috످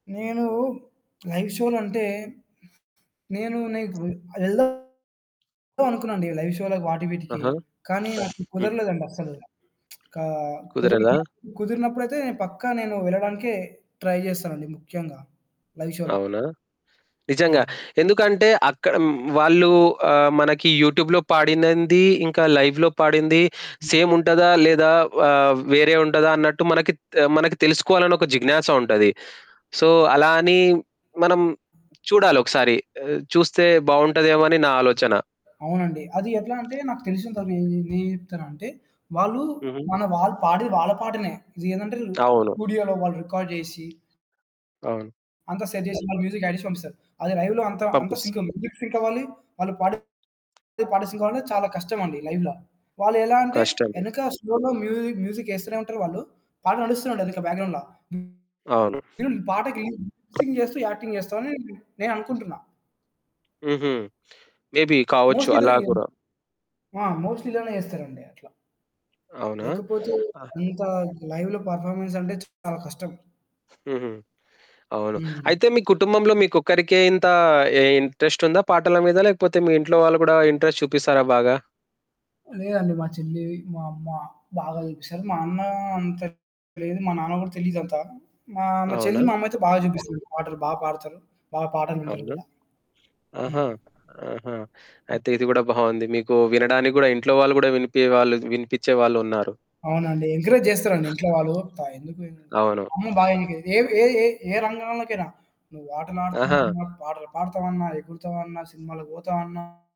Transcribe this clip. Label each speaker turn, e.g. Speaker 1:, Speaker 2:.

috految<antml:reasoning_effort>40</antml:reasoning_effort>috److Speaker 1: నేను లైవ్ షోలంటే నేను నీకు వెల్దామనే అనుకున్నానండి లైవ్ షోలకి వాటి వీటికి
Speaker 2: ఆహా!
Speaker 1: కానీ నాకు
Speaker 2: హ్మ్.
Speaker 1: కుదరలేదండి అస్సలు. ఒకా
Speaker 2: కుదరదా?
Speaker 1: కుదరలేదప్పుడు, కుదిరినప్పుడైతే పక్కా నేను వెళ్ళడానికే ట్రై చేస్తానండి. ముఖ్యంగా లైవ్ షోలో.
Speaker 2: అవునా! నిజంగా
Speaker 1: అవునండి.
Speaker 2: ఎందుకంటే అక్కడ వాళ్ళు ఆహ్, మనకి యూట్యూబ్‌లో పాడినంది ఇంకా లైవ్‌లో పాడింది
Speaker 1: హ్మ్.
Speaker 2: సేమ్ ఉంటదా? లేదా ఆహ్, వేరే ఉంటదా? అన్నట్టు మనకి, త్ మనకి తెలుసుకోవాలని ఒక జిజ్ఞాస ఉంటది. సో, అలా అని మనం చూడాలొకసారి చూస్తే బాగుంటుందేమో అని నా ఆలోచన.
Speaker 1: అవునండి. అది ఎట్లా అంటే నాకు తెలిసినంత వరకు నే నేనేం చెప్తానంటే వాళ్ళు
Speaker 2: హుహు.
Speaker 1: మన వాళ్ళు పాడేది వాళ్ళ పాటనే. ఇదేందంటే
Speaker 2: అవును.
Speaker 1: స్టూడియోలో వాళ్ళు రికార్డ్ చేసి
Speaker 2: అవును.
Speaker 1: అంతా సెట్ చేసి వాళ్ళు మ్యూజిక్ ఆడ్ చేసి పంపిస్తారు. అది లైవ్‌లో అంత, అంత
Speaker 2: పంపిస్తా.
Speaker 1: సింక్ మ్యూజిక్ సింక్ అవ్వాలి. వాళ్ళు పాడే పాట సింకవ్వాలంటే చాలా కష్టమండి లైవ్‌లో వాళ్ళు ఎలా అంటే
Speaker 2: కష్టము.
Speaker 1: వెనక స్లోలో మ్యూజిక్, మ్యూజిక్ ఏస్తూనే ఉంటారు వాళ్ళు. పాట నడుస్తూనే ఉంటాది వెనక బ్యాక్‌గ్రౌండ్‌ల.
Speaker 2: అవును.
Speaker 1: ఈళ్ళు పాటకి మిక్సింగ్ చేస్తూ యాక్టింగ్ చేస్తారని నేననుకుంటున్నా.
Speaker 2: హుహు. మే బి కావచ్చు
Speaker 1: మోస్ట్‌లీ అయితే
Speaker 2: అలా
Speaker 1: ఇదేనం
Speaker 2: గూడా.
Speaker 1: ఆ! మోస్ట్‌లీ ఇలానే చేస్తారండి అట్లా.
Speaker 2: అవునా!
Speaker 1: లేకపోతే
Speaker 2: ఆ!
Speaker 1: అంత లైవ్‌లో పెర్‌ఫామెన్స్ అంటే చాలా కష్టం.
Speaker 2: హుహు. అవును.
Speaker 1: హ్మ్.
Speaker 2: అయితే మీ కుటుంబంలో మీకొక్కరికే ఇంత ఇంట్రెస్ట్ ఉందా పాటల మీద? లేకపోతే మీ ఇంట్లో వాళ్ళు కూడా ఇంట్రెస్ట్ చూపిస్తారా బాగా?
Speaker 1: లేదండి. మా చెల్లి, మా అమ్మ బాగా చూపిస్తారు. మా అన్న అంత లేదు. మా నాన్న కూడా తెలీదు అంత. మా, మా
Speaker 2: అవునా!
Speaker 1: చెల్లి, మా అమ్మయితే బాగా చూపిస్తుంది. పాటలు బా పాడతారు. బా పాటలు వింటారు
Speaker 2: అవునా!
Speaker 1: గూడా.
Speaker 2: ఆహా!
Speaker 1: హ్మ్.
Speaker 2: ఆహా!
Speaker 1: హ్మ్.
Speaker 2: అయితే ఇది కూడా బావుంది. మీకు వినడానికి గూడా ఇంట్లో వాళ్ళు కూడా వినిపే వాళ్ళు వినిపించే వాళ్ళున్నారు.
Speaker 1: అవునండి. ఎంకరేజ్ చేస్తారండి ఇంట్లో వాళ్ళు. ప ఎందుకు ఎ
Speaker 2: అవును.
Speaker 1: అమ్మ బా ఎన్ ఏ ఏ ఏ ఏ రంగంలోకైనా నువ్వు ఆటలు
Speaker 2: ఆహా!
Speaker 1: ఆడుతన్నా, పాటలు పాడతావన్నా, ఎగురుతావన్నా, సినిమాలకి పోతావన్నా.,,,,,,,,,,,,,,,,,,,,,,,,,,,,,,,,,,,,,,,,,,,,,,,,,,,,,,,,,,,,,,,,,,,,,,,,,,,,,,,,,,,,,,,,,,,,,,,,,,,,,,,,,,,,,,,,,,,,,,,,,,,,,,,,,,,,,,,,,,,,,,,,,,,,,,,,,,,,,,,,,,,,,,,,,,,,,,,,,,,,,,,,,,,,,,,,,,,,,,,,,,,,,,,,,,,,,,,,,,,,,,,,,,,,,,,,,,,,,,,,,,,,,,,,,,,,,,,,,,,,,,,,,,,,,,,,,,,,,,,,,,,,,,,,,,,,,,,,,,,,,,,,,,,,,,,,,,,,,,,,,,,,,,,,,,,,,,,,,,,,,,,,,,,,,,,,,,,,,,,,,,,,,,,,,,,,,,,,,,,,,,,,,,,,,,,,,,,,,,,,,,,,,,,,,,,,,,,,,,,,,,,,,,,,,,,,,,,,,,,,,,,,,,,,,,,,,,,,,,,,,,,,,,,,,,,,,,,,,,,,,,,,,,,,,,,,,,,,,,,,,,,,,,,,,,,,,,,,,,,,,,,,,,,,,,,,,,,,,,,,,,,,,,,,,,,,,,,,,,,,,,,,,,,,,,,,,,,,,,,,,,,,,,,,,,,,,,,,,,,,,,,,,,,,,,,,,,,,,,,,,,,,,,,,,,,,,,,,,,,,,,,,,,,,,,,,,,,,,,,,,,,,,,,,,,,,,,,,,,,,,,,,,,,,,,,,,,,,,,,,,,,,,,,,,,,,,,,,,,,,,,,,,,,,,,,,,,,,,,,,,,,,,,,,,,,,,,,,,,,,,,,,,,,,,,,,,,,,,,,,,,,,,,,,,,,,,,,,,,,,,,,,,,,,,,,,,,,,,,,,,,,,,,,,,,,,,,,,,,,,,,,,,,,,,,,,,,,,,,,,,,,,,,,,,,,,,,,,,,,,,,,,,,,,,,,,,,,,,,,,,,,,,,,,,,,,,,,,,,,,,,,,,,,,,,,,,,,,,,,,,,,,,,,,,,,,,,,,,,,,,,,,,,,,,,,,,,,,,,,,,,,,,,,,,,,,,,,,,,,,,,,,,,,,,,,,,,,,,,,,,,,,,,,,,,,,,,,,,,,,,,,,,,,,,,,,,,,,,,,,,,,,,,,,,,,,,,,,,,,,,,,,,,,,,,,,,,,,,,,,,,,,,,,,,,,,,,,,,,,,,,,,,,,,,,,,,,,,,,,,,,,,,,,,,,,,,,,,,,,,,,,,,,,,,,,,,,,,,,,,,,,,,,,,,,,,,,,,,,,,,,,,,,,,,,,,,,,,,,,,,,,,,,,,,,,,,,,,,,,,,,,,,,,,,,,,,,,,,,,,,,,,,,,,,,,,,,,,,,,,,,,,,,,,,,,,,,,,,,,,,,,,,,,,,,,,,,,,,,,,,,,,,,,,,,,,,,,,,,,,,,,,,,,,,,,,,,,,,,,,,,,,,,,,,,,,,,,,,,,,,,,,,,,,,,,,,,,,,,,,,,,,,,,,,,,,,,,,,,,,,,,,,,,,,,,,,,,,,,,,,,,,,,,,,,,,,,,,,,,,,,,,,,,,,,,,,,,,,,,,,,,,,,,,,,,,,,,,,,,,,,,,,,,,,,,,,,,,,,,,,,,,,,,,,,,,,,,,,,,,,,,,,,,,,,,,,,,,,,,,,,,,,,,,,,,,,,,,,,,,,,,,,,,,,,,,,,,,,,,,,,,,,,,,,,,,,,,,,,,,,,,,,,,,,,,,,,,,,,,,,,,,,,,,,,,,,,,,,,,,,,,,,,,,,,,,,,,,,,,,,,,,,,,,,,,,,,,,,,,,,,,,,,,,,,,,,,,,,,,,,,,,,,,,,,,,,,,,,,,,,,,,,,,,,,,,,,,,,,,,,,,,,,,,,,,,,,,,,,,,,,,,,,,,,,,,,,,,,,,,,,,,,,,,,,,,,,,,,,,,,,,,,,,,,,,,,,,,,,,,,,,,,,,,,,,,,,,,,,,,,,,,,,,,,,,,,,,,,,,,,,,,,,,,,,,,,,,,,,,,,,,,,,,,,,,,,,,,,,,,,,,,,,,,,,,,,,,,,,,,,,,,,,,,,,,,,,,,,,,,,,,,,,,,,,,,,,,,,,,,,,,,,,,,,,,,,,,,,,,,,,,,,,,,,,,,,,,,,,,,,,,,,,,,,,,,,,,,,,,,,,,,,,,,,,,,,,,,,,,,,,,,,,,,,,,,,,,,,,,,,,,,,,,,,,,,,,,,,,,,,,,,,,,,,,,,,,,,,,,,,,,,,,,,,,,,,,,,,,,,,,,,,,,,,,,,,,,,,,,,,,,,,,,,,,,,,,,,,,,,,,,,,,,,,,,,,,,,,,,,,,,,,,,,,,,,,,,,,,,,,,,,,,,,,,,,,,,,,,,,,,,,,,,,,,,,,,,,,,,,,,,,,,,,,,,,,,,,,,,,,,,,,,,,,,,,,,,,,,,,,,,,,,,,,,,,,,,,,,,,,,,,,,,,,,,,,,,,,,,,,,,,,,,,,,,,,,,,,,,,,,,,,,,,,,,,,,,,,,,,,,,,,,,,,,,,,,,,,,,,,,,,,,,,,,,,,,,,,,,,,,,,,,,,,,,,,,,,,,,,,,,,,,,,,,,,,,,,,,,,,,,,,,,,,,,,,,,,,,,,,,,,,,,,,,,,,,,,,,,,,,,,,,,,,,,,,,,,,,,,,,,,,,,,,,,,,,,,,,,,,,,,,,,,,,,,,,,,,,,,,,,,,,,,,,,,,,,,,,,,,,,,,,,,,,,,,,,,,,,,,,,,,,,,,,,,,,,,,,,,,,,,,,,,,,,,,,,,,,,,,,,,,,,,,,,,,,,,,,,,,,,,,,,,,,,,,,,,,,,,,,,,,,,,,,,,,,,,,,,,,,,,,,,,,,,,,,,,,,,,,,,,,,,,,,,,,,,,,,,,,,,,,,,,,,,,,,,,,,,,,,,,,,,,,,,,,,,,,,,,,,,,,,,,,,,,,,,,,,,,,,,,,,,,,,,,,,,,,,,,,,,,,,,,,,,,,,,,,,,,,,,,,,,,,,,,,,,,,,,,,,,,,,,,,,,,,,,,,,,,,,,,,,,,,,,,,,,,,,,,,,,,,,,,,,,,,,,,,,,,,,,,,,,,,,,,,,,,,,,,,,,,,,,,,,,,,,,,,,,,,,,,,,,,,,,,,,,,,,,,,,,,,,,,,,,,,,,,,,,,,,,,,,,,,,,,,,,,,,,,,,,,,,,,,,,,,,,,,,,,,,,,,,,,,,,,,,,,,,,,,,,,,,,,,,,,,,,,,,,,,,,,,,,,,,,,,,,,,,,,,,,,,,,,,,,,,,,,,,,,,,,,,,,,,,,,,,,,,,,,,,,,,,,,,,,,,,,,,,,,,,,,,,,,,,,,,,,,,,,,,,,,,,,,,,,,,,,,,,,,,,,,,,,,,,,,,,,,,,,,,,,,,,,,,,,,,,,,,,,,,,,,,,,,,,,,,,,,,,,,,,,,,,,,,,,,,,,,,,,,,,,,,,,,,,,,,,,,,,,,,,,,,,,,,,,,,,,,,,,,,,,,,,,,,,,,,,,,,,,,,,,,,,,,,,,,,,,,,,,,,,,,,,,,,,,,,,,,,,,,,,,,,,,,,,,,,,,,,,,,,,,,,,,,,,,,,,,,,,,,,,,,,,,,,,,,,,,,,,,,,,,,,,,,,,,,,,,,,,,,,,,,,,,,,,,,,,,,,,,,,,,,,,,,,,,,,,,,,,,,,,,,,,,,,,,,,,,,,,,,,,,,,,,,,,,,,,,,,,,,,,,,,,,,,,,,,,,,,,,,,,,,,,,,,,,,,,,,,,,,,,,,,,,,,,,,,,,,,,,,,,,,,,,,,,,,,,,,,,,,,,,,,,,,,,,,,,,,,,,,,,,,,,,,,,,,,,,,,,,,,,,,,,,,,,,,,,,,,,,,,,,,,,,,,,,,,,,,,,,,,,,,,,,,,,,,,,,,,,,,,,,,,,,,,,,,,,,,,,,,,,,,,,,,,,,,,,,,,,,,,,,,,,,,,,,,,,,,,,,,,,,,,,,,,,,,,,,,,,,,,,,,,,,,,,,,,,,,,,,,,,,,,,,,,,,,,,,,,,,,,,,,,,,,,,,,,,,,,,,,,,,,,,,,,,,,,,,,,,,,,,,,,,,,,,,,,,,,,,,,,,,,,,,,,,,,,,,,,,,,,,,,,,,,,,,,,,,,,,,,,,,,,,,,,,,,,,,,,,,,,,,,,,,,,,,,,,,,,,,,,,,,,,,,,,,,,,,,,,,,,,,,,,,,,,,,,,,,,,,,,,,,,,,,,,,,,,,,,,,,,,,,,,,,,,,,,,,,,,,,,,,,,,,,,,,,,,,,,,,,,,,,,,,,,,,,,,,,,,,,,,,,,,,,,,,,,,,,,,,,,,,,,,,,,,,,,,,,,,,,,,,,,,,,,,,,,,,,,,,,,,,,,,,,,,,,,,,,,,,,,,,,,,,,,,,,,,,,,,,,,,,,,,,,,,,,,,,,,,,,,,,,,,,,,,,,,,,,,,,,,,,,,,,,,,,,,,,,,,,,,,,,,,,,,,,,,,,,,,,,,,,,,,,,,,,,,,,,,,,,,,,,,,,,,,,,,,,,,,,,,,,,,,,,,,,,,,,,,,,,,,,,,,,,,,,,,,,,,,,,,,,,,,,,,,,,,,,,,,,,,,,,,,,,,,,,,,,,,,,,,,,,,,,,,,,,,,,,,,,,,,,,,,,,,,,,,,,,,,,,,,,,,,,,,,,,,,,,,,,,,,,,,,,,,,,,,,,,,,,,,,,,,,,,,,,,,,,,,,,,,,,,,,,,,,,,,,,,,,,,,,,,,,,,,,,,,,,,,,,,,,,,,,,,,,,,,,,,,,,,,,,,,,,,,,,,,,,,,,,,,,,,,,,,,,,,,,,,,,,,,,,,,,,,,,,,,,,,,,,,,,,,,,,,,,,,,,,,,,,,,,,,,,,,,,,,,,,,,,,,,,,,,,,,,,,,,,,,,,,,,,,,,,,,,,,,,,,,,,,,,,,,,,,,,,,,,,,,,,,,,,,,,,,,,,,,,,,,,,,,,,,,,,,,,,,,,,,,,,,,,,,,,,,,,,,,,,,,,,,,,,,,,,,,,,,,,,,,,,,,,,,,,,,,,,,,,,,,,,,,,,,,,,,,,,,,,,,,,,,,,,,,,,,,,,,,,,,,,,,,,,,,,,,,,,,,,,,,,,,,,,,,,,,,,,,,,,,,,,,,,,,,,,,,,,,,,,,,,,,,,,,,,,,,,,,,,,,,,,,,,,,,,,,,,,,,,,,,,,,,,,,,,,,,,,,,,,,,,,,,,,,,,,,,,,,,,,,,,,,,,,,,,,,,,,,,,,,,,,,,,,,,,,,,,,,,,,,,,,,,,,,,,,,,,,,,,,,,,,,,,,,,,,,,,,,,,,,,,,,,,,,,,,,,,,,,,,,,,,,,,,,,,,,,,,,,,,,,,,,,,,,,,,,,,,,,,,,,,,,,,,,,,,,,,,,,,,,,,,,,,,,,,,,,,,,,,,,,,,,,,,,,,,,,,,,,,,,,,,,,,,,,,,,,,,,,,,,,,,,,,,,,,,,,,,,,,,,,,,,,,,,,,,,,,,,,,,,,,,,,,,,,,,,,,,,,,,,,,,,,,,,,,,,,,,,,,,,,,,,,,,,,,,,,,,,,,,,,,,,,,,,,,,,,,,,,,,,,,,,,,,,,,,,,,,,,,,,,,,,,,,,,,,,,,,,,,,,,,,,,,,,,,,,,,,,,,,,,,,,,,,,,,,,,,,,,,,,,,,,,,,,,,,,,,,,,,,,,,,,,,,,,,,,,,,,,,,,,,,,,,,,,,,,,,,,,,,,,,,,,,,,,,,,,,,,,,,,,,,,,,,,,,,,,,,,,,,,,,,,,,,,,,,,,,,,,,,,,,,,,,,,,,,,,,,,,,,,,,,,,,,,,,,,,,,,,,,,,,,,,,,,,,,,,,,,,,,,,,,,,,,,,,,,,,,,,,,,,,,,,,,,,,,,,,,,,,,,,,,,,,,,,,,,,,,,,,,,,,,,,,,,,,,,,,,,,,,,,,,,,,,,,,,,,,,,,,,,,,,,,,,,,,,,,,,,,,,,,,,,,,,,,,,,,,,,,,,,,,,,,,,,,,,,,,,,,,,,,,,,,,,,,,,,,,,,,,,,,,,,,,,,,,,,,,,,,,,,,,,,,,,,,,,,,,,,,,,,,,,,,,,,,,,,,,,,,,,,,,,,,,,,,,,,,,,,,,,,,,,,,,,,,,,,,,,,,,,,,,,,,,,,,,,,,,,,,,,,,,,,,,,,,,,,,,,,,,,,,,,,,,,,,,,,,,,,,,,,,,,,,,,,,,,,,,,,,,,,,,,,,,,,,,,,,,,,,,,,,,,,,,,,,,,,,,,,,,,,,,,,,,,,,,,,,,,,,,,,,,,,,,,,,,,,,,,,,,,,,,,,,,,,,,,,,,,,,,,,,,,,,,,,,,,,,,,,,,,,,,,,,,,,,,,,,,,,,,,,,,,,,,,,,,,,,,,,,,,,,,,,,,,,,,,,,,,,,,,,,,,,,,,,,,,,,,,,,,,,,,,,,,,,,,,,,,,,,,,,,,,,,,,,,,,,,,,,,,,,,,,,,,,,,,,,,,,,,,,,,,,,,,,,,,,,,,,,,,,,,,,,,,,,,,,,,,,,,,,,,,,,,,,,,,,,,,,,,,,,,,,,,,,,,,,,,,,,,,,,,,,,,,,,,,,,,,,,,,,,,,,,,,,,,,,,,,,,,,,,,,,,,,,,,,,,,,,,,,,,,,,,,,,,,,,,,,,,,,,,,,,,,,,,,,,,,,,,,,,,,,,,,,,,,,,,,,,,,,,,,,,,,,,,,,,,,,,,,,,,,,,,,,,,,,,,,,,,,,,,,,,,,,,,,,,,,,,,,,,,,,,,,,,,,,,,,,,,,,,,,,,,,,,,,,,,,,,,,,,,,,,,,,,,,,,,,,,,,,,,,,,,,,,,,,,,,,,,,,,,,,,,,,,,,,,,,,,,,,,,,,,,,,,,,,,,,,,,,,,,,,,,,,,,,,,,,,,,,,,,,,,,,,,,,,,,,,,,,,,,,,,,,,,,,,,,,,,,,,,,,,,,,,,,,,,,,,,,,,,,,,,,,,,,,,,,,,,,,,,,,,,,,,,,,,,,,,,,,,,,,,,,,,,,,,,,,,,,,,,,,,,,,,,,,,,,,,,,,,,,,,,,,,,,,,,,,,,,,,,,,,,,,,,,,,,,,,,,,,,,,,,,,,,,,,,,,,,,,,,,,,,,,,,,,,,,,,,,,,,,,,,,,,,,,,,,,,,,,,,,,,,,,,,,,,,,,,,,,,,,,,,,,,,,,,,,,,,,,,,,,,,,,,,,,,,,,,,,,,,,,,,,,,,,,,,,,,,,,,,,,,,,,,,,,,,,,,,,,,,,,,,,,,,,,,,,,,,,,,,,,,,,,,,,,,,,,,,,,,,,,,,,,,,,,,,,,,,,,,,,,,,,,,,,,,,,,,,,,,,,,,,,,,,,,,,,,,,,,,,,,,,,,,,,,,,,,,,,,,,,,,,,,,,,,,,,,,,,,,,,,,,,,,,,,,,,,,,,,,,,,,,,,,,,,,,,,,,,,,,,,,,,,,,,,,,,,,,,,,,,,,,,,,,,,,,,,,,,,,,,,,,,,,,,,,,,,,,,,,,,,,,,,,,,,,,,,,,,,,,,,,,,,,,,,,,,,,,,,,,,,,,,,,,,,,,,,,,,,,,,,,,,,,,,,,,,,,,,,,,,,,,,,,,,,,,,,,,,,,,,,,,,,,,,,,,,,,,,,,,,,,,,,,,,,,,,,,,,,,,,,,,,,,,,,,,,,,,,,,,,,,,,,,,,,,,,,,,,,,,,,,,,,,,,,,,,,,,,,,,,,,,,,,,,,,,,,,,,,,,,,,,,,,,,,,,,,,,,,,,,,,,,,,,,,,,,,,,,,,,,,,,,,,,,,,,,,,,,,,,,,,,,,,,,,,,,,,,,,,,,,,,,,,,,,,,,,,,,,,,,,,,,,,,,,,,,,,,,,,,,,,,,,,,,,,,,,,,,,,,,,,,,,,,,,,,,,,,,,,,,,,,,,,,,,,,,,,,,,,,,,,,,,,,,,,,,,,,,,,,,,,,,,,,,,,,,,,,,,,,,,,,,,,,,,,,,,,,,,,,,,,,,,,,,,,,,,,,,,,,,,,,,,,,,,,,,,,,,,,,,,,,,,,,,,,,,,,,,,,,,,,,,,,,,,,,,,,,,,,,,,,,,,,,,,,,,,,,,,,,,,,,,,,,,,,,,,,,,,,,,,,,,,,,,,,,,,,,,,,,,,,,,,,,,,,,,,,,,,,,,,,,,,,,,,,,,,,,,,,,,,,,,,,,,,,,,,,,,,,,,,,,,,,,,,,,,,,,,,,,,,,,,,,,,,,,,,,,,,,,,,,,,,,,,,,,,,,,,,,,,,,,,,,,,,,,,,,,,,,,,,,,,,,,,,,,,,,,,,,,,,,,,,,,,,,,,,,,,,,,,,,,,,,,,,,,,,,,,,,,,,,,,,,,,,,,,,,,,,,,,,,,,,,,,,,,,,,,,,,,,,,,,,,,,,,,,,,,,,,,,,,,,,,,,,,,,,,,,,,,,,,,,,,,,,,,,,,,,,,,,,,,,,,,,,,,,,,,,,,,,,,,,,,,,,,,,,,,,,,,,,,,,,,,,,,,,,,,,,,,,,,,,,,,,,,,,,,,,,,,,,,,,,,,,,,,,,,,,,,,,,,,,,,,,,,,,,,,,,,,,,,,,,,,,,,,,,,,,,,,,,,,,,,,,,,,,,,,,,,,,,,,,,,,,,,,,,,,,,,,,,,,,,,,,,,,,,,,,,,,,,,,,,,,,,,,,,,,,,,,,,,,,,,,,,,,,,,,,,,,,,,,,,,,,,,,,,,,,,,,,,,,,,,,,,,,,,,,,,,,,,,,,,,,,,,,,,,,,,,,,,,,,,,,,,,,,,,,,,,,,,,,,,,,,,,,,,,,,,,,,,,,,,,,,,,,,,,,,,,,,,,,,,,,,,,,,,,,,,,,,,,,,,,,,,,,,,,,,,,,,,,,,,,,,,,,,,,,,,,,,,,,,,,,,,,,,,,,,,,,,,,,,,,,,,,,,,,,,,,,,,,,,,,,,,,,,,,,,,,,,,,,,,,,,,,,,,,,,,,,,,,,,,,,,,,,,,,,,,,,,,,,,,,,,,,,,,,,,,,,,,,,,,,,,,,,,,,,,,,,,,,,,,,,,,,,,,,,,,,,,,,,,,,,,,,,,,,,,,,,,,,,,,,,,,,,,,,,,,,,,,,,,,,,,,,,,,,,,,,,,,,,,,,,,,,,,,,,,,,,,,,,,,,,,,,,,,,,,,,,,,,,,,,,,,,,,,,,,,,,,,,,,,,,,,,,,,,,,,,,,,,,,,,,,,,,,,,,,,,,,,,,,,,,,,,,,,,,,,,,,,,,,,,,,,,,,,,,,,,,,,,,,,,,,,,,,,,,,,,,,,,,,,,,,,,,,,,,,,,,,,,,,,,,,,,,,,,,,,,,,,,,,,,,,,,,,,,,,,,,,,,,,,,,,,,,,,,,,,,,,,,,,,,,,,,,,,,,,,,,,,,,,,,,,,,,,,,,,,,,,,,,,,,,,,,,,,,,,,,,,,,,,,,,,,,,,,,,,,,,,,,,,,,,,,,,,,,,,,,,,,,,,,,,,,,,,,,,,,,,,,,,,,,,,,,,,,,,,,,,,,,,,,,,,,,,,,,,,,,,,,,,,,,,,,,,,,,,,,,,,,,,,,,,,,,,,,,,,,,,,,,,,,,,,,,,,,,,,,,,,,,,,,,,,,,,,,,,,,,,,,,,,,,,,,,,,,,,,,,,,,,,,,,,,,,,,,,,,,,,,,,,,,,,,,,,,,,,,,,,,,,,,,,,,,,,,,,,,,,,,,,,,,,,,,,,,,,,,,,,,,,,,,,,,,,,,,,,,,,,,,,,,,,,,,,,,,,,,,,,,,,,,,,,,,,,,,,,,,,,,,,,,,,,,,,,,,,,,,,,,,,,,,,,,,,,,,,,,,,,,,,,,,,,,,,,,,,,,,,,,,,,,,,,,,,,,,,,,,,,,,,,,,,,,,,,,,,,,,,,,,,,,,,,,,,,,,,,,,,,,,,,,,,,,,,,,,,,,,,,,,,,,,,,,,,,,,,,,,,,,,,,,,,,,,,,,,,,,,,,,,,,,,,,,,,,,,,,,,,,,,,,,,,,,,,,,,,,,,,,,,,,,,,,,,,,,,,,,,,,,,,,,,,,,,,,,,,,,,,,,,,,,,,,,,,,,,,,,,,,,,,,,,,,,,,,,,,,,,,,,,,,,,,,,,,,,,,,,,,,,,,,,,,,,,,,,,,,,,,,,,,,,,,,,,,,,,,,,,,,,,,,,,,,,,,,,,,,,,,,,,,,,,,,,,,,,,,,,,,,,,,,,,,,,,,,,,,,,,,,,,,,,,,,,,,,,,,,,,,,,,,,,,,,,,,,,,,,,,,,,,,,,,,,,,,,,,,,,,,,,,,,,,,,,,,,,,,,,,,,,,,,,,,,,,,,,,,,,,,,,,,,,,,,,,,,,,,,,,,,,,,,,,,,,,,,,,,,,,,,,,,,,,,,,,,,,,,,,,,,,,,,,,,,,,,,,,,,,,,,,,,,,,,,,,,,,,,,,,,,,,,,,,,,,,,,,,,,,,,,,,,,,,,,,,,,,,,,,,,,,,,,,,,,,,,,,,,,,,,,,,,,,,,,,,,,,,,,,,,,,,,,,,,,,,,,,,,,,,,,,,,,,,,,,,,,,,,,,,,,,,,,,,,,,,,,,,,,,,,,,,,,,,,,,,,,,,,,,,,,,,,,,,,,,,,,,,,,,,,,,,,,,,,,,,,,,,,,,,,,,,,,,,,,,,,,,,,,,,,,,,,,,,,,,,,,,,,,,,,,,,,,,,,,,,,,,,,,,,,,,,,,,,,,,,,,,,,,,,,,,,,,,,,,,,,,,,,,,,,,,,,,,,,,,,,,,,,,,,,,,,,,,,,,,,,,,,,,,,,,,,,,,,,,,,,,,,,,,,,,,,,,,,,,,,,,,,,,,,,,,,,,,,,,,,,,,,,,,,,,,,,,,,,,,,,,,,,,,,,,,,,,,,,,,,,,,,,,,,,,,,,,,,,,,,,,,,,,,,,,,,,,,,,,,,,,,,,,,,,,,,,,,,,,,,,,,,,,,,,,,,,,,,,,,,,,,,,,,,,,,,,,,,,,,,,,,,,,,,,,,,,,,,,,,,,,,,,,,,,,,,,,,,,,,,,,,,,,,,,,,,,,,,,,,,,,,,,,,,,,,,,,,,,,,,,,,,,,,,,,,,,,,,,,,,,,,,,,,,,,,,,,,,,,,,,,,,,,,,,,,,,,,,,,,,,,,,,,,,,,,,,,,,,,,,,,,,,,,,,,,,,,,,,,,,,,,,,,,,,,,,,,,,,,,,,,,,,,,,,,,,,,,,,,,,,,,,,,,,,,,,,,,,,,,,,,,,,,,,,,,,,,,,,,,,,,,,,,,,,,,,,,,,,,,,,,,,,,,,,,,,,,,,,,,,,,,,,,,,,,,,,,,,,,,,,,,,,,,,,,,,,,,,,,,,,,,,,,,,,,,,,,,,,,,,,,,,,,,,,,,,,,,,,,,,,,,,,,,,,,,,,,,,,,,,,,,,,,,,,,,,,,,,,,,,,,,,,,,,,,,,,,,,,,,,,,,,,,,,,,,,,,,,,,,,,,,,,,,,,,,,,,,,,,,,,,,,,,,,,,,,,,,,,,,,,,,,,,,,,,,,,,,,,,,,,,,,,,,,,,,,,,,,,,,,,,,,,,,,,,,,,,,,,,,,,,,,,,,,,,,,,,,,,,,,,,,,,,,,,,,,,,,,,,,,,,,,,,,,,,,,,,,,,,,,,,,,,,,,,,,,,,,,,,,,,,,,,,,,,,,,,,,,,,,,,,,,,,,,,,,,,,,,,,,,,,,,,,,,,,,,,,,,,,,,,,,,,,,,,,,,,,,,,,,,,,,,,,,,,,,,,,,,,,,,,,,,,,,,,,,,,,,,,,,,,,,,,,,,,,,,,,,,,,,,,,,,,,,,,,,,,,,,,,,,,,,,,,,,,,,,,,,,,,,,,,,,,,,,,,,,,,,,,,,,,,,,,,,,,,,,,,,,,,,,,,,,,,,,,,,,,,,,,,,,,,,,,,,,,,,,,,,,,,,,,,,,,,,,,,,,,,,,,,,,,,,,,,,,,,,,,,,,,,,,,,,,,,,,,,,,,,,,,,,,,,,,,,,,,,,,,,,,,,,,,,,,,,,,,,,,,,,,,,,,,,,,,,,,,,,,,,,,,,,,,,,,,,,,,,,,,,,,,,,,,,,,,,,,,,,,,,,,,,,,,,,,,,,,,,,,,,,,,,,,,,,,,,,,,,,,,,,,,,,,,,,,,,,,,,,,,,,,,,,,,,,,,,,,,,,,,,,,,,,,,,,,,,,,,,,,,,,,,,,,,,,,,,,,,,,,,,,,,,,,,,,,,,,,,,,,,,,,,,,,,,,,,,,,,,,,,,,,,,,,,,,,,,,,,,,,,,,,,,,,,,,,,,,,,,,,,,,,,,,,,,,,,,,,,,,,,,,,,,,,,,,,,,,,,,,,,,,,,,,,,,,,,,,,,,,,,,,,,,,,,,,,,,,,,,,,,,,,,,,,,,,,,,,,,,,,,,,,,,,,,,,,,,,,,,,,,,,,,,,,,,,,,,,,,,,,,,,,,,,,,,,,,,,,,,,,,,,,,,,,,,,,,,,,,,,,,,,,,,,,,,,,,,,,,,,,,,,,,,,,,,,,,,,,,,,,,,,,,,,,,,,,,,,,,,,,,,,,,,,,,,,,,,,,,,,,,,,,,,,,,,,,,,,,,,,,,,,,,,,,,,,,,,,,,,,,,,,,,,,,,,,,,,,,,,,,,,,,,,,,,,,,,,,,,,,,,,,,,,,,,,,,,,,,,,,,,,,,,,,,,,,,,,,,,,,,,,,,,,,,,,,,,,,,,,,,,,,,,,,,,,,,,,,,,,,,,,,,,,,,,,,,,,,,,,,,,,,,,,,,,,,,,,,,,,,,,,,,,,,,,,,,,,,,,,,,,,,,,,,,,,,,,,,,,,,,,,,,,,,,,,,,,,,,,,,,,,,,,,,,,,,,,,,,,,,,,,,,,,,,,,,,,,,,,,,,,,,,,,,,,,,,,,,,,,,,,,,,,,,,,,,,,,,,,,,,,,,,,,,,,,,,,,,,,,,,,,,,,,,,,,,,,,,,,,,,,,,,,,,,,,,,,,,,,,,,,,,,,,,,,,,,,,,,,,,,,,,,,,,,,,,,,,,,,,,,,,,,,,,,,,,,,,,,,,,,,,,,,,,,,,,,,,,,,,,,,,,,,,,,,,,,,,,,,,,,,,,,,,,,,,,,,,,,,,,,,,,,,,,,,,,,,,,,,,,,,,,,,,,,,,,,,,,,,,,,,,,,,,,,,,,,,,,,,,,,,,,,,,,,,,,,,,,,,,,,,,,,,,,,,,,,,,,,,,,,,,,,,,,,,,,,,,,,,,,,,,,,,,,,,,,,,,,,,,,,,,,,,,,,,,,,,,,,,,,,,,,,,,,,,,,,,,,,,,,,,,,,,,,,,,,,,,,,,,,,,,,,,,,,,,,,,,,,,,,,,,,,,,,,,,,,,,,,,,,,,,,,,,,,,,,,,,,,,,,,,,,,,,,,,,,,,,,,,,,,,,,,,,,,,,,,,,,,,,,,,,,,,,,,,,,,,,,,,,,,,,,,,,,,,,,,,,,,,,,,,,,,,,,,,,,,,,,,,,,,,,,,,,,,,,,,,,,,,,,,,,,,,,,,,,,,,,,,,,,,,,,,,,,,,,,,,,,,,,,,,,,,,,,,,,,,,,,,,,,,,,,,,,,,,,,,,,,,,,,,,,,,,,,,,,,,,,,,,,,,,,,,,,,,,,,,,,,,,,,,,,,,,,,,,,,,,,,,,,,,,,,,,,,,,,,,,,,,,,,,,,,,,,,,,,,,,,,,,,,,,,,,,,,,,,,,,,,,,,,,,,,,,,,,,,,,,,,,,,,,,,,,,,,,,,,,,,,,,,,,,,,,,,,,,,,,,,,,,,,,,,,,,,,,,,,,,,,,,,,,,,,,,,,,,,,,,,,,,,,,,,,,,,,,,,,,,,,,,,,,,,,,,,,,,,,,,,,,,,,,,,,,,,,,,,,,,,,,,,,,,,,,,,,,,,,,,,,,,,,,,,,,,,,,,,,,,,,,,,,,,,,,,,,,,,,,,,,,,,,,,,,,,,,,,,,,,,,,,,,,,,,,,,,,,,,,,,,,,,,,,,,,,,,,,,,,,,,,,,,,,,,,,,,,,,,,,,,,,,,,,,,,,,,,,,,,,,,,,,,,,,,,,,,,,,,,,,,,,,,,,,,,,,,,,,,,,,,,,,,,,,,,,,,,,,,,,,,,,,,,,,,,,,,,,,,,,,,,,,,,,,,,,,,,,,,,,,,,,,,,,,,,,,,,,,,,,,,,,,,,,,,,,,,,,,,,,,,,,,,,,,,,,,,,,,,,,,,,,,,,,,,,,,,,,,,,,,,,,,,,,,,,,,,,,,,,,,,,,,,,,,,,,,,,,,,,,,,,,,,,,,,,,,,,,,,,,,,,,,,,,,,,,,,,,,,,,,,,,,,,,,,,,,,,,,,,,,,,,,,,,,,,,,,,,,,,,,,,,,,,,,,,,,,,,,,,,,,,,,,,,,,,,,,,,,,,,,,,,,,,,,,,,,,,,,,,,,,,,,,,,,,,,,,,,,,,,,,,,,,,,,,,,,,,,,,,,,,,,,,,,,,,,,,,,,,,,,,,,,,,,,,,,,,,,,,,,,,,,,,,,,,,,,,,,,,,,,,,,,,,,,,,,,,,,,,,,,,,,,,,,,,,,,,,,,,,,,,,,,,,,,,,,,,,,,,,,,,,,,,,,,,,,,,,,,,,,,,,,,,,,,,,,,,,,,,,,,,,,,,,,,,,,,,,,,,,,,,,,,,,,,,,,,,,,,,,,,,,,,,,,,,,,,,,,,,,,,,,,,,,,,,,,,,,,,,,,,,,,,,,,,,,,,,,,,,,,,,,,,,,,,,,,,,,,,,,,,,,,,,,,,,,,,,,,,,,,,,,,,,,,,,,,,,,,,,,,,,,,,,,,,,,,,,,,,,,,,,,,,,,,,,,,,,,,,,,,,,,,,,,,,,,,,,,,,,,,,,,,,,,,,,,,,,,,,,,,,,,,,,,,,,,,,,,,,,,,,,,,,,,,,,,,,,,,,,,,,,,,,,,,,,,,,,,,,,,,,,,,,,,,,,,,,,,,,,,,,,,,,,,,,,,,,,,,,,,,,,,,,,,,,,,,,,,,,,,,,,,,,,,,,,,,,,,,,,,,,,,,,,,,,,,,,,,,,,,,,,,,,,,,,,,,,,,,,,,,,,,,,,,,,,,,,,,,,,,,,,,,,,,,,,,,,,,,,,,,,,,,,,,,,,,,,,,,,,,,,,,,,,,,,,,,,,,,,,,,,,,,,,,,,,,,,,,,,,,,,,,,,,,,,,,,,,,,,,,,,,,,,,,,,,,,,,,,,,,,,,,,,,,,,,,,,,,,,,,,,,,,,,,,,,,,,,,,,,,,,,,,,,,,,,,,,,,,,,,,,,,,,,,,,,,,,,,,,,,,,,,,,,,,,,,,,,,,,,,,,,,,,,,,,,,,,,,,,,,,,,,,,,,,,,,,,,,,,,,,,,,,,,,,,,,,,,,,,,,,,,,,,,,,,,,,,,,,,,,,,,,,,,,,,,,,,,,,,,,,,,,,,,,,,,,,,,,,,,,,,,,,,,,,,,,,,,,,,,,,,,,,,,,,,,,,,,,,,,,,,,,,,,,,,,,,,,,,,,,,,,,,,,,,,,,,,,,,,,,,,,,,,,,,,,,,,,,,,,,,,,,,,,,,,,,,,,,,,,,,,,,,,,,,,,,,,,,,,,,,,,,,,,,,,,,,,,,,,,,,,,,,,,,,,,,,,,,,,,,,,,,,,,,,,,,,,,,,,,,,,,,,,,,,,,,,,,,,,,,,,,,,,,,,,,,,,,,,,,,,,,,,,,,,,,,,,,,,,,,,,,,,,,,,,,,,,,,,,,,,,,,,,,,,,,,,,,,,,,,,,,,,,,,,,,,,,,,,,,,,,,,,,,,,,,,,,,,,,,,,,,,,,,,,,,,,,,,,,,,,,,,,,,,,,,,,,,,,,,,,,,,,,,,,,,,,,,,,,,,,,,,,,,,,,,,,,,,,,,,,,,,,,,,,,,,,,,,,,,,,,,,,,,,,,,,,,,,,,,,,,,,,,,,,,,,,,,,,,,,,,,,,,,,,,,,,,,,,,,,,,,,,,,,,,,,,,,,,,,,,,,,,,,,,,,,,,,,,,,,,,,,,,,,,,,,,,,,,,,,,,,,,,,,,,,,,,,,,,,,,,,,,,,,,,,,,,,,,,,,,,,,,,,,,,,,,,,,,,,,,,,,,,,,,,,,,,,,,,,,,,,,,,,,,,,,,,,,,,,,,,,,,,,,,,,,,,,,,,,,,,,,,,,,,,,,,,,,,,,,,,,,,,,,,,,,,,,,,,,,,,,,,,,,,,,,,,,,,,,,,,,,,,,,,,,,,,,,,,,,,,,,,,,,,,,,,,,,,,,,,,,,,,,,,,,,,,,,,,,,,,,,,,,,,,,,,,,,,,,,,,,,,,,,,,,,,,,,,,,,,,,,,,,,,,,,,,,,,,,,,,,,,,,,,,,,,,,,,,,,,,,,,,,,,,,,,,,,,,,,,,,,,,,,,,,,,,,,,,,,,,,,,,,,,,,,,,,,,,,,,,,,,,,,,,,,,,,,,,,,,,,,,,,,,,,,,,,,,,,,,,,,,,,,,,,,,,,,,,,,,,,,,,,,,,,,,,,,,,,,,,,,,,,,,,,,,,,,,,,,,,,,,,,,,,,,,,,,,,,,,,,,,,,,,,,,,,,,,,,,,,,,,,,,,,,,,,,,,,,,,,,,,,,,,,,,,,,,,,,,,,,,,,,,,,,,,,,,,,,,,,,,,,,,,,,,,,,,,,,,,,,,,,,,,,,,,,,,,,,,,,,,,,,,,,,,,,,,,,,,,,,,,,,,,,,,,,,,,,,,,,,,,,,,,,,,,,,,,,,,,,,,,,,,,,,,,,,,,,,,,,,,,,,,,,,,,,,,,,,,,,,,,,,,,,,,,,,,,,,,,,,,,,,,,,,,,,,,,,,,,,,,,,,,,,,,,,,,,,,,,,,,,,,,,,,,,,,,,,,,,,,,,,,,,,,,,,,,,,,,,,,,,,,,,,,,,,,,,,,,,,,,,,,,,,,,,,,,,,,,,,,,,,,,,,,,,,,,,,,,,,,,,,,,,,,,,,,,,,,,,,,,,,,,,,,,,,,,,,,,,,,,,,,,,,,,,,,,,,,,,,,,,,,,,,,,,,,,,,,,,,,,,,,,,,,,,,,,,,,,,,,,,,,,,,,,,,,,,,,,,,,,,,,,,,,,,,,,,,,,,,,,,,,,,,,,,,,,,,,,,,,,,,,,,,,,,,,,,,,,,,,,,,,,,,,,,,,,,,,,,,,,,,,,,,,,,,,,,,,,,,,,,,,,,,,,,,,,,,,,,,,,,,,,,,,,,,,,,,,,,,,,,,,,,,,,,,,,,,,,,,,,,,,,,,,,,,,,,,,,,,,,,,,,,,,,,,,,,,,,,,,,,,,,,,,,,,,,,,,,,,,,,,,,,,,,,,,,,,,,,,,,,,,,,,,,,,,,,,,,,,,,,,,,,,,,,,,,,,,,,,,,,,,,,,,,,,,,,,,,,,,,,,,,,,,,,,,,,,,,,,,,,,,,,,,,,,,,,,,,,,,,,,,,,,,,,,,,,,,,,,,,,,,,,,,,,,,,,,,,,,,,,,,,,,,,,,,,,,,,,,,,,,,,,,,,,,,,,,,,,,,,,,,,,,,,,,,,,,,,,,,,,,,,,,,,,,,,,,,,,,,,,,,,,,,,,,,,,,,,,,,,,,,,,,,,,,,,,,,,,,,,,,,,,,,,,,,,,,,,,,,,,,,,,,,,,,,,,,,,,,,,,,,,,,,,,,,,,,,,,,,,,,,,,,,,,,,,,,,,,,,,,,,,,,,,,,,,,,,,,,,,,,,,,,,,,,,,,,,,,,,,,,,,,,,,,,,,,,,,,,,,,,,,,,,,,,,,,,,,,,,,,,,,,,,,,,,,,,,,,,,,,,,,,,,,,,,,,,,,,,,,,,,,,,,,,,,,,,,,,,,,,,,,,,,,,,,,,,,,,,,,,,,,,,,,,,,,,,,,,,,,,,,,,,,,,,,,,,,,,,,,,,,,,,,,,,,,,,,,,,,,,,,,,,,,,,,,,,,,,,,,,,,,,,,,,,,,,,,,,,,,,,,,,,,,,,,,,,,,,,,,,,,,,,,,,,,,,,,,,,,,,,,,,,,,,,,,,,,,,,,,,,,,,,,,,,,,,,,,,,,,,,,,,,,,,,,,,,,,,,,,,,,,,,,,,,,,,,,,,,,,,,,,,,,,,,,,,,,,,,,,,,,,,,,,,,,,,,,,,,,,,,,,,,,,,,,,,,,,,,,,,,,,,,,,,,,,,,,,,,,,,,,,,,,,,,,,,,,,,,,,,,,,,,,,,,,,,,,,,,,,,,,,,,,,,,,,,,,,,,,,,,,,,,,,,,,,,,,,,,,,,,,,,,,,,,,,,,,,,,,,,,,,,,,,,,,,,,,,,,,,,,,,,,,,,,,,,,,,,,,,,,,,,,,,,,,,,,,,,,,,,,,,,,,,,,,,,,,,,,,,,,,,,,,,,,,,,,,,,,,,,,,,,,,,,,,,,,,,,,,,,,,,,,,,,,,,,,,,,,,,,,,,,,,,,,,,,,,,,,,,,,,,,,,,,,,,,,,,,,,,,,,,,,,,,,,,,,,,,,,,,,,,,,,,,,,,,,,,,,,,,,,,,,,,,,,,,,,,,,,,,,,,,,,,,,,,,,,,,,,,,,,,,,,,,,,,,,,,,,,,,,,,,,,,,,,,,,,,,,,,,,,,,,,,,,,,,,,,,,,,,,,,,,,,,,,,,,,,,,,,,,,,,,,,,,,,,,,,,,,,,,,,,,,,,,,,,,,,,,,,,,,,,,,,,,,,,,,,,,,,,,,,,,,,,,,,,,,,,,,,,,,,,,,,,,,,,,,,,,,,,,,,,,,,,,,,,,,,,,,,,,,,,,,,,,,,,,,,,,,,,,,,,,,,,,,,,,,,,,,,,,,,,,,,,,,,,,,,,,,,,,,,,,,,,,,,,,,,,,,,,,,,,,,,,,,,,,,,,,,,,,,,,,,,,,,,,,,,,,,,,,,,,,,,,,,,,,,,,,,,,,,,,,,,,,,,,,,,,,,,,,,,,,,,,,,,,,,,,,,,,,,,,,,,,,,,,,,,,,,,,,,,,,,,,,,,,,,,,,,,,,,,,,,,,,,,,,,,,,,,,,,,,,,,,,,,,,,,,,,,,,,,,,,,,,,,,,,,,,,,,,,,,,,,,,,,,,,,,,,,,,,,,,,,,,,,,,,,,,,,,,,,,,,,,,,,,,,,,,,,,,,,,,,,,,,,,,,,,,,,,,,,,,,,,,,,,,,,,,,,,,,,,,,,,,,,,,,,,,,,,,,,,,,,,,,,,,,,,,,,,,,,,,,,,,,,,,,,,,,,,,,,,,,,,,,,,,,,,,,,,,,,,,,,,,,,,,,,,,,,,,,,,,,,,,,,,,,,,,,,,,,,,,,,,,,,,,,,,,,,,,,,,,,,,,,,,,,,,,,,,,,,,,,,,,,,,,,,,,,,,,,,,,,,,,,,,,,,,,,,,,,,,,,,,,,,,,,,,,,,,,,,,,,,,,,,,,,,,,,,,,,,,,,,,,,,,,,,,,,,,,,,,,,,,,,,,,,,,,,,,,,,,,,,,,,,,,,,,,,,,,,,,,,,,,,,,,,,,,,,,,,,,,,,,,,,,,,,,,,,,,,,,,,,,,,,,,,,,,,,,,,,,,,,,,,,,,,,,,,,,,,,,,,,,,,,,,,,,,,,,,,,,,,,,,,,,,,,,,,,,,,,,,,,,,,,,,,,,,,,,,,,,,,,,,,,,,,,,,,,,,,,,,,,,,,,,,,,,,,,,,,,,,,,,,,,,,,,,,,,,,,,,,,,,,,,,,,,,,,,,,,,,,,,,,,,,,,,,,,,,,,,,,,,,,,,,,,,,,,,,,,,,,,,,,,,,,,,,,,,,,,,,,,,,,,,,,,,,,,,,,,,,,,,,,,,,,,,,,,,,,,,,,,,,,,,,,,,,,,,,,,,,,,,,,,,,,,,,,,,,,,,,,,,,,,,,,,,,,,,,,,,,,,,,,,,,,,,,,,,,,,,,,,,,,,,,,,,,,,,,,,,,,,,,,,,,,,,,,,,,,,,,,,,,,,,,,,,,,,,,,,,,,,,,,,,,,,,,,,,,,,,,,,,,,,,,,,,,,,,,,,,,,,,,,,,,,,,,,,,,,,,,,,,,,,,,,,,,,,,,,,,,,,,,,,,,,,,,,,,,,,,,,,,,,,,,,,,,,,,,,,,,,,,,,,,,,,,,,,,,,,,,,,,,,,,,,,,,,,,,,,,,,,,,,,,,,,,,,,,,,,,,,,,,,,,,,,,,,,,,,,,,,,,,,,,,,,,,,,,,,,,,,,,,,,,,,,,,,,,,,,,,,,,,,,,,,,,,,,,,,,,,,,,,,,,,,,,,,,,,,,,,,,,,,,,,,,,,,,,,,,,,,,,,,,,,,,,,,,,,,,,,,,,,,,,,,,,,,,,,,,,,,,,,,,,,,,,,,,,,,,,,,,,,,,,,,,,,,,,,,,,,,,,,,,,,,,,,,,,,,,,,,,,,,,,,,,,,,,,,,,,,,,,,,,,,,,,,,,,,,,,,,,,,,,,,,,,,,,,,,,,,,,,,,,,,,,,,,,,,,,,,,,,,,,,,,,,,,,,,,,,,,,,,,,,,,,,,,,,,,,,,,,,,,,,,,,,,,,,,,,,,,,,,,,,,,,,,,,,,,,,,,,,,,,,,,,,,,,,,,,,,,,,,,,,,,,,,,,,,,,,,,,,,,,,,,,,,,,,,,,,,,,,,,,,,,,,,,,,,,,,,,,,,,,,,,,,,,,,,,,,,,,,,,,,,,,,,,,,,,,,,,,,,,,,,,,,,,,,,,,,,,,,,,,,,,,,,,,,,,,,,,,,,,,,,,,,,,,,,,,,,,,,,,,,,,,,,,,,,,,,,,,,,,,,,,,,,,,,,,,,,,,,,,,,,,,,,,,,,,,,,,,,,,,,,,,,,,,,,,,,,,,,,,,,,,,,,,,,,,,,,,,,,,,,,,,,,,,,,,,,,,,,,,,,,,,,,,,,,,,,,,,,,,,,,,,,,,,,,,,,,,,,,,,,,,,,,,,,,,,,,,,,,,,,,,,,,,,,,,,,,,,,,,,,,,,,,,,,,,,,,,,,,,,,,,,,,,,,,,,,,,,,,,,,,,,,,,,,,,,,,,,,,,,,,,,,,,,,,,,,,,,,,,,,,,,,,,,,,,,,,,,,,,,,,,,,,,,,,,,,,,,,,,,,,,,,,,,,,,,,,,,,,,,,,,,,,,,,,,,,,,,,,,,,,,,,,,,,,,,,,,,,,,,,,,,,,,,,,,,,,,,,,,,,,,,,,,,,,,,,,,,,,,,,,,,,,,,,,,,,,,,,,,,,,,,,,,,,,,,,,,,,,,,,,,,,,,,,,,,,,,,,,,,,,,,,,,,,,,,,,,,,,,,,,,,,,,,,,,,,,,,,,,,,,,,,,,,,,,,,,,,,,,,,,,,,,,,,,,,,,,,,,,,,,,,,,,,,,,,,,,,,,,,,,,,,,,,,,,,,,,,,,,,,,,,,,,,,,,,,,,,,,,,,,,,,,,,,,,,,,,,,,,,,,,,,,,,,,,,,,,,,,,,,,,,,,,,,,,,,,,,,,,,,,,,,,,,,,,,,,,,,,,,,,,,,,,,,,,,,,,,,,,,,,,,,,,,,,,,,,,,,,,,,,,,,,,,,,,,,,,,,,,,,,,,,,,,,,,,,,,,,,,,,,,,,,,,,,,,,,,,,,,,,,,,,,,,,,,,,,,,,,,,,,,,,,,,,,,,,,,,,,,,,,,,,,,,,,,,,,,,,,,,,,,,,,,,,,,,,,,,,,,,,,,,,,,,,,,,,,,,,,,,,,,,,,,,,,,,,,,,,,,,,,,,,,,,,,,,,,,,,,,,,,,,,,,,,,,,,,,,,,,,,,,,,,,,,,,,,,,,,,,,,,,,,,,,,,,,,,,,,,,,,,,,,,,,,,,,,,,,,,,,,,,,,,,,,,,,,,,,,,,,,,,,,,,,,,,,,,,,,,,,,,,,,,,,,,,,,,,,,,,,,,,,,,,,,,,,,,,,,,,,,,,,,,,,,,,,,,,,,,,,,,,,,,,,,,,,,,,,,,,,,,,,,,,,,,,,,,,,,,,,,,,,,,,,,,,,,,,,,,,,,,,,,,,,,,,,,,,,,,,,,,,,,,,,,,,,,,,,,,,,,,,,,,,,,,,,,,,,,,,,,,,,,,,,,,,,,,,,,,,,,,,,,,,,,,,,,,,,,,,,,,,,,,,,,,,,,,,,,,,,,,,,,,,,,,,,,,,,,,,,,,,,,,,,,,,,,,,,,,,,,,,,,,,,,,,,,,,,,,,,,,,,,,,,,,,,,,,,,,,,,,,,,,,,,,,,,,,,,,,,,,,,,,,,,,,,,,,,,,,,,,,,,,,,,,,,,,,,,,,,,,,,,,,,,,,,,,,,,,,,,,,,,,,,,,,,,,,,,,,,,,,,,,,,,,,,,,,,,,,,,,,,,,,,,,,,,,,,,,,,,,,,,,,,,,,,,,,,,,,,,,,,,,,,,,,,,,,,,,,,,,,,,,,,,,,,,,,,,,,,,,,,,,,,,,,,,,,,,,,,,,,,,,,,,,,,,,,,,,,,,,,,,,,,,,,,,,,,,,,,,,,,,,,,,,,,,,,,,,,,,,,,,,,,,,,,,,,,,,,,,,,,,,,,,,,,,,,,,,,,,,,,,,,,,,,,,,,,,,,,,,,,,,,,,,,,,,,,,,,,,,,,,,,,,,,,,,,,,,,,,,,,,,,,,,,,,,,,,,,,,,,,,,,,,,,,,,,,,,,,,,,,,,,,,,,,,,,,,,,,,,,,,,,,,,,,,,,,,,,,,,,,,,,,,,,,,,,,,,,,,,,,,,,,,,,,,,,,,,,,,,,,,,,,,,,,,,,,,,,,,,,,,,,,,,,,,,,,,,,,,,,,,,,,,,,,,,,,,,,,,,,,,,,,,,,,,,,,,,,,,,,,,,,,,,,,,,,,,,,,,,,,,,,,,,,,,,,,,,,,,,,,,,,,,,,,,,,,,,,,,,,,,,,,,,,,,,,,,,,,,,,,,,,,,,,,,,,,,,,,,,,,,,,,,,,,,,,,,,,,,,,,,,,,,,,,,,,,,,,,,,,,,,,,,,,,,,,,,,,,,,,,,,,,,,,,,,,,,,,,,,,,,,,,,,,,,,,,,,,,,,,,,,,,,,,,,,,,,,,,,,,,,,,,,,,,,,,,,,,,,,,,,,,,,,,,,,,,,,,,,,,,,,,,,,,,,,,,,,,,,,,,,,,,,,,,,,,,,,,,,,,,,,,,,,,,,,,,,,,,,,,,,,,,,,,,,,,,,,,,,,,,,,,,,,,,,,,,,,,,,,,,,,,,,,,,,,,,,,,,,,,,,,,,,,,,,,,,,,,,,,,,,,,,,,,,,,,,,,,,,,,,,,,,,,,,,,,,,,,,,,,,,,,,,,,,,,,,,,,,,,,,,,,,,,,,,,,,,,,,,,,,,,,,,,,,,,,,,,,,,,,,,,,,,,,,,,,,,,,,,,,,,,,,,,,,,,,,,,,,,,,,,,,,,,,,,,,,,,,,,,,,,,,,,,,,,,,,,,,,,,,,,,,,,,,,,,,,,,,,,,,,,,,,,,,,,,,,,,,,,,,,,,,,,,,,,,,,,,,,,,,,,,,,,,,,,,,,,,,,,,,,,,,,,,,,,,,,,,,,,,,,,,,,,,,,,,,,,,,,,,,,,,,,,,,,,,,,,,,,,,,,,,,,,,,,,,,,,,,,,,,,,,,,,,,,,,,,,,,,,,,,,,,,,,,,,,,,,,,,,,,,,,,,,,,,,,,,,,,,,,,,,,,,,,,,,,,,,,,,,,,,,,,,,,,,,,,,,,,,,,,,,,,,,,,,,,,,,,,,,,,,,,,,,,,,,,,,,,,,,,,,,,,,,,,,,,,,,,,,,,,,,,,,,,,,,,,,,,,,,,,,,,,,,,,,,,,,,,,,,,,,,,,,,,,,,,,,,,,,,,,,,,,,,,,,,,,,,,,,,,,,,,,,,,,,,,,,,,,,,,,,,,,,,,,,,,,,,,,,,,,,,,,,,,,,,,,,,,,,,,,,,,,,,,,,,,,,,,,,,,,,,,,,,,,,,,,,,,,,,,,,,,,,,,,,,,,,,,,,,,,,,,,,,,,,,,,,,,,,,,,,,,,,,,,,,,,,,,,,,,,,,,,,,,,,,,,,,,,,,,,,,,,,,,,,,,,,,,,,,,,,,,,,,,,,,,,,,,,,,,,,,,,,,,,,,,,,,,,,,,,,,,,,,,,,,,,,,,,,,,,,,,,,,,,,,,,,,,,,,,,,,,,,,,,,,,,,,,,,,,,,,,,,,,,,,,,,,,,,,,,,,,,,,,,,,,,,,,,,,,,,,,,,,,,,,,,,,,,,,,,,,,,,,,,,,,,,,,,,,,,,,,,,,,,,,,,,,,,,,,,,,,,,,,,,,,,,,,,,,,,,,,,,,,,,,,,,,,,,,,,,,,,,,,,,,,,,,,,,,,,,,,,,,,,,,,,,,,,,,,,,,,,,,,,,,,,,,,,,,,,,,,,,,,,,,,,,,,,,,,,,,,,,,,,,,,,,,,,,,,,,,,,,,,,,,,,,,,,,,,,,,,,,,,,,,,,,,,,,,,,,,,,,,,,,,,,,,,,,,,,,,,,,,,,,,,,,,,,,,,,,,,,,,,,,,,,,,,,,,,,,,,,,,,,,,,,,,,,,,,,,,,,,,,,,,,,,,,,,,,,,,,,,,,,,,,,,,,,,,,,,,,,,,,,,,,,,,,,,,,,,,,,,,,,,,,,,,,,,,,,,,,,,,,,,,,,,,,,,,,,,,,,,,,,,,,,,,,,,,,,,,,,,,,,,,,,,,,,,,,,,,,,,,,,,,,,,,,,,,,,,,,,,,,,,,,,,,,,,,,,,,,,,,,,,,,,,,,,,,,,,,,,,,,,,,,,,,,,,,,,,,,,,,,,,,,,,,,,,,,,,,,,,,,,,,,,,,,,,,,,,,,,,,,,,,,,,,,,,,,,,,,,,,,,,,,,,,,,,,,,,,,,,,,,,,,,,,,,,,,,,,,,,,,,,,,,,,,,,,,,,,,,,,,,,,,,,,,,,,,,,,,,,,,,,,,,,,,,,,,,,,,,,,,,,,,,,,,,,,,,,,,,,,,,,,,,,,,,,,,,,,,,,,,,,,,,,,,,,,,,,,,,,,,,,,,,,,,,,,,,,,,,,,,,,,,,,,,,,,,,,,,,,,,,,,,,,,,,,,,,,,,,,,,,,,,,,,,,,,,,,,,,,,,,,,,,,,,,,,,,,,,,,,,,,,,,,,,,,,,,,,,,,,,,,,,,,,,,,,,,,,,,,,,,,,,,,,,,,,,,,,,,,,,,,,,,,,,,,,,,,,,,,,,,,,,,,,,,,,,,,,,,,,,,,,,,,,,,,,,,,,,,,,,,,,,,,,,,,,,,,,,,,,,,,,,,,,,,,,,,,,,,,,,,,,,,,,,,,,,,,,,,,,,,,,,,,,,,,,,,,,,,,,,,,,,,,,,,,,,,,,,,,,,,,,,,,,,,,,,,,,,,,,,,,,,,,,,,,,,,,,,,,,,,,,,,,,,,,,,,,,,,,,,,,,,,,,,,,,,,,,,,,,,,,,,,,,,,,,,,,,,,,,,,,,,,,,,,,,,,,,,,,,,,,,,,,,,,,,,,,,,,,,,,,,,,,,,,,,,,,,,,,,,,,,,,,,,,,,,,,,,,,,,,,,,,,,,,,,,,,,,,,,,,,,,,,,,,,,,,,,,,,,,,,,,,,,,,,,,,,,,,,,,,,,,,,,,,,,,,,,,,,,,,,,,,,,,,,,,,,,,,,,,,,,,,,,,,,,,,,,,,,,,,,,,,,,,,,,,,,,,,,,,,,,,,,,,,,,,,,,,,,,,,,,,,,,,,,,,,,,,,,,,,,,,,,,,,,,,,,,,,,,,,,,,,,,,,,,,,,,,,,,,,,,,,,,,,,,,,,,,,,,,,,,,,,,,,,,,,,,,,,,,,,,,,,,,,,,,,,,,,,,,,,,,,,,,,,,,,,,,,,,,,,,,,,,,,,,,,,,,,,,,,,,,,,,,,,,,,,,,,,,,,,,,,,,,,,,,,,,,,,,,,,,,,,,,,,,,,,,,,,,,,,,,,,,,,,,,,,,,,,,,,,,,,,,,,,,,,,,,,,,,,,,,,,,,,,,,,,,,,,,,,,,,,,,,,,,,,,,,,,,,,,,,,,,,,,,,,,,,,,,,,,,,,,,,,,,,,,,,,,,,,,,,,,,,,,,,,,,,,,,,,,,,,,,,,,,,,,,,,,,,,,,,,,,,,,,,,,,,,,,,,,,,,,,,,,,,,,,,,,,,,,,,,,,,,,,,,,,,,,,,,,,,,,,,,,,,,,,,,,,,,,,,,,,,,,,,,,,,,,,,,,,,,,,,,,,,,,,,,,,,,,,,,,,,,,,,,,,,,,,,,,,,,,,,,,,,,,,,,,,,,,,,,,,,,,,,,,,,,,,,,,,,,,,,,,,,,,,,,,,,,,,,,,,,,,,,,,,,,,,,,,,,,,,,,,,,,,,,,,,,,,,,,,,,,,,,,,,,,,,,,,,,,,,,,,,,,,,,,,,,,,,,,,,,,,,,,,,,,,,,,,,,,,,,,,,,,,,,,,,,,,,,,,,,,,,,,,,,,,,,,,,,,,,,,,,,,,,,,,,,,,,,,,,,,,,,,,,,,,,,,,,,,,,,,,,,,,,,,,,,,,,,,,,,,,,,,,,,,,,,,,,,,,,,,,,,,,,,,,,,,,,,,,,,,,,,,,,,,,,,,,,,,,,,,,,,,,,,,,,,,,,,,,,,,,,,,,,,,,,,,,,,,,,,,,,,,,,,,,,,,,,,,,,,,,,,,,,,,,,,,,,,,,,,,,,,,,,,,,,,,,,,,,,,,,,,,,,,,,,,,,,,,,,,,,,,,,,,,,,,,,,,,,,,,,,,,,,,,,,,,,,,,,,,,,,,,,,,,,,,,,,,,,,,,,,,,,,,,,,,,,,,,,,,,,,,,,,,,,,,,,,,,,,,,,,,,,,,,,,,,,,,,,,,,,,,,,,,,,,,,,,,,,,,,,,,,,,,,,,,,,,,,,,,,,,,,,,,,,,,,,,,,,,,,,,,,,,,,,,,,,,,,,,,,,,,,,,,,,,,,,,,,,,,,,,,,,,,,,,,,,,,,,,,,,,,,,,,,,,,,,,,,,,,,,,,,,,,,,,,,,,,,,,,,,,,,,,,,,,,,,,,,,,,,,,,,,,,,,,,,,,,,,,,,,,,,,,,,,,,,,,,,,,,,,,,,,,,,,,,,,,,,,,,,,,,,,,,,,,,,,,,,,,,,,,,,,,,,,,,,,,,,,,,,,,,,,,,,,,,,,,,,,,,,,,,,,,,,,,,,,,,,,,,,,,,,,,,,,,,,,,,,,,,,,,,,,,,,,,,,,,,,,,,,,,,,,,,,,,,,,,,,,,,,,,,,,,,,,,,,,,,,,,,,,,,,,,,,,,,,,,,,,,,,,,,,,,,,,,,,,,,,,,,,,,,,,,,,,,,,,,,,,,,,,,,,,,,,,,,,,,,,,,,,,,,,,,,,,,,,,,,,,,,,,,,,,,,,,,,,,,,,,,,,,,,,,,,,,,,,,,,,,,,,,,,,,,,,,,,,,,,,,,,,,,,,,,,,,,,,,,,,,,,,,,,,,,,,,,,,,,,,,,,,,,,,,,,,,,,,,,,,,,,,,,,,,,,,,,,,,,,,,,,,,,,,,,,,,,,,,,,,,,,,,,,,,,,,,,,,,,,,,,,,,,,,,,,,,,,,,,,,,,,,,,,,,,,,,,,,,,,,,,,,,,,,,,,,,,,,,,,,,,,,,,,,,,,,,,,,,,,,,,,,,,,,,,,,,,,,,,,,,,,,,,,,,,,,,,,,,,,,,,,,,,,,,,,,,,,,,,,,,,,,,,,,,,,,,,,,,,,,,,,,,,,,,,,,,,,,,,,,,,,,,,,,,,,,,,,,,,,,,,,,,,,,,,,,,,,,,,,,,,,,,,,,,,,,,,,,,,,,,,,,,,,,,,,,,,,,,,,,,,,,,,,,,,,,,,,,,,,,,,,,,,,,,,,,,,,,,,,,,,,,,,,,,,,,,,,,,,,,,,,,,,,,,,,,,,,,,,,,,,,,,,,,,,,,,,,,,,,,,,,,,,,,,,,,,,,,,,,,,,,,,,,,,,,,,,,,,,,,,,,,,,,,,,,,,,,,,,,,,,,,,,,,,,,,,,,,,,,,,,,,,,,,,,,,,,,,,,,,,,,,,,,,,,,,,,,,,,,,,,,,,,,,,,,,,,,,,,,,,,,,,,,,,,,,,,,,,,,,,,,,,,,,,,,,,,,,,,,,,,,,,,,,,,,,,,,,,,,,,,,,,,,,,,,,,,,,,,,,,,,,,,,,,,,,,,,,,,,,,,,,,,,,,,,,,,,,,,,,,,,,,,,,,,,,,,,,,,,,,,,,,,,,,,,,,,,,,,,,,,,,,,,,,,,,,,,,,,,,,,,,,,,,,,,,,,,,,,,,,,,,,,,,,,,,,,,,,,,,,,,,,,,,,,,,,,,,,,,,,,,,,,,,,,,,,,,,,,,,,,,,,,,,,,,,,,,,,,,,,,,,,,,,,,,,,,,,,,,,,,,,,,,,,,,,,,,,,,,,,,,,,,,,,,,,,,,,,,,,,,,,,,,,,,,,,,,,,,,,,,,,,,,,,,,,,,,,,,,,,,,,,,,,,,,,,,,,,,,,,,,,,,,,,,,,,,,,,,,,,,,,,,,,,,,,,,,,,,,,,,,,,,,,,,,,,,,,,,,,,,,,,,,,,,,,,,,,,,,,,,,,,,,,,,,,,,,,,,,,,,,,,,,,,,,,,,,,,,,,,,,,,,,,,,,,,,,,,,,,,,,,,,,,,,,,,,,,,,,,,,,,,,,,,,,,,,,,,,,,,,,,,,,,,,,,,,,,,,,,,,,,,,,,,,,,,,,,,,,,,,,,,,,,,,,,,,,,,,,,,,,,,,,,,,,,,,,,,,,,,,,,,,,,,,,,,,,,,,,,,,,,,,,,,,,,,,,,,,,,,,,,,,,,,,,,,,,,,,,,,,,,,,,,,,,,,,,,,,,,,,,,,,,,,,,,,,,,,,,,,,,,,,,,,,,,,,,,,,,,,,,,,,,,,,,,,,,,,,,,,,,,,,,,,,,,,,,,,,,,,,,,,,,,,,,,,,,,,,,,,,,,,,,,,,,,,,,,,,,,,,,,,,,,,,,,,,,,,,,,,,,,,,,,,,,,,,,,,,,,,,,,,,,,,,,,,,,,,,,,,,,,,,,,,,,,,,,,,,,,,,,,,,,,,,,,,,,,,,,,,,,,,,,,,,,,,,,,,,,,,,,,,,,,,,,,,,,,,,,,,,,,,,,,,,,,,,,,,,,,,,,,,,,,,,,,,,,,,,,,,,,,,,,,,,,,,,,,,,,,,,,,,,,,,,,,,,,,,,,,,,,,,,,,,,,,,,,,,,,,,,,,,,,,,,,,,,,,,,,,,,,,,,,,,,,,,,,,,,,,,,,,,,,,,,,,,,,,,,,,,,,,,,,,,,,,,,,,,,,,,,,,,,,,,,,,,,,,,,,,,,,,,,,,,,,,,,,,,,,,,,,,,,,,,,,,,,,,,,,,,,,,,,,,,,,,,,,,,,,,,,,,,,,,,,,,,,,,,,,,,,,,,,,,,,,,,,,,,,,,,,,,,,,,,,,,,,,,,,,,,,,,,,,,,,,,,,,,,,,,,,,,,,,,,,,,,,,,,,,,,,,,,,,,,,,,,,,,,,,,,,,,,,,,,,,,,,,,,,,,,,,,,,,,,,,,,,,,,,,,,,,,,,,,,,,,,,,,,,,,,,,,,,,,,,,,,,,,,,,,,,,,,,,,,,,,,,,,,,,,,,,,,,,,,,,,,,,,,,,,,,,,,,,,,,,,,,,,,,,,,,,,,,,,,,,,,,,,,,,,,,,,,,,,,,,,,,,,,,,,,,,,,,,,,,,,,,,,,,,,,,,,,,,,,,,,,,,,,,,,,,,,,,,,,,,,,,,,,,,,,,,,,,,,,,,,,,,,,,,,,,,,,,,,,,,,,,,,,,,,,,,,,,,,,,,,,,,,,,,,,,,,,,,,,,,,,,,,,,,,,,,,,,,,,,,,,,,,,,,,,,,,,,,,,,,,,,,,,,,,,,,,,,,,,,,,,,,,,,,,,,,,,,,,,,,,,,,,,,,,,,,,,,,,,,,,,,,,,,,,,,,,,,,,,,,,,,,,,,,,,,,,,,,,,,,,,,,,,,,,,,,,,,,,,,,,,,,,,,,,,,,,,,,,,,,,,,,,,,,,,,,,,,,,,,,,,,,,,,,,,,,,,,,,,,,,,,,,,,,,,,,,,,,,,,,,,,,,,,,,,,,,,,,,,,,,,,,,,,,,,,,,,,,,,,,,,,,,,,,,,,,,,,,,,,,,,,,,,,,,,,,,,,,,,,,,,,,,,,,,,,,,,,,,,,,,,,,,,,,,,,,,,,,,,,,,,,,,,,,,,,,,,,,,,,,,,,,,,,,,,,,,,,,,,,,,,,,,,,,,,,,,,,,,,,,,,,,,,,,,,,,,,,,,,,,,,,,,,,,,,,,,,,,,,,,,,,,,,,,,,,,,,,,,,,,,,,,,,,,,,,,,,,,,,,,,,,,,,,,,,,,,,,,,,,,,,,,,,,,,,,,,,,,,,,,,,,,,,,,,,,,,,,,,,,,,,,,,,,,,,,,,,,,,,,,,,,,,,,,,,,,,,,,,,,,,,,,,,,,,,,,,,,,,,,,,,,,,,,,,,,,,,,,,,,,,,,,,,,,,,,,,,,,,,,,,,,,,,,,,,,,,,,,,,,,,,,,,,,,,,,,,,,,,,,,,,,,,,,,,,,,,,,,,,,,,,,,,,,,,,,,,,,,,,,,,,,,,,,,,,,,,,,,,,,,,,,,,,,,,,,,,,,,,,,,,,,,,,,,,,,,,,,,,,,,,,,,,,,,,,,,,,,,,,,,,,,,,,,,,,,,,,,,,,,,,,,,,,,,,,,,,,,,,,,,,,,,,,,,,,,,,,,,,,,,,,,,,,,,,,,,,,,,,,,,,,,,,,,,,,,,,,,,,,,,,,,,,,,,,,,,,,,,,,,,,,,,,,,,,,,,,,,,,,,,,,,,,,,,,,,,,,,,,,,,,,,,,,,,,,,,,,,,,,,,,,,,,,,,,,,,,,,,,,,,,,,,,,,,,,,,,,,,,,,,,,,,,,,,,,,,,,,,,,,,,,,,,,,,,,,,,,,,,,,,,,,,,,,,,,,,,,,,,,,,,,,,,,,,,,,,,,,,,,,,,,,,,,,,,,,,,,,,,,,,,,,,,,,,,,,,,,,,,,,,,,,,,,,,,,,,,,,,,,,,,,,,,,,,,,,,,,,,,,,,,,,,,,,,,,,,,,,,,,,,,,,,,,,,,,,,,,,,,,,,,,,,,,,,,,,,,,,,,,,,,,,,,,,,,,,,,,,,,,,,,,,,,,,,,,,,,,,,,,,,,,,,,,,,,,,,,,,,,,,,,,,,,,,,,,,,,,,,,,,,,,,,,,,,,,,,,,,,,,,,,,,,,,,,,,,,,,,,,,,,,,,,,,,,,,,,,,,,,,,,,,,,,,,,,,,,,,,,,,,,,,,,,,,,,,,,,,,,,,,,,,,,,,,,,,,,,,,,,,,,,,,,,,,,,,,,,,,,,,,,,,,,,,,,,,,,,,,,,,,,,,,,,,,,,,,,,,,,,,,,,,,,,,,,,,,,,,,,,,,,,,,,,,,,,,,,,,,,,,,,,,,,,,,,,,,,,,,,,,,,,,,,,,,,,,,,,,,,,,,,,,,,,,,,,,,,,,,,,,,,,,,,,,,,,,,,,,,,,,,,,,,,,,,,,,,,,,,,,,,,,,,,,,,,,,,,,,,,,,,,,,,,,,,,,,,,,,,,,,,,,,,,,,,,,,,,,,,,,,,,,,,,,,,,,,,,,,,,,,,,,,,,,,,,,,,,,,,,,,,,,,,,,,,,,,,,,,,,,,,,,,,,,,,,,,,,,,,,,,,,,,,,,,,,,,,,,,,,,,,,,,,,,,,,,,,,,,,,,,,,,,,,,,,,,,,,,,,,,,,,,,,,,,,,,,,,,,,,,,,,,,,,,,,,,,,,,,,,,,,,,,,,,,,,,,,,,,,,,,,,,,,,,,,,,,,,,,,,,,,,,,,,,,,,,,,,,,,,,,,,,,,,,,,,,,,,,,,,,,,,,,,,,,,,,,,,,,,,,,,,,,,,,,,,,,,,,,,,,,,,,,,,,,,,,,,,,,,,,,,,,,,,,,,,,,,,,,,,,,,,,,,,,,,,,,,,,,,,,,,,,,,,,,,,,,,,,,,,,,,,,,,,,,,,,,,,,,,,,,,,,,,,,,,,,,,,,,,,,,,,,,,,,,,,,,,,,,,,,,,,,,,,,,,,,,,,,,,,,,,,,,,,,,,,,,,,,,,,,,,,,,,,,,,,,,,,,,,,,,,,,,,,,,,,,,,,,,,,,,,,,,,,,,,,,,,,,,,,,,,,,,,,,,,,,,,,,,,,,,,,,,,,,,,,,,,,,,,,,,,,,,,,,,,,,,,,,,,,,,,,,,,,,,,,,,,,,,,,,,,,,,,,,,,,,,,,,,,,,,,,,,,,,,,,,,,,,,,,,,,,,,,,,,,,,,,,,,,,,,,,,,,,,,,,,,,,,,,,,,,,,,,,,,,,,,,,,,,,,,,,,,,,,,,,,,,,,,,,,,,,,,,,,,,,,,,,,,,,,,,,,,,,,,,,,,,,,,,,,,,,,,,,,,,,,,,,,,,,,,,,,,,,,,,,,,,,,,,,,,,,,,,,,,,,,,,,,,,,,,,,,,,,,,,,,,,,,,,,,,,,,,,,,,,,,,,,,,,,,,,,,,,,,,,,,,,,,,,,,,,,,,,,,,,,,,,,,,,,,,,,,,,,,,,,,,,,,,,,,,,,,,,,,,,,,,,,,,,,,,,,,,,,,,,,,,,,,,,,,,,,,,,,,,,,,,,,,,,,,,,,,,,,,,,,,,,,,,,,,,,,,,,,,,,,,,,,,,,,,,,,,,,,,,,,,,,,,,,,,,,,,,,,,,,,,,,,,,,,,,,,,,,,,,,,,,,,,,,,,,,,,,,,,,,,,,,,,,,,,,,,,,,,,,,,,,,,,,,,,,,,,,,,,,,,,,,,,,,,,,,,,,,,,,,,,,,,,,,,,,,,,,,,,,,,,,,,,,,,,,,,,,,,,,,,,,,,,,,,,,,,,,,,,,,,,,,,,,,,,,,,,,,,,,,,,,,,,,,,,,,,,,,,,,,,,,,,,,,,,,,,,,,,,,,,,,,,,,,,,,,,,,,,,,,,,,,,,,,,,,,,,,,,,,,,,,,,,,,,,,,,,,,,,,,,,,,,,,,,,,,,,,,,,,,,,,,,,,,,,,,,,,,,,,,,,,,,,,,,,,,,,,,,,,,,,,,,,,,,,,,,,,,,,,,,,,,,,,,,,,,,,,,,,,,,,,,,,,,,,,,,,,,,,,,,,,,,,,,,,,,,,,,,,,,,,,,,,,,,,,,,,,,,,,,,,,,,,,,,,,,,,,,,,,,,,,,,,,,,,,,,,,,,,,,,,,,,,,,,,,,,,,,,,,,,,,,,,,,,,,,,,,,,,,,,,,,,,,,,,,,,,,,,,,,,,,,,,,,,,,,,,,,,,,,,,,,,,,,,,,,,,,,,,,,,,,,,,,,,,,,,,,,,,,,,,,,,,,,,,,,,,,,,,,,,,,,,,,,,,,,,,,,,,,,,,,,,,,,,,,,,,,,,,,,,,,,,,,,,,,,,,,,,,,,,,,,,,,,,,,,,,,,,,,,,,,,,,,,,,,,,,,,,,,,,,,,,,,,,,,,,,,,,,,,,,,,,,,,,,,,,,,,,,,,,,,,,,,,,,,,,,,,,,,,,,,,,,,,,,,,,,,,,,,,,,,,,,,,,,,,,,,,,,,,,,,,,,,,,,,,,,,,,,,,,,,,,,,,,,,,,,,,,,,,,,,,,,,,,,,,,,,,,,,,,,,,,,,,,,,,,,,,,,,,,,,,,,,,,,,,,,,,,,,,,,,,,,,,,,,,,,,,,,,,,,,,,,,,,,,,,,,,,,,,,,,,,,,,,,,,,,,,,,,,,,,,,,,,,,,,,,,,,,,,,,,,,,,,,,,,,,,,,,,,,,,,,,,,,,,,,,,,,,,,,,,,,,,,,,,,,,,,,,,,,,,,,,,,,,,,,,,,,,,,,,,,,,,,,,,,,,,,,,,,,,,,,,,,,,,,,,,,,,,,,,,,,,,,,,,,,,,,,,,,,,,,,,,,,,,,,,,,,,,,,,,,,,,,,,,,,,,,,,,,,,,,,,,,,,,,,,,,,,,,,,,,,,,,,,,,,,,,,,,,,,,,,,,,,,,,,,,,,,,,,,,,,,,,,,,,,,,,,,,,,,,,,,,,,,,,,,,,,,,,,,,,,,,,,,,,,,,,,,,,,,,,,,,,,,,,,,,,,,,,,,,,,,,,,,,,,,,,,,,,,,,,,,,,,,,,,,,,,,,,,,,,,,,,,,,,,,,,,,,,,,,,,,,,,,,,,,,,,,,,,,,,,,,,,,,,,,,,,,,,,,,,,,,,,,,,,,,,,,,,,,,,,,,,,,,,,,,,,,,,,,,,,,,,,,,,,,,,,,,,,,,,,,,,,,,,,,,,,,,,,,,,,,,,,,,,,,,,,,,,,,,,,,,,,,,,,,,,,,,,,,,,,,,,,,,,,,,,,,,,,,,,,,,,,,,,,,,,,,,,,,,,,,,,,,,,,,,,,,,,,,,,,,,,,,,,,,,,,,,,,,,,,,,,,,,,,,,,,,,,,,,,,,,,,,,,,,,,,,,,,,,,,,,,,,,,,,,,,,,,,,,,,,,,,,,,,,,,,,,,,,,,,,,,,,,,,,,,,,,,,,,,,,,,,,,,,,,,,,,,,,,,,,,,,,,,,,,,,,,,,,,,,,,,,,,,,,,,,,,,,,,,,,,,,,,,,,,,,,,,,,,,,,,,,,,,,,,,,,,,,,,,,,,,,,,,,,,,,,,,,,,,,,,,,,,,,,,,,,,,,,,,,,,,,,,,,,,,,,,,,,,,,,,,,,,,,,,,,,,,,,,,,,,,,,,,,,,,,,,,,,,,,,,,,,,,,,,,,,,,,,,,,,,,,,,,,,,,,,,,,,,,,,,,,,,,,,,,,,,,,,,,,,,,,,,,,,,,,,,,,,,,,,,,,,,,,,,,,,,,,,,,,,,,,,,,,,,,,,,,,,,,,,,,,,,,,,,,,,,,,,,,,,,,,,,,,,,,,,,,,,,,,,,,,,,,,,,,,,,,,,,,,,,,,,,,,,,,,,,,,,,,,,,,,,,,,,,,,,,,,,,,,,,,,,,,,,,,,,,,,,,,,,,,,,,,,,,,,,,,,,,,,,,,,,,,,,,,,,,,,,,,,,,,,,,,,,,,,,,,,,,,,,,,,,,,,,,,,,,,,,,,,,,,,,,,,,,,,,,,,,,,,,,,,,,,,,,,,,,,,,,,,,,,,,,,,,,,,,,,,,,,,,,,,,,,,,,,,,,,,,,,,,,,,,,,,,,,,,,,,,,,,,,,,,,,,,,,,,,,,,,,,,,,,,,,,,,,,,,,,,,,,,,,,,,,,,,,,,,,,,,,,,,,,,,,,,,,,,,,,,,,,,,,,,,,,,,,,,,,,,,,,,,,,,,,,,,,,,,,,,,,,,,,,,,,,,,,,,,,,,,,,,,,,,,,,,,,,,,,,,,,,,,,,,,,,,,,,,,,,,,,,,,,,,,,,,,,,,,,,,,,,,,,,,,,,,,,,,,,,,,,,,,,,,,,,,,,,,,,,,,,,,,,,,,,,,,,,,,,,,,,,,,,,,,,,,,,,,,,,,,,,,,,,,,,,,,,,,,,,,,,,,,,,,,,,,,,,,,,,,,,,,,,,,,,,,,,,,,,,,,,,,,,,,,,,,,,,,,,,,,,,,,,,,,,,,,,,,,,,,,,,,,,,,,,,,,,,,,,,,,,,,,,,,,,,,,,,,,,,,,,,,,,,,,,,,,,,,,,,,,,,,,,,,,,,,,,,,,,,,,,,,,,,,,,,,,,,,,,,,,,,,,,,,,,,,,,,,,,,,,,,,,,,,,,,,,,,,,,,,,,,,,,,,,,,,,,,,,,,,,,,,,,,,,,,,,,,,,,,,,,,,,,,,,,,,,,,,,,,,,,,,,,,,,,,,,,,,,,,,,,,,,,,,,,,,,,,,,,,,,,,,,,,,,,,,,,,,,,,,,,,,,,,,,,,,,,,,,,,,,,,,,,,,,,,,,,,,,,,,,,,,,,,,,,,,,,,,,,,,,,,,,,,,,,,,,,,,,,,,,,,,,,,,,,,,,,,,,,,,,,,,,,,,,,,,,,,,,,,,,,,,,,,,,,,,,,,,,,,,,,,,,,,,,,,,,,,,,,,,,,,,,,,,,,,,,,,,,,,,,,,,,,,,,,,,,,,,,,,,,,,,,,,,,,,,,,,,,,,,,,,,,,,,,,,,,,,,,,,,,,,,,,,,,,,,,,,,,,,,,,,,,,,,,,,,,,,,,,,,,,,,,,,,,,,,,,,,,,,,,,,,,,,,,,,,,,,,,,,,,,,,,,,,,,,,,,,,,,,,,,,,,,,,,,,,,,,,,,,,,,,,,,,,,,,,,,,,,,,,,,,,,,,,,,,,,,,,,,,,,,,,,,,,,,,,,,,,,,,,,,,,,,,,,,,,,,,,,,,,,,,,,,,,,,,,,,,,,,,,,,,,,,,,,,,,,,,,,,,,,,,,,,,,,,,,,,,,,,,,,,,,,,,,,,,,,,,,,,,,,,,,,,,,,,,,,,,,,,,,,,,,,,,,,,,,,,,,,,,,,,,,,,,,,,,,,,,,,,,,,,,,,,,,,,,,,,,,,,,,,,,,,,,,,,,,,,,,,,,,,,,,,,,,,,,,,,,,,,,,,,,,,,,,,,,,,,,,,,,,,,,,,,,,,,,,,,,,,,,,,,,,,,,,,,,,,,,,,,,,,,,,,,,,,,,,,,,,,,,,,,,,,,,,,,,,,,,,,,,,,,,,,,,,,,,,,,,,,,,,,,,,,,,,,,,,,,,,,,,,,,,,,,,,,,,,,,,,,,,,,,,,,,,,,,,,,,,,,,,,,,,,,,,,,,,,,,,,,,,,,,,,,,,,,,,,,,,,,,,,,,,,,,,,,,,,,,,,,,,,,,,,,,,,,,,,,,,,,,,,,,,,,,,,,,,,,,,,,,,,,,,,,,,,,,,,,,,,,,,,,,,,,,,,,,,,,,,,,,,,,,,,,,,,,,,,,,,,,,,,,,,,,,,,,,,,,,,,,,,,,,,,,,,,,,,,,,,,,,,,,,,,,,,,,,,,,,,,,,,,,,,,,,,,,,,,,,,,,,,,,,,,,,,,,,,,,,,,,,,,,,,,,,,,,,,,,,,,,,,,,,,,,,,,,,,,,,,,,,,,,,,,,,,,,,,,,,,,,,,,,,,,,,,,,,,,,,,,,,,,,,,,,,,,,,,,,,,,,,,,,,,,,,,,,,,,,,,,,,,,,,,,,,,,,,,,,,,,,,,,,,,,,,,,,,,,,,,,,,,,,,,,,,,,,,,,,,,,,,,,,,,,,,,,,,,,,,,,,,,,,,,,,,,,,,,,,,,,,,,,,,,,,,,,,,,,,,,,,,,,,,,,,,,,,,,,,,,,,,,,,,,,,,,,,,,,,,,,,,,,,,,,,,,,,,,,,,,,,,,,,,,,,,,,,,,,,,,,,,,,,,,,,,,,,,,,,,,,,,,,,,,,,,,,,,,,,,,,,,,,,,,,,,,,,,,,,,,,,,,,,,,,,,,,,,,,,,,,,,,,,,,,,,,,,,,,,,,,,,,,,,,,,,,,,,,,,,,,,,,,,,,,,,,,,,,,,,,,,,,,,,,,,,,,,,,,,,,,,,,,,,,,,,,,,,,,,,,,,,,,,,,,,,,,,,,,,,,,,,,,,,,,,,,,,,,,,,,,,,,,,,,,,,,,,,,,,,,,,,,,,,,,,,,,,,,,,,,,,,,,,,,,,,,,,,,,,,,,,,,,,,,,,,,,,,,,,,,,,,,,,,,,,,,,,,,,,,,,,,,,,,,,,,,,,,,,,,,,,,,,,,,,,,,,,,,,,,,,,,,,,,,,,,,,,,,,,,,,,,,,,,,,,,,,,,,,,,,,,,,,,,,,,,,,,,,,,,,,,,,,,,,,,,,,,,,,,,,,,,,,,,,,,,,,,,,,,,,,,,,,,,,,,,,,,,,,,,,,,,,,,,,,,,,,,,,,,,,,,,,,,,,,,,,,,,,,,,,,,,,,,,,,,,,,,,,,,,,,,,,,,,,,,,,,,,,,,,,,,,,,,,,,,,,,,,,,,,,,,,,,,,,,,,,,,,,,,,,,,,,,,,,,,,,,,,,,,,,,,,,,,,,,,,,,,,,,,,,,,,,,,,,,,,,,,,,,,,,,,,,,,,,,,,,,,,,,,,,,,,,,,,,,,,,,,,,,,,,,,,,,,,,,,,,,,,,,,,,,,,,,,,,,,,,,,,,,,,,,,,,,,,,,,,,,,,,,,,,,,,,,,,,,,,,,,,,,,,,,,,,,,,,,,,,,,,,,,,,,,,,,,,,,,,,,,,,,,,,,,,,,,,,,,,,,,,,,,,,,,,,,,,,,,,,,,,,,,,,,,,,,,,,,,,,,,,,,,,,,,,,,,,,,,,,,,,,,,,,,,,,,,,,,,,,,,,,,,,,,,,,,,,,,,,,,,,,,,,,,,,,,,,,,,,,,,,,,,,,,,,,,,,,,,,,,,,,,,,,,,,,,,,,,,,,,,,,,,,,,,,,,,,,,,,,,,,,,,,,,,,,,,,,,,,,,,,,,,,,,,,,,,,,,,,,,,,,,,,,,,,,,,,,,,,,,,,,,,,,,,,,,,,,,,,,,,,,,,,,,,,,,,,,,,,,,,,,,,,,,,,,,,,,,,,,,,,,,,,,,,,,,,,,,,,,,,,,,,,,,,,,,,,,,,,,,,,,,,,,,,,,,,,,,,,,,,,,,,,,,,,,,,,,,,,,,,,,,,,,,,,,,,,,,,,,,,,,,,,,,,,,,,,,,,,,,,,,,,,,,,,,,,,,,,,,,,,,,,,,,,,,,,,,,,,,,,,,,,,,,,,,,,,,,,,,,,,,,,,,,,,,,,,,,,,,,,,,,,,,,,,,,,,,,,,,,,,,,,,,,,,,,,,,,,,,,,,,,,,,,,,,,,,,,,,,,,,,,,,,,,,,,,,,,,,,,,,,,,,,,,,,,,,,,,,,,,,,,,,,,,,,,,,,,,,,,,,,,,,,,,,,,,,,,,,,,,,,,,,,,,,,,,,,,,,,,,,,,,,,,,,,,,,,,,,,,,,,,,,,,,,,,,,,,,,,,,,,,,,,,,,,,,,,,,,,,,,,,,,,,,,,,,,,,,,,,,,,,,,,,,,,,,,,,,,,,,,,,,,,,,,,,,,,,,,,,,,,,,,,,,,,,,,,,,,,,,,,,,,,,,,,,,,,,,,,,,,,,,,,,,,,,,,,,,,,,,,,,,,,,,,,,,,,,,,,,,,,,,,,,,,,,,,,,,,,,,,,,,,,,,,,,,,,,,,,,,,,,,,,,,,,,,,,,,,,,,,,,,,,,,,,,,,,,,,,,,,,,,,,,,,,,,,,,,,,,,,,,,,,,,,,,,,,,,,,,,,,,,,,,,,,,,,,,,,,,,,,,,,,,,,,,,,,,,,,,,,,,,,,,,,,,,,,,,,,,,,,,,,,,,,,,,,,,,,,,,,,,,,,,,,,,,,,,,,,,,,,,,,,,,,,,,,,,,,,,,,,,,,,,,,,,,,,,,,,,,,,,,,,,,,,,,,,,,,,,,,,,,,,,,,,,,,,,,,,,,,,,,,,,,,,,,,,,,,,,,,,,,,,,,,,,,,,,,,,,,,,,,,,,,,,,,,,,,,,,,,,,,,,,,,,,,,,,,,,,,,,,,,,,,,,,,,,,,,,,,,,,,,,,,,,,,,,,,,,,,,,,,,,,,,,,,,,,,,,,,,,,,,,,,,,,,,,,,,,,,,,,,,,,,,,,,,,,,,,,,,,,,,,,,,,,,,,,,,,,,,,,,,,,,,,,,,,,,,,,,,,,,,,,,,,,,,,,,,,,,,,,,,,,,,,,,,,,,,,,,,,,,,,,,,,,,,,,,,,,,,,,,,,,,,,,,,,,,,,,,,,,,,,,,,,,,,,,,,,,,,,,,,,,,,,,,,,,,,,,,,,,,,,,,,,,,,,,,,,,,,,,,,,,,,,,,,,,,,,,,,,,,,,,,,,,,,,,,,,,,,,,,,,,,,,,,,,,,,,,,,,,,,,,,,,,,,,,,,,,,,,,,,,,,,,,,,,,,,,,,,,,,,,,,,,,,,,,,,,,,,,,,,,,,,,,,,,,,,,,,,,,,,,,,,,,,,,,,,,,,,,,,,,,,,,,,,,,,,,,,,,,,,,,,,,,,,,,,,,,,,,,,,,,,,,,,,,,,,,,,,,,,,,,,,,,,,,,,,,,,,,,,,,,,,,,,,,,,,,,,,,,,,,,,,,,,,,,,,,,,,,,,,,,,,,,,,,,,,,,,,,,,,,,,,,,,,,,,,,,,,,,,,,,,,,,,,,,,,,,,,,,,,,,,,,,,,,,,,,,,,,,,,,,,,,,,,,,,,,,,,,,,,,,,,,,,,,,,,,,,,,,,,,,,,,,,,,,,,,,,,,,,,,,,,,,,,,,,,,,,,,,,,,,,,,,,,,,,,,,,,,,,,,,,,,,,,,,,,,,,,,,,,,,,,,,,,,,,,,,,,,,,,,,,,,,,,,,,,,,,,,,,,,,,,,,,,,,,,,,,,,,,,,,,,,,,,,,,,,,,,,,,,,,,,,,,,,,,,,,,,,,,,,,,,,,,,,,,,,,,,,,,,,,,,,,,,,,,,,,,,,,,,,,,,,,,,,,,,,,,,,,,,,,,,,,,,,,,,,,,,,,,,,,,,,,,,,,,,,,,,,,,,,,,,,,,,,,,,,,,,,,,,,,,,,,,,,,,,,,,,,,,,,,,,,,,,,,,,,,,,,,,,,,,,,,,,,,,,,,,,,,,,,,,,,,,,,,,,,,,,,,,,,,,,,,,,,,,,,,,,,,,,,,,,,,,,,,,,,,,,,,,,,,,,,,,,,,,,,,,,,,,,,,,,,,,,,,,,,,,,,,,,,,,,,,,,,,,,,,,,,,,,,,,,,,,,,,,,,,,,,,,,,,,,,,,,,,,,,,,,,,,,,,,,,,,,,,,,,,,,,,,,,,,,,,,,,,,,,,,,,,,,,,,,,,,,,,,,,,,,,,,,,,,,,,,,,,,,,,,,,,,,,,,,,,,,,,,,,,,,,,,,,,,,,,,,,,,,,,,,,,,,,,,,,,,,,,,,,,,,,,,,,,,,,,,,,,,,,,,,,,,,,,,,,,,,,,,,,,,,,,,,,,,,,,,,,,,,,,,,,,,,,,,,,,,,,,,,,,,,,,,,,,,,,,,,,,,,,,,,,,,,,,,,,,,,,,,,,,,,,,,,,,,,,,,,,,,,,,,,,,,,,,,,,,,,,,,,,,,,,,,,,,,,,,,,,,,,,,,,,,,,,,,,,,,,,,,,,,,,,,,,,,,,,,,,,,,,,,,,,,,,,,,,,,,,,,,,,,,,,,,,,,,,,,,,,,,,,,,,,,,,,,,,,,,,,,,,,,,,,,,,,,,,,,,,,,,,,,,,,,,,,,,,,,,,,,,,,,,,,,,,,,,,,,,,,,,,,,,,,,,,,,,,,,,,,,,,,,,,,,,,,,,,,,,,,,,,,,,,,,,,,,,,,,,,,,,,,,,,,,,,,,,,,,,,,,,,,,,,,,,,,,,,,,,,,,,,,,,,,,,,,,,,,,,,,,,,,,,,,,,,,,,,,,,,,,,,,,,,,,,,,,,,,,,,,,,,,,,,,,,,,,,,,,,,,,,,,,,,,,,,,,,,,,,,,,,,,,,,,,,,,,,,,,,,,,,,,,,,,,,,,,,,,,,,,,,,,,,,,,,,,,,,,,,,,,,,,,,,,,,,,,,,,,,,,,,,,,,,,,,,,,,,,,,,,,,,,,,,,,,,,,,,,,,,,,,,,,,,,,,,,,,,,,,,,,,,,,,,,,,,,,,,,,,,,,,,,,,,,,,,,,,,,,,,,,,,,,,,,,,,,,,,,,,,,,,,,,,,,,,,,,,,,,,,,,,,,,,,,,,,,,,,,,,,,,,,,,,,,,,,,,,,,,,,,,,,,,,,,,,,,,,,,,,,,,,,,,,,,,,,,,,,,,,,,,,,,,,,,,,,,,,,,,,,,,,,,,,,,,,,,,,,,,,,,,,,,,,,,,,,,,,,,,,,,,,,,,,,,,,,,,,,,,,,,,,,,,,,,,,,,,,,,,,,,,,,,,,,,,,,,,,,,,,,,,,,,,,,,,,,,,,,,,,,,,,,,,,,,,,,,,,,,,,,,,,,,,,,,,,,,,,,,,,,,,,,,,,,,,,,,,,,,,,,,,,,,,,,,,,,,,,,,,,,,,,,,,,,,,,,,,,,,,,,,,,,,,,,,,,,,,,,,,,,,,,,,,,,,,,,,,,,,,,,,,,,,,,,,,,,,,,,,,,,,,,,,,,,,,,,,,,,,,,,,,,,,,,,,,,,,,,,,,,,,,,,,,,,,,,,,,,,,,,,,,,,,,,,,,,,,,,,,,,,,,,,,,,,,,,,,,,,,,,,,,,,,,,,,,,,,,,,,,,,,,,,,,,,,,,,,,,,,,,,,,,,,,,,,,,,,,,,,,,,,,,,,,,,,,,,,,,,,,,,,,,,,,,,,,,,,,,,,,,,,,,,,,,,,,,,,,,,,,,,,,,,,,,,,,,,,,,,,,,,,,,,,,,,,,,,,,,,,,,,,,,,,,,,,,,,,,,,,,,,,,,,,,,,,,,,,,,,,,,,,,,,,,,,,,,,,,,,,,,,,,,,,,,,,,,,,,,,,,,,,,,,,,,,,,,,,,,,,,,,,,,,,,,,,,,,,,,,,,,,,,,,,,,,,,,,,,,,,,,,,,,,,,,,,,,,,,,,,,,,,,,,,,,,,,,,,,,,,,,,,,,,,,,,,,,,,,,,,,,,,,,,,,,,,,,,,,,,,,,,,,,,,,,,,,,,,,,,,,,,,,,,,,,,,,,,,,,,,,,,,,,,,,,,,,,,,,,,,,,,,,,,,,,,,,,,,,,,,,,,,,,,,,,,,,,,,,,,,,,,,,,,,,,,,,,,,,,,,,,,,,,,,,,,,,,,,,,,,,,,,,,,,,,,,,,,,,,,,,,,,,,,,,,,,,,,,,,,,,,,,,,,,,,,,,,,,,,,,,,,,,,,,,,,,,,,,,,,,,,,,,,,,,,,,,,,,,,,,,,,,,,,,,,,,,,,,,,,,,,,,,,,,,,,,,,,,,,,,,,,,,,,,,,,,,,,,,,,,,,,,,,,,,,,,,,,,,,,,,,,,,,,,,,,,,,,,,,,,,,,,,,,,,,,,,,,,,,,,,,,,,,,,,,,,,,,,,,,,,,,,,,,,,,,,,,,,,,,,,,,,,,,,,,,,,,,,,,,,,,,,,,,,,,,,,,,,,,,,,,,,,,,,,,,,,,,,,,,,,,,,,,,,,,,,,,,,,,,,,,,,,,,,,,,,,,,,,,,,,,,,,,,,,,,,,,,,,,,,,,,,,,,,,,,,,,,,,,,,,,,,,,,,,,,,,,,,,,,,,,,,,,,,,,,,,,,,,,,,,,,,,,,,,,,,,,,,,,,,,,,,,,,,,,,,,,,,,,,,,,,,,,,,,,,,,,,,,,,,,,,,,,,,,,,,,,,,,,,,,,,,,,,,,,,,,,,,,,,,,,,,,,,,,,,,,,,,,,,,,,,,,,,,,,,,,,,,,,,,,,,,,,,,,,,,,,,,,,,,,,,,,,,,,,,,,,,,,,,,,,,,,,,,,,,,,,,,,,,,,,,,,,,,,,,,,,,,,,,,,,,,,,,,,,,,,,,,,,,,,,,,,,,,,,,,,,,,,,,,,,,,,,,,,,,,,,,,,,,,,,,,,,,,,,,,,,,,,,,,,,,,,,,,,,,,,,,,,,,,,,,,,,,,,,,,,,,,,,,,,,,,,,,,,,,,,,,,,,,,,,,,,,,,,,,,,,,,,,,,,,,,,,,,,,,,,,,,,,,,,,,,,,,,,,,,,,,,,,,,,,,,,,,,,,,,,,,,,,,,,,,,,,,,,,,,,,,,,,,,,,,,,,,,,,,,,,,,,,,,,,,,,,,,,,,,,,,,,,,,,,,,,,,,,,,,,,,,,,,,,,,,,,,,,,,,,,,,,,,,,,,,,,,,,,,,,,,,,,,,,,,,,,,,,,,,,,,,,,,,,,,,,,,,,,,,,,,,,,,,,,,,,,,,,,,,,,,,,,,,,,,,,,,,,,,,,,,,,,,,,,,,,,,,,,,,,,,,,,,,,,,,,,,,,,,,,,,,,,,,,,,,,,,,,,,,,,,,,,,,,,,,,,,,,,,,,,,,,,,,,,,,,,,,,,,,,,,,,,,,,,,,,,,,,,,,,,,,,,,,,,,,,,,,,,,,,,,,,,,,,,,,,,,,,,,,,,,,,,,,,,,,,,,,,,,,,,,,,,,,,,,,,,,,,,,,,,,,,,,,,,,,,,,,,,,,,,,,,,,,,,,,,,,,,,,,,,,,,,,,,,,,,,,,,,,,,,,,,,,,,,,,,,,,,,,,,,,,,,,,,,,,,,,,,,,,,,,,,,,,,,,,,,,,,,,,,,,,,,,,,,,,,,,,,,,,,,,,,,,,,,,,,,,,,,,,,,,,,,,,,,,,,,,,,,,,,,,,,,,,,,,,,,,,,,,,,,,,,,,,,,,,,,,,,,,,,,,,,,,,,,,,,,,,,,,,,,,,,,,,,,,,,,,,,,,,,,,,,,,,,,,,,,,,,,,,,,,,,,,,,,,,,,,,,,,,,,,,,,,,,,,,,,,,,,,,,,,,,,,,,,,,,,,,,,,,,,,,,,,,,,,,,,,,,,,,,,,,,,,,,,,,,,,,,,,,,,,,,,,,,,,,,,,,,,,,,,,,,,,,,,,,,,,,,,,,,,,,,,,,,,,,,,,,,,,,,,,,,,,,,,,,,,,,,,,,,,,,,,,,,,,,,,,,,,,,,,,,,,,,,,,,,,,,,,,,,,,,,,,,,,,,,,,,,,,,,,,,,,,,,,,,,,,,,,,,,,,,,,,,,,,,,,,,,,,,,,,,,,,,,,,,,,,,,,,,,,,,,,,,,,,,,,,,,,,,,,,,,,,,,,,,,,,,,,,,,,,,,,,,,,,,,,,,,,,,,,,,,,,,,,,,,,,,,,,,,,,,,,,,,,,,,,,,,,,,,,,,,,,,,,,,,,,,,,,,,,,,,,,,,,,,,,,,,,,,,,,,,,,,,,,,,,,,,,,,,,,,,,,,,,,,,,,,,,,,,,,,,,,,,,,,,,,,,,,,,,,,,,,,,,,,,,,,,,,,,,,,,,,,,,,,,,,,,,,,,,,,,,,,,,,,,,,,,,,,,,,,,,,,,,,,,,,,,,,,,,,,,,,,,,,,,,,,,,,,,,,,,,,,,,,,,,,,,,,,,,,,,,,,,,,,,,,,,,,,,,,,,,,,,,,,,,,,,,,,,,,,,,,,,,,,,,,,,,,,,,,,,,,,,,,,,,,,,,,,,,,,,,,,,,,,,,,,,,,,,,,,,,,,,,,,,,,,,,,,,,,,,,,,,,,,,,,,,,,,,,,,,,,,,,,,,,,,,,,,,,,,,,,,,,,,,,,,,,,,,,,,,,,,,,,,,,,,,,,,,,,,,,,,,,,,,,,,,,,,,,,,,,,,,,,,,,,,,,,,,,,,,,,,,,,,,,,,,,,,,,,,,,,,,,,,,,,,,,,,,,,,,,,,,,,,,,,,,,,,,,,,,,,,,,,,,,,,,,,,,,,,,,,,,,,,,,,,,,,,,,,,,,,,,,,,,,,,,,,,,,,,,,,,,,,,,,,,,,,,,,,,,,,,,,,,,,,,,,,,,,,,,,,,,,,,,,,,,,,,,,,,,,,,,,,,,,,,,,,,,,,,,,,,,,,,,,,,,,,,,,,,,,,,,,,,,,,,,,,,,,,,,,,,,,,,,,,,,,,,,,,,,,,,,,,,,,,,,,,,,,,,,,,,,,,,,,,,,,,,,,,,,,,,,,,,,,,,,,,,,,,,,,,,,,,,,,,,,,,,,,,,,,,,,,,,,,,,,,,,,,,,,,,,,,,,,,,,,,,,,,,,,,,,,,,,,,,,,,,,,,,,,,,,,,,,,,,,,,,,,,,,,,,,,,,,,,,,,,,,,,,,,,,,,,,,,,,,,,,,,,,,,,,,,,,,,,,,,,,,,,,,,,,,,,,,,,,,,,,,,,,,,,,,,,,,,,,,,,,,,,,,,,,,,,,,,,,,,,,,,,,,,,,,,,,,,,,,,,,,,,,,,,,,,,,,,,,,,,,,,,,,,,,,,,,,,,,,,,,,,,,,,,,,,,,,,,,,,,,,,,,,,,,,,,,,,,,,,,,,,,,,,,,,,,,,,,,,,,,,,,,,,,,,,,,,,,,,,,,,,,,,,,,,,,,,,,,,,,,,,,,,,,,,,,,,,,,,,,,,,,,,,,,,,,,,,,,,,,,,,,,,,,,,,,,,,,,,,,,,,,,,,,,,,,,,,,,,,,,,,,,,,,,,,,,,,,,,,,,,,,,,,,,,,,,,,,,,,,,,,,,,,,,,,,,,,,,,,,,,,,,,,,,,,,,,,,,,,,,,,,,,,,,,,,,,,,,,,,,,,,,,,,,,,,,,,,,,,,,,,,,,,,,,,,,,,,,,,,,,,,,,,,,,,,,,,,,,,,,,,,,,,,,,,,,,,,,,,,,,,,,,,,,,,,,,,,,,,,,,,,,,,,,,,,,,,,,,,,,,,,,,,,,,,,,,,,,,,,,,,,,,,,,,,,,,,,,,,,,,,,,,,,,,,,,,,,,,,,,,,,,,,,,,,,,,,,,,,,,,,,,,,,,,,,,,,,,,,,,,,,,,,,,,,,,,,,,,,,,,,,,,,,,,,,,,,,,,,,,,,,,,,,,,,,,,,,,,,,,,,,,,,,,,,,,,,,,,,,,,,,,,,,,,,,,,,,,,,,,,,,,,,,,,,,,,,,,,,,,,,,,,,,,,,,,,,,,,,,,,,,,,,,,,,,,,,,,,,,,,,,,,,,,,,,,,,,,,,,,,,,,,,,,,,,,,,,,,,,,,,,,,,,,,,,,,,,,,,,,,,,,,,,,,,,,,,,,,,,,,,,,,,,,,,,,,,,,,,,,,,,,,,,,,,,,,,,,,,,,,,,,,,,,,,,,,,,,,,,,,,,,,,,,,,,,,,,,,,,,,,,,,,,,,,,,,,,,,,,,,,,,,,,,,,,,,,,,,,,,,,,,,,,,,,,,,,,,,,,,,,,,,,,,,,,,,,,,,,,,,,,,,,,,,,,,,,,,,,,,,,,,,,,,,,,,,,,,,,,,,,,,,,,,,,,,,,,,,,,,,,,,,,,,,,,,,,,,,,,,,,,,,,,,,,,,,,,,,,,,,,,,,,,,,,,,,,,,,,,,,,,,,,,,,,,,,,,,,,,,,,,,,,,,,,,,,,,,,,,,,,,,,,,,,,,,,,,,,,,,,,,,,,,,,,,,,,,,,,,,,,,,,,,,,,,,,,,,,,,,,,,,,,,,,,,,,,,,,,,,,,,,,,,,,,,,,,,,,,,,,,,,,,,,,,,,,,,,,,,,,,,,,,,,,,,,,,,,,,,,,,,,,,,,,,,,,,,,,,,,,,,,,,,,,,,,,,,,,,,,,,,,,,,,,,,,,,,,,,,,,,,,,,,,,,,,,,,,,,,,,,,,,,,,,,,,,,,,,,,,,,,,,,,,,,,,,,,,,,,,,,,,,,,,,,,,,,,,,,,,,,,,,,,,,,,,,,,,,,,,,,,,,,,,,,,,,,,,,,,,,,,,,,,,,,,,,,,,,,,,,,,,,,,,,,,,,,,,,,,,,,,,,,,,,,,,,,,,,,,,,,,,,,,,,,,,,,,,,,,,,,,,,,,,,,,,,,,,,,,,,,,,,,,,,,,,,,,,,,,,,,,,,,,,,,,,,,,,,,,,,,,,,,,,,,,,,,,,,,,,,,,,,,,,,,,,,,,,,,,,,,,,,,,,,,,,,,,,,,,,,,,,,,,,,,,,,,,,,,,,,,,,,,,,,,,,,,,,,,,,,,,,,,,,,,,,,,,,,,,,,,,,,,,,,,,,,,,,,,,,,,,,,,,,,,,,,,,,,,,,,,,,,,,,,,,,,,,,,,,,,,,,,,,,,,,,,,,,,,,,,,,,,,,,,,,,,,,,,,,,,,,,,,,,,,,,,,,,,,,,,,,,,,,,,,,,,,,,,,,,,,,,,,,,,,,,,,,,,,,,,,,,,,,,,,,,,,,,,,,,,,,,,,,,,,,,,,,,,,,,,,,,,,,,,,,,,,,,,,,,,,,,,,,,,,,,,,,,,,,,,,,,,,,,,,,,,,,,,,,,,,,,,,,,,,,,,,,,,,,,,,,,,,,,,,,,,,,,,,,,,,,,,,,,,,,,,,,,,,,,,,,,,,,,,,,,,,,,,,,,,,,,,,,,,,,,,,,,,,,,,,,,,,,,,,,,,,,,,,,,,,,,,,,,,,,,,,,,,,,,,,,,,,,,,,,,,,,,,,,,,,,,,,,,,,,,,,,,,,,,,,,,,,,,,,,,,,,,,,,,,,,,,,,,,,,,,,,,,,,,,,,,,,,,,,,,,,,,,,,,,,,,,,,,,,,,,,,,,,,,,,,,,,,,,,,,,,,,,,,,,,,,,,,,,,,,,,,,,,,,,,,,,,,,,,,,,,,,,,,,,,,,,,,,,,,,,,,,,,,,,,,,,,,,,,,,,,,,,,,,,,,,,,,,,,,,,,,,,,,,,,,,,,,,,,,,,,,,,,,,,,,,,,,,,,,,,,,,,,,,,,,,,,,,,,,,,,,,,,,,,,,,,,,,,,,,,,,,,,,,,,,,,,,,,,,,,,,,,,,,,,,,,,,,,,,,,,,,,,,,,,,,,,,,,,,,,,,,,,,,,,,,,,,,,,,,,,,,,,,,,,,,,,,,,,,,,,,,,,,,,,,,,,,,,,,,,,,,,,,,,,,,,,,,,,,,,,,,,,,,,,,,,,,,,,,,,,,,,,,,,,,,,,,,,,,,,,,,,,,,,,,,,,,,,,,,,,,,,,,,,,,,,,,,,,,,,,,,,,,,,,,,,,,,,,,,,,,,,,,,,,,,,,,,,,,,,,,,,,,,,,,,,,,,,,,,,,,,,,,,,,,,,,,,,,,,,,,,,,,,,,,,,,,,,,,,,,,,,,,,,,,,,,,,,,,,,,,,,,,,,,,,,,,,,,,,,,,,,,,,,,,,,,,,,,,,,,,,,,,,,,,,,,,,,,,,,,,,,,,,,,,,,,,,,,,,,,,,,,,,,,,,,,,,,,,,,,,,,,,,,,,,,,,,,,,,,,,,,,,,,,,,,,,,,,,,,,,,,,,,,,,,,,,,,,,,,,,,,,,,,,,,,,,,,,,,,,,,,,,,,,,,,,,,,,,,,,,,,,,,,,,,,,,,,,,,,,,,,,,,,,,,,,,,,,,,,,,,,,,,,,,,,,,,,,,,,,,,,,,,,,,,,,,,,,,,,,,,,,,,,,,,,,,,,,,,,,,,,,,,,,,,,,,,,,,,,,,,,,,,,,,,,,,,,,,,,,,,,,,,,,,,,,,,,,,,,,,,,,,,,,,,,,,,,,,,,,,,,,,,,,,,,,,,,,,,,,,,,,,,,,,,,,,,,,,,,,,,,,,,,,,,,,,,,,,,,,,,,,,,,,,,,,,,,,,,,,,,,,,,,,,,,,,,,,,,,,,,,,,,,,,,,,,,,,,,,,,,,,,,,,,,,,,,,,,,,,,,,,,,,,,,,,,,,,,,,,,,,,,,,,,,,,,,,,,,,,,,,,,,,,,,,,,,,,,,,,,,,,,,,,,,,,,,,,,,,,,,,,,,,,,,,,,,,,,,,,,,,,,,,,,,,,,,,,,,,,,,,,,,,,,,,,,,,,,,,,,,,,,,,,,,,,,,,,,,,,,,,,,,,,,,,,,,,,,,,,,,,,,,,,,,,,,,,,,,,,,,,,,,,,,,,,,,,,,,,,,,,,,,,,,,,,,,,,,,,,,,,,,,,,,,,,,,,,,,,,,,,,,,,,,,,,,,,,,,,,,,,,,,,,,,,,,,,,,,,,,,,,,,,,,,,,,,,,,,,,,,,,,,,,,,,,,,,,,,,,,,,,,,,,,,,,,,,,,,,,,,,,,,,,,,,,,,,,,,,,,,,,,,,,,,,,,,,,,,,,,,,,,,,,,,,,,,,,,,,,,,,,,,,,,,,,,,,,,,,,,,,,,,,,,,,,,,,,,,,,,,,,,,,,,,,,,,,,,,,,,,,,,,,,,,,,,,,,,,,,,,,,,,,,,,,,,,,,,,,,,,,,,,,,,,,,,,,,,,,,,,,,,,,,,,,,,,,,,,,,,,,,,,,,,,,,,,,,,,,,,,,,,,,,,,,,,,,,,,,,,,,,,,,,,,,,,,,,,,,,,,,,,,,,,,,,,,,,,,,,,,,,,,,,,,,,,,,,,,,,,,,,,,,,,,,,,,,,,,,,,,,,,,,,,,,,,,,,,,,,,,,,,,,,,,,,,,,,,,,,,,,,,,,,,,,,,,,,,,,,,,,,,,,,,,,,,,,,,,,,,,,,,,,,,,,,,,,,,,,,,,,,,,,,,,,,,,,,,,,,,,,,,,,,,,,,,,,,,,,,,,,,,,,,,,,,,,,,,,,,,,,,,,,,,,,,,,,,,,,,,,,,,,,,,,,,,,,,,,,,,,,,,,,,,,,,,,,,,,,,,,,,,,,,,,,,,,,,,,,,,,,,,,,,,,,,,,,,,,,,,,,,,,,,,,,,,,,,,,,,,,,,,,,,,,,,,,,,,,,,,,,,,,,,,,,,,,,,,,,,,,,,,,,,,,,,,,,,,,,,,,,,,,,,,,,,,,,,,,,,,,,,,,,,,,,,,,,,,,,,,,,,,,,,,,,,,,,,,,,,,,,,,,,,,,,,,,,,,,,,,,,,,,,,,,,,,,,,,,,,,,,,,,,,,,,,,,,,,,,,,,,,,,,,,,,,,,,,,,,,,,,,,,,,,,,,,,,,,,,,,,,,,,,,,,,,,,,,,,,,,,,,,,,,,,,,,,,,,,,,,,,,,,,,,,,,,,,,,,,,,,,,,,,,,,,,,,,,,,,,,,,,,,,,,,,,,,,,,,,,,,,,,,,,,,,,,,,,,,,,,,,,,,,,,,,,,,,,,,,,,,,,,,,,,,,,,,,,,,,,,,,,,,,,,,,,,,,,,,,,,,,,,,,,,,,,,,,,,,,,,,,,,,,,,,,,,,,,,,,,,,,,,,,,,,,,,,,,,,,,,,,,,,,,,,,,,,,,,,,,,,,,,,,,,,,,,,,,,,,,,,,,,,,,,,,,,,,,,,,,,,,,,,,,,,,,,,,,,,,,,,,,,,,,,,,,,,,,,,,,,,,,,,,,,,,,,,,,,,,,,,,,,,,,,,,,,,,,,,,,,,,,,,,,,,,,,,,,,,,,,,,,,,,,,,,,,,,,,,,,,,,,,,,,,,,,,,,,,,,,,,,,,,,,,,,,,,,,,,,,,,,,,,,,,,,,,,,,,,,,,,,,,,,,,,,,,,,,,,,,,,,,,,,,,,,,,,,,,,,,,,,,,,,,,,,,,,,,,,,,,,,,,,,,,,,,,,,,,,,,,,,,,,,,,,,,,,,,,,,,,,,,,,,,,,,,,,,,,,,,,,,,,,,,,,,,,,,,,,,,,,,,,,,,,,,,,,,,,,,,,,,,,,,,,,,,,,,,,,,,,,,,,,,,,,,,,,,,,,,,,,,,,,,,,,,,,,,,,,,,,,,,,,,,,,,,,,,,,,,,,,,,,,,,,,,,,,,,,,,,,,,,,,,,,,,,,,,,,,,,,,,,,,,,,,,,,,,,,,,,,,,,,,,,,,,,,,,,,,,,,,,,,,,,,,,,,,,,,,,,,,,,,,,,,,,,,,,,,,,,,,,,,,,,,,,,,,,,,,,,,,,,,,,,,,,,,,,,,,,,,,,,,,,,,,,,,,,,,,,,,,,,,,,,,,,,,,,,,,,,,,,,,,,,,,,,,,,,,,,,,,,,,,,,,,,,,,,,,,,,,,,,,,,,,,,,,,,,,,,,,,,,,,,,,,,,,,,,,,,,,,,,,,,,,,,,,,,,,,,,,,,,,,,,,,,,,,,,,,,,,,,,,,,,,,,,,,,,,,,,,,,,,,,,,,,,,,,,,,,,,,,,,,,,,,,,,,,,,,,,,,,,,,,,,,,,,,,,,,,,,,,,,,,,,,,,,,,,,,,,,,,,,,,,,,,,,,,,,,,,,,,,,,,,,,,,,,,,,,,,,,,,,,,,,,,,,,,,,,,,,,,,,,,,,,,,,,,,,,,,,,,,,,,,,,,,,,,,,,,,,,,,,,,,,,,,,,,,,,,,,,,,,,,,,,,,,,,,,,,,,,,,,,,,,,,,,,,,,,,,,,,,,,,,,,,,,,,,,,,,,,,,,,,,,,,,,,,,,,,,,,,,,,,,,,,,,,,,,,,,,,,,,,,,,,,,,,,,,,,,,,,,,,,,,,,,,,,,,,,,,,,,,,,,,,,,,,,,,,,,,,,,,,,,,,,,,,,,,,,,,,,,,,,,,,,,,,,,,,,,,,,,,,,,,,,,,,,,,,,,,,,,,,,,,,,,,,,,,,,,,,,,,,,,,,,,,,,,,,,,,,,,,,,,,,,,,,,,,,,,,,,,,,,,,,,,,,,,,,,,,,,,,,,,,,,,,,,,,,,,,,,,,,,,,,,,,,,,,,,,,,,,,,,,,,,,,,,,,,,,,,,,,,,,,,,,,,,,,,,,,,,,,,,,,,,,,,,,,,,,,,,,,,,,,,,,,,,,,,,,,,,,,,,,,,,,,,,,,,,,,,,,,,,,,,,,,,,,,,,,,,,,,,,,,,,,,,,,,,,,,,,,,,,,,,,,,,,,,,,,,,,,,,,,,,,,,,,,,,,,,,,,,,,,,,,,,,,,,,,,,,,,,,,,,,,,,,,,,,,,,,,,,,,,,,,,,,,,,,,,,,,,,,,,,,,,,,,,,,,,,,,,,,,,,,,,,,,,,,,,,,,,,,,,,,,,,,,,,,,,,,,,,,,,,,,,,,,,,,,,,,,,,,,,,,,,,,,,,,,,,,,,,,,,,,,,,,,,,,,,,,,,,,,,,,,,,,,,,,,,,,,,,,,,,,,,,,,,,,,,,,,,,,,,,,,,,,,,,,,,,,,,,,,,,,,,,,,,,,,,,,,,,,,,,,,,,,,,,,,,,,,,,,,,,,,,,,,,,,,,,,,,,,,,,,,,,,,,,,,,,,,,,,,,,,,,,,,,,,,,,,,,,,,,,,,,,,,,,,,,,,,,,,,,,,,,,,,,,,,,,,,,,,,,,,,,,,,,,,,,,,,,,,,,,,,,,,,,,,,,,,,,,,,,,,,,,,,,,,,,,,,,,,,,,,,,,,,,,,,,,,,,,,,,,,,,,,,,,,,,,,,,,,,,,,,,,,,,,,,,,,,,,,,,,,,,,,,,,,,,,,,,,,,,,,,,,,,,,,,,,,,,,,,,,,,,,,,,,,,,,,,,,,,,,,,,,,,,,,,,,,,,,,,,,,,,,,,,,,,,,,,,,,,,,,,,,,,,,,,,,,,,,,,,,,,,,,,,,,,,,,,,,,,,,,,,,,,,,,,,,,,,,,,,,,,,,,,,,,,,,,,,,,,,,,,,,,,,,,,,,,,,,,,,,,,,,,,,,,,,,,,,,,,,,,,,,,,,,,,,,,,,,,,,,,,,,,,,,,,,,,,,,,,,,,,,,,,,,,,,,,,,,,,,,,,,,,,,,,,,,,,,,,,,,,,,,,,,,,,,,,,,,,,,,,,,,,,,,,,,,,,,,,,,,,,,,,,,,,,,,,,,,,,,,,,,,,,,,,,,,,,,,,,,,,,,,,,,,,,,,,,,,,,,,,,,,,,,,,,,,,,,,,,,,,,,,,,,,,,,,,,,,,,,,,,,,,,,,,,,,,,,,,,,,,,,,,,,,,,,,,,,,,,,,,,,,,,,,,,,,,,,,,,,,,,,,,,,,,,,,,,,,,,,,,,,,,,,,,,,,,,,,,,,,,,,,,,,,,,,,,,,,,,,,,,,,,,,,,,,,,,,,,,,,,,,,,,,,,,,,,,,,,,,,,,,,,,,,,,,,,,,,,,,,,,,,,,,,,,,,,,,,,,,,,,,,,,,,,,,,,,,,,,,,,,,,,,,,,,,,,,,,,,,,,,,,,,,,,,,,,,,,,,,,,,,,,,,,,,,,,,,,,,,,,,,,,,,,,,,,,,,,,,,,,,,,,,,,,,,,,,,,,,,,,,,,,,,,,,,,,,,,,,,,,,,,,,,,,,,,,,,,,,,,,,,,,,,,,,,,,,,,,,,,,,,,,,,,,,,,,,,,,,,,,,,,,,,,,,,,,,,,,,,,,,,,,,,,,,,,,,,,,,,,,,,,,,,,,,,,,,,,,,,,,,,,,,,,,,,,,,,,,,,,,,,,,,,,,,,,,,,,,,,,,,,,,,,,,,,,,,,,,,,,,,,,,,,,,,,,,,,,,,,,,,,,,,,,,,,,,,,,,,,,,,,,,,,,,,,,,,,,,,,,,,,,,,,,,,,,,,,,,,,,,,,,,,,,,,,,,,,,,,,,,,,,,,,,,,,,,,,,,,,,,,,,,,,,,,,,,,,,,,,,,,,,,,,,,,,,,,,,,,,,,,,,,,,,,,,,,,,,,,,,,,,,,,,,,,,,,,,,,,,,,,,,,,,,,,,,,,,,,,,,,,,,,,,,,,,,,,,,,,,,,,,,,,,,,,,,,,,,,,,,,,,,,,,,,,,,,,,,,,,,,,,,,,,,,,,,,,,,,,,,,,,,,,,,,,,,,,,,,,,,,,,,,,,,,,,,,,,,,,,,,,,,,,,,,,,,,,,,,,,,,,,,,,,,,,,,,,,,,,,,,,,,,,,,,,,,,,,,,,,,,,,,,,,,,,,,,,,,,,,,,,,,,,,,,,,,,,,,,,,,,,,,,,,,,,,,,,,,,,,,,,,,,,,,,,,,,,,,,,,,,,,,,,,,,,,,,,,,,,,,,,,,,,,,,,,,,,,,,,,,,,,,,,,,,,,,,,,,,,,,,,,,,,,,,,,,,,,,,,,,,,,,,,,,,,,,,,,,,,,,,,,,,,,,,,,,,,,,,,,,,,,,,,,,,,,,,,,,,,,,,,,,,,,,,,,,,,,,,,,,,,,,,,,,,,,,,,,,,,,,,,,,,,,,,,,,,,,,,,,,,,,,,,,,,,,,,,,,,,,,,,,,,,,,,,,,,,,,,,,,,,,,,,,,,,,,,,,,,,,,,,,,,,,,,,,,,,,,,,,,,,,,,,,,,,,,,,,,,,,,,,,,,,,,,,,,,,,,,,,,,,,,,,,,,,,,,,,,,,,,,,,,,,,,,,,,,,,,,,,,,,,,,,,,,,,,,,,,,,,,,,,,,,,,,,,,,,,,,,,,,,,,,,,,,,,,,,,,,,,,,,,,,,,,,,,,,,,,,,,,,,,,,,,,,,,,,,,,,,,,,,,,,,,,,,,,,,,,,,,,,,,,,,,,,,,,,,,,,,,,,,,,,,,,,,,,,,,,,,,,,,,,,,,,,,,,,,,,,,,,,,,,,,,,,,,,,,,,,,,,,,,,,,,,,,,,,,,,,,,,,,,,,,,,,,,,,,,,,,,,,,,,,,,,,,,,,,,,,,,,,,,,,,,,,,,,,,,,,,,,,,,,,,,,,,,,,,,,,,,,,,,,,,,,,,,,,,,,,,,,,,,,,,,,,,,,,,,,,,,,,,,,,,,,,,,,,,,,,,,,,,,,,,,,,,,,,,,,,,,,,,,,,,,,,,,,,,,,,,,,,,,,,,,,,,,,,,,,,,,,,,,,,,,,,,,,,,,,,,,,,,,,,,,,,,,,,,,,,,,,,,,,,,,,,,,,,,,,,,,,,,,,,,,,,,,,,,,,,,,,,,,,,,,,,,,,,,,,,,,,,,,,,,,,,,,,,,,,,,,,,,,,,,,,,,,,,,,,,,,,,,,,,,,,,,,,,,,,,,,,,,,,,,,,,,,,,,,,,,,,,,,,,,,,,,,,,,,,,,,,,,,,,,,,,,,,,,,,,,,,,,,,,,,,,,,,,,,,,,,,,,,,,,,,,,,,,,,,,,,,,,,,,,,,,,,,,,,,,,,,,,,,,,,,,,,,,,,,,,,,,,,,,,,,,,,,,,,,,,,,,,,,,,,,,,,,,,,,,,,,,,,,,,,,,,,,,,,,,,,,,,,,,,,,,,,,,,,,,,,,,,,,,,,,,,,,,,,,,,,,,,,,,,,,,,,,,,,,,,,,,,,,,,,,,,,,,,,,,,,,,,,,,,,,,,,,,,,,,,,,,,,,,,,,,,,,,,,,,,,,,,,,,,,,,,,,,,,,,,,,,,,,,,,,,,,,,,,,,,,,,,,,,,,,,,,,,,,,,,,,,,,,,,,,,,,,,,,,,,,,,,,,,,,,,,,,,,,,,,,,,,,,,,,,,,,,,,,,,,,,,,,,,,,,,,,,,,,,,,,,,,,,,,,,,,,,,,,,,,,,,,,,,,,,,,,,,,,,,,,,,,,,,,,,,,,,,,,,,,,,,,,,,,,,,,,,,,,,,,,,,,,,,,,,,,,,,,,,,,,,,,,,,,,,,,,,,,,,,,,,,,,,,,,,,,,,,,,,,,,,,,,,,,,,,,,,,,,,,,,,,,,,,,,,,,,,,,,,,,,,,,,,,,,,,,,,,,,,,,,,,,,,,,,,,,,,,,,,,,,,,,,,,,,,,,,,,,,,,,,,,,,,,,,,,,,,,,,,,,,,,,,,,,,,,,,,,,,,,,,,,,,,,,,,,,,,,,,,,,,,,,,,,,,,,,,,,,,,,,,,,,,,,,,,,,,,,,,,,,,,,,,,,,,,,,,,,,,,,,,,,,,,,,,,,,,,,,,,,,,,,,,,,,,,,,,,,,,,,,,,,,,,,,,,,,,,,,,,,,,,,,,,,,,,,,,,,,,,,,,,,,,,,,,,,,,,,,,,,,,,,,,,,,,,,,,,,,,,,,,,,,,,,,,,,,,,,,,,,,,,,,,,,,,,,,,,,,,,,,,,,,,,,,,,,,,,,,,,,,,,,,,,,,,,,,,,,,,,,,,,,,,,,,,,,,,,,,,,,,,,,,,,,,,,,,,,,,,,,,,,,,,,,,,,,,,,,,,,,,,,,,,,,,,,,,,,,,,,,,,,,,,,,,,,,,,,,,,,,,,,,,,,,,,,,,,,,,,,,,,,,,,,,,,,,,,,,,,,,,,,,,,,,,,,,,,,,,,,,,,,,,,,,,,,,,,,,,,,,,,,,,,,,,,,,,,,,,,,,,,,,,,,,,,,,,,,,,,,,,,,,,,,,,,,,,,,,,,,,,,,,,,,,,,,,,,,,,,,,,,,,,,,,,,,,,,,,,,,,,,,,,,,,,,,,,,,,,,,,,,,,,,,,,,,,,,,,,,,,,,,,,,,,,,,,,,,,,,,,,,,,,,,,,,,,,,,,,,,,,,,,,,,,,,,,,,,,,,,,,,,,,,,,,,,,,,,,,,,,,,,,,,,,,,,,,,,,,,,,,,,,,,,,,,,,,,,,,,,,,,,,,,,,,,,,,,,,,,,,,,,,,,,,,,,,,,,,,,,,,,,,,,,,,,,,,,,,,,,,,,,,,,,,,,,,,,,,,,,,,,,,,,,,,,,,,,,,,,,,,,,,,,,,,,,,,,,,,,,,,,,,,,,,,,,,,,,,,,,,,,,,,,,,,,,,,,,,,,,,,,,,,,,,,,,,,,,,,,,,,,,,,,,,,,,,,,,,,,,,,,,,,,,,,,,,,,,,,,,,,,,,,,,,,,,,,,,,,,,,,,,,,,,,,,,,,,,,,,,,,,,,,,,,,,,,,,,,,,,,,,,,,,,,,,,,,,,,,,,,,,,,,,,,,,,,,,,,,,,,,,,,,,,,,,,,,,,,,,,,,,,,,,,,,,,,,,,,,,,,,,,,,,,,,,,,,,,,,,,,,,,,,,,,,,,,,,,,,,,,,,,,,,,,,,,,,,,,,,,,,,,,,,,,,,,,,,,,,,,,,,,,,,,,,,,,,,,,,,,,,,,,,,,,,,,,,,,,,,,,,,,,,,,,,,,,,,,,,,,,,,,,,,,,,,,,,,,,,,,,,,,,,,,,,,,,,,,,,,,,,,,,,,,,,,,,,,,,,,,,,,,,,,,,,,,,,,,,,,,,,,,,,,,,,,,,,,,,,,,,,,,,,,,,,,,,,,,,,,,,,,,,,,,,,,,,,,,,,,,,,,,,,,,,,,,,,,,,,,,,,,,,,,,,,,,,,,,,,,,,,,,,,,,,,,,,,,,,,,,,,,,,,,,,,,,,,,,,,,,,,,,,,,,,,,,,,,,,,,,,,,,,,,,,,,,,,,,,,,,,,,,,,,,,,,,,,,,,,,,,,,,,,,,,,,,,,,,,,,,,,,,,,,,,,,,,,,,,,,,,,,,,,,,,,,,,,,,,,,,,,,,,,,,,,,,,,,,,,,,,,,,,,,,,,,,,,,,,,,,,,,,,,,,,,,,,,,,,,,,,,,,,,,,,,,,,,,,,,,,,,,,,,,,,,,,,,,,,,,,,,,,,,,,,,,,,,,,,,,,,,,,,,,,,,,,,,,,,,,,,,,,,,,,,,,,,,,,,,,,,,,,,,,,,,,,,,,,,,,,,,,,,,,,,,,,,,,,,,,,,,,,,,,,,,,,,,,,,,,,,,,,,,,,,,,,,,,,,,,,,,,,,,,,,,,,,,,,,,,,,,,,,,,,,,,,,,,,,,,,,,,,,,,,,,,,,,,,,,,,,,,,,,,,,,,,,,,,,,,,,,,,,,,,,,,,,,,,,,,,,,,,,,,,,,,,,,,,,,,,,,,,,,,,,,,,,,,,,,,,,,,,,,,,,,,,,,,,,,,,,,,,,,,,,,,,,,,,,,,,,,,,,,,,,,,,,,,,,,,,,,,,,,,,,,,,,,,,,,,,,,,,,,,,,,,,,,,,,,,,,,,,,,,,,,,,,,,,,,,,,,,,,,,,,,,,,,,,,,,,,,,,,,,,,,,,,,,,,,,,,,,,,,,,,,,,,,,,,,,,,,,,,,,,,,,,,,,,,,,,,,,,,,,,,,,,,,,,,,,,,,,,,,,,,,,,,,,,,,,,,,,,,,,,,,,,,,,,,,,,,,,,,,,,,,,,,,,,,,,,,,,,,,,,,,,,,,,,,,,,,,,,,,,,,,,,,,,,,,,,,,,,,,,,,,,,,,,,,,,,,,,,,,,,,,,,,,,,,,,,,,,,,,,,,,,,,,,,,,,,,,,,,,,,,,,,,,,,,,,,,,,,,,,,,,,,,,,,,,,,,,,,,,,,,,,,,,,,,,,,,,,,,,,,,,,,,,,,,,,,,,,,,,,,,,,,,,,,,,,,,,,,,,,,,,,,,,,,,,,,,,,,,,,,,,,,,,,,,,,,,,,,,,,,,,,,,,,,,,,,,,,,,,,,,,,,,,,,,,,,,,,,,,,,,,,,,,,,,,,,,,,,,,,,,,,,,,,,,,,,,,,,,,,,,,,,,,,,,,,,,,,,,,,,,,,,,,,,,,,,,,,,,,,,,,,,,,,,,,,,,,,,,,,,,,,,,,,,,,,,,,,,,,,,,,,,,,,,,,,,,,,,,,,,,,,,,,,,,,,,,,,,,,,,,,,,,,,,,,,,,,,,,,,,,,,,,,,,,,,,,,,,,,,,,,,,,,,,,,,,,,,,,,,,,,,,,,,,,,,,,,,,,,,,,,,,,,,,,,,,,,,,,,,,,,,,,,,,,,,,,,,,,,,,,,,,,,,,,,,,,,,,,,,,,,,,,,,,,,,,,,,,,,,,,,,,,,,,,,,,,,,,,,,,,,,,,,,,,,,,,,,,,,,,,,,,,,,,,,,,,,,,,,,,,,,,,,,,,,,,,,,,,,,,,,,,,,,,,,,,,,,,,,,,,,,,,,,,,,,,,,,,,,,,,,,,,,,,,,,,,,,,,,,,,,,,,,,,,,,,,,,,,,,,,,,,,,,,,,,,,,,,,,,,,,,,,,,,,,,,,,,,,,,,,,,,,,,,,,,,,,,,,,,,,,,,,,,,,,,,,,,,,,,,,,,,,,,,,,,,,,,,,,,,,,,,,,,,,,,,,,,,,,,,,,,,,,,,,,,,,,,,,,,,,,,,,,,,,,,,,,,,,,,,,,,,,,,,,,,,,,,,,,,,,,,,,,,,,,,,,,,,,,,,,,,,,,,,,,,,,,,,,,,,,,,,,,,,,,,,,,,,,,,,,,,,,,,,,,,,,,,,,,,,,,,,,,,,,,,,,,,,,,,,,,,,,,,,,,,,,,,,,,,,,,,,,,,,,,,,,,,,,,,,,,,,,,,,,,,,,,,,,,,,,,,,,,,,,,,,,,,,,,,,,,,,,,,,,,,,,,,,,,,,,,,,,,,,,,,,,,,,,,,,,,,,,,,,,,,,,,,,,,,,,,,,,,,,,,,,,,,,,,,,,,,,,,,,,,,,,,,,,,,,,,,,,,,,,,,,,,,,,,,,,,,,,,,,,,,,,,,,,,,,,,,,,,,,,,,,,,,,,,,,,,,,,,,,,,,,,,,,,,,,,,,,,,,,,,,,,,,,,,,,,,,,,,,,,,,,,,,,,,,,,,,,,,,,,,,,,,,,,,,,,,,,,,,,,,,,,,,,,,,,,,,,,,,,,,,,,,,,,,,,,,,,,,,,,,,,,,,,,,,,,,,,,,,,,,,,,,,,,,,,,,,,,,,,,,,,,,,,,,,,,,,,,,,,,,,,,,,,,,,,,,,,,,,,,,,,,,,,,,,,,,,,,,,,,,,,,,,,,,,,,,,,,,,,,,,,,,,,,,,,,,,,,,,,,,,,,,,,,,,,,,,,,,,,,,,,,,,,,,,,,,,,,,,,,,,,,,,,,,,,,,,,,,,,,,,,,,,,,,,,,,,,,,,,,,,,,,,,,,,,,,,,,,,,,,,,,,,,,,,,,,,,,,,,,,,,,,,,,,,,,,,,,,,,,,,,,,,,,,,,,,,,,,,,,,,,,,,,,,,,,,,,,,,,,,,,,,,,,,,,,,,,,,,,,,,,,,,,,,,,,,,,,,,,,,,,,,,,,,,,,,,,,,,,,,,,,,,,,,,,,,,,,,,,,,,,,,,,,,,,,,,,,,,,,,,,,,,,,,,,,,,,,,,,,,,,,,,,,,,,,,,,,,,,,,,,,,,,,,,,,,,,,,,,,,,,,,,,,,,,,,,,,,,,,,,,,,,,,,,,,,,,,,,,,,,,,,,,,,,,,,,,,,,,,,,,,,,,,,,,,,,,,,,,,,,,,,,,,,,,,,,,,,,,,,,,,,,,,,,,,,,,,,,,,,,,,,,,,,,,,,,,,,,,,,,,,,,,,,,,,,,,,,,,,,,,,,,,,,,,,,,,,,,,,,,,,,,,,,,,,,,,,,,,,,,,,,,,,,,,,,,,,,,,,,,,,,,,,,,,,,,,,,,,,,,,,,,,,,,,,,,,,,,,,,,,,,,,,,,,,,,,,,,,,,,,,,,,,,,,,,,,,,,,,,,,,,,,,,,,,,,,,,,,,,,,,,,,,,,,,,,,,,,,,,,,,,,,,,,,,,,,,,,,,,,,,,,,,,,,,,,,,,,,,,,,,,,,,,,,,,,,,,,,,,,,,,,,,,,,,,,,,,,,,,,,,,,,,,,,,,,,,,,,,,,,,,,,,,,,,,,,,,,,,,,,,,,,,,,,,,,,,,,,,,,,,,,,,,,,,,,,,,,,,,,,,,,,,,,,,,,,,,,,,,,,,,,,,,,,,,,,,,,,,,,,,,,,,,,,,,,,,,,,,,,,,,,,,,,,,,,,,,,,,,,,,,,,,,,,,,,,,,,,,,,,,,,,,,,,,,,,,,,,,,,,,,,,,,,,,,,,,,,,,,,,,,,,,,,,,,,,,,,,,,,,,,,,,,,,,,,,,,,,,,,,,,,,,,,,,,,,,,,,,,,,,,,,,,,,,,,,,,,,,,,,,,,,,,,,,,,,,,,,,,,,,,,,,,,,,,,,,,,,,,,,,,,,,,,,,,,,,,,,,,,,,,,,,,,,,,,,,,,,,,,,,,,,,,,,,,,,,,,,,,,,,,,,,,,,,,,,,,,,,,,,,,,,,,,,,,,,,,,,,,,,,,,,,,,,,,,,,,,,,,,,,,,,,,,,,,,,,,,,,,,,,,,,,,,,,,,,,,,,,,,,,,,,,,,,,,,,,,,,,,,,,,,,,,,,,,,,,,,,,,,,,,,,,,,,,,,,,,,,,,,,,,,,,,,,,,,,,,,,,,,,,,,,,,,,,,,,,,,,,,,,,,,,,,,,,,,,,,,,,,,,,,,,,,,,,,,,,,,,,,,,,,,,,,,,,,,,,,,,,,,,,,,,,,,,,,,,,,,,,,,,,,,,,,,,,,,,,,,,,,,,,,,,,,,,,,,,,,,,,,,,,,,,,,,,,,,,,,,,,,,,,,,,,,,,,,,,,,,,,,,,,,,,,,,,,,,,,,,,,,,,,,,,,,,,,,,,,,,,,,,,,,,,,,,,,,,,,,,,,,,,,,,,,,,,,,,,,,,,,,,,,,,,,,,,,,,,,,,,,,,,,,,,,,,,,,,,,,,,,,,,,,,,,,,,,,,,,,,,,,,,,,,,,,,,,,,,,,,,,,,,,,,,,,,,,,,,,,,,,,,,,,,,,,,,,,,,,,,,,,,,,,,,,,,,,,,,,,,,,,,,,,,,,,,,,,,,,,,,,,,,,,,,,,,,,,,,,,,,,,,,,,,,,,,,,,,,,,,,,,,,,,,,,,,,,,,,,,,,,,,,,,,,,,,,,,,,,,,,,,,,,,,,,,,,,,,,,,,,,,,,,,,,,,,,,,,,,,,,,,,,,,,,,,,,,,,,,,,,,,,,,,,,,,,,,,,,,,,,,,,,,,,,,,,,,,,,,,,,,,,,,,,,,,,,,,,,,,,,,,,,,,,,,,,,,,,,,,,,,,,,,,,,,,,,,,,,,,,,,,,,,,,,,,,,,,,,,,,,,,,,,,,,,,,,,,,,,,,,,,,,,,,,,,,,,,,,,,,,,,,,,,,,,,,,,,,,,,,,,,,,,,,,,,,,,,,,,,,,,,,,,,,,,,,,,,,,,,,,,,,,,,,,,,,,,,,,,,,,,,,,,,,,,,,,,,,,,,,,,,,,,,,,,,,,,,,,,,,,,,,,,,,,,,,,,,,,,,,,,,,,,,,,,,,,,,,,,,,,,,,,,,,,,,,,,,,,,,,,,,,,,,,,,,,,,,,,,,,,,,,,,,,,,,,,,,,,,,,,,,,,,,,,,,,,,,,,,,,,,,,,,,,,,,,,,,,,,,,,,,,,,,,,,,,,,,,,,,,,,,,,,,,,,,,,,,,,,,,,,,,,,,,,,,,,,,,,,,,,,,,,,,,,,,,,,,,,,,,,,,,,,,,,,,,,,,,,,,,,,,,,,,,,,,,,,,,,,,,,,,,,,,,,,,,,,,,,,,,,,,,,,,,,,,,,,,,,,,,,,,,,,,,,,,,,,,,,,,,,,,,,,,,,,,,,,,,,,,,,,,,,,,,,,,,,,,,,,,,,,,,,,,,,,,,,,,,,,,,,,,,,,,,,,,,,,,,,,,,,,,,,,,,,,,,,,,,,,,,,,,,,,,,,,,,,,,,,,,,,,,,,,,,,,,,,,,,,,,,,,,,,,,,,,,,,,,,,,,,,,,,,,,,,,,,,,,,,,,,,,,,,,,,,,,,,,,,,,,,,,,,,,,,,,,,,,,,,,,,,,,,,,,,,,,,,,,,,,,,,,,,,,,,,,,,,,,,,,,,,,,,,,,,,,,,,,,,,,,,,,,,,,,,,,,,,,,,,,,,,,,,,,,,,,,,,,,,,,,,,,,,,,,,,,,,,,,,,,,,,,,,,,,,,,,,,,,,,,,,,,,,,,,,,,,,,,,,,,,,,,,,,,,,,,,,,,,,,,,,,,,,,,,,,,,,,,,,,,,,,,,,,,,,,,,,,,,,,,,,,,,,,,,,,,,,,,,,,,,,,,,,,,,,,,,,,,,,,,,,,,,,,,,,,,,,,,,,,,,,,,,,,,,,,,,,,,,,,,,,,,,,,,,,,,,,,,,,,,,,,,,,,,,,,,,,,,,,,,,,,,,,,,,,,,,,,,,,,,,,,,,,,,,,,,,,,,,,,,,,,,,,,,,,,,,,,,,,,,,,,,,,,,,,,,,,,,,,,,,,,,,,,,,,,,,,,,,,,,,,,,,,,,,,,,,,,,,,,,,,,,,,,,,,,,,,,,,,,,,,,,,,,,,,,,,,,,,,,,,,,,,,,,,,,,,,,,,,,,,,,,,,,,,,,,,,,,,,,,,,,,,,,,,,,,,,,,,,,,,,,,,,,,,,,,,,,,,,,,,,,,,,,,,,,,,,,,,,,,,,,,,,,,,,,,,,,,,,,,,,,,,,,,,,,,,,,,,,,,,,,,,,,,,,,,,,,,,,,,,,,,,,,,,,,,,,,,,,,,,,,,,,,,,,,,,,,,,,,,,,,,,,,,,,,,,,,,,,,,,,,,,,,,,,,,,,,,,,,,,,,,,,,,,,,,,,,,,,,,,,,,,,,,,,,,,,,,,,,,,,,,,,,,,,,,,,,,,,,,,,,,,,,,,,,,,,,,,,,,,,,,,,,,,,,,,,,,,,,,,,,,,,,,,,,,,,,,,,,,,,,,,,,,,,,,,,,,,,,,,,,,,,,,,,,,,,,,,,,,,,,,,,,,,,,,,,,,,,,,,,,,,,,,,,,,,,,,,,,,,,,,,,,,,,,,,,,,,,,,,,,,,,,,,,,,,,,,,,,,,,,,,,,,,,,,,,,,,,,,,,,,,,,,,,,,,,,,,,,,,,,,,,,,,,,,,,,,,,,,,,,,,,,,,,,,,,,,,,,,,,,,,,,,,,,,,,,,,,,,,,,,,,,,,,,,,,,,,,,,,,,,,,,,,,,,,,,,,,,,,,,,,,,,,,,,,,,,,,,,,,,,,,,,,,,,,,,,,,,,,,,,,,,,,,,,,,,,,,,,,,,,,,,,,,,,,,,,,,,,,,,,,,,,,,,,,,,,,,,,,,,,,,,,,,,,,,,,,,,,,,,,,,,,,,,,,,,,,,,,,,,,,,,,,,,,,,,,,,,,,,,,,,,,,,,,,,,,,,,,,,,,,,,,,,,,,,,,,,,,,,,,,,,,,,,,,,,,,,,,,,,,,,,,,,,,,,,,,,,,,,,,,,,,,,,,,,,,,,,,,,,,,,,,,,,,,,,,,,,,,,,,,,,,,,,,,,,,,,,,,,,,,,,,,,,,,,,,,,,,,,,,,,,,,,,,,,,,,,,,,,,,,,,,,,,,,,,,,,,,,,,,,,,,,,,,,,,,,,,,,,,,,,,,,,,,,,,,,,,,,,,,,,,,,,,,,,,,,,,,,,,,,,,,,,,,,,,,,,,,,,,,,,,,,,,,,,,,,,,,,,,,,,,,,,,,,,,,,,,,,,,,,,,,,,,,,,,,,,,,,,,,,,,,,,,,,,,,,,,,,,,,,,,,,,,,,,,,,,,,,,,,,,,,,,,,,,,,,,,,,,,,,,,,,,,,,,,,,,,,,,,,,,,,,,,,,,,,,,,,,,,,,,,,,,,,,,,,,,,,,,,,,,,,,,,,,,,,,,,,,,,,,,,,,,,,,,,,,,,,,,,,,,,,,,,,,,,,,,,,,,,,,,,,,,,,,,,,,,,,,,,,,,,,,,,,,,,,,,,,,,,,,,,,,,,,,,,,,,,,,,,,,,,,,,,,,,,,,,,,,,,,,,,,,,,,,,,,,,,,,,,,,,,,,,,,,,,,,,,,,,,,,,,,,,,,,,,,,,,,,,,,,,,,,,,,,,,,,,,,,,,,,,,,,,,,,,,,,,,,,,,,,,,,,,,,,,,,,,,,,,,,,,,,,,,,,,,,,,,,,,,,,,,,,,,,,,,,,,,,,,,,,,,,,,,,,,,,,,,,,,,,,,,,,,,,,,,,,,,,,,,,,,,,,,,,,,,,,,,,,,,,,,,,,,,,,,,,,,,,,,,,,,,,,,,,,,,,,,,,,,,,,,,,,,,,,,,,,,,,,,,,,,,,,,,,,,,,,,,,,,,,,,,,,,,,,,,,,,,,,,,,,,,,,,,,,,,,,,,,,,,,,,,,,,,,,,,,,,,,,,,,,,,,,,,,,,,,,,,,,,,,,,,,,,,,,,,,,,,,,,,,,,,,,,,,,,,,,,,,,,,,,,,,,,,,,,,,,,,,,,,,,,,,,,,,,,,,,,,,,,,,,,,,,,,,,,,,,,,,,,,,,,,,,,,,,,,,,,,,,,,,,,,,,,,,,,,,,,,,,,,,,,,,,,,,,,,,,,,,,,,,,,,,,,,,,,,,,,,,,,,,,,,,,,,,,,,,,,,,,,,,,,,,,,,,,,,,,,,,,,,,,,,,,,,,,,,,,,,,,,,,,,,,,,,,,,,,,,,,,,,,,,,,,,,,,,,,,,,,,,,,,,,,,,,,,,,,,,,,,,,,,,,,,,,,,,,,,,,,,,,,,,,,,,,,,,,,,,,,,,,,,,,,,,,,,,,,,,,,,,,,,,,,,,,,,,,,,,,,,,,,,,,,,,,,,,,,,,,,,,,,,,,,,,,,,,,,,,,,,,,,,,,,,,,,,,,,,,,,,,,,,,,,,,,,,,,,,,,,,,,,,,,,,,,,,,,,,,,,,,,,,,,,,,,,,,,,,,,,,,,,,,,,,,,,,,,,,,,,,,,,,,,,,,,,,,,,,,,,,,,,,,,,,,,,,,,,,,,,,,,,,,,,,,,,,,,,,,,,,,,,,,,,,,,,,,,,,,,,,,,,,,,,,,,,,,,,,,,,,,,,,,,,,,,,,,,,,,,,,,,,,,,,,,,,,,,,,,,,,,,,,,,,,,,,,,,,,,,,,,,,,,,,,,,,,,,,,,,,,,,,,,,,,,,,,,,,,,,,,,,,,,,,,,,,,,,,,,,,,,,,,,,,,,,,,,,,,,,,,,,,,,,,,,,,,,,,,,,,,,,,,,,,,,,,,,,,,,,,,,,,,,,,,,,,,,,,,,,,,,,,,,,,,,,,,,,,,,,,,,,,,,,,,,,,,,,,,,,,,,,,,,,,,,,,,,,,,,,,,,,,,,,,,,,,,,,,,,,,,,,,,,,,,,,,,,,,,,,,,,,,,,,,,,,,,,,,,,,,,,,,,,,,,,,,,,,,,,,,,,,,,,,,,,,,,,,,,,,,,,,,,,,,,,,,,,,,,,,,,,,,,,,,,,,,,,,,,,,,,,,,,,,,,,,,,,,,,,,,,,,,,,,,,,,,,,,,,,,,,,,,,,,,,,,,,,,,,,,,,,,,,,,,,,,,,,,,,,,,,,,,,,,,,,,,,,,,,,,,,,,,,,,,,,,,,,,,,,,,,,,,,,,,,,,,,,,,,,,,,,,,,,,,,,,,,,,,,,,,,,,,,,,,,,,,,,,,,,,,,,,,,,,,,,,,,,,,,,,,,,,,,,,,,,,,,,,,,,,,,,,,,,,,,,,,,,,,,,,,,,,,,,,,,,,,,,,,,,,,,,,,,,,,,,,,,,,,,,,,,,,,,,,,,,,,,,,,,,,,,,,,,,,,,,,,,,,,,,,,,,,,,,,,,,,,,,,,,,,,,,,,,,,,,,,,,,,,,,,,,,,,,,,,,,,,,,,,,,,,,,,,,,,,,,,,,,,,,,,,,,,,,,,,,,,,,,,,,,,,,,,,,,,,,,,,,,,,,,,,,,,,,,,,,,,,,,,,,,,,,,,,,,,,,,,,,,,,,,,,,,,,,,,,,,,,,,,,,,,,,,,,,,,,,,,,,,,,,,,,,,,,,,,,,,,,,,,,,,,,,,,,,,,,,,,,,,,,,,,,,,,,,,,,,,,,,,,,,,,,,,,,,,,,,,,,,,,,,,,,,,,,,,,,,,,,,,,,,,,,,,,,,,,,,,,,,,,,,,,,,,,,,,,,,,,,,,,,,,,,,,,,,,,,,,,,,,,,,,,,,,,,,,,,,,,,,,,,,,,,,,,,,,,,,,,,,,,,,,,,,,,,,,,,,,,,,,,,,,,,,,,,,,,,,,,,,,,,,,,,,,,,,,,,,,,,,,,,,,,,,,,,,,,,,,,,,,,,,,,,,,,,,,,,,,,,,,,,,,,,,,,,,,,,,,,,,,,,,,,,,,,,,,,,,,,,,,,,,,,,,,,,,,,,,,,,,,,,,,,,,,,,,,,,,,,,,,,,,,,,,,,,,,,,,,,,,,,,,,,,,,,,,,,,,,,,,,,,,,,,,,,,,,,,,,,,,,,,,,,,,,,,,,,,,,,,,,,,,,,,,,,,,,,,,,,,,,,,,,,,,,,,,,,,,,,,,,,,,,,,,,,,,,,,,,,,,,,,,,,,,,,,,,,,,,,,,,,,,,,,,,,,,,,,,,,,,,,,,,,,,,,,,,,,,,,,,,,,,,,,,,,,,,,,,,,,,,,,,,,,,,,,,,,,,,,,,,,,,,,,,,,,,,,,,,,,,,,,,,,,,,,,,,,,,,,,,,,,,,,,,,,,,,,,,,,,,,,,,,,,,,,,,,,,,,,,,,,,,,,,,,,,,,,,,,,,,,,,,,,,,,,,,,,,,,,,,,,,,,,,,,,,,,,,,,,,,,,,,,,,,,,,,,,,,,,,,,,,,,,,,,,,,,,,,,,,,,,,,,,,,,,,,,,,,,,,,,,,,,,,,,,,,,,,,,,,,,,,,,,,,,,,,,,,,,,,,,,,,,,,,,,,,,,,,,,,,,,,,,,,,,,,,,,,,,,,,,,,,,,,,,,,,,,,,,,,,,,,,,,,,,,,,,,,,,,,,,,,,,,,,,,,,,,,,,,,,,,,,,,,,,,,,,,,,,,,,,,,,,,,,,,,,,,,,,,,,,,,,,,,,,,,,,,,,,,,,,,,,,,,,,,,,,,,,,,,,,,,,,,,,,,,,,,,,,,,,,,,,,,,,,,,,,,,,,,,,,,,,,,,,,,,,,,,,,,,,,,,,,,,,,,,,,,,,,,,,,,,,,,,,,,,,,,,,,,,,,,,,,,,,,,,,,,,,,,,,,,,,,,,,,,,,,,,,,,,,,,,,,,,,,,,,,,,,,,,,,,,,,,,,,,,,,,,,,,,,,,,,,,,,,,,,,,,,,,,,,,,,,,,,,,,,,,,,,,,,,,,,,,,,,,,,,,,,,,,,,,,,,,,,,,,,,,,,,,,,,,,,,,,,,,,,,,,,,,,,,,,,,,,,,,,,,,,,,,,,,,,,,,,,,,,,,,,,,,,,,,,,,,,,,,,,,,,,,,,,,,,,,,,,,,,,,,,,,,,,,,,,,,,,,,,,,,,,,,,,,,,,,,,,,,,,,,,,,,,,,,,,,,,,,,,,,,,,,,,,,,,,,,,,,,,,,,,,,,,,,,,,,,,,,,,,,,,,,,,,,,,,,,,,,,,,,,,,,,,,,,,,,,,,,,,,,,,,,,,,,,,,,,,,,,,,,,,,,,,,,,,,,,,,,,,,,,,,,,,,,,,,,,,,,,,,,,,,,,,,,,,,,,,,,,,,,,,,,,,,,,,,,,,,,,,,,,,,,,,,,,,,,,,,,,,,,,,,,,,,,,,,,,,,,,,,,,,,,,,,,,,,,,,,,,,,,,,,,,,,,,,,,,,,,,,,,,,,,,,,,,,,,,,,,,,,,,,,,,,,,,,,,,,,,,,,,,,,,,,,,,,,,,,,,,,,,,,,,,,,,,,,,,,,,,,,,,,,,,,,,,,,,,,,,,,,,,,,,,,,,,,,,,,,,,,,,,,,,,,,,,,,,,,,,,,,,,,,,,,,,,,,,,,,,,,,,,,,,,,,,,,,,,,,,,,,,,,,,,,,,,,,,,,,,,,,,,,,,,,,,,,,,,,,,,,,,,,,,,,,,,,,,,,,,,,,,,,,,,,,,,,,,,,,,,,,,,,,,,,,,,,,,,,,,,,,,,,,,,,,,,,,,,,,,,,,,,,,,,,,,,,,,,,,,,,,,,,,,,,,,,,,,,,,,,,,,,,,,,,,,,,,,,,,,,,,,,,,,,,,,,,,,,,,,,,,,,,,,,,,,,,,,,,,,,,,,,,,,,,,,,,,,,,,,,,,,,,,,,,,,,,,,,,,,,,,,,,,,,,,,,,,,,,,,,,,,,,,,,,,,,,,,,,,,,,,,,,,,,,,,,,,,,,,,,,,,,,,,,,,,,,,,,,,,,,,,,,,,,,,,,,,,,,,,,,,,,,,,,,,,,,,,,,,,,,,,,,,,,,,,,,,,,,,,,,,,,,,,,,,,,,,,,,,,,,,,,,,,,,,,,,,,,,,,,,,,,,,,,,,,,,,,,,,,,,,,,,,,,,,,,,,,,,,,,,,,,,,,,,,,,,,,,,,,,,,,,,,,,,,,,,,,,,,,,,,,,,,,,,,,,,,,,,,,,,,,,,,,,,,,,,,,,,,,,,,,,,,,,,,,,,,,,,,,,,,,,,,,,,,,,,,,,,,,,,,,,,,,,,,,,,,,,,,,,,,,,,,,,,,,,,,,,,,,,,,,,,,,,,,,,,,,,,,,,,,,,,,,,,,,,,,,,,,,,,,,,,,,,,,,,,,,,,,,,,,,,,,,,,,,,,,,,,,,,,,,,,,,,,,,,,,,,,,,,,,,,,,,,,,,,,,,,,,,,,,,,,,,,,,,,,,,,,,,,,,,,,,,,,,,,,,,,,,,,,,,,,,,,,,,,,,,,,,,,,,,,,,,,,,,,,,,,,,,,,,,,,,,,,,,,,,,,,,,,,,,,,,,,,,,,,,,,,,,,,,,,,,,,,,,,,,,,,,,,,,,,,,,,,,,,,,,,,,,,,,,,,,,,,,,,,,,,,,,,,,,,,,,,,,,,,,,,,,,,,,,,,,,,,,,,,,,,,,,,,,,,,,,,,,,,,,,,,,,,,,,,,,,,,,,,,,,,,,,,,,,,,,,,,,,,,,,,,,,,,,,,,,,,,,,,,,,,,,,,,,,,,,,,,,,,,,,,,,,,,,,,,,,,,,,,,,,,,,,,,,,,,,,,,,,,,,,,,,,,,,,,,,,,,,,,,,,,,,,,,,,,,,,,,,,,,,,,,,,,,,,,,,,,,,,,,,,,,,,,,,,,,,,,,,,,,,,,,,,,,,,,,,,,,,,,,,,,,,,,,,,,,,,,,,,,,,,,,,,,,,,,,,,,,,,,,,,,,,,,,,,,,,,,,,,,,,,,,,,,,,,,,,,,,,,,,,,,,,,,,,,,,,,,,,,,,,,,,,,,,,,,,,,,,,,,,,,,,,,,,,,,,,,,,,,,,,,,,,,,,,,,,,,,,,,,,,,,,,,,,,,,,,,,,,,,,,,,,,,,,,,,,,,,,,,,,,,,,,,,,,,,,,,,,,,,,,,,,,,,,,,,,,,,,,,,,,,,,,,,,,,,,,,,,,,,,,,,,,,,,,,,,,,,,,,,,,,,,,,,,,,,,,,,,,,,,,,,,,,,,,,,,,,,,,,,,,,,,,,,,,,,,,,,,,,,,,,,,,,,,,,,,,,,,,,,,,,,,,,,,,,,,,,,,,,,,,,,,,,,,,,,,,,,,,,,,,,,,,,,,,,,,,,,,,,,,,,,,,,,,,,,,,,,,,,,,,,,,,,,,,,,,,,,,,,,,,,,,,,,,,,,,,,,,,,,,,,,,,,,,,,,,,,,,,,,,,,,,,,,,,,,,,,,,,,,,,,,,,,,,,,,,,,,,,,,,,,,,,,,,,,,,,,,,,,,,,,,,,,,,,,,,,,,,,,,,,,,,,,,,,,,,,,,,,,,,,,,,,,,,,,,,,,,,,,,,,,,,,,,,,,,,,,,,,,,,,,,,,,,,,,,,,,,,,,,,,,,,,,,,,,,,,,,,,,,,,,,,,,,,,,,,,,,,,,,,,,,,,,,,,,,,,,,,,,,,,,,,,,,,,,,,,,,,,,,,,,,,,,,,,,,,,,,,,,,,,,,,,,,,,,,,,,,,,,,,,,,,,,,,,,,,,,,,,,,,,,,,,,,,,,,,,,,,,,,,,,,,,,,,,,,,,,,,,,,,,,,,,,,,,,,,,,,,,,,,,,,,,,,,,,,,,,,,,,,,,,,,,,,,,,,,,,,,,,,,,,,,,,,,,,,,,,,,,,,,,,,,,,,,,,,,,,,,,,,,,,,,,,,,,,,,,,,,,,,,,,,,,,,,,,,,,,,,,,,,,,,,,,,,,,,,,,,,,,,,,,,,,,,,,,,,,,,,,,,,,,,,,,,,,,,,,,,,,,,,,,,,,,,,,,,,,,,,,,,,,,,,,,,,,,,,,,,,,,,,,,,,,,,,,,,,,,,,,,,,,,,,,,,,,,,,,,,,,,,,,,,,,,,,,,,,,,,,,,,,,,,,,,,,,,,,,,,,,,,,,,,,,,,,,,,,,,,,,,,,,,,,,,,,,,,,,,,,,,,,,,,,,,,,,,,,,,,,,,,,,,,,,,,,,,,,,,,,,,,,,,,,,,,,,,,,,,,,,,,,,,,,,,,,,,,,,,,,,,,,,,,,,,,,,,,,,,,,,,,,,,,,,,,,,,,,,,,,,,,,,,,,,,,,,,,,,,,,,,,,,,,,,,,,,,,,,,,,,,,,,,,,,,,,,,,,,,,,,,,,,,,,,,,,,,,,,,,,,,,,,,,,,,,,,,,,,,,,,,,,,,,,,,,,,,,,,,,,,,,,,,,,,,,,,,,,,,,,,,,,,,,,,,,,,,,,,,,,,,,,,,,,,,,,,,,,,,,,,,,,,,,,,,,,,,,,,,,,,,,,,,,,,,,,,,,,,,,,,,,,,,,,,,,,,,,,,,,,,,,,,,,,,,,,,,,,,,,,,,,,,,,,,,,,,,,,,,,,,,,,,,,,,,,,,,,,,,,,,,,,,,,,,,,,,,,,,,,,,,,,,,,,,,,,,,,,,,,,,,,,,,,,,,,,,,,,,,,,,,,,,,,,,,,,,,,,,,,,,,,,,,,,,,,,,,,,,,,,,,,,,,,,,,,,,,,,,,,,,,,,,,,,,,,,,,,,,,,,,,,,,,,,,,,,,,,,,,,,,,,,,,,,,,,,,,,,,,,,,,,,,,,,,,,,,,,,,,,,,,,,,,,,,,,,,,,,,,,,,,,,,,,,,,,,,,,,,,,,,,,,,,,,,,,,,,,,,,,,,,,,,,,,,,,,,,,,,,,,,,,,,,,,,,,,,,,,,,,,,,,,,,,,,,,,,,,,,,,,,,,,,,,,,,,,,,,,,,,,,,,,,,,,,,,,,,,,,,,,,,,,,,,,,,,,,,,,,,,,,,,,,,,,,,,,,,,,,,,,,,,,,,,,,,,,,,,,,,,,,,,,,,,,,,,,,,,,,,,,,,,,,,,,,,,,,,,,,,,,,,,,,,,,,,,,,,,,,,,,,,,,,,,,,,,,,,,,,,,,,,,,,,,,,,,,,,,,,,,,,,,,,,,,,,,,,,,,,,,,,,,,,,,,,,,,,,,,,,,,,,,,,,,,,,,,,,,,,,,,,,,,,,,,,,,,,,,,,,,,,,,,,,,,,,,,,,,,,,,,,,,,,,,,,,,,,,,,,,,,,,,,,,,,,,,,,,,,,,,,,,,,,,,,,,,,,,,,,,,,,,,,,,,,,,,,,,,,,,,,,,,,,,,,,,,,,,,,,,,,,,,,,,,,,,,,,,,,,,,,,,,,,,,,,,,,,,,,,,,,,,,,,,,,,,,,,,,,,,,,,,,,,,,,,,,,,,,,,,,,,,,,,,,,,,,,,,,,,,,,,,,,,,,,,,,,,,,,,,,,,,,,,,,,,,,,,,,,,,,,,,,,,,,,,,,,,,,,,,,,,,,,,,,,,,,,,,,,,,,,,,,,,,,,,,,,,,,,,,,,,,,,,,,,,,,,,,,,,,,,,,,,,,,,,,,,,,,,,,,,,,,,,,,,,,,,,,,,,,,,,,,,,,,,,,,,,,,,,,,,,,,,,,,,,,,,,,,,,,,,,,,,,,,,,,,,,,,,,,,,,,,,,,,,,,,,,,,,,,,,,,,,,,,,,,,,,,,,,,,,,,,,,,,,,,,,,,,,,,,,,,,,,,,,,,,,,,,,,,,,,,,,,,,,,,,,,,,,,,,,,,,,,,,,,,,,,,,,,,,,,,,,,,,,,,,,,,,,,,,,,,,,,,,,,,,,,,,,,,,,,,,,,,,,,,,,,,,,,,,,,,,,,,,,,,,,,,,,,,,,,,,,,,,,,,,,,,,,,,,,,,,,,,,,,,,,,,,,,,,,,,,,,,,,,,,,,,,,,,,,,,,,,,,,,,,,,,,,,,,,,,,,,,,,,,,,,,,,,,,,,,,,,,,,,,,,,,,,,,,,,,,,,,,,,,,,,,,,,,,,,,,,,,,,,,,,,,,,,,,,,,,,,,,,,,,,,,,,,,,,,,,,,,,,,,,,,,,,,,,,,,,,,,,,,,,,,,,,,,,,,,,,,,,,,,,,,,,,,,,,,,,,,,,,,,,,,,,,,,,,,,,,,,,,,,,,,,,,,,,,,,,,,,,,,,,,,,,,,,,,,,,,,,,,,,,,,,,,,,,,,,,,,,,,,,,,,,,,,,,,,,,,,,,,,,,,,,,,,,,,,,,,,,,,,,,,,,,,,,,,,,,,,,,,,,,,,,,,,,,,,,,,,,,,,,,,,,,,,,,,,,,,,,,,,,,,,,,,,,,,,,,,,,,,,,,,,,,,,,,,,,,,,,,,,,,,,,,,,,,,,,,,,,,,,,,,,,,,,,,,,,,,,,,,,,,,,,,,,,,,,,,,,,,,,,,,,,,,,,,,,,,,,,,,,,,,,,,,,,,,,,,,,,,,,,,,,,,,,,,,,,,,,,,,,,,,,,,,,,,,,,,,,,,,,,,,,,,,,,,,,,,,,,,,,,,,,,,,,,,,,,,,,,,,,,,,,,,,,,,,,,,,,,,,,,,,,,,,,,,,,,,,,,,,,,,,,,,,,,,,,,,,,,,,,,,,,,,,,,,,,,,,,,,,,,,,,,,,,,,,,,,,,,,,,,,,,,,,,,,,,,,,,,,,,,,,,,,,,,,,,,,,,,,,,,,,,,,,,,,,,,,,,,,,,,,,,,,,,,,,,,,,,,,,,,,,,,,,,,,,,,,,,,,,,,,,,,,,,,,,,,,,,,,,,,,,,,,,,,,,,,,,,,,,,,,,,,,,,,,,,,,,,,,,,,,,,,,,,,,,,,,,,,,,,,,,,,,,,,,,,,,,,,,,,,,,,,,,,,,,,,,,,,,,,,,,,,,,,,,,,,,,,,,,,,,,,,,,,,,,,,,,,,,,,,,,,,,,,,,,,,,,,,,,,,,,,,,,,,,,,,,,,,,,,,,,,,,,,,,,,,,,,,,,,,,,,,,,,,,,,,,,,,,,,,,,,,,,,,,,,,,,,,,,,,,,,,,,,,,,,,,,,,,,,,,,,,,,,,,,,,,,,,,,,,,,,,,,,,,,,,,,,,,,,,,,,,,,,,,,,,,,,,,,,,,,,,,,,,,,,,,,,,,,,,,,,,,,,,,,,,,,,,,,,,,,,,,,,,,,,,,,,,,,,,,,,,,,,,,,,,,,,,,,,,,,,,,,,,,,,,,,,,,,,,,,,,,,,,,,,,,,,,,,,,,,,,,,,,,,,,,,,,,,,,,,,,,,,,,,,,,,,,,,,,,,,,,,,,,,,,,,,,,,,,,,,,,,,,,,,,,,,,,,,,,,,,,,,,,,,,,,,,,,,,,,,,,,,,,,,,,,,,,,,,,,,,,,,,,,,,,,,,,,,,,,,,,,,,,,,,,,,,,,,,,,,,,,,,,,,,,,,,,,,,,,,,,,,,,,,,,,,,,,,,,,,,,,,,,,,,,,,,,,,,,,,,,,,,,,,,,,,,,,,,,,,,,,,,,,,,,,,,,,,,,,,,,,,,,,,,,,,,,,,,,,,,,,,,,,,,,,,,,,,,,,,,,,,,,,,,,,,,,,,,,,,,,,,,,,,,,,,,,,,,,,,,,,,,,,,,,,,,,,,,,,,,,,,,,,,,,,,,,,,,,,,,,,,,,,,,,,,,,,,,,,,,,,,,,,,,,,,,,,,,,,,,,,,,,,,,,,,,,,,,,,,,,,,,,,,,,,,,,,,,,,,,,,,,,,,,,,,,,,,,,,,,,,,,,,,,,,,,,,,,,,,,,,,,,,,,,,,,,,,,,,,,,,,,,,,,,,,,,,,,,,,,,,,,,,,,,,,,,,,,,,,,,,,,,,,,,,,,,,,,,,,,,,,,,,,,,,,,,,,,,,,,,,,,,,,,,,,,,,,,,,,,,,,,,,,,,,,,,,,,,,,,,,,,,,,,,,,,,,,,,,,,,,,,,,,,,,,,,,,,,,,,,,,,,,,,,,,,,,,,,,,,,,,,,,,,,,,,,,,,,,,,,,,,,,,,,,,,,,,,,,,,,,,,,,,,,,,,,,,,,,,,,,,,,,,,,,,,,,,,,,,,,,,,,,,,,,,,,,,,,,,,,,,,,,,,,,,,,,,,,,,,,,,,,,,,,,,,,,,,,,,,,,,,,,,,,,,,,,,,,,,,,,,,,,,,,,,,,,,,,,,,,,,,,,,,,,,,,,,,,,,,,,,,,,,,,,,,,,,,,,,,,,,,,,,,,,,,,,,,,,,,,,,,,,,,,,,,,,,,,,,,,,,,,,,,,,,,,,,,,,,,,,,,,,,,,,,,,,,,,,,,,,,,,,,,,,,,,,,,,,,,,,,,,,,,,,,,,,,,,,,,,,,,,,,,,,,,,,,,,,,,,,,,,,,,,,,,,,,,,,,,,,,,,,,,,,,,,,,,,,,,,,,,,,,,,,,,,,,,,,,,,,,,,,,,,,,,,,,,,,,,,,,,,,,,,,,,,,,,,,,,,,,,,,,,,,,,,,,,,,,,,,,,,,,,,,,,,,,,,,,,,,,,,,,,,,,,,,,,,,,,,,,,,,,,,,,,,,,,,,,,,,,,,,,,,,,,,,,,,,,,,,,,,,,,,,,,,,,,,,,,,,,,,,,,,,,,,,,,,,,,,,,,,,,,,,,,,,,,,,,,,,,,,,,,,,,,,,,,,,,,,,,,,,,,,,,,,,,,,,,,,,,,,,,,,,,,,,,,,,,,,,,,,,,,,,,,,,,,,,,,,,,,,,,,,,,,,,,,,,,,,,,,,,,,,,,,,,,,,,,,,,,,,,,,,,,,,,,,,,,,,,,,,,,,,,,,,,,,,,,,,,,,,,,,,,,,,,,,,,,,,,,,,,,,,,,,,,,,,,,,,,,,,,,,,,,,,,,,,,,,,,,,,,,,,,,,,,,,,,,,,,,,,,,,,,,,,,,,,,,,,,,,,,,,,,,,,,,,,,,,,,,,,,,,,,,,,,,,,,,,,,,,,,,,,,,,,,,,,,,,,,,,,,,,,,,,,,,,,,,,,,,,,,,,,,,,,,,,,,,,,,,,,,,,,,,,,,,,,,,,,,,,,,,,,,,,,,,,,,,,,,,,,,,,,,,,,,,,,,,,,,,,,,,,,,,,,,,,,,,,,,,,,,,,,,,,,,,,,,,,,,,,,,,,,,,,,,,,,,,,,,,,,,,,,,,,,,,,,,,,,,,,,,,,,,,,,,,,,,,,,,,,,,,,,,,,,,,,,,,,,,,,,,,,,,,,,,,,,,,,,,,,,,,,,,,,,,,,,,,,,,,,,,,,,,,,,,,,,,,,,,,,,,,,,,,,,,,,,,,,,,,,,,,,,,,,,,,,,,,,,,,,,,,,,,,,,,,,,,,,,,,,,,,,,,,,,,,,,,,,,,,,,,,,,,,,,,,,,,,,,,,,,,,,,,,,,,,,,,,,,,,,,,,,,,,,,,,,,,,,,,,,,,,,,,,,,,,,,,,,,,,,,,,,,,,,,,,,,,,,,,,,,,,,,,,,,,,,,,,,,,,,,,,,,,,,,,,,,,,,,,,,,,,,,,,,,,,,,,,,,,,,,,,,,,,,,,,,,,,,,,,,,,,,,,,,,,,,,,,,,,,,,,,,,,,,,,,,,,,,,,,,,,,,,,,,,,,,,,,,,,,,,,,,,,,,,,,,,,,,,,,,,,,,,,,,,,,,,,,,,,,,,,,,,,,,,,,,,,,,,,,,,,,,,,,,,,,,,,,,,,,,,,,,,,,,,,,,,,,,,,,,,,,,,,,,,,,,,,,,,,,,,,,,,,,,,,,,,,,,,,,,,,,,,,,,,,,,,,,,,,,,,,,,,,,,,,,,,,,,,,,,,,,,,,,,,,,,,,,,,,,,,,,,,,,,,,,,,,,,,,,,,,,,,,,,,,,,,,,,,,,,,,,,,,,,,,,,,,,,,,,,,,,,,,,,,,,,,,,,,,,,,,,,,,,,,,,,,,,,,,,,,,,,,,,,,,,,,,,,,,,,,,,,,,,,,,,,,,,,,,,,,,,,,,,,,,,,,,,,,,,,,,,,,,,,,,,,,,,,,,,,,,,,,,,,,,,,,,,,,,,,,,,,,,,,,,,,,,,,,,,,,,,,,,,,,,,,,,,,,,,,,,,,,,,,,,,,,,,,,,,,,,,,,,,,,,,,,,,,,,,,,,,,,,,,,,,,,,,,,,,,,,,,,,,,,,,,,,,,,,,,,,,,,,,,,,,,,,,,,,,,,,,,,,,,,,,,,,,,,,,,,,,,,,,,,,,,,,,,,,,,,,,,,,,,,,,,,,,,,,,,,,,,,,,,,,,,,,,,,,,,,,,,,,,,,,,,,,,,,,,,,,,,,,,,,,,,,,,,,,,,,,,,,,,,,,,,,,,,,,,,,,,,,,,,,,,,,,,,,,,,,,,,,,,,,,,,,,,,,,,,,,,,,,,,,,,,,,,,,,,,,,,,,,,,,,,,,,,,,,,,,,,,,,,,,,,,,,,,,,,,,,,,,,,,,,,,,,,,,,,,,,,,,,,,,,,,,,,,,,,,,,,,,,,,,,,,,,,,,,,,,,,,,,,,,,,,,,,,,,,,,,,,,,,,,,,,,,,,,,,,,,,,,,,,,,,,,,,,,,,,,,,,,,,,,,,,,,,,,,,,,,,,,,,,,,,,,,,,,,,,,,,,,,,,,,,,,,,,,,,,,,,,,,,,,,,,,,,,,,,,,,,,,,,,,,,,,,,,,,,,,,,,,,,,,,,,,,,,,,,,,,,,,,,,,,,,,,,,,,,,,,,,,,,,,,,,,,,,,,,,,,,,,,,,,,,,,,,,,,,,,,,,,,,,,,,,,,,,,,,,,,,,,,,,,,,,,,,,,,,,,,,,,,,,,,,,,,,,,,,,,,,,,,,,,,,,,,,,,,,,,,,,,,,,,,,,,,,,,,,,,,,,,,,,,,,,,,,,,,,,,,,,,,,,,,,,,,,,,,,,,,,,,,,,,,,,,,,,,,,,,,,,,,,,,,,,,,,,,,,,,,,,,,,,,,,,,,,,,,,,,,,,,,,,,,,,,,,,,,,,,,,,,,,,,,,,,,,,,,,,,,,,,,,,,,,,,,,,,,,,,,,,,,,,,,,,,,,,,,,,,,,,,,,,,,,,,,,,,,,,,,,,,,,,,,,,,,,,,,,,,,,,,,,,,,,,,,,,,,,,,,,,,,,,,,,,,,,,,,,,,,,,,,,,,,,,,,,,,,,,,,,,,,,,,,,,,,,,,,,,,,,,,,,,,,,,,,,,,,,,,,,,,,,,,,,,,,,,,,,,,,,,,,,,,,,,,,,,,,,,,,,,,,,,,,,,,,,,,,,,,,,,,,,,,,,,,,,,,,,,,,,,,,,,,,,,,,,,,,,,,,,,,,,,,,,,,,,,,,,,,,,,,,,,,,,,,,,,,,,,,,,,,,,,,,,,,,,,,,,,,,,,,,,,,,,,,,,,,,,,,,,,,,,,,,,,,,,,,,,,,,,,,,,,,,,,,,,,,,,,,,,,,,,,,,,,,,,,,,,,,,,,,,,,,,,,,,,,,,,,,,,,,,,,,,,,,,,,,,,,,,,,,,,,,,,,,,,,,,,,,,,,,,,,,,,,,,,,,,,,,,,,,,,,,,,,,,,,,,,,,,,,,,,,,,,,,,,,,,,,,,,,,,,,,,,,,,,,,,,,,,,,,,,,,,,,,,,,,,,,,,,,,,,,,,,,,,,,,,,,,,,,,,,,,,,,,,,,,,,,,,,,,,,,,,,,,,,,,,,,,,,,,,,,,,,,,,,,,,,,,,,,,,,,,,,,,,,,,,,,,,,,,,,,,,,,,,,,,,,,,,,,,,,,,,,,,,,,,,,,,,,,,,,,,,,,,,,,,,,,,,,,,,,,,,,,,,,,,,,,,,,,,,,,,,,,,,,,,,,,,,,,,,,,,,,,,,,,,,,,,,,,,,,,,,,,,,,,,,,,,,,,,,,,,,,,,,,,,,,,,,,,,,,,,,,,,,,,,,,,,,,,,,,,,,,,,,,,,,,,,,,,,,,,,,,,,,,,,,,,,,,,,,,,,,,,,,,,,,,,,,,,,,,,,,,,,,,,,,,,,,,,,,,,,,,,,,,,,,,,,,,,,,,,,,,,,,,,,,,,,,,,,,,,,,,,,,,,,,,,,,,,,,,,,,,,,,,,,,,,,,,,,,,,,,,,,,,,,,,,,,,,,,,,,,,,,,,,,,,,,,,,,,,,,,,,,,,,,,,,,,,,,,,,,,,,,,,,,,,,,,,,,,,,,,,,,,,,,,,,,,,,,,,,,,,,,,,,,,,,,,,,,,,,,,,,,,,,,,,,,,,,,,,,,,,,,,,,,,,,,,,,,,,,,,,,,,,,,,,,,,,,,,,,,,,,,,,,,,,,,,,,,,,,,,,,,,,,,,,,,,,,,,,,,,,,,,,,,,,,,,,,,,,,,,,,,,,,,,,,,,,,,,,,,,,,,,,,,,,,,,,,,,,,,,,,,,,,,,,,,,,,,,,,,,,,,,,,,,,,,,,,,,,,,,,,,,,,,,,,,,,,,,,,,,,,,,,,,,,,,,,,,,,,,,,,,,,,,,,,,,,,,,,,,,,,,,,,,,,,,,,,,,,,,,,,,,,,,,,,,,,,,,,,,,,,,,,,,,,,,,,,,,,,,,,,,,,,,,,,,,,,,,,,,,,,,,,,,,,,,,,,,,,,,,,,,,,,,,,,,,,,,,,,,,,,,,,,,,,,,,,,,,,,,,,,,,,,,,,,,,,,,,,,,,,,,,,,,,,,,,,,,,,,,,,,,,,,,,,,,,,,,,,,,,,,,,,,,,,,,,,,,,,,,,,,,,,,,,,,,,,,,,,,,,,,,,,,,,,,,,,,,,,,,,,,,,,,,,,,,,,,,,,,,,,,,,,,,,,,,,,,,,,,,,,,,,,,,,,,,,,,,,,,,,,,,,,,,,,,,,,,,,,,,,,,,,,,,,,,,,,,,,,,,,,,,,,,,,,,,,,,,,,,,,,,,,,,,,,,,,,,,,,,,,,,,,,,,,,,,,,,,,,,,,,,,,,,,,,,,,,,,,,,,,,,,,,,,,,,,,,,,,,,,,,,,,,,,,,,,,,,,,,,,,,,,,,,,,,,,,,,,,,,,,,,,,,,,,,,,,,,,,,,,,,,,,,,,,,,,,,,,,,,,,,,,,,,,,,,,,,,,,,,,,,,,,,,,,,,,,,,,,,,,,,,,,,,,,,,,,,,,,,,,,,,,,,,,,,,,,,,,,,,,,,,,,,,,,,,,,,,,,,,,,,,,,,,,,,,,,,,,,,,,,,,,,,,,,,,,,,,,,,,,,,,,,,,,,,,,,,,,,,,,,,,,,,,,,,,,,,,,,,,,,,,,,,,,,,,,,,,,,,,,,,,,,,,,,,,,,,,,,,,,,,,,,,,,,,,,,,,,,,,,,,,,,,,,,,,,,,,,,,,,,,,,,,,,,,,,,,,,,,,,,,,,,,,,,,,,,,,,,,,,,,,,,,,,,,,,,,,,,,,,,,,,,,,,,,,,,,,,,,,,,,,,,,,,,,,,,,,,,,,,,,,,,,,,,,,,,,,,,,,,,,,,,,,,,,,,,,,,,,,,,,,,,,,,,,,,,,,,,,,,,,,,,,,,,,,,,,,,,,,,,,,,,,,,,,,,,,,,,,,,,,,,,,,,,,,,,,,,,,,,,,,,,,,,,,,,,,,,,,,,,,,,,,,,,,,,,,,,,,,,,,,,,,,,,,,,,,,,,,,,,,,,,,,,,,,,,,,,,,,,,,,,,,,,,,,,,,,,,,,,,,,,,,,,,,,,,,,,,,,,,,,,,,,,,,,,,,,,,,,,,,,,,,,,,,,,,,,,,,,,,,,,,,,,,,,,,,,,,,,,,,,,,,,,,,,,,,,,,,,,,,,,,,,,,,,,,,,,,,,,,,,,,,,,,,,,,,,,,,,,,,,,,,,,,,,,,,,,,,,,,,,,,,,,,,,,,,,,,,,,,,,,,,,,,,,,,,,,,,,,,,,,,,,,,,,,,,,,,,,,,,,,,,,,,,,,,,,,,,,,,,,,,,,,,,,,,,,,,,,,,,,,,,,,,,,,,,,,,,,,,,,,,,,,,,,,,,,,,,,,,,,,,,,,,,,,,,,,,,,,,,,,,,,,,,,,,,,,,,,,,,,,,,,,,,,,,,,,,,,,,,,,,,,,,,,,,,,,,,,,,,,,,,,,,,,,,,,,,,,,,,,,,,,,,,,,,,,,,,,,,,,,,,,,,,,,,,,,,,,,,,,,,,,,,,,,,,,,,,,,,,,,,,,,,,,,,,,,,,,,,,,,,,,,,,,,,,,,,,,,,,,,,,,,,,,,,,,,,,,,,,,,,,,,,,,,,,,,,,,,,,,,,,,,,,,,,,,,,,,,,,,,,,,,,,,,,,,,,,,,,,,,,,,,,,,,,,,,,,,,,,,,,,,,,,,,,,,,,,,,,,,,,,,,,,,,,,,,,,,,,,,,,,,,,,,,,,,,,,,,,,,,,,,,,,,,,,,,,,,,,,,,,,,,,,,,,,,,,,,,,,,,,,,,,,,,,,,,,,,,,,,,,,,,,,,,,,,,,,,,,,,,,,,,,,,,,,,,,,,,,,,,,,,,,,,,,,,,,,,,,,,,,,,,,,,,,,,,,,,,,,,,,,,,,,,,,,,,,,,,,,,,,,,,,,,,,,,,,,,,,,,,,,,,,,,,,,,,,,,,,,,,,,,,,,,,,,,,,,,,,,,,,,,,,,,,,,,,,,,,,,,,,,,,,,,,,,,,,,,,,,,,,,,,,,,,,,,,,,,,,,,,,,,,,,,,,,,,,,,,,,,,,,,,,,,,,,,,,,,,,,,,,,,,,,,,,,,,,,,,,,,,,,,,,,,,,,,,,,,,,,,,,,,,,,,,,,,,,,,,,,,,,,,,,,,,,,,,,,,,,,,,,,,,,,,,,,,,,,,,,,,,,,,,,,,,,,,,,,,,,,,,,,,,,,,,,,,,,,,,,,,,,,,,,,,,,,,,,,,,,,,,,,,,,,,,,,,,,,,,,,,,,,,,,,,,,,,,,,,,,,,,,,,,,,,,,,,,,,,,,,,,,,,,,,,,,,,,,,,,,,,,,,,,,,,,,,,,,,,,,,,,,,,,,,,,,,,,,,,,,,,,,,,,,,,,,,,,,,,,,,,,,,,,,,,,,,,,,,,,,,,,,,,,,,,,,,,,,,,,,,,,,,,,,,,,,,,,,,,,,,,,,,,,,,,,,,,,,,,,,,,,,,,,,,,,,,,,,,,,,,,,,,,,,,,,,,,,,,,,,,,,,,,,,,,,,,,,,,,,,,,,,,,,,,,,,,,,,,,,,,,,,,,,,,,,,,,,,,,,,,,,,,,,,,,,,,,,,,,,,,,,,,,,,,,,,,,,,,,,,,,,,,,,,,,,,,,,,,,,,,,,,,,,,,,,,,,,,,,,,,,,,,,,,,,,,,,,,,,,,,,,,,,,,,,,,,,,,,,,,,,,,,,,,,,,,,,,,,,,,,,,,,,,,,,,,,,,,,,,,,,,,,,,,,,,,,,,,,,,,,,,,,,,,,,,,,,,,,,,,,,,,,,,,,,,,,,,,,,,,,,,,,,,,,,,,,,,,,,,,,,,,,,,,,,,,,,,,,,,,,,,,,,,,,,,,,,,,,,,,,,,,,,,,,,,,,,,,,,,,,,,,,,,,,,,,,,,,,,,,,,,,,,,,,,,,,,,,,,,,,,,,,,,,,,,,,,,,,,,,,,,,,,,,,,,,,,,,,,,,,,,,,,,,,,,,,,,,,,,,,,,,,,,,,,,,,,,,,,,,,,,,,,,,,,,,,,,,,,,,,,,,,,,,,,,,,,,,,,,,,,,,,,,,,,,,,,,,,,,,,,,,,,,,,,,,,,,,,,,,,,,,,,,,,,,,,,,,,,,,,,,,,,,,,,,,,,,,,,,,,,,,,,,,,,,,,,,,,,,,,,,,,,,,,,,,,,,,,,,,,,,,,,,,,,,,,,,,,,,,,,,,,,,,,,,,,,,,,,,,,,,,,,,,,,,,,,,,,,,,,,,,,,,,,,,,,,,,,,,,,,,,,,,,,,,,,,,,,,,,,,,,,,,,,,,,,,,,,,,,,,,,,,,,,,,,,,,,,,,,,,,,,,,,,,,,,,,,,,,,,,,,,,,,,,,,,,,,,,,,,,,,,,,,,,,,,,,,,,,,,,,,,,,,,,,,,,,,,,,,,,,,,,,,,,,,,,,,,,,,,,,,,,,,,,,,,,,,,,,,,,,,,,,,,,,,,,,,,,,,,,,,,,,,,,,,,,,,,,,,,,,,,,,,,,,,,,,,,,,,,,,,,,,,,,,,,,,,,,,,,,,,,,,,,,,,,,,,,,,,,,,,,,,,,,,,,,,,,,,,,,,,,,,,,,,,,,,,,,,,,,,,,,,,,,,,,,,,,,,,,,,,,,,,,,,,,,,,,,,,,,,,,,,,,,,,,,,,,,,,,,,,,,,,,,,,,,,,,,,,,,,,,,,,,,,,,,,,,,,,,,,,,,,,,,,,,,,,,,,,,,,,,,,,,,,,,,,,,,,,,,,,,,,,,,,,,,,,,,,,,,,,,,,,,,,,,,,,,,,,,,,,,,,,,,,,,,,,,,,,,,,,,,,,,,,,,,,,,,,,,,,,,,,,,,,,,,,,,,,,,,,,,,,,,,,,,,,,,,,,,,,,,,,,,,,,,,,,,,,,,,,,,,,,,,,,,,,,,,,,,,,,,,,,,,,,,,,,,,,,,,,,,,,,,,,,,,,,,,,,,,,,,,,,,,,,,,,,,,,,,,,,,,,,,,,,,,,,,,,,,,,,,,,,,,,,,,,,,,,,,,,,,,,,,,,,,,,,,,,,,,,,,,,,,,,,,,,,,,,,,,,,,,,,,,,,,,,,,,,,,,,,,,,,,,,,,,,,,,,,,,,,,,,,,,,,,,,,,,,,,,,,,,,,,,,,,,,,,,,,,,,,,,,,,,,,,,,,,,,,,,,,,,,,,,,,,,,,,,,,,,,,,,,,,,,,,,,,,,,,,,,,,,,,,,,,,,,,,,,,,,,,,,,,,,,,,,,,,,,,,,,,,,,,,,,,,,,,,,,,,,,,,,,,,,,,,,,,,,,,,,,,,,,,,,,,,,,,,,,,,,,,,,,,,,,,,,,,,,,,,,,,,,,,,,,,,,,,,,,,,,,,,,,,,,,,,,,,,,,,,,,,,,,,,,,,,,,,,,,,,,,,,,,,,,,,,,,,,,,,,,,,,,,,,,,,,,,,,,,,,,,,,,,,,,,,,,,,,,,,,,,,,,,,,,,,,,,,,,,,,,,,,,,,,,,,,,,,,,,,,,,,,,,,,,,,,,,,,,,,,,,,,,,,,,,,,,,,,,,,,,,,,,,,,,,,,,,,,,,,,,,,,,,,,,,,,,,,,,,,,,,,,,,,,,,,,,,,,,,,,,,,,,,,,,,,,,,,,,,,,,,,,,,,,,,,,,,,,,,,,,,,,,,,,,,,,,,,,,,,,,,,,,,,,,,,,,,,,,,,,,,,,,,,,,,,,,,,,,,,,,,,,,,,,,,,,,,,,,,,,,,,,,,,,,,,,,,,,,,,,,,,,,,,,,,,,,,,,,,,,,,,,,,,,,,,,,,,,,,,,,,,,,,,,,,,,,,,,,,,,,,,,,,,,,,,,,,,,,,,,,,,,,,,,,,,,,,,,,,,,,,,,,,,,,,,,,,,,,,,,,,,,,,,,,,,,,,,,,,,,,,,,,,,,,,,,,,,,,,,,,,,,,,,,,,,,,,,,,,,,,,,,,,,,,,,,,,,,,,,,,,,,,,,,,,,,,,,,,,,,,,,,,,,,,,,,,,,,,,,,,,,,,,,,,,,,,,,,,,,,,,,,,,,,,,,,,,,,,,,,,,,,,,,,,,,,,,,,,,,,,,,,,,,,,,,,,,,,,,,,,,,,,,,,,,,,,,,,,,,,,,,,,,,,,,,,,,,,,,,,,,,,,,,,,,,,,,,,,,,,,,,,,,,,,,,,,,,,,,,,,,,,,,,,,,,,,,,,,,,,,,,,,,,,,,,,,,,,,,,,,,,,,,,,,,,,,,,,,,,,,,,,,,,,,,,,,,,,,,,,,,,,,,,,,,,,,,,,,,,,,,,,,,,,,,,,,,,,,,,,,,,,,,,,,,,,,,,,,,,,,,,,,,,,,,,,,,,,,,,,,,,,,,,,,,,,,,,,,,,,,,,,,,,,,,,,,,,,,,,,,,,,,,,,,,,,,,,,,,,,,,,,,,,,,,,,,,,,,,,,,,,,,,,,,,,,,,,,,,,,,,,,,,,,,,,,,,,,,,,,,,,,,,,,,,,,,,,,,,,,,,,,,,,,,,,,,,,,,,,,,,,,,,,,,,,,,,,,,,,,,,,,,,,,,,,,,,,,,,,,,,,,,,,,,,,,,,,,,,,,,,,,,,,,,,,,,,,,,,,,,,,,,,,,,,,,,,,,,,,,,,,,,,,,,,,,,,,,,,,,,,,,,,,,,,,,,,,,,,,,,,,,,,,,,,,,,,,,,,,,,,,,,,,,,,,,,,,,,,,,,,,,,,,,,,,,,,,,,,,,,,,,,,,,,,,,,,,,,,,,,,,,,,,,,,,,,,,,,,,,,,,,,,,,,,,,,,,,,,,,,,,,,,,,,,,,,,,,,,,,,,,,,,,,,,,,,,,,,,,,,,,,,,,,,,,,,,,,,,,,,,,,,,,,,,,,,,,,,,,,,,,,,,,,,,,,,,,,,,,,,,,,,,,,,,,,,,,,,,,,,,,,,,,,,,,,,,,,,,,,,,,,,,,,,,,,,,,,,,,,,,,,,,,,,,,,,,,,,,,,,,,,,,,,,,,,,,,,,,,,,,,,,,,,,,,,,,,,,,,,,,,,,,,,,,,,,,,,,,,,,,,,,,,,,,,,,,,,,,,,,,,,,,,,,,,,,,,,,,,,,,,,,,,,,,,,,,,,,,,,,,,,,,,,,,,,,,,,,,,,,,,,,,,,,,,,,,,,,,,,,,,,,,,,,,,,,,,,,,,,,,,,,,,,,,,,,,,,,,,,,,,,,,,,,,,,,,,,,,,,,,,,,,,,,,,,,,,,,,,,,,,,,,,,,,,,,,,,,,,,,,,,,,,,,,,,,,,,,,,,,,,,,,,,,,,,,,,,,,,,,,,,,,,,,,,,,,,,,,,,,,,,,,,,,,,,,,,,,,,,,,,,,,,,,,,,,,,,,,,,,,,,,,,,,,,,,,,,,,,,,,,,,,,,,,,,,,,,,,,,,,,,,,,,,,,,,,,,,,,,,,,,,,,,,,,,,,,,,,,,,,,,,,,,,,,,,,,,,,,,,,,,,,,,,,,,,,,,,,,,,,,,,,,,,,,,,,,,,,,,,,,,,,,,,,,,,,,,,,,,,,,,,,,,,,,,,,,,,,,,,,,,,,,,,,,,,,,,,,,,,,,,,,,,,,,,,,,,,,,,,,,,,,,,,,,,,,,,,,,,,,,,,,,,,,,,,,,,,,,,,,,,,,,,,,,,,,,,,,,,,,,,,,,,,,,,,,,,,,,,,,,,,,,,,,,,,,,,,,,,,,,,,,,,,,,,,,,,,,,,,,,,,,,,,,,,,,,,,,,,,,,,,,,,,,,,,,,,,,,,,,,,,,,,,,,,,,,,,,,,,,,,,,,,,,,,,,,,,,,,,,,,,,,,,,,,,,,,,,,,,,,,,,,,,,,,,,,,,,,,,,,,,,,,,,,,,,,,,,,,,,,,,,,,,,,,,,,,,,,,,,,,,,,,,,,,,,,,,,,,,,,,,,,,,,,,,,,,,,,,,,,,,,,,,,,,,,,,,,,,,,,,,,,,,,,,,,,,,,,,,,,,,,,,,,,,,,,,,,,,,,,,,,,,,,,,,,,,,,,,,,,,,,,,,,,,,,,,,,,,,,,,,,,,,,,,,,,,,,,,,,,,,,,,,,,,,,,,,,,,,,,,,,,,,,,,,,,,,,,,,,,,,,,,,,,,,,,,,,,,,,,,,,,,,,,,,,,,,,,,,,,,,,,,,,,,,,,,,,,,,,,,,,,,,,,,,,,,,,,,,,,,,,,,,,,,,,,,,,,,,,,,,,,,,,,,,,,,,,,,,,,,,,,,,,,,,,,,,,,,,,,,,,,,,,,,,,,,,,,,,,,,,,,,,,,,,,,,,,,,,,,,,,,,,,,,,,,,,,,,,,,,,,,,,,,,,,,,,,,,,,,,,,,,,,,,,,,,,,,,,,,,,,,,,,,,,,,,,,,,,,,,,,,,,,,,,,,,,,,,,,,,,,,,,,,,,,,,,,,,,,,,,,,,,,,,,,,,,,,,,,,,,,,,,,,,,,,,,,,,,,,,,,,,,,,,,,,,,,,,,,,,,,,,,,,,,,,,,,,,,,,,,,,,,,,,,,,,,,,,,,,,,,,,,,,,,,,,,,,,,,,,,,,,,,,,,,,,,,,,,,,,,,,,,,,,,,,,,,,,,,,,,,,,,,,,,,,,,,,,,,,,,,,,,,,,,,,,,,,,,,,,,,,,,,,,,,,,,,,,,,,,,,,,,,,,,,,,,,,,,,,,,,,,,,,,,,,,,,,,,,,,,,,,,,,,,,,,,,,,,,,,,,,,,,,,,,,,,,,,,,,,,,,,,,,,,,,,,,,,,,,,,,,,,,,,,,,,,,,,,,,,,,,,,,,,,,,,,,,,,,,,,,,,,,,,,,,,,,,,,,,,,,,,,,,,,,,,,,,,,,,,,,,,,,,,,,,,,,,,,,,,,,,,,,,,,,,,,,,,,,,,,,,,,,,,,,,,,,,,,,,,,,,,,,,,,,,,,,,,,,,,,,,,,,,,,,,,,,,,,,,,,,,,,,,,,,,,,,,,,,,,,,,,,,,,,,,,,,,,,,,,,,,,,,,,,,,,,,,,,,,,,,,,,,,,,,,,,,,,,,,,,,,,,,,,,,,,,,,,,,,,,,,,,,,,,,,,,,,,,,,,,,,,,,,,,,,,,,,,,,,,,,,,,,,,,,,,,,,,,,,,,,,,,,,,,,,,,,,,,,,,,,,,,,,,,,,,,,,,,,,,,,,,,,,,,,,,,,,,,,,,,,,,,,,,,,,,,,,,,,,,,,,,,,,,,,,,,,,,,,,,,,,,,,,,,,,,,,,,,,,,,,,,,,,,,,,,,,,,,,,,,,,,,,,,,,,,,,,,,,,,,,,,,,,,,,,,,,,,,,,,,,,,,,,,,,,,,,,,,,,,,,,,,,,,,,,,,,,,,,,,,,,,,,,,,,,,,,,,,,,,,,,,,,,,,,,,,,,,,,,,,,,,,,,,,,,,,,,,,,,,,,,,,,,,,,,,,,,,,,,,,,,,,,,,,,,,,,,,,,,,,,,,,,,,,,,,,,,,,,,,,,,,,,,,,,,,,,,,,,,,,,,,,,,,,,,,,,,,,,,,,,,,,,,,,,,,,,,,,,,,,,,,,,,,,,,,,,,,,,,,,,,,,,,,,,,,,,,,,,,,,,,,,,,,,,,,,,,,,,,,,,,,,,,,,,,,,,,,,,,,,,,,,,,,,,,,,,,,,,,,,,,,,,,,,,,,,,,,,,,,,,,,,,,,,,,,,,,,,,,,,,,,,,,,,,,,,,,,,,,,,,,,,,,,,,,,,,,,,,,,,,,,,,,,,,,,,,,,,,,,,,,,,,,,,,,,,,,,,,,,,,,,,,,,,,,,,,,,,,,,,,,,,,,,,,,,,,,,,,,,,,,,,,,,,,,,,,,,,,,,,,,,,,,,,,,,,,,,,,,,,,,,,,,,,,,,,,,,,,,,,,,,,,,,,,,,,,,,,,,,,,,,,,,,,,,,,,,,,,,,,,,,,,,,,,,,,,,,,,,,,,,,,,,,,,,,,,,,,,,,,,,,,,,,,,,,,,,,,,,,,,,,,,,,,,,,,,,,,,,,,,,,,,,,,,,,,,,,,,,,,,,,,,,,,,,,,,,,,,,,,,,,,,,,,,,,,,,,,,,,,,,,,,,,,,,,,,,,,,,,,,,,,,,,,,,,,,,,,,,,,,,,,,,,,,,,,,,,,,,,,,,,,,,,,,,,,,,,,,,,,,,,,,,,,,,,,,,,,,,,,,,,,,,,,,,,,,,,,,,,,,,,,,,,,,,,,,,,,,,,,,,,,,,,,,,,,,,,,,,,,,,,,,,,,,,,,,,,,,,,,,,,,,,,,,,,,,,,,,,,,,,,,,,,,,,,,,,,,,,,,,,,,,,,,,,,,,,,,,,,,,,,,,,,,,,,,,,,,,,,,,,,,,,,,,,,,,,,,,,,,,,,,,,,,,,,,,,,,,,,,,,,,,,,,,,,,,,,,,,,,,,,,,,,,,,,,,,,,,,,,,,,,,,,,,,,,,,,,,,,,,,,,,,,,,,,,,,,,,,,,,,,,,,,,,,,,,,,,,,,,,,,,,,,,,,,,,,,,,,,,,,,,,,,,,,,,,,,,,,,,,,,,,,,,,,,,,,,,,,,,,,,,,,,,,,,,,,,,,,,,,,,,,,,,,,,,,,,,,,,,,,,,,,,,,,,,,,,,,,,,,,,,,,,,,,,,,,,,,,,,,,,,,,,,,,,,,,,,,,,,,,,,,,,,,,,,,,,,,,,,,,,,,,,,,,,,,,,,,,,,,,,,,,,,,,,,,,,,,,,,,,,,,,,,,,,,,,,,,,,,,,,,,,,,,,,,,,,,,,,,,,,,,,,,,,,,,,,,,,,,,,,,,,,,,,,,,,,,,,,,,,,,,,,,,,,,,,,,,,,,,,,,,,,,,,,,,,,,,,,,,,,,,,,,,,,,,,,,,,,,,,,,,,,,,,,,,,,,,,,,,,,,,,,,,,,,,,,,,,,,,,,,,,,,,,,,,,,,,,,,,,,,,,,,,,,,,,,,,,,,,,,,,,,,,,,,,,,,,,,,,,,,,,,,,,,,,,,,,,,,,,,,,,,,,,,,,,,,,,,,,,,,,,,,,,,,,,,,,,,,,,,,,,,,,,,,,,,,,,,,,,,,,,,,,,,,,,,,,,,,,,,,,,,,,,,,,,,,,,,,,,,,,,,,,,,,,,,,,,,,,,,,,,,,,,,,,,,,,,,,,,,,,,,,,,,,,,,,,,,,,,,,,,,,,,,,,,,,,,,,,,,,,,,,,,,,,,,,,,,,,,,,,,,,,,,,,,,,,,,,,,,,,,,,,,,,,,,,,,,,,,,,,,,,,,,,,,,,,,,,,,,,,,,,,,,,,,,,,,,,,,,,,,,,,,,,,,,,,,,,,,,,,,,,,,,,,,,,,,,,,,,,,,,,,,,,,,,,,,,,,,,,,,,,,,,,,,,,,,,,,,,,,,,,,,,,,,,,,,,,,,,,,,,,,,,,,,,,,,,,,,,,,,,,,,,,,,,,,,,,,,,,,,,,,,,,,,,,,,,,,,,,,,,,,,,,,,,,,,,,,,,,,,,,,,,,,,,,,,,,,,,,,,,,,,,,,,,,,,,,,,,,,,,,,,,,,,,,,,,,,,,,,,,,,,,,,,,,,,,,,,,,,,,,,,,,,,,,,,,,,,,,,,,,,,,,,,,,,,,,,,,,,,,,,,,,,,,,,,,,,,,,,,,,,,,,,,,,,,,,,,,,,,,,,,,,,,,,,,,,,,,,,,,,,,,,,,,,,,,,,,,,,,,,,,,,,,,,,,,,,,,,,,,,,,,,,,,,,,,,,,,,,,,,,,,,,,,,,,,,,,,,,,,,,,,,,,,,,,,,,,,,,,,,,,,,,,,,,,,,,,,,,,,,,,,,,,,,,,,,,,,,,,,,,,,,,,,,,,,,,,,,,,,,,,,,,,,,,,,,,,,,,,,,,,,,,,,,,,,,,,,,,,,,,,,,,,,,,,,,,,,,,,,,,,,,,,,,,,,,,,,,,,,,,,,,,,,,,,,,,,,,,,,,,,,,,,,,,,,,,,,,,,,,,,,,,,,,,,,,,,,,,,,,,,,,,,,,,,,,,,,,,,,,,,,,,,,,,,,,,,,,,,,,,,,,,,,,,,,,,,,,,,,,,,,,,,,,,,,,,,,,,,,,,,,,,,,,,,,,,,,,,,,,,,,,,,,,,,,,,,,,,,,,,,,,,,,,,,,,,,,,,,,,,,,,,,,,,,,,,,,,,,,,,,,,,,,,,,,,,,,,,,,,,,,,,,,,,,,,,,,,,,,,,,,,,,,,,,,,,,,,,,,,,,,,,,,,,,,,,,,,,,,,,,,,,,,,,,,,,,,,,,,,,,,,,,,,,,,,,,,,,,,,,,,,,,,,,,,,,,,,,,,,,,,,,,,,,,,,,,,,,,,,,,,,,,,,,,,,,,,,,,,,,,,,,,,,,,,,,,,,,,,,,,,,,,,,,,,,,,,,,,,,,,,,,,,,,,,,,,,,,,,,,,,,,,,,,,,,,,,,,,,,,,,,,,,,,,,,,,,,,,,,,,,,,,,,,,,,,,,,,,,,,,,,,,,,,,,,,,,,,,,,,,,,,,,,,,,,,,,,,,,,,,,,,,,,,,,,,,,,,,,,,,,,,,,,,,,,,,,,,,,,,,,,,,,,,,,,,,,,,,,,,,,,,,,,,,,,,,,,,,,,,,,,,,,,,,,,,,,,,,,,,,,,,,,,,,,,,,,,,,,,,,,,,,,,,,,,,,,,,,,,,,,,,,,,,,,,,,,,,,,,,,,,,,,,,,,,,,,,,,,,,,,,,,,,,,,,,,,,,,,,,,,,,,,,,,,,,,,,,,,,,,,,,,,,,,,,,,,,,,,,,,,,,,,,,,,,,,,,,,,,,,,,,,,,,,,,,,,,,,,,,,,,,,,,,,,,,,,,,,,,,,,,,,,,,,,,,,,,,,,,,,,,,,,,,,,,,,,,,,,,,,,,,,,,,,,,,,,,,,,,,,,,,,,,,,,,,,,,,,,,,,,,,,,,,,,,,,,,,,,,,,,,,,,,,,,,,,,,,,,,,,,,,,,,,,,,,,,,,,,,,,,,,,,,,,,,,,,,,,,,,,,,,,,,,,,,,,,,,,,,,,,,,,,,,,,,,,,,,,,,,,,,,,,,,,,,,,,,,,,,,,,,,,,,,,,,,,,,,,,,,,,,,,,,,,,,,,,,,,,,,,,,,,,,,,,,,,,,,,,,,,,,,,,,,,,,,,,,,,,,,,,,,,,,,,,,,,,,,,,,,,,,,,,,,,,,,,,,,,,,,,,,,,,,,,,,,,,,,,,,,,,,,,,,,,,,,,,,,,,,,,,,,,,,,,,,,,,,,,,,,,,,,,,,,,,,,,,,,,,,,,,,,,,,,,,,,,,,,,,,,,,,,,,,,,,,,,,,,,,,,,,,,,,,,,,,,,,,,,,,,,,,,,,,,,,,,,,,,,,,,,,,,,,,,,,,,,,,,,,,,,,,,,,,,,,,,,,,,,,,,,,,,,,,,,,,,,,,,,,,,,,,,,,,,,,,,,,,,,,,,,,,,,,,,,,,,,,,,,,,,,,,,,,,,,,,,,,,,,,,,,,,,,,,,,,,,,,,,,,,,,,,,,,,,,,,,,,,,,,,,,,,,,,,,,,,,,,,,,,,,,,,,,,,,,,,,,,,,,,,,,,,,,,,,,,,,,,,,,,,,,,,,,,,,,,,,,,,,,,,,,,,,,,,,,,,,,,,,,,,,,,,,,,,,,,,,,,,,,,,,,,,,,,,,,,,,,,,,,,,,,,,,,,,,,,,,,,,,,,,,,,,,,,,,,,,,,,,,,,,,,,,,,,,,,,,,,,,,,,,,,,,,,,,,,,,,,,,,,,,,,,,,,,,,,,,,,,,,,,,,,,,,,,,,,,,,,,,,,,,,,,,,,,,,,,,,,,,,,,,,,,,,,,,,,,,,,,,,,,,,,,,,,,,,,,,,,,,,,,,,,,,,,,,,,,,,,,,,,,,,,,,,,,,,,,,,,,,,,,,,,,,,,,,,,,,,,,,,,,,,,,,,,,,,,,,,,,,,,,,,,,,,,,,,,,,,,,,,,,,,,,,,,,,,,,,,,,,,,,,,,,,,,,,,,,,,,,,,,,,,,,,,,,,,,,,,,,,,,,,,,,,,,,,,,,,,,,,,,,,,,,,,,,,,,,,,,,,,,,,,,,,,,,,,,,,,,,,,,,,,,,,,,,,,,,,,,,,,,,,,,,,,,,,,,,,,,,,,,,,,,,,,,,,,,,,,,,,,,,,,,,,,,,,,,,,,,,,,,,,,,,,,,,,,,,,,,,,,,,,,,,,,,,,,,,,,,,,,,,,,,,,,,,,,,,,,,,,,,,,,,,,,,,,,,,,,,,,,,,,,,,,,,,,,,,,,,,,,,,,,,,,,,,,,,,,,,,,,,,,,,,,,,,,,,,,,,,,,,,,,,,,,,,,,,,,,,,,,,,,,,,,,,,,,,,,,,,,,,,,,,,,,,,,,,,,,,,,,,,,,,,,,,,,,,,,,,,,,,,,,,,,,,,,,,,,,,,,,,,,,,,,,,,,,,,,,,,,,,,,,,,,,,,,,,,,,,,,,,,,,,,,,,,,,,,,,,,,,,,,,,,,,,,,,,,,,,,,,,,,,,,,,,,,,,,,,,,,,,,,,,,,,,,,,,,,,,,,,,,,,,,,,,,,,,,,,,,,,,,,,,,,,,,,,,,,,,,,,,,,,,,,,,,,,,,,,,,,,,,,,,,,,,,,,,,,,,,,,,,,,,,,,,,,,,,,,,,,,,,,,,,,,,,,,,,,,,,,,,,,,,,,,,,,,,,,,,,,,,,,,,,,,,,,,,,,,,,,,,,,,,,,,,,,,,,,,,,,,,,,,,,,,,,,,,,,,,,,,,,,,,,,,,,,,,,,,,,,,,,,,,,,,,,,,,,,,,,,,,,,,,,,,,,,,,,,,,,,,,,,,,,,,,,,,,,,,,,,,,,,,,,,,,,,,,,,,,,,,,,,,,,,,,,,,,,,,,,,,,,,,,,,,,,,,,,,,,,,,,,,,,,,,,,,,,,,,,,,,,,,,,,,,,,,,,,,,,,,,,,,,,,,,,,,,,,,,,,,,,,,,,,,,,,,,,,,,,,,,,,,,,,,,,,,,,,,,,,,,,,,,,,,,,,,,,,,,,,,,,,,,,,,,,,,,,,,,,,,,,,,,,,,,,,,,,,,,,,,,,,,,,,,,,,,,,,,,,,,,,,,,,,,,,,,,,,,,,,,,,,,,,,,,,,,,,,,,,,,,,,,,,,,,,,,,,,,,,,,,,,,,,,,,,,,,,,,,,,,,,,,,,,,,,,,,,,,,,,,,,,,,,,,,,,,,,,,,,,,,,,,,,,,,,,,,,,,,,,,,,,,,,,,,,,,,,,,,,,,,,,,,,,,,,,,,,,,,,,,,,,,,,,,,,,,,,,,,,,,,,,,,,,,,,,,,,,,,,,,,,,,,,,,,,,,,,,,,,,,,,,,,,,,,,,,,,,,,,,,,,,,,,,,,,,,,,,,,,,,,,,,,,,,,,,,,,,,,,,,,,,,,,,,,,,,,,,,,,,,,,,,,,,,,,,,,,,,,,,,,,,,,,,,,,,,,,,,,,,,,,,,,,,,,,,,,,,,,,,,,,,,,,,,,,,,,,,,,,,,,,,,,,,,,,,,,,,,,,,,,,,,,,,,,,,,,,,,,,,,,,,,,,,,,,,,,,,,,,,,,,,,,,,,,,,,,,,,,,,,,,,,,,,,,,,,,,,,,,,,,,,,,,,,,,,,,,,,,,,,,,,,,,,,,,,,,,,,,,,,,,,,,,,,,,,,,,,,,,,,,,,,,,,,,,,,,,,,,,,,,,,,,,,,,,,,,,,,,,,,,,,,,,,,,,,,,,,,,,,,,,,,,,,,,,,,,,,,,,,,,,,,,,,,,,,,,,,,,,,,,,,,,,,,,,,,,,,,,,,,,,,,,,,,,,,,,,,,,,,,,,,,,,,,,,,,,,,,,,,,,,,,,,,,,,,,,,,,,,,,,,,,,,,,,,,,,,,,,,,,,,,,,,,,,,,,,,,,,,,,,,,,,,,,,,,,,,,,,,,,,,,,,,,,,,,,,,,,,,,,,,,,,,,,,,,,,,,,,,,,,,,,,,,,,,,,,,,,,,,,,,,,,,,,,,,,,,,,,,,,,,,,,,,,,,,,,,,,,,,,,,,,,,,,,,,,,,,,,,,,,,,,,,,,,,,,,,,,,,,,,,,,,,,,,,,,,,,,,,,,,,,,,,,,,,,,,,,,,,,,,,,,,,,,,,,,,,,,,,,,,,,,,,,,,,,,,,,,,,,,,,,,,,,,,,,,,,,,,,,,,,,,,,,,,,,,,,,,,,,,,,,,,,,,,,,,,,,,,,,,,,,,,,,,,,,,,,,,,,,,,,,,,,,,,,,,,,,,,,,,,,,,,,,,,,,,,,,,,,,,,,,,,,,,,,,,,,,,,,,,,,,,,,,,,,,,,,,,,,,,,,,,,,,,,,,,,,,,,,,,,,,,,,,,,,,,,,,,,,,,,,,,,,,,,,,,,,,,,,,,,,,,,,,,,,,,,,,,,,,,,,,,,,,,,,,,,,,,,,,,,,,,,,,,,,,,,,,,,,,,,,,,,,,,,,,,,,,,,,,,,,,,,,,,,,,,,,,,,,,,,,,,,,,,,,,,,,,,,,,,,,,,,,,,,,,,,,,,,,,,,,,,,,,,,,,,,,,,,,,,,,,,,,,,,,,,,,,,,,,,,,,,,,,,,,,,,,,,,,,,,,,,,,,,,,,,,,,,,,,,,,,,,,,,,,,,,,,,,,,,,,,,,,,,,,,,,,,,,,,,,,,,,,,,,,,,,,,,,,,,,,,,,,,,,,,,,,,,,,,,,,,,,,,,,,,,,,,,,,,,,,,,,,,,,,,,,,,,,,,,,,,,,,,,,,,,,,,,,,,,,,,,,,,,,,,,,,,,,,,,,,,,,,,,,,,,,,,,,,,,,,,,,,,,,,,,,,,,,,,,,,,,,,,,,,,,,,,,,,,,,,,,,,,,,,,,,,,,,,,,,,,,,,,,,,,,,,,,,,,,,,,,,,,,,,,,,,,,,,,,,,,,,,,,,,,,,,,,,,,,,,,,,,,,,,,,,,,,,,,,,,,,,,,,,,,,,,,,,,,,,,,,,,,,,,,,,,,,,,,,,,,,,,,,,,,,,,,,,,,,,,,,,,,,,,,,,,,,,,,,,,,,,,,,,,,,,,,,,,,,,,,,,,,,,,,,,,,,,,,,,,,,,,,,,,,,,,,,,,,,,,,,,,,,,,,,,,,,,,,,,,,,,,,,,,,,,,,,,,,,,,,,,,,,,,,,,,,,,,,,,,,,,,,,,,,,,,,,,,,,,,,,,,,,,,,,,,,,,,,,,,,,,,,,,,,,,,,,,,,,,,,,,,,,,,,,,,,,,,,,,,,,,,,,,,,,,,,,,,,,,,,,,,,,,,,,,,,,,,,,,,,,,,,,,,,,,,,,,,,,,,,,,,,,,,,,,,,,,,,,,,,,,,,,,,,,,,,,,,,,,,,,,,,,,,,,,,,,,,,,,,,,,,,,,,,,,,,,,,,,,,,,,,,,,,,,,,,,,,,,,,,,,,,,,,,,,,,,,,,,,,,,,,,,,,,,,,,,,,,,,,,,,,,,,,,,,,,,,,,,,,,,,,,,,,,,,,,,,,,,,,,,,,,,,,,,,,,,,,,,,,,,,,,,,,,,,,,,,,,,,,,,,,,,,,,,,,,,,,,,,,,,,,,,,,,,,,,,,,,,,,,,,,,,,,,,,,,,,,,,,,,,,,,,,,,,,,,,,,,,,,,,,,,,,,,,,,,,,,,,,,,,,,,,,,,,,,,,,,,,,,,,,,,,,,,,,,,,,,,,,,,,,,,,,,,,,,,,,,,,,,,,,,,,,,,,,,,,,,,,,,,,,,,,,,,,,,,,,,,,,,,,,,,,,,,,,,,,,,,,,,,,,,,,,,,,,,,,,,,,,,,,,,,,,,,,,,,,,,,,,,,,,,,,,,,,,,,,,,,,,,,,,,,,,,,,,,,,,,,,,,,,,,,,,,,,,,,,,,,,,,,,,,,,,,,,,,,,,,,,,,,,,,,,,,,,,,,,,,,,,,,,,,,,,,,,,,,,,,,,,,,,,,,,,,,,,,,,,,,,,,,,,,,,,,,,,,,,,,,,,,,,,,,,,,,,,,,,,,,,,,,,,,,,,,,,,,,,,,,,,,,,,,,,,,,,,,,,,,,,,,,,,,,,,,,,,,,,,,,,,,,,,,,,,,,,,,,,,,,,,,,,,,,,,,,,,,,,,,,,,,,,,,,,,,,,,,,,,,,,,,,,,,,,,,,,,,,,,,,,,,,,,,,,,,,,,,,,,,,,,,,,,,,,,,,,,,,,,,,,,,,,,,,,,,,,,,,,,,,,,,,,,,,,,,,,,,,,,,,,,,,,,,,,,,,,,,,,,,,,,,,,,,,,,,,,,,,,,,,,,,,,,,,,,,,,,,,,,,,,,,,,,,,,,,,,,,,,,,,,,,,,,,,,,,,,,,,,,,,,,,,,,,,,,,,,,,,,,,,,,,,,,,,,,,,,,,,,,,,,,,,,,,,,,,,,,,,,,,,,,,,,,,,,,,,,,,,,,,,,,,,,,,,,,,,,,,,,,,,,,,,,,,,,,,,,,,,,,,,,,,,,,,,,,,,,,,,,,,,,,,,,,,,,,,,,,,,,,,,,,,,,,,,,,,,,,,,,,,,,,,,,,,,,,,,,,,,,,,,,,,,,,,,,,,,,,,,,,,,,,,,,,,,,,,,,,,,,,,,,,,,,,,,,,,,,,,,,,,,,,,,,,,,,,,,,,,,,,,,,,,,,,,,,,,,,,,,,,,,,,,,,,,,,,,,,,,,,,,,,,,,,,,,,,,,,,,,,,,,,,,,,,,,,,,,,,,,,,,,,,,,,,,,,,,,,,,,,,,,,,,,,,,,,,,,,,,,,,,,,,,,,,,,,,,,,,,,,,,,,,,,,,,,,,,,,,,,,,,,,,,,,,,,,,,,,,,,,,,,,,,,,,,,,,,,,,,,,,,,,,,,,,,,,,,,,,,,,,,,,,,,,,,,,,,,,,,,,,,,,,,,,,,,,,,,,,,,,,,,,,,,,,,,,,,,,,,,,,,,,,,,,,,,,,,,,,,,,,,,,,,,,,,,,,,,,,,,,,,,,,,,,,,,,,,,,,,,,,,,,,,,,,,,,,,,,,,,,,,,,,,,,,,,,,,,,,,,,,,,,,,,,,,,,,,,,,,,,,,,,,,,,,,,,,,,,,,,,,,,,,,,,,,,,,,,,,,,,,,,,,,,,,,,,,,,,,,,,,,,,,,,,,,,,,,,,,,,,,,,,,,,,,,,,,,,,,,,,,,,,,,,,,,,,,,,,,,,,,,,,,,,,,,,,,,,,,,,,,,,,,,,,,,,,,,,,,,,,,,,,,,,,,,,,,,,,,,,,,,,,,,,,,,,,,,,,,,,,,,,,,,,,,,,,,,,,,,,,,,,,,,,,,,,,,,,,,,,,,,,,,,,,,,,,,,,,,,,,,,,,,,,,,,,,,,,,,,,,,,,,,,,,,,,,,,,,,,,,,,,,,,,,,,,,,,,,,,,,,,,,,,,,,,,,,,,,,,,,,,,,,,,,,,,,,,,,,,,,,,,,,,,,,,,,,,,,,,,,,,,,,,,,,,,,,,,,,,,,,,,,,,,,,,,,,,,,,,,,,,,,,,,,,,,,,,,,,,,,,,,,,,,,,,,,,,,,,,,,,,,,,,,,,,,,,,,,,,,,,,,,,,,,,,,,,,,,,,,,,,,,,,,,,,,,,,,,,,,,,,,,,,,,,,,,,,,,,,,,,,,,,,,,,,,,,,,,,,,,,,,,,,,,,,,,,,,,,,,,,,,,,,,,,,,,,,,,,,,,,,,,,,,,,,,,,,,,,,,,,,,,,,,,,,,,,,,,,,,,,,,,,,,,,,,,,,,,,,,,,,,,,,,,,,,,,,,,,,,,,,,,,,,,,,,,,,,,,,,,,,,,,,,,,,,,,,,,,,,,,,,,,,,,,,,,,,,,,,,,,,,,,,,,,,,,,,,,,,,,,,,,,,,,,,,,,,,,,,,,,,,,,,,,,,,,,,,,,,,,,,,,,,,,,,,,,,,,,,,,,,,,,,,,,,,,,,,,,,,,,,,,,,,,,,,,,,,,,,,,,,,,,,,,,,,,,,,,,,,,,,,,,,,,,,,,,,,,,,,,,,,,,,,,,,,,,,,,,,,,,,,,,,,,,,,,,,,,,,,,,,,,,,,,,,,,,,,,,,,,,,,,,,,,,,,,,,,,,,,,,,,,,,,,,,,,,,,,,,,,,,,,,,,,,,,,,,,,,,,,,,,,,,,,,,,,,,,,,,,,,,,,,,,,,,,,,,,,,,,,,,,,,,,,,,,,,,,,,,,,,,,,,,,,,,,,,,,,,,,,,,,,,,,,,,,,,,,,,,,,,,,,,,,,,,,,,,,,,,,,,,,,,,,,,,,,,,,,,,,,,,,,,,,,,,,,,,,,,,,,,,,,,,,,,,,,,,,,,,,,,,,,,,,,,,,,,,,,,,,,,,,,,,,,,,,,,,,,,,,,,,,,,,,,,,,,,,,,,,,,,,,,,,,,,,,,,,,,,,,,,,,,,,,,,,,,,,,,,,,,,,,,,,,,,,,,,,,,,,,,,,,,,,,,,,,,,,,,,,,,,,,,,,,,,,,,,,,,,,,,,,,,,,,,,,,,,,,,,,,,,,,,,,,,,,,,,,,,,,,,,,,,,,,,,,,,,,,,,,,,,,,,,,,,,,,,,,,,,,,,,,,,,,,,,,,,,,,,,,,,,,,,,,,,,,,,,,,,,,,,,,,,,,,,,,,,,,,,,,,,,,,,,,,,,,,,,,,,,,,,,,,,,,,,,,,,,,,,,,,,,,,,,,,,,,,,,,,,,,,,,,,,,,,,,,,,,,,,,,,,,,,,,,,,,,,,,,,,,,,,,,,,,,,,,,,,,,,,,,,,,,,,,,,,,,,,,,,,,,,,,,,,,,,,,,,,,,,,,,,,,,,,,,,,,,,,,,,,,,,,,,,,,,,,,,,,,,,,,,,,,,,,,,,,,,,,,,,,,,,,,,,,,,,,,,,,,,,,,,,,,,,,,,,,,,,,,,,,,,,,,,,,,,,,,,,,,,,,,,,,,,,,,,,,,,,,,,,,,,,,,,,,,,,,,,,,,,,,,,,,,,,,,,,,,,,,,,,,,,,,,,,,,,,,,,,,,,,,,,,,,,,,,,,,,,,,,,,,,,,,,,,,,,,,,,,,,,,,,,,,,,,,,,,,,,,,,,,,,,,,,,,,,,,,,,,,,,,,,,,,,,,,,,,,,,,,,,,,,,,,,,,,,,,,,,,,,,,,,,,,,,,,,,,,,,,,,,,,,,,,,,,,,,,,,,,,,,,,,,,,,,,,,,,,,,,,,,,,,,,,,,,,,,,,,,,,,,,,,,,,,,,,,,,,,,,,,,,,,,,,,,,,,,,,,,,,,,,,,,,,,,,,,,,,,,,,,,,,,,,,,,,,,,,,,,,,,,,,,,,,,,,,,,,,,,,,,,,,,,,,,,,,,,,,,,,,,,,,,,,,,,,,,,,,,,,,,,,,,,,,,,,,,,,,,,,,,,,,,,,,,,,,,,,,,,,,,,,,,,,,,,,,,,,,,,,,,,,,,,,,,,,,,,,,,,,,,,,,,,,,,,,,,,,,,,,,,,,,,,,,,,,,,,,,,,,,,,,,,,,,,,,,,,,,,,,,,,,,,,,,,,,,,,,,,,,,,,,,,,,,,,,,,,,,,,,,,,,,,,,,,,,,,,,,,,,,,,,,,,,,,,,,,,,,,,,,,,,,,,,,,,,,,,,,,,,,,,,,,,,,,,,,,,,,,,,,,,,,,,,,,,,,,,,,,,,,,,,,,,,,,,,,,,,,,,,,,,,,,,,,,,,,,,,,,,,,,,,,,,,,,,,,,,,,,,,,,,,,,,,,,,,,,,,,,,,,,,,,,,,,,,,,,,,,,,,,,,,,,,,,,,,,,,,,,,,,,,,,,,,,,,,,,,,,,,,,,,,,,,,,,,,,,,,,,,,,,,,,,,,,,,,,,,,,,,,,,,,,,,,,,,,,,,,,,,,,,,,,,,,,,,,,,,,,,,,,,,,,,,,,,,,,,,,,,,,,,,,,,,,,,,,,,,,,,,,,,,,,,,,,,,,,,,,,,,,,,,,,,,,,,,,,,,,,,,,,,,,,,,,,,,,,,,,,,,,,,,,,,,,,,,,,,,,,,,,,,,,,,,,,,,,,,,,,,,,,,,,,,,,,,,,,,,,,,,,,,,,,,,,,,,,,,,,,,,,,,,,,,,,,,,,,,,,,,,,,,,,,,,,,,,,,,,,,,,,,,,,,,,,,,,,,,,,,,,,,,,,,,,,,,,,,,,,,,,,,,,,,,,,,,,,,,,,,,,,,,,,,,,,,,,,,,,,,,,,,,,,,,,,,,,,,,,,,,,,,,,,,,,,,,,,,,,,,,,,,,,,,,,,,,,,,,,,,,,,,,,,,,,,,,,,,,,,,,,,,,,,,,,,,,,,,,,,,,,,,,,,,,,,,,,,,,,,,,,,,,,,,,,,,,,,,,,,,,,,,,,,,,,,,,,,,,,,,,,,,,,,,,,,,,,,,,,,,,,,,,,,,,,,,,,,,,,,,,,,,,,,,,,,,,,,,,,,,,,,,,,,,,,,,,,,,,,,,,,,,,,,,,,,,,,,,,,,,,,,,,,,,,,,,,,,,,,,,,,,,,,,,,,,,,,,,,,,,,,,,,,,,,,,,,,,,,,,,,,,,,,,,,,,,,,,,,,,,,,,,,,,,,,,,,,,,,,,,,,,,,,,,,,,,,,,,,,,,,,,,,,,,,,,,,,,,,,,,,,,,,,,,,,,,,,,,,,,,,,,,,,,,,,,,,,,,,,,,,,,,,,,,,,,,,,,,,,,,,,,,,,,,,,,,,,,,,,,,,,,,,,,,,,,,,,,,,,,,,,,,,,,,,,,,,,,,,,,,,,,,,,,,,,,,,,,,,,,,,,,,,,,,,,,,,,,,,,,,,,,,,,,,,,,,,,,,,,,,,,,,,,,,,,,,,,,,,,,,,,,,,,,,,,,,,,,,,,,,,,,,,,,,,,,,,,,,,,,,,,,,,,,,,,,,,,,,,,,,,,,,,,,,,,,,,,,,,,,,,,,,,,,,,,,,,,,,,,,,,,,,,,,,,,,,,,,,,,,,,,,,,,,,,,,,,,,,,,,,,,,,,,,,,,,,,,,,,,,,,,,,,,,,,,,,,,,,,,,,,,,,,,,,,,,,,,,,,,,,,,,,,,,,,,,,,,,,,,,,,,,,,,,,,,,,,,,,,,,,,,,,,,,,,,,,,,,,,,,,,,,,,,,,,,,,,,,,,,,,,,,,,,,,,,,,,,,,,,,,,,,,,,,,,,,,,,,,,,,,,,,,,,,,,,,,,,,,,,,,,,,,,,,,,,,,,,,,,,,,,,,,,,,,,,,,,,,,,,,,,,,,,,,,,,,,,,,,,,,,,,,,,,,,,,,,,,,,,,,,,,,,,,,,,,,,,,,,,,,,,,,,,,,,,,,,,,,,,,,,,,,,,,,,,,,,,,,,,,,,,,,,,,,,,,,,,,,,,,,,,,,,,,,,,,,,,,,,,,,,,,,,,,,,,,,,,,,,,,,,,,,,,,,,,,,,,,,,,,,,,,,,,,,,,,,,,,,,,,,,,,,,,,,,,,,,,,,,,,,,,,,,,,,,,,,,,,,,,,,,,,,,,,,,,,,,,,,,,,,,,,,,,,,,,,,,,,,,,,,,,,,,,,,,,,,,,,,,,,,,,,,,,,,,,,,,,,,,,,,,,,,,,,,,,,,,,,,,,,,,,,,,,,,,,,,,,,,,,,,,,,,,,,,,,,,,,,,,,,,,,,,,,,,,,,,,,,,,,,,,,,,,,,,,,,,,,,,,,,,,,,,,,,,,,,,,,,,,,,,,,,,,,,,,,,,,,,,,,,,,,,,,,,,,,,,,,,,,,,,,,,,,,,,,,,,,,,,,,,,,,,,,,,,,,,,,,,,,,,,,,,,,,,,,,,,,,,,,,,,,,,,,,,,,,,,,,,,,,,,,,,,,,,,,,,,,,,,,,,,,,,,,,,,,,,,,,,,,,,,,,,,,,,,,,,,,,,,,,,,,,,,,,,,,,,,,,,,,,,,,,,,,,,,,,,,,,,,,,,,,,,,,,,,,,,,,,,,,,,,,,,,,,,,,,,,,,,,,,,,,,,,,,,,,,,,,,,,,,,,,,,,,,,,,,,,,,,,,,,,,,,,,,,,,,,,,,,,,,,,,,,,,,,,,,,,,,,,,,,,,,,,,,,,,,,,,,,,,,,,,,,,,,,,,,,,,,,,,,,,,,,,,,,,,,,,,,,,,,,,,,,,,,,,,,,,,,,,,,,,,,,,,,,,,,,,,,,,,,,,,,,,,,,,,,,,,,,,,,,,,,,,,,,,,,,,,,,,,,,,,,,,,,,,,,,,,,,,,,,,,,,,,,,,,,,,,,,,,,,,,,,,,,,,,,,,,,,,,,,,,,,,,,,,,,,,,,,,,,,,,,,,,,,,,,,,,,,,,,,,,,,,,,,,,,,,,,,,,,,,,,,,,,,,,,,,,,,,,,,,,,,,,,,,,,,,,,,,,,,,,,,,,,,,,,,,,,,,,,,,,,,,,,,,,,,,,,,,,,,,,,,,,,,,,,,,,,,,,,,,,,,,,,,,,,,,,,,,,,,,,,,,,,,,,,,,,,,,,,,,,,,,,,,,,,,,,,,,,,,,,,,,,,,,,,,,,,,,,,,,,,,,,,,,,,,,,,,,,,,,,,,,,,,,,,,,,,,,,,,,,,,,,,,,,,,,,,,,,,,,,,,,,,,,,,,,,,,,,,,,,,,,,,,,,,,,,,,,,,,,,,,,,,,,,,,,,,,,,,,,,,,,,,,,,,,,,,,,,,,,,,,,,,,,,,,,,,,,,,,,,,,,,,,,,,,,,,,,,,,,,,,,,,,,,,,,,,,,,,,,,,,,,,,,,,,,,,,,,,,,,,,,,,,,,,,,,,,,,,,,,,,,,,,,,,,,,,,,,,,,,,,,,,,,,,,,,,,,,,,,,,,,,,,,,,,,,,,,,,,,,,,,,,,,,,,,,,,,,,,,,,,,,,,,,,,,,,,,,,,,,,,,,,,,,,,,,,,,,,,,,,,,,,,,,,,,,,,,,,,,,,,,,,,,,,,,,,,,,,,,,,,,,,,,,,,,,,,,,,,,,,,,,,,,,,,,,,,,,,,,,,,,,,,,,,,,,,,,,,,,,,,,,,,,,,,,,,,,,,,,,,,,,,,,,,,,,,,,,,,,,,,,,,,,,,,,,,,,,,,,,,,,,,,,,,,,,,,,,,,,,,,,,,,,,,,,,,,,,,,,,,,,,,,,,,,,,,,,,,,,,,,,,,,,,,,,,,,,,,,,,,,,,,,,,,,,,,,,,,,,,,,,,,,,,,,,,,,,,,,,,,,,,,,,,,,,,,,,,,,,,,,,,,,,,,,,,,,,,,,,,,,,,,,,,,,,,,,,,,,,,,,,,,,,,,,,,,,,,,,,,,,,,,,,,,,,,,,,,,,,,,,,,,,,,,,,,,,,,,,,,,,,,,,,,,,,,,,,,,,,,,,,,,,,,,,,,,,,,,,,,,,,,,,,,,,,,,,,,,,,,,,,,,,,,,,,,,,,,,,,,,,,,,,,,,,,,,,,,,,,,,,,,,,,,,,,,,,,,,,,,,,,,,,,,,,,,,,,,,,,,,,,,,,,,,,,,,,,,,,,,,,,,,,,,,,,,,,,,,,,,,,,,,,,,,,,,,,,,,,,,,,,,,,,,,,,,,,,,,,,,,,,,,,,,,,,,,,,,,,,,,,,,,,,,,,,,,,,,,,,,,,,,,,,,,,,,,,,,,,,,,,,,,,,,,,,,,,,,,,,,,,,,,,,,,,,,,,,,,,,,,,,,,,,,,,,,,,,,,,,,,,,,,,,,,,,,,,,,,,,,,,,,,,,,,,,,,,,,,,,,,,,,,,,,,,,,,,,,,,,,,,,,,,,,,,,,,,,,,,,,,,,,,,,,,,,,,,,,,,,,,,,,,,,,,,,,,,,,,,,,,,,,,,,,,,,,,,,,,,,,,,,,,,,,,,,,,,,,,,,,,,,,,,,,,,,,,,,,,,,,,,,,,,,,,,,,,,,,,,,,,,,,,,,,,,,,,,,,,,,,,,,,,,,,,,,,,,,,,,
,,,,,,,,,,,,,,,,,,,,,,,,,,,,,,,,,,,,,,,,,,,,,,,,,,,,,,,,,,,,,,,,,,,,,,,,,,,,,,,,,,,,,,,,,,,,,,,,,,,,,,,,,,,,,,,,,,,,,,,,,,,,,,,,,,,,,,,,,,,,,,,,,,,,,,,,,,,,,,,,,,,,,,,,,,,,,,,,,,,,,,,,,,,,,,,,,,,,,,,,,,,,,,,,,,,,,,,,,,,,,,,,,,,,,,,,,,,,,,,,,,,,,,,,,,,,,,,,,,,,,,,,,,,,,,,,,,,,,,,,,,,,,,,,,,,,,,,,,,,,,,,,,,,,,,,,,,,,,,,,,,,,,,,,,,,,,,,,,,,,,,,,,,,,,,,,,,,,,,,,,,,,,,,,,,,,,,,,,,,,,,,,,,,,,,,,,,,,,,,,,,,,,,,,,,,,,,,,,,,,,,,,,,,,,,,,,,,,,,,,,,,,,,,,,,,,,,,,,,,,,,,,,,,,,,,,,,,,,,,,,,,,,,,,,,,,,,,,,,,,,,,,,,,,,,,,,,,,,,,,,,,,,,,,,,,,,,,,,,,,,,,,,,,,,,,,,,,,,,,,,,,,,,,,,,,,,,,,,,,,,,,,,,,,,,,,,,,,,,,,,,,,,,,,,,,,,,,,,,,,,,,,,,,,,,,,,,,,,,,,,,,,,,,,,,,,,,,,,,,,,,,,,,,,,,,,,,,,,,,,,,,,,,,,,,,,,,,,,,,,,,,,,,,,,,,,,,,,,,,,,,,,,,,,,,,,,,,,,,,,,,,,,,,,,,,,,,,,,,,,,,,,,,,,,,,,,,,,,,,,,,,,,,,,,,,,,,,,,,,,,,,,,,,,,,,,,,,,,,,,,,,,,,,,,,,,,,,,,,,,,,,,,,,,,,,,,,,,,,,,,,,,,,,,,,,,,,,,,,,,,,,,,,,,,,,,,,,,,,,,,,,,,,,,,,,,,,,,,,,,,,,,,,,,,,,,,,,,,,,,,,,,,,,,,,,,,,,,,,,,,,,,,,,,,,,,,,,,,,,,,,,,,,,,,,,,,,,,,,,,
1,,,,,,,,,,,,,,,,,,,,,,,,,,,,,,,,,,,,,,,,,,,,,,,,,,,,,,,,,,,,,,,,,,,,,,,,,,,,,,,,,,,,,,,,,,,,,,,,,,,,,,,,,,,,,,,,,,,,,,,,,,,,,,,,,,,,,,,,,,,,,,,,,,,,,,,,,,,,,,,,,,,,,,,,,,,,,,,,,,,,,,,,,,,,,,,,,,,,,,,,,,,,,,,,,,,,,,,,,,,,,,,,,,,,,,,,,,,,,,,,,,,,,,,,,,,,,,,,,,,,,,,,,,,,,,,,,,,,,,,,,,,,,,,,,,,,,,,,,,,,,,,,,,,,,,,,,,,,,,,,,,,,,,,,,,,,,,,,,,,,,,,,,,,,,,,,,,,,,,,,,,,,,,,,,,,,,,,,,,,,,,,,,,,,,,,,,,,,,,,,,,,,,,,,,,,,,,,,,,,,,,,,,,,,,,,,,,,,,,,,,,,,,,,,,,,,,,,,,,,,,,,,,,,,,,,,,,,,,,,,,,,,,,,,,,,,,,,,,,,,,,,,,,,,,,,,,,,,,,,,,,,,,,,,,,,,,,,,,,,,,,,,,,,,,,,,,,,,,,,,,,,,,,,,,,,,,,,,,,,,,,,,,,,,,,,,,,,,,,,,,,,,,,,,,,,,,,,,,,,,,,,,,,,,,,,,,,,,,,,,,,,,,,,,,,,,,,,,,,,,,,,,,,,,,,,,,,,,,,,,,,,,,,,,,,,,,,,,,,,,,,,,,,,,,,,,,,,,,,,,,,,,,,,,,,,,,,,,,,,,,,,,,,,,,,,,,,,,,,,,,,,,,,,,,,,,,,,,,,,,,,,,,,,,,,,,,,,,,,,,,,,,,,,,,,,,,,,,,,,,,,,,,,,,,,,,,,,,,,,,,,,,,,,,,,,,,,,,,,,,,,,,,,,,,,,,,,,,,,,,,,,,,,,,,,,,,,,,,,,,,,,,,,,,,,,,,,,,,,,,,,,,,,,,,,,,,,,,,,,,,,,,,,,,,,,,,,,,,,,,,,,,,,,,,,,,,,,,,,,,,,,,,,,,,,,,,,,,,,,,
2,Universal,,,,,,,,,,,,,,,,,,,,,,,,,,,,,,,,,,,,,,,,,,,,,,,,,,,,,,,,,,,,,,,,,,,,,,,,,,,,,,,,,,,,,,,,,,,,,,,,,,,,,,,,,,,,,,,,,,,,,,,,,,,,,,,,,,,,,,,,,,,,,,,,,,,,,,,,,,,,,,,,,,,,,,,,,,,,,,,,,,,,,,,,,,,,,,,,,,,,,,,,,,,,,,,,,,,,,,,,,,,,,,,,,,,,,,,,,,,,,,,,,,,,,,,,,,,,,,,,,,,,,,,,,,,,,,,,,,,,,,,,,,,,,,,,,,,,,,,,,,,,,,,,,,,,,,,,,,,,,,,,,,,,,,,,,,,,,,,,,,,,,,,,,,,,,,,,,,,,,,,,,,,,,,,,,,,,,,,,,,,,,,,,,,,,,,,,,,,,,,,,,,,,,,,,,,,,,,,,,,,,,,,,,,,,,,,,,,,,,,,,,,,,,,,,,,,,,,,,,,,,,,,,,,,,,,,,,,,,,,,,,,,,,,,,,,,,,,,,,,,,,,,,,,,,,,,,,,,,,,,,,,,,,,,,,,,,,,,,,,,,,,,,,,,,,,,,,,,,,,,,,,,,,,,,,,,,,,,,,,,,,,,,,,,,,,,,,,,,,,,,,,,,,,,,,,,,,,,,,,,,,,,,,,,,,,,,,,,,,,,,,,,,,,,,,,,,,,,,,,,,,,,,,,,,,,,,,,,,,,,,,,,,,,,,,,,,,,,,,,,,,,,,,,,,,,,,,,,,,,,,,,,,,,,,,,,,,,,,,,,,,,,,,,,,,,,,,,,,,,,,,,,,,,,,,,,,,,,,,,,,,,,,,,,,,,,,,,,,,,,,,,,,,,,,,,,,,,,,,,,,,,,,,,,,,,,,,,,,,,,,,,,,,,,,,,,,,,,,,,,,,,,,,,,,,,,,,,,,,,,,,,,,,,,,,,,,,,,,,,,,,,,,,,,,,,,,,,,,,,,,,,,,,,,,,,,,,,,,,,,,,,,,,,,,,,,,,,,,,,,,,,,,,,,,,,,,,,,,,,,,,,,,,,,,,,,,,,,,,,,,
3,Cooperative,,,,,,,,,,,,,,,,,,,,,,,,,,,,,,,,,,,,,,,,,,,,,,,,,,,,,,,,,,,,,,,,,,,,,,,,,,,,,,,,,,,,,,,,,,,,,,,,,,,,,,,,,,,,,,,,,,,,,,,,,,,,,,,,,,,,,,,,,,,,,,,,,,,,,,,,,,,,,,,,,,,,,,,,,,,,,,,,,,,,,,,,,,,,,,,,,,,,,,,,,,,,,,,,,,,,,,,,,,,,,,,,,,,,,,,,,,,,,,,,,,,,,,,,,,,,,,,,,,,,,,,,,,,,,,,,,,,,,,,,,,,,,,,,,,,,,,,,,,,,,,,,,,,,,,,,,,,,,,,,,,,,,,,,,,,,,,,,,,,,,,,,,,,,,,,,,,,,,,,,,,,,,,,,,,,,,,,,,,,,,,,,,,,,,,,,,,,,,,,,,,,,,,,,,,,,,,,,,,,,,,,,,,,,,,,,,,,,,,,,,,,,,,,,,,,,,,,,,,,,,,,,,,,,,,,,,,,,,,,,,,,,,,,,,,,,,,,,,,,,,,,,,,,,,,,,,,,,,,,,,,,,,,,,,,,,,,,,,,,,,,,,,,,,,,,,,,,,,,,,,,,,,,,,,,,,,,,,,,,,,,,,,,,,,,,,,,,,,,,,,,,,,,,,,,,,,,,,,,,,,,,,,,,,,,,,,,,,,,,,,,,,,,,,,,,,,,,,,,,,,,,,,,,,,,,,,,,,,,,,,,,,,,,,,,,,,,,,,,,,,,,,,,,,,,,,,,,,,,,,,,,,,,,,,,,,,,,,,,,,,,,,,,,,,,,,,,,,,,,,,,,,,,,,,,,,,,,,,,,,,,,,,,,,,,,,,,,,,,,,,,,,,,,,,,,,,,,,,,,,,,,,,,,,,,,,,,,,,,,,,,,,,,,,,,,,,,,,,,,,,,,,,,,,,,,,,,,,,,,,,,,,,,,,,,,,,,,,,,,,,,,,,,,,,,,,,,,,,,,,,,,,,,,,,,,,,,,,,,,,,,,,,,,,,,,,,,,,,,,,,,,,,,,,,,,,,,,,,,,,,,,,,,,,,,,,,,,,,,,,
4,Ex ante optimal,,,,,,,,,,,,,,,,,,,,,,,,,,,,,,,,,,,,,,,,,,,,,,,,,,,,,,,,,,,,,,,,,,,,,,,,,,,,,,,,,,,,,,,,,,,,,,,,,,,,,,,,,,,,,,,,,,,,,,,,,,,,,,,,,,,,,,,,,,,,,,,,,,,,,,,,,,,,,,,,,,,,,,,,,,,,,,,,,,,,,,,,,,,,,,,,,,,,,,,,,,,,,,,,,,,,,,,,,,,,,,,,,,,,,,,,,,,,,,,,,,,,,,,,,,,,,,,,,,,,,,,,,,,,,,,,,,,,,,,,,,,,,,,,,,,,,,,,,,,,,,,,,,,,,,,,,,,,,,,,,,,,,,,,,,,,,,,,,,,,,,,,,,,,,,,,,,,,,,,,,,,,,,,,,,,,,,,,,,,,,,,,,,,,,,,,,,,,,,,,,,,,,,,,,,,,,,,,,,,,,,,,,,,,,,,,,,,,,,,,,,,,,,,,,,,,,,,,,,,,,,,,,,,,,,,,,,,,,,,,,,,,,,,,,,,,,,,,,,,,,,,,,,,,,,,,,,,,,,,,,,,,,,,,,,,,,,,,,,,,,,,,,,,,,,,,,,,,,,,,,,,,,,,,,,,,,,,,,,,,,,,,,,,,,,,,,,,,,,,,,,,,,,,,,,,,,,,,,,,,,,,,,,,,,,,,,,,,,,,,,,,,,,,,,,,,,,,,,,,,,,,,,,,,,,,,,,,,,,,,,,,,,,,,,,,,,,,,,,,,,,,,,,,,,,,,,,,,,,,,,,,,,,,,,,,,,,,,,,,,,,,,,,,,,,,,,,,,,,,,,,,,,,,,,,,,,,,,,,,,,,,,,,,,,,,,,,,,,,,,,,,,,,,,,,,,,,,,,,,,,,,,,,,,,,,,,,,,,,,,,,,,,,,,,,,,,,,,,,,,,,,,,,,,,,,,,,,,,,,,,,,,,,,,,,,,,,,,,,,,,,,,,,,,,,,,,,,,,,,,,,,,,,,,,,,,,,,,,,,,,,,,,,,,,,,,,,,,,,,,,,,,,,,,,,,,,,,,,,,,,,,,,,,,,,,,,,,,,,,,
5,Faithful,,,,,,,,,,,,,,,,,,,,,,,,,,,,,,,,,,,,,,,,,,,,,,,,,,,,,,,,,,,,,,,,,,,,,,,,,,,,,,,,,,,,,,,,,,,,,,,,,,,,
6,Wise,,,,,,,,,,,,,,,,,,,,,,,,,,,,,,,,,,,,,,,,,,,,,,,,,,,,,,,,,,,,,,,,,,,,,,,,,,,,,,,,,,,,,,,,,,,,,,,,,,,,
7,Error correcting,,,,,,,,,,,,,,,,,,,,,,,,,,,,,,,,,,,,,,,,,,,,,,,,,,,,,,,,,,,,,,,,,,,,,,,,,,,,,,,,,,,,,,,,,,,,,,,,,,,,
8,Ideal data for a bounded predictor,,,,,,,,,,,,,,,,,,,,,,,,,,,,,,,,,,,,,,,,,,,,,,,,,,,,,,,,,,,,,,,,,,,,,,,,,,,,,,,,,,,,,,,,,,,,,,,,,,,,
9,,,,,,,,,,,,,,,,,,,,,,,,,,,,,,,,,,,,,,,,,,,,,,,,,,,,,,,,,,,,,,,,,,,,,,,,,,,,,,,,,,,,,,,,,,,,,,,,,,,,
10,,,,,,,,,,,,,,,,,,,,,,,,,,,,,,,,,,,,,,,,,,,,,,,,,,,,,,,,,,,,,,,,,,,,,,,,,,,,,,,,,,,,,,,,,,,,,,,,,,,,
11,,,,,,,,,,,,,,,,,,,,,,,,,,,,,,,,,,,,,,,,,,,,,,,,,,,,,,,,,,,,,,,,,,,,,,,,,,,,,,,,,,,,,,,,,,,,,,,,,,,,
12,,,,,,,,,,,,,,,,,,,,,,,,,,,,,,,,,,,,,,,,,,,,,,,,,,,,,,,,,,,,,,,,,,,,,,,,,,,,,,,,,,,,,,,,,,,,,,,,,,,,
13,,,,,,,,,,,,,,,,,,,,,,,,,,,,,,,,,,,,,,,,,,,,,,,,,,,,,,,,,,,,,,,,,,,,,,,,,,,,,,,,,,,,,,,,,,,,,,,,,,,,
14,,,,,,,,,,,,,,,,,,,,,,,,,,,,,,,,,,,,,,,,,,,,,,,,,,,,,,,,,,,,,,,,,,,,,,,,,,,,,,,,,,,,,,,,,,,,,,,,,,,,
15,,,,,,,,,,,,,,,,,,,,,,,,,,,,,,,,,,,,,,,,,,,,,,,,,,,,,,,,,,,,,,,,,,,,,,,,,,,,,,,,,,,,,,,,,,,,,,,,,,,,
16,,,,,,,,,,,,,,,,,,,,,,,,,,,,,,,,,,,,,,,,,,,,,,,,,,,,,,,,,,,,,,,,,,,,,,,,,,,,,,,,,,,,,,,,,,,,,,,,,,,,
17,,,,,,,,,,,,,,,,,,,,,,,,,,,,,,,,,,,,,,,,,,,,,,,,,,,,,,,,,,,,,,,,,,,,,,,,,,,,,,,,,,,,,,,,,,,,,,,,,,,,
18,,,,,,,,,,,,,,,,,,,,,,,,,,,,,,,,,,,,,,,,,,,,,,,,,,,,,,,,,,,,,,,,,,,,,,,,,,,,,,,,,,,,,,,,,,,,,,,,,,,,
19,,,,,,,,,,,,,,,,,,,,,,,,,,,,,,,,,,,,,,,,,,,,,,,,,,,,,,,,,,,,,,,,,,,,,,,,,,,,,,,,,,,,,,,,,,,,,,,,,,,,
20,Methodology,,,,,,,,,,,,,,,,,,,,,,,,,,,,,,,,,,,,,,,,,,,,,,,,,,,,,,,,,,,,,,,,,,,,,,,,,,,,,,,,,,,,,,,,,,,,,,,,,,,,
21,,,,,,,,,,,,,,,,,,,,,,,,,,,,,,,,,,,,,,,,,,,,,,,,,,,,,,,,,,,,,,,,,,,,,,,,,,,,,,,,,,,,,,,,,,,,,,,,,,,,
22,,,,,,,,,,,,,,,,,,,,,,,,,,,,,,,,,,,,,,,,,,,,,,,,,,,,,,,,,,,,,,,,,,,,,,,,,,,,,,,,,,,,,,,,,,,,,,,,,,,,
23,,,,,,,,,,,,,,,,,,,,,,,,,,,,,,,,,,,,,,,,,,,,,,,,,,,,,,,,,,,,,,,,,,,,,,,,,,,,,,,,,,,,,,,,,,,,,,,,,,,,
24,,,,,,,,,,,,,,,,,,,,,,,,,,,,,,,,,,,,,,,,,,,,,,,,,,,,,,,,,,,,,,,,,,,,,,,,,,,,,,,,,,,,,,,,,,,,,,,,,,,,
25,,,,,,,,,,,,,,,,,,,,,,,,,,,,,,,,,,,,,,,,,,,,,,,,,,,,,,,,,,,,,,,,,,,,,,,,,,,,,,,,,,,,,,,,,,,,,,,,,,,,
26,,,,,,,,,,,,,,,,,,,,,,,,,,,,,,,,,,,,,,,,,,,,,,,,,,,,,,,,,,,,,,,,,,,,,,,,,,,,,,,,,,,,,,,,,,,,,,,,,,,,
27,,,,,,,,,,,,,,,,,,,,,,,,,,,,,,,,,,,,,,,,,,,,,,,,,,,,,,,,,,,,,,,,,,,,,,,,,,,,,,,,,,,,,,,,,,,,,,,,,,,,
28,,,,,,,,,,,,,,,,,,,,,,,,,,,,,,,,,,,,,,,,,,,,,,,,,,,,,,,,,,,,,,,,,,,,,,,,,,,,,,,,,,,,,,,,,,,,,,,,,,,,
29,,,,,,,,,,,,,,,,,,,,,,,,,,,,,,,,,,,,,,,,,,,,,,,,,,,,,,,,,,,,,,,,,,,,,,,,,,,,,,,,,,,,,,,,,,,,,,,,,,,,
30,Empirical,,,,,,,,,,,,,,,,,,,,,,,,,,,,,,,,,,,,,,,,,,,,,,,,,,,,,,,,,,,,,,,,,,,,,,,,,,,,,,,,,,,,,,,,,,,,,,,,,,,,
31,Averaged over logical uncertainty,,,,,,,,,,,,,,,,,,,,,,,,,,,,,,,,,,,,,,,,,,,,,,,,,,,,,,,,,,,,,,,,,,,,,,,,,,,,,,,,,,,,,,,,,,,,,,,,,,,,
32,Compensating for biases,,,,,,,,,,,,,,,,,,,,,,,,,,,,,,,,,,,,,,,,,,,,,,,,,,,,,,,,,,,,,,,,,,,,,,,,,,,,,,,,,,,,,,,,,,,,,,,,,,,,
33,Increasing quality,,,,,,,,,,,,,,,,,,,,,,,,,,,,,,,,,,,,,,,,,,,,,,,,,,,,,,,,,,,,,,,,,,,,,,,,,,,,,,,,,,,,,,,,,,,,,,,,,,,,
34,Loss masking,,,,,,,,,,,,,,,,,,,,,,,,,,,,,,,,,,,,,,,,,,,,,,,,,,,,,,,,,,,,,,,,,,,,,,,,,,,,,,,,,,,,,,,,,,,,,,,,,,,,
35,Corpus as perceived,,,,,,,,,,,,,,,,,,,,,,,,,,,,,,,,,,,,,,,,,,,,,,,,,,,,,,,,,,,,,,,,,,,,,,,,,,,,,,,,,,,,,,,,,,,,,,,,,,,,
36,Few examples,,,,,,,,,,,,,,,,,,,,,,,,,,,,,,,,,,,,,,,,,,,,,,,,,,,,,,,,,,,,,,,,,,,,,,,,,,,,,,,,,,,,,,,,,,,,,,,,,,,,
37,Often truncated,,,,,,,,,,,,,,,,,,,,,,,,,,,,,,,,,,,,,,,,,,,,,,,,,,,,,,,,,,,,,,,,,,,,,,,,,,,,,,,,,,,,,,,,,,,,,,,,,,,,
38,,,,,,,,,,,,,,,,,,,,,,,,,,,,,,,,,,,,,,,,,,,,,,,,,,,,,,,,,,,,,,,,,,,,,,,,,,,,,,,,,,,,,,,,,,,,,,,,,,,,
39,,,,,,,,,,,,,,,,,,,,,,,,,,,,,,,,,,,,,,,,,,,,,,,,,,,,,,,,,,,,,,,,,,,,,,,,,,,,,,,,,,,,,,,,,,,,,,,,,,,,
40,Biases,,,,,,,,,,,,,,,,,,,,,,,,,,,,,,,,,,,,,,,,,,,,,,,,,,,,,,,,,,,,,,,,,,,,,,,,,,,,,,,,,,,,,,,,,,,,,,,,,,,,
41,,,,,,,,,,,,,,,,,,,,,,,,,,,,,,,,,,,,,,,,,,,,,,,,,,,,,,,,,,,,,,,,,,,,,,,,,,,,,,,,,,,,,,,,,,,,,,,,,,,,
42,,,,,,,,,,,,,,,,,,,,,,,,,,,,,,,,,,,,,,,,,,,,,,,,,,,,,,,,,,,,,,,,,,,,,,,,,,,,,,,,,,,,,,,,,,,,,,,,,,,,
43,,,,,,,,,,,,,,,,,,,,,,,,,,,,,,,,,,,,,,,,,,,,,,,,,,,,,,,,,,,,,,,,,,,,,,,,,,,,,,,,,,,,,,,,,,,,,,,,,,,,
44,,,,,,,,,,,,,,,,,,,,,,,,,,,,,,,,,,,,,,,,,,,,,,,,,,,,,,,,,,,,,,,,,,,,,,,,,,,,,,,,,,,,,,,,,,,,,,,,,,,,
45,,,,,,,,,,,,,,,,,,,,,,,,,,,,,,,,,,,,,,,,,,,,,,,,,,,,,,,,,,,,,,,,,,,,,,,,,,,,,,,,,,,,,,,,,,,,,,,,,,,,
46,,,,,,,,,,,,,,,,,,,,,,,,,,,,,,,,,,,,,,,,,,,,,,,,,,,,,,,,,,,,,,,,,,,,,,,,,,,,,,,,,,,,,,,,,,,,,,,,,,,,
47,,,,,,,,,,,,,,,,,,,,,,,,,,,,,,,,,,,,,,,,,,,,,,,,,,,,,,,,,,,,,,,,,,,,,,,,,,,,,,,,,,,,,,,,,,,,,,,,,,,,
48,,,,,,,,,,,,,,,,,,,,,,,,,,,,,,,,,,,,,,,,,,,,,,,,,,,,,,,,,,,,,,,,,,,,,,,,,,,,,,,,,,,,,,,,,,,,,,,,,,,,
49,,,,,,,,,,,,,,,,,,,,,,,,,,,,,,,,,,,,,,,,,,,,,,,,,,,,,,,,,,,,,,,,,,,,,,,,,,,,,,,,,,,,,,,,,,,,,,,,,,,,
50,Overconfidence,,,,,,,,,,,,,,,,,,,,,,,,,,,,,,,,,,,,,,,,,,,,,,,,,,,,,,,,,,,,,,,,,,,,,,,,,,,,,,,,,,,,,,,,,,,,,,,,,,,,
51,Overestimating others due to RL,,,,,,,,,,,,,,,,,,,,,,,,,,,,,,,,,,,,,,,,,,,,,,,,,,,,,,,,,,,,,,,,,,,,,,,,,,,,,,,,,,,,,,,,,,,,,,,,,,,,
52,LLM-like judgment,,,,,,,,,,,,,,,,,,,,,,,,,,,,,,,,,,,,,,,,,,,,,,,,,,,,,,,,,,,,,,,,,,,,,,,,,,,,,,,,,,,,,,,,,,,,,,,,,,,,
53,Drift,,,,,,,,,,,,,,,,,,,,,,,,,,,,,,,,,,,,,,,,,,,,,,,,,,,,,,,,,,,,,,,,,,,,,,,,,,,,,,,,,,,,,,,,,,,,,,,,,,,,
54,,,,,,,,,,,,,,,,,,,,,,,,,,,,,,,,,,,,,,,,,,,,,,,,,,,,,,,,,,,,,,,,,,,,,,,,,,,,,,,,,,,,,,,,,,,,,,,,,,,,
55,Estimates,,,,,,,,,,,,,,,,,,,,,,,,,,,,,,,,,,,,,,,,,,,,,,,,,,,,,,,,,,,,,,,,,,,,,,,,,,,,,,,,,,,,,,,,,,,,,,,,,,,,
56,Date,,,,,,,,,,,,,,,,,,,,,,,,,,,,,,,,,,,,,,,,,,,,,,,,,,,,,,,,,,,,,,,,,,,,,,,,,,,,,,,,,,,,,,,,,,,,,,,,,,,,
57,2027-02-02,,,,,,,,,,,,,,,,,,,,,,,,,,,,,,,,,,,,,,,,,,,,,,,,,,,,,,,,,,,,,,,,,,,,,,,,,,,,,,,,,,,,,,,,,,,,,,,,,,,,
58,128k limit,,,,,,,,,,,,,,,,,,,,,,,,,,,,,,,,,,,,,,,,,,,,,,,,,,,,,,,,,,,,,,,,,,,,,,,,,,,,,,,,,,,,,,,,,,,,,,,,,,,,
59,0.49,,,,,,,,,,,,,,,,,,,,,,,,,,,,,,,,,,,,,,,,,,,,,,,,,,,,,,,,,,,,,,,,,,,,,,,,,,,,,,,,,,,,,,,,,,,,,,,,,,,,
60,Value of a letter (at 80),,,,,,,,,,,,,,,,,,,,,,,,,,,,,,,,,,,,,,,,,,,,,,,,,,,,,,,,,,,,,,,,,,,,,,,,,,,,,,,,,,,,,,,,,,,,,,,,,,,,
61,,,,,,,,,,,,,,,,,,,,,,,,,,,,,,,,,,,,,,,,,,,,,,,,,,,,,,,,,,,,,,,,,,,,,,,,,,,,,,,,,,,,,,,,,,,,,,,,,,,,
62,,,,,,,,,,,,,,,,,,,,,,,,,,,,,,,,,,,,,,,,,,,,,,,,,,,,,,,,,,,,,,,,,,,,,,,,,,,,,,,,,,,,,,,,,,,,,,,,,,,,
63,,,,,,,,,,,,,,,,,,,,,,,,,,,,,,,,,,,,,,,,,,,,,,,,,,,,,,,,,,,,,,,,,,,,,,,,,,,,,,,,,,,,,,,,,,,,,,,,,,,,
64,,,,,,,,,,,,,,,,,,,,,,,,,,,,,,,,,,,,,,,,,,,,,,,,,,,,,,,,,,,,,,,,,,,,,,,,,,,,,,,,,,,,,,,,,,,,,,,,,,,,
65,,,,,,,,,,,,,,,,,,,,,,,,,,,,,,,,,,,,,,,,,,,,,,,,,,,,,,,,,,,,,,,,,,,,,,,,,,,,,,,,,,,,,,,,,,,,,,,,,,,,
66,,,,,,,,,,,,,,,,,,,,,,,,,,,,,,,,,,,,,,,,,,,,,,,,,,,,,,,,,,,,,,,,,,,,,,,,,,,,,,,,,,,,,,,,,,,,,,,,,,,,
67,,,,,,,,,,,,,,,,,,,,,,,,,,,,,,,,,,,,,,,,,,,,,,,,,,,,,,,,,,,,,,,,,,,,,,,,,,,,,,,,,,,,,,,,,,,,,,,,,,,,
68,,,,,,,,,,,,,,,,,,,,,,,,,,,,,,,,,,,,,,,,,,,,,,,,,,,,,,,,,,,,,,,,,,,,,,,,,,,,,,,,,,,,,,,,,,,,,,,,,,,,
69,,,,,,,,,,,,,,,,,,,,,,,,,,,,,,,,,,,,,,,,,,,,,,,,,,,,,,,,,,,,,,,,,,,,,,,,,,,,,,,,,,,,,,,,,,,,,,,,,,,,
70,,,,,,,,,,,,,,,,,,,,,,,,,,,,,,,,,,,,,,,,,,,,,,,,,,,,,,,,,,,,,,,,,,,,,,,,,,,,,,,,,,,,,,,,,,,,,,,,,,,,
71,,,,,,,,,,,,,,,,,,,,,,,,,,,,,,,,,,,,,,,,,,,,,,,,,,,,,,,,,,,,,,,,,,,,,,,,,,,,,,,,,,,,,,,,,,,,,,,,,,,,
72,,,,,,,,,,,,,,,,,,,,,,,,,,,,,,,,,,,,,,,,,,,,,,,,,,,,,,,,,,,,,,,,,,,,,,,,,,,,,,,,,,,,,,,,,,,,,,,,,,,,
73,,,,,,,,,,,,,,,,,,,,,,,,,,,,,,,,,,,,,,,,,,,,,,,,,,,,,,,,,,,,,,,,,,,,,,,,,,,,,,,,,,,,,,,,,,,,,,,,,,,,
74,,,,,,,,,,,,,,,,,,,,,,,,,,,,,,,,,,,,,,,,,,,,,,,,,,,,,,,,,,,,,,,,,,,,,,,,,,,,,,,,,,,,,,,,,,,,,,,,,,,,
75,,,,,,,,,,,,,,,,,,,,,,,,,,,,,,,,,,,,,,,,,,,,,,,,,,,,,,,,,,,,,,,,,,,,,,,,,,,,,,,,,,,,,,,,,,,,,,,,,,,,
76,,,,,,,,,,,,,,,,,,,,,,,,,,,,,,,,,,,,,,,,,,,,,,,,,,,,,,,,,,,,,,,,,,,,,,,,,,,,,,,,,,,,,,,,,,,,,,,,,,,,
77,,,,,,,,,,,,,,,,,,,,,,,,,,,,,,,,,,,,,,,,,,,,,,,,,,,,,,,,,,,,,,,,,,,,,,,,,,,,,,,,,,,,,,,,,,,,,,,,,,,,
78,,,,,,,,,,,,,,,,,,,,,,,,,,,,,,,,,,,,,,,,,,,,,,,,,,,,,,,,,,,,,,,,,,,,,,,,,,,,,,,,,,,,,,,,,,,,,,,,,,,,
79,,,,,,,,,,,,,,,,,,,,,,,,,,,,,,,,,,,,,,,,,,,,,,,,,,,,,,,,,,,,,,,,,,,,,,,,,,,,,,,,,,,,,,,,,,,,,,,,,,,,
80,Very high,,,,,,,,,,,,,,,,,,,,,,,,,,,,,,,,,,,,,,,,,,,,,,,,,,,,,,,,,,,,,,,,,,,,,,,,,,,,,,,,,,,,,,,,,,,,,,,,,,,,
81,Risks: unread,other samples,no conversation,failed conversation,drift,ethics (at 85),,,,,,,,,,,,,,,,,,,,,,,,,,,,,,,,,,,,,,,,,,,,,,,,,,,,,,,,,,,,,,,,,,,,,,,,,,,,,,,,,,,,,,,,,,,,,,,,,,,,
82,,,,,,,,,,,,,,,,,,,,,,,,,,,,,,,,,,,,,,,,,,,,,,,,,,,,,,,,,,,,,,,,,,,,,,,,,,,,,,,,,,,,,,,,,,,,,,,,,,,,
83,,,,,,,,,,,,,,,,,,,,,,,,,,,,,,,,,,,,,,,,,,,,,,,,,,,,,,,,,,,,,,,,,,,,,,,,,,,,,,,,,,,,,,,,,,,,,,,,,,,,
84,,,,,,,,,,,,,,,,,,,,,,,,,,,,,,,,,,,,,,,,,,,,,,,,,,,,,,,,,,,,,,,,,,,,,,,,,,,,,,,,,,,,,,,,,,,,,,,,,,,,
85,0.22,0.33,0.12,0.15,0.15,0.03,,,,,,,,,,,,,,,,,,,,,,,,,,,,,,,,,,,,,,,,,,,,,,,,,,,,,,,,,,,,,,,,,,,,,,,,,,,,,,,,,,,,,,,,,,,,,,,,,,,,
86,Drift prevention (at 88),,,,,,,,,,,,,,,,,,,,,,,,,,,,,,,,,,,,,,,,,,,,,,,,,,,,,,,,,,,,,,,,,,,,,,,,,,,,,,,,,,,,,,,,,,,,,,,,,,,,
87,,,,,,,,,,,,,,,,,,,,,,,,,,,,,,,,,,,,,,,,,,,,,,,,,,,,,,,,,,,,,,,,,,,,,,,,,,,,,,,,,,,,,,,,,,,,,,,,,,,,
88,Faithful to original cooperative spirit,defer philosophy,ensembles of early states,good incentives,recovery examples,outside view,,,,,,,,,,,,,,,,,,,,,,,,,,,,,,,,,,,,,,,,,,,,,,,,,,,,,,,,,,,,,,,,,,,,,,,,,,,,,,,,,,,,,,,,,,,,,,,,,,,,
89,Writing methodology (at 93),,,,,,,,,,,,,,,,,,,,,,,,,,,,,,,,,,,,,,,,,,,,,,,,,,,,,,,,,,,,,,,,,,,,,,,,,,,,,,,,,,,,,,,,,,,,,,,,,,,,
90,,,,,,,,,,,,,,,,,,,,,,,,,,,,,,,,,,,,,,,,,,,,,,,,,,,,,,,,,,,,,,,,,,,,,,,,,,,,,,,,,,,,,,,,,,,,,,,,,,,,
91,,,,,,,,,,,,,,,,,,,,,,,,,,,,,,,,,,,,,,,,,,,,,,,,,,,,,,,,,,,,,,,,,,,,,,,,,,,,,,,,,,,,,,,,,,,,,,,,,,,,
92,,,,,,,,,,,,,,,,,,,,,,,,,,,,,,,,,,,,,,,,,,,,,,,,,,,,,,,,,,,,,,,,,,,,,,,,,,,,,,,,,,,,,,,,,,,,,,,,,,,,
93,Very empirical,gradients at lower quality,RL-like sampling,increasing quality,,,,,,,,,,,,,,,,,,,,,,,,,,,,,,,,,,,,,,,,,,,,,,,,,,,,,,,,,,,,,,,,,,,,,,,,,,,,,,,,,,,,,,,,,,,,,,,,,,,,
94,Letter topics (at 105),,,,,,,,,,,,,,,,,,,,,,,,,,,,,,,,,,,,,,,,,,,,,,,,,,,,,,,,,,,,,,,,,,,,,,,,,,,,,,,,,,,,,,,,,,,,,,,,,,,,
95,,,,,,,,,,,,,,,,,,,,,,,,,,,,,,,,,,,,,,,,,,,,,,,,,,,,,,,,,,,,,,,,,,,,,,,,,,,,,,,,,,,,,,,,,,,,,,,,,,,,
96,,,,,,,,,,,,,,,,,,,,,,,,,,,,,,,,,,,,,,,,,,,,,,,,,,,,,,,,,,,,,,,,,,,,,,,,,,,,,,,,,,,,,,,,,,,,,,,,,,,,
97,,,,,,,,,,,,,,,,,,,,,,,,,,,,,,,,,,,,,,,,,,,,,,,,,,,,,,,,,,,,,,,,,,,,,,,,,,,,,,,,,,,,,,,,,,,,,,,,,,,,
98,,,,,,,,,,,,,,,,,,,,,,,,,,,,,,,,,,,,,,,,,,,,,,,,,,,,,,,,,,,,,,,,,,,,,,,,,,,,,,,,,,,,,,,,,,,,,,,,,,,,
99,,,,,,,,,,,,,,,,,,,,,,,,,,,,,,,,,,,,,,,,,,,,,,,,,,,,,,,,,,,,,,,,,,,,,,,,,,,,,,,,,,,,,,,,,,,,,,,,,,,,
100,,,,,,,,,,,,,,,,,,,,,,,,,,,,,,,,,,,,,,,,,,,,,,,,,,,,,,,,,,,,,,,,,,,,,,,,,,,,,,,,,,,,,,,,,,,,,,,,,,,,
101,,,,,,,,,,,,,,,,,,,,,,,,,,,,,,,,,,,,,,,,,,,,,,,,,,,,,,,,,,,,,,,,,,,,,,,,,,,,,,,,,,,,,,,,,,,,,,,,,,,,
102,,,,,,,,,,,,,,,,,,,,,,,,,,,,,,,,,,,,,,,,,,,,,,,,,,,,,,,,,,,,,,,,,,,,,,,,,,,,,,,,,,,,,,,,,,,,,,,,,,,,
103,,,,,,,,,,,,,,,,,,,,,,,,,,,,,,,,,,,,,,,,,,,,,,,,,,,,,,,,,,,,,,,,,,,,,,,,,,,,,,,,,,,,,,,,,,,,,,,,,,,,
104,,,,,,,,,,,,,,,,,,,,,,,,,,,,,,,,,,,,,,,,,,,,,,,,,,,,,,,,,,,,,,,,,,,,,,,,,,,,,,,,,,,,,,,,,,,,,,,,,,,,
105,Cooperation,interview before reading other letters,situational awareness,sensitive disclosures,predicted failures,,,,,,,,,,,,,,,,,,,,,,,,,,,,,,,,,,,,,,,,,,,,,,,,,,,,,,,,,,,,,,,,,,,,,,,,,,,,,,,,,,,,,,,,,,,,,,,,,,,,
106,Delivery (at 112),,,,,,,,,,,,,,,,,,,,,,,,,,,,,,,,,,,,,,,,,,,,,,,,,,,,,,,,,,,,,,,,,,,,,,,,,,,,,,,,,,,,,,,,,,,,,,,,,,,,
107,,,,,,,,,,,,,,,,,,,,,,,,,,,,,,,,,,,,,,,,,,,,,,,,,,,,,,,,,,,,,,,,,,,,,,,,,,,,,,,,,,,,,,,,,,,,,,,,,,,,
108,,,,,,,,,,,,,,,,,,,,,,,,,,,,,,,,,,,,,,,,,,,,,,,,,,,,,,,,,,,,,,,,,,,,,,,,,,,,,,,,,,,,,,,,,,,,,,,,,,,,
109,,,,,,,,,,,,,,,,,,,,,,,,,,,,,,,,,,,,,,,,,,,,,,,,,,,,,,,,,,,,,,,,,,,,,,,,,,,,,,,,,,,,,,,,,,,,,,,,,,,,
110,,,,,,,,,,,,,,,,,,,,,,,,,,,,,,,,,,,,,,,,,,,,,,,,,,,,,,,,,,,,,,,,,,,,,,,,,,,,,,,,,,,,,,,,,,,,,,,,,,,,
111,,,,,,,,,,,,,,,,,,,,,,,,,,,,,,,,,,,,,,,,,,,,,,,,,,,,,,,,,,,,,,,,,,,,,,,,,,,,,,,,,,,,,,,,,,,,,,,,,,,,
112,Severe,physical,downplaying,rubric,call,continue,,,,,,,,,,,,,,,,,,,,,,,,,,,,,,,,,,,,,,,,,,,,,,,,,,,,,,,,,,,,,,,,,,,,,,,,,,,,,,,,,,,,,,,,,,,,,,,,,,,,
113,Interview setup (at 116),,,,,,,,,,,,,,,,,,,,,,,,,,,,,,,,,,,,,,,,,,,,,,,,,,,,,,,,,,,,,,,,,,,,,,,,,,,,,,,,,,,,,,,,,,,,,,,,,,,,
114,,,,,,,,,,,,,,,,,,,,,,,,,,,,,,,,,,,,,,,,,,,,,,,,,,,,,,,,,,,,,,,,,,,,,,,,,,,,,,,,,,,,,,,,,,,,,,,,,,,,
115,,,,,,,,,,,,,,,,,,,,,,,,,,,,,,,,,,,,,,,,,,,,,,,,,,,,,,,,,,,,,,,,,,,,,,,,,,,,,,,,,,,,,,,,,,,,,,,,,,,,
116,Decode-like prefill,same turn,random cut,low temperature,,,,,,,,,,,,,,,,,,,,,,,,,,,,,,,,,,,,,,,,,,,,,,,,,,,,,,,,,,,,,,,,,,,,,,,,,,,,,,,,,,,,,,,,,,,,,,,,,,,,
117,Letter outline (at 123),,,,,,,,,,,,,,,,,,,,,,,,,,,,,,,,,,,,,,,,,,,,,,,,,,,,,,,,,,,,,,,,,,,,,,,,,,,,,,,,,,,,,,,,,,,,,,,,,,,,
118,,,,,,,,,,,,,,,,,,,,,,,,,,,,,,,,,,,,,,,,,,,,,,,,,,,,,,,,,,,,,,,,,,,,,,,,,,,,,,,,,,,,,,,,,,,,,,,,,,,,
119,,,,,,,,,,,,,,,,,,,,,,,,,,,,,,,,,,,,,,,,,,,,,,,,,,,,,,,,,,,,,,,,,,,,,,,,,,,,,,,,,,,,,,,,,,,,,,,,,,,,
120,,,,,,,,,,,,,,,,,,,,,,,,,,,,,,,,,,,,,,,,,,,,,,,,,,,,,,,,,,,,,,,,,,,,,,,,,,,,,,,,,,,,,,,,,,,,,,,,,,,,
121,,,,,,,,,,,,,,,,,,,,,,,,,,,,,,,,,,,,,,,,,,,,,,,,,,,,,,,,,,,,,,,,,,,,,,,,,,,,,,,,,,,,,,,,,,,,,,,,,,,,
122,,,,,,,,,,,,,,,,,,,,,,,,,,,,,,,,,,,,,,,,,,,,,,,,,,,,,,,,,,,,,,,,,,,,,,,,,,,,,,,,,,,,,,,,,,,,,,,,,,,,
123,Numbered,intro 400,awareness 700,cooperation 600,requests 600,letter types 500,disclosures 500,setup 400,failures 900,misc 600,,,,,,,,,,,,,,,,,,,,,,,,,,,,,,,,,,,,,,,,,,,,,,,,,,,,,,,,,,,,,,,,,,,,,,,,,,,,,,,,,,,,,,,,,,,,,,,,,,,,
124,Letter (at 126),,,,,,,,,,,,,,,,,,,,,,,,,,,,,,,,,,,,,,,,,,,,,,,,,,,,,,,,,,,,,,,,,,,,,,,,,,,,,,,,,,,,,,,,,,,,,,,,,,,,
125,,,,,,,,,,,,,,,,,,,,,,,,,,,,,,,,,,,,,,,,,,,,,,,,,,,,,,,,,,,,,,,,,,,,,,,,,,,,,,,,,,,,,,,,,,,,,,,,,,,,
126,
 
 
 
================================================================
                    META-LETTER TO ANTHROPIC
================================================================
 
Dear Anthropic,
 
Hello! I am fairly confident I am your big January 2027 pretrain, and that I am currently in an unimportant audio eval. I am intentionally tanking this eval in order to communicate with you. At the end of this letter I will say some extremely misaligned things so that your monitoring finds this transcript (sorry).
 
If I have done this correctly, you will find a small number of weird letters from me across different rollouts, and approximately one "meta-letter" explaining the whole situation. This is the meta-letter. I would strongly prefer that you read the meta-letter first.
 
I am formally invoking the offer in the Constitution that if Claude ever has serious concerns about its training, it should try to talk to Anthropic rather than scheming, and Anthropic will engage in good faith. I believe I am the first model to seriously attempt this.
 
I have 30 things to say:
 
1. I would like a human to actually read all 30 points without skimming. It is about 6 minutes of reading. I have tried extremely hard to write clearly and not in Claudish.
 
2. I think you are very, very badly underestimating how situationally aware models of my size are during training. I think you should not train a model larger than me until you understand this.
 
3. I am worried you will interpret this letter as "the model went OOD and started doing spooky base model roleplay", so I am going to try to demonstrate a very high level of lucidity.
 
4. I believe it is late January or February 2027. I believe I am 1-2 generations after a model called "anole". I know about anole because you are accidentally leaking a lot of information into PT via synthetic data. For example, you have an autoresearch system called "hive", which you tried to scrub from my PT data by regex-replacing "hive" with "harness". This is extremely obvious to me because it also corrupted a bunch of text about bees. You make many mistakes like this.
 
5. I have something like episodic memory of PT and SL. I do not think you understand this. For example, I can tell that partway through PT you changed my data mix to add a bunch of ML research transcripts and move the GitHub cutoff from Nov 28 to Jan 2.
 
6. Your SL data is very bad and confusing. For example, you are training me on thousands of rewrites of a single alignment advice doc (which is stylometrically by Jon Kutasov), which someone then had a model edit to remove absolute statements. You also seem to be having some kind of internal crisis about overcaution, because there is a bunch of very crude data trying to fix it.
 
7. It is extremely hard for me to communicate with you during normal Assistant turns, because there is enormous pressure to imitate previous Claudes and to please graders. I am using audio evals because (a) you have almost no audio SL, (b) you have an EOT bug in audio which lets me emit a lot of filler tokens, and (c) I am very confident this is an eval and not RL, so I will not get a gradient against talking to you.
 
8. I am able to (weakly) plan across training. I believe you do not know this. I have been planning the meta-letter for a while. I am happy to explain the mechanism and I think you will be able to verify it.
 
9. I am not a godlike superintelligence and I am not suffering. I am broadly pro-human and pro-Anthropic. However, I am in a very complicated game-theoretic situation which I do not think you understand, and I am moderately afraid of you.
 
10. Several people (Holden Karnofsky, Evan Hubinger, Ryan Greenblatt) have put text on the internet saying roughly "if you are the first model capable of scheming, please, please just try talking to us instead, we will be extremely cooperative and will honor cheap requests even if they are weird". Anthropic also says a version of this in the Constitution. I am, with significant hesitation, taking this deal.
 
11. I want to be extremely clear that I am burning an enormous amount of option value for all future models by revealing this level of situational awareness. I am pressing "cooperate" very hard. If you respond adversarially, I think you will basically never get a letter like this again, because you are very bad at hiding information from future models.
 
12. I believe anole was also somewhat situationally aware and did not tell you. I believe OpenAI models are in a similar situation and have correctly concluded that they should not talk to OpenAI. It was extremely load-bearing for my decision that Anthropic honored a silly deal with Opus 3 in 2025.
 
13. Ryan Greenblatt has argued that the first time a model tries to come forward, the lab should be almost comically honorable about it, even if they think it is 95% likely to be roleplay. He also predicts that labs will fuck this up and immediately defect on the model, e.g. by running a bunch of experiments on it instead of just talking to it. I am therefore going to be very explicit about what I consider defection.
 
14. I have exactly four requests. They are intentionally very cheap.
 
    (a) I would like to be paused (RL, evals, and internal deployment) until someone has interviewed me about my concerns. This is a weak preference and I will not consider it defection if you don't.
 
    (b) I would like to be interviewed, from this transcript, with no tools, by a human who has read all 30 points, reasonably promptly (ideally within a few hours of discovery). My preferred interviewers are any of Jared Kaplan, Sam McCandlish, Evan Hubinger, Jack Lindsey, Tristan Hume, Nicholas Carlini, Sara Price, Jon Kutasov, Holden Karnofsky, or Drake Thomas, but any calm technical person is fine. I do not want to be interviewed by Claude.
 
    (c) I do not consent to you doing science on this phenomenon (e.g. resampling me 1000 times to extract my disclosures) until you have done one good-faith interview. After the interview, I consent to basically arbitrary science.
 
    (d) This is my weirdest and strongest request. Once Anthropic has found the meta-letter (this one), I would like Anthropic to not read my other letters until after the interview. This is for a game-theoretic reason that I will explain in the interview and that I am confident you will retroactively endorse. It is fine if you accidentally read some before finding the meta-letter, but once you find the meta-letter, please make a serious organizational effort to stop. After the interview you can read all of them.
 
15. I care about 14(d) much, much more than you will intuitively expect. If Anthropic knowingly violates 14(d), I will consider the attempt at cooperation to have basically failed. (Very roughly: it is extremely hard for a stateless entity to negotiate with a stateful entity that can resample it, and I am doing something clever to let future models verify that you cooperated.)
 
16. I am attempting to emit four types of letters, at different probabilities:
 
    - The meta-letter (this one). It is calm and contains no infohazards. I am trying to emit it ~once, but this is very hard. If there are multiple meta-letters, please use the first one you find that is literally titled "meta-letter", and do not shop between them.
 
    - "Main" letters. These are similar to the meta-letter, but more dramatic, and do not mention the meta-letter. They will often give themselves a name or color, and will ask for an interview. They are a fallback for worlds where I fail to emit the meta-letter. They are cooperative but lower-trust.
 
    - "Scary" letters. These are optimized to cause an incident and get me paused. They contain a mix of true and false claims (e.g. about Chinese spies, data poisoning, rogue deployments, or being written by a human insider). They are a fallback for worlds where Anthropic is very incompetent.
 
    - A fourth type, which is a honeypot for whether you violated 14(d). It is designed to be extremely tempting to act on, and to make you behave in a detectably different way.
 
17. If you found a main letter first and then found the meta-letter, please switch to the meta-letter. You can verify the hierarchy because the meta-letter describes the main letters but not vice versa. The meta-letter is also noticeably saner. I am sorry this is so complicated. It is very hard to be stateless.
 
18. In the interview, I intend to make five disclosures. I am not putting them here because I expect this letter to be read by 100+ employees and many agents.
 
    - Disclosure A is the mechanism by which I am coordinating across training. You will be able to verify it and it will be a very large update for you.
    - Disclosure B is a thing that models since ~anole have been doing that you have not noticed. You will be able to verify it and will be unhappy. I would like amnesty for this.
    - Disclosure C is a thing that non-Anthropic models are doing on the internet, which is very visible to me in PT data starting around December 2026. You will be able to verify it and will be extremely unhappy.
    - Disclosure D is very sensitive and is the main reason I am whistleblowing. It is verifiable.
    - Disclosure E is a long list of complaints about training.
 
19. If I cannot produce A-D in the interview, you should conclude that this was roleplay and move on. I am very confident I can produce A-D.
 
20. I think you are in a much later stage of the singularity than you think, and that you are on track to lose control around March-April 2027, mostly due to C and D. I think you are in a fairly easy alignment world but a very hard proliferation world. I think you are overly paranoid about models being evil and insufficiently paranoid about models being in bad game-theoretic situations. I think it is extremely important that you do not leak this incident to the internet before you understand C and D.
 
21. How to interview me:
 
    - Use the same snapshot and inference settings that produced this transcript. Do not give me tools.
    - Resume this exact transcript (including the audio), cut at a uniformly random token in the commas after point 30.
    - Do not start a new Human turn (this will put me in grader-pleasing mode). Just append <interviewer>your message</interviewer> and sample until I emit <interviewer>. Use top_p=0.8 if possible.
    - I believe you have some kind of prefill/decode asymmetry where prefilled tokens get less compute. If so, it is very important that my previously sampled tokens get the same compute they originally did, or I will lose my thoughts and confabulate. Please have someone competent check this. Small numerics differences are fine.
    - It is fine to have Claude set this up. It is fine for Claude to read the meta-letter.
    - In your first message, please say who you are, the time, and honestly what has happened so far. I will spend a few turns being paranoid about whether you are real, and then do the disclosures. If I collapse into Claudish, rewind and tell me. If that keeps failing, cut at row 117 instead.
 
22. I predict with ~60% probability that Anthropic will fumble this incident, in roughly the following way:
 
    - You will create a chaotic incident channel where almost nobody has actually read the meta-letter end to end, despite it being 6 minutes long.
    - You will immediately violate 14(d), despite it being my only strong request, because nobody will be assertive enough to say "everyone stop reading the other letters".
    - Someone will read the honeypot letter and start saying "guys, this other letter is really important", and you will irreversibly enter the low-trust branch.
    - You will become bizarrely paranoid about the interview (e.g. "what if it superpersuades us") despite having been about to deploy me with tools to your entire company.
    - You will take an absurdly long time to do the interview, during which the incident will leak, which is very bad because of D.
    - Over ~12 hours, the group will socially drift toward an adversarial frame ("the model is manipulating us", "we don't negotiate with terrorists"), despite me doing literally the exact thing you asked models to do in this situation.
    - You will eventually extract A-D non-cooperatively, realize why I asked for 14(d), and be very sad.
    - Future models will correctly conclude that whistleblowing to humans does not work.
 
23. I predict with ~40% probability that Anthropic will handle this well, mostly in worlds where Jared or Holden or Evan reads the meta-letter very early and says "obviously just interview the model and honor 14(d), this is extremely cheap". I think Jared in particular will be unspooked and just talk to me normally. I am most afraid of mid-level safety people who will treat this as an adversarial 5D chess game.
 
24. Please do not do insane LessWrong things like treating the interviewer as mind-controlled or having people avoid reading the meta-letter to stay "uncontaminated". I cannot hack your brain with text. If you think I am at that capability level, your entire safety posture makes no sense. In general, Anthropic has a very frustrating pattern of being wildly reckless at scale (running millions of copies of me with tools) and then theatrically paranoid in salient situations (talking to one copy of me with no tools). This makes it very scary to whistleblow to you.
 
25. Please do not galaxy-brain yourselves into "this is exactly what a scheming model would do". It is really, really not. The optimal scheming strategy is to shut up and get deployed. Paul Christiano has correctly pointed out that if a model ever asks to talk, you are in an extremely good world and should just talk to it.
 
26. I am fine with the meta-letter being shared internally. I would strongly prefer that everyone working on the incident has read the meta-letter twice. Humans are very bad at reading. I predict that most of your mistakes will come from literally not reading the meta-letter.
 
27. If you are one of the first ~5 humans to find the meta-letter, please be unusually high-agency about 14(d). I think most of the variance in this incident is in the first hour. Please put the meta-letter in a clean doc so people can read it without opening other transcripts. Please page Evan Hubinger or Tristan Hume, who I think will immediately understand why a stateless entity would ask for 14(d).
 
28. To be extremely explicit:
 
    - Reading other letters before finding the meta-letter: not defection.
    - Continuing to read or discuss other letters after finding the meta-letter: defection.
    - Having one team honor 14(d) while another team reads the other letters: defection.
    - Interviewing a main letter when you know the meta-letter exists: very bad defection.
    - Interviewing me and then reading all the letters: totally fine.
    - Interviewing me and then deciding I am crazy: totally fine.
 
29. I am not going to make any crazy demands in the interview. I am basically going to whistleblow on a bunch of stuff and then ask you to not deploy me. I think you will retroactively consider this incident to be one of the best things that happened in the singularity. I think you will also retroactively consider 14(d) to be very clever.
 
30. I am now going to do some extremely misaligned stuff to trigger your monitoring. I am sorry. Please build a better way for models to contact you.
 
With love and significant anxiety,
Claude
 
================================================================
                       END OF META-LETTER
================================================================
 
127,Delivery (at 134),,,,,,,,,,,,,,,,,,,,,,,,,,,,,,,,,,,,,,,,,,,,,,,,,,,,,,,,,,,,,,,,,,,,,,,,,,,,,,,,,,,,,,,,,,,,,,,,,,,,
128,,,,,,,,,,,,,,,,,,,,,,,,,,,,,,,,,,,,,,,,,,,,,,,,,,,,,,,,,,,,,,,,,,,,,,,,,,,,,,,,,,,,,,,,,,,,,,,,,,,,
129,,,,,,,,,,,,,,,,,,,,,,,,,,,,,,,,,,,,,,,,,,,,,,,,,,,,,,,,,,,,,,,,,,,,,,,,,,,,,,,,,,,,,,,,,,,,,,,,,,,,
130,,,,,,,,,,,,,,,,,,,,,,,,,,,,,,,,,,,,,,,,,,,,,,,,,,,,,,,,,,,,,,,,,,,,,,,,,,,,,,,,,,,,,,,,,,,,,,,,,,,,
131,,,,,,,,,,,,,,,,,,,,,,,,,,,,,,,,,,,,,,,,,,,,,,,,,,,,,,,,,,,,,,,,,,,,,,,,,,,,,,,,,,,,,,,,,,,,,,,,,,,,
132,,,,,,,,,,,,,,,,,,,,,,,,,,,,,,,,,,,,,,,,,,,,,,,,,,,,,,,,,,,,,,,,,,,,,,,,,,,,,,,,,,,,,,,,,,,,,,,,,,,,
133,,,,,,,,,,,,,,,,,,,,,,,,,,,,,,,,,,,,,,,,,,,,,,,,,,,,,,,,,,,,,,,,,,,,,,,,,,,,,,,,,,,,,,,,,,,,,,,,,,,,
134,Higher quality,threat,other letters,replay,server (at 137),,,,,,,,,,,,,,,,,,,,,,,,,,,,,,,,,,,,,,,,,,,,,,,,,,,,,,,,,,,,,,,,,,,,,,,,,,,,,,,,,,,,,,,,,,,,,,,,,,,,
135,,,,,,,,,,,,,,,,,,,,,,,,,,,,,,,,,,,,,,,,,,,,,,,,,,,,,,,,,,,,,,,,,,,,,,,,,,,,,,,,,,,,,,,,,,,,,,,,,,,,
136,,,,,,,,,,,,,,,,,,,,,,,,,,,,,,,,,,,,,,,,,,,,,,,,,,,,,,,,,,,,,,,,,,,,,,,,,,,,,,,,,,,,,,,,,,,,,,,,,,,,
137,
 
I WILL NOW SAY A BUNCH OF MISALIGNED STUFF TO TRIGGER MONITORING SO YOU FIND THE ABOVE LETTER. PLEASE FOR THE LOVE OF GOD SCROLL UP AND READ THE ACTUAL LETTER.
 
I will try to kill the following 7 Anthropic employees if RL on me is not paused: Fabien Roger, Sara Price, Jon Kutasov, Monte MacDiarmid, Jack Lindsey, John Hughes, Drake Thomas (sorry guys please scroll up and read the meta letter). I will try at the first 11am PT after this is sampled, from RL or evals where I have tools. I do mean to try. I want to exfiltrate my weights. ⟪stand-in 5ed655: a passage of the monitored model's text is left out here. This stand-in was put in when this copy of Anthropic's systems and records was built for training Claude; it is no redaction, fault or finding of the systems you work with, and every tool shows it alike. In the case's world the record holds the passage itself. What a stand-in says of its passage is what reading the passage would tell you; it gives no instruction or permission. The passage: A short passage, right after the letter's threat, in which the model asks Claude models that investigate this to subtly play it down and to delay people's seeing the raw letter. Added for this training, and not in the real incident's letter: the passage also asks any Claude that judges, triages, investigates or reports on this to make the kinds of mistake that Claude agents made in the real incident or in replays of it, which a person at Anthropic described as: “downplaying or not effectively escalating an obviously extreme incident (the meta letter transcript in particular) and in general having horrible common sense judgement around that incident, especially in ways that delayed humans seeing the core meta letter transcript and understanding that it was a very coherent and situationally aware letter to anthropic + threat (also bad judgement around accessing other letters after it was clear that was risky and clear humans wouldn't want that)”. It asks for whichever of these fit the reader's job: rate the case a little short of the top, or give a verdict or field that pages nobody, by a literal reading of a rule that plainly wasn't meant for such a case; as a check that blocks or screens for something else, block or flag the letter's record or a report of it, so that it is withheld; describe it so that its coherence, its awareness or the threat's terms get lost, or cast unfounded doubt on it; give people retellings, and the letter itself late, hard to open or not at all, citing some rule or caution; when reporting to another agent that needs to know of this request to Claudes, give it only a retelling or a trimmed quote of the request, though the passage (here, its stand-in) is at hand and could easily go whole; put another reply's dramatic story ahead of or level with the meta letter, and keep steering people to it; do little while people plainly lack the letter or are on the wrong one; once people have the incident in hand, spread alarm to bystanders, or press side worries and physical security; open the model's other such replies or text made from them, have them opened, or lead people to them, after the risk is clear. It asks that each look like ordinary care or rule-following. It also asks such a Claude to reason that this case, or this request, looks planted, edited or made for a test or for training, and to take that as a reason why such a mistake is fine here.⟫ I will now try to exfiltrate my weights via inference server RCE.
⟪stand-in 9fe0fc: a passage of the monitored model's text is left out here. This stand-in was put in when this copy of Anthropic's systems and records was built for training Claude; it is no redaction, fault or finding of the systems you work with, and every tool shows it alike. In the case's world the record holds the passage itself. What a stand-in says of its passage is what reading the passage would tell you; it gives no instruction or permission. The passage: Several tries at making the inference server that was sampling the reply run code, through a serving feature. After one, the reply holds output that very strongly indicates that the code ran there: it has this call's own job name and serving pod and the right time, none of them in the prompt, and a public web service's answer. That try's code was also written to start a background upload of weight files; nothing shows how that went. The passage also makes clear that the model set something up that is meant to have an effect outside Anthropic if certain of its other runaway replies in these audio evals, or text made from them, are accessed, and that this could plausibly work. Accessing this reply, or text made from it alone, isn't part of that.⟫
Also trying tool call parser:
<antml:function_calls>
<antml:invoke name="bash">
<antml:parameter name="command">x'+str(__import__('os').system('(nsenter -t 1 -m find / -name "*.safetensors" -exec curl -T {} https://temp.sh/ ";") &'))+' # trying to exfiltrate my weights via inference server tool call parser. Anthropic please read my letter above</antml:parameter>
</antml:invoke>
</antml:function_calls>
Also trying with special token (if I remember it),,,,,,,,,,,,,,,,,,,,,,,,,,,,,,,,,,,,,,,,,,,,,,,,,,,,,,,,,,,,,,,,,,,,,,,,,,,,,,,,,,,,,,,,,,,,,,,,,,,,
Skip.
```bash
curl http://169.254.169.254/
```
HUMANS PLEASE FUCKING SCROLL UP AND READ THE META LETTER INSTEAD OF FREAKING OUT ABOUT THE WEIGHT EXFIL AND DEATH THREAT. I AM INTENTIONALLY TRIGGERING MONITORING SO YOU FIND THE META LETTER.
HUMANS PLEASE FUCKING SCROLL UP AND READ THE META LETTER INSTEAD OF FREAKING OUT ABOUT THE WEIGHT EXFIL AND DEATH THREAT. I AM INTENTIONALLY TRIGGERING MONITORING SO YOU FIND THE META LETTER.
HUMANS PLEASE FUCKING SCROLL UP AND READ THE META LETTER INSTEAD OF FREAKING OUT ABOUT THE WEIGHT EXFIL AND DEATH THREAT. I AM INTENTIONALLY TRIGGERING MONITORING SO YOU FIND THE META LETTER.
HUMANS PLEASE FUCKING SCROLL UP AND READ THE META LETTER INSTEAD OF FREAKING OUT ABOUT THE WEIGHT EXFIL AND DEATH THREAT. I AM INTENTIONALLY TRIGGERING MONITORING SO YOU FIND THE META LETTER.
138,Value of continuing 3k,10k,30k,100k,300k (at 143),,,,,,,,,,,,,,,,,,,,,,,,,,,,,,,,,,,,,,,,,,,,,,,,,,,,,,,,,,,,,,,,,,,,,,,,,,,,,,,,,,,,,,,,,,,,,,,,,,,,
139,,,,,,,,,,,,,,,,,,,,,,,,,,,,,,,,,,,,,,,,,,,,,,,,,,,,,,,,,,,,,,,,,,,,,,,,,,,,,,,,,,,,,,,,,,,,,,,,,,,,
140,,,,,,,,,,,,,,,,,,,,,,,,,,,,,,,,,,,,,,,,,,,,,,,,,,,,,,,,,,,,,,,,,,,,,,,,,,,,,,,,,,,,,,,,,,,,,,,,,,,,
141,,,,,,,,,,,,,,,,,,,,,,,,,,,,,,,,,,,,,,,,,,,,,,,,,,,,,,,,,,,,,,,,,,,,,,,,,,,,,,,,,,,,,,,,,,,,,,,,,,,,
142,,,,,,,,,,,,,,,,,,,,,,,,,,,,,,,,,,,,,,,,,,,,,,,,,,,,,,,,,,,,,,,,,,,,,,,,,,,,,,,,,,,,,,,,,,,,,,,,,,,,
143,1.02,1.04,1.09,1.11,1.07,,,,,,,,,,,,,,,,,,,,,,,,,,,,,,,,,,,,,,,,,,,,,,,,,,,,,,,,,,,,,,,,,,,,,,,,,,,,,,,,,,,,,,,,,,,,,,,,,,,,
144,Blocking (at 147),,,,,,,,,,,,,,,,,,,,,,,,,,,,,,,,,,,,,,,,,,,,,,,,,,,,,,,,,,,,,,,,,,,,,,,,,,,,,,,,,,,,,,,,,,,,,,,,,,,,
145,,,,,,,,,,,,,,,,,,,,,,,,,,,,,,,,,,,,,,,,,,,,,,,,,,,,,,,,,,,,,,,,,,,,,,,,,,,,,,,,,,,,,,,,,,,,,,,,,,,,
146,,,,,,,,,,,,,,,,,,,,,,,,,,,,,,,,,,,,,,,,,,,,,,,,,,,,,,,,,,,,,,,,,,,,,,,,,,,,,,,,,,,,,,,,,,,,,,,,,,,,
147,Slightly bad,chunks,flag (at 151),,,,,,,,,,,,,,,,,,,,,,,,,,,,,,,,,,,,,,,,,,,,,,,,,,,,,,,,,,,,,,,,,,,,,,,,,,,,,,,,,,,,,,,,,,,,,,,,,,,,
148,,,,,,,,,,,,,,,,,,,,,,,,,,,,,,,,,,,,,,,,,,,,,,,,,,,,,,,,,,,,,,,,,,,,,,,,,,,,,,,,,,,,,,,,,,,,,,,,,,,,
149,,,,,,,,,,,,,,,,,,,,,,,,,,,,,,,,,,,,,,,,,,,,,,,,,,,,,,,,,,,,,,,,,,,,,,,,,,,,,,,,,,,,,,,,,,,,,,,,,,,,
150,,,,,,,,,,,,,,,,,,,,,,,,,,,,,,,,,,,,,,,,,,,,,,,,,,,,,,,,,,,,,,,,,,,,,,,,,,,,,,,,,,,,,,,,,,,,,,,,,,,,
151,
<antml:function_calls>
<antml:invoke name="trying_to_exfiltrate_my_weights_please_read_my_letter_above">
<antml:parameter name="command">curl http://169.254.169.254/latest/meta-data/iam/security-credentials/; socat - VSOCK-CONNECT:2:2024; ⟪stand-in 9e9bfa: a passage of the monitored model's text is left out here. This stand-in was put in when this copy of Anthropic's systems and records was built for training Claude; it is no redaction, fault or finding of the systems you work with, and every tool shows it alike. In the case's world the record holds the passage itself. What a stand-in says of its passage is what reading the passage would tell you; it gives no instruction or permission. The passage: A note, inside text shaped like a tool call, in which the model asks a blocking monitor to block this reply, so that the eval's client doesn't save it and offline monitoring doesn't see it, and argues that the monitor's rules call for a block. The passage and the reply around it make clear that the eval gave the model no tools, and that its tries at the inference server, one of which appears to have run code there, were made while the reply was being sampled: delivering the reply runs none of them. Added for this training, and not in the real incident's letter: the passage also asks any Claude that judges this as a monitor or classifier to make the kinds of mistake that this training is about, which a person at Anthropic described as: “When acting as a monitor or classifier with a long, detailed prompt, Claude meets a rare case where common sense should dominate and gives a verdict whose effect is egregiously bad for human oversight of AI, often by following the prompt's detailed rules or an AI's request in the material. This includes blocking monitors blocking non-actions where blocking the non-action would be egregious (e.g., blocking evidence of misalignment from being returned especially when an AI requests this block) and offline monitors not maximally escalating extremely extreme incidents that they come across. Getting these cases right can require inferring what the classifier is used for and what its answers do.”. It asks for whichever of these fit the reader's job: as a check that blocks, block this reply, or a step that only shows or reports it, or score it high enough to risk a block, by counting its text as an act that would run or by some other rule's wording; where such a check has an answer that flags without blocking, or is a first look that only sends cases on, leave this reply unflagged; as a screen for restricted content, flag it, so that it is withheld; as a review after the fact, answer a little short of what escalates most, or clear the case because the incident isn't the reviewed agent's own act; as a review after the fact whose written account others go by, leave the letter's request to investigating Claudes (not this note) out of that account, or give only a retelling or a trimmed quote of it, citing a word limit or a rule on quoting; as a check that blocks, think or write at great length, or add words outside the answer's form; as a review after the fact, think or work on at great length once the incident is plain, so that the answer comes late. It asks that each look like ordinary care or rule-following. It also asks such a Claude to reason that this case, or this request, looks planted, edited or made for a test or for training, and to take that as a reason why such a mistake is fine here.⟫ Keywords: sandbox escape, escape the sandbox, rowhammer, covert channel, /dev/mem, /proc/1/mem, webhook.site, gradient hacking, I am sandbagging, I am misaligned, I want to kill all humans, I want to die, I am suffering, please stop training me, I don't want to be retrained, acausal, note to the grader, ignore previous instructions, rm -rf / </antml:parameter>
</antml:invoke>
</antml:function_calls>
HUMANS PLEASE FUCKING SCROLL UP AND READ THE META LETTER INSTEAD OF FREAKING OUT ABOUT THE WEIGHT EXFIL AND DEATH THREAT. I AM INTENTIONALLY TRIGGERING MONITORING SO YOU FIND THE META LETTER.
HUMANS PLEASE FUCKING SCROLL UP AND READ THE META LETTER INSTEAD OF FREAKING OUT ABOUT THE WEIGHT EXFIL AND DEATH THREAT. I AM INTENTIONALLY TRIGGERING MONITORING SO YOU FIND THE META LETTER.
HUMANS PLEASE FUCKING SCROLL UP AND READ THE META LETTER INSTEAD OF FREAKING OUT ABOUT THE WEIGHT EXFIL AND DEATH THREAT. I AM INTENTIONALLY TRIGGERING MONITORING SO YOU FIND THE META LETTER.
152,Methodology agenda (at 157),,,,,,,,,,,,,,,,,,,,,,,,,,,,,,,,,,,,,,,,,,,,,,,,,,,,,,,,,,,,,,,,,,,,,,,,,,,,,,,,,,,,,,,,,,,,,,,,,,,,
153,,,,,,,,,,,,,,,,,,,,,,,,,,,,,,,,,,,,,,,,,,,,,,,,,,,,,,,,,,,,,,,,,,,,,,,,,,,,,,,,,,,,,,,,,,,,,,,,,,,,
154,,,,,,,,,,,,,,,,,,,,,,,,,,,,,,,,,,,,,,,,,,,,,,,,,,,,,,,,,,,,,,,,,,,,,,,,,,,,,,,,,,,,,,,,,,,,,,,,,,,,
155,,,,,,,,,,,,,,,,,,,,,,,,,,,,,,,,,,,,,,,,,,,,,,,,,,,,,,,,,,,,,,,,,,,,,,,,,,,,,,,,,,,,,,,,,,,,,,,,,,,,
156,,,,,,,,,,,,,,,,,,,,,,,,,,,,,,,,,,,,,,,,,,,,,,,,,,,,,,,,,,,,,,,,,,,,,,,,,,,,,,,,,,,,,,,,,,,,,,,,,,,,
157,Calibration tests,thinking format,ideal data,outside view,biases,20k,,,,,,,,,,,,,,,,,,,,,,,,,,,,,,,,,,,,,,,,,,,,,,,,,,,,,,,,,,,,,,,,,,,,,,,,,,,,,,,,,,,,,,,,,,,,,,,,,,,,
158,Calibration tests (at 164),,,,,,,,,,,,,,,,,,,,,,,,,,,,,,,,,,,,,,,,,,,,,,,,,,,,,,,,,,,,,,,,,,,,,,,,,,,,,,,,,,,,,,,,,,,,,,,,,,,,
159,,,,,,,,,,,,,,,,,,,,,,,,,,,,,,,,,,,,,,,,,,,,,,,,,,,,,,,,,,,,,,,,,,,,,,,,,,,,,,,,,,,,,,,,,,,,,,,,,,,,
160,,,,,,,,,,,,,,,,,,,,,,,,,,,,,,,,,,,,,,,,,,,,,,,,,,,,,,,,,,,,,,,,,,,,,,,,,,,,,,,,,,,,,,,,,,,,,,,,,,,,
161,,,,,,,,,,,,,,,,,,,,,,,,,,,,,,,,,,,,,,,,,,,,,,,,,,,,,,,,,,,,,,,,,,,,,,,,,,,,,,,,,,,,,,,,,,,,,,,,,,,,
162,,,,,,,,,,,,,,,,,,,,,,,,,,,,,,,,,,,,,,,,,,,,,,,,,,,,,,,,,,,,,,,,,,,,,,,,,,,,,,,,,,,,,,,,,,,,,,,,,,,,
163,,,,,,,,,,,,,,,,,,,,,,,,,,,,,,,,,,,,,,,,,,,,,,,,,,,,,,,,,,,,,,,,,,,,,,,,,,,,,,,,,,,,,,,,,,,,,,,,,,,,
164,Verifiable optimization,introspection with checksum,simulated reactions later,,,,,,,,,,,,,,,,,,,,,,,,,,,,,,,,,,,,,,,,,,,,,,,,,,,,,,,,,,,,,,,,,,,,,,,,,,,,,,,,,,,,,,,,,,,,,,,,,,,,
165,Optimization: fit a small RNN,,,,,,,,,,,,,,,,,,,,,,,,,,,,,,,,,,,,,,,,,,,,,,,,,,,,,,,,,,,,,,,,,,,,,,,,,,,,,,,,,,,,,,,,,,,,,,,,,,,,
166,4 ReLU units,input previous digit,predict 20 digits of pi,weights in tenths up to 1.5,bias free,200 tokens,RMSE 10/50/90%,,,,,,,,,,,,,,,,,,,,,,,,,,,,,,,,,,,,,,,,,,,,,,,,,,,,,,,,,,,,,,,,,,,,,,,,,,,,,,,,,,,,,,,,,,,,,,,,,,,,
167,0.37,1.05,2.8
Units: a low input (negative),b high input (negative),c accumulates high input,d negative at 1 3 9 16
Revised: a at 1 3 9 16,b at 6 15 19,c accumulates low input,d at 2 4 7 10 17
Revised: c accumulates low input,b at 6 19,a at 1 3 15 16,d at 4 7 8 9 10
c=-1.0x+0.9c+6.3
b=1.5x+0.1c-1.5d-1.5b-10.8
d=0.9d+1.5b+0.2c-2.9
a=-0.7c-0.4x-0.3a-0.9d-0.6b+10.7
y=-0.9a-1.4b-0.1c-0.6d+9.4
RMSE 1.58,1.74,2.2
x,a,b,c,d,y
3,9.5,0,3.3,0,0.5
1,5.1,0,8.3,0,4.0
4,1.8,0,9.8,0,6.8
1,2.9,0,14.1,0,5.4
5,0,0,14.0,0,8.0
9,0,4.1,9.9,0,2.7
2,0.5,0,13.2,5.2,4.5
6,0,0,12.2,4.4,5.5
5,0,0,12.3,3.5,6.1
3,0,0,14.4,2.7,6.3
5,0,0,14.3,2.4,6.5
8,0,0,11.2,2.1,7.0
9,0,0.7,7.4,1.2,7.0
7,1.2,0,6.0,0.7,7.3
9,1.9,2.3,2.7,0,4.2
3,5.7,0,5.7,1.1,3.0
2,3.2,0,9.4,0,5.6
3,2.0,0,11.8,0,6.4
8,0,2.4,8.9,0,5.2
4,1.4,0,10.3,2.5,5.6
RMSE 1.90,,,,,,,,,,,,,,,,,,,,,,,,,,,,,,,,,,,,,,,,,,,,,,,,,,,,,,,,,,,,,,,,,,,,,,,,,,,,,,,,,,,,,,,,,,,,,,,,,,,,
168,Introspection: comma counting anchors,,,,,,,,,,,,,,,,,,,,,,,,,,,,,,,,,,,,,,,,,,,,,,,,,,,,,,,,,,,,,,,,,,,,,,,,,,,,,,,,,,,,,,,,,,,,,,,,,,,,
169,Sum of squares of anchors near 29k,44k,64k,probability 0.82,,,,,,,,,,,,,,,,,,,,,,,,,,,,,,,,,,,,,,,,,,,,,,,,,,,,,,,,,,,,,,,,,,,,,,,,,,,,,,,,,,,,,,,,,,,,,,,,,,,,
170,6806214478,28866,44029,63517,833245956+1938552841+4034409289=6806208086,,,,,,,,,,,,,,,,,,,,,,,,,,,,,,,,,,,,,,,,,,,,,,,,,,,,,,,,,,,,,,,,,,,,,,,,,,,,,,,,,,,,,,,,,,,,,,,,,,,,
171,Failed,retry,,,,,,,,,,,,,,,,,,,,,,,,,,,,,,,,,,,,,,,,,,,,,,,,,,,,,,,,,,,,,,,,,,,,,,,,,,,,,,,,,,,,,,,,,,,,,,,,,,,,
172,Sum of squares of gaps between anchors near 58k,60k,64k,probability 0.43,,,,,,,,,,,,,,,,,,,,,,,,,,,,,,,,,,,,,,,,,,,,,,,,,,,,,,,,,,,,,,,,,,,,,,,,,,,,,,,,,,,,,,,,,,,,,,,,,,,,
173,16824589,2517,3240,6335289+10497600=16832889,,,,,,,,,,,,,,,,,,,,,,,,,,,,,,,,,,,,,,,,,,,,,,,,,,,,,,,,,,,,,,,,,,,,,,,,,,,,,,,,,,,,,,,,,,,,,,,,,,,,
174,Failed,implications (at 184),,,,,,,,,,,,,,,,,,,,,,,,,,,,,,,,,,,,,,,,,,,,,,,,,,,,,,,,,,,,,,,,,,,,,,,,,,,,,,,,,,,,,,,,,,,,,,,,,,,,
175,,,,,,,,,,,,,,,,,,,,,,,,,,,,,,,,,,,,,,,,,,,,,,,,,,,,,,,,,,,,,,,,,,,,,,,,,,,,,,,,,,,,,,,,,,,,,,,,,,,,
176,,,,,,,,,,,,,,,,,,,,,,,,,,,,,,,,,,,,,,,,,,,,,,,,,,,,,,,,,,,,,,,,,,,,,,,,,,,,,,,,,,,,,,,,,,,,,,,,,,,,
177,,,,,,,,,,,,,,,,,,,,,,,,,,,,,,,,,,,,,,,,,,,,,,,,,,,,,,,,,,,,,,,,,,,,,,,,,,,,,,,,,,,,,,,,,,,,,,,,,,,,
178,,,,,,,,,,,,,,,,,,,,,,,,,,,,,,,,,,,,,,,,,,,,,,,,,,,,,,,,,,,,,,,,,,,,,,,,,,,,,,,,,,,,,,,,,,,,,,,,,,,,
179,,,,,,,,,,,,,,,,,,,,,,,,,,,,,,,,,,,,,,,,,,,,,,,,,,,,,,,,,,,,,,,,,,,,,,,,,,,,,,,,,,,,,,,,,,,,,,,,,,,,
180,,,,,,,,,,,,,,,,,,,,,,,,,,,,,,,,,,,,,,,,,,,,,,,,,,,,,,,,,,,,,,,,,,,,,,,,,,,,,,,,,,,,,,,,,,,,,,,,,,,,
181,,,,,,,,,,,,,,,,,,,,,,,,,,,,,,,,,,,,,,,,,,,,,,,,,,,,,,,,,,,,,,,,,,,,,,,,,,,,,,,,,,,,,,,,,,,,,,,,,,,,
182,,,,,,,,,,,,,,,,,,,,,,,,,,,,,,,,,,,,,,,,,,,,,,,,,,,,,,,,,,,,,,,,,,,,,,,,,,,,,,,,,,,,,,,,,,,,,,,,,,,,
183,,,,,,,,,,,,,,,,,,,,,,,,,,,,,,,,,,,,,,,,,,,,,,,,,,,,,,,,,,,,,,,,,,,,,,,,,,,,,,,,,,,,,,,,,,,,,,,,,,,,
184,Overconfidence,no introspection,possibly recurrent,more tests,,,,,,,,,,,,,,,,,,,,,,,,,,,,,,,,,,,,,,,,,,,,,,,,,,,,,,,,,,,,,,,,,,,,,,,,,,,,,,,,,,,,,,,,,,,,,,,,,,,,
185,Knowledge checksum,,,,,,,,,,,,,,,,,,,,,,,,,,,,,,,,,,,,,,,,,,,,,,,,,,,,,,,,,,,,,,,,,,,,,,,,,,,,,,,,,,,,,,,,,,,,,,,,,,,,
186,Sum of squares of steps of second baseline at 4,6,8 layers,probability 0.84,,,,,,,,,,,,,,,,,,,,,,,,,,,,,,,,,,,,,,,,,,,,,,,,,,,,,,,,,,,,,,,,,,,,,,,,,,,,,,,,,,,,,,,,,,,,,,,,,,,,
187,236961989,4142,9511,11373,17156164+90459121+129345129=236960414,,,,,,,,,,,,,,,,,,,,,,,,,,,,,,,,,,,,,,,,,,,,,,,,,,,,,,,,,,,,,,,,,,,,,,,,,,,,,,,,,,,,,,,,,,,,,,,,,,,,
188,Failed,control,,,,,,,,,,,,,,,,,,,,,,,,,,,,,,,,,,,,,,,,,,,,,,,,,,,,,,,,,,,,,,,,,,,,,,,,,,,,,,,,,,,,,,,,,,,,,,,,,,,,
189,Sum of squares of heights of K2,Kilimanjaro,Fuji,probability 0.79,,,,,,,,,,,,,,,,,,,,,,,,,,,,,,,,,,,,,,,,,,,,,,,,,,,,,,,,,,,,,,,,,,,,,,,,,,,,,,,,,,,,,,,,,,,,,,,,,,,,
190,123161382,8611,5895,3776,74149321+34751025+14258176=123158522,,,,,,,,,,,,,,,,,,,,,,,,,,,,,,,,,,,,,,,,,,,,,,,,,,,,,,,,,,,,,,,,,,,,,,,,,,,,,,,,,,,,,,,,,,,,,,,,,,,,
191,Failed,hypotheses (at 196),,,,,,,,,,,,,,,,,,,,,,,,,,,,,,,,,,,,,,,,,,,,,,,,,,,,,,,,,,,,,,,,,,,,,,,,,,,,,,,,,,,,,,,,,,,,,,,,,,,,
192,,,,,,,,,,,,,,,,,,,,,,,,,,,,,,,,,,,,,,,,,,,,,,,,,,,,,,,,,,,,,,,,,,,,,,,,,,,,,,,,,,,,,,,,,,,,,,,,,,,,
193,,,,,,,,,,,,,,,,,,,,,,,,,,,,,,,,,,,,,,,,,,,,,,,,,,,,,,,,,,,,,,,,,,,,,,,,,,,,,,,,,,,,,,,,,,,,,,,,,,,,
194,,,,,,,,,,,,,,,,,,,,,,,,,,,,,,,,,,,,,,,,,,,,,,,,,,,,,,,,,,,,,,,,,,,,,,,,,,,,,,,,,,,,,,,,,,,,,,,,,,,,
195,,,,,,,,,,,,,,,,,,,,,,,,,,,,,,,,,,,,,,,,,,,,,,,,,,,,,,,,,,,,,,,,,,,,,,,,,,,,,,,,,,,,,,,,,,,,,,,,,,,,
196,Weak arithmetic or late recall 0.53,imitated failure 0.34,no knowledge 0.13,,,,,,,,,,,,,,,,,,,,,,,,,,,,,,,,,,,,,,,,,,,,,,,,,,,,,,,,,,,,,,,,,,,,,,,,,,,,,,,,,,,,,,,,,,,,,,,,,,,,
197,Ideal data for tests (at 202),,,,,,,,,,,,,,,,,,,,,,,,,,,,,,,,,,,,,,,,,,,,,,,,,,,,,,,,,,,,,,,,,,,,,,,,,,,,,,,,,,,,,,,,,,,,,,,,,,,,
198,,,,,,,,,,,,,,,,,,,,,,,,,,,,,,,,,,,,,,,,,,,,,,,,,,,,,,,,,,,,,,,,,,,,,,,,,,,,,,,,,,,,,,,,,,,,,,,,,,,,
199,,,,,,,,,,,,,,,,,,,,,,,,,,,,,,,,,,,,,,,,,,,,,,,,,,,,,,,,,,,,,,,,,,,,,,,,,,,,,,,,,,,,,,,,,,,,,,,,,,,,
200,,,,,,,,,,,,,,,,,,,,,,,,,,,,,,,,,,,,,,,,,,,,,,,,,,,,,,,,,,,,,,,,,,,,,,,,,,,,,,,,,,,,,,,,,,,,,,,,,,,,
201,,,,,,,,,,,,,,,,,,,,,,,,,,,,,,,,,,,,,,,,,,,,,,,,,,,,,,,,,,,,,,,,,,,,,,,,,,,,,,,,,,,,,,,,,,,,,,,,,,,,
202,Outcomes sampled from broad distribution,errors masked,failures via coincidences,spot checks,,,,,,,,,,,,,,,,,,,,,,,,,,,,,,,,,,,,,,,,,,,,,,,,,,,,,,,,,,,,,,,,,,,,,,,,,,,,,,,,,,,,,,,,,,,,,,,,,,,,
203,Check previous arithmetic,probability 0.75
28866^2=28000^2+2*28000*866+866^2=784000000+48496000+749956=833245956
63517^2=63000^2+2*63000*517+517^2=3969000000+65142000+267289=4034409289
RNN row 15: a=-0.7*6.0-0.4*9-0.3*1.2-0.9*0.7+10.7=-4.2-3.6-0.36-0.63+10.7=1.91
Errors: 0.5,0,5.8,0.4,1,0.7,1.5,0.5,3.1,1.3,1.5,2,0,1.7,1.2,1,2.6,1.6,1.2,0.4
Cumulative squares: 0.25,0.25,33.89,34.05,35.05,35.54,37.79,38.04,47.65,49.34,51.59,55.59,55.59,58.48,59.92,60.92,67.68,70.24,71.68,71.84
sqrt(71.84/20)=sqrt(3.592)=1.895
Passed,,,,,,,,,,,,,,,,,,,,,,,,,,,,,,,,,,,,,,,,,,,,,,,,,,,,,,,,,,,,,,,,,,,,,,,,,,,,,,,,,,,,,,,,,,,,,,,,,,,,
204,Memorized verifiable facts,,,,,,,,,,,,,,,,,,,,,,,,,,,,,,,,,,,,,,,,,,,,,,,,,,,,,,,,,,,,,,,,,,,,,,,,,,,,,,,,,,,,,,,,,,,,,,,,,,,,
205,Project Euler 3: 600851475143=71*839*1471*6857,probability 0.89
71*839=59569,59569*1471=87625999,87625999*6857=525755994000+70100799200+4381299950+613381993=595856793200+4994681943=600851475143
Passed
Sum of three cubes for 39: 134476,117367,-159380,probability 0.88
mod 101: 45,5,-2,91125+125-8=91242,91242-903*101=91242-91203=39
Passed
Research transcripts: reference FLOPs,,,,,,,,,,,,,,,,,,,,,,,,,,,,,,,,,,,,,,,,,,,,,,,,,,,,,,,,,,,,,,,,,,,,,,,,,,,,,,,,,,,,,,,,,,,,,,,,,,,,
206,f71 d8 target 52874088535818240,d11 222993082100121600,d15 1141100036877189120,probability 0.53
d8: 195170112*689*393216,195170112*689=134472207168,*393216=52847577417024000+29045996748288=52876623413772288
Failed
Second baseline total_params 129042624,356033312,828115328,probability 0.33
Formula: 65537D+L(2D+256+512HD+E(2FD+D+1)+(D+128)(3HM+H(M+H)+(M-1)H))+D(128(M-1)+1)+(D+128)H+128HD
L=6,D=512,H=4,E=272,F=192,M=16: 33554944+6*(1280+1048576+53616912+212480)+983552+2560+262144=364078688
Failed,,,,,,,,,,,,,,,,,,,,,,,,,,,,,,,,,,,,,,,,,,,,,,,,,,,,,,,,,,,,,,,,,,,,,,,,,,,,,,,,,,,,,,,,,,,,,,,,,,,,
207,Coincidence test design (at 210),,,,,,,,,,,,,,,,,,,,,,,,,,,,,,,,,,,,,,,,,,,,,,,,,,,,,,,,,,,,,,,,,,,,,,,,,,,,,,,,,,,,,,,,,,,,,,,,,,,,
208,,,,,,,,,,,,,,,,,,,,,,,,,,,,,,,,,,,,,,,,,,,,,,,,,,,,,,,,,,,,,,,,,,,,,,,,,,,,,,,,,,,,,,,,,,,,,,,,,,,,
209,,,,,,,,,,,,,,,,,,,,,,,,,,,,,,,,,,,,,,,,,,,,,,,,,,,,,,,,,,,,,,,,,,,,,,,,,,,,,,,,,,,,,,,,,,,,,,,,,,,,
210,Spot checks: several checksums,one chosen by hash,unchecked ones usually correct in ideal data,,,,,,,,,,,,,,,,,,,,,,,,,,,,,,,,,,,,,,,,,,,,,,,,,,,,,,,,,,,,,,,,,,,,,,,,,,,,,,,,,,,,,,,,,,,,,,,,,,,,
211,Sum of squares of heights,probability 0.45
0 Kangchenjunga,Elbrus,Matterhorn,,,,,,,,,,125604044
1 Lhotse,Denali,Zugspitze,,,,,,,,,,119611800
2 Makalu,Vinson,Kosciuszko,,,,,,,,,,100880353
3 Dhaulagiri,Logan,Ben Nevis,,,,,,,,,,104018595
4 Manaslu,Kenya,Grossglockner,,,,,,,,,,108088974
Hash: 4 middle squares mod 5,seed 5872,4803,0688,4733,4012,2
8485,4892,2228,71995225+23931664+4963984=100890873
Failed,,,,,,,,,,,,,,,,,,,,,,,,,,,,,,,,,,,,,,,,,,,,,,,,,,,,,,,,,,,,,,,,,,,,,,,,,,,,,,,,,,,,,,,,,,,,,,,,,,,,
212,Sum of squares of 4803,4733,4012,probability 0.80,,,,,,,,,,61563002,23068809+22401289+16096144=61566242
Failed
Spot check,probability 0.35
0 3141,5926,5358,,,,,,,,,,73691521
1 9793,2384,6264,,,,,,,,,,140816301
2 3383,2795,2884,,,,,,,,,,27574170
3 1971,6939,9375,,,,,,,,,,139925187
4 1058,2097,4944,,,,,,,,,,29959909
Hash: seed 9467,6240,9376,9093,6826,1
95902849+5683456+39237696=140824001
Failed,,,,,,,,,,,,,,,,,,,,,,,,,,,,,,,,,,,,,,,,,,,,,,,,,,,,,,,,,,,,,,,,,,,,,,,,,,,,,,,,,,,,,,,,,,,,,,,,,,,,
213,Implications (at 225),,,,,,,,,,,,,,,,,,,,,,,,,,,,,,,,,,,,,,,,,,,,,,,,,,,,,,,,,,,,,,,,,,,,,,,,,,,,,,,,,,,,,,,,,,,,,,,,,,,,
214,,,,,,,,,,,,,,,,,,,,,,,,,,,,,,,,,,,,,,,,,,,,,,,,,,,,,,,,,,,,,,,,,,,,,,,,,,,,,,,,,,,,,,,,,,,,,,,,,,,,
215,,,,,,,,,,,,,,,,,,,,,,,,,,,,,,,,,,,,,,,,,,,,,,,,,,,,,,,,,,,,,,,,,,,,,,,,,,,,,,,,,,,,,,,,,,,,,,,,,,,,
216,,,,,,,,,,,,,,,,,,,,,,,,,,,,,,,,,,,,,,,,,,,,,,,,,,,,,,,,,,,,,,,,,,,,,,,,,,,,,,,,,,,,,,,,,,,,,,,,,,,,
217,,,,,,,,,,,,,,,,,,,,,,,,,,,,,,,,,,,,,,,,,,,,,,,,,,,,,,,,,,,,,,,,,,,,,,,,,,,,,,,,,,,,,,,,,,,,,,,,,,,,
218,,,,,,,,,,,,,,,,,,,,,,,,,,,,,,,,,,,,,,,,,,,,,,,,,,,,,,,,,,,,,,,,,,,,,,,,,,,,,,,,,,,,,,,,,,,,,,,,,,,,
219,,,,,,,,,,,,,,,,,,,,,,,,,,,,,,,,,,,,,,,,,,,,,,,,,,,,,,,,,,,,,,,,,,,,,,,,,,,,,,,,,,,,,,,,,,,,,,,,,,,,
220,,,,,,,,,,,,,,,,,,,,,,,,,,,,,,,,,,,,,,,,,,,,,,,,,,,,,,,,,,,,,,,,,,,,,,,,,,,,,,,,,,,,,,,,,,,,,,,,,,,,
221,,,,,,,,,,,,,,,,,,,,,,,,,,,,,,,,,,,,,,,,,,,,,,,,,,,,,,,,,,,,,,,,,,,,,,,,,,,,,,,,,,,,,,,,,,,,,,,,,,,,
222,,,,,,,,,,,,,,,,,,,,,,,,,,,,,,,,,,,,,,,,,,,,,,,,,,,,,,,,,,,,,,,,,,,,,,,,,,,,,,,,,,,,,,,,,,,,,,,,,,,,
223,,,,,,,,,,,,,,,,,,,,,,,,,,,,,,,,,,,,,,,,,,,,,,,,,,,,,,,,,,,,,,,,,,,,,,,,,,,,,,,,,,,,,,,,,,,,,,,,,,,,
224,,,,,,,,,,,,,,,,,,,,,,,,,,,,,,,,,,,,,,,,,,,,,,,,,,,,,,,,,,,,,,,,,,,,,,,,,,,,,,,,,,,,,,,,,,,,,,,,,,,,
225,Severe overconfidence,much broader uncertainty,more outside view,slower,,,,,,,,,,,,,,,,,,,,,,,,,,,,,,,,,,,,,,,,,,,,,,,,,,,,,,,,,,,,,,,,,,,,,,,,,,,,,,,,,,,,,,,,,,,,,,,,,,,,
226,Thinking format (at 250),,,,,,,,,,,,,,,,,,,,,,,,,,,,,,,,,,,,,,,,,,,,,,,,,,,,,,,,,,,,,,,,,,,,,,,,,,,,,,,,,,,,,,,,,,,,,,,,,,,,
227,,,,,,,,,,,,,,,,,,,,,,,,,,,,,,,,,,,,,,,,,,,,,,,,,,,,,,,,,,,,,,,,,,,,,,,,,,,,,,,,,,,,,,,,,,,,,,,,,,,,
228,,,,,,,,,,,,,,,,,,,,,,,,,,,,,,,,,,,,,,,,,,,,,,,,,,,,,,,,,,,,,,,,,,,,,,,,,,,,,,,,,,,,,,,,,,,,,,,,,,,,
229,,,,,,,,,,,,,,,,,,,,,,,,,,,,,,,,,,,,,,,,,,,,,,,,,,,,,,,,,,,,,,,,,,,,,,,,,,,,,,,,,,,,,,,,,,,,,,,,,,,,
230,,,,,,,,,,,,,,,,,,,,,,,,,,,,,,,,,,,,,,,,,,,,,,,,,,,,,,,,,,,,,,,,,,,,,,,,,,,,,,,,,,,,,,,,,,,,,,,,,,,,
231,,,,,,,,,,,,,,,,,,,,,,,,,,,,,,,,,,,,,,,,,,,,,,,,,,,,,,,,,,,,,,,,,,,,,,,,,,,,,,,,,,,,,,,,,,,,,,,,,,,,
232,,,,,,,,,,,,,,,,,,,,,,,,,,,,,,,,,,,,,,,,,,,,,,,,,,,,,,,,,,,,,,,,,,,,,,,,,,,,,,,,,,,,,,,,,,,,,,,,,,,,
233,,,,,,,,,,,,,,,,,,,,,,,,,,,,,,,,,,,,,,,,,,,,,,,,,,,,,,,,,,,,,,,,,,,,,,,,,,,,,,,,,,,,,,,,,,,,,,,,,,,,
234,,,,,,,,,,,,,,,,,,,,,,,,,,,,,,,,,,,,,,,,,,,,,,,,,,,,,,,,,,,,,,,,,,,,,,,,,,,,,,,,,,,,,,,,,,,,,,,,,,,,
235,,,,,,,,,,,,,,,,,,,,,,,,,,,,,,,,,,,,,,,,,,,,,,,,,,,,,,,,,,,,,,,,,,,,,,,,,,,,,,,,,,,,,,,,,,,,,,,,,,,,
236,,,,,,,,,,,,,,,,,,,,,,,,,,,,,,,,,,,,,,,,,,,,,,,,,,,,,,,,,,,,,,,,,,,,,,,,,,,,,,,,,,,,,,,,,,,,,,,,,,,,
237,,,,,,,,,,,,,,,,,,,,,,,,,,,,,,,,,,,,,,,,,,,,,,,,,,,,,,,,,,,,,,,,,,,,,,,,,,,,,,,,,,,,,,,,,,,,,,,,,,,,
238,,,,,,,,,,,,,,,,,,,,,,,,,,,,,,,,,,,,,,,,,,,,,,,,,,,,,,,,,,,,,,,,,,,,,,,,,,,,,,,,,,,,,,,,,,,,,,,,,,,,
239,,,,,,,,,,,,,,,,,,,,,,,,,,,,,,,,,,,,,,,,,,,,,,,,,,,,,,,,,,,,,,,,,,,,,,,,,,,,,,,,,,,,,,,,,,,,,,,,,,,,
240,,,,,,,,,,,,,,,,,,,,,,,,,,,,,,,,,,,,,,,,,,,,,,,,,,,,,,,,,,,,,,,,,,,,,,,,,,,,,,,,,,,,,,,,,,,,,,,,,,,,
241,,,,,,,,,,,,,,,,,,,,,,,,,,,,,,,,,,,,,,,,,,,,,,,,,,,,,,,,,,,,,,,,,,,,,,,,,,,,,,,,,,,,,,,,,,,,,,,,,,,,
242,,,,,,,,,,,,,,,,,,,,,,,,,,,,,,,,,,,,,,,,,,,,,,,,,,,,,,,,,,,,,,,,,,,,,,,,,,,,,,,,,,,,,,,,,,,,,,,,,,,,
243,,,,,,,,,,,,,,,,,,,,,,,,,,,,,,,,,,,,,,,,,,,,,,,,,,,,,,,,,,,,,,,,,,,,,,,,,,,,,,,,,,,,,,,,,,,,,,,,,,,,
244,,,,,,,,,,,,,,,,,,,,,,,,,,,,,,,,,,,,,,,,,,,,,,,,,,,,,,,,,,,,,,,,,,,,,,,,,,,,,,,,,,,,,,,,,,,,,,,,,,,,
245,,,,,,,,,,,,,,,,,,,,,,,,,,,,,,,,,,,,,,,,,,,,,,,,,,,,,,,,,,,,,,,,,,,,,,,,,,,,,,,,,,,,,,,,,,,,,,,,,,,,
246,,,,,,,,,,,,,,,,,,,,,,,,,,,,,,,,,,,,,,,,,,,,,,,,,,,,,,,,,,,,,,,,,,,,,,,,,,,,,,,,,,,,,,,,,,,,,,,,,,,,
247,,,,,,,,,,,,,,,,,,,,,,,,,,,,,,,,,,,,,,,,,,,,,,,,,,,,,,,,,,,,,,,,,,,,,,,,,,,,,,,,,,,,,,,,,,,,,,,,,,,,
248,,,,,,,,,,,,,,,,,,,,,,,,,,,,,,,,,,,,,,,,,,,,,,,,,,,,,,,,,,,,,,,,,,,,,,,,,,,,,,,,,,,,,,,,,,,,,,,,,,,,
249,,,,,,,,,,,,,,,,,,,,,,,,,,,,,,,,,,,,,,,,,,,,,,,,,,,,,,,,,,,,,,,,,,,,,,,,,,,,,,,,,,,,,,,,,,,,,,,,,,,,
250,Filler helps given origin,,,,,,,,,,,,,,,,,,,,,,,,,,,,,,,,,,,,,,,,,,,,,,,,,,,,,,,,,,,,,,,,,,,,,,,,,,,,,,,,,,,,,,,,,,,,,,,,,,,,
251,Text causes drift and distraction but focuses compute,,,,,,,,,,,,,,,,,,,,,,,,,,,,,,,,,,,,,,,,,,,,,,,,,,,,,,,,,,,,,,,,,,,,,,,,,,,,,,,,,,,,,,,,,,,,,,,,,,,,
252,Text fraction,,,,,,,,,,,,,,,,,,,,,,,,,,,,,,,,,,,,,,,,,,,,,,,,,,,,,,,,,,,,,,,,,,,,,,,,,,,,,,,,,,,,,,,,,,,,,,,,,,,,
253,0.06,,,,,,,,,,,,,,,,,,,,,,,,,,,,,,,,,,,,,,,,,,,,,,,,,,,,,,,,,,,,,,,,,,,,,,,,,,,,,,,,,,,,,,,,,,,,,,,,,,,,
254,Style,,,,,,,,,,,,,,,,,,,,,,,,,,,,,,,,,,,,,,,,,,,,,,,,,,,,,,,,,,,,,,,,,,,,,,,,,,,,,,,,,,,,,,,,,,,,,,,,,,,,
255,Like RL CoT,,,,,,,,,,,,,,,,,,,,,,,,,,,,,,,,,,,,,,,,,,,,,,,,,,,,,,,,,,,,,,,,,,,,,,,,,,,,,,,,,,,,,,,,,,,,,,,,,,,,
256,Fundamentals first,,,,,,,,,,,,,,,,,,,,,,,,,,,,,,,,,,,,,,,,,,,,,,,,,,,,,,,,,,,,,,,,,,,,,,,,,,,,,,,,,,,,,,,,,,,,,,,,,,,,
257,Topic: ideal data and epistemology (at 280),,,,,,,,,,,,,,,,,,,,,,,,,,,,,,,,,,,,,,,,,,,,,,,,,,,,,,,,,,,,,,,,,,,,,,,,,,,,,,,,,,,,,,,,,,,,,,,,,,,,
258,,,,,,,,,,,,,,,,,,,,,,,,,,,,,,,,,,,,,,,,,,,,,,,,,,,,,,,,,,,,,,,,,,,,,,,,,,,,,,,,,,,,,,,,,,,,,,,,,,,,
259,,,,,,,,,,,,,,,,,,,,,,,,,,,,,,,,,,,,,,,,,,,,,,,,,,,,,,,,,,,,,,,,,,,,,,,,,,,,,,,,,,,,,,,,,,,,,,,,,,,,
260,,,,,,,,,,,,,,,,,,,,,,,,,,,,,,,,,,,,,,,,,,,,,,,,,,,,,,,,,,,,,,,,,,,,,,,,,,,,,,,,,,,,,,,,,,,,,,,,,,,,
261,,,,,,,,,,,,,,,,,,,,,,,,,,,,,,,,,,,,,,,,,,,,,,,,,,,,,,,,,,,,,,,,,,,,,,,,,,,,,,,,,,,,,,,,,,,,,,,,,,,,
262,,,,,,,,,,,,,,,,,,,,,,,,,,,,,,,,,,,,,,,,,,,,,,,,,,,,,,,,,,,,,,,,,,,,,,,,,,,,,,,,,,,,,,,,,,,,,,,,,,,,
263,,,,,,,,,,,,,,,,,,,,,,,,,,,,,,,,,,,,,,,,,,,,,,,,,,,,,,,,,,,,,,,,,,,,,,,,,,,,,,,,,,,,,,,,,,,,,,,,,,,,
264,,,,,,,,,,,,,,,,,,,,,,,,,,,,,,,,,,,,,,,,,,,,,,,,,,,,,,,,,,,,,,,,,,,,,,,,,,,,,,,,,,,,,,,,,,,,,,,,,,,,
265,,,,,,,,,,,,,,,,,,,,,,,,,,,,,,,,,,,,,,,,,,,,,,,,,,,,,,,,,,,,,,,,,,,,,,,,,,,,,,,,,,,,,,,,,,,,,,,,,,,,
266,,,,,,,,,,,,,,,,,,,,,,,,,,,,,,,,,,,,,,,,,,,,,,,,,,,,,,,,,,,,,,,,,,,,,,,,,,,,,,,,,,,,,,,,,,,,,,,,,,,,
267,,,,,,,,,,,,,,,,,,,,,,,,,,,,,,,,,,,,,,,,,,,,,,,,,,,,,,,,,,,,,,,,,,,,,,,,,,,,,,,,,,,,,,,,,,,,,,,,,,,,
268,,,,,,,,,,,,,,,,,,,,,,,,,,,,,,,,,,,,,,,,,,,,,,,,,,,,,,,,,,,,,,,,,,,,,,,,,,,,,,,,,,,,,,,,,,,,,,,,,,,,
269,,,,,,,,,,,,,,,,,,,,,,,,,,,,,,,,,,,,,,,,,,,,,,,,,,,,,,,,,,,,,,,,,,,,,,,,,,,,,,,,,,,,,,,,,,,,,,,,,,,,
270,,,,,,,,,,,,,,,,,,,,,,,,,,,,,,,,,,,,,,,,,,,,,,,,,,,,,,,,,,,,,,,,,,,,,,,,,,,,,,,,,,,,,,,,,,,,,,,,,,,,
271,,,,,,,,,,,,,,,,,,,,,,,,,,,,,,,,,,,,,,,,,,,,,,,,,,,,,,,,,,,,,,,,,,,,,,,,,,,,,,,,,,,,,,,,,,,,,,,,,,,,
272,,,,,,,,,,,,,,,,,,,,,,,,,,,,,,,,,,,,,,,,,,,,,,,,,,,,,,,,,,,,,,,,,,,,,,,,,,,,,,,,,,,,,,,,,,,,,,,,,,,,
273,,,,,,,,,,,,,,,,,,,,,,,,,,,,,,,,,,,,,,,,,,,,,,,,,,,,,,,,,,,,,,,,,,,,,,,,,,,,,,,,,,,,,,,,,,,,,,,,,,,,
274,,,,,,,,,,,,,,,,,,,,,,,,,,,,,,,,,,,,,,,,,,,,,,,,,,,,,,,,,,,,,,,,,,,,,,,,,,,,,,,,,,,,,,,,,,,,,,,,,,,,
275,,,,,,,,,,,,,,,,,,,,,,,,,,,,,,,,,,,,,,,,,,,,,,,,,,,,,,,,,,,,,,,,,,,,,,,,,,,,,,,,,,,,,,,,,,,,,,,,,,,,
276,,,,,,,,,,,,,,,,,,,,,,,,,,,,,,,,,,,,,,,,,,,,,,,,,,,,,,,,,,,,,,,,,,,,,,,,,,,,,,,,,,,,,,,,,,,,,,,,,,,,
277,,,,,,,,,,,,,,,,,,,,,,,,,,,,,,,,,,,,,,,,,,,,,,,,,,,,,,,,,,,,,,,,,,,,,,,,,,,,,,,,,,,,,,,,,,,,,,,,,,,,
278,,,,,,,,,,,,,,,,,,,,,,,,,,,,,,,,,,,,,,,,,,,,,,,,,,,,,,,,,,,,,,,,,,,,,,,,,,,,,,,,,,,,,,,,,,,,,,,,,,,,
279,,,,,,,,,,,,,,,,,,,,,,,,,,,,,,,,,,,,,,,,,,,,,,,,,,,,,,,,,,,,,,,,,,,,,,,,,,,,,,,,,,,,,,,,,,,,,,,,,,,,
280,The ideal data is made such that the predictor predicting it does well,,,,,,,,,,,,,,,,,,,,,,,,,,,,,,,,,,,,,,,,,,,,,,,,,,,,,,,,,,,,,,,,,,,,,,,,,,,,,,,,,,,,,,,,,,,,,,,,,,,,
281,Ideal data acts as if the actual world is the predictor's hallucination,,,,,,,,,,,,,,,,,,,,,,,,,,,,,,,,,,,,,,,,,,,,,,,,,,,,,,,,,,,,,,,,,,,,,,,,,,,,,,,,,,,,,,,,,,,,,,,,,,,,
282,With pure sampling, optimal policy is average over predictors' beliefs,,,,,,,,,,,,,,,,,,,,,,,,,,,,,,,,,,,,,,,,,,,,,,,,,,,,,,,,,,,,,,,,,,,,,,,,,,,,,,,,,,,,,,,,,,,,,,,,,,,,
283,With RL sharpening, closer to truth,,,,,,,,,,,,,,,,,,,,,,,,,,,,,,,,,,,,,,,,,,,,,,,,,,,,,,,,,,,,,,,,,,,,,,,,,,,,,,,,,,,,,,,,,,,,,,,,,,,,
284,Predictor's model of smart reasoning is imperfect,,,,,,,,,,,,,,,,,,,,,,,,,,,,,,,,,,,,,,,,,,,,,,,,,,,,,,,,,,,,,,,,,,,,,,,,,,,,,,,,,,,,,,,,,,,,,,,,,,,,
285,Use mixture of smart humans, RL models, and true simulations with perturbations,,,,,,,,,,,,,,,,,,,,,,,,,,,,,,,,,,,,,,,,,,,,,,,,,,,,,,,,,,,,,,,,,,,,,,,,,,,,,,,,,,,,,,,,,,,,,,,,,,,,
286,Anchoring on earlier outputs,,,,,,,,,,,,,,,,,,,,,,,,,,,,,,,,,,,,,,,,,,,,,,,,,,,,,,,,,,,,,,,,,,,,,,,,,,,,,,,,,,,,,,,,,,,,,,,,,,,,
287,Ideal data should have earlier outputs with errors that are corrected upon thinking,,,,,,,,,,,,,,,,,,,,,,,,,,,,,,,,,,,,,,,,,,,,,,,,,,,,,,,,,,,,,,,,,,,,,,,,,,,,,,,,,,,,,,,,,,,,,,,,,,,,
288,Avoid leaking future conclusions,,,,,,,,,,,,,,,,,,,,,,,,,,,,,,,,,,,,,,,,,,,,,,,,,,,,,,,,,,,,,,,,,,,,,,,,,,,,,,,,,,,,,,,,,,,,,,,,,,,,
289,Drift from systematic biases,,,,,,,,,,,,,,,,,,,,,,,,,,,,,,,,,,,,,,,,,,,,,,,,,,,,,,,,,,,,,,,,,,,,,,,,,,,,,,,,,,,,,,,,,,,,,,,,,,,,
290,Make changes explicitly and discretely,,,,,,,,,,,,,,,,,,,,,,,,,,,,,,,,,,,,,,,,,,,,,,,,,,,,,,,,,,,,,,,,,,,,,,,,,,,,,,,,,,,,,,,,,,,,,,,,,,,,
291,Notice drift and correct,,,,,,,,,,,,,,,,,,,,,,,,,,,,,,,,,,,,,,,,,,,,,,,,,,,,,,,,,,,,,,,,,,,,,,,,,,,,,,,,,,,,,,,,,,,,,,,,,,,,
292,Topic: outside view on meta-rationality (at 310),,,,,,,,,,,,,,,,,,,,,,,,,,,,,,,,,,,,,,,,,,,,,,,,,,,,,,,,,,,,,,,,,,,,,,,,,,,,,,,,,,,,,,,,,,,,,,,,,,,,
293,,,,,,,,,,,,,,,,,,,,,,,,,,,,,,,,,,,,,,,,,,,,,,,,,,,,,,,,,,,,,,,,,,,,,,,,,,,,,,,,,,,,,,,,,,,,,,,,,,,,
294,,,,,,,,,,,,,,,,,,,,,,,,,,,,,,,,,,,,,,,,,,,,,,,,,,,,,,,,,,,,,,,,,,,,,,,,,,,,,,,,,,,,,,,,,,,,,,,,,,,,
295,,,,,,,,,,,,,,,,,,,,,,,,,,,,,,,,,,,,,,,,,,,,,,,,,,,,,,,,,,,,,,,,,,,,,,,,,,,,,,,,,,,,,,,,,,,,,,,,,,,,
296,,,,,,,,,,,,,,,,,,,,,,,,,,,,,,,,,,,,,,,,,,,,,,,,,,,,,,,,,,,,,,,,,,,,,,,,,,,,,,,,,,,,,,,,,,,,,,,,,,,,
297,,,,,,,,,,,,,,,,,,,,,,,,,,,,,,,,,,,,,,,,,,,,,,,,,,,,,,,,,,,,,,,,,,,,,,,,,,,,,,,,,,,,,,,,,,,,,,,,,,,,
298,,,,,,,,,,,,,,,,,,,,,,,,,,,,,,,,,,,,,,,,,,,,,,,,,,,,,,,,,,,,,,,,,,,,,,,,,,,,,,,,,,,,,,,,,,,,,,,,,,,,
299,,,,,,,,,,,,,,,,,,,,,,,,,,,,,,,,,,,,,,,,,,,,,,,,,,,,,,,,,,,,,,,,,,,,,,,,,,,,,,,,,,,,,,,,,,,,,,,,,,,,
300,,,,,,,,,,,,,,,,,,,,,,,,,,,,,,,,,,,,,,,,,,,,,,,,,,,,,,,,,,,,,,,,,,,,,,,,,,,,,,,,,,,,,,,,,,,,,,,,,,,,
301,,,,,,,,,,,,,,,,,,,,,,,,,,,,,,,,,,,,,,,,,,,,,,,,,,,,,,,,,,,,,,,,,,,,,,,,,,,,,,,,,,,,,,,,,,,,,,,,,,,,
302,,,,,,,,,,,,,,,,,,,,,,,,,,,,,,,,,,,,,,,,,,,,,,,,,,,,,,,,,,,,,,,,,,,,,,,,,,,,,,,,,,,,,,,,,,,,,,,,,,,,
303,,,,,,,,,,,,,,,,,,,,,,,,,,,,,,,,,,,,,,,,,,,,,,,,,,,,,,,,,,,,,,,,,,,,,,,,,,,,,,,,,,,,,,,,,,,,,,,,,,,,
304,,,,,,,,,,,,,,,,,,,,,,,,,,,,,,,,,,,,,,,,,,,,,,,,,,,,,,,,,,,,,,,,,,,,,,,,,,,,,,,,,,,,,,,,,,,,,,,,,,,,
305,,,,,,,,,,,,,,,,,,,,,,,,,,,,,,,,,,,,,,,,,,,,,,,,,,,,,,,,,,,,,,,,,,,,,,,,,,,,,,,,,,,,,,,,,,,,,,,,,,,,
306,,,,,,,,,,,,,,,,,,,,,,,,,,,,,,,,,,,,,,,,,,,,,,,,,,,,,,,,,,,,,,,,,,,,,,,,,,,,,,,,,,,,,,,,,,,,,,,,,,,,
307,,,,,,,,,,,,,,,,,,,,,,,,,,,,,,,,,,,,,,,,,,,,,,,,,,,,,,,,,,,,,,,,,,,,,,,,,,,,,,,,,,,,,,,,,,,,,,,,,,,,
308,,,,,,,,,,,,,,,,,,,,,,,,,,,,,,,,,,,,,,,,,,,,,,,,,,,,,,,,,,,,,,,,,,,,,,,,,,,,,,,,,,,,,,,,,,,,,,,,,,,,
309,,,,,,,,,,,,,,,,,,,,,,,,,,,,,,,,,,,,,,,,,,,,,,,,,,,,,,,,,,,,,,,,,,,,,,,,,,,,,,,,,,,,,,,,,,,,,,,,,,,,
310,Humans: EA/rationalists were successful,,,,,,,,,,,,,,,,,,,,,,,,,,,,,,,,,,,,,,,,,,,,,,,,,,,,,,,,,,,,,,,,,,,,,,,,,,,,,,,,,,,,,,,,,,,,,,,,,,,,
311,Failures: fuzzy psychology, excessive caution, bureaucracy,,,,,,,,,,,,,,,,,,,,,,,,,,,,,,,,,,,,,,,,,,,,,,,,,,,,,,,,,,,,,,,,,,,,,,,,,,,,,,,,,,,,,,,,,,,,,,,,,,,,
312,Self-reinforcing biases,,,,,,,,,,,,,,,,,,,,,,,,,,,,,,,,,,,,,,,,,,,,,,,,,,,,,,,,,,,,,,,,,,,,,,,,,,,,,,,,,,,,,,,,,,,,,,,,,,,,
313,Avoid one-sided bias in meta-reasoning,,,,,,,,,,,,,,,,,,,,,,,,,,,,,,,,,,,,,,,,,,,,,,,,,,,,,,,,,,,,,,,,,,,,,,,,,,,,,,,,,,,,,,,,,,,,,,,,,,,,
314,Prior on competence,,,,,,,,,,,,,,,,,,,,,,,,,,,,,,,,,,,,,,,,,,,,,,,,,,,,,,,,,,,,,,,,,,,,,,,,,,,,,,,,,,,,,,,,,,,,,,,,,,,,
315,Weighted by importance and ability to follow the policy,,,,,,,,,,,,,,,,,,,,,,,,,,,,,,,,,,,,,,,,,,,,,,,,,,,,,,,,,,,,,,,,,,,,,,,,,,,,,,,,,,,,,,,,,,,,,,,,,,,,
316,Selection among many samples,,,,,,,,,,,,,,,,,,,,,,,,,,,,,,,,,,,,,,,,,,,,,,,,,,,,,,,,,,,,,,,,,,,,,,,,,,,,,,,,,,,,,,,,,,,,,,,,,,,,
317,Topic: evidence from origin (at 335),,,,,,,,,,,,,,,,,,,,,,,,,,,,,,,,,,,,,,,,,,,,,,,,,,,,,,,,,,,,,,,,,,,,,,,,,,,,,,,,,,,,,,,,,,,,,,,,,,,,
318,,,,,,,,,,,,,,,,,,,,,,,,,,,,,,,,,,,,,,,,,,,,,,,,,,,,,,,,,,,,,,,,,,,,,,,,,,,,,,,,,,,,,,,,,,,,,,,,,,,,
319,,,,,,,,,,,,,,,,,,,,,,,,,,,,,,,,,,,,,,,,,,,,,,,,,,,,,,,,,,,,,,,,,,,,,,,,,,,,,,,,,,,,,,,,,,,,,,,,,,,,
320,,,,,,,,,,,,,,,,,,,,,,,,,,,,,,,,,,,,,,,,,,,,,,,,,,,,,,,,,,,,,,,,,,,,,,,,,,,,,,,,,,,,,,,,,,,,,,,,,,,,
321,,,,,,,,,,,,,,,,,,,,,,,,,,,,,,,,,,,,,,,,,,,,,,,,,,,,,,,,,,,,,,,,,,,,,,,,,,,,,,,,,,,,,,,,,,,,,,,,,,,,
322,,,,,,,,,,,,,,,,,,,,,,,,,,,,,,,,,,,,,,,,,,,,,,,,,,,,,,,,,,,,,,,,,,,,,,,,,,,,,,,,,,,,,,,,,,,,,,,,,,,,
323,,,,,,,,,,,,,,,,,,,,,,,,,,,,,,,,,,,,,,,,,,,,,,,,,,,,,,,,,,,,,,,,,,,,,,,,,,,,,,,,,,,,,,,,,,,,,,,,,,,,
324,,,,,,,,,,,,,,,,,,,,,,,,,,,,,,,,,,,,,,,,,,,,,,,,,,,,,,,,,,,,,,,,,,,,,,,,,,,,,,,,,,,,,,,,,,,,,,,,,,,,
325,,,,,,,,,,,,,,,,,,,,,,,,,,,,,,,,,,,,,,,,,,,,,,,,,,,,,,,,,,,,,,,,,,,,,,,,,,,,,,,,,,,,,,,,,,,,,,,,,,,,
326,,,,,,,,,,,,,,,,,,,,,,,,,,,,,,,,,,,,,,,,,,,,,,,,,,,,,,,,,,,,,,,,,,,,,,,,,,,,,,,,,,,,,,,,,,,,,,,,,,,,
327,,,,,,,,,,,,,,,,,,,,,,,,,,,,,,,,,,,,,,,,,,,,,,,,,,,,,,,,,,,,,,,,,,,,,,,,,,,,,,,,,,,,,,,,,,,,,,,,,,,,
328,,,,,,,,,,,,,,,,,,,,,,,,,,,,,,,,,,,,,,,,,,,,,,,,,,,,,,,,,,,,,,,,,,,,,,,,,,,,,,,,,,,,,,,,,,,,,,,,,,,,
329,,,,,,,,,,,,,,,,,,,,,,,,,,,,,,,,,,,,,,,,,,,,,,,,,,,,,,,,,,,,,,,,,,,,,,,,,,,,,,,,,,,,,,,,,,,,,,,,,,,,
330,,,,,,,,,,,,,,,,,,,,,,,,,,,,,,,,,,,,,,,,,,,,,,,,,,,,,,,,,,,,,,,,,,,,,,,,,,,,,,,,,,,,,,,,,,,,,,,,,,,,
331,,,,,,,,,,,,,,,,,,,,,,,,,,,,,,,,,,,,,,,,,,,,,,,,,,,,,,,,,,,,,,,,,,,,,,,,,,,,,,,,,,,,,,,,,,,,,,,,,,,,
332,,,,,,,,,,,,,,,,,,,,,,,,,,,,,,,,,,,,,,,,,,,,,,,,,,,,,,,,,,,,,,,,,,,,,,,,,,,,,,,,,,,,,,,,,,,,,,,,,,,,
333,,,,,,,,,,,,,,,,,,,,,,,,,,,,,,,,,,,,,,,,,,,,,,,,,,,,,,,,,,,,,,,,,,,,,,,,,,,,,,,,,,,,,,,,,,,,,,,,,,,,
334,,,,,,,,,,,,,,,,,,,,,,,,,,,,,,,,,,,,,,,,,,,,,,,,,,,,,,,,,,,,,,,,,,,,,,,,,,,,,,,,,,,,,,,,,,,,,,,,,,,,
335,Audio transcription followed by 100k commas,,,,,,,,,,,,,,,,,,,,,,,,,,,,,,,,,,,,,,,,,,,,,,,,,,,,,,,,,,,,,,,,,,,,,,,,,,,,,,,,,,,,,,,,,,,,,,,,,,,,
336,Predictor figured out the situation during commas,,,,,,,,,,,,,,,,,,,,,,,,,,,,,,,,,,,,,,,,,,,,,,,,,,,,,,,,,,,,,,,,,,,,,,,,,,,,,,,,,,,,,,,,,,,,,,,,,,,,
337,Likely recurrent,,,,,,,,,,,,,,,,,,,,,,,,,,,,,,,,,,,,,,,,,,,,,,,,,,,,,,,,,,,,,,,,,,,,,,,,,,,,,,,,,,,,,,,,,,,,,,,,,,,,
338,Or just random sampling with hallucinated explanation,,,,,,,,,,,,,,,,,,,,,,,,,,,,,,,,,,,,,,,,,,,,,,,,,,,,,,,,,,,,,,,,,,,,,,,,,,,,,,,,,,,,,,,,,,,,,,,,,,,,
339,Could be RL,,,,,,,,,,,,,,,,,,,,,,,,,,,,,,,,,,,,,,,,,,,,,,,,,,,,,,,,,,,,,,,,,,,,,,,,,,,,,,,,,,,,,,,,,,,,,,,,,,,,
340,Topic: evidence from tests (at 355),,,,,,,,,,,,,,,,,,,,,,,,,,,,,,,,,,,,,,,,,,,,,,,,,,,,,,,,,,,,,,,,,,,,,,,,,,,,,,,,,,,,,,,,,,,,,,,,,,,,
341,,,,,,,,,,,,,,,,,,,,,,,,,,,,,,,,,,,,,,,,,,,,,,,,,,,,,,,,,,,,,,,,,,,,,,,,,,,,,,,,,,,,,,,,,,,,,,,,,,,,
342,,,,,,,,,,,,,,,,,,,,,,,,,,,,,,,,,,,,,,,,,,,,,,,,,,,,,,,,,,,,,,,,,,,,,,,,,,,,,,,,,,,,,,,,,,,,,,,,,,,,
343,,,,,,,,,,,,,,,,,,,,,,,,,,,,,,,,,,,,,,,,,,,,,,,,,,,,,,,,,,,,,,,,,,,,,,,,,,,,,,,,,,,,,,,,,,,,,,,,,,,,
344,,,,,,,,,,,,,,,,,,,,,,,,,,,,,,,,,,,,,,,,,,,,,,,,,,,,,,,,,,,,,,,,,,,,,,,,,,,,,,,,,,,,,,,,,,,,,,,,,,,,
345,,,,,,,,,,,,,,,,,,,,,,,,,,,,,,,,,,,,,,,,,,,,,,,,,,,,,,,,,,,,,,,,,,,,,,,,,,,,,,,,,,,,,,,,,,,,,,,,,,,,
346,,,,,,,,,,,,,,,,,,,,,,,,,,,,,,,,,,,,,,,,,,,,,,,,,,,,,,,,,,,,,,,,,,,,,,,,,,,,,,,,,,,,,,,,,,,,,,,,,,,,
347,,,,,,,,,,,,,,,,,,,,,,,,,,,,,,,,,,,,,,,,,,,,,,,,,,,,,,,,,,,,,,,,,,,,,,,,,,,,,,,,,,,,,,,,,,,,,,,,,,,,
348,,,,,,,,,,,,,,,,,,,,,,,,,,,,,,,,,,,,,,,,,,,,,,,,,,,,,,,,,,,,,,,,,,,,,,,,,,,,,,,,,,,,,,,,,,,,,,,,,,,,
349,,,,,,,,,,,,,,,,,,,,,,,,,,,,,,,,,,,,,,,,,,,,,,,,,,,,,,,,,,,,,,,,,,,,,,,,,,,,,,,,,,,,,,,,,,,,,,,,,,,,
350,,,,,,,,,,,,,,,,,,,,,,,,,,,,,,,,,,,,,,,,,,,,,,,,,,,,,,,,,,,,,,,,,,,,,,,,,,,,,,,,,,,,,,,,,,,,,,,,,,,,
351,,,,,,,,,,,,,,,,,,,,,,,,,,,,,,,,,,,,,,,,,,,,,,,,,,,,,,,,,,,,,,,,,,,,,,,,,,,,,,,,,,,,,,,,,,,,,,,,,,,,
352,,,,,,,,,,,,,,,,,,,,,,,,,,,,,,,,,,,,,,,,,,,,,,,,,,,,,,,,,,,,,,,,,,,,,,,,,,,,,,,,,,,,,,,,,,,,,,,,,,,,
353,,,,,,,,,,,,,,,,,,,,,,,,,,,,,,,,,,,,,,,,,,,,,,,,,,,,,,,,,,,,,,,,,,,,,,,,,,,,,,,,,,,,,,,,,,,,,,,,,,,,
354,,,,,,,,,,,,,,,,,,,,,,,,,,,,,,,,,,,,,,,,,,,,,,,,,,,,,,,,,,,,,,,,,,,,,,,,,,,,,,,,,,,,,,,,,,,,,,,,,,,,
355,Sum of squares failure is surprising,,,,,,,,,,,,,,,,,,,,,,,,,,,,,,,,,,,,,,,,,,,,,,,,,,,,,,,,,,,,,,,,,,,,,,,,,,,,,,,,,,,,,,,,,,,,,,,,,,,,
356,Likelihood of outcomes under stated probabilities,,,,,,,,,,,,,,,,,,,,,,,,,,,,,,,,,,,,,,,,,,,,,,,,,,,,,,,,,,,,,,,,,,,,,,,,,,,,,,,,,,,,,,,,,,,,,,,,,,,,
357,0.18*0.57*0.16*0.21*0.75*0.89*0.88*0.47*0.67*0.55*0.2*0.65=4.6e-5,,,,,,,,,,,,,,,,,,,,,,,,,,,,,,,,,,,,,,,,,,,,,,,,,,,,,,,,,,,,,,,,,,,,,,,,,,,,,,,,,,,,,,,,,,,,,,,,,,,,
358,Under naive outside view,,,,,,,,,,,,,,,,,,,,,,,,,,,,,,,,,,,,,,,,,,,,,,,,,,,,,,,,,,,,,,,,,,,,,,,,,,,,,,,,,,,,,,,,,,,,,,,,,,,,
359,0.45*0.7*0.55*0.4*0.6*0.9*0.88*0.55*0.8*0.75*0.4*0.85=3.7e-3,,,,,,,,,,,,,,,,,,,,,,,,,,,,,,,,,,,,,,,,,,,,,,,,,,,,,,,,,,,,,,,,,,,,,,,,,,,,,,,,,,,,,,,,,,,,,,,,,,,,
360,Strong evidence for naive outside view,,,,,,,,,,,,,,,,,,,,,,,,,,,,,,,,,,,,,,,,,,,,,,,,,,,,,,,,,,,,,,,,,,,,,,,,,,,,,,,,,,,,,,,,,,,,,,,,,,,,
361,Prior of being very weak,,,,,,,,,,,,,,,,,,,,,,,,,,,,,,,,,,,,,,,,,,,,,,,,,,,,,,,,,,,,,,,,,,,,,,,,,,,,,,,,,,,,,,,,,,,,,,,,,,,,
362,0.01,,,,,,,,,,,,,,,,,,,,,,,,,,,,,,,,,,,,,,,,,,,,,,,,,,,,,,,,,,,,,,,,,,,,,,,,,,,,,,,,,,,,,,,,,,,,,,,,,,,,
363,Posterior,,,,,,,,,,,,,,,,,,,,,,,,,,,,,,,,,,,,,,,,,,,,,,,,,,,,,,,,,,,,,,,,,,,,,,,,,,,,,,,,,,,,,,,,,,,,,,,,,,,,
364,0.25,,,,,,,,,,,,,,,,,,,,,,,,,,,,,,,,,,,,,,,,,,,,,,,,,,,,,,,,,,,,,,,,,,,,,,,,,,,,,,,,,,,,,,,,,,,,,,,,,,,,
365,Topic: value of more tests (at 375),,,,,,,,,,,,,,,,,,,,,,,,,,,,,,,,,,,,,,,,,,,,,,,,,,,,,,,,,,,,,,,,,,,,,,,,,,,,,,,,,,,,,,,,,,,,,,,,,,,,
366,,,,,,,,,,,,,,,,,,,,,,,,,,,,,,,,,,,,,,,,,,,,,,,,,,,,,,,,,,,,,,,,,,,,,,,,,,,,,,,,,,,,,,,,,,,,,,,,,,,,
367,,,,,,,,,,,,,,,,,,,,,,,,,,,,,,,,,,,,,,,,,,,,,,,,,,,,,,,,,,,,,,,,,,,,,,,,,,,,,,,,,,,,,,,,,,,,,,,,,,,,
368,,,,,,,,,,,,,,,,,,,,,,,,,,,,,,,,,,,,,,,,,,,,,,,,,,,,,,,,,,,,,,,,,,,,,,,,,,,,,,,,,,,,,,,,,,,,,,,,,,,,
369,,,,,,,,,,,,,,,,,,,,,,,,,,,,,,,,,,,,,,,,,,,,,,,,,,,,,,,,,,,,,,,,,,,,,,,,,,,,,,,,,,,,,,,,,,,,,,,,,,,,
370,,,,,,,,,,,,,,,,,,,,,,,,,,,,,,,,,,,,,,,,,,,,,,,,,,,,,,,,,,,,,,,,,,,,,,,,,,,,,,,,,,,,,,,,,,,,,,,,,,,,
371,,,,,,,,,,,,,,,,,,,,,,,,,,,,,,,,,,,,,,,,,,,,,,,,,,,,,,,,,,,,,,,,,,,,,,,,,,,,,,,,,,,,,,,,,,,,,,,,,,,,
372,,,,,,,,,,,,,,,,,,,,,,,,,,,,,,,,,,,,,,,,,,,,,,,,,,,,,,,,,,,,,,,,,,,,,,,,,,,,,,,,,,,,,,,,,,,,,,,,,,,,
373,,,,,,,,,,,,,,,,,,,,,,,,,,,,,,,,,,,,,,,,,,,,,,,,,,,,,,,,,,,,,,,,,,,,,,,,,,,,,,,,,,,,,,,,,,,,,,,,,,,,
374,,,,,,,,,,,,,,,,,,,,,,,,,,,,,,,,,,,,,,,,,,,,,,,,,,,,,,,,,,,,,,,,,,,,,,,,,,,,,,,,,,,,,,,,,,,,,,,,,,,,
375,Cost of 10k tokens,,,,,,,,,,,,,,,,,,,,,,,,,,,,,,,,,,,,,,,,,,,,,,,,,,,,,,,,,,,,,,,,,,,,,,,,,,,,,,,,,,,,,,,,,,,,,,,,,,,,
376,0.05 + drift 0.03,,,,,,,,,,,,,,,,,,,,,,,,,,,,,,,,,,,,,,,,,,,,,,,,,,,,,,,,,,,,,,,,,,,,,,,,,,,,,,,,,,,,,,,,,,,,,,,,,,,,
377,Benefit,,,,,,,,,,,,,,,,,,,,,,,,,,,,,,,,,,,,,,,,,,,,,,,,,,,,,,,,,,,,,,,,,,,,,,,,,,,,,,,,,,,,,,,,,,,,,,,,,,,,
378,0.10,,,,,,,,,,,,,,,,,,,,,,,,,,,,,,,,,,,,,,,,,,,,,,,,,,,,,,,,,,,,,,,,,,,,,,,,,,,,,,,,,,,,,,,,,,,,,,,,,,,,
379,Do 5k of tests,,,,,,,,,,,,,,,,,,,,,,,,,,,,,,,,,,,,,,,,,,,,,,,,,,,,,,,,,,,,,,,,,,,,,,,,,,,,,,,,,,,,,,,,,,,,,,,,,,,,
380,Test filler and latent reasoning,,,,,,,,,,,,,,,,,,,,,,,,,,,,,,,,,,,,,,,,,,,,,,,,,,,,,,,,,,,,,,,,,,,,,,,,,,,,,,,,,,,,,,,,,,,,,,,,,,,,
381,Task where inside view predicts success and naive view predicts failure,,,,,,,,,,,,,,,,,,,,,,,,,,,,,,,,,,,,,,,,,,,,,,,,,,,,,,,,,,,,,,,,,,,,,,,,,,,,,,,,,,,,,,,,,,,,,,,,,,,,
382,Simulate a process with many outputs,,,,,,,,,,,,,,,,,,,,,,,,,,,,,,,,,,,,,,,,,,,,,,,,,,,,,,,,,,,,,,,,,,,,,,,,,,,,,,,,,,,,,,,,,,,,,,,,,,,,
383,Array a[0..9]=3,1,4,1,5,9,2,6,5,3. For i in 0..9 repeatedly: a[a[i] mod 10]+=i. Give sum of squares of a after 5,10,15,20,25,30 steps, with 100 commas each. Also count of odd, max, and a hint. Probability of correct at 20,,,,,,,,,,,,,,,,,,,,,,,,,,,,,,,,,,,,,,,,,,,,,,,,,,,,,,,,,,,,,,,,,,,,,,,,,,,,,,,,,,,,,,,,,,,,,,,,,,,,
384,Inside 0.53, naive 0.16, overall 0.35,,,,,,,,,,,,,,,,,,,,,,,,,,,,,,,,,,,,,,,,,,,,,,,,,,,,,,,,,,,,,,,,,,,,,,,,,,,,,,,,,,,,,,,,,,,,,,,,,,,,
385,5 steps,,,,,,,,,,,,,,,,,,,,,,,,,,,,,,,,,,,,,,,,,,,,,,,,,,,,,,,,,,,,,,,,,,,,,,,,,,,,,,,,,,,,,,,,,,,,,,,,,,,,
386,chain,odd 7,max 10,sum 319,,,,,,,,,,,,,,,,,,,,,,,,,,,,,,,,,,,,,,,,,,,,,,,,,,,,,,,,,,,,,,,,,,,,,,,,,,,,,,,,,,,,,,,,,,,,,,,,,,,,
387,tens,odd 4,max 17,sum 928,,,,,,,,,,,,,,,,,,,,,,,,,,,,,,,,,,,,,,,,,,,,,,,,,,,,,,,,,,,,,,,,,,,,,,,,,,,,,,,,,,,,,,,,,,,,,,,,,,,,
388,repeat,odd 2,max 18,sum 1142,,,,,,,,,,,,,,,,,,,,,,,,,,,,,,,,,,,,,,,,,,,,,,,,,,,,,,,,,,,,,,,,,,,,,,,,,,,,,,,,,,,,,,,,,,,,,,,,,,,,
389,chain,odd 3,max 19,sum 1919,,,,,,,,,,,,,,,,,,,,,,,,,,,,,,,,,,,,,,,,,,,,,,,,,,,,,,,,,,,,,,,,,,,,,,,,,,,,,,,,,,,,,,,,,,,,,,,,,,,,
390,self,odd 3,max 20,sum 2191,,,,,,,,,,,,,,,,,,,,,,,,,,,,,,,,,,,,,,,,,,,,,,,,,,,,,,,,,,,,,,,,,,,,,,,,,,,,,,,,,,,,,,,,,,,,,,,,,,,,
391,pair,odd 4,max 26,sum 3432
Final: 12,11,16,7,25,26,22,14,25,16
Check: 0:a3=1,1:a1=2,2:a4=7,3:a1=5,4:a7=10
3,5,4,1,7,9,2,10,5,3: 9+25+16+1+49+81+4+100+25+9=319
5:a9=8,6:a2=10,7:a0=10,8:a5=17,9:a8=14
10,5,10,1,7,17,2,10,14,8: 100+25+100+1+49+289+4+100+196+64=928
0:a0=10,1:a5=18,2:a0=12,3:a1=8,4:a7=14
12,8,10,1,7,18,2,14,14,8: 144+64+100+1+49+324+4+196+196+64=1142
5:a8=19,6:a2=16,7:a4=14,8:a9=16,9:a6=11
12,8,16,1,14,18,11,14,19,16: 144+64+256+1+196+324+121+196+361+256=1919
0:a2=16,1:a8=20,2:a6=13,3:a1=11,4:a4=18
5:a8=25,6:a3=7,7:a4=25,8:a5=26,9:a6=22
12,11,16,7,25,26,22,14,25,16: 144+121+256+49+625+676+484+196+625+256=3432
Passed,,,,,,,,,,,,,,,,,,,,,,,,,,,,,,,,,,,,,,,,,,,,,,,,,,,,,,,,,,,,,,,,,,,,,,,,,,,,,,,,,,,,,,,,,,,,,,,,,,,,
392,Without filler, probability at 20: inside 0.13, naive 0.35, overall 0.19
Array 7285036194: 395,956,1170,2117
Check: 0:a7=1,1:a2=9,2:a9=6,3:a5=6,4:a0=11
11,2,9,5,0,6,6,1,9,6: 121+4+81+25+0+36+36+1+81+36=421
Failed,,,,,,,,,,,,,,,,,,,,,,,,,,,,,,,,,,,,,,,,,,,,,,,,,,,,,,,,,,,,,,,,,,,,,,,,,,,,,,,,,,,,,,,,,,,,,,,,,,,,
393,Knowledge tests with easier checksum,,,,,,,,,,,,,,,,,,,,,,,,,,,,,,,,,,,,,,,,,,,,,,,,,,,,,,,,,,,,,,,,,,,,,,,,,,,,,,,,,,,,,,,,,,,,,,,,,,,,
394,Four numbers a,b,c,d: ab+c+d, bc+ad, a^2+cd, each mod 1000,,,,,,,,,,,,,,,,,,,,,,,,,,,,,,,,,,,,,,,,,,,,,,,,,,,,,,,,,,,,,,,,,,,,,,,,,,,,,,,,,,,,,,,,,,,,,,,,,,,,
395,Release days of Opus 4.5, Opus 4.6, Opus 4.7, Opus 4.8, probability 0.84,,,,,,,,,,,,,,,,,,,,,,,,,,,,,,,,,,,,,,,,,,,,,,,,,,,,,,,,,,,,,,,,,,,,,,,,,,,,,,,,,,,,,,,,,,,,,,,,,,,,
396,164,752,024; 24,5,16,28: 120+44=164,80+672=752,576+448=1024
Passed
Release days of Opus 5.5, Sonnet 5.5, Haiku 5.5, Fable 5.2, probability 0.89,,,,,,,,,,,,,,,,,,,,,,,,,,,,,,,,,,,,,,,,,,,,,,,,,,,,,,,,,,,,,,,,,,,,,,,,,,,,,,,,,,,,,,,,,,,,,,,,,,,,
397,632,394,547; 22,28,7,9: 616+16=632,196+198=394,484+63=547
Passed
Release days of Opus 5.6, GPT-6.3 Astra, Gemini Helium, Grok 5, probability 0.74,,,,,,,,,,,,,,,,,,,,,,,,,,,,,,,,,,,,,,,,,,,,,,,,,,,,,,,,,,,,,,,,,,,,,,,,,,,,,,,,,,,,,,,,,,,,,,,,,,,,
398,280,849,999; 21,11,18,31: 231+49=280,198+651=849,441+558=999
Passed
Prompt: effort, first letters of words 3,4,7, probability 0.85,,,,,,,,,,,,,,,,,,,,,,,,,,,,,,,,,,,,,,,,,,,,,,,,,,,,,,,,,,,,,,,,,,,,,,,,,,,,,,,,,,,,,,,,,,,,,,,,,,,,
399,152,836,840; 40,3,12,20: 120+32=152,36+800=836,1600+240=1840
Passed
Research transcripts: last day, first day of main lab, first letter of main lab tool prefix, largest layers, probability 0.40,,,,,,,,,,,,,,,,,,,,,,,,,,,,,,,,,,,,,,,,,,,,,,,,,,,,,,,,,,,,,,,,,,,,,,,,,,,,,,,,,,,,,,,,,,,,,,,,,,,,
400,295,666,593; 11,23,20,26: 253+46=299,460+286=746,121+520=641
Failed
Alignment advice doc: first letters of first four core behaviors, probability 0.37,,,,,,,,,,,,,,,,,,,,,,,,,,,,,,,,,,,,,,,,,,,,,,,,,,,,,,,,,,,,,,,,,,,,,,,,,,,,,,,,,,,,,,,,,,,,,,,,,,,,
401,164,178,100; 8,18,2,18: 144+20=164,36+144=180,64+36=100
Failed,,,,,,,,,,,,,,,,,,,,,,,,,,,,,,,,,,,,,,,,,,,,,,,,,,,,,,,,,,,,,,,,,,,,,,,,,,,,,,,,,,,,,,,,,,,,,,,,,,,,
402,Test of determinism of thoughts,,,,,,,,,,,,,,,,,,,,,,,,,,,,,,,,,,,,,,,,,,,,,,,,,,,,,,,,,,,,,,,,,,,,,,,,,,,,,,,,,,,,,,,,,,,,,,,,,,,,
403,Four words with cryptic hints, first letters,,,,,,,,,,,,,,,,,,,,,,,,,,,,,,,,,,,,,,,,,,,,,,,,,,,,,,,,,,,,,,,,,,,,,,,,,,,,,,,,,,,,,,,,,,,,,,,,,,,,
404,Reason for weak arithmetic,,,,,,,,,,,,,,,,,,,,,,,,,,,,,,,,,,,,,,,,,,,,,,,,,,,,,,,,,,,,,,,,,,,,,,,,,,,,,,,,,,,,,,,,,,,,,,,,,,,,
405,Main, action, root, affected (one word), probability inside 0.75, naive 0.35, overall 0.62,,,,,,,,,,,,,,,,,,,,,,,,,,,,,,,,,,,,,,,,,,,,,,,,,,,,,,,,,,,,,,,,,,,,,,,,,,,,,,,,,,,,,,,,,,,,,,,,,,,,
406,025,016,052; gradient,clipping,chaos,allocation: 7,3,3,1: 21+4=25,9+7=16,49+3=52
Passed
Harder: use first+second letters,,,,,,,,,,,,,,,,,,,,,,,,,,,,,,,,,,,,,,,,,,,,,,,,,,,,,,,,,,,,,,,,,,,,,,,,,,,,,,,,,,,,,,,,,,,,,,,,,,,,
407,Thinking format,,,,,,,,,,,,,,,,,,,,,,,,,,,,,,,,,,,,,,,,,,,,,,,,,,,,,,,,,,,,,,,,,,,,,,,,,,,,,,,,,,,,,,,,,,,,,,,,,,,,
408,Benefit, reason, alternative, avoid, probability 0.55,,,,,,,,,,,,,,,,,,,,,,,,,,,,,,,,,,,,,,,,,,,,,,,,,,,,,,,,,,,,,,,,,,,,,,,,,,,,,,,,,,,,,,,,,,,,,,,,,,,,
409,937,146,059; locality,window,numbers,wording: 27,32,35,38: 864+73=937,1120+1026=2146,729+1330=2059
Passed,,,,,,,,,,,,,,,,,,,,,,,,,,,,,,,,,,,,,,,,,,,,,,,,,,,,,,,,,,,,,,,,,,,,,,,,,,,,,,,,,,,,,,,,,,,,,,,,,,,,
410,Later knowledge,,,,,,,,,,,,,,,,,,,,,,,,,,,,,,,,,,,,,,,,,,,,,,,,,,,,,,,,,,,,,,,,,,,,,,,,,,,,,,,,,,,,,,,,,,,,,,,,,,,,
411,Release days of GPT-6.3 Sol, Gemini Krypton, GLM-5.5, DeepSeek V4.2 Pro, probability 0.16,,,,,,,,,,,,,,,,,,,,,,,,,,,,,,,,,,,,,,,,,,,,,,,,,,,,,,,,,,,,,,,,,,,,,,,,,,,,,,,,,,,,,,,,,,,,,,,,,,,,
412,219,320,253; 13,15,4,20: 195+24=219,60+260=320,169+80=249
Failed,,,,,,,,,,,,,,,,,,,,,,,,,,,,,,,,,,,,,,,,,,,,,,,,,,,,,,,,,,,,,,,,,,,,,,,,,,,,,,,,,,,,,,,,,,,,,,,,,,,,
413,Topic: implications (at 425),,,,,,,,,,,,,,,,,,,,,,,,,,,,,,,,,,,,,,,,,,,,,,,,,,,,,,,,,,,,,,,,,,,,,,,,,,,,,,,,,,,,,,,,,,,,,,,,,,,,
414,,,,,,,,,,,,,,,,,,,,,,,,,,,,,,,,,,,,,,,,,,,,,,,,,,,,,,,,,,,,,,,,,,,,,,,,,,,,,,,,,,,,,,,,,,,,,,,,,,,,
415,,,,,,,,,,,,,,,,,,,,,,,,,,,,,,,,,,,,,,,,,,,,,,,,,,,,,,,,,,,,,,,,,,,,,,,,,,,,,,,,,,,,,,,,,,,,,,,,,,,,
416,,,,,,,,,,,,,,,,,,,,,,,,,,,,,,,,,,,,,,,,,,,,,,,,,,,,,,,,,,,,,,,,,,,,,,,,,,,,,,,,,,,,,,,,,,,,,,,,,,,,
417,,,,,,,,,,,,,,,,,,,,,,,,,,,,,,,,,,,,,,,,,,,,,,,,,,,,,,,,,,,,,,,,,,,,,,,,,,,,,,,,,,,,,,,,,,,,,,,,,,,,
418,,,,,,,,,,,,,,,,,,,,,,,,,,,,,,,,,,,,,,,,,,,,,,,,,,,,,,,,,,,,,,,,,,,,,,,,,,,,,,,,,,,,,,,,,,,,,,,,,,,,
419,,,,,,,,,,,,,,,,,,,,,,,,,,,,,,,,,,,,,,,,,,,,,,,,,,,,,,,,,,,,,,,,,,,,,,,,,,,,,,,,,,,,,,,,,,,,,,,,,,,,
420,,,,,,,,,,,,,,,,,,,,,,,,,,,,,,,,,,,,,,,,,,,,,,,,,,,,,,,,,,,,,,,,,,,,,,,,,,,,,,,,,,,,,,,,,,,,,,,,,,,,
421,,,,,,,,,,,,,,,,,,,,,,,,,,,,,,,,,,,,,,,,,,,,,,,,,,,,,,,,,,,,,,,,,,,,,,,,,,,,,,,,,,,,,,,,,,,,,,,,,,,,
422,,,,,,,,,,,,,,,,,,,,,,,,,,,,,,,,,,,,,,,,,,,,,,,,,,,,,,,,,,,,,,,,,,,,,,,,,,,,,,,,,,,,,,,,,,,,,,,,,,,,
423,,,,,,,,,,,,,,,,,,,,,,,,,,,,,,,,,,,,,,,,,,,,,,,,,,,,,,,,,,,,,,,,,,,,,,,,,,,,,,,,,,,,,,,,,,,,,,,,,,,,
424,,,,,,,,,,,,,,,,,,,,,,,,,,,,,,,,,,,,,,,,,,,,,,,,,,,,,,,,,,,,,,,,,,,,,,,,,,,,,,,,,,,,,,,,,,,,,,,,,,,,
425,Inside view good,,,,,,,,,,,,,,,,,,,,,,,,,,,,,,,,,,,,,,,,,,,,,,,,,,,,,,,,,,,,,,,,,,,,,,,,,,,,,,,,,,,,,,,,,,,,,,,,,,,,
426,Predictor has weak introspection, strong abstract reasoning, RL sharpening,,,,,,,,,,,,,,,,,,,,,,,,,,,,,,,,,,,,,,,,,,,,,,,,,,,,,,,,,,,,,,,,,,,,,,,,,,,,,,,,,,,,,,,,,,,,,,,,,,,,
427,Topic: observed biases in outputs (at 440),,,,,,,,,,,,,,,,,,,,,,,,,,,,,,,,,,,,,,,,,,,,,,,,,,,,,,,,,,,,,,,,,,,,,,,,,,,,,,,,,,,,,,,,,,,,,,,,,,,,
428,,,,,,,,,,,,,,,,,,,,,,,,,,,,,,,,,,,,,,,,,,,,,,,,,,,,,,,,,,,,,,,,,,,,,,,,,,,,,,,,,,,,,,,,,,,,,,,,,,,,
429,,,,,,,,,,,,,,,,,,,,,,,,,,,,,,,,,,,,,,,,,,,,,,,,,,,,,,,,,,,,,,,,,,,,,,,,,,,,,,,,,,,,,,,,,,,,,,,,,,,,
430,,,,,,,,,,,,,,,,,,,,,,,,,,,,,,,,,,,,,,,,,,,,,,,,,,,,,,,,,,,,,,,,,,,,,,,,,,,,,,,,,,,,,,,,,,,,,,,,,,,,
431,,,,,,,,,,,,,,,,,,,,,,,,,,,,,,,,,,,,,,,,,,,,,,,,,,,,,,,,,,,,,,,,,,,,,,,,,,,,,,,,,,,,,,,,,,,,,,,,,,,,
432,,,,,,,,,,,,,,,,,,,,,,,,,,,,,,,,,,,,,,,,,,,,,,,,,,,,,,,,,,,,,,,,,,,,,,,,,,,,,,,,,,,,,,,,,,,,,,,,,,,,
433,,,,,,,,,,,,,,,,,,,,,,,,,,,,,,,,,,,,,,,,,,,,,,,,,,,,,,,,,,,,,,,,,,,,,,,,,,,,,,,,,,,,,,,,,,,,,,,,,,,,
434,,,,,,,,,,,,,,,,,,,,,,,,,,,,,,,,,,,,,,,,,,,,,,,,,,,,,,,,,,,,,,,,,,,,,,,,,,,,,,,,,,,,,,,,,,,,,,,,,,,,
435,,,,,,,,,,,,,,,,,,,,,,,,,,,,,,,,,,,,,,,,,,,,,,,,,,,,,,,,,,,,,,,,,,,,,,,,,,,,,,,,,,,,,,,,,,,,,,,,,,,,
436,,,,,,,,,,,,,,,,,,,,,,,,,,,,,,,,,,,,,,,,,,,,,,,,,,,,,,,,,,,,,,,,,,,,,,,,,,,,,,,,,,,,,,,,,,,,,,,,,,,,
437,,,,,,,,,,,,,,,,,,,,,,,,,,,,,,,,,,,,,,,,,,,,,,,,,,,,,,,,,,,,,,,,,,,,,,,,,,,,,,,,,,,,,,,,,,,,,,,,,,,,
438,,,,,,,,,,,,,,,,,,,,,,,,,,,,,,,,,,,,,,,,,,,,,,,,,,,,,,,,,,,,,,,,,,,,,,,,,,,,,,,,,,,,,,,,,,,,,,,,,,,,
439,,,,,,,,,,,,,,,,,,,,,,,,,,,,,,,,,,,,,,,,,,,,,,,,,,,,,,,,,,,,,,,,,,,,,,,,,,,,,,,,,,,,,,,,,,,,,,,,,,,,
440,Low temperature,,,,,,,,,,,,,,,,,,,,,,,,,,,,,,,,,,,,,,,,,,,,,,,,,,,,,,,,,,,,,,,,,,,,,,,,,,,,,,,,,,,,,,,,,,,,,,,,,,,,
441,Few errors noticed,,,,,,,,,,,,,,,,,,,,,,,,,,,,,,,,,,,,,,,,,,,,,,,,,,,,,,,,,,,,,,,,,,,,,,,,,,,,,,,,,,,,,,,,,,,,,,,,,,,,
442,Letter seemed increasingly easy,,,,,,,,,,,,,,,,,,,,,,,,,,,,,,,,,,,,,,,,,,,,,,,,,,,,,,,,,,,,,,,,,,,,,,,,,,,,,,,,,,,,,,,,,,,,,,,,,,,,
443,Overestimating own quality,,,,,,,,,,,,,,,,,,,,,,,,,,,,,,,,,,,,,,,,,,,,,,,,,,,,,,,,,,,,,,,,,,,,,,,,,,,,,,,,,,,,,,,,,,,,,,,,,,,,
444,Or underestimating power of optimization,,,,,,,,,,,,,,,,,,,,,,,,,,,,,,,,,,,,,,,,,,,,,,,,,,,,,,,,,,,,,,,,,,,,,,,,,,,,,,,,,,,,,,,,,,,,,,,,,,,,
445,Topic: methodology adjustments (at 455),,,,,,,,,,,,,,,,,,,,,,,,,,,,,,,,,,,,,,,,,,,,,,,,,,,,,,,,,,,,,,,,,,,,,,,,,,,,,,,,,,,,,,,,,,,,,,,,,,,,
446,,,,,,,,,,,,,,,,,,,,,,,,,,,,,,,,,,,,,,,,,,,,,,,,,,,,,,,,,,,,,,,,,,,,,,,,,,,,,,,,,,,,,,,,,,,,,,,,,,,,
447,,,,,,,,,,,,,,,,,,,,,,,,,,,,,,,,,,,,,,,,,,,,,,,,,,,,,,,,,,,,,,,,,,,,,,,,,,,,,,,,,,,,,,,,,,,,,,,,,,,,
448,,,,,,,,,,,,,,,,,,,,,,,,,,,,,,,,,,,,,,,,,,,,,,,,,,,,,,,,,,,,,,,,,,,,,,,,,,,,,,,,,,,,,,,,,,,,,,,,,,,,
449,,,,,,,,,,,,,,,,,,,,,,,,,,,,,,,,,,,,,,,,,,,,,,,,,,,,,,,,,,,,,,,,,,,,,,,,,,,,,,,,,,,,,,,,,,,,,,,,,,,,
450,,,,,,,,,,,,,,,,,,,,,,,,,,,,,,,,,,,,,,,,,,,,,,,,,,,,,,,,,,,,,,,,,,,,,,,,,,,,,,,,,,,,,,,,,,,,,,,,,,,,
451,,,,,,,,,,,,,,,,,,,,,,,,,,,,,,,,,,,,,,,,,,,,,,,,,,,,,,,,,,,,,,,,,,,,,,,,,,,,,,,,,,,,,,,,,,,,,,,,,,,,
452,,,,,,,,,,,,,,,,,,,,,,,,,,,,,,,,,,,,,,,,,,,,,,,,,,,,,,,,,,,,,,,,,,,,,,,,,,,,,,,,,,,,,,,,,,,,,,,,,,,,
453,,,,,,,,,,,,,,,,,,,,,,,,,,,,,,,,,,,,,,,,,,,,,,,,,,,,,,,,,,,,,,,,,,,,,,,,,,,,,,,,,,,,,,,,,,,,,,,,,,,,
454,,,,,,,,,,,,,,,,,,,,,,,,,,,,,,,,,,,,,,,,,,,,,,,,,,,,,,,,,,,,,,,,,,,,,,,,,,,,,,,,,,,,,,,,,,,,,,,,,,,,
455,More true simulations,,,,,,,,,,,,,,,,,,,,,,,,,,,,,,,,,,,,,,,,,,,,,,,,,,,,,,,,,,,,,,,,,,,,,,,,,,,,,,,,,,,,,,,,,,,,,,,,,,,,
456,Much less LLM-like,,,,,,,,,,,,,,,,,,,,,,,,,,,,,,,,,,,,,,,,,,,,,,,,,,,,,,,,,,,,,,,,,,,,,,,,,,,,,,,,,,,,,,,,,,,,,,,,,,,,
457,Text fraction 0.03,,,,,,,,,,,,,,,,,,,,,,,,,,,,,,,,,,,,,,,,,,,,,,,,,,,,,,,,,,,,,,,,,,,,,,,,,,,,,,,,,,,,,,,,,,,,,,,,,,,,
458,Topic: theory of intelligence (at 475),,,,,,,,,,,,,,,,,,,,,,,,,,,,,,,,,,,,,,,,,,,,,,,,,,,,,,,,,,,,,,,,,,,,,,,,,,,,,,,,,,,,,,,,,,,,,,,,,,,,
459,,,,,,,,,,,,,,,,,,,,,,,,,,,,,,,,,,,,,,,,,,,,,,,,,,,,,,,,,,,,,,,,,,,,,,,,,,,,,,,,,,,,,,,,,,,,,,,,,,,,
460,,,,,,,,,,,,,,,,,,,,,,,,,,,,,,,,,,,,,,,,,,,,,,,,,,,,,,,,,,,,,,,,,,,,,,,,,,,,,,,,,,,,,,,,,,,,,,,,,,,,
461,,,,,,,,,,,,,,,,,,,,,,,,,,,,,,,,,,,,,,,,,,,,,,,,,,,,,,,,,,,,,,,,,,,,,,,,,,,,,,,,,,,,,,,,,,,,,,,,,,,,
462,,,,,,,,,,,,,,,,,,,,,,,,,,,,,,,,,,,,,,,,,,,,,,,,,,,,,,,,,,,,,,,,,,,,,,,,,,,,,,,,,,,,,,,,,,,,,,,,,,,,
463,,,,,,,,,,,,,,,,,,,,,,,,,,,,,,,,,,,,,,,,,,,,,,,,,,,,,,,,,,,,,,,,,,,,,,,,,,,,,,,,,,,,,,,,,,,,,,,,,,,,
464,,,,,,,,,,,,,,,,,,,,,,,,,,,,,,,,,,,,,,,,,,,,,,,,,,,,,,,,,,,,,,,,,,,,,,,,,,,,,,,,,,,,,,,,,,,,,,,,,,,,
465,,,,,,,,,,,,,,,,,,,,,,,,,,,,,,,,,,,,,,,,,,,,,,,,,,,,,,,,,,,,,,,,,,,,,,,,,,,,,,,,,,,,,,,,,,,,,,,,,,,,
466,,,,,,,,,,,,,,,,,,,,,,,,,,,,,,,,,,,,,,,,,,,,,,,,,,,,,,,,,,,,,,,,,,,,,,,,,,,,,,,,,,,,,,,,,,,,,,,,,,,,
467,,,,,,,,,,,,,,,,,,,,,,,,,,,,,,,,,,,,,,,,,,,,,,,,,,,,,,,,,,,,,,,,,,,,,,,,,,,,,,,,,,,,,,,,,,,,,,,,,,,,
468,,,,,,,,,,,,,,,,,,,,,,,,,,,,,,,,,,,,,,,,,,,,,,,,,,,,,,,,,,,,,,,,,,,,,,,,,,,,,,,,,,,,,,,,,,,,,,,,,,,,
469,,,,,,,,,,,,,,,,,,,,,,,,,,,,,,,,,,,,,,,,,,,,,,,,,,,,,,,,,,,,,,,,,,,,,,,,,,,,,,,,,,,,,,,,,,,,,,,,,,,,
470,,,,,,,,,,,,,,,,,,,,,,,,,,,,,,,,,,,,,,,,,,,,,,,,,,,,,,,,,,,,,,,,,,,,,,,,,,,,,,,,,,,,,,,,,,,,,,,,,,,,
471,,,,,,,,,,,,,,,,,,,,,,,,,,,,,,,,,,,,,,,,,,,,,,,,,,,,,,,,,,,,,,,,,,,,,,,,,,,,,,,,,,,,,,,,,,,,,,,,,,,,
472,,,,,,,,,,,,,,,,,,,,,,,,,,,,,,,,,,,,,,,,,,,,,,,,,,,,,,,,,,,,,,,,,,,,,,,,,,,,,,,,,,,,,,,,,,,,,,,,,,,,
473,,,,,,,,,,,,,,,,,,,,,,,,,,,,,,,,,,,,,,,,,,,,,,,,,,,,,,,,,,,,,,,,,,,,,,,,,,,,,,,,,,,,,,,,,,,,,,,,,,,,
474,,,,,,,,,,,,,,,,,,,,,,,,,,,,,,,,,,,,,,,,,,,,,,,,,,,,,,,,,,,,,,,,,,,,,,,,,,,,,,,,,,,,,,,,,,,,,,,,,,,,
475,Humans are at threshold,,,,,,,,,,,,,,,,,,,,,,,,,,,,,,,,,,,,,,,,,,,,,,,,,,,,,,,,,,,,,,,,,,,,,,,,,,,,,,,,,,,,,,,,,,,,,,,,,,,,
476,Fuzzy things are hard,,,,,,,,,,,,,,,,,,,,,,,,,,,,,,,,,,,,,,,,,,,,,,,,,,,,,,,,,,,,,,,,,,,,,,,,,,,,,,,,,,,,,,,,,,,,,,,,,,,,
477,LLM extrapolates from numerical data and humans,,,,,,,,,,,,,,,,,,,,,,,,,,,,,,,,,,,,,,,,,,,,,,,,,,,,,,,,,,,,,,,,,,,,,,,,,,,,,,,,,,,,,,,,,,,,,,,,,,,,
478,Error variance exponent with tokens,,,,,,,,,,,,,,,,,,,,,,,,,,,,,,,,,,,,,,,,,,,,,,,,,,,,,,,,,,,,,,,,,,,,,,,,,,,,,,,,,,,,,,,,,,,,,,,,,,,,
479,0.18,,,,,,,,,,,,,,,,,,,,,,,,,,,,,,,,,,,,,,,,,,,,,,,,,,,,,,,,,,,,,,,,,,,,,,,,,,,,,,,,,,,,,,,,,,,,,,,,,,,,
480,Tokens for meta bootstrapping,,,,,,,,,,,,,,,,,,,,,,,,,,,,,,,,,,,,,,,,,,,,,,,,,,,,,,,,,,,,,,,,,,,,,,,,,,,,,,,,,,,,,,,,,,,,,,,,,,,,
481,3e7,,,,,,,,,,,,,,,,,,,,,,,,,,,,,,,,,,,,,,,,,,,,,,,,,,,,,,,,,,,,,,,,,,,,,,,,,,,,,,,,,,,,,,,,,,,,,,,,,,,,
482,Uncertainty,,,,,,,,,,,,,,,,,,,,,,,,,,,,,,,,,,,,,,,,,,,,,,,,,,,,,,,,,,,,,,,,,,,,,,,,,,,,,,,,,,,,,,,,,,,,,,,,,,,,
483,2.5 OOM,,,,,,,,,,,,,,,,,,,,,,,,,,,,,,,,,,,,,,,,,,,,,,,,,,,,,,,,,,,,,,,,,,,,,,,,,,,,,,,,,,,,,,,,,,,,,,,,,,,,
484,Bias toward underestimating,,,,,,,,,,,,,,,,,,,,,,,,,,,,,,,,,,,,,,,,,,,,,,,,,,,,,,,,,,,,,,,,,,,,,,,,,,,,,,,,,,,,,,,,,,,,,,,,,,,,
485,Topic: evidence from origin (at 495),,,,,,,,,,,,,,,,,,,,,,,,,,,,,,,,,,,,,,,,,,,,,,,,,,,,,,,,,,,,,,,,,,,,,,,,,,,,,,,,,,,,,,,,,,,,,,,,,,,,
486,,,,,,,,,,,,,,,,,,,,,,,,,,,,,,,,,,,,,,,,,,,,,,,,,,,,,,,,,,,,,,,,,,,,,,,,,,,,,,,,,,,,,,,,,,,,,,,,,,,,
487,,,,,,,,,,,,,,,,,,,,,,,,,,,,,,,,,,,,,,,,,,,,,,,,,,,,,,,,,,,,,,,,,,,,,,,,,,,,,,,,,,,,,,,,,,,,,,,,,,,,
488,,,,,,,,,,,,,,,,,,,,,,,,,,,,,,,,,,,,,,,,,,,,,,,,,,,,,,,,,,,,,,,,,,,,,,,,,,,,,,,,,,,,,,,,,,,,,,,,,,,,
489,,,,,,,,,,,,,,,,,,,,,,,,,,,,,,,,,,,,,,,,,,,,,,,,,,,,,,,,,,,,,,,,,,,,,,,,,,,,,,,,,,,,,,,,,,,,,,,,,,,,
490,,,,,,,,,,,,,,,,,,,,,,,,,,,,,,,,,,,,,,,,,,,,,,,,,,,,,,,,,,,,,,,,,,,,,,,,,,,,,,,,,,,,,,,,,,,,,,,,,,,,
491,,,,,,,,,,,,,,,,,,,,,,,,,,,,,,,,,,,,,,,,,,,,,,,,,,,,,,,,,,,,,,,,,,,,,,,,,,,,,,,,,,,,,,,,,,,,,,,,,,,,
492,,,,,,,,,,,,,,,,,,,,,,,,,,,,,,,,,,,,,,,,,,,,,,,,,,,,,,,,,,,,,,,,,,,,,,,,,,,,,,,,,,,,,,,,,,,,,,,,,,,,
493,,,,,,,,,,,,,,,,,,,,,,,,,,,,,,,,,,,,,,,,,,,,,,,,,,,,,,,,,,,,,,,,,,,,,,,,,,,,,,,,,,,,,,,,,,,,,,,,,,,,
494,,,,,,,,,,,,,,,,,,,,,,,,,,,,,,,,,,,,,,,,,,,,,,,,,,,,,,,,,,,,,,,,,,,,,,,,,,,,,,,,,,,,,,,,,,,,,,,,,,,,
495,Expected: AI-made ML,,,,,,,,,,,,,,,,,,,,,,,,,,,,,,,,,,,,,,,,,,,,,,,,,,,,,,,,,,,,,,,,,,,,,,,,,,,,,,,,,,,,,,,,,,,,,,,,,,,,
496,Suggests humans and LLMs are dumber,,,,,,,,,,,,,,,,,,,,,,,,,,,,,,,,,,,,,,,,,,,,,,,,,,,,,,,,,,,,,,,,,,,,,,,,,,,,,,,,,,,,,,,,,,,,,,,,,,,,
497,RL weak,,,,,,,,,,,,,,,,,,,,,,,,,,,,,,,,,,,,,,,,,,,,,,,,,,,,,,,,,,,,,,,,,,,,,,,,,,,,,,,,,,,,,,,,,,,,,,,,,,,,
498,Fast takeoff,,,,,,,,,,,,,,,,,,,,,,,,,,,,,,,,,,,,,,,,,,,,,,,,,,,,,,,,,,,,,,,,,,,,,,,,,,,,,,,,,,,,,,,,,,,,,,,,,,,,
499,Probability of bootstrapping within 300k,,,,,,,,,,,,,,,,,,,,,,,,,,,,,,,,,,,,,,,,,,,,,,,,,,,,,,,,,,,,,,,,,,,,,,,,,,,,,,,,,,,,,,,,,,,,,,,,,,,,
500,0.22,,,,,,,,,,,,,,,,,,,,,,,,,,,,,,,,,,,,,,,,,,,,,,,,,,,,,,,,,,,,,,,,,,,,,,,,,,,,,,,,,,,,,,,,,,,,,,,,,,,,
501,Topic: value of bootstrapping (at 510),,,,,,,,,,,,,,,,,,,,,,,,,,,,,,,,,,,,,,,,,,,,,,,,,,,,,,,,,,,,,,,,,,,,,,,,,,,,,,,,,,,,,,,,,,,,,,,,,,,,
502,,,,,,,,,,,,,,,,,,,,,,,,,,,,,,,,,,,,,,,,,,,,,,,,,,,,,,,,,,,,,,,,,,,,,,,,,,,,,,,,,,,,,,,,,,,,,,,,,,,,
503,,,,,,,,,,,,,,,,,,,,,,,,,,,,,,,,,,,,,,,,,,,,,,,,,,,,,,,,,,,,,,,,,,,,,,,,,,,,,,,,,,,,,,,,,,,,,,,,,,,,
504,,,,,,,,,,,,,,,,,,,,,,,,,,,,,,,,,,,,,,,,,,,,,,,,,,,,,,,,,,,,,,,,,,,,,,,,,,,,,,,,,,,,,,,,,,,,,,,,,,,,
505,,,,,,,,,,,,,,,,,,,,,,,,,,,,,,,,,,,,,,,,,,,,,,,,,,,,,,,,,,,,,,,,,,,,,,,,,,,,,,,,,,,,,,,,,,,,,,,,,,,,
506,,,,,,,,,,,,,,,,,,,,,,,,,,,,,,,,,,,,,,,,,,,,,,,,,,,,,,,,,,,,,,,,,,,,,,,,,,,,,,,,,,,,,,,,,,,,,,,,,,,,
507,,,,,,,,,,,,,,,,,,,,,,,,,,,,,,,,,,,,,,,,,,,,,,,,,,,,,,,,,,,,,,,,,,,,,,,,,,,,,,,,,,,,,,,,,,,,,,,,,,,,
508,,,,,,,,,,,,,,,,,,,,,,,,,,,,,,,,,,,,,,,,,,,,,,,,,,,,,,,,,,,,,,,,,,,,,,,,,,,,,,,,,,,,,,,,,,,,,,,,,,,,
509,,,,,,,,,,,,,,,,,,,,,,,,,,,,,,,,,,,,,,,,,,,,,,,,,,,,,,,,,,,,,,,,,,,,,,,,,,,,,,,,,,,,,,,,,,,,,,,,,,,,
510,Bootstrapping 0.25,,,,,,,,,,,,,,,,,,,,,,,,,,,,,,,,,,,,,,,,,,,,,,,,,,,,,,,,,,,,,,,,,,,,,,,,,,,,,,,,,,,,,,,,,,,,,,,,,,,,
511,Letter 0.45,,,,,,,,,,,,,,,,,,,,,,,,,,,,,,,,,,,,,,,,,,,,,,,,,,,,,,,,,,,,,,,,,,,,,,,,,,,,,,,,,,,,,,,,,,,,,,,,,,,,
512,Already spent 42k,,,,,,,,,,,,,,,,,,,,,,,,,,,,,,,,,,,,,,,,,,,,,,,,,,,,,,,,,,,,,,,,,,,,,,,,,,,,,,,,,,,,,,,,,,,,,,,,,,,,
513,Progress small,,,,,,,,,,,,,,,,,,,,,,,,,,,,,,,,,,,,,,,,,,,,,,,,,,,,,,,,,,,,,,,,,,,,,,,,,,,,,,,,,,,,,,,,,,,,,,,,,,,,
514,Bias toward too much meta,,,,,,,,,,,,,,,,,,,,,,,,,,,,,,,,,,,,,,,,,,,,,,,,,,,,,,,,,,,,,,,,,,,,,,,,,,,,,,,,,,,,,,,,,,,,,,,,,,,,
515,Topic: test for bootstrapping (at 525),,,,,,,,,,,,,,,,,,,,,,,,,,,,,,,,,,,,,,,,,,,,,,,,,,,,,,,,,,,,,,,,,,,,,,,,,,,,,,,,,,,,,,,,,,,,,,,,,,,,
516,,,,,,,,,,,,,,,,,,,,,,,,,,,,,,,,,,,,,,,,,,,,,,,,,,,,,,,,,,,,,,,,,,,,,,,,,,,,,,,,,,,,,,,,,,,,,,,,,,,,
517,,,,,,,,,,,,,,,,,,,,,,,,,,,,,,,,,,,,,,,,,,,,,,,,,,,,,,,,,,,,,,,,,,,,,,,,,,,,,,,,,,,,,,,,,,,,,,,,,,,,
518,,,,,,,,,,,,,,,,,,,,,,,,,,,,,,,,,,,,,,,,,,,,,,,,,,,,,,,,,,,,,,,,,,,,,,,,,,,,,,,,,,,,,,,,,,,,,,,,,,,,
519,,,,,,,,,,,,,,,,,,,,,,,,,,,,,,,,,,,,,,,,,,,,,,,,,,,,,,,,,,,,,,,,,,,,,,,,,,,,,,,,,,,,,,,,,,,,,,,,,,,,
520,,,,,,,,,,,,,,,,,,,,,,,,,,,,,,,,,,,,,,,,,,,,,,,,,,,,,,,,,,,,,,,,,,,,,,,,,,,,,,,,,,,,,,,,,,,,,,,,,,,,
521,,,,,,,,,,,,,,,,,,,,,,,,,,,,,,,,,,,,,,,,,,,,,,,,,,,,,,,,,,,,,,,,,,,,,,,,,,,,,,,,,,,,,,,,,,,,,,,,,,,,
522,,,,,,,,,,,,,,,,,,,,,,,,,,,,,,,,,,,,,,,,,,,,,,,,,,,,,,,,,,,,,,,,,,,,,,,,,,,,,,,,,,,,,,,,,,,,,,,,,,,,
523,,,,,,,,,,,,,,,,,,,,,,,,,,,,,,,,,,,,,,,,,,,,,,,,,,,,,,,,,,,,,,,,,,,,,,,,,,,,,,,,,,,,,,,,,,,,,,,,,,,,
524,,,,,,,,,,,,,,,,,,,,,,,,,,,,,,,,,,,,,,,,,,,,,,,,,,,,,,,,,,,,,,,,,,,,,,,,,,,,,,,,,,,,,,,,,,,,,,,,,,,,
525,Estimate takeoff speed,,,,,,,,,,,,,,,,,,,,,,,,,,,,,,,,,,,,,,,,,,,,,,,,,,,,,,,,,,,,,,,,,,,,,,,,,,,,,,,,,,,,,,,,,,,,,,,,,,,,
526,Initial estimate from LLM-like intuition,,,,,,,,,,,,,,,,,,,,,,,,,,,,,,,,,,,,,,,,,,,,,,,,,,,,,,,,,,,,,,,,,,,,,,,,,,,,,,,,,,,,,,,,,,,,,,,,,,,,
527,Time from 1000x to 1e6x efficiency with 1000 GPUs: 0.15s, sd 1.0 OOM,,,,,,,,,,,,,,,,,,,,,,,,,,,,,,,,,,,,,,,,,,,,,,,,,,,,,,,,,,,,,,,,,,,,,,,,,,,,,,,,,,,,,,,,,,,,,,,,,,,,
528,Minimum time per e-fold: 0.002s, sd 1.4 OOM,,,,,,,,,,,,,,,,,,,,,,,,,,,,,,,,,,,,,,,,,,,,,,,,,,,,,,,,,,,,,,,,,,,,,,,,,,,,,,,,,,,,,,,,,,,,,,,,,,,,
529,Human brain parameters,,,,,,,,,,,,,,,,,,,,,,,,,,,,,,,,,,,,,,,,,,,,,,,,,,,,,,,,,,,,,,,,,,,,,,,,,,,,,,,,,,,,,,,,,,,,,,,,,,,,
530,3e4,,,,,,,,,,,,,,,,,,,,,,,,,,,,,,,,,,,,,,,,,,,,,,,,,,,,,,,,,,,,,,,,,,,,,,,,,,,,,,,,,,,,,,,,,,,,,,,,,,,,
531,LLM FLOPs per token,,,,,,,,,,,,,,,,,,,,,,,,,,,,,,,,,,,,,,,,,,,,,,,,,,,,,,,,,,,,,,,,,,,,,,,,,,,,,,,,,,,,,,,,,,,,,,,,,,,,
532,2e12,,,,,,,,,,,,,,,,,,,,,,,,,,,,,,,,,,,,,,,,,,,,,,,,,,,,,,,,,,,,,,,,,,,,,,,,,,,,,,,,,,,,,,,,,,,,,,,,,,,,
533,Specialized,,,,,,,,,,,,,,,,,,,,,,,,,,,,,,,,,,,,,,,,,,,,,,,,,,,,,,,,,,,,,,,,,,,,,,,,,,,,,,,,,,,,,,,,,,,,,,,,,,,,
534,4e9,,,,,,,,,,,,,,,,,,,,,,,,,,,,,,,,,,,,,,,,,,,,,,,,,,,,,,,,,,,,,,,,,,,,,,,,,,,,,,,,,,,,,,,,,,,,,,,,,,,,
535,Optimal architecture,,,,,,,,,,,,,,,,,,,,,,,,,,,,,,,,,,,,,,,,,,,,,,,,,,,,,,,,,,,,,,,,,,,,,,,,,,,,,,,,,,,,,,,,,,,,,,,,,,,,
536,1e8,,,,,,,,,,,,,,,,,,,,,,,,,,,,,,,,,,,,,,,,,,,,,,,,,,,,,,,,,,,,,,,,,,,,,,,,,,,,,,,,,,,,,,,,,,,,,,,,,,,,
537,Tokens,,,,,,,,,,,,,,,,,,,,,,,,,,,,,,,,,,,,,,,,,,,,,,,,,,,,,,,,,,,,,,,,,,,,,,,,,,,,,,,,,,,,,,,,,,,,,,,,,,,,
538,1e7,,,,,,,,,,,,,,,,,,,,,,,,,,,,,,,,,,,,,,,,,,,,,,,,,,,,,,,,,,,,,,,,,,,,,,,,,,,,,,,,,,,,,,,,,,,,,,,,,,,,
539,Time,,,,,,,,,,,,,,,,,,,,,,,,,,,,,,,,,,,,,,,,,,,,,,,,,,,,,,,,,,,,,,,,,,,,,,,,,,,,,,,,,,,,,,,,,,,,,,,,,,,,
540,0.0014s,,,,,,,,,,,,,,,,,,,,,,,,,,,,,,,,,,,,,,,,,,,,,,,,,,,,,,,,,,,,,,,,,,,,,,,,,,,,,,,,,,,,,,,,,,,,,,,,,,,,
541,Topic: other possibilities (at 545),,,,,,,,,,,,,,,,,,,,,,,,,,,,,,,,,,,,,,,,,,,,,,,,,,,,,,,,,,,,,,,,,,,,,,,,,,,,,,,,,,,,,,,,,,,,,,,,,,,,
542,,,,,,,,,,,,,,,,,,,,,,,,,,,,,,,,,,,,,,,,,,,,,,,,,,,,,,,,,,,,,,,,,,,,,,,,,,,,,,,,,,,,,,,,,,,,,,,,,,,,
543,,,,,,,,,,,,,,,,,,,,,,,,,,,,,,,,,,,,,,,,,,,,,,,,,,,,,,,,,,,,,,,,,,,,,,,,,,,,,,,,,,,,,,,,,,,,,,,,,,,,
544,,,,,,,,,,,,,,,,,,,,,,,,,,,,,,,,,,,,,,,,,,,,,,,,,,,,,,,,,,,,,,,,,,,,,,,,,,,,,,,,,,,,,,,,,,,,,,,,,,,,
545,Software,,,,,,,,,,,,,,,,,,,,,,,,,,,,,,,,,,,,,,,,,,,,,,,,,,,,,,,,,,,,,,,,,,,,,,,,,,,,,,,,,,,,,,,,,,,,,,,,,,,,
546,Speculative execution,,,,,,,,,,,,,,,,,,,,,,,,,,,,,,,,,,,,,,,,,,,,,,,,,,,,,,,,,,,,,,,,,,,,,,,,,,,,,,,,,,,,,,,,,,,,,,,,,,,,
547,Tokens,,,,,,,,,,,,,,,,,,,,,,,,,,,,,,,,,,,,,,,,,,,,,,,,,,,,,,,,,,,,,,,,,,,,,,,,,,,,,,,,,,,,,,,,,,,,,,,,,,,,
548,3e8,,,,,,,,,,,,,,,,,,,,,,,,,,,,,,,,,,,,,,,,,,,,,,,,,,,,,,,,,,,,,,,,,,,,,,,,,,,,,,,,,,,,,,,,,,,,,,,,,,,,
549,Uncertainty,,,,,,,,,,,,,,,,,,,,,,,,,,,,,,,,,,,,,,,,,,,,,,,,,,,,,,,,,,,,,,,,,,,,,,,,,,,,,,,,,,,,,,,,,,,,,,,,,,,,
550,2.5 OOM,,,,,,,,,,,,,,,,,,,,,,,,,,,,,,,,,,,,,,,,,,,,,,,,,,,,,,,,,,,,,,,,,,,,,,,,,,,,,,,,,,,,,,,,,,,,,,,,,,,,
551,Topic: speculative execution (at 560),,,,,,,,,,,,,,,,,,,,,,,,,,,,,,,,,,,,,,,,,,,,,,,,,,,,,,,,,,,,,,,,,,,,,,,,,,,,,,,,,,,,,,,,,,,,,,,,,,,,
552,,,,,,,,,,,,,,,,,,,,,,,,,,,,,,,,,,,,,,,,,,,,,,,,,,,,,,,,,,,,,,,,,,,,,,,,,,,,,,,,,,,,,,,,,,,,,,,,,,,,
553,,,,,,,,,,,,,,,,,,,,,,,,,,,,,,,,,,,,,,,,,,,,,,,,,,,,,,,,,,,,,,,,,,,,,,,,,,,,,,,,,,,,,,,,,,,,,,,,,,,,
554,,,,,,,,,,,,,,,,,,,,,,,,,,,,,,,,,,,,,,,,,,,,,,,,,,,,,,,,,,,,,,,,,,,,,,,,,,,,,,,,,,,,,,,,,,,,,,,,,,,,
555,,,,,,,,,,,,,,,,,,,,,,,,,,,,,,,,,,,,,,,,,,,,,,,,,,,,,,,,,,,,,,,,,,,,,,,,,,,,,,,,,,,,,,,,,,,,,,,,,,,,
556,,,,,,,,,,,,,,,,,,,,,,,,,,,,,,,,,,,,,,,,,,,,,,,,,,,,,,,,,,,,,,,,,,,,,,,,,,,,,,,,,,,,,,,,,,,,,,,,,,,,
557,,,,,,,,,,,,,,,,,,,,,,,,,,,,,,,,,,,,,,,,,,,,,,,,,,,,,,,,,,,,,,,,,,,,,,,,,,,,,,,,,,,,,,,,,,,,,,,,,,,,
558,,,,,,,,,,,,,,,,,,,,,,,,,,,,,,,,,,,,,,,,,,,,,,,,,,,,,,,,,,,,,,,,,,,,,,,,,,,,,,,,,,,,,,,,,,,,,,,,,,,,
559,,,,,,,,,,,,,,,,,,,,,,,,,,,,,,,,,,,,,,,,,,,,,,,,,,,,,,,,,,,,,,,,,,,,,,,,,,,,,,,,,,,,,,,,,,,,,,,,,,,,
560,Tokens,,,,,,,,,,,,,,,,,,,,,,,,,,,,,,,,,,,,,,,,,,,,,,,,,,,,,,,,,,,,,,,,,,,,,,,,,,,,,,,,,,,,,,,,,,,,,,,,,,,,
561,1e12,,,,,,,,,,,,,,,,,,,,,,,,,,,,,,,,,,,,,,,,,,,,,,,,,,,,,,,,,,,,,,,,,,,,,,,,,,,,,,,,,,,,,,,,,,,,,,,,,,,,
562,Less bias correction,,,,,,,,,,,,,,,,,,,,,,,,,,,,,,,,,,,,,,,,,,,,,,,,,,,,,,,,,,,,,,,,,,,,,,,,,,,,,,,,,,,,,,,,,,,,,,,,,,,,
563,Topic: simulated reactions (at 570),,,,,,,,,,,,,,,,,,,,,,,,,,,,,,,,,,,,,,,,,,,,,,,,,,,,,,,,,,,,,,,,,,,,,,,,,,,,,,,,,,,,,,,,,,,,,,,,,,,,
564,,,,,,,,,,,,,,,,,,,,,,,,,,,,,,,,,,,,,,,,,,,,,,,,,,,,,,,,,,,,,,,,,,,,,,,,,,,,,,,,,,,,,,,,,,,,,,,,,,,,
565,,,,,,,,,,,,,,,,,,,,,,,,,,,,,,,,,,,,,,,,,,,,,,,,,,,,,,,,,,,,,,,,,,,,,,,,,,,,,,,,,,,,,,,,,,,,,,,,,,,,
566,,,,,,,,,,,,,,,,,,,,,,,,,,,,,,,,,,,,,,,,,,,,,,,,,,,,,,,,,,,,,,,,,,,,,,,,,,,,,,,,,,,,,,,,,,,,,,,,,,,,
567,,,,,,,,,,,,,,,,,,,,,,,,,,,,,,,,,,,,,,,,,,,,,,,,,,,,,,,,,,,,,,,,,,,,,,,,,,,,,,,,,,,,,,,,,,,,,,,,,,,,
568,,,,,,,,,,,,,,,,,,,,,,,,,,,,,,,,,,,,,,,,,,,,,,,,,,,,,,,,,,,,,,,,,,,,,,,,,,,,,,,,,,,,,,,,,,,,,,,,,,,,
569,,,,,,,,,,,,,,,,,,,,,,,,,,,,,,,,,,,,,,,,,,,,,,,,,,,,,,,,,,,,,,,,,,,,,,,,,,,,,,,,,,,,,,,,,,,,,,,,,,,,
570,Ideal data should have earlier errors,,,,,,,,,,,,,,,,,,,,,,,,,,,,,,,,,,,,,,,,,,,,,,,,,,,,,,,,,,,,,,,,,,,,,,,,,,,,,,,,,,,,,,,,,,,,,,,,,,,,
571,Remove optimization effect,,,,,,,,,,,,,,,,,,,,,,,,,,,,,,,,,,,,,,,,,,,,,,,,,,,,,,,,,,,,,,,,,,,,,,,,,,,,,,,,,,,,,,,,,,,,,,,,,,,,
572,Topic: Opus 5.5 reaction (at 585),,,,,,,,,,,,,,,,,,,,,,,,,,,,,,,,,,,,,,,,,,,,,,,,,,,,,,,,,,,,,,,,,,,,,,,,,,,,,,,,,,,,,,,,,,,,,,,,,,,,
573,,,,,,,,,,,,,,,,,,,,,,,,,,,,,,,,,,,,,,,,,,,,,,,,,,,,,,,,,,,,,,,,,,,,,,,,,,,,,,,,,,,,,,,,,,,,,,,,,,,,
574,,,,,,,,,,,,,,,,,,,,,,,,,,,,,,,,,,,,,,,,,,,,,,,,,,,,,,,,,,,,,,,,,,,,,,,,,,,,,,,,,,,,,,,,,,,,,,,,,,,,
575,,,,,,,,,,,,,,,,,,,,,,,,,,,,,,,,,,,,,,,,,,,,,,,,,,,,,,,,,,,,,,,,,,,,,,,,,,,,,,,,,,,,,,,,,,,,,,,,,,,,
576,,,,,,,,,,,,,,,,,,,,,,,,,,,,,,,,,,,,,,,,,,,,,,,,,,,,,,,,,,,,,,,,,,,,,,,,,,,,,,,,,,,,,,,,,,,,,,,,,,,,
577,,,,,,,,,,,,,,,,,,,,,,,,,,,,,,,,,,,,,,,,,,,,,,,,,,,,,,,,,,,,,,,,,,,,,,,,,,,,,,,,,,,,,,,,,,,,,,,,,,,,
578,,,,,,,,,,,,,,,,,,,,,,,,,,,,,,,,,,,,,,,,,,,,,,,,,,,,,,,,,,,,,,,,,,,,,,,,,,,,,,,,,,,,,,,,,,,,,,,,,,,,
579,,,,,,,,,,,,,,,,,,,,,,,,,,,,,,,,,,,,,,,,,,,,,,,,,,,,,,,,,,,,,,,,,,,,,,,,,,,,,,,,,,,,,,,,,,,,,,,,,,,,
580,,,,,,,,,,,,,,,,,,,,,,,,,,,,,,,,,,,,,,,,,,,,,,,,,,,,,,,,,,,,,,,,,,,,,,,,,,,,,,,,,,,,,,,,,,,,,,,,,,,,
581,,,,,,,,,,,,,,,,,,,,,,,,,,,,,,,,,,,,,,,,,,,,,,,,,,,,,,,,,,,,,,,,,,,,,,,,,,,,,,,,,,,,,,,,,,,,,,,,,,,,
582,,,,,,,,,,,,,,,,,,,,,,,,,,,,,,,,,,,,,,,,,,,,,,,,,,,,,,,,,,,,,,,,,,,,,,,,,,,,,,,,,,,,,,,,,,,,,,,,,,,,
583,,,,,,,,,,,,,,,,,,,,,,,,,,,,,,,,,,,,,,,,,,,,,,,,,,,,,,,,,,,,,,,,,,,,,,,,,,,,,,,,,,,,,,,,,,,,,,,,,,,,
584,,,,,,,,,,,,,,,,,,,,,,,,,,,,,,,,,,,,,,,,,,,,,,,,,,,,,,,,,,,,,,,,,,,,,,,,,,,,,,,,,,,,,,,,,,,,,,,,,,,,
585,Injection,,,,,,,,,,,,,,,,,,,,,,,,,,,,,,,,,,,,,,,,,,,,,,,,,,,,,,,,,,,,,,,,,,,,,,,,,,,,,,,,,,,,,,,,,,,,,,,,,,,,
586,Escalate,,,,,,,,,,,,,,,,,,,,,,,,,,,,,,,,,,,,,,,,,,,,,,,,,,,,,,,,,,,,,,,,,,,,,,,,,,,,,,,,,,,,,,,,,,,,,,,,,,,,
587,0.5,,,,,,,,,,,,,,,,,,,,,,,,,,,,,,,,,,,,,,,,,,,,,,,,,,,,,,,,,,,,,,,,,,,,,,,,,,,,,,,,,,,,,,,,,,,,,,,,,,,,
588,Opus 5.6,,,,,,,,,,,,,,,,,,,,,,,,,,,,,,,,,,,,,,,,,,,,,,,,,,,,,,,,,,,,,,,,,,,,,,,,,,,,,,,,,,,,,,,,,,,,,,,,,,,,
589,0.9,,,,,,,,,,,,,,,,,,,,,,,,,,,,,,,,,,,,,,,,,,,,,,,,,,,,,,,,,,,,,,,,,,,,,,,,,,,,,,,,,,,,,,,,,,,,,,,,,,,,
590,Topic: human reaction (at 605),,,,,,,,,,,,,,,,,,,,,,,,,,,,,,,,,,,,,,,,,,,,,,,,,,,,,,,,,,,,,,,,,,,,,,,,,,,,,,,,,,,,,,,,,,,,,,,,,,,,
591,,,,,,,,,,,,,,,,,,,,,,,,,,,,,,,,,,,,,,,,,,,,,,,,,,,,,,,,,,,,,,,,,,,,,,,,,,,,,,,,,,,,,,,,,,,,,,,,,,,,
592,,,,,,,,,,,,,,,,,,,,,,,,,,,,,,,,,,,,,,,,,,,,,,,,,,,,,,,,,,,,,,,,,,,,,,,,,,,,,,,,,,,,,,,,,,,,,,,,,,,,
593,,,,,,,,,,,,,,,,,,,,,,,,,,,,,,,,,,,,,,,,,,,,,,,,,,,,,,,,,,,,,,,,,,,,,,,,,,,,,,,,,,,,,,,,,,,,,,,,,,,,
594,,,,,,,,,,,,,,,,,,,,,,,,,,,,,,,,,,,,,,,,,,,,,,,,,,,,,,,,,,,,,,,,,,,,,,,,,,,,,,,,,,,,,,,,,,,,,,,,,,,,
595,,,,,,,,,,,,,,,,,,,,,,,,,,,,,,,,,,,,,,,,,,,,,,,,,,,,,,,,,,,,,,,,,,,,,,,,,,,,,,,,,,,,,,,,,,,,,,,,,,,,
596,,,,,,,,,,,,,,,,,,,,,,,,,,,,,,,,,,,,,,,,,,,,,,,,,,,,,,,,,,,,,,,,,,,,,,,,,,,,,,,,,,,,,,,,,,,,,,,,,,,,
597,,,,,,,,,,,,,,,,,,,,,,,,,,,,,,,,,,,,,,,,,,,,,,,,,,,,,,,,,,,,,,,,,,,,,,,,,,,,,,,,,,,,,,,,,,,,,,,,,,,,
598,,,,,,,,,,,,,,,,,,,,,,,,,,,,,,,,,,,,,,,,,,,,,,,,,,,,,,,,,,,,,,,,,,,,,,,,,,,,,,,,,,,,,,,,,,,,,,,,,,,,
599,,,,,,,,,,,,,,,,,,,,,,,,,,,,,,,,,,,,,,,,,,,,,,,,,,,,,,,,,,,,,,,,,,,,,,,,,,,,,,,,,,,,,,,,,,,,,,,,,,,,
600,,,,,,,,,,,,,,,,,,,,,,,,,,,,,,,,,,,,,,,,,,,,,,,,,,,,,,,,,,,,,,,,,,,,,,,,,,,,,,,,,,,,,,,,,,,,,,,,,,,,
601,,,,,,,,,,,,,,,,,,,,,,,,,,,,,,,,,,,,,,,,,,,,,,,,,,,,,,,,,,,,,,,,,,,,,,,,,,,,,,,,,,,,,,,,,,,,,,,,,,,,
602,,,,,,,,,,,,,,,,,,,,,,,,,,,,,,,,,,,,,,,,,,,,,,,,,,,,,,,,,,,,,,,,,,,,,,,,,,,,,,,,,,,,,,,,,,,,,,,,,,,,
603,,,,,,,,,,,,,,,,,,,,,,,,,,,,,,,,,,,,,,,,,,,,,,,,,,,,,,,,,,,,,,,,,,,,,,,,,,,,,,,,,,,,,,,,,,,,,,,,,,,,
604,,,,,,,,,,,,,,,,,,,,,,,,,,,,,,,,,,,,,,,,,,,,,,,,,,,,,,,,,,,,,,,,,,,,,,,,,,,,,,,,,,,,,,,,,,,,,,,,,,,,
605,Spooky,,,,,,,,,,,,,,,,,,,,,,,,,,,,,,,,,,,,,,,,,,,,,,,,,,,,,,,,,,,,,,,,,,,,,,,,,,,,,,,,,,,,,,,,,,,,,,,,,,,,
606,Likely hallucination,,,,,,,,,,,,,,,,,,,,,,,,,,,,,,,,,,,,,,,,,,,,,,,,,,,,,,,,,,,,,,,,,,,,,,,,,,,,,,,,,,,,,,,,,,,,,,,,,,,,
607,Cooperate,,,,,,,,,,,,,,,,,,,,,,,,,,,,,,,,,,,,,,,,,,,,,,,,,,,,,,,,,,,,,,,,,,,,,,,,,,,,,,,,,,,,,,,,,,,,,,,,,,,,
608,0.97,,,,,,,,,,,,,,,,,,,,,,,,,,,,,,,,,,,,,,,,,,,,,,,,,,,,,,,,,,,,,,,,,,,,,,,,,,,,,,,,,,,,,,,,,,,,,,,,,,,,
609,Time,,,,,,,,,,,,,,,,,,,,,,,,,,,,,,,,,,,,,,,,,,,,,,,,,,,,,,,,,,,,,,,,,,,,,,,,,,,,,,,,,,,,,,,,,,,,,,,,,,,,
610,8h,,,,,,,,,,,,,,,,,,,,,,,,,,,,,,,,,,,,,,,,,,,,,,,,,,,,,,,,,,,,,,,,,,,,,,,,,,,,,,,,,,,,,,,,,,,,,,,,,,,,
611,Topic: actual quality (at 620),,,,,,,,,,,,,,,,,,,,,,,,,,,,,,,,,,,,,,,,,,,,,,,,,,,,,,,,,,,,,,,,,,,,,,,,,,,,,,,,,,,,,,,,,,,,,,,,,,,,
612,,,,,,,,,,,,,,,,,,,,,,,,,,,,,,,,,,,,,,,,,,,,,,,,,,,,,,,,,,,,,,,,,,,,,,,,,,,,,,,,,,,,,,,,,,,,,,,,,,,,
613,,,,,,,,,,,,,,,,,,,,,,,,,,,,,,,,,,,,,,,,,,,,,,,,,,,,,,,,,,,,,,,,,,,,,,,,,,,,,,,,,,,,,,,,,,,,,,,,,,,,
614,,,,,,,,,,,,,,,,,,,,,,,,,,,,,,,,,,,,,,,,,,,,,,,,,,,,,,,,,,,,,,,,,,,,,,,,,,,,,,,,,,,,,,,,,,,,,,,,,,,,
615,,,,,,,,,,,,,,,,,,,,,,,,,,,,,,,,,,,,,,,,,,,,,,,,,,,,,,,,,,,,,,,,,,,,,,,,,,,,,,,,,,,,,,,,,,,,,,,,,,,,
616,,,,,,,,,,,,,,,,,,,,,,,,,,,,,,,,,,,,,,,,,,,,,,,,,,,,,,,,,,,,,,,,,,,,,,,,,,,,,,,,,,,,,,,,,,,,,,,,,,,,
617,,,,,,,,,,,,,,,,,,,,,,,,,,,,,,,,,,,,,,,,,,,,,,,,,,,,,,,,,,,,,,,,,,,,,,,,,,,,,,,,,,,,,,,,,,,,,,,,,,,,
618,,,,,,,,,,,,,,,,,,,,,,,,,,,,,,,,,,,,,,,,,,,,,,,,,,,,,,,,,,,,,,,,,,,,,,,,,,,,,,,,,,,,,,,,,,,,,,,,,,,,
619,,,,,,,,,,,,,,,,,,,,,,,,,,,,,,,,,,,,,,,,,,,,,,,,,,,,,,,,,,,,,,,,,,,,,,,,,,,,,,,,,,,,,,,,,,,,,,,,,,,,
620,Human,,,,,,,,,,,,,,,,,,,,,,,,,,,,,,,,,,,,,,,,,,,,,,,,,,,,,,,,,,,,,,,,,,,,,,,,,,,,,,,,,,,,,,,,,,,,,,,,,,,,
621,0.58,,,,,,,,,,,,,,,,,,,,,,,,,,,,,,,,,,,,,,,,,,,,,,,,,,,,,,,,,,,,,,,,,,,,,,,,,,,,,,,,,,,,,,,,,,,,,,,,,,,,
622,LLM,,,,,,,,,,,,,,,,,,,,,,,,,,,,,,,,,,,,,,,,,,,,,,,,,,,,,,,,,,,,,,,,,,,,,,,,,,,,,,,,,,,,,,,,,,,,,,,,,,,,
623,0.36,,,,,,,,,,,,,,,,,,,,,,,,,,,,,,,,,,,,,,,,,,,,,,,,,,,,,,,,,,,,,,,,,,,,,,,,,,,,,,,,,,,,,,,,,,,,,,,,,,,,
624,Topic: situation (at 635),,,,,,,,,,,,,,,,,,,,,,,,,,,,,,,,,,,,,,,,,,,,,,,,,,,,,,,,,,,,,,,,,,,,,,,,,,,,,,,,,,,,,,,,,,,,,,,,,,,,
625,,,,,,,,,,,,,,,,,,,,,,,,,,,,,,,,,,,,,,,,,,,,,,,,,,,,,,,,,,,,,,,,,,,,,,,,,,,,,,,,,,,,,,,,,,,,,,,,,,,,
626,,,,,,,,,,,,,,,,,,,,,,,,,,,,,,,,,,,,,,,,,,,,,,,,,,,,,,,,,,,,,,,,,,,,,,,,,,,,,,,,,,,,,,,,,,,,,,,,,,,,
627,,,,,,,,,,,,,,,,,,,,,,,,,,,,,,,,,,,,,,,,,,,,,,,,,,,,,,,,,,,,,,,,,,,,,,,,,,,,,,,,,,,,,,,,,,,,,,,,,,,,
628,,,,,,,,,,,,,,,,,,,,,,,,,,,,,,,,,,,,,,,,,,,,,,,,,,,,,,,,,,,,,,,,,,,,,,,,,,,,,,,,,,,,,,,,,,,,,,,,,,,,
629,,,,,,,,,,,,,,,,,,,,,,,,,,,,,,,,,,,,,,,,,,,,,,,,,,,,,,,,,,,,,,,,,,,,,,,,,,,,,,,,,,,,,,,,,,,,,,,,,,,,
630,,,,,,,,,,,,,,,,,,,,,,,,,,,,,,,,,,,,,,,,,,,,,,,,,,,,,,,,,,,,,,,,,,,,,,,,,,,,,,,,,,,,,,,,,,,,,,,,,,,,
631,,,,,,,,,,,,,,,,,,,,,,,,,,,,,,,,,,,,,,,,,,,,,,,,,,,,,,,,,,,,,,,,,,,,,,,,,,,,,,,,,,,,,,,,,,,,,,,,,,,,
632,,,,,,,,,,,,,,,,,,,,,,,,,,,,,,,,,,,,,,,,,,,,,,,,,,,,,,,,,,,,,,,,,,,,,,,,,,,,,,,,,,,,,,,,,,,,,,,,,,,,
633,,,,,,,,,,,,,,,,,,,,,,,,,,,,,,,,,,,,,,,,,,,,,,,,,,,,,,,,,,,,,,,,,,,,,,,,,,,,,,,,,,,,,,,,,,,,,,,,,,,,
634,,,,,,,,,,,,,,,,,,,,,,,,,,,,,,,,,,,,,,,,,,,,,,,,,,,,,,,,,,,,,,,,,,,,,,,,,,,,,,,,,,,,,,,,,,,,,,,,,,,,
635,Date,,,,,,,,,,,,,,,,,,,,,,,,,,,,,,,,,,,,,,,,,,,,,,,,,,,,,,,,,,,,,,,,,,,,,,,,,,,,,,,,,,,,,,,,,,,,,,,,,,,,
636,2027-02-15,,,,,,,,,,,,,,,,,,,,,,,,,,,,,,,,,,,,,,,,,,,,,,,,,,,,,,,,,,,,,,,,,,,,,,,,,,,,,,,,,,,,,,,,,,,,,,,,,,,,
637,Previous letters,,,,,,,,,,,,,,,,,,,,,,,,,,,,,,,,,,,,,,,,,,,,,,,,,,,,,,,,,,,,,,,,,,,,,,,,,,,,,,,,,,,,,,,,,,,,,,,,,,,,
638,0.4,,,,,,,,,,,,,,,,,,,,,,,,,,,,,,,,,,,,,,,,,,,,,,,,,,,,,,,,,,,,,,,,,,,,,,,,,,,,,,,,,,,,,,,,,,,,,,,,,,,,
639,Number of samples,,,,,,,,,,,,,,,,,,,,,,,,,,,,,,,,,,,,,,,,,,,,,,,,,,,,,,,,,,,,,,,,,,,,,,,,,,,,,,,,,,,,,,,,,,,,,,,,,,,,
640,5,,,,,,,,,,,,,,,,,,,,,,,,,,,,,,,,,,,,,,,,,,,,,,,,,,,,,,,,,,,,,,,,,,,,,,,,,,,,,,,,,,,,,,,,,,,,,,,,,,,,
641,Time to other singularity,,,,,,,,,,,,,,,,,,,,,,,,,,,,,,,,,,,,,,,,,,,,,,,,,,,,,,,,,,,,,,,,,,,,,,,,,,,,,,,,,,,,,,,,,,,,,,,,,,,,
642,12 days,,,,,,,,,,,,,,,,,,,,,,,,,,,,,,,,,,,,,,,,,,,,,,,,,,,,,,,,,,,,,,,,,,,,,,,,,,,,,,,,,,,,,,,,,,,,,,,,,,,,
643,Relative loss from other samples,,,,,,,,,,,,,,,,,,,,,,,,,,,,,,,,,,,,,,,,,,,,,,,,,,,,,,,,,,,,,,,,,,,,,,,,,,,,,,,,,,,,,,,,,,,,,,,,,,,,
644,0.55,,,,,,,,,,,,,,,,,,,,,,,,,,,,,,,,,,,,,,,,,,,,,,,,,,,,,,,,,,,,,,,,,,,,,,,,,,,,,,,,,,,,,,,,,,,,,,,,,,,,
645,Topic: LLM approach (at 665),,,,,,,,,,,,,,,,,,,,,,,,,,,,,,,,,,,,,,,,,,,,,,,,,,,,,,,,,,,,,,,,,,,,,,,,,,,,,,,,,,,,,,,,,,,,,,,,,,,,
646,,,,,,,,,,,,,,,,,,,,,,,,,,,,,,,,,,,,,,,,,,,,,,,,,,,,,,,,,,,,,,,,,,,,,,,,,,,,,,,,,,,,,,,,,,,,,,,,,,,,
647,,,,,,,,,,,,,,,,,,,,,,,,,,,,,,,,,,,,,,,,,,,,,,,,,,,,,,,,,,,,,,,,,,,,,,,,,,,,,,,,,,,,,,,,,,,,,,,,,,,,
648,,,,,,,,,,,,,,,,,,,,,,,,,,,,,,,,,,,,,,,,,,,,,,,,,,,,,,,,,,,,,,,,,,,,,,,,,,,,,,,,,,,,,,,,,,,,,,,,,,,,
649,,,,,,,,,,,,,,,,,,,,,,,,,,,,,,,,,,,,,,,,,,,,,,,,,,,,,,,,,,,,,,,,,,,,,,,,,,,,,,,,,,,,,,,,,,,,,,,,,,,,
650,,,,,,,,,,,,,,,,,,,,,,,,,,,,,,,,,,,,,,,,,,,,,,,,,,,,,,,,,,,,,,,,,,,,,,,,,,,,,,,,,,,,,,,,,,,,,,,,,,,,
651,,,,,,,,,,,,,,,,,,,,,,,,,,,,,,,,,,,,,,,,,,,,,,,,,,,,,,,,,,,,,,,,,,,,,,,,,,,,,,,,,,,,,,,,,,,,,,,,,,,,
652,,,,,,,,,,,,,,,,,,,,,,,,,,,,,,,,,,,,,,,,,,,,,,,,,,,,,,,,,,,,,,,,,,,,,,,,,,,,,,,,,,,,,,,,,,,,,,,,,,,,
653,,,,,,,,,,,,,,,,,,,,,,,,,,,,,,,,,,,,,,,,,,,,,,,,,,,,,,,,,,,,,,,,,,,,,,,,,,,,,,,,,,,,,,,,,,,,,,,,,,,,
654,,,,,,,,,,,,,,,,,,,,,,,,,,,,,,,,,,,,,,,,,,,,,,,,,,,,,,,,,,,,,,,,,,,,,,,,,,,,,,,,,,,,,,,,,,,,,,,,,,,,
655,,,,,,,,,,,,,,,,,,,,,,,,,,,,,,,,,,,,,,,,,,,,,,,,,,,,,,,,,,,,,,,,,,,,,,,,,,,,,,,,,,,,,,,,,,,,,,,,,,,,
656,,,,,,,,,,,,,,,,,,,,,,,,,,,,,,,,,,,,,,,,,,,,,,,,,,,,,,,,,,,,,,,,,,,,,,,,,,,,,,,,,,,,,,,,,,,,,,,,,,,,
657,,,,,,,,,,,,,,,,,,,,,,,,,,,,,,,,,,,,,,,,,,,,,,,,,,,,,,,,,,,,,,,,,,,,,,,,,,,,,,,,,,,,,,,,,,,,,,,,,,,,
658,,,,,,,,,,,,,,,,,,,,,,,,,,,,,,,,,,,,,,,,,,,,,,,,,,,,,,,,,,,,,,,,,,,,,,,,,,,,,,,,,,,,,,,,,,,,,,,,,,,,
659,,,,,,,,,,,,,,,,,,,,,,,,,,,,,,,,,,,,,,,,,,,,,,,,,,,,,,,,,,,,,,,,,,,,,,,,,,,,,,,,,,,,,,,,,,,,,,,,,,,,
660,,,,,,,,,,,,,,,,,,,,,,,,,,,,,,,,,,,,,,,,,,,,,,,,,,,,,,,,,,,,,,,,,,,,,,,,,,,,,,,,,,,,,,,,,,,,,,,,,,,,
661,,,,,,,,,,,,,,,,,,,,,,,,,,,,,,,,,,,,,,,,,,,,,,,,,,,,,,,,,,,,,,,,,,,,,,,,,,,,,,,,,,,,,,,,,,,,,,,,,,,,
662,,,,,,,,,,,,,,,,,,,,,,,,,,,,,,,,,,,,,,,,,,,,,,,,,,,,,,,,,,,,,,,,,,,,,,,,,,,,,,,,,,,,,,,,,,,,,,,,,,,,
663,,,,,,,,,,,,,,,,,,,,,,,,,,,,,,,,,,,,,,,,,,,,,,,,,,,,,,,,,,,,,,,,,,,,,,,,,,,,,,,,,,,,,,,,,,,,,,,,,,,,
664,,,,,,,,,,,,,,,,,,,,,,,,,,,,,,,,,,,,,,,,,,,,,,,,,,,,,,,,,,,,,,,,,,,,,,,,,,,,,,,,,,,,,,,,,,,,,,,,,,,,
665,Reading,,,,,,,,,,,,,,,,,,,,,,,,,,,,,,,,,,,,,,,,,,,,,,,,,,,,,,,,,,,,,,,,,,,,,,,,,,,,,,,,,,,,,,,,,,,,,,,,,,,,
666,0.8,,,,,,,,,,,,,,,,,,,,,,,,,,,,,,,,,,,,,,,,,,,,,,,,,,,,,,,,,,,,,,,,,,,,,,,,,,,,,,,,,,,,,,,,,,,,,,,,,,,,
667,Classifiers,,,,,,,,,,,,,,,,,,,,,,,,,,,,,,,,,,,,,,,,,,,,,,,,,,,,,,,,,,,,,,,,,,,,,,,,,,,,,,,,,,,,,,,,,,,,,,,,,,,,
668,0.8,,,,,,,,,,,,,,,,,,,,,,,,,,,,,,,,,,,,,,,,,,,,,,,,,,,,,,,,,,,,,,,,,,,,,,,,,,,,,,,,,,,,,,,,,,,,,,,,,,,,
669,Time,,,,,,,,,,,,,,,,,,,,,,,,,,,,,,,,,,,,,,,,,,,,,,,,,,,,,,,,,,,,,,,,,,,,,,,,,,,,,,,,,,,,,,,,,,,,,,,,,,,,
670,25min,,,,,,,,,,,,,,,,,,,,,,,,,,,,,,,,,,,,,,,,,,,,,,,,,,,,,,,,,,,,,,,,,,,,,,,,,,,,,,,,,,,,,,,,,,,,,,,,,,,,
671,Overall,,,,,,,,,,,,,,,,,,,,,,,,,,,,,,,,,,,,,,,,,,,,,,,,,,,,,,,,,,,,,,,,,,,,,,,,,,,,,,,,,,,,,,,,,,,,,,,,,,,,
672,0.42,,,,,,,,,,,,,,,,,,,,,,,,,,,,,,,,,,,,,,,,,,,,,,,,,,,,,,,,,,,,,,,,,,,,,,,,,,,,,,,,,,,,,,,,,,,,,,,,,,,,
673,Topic: value (at 680),,,,,,,,,,,,,,,,,,,,,,,,,,,,,,,,,,,,,,,,,,,,,,,,,,,,,,,,,,,,,,,,,,,,,,,,,,,,,,,,,,,,,,,,,,,,,,,,,,,,
674,,,,,,,,,,,,,,,,,,,,,,,,,,,,,,,,,,,,,,,,,,,,,,,,,,,,,,,,,,,,,,,,,,,,,,,,,,,,,,,,,,,,,,,,,,,,,,,,,,,,
675,,,,,,,,,,,,,,,,,,,,,,,,,,,,,,,,,,,,,,,,,,,,,,,,,,,,,,,,,,,,,,,,,,,,,,,,,,,,,,,,,,,,,,,,,,,,,,,,,,,,
676,,,,,,,,,,,,,,,,,,,,,,,,,,,,,,,,,,,,,,,,,,,,,,,,,,,,,,,,,,,,,,,,,,,,,,,,,,,,,,,,,,,,,,,,,,,,,,,,,,,,
677,,,,,,,,,,,,,,,,,,,,,,,,,,,,,,,,,,,,,,,,,,,,,,,,,,,,,,,,,,,,,,,,,,,,,,,,,,,,,,,,,,,,,,,,,,,,,,,,,,,,
678,,,,,,,,,,,,,,,,,,,,,,,,,,,,,,,,,,,,,,,,,,,,,,,,,,,,,,,,,,,,,,,,,,,,,,,,,,,,,,,,,,,,,,,,,,,,,,,,,,,,
679,,,,,,,,,,,,,,,,,,,,,,,,,,,,,,,,,,,,,,,,,,,,,,,,,,,,,,,,,,,,,,,,,,,,,,,,,,,,,,,,,,,,,,,,,,,,,,,,,,,,
680,LLM 0.60,,,,,,,,,,,,,,,,,,,,,,,,,,,,,,,,,,,,,,,,,,,,,,,,,,,,,,,,,,,,,,,,,,,,,,,,,,,,,,,,,,,,,,,,,,,,,,,,,,,,
681,Letter 0.30,,,,,,,,,,,,,,,,,,,,,,,,,,,,,,,,,,,,,,,,,,,,,,,,,,,,,,,,,,,,,,,,,,,,,,,,,,,,,,,,,,,,,,,,,,,,,,,,,,,,
682,Elasticity,,,,,,,,,,,,,,,,,,,,,,,,,,,,,,,,,,,,,,,,,,,,,,,,,,,,,,,,,,,,,,,,,,,,,,,,,,,,,,,,,,,,,,,,,,,,,,,,,,,,
683,0.58,,,,,,,,,,,,,,,,,,,,,,,,,,,,,,,,,,,,,,,,,,,,,,,,,,,,,,,,,,,,,,,,,,,,,,,,,,,,,,,,,,,,,,,,,,,,,,,,,,,,
684,Length,,,,,,,,,,,,,,,,,,,,,,,,,,,,,,,,,,,,,,,,,,,,,,,,,,,,,,,,,,,,,,,,,,,,,,,,,,,,,,,,,,,,,,,,,,,,,,,,,,,,
685,60k,,,,,,,,,,,,,,,,,,,,,,,,,,,,,,,,,,,,,,,,,,,,,,,,,,,,,,,,,,,,,,,,,,,,,,,,,,,,,,,,,,,,,,,,,,,,,,,,,,,,
686,Then continue,,,,,,,,,,,,,,,,,,,,,,,,,,,,,,,,,,,,,,,,,,,,,,,,,,,,,,,,,,,,,,,,,,,,,,,,,,,,,,,,,,,,,,,,,,,,,,,,,,,,
687,Topic: LLM psychology (at 710),,,,,,,,,,,,,,,,,,,,,,,,,,,,,,,,,,,,,,,,,,,,,,,,,,,,,,,,,,,,,,,,,,,,,,,,,,,,,,,,,,,,,,,,,,,,,,,,,,,,
688,,,,,,,,,,,,,,,,,,,,,,,,,,,,,,,,,,,,,,,,,,,,,,,,,,,,,,,,,,,,,,,,,,,,,,,,,,,,,,,,,,,,,,,,,,,,,,,,,,,,
689,,,,,,,,,,,,,,,,,,,,,,,,,,,,,,,,,,,,,,,,,,,,,,,,,,,,,,,,,,,,,,,,,,,,,,,,,,,,,,,,,,,,,,,,,,,,,,,,,,,,
690,,,,,,,,,,,,,,,,,,,,,,,,,,,,,,,,,,,,,,,,,,,,,,,,,,,,,,,,,,,,,,,,,,,,,,,,,,,,,,,,,,,,,,,,,,,,,,,,,,,,
691,,,,,,,,,,,,,,,,,,,,,,,,,,,,,,,,,,,,,,,,,,,,,,,,,,,,,,,,,,,,,,,,,,,,,,,,,,,,,,,,,,,,,,,,,,,,,,,,,,,,
692,,,,,,,,,,,,,,,,,,,,,,,,,,,,,,,,,,,,,,,,,,,,,,,,,,,,,,,,,,,,,,,,,,,,,,,,,,,,,,,,,,,,,,,,,,,,,,,,,,,,
693,,,,,,,,,,,,,,,,,,,,,,,,,,,,,,,,,,,,,,,,,,,,,,,,,,,,,,,,,,,,,,,,,,,,,,,,,,,,,,,,,,,,,,,,,,,,,,,,,,,,
694,,,,,,,,,,,,,,,,,,,,,,,,,,,,,,,,,,,,,,,,,,,,,,,,,,,,,,,,,,,,,,,,,,,,,,,,,,,,,,,,,,,,,,,,,,,,,,,,,,,,
695,,,,,,,,,,,,,,,,,,,,,,,,,,,,,,,,,,,,,,,,,,,,,,,,,,,,,,,,,,,,,,,,,,,,,,,,,,,,,,,,,,,,,,,,,,,,,,,,,,,,
696,,,,,,,,,,,,,,,,,,,,,,,,,,,,,,,,,,,,,,,,,,,,,,,,,,,,,,,,,,,,,,,,,,,,,,,,,,,,,,,,,,,,,,,,,,,,,,,,,,,,
697,,,,,,,,,,,,,,,,,,,,,,,,,,,,,,,,,,,,,,,,,,,,,,,,,,,,,,,,,,,,,,,,,,,,,,,,,,,,,,,,,,,,,,,,,,,,,,,,,,,,
698,,,,,,,,,,,,,,,,,,,,,,,,,,,,,,,,,,,,,,,,,,,,,,,,,,,,,,,,,,,,,,,,,,,,,,,,,,,,,,,,,,,,,,,,,,,,,,,,,,,,
699,,,,,,,,,,,,,,,,,,,,,,,,,,,,,,,,,,,,,,,,,,,,,,,,,,,,,,,,,,,,,,,,,,,,,,,,,,,,,,,,,,,,,,,,,,,,,,,,,,,,
700,,,,,,,,,,,,,,,,,,,,,,,,,,,,,,,,,,,,,,,,,,,,,,,,,,,,,,,,,,,,,,,,,,,,,,,,,,,,,,,,,,,,,,,,,,,,,,,,,,,,
701,,,,,,,,,,,,,,,,,,,,,,,,,,,,,,,,,,,,,,,,,,,,,,,,,,,,,,,,,,,,,,,,,,,,,,,,,,,,,,,,,,,,,,,,,,,,,,,,,,,,
702,,,,,,,,,,,,,,,,,,,,,,,,,,,,,,,,,,,,,,,,,,,,,,,,,,,,,,,,,,,,,,,,,,,,,,,,,,,,,,,,,,,,,,,,,,,,,,,,,,,,
703,,,,,,,,,,,,,,,,,,,,,,,,,,,,,,,,,,,,,,,,,,,,,,,,,,,,,,,,,,,,,,,,,,,,,,,,,,,,,,,,,,,,,,,,,,,,,,,,,,,,
704,,,,,,,,,,,,,,,,,,,,,,,,,,,,,,,,,,,,,,,,,,,,,,,,,,,,,,,,,,,,,,,,,,,,,,,,,,,,,,,,,,,,,,,,,,,,,,,,,,,,
705,,,,,,,,,,,,,,,,,,,,,,,,,,,,,,,,,,,,,,,,,,,,,,,,,,,,,,,,,,,,,,,,,,,,,,,,,,,,,,,,,,,,,,,,,,,,,,,,,,,,
706,,,,,,,,,,,,,,,,,,,,,,,,,,,,,,,,,,,,,,,,,,,,,,,,,,,,,,,,,,,,,,,,,,,,,,,,,,,,,,,,,,,,,,,,,,,,,,,,,,,,
707,,,,,,,,,,,,,,,,,,,,,,,,,,,,,,,,,,,,,,,,,,,,,,,,,,,,,,,,,,,,,,,,,,,,,,,,,,,,,,,,,,,,,,,,,,,,,,,,,,,,
708,,,,,,,,,,,,,,,,,,,,,,,,,,,,,,,,,,,,,,,,,,,,,,,,,,,,,,,,,,,,,,,,,,,,,,,,,,,,,,,,,,,,,,,,,,,,,,,,,,,,
709,,,,,,,,,,,,,,,,,,,,,,,,,,,,,,,,,,,,,,,,,,,,,,,,,,,,,,,,,,,,,,,,,,,,,,,,,,,,,,,,,,,,,,,,,,,,,,,,,,,,
710,Level,,,,,,,,,,,,,,,,,,,,,,,,,,,,,,,,,,,,,,,,,,,,,,,,,,,,,,,,,,,,,,,,,,,,,,,,,,,,,,,,,,,,,,,,,,,,,,,,,,,,
711,Opus 5.6,,,,,,,,,,,,,,,,,,,,,,,,,,,,,,,,,,,,,,,,,,,,,,,,,,,,,,,,,,,,,,,,,,,,,,,,,,,,,,,,,,,,,,,,,,,,,,,,,,,,
712,Nesting level,,,,,,,,,,,,,,,,,,,,,,,,,,,,,,,,,,,,,,,,,,,,,,,,,,,,,,,,,,,,,,,,,,,,,,,,,,,,,,,,,,,,,,,,,,,,,,,,,,,,
713,Early layers,,,,,,,,,,,,,,,,,,,,,,,,,,,,,,,,,,,,,,,,,,,,,,,,,,,,,,,,,,,,,,,,,,,,,,,,,,,,,,,,,,,,,,,,,,,,,,,,,,,,
714,Topic: formatting (at 730),,,,,,,,,,,,,,,,,,,,,,,,,,,,,,,,,,,,,,,,,,,,,,,,,,,,,,,,,,,,,,,,,,,,,,,,,,,,,,,,,,,,,,,,,,,,,,,,,,,,
715,,,,,,,,,,,,,,,,,,,,,,,,,,,,,,,,,,,,,,,,,,,,,,,,,,,,,,,,,,,,,,,,,,,,,,,,,,,,,,,,,,,,,,,,,,,,,,,,,,,,
716,,,,,,,,,,,,,,,,,,,,,,,,,,,,,,,,,,,,,,,,,,,,,,,,,,,,,,,,,,,,,,,,,,,,,,,,,,,,,,,,,,,,,,,,,,,,,,,,,,,,
717,,,,,,,,,,,,,,,,,,,,,,,,,,,,,,,,,,,,,,,,,,,,,,,,,,,,,,,,,,,,,,,,,,,,,,,,,,,,,,,,,,,,,,,,,,,,,,,,,,,,
718,,,,,,,,,,,,,,,,,,,,,,,,,,,,,,,,,,,,,,,,,,,,,,,,,,,,,,,,,,,,,,,,,,,,,,,,,,,,,,,,,,,,,,,,,,,,,,,,,,,,
719,,,,,,,,,,,,,,,,,,,,,,,,,,,,,,,,,,,,,,,,,,,,,,,,,,,,,,,,,,,,,,,,,,,,,,,,,,,,,,,,,,,,,,,,,,,,,,,,,,,,
720,,,,,,,,,,,,,,,,,,,,,,,,,,,,,,,,,,,,,,,,,,,,,,,,,,,,,,,,,,,,,,,,,,,,,,,,,,,,,,,,,,,,,,,,,,,,,,,,,,,,
721,,,,,,,,,,,,,,,,,,,,,,,,,,,,,,,,,,,,,,,,,,,,,,,,,,,,,,,,,,,,,,,,,,,,,,,,,,,,,,,,,,,,,,,,,,,,,,,,,,,,
722,,,,,,,,,,,,,,,,,,,,,,,,,,,,,,,,,,,,,,,,,,,,,,,,,,,,,,,,,,,,,,,,,,,,,,,,,,,,,,,,,,,,,,,,,,,,,,,,,,,,
723,,,,,,,,,,,,,,,,,,,,,,,,,,,,,,,,,,,,,,,,,,,,,,,,,,,,,,,,,,,,,,,,,,,,,,,,,,,,,,,,,,,,,,,,,,,,,,,,,,,,
724,,,,,,,,,,,,,,,,,,,,,,,,,,,,,,,,,,,,,,,,,,,,,,,,,,,,,,,,,,,,,,,,,,,,,,,,,,,,,,,,,,,,,,,,,,,,,,,,,,,,
725,,,,,,,,,,,,,,,,,,,,,,,,,,,,,,,,,,,,,,,,,,,,,,,,,,,,,,,,,,,,,,,,,,,,,,,,,,,,,,,,,,,,,,,,,,,,,,,,,,,,
726,,,,,,,,,,,,,,,,,,,,,,,,,,,,,,,,,,,,,,,,,,,,,,,,,,,,,,,,,,,,,,,,,,,,,,,,,,,,,,,,,,,,,,,,,,,,,,,,,,,,
727,,,,,,,,,,,,,,,,,,,,,,,,,,,,,,,,,,,,,,,,,,,,,,,,,,,,,,,,,,,,,,,,,,,,,,,,,,,,,,,,,,,,,,,,,,,,,,,,,,,,
728,,,,,,,,,,,,,,,,,,,,,,,,,,,,,,,,,,,,,,,,,,,,,,,,,,,,,,,,,,,,,,,,,,,,,,,,,,,,,,,,,,,,,,,,,,,,,,,,,,,,
729,,,,,,,,,,,,,,,,,,,,,,,,,,,,,,,,,,,,,,,,,,,,,,,,,,,,,,,,,,,,,,,,,,,,,,,,,,,,,,,,,,,,,,,,,,,,,,,,,,,,
730,Truncation,,,,,,,,,,,,,,,,,,,,,,,,,,,,,,,,,,,,,,,,,,,,,,,,,,,,,,,,,,,,,,,,,,,,,,,,,,,,,,,,,,,,,,,,,,,,,,,,,,,,
731,0.3,,,,,,,,,,,,,,,,,,,,,,,,,,,,,,,,,,,,,,,,,,,,,,,,,,,,,,,,,,,,,,,,,,,,,,,,,,,,,,,,,,,,,,,,,,,,,,,,,,,,
732,Topic: content (at 760),,,,,,,,,,,,,,,,,,,,,,,,,,,,,,,,,,,,,,,,,,,,,,,,,,,,,,,,,,,,,,,,,,,,,,,,,,,,,,,,,,,,,,,,,,,,,,,,,,,,
733,,,,,,,,,,,,,,,,,,,,,,,,,,,,,,,,,,,,,,,,,,,,,,,,,,,,,,,,,,,,,,,,,,,,,,,,,,,,,,,,,,,,,,,,,,,,,,,,,,,,
734,,,,,,,,,,,,,,,,,,,,,,,,,,,,,,,,,,,,,,,,,,,,,,,,,,,,,,,,,,,,,,,,,,,,,,,,,,,,,,,,,,,,,,,,,,,,,,,,,,,,
735,,,,,,,,,,,,,,,,,,,,,,,,,,,,,,,,,,,,,,,,,,,,,,,,,,,,,,,,,,,,,,,,,,,,,,,,,,,,,,,,,,,,,,,,,,,,,,,,,,,,
736,,,,,,,,,,,,,,,,,,,,,,,,,,,,,,,,,,,,,,,,,,,,,,,,,,,,,,,,,,,,,,,,,,,,,,,,,,,,,,,,,,,,,,,,,,,,,,,,,,,,
737,,,,,,,,,,,,,,,,,,,,,,,,,,,,,,,,,,,,,,,,,,,,,,,,,,,,,,,,,,,,,,,,,,,,,,,,,,,,,,,,,,,,,,,,,,,,,,,,,,,,
738,,,,,,,,,,,,,,,,,,,,,,,,,,,,,,,,,,,,,,,,,,,,,,,,,,,,,,,,,,,,,,,,,,,,,,,,,,,,,,,,,,,,,,,,,,,,,,,,,,,,
739,,,,,,,,,,,,,,,,,,,,,,,,,,,,,,,,,,,,,,,,,,,,,,,,,,,,,,,,,,,,,,,,,,,,,,,,,,,,,,,,,,,,,,,,,,,,,,,,,,,,
740,,,,,,,,,,,,,,,,,,,,,,,,,,,,,,,,,,,,,,,,,,,,,,,,,,,,,,,,,,,,,,,,,,,,,,,,,,,,,,,,,,,,,,,,,,,,,,,,,,,,
741,,,,,,,,,,,,,,,,,,,,,,,,,,,,,,,,,,,,,,,,,,,,,,,,,,,,,,,,,,,,,,,,,,,,,,,,,,,,,,,,,,,,,,,,,,,,,,,,,,,,
742,,,,,,,,,,,,,,,,,,,,,,,,,,,,,,,,,,,,,,,,,,,,,,,,,,,,,,,,,,,,,,,,,,,,,,,,,,,,,,,,,,,,,,,,,,,,,,,,,,,,
743,,,,,,,,,,,,,,,,,,,,,,,,,,,,,,,,,,,,,,,,,,,,,,,,,,,,,,,,,,,,,,,,,,,,,,,,,,,,,,,,,,,,,,,,,,,,,,,,,,,,
744,,,,,,,,,,,,,,,,,,,,,,,,,,,,,,,,,,,,,,,,,,,,,,,,,,,,,,,,,,,,,,,,,,,,,,,,,,,,,,,,,,,,,,,,,,,,,,,,,,,,
745,,,,,,,,,,,,,,,,,,,,,,,,,,,,,,,,,,,,,,,,,,,,,,,,,,,,,,,,,,,,,,,,,,,,,,,,,,,,,,,,,,,,,,,,,,,,,,,,,,,,
746,,,,,,,,,,,,,,,,,,,,,,,,,,,,,,,,,,,,,,,,,,,,,,,,,,,,,,,,,,,,,,,,,,,,,,,,,,,,,,,,,,,,,,,,,,,,,,,,,,,,
747,,,,,,,,,,,,,,,,,,,,,,,,,,,,,,,,,,,,,,,,,,,,,,,,,,,,,,,,,,,,,,,,,,,,,,,,,,,,,,,,,,,,,,,,,,,,,,,,,,,,
748,,,,,,,,,,,,,,,,,,,,,,,,,,,,,,,,,,,,,,,,,,,,,,,,,,,,,,,,,,,,,,,,,,,,,,,,,,,,,,,,,,,,,,,,,,,,,,,,,,,,
749,,,,,,,,,,,,,,,,,,,,,,,,,,,,,,,,,,,,,,,,,,,,,,,,,,,,,,,,,,,,,,,,,,,,,,,,,,,,,,,,,,,,,,,,,,,,,,,,,,,,
750,,,,,,,,,,,,,,,,,,,,,,,,,,,,,,,,,,,,,,,,,,,,,,,,,,,,,,,,,,,,,,,,,,,,,,,,,,,,,,,,,,,,,,,,,,,,,,,,,,,,
751,,,,,,,,,,,,,,,,,,,,,,,,,,,,,,,,,,,,,,,,,,,,,,,,,,,,,,,,,,,,,,,,,,,,,,,,,,,,,,,,,,,,,,,,,,,,,,,,,,,,
752,,,,,,,,,,,,,,,,,,,,,,,,,,,,,,,,,,,,,,,,,,,,,,,,,,,,,,,,,,,,,,,,,,,,,,,,,,,,,,,,,,,,,,,,,,,,,,,,,,,,
753,,,,,,,,,,,,,,,,,,,,,,,,,,,,,,,,,,,,,,,,,,,,,,,,,,,,,,,,,,,,,,,,,,,,,,,,,,,,,,,,,,,,,,,,,,,,,,,,,,,,
754,,,,,,,,,,,,,,,,,,,,,,,,,,,,,,,,,,,,,,,,,,,,,,,,,,,,,,,,,,,,,,,,,,,,,,,,,,,,,,,,,,,,,,,,,,,,,,,,,,,,
755,,,,,,,,,,,,,,,,,,,,,,,,,,,,,,,,,,,,,,,,,,,,,,,,,,,,,,,,,,,,,,,,,,,,,,,,,,,,,,,,,,,,,,,,,,,,,,,,,,,,
756,,,,,,,,,,,,,,,,,,,,,,,,,,,,,,,,,,,,,,,,,,,,,,,,,,,,,,,,,,,,,,,,,,,,,,,,,,,,,,,,,,,,,,,,,,,,,,,,,,,,
757,,,,,,,,,,,,,,,,,,,,,,,,,,,,,,,,,,,,,,,,,,,,,,,,,,,,,,,,,,,,,,,,,,,,,,,,,,,,,,,,,,,,,,,,,,,,,,,,,,,,
758,,,,,,,,,,,,,,,,,,,,,,,,,,,,,,,,,,,,,,,,,,,,,,,,,,,,,,,,,,,,,,,,,,,,,,,,,,,,,,,,,,,,,,,,,,,,,,,,,,,,
759,,,,,,,,,,,,,,,,,,,,,,,,,,,,,,,,,,,,,,,,,,,,,,,,,,,,,,,,,,,,,,,,,,,,,,,,,,,,,,,,,,,,,,,,,,,,,,,,,,,,
760,Trained,,,,,,,,,,,,,,,,,,,,,,,,,,,,,,,,,,,,,,,,,,,,,,,,,,,,,,,,,,,,,,,,,,,,,,,,,,,,,,,,,,,,,,,,,,,,,,,,,,,,
761,Canary,,,,,,,,,,,,,,,,,,,,,,,,,,,,,,,,,,,,,,,,,,,,,,,,,,,,,,,,,,,,,,,,,,,,,,,,,,,,,,,,,,,,,,,,,,,,,,,,,,,,
762,Stop,,,,,,,,,,,,,,,,,,,,,,,,,,,,,,,,,,,,,,,,,,,,,,,,,,,,,,,,,,,,,,,,,,,,,,,,,,,,,,,,,,,,,,,,,,,,,,,,,,,,
763,Verification,,,,,,,,,,,,,,,,,,,,,,,,,,,,,,,,,,,,,,,,,,,,,,,,,,,,,,,,,,,,,,,,,,,,,,,,,,,,,,,,,,,,,,,,,,,,,,,,,,,,
764,Thinking,,,,,,,,,,,,,,,,,,,,,,,,,,,,,,,,,,,,,,,,,,,,,,,,,,,,,,,,,,,,,,,,,,,,,,,,,,,,,,,,,,,,,,,,,,,,,,,,,,,,
765,Topic: style (at 780),,,,,,,,,,,,,,,,,,,,,,,,,,,,,,,,,,,,,,,,,,,,,,,,,,,,,,,,,,,,,,,,,,,,,,,,,,,,,,,,,,,,,,,,,,,,,,,,,,,,
766,,,,,,,,,,,,,,,,,,,,,,,,,,,,,,,,,,,,,,,,,,,,,,,,,,,,,,,,,,,,,,,,,,,,,,,,,,,,,,,,,,,,,,,,,,,,,,,,,,,,
767,,,,,,,,,,,,,,,,,,,,,,,,,,,,,,,,,,,,,,,,,,,,,,,,,,,,,,,,,,,,,,,,,,,,,,,,,,,,,,,,,,,,,,,,,,,,,,,,,,,,
768,,,,,,,,,,,,,,,,,,,,,,,,,,,,,,,,,,,,,,,,,,,,,,,,,,,,,,,,,,,,,,,,,,,,,,,,,,,,,,,,,,,,,,,,,,,,,,,,,,,,
769,,,,,,,,,,,,,,,,,,,,,,,,,,,,,,,,,,,,,,,,,,,,,,,,,,,,,,,,,,,,,,,,,,,,,,,,,,,,,,,,,,,,,,,,,,,,,,,,,,,,
770,,,,,,,,,,,,,,,,,,,,,,,,,,,,,,,,,,,,,,,,,,,,,,,,,,,,,,,,,,,,,,,,,,,,,,,,,,,,,,,,,,,,,,,,,,,,,,,,,,,,
771,,,,,,,,,,,,,,,,,,,,,,,,,,,,,,,,,,,,,,,,,,,,,,,,,,,,,,,,,,,,,,,,,,,,,,,,,,,,,,,,,,,,,,,,,,,,,,,,,,,,
772,,,,,,,,,,,,,,,,,,,,,,,,,,,,,,,,,,,,,,,,,,,,,,,,,,,,,,,,,,,,,,,,,,,,,,,,,,,,,,,,,,,,,,,,,,,,,,,,,,,,
773,,,,,,,,,,,,,,,,,,,,,,,,,,,,,,,,,,,,,,,,,,,,,,,,,,,,,,,,,,,,,,,,,,,,,,,,,,,,,,,,,,,,,,,,,,,,,,,,,,,,
774,,,,,,,,,,,,,,,,,,,,,,,,,,,,,,,,,,,,,,,,,,,,,,,,,,,,,,,,,,,,,,,,,,,,,,,,,,,,,,,,,,,,,,,,,,,,,,,,,,,,
775,,,,,,,,,,,,,,,,,,,,,,,,,,,,,,,,,,,,,,,,,,,,,,,,,,,,,,,,,,,,,,,,,,,,,,,,,,,,,,,,,,,,,,,,,,,,,,,,,,,,
776,,,,,,,,,,,,,,,,,,,,,,,,,,,,,,,,,,,,,,,,,,,,,,,,,,,,,,,,,,,,,,,,,,,,,,,,,,,,,,,,,,,,,,,,,,,,,,,,,,,,
777,,,,,,,,,,,,,,,,,,,,,,,,,,,,,,,,,,,,,,,,,,,,,,,,,,,,,,,,,,,,,,,,,,,,,,,,,,,,,,,,,,,,,,,,,,,,,,,,,,,,
778,,,,,,,,,,,,,,,,,,,,,,,,,,,,,,,,,,,,,,,,,,,,,,,,,,,,,,,,,,,,,,,,,,,,,,,,,,,,,,,,,,,,,,,,,,,,,,,,,,,,
779,,,,,,,,,,,,,,,,,,,,,,,,,,,,,,,,,,,,,,,,,,,,,,,,,,,,,,,,,,,,,,,,,,,,,,,,,,,,,,,,,,,,,,,,,,,,,,,,,,,,
780,Not fictional,,,,,,,,,,,,,,,,,,,,,,,,,,,,,,,,,,,,,,,,,,,,,,,,,,,,,,,,,,,,,,,,,,,,,,,,,,,,,,,,,,,,,,,,,,,,,,,,,,,,
781,Diverse,,,,,,,,,,,,,,,,,,,,,,,,,,,,,,,,,,,,,,,,,,,,,,,,,,,,,,,,,,,,,,,,,,,,,,,,,,,,,,,,,,,,,,,,,,,,,,,,,,,,
782,Careful,,,,,,,,,,,,,,,,,,,,,,,,,,,,,,,,,,,,,,,,,,,,,,,,,,,,,,,,,,,,,,,,,,,,,,,,,,,,,,,,,,,,,,,,,,,,,,,,,,,,
783,Human,,,,,,,,,,,,,,,,,,,,,,,,,,,,,,,,,,,,,,,,,,,,,,,,,,,,,,,,,,,,,,,,,,,,,,,,,,,,,,,,,,,,,,,,,,,,,,,,,,,,
784,Exceptions,,,,,,,,,,,,,,,,,,,,,,,,,,,,,,,,,,,,,,,,,,,,,,,,,,,,,,,,,,,,,,,,,,,,,,,,,,,,,,,,,,,,,,,,,,,,,,,,,,,,
785,Topic: actions (at 805),,,,,,,,,,,,,,,,,,,,,,,,,,,,,,,,,,,,,,,,,,,,,,,,,,,,,,,,,,,,,,,,,,,,,,,,,,,,,,,,,,,,,,,,,,,,,,,,,,,,
786,,,,,,,,,,,,,,,,,,,,,,,,,,,,,,,,,,,,,,,,,,,,,,,,,,,,,,,,,,,,,,,,,,,,,,,,,,,,,,,,,,,,,,,,,,,,,,,,,,,,
787,,,,,,,,,,,,,,,,,,,,,,,,,,,,,,,,,,,,,,,,,,,,,,,,,,,,,,,,,,,,,,,,,,,,,,,,,,,,,,,,,,,,,,,,,,,,,,,,,,,,
788,,,,,,,,,,,,,,,,,,,,,,,,,,,,,,,,,,,,,,,,,,,,,,,,,,,,,,,,,,,,,,,,,,,,,,,,,,,,,,,,,,,,,,,,,,,,,,,,,,,,
789,,,,,,,,,,,,,,,,,,,,,,,,,,,,,,,,,,,,,,,,,,,,,,,,,,,,,,,,,,,,,,,,,,,,,,,,,,,,,,,,,,,,,,,,,,,,,,,,,,,,
790,,,,,,,,,,,,,,,,,,,,,,,,,,,,,,,,,,,,,,,,,,,,,,,,,,,,,,,,,,,,,,,,,,,,,,,,,,,,,,,,,,,,,,,,,,,,,,,,,,,,
791,,,,,,,,,,,,,,,,,,,,,,,,,,,,,,,,,,,,,,,,,,,,,,,,,,,,,,,,,,,,,,,,,,,,,,,,,,,,,,,,,,,,,,,,,,,,,,,,,,,,
792,,,,,,,,,,,,,,,,,,,,,,,,,,,,,,,,,,,,,,,,,,,,,,,,,,,,,,,,,,,,,,,,,,,,,,,,,,,,,,,,,,,,,,,,,,,,,,,,,,,,
793,,,,,,,,,,,,,,,,,,,,,,,,,,,,,,,,,,,,,,,,,,,,,,,,,,,,,,,,,,,,,,,,,,,,,,,,,,,,,,,,,,,,,,,,,,,,,,,,,,,,
794,,,,,,,,,,,,,,,,,,,,,,,,,,,,,,,,,,,,,,,,,,,,,,,,,,,,,,,,,,,,,,,,,,,,,,,,,,,,,,,,,,,,,,,,,,,,,,,,,,,,
795,,,,,,,,,,,,,,,,,,,,,,,,,,,,,,,,,,,,,,,,,,,,,,,,,,,,,,,,,,,,,,,,,,,,,,,,,,,,,,,,,,,,,,,,,,,,,,,,,,,,
796,,,,,,,,,,,,,,,,,,,,,,,,,,,,,,,,,,,,,,,,,,,,,,,,,,,,,,,,,,,,,,,,,,,,,,,,,,,,,,,,,,,,,,,,,,,,,,,,,,,,
797,,,,,,,,,,,,,,,,,,,,,,,,,,,,,,,,,,,,,,,,,,,,,,,,,,,,,,,,,,,,,,,,,,,,,,,,,,,,,,,,,,,,,,,,,,,,,,,,,,,,
798,,,,,,,,,,,,,,,,,,,,,,,,,,,,,,,,,,,,,,,,,,,,,,,,,,,,,,,,,,,,,,,,,,,,,,,,,,,,,,,,,,,,,,,,,,,,,,,,,,,,
799,,,,,,,,,,,,,,,,,,,,,,,,,,,,,,,,,,,,,,,,,,,,,,,,,,,,,,,,,,,,,,,,,,,,,,,,,,,,,,,,,,,,,,,,,,,,,,,,,,,,
800,,,,,,,,,,,,,,,,,,,,,,,,,,,,,,,,,,,,,,,,,,,,,,,,,,,,,,,,,,,,,,,,,,,,,,,,,,,,,,,,,,,,,,,,,,,,,,,,,,,,
801,,,,,,,,,,,,,,,,,,,,,,,,,,,,,,,,,,,,,,,,,,,,,,,,,,,,,,,,,,,,,,,,,,,,,,,,,,,,,,,,,,,,,,,,,,,,,,,,,,,,
802,,,,,,,,,,,,,,,,,,,,,,,,,,,,,,,,,,,,,,,,,,,,,,,,,,,,,,,,,,,,,,,,,,,,,,,,,,,,,,,,,,,,,,,,,,,,,,,,,,,,
803,,,,,,,,,,,,,,,,,,,,,,,,,,,,,,,,,,,,,,,,,,,,,,,,,,,,,,,,,,,,,,,,,,,,,,,,,,,,,,,,,,,,,,,,,,,,,,,,,,,,
804,,,,,,,,,,,,,,,,,,,,,,,,,,,,,,,,,,,,,,,,,,,,,,,,,,,,,,,,,,,,,,,,,,,,,,,,,,,,,,,,,,,,,,,,,,,,,,,,,,,,
805,Alert,,,,,,,,,,,,,,,,,,,,,,,,,,,,,,,,,,,,,,,,,,,,,,,,,,,,,,,,,,,,,,,,,,,,,,,,,,,,,,,,,,,,,,,,,,,,,,,,,,,,
806,Broad,,,,,,,,,,,,,,,,,,,,,,,,,,,,,,,,,,,,,,,,,,,,,,,,,,,,,,,,,,,,,,,,,,,,,,,,,,,,,,,,,,,,,,,,,,,,,,,,,,,,
807,Responders,,,,,,,,,,,,,,,,,,,,,,,,,,,,,,,,,,,,,,,,,,,,,,,,,,,,,,,,,,,,,,,,,,,,,,,,,,,,,,,,,,,,,,,,,,,,,,,,,,,,
808,Topic: failure modes (at 820),,,,,,,,,,,,,,,,,,,,,,,,,,,,,,,,,,,,,,,,,,,,,,,,,,,,,,,,,,,,,,,,,,,,,,,,,,,,,,,,,,,,,,,,,,,,,,,,,,,,
809,,,,,,,,,,,,,,,,,,,,,,,,,,,,,,,,,,,,,,,,,,,,,,,,,,,,,,,,,,,,,,,,,,,,,,,,,,,,,,,,,,,,,,,,,,,,,,,,,,,,
810,,,,,,,,,,,,,,,,,,,,,,,,,,,,,,,,,,,,,,,,,,,,,,,,,,,,,,,,,,,,,,,,,,,,,,,,,,,,,,,,,,,,,,,,,,,,,,,,,,,,
811,,,,,,,,,,,,,,,,,,,,,,,,,,,,,,,,,,,,,,,,,,,,,,,,,,,,,,,,,,,,,,,,,,,,,,,,,,,,,,,,,,,,,,,,,,,,,,,,,,,,
812,,,,,,,,,,,,,,,,,,,,,,,,,,,,,,,,,,,,,,,,,,,,,,,,,,,,,,,,,,,,,,,,,,,,,,,,,,,,,,,,,,,,,,,,,,,,,,,,,,,,
813,,,,,,,,,,,,,,,,,,,,,,,,,,,,,,,,,,,,,,,,,,,,,,,,,,,,,,,,,,,,,,,,,,,,,,,,,,,,,,,,,,,,,,,,,,,,,,,,,,,,
814,,,,,,,,,,,,,,,,,,,,,,,,,,,,,,,,,,,,,,,,,,,,,,,,,,,,,,,,,,,,,,,,,,,,,,,,,,,,,,,,,,,,,,,,,,,,,,,,,,,,
815,,,,,,,,,,,,,,,,,,,,,,,,,,,,,,,,,,,,,,,,,,,,,,,,,,,,,,,,,,,,,,,,,,,,,,,,,,,,,,,,,,,,,,,,,,,,,,,,,,,,
816,,,,,,,,,,,,,,,,,,,,,,,,,,,,,,,,,,,,,,,,,,,,,,,,,,,,,,,,,,,,,,,,,,,,,,,,,,,,,,,,,,,,,,,,,,,,,,,,,,,,
817,,,,,,,,,,,,,,,,,,,,,,,,,,,,,,,,,,,,,,,,,,,,,,,,,,,,,,,,,,,,,,,,,,,,,,,,,,,,,,,,,,,,,,,,,,,,,,,,,,,,
818,,,,,,,,,,,,,,,,,,,,,,,,,,,,,,,,,,,,,,,,,,,,,,,,,,,,,,,,,,,,,,,,,,,,,,,,,,,,,,,,,,,,,,,,,,,,,,,,,,,,
819,,,,,,,,,,,,,,,,,,,,,,,,,,,,,,,,,,,,,,,,,,,,,,,,,,,,,,,,,,,,,,,,,,,,,,,,,,,,,,,,,,,,,,,,,,,,,,,,,,,,
820,Caution,,,,,,,,,,,,,,,,,,,,,,,,,,,,,,,,,,,,,,,,,,,,,,,,,,,,,,,,,,,,,,,,,,,,,,,,,,,,,,,,,,,,,,,,,,,,,,,,,,,,
821,Overload,,,,,,,,,,,,,,,,,,,,,,,,,,,,,,,,,,,,,,,,,,,,,,,,,,,,,,,,,,,,,,,,,,,,,,,,,,,,,,,,,,,,,,,,,,,,,,,,,,,,
822,Shutdown,,,,,,,,,,,,,,,,,,,,,,,,,,,,,,,,,,,,,,,,,,,,,,,,,,,,,,,,,,,,,,,,,,,,,,,,,,,,,,,,,,,,,,,,,,,,,,,,,,,,
823,Hallucinated messages,,,,,,,,,,,,,,,,,,,,,,,,,,,,,,,,,,,,,,,,,,,,,,,,,,,,,,,,,,,,,,,,,,,,,,,,,,,,,,,,,,,,,,,,,,,,,,,,,,,,
824,Topic: interview (at 835),,,,,,,,,,,,,,,,,,,,,,,,,,,,,,,,,,,,,,,,,,,,,,,,,,,,,,,,,,,,,,,,,,,,,,,,,,,,,,,,,,,,,,,,,,,,,,,,,,,,
825,,,,,,,,,,,,,,,,,,,,,,,,,,,,,,,,,,,,,,,,,,,,,,,,,,,,,,,,,,,,,,,,,,,,,,,,,,,,,,,,,,,,,,,,,,,,,,,,,,,,
826,,,,,,,,,,,,,,,,,,,,,,,,,,,,,,,,,,,,,,,,,,,,,,,,,,,,,,,,,,,,,,,,,,,,,,,,,,,,,,,,,,,,,,,,,,,,,,,,,,,,
827,,,,,,,,,,,,,,,,,,,,,,,,,,,,,,,,,,,,,,,,,,,,,,,,,,,,,,,,,,,,,,,,,,,,,,,,,,,,,,,,,,,,,,,,,,,,,,,,,,,,
828,,,,,,,,,,,,,,,,,,,,,,,,,,,,,,,,,,,,,,,,,,,,,,,,,,,,,,,,,,,,,,,,,,,,,,,,,,,,,,,,,,,,,,,,,,,,,,,,,,,,
829,,,,,,,,,,,,,,,,,,,,,,,,,,,,,,,,,,,,,,,,,,,,,,,,,,,,,,,,,,,,,,,,,,,,,,,,,,,,,,,,,,,,,,,,,,,,,,,,,,,,
830,,,,,,,,,,,,,,,,,,,,,,,,,,,,,,,,,,,,,,,,,,,,,,,,,,,,,,,,,,,,,,,,,,,,,,,,,,,,,,,,,,,,,,,,,,,,,,,,,,,,
831,,,,,,,,,,,,,,,,,,,,,,,,,,,,,,,,,,,,,,,,,,,,,,,,,,,,,,,,,,,,,,,,,,,,,,,,,,,,,,,,,,,,,,,,,,,,,,,,,,,,
832,,,,,,,,,,,,,,,,,,,,,,,,,,,,,,,,,,,,,,,,,,,,,,,,,,,,,,,,,,,,,,,,,,,,,,,,,,,,,,,,,,,,,,,,,,,,,,,,,,,,
833,,,,,,,,,,,,,,,,,,,,,,,,,,,,,,,,,,,,,,,,,,,,,,,,,,,,,,,,,,,,,,,,,,,,,,,,,,,,,,,,,,,,,,,,,,,,,,,,,,,,
834,,,,,,,,,,,,,,,,,,,,,,,,,,,,,,,,,,,,,,,,,,,,,,,,,,,,,,,,,,,,,,,,,,,,,,,,,,,,,,,,,,,,,,,,,,,,,,,,,,,,
835,Risk,,,,,,,,,,,,,,,,,,,,,,,,,,,,,,,,,,,,,,,,,,,,,,,,,,,,,,,,,,,,,,,,,,,,,,,,,,,,,,,,,,,,,,,,,,,,,,,,,,,,
836,0.10,,,,,,,,,,,,,,,,,,,,,,,,,,,,,,,,,,,,,,,,,,,,,,,,,,,,,,,,,,,,,,,,,,,,,,,,,,,,,,,,,,,,,,,,,,,,,,,,,,,,
837,Exact,,,,,,,,,,,,,,,,,,,,,,,,,,,,,,,,,,,,,,,,,,,,,,,,,,,,,,,,,,,,,,,,,,,,,,,,,,,,,,,,,,,,,,,,,,,,,,,,,,,,
838,Single,,,,,,,,,,,,,,,,,,,,,,,,,,,,,,,,,,,,,,,,,,,,,,,,,,,,,,,,,,,,,,,,,,,,,,,,,,,,,,,,,,,,,,,,,,,,,,,,,,,,
839,Cooperative spirit,,,,,,,,,,,,,,,,,,,,,,,,,,,,,,,,,,,,,,,,,,,,,,,,,,,,,,,,,,,,,,,,,,,,,,,,,,,,,,,,,,,,,,,,,,,,,,,,,,,,
840,Ideal data,,,,,,,,,,,,,,,,,,,,,,,,,,,,,,,,,,,,,,,,,,,,,,,,,,,,,,,,,,,,,,,,,,,,,,,,,,,,,,,,,,,,,,,,,,,,,,,,,,,,
841,Topic: responders (at 855),,,,,,,,,,,,,,,,,,,,,,,,,,,,,,,,,,,,,,,,,,,,,,,,,,,,,,,,,,,,,,,,,,,,,,,,,,,,,,,,,,,,,,,,,,,,,,,,,,,,
842,,,,,,,,,,,,,,,,,,,,,,,,,,,,,,,,,,,,,,,,,,,,,,,,,,,,,,,,,,,,,,,,,,,,,,,,,,,,,,,,,,,,,,,,,,,,,,,,,,,,
843,,,,,,,,,,,,,,,,,,,,,,,,,,,,,,,,,,,,,,,,,,,,,,,,,,,,,,,,,,,,,,,,,,,,,,,,,,,,,,,,,,,,,,,,,,,,,,,,,,,,
844,,,,,,,,,,,,,,,,,,,,,,,,,,,,,,,,,,,,,,,,,,,,,,,,,,,,,,,,,,,,,,,,,,,,,,,,,,,,,,,,,,,,,,,,,,,,,,,,,,,,
845,,,,,,,,,,,,,,,,,,,,,,,,,,,,,,,,,,,,,,,,,,,,,,,,,,,,,,,,,,,,,,,,,,,,,,,,,,,,,,,,,,,,,,,,,,,,,,,,,,,,
846,,,,,,,,,,,,,,,,,,,,,,,,,,,,,,,,,,,,,,,,,,,,,,,,,,,,,,,,,,,,,,,,,,,,,,,,,,,,,,,,,,,,,,,,,,,,,,,,,,,,
847,,,,,,,,,,,,,,,,,,,,,,,,,,,,,,,,,,,,,,,,,,,,,,,,,,,,,,,,,,,,,,,,,,,,,,,,,,,,,,,,,,,,,,,,,,,,,,,,,,,,
848,,,,,,,,,,,,,,,,,,,,,,,,,,,,,,,,,,,,,,,,,,,,,,,,,,,,,,,,,,,,,,,,,,,,,,,,,,,,,,,,,,,,,,,,,,,,,,,,,,,,
849,,,,,,,,,,,,,,,,,,,,,,,,,,,,,,,,,,,,,,,,,,,,,,,,,,,,,,,,,,,,,,,,,,,,,,,,,,,,,,,,,,,,,,,,,,,,,,,,,,,,
850,,,,,,,,,,,,,,,,,,,,,,,,,,,,,,,,,,,,,,,,,,,,,,,,,,,,,,,,,,,,,,,,,,,,,,,,,,,,,,,,,,,,,,,,,,,,,,,,,,,,
851,,,,,,,,,,,,,,,,,,,,,,,,,,,,,,,,,,,,,,,,,,,,,,,,,,,,,,,,,,,,,,,,,,,,,,,,,,,,,,,,,,,,,,,,,,,,,,,,,,,,
852,,,,,,,,,,,,,,,,,,,,,,,,,,,,,,,,,,,,,,,,,,,,,,,,,,,,,,,,,,,,,,,,,,,,,,,,,,,,,,,,,,,,,,,,,,,,,,,,,,,,
853,,,,,,,,,,,,,,,,,,,,,,,,,,,,,,,,,,,,,,,,,,,,,,,,,,,,,,,,,,,,,,,,,,,,,,,,,,,,,,,,,,,,,,,,,,,,,,,,,,,,
854,,,,,,,,,,,,,,,,,,,,,,,,,,,,,,,,,,,,,,,,,,,,,,,,,,,,,,,,,,,,,,,,,,,,,,,,,,,,,,,,,,,,,,,,,,,,,,,,,,,,
855,Max effort,,,,,,,,,,,,,,,,,,,,,,,,,,,,,,,,,,,,,,,,,,,,,,,,,,,,,,,,,,,,,,,,,,,,,,,,,,,,,,,,,,,,,,,,,,,,,,,,,,,,
856,Read a lot,,,,,,,,,,,,,,,,,,,,,,,,,,,,,,,,,,,,,,,,,,,,,,,,,,,,,,,,,,,,,,,,,,,,,,,,,,,,,,,,,,,,,,,,,,,,,,,,,,,,
857,Topics,,,,,,,,,,,,,,,,,,,,,,,,,,,,,,,,,,,,,,,,,,,,,,,,,,,,,,,,,,,,,,,,,,,,,,,,,,,,,,,,,,,,,,,,,,,,,,,,,,,,
858,Facts,,,,,,,,,,,,,,,,,,,,,,,,,,,,,,,,,,,,,,,,,,,,,,,,,,,,,,,,,,,,,,,,,,,,,,,,,,,,,,,,,,,,,,,,,,,,,,,,,,,,
859,Latency,,,,,,,,,,,,,,,,,,,,,,,,,,,,,,,,,,,,,,,,,,,,,,,,,,,,,,,,,,,,,,,,,,,,,,,,,,,,,,,,,,,,,,,,,,,,,,,,,,,,
860,Best model,,,,,,,,,,,,,,,,,,,,,,,,,,,,,,,,,,,,,,,,,,,,,,,,,,,,,,,,,,,,,,,,,,,,,,,,,,,,,,,,,,,,,,,,,,,,,,,,,,,,
861,Expert,,,,,,,,,,,,,,,,,,,,,,,,,,,,,,,,,,,,,,,,,,,,,,,,,,,,,,,,,,,,,,,,,,,,,,,,,,,,,,,,,,,,,,,,,,,,,,,,,,,,
862,Simulation,,,,,,,,,,,,,,,,,,,,,,,,,,,,,,,,,,,,,,,,,,,,,,,,,,,,,,,,,,,,,,,,,,,,,,,,,,,,,,,,,,,,,,,,,,,,,,,,,,,,
863,Topic: reading (at 880),,,,,,,,,,,,,,,,,,,,,,,,,,,,,,,,,,,,,,,,,,,,,,,,,,,,,,,,,,,,,,,,,,,,,,,,,,,,,,,,,,,,,,,,,,,,,,,,,,,,
864,,,,,,,,,,,键
138495
126017883 = 4319^2 + 8531^2 + 5881^2 = 18653761 + 72777961 + 34586161 = 126017883

This message was inserted, not sampled, from the random token above through the line "[end of message 138495]". It's 2027-01-27 22:14:46 UTC.

We're AI investigators at Anthropic. When this transcript was first sampled, you output an estop canary at line 1010. We have the full warning and stop info that came with it, are trying to follow them, and are now interviewing you. As in the stop info (which says this is a firedrill), "the driver" is the AI acting on people's accounts since the canary. No human was involved in this message. I'm one investigator, summarizing many others' reports as of 22:13. Those are often corrected within minutes, so this probably has some errors.

The canary was buried for half an hour, but there has been a broad alert since 21:55, and there are several fast investigations on strong models. The driver thinks the stop is a spreading prompt injection, and is shutting down all internal AI use. We've covertly taken admin access to much of the company's infrastructure, and used it to copy your weights to 256 TPU chips taken over from a research job, where you're now running. The driver doesn't seem to know that yet, but anyone who looked could find it in logs, and delayed alerts may start from 22:17, with many after 22:45. Once it does, our untested ways of stalling it might add 10-30 minutes, but some ways of cutting off this server bypass them all.

Timeline
16:02 An audio eval of Owl (you: a new base model, with only 18 special tokens fine-tuned) began sampling this turn. That rollout is the source of your text up to line 673. It went on differently, with no canary. It and other concerning Owl samples led to a security incident, and from about 17:50 most Owl sampling was blocked.
21:04 An agent on that incident began sampling 50 new continuations from line 673. You're one of them, and the only sample we know of with the canary. You hit the limit of 100,000 tokens at 21:21.
21:26 An agent grading those samples saw the warning and alerted a few others, then retracted. A monitor halted it at 21:36.
21:41 The driver put all Owl sampling on hold.
21:52 A security agent saw the warning in that agent's transcript, and alerted. Within minutes, agents on Coworker (the main agent platform) had started over 25,000 investigators, mostly redundant. Many agents subverted, some telling the driver that the stop is a worm.
21:58 This investigation started, on a pod independent of Coworker.
22:00 We had recovered your prompt, audio, tokens, step lengths and seeds. Your original server was still up, but had none of your activations, and refuses seeds and forced tokens, so couldn't rebuild your state anywhere the stop info says to interview. We chose not to call it, and worked on getting the access to run patched code on your weights.
22:02 The driver blocked all Coworker inference, which suspended most redundant and subverting agents.
22:03 It published a block on all internal model use. We had just got shells on two staff dev machines, and used one to keep that rule from reaching research inference servers, which we sample directly. The driver also ordered all internal model servers scaled to zero, and has locking the weights' keys and cutting network access on hold.
22:04 We got into nearly any staff dev machine, and the code review system's database.
22:05 The block took effect on the API, suspending most remaining agents, including the driver's. That's the main reason we're unnoticed: if it were lifted, hundreds of subverters would resume, and security agents could find most of what we've done in minutes. The driver deleted your original server.
22:06 We got admin on Google Cloud and the main control cluster. We used it to suppress alerts and give ourselves access to your weights.
22:09 We downloaded them in about 90 s, with copies to S3 and two other slices.
22:10 One person began an emergency power-off of the data center that serves most of our strong models, as a reaction to the incident rather than to finding us. It was halted at 22:12:42, having broken about a quarter of customer traffic. We still have Otter and some Snow Otter, and have exempted our calls from the API block to reach more, but the driver now wants all model servers stopped. You're on three slices in another data center (we guess 10% that it's powered off by 22:30). A fourth, at Google, should load at 22:17, and could continue this interview exactly.

How you run
You were sampled at temperature 1 and top_p 0.99, with two forward passes and an extra blank position per token, at 117 tokens/s. Each speculative decoding step (1-8 tokens; about 8 in filler and 6.7 in prose) reads the finished activations of earlier steps, so serial depth builds up as you sample, and your state depends on where steps ended as well as on the text. A prompt of any length is only two passes deep.
Every 47,000 tokens, both in the eval and tonight, the client discarded all activations and started a new request with the text so far as its prompt. So even originally, you had the initial filler and lines 1-672 only as prompt tokens. Counting from line 673, lines 841-1000 are tokens 17k-34k, the canary is at 35k, the stop info is 41k-52k, and there were such resets at 47k and 94k.

Investigators
About 15 plain investigations share facts within seconds, with no one in charge overall. Ours has about 20 investigators, and there are a few hundred in all. Most are Snow Otter (AECI about 193), and the rest, including me, mostly Otter (189). Both now run at about 400 tokens/s, plus 1-2 s a turn. Public Opus 5.5 is 178. We have 1-2M contexts, xhigh effort and a Python tool. We can run code or look things up in seconds, and learn a new system or write a tool in a few minutes, many in parallel. The driver works at roughly human speed.
Otter was the main internal agent model before the stop. Its pretrain has probably tens of times less effective compute than yours. Snow Otter is that pretrain with longer RL. About 700 staff had used it, mostly in sandboxes, as it has given knowingly misleading reports, and in adversarial tests reportedly faked shutting down and colluded as a monitor. It holds most of our access and wrote this server. Almost none of us run on any other pretrain, so our mistakes are correlated.
We can run pods as many service accounts, act as most staff, land code, change cloud permissions, and read most code, logs and chat. We see many of the driver's actions within a minute, but not the calls where it makes most decisions.
Apart from the warning and stop info, few of us have read any of your transcript. We know that it later repeats the warning, and has another marked block at line 1043. We aren't using that block, as the stop info says not to act on apparent additions to it.

Problems
The driver has been told that some pods are still active, but probably doesn't know that we have inference. It's now starting to carry out its shutdown plan. A few people could end the servers we use for inference, with no quick undo; we guess 45% that they try by 22:45. We've rigged their usual tools for that to stall, but resistance is their stated trigger for escalating. Deleting or isolating any of this server's 64 hosts would end it, and a fault or preemption does so about 10% an hour. The other slices will run this same sample, though finding one could lead to others.
If the driver sees serious tampering, its runbooks escalate as far as cutting off Svalbard (the isolated environment that holds your weights and serves all our strong models, and customers), or revoking keys that take hours to days to replace. This server would keep running, but we'd read nothing for a minute or two, and then probably have about 15 investigators here on Opus 5.6 and 5.7 (AECI 183-187, with ML knowledge removed), though the driver could cut those too. It can also delete our pods, and its security agent has advised killing all recent agent jobs. We have standbys that can resume our contexts, but they're findable too.
Responders have bypassed sandboxes and monitors, used staff credentials and machines, disabled hundreds of agent sessions, deleted subverters' reports, suppressed security pages, attempted exploits and backdoored code changes, and tampered with the driver's blocking rules. The driver has seen some of this, and to it this looks like an attack. Many of our plans are in files and API transcripts that it could read.
Some widely used models usually subvert despite the warning, especially January's retrain of Otter, and their messages often turn others. Hundreds of agents subverted, and some reported our pods and plans. Snow Otter has in a handful of contexts (none of our 170), and Otter more rarely. Otter checks our thinking for it, though that wouldn't catch one that was swayed without saying so. In one test, Snow Otter usually subverted after just reading this transcript up to the canary (14 of 16 samples of one fresh context, against 3 of 16 after all of it, and 0 of 20 for my model). So at first just I and one other (Snow Otter at half compute; 0 of 28) will read your words, though all the main investigations can. Things shared across investigations have often reached subverters.
Some other Owl samples, including at least one of the 49 sampled alongside you, contain adversarial messages aimed at agents. I haven't read them, and we filter them, including from your answers. Some agents have seen fragments, but we've seen no sign of one spreading.
Some broad actions could cause a major customer outage (e.g. breaking feature flags, identity services or Svalbard's gateway), or endanger people near lab robots or in data centers (e.g. undoing a halt, or breaking alarms and power-off). We know of no injury or customer outage caused by us.

This interview
We cut your transcript at a uniformly random filler token in lines 841-1000, before the canary (token 19,817). We rebuilt your state by rerunning the request that sampled it, from its original prompt, audio and seed, on the same weights and kernels. With nothing forced, it reproduced all 19,817 tokens up to the cut, with the same steps, so it's very probably bit-exact. This is the fourth interview. The other three (22:12-22:14; two from just after the stop info, and one from line 959) seemed to get stuck, so we set each aside within a minute or so. Their activations are kept. I've left out what they wrote, because the later two mostly copied our account of the first, but it's available. Seven more exact replays in lines 841-1000 are ready and unsampled.
This message is processed like your sampled tokens (same passes and blanks, 8 tokens a step), at about 280 tokens/s. You'll then be sampled at temperature 1 and top_p 0.7, at that speed in filler and probably about 25% slower in prose. I see your tokens within a few seconds, and a simple reply from me takes 5-10 s. A script could reply in under 1 s, and if it ran on this server's host, would keep going if we were cut off. Your activations are kept between turns, with no more resets, until the context is full in about 402k tokens, counting filler and messages. A turn can be any length, though sampling pauses every 16k tokens until I resume it. This model hasn't been evaluated on more than 64k sampled tokens without a reset.
Between turns we can change sampling settings or stop tokens, and insert any text, by hand or by script. Inserting it any faster would take a reset (prompt runs at about 6,000 tokens/s, and takes half as much context per token). We can rewind, fork or move to another server exactly, by replaying every step since the last reset at sampling speed (plus a 35 s prefill if it isn't cached). With snapshots, which we now have, that usually takes only seconds. Dozens of copies can run at once.

Sampling resumes after this message. The marker that ends your turn, wherever you write it, is the single character U+25A0 (black square). An end-of-turn token also pauses sampling. Investigators will read what you wrote, and can act on it, reply, or start other interviews.
[end of message 138495]
865,Topic: situation (at 875),,,,,,,,,,,,,,,,,,,,,,,,,,,,,,,,,,,,,,,,,,,,,,,,,,,,,,,,,,,,,,,,,,,,,,,,,,,,,,,,,,,,,,,,,,,,,,,,,,,,
866,,,,,,,,,,,,,,,,,,,,,,,,,,,,,,,,,,,,,,,,,,,,,,,,,,,,,,,,,,,,,,,,,,,,,,,,,,,,,,,,,,,,,,,,,,,,,,,,,,,,
867,,,,,,,,,,,,,,,,,,,,,,,,,,,,,,,,,,,,,,,,,,,,,,,,,,,,,,,,,,,,,,,,,,,,,,,,,,,,,,,,,,,,,,,,,,,,,,,,,,,,
868,,,,,,,,,,,,,,,,,,,,,,,,,,,,,,,,,,,,,,,,,,,,,,,,,,,,,,,,,,,,,,,,,,,,,,,,,,,,,,,,,,,,,,,,,,,,,,,,,,,,
869,,,,,,,,,,,,,,,,,,,,,,,,,,,,,,,,,,,,,,,,,,,,,,,,,,,,,,,,,,,,,,,,,,,,,,,,,,,,,,,,,,,,,,,,,,,,,,,,,,,,
870,,,,,,,,,,,,,,,,,,,,,,,,,,,,,,,,,,,,,,,,,,,,,,,,,,,,,,,,,,,,,,,,,,,,,,,,,,,,,,,,,,,,,,,,,,,,,,,,,,,,
871,,,,,,,,,,,,,,,,,,,,,,,,,,,,,,,,,,,,,,,,,,,,,,,,,,,,,,,,,,,,,,,,,,,,,,,,,,,,,,,,,,,,,,,,,,,,,,,,,,,,
872,,,,,,,,,,,,,,,,,,,,,,,,,,,,,,,,,,,,,,,,,,,,,,,,,,,,,,,,,,,,,,,,,,,,,,,,,,,,,,,,,,,,,,,,,,,,,,,,,,,,
873,,,,,,,,,,,,,,,,,,,,,,,,,,,,,,,,,,,,,,,,,,,,,,,,,,,,,,,,,,,,,,,,,,,,,,,,,,,,,,,,,,,,,,,,,,,,,,,,,,,,
874,,,,,,,,,,,,,,,,,,,,,,,,,,,,,,,,,,,,,,,,,,,,,,,,,,,,,,,,,,,,,,,,,,,,,,,,,,,,,,,,,,,,,,,,,,,,,,,,,,,,
875,Base model,,,,,,,,,,,,,,,,,,,,,,,,,,,,,,,,,,,,,,,,,,,,,,,,,,,,,,,,,,,,,,,,,,,,,,,,,,,,,,,,,,,,,,,,,,,,,,,,,,,,
876,Low temperature,,,,,,,,,,,,,,,,,,,,,,,,,,,,,,,,,,,,,,,,,,,,,,,,,,,,,,,,,,,,,,,,,,,,,,,,,,,,,,,,,,,,,,,,,,,,,,,,,,,,
877,Topic: sampling (at 885),,,,,,,,,,,,,,,,,,,,,,,,,,,,,,,,,,,,,,,,,,,,,,,,,,,,,,,,,,,,,,,,,,,,,,,,,,,,,,,,,,,,,,,,,,,,,,,,,,,,
878,,,,,,,,,,,,,,,,,,,,,,,,,,,,,,,,,,,,,,,,,,,,,,,,,,,,,,,,,,,,,,,,,,,,,,,,,,,,,,,,,,,,,,,,,,,,,,,,,,,,
879,,,,,,,,,,,,,,,,,,,,,,,,,,,,,,,,,,,,,,,,,,,,,,,,,,,,,,,,,,,,,,,,,,,,,,,,,,,,,,,,,,,,,,,,,,,,,,,,,,,,
880,,,,,,,,,,,,,,,,,,,,,,,,,,,,,,,,,,,,,,,,,,,,,,,,,,,,,,,,,,,,,,,,,,,,,,,,,,,,,,,,,,,,,,,,,,,,,,,,,,,,
881,,,,,,,,,,,,,,,,,,,,,,,,,,,,,,,,,,,,,,,,,,,,,,,,,,,,,,,,,,,,,,,,,,,,,,,,,,,,,,,,,,,,,,,,,,,,,,,,,,,,
882,,,,,,,,,,,,,,,,,,,,,,,,,,,,,,,,,,,,,,,,,,,,,,,,,,,,,,,,,,,,,,,,,,,,,,,,,,,,,,,,,,,,,,,,,,,,,,,,,,,,
883,,,,,,,,,,,,,,,,,,,,,,,,,,,,,,,,,,,,,,,,,,,,,,,,,,,,,,,,,,,,,,,,,,,,,,,,,,,,,,,,,,,,,,,,,,,,,,,,,,,,
884,,,,,,,,,,,,,,,,,,,,,,,,,,,,,,,,,,,,,,,,,,,,,,,,,,,,,,,,,,,,,,,,,,,,,,,,,,,,,,,,,,,,,,,,,,,,,,,,,,,,
885,Top_p 0.99,,,,,,,,,,,,,,,,,,,,,,,,,,,,,,,,,,,,,,,,,,,,,,,,,,,,,,,,,,,,,,,,,,,,,,,,,,,,,,,,,,,,,,,,,,,,,,,,,,,,
886,Topic: message (at 890),,,,,,,,,,,,,,,,,,,,,,,,,,,,,,,,,,,,,,,,,,,,,,,,,,,,,,,,,,,,,,,,,,,,,,,,,,,,,,,,,,,,,,,,,,,,,,,,,,,,
887,,,,,,,,,,,,,,,,,,,,,,,,,,,,,,,,,,,,,,,,,,,,,,,,,,,,,,,,,,,,,,,,,,,,,,,,,,,,,,,,,,,,,,,,,,,,,,,,,,,,
888,,,,,,,,,,,,,,,,,,,,,,,,,,,,,,,,,,,,,,,,,,,,,,,,,,,,,,,,,,,,,,,,,,,,,,,,,,,,,,,,,,,,,,,,,,,,,,,,,,,,
889,,,,,,,,,,,,,,,,,,,,,,,,,,,,,,,,,,,,,,,,,,,,,,,,,,,,,,,,,,,,,,,,,,,,,,,,,,,,,,,,,,,,,,,,,,,,,,,,,,,,
890,Please set top_p to 0.99 and continue.■она
113834
216912341 = 9430^2 + 5721^2 + 9760^2 = 88924900 + 32729841 + 95257600 = 216912341

22:15:12 UTC
Done. From here on, top_p is 0.99 and temperature is 1, as in your original sample.
[end of message 113834]
891,Topic: ideal data (at 900),,,,,,,,,,,,,,,,,,,,,,,,,,,,,,,,,,,,,,,,,,,,,,,,,,,,,,,,,,,,,,,,,,,,,,,,,,,,,,,,,,,,,,,,,,,,,,,,,,,,
892,,,,,,,,,,,,,,,,,,,,,,,,,,,,,,,,,,,,,,,,,,,,,,,,,,,,,,,,,,,,,,,,,,,,,,,,,,,,,,,,,,,,,,,,,,,,,,,,,,,,
893,,,,,,,,,,,,,,,,,,,,,,,,,,,,,,,,,,,,,,,,,,,,,,,,,,,,,,,,,,,,,,,,,,,,,,,,,,,,,,,,,,,,,,,,,,,,,,,,,,,,
894,,,,,,,,,,,,,,,,,,,,,,,,,,,,,,,,,,,,,,,,,,,,,,,,,,,,,,,,,,,,,,,,,,,,,,,,,,,,,,,,,,,,,,,,,,,,,,,,,,,,
895,,,,,,,,,,,,,,,,,,,,,,,,,,,,,,,,,,,,,,,,,,,,,,,,,,,,,,,,,,,,,,,,,,,,,,,,,,,,,,,,,,,,,,,,,,,,,,,,,,,,
896,,,,,,,,,,,,,,,,,,,,,,,,,,,,,,,,,,,,,,,,,,,,,,,,,,,,,,,,,,,,,,,,,,,,,,,,,,,,,,,,,,,,,,,,,,,,,,,,,,,,
897,,,,,,,,,,,,,,,,,,,,,,,,,,,,,,,,,,,,,,,,,,,,,,,,,,,,,,,,,,,,,,,,,,,,,,,,,,,,,,,,,,,,,,,,,,,,,,,,,,,,
898,,,,,,,,,,,,,,,,,,,,,,,,,,,,,,,,,,,,,,,,,,,,,,,,,,,,,,,,,,,,,,,,,,,,,,,,,,,,,,,,,,,,,,,,,,,,,,,,,,,,
899,,,,,,,,,,,,,,,,,,,,,,,,,,,,,,,,,,,,,,,,,,,,,,,,,,,,,,,,,,,,,,,,,,,,,,,,,,,,,,,,,,,,,,,,,,,,,,,,,,,,
900,Faithful to original cooperative spirit,,,,,,,,,,,,,,,,,,,,,,,,,,,,,,,,,,,,,,,,,,,,,,,,,,,,,,,,,,,,,,,,,,,,,,,,,,,,,,,,,,,,,,,,,,,,,,,,,,,,
901,Realistic inputs,,,,,,,,,,,,,,,,,,,,,,,,,,,,,,,,,,,,,,,,,,,,,,,,,,,,,,,,,,,,,,,,,,,,,,,,,,,,,,,,,,,,,,,,,,,,,,,,,,,,
902,Good outputs,,,,,,,,,,,,,,,,,,,,,,,,,,,,,,,,,,,,,,,,,,,,,,,,,,,,,,,,,,,,,,,,,,,,,,,,,,,,,,,,,,,,,,,,,,,,,,,,,,,,
903,Averaged over predictors,,,,,,,,,,,,,,,,,,,,,,,,,,,,,,,,,,,,,,,,,,,,,,,,,,,,,,,,,,,,,,,,,,,,,,,,,,,,,,,,,,,,,,,,,,,,,,,,,,,,
904,Topic: risks (at 915),,,,,,,,,,,,,,,,,,,,,,,,,,,,,,,,,,,,,,,,,,,,,,,,,,,,,,,,,,,,,,,,,,,,,,,,,,,,,,,,,,,,,,,,,,,,,,,,,,,,
905,,,,,,,,,,,,,,,,,,,,,,,,,,,,,,,,,,,,,,,,,,,,,,,,,,,,,,,,,,,,,,,,,,,,,,,,,,,,,,,,,,,,,,,,,,,,,,,,,,,,
906,,,,,,,,,,,,,,,,,,,,,,,,,,,,,,,,,,,,,,,,,,,,,,,,,,,,,,,,,,,,,,,,,,,,,,,,,,,,,,,,,,,,,,,,,,,,,,,,,,,,
907,,,,,,,,,,,,,,,,,,,,,,,,,,,,,,,,,,,,,,,,,,,,,,,,,,,,,,,,,,,,,,,,,,,,,,,,,,,,,,,,,,,,,,,,,,,,,,,,,,,,
908,,,,,,,,,,,,,,,,,,,,,,,,,,,,,,,,,,,,,,,,,,,,,,,,,,,,,,,,,,,,,,,,,,,,,,,,,,,,,,,,,,,,,,,,,,,,,,,,,,,,
909,,,,,,,,,,,,,,,,,,,,,,,,,,,,,,,,,,,,,,,,,,,,,,,,,,,,,,,,,,,,,,,,,,,,,,,,,,,,,,,,,,,,,,,,,,,,,,,,,,,,
910,,,,,,,,,,,,,,,,,,,,,,,,,,,,,,,,,,,,,,,,,,,,,,,,,,,,,,,,,,,,,,,,,,,,,,,,,,,,,,,,,,,,,,,,,,,,,,,,,,,,
911,,,,,,,,,,,,,,,,,,,,,,,,,,,,,,,,,,,,,,,,,,,,,,,,,,,,,,,,,,,,,,,,,,,,,,,,,,,,,,,,,,,,,,,,,,,,,,,,,,,,
912,,,,,,,,,,,,,,,,,,,,,,,,,,,,,,,,,,,,,,,,,,,,,,,,,,,,,,,,,,,,,,,,,,,,,,,,,,,,,,,,,,,,,,,,,,,,,,,,,,,,
913,,,,,,,,,,,,,,,,,,,,,,,,,,,,,,,,,,,,,,,,,,,,,,,,,,,,,,,,,,,,,,,,,,,,,,,,,,,,,,,,,,,,,,,,,,,,,,,,,,,,
914,,,,,,,,,,,,,,,,,,,,,,,,,,,,,,,,,,,,,,,,,,,,,,,,,,,,,,,,,,,,,,,,,,,,,,,,,,,,,,,,,,,,,,,,,,,,,,,,,,,,
915,Drift,,,,,,,,,,,,,,,,,,,,,,,,,,,,,,,,,,,,,,,,,,,,,,,,,,,,,,,,,,,,,,,,,,,,,,,,,,,,,,,,,,,,,,,,,,,,,,,,,,,,
916,0.20,,,,,,,,,,,,,,,,,,,,,,,,,,,,,,,,,,,,,,,,,,,,,,,,,,,,,,,,,,,,,,,,,,,,,,,,,,,,,,,,,,,,,,,,,,,,,,,,,,,,
917,Investigators,,,,,,,,,,,,,,,,,,,,,,,,,,,,,,,,,,,,,,,,,,,,,,,,,,,,,,,,,,,,,,,,,,,,,,,,,,,,,,,,,,,,,,,,,,,,,,,,,,,,
918,0.03,,,,,,,,,,,,,,,,,,,,,,,,,,,,,,,,,,,,,,,,,,,,,,,,,,,,,,,,,,,,,,,,,,,,,,,,,,,,,,,,,,,,,,,,,,,,,,,,,,,,
919,Driver,,,,,,,,,,,,,,,,,,,,,,,,,,,,,,,,,,,,,,,,,,,,,,,,,,,,,,,,,,,,,,,,,,,,,,,,,,,,,,,,,,,,,,,,,,,,,,,,,,,,
920,0.01,,,,,,,,,,,,,,,,,,,,,,,,,,,,,,,,,,,,,,,,,,,,,,,,,,,,,,,,,,,,,,,,,,,,,,,,,,,,,,,,,,,,,,,,,,,,,,,,,,,,
921,Topic: ensembles (at 935),,,,,,,,,,,,,,,,,,,,,,,,,,,,,,,,,,,,,,,,,,,,,,,,,,,,,,,,,,,,,,,,,,,,,,,,,,,,,,,,,,,,,,,,,,,,,,,,,,,,
922,,,,,,,,,,,,,,,,,,,,,,,,,,,,,,,,,,,,,,,,,,,,,,,,,,,,,,,,,,,,,,,,,,,,,,,,,,,,,,,,,,,,,,,,,,,,,,,,,,,,
923,,,,,,,,,,,,,,,,,,,,,,,,,,,,,,,,,,,,,,,,,,,,,,,,,,,,,,,,,,,,,,,,,,,,,,,,,,,,,,,,,,,,,,,,,,,,,,,,,,,,
924,,,,,,,,,,,,,,,,,,,,,,,,,,,,,,,,,,,,,,,,,,,,,,,,,,,,,,,,,,,,,,,,,,,,,,,,,,,,,,,,,,,,,,,,,,,,,,,,,,,,
925,,,,,,,,,,,,,,,,,,,,,,,,,,,,,,,,,,,,,,,,,,,,,,,,,,,,,,,,,,,,,,,,,,,,,,,,,,,,,,,,,,,,,,,,,,,,,,,,,,,,
926,,,,,,,,,,,,,,,,,,,,,,,,,,,,,,,,,,,,,,,,,,,,,,,,,,,,,,,,,,,,,,,,,,,,,,,,,,,,,,,,,,,,,,,,,,,,,,,,,,,,
927,,,,,,,,,,,,,,,,,,,,,,,,,,,,,,,,,,,,,,,,,,,,,,,,,,,,,,,,,,,,,,,,,,,,,,,,,,,,,,,,,,,,,,,,,,,,,,,,,,,,
928,,,,,,,,,,,,,,,,,,,,,,,,,,,,,,,,,,,,,,,,,,,,,,,,,,,,,,,,,,,,,,,,,,,,,,,,,,,,,,,,,,,,,,,,,,,,,,,,,,,,
929,,,,,,,,,,,,,,,,,,,,,,,,,,,,,,,,,,,,,,,,,,,,,,,,,,,,,,,,,,,,,,,,,,,,,,,,,,,,,,,,,,,,,,,,,,,,,,,,,,,,
930,,,,,,,,,,,,,,,,,,,,,,,,,,,,,,,,,,,,,,,,,,,,,,,,,,,,,,,,,,,,,,,,,,,,,,,,,,,,,,,,,,,,,,,,,,,,,,,,,,,,
931,,,,,,,,,,,,,,,,,,,,,,,,,,,,,,,,,,,,,,,,,,,,,,,,,,,,,,,,,,,,,,,,,,,,,,,,,,,,,,,,,,,,,,,,,,,,,,,,,,,,
932,,,,,,,,,,,,,,,,,,,,,,,,,,,,,,,,,,,,,,,,,,,,,,,,,,,,,,,,,,,,,,,,,,,,,,,,,,,,,,,,,,,,,,,,,,,,,,,,,,,,
933,,,,,,,,,,,,,,,,,,,,,,,,,,,,,,,,,,,,,,,,,,,,,,,,,,,,,,,,,,,,,,,,,,,,,,,,,,,,,,,,,,,,,,,,,,,,,,,,,,,,
934,,,,,,,,,,,,,,,,,,,,,,,,,,,,,,,,,,,,,,,,,,,,,,,,,,,,,,,,,,,,,,,,,,,,,,,,,,,,,,,,,,,,,,,,,,,,,,,,,,,,
935,Judges,,,,,,,,,,,,,,,,,,,,,,,,,,,,,,,,,,,,,,,,,,,,,,,,,,,,,,,,,,,,,,,,,,,,,,,,,,,,,,,,,,,,,,,,,,,,,,,,,,,,
936,Probabilities,,,,,,,,,,,,,,,,,,,,,,,,,,,,,,,,,,,,,,,,,,,,,,,,,,,,,,,,,,,,,,,,,,,,,,,,,,,,,,,,,,,,,,,,,,,,,,,,,,,,
937,Veto,,,,,,,,,,,,,,,,,,,,,,,,,,,,,,,,,,,,,,,,,,,,,,,,,,,,,,,,,,,,,,,,,,,,,,,,,,,,,,,,,,,,,,,,,,,,,,,,,,,,
938,Best of 4,,,,,,,,,,,,,,,,,,,,,,,,,,,,,,,,,,,,,,,,,,,,,,,,,,,,,,,,,,,,,,,,,,,,,,,,,,,,,,,,,,,,,,,,,,,,,,,,,,,,
939,Topic: message (at 945),,,,,,,,,,,,,,,,,,,,,,,,,,,,,,,,,,,,,,,,,,,,,,,,,,,,,,,,,,,,,,,,,,,,,,,,,,,,,,,,,,,,,,,,,,,,,,,,,,,,
940,,,,,,,,,,,,,,,,,,,,,,,,,,,,,,,,,,,,,,,,,,,,,,,,,,,,,,,,,,,,,,,,,,,,,,,,,,,,,,,,,,,,,,,,,,,,,,,,,,,,
941,,,,,,,,,,,,,,,,,,,,,,,,,,,,,,,,,,,,,,,,,,,,,,,,,,,,,,,,,,,,,,,,,,,,,,,,,,,,,,,,,,,,,,,,,,,,,,,,,,,,
942,,,,,,,,,,,,,,,,,,,,,,,,,,,,,,,,,,,,,,,,,,,,,,,,,,,,,,,,,,,,,,,,,,,,,,,,,,,,,,,,,,,,,,,,,,,,,,,,,,,,
943,,,,,,,,,,,,,,,,,,,,,,,,,,,,,,,,,,,,,,,,,,,,,,,,,,,,,,,,,,,,,,,,,,,,,,,,,,,,,,,,,,,,,,,,,,,,,,,,,,,,
944,,,,,,,,,,,,,,,,,,,,,,,,,,,,,,,,,,,,,,,,,,,,,,,,,,,,,,,,,,,,,,,,,,,,,,,,,,,,,,,,,,,,,,,,,,,,,,,,,,,,
945,Please sample my next turn 4 times (max 6k tokens), and don't read them until judged. Judges are forks from the end of this turn, given a message with a candidate (filler compressed, quoted), then 500 commas, then "Rating: ". Use the probabilities of 0 (adversarial), 1 (bad), 2 (good). Also judge prefixes of each candidate (e.g. every 100 non-filler tokens, with 100 commas), and pairs of candidates (which is better). Pick a good one, avoiding any with unusually high P(0) on any prefix, or that seem to be hacking the judges. Use your judgment, and don't read the others. Don't sample from judges. Don't tell me the results unless I ask. Keep messages short. Don't sample other interviews for now, unless this one fails.■க
356342
81115846 = 2565^2 + 8205^2 + 2686^2 = 6579225 + 67322025 + 7214596 = 81115846

22:15:46 UTC
OK. This turn is being sampled 4 times, and will be judged as you described. The judging code should be ready in about a minute, and then take maybe 20 s a turn. News: the driver is again discussing cutting power or networking, but still shows no sign of knowing about you. We now also serve Snow Otter on our own GPUs.
[end of message 356342]
th
988736
43459737 = 4261^2 + 2920^2 + 4096^2 = 18156121 + 8526400 + 16777216 = 43459737

This is a judge fork. Here is a prefix of a candidate for your next turn, with filler compressed:
> 946,Topic: next steps (at 955)
> [8 filler rows]
> 955,Higher quality
> 956,Parallel advice
> 957,Interpretability
> 958,Early states
> 959,Topic: parallel advice (at 970)
> [10 filler rows]
> 970,Averaging
> 971,Topics
> 972,Continue from random good samples
> 973,Length
> 974,5k
> 975,Text
> 976,600
> 977,Topic: filtering (at 982)
> [4 filler rows]
> 982,Activation outliers
> 983,Snippets
> 984,Side channels
> 985,Topic: message (at 992)
> [6 filler rows]
> 992,Next I'll give initial advice in parallel on 6 topics: general interview info, investigators, infra and driver, judging, activations, next round. Sample ~10 per topic (max 5.5k tokens, max 1k non-filler). The message should
Ratings: 0 (adversarial), 1 (bad), 2 (good).
[end of message 988736]
,,,,,,,,,,,,,,,,,,,,,,,,,,,,,,,,,,,,,,,,,,,,,,,,,,,,,,,,,,,,,,,,,,,,,,,,,,,,,,,,,,,,,,,,,,,,,,,,,,,,
Rating: 2經
561961
115935986 = 3804^2 + 2647^2 + 9719^2 = 14470416 + 7006609 + 94458961 = 115935986

This is a judge fork. Rate the candidate below 0 (adversarial), 1 (bad) or 2 (good). After this message will be a line of 30 commas, then "Rating: " and the digit. In ideal data, that's followed by a short explanation.

Here is a random snippet of a candidate from round 5b of parallel advice, omitting any filler. Topic: experiment safety and early stopping.
> ...or full judges average 70% adversarial) or not at all (e.g. belief probe goes from 4% to 8%, and one snippet gets 70%). Keep track of absolute scales. ...
[end of message 561961]
,,,,,,,,,,,,,,,,,,,,,,,,,,,,,,
Rating: 2
Correcting investigator overcaution, important not to filter. Slightly off topic, but reasonable.■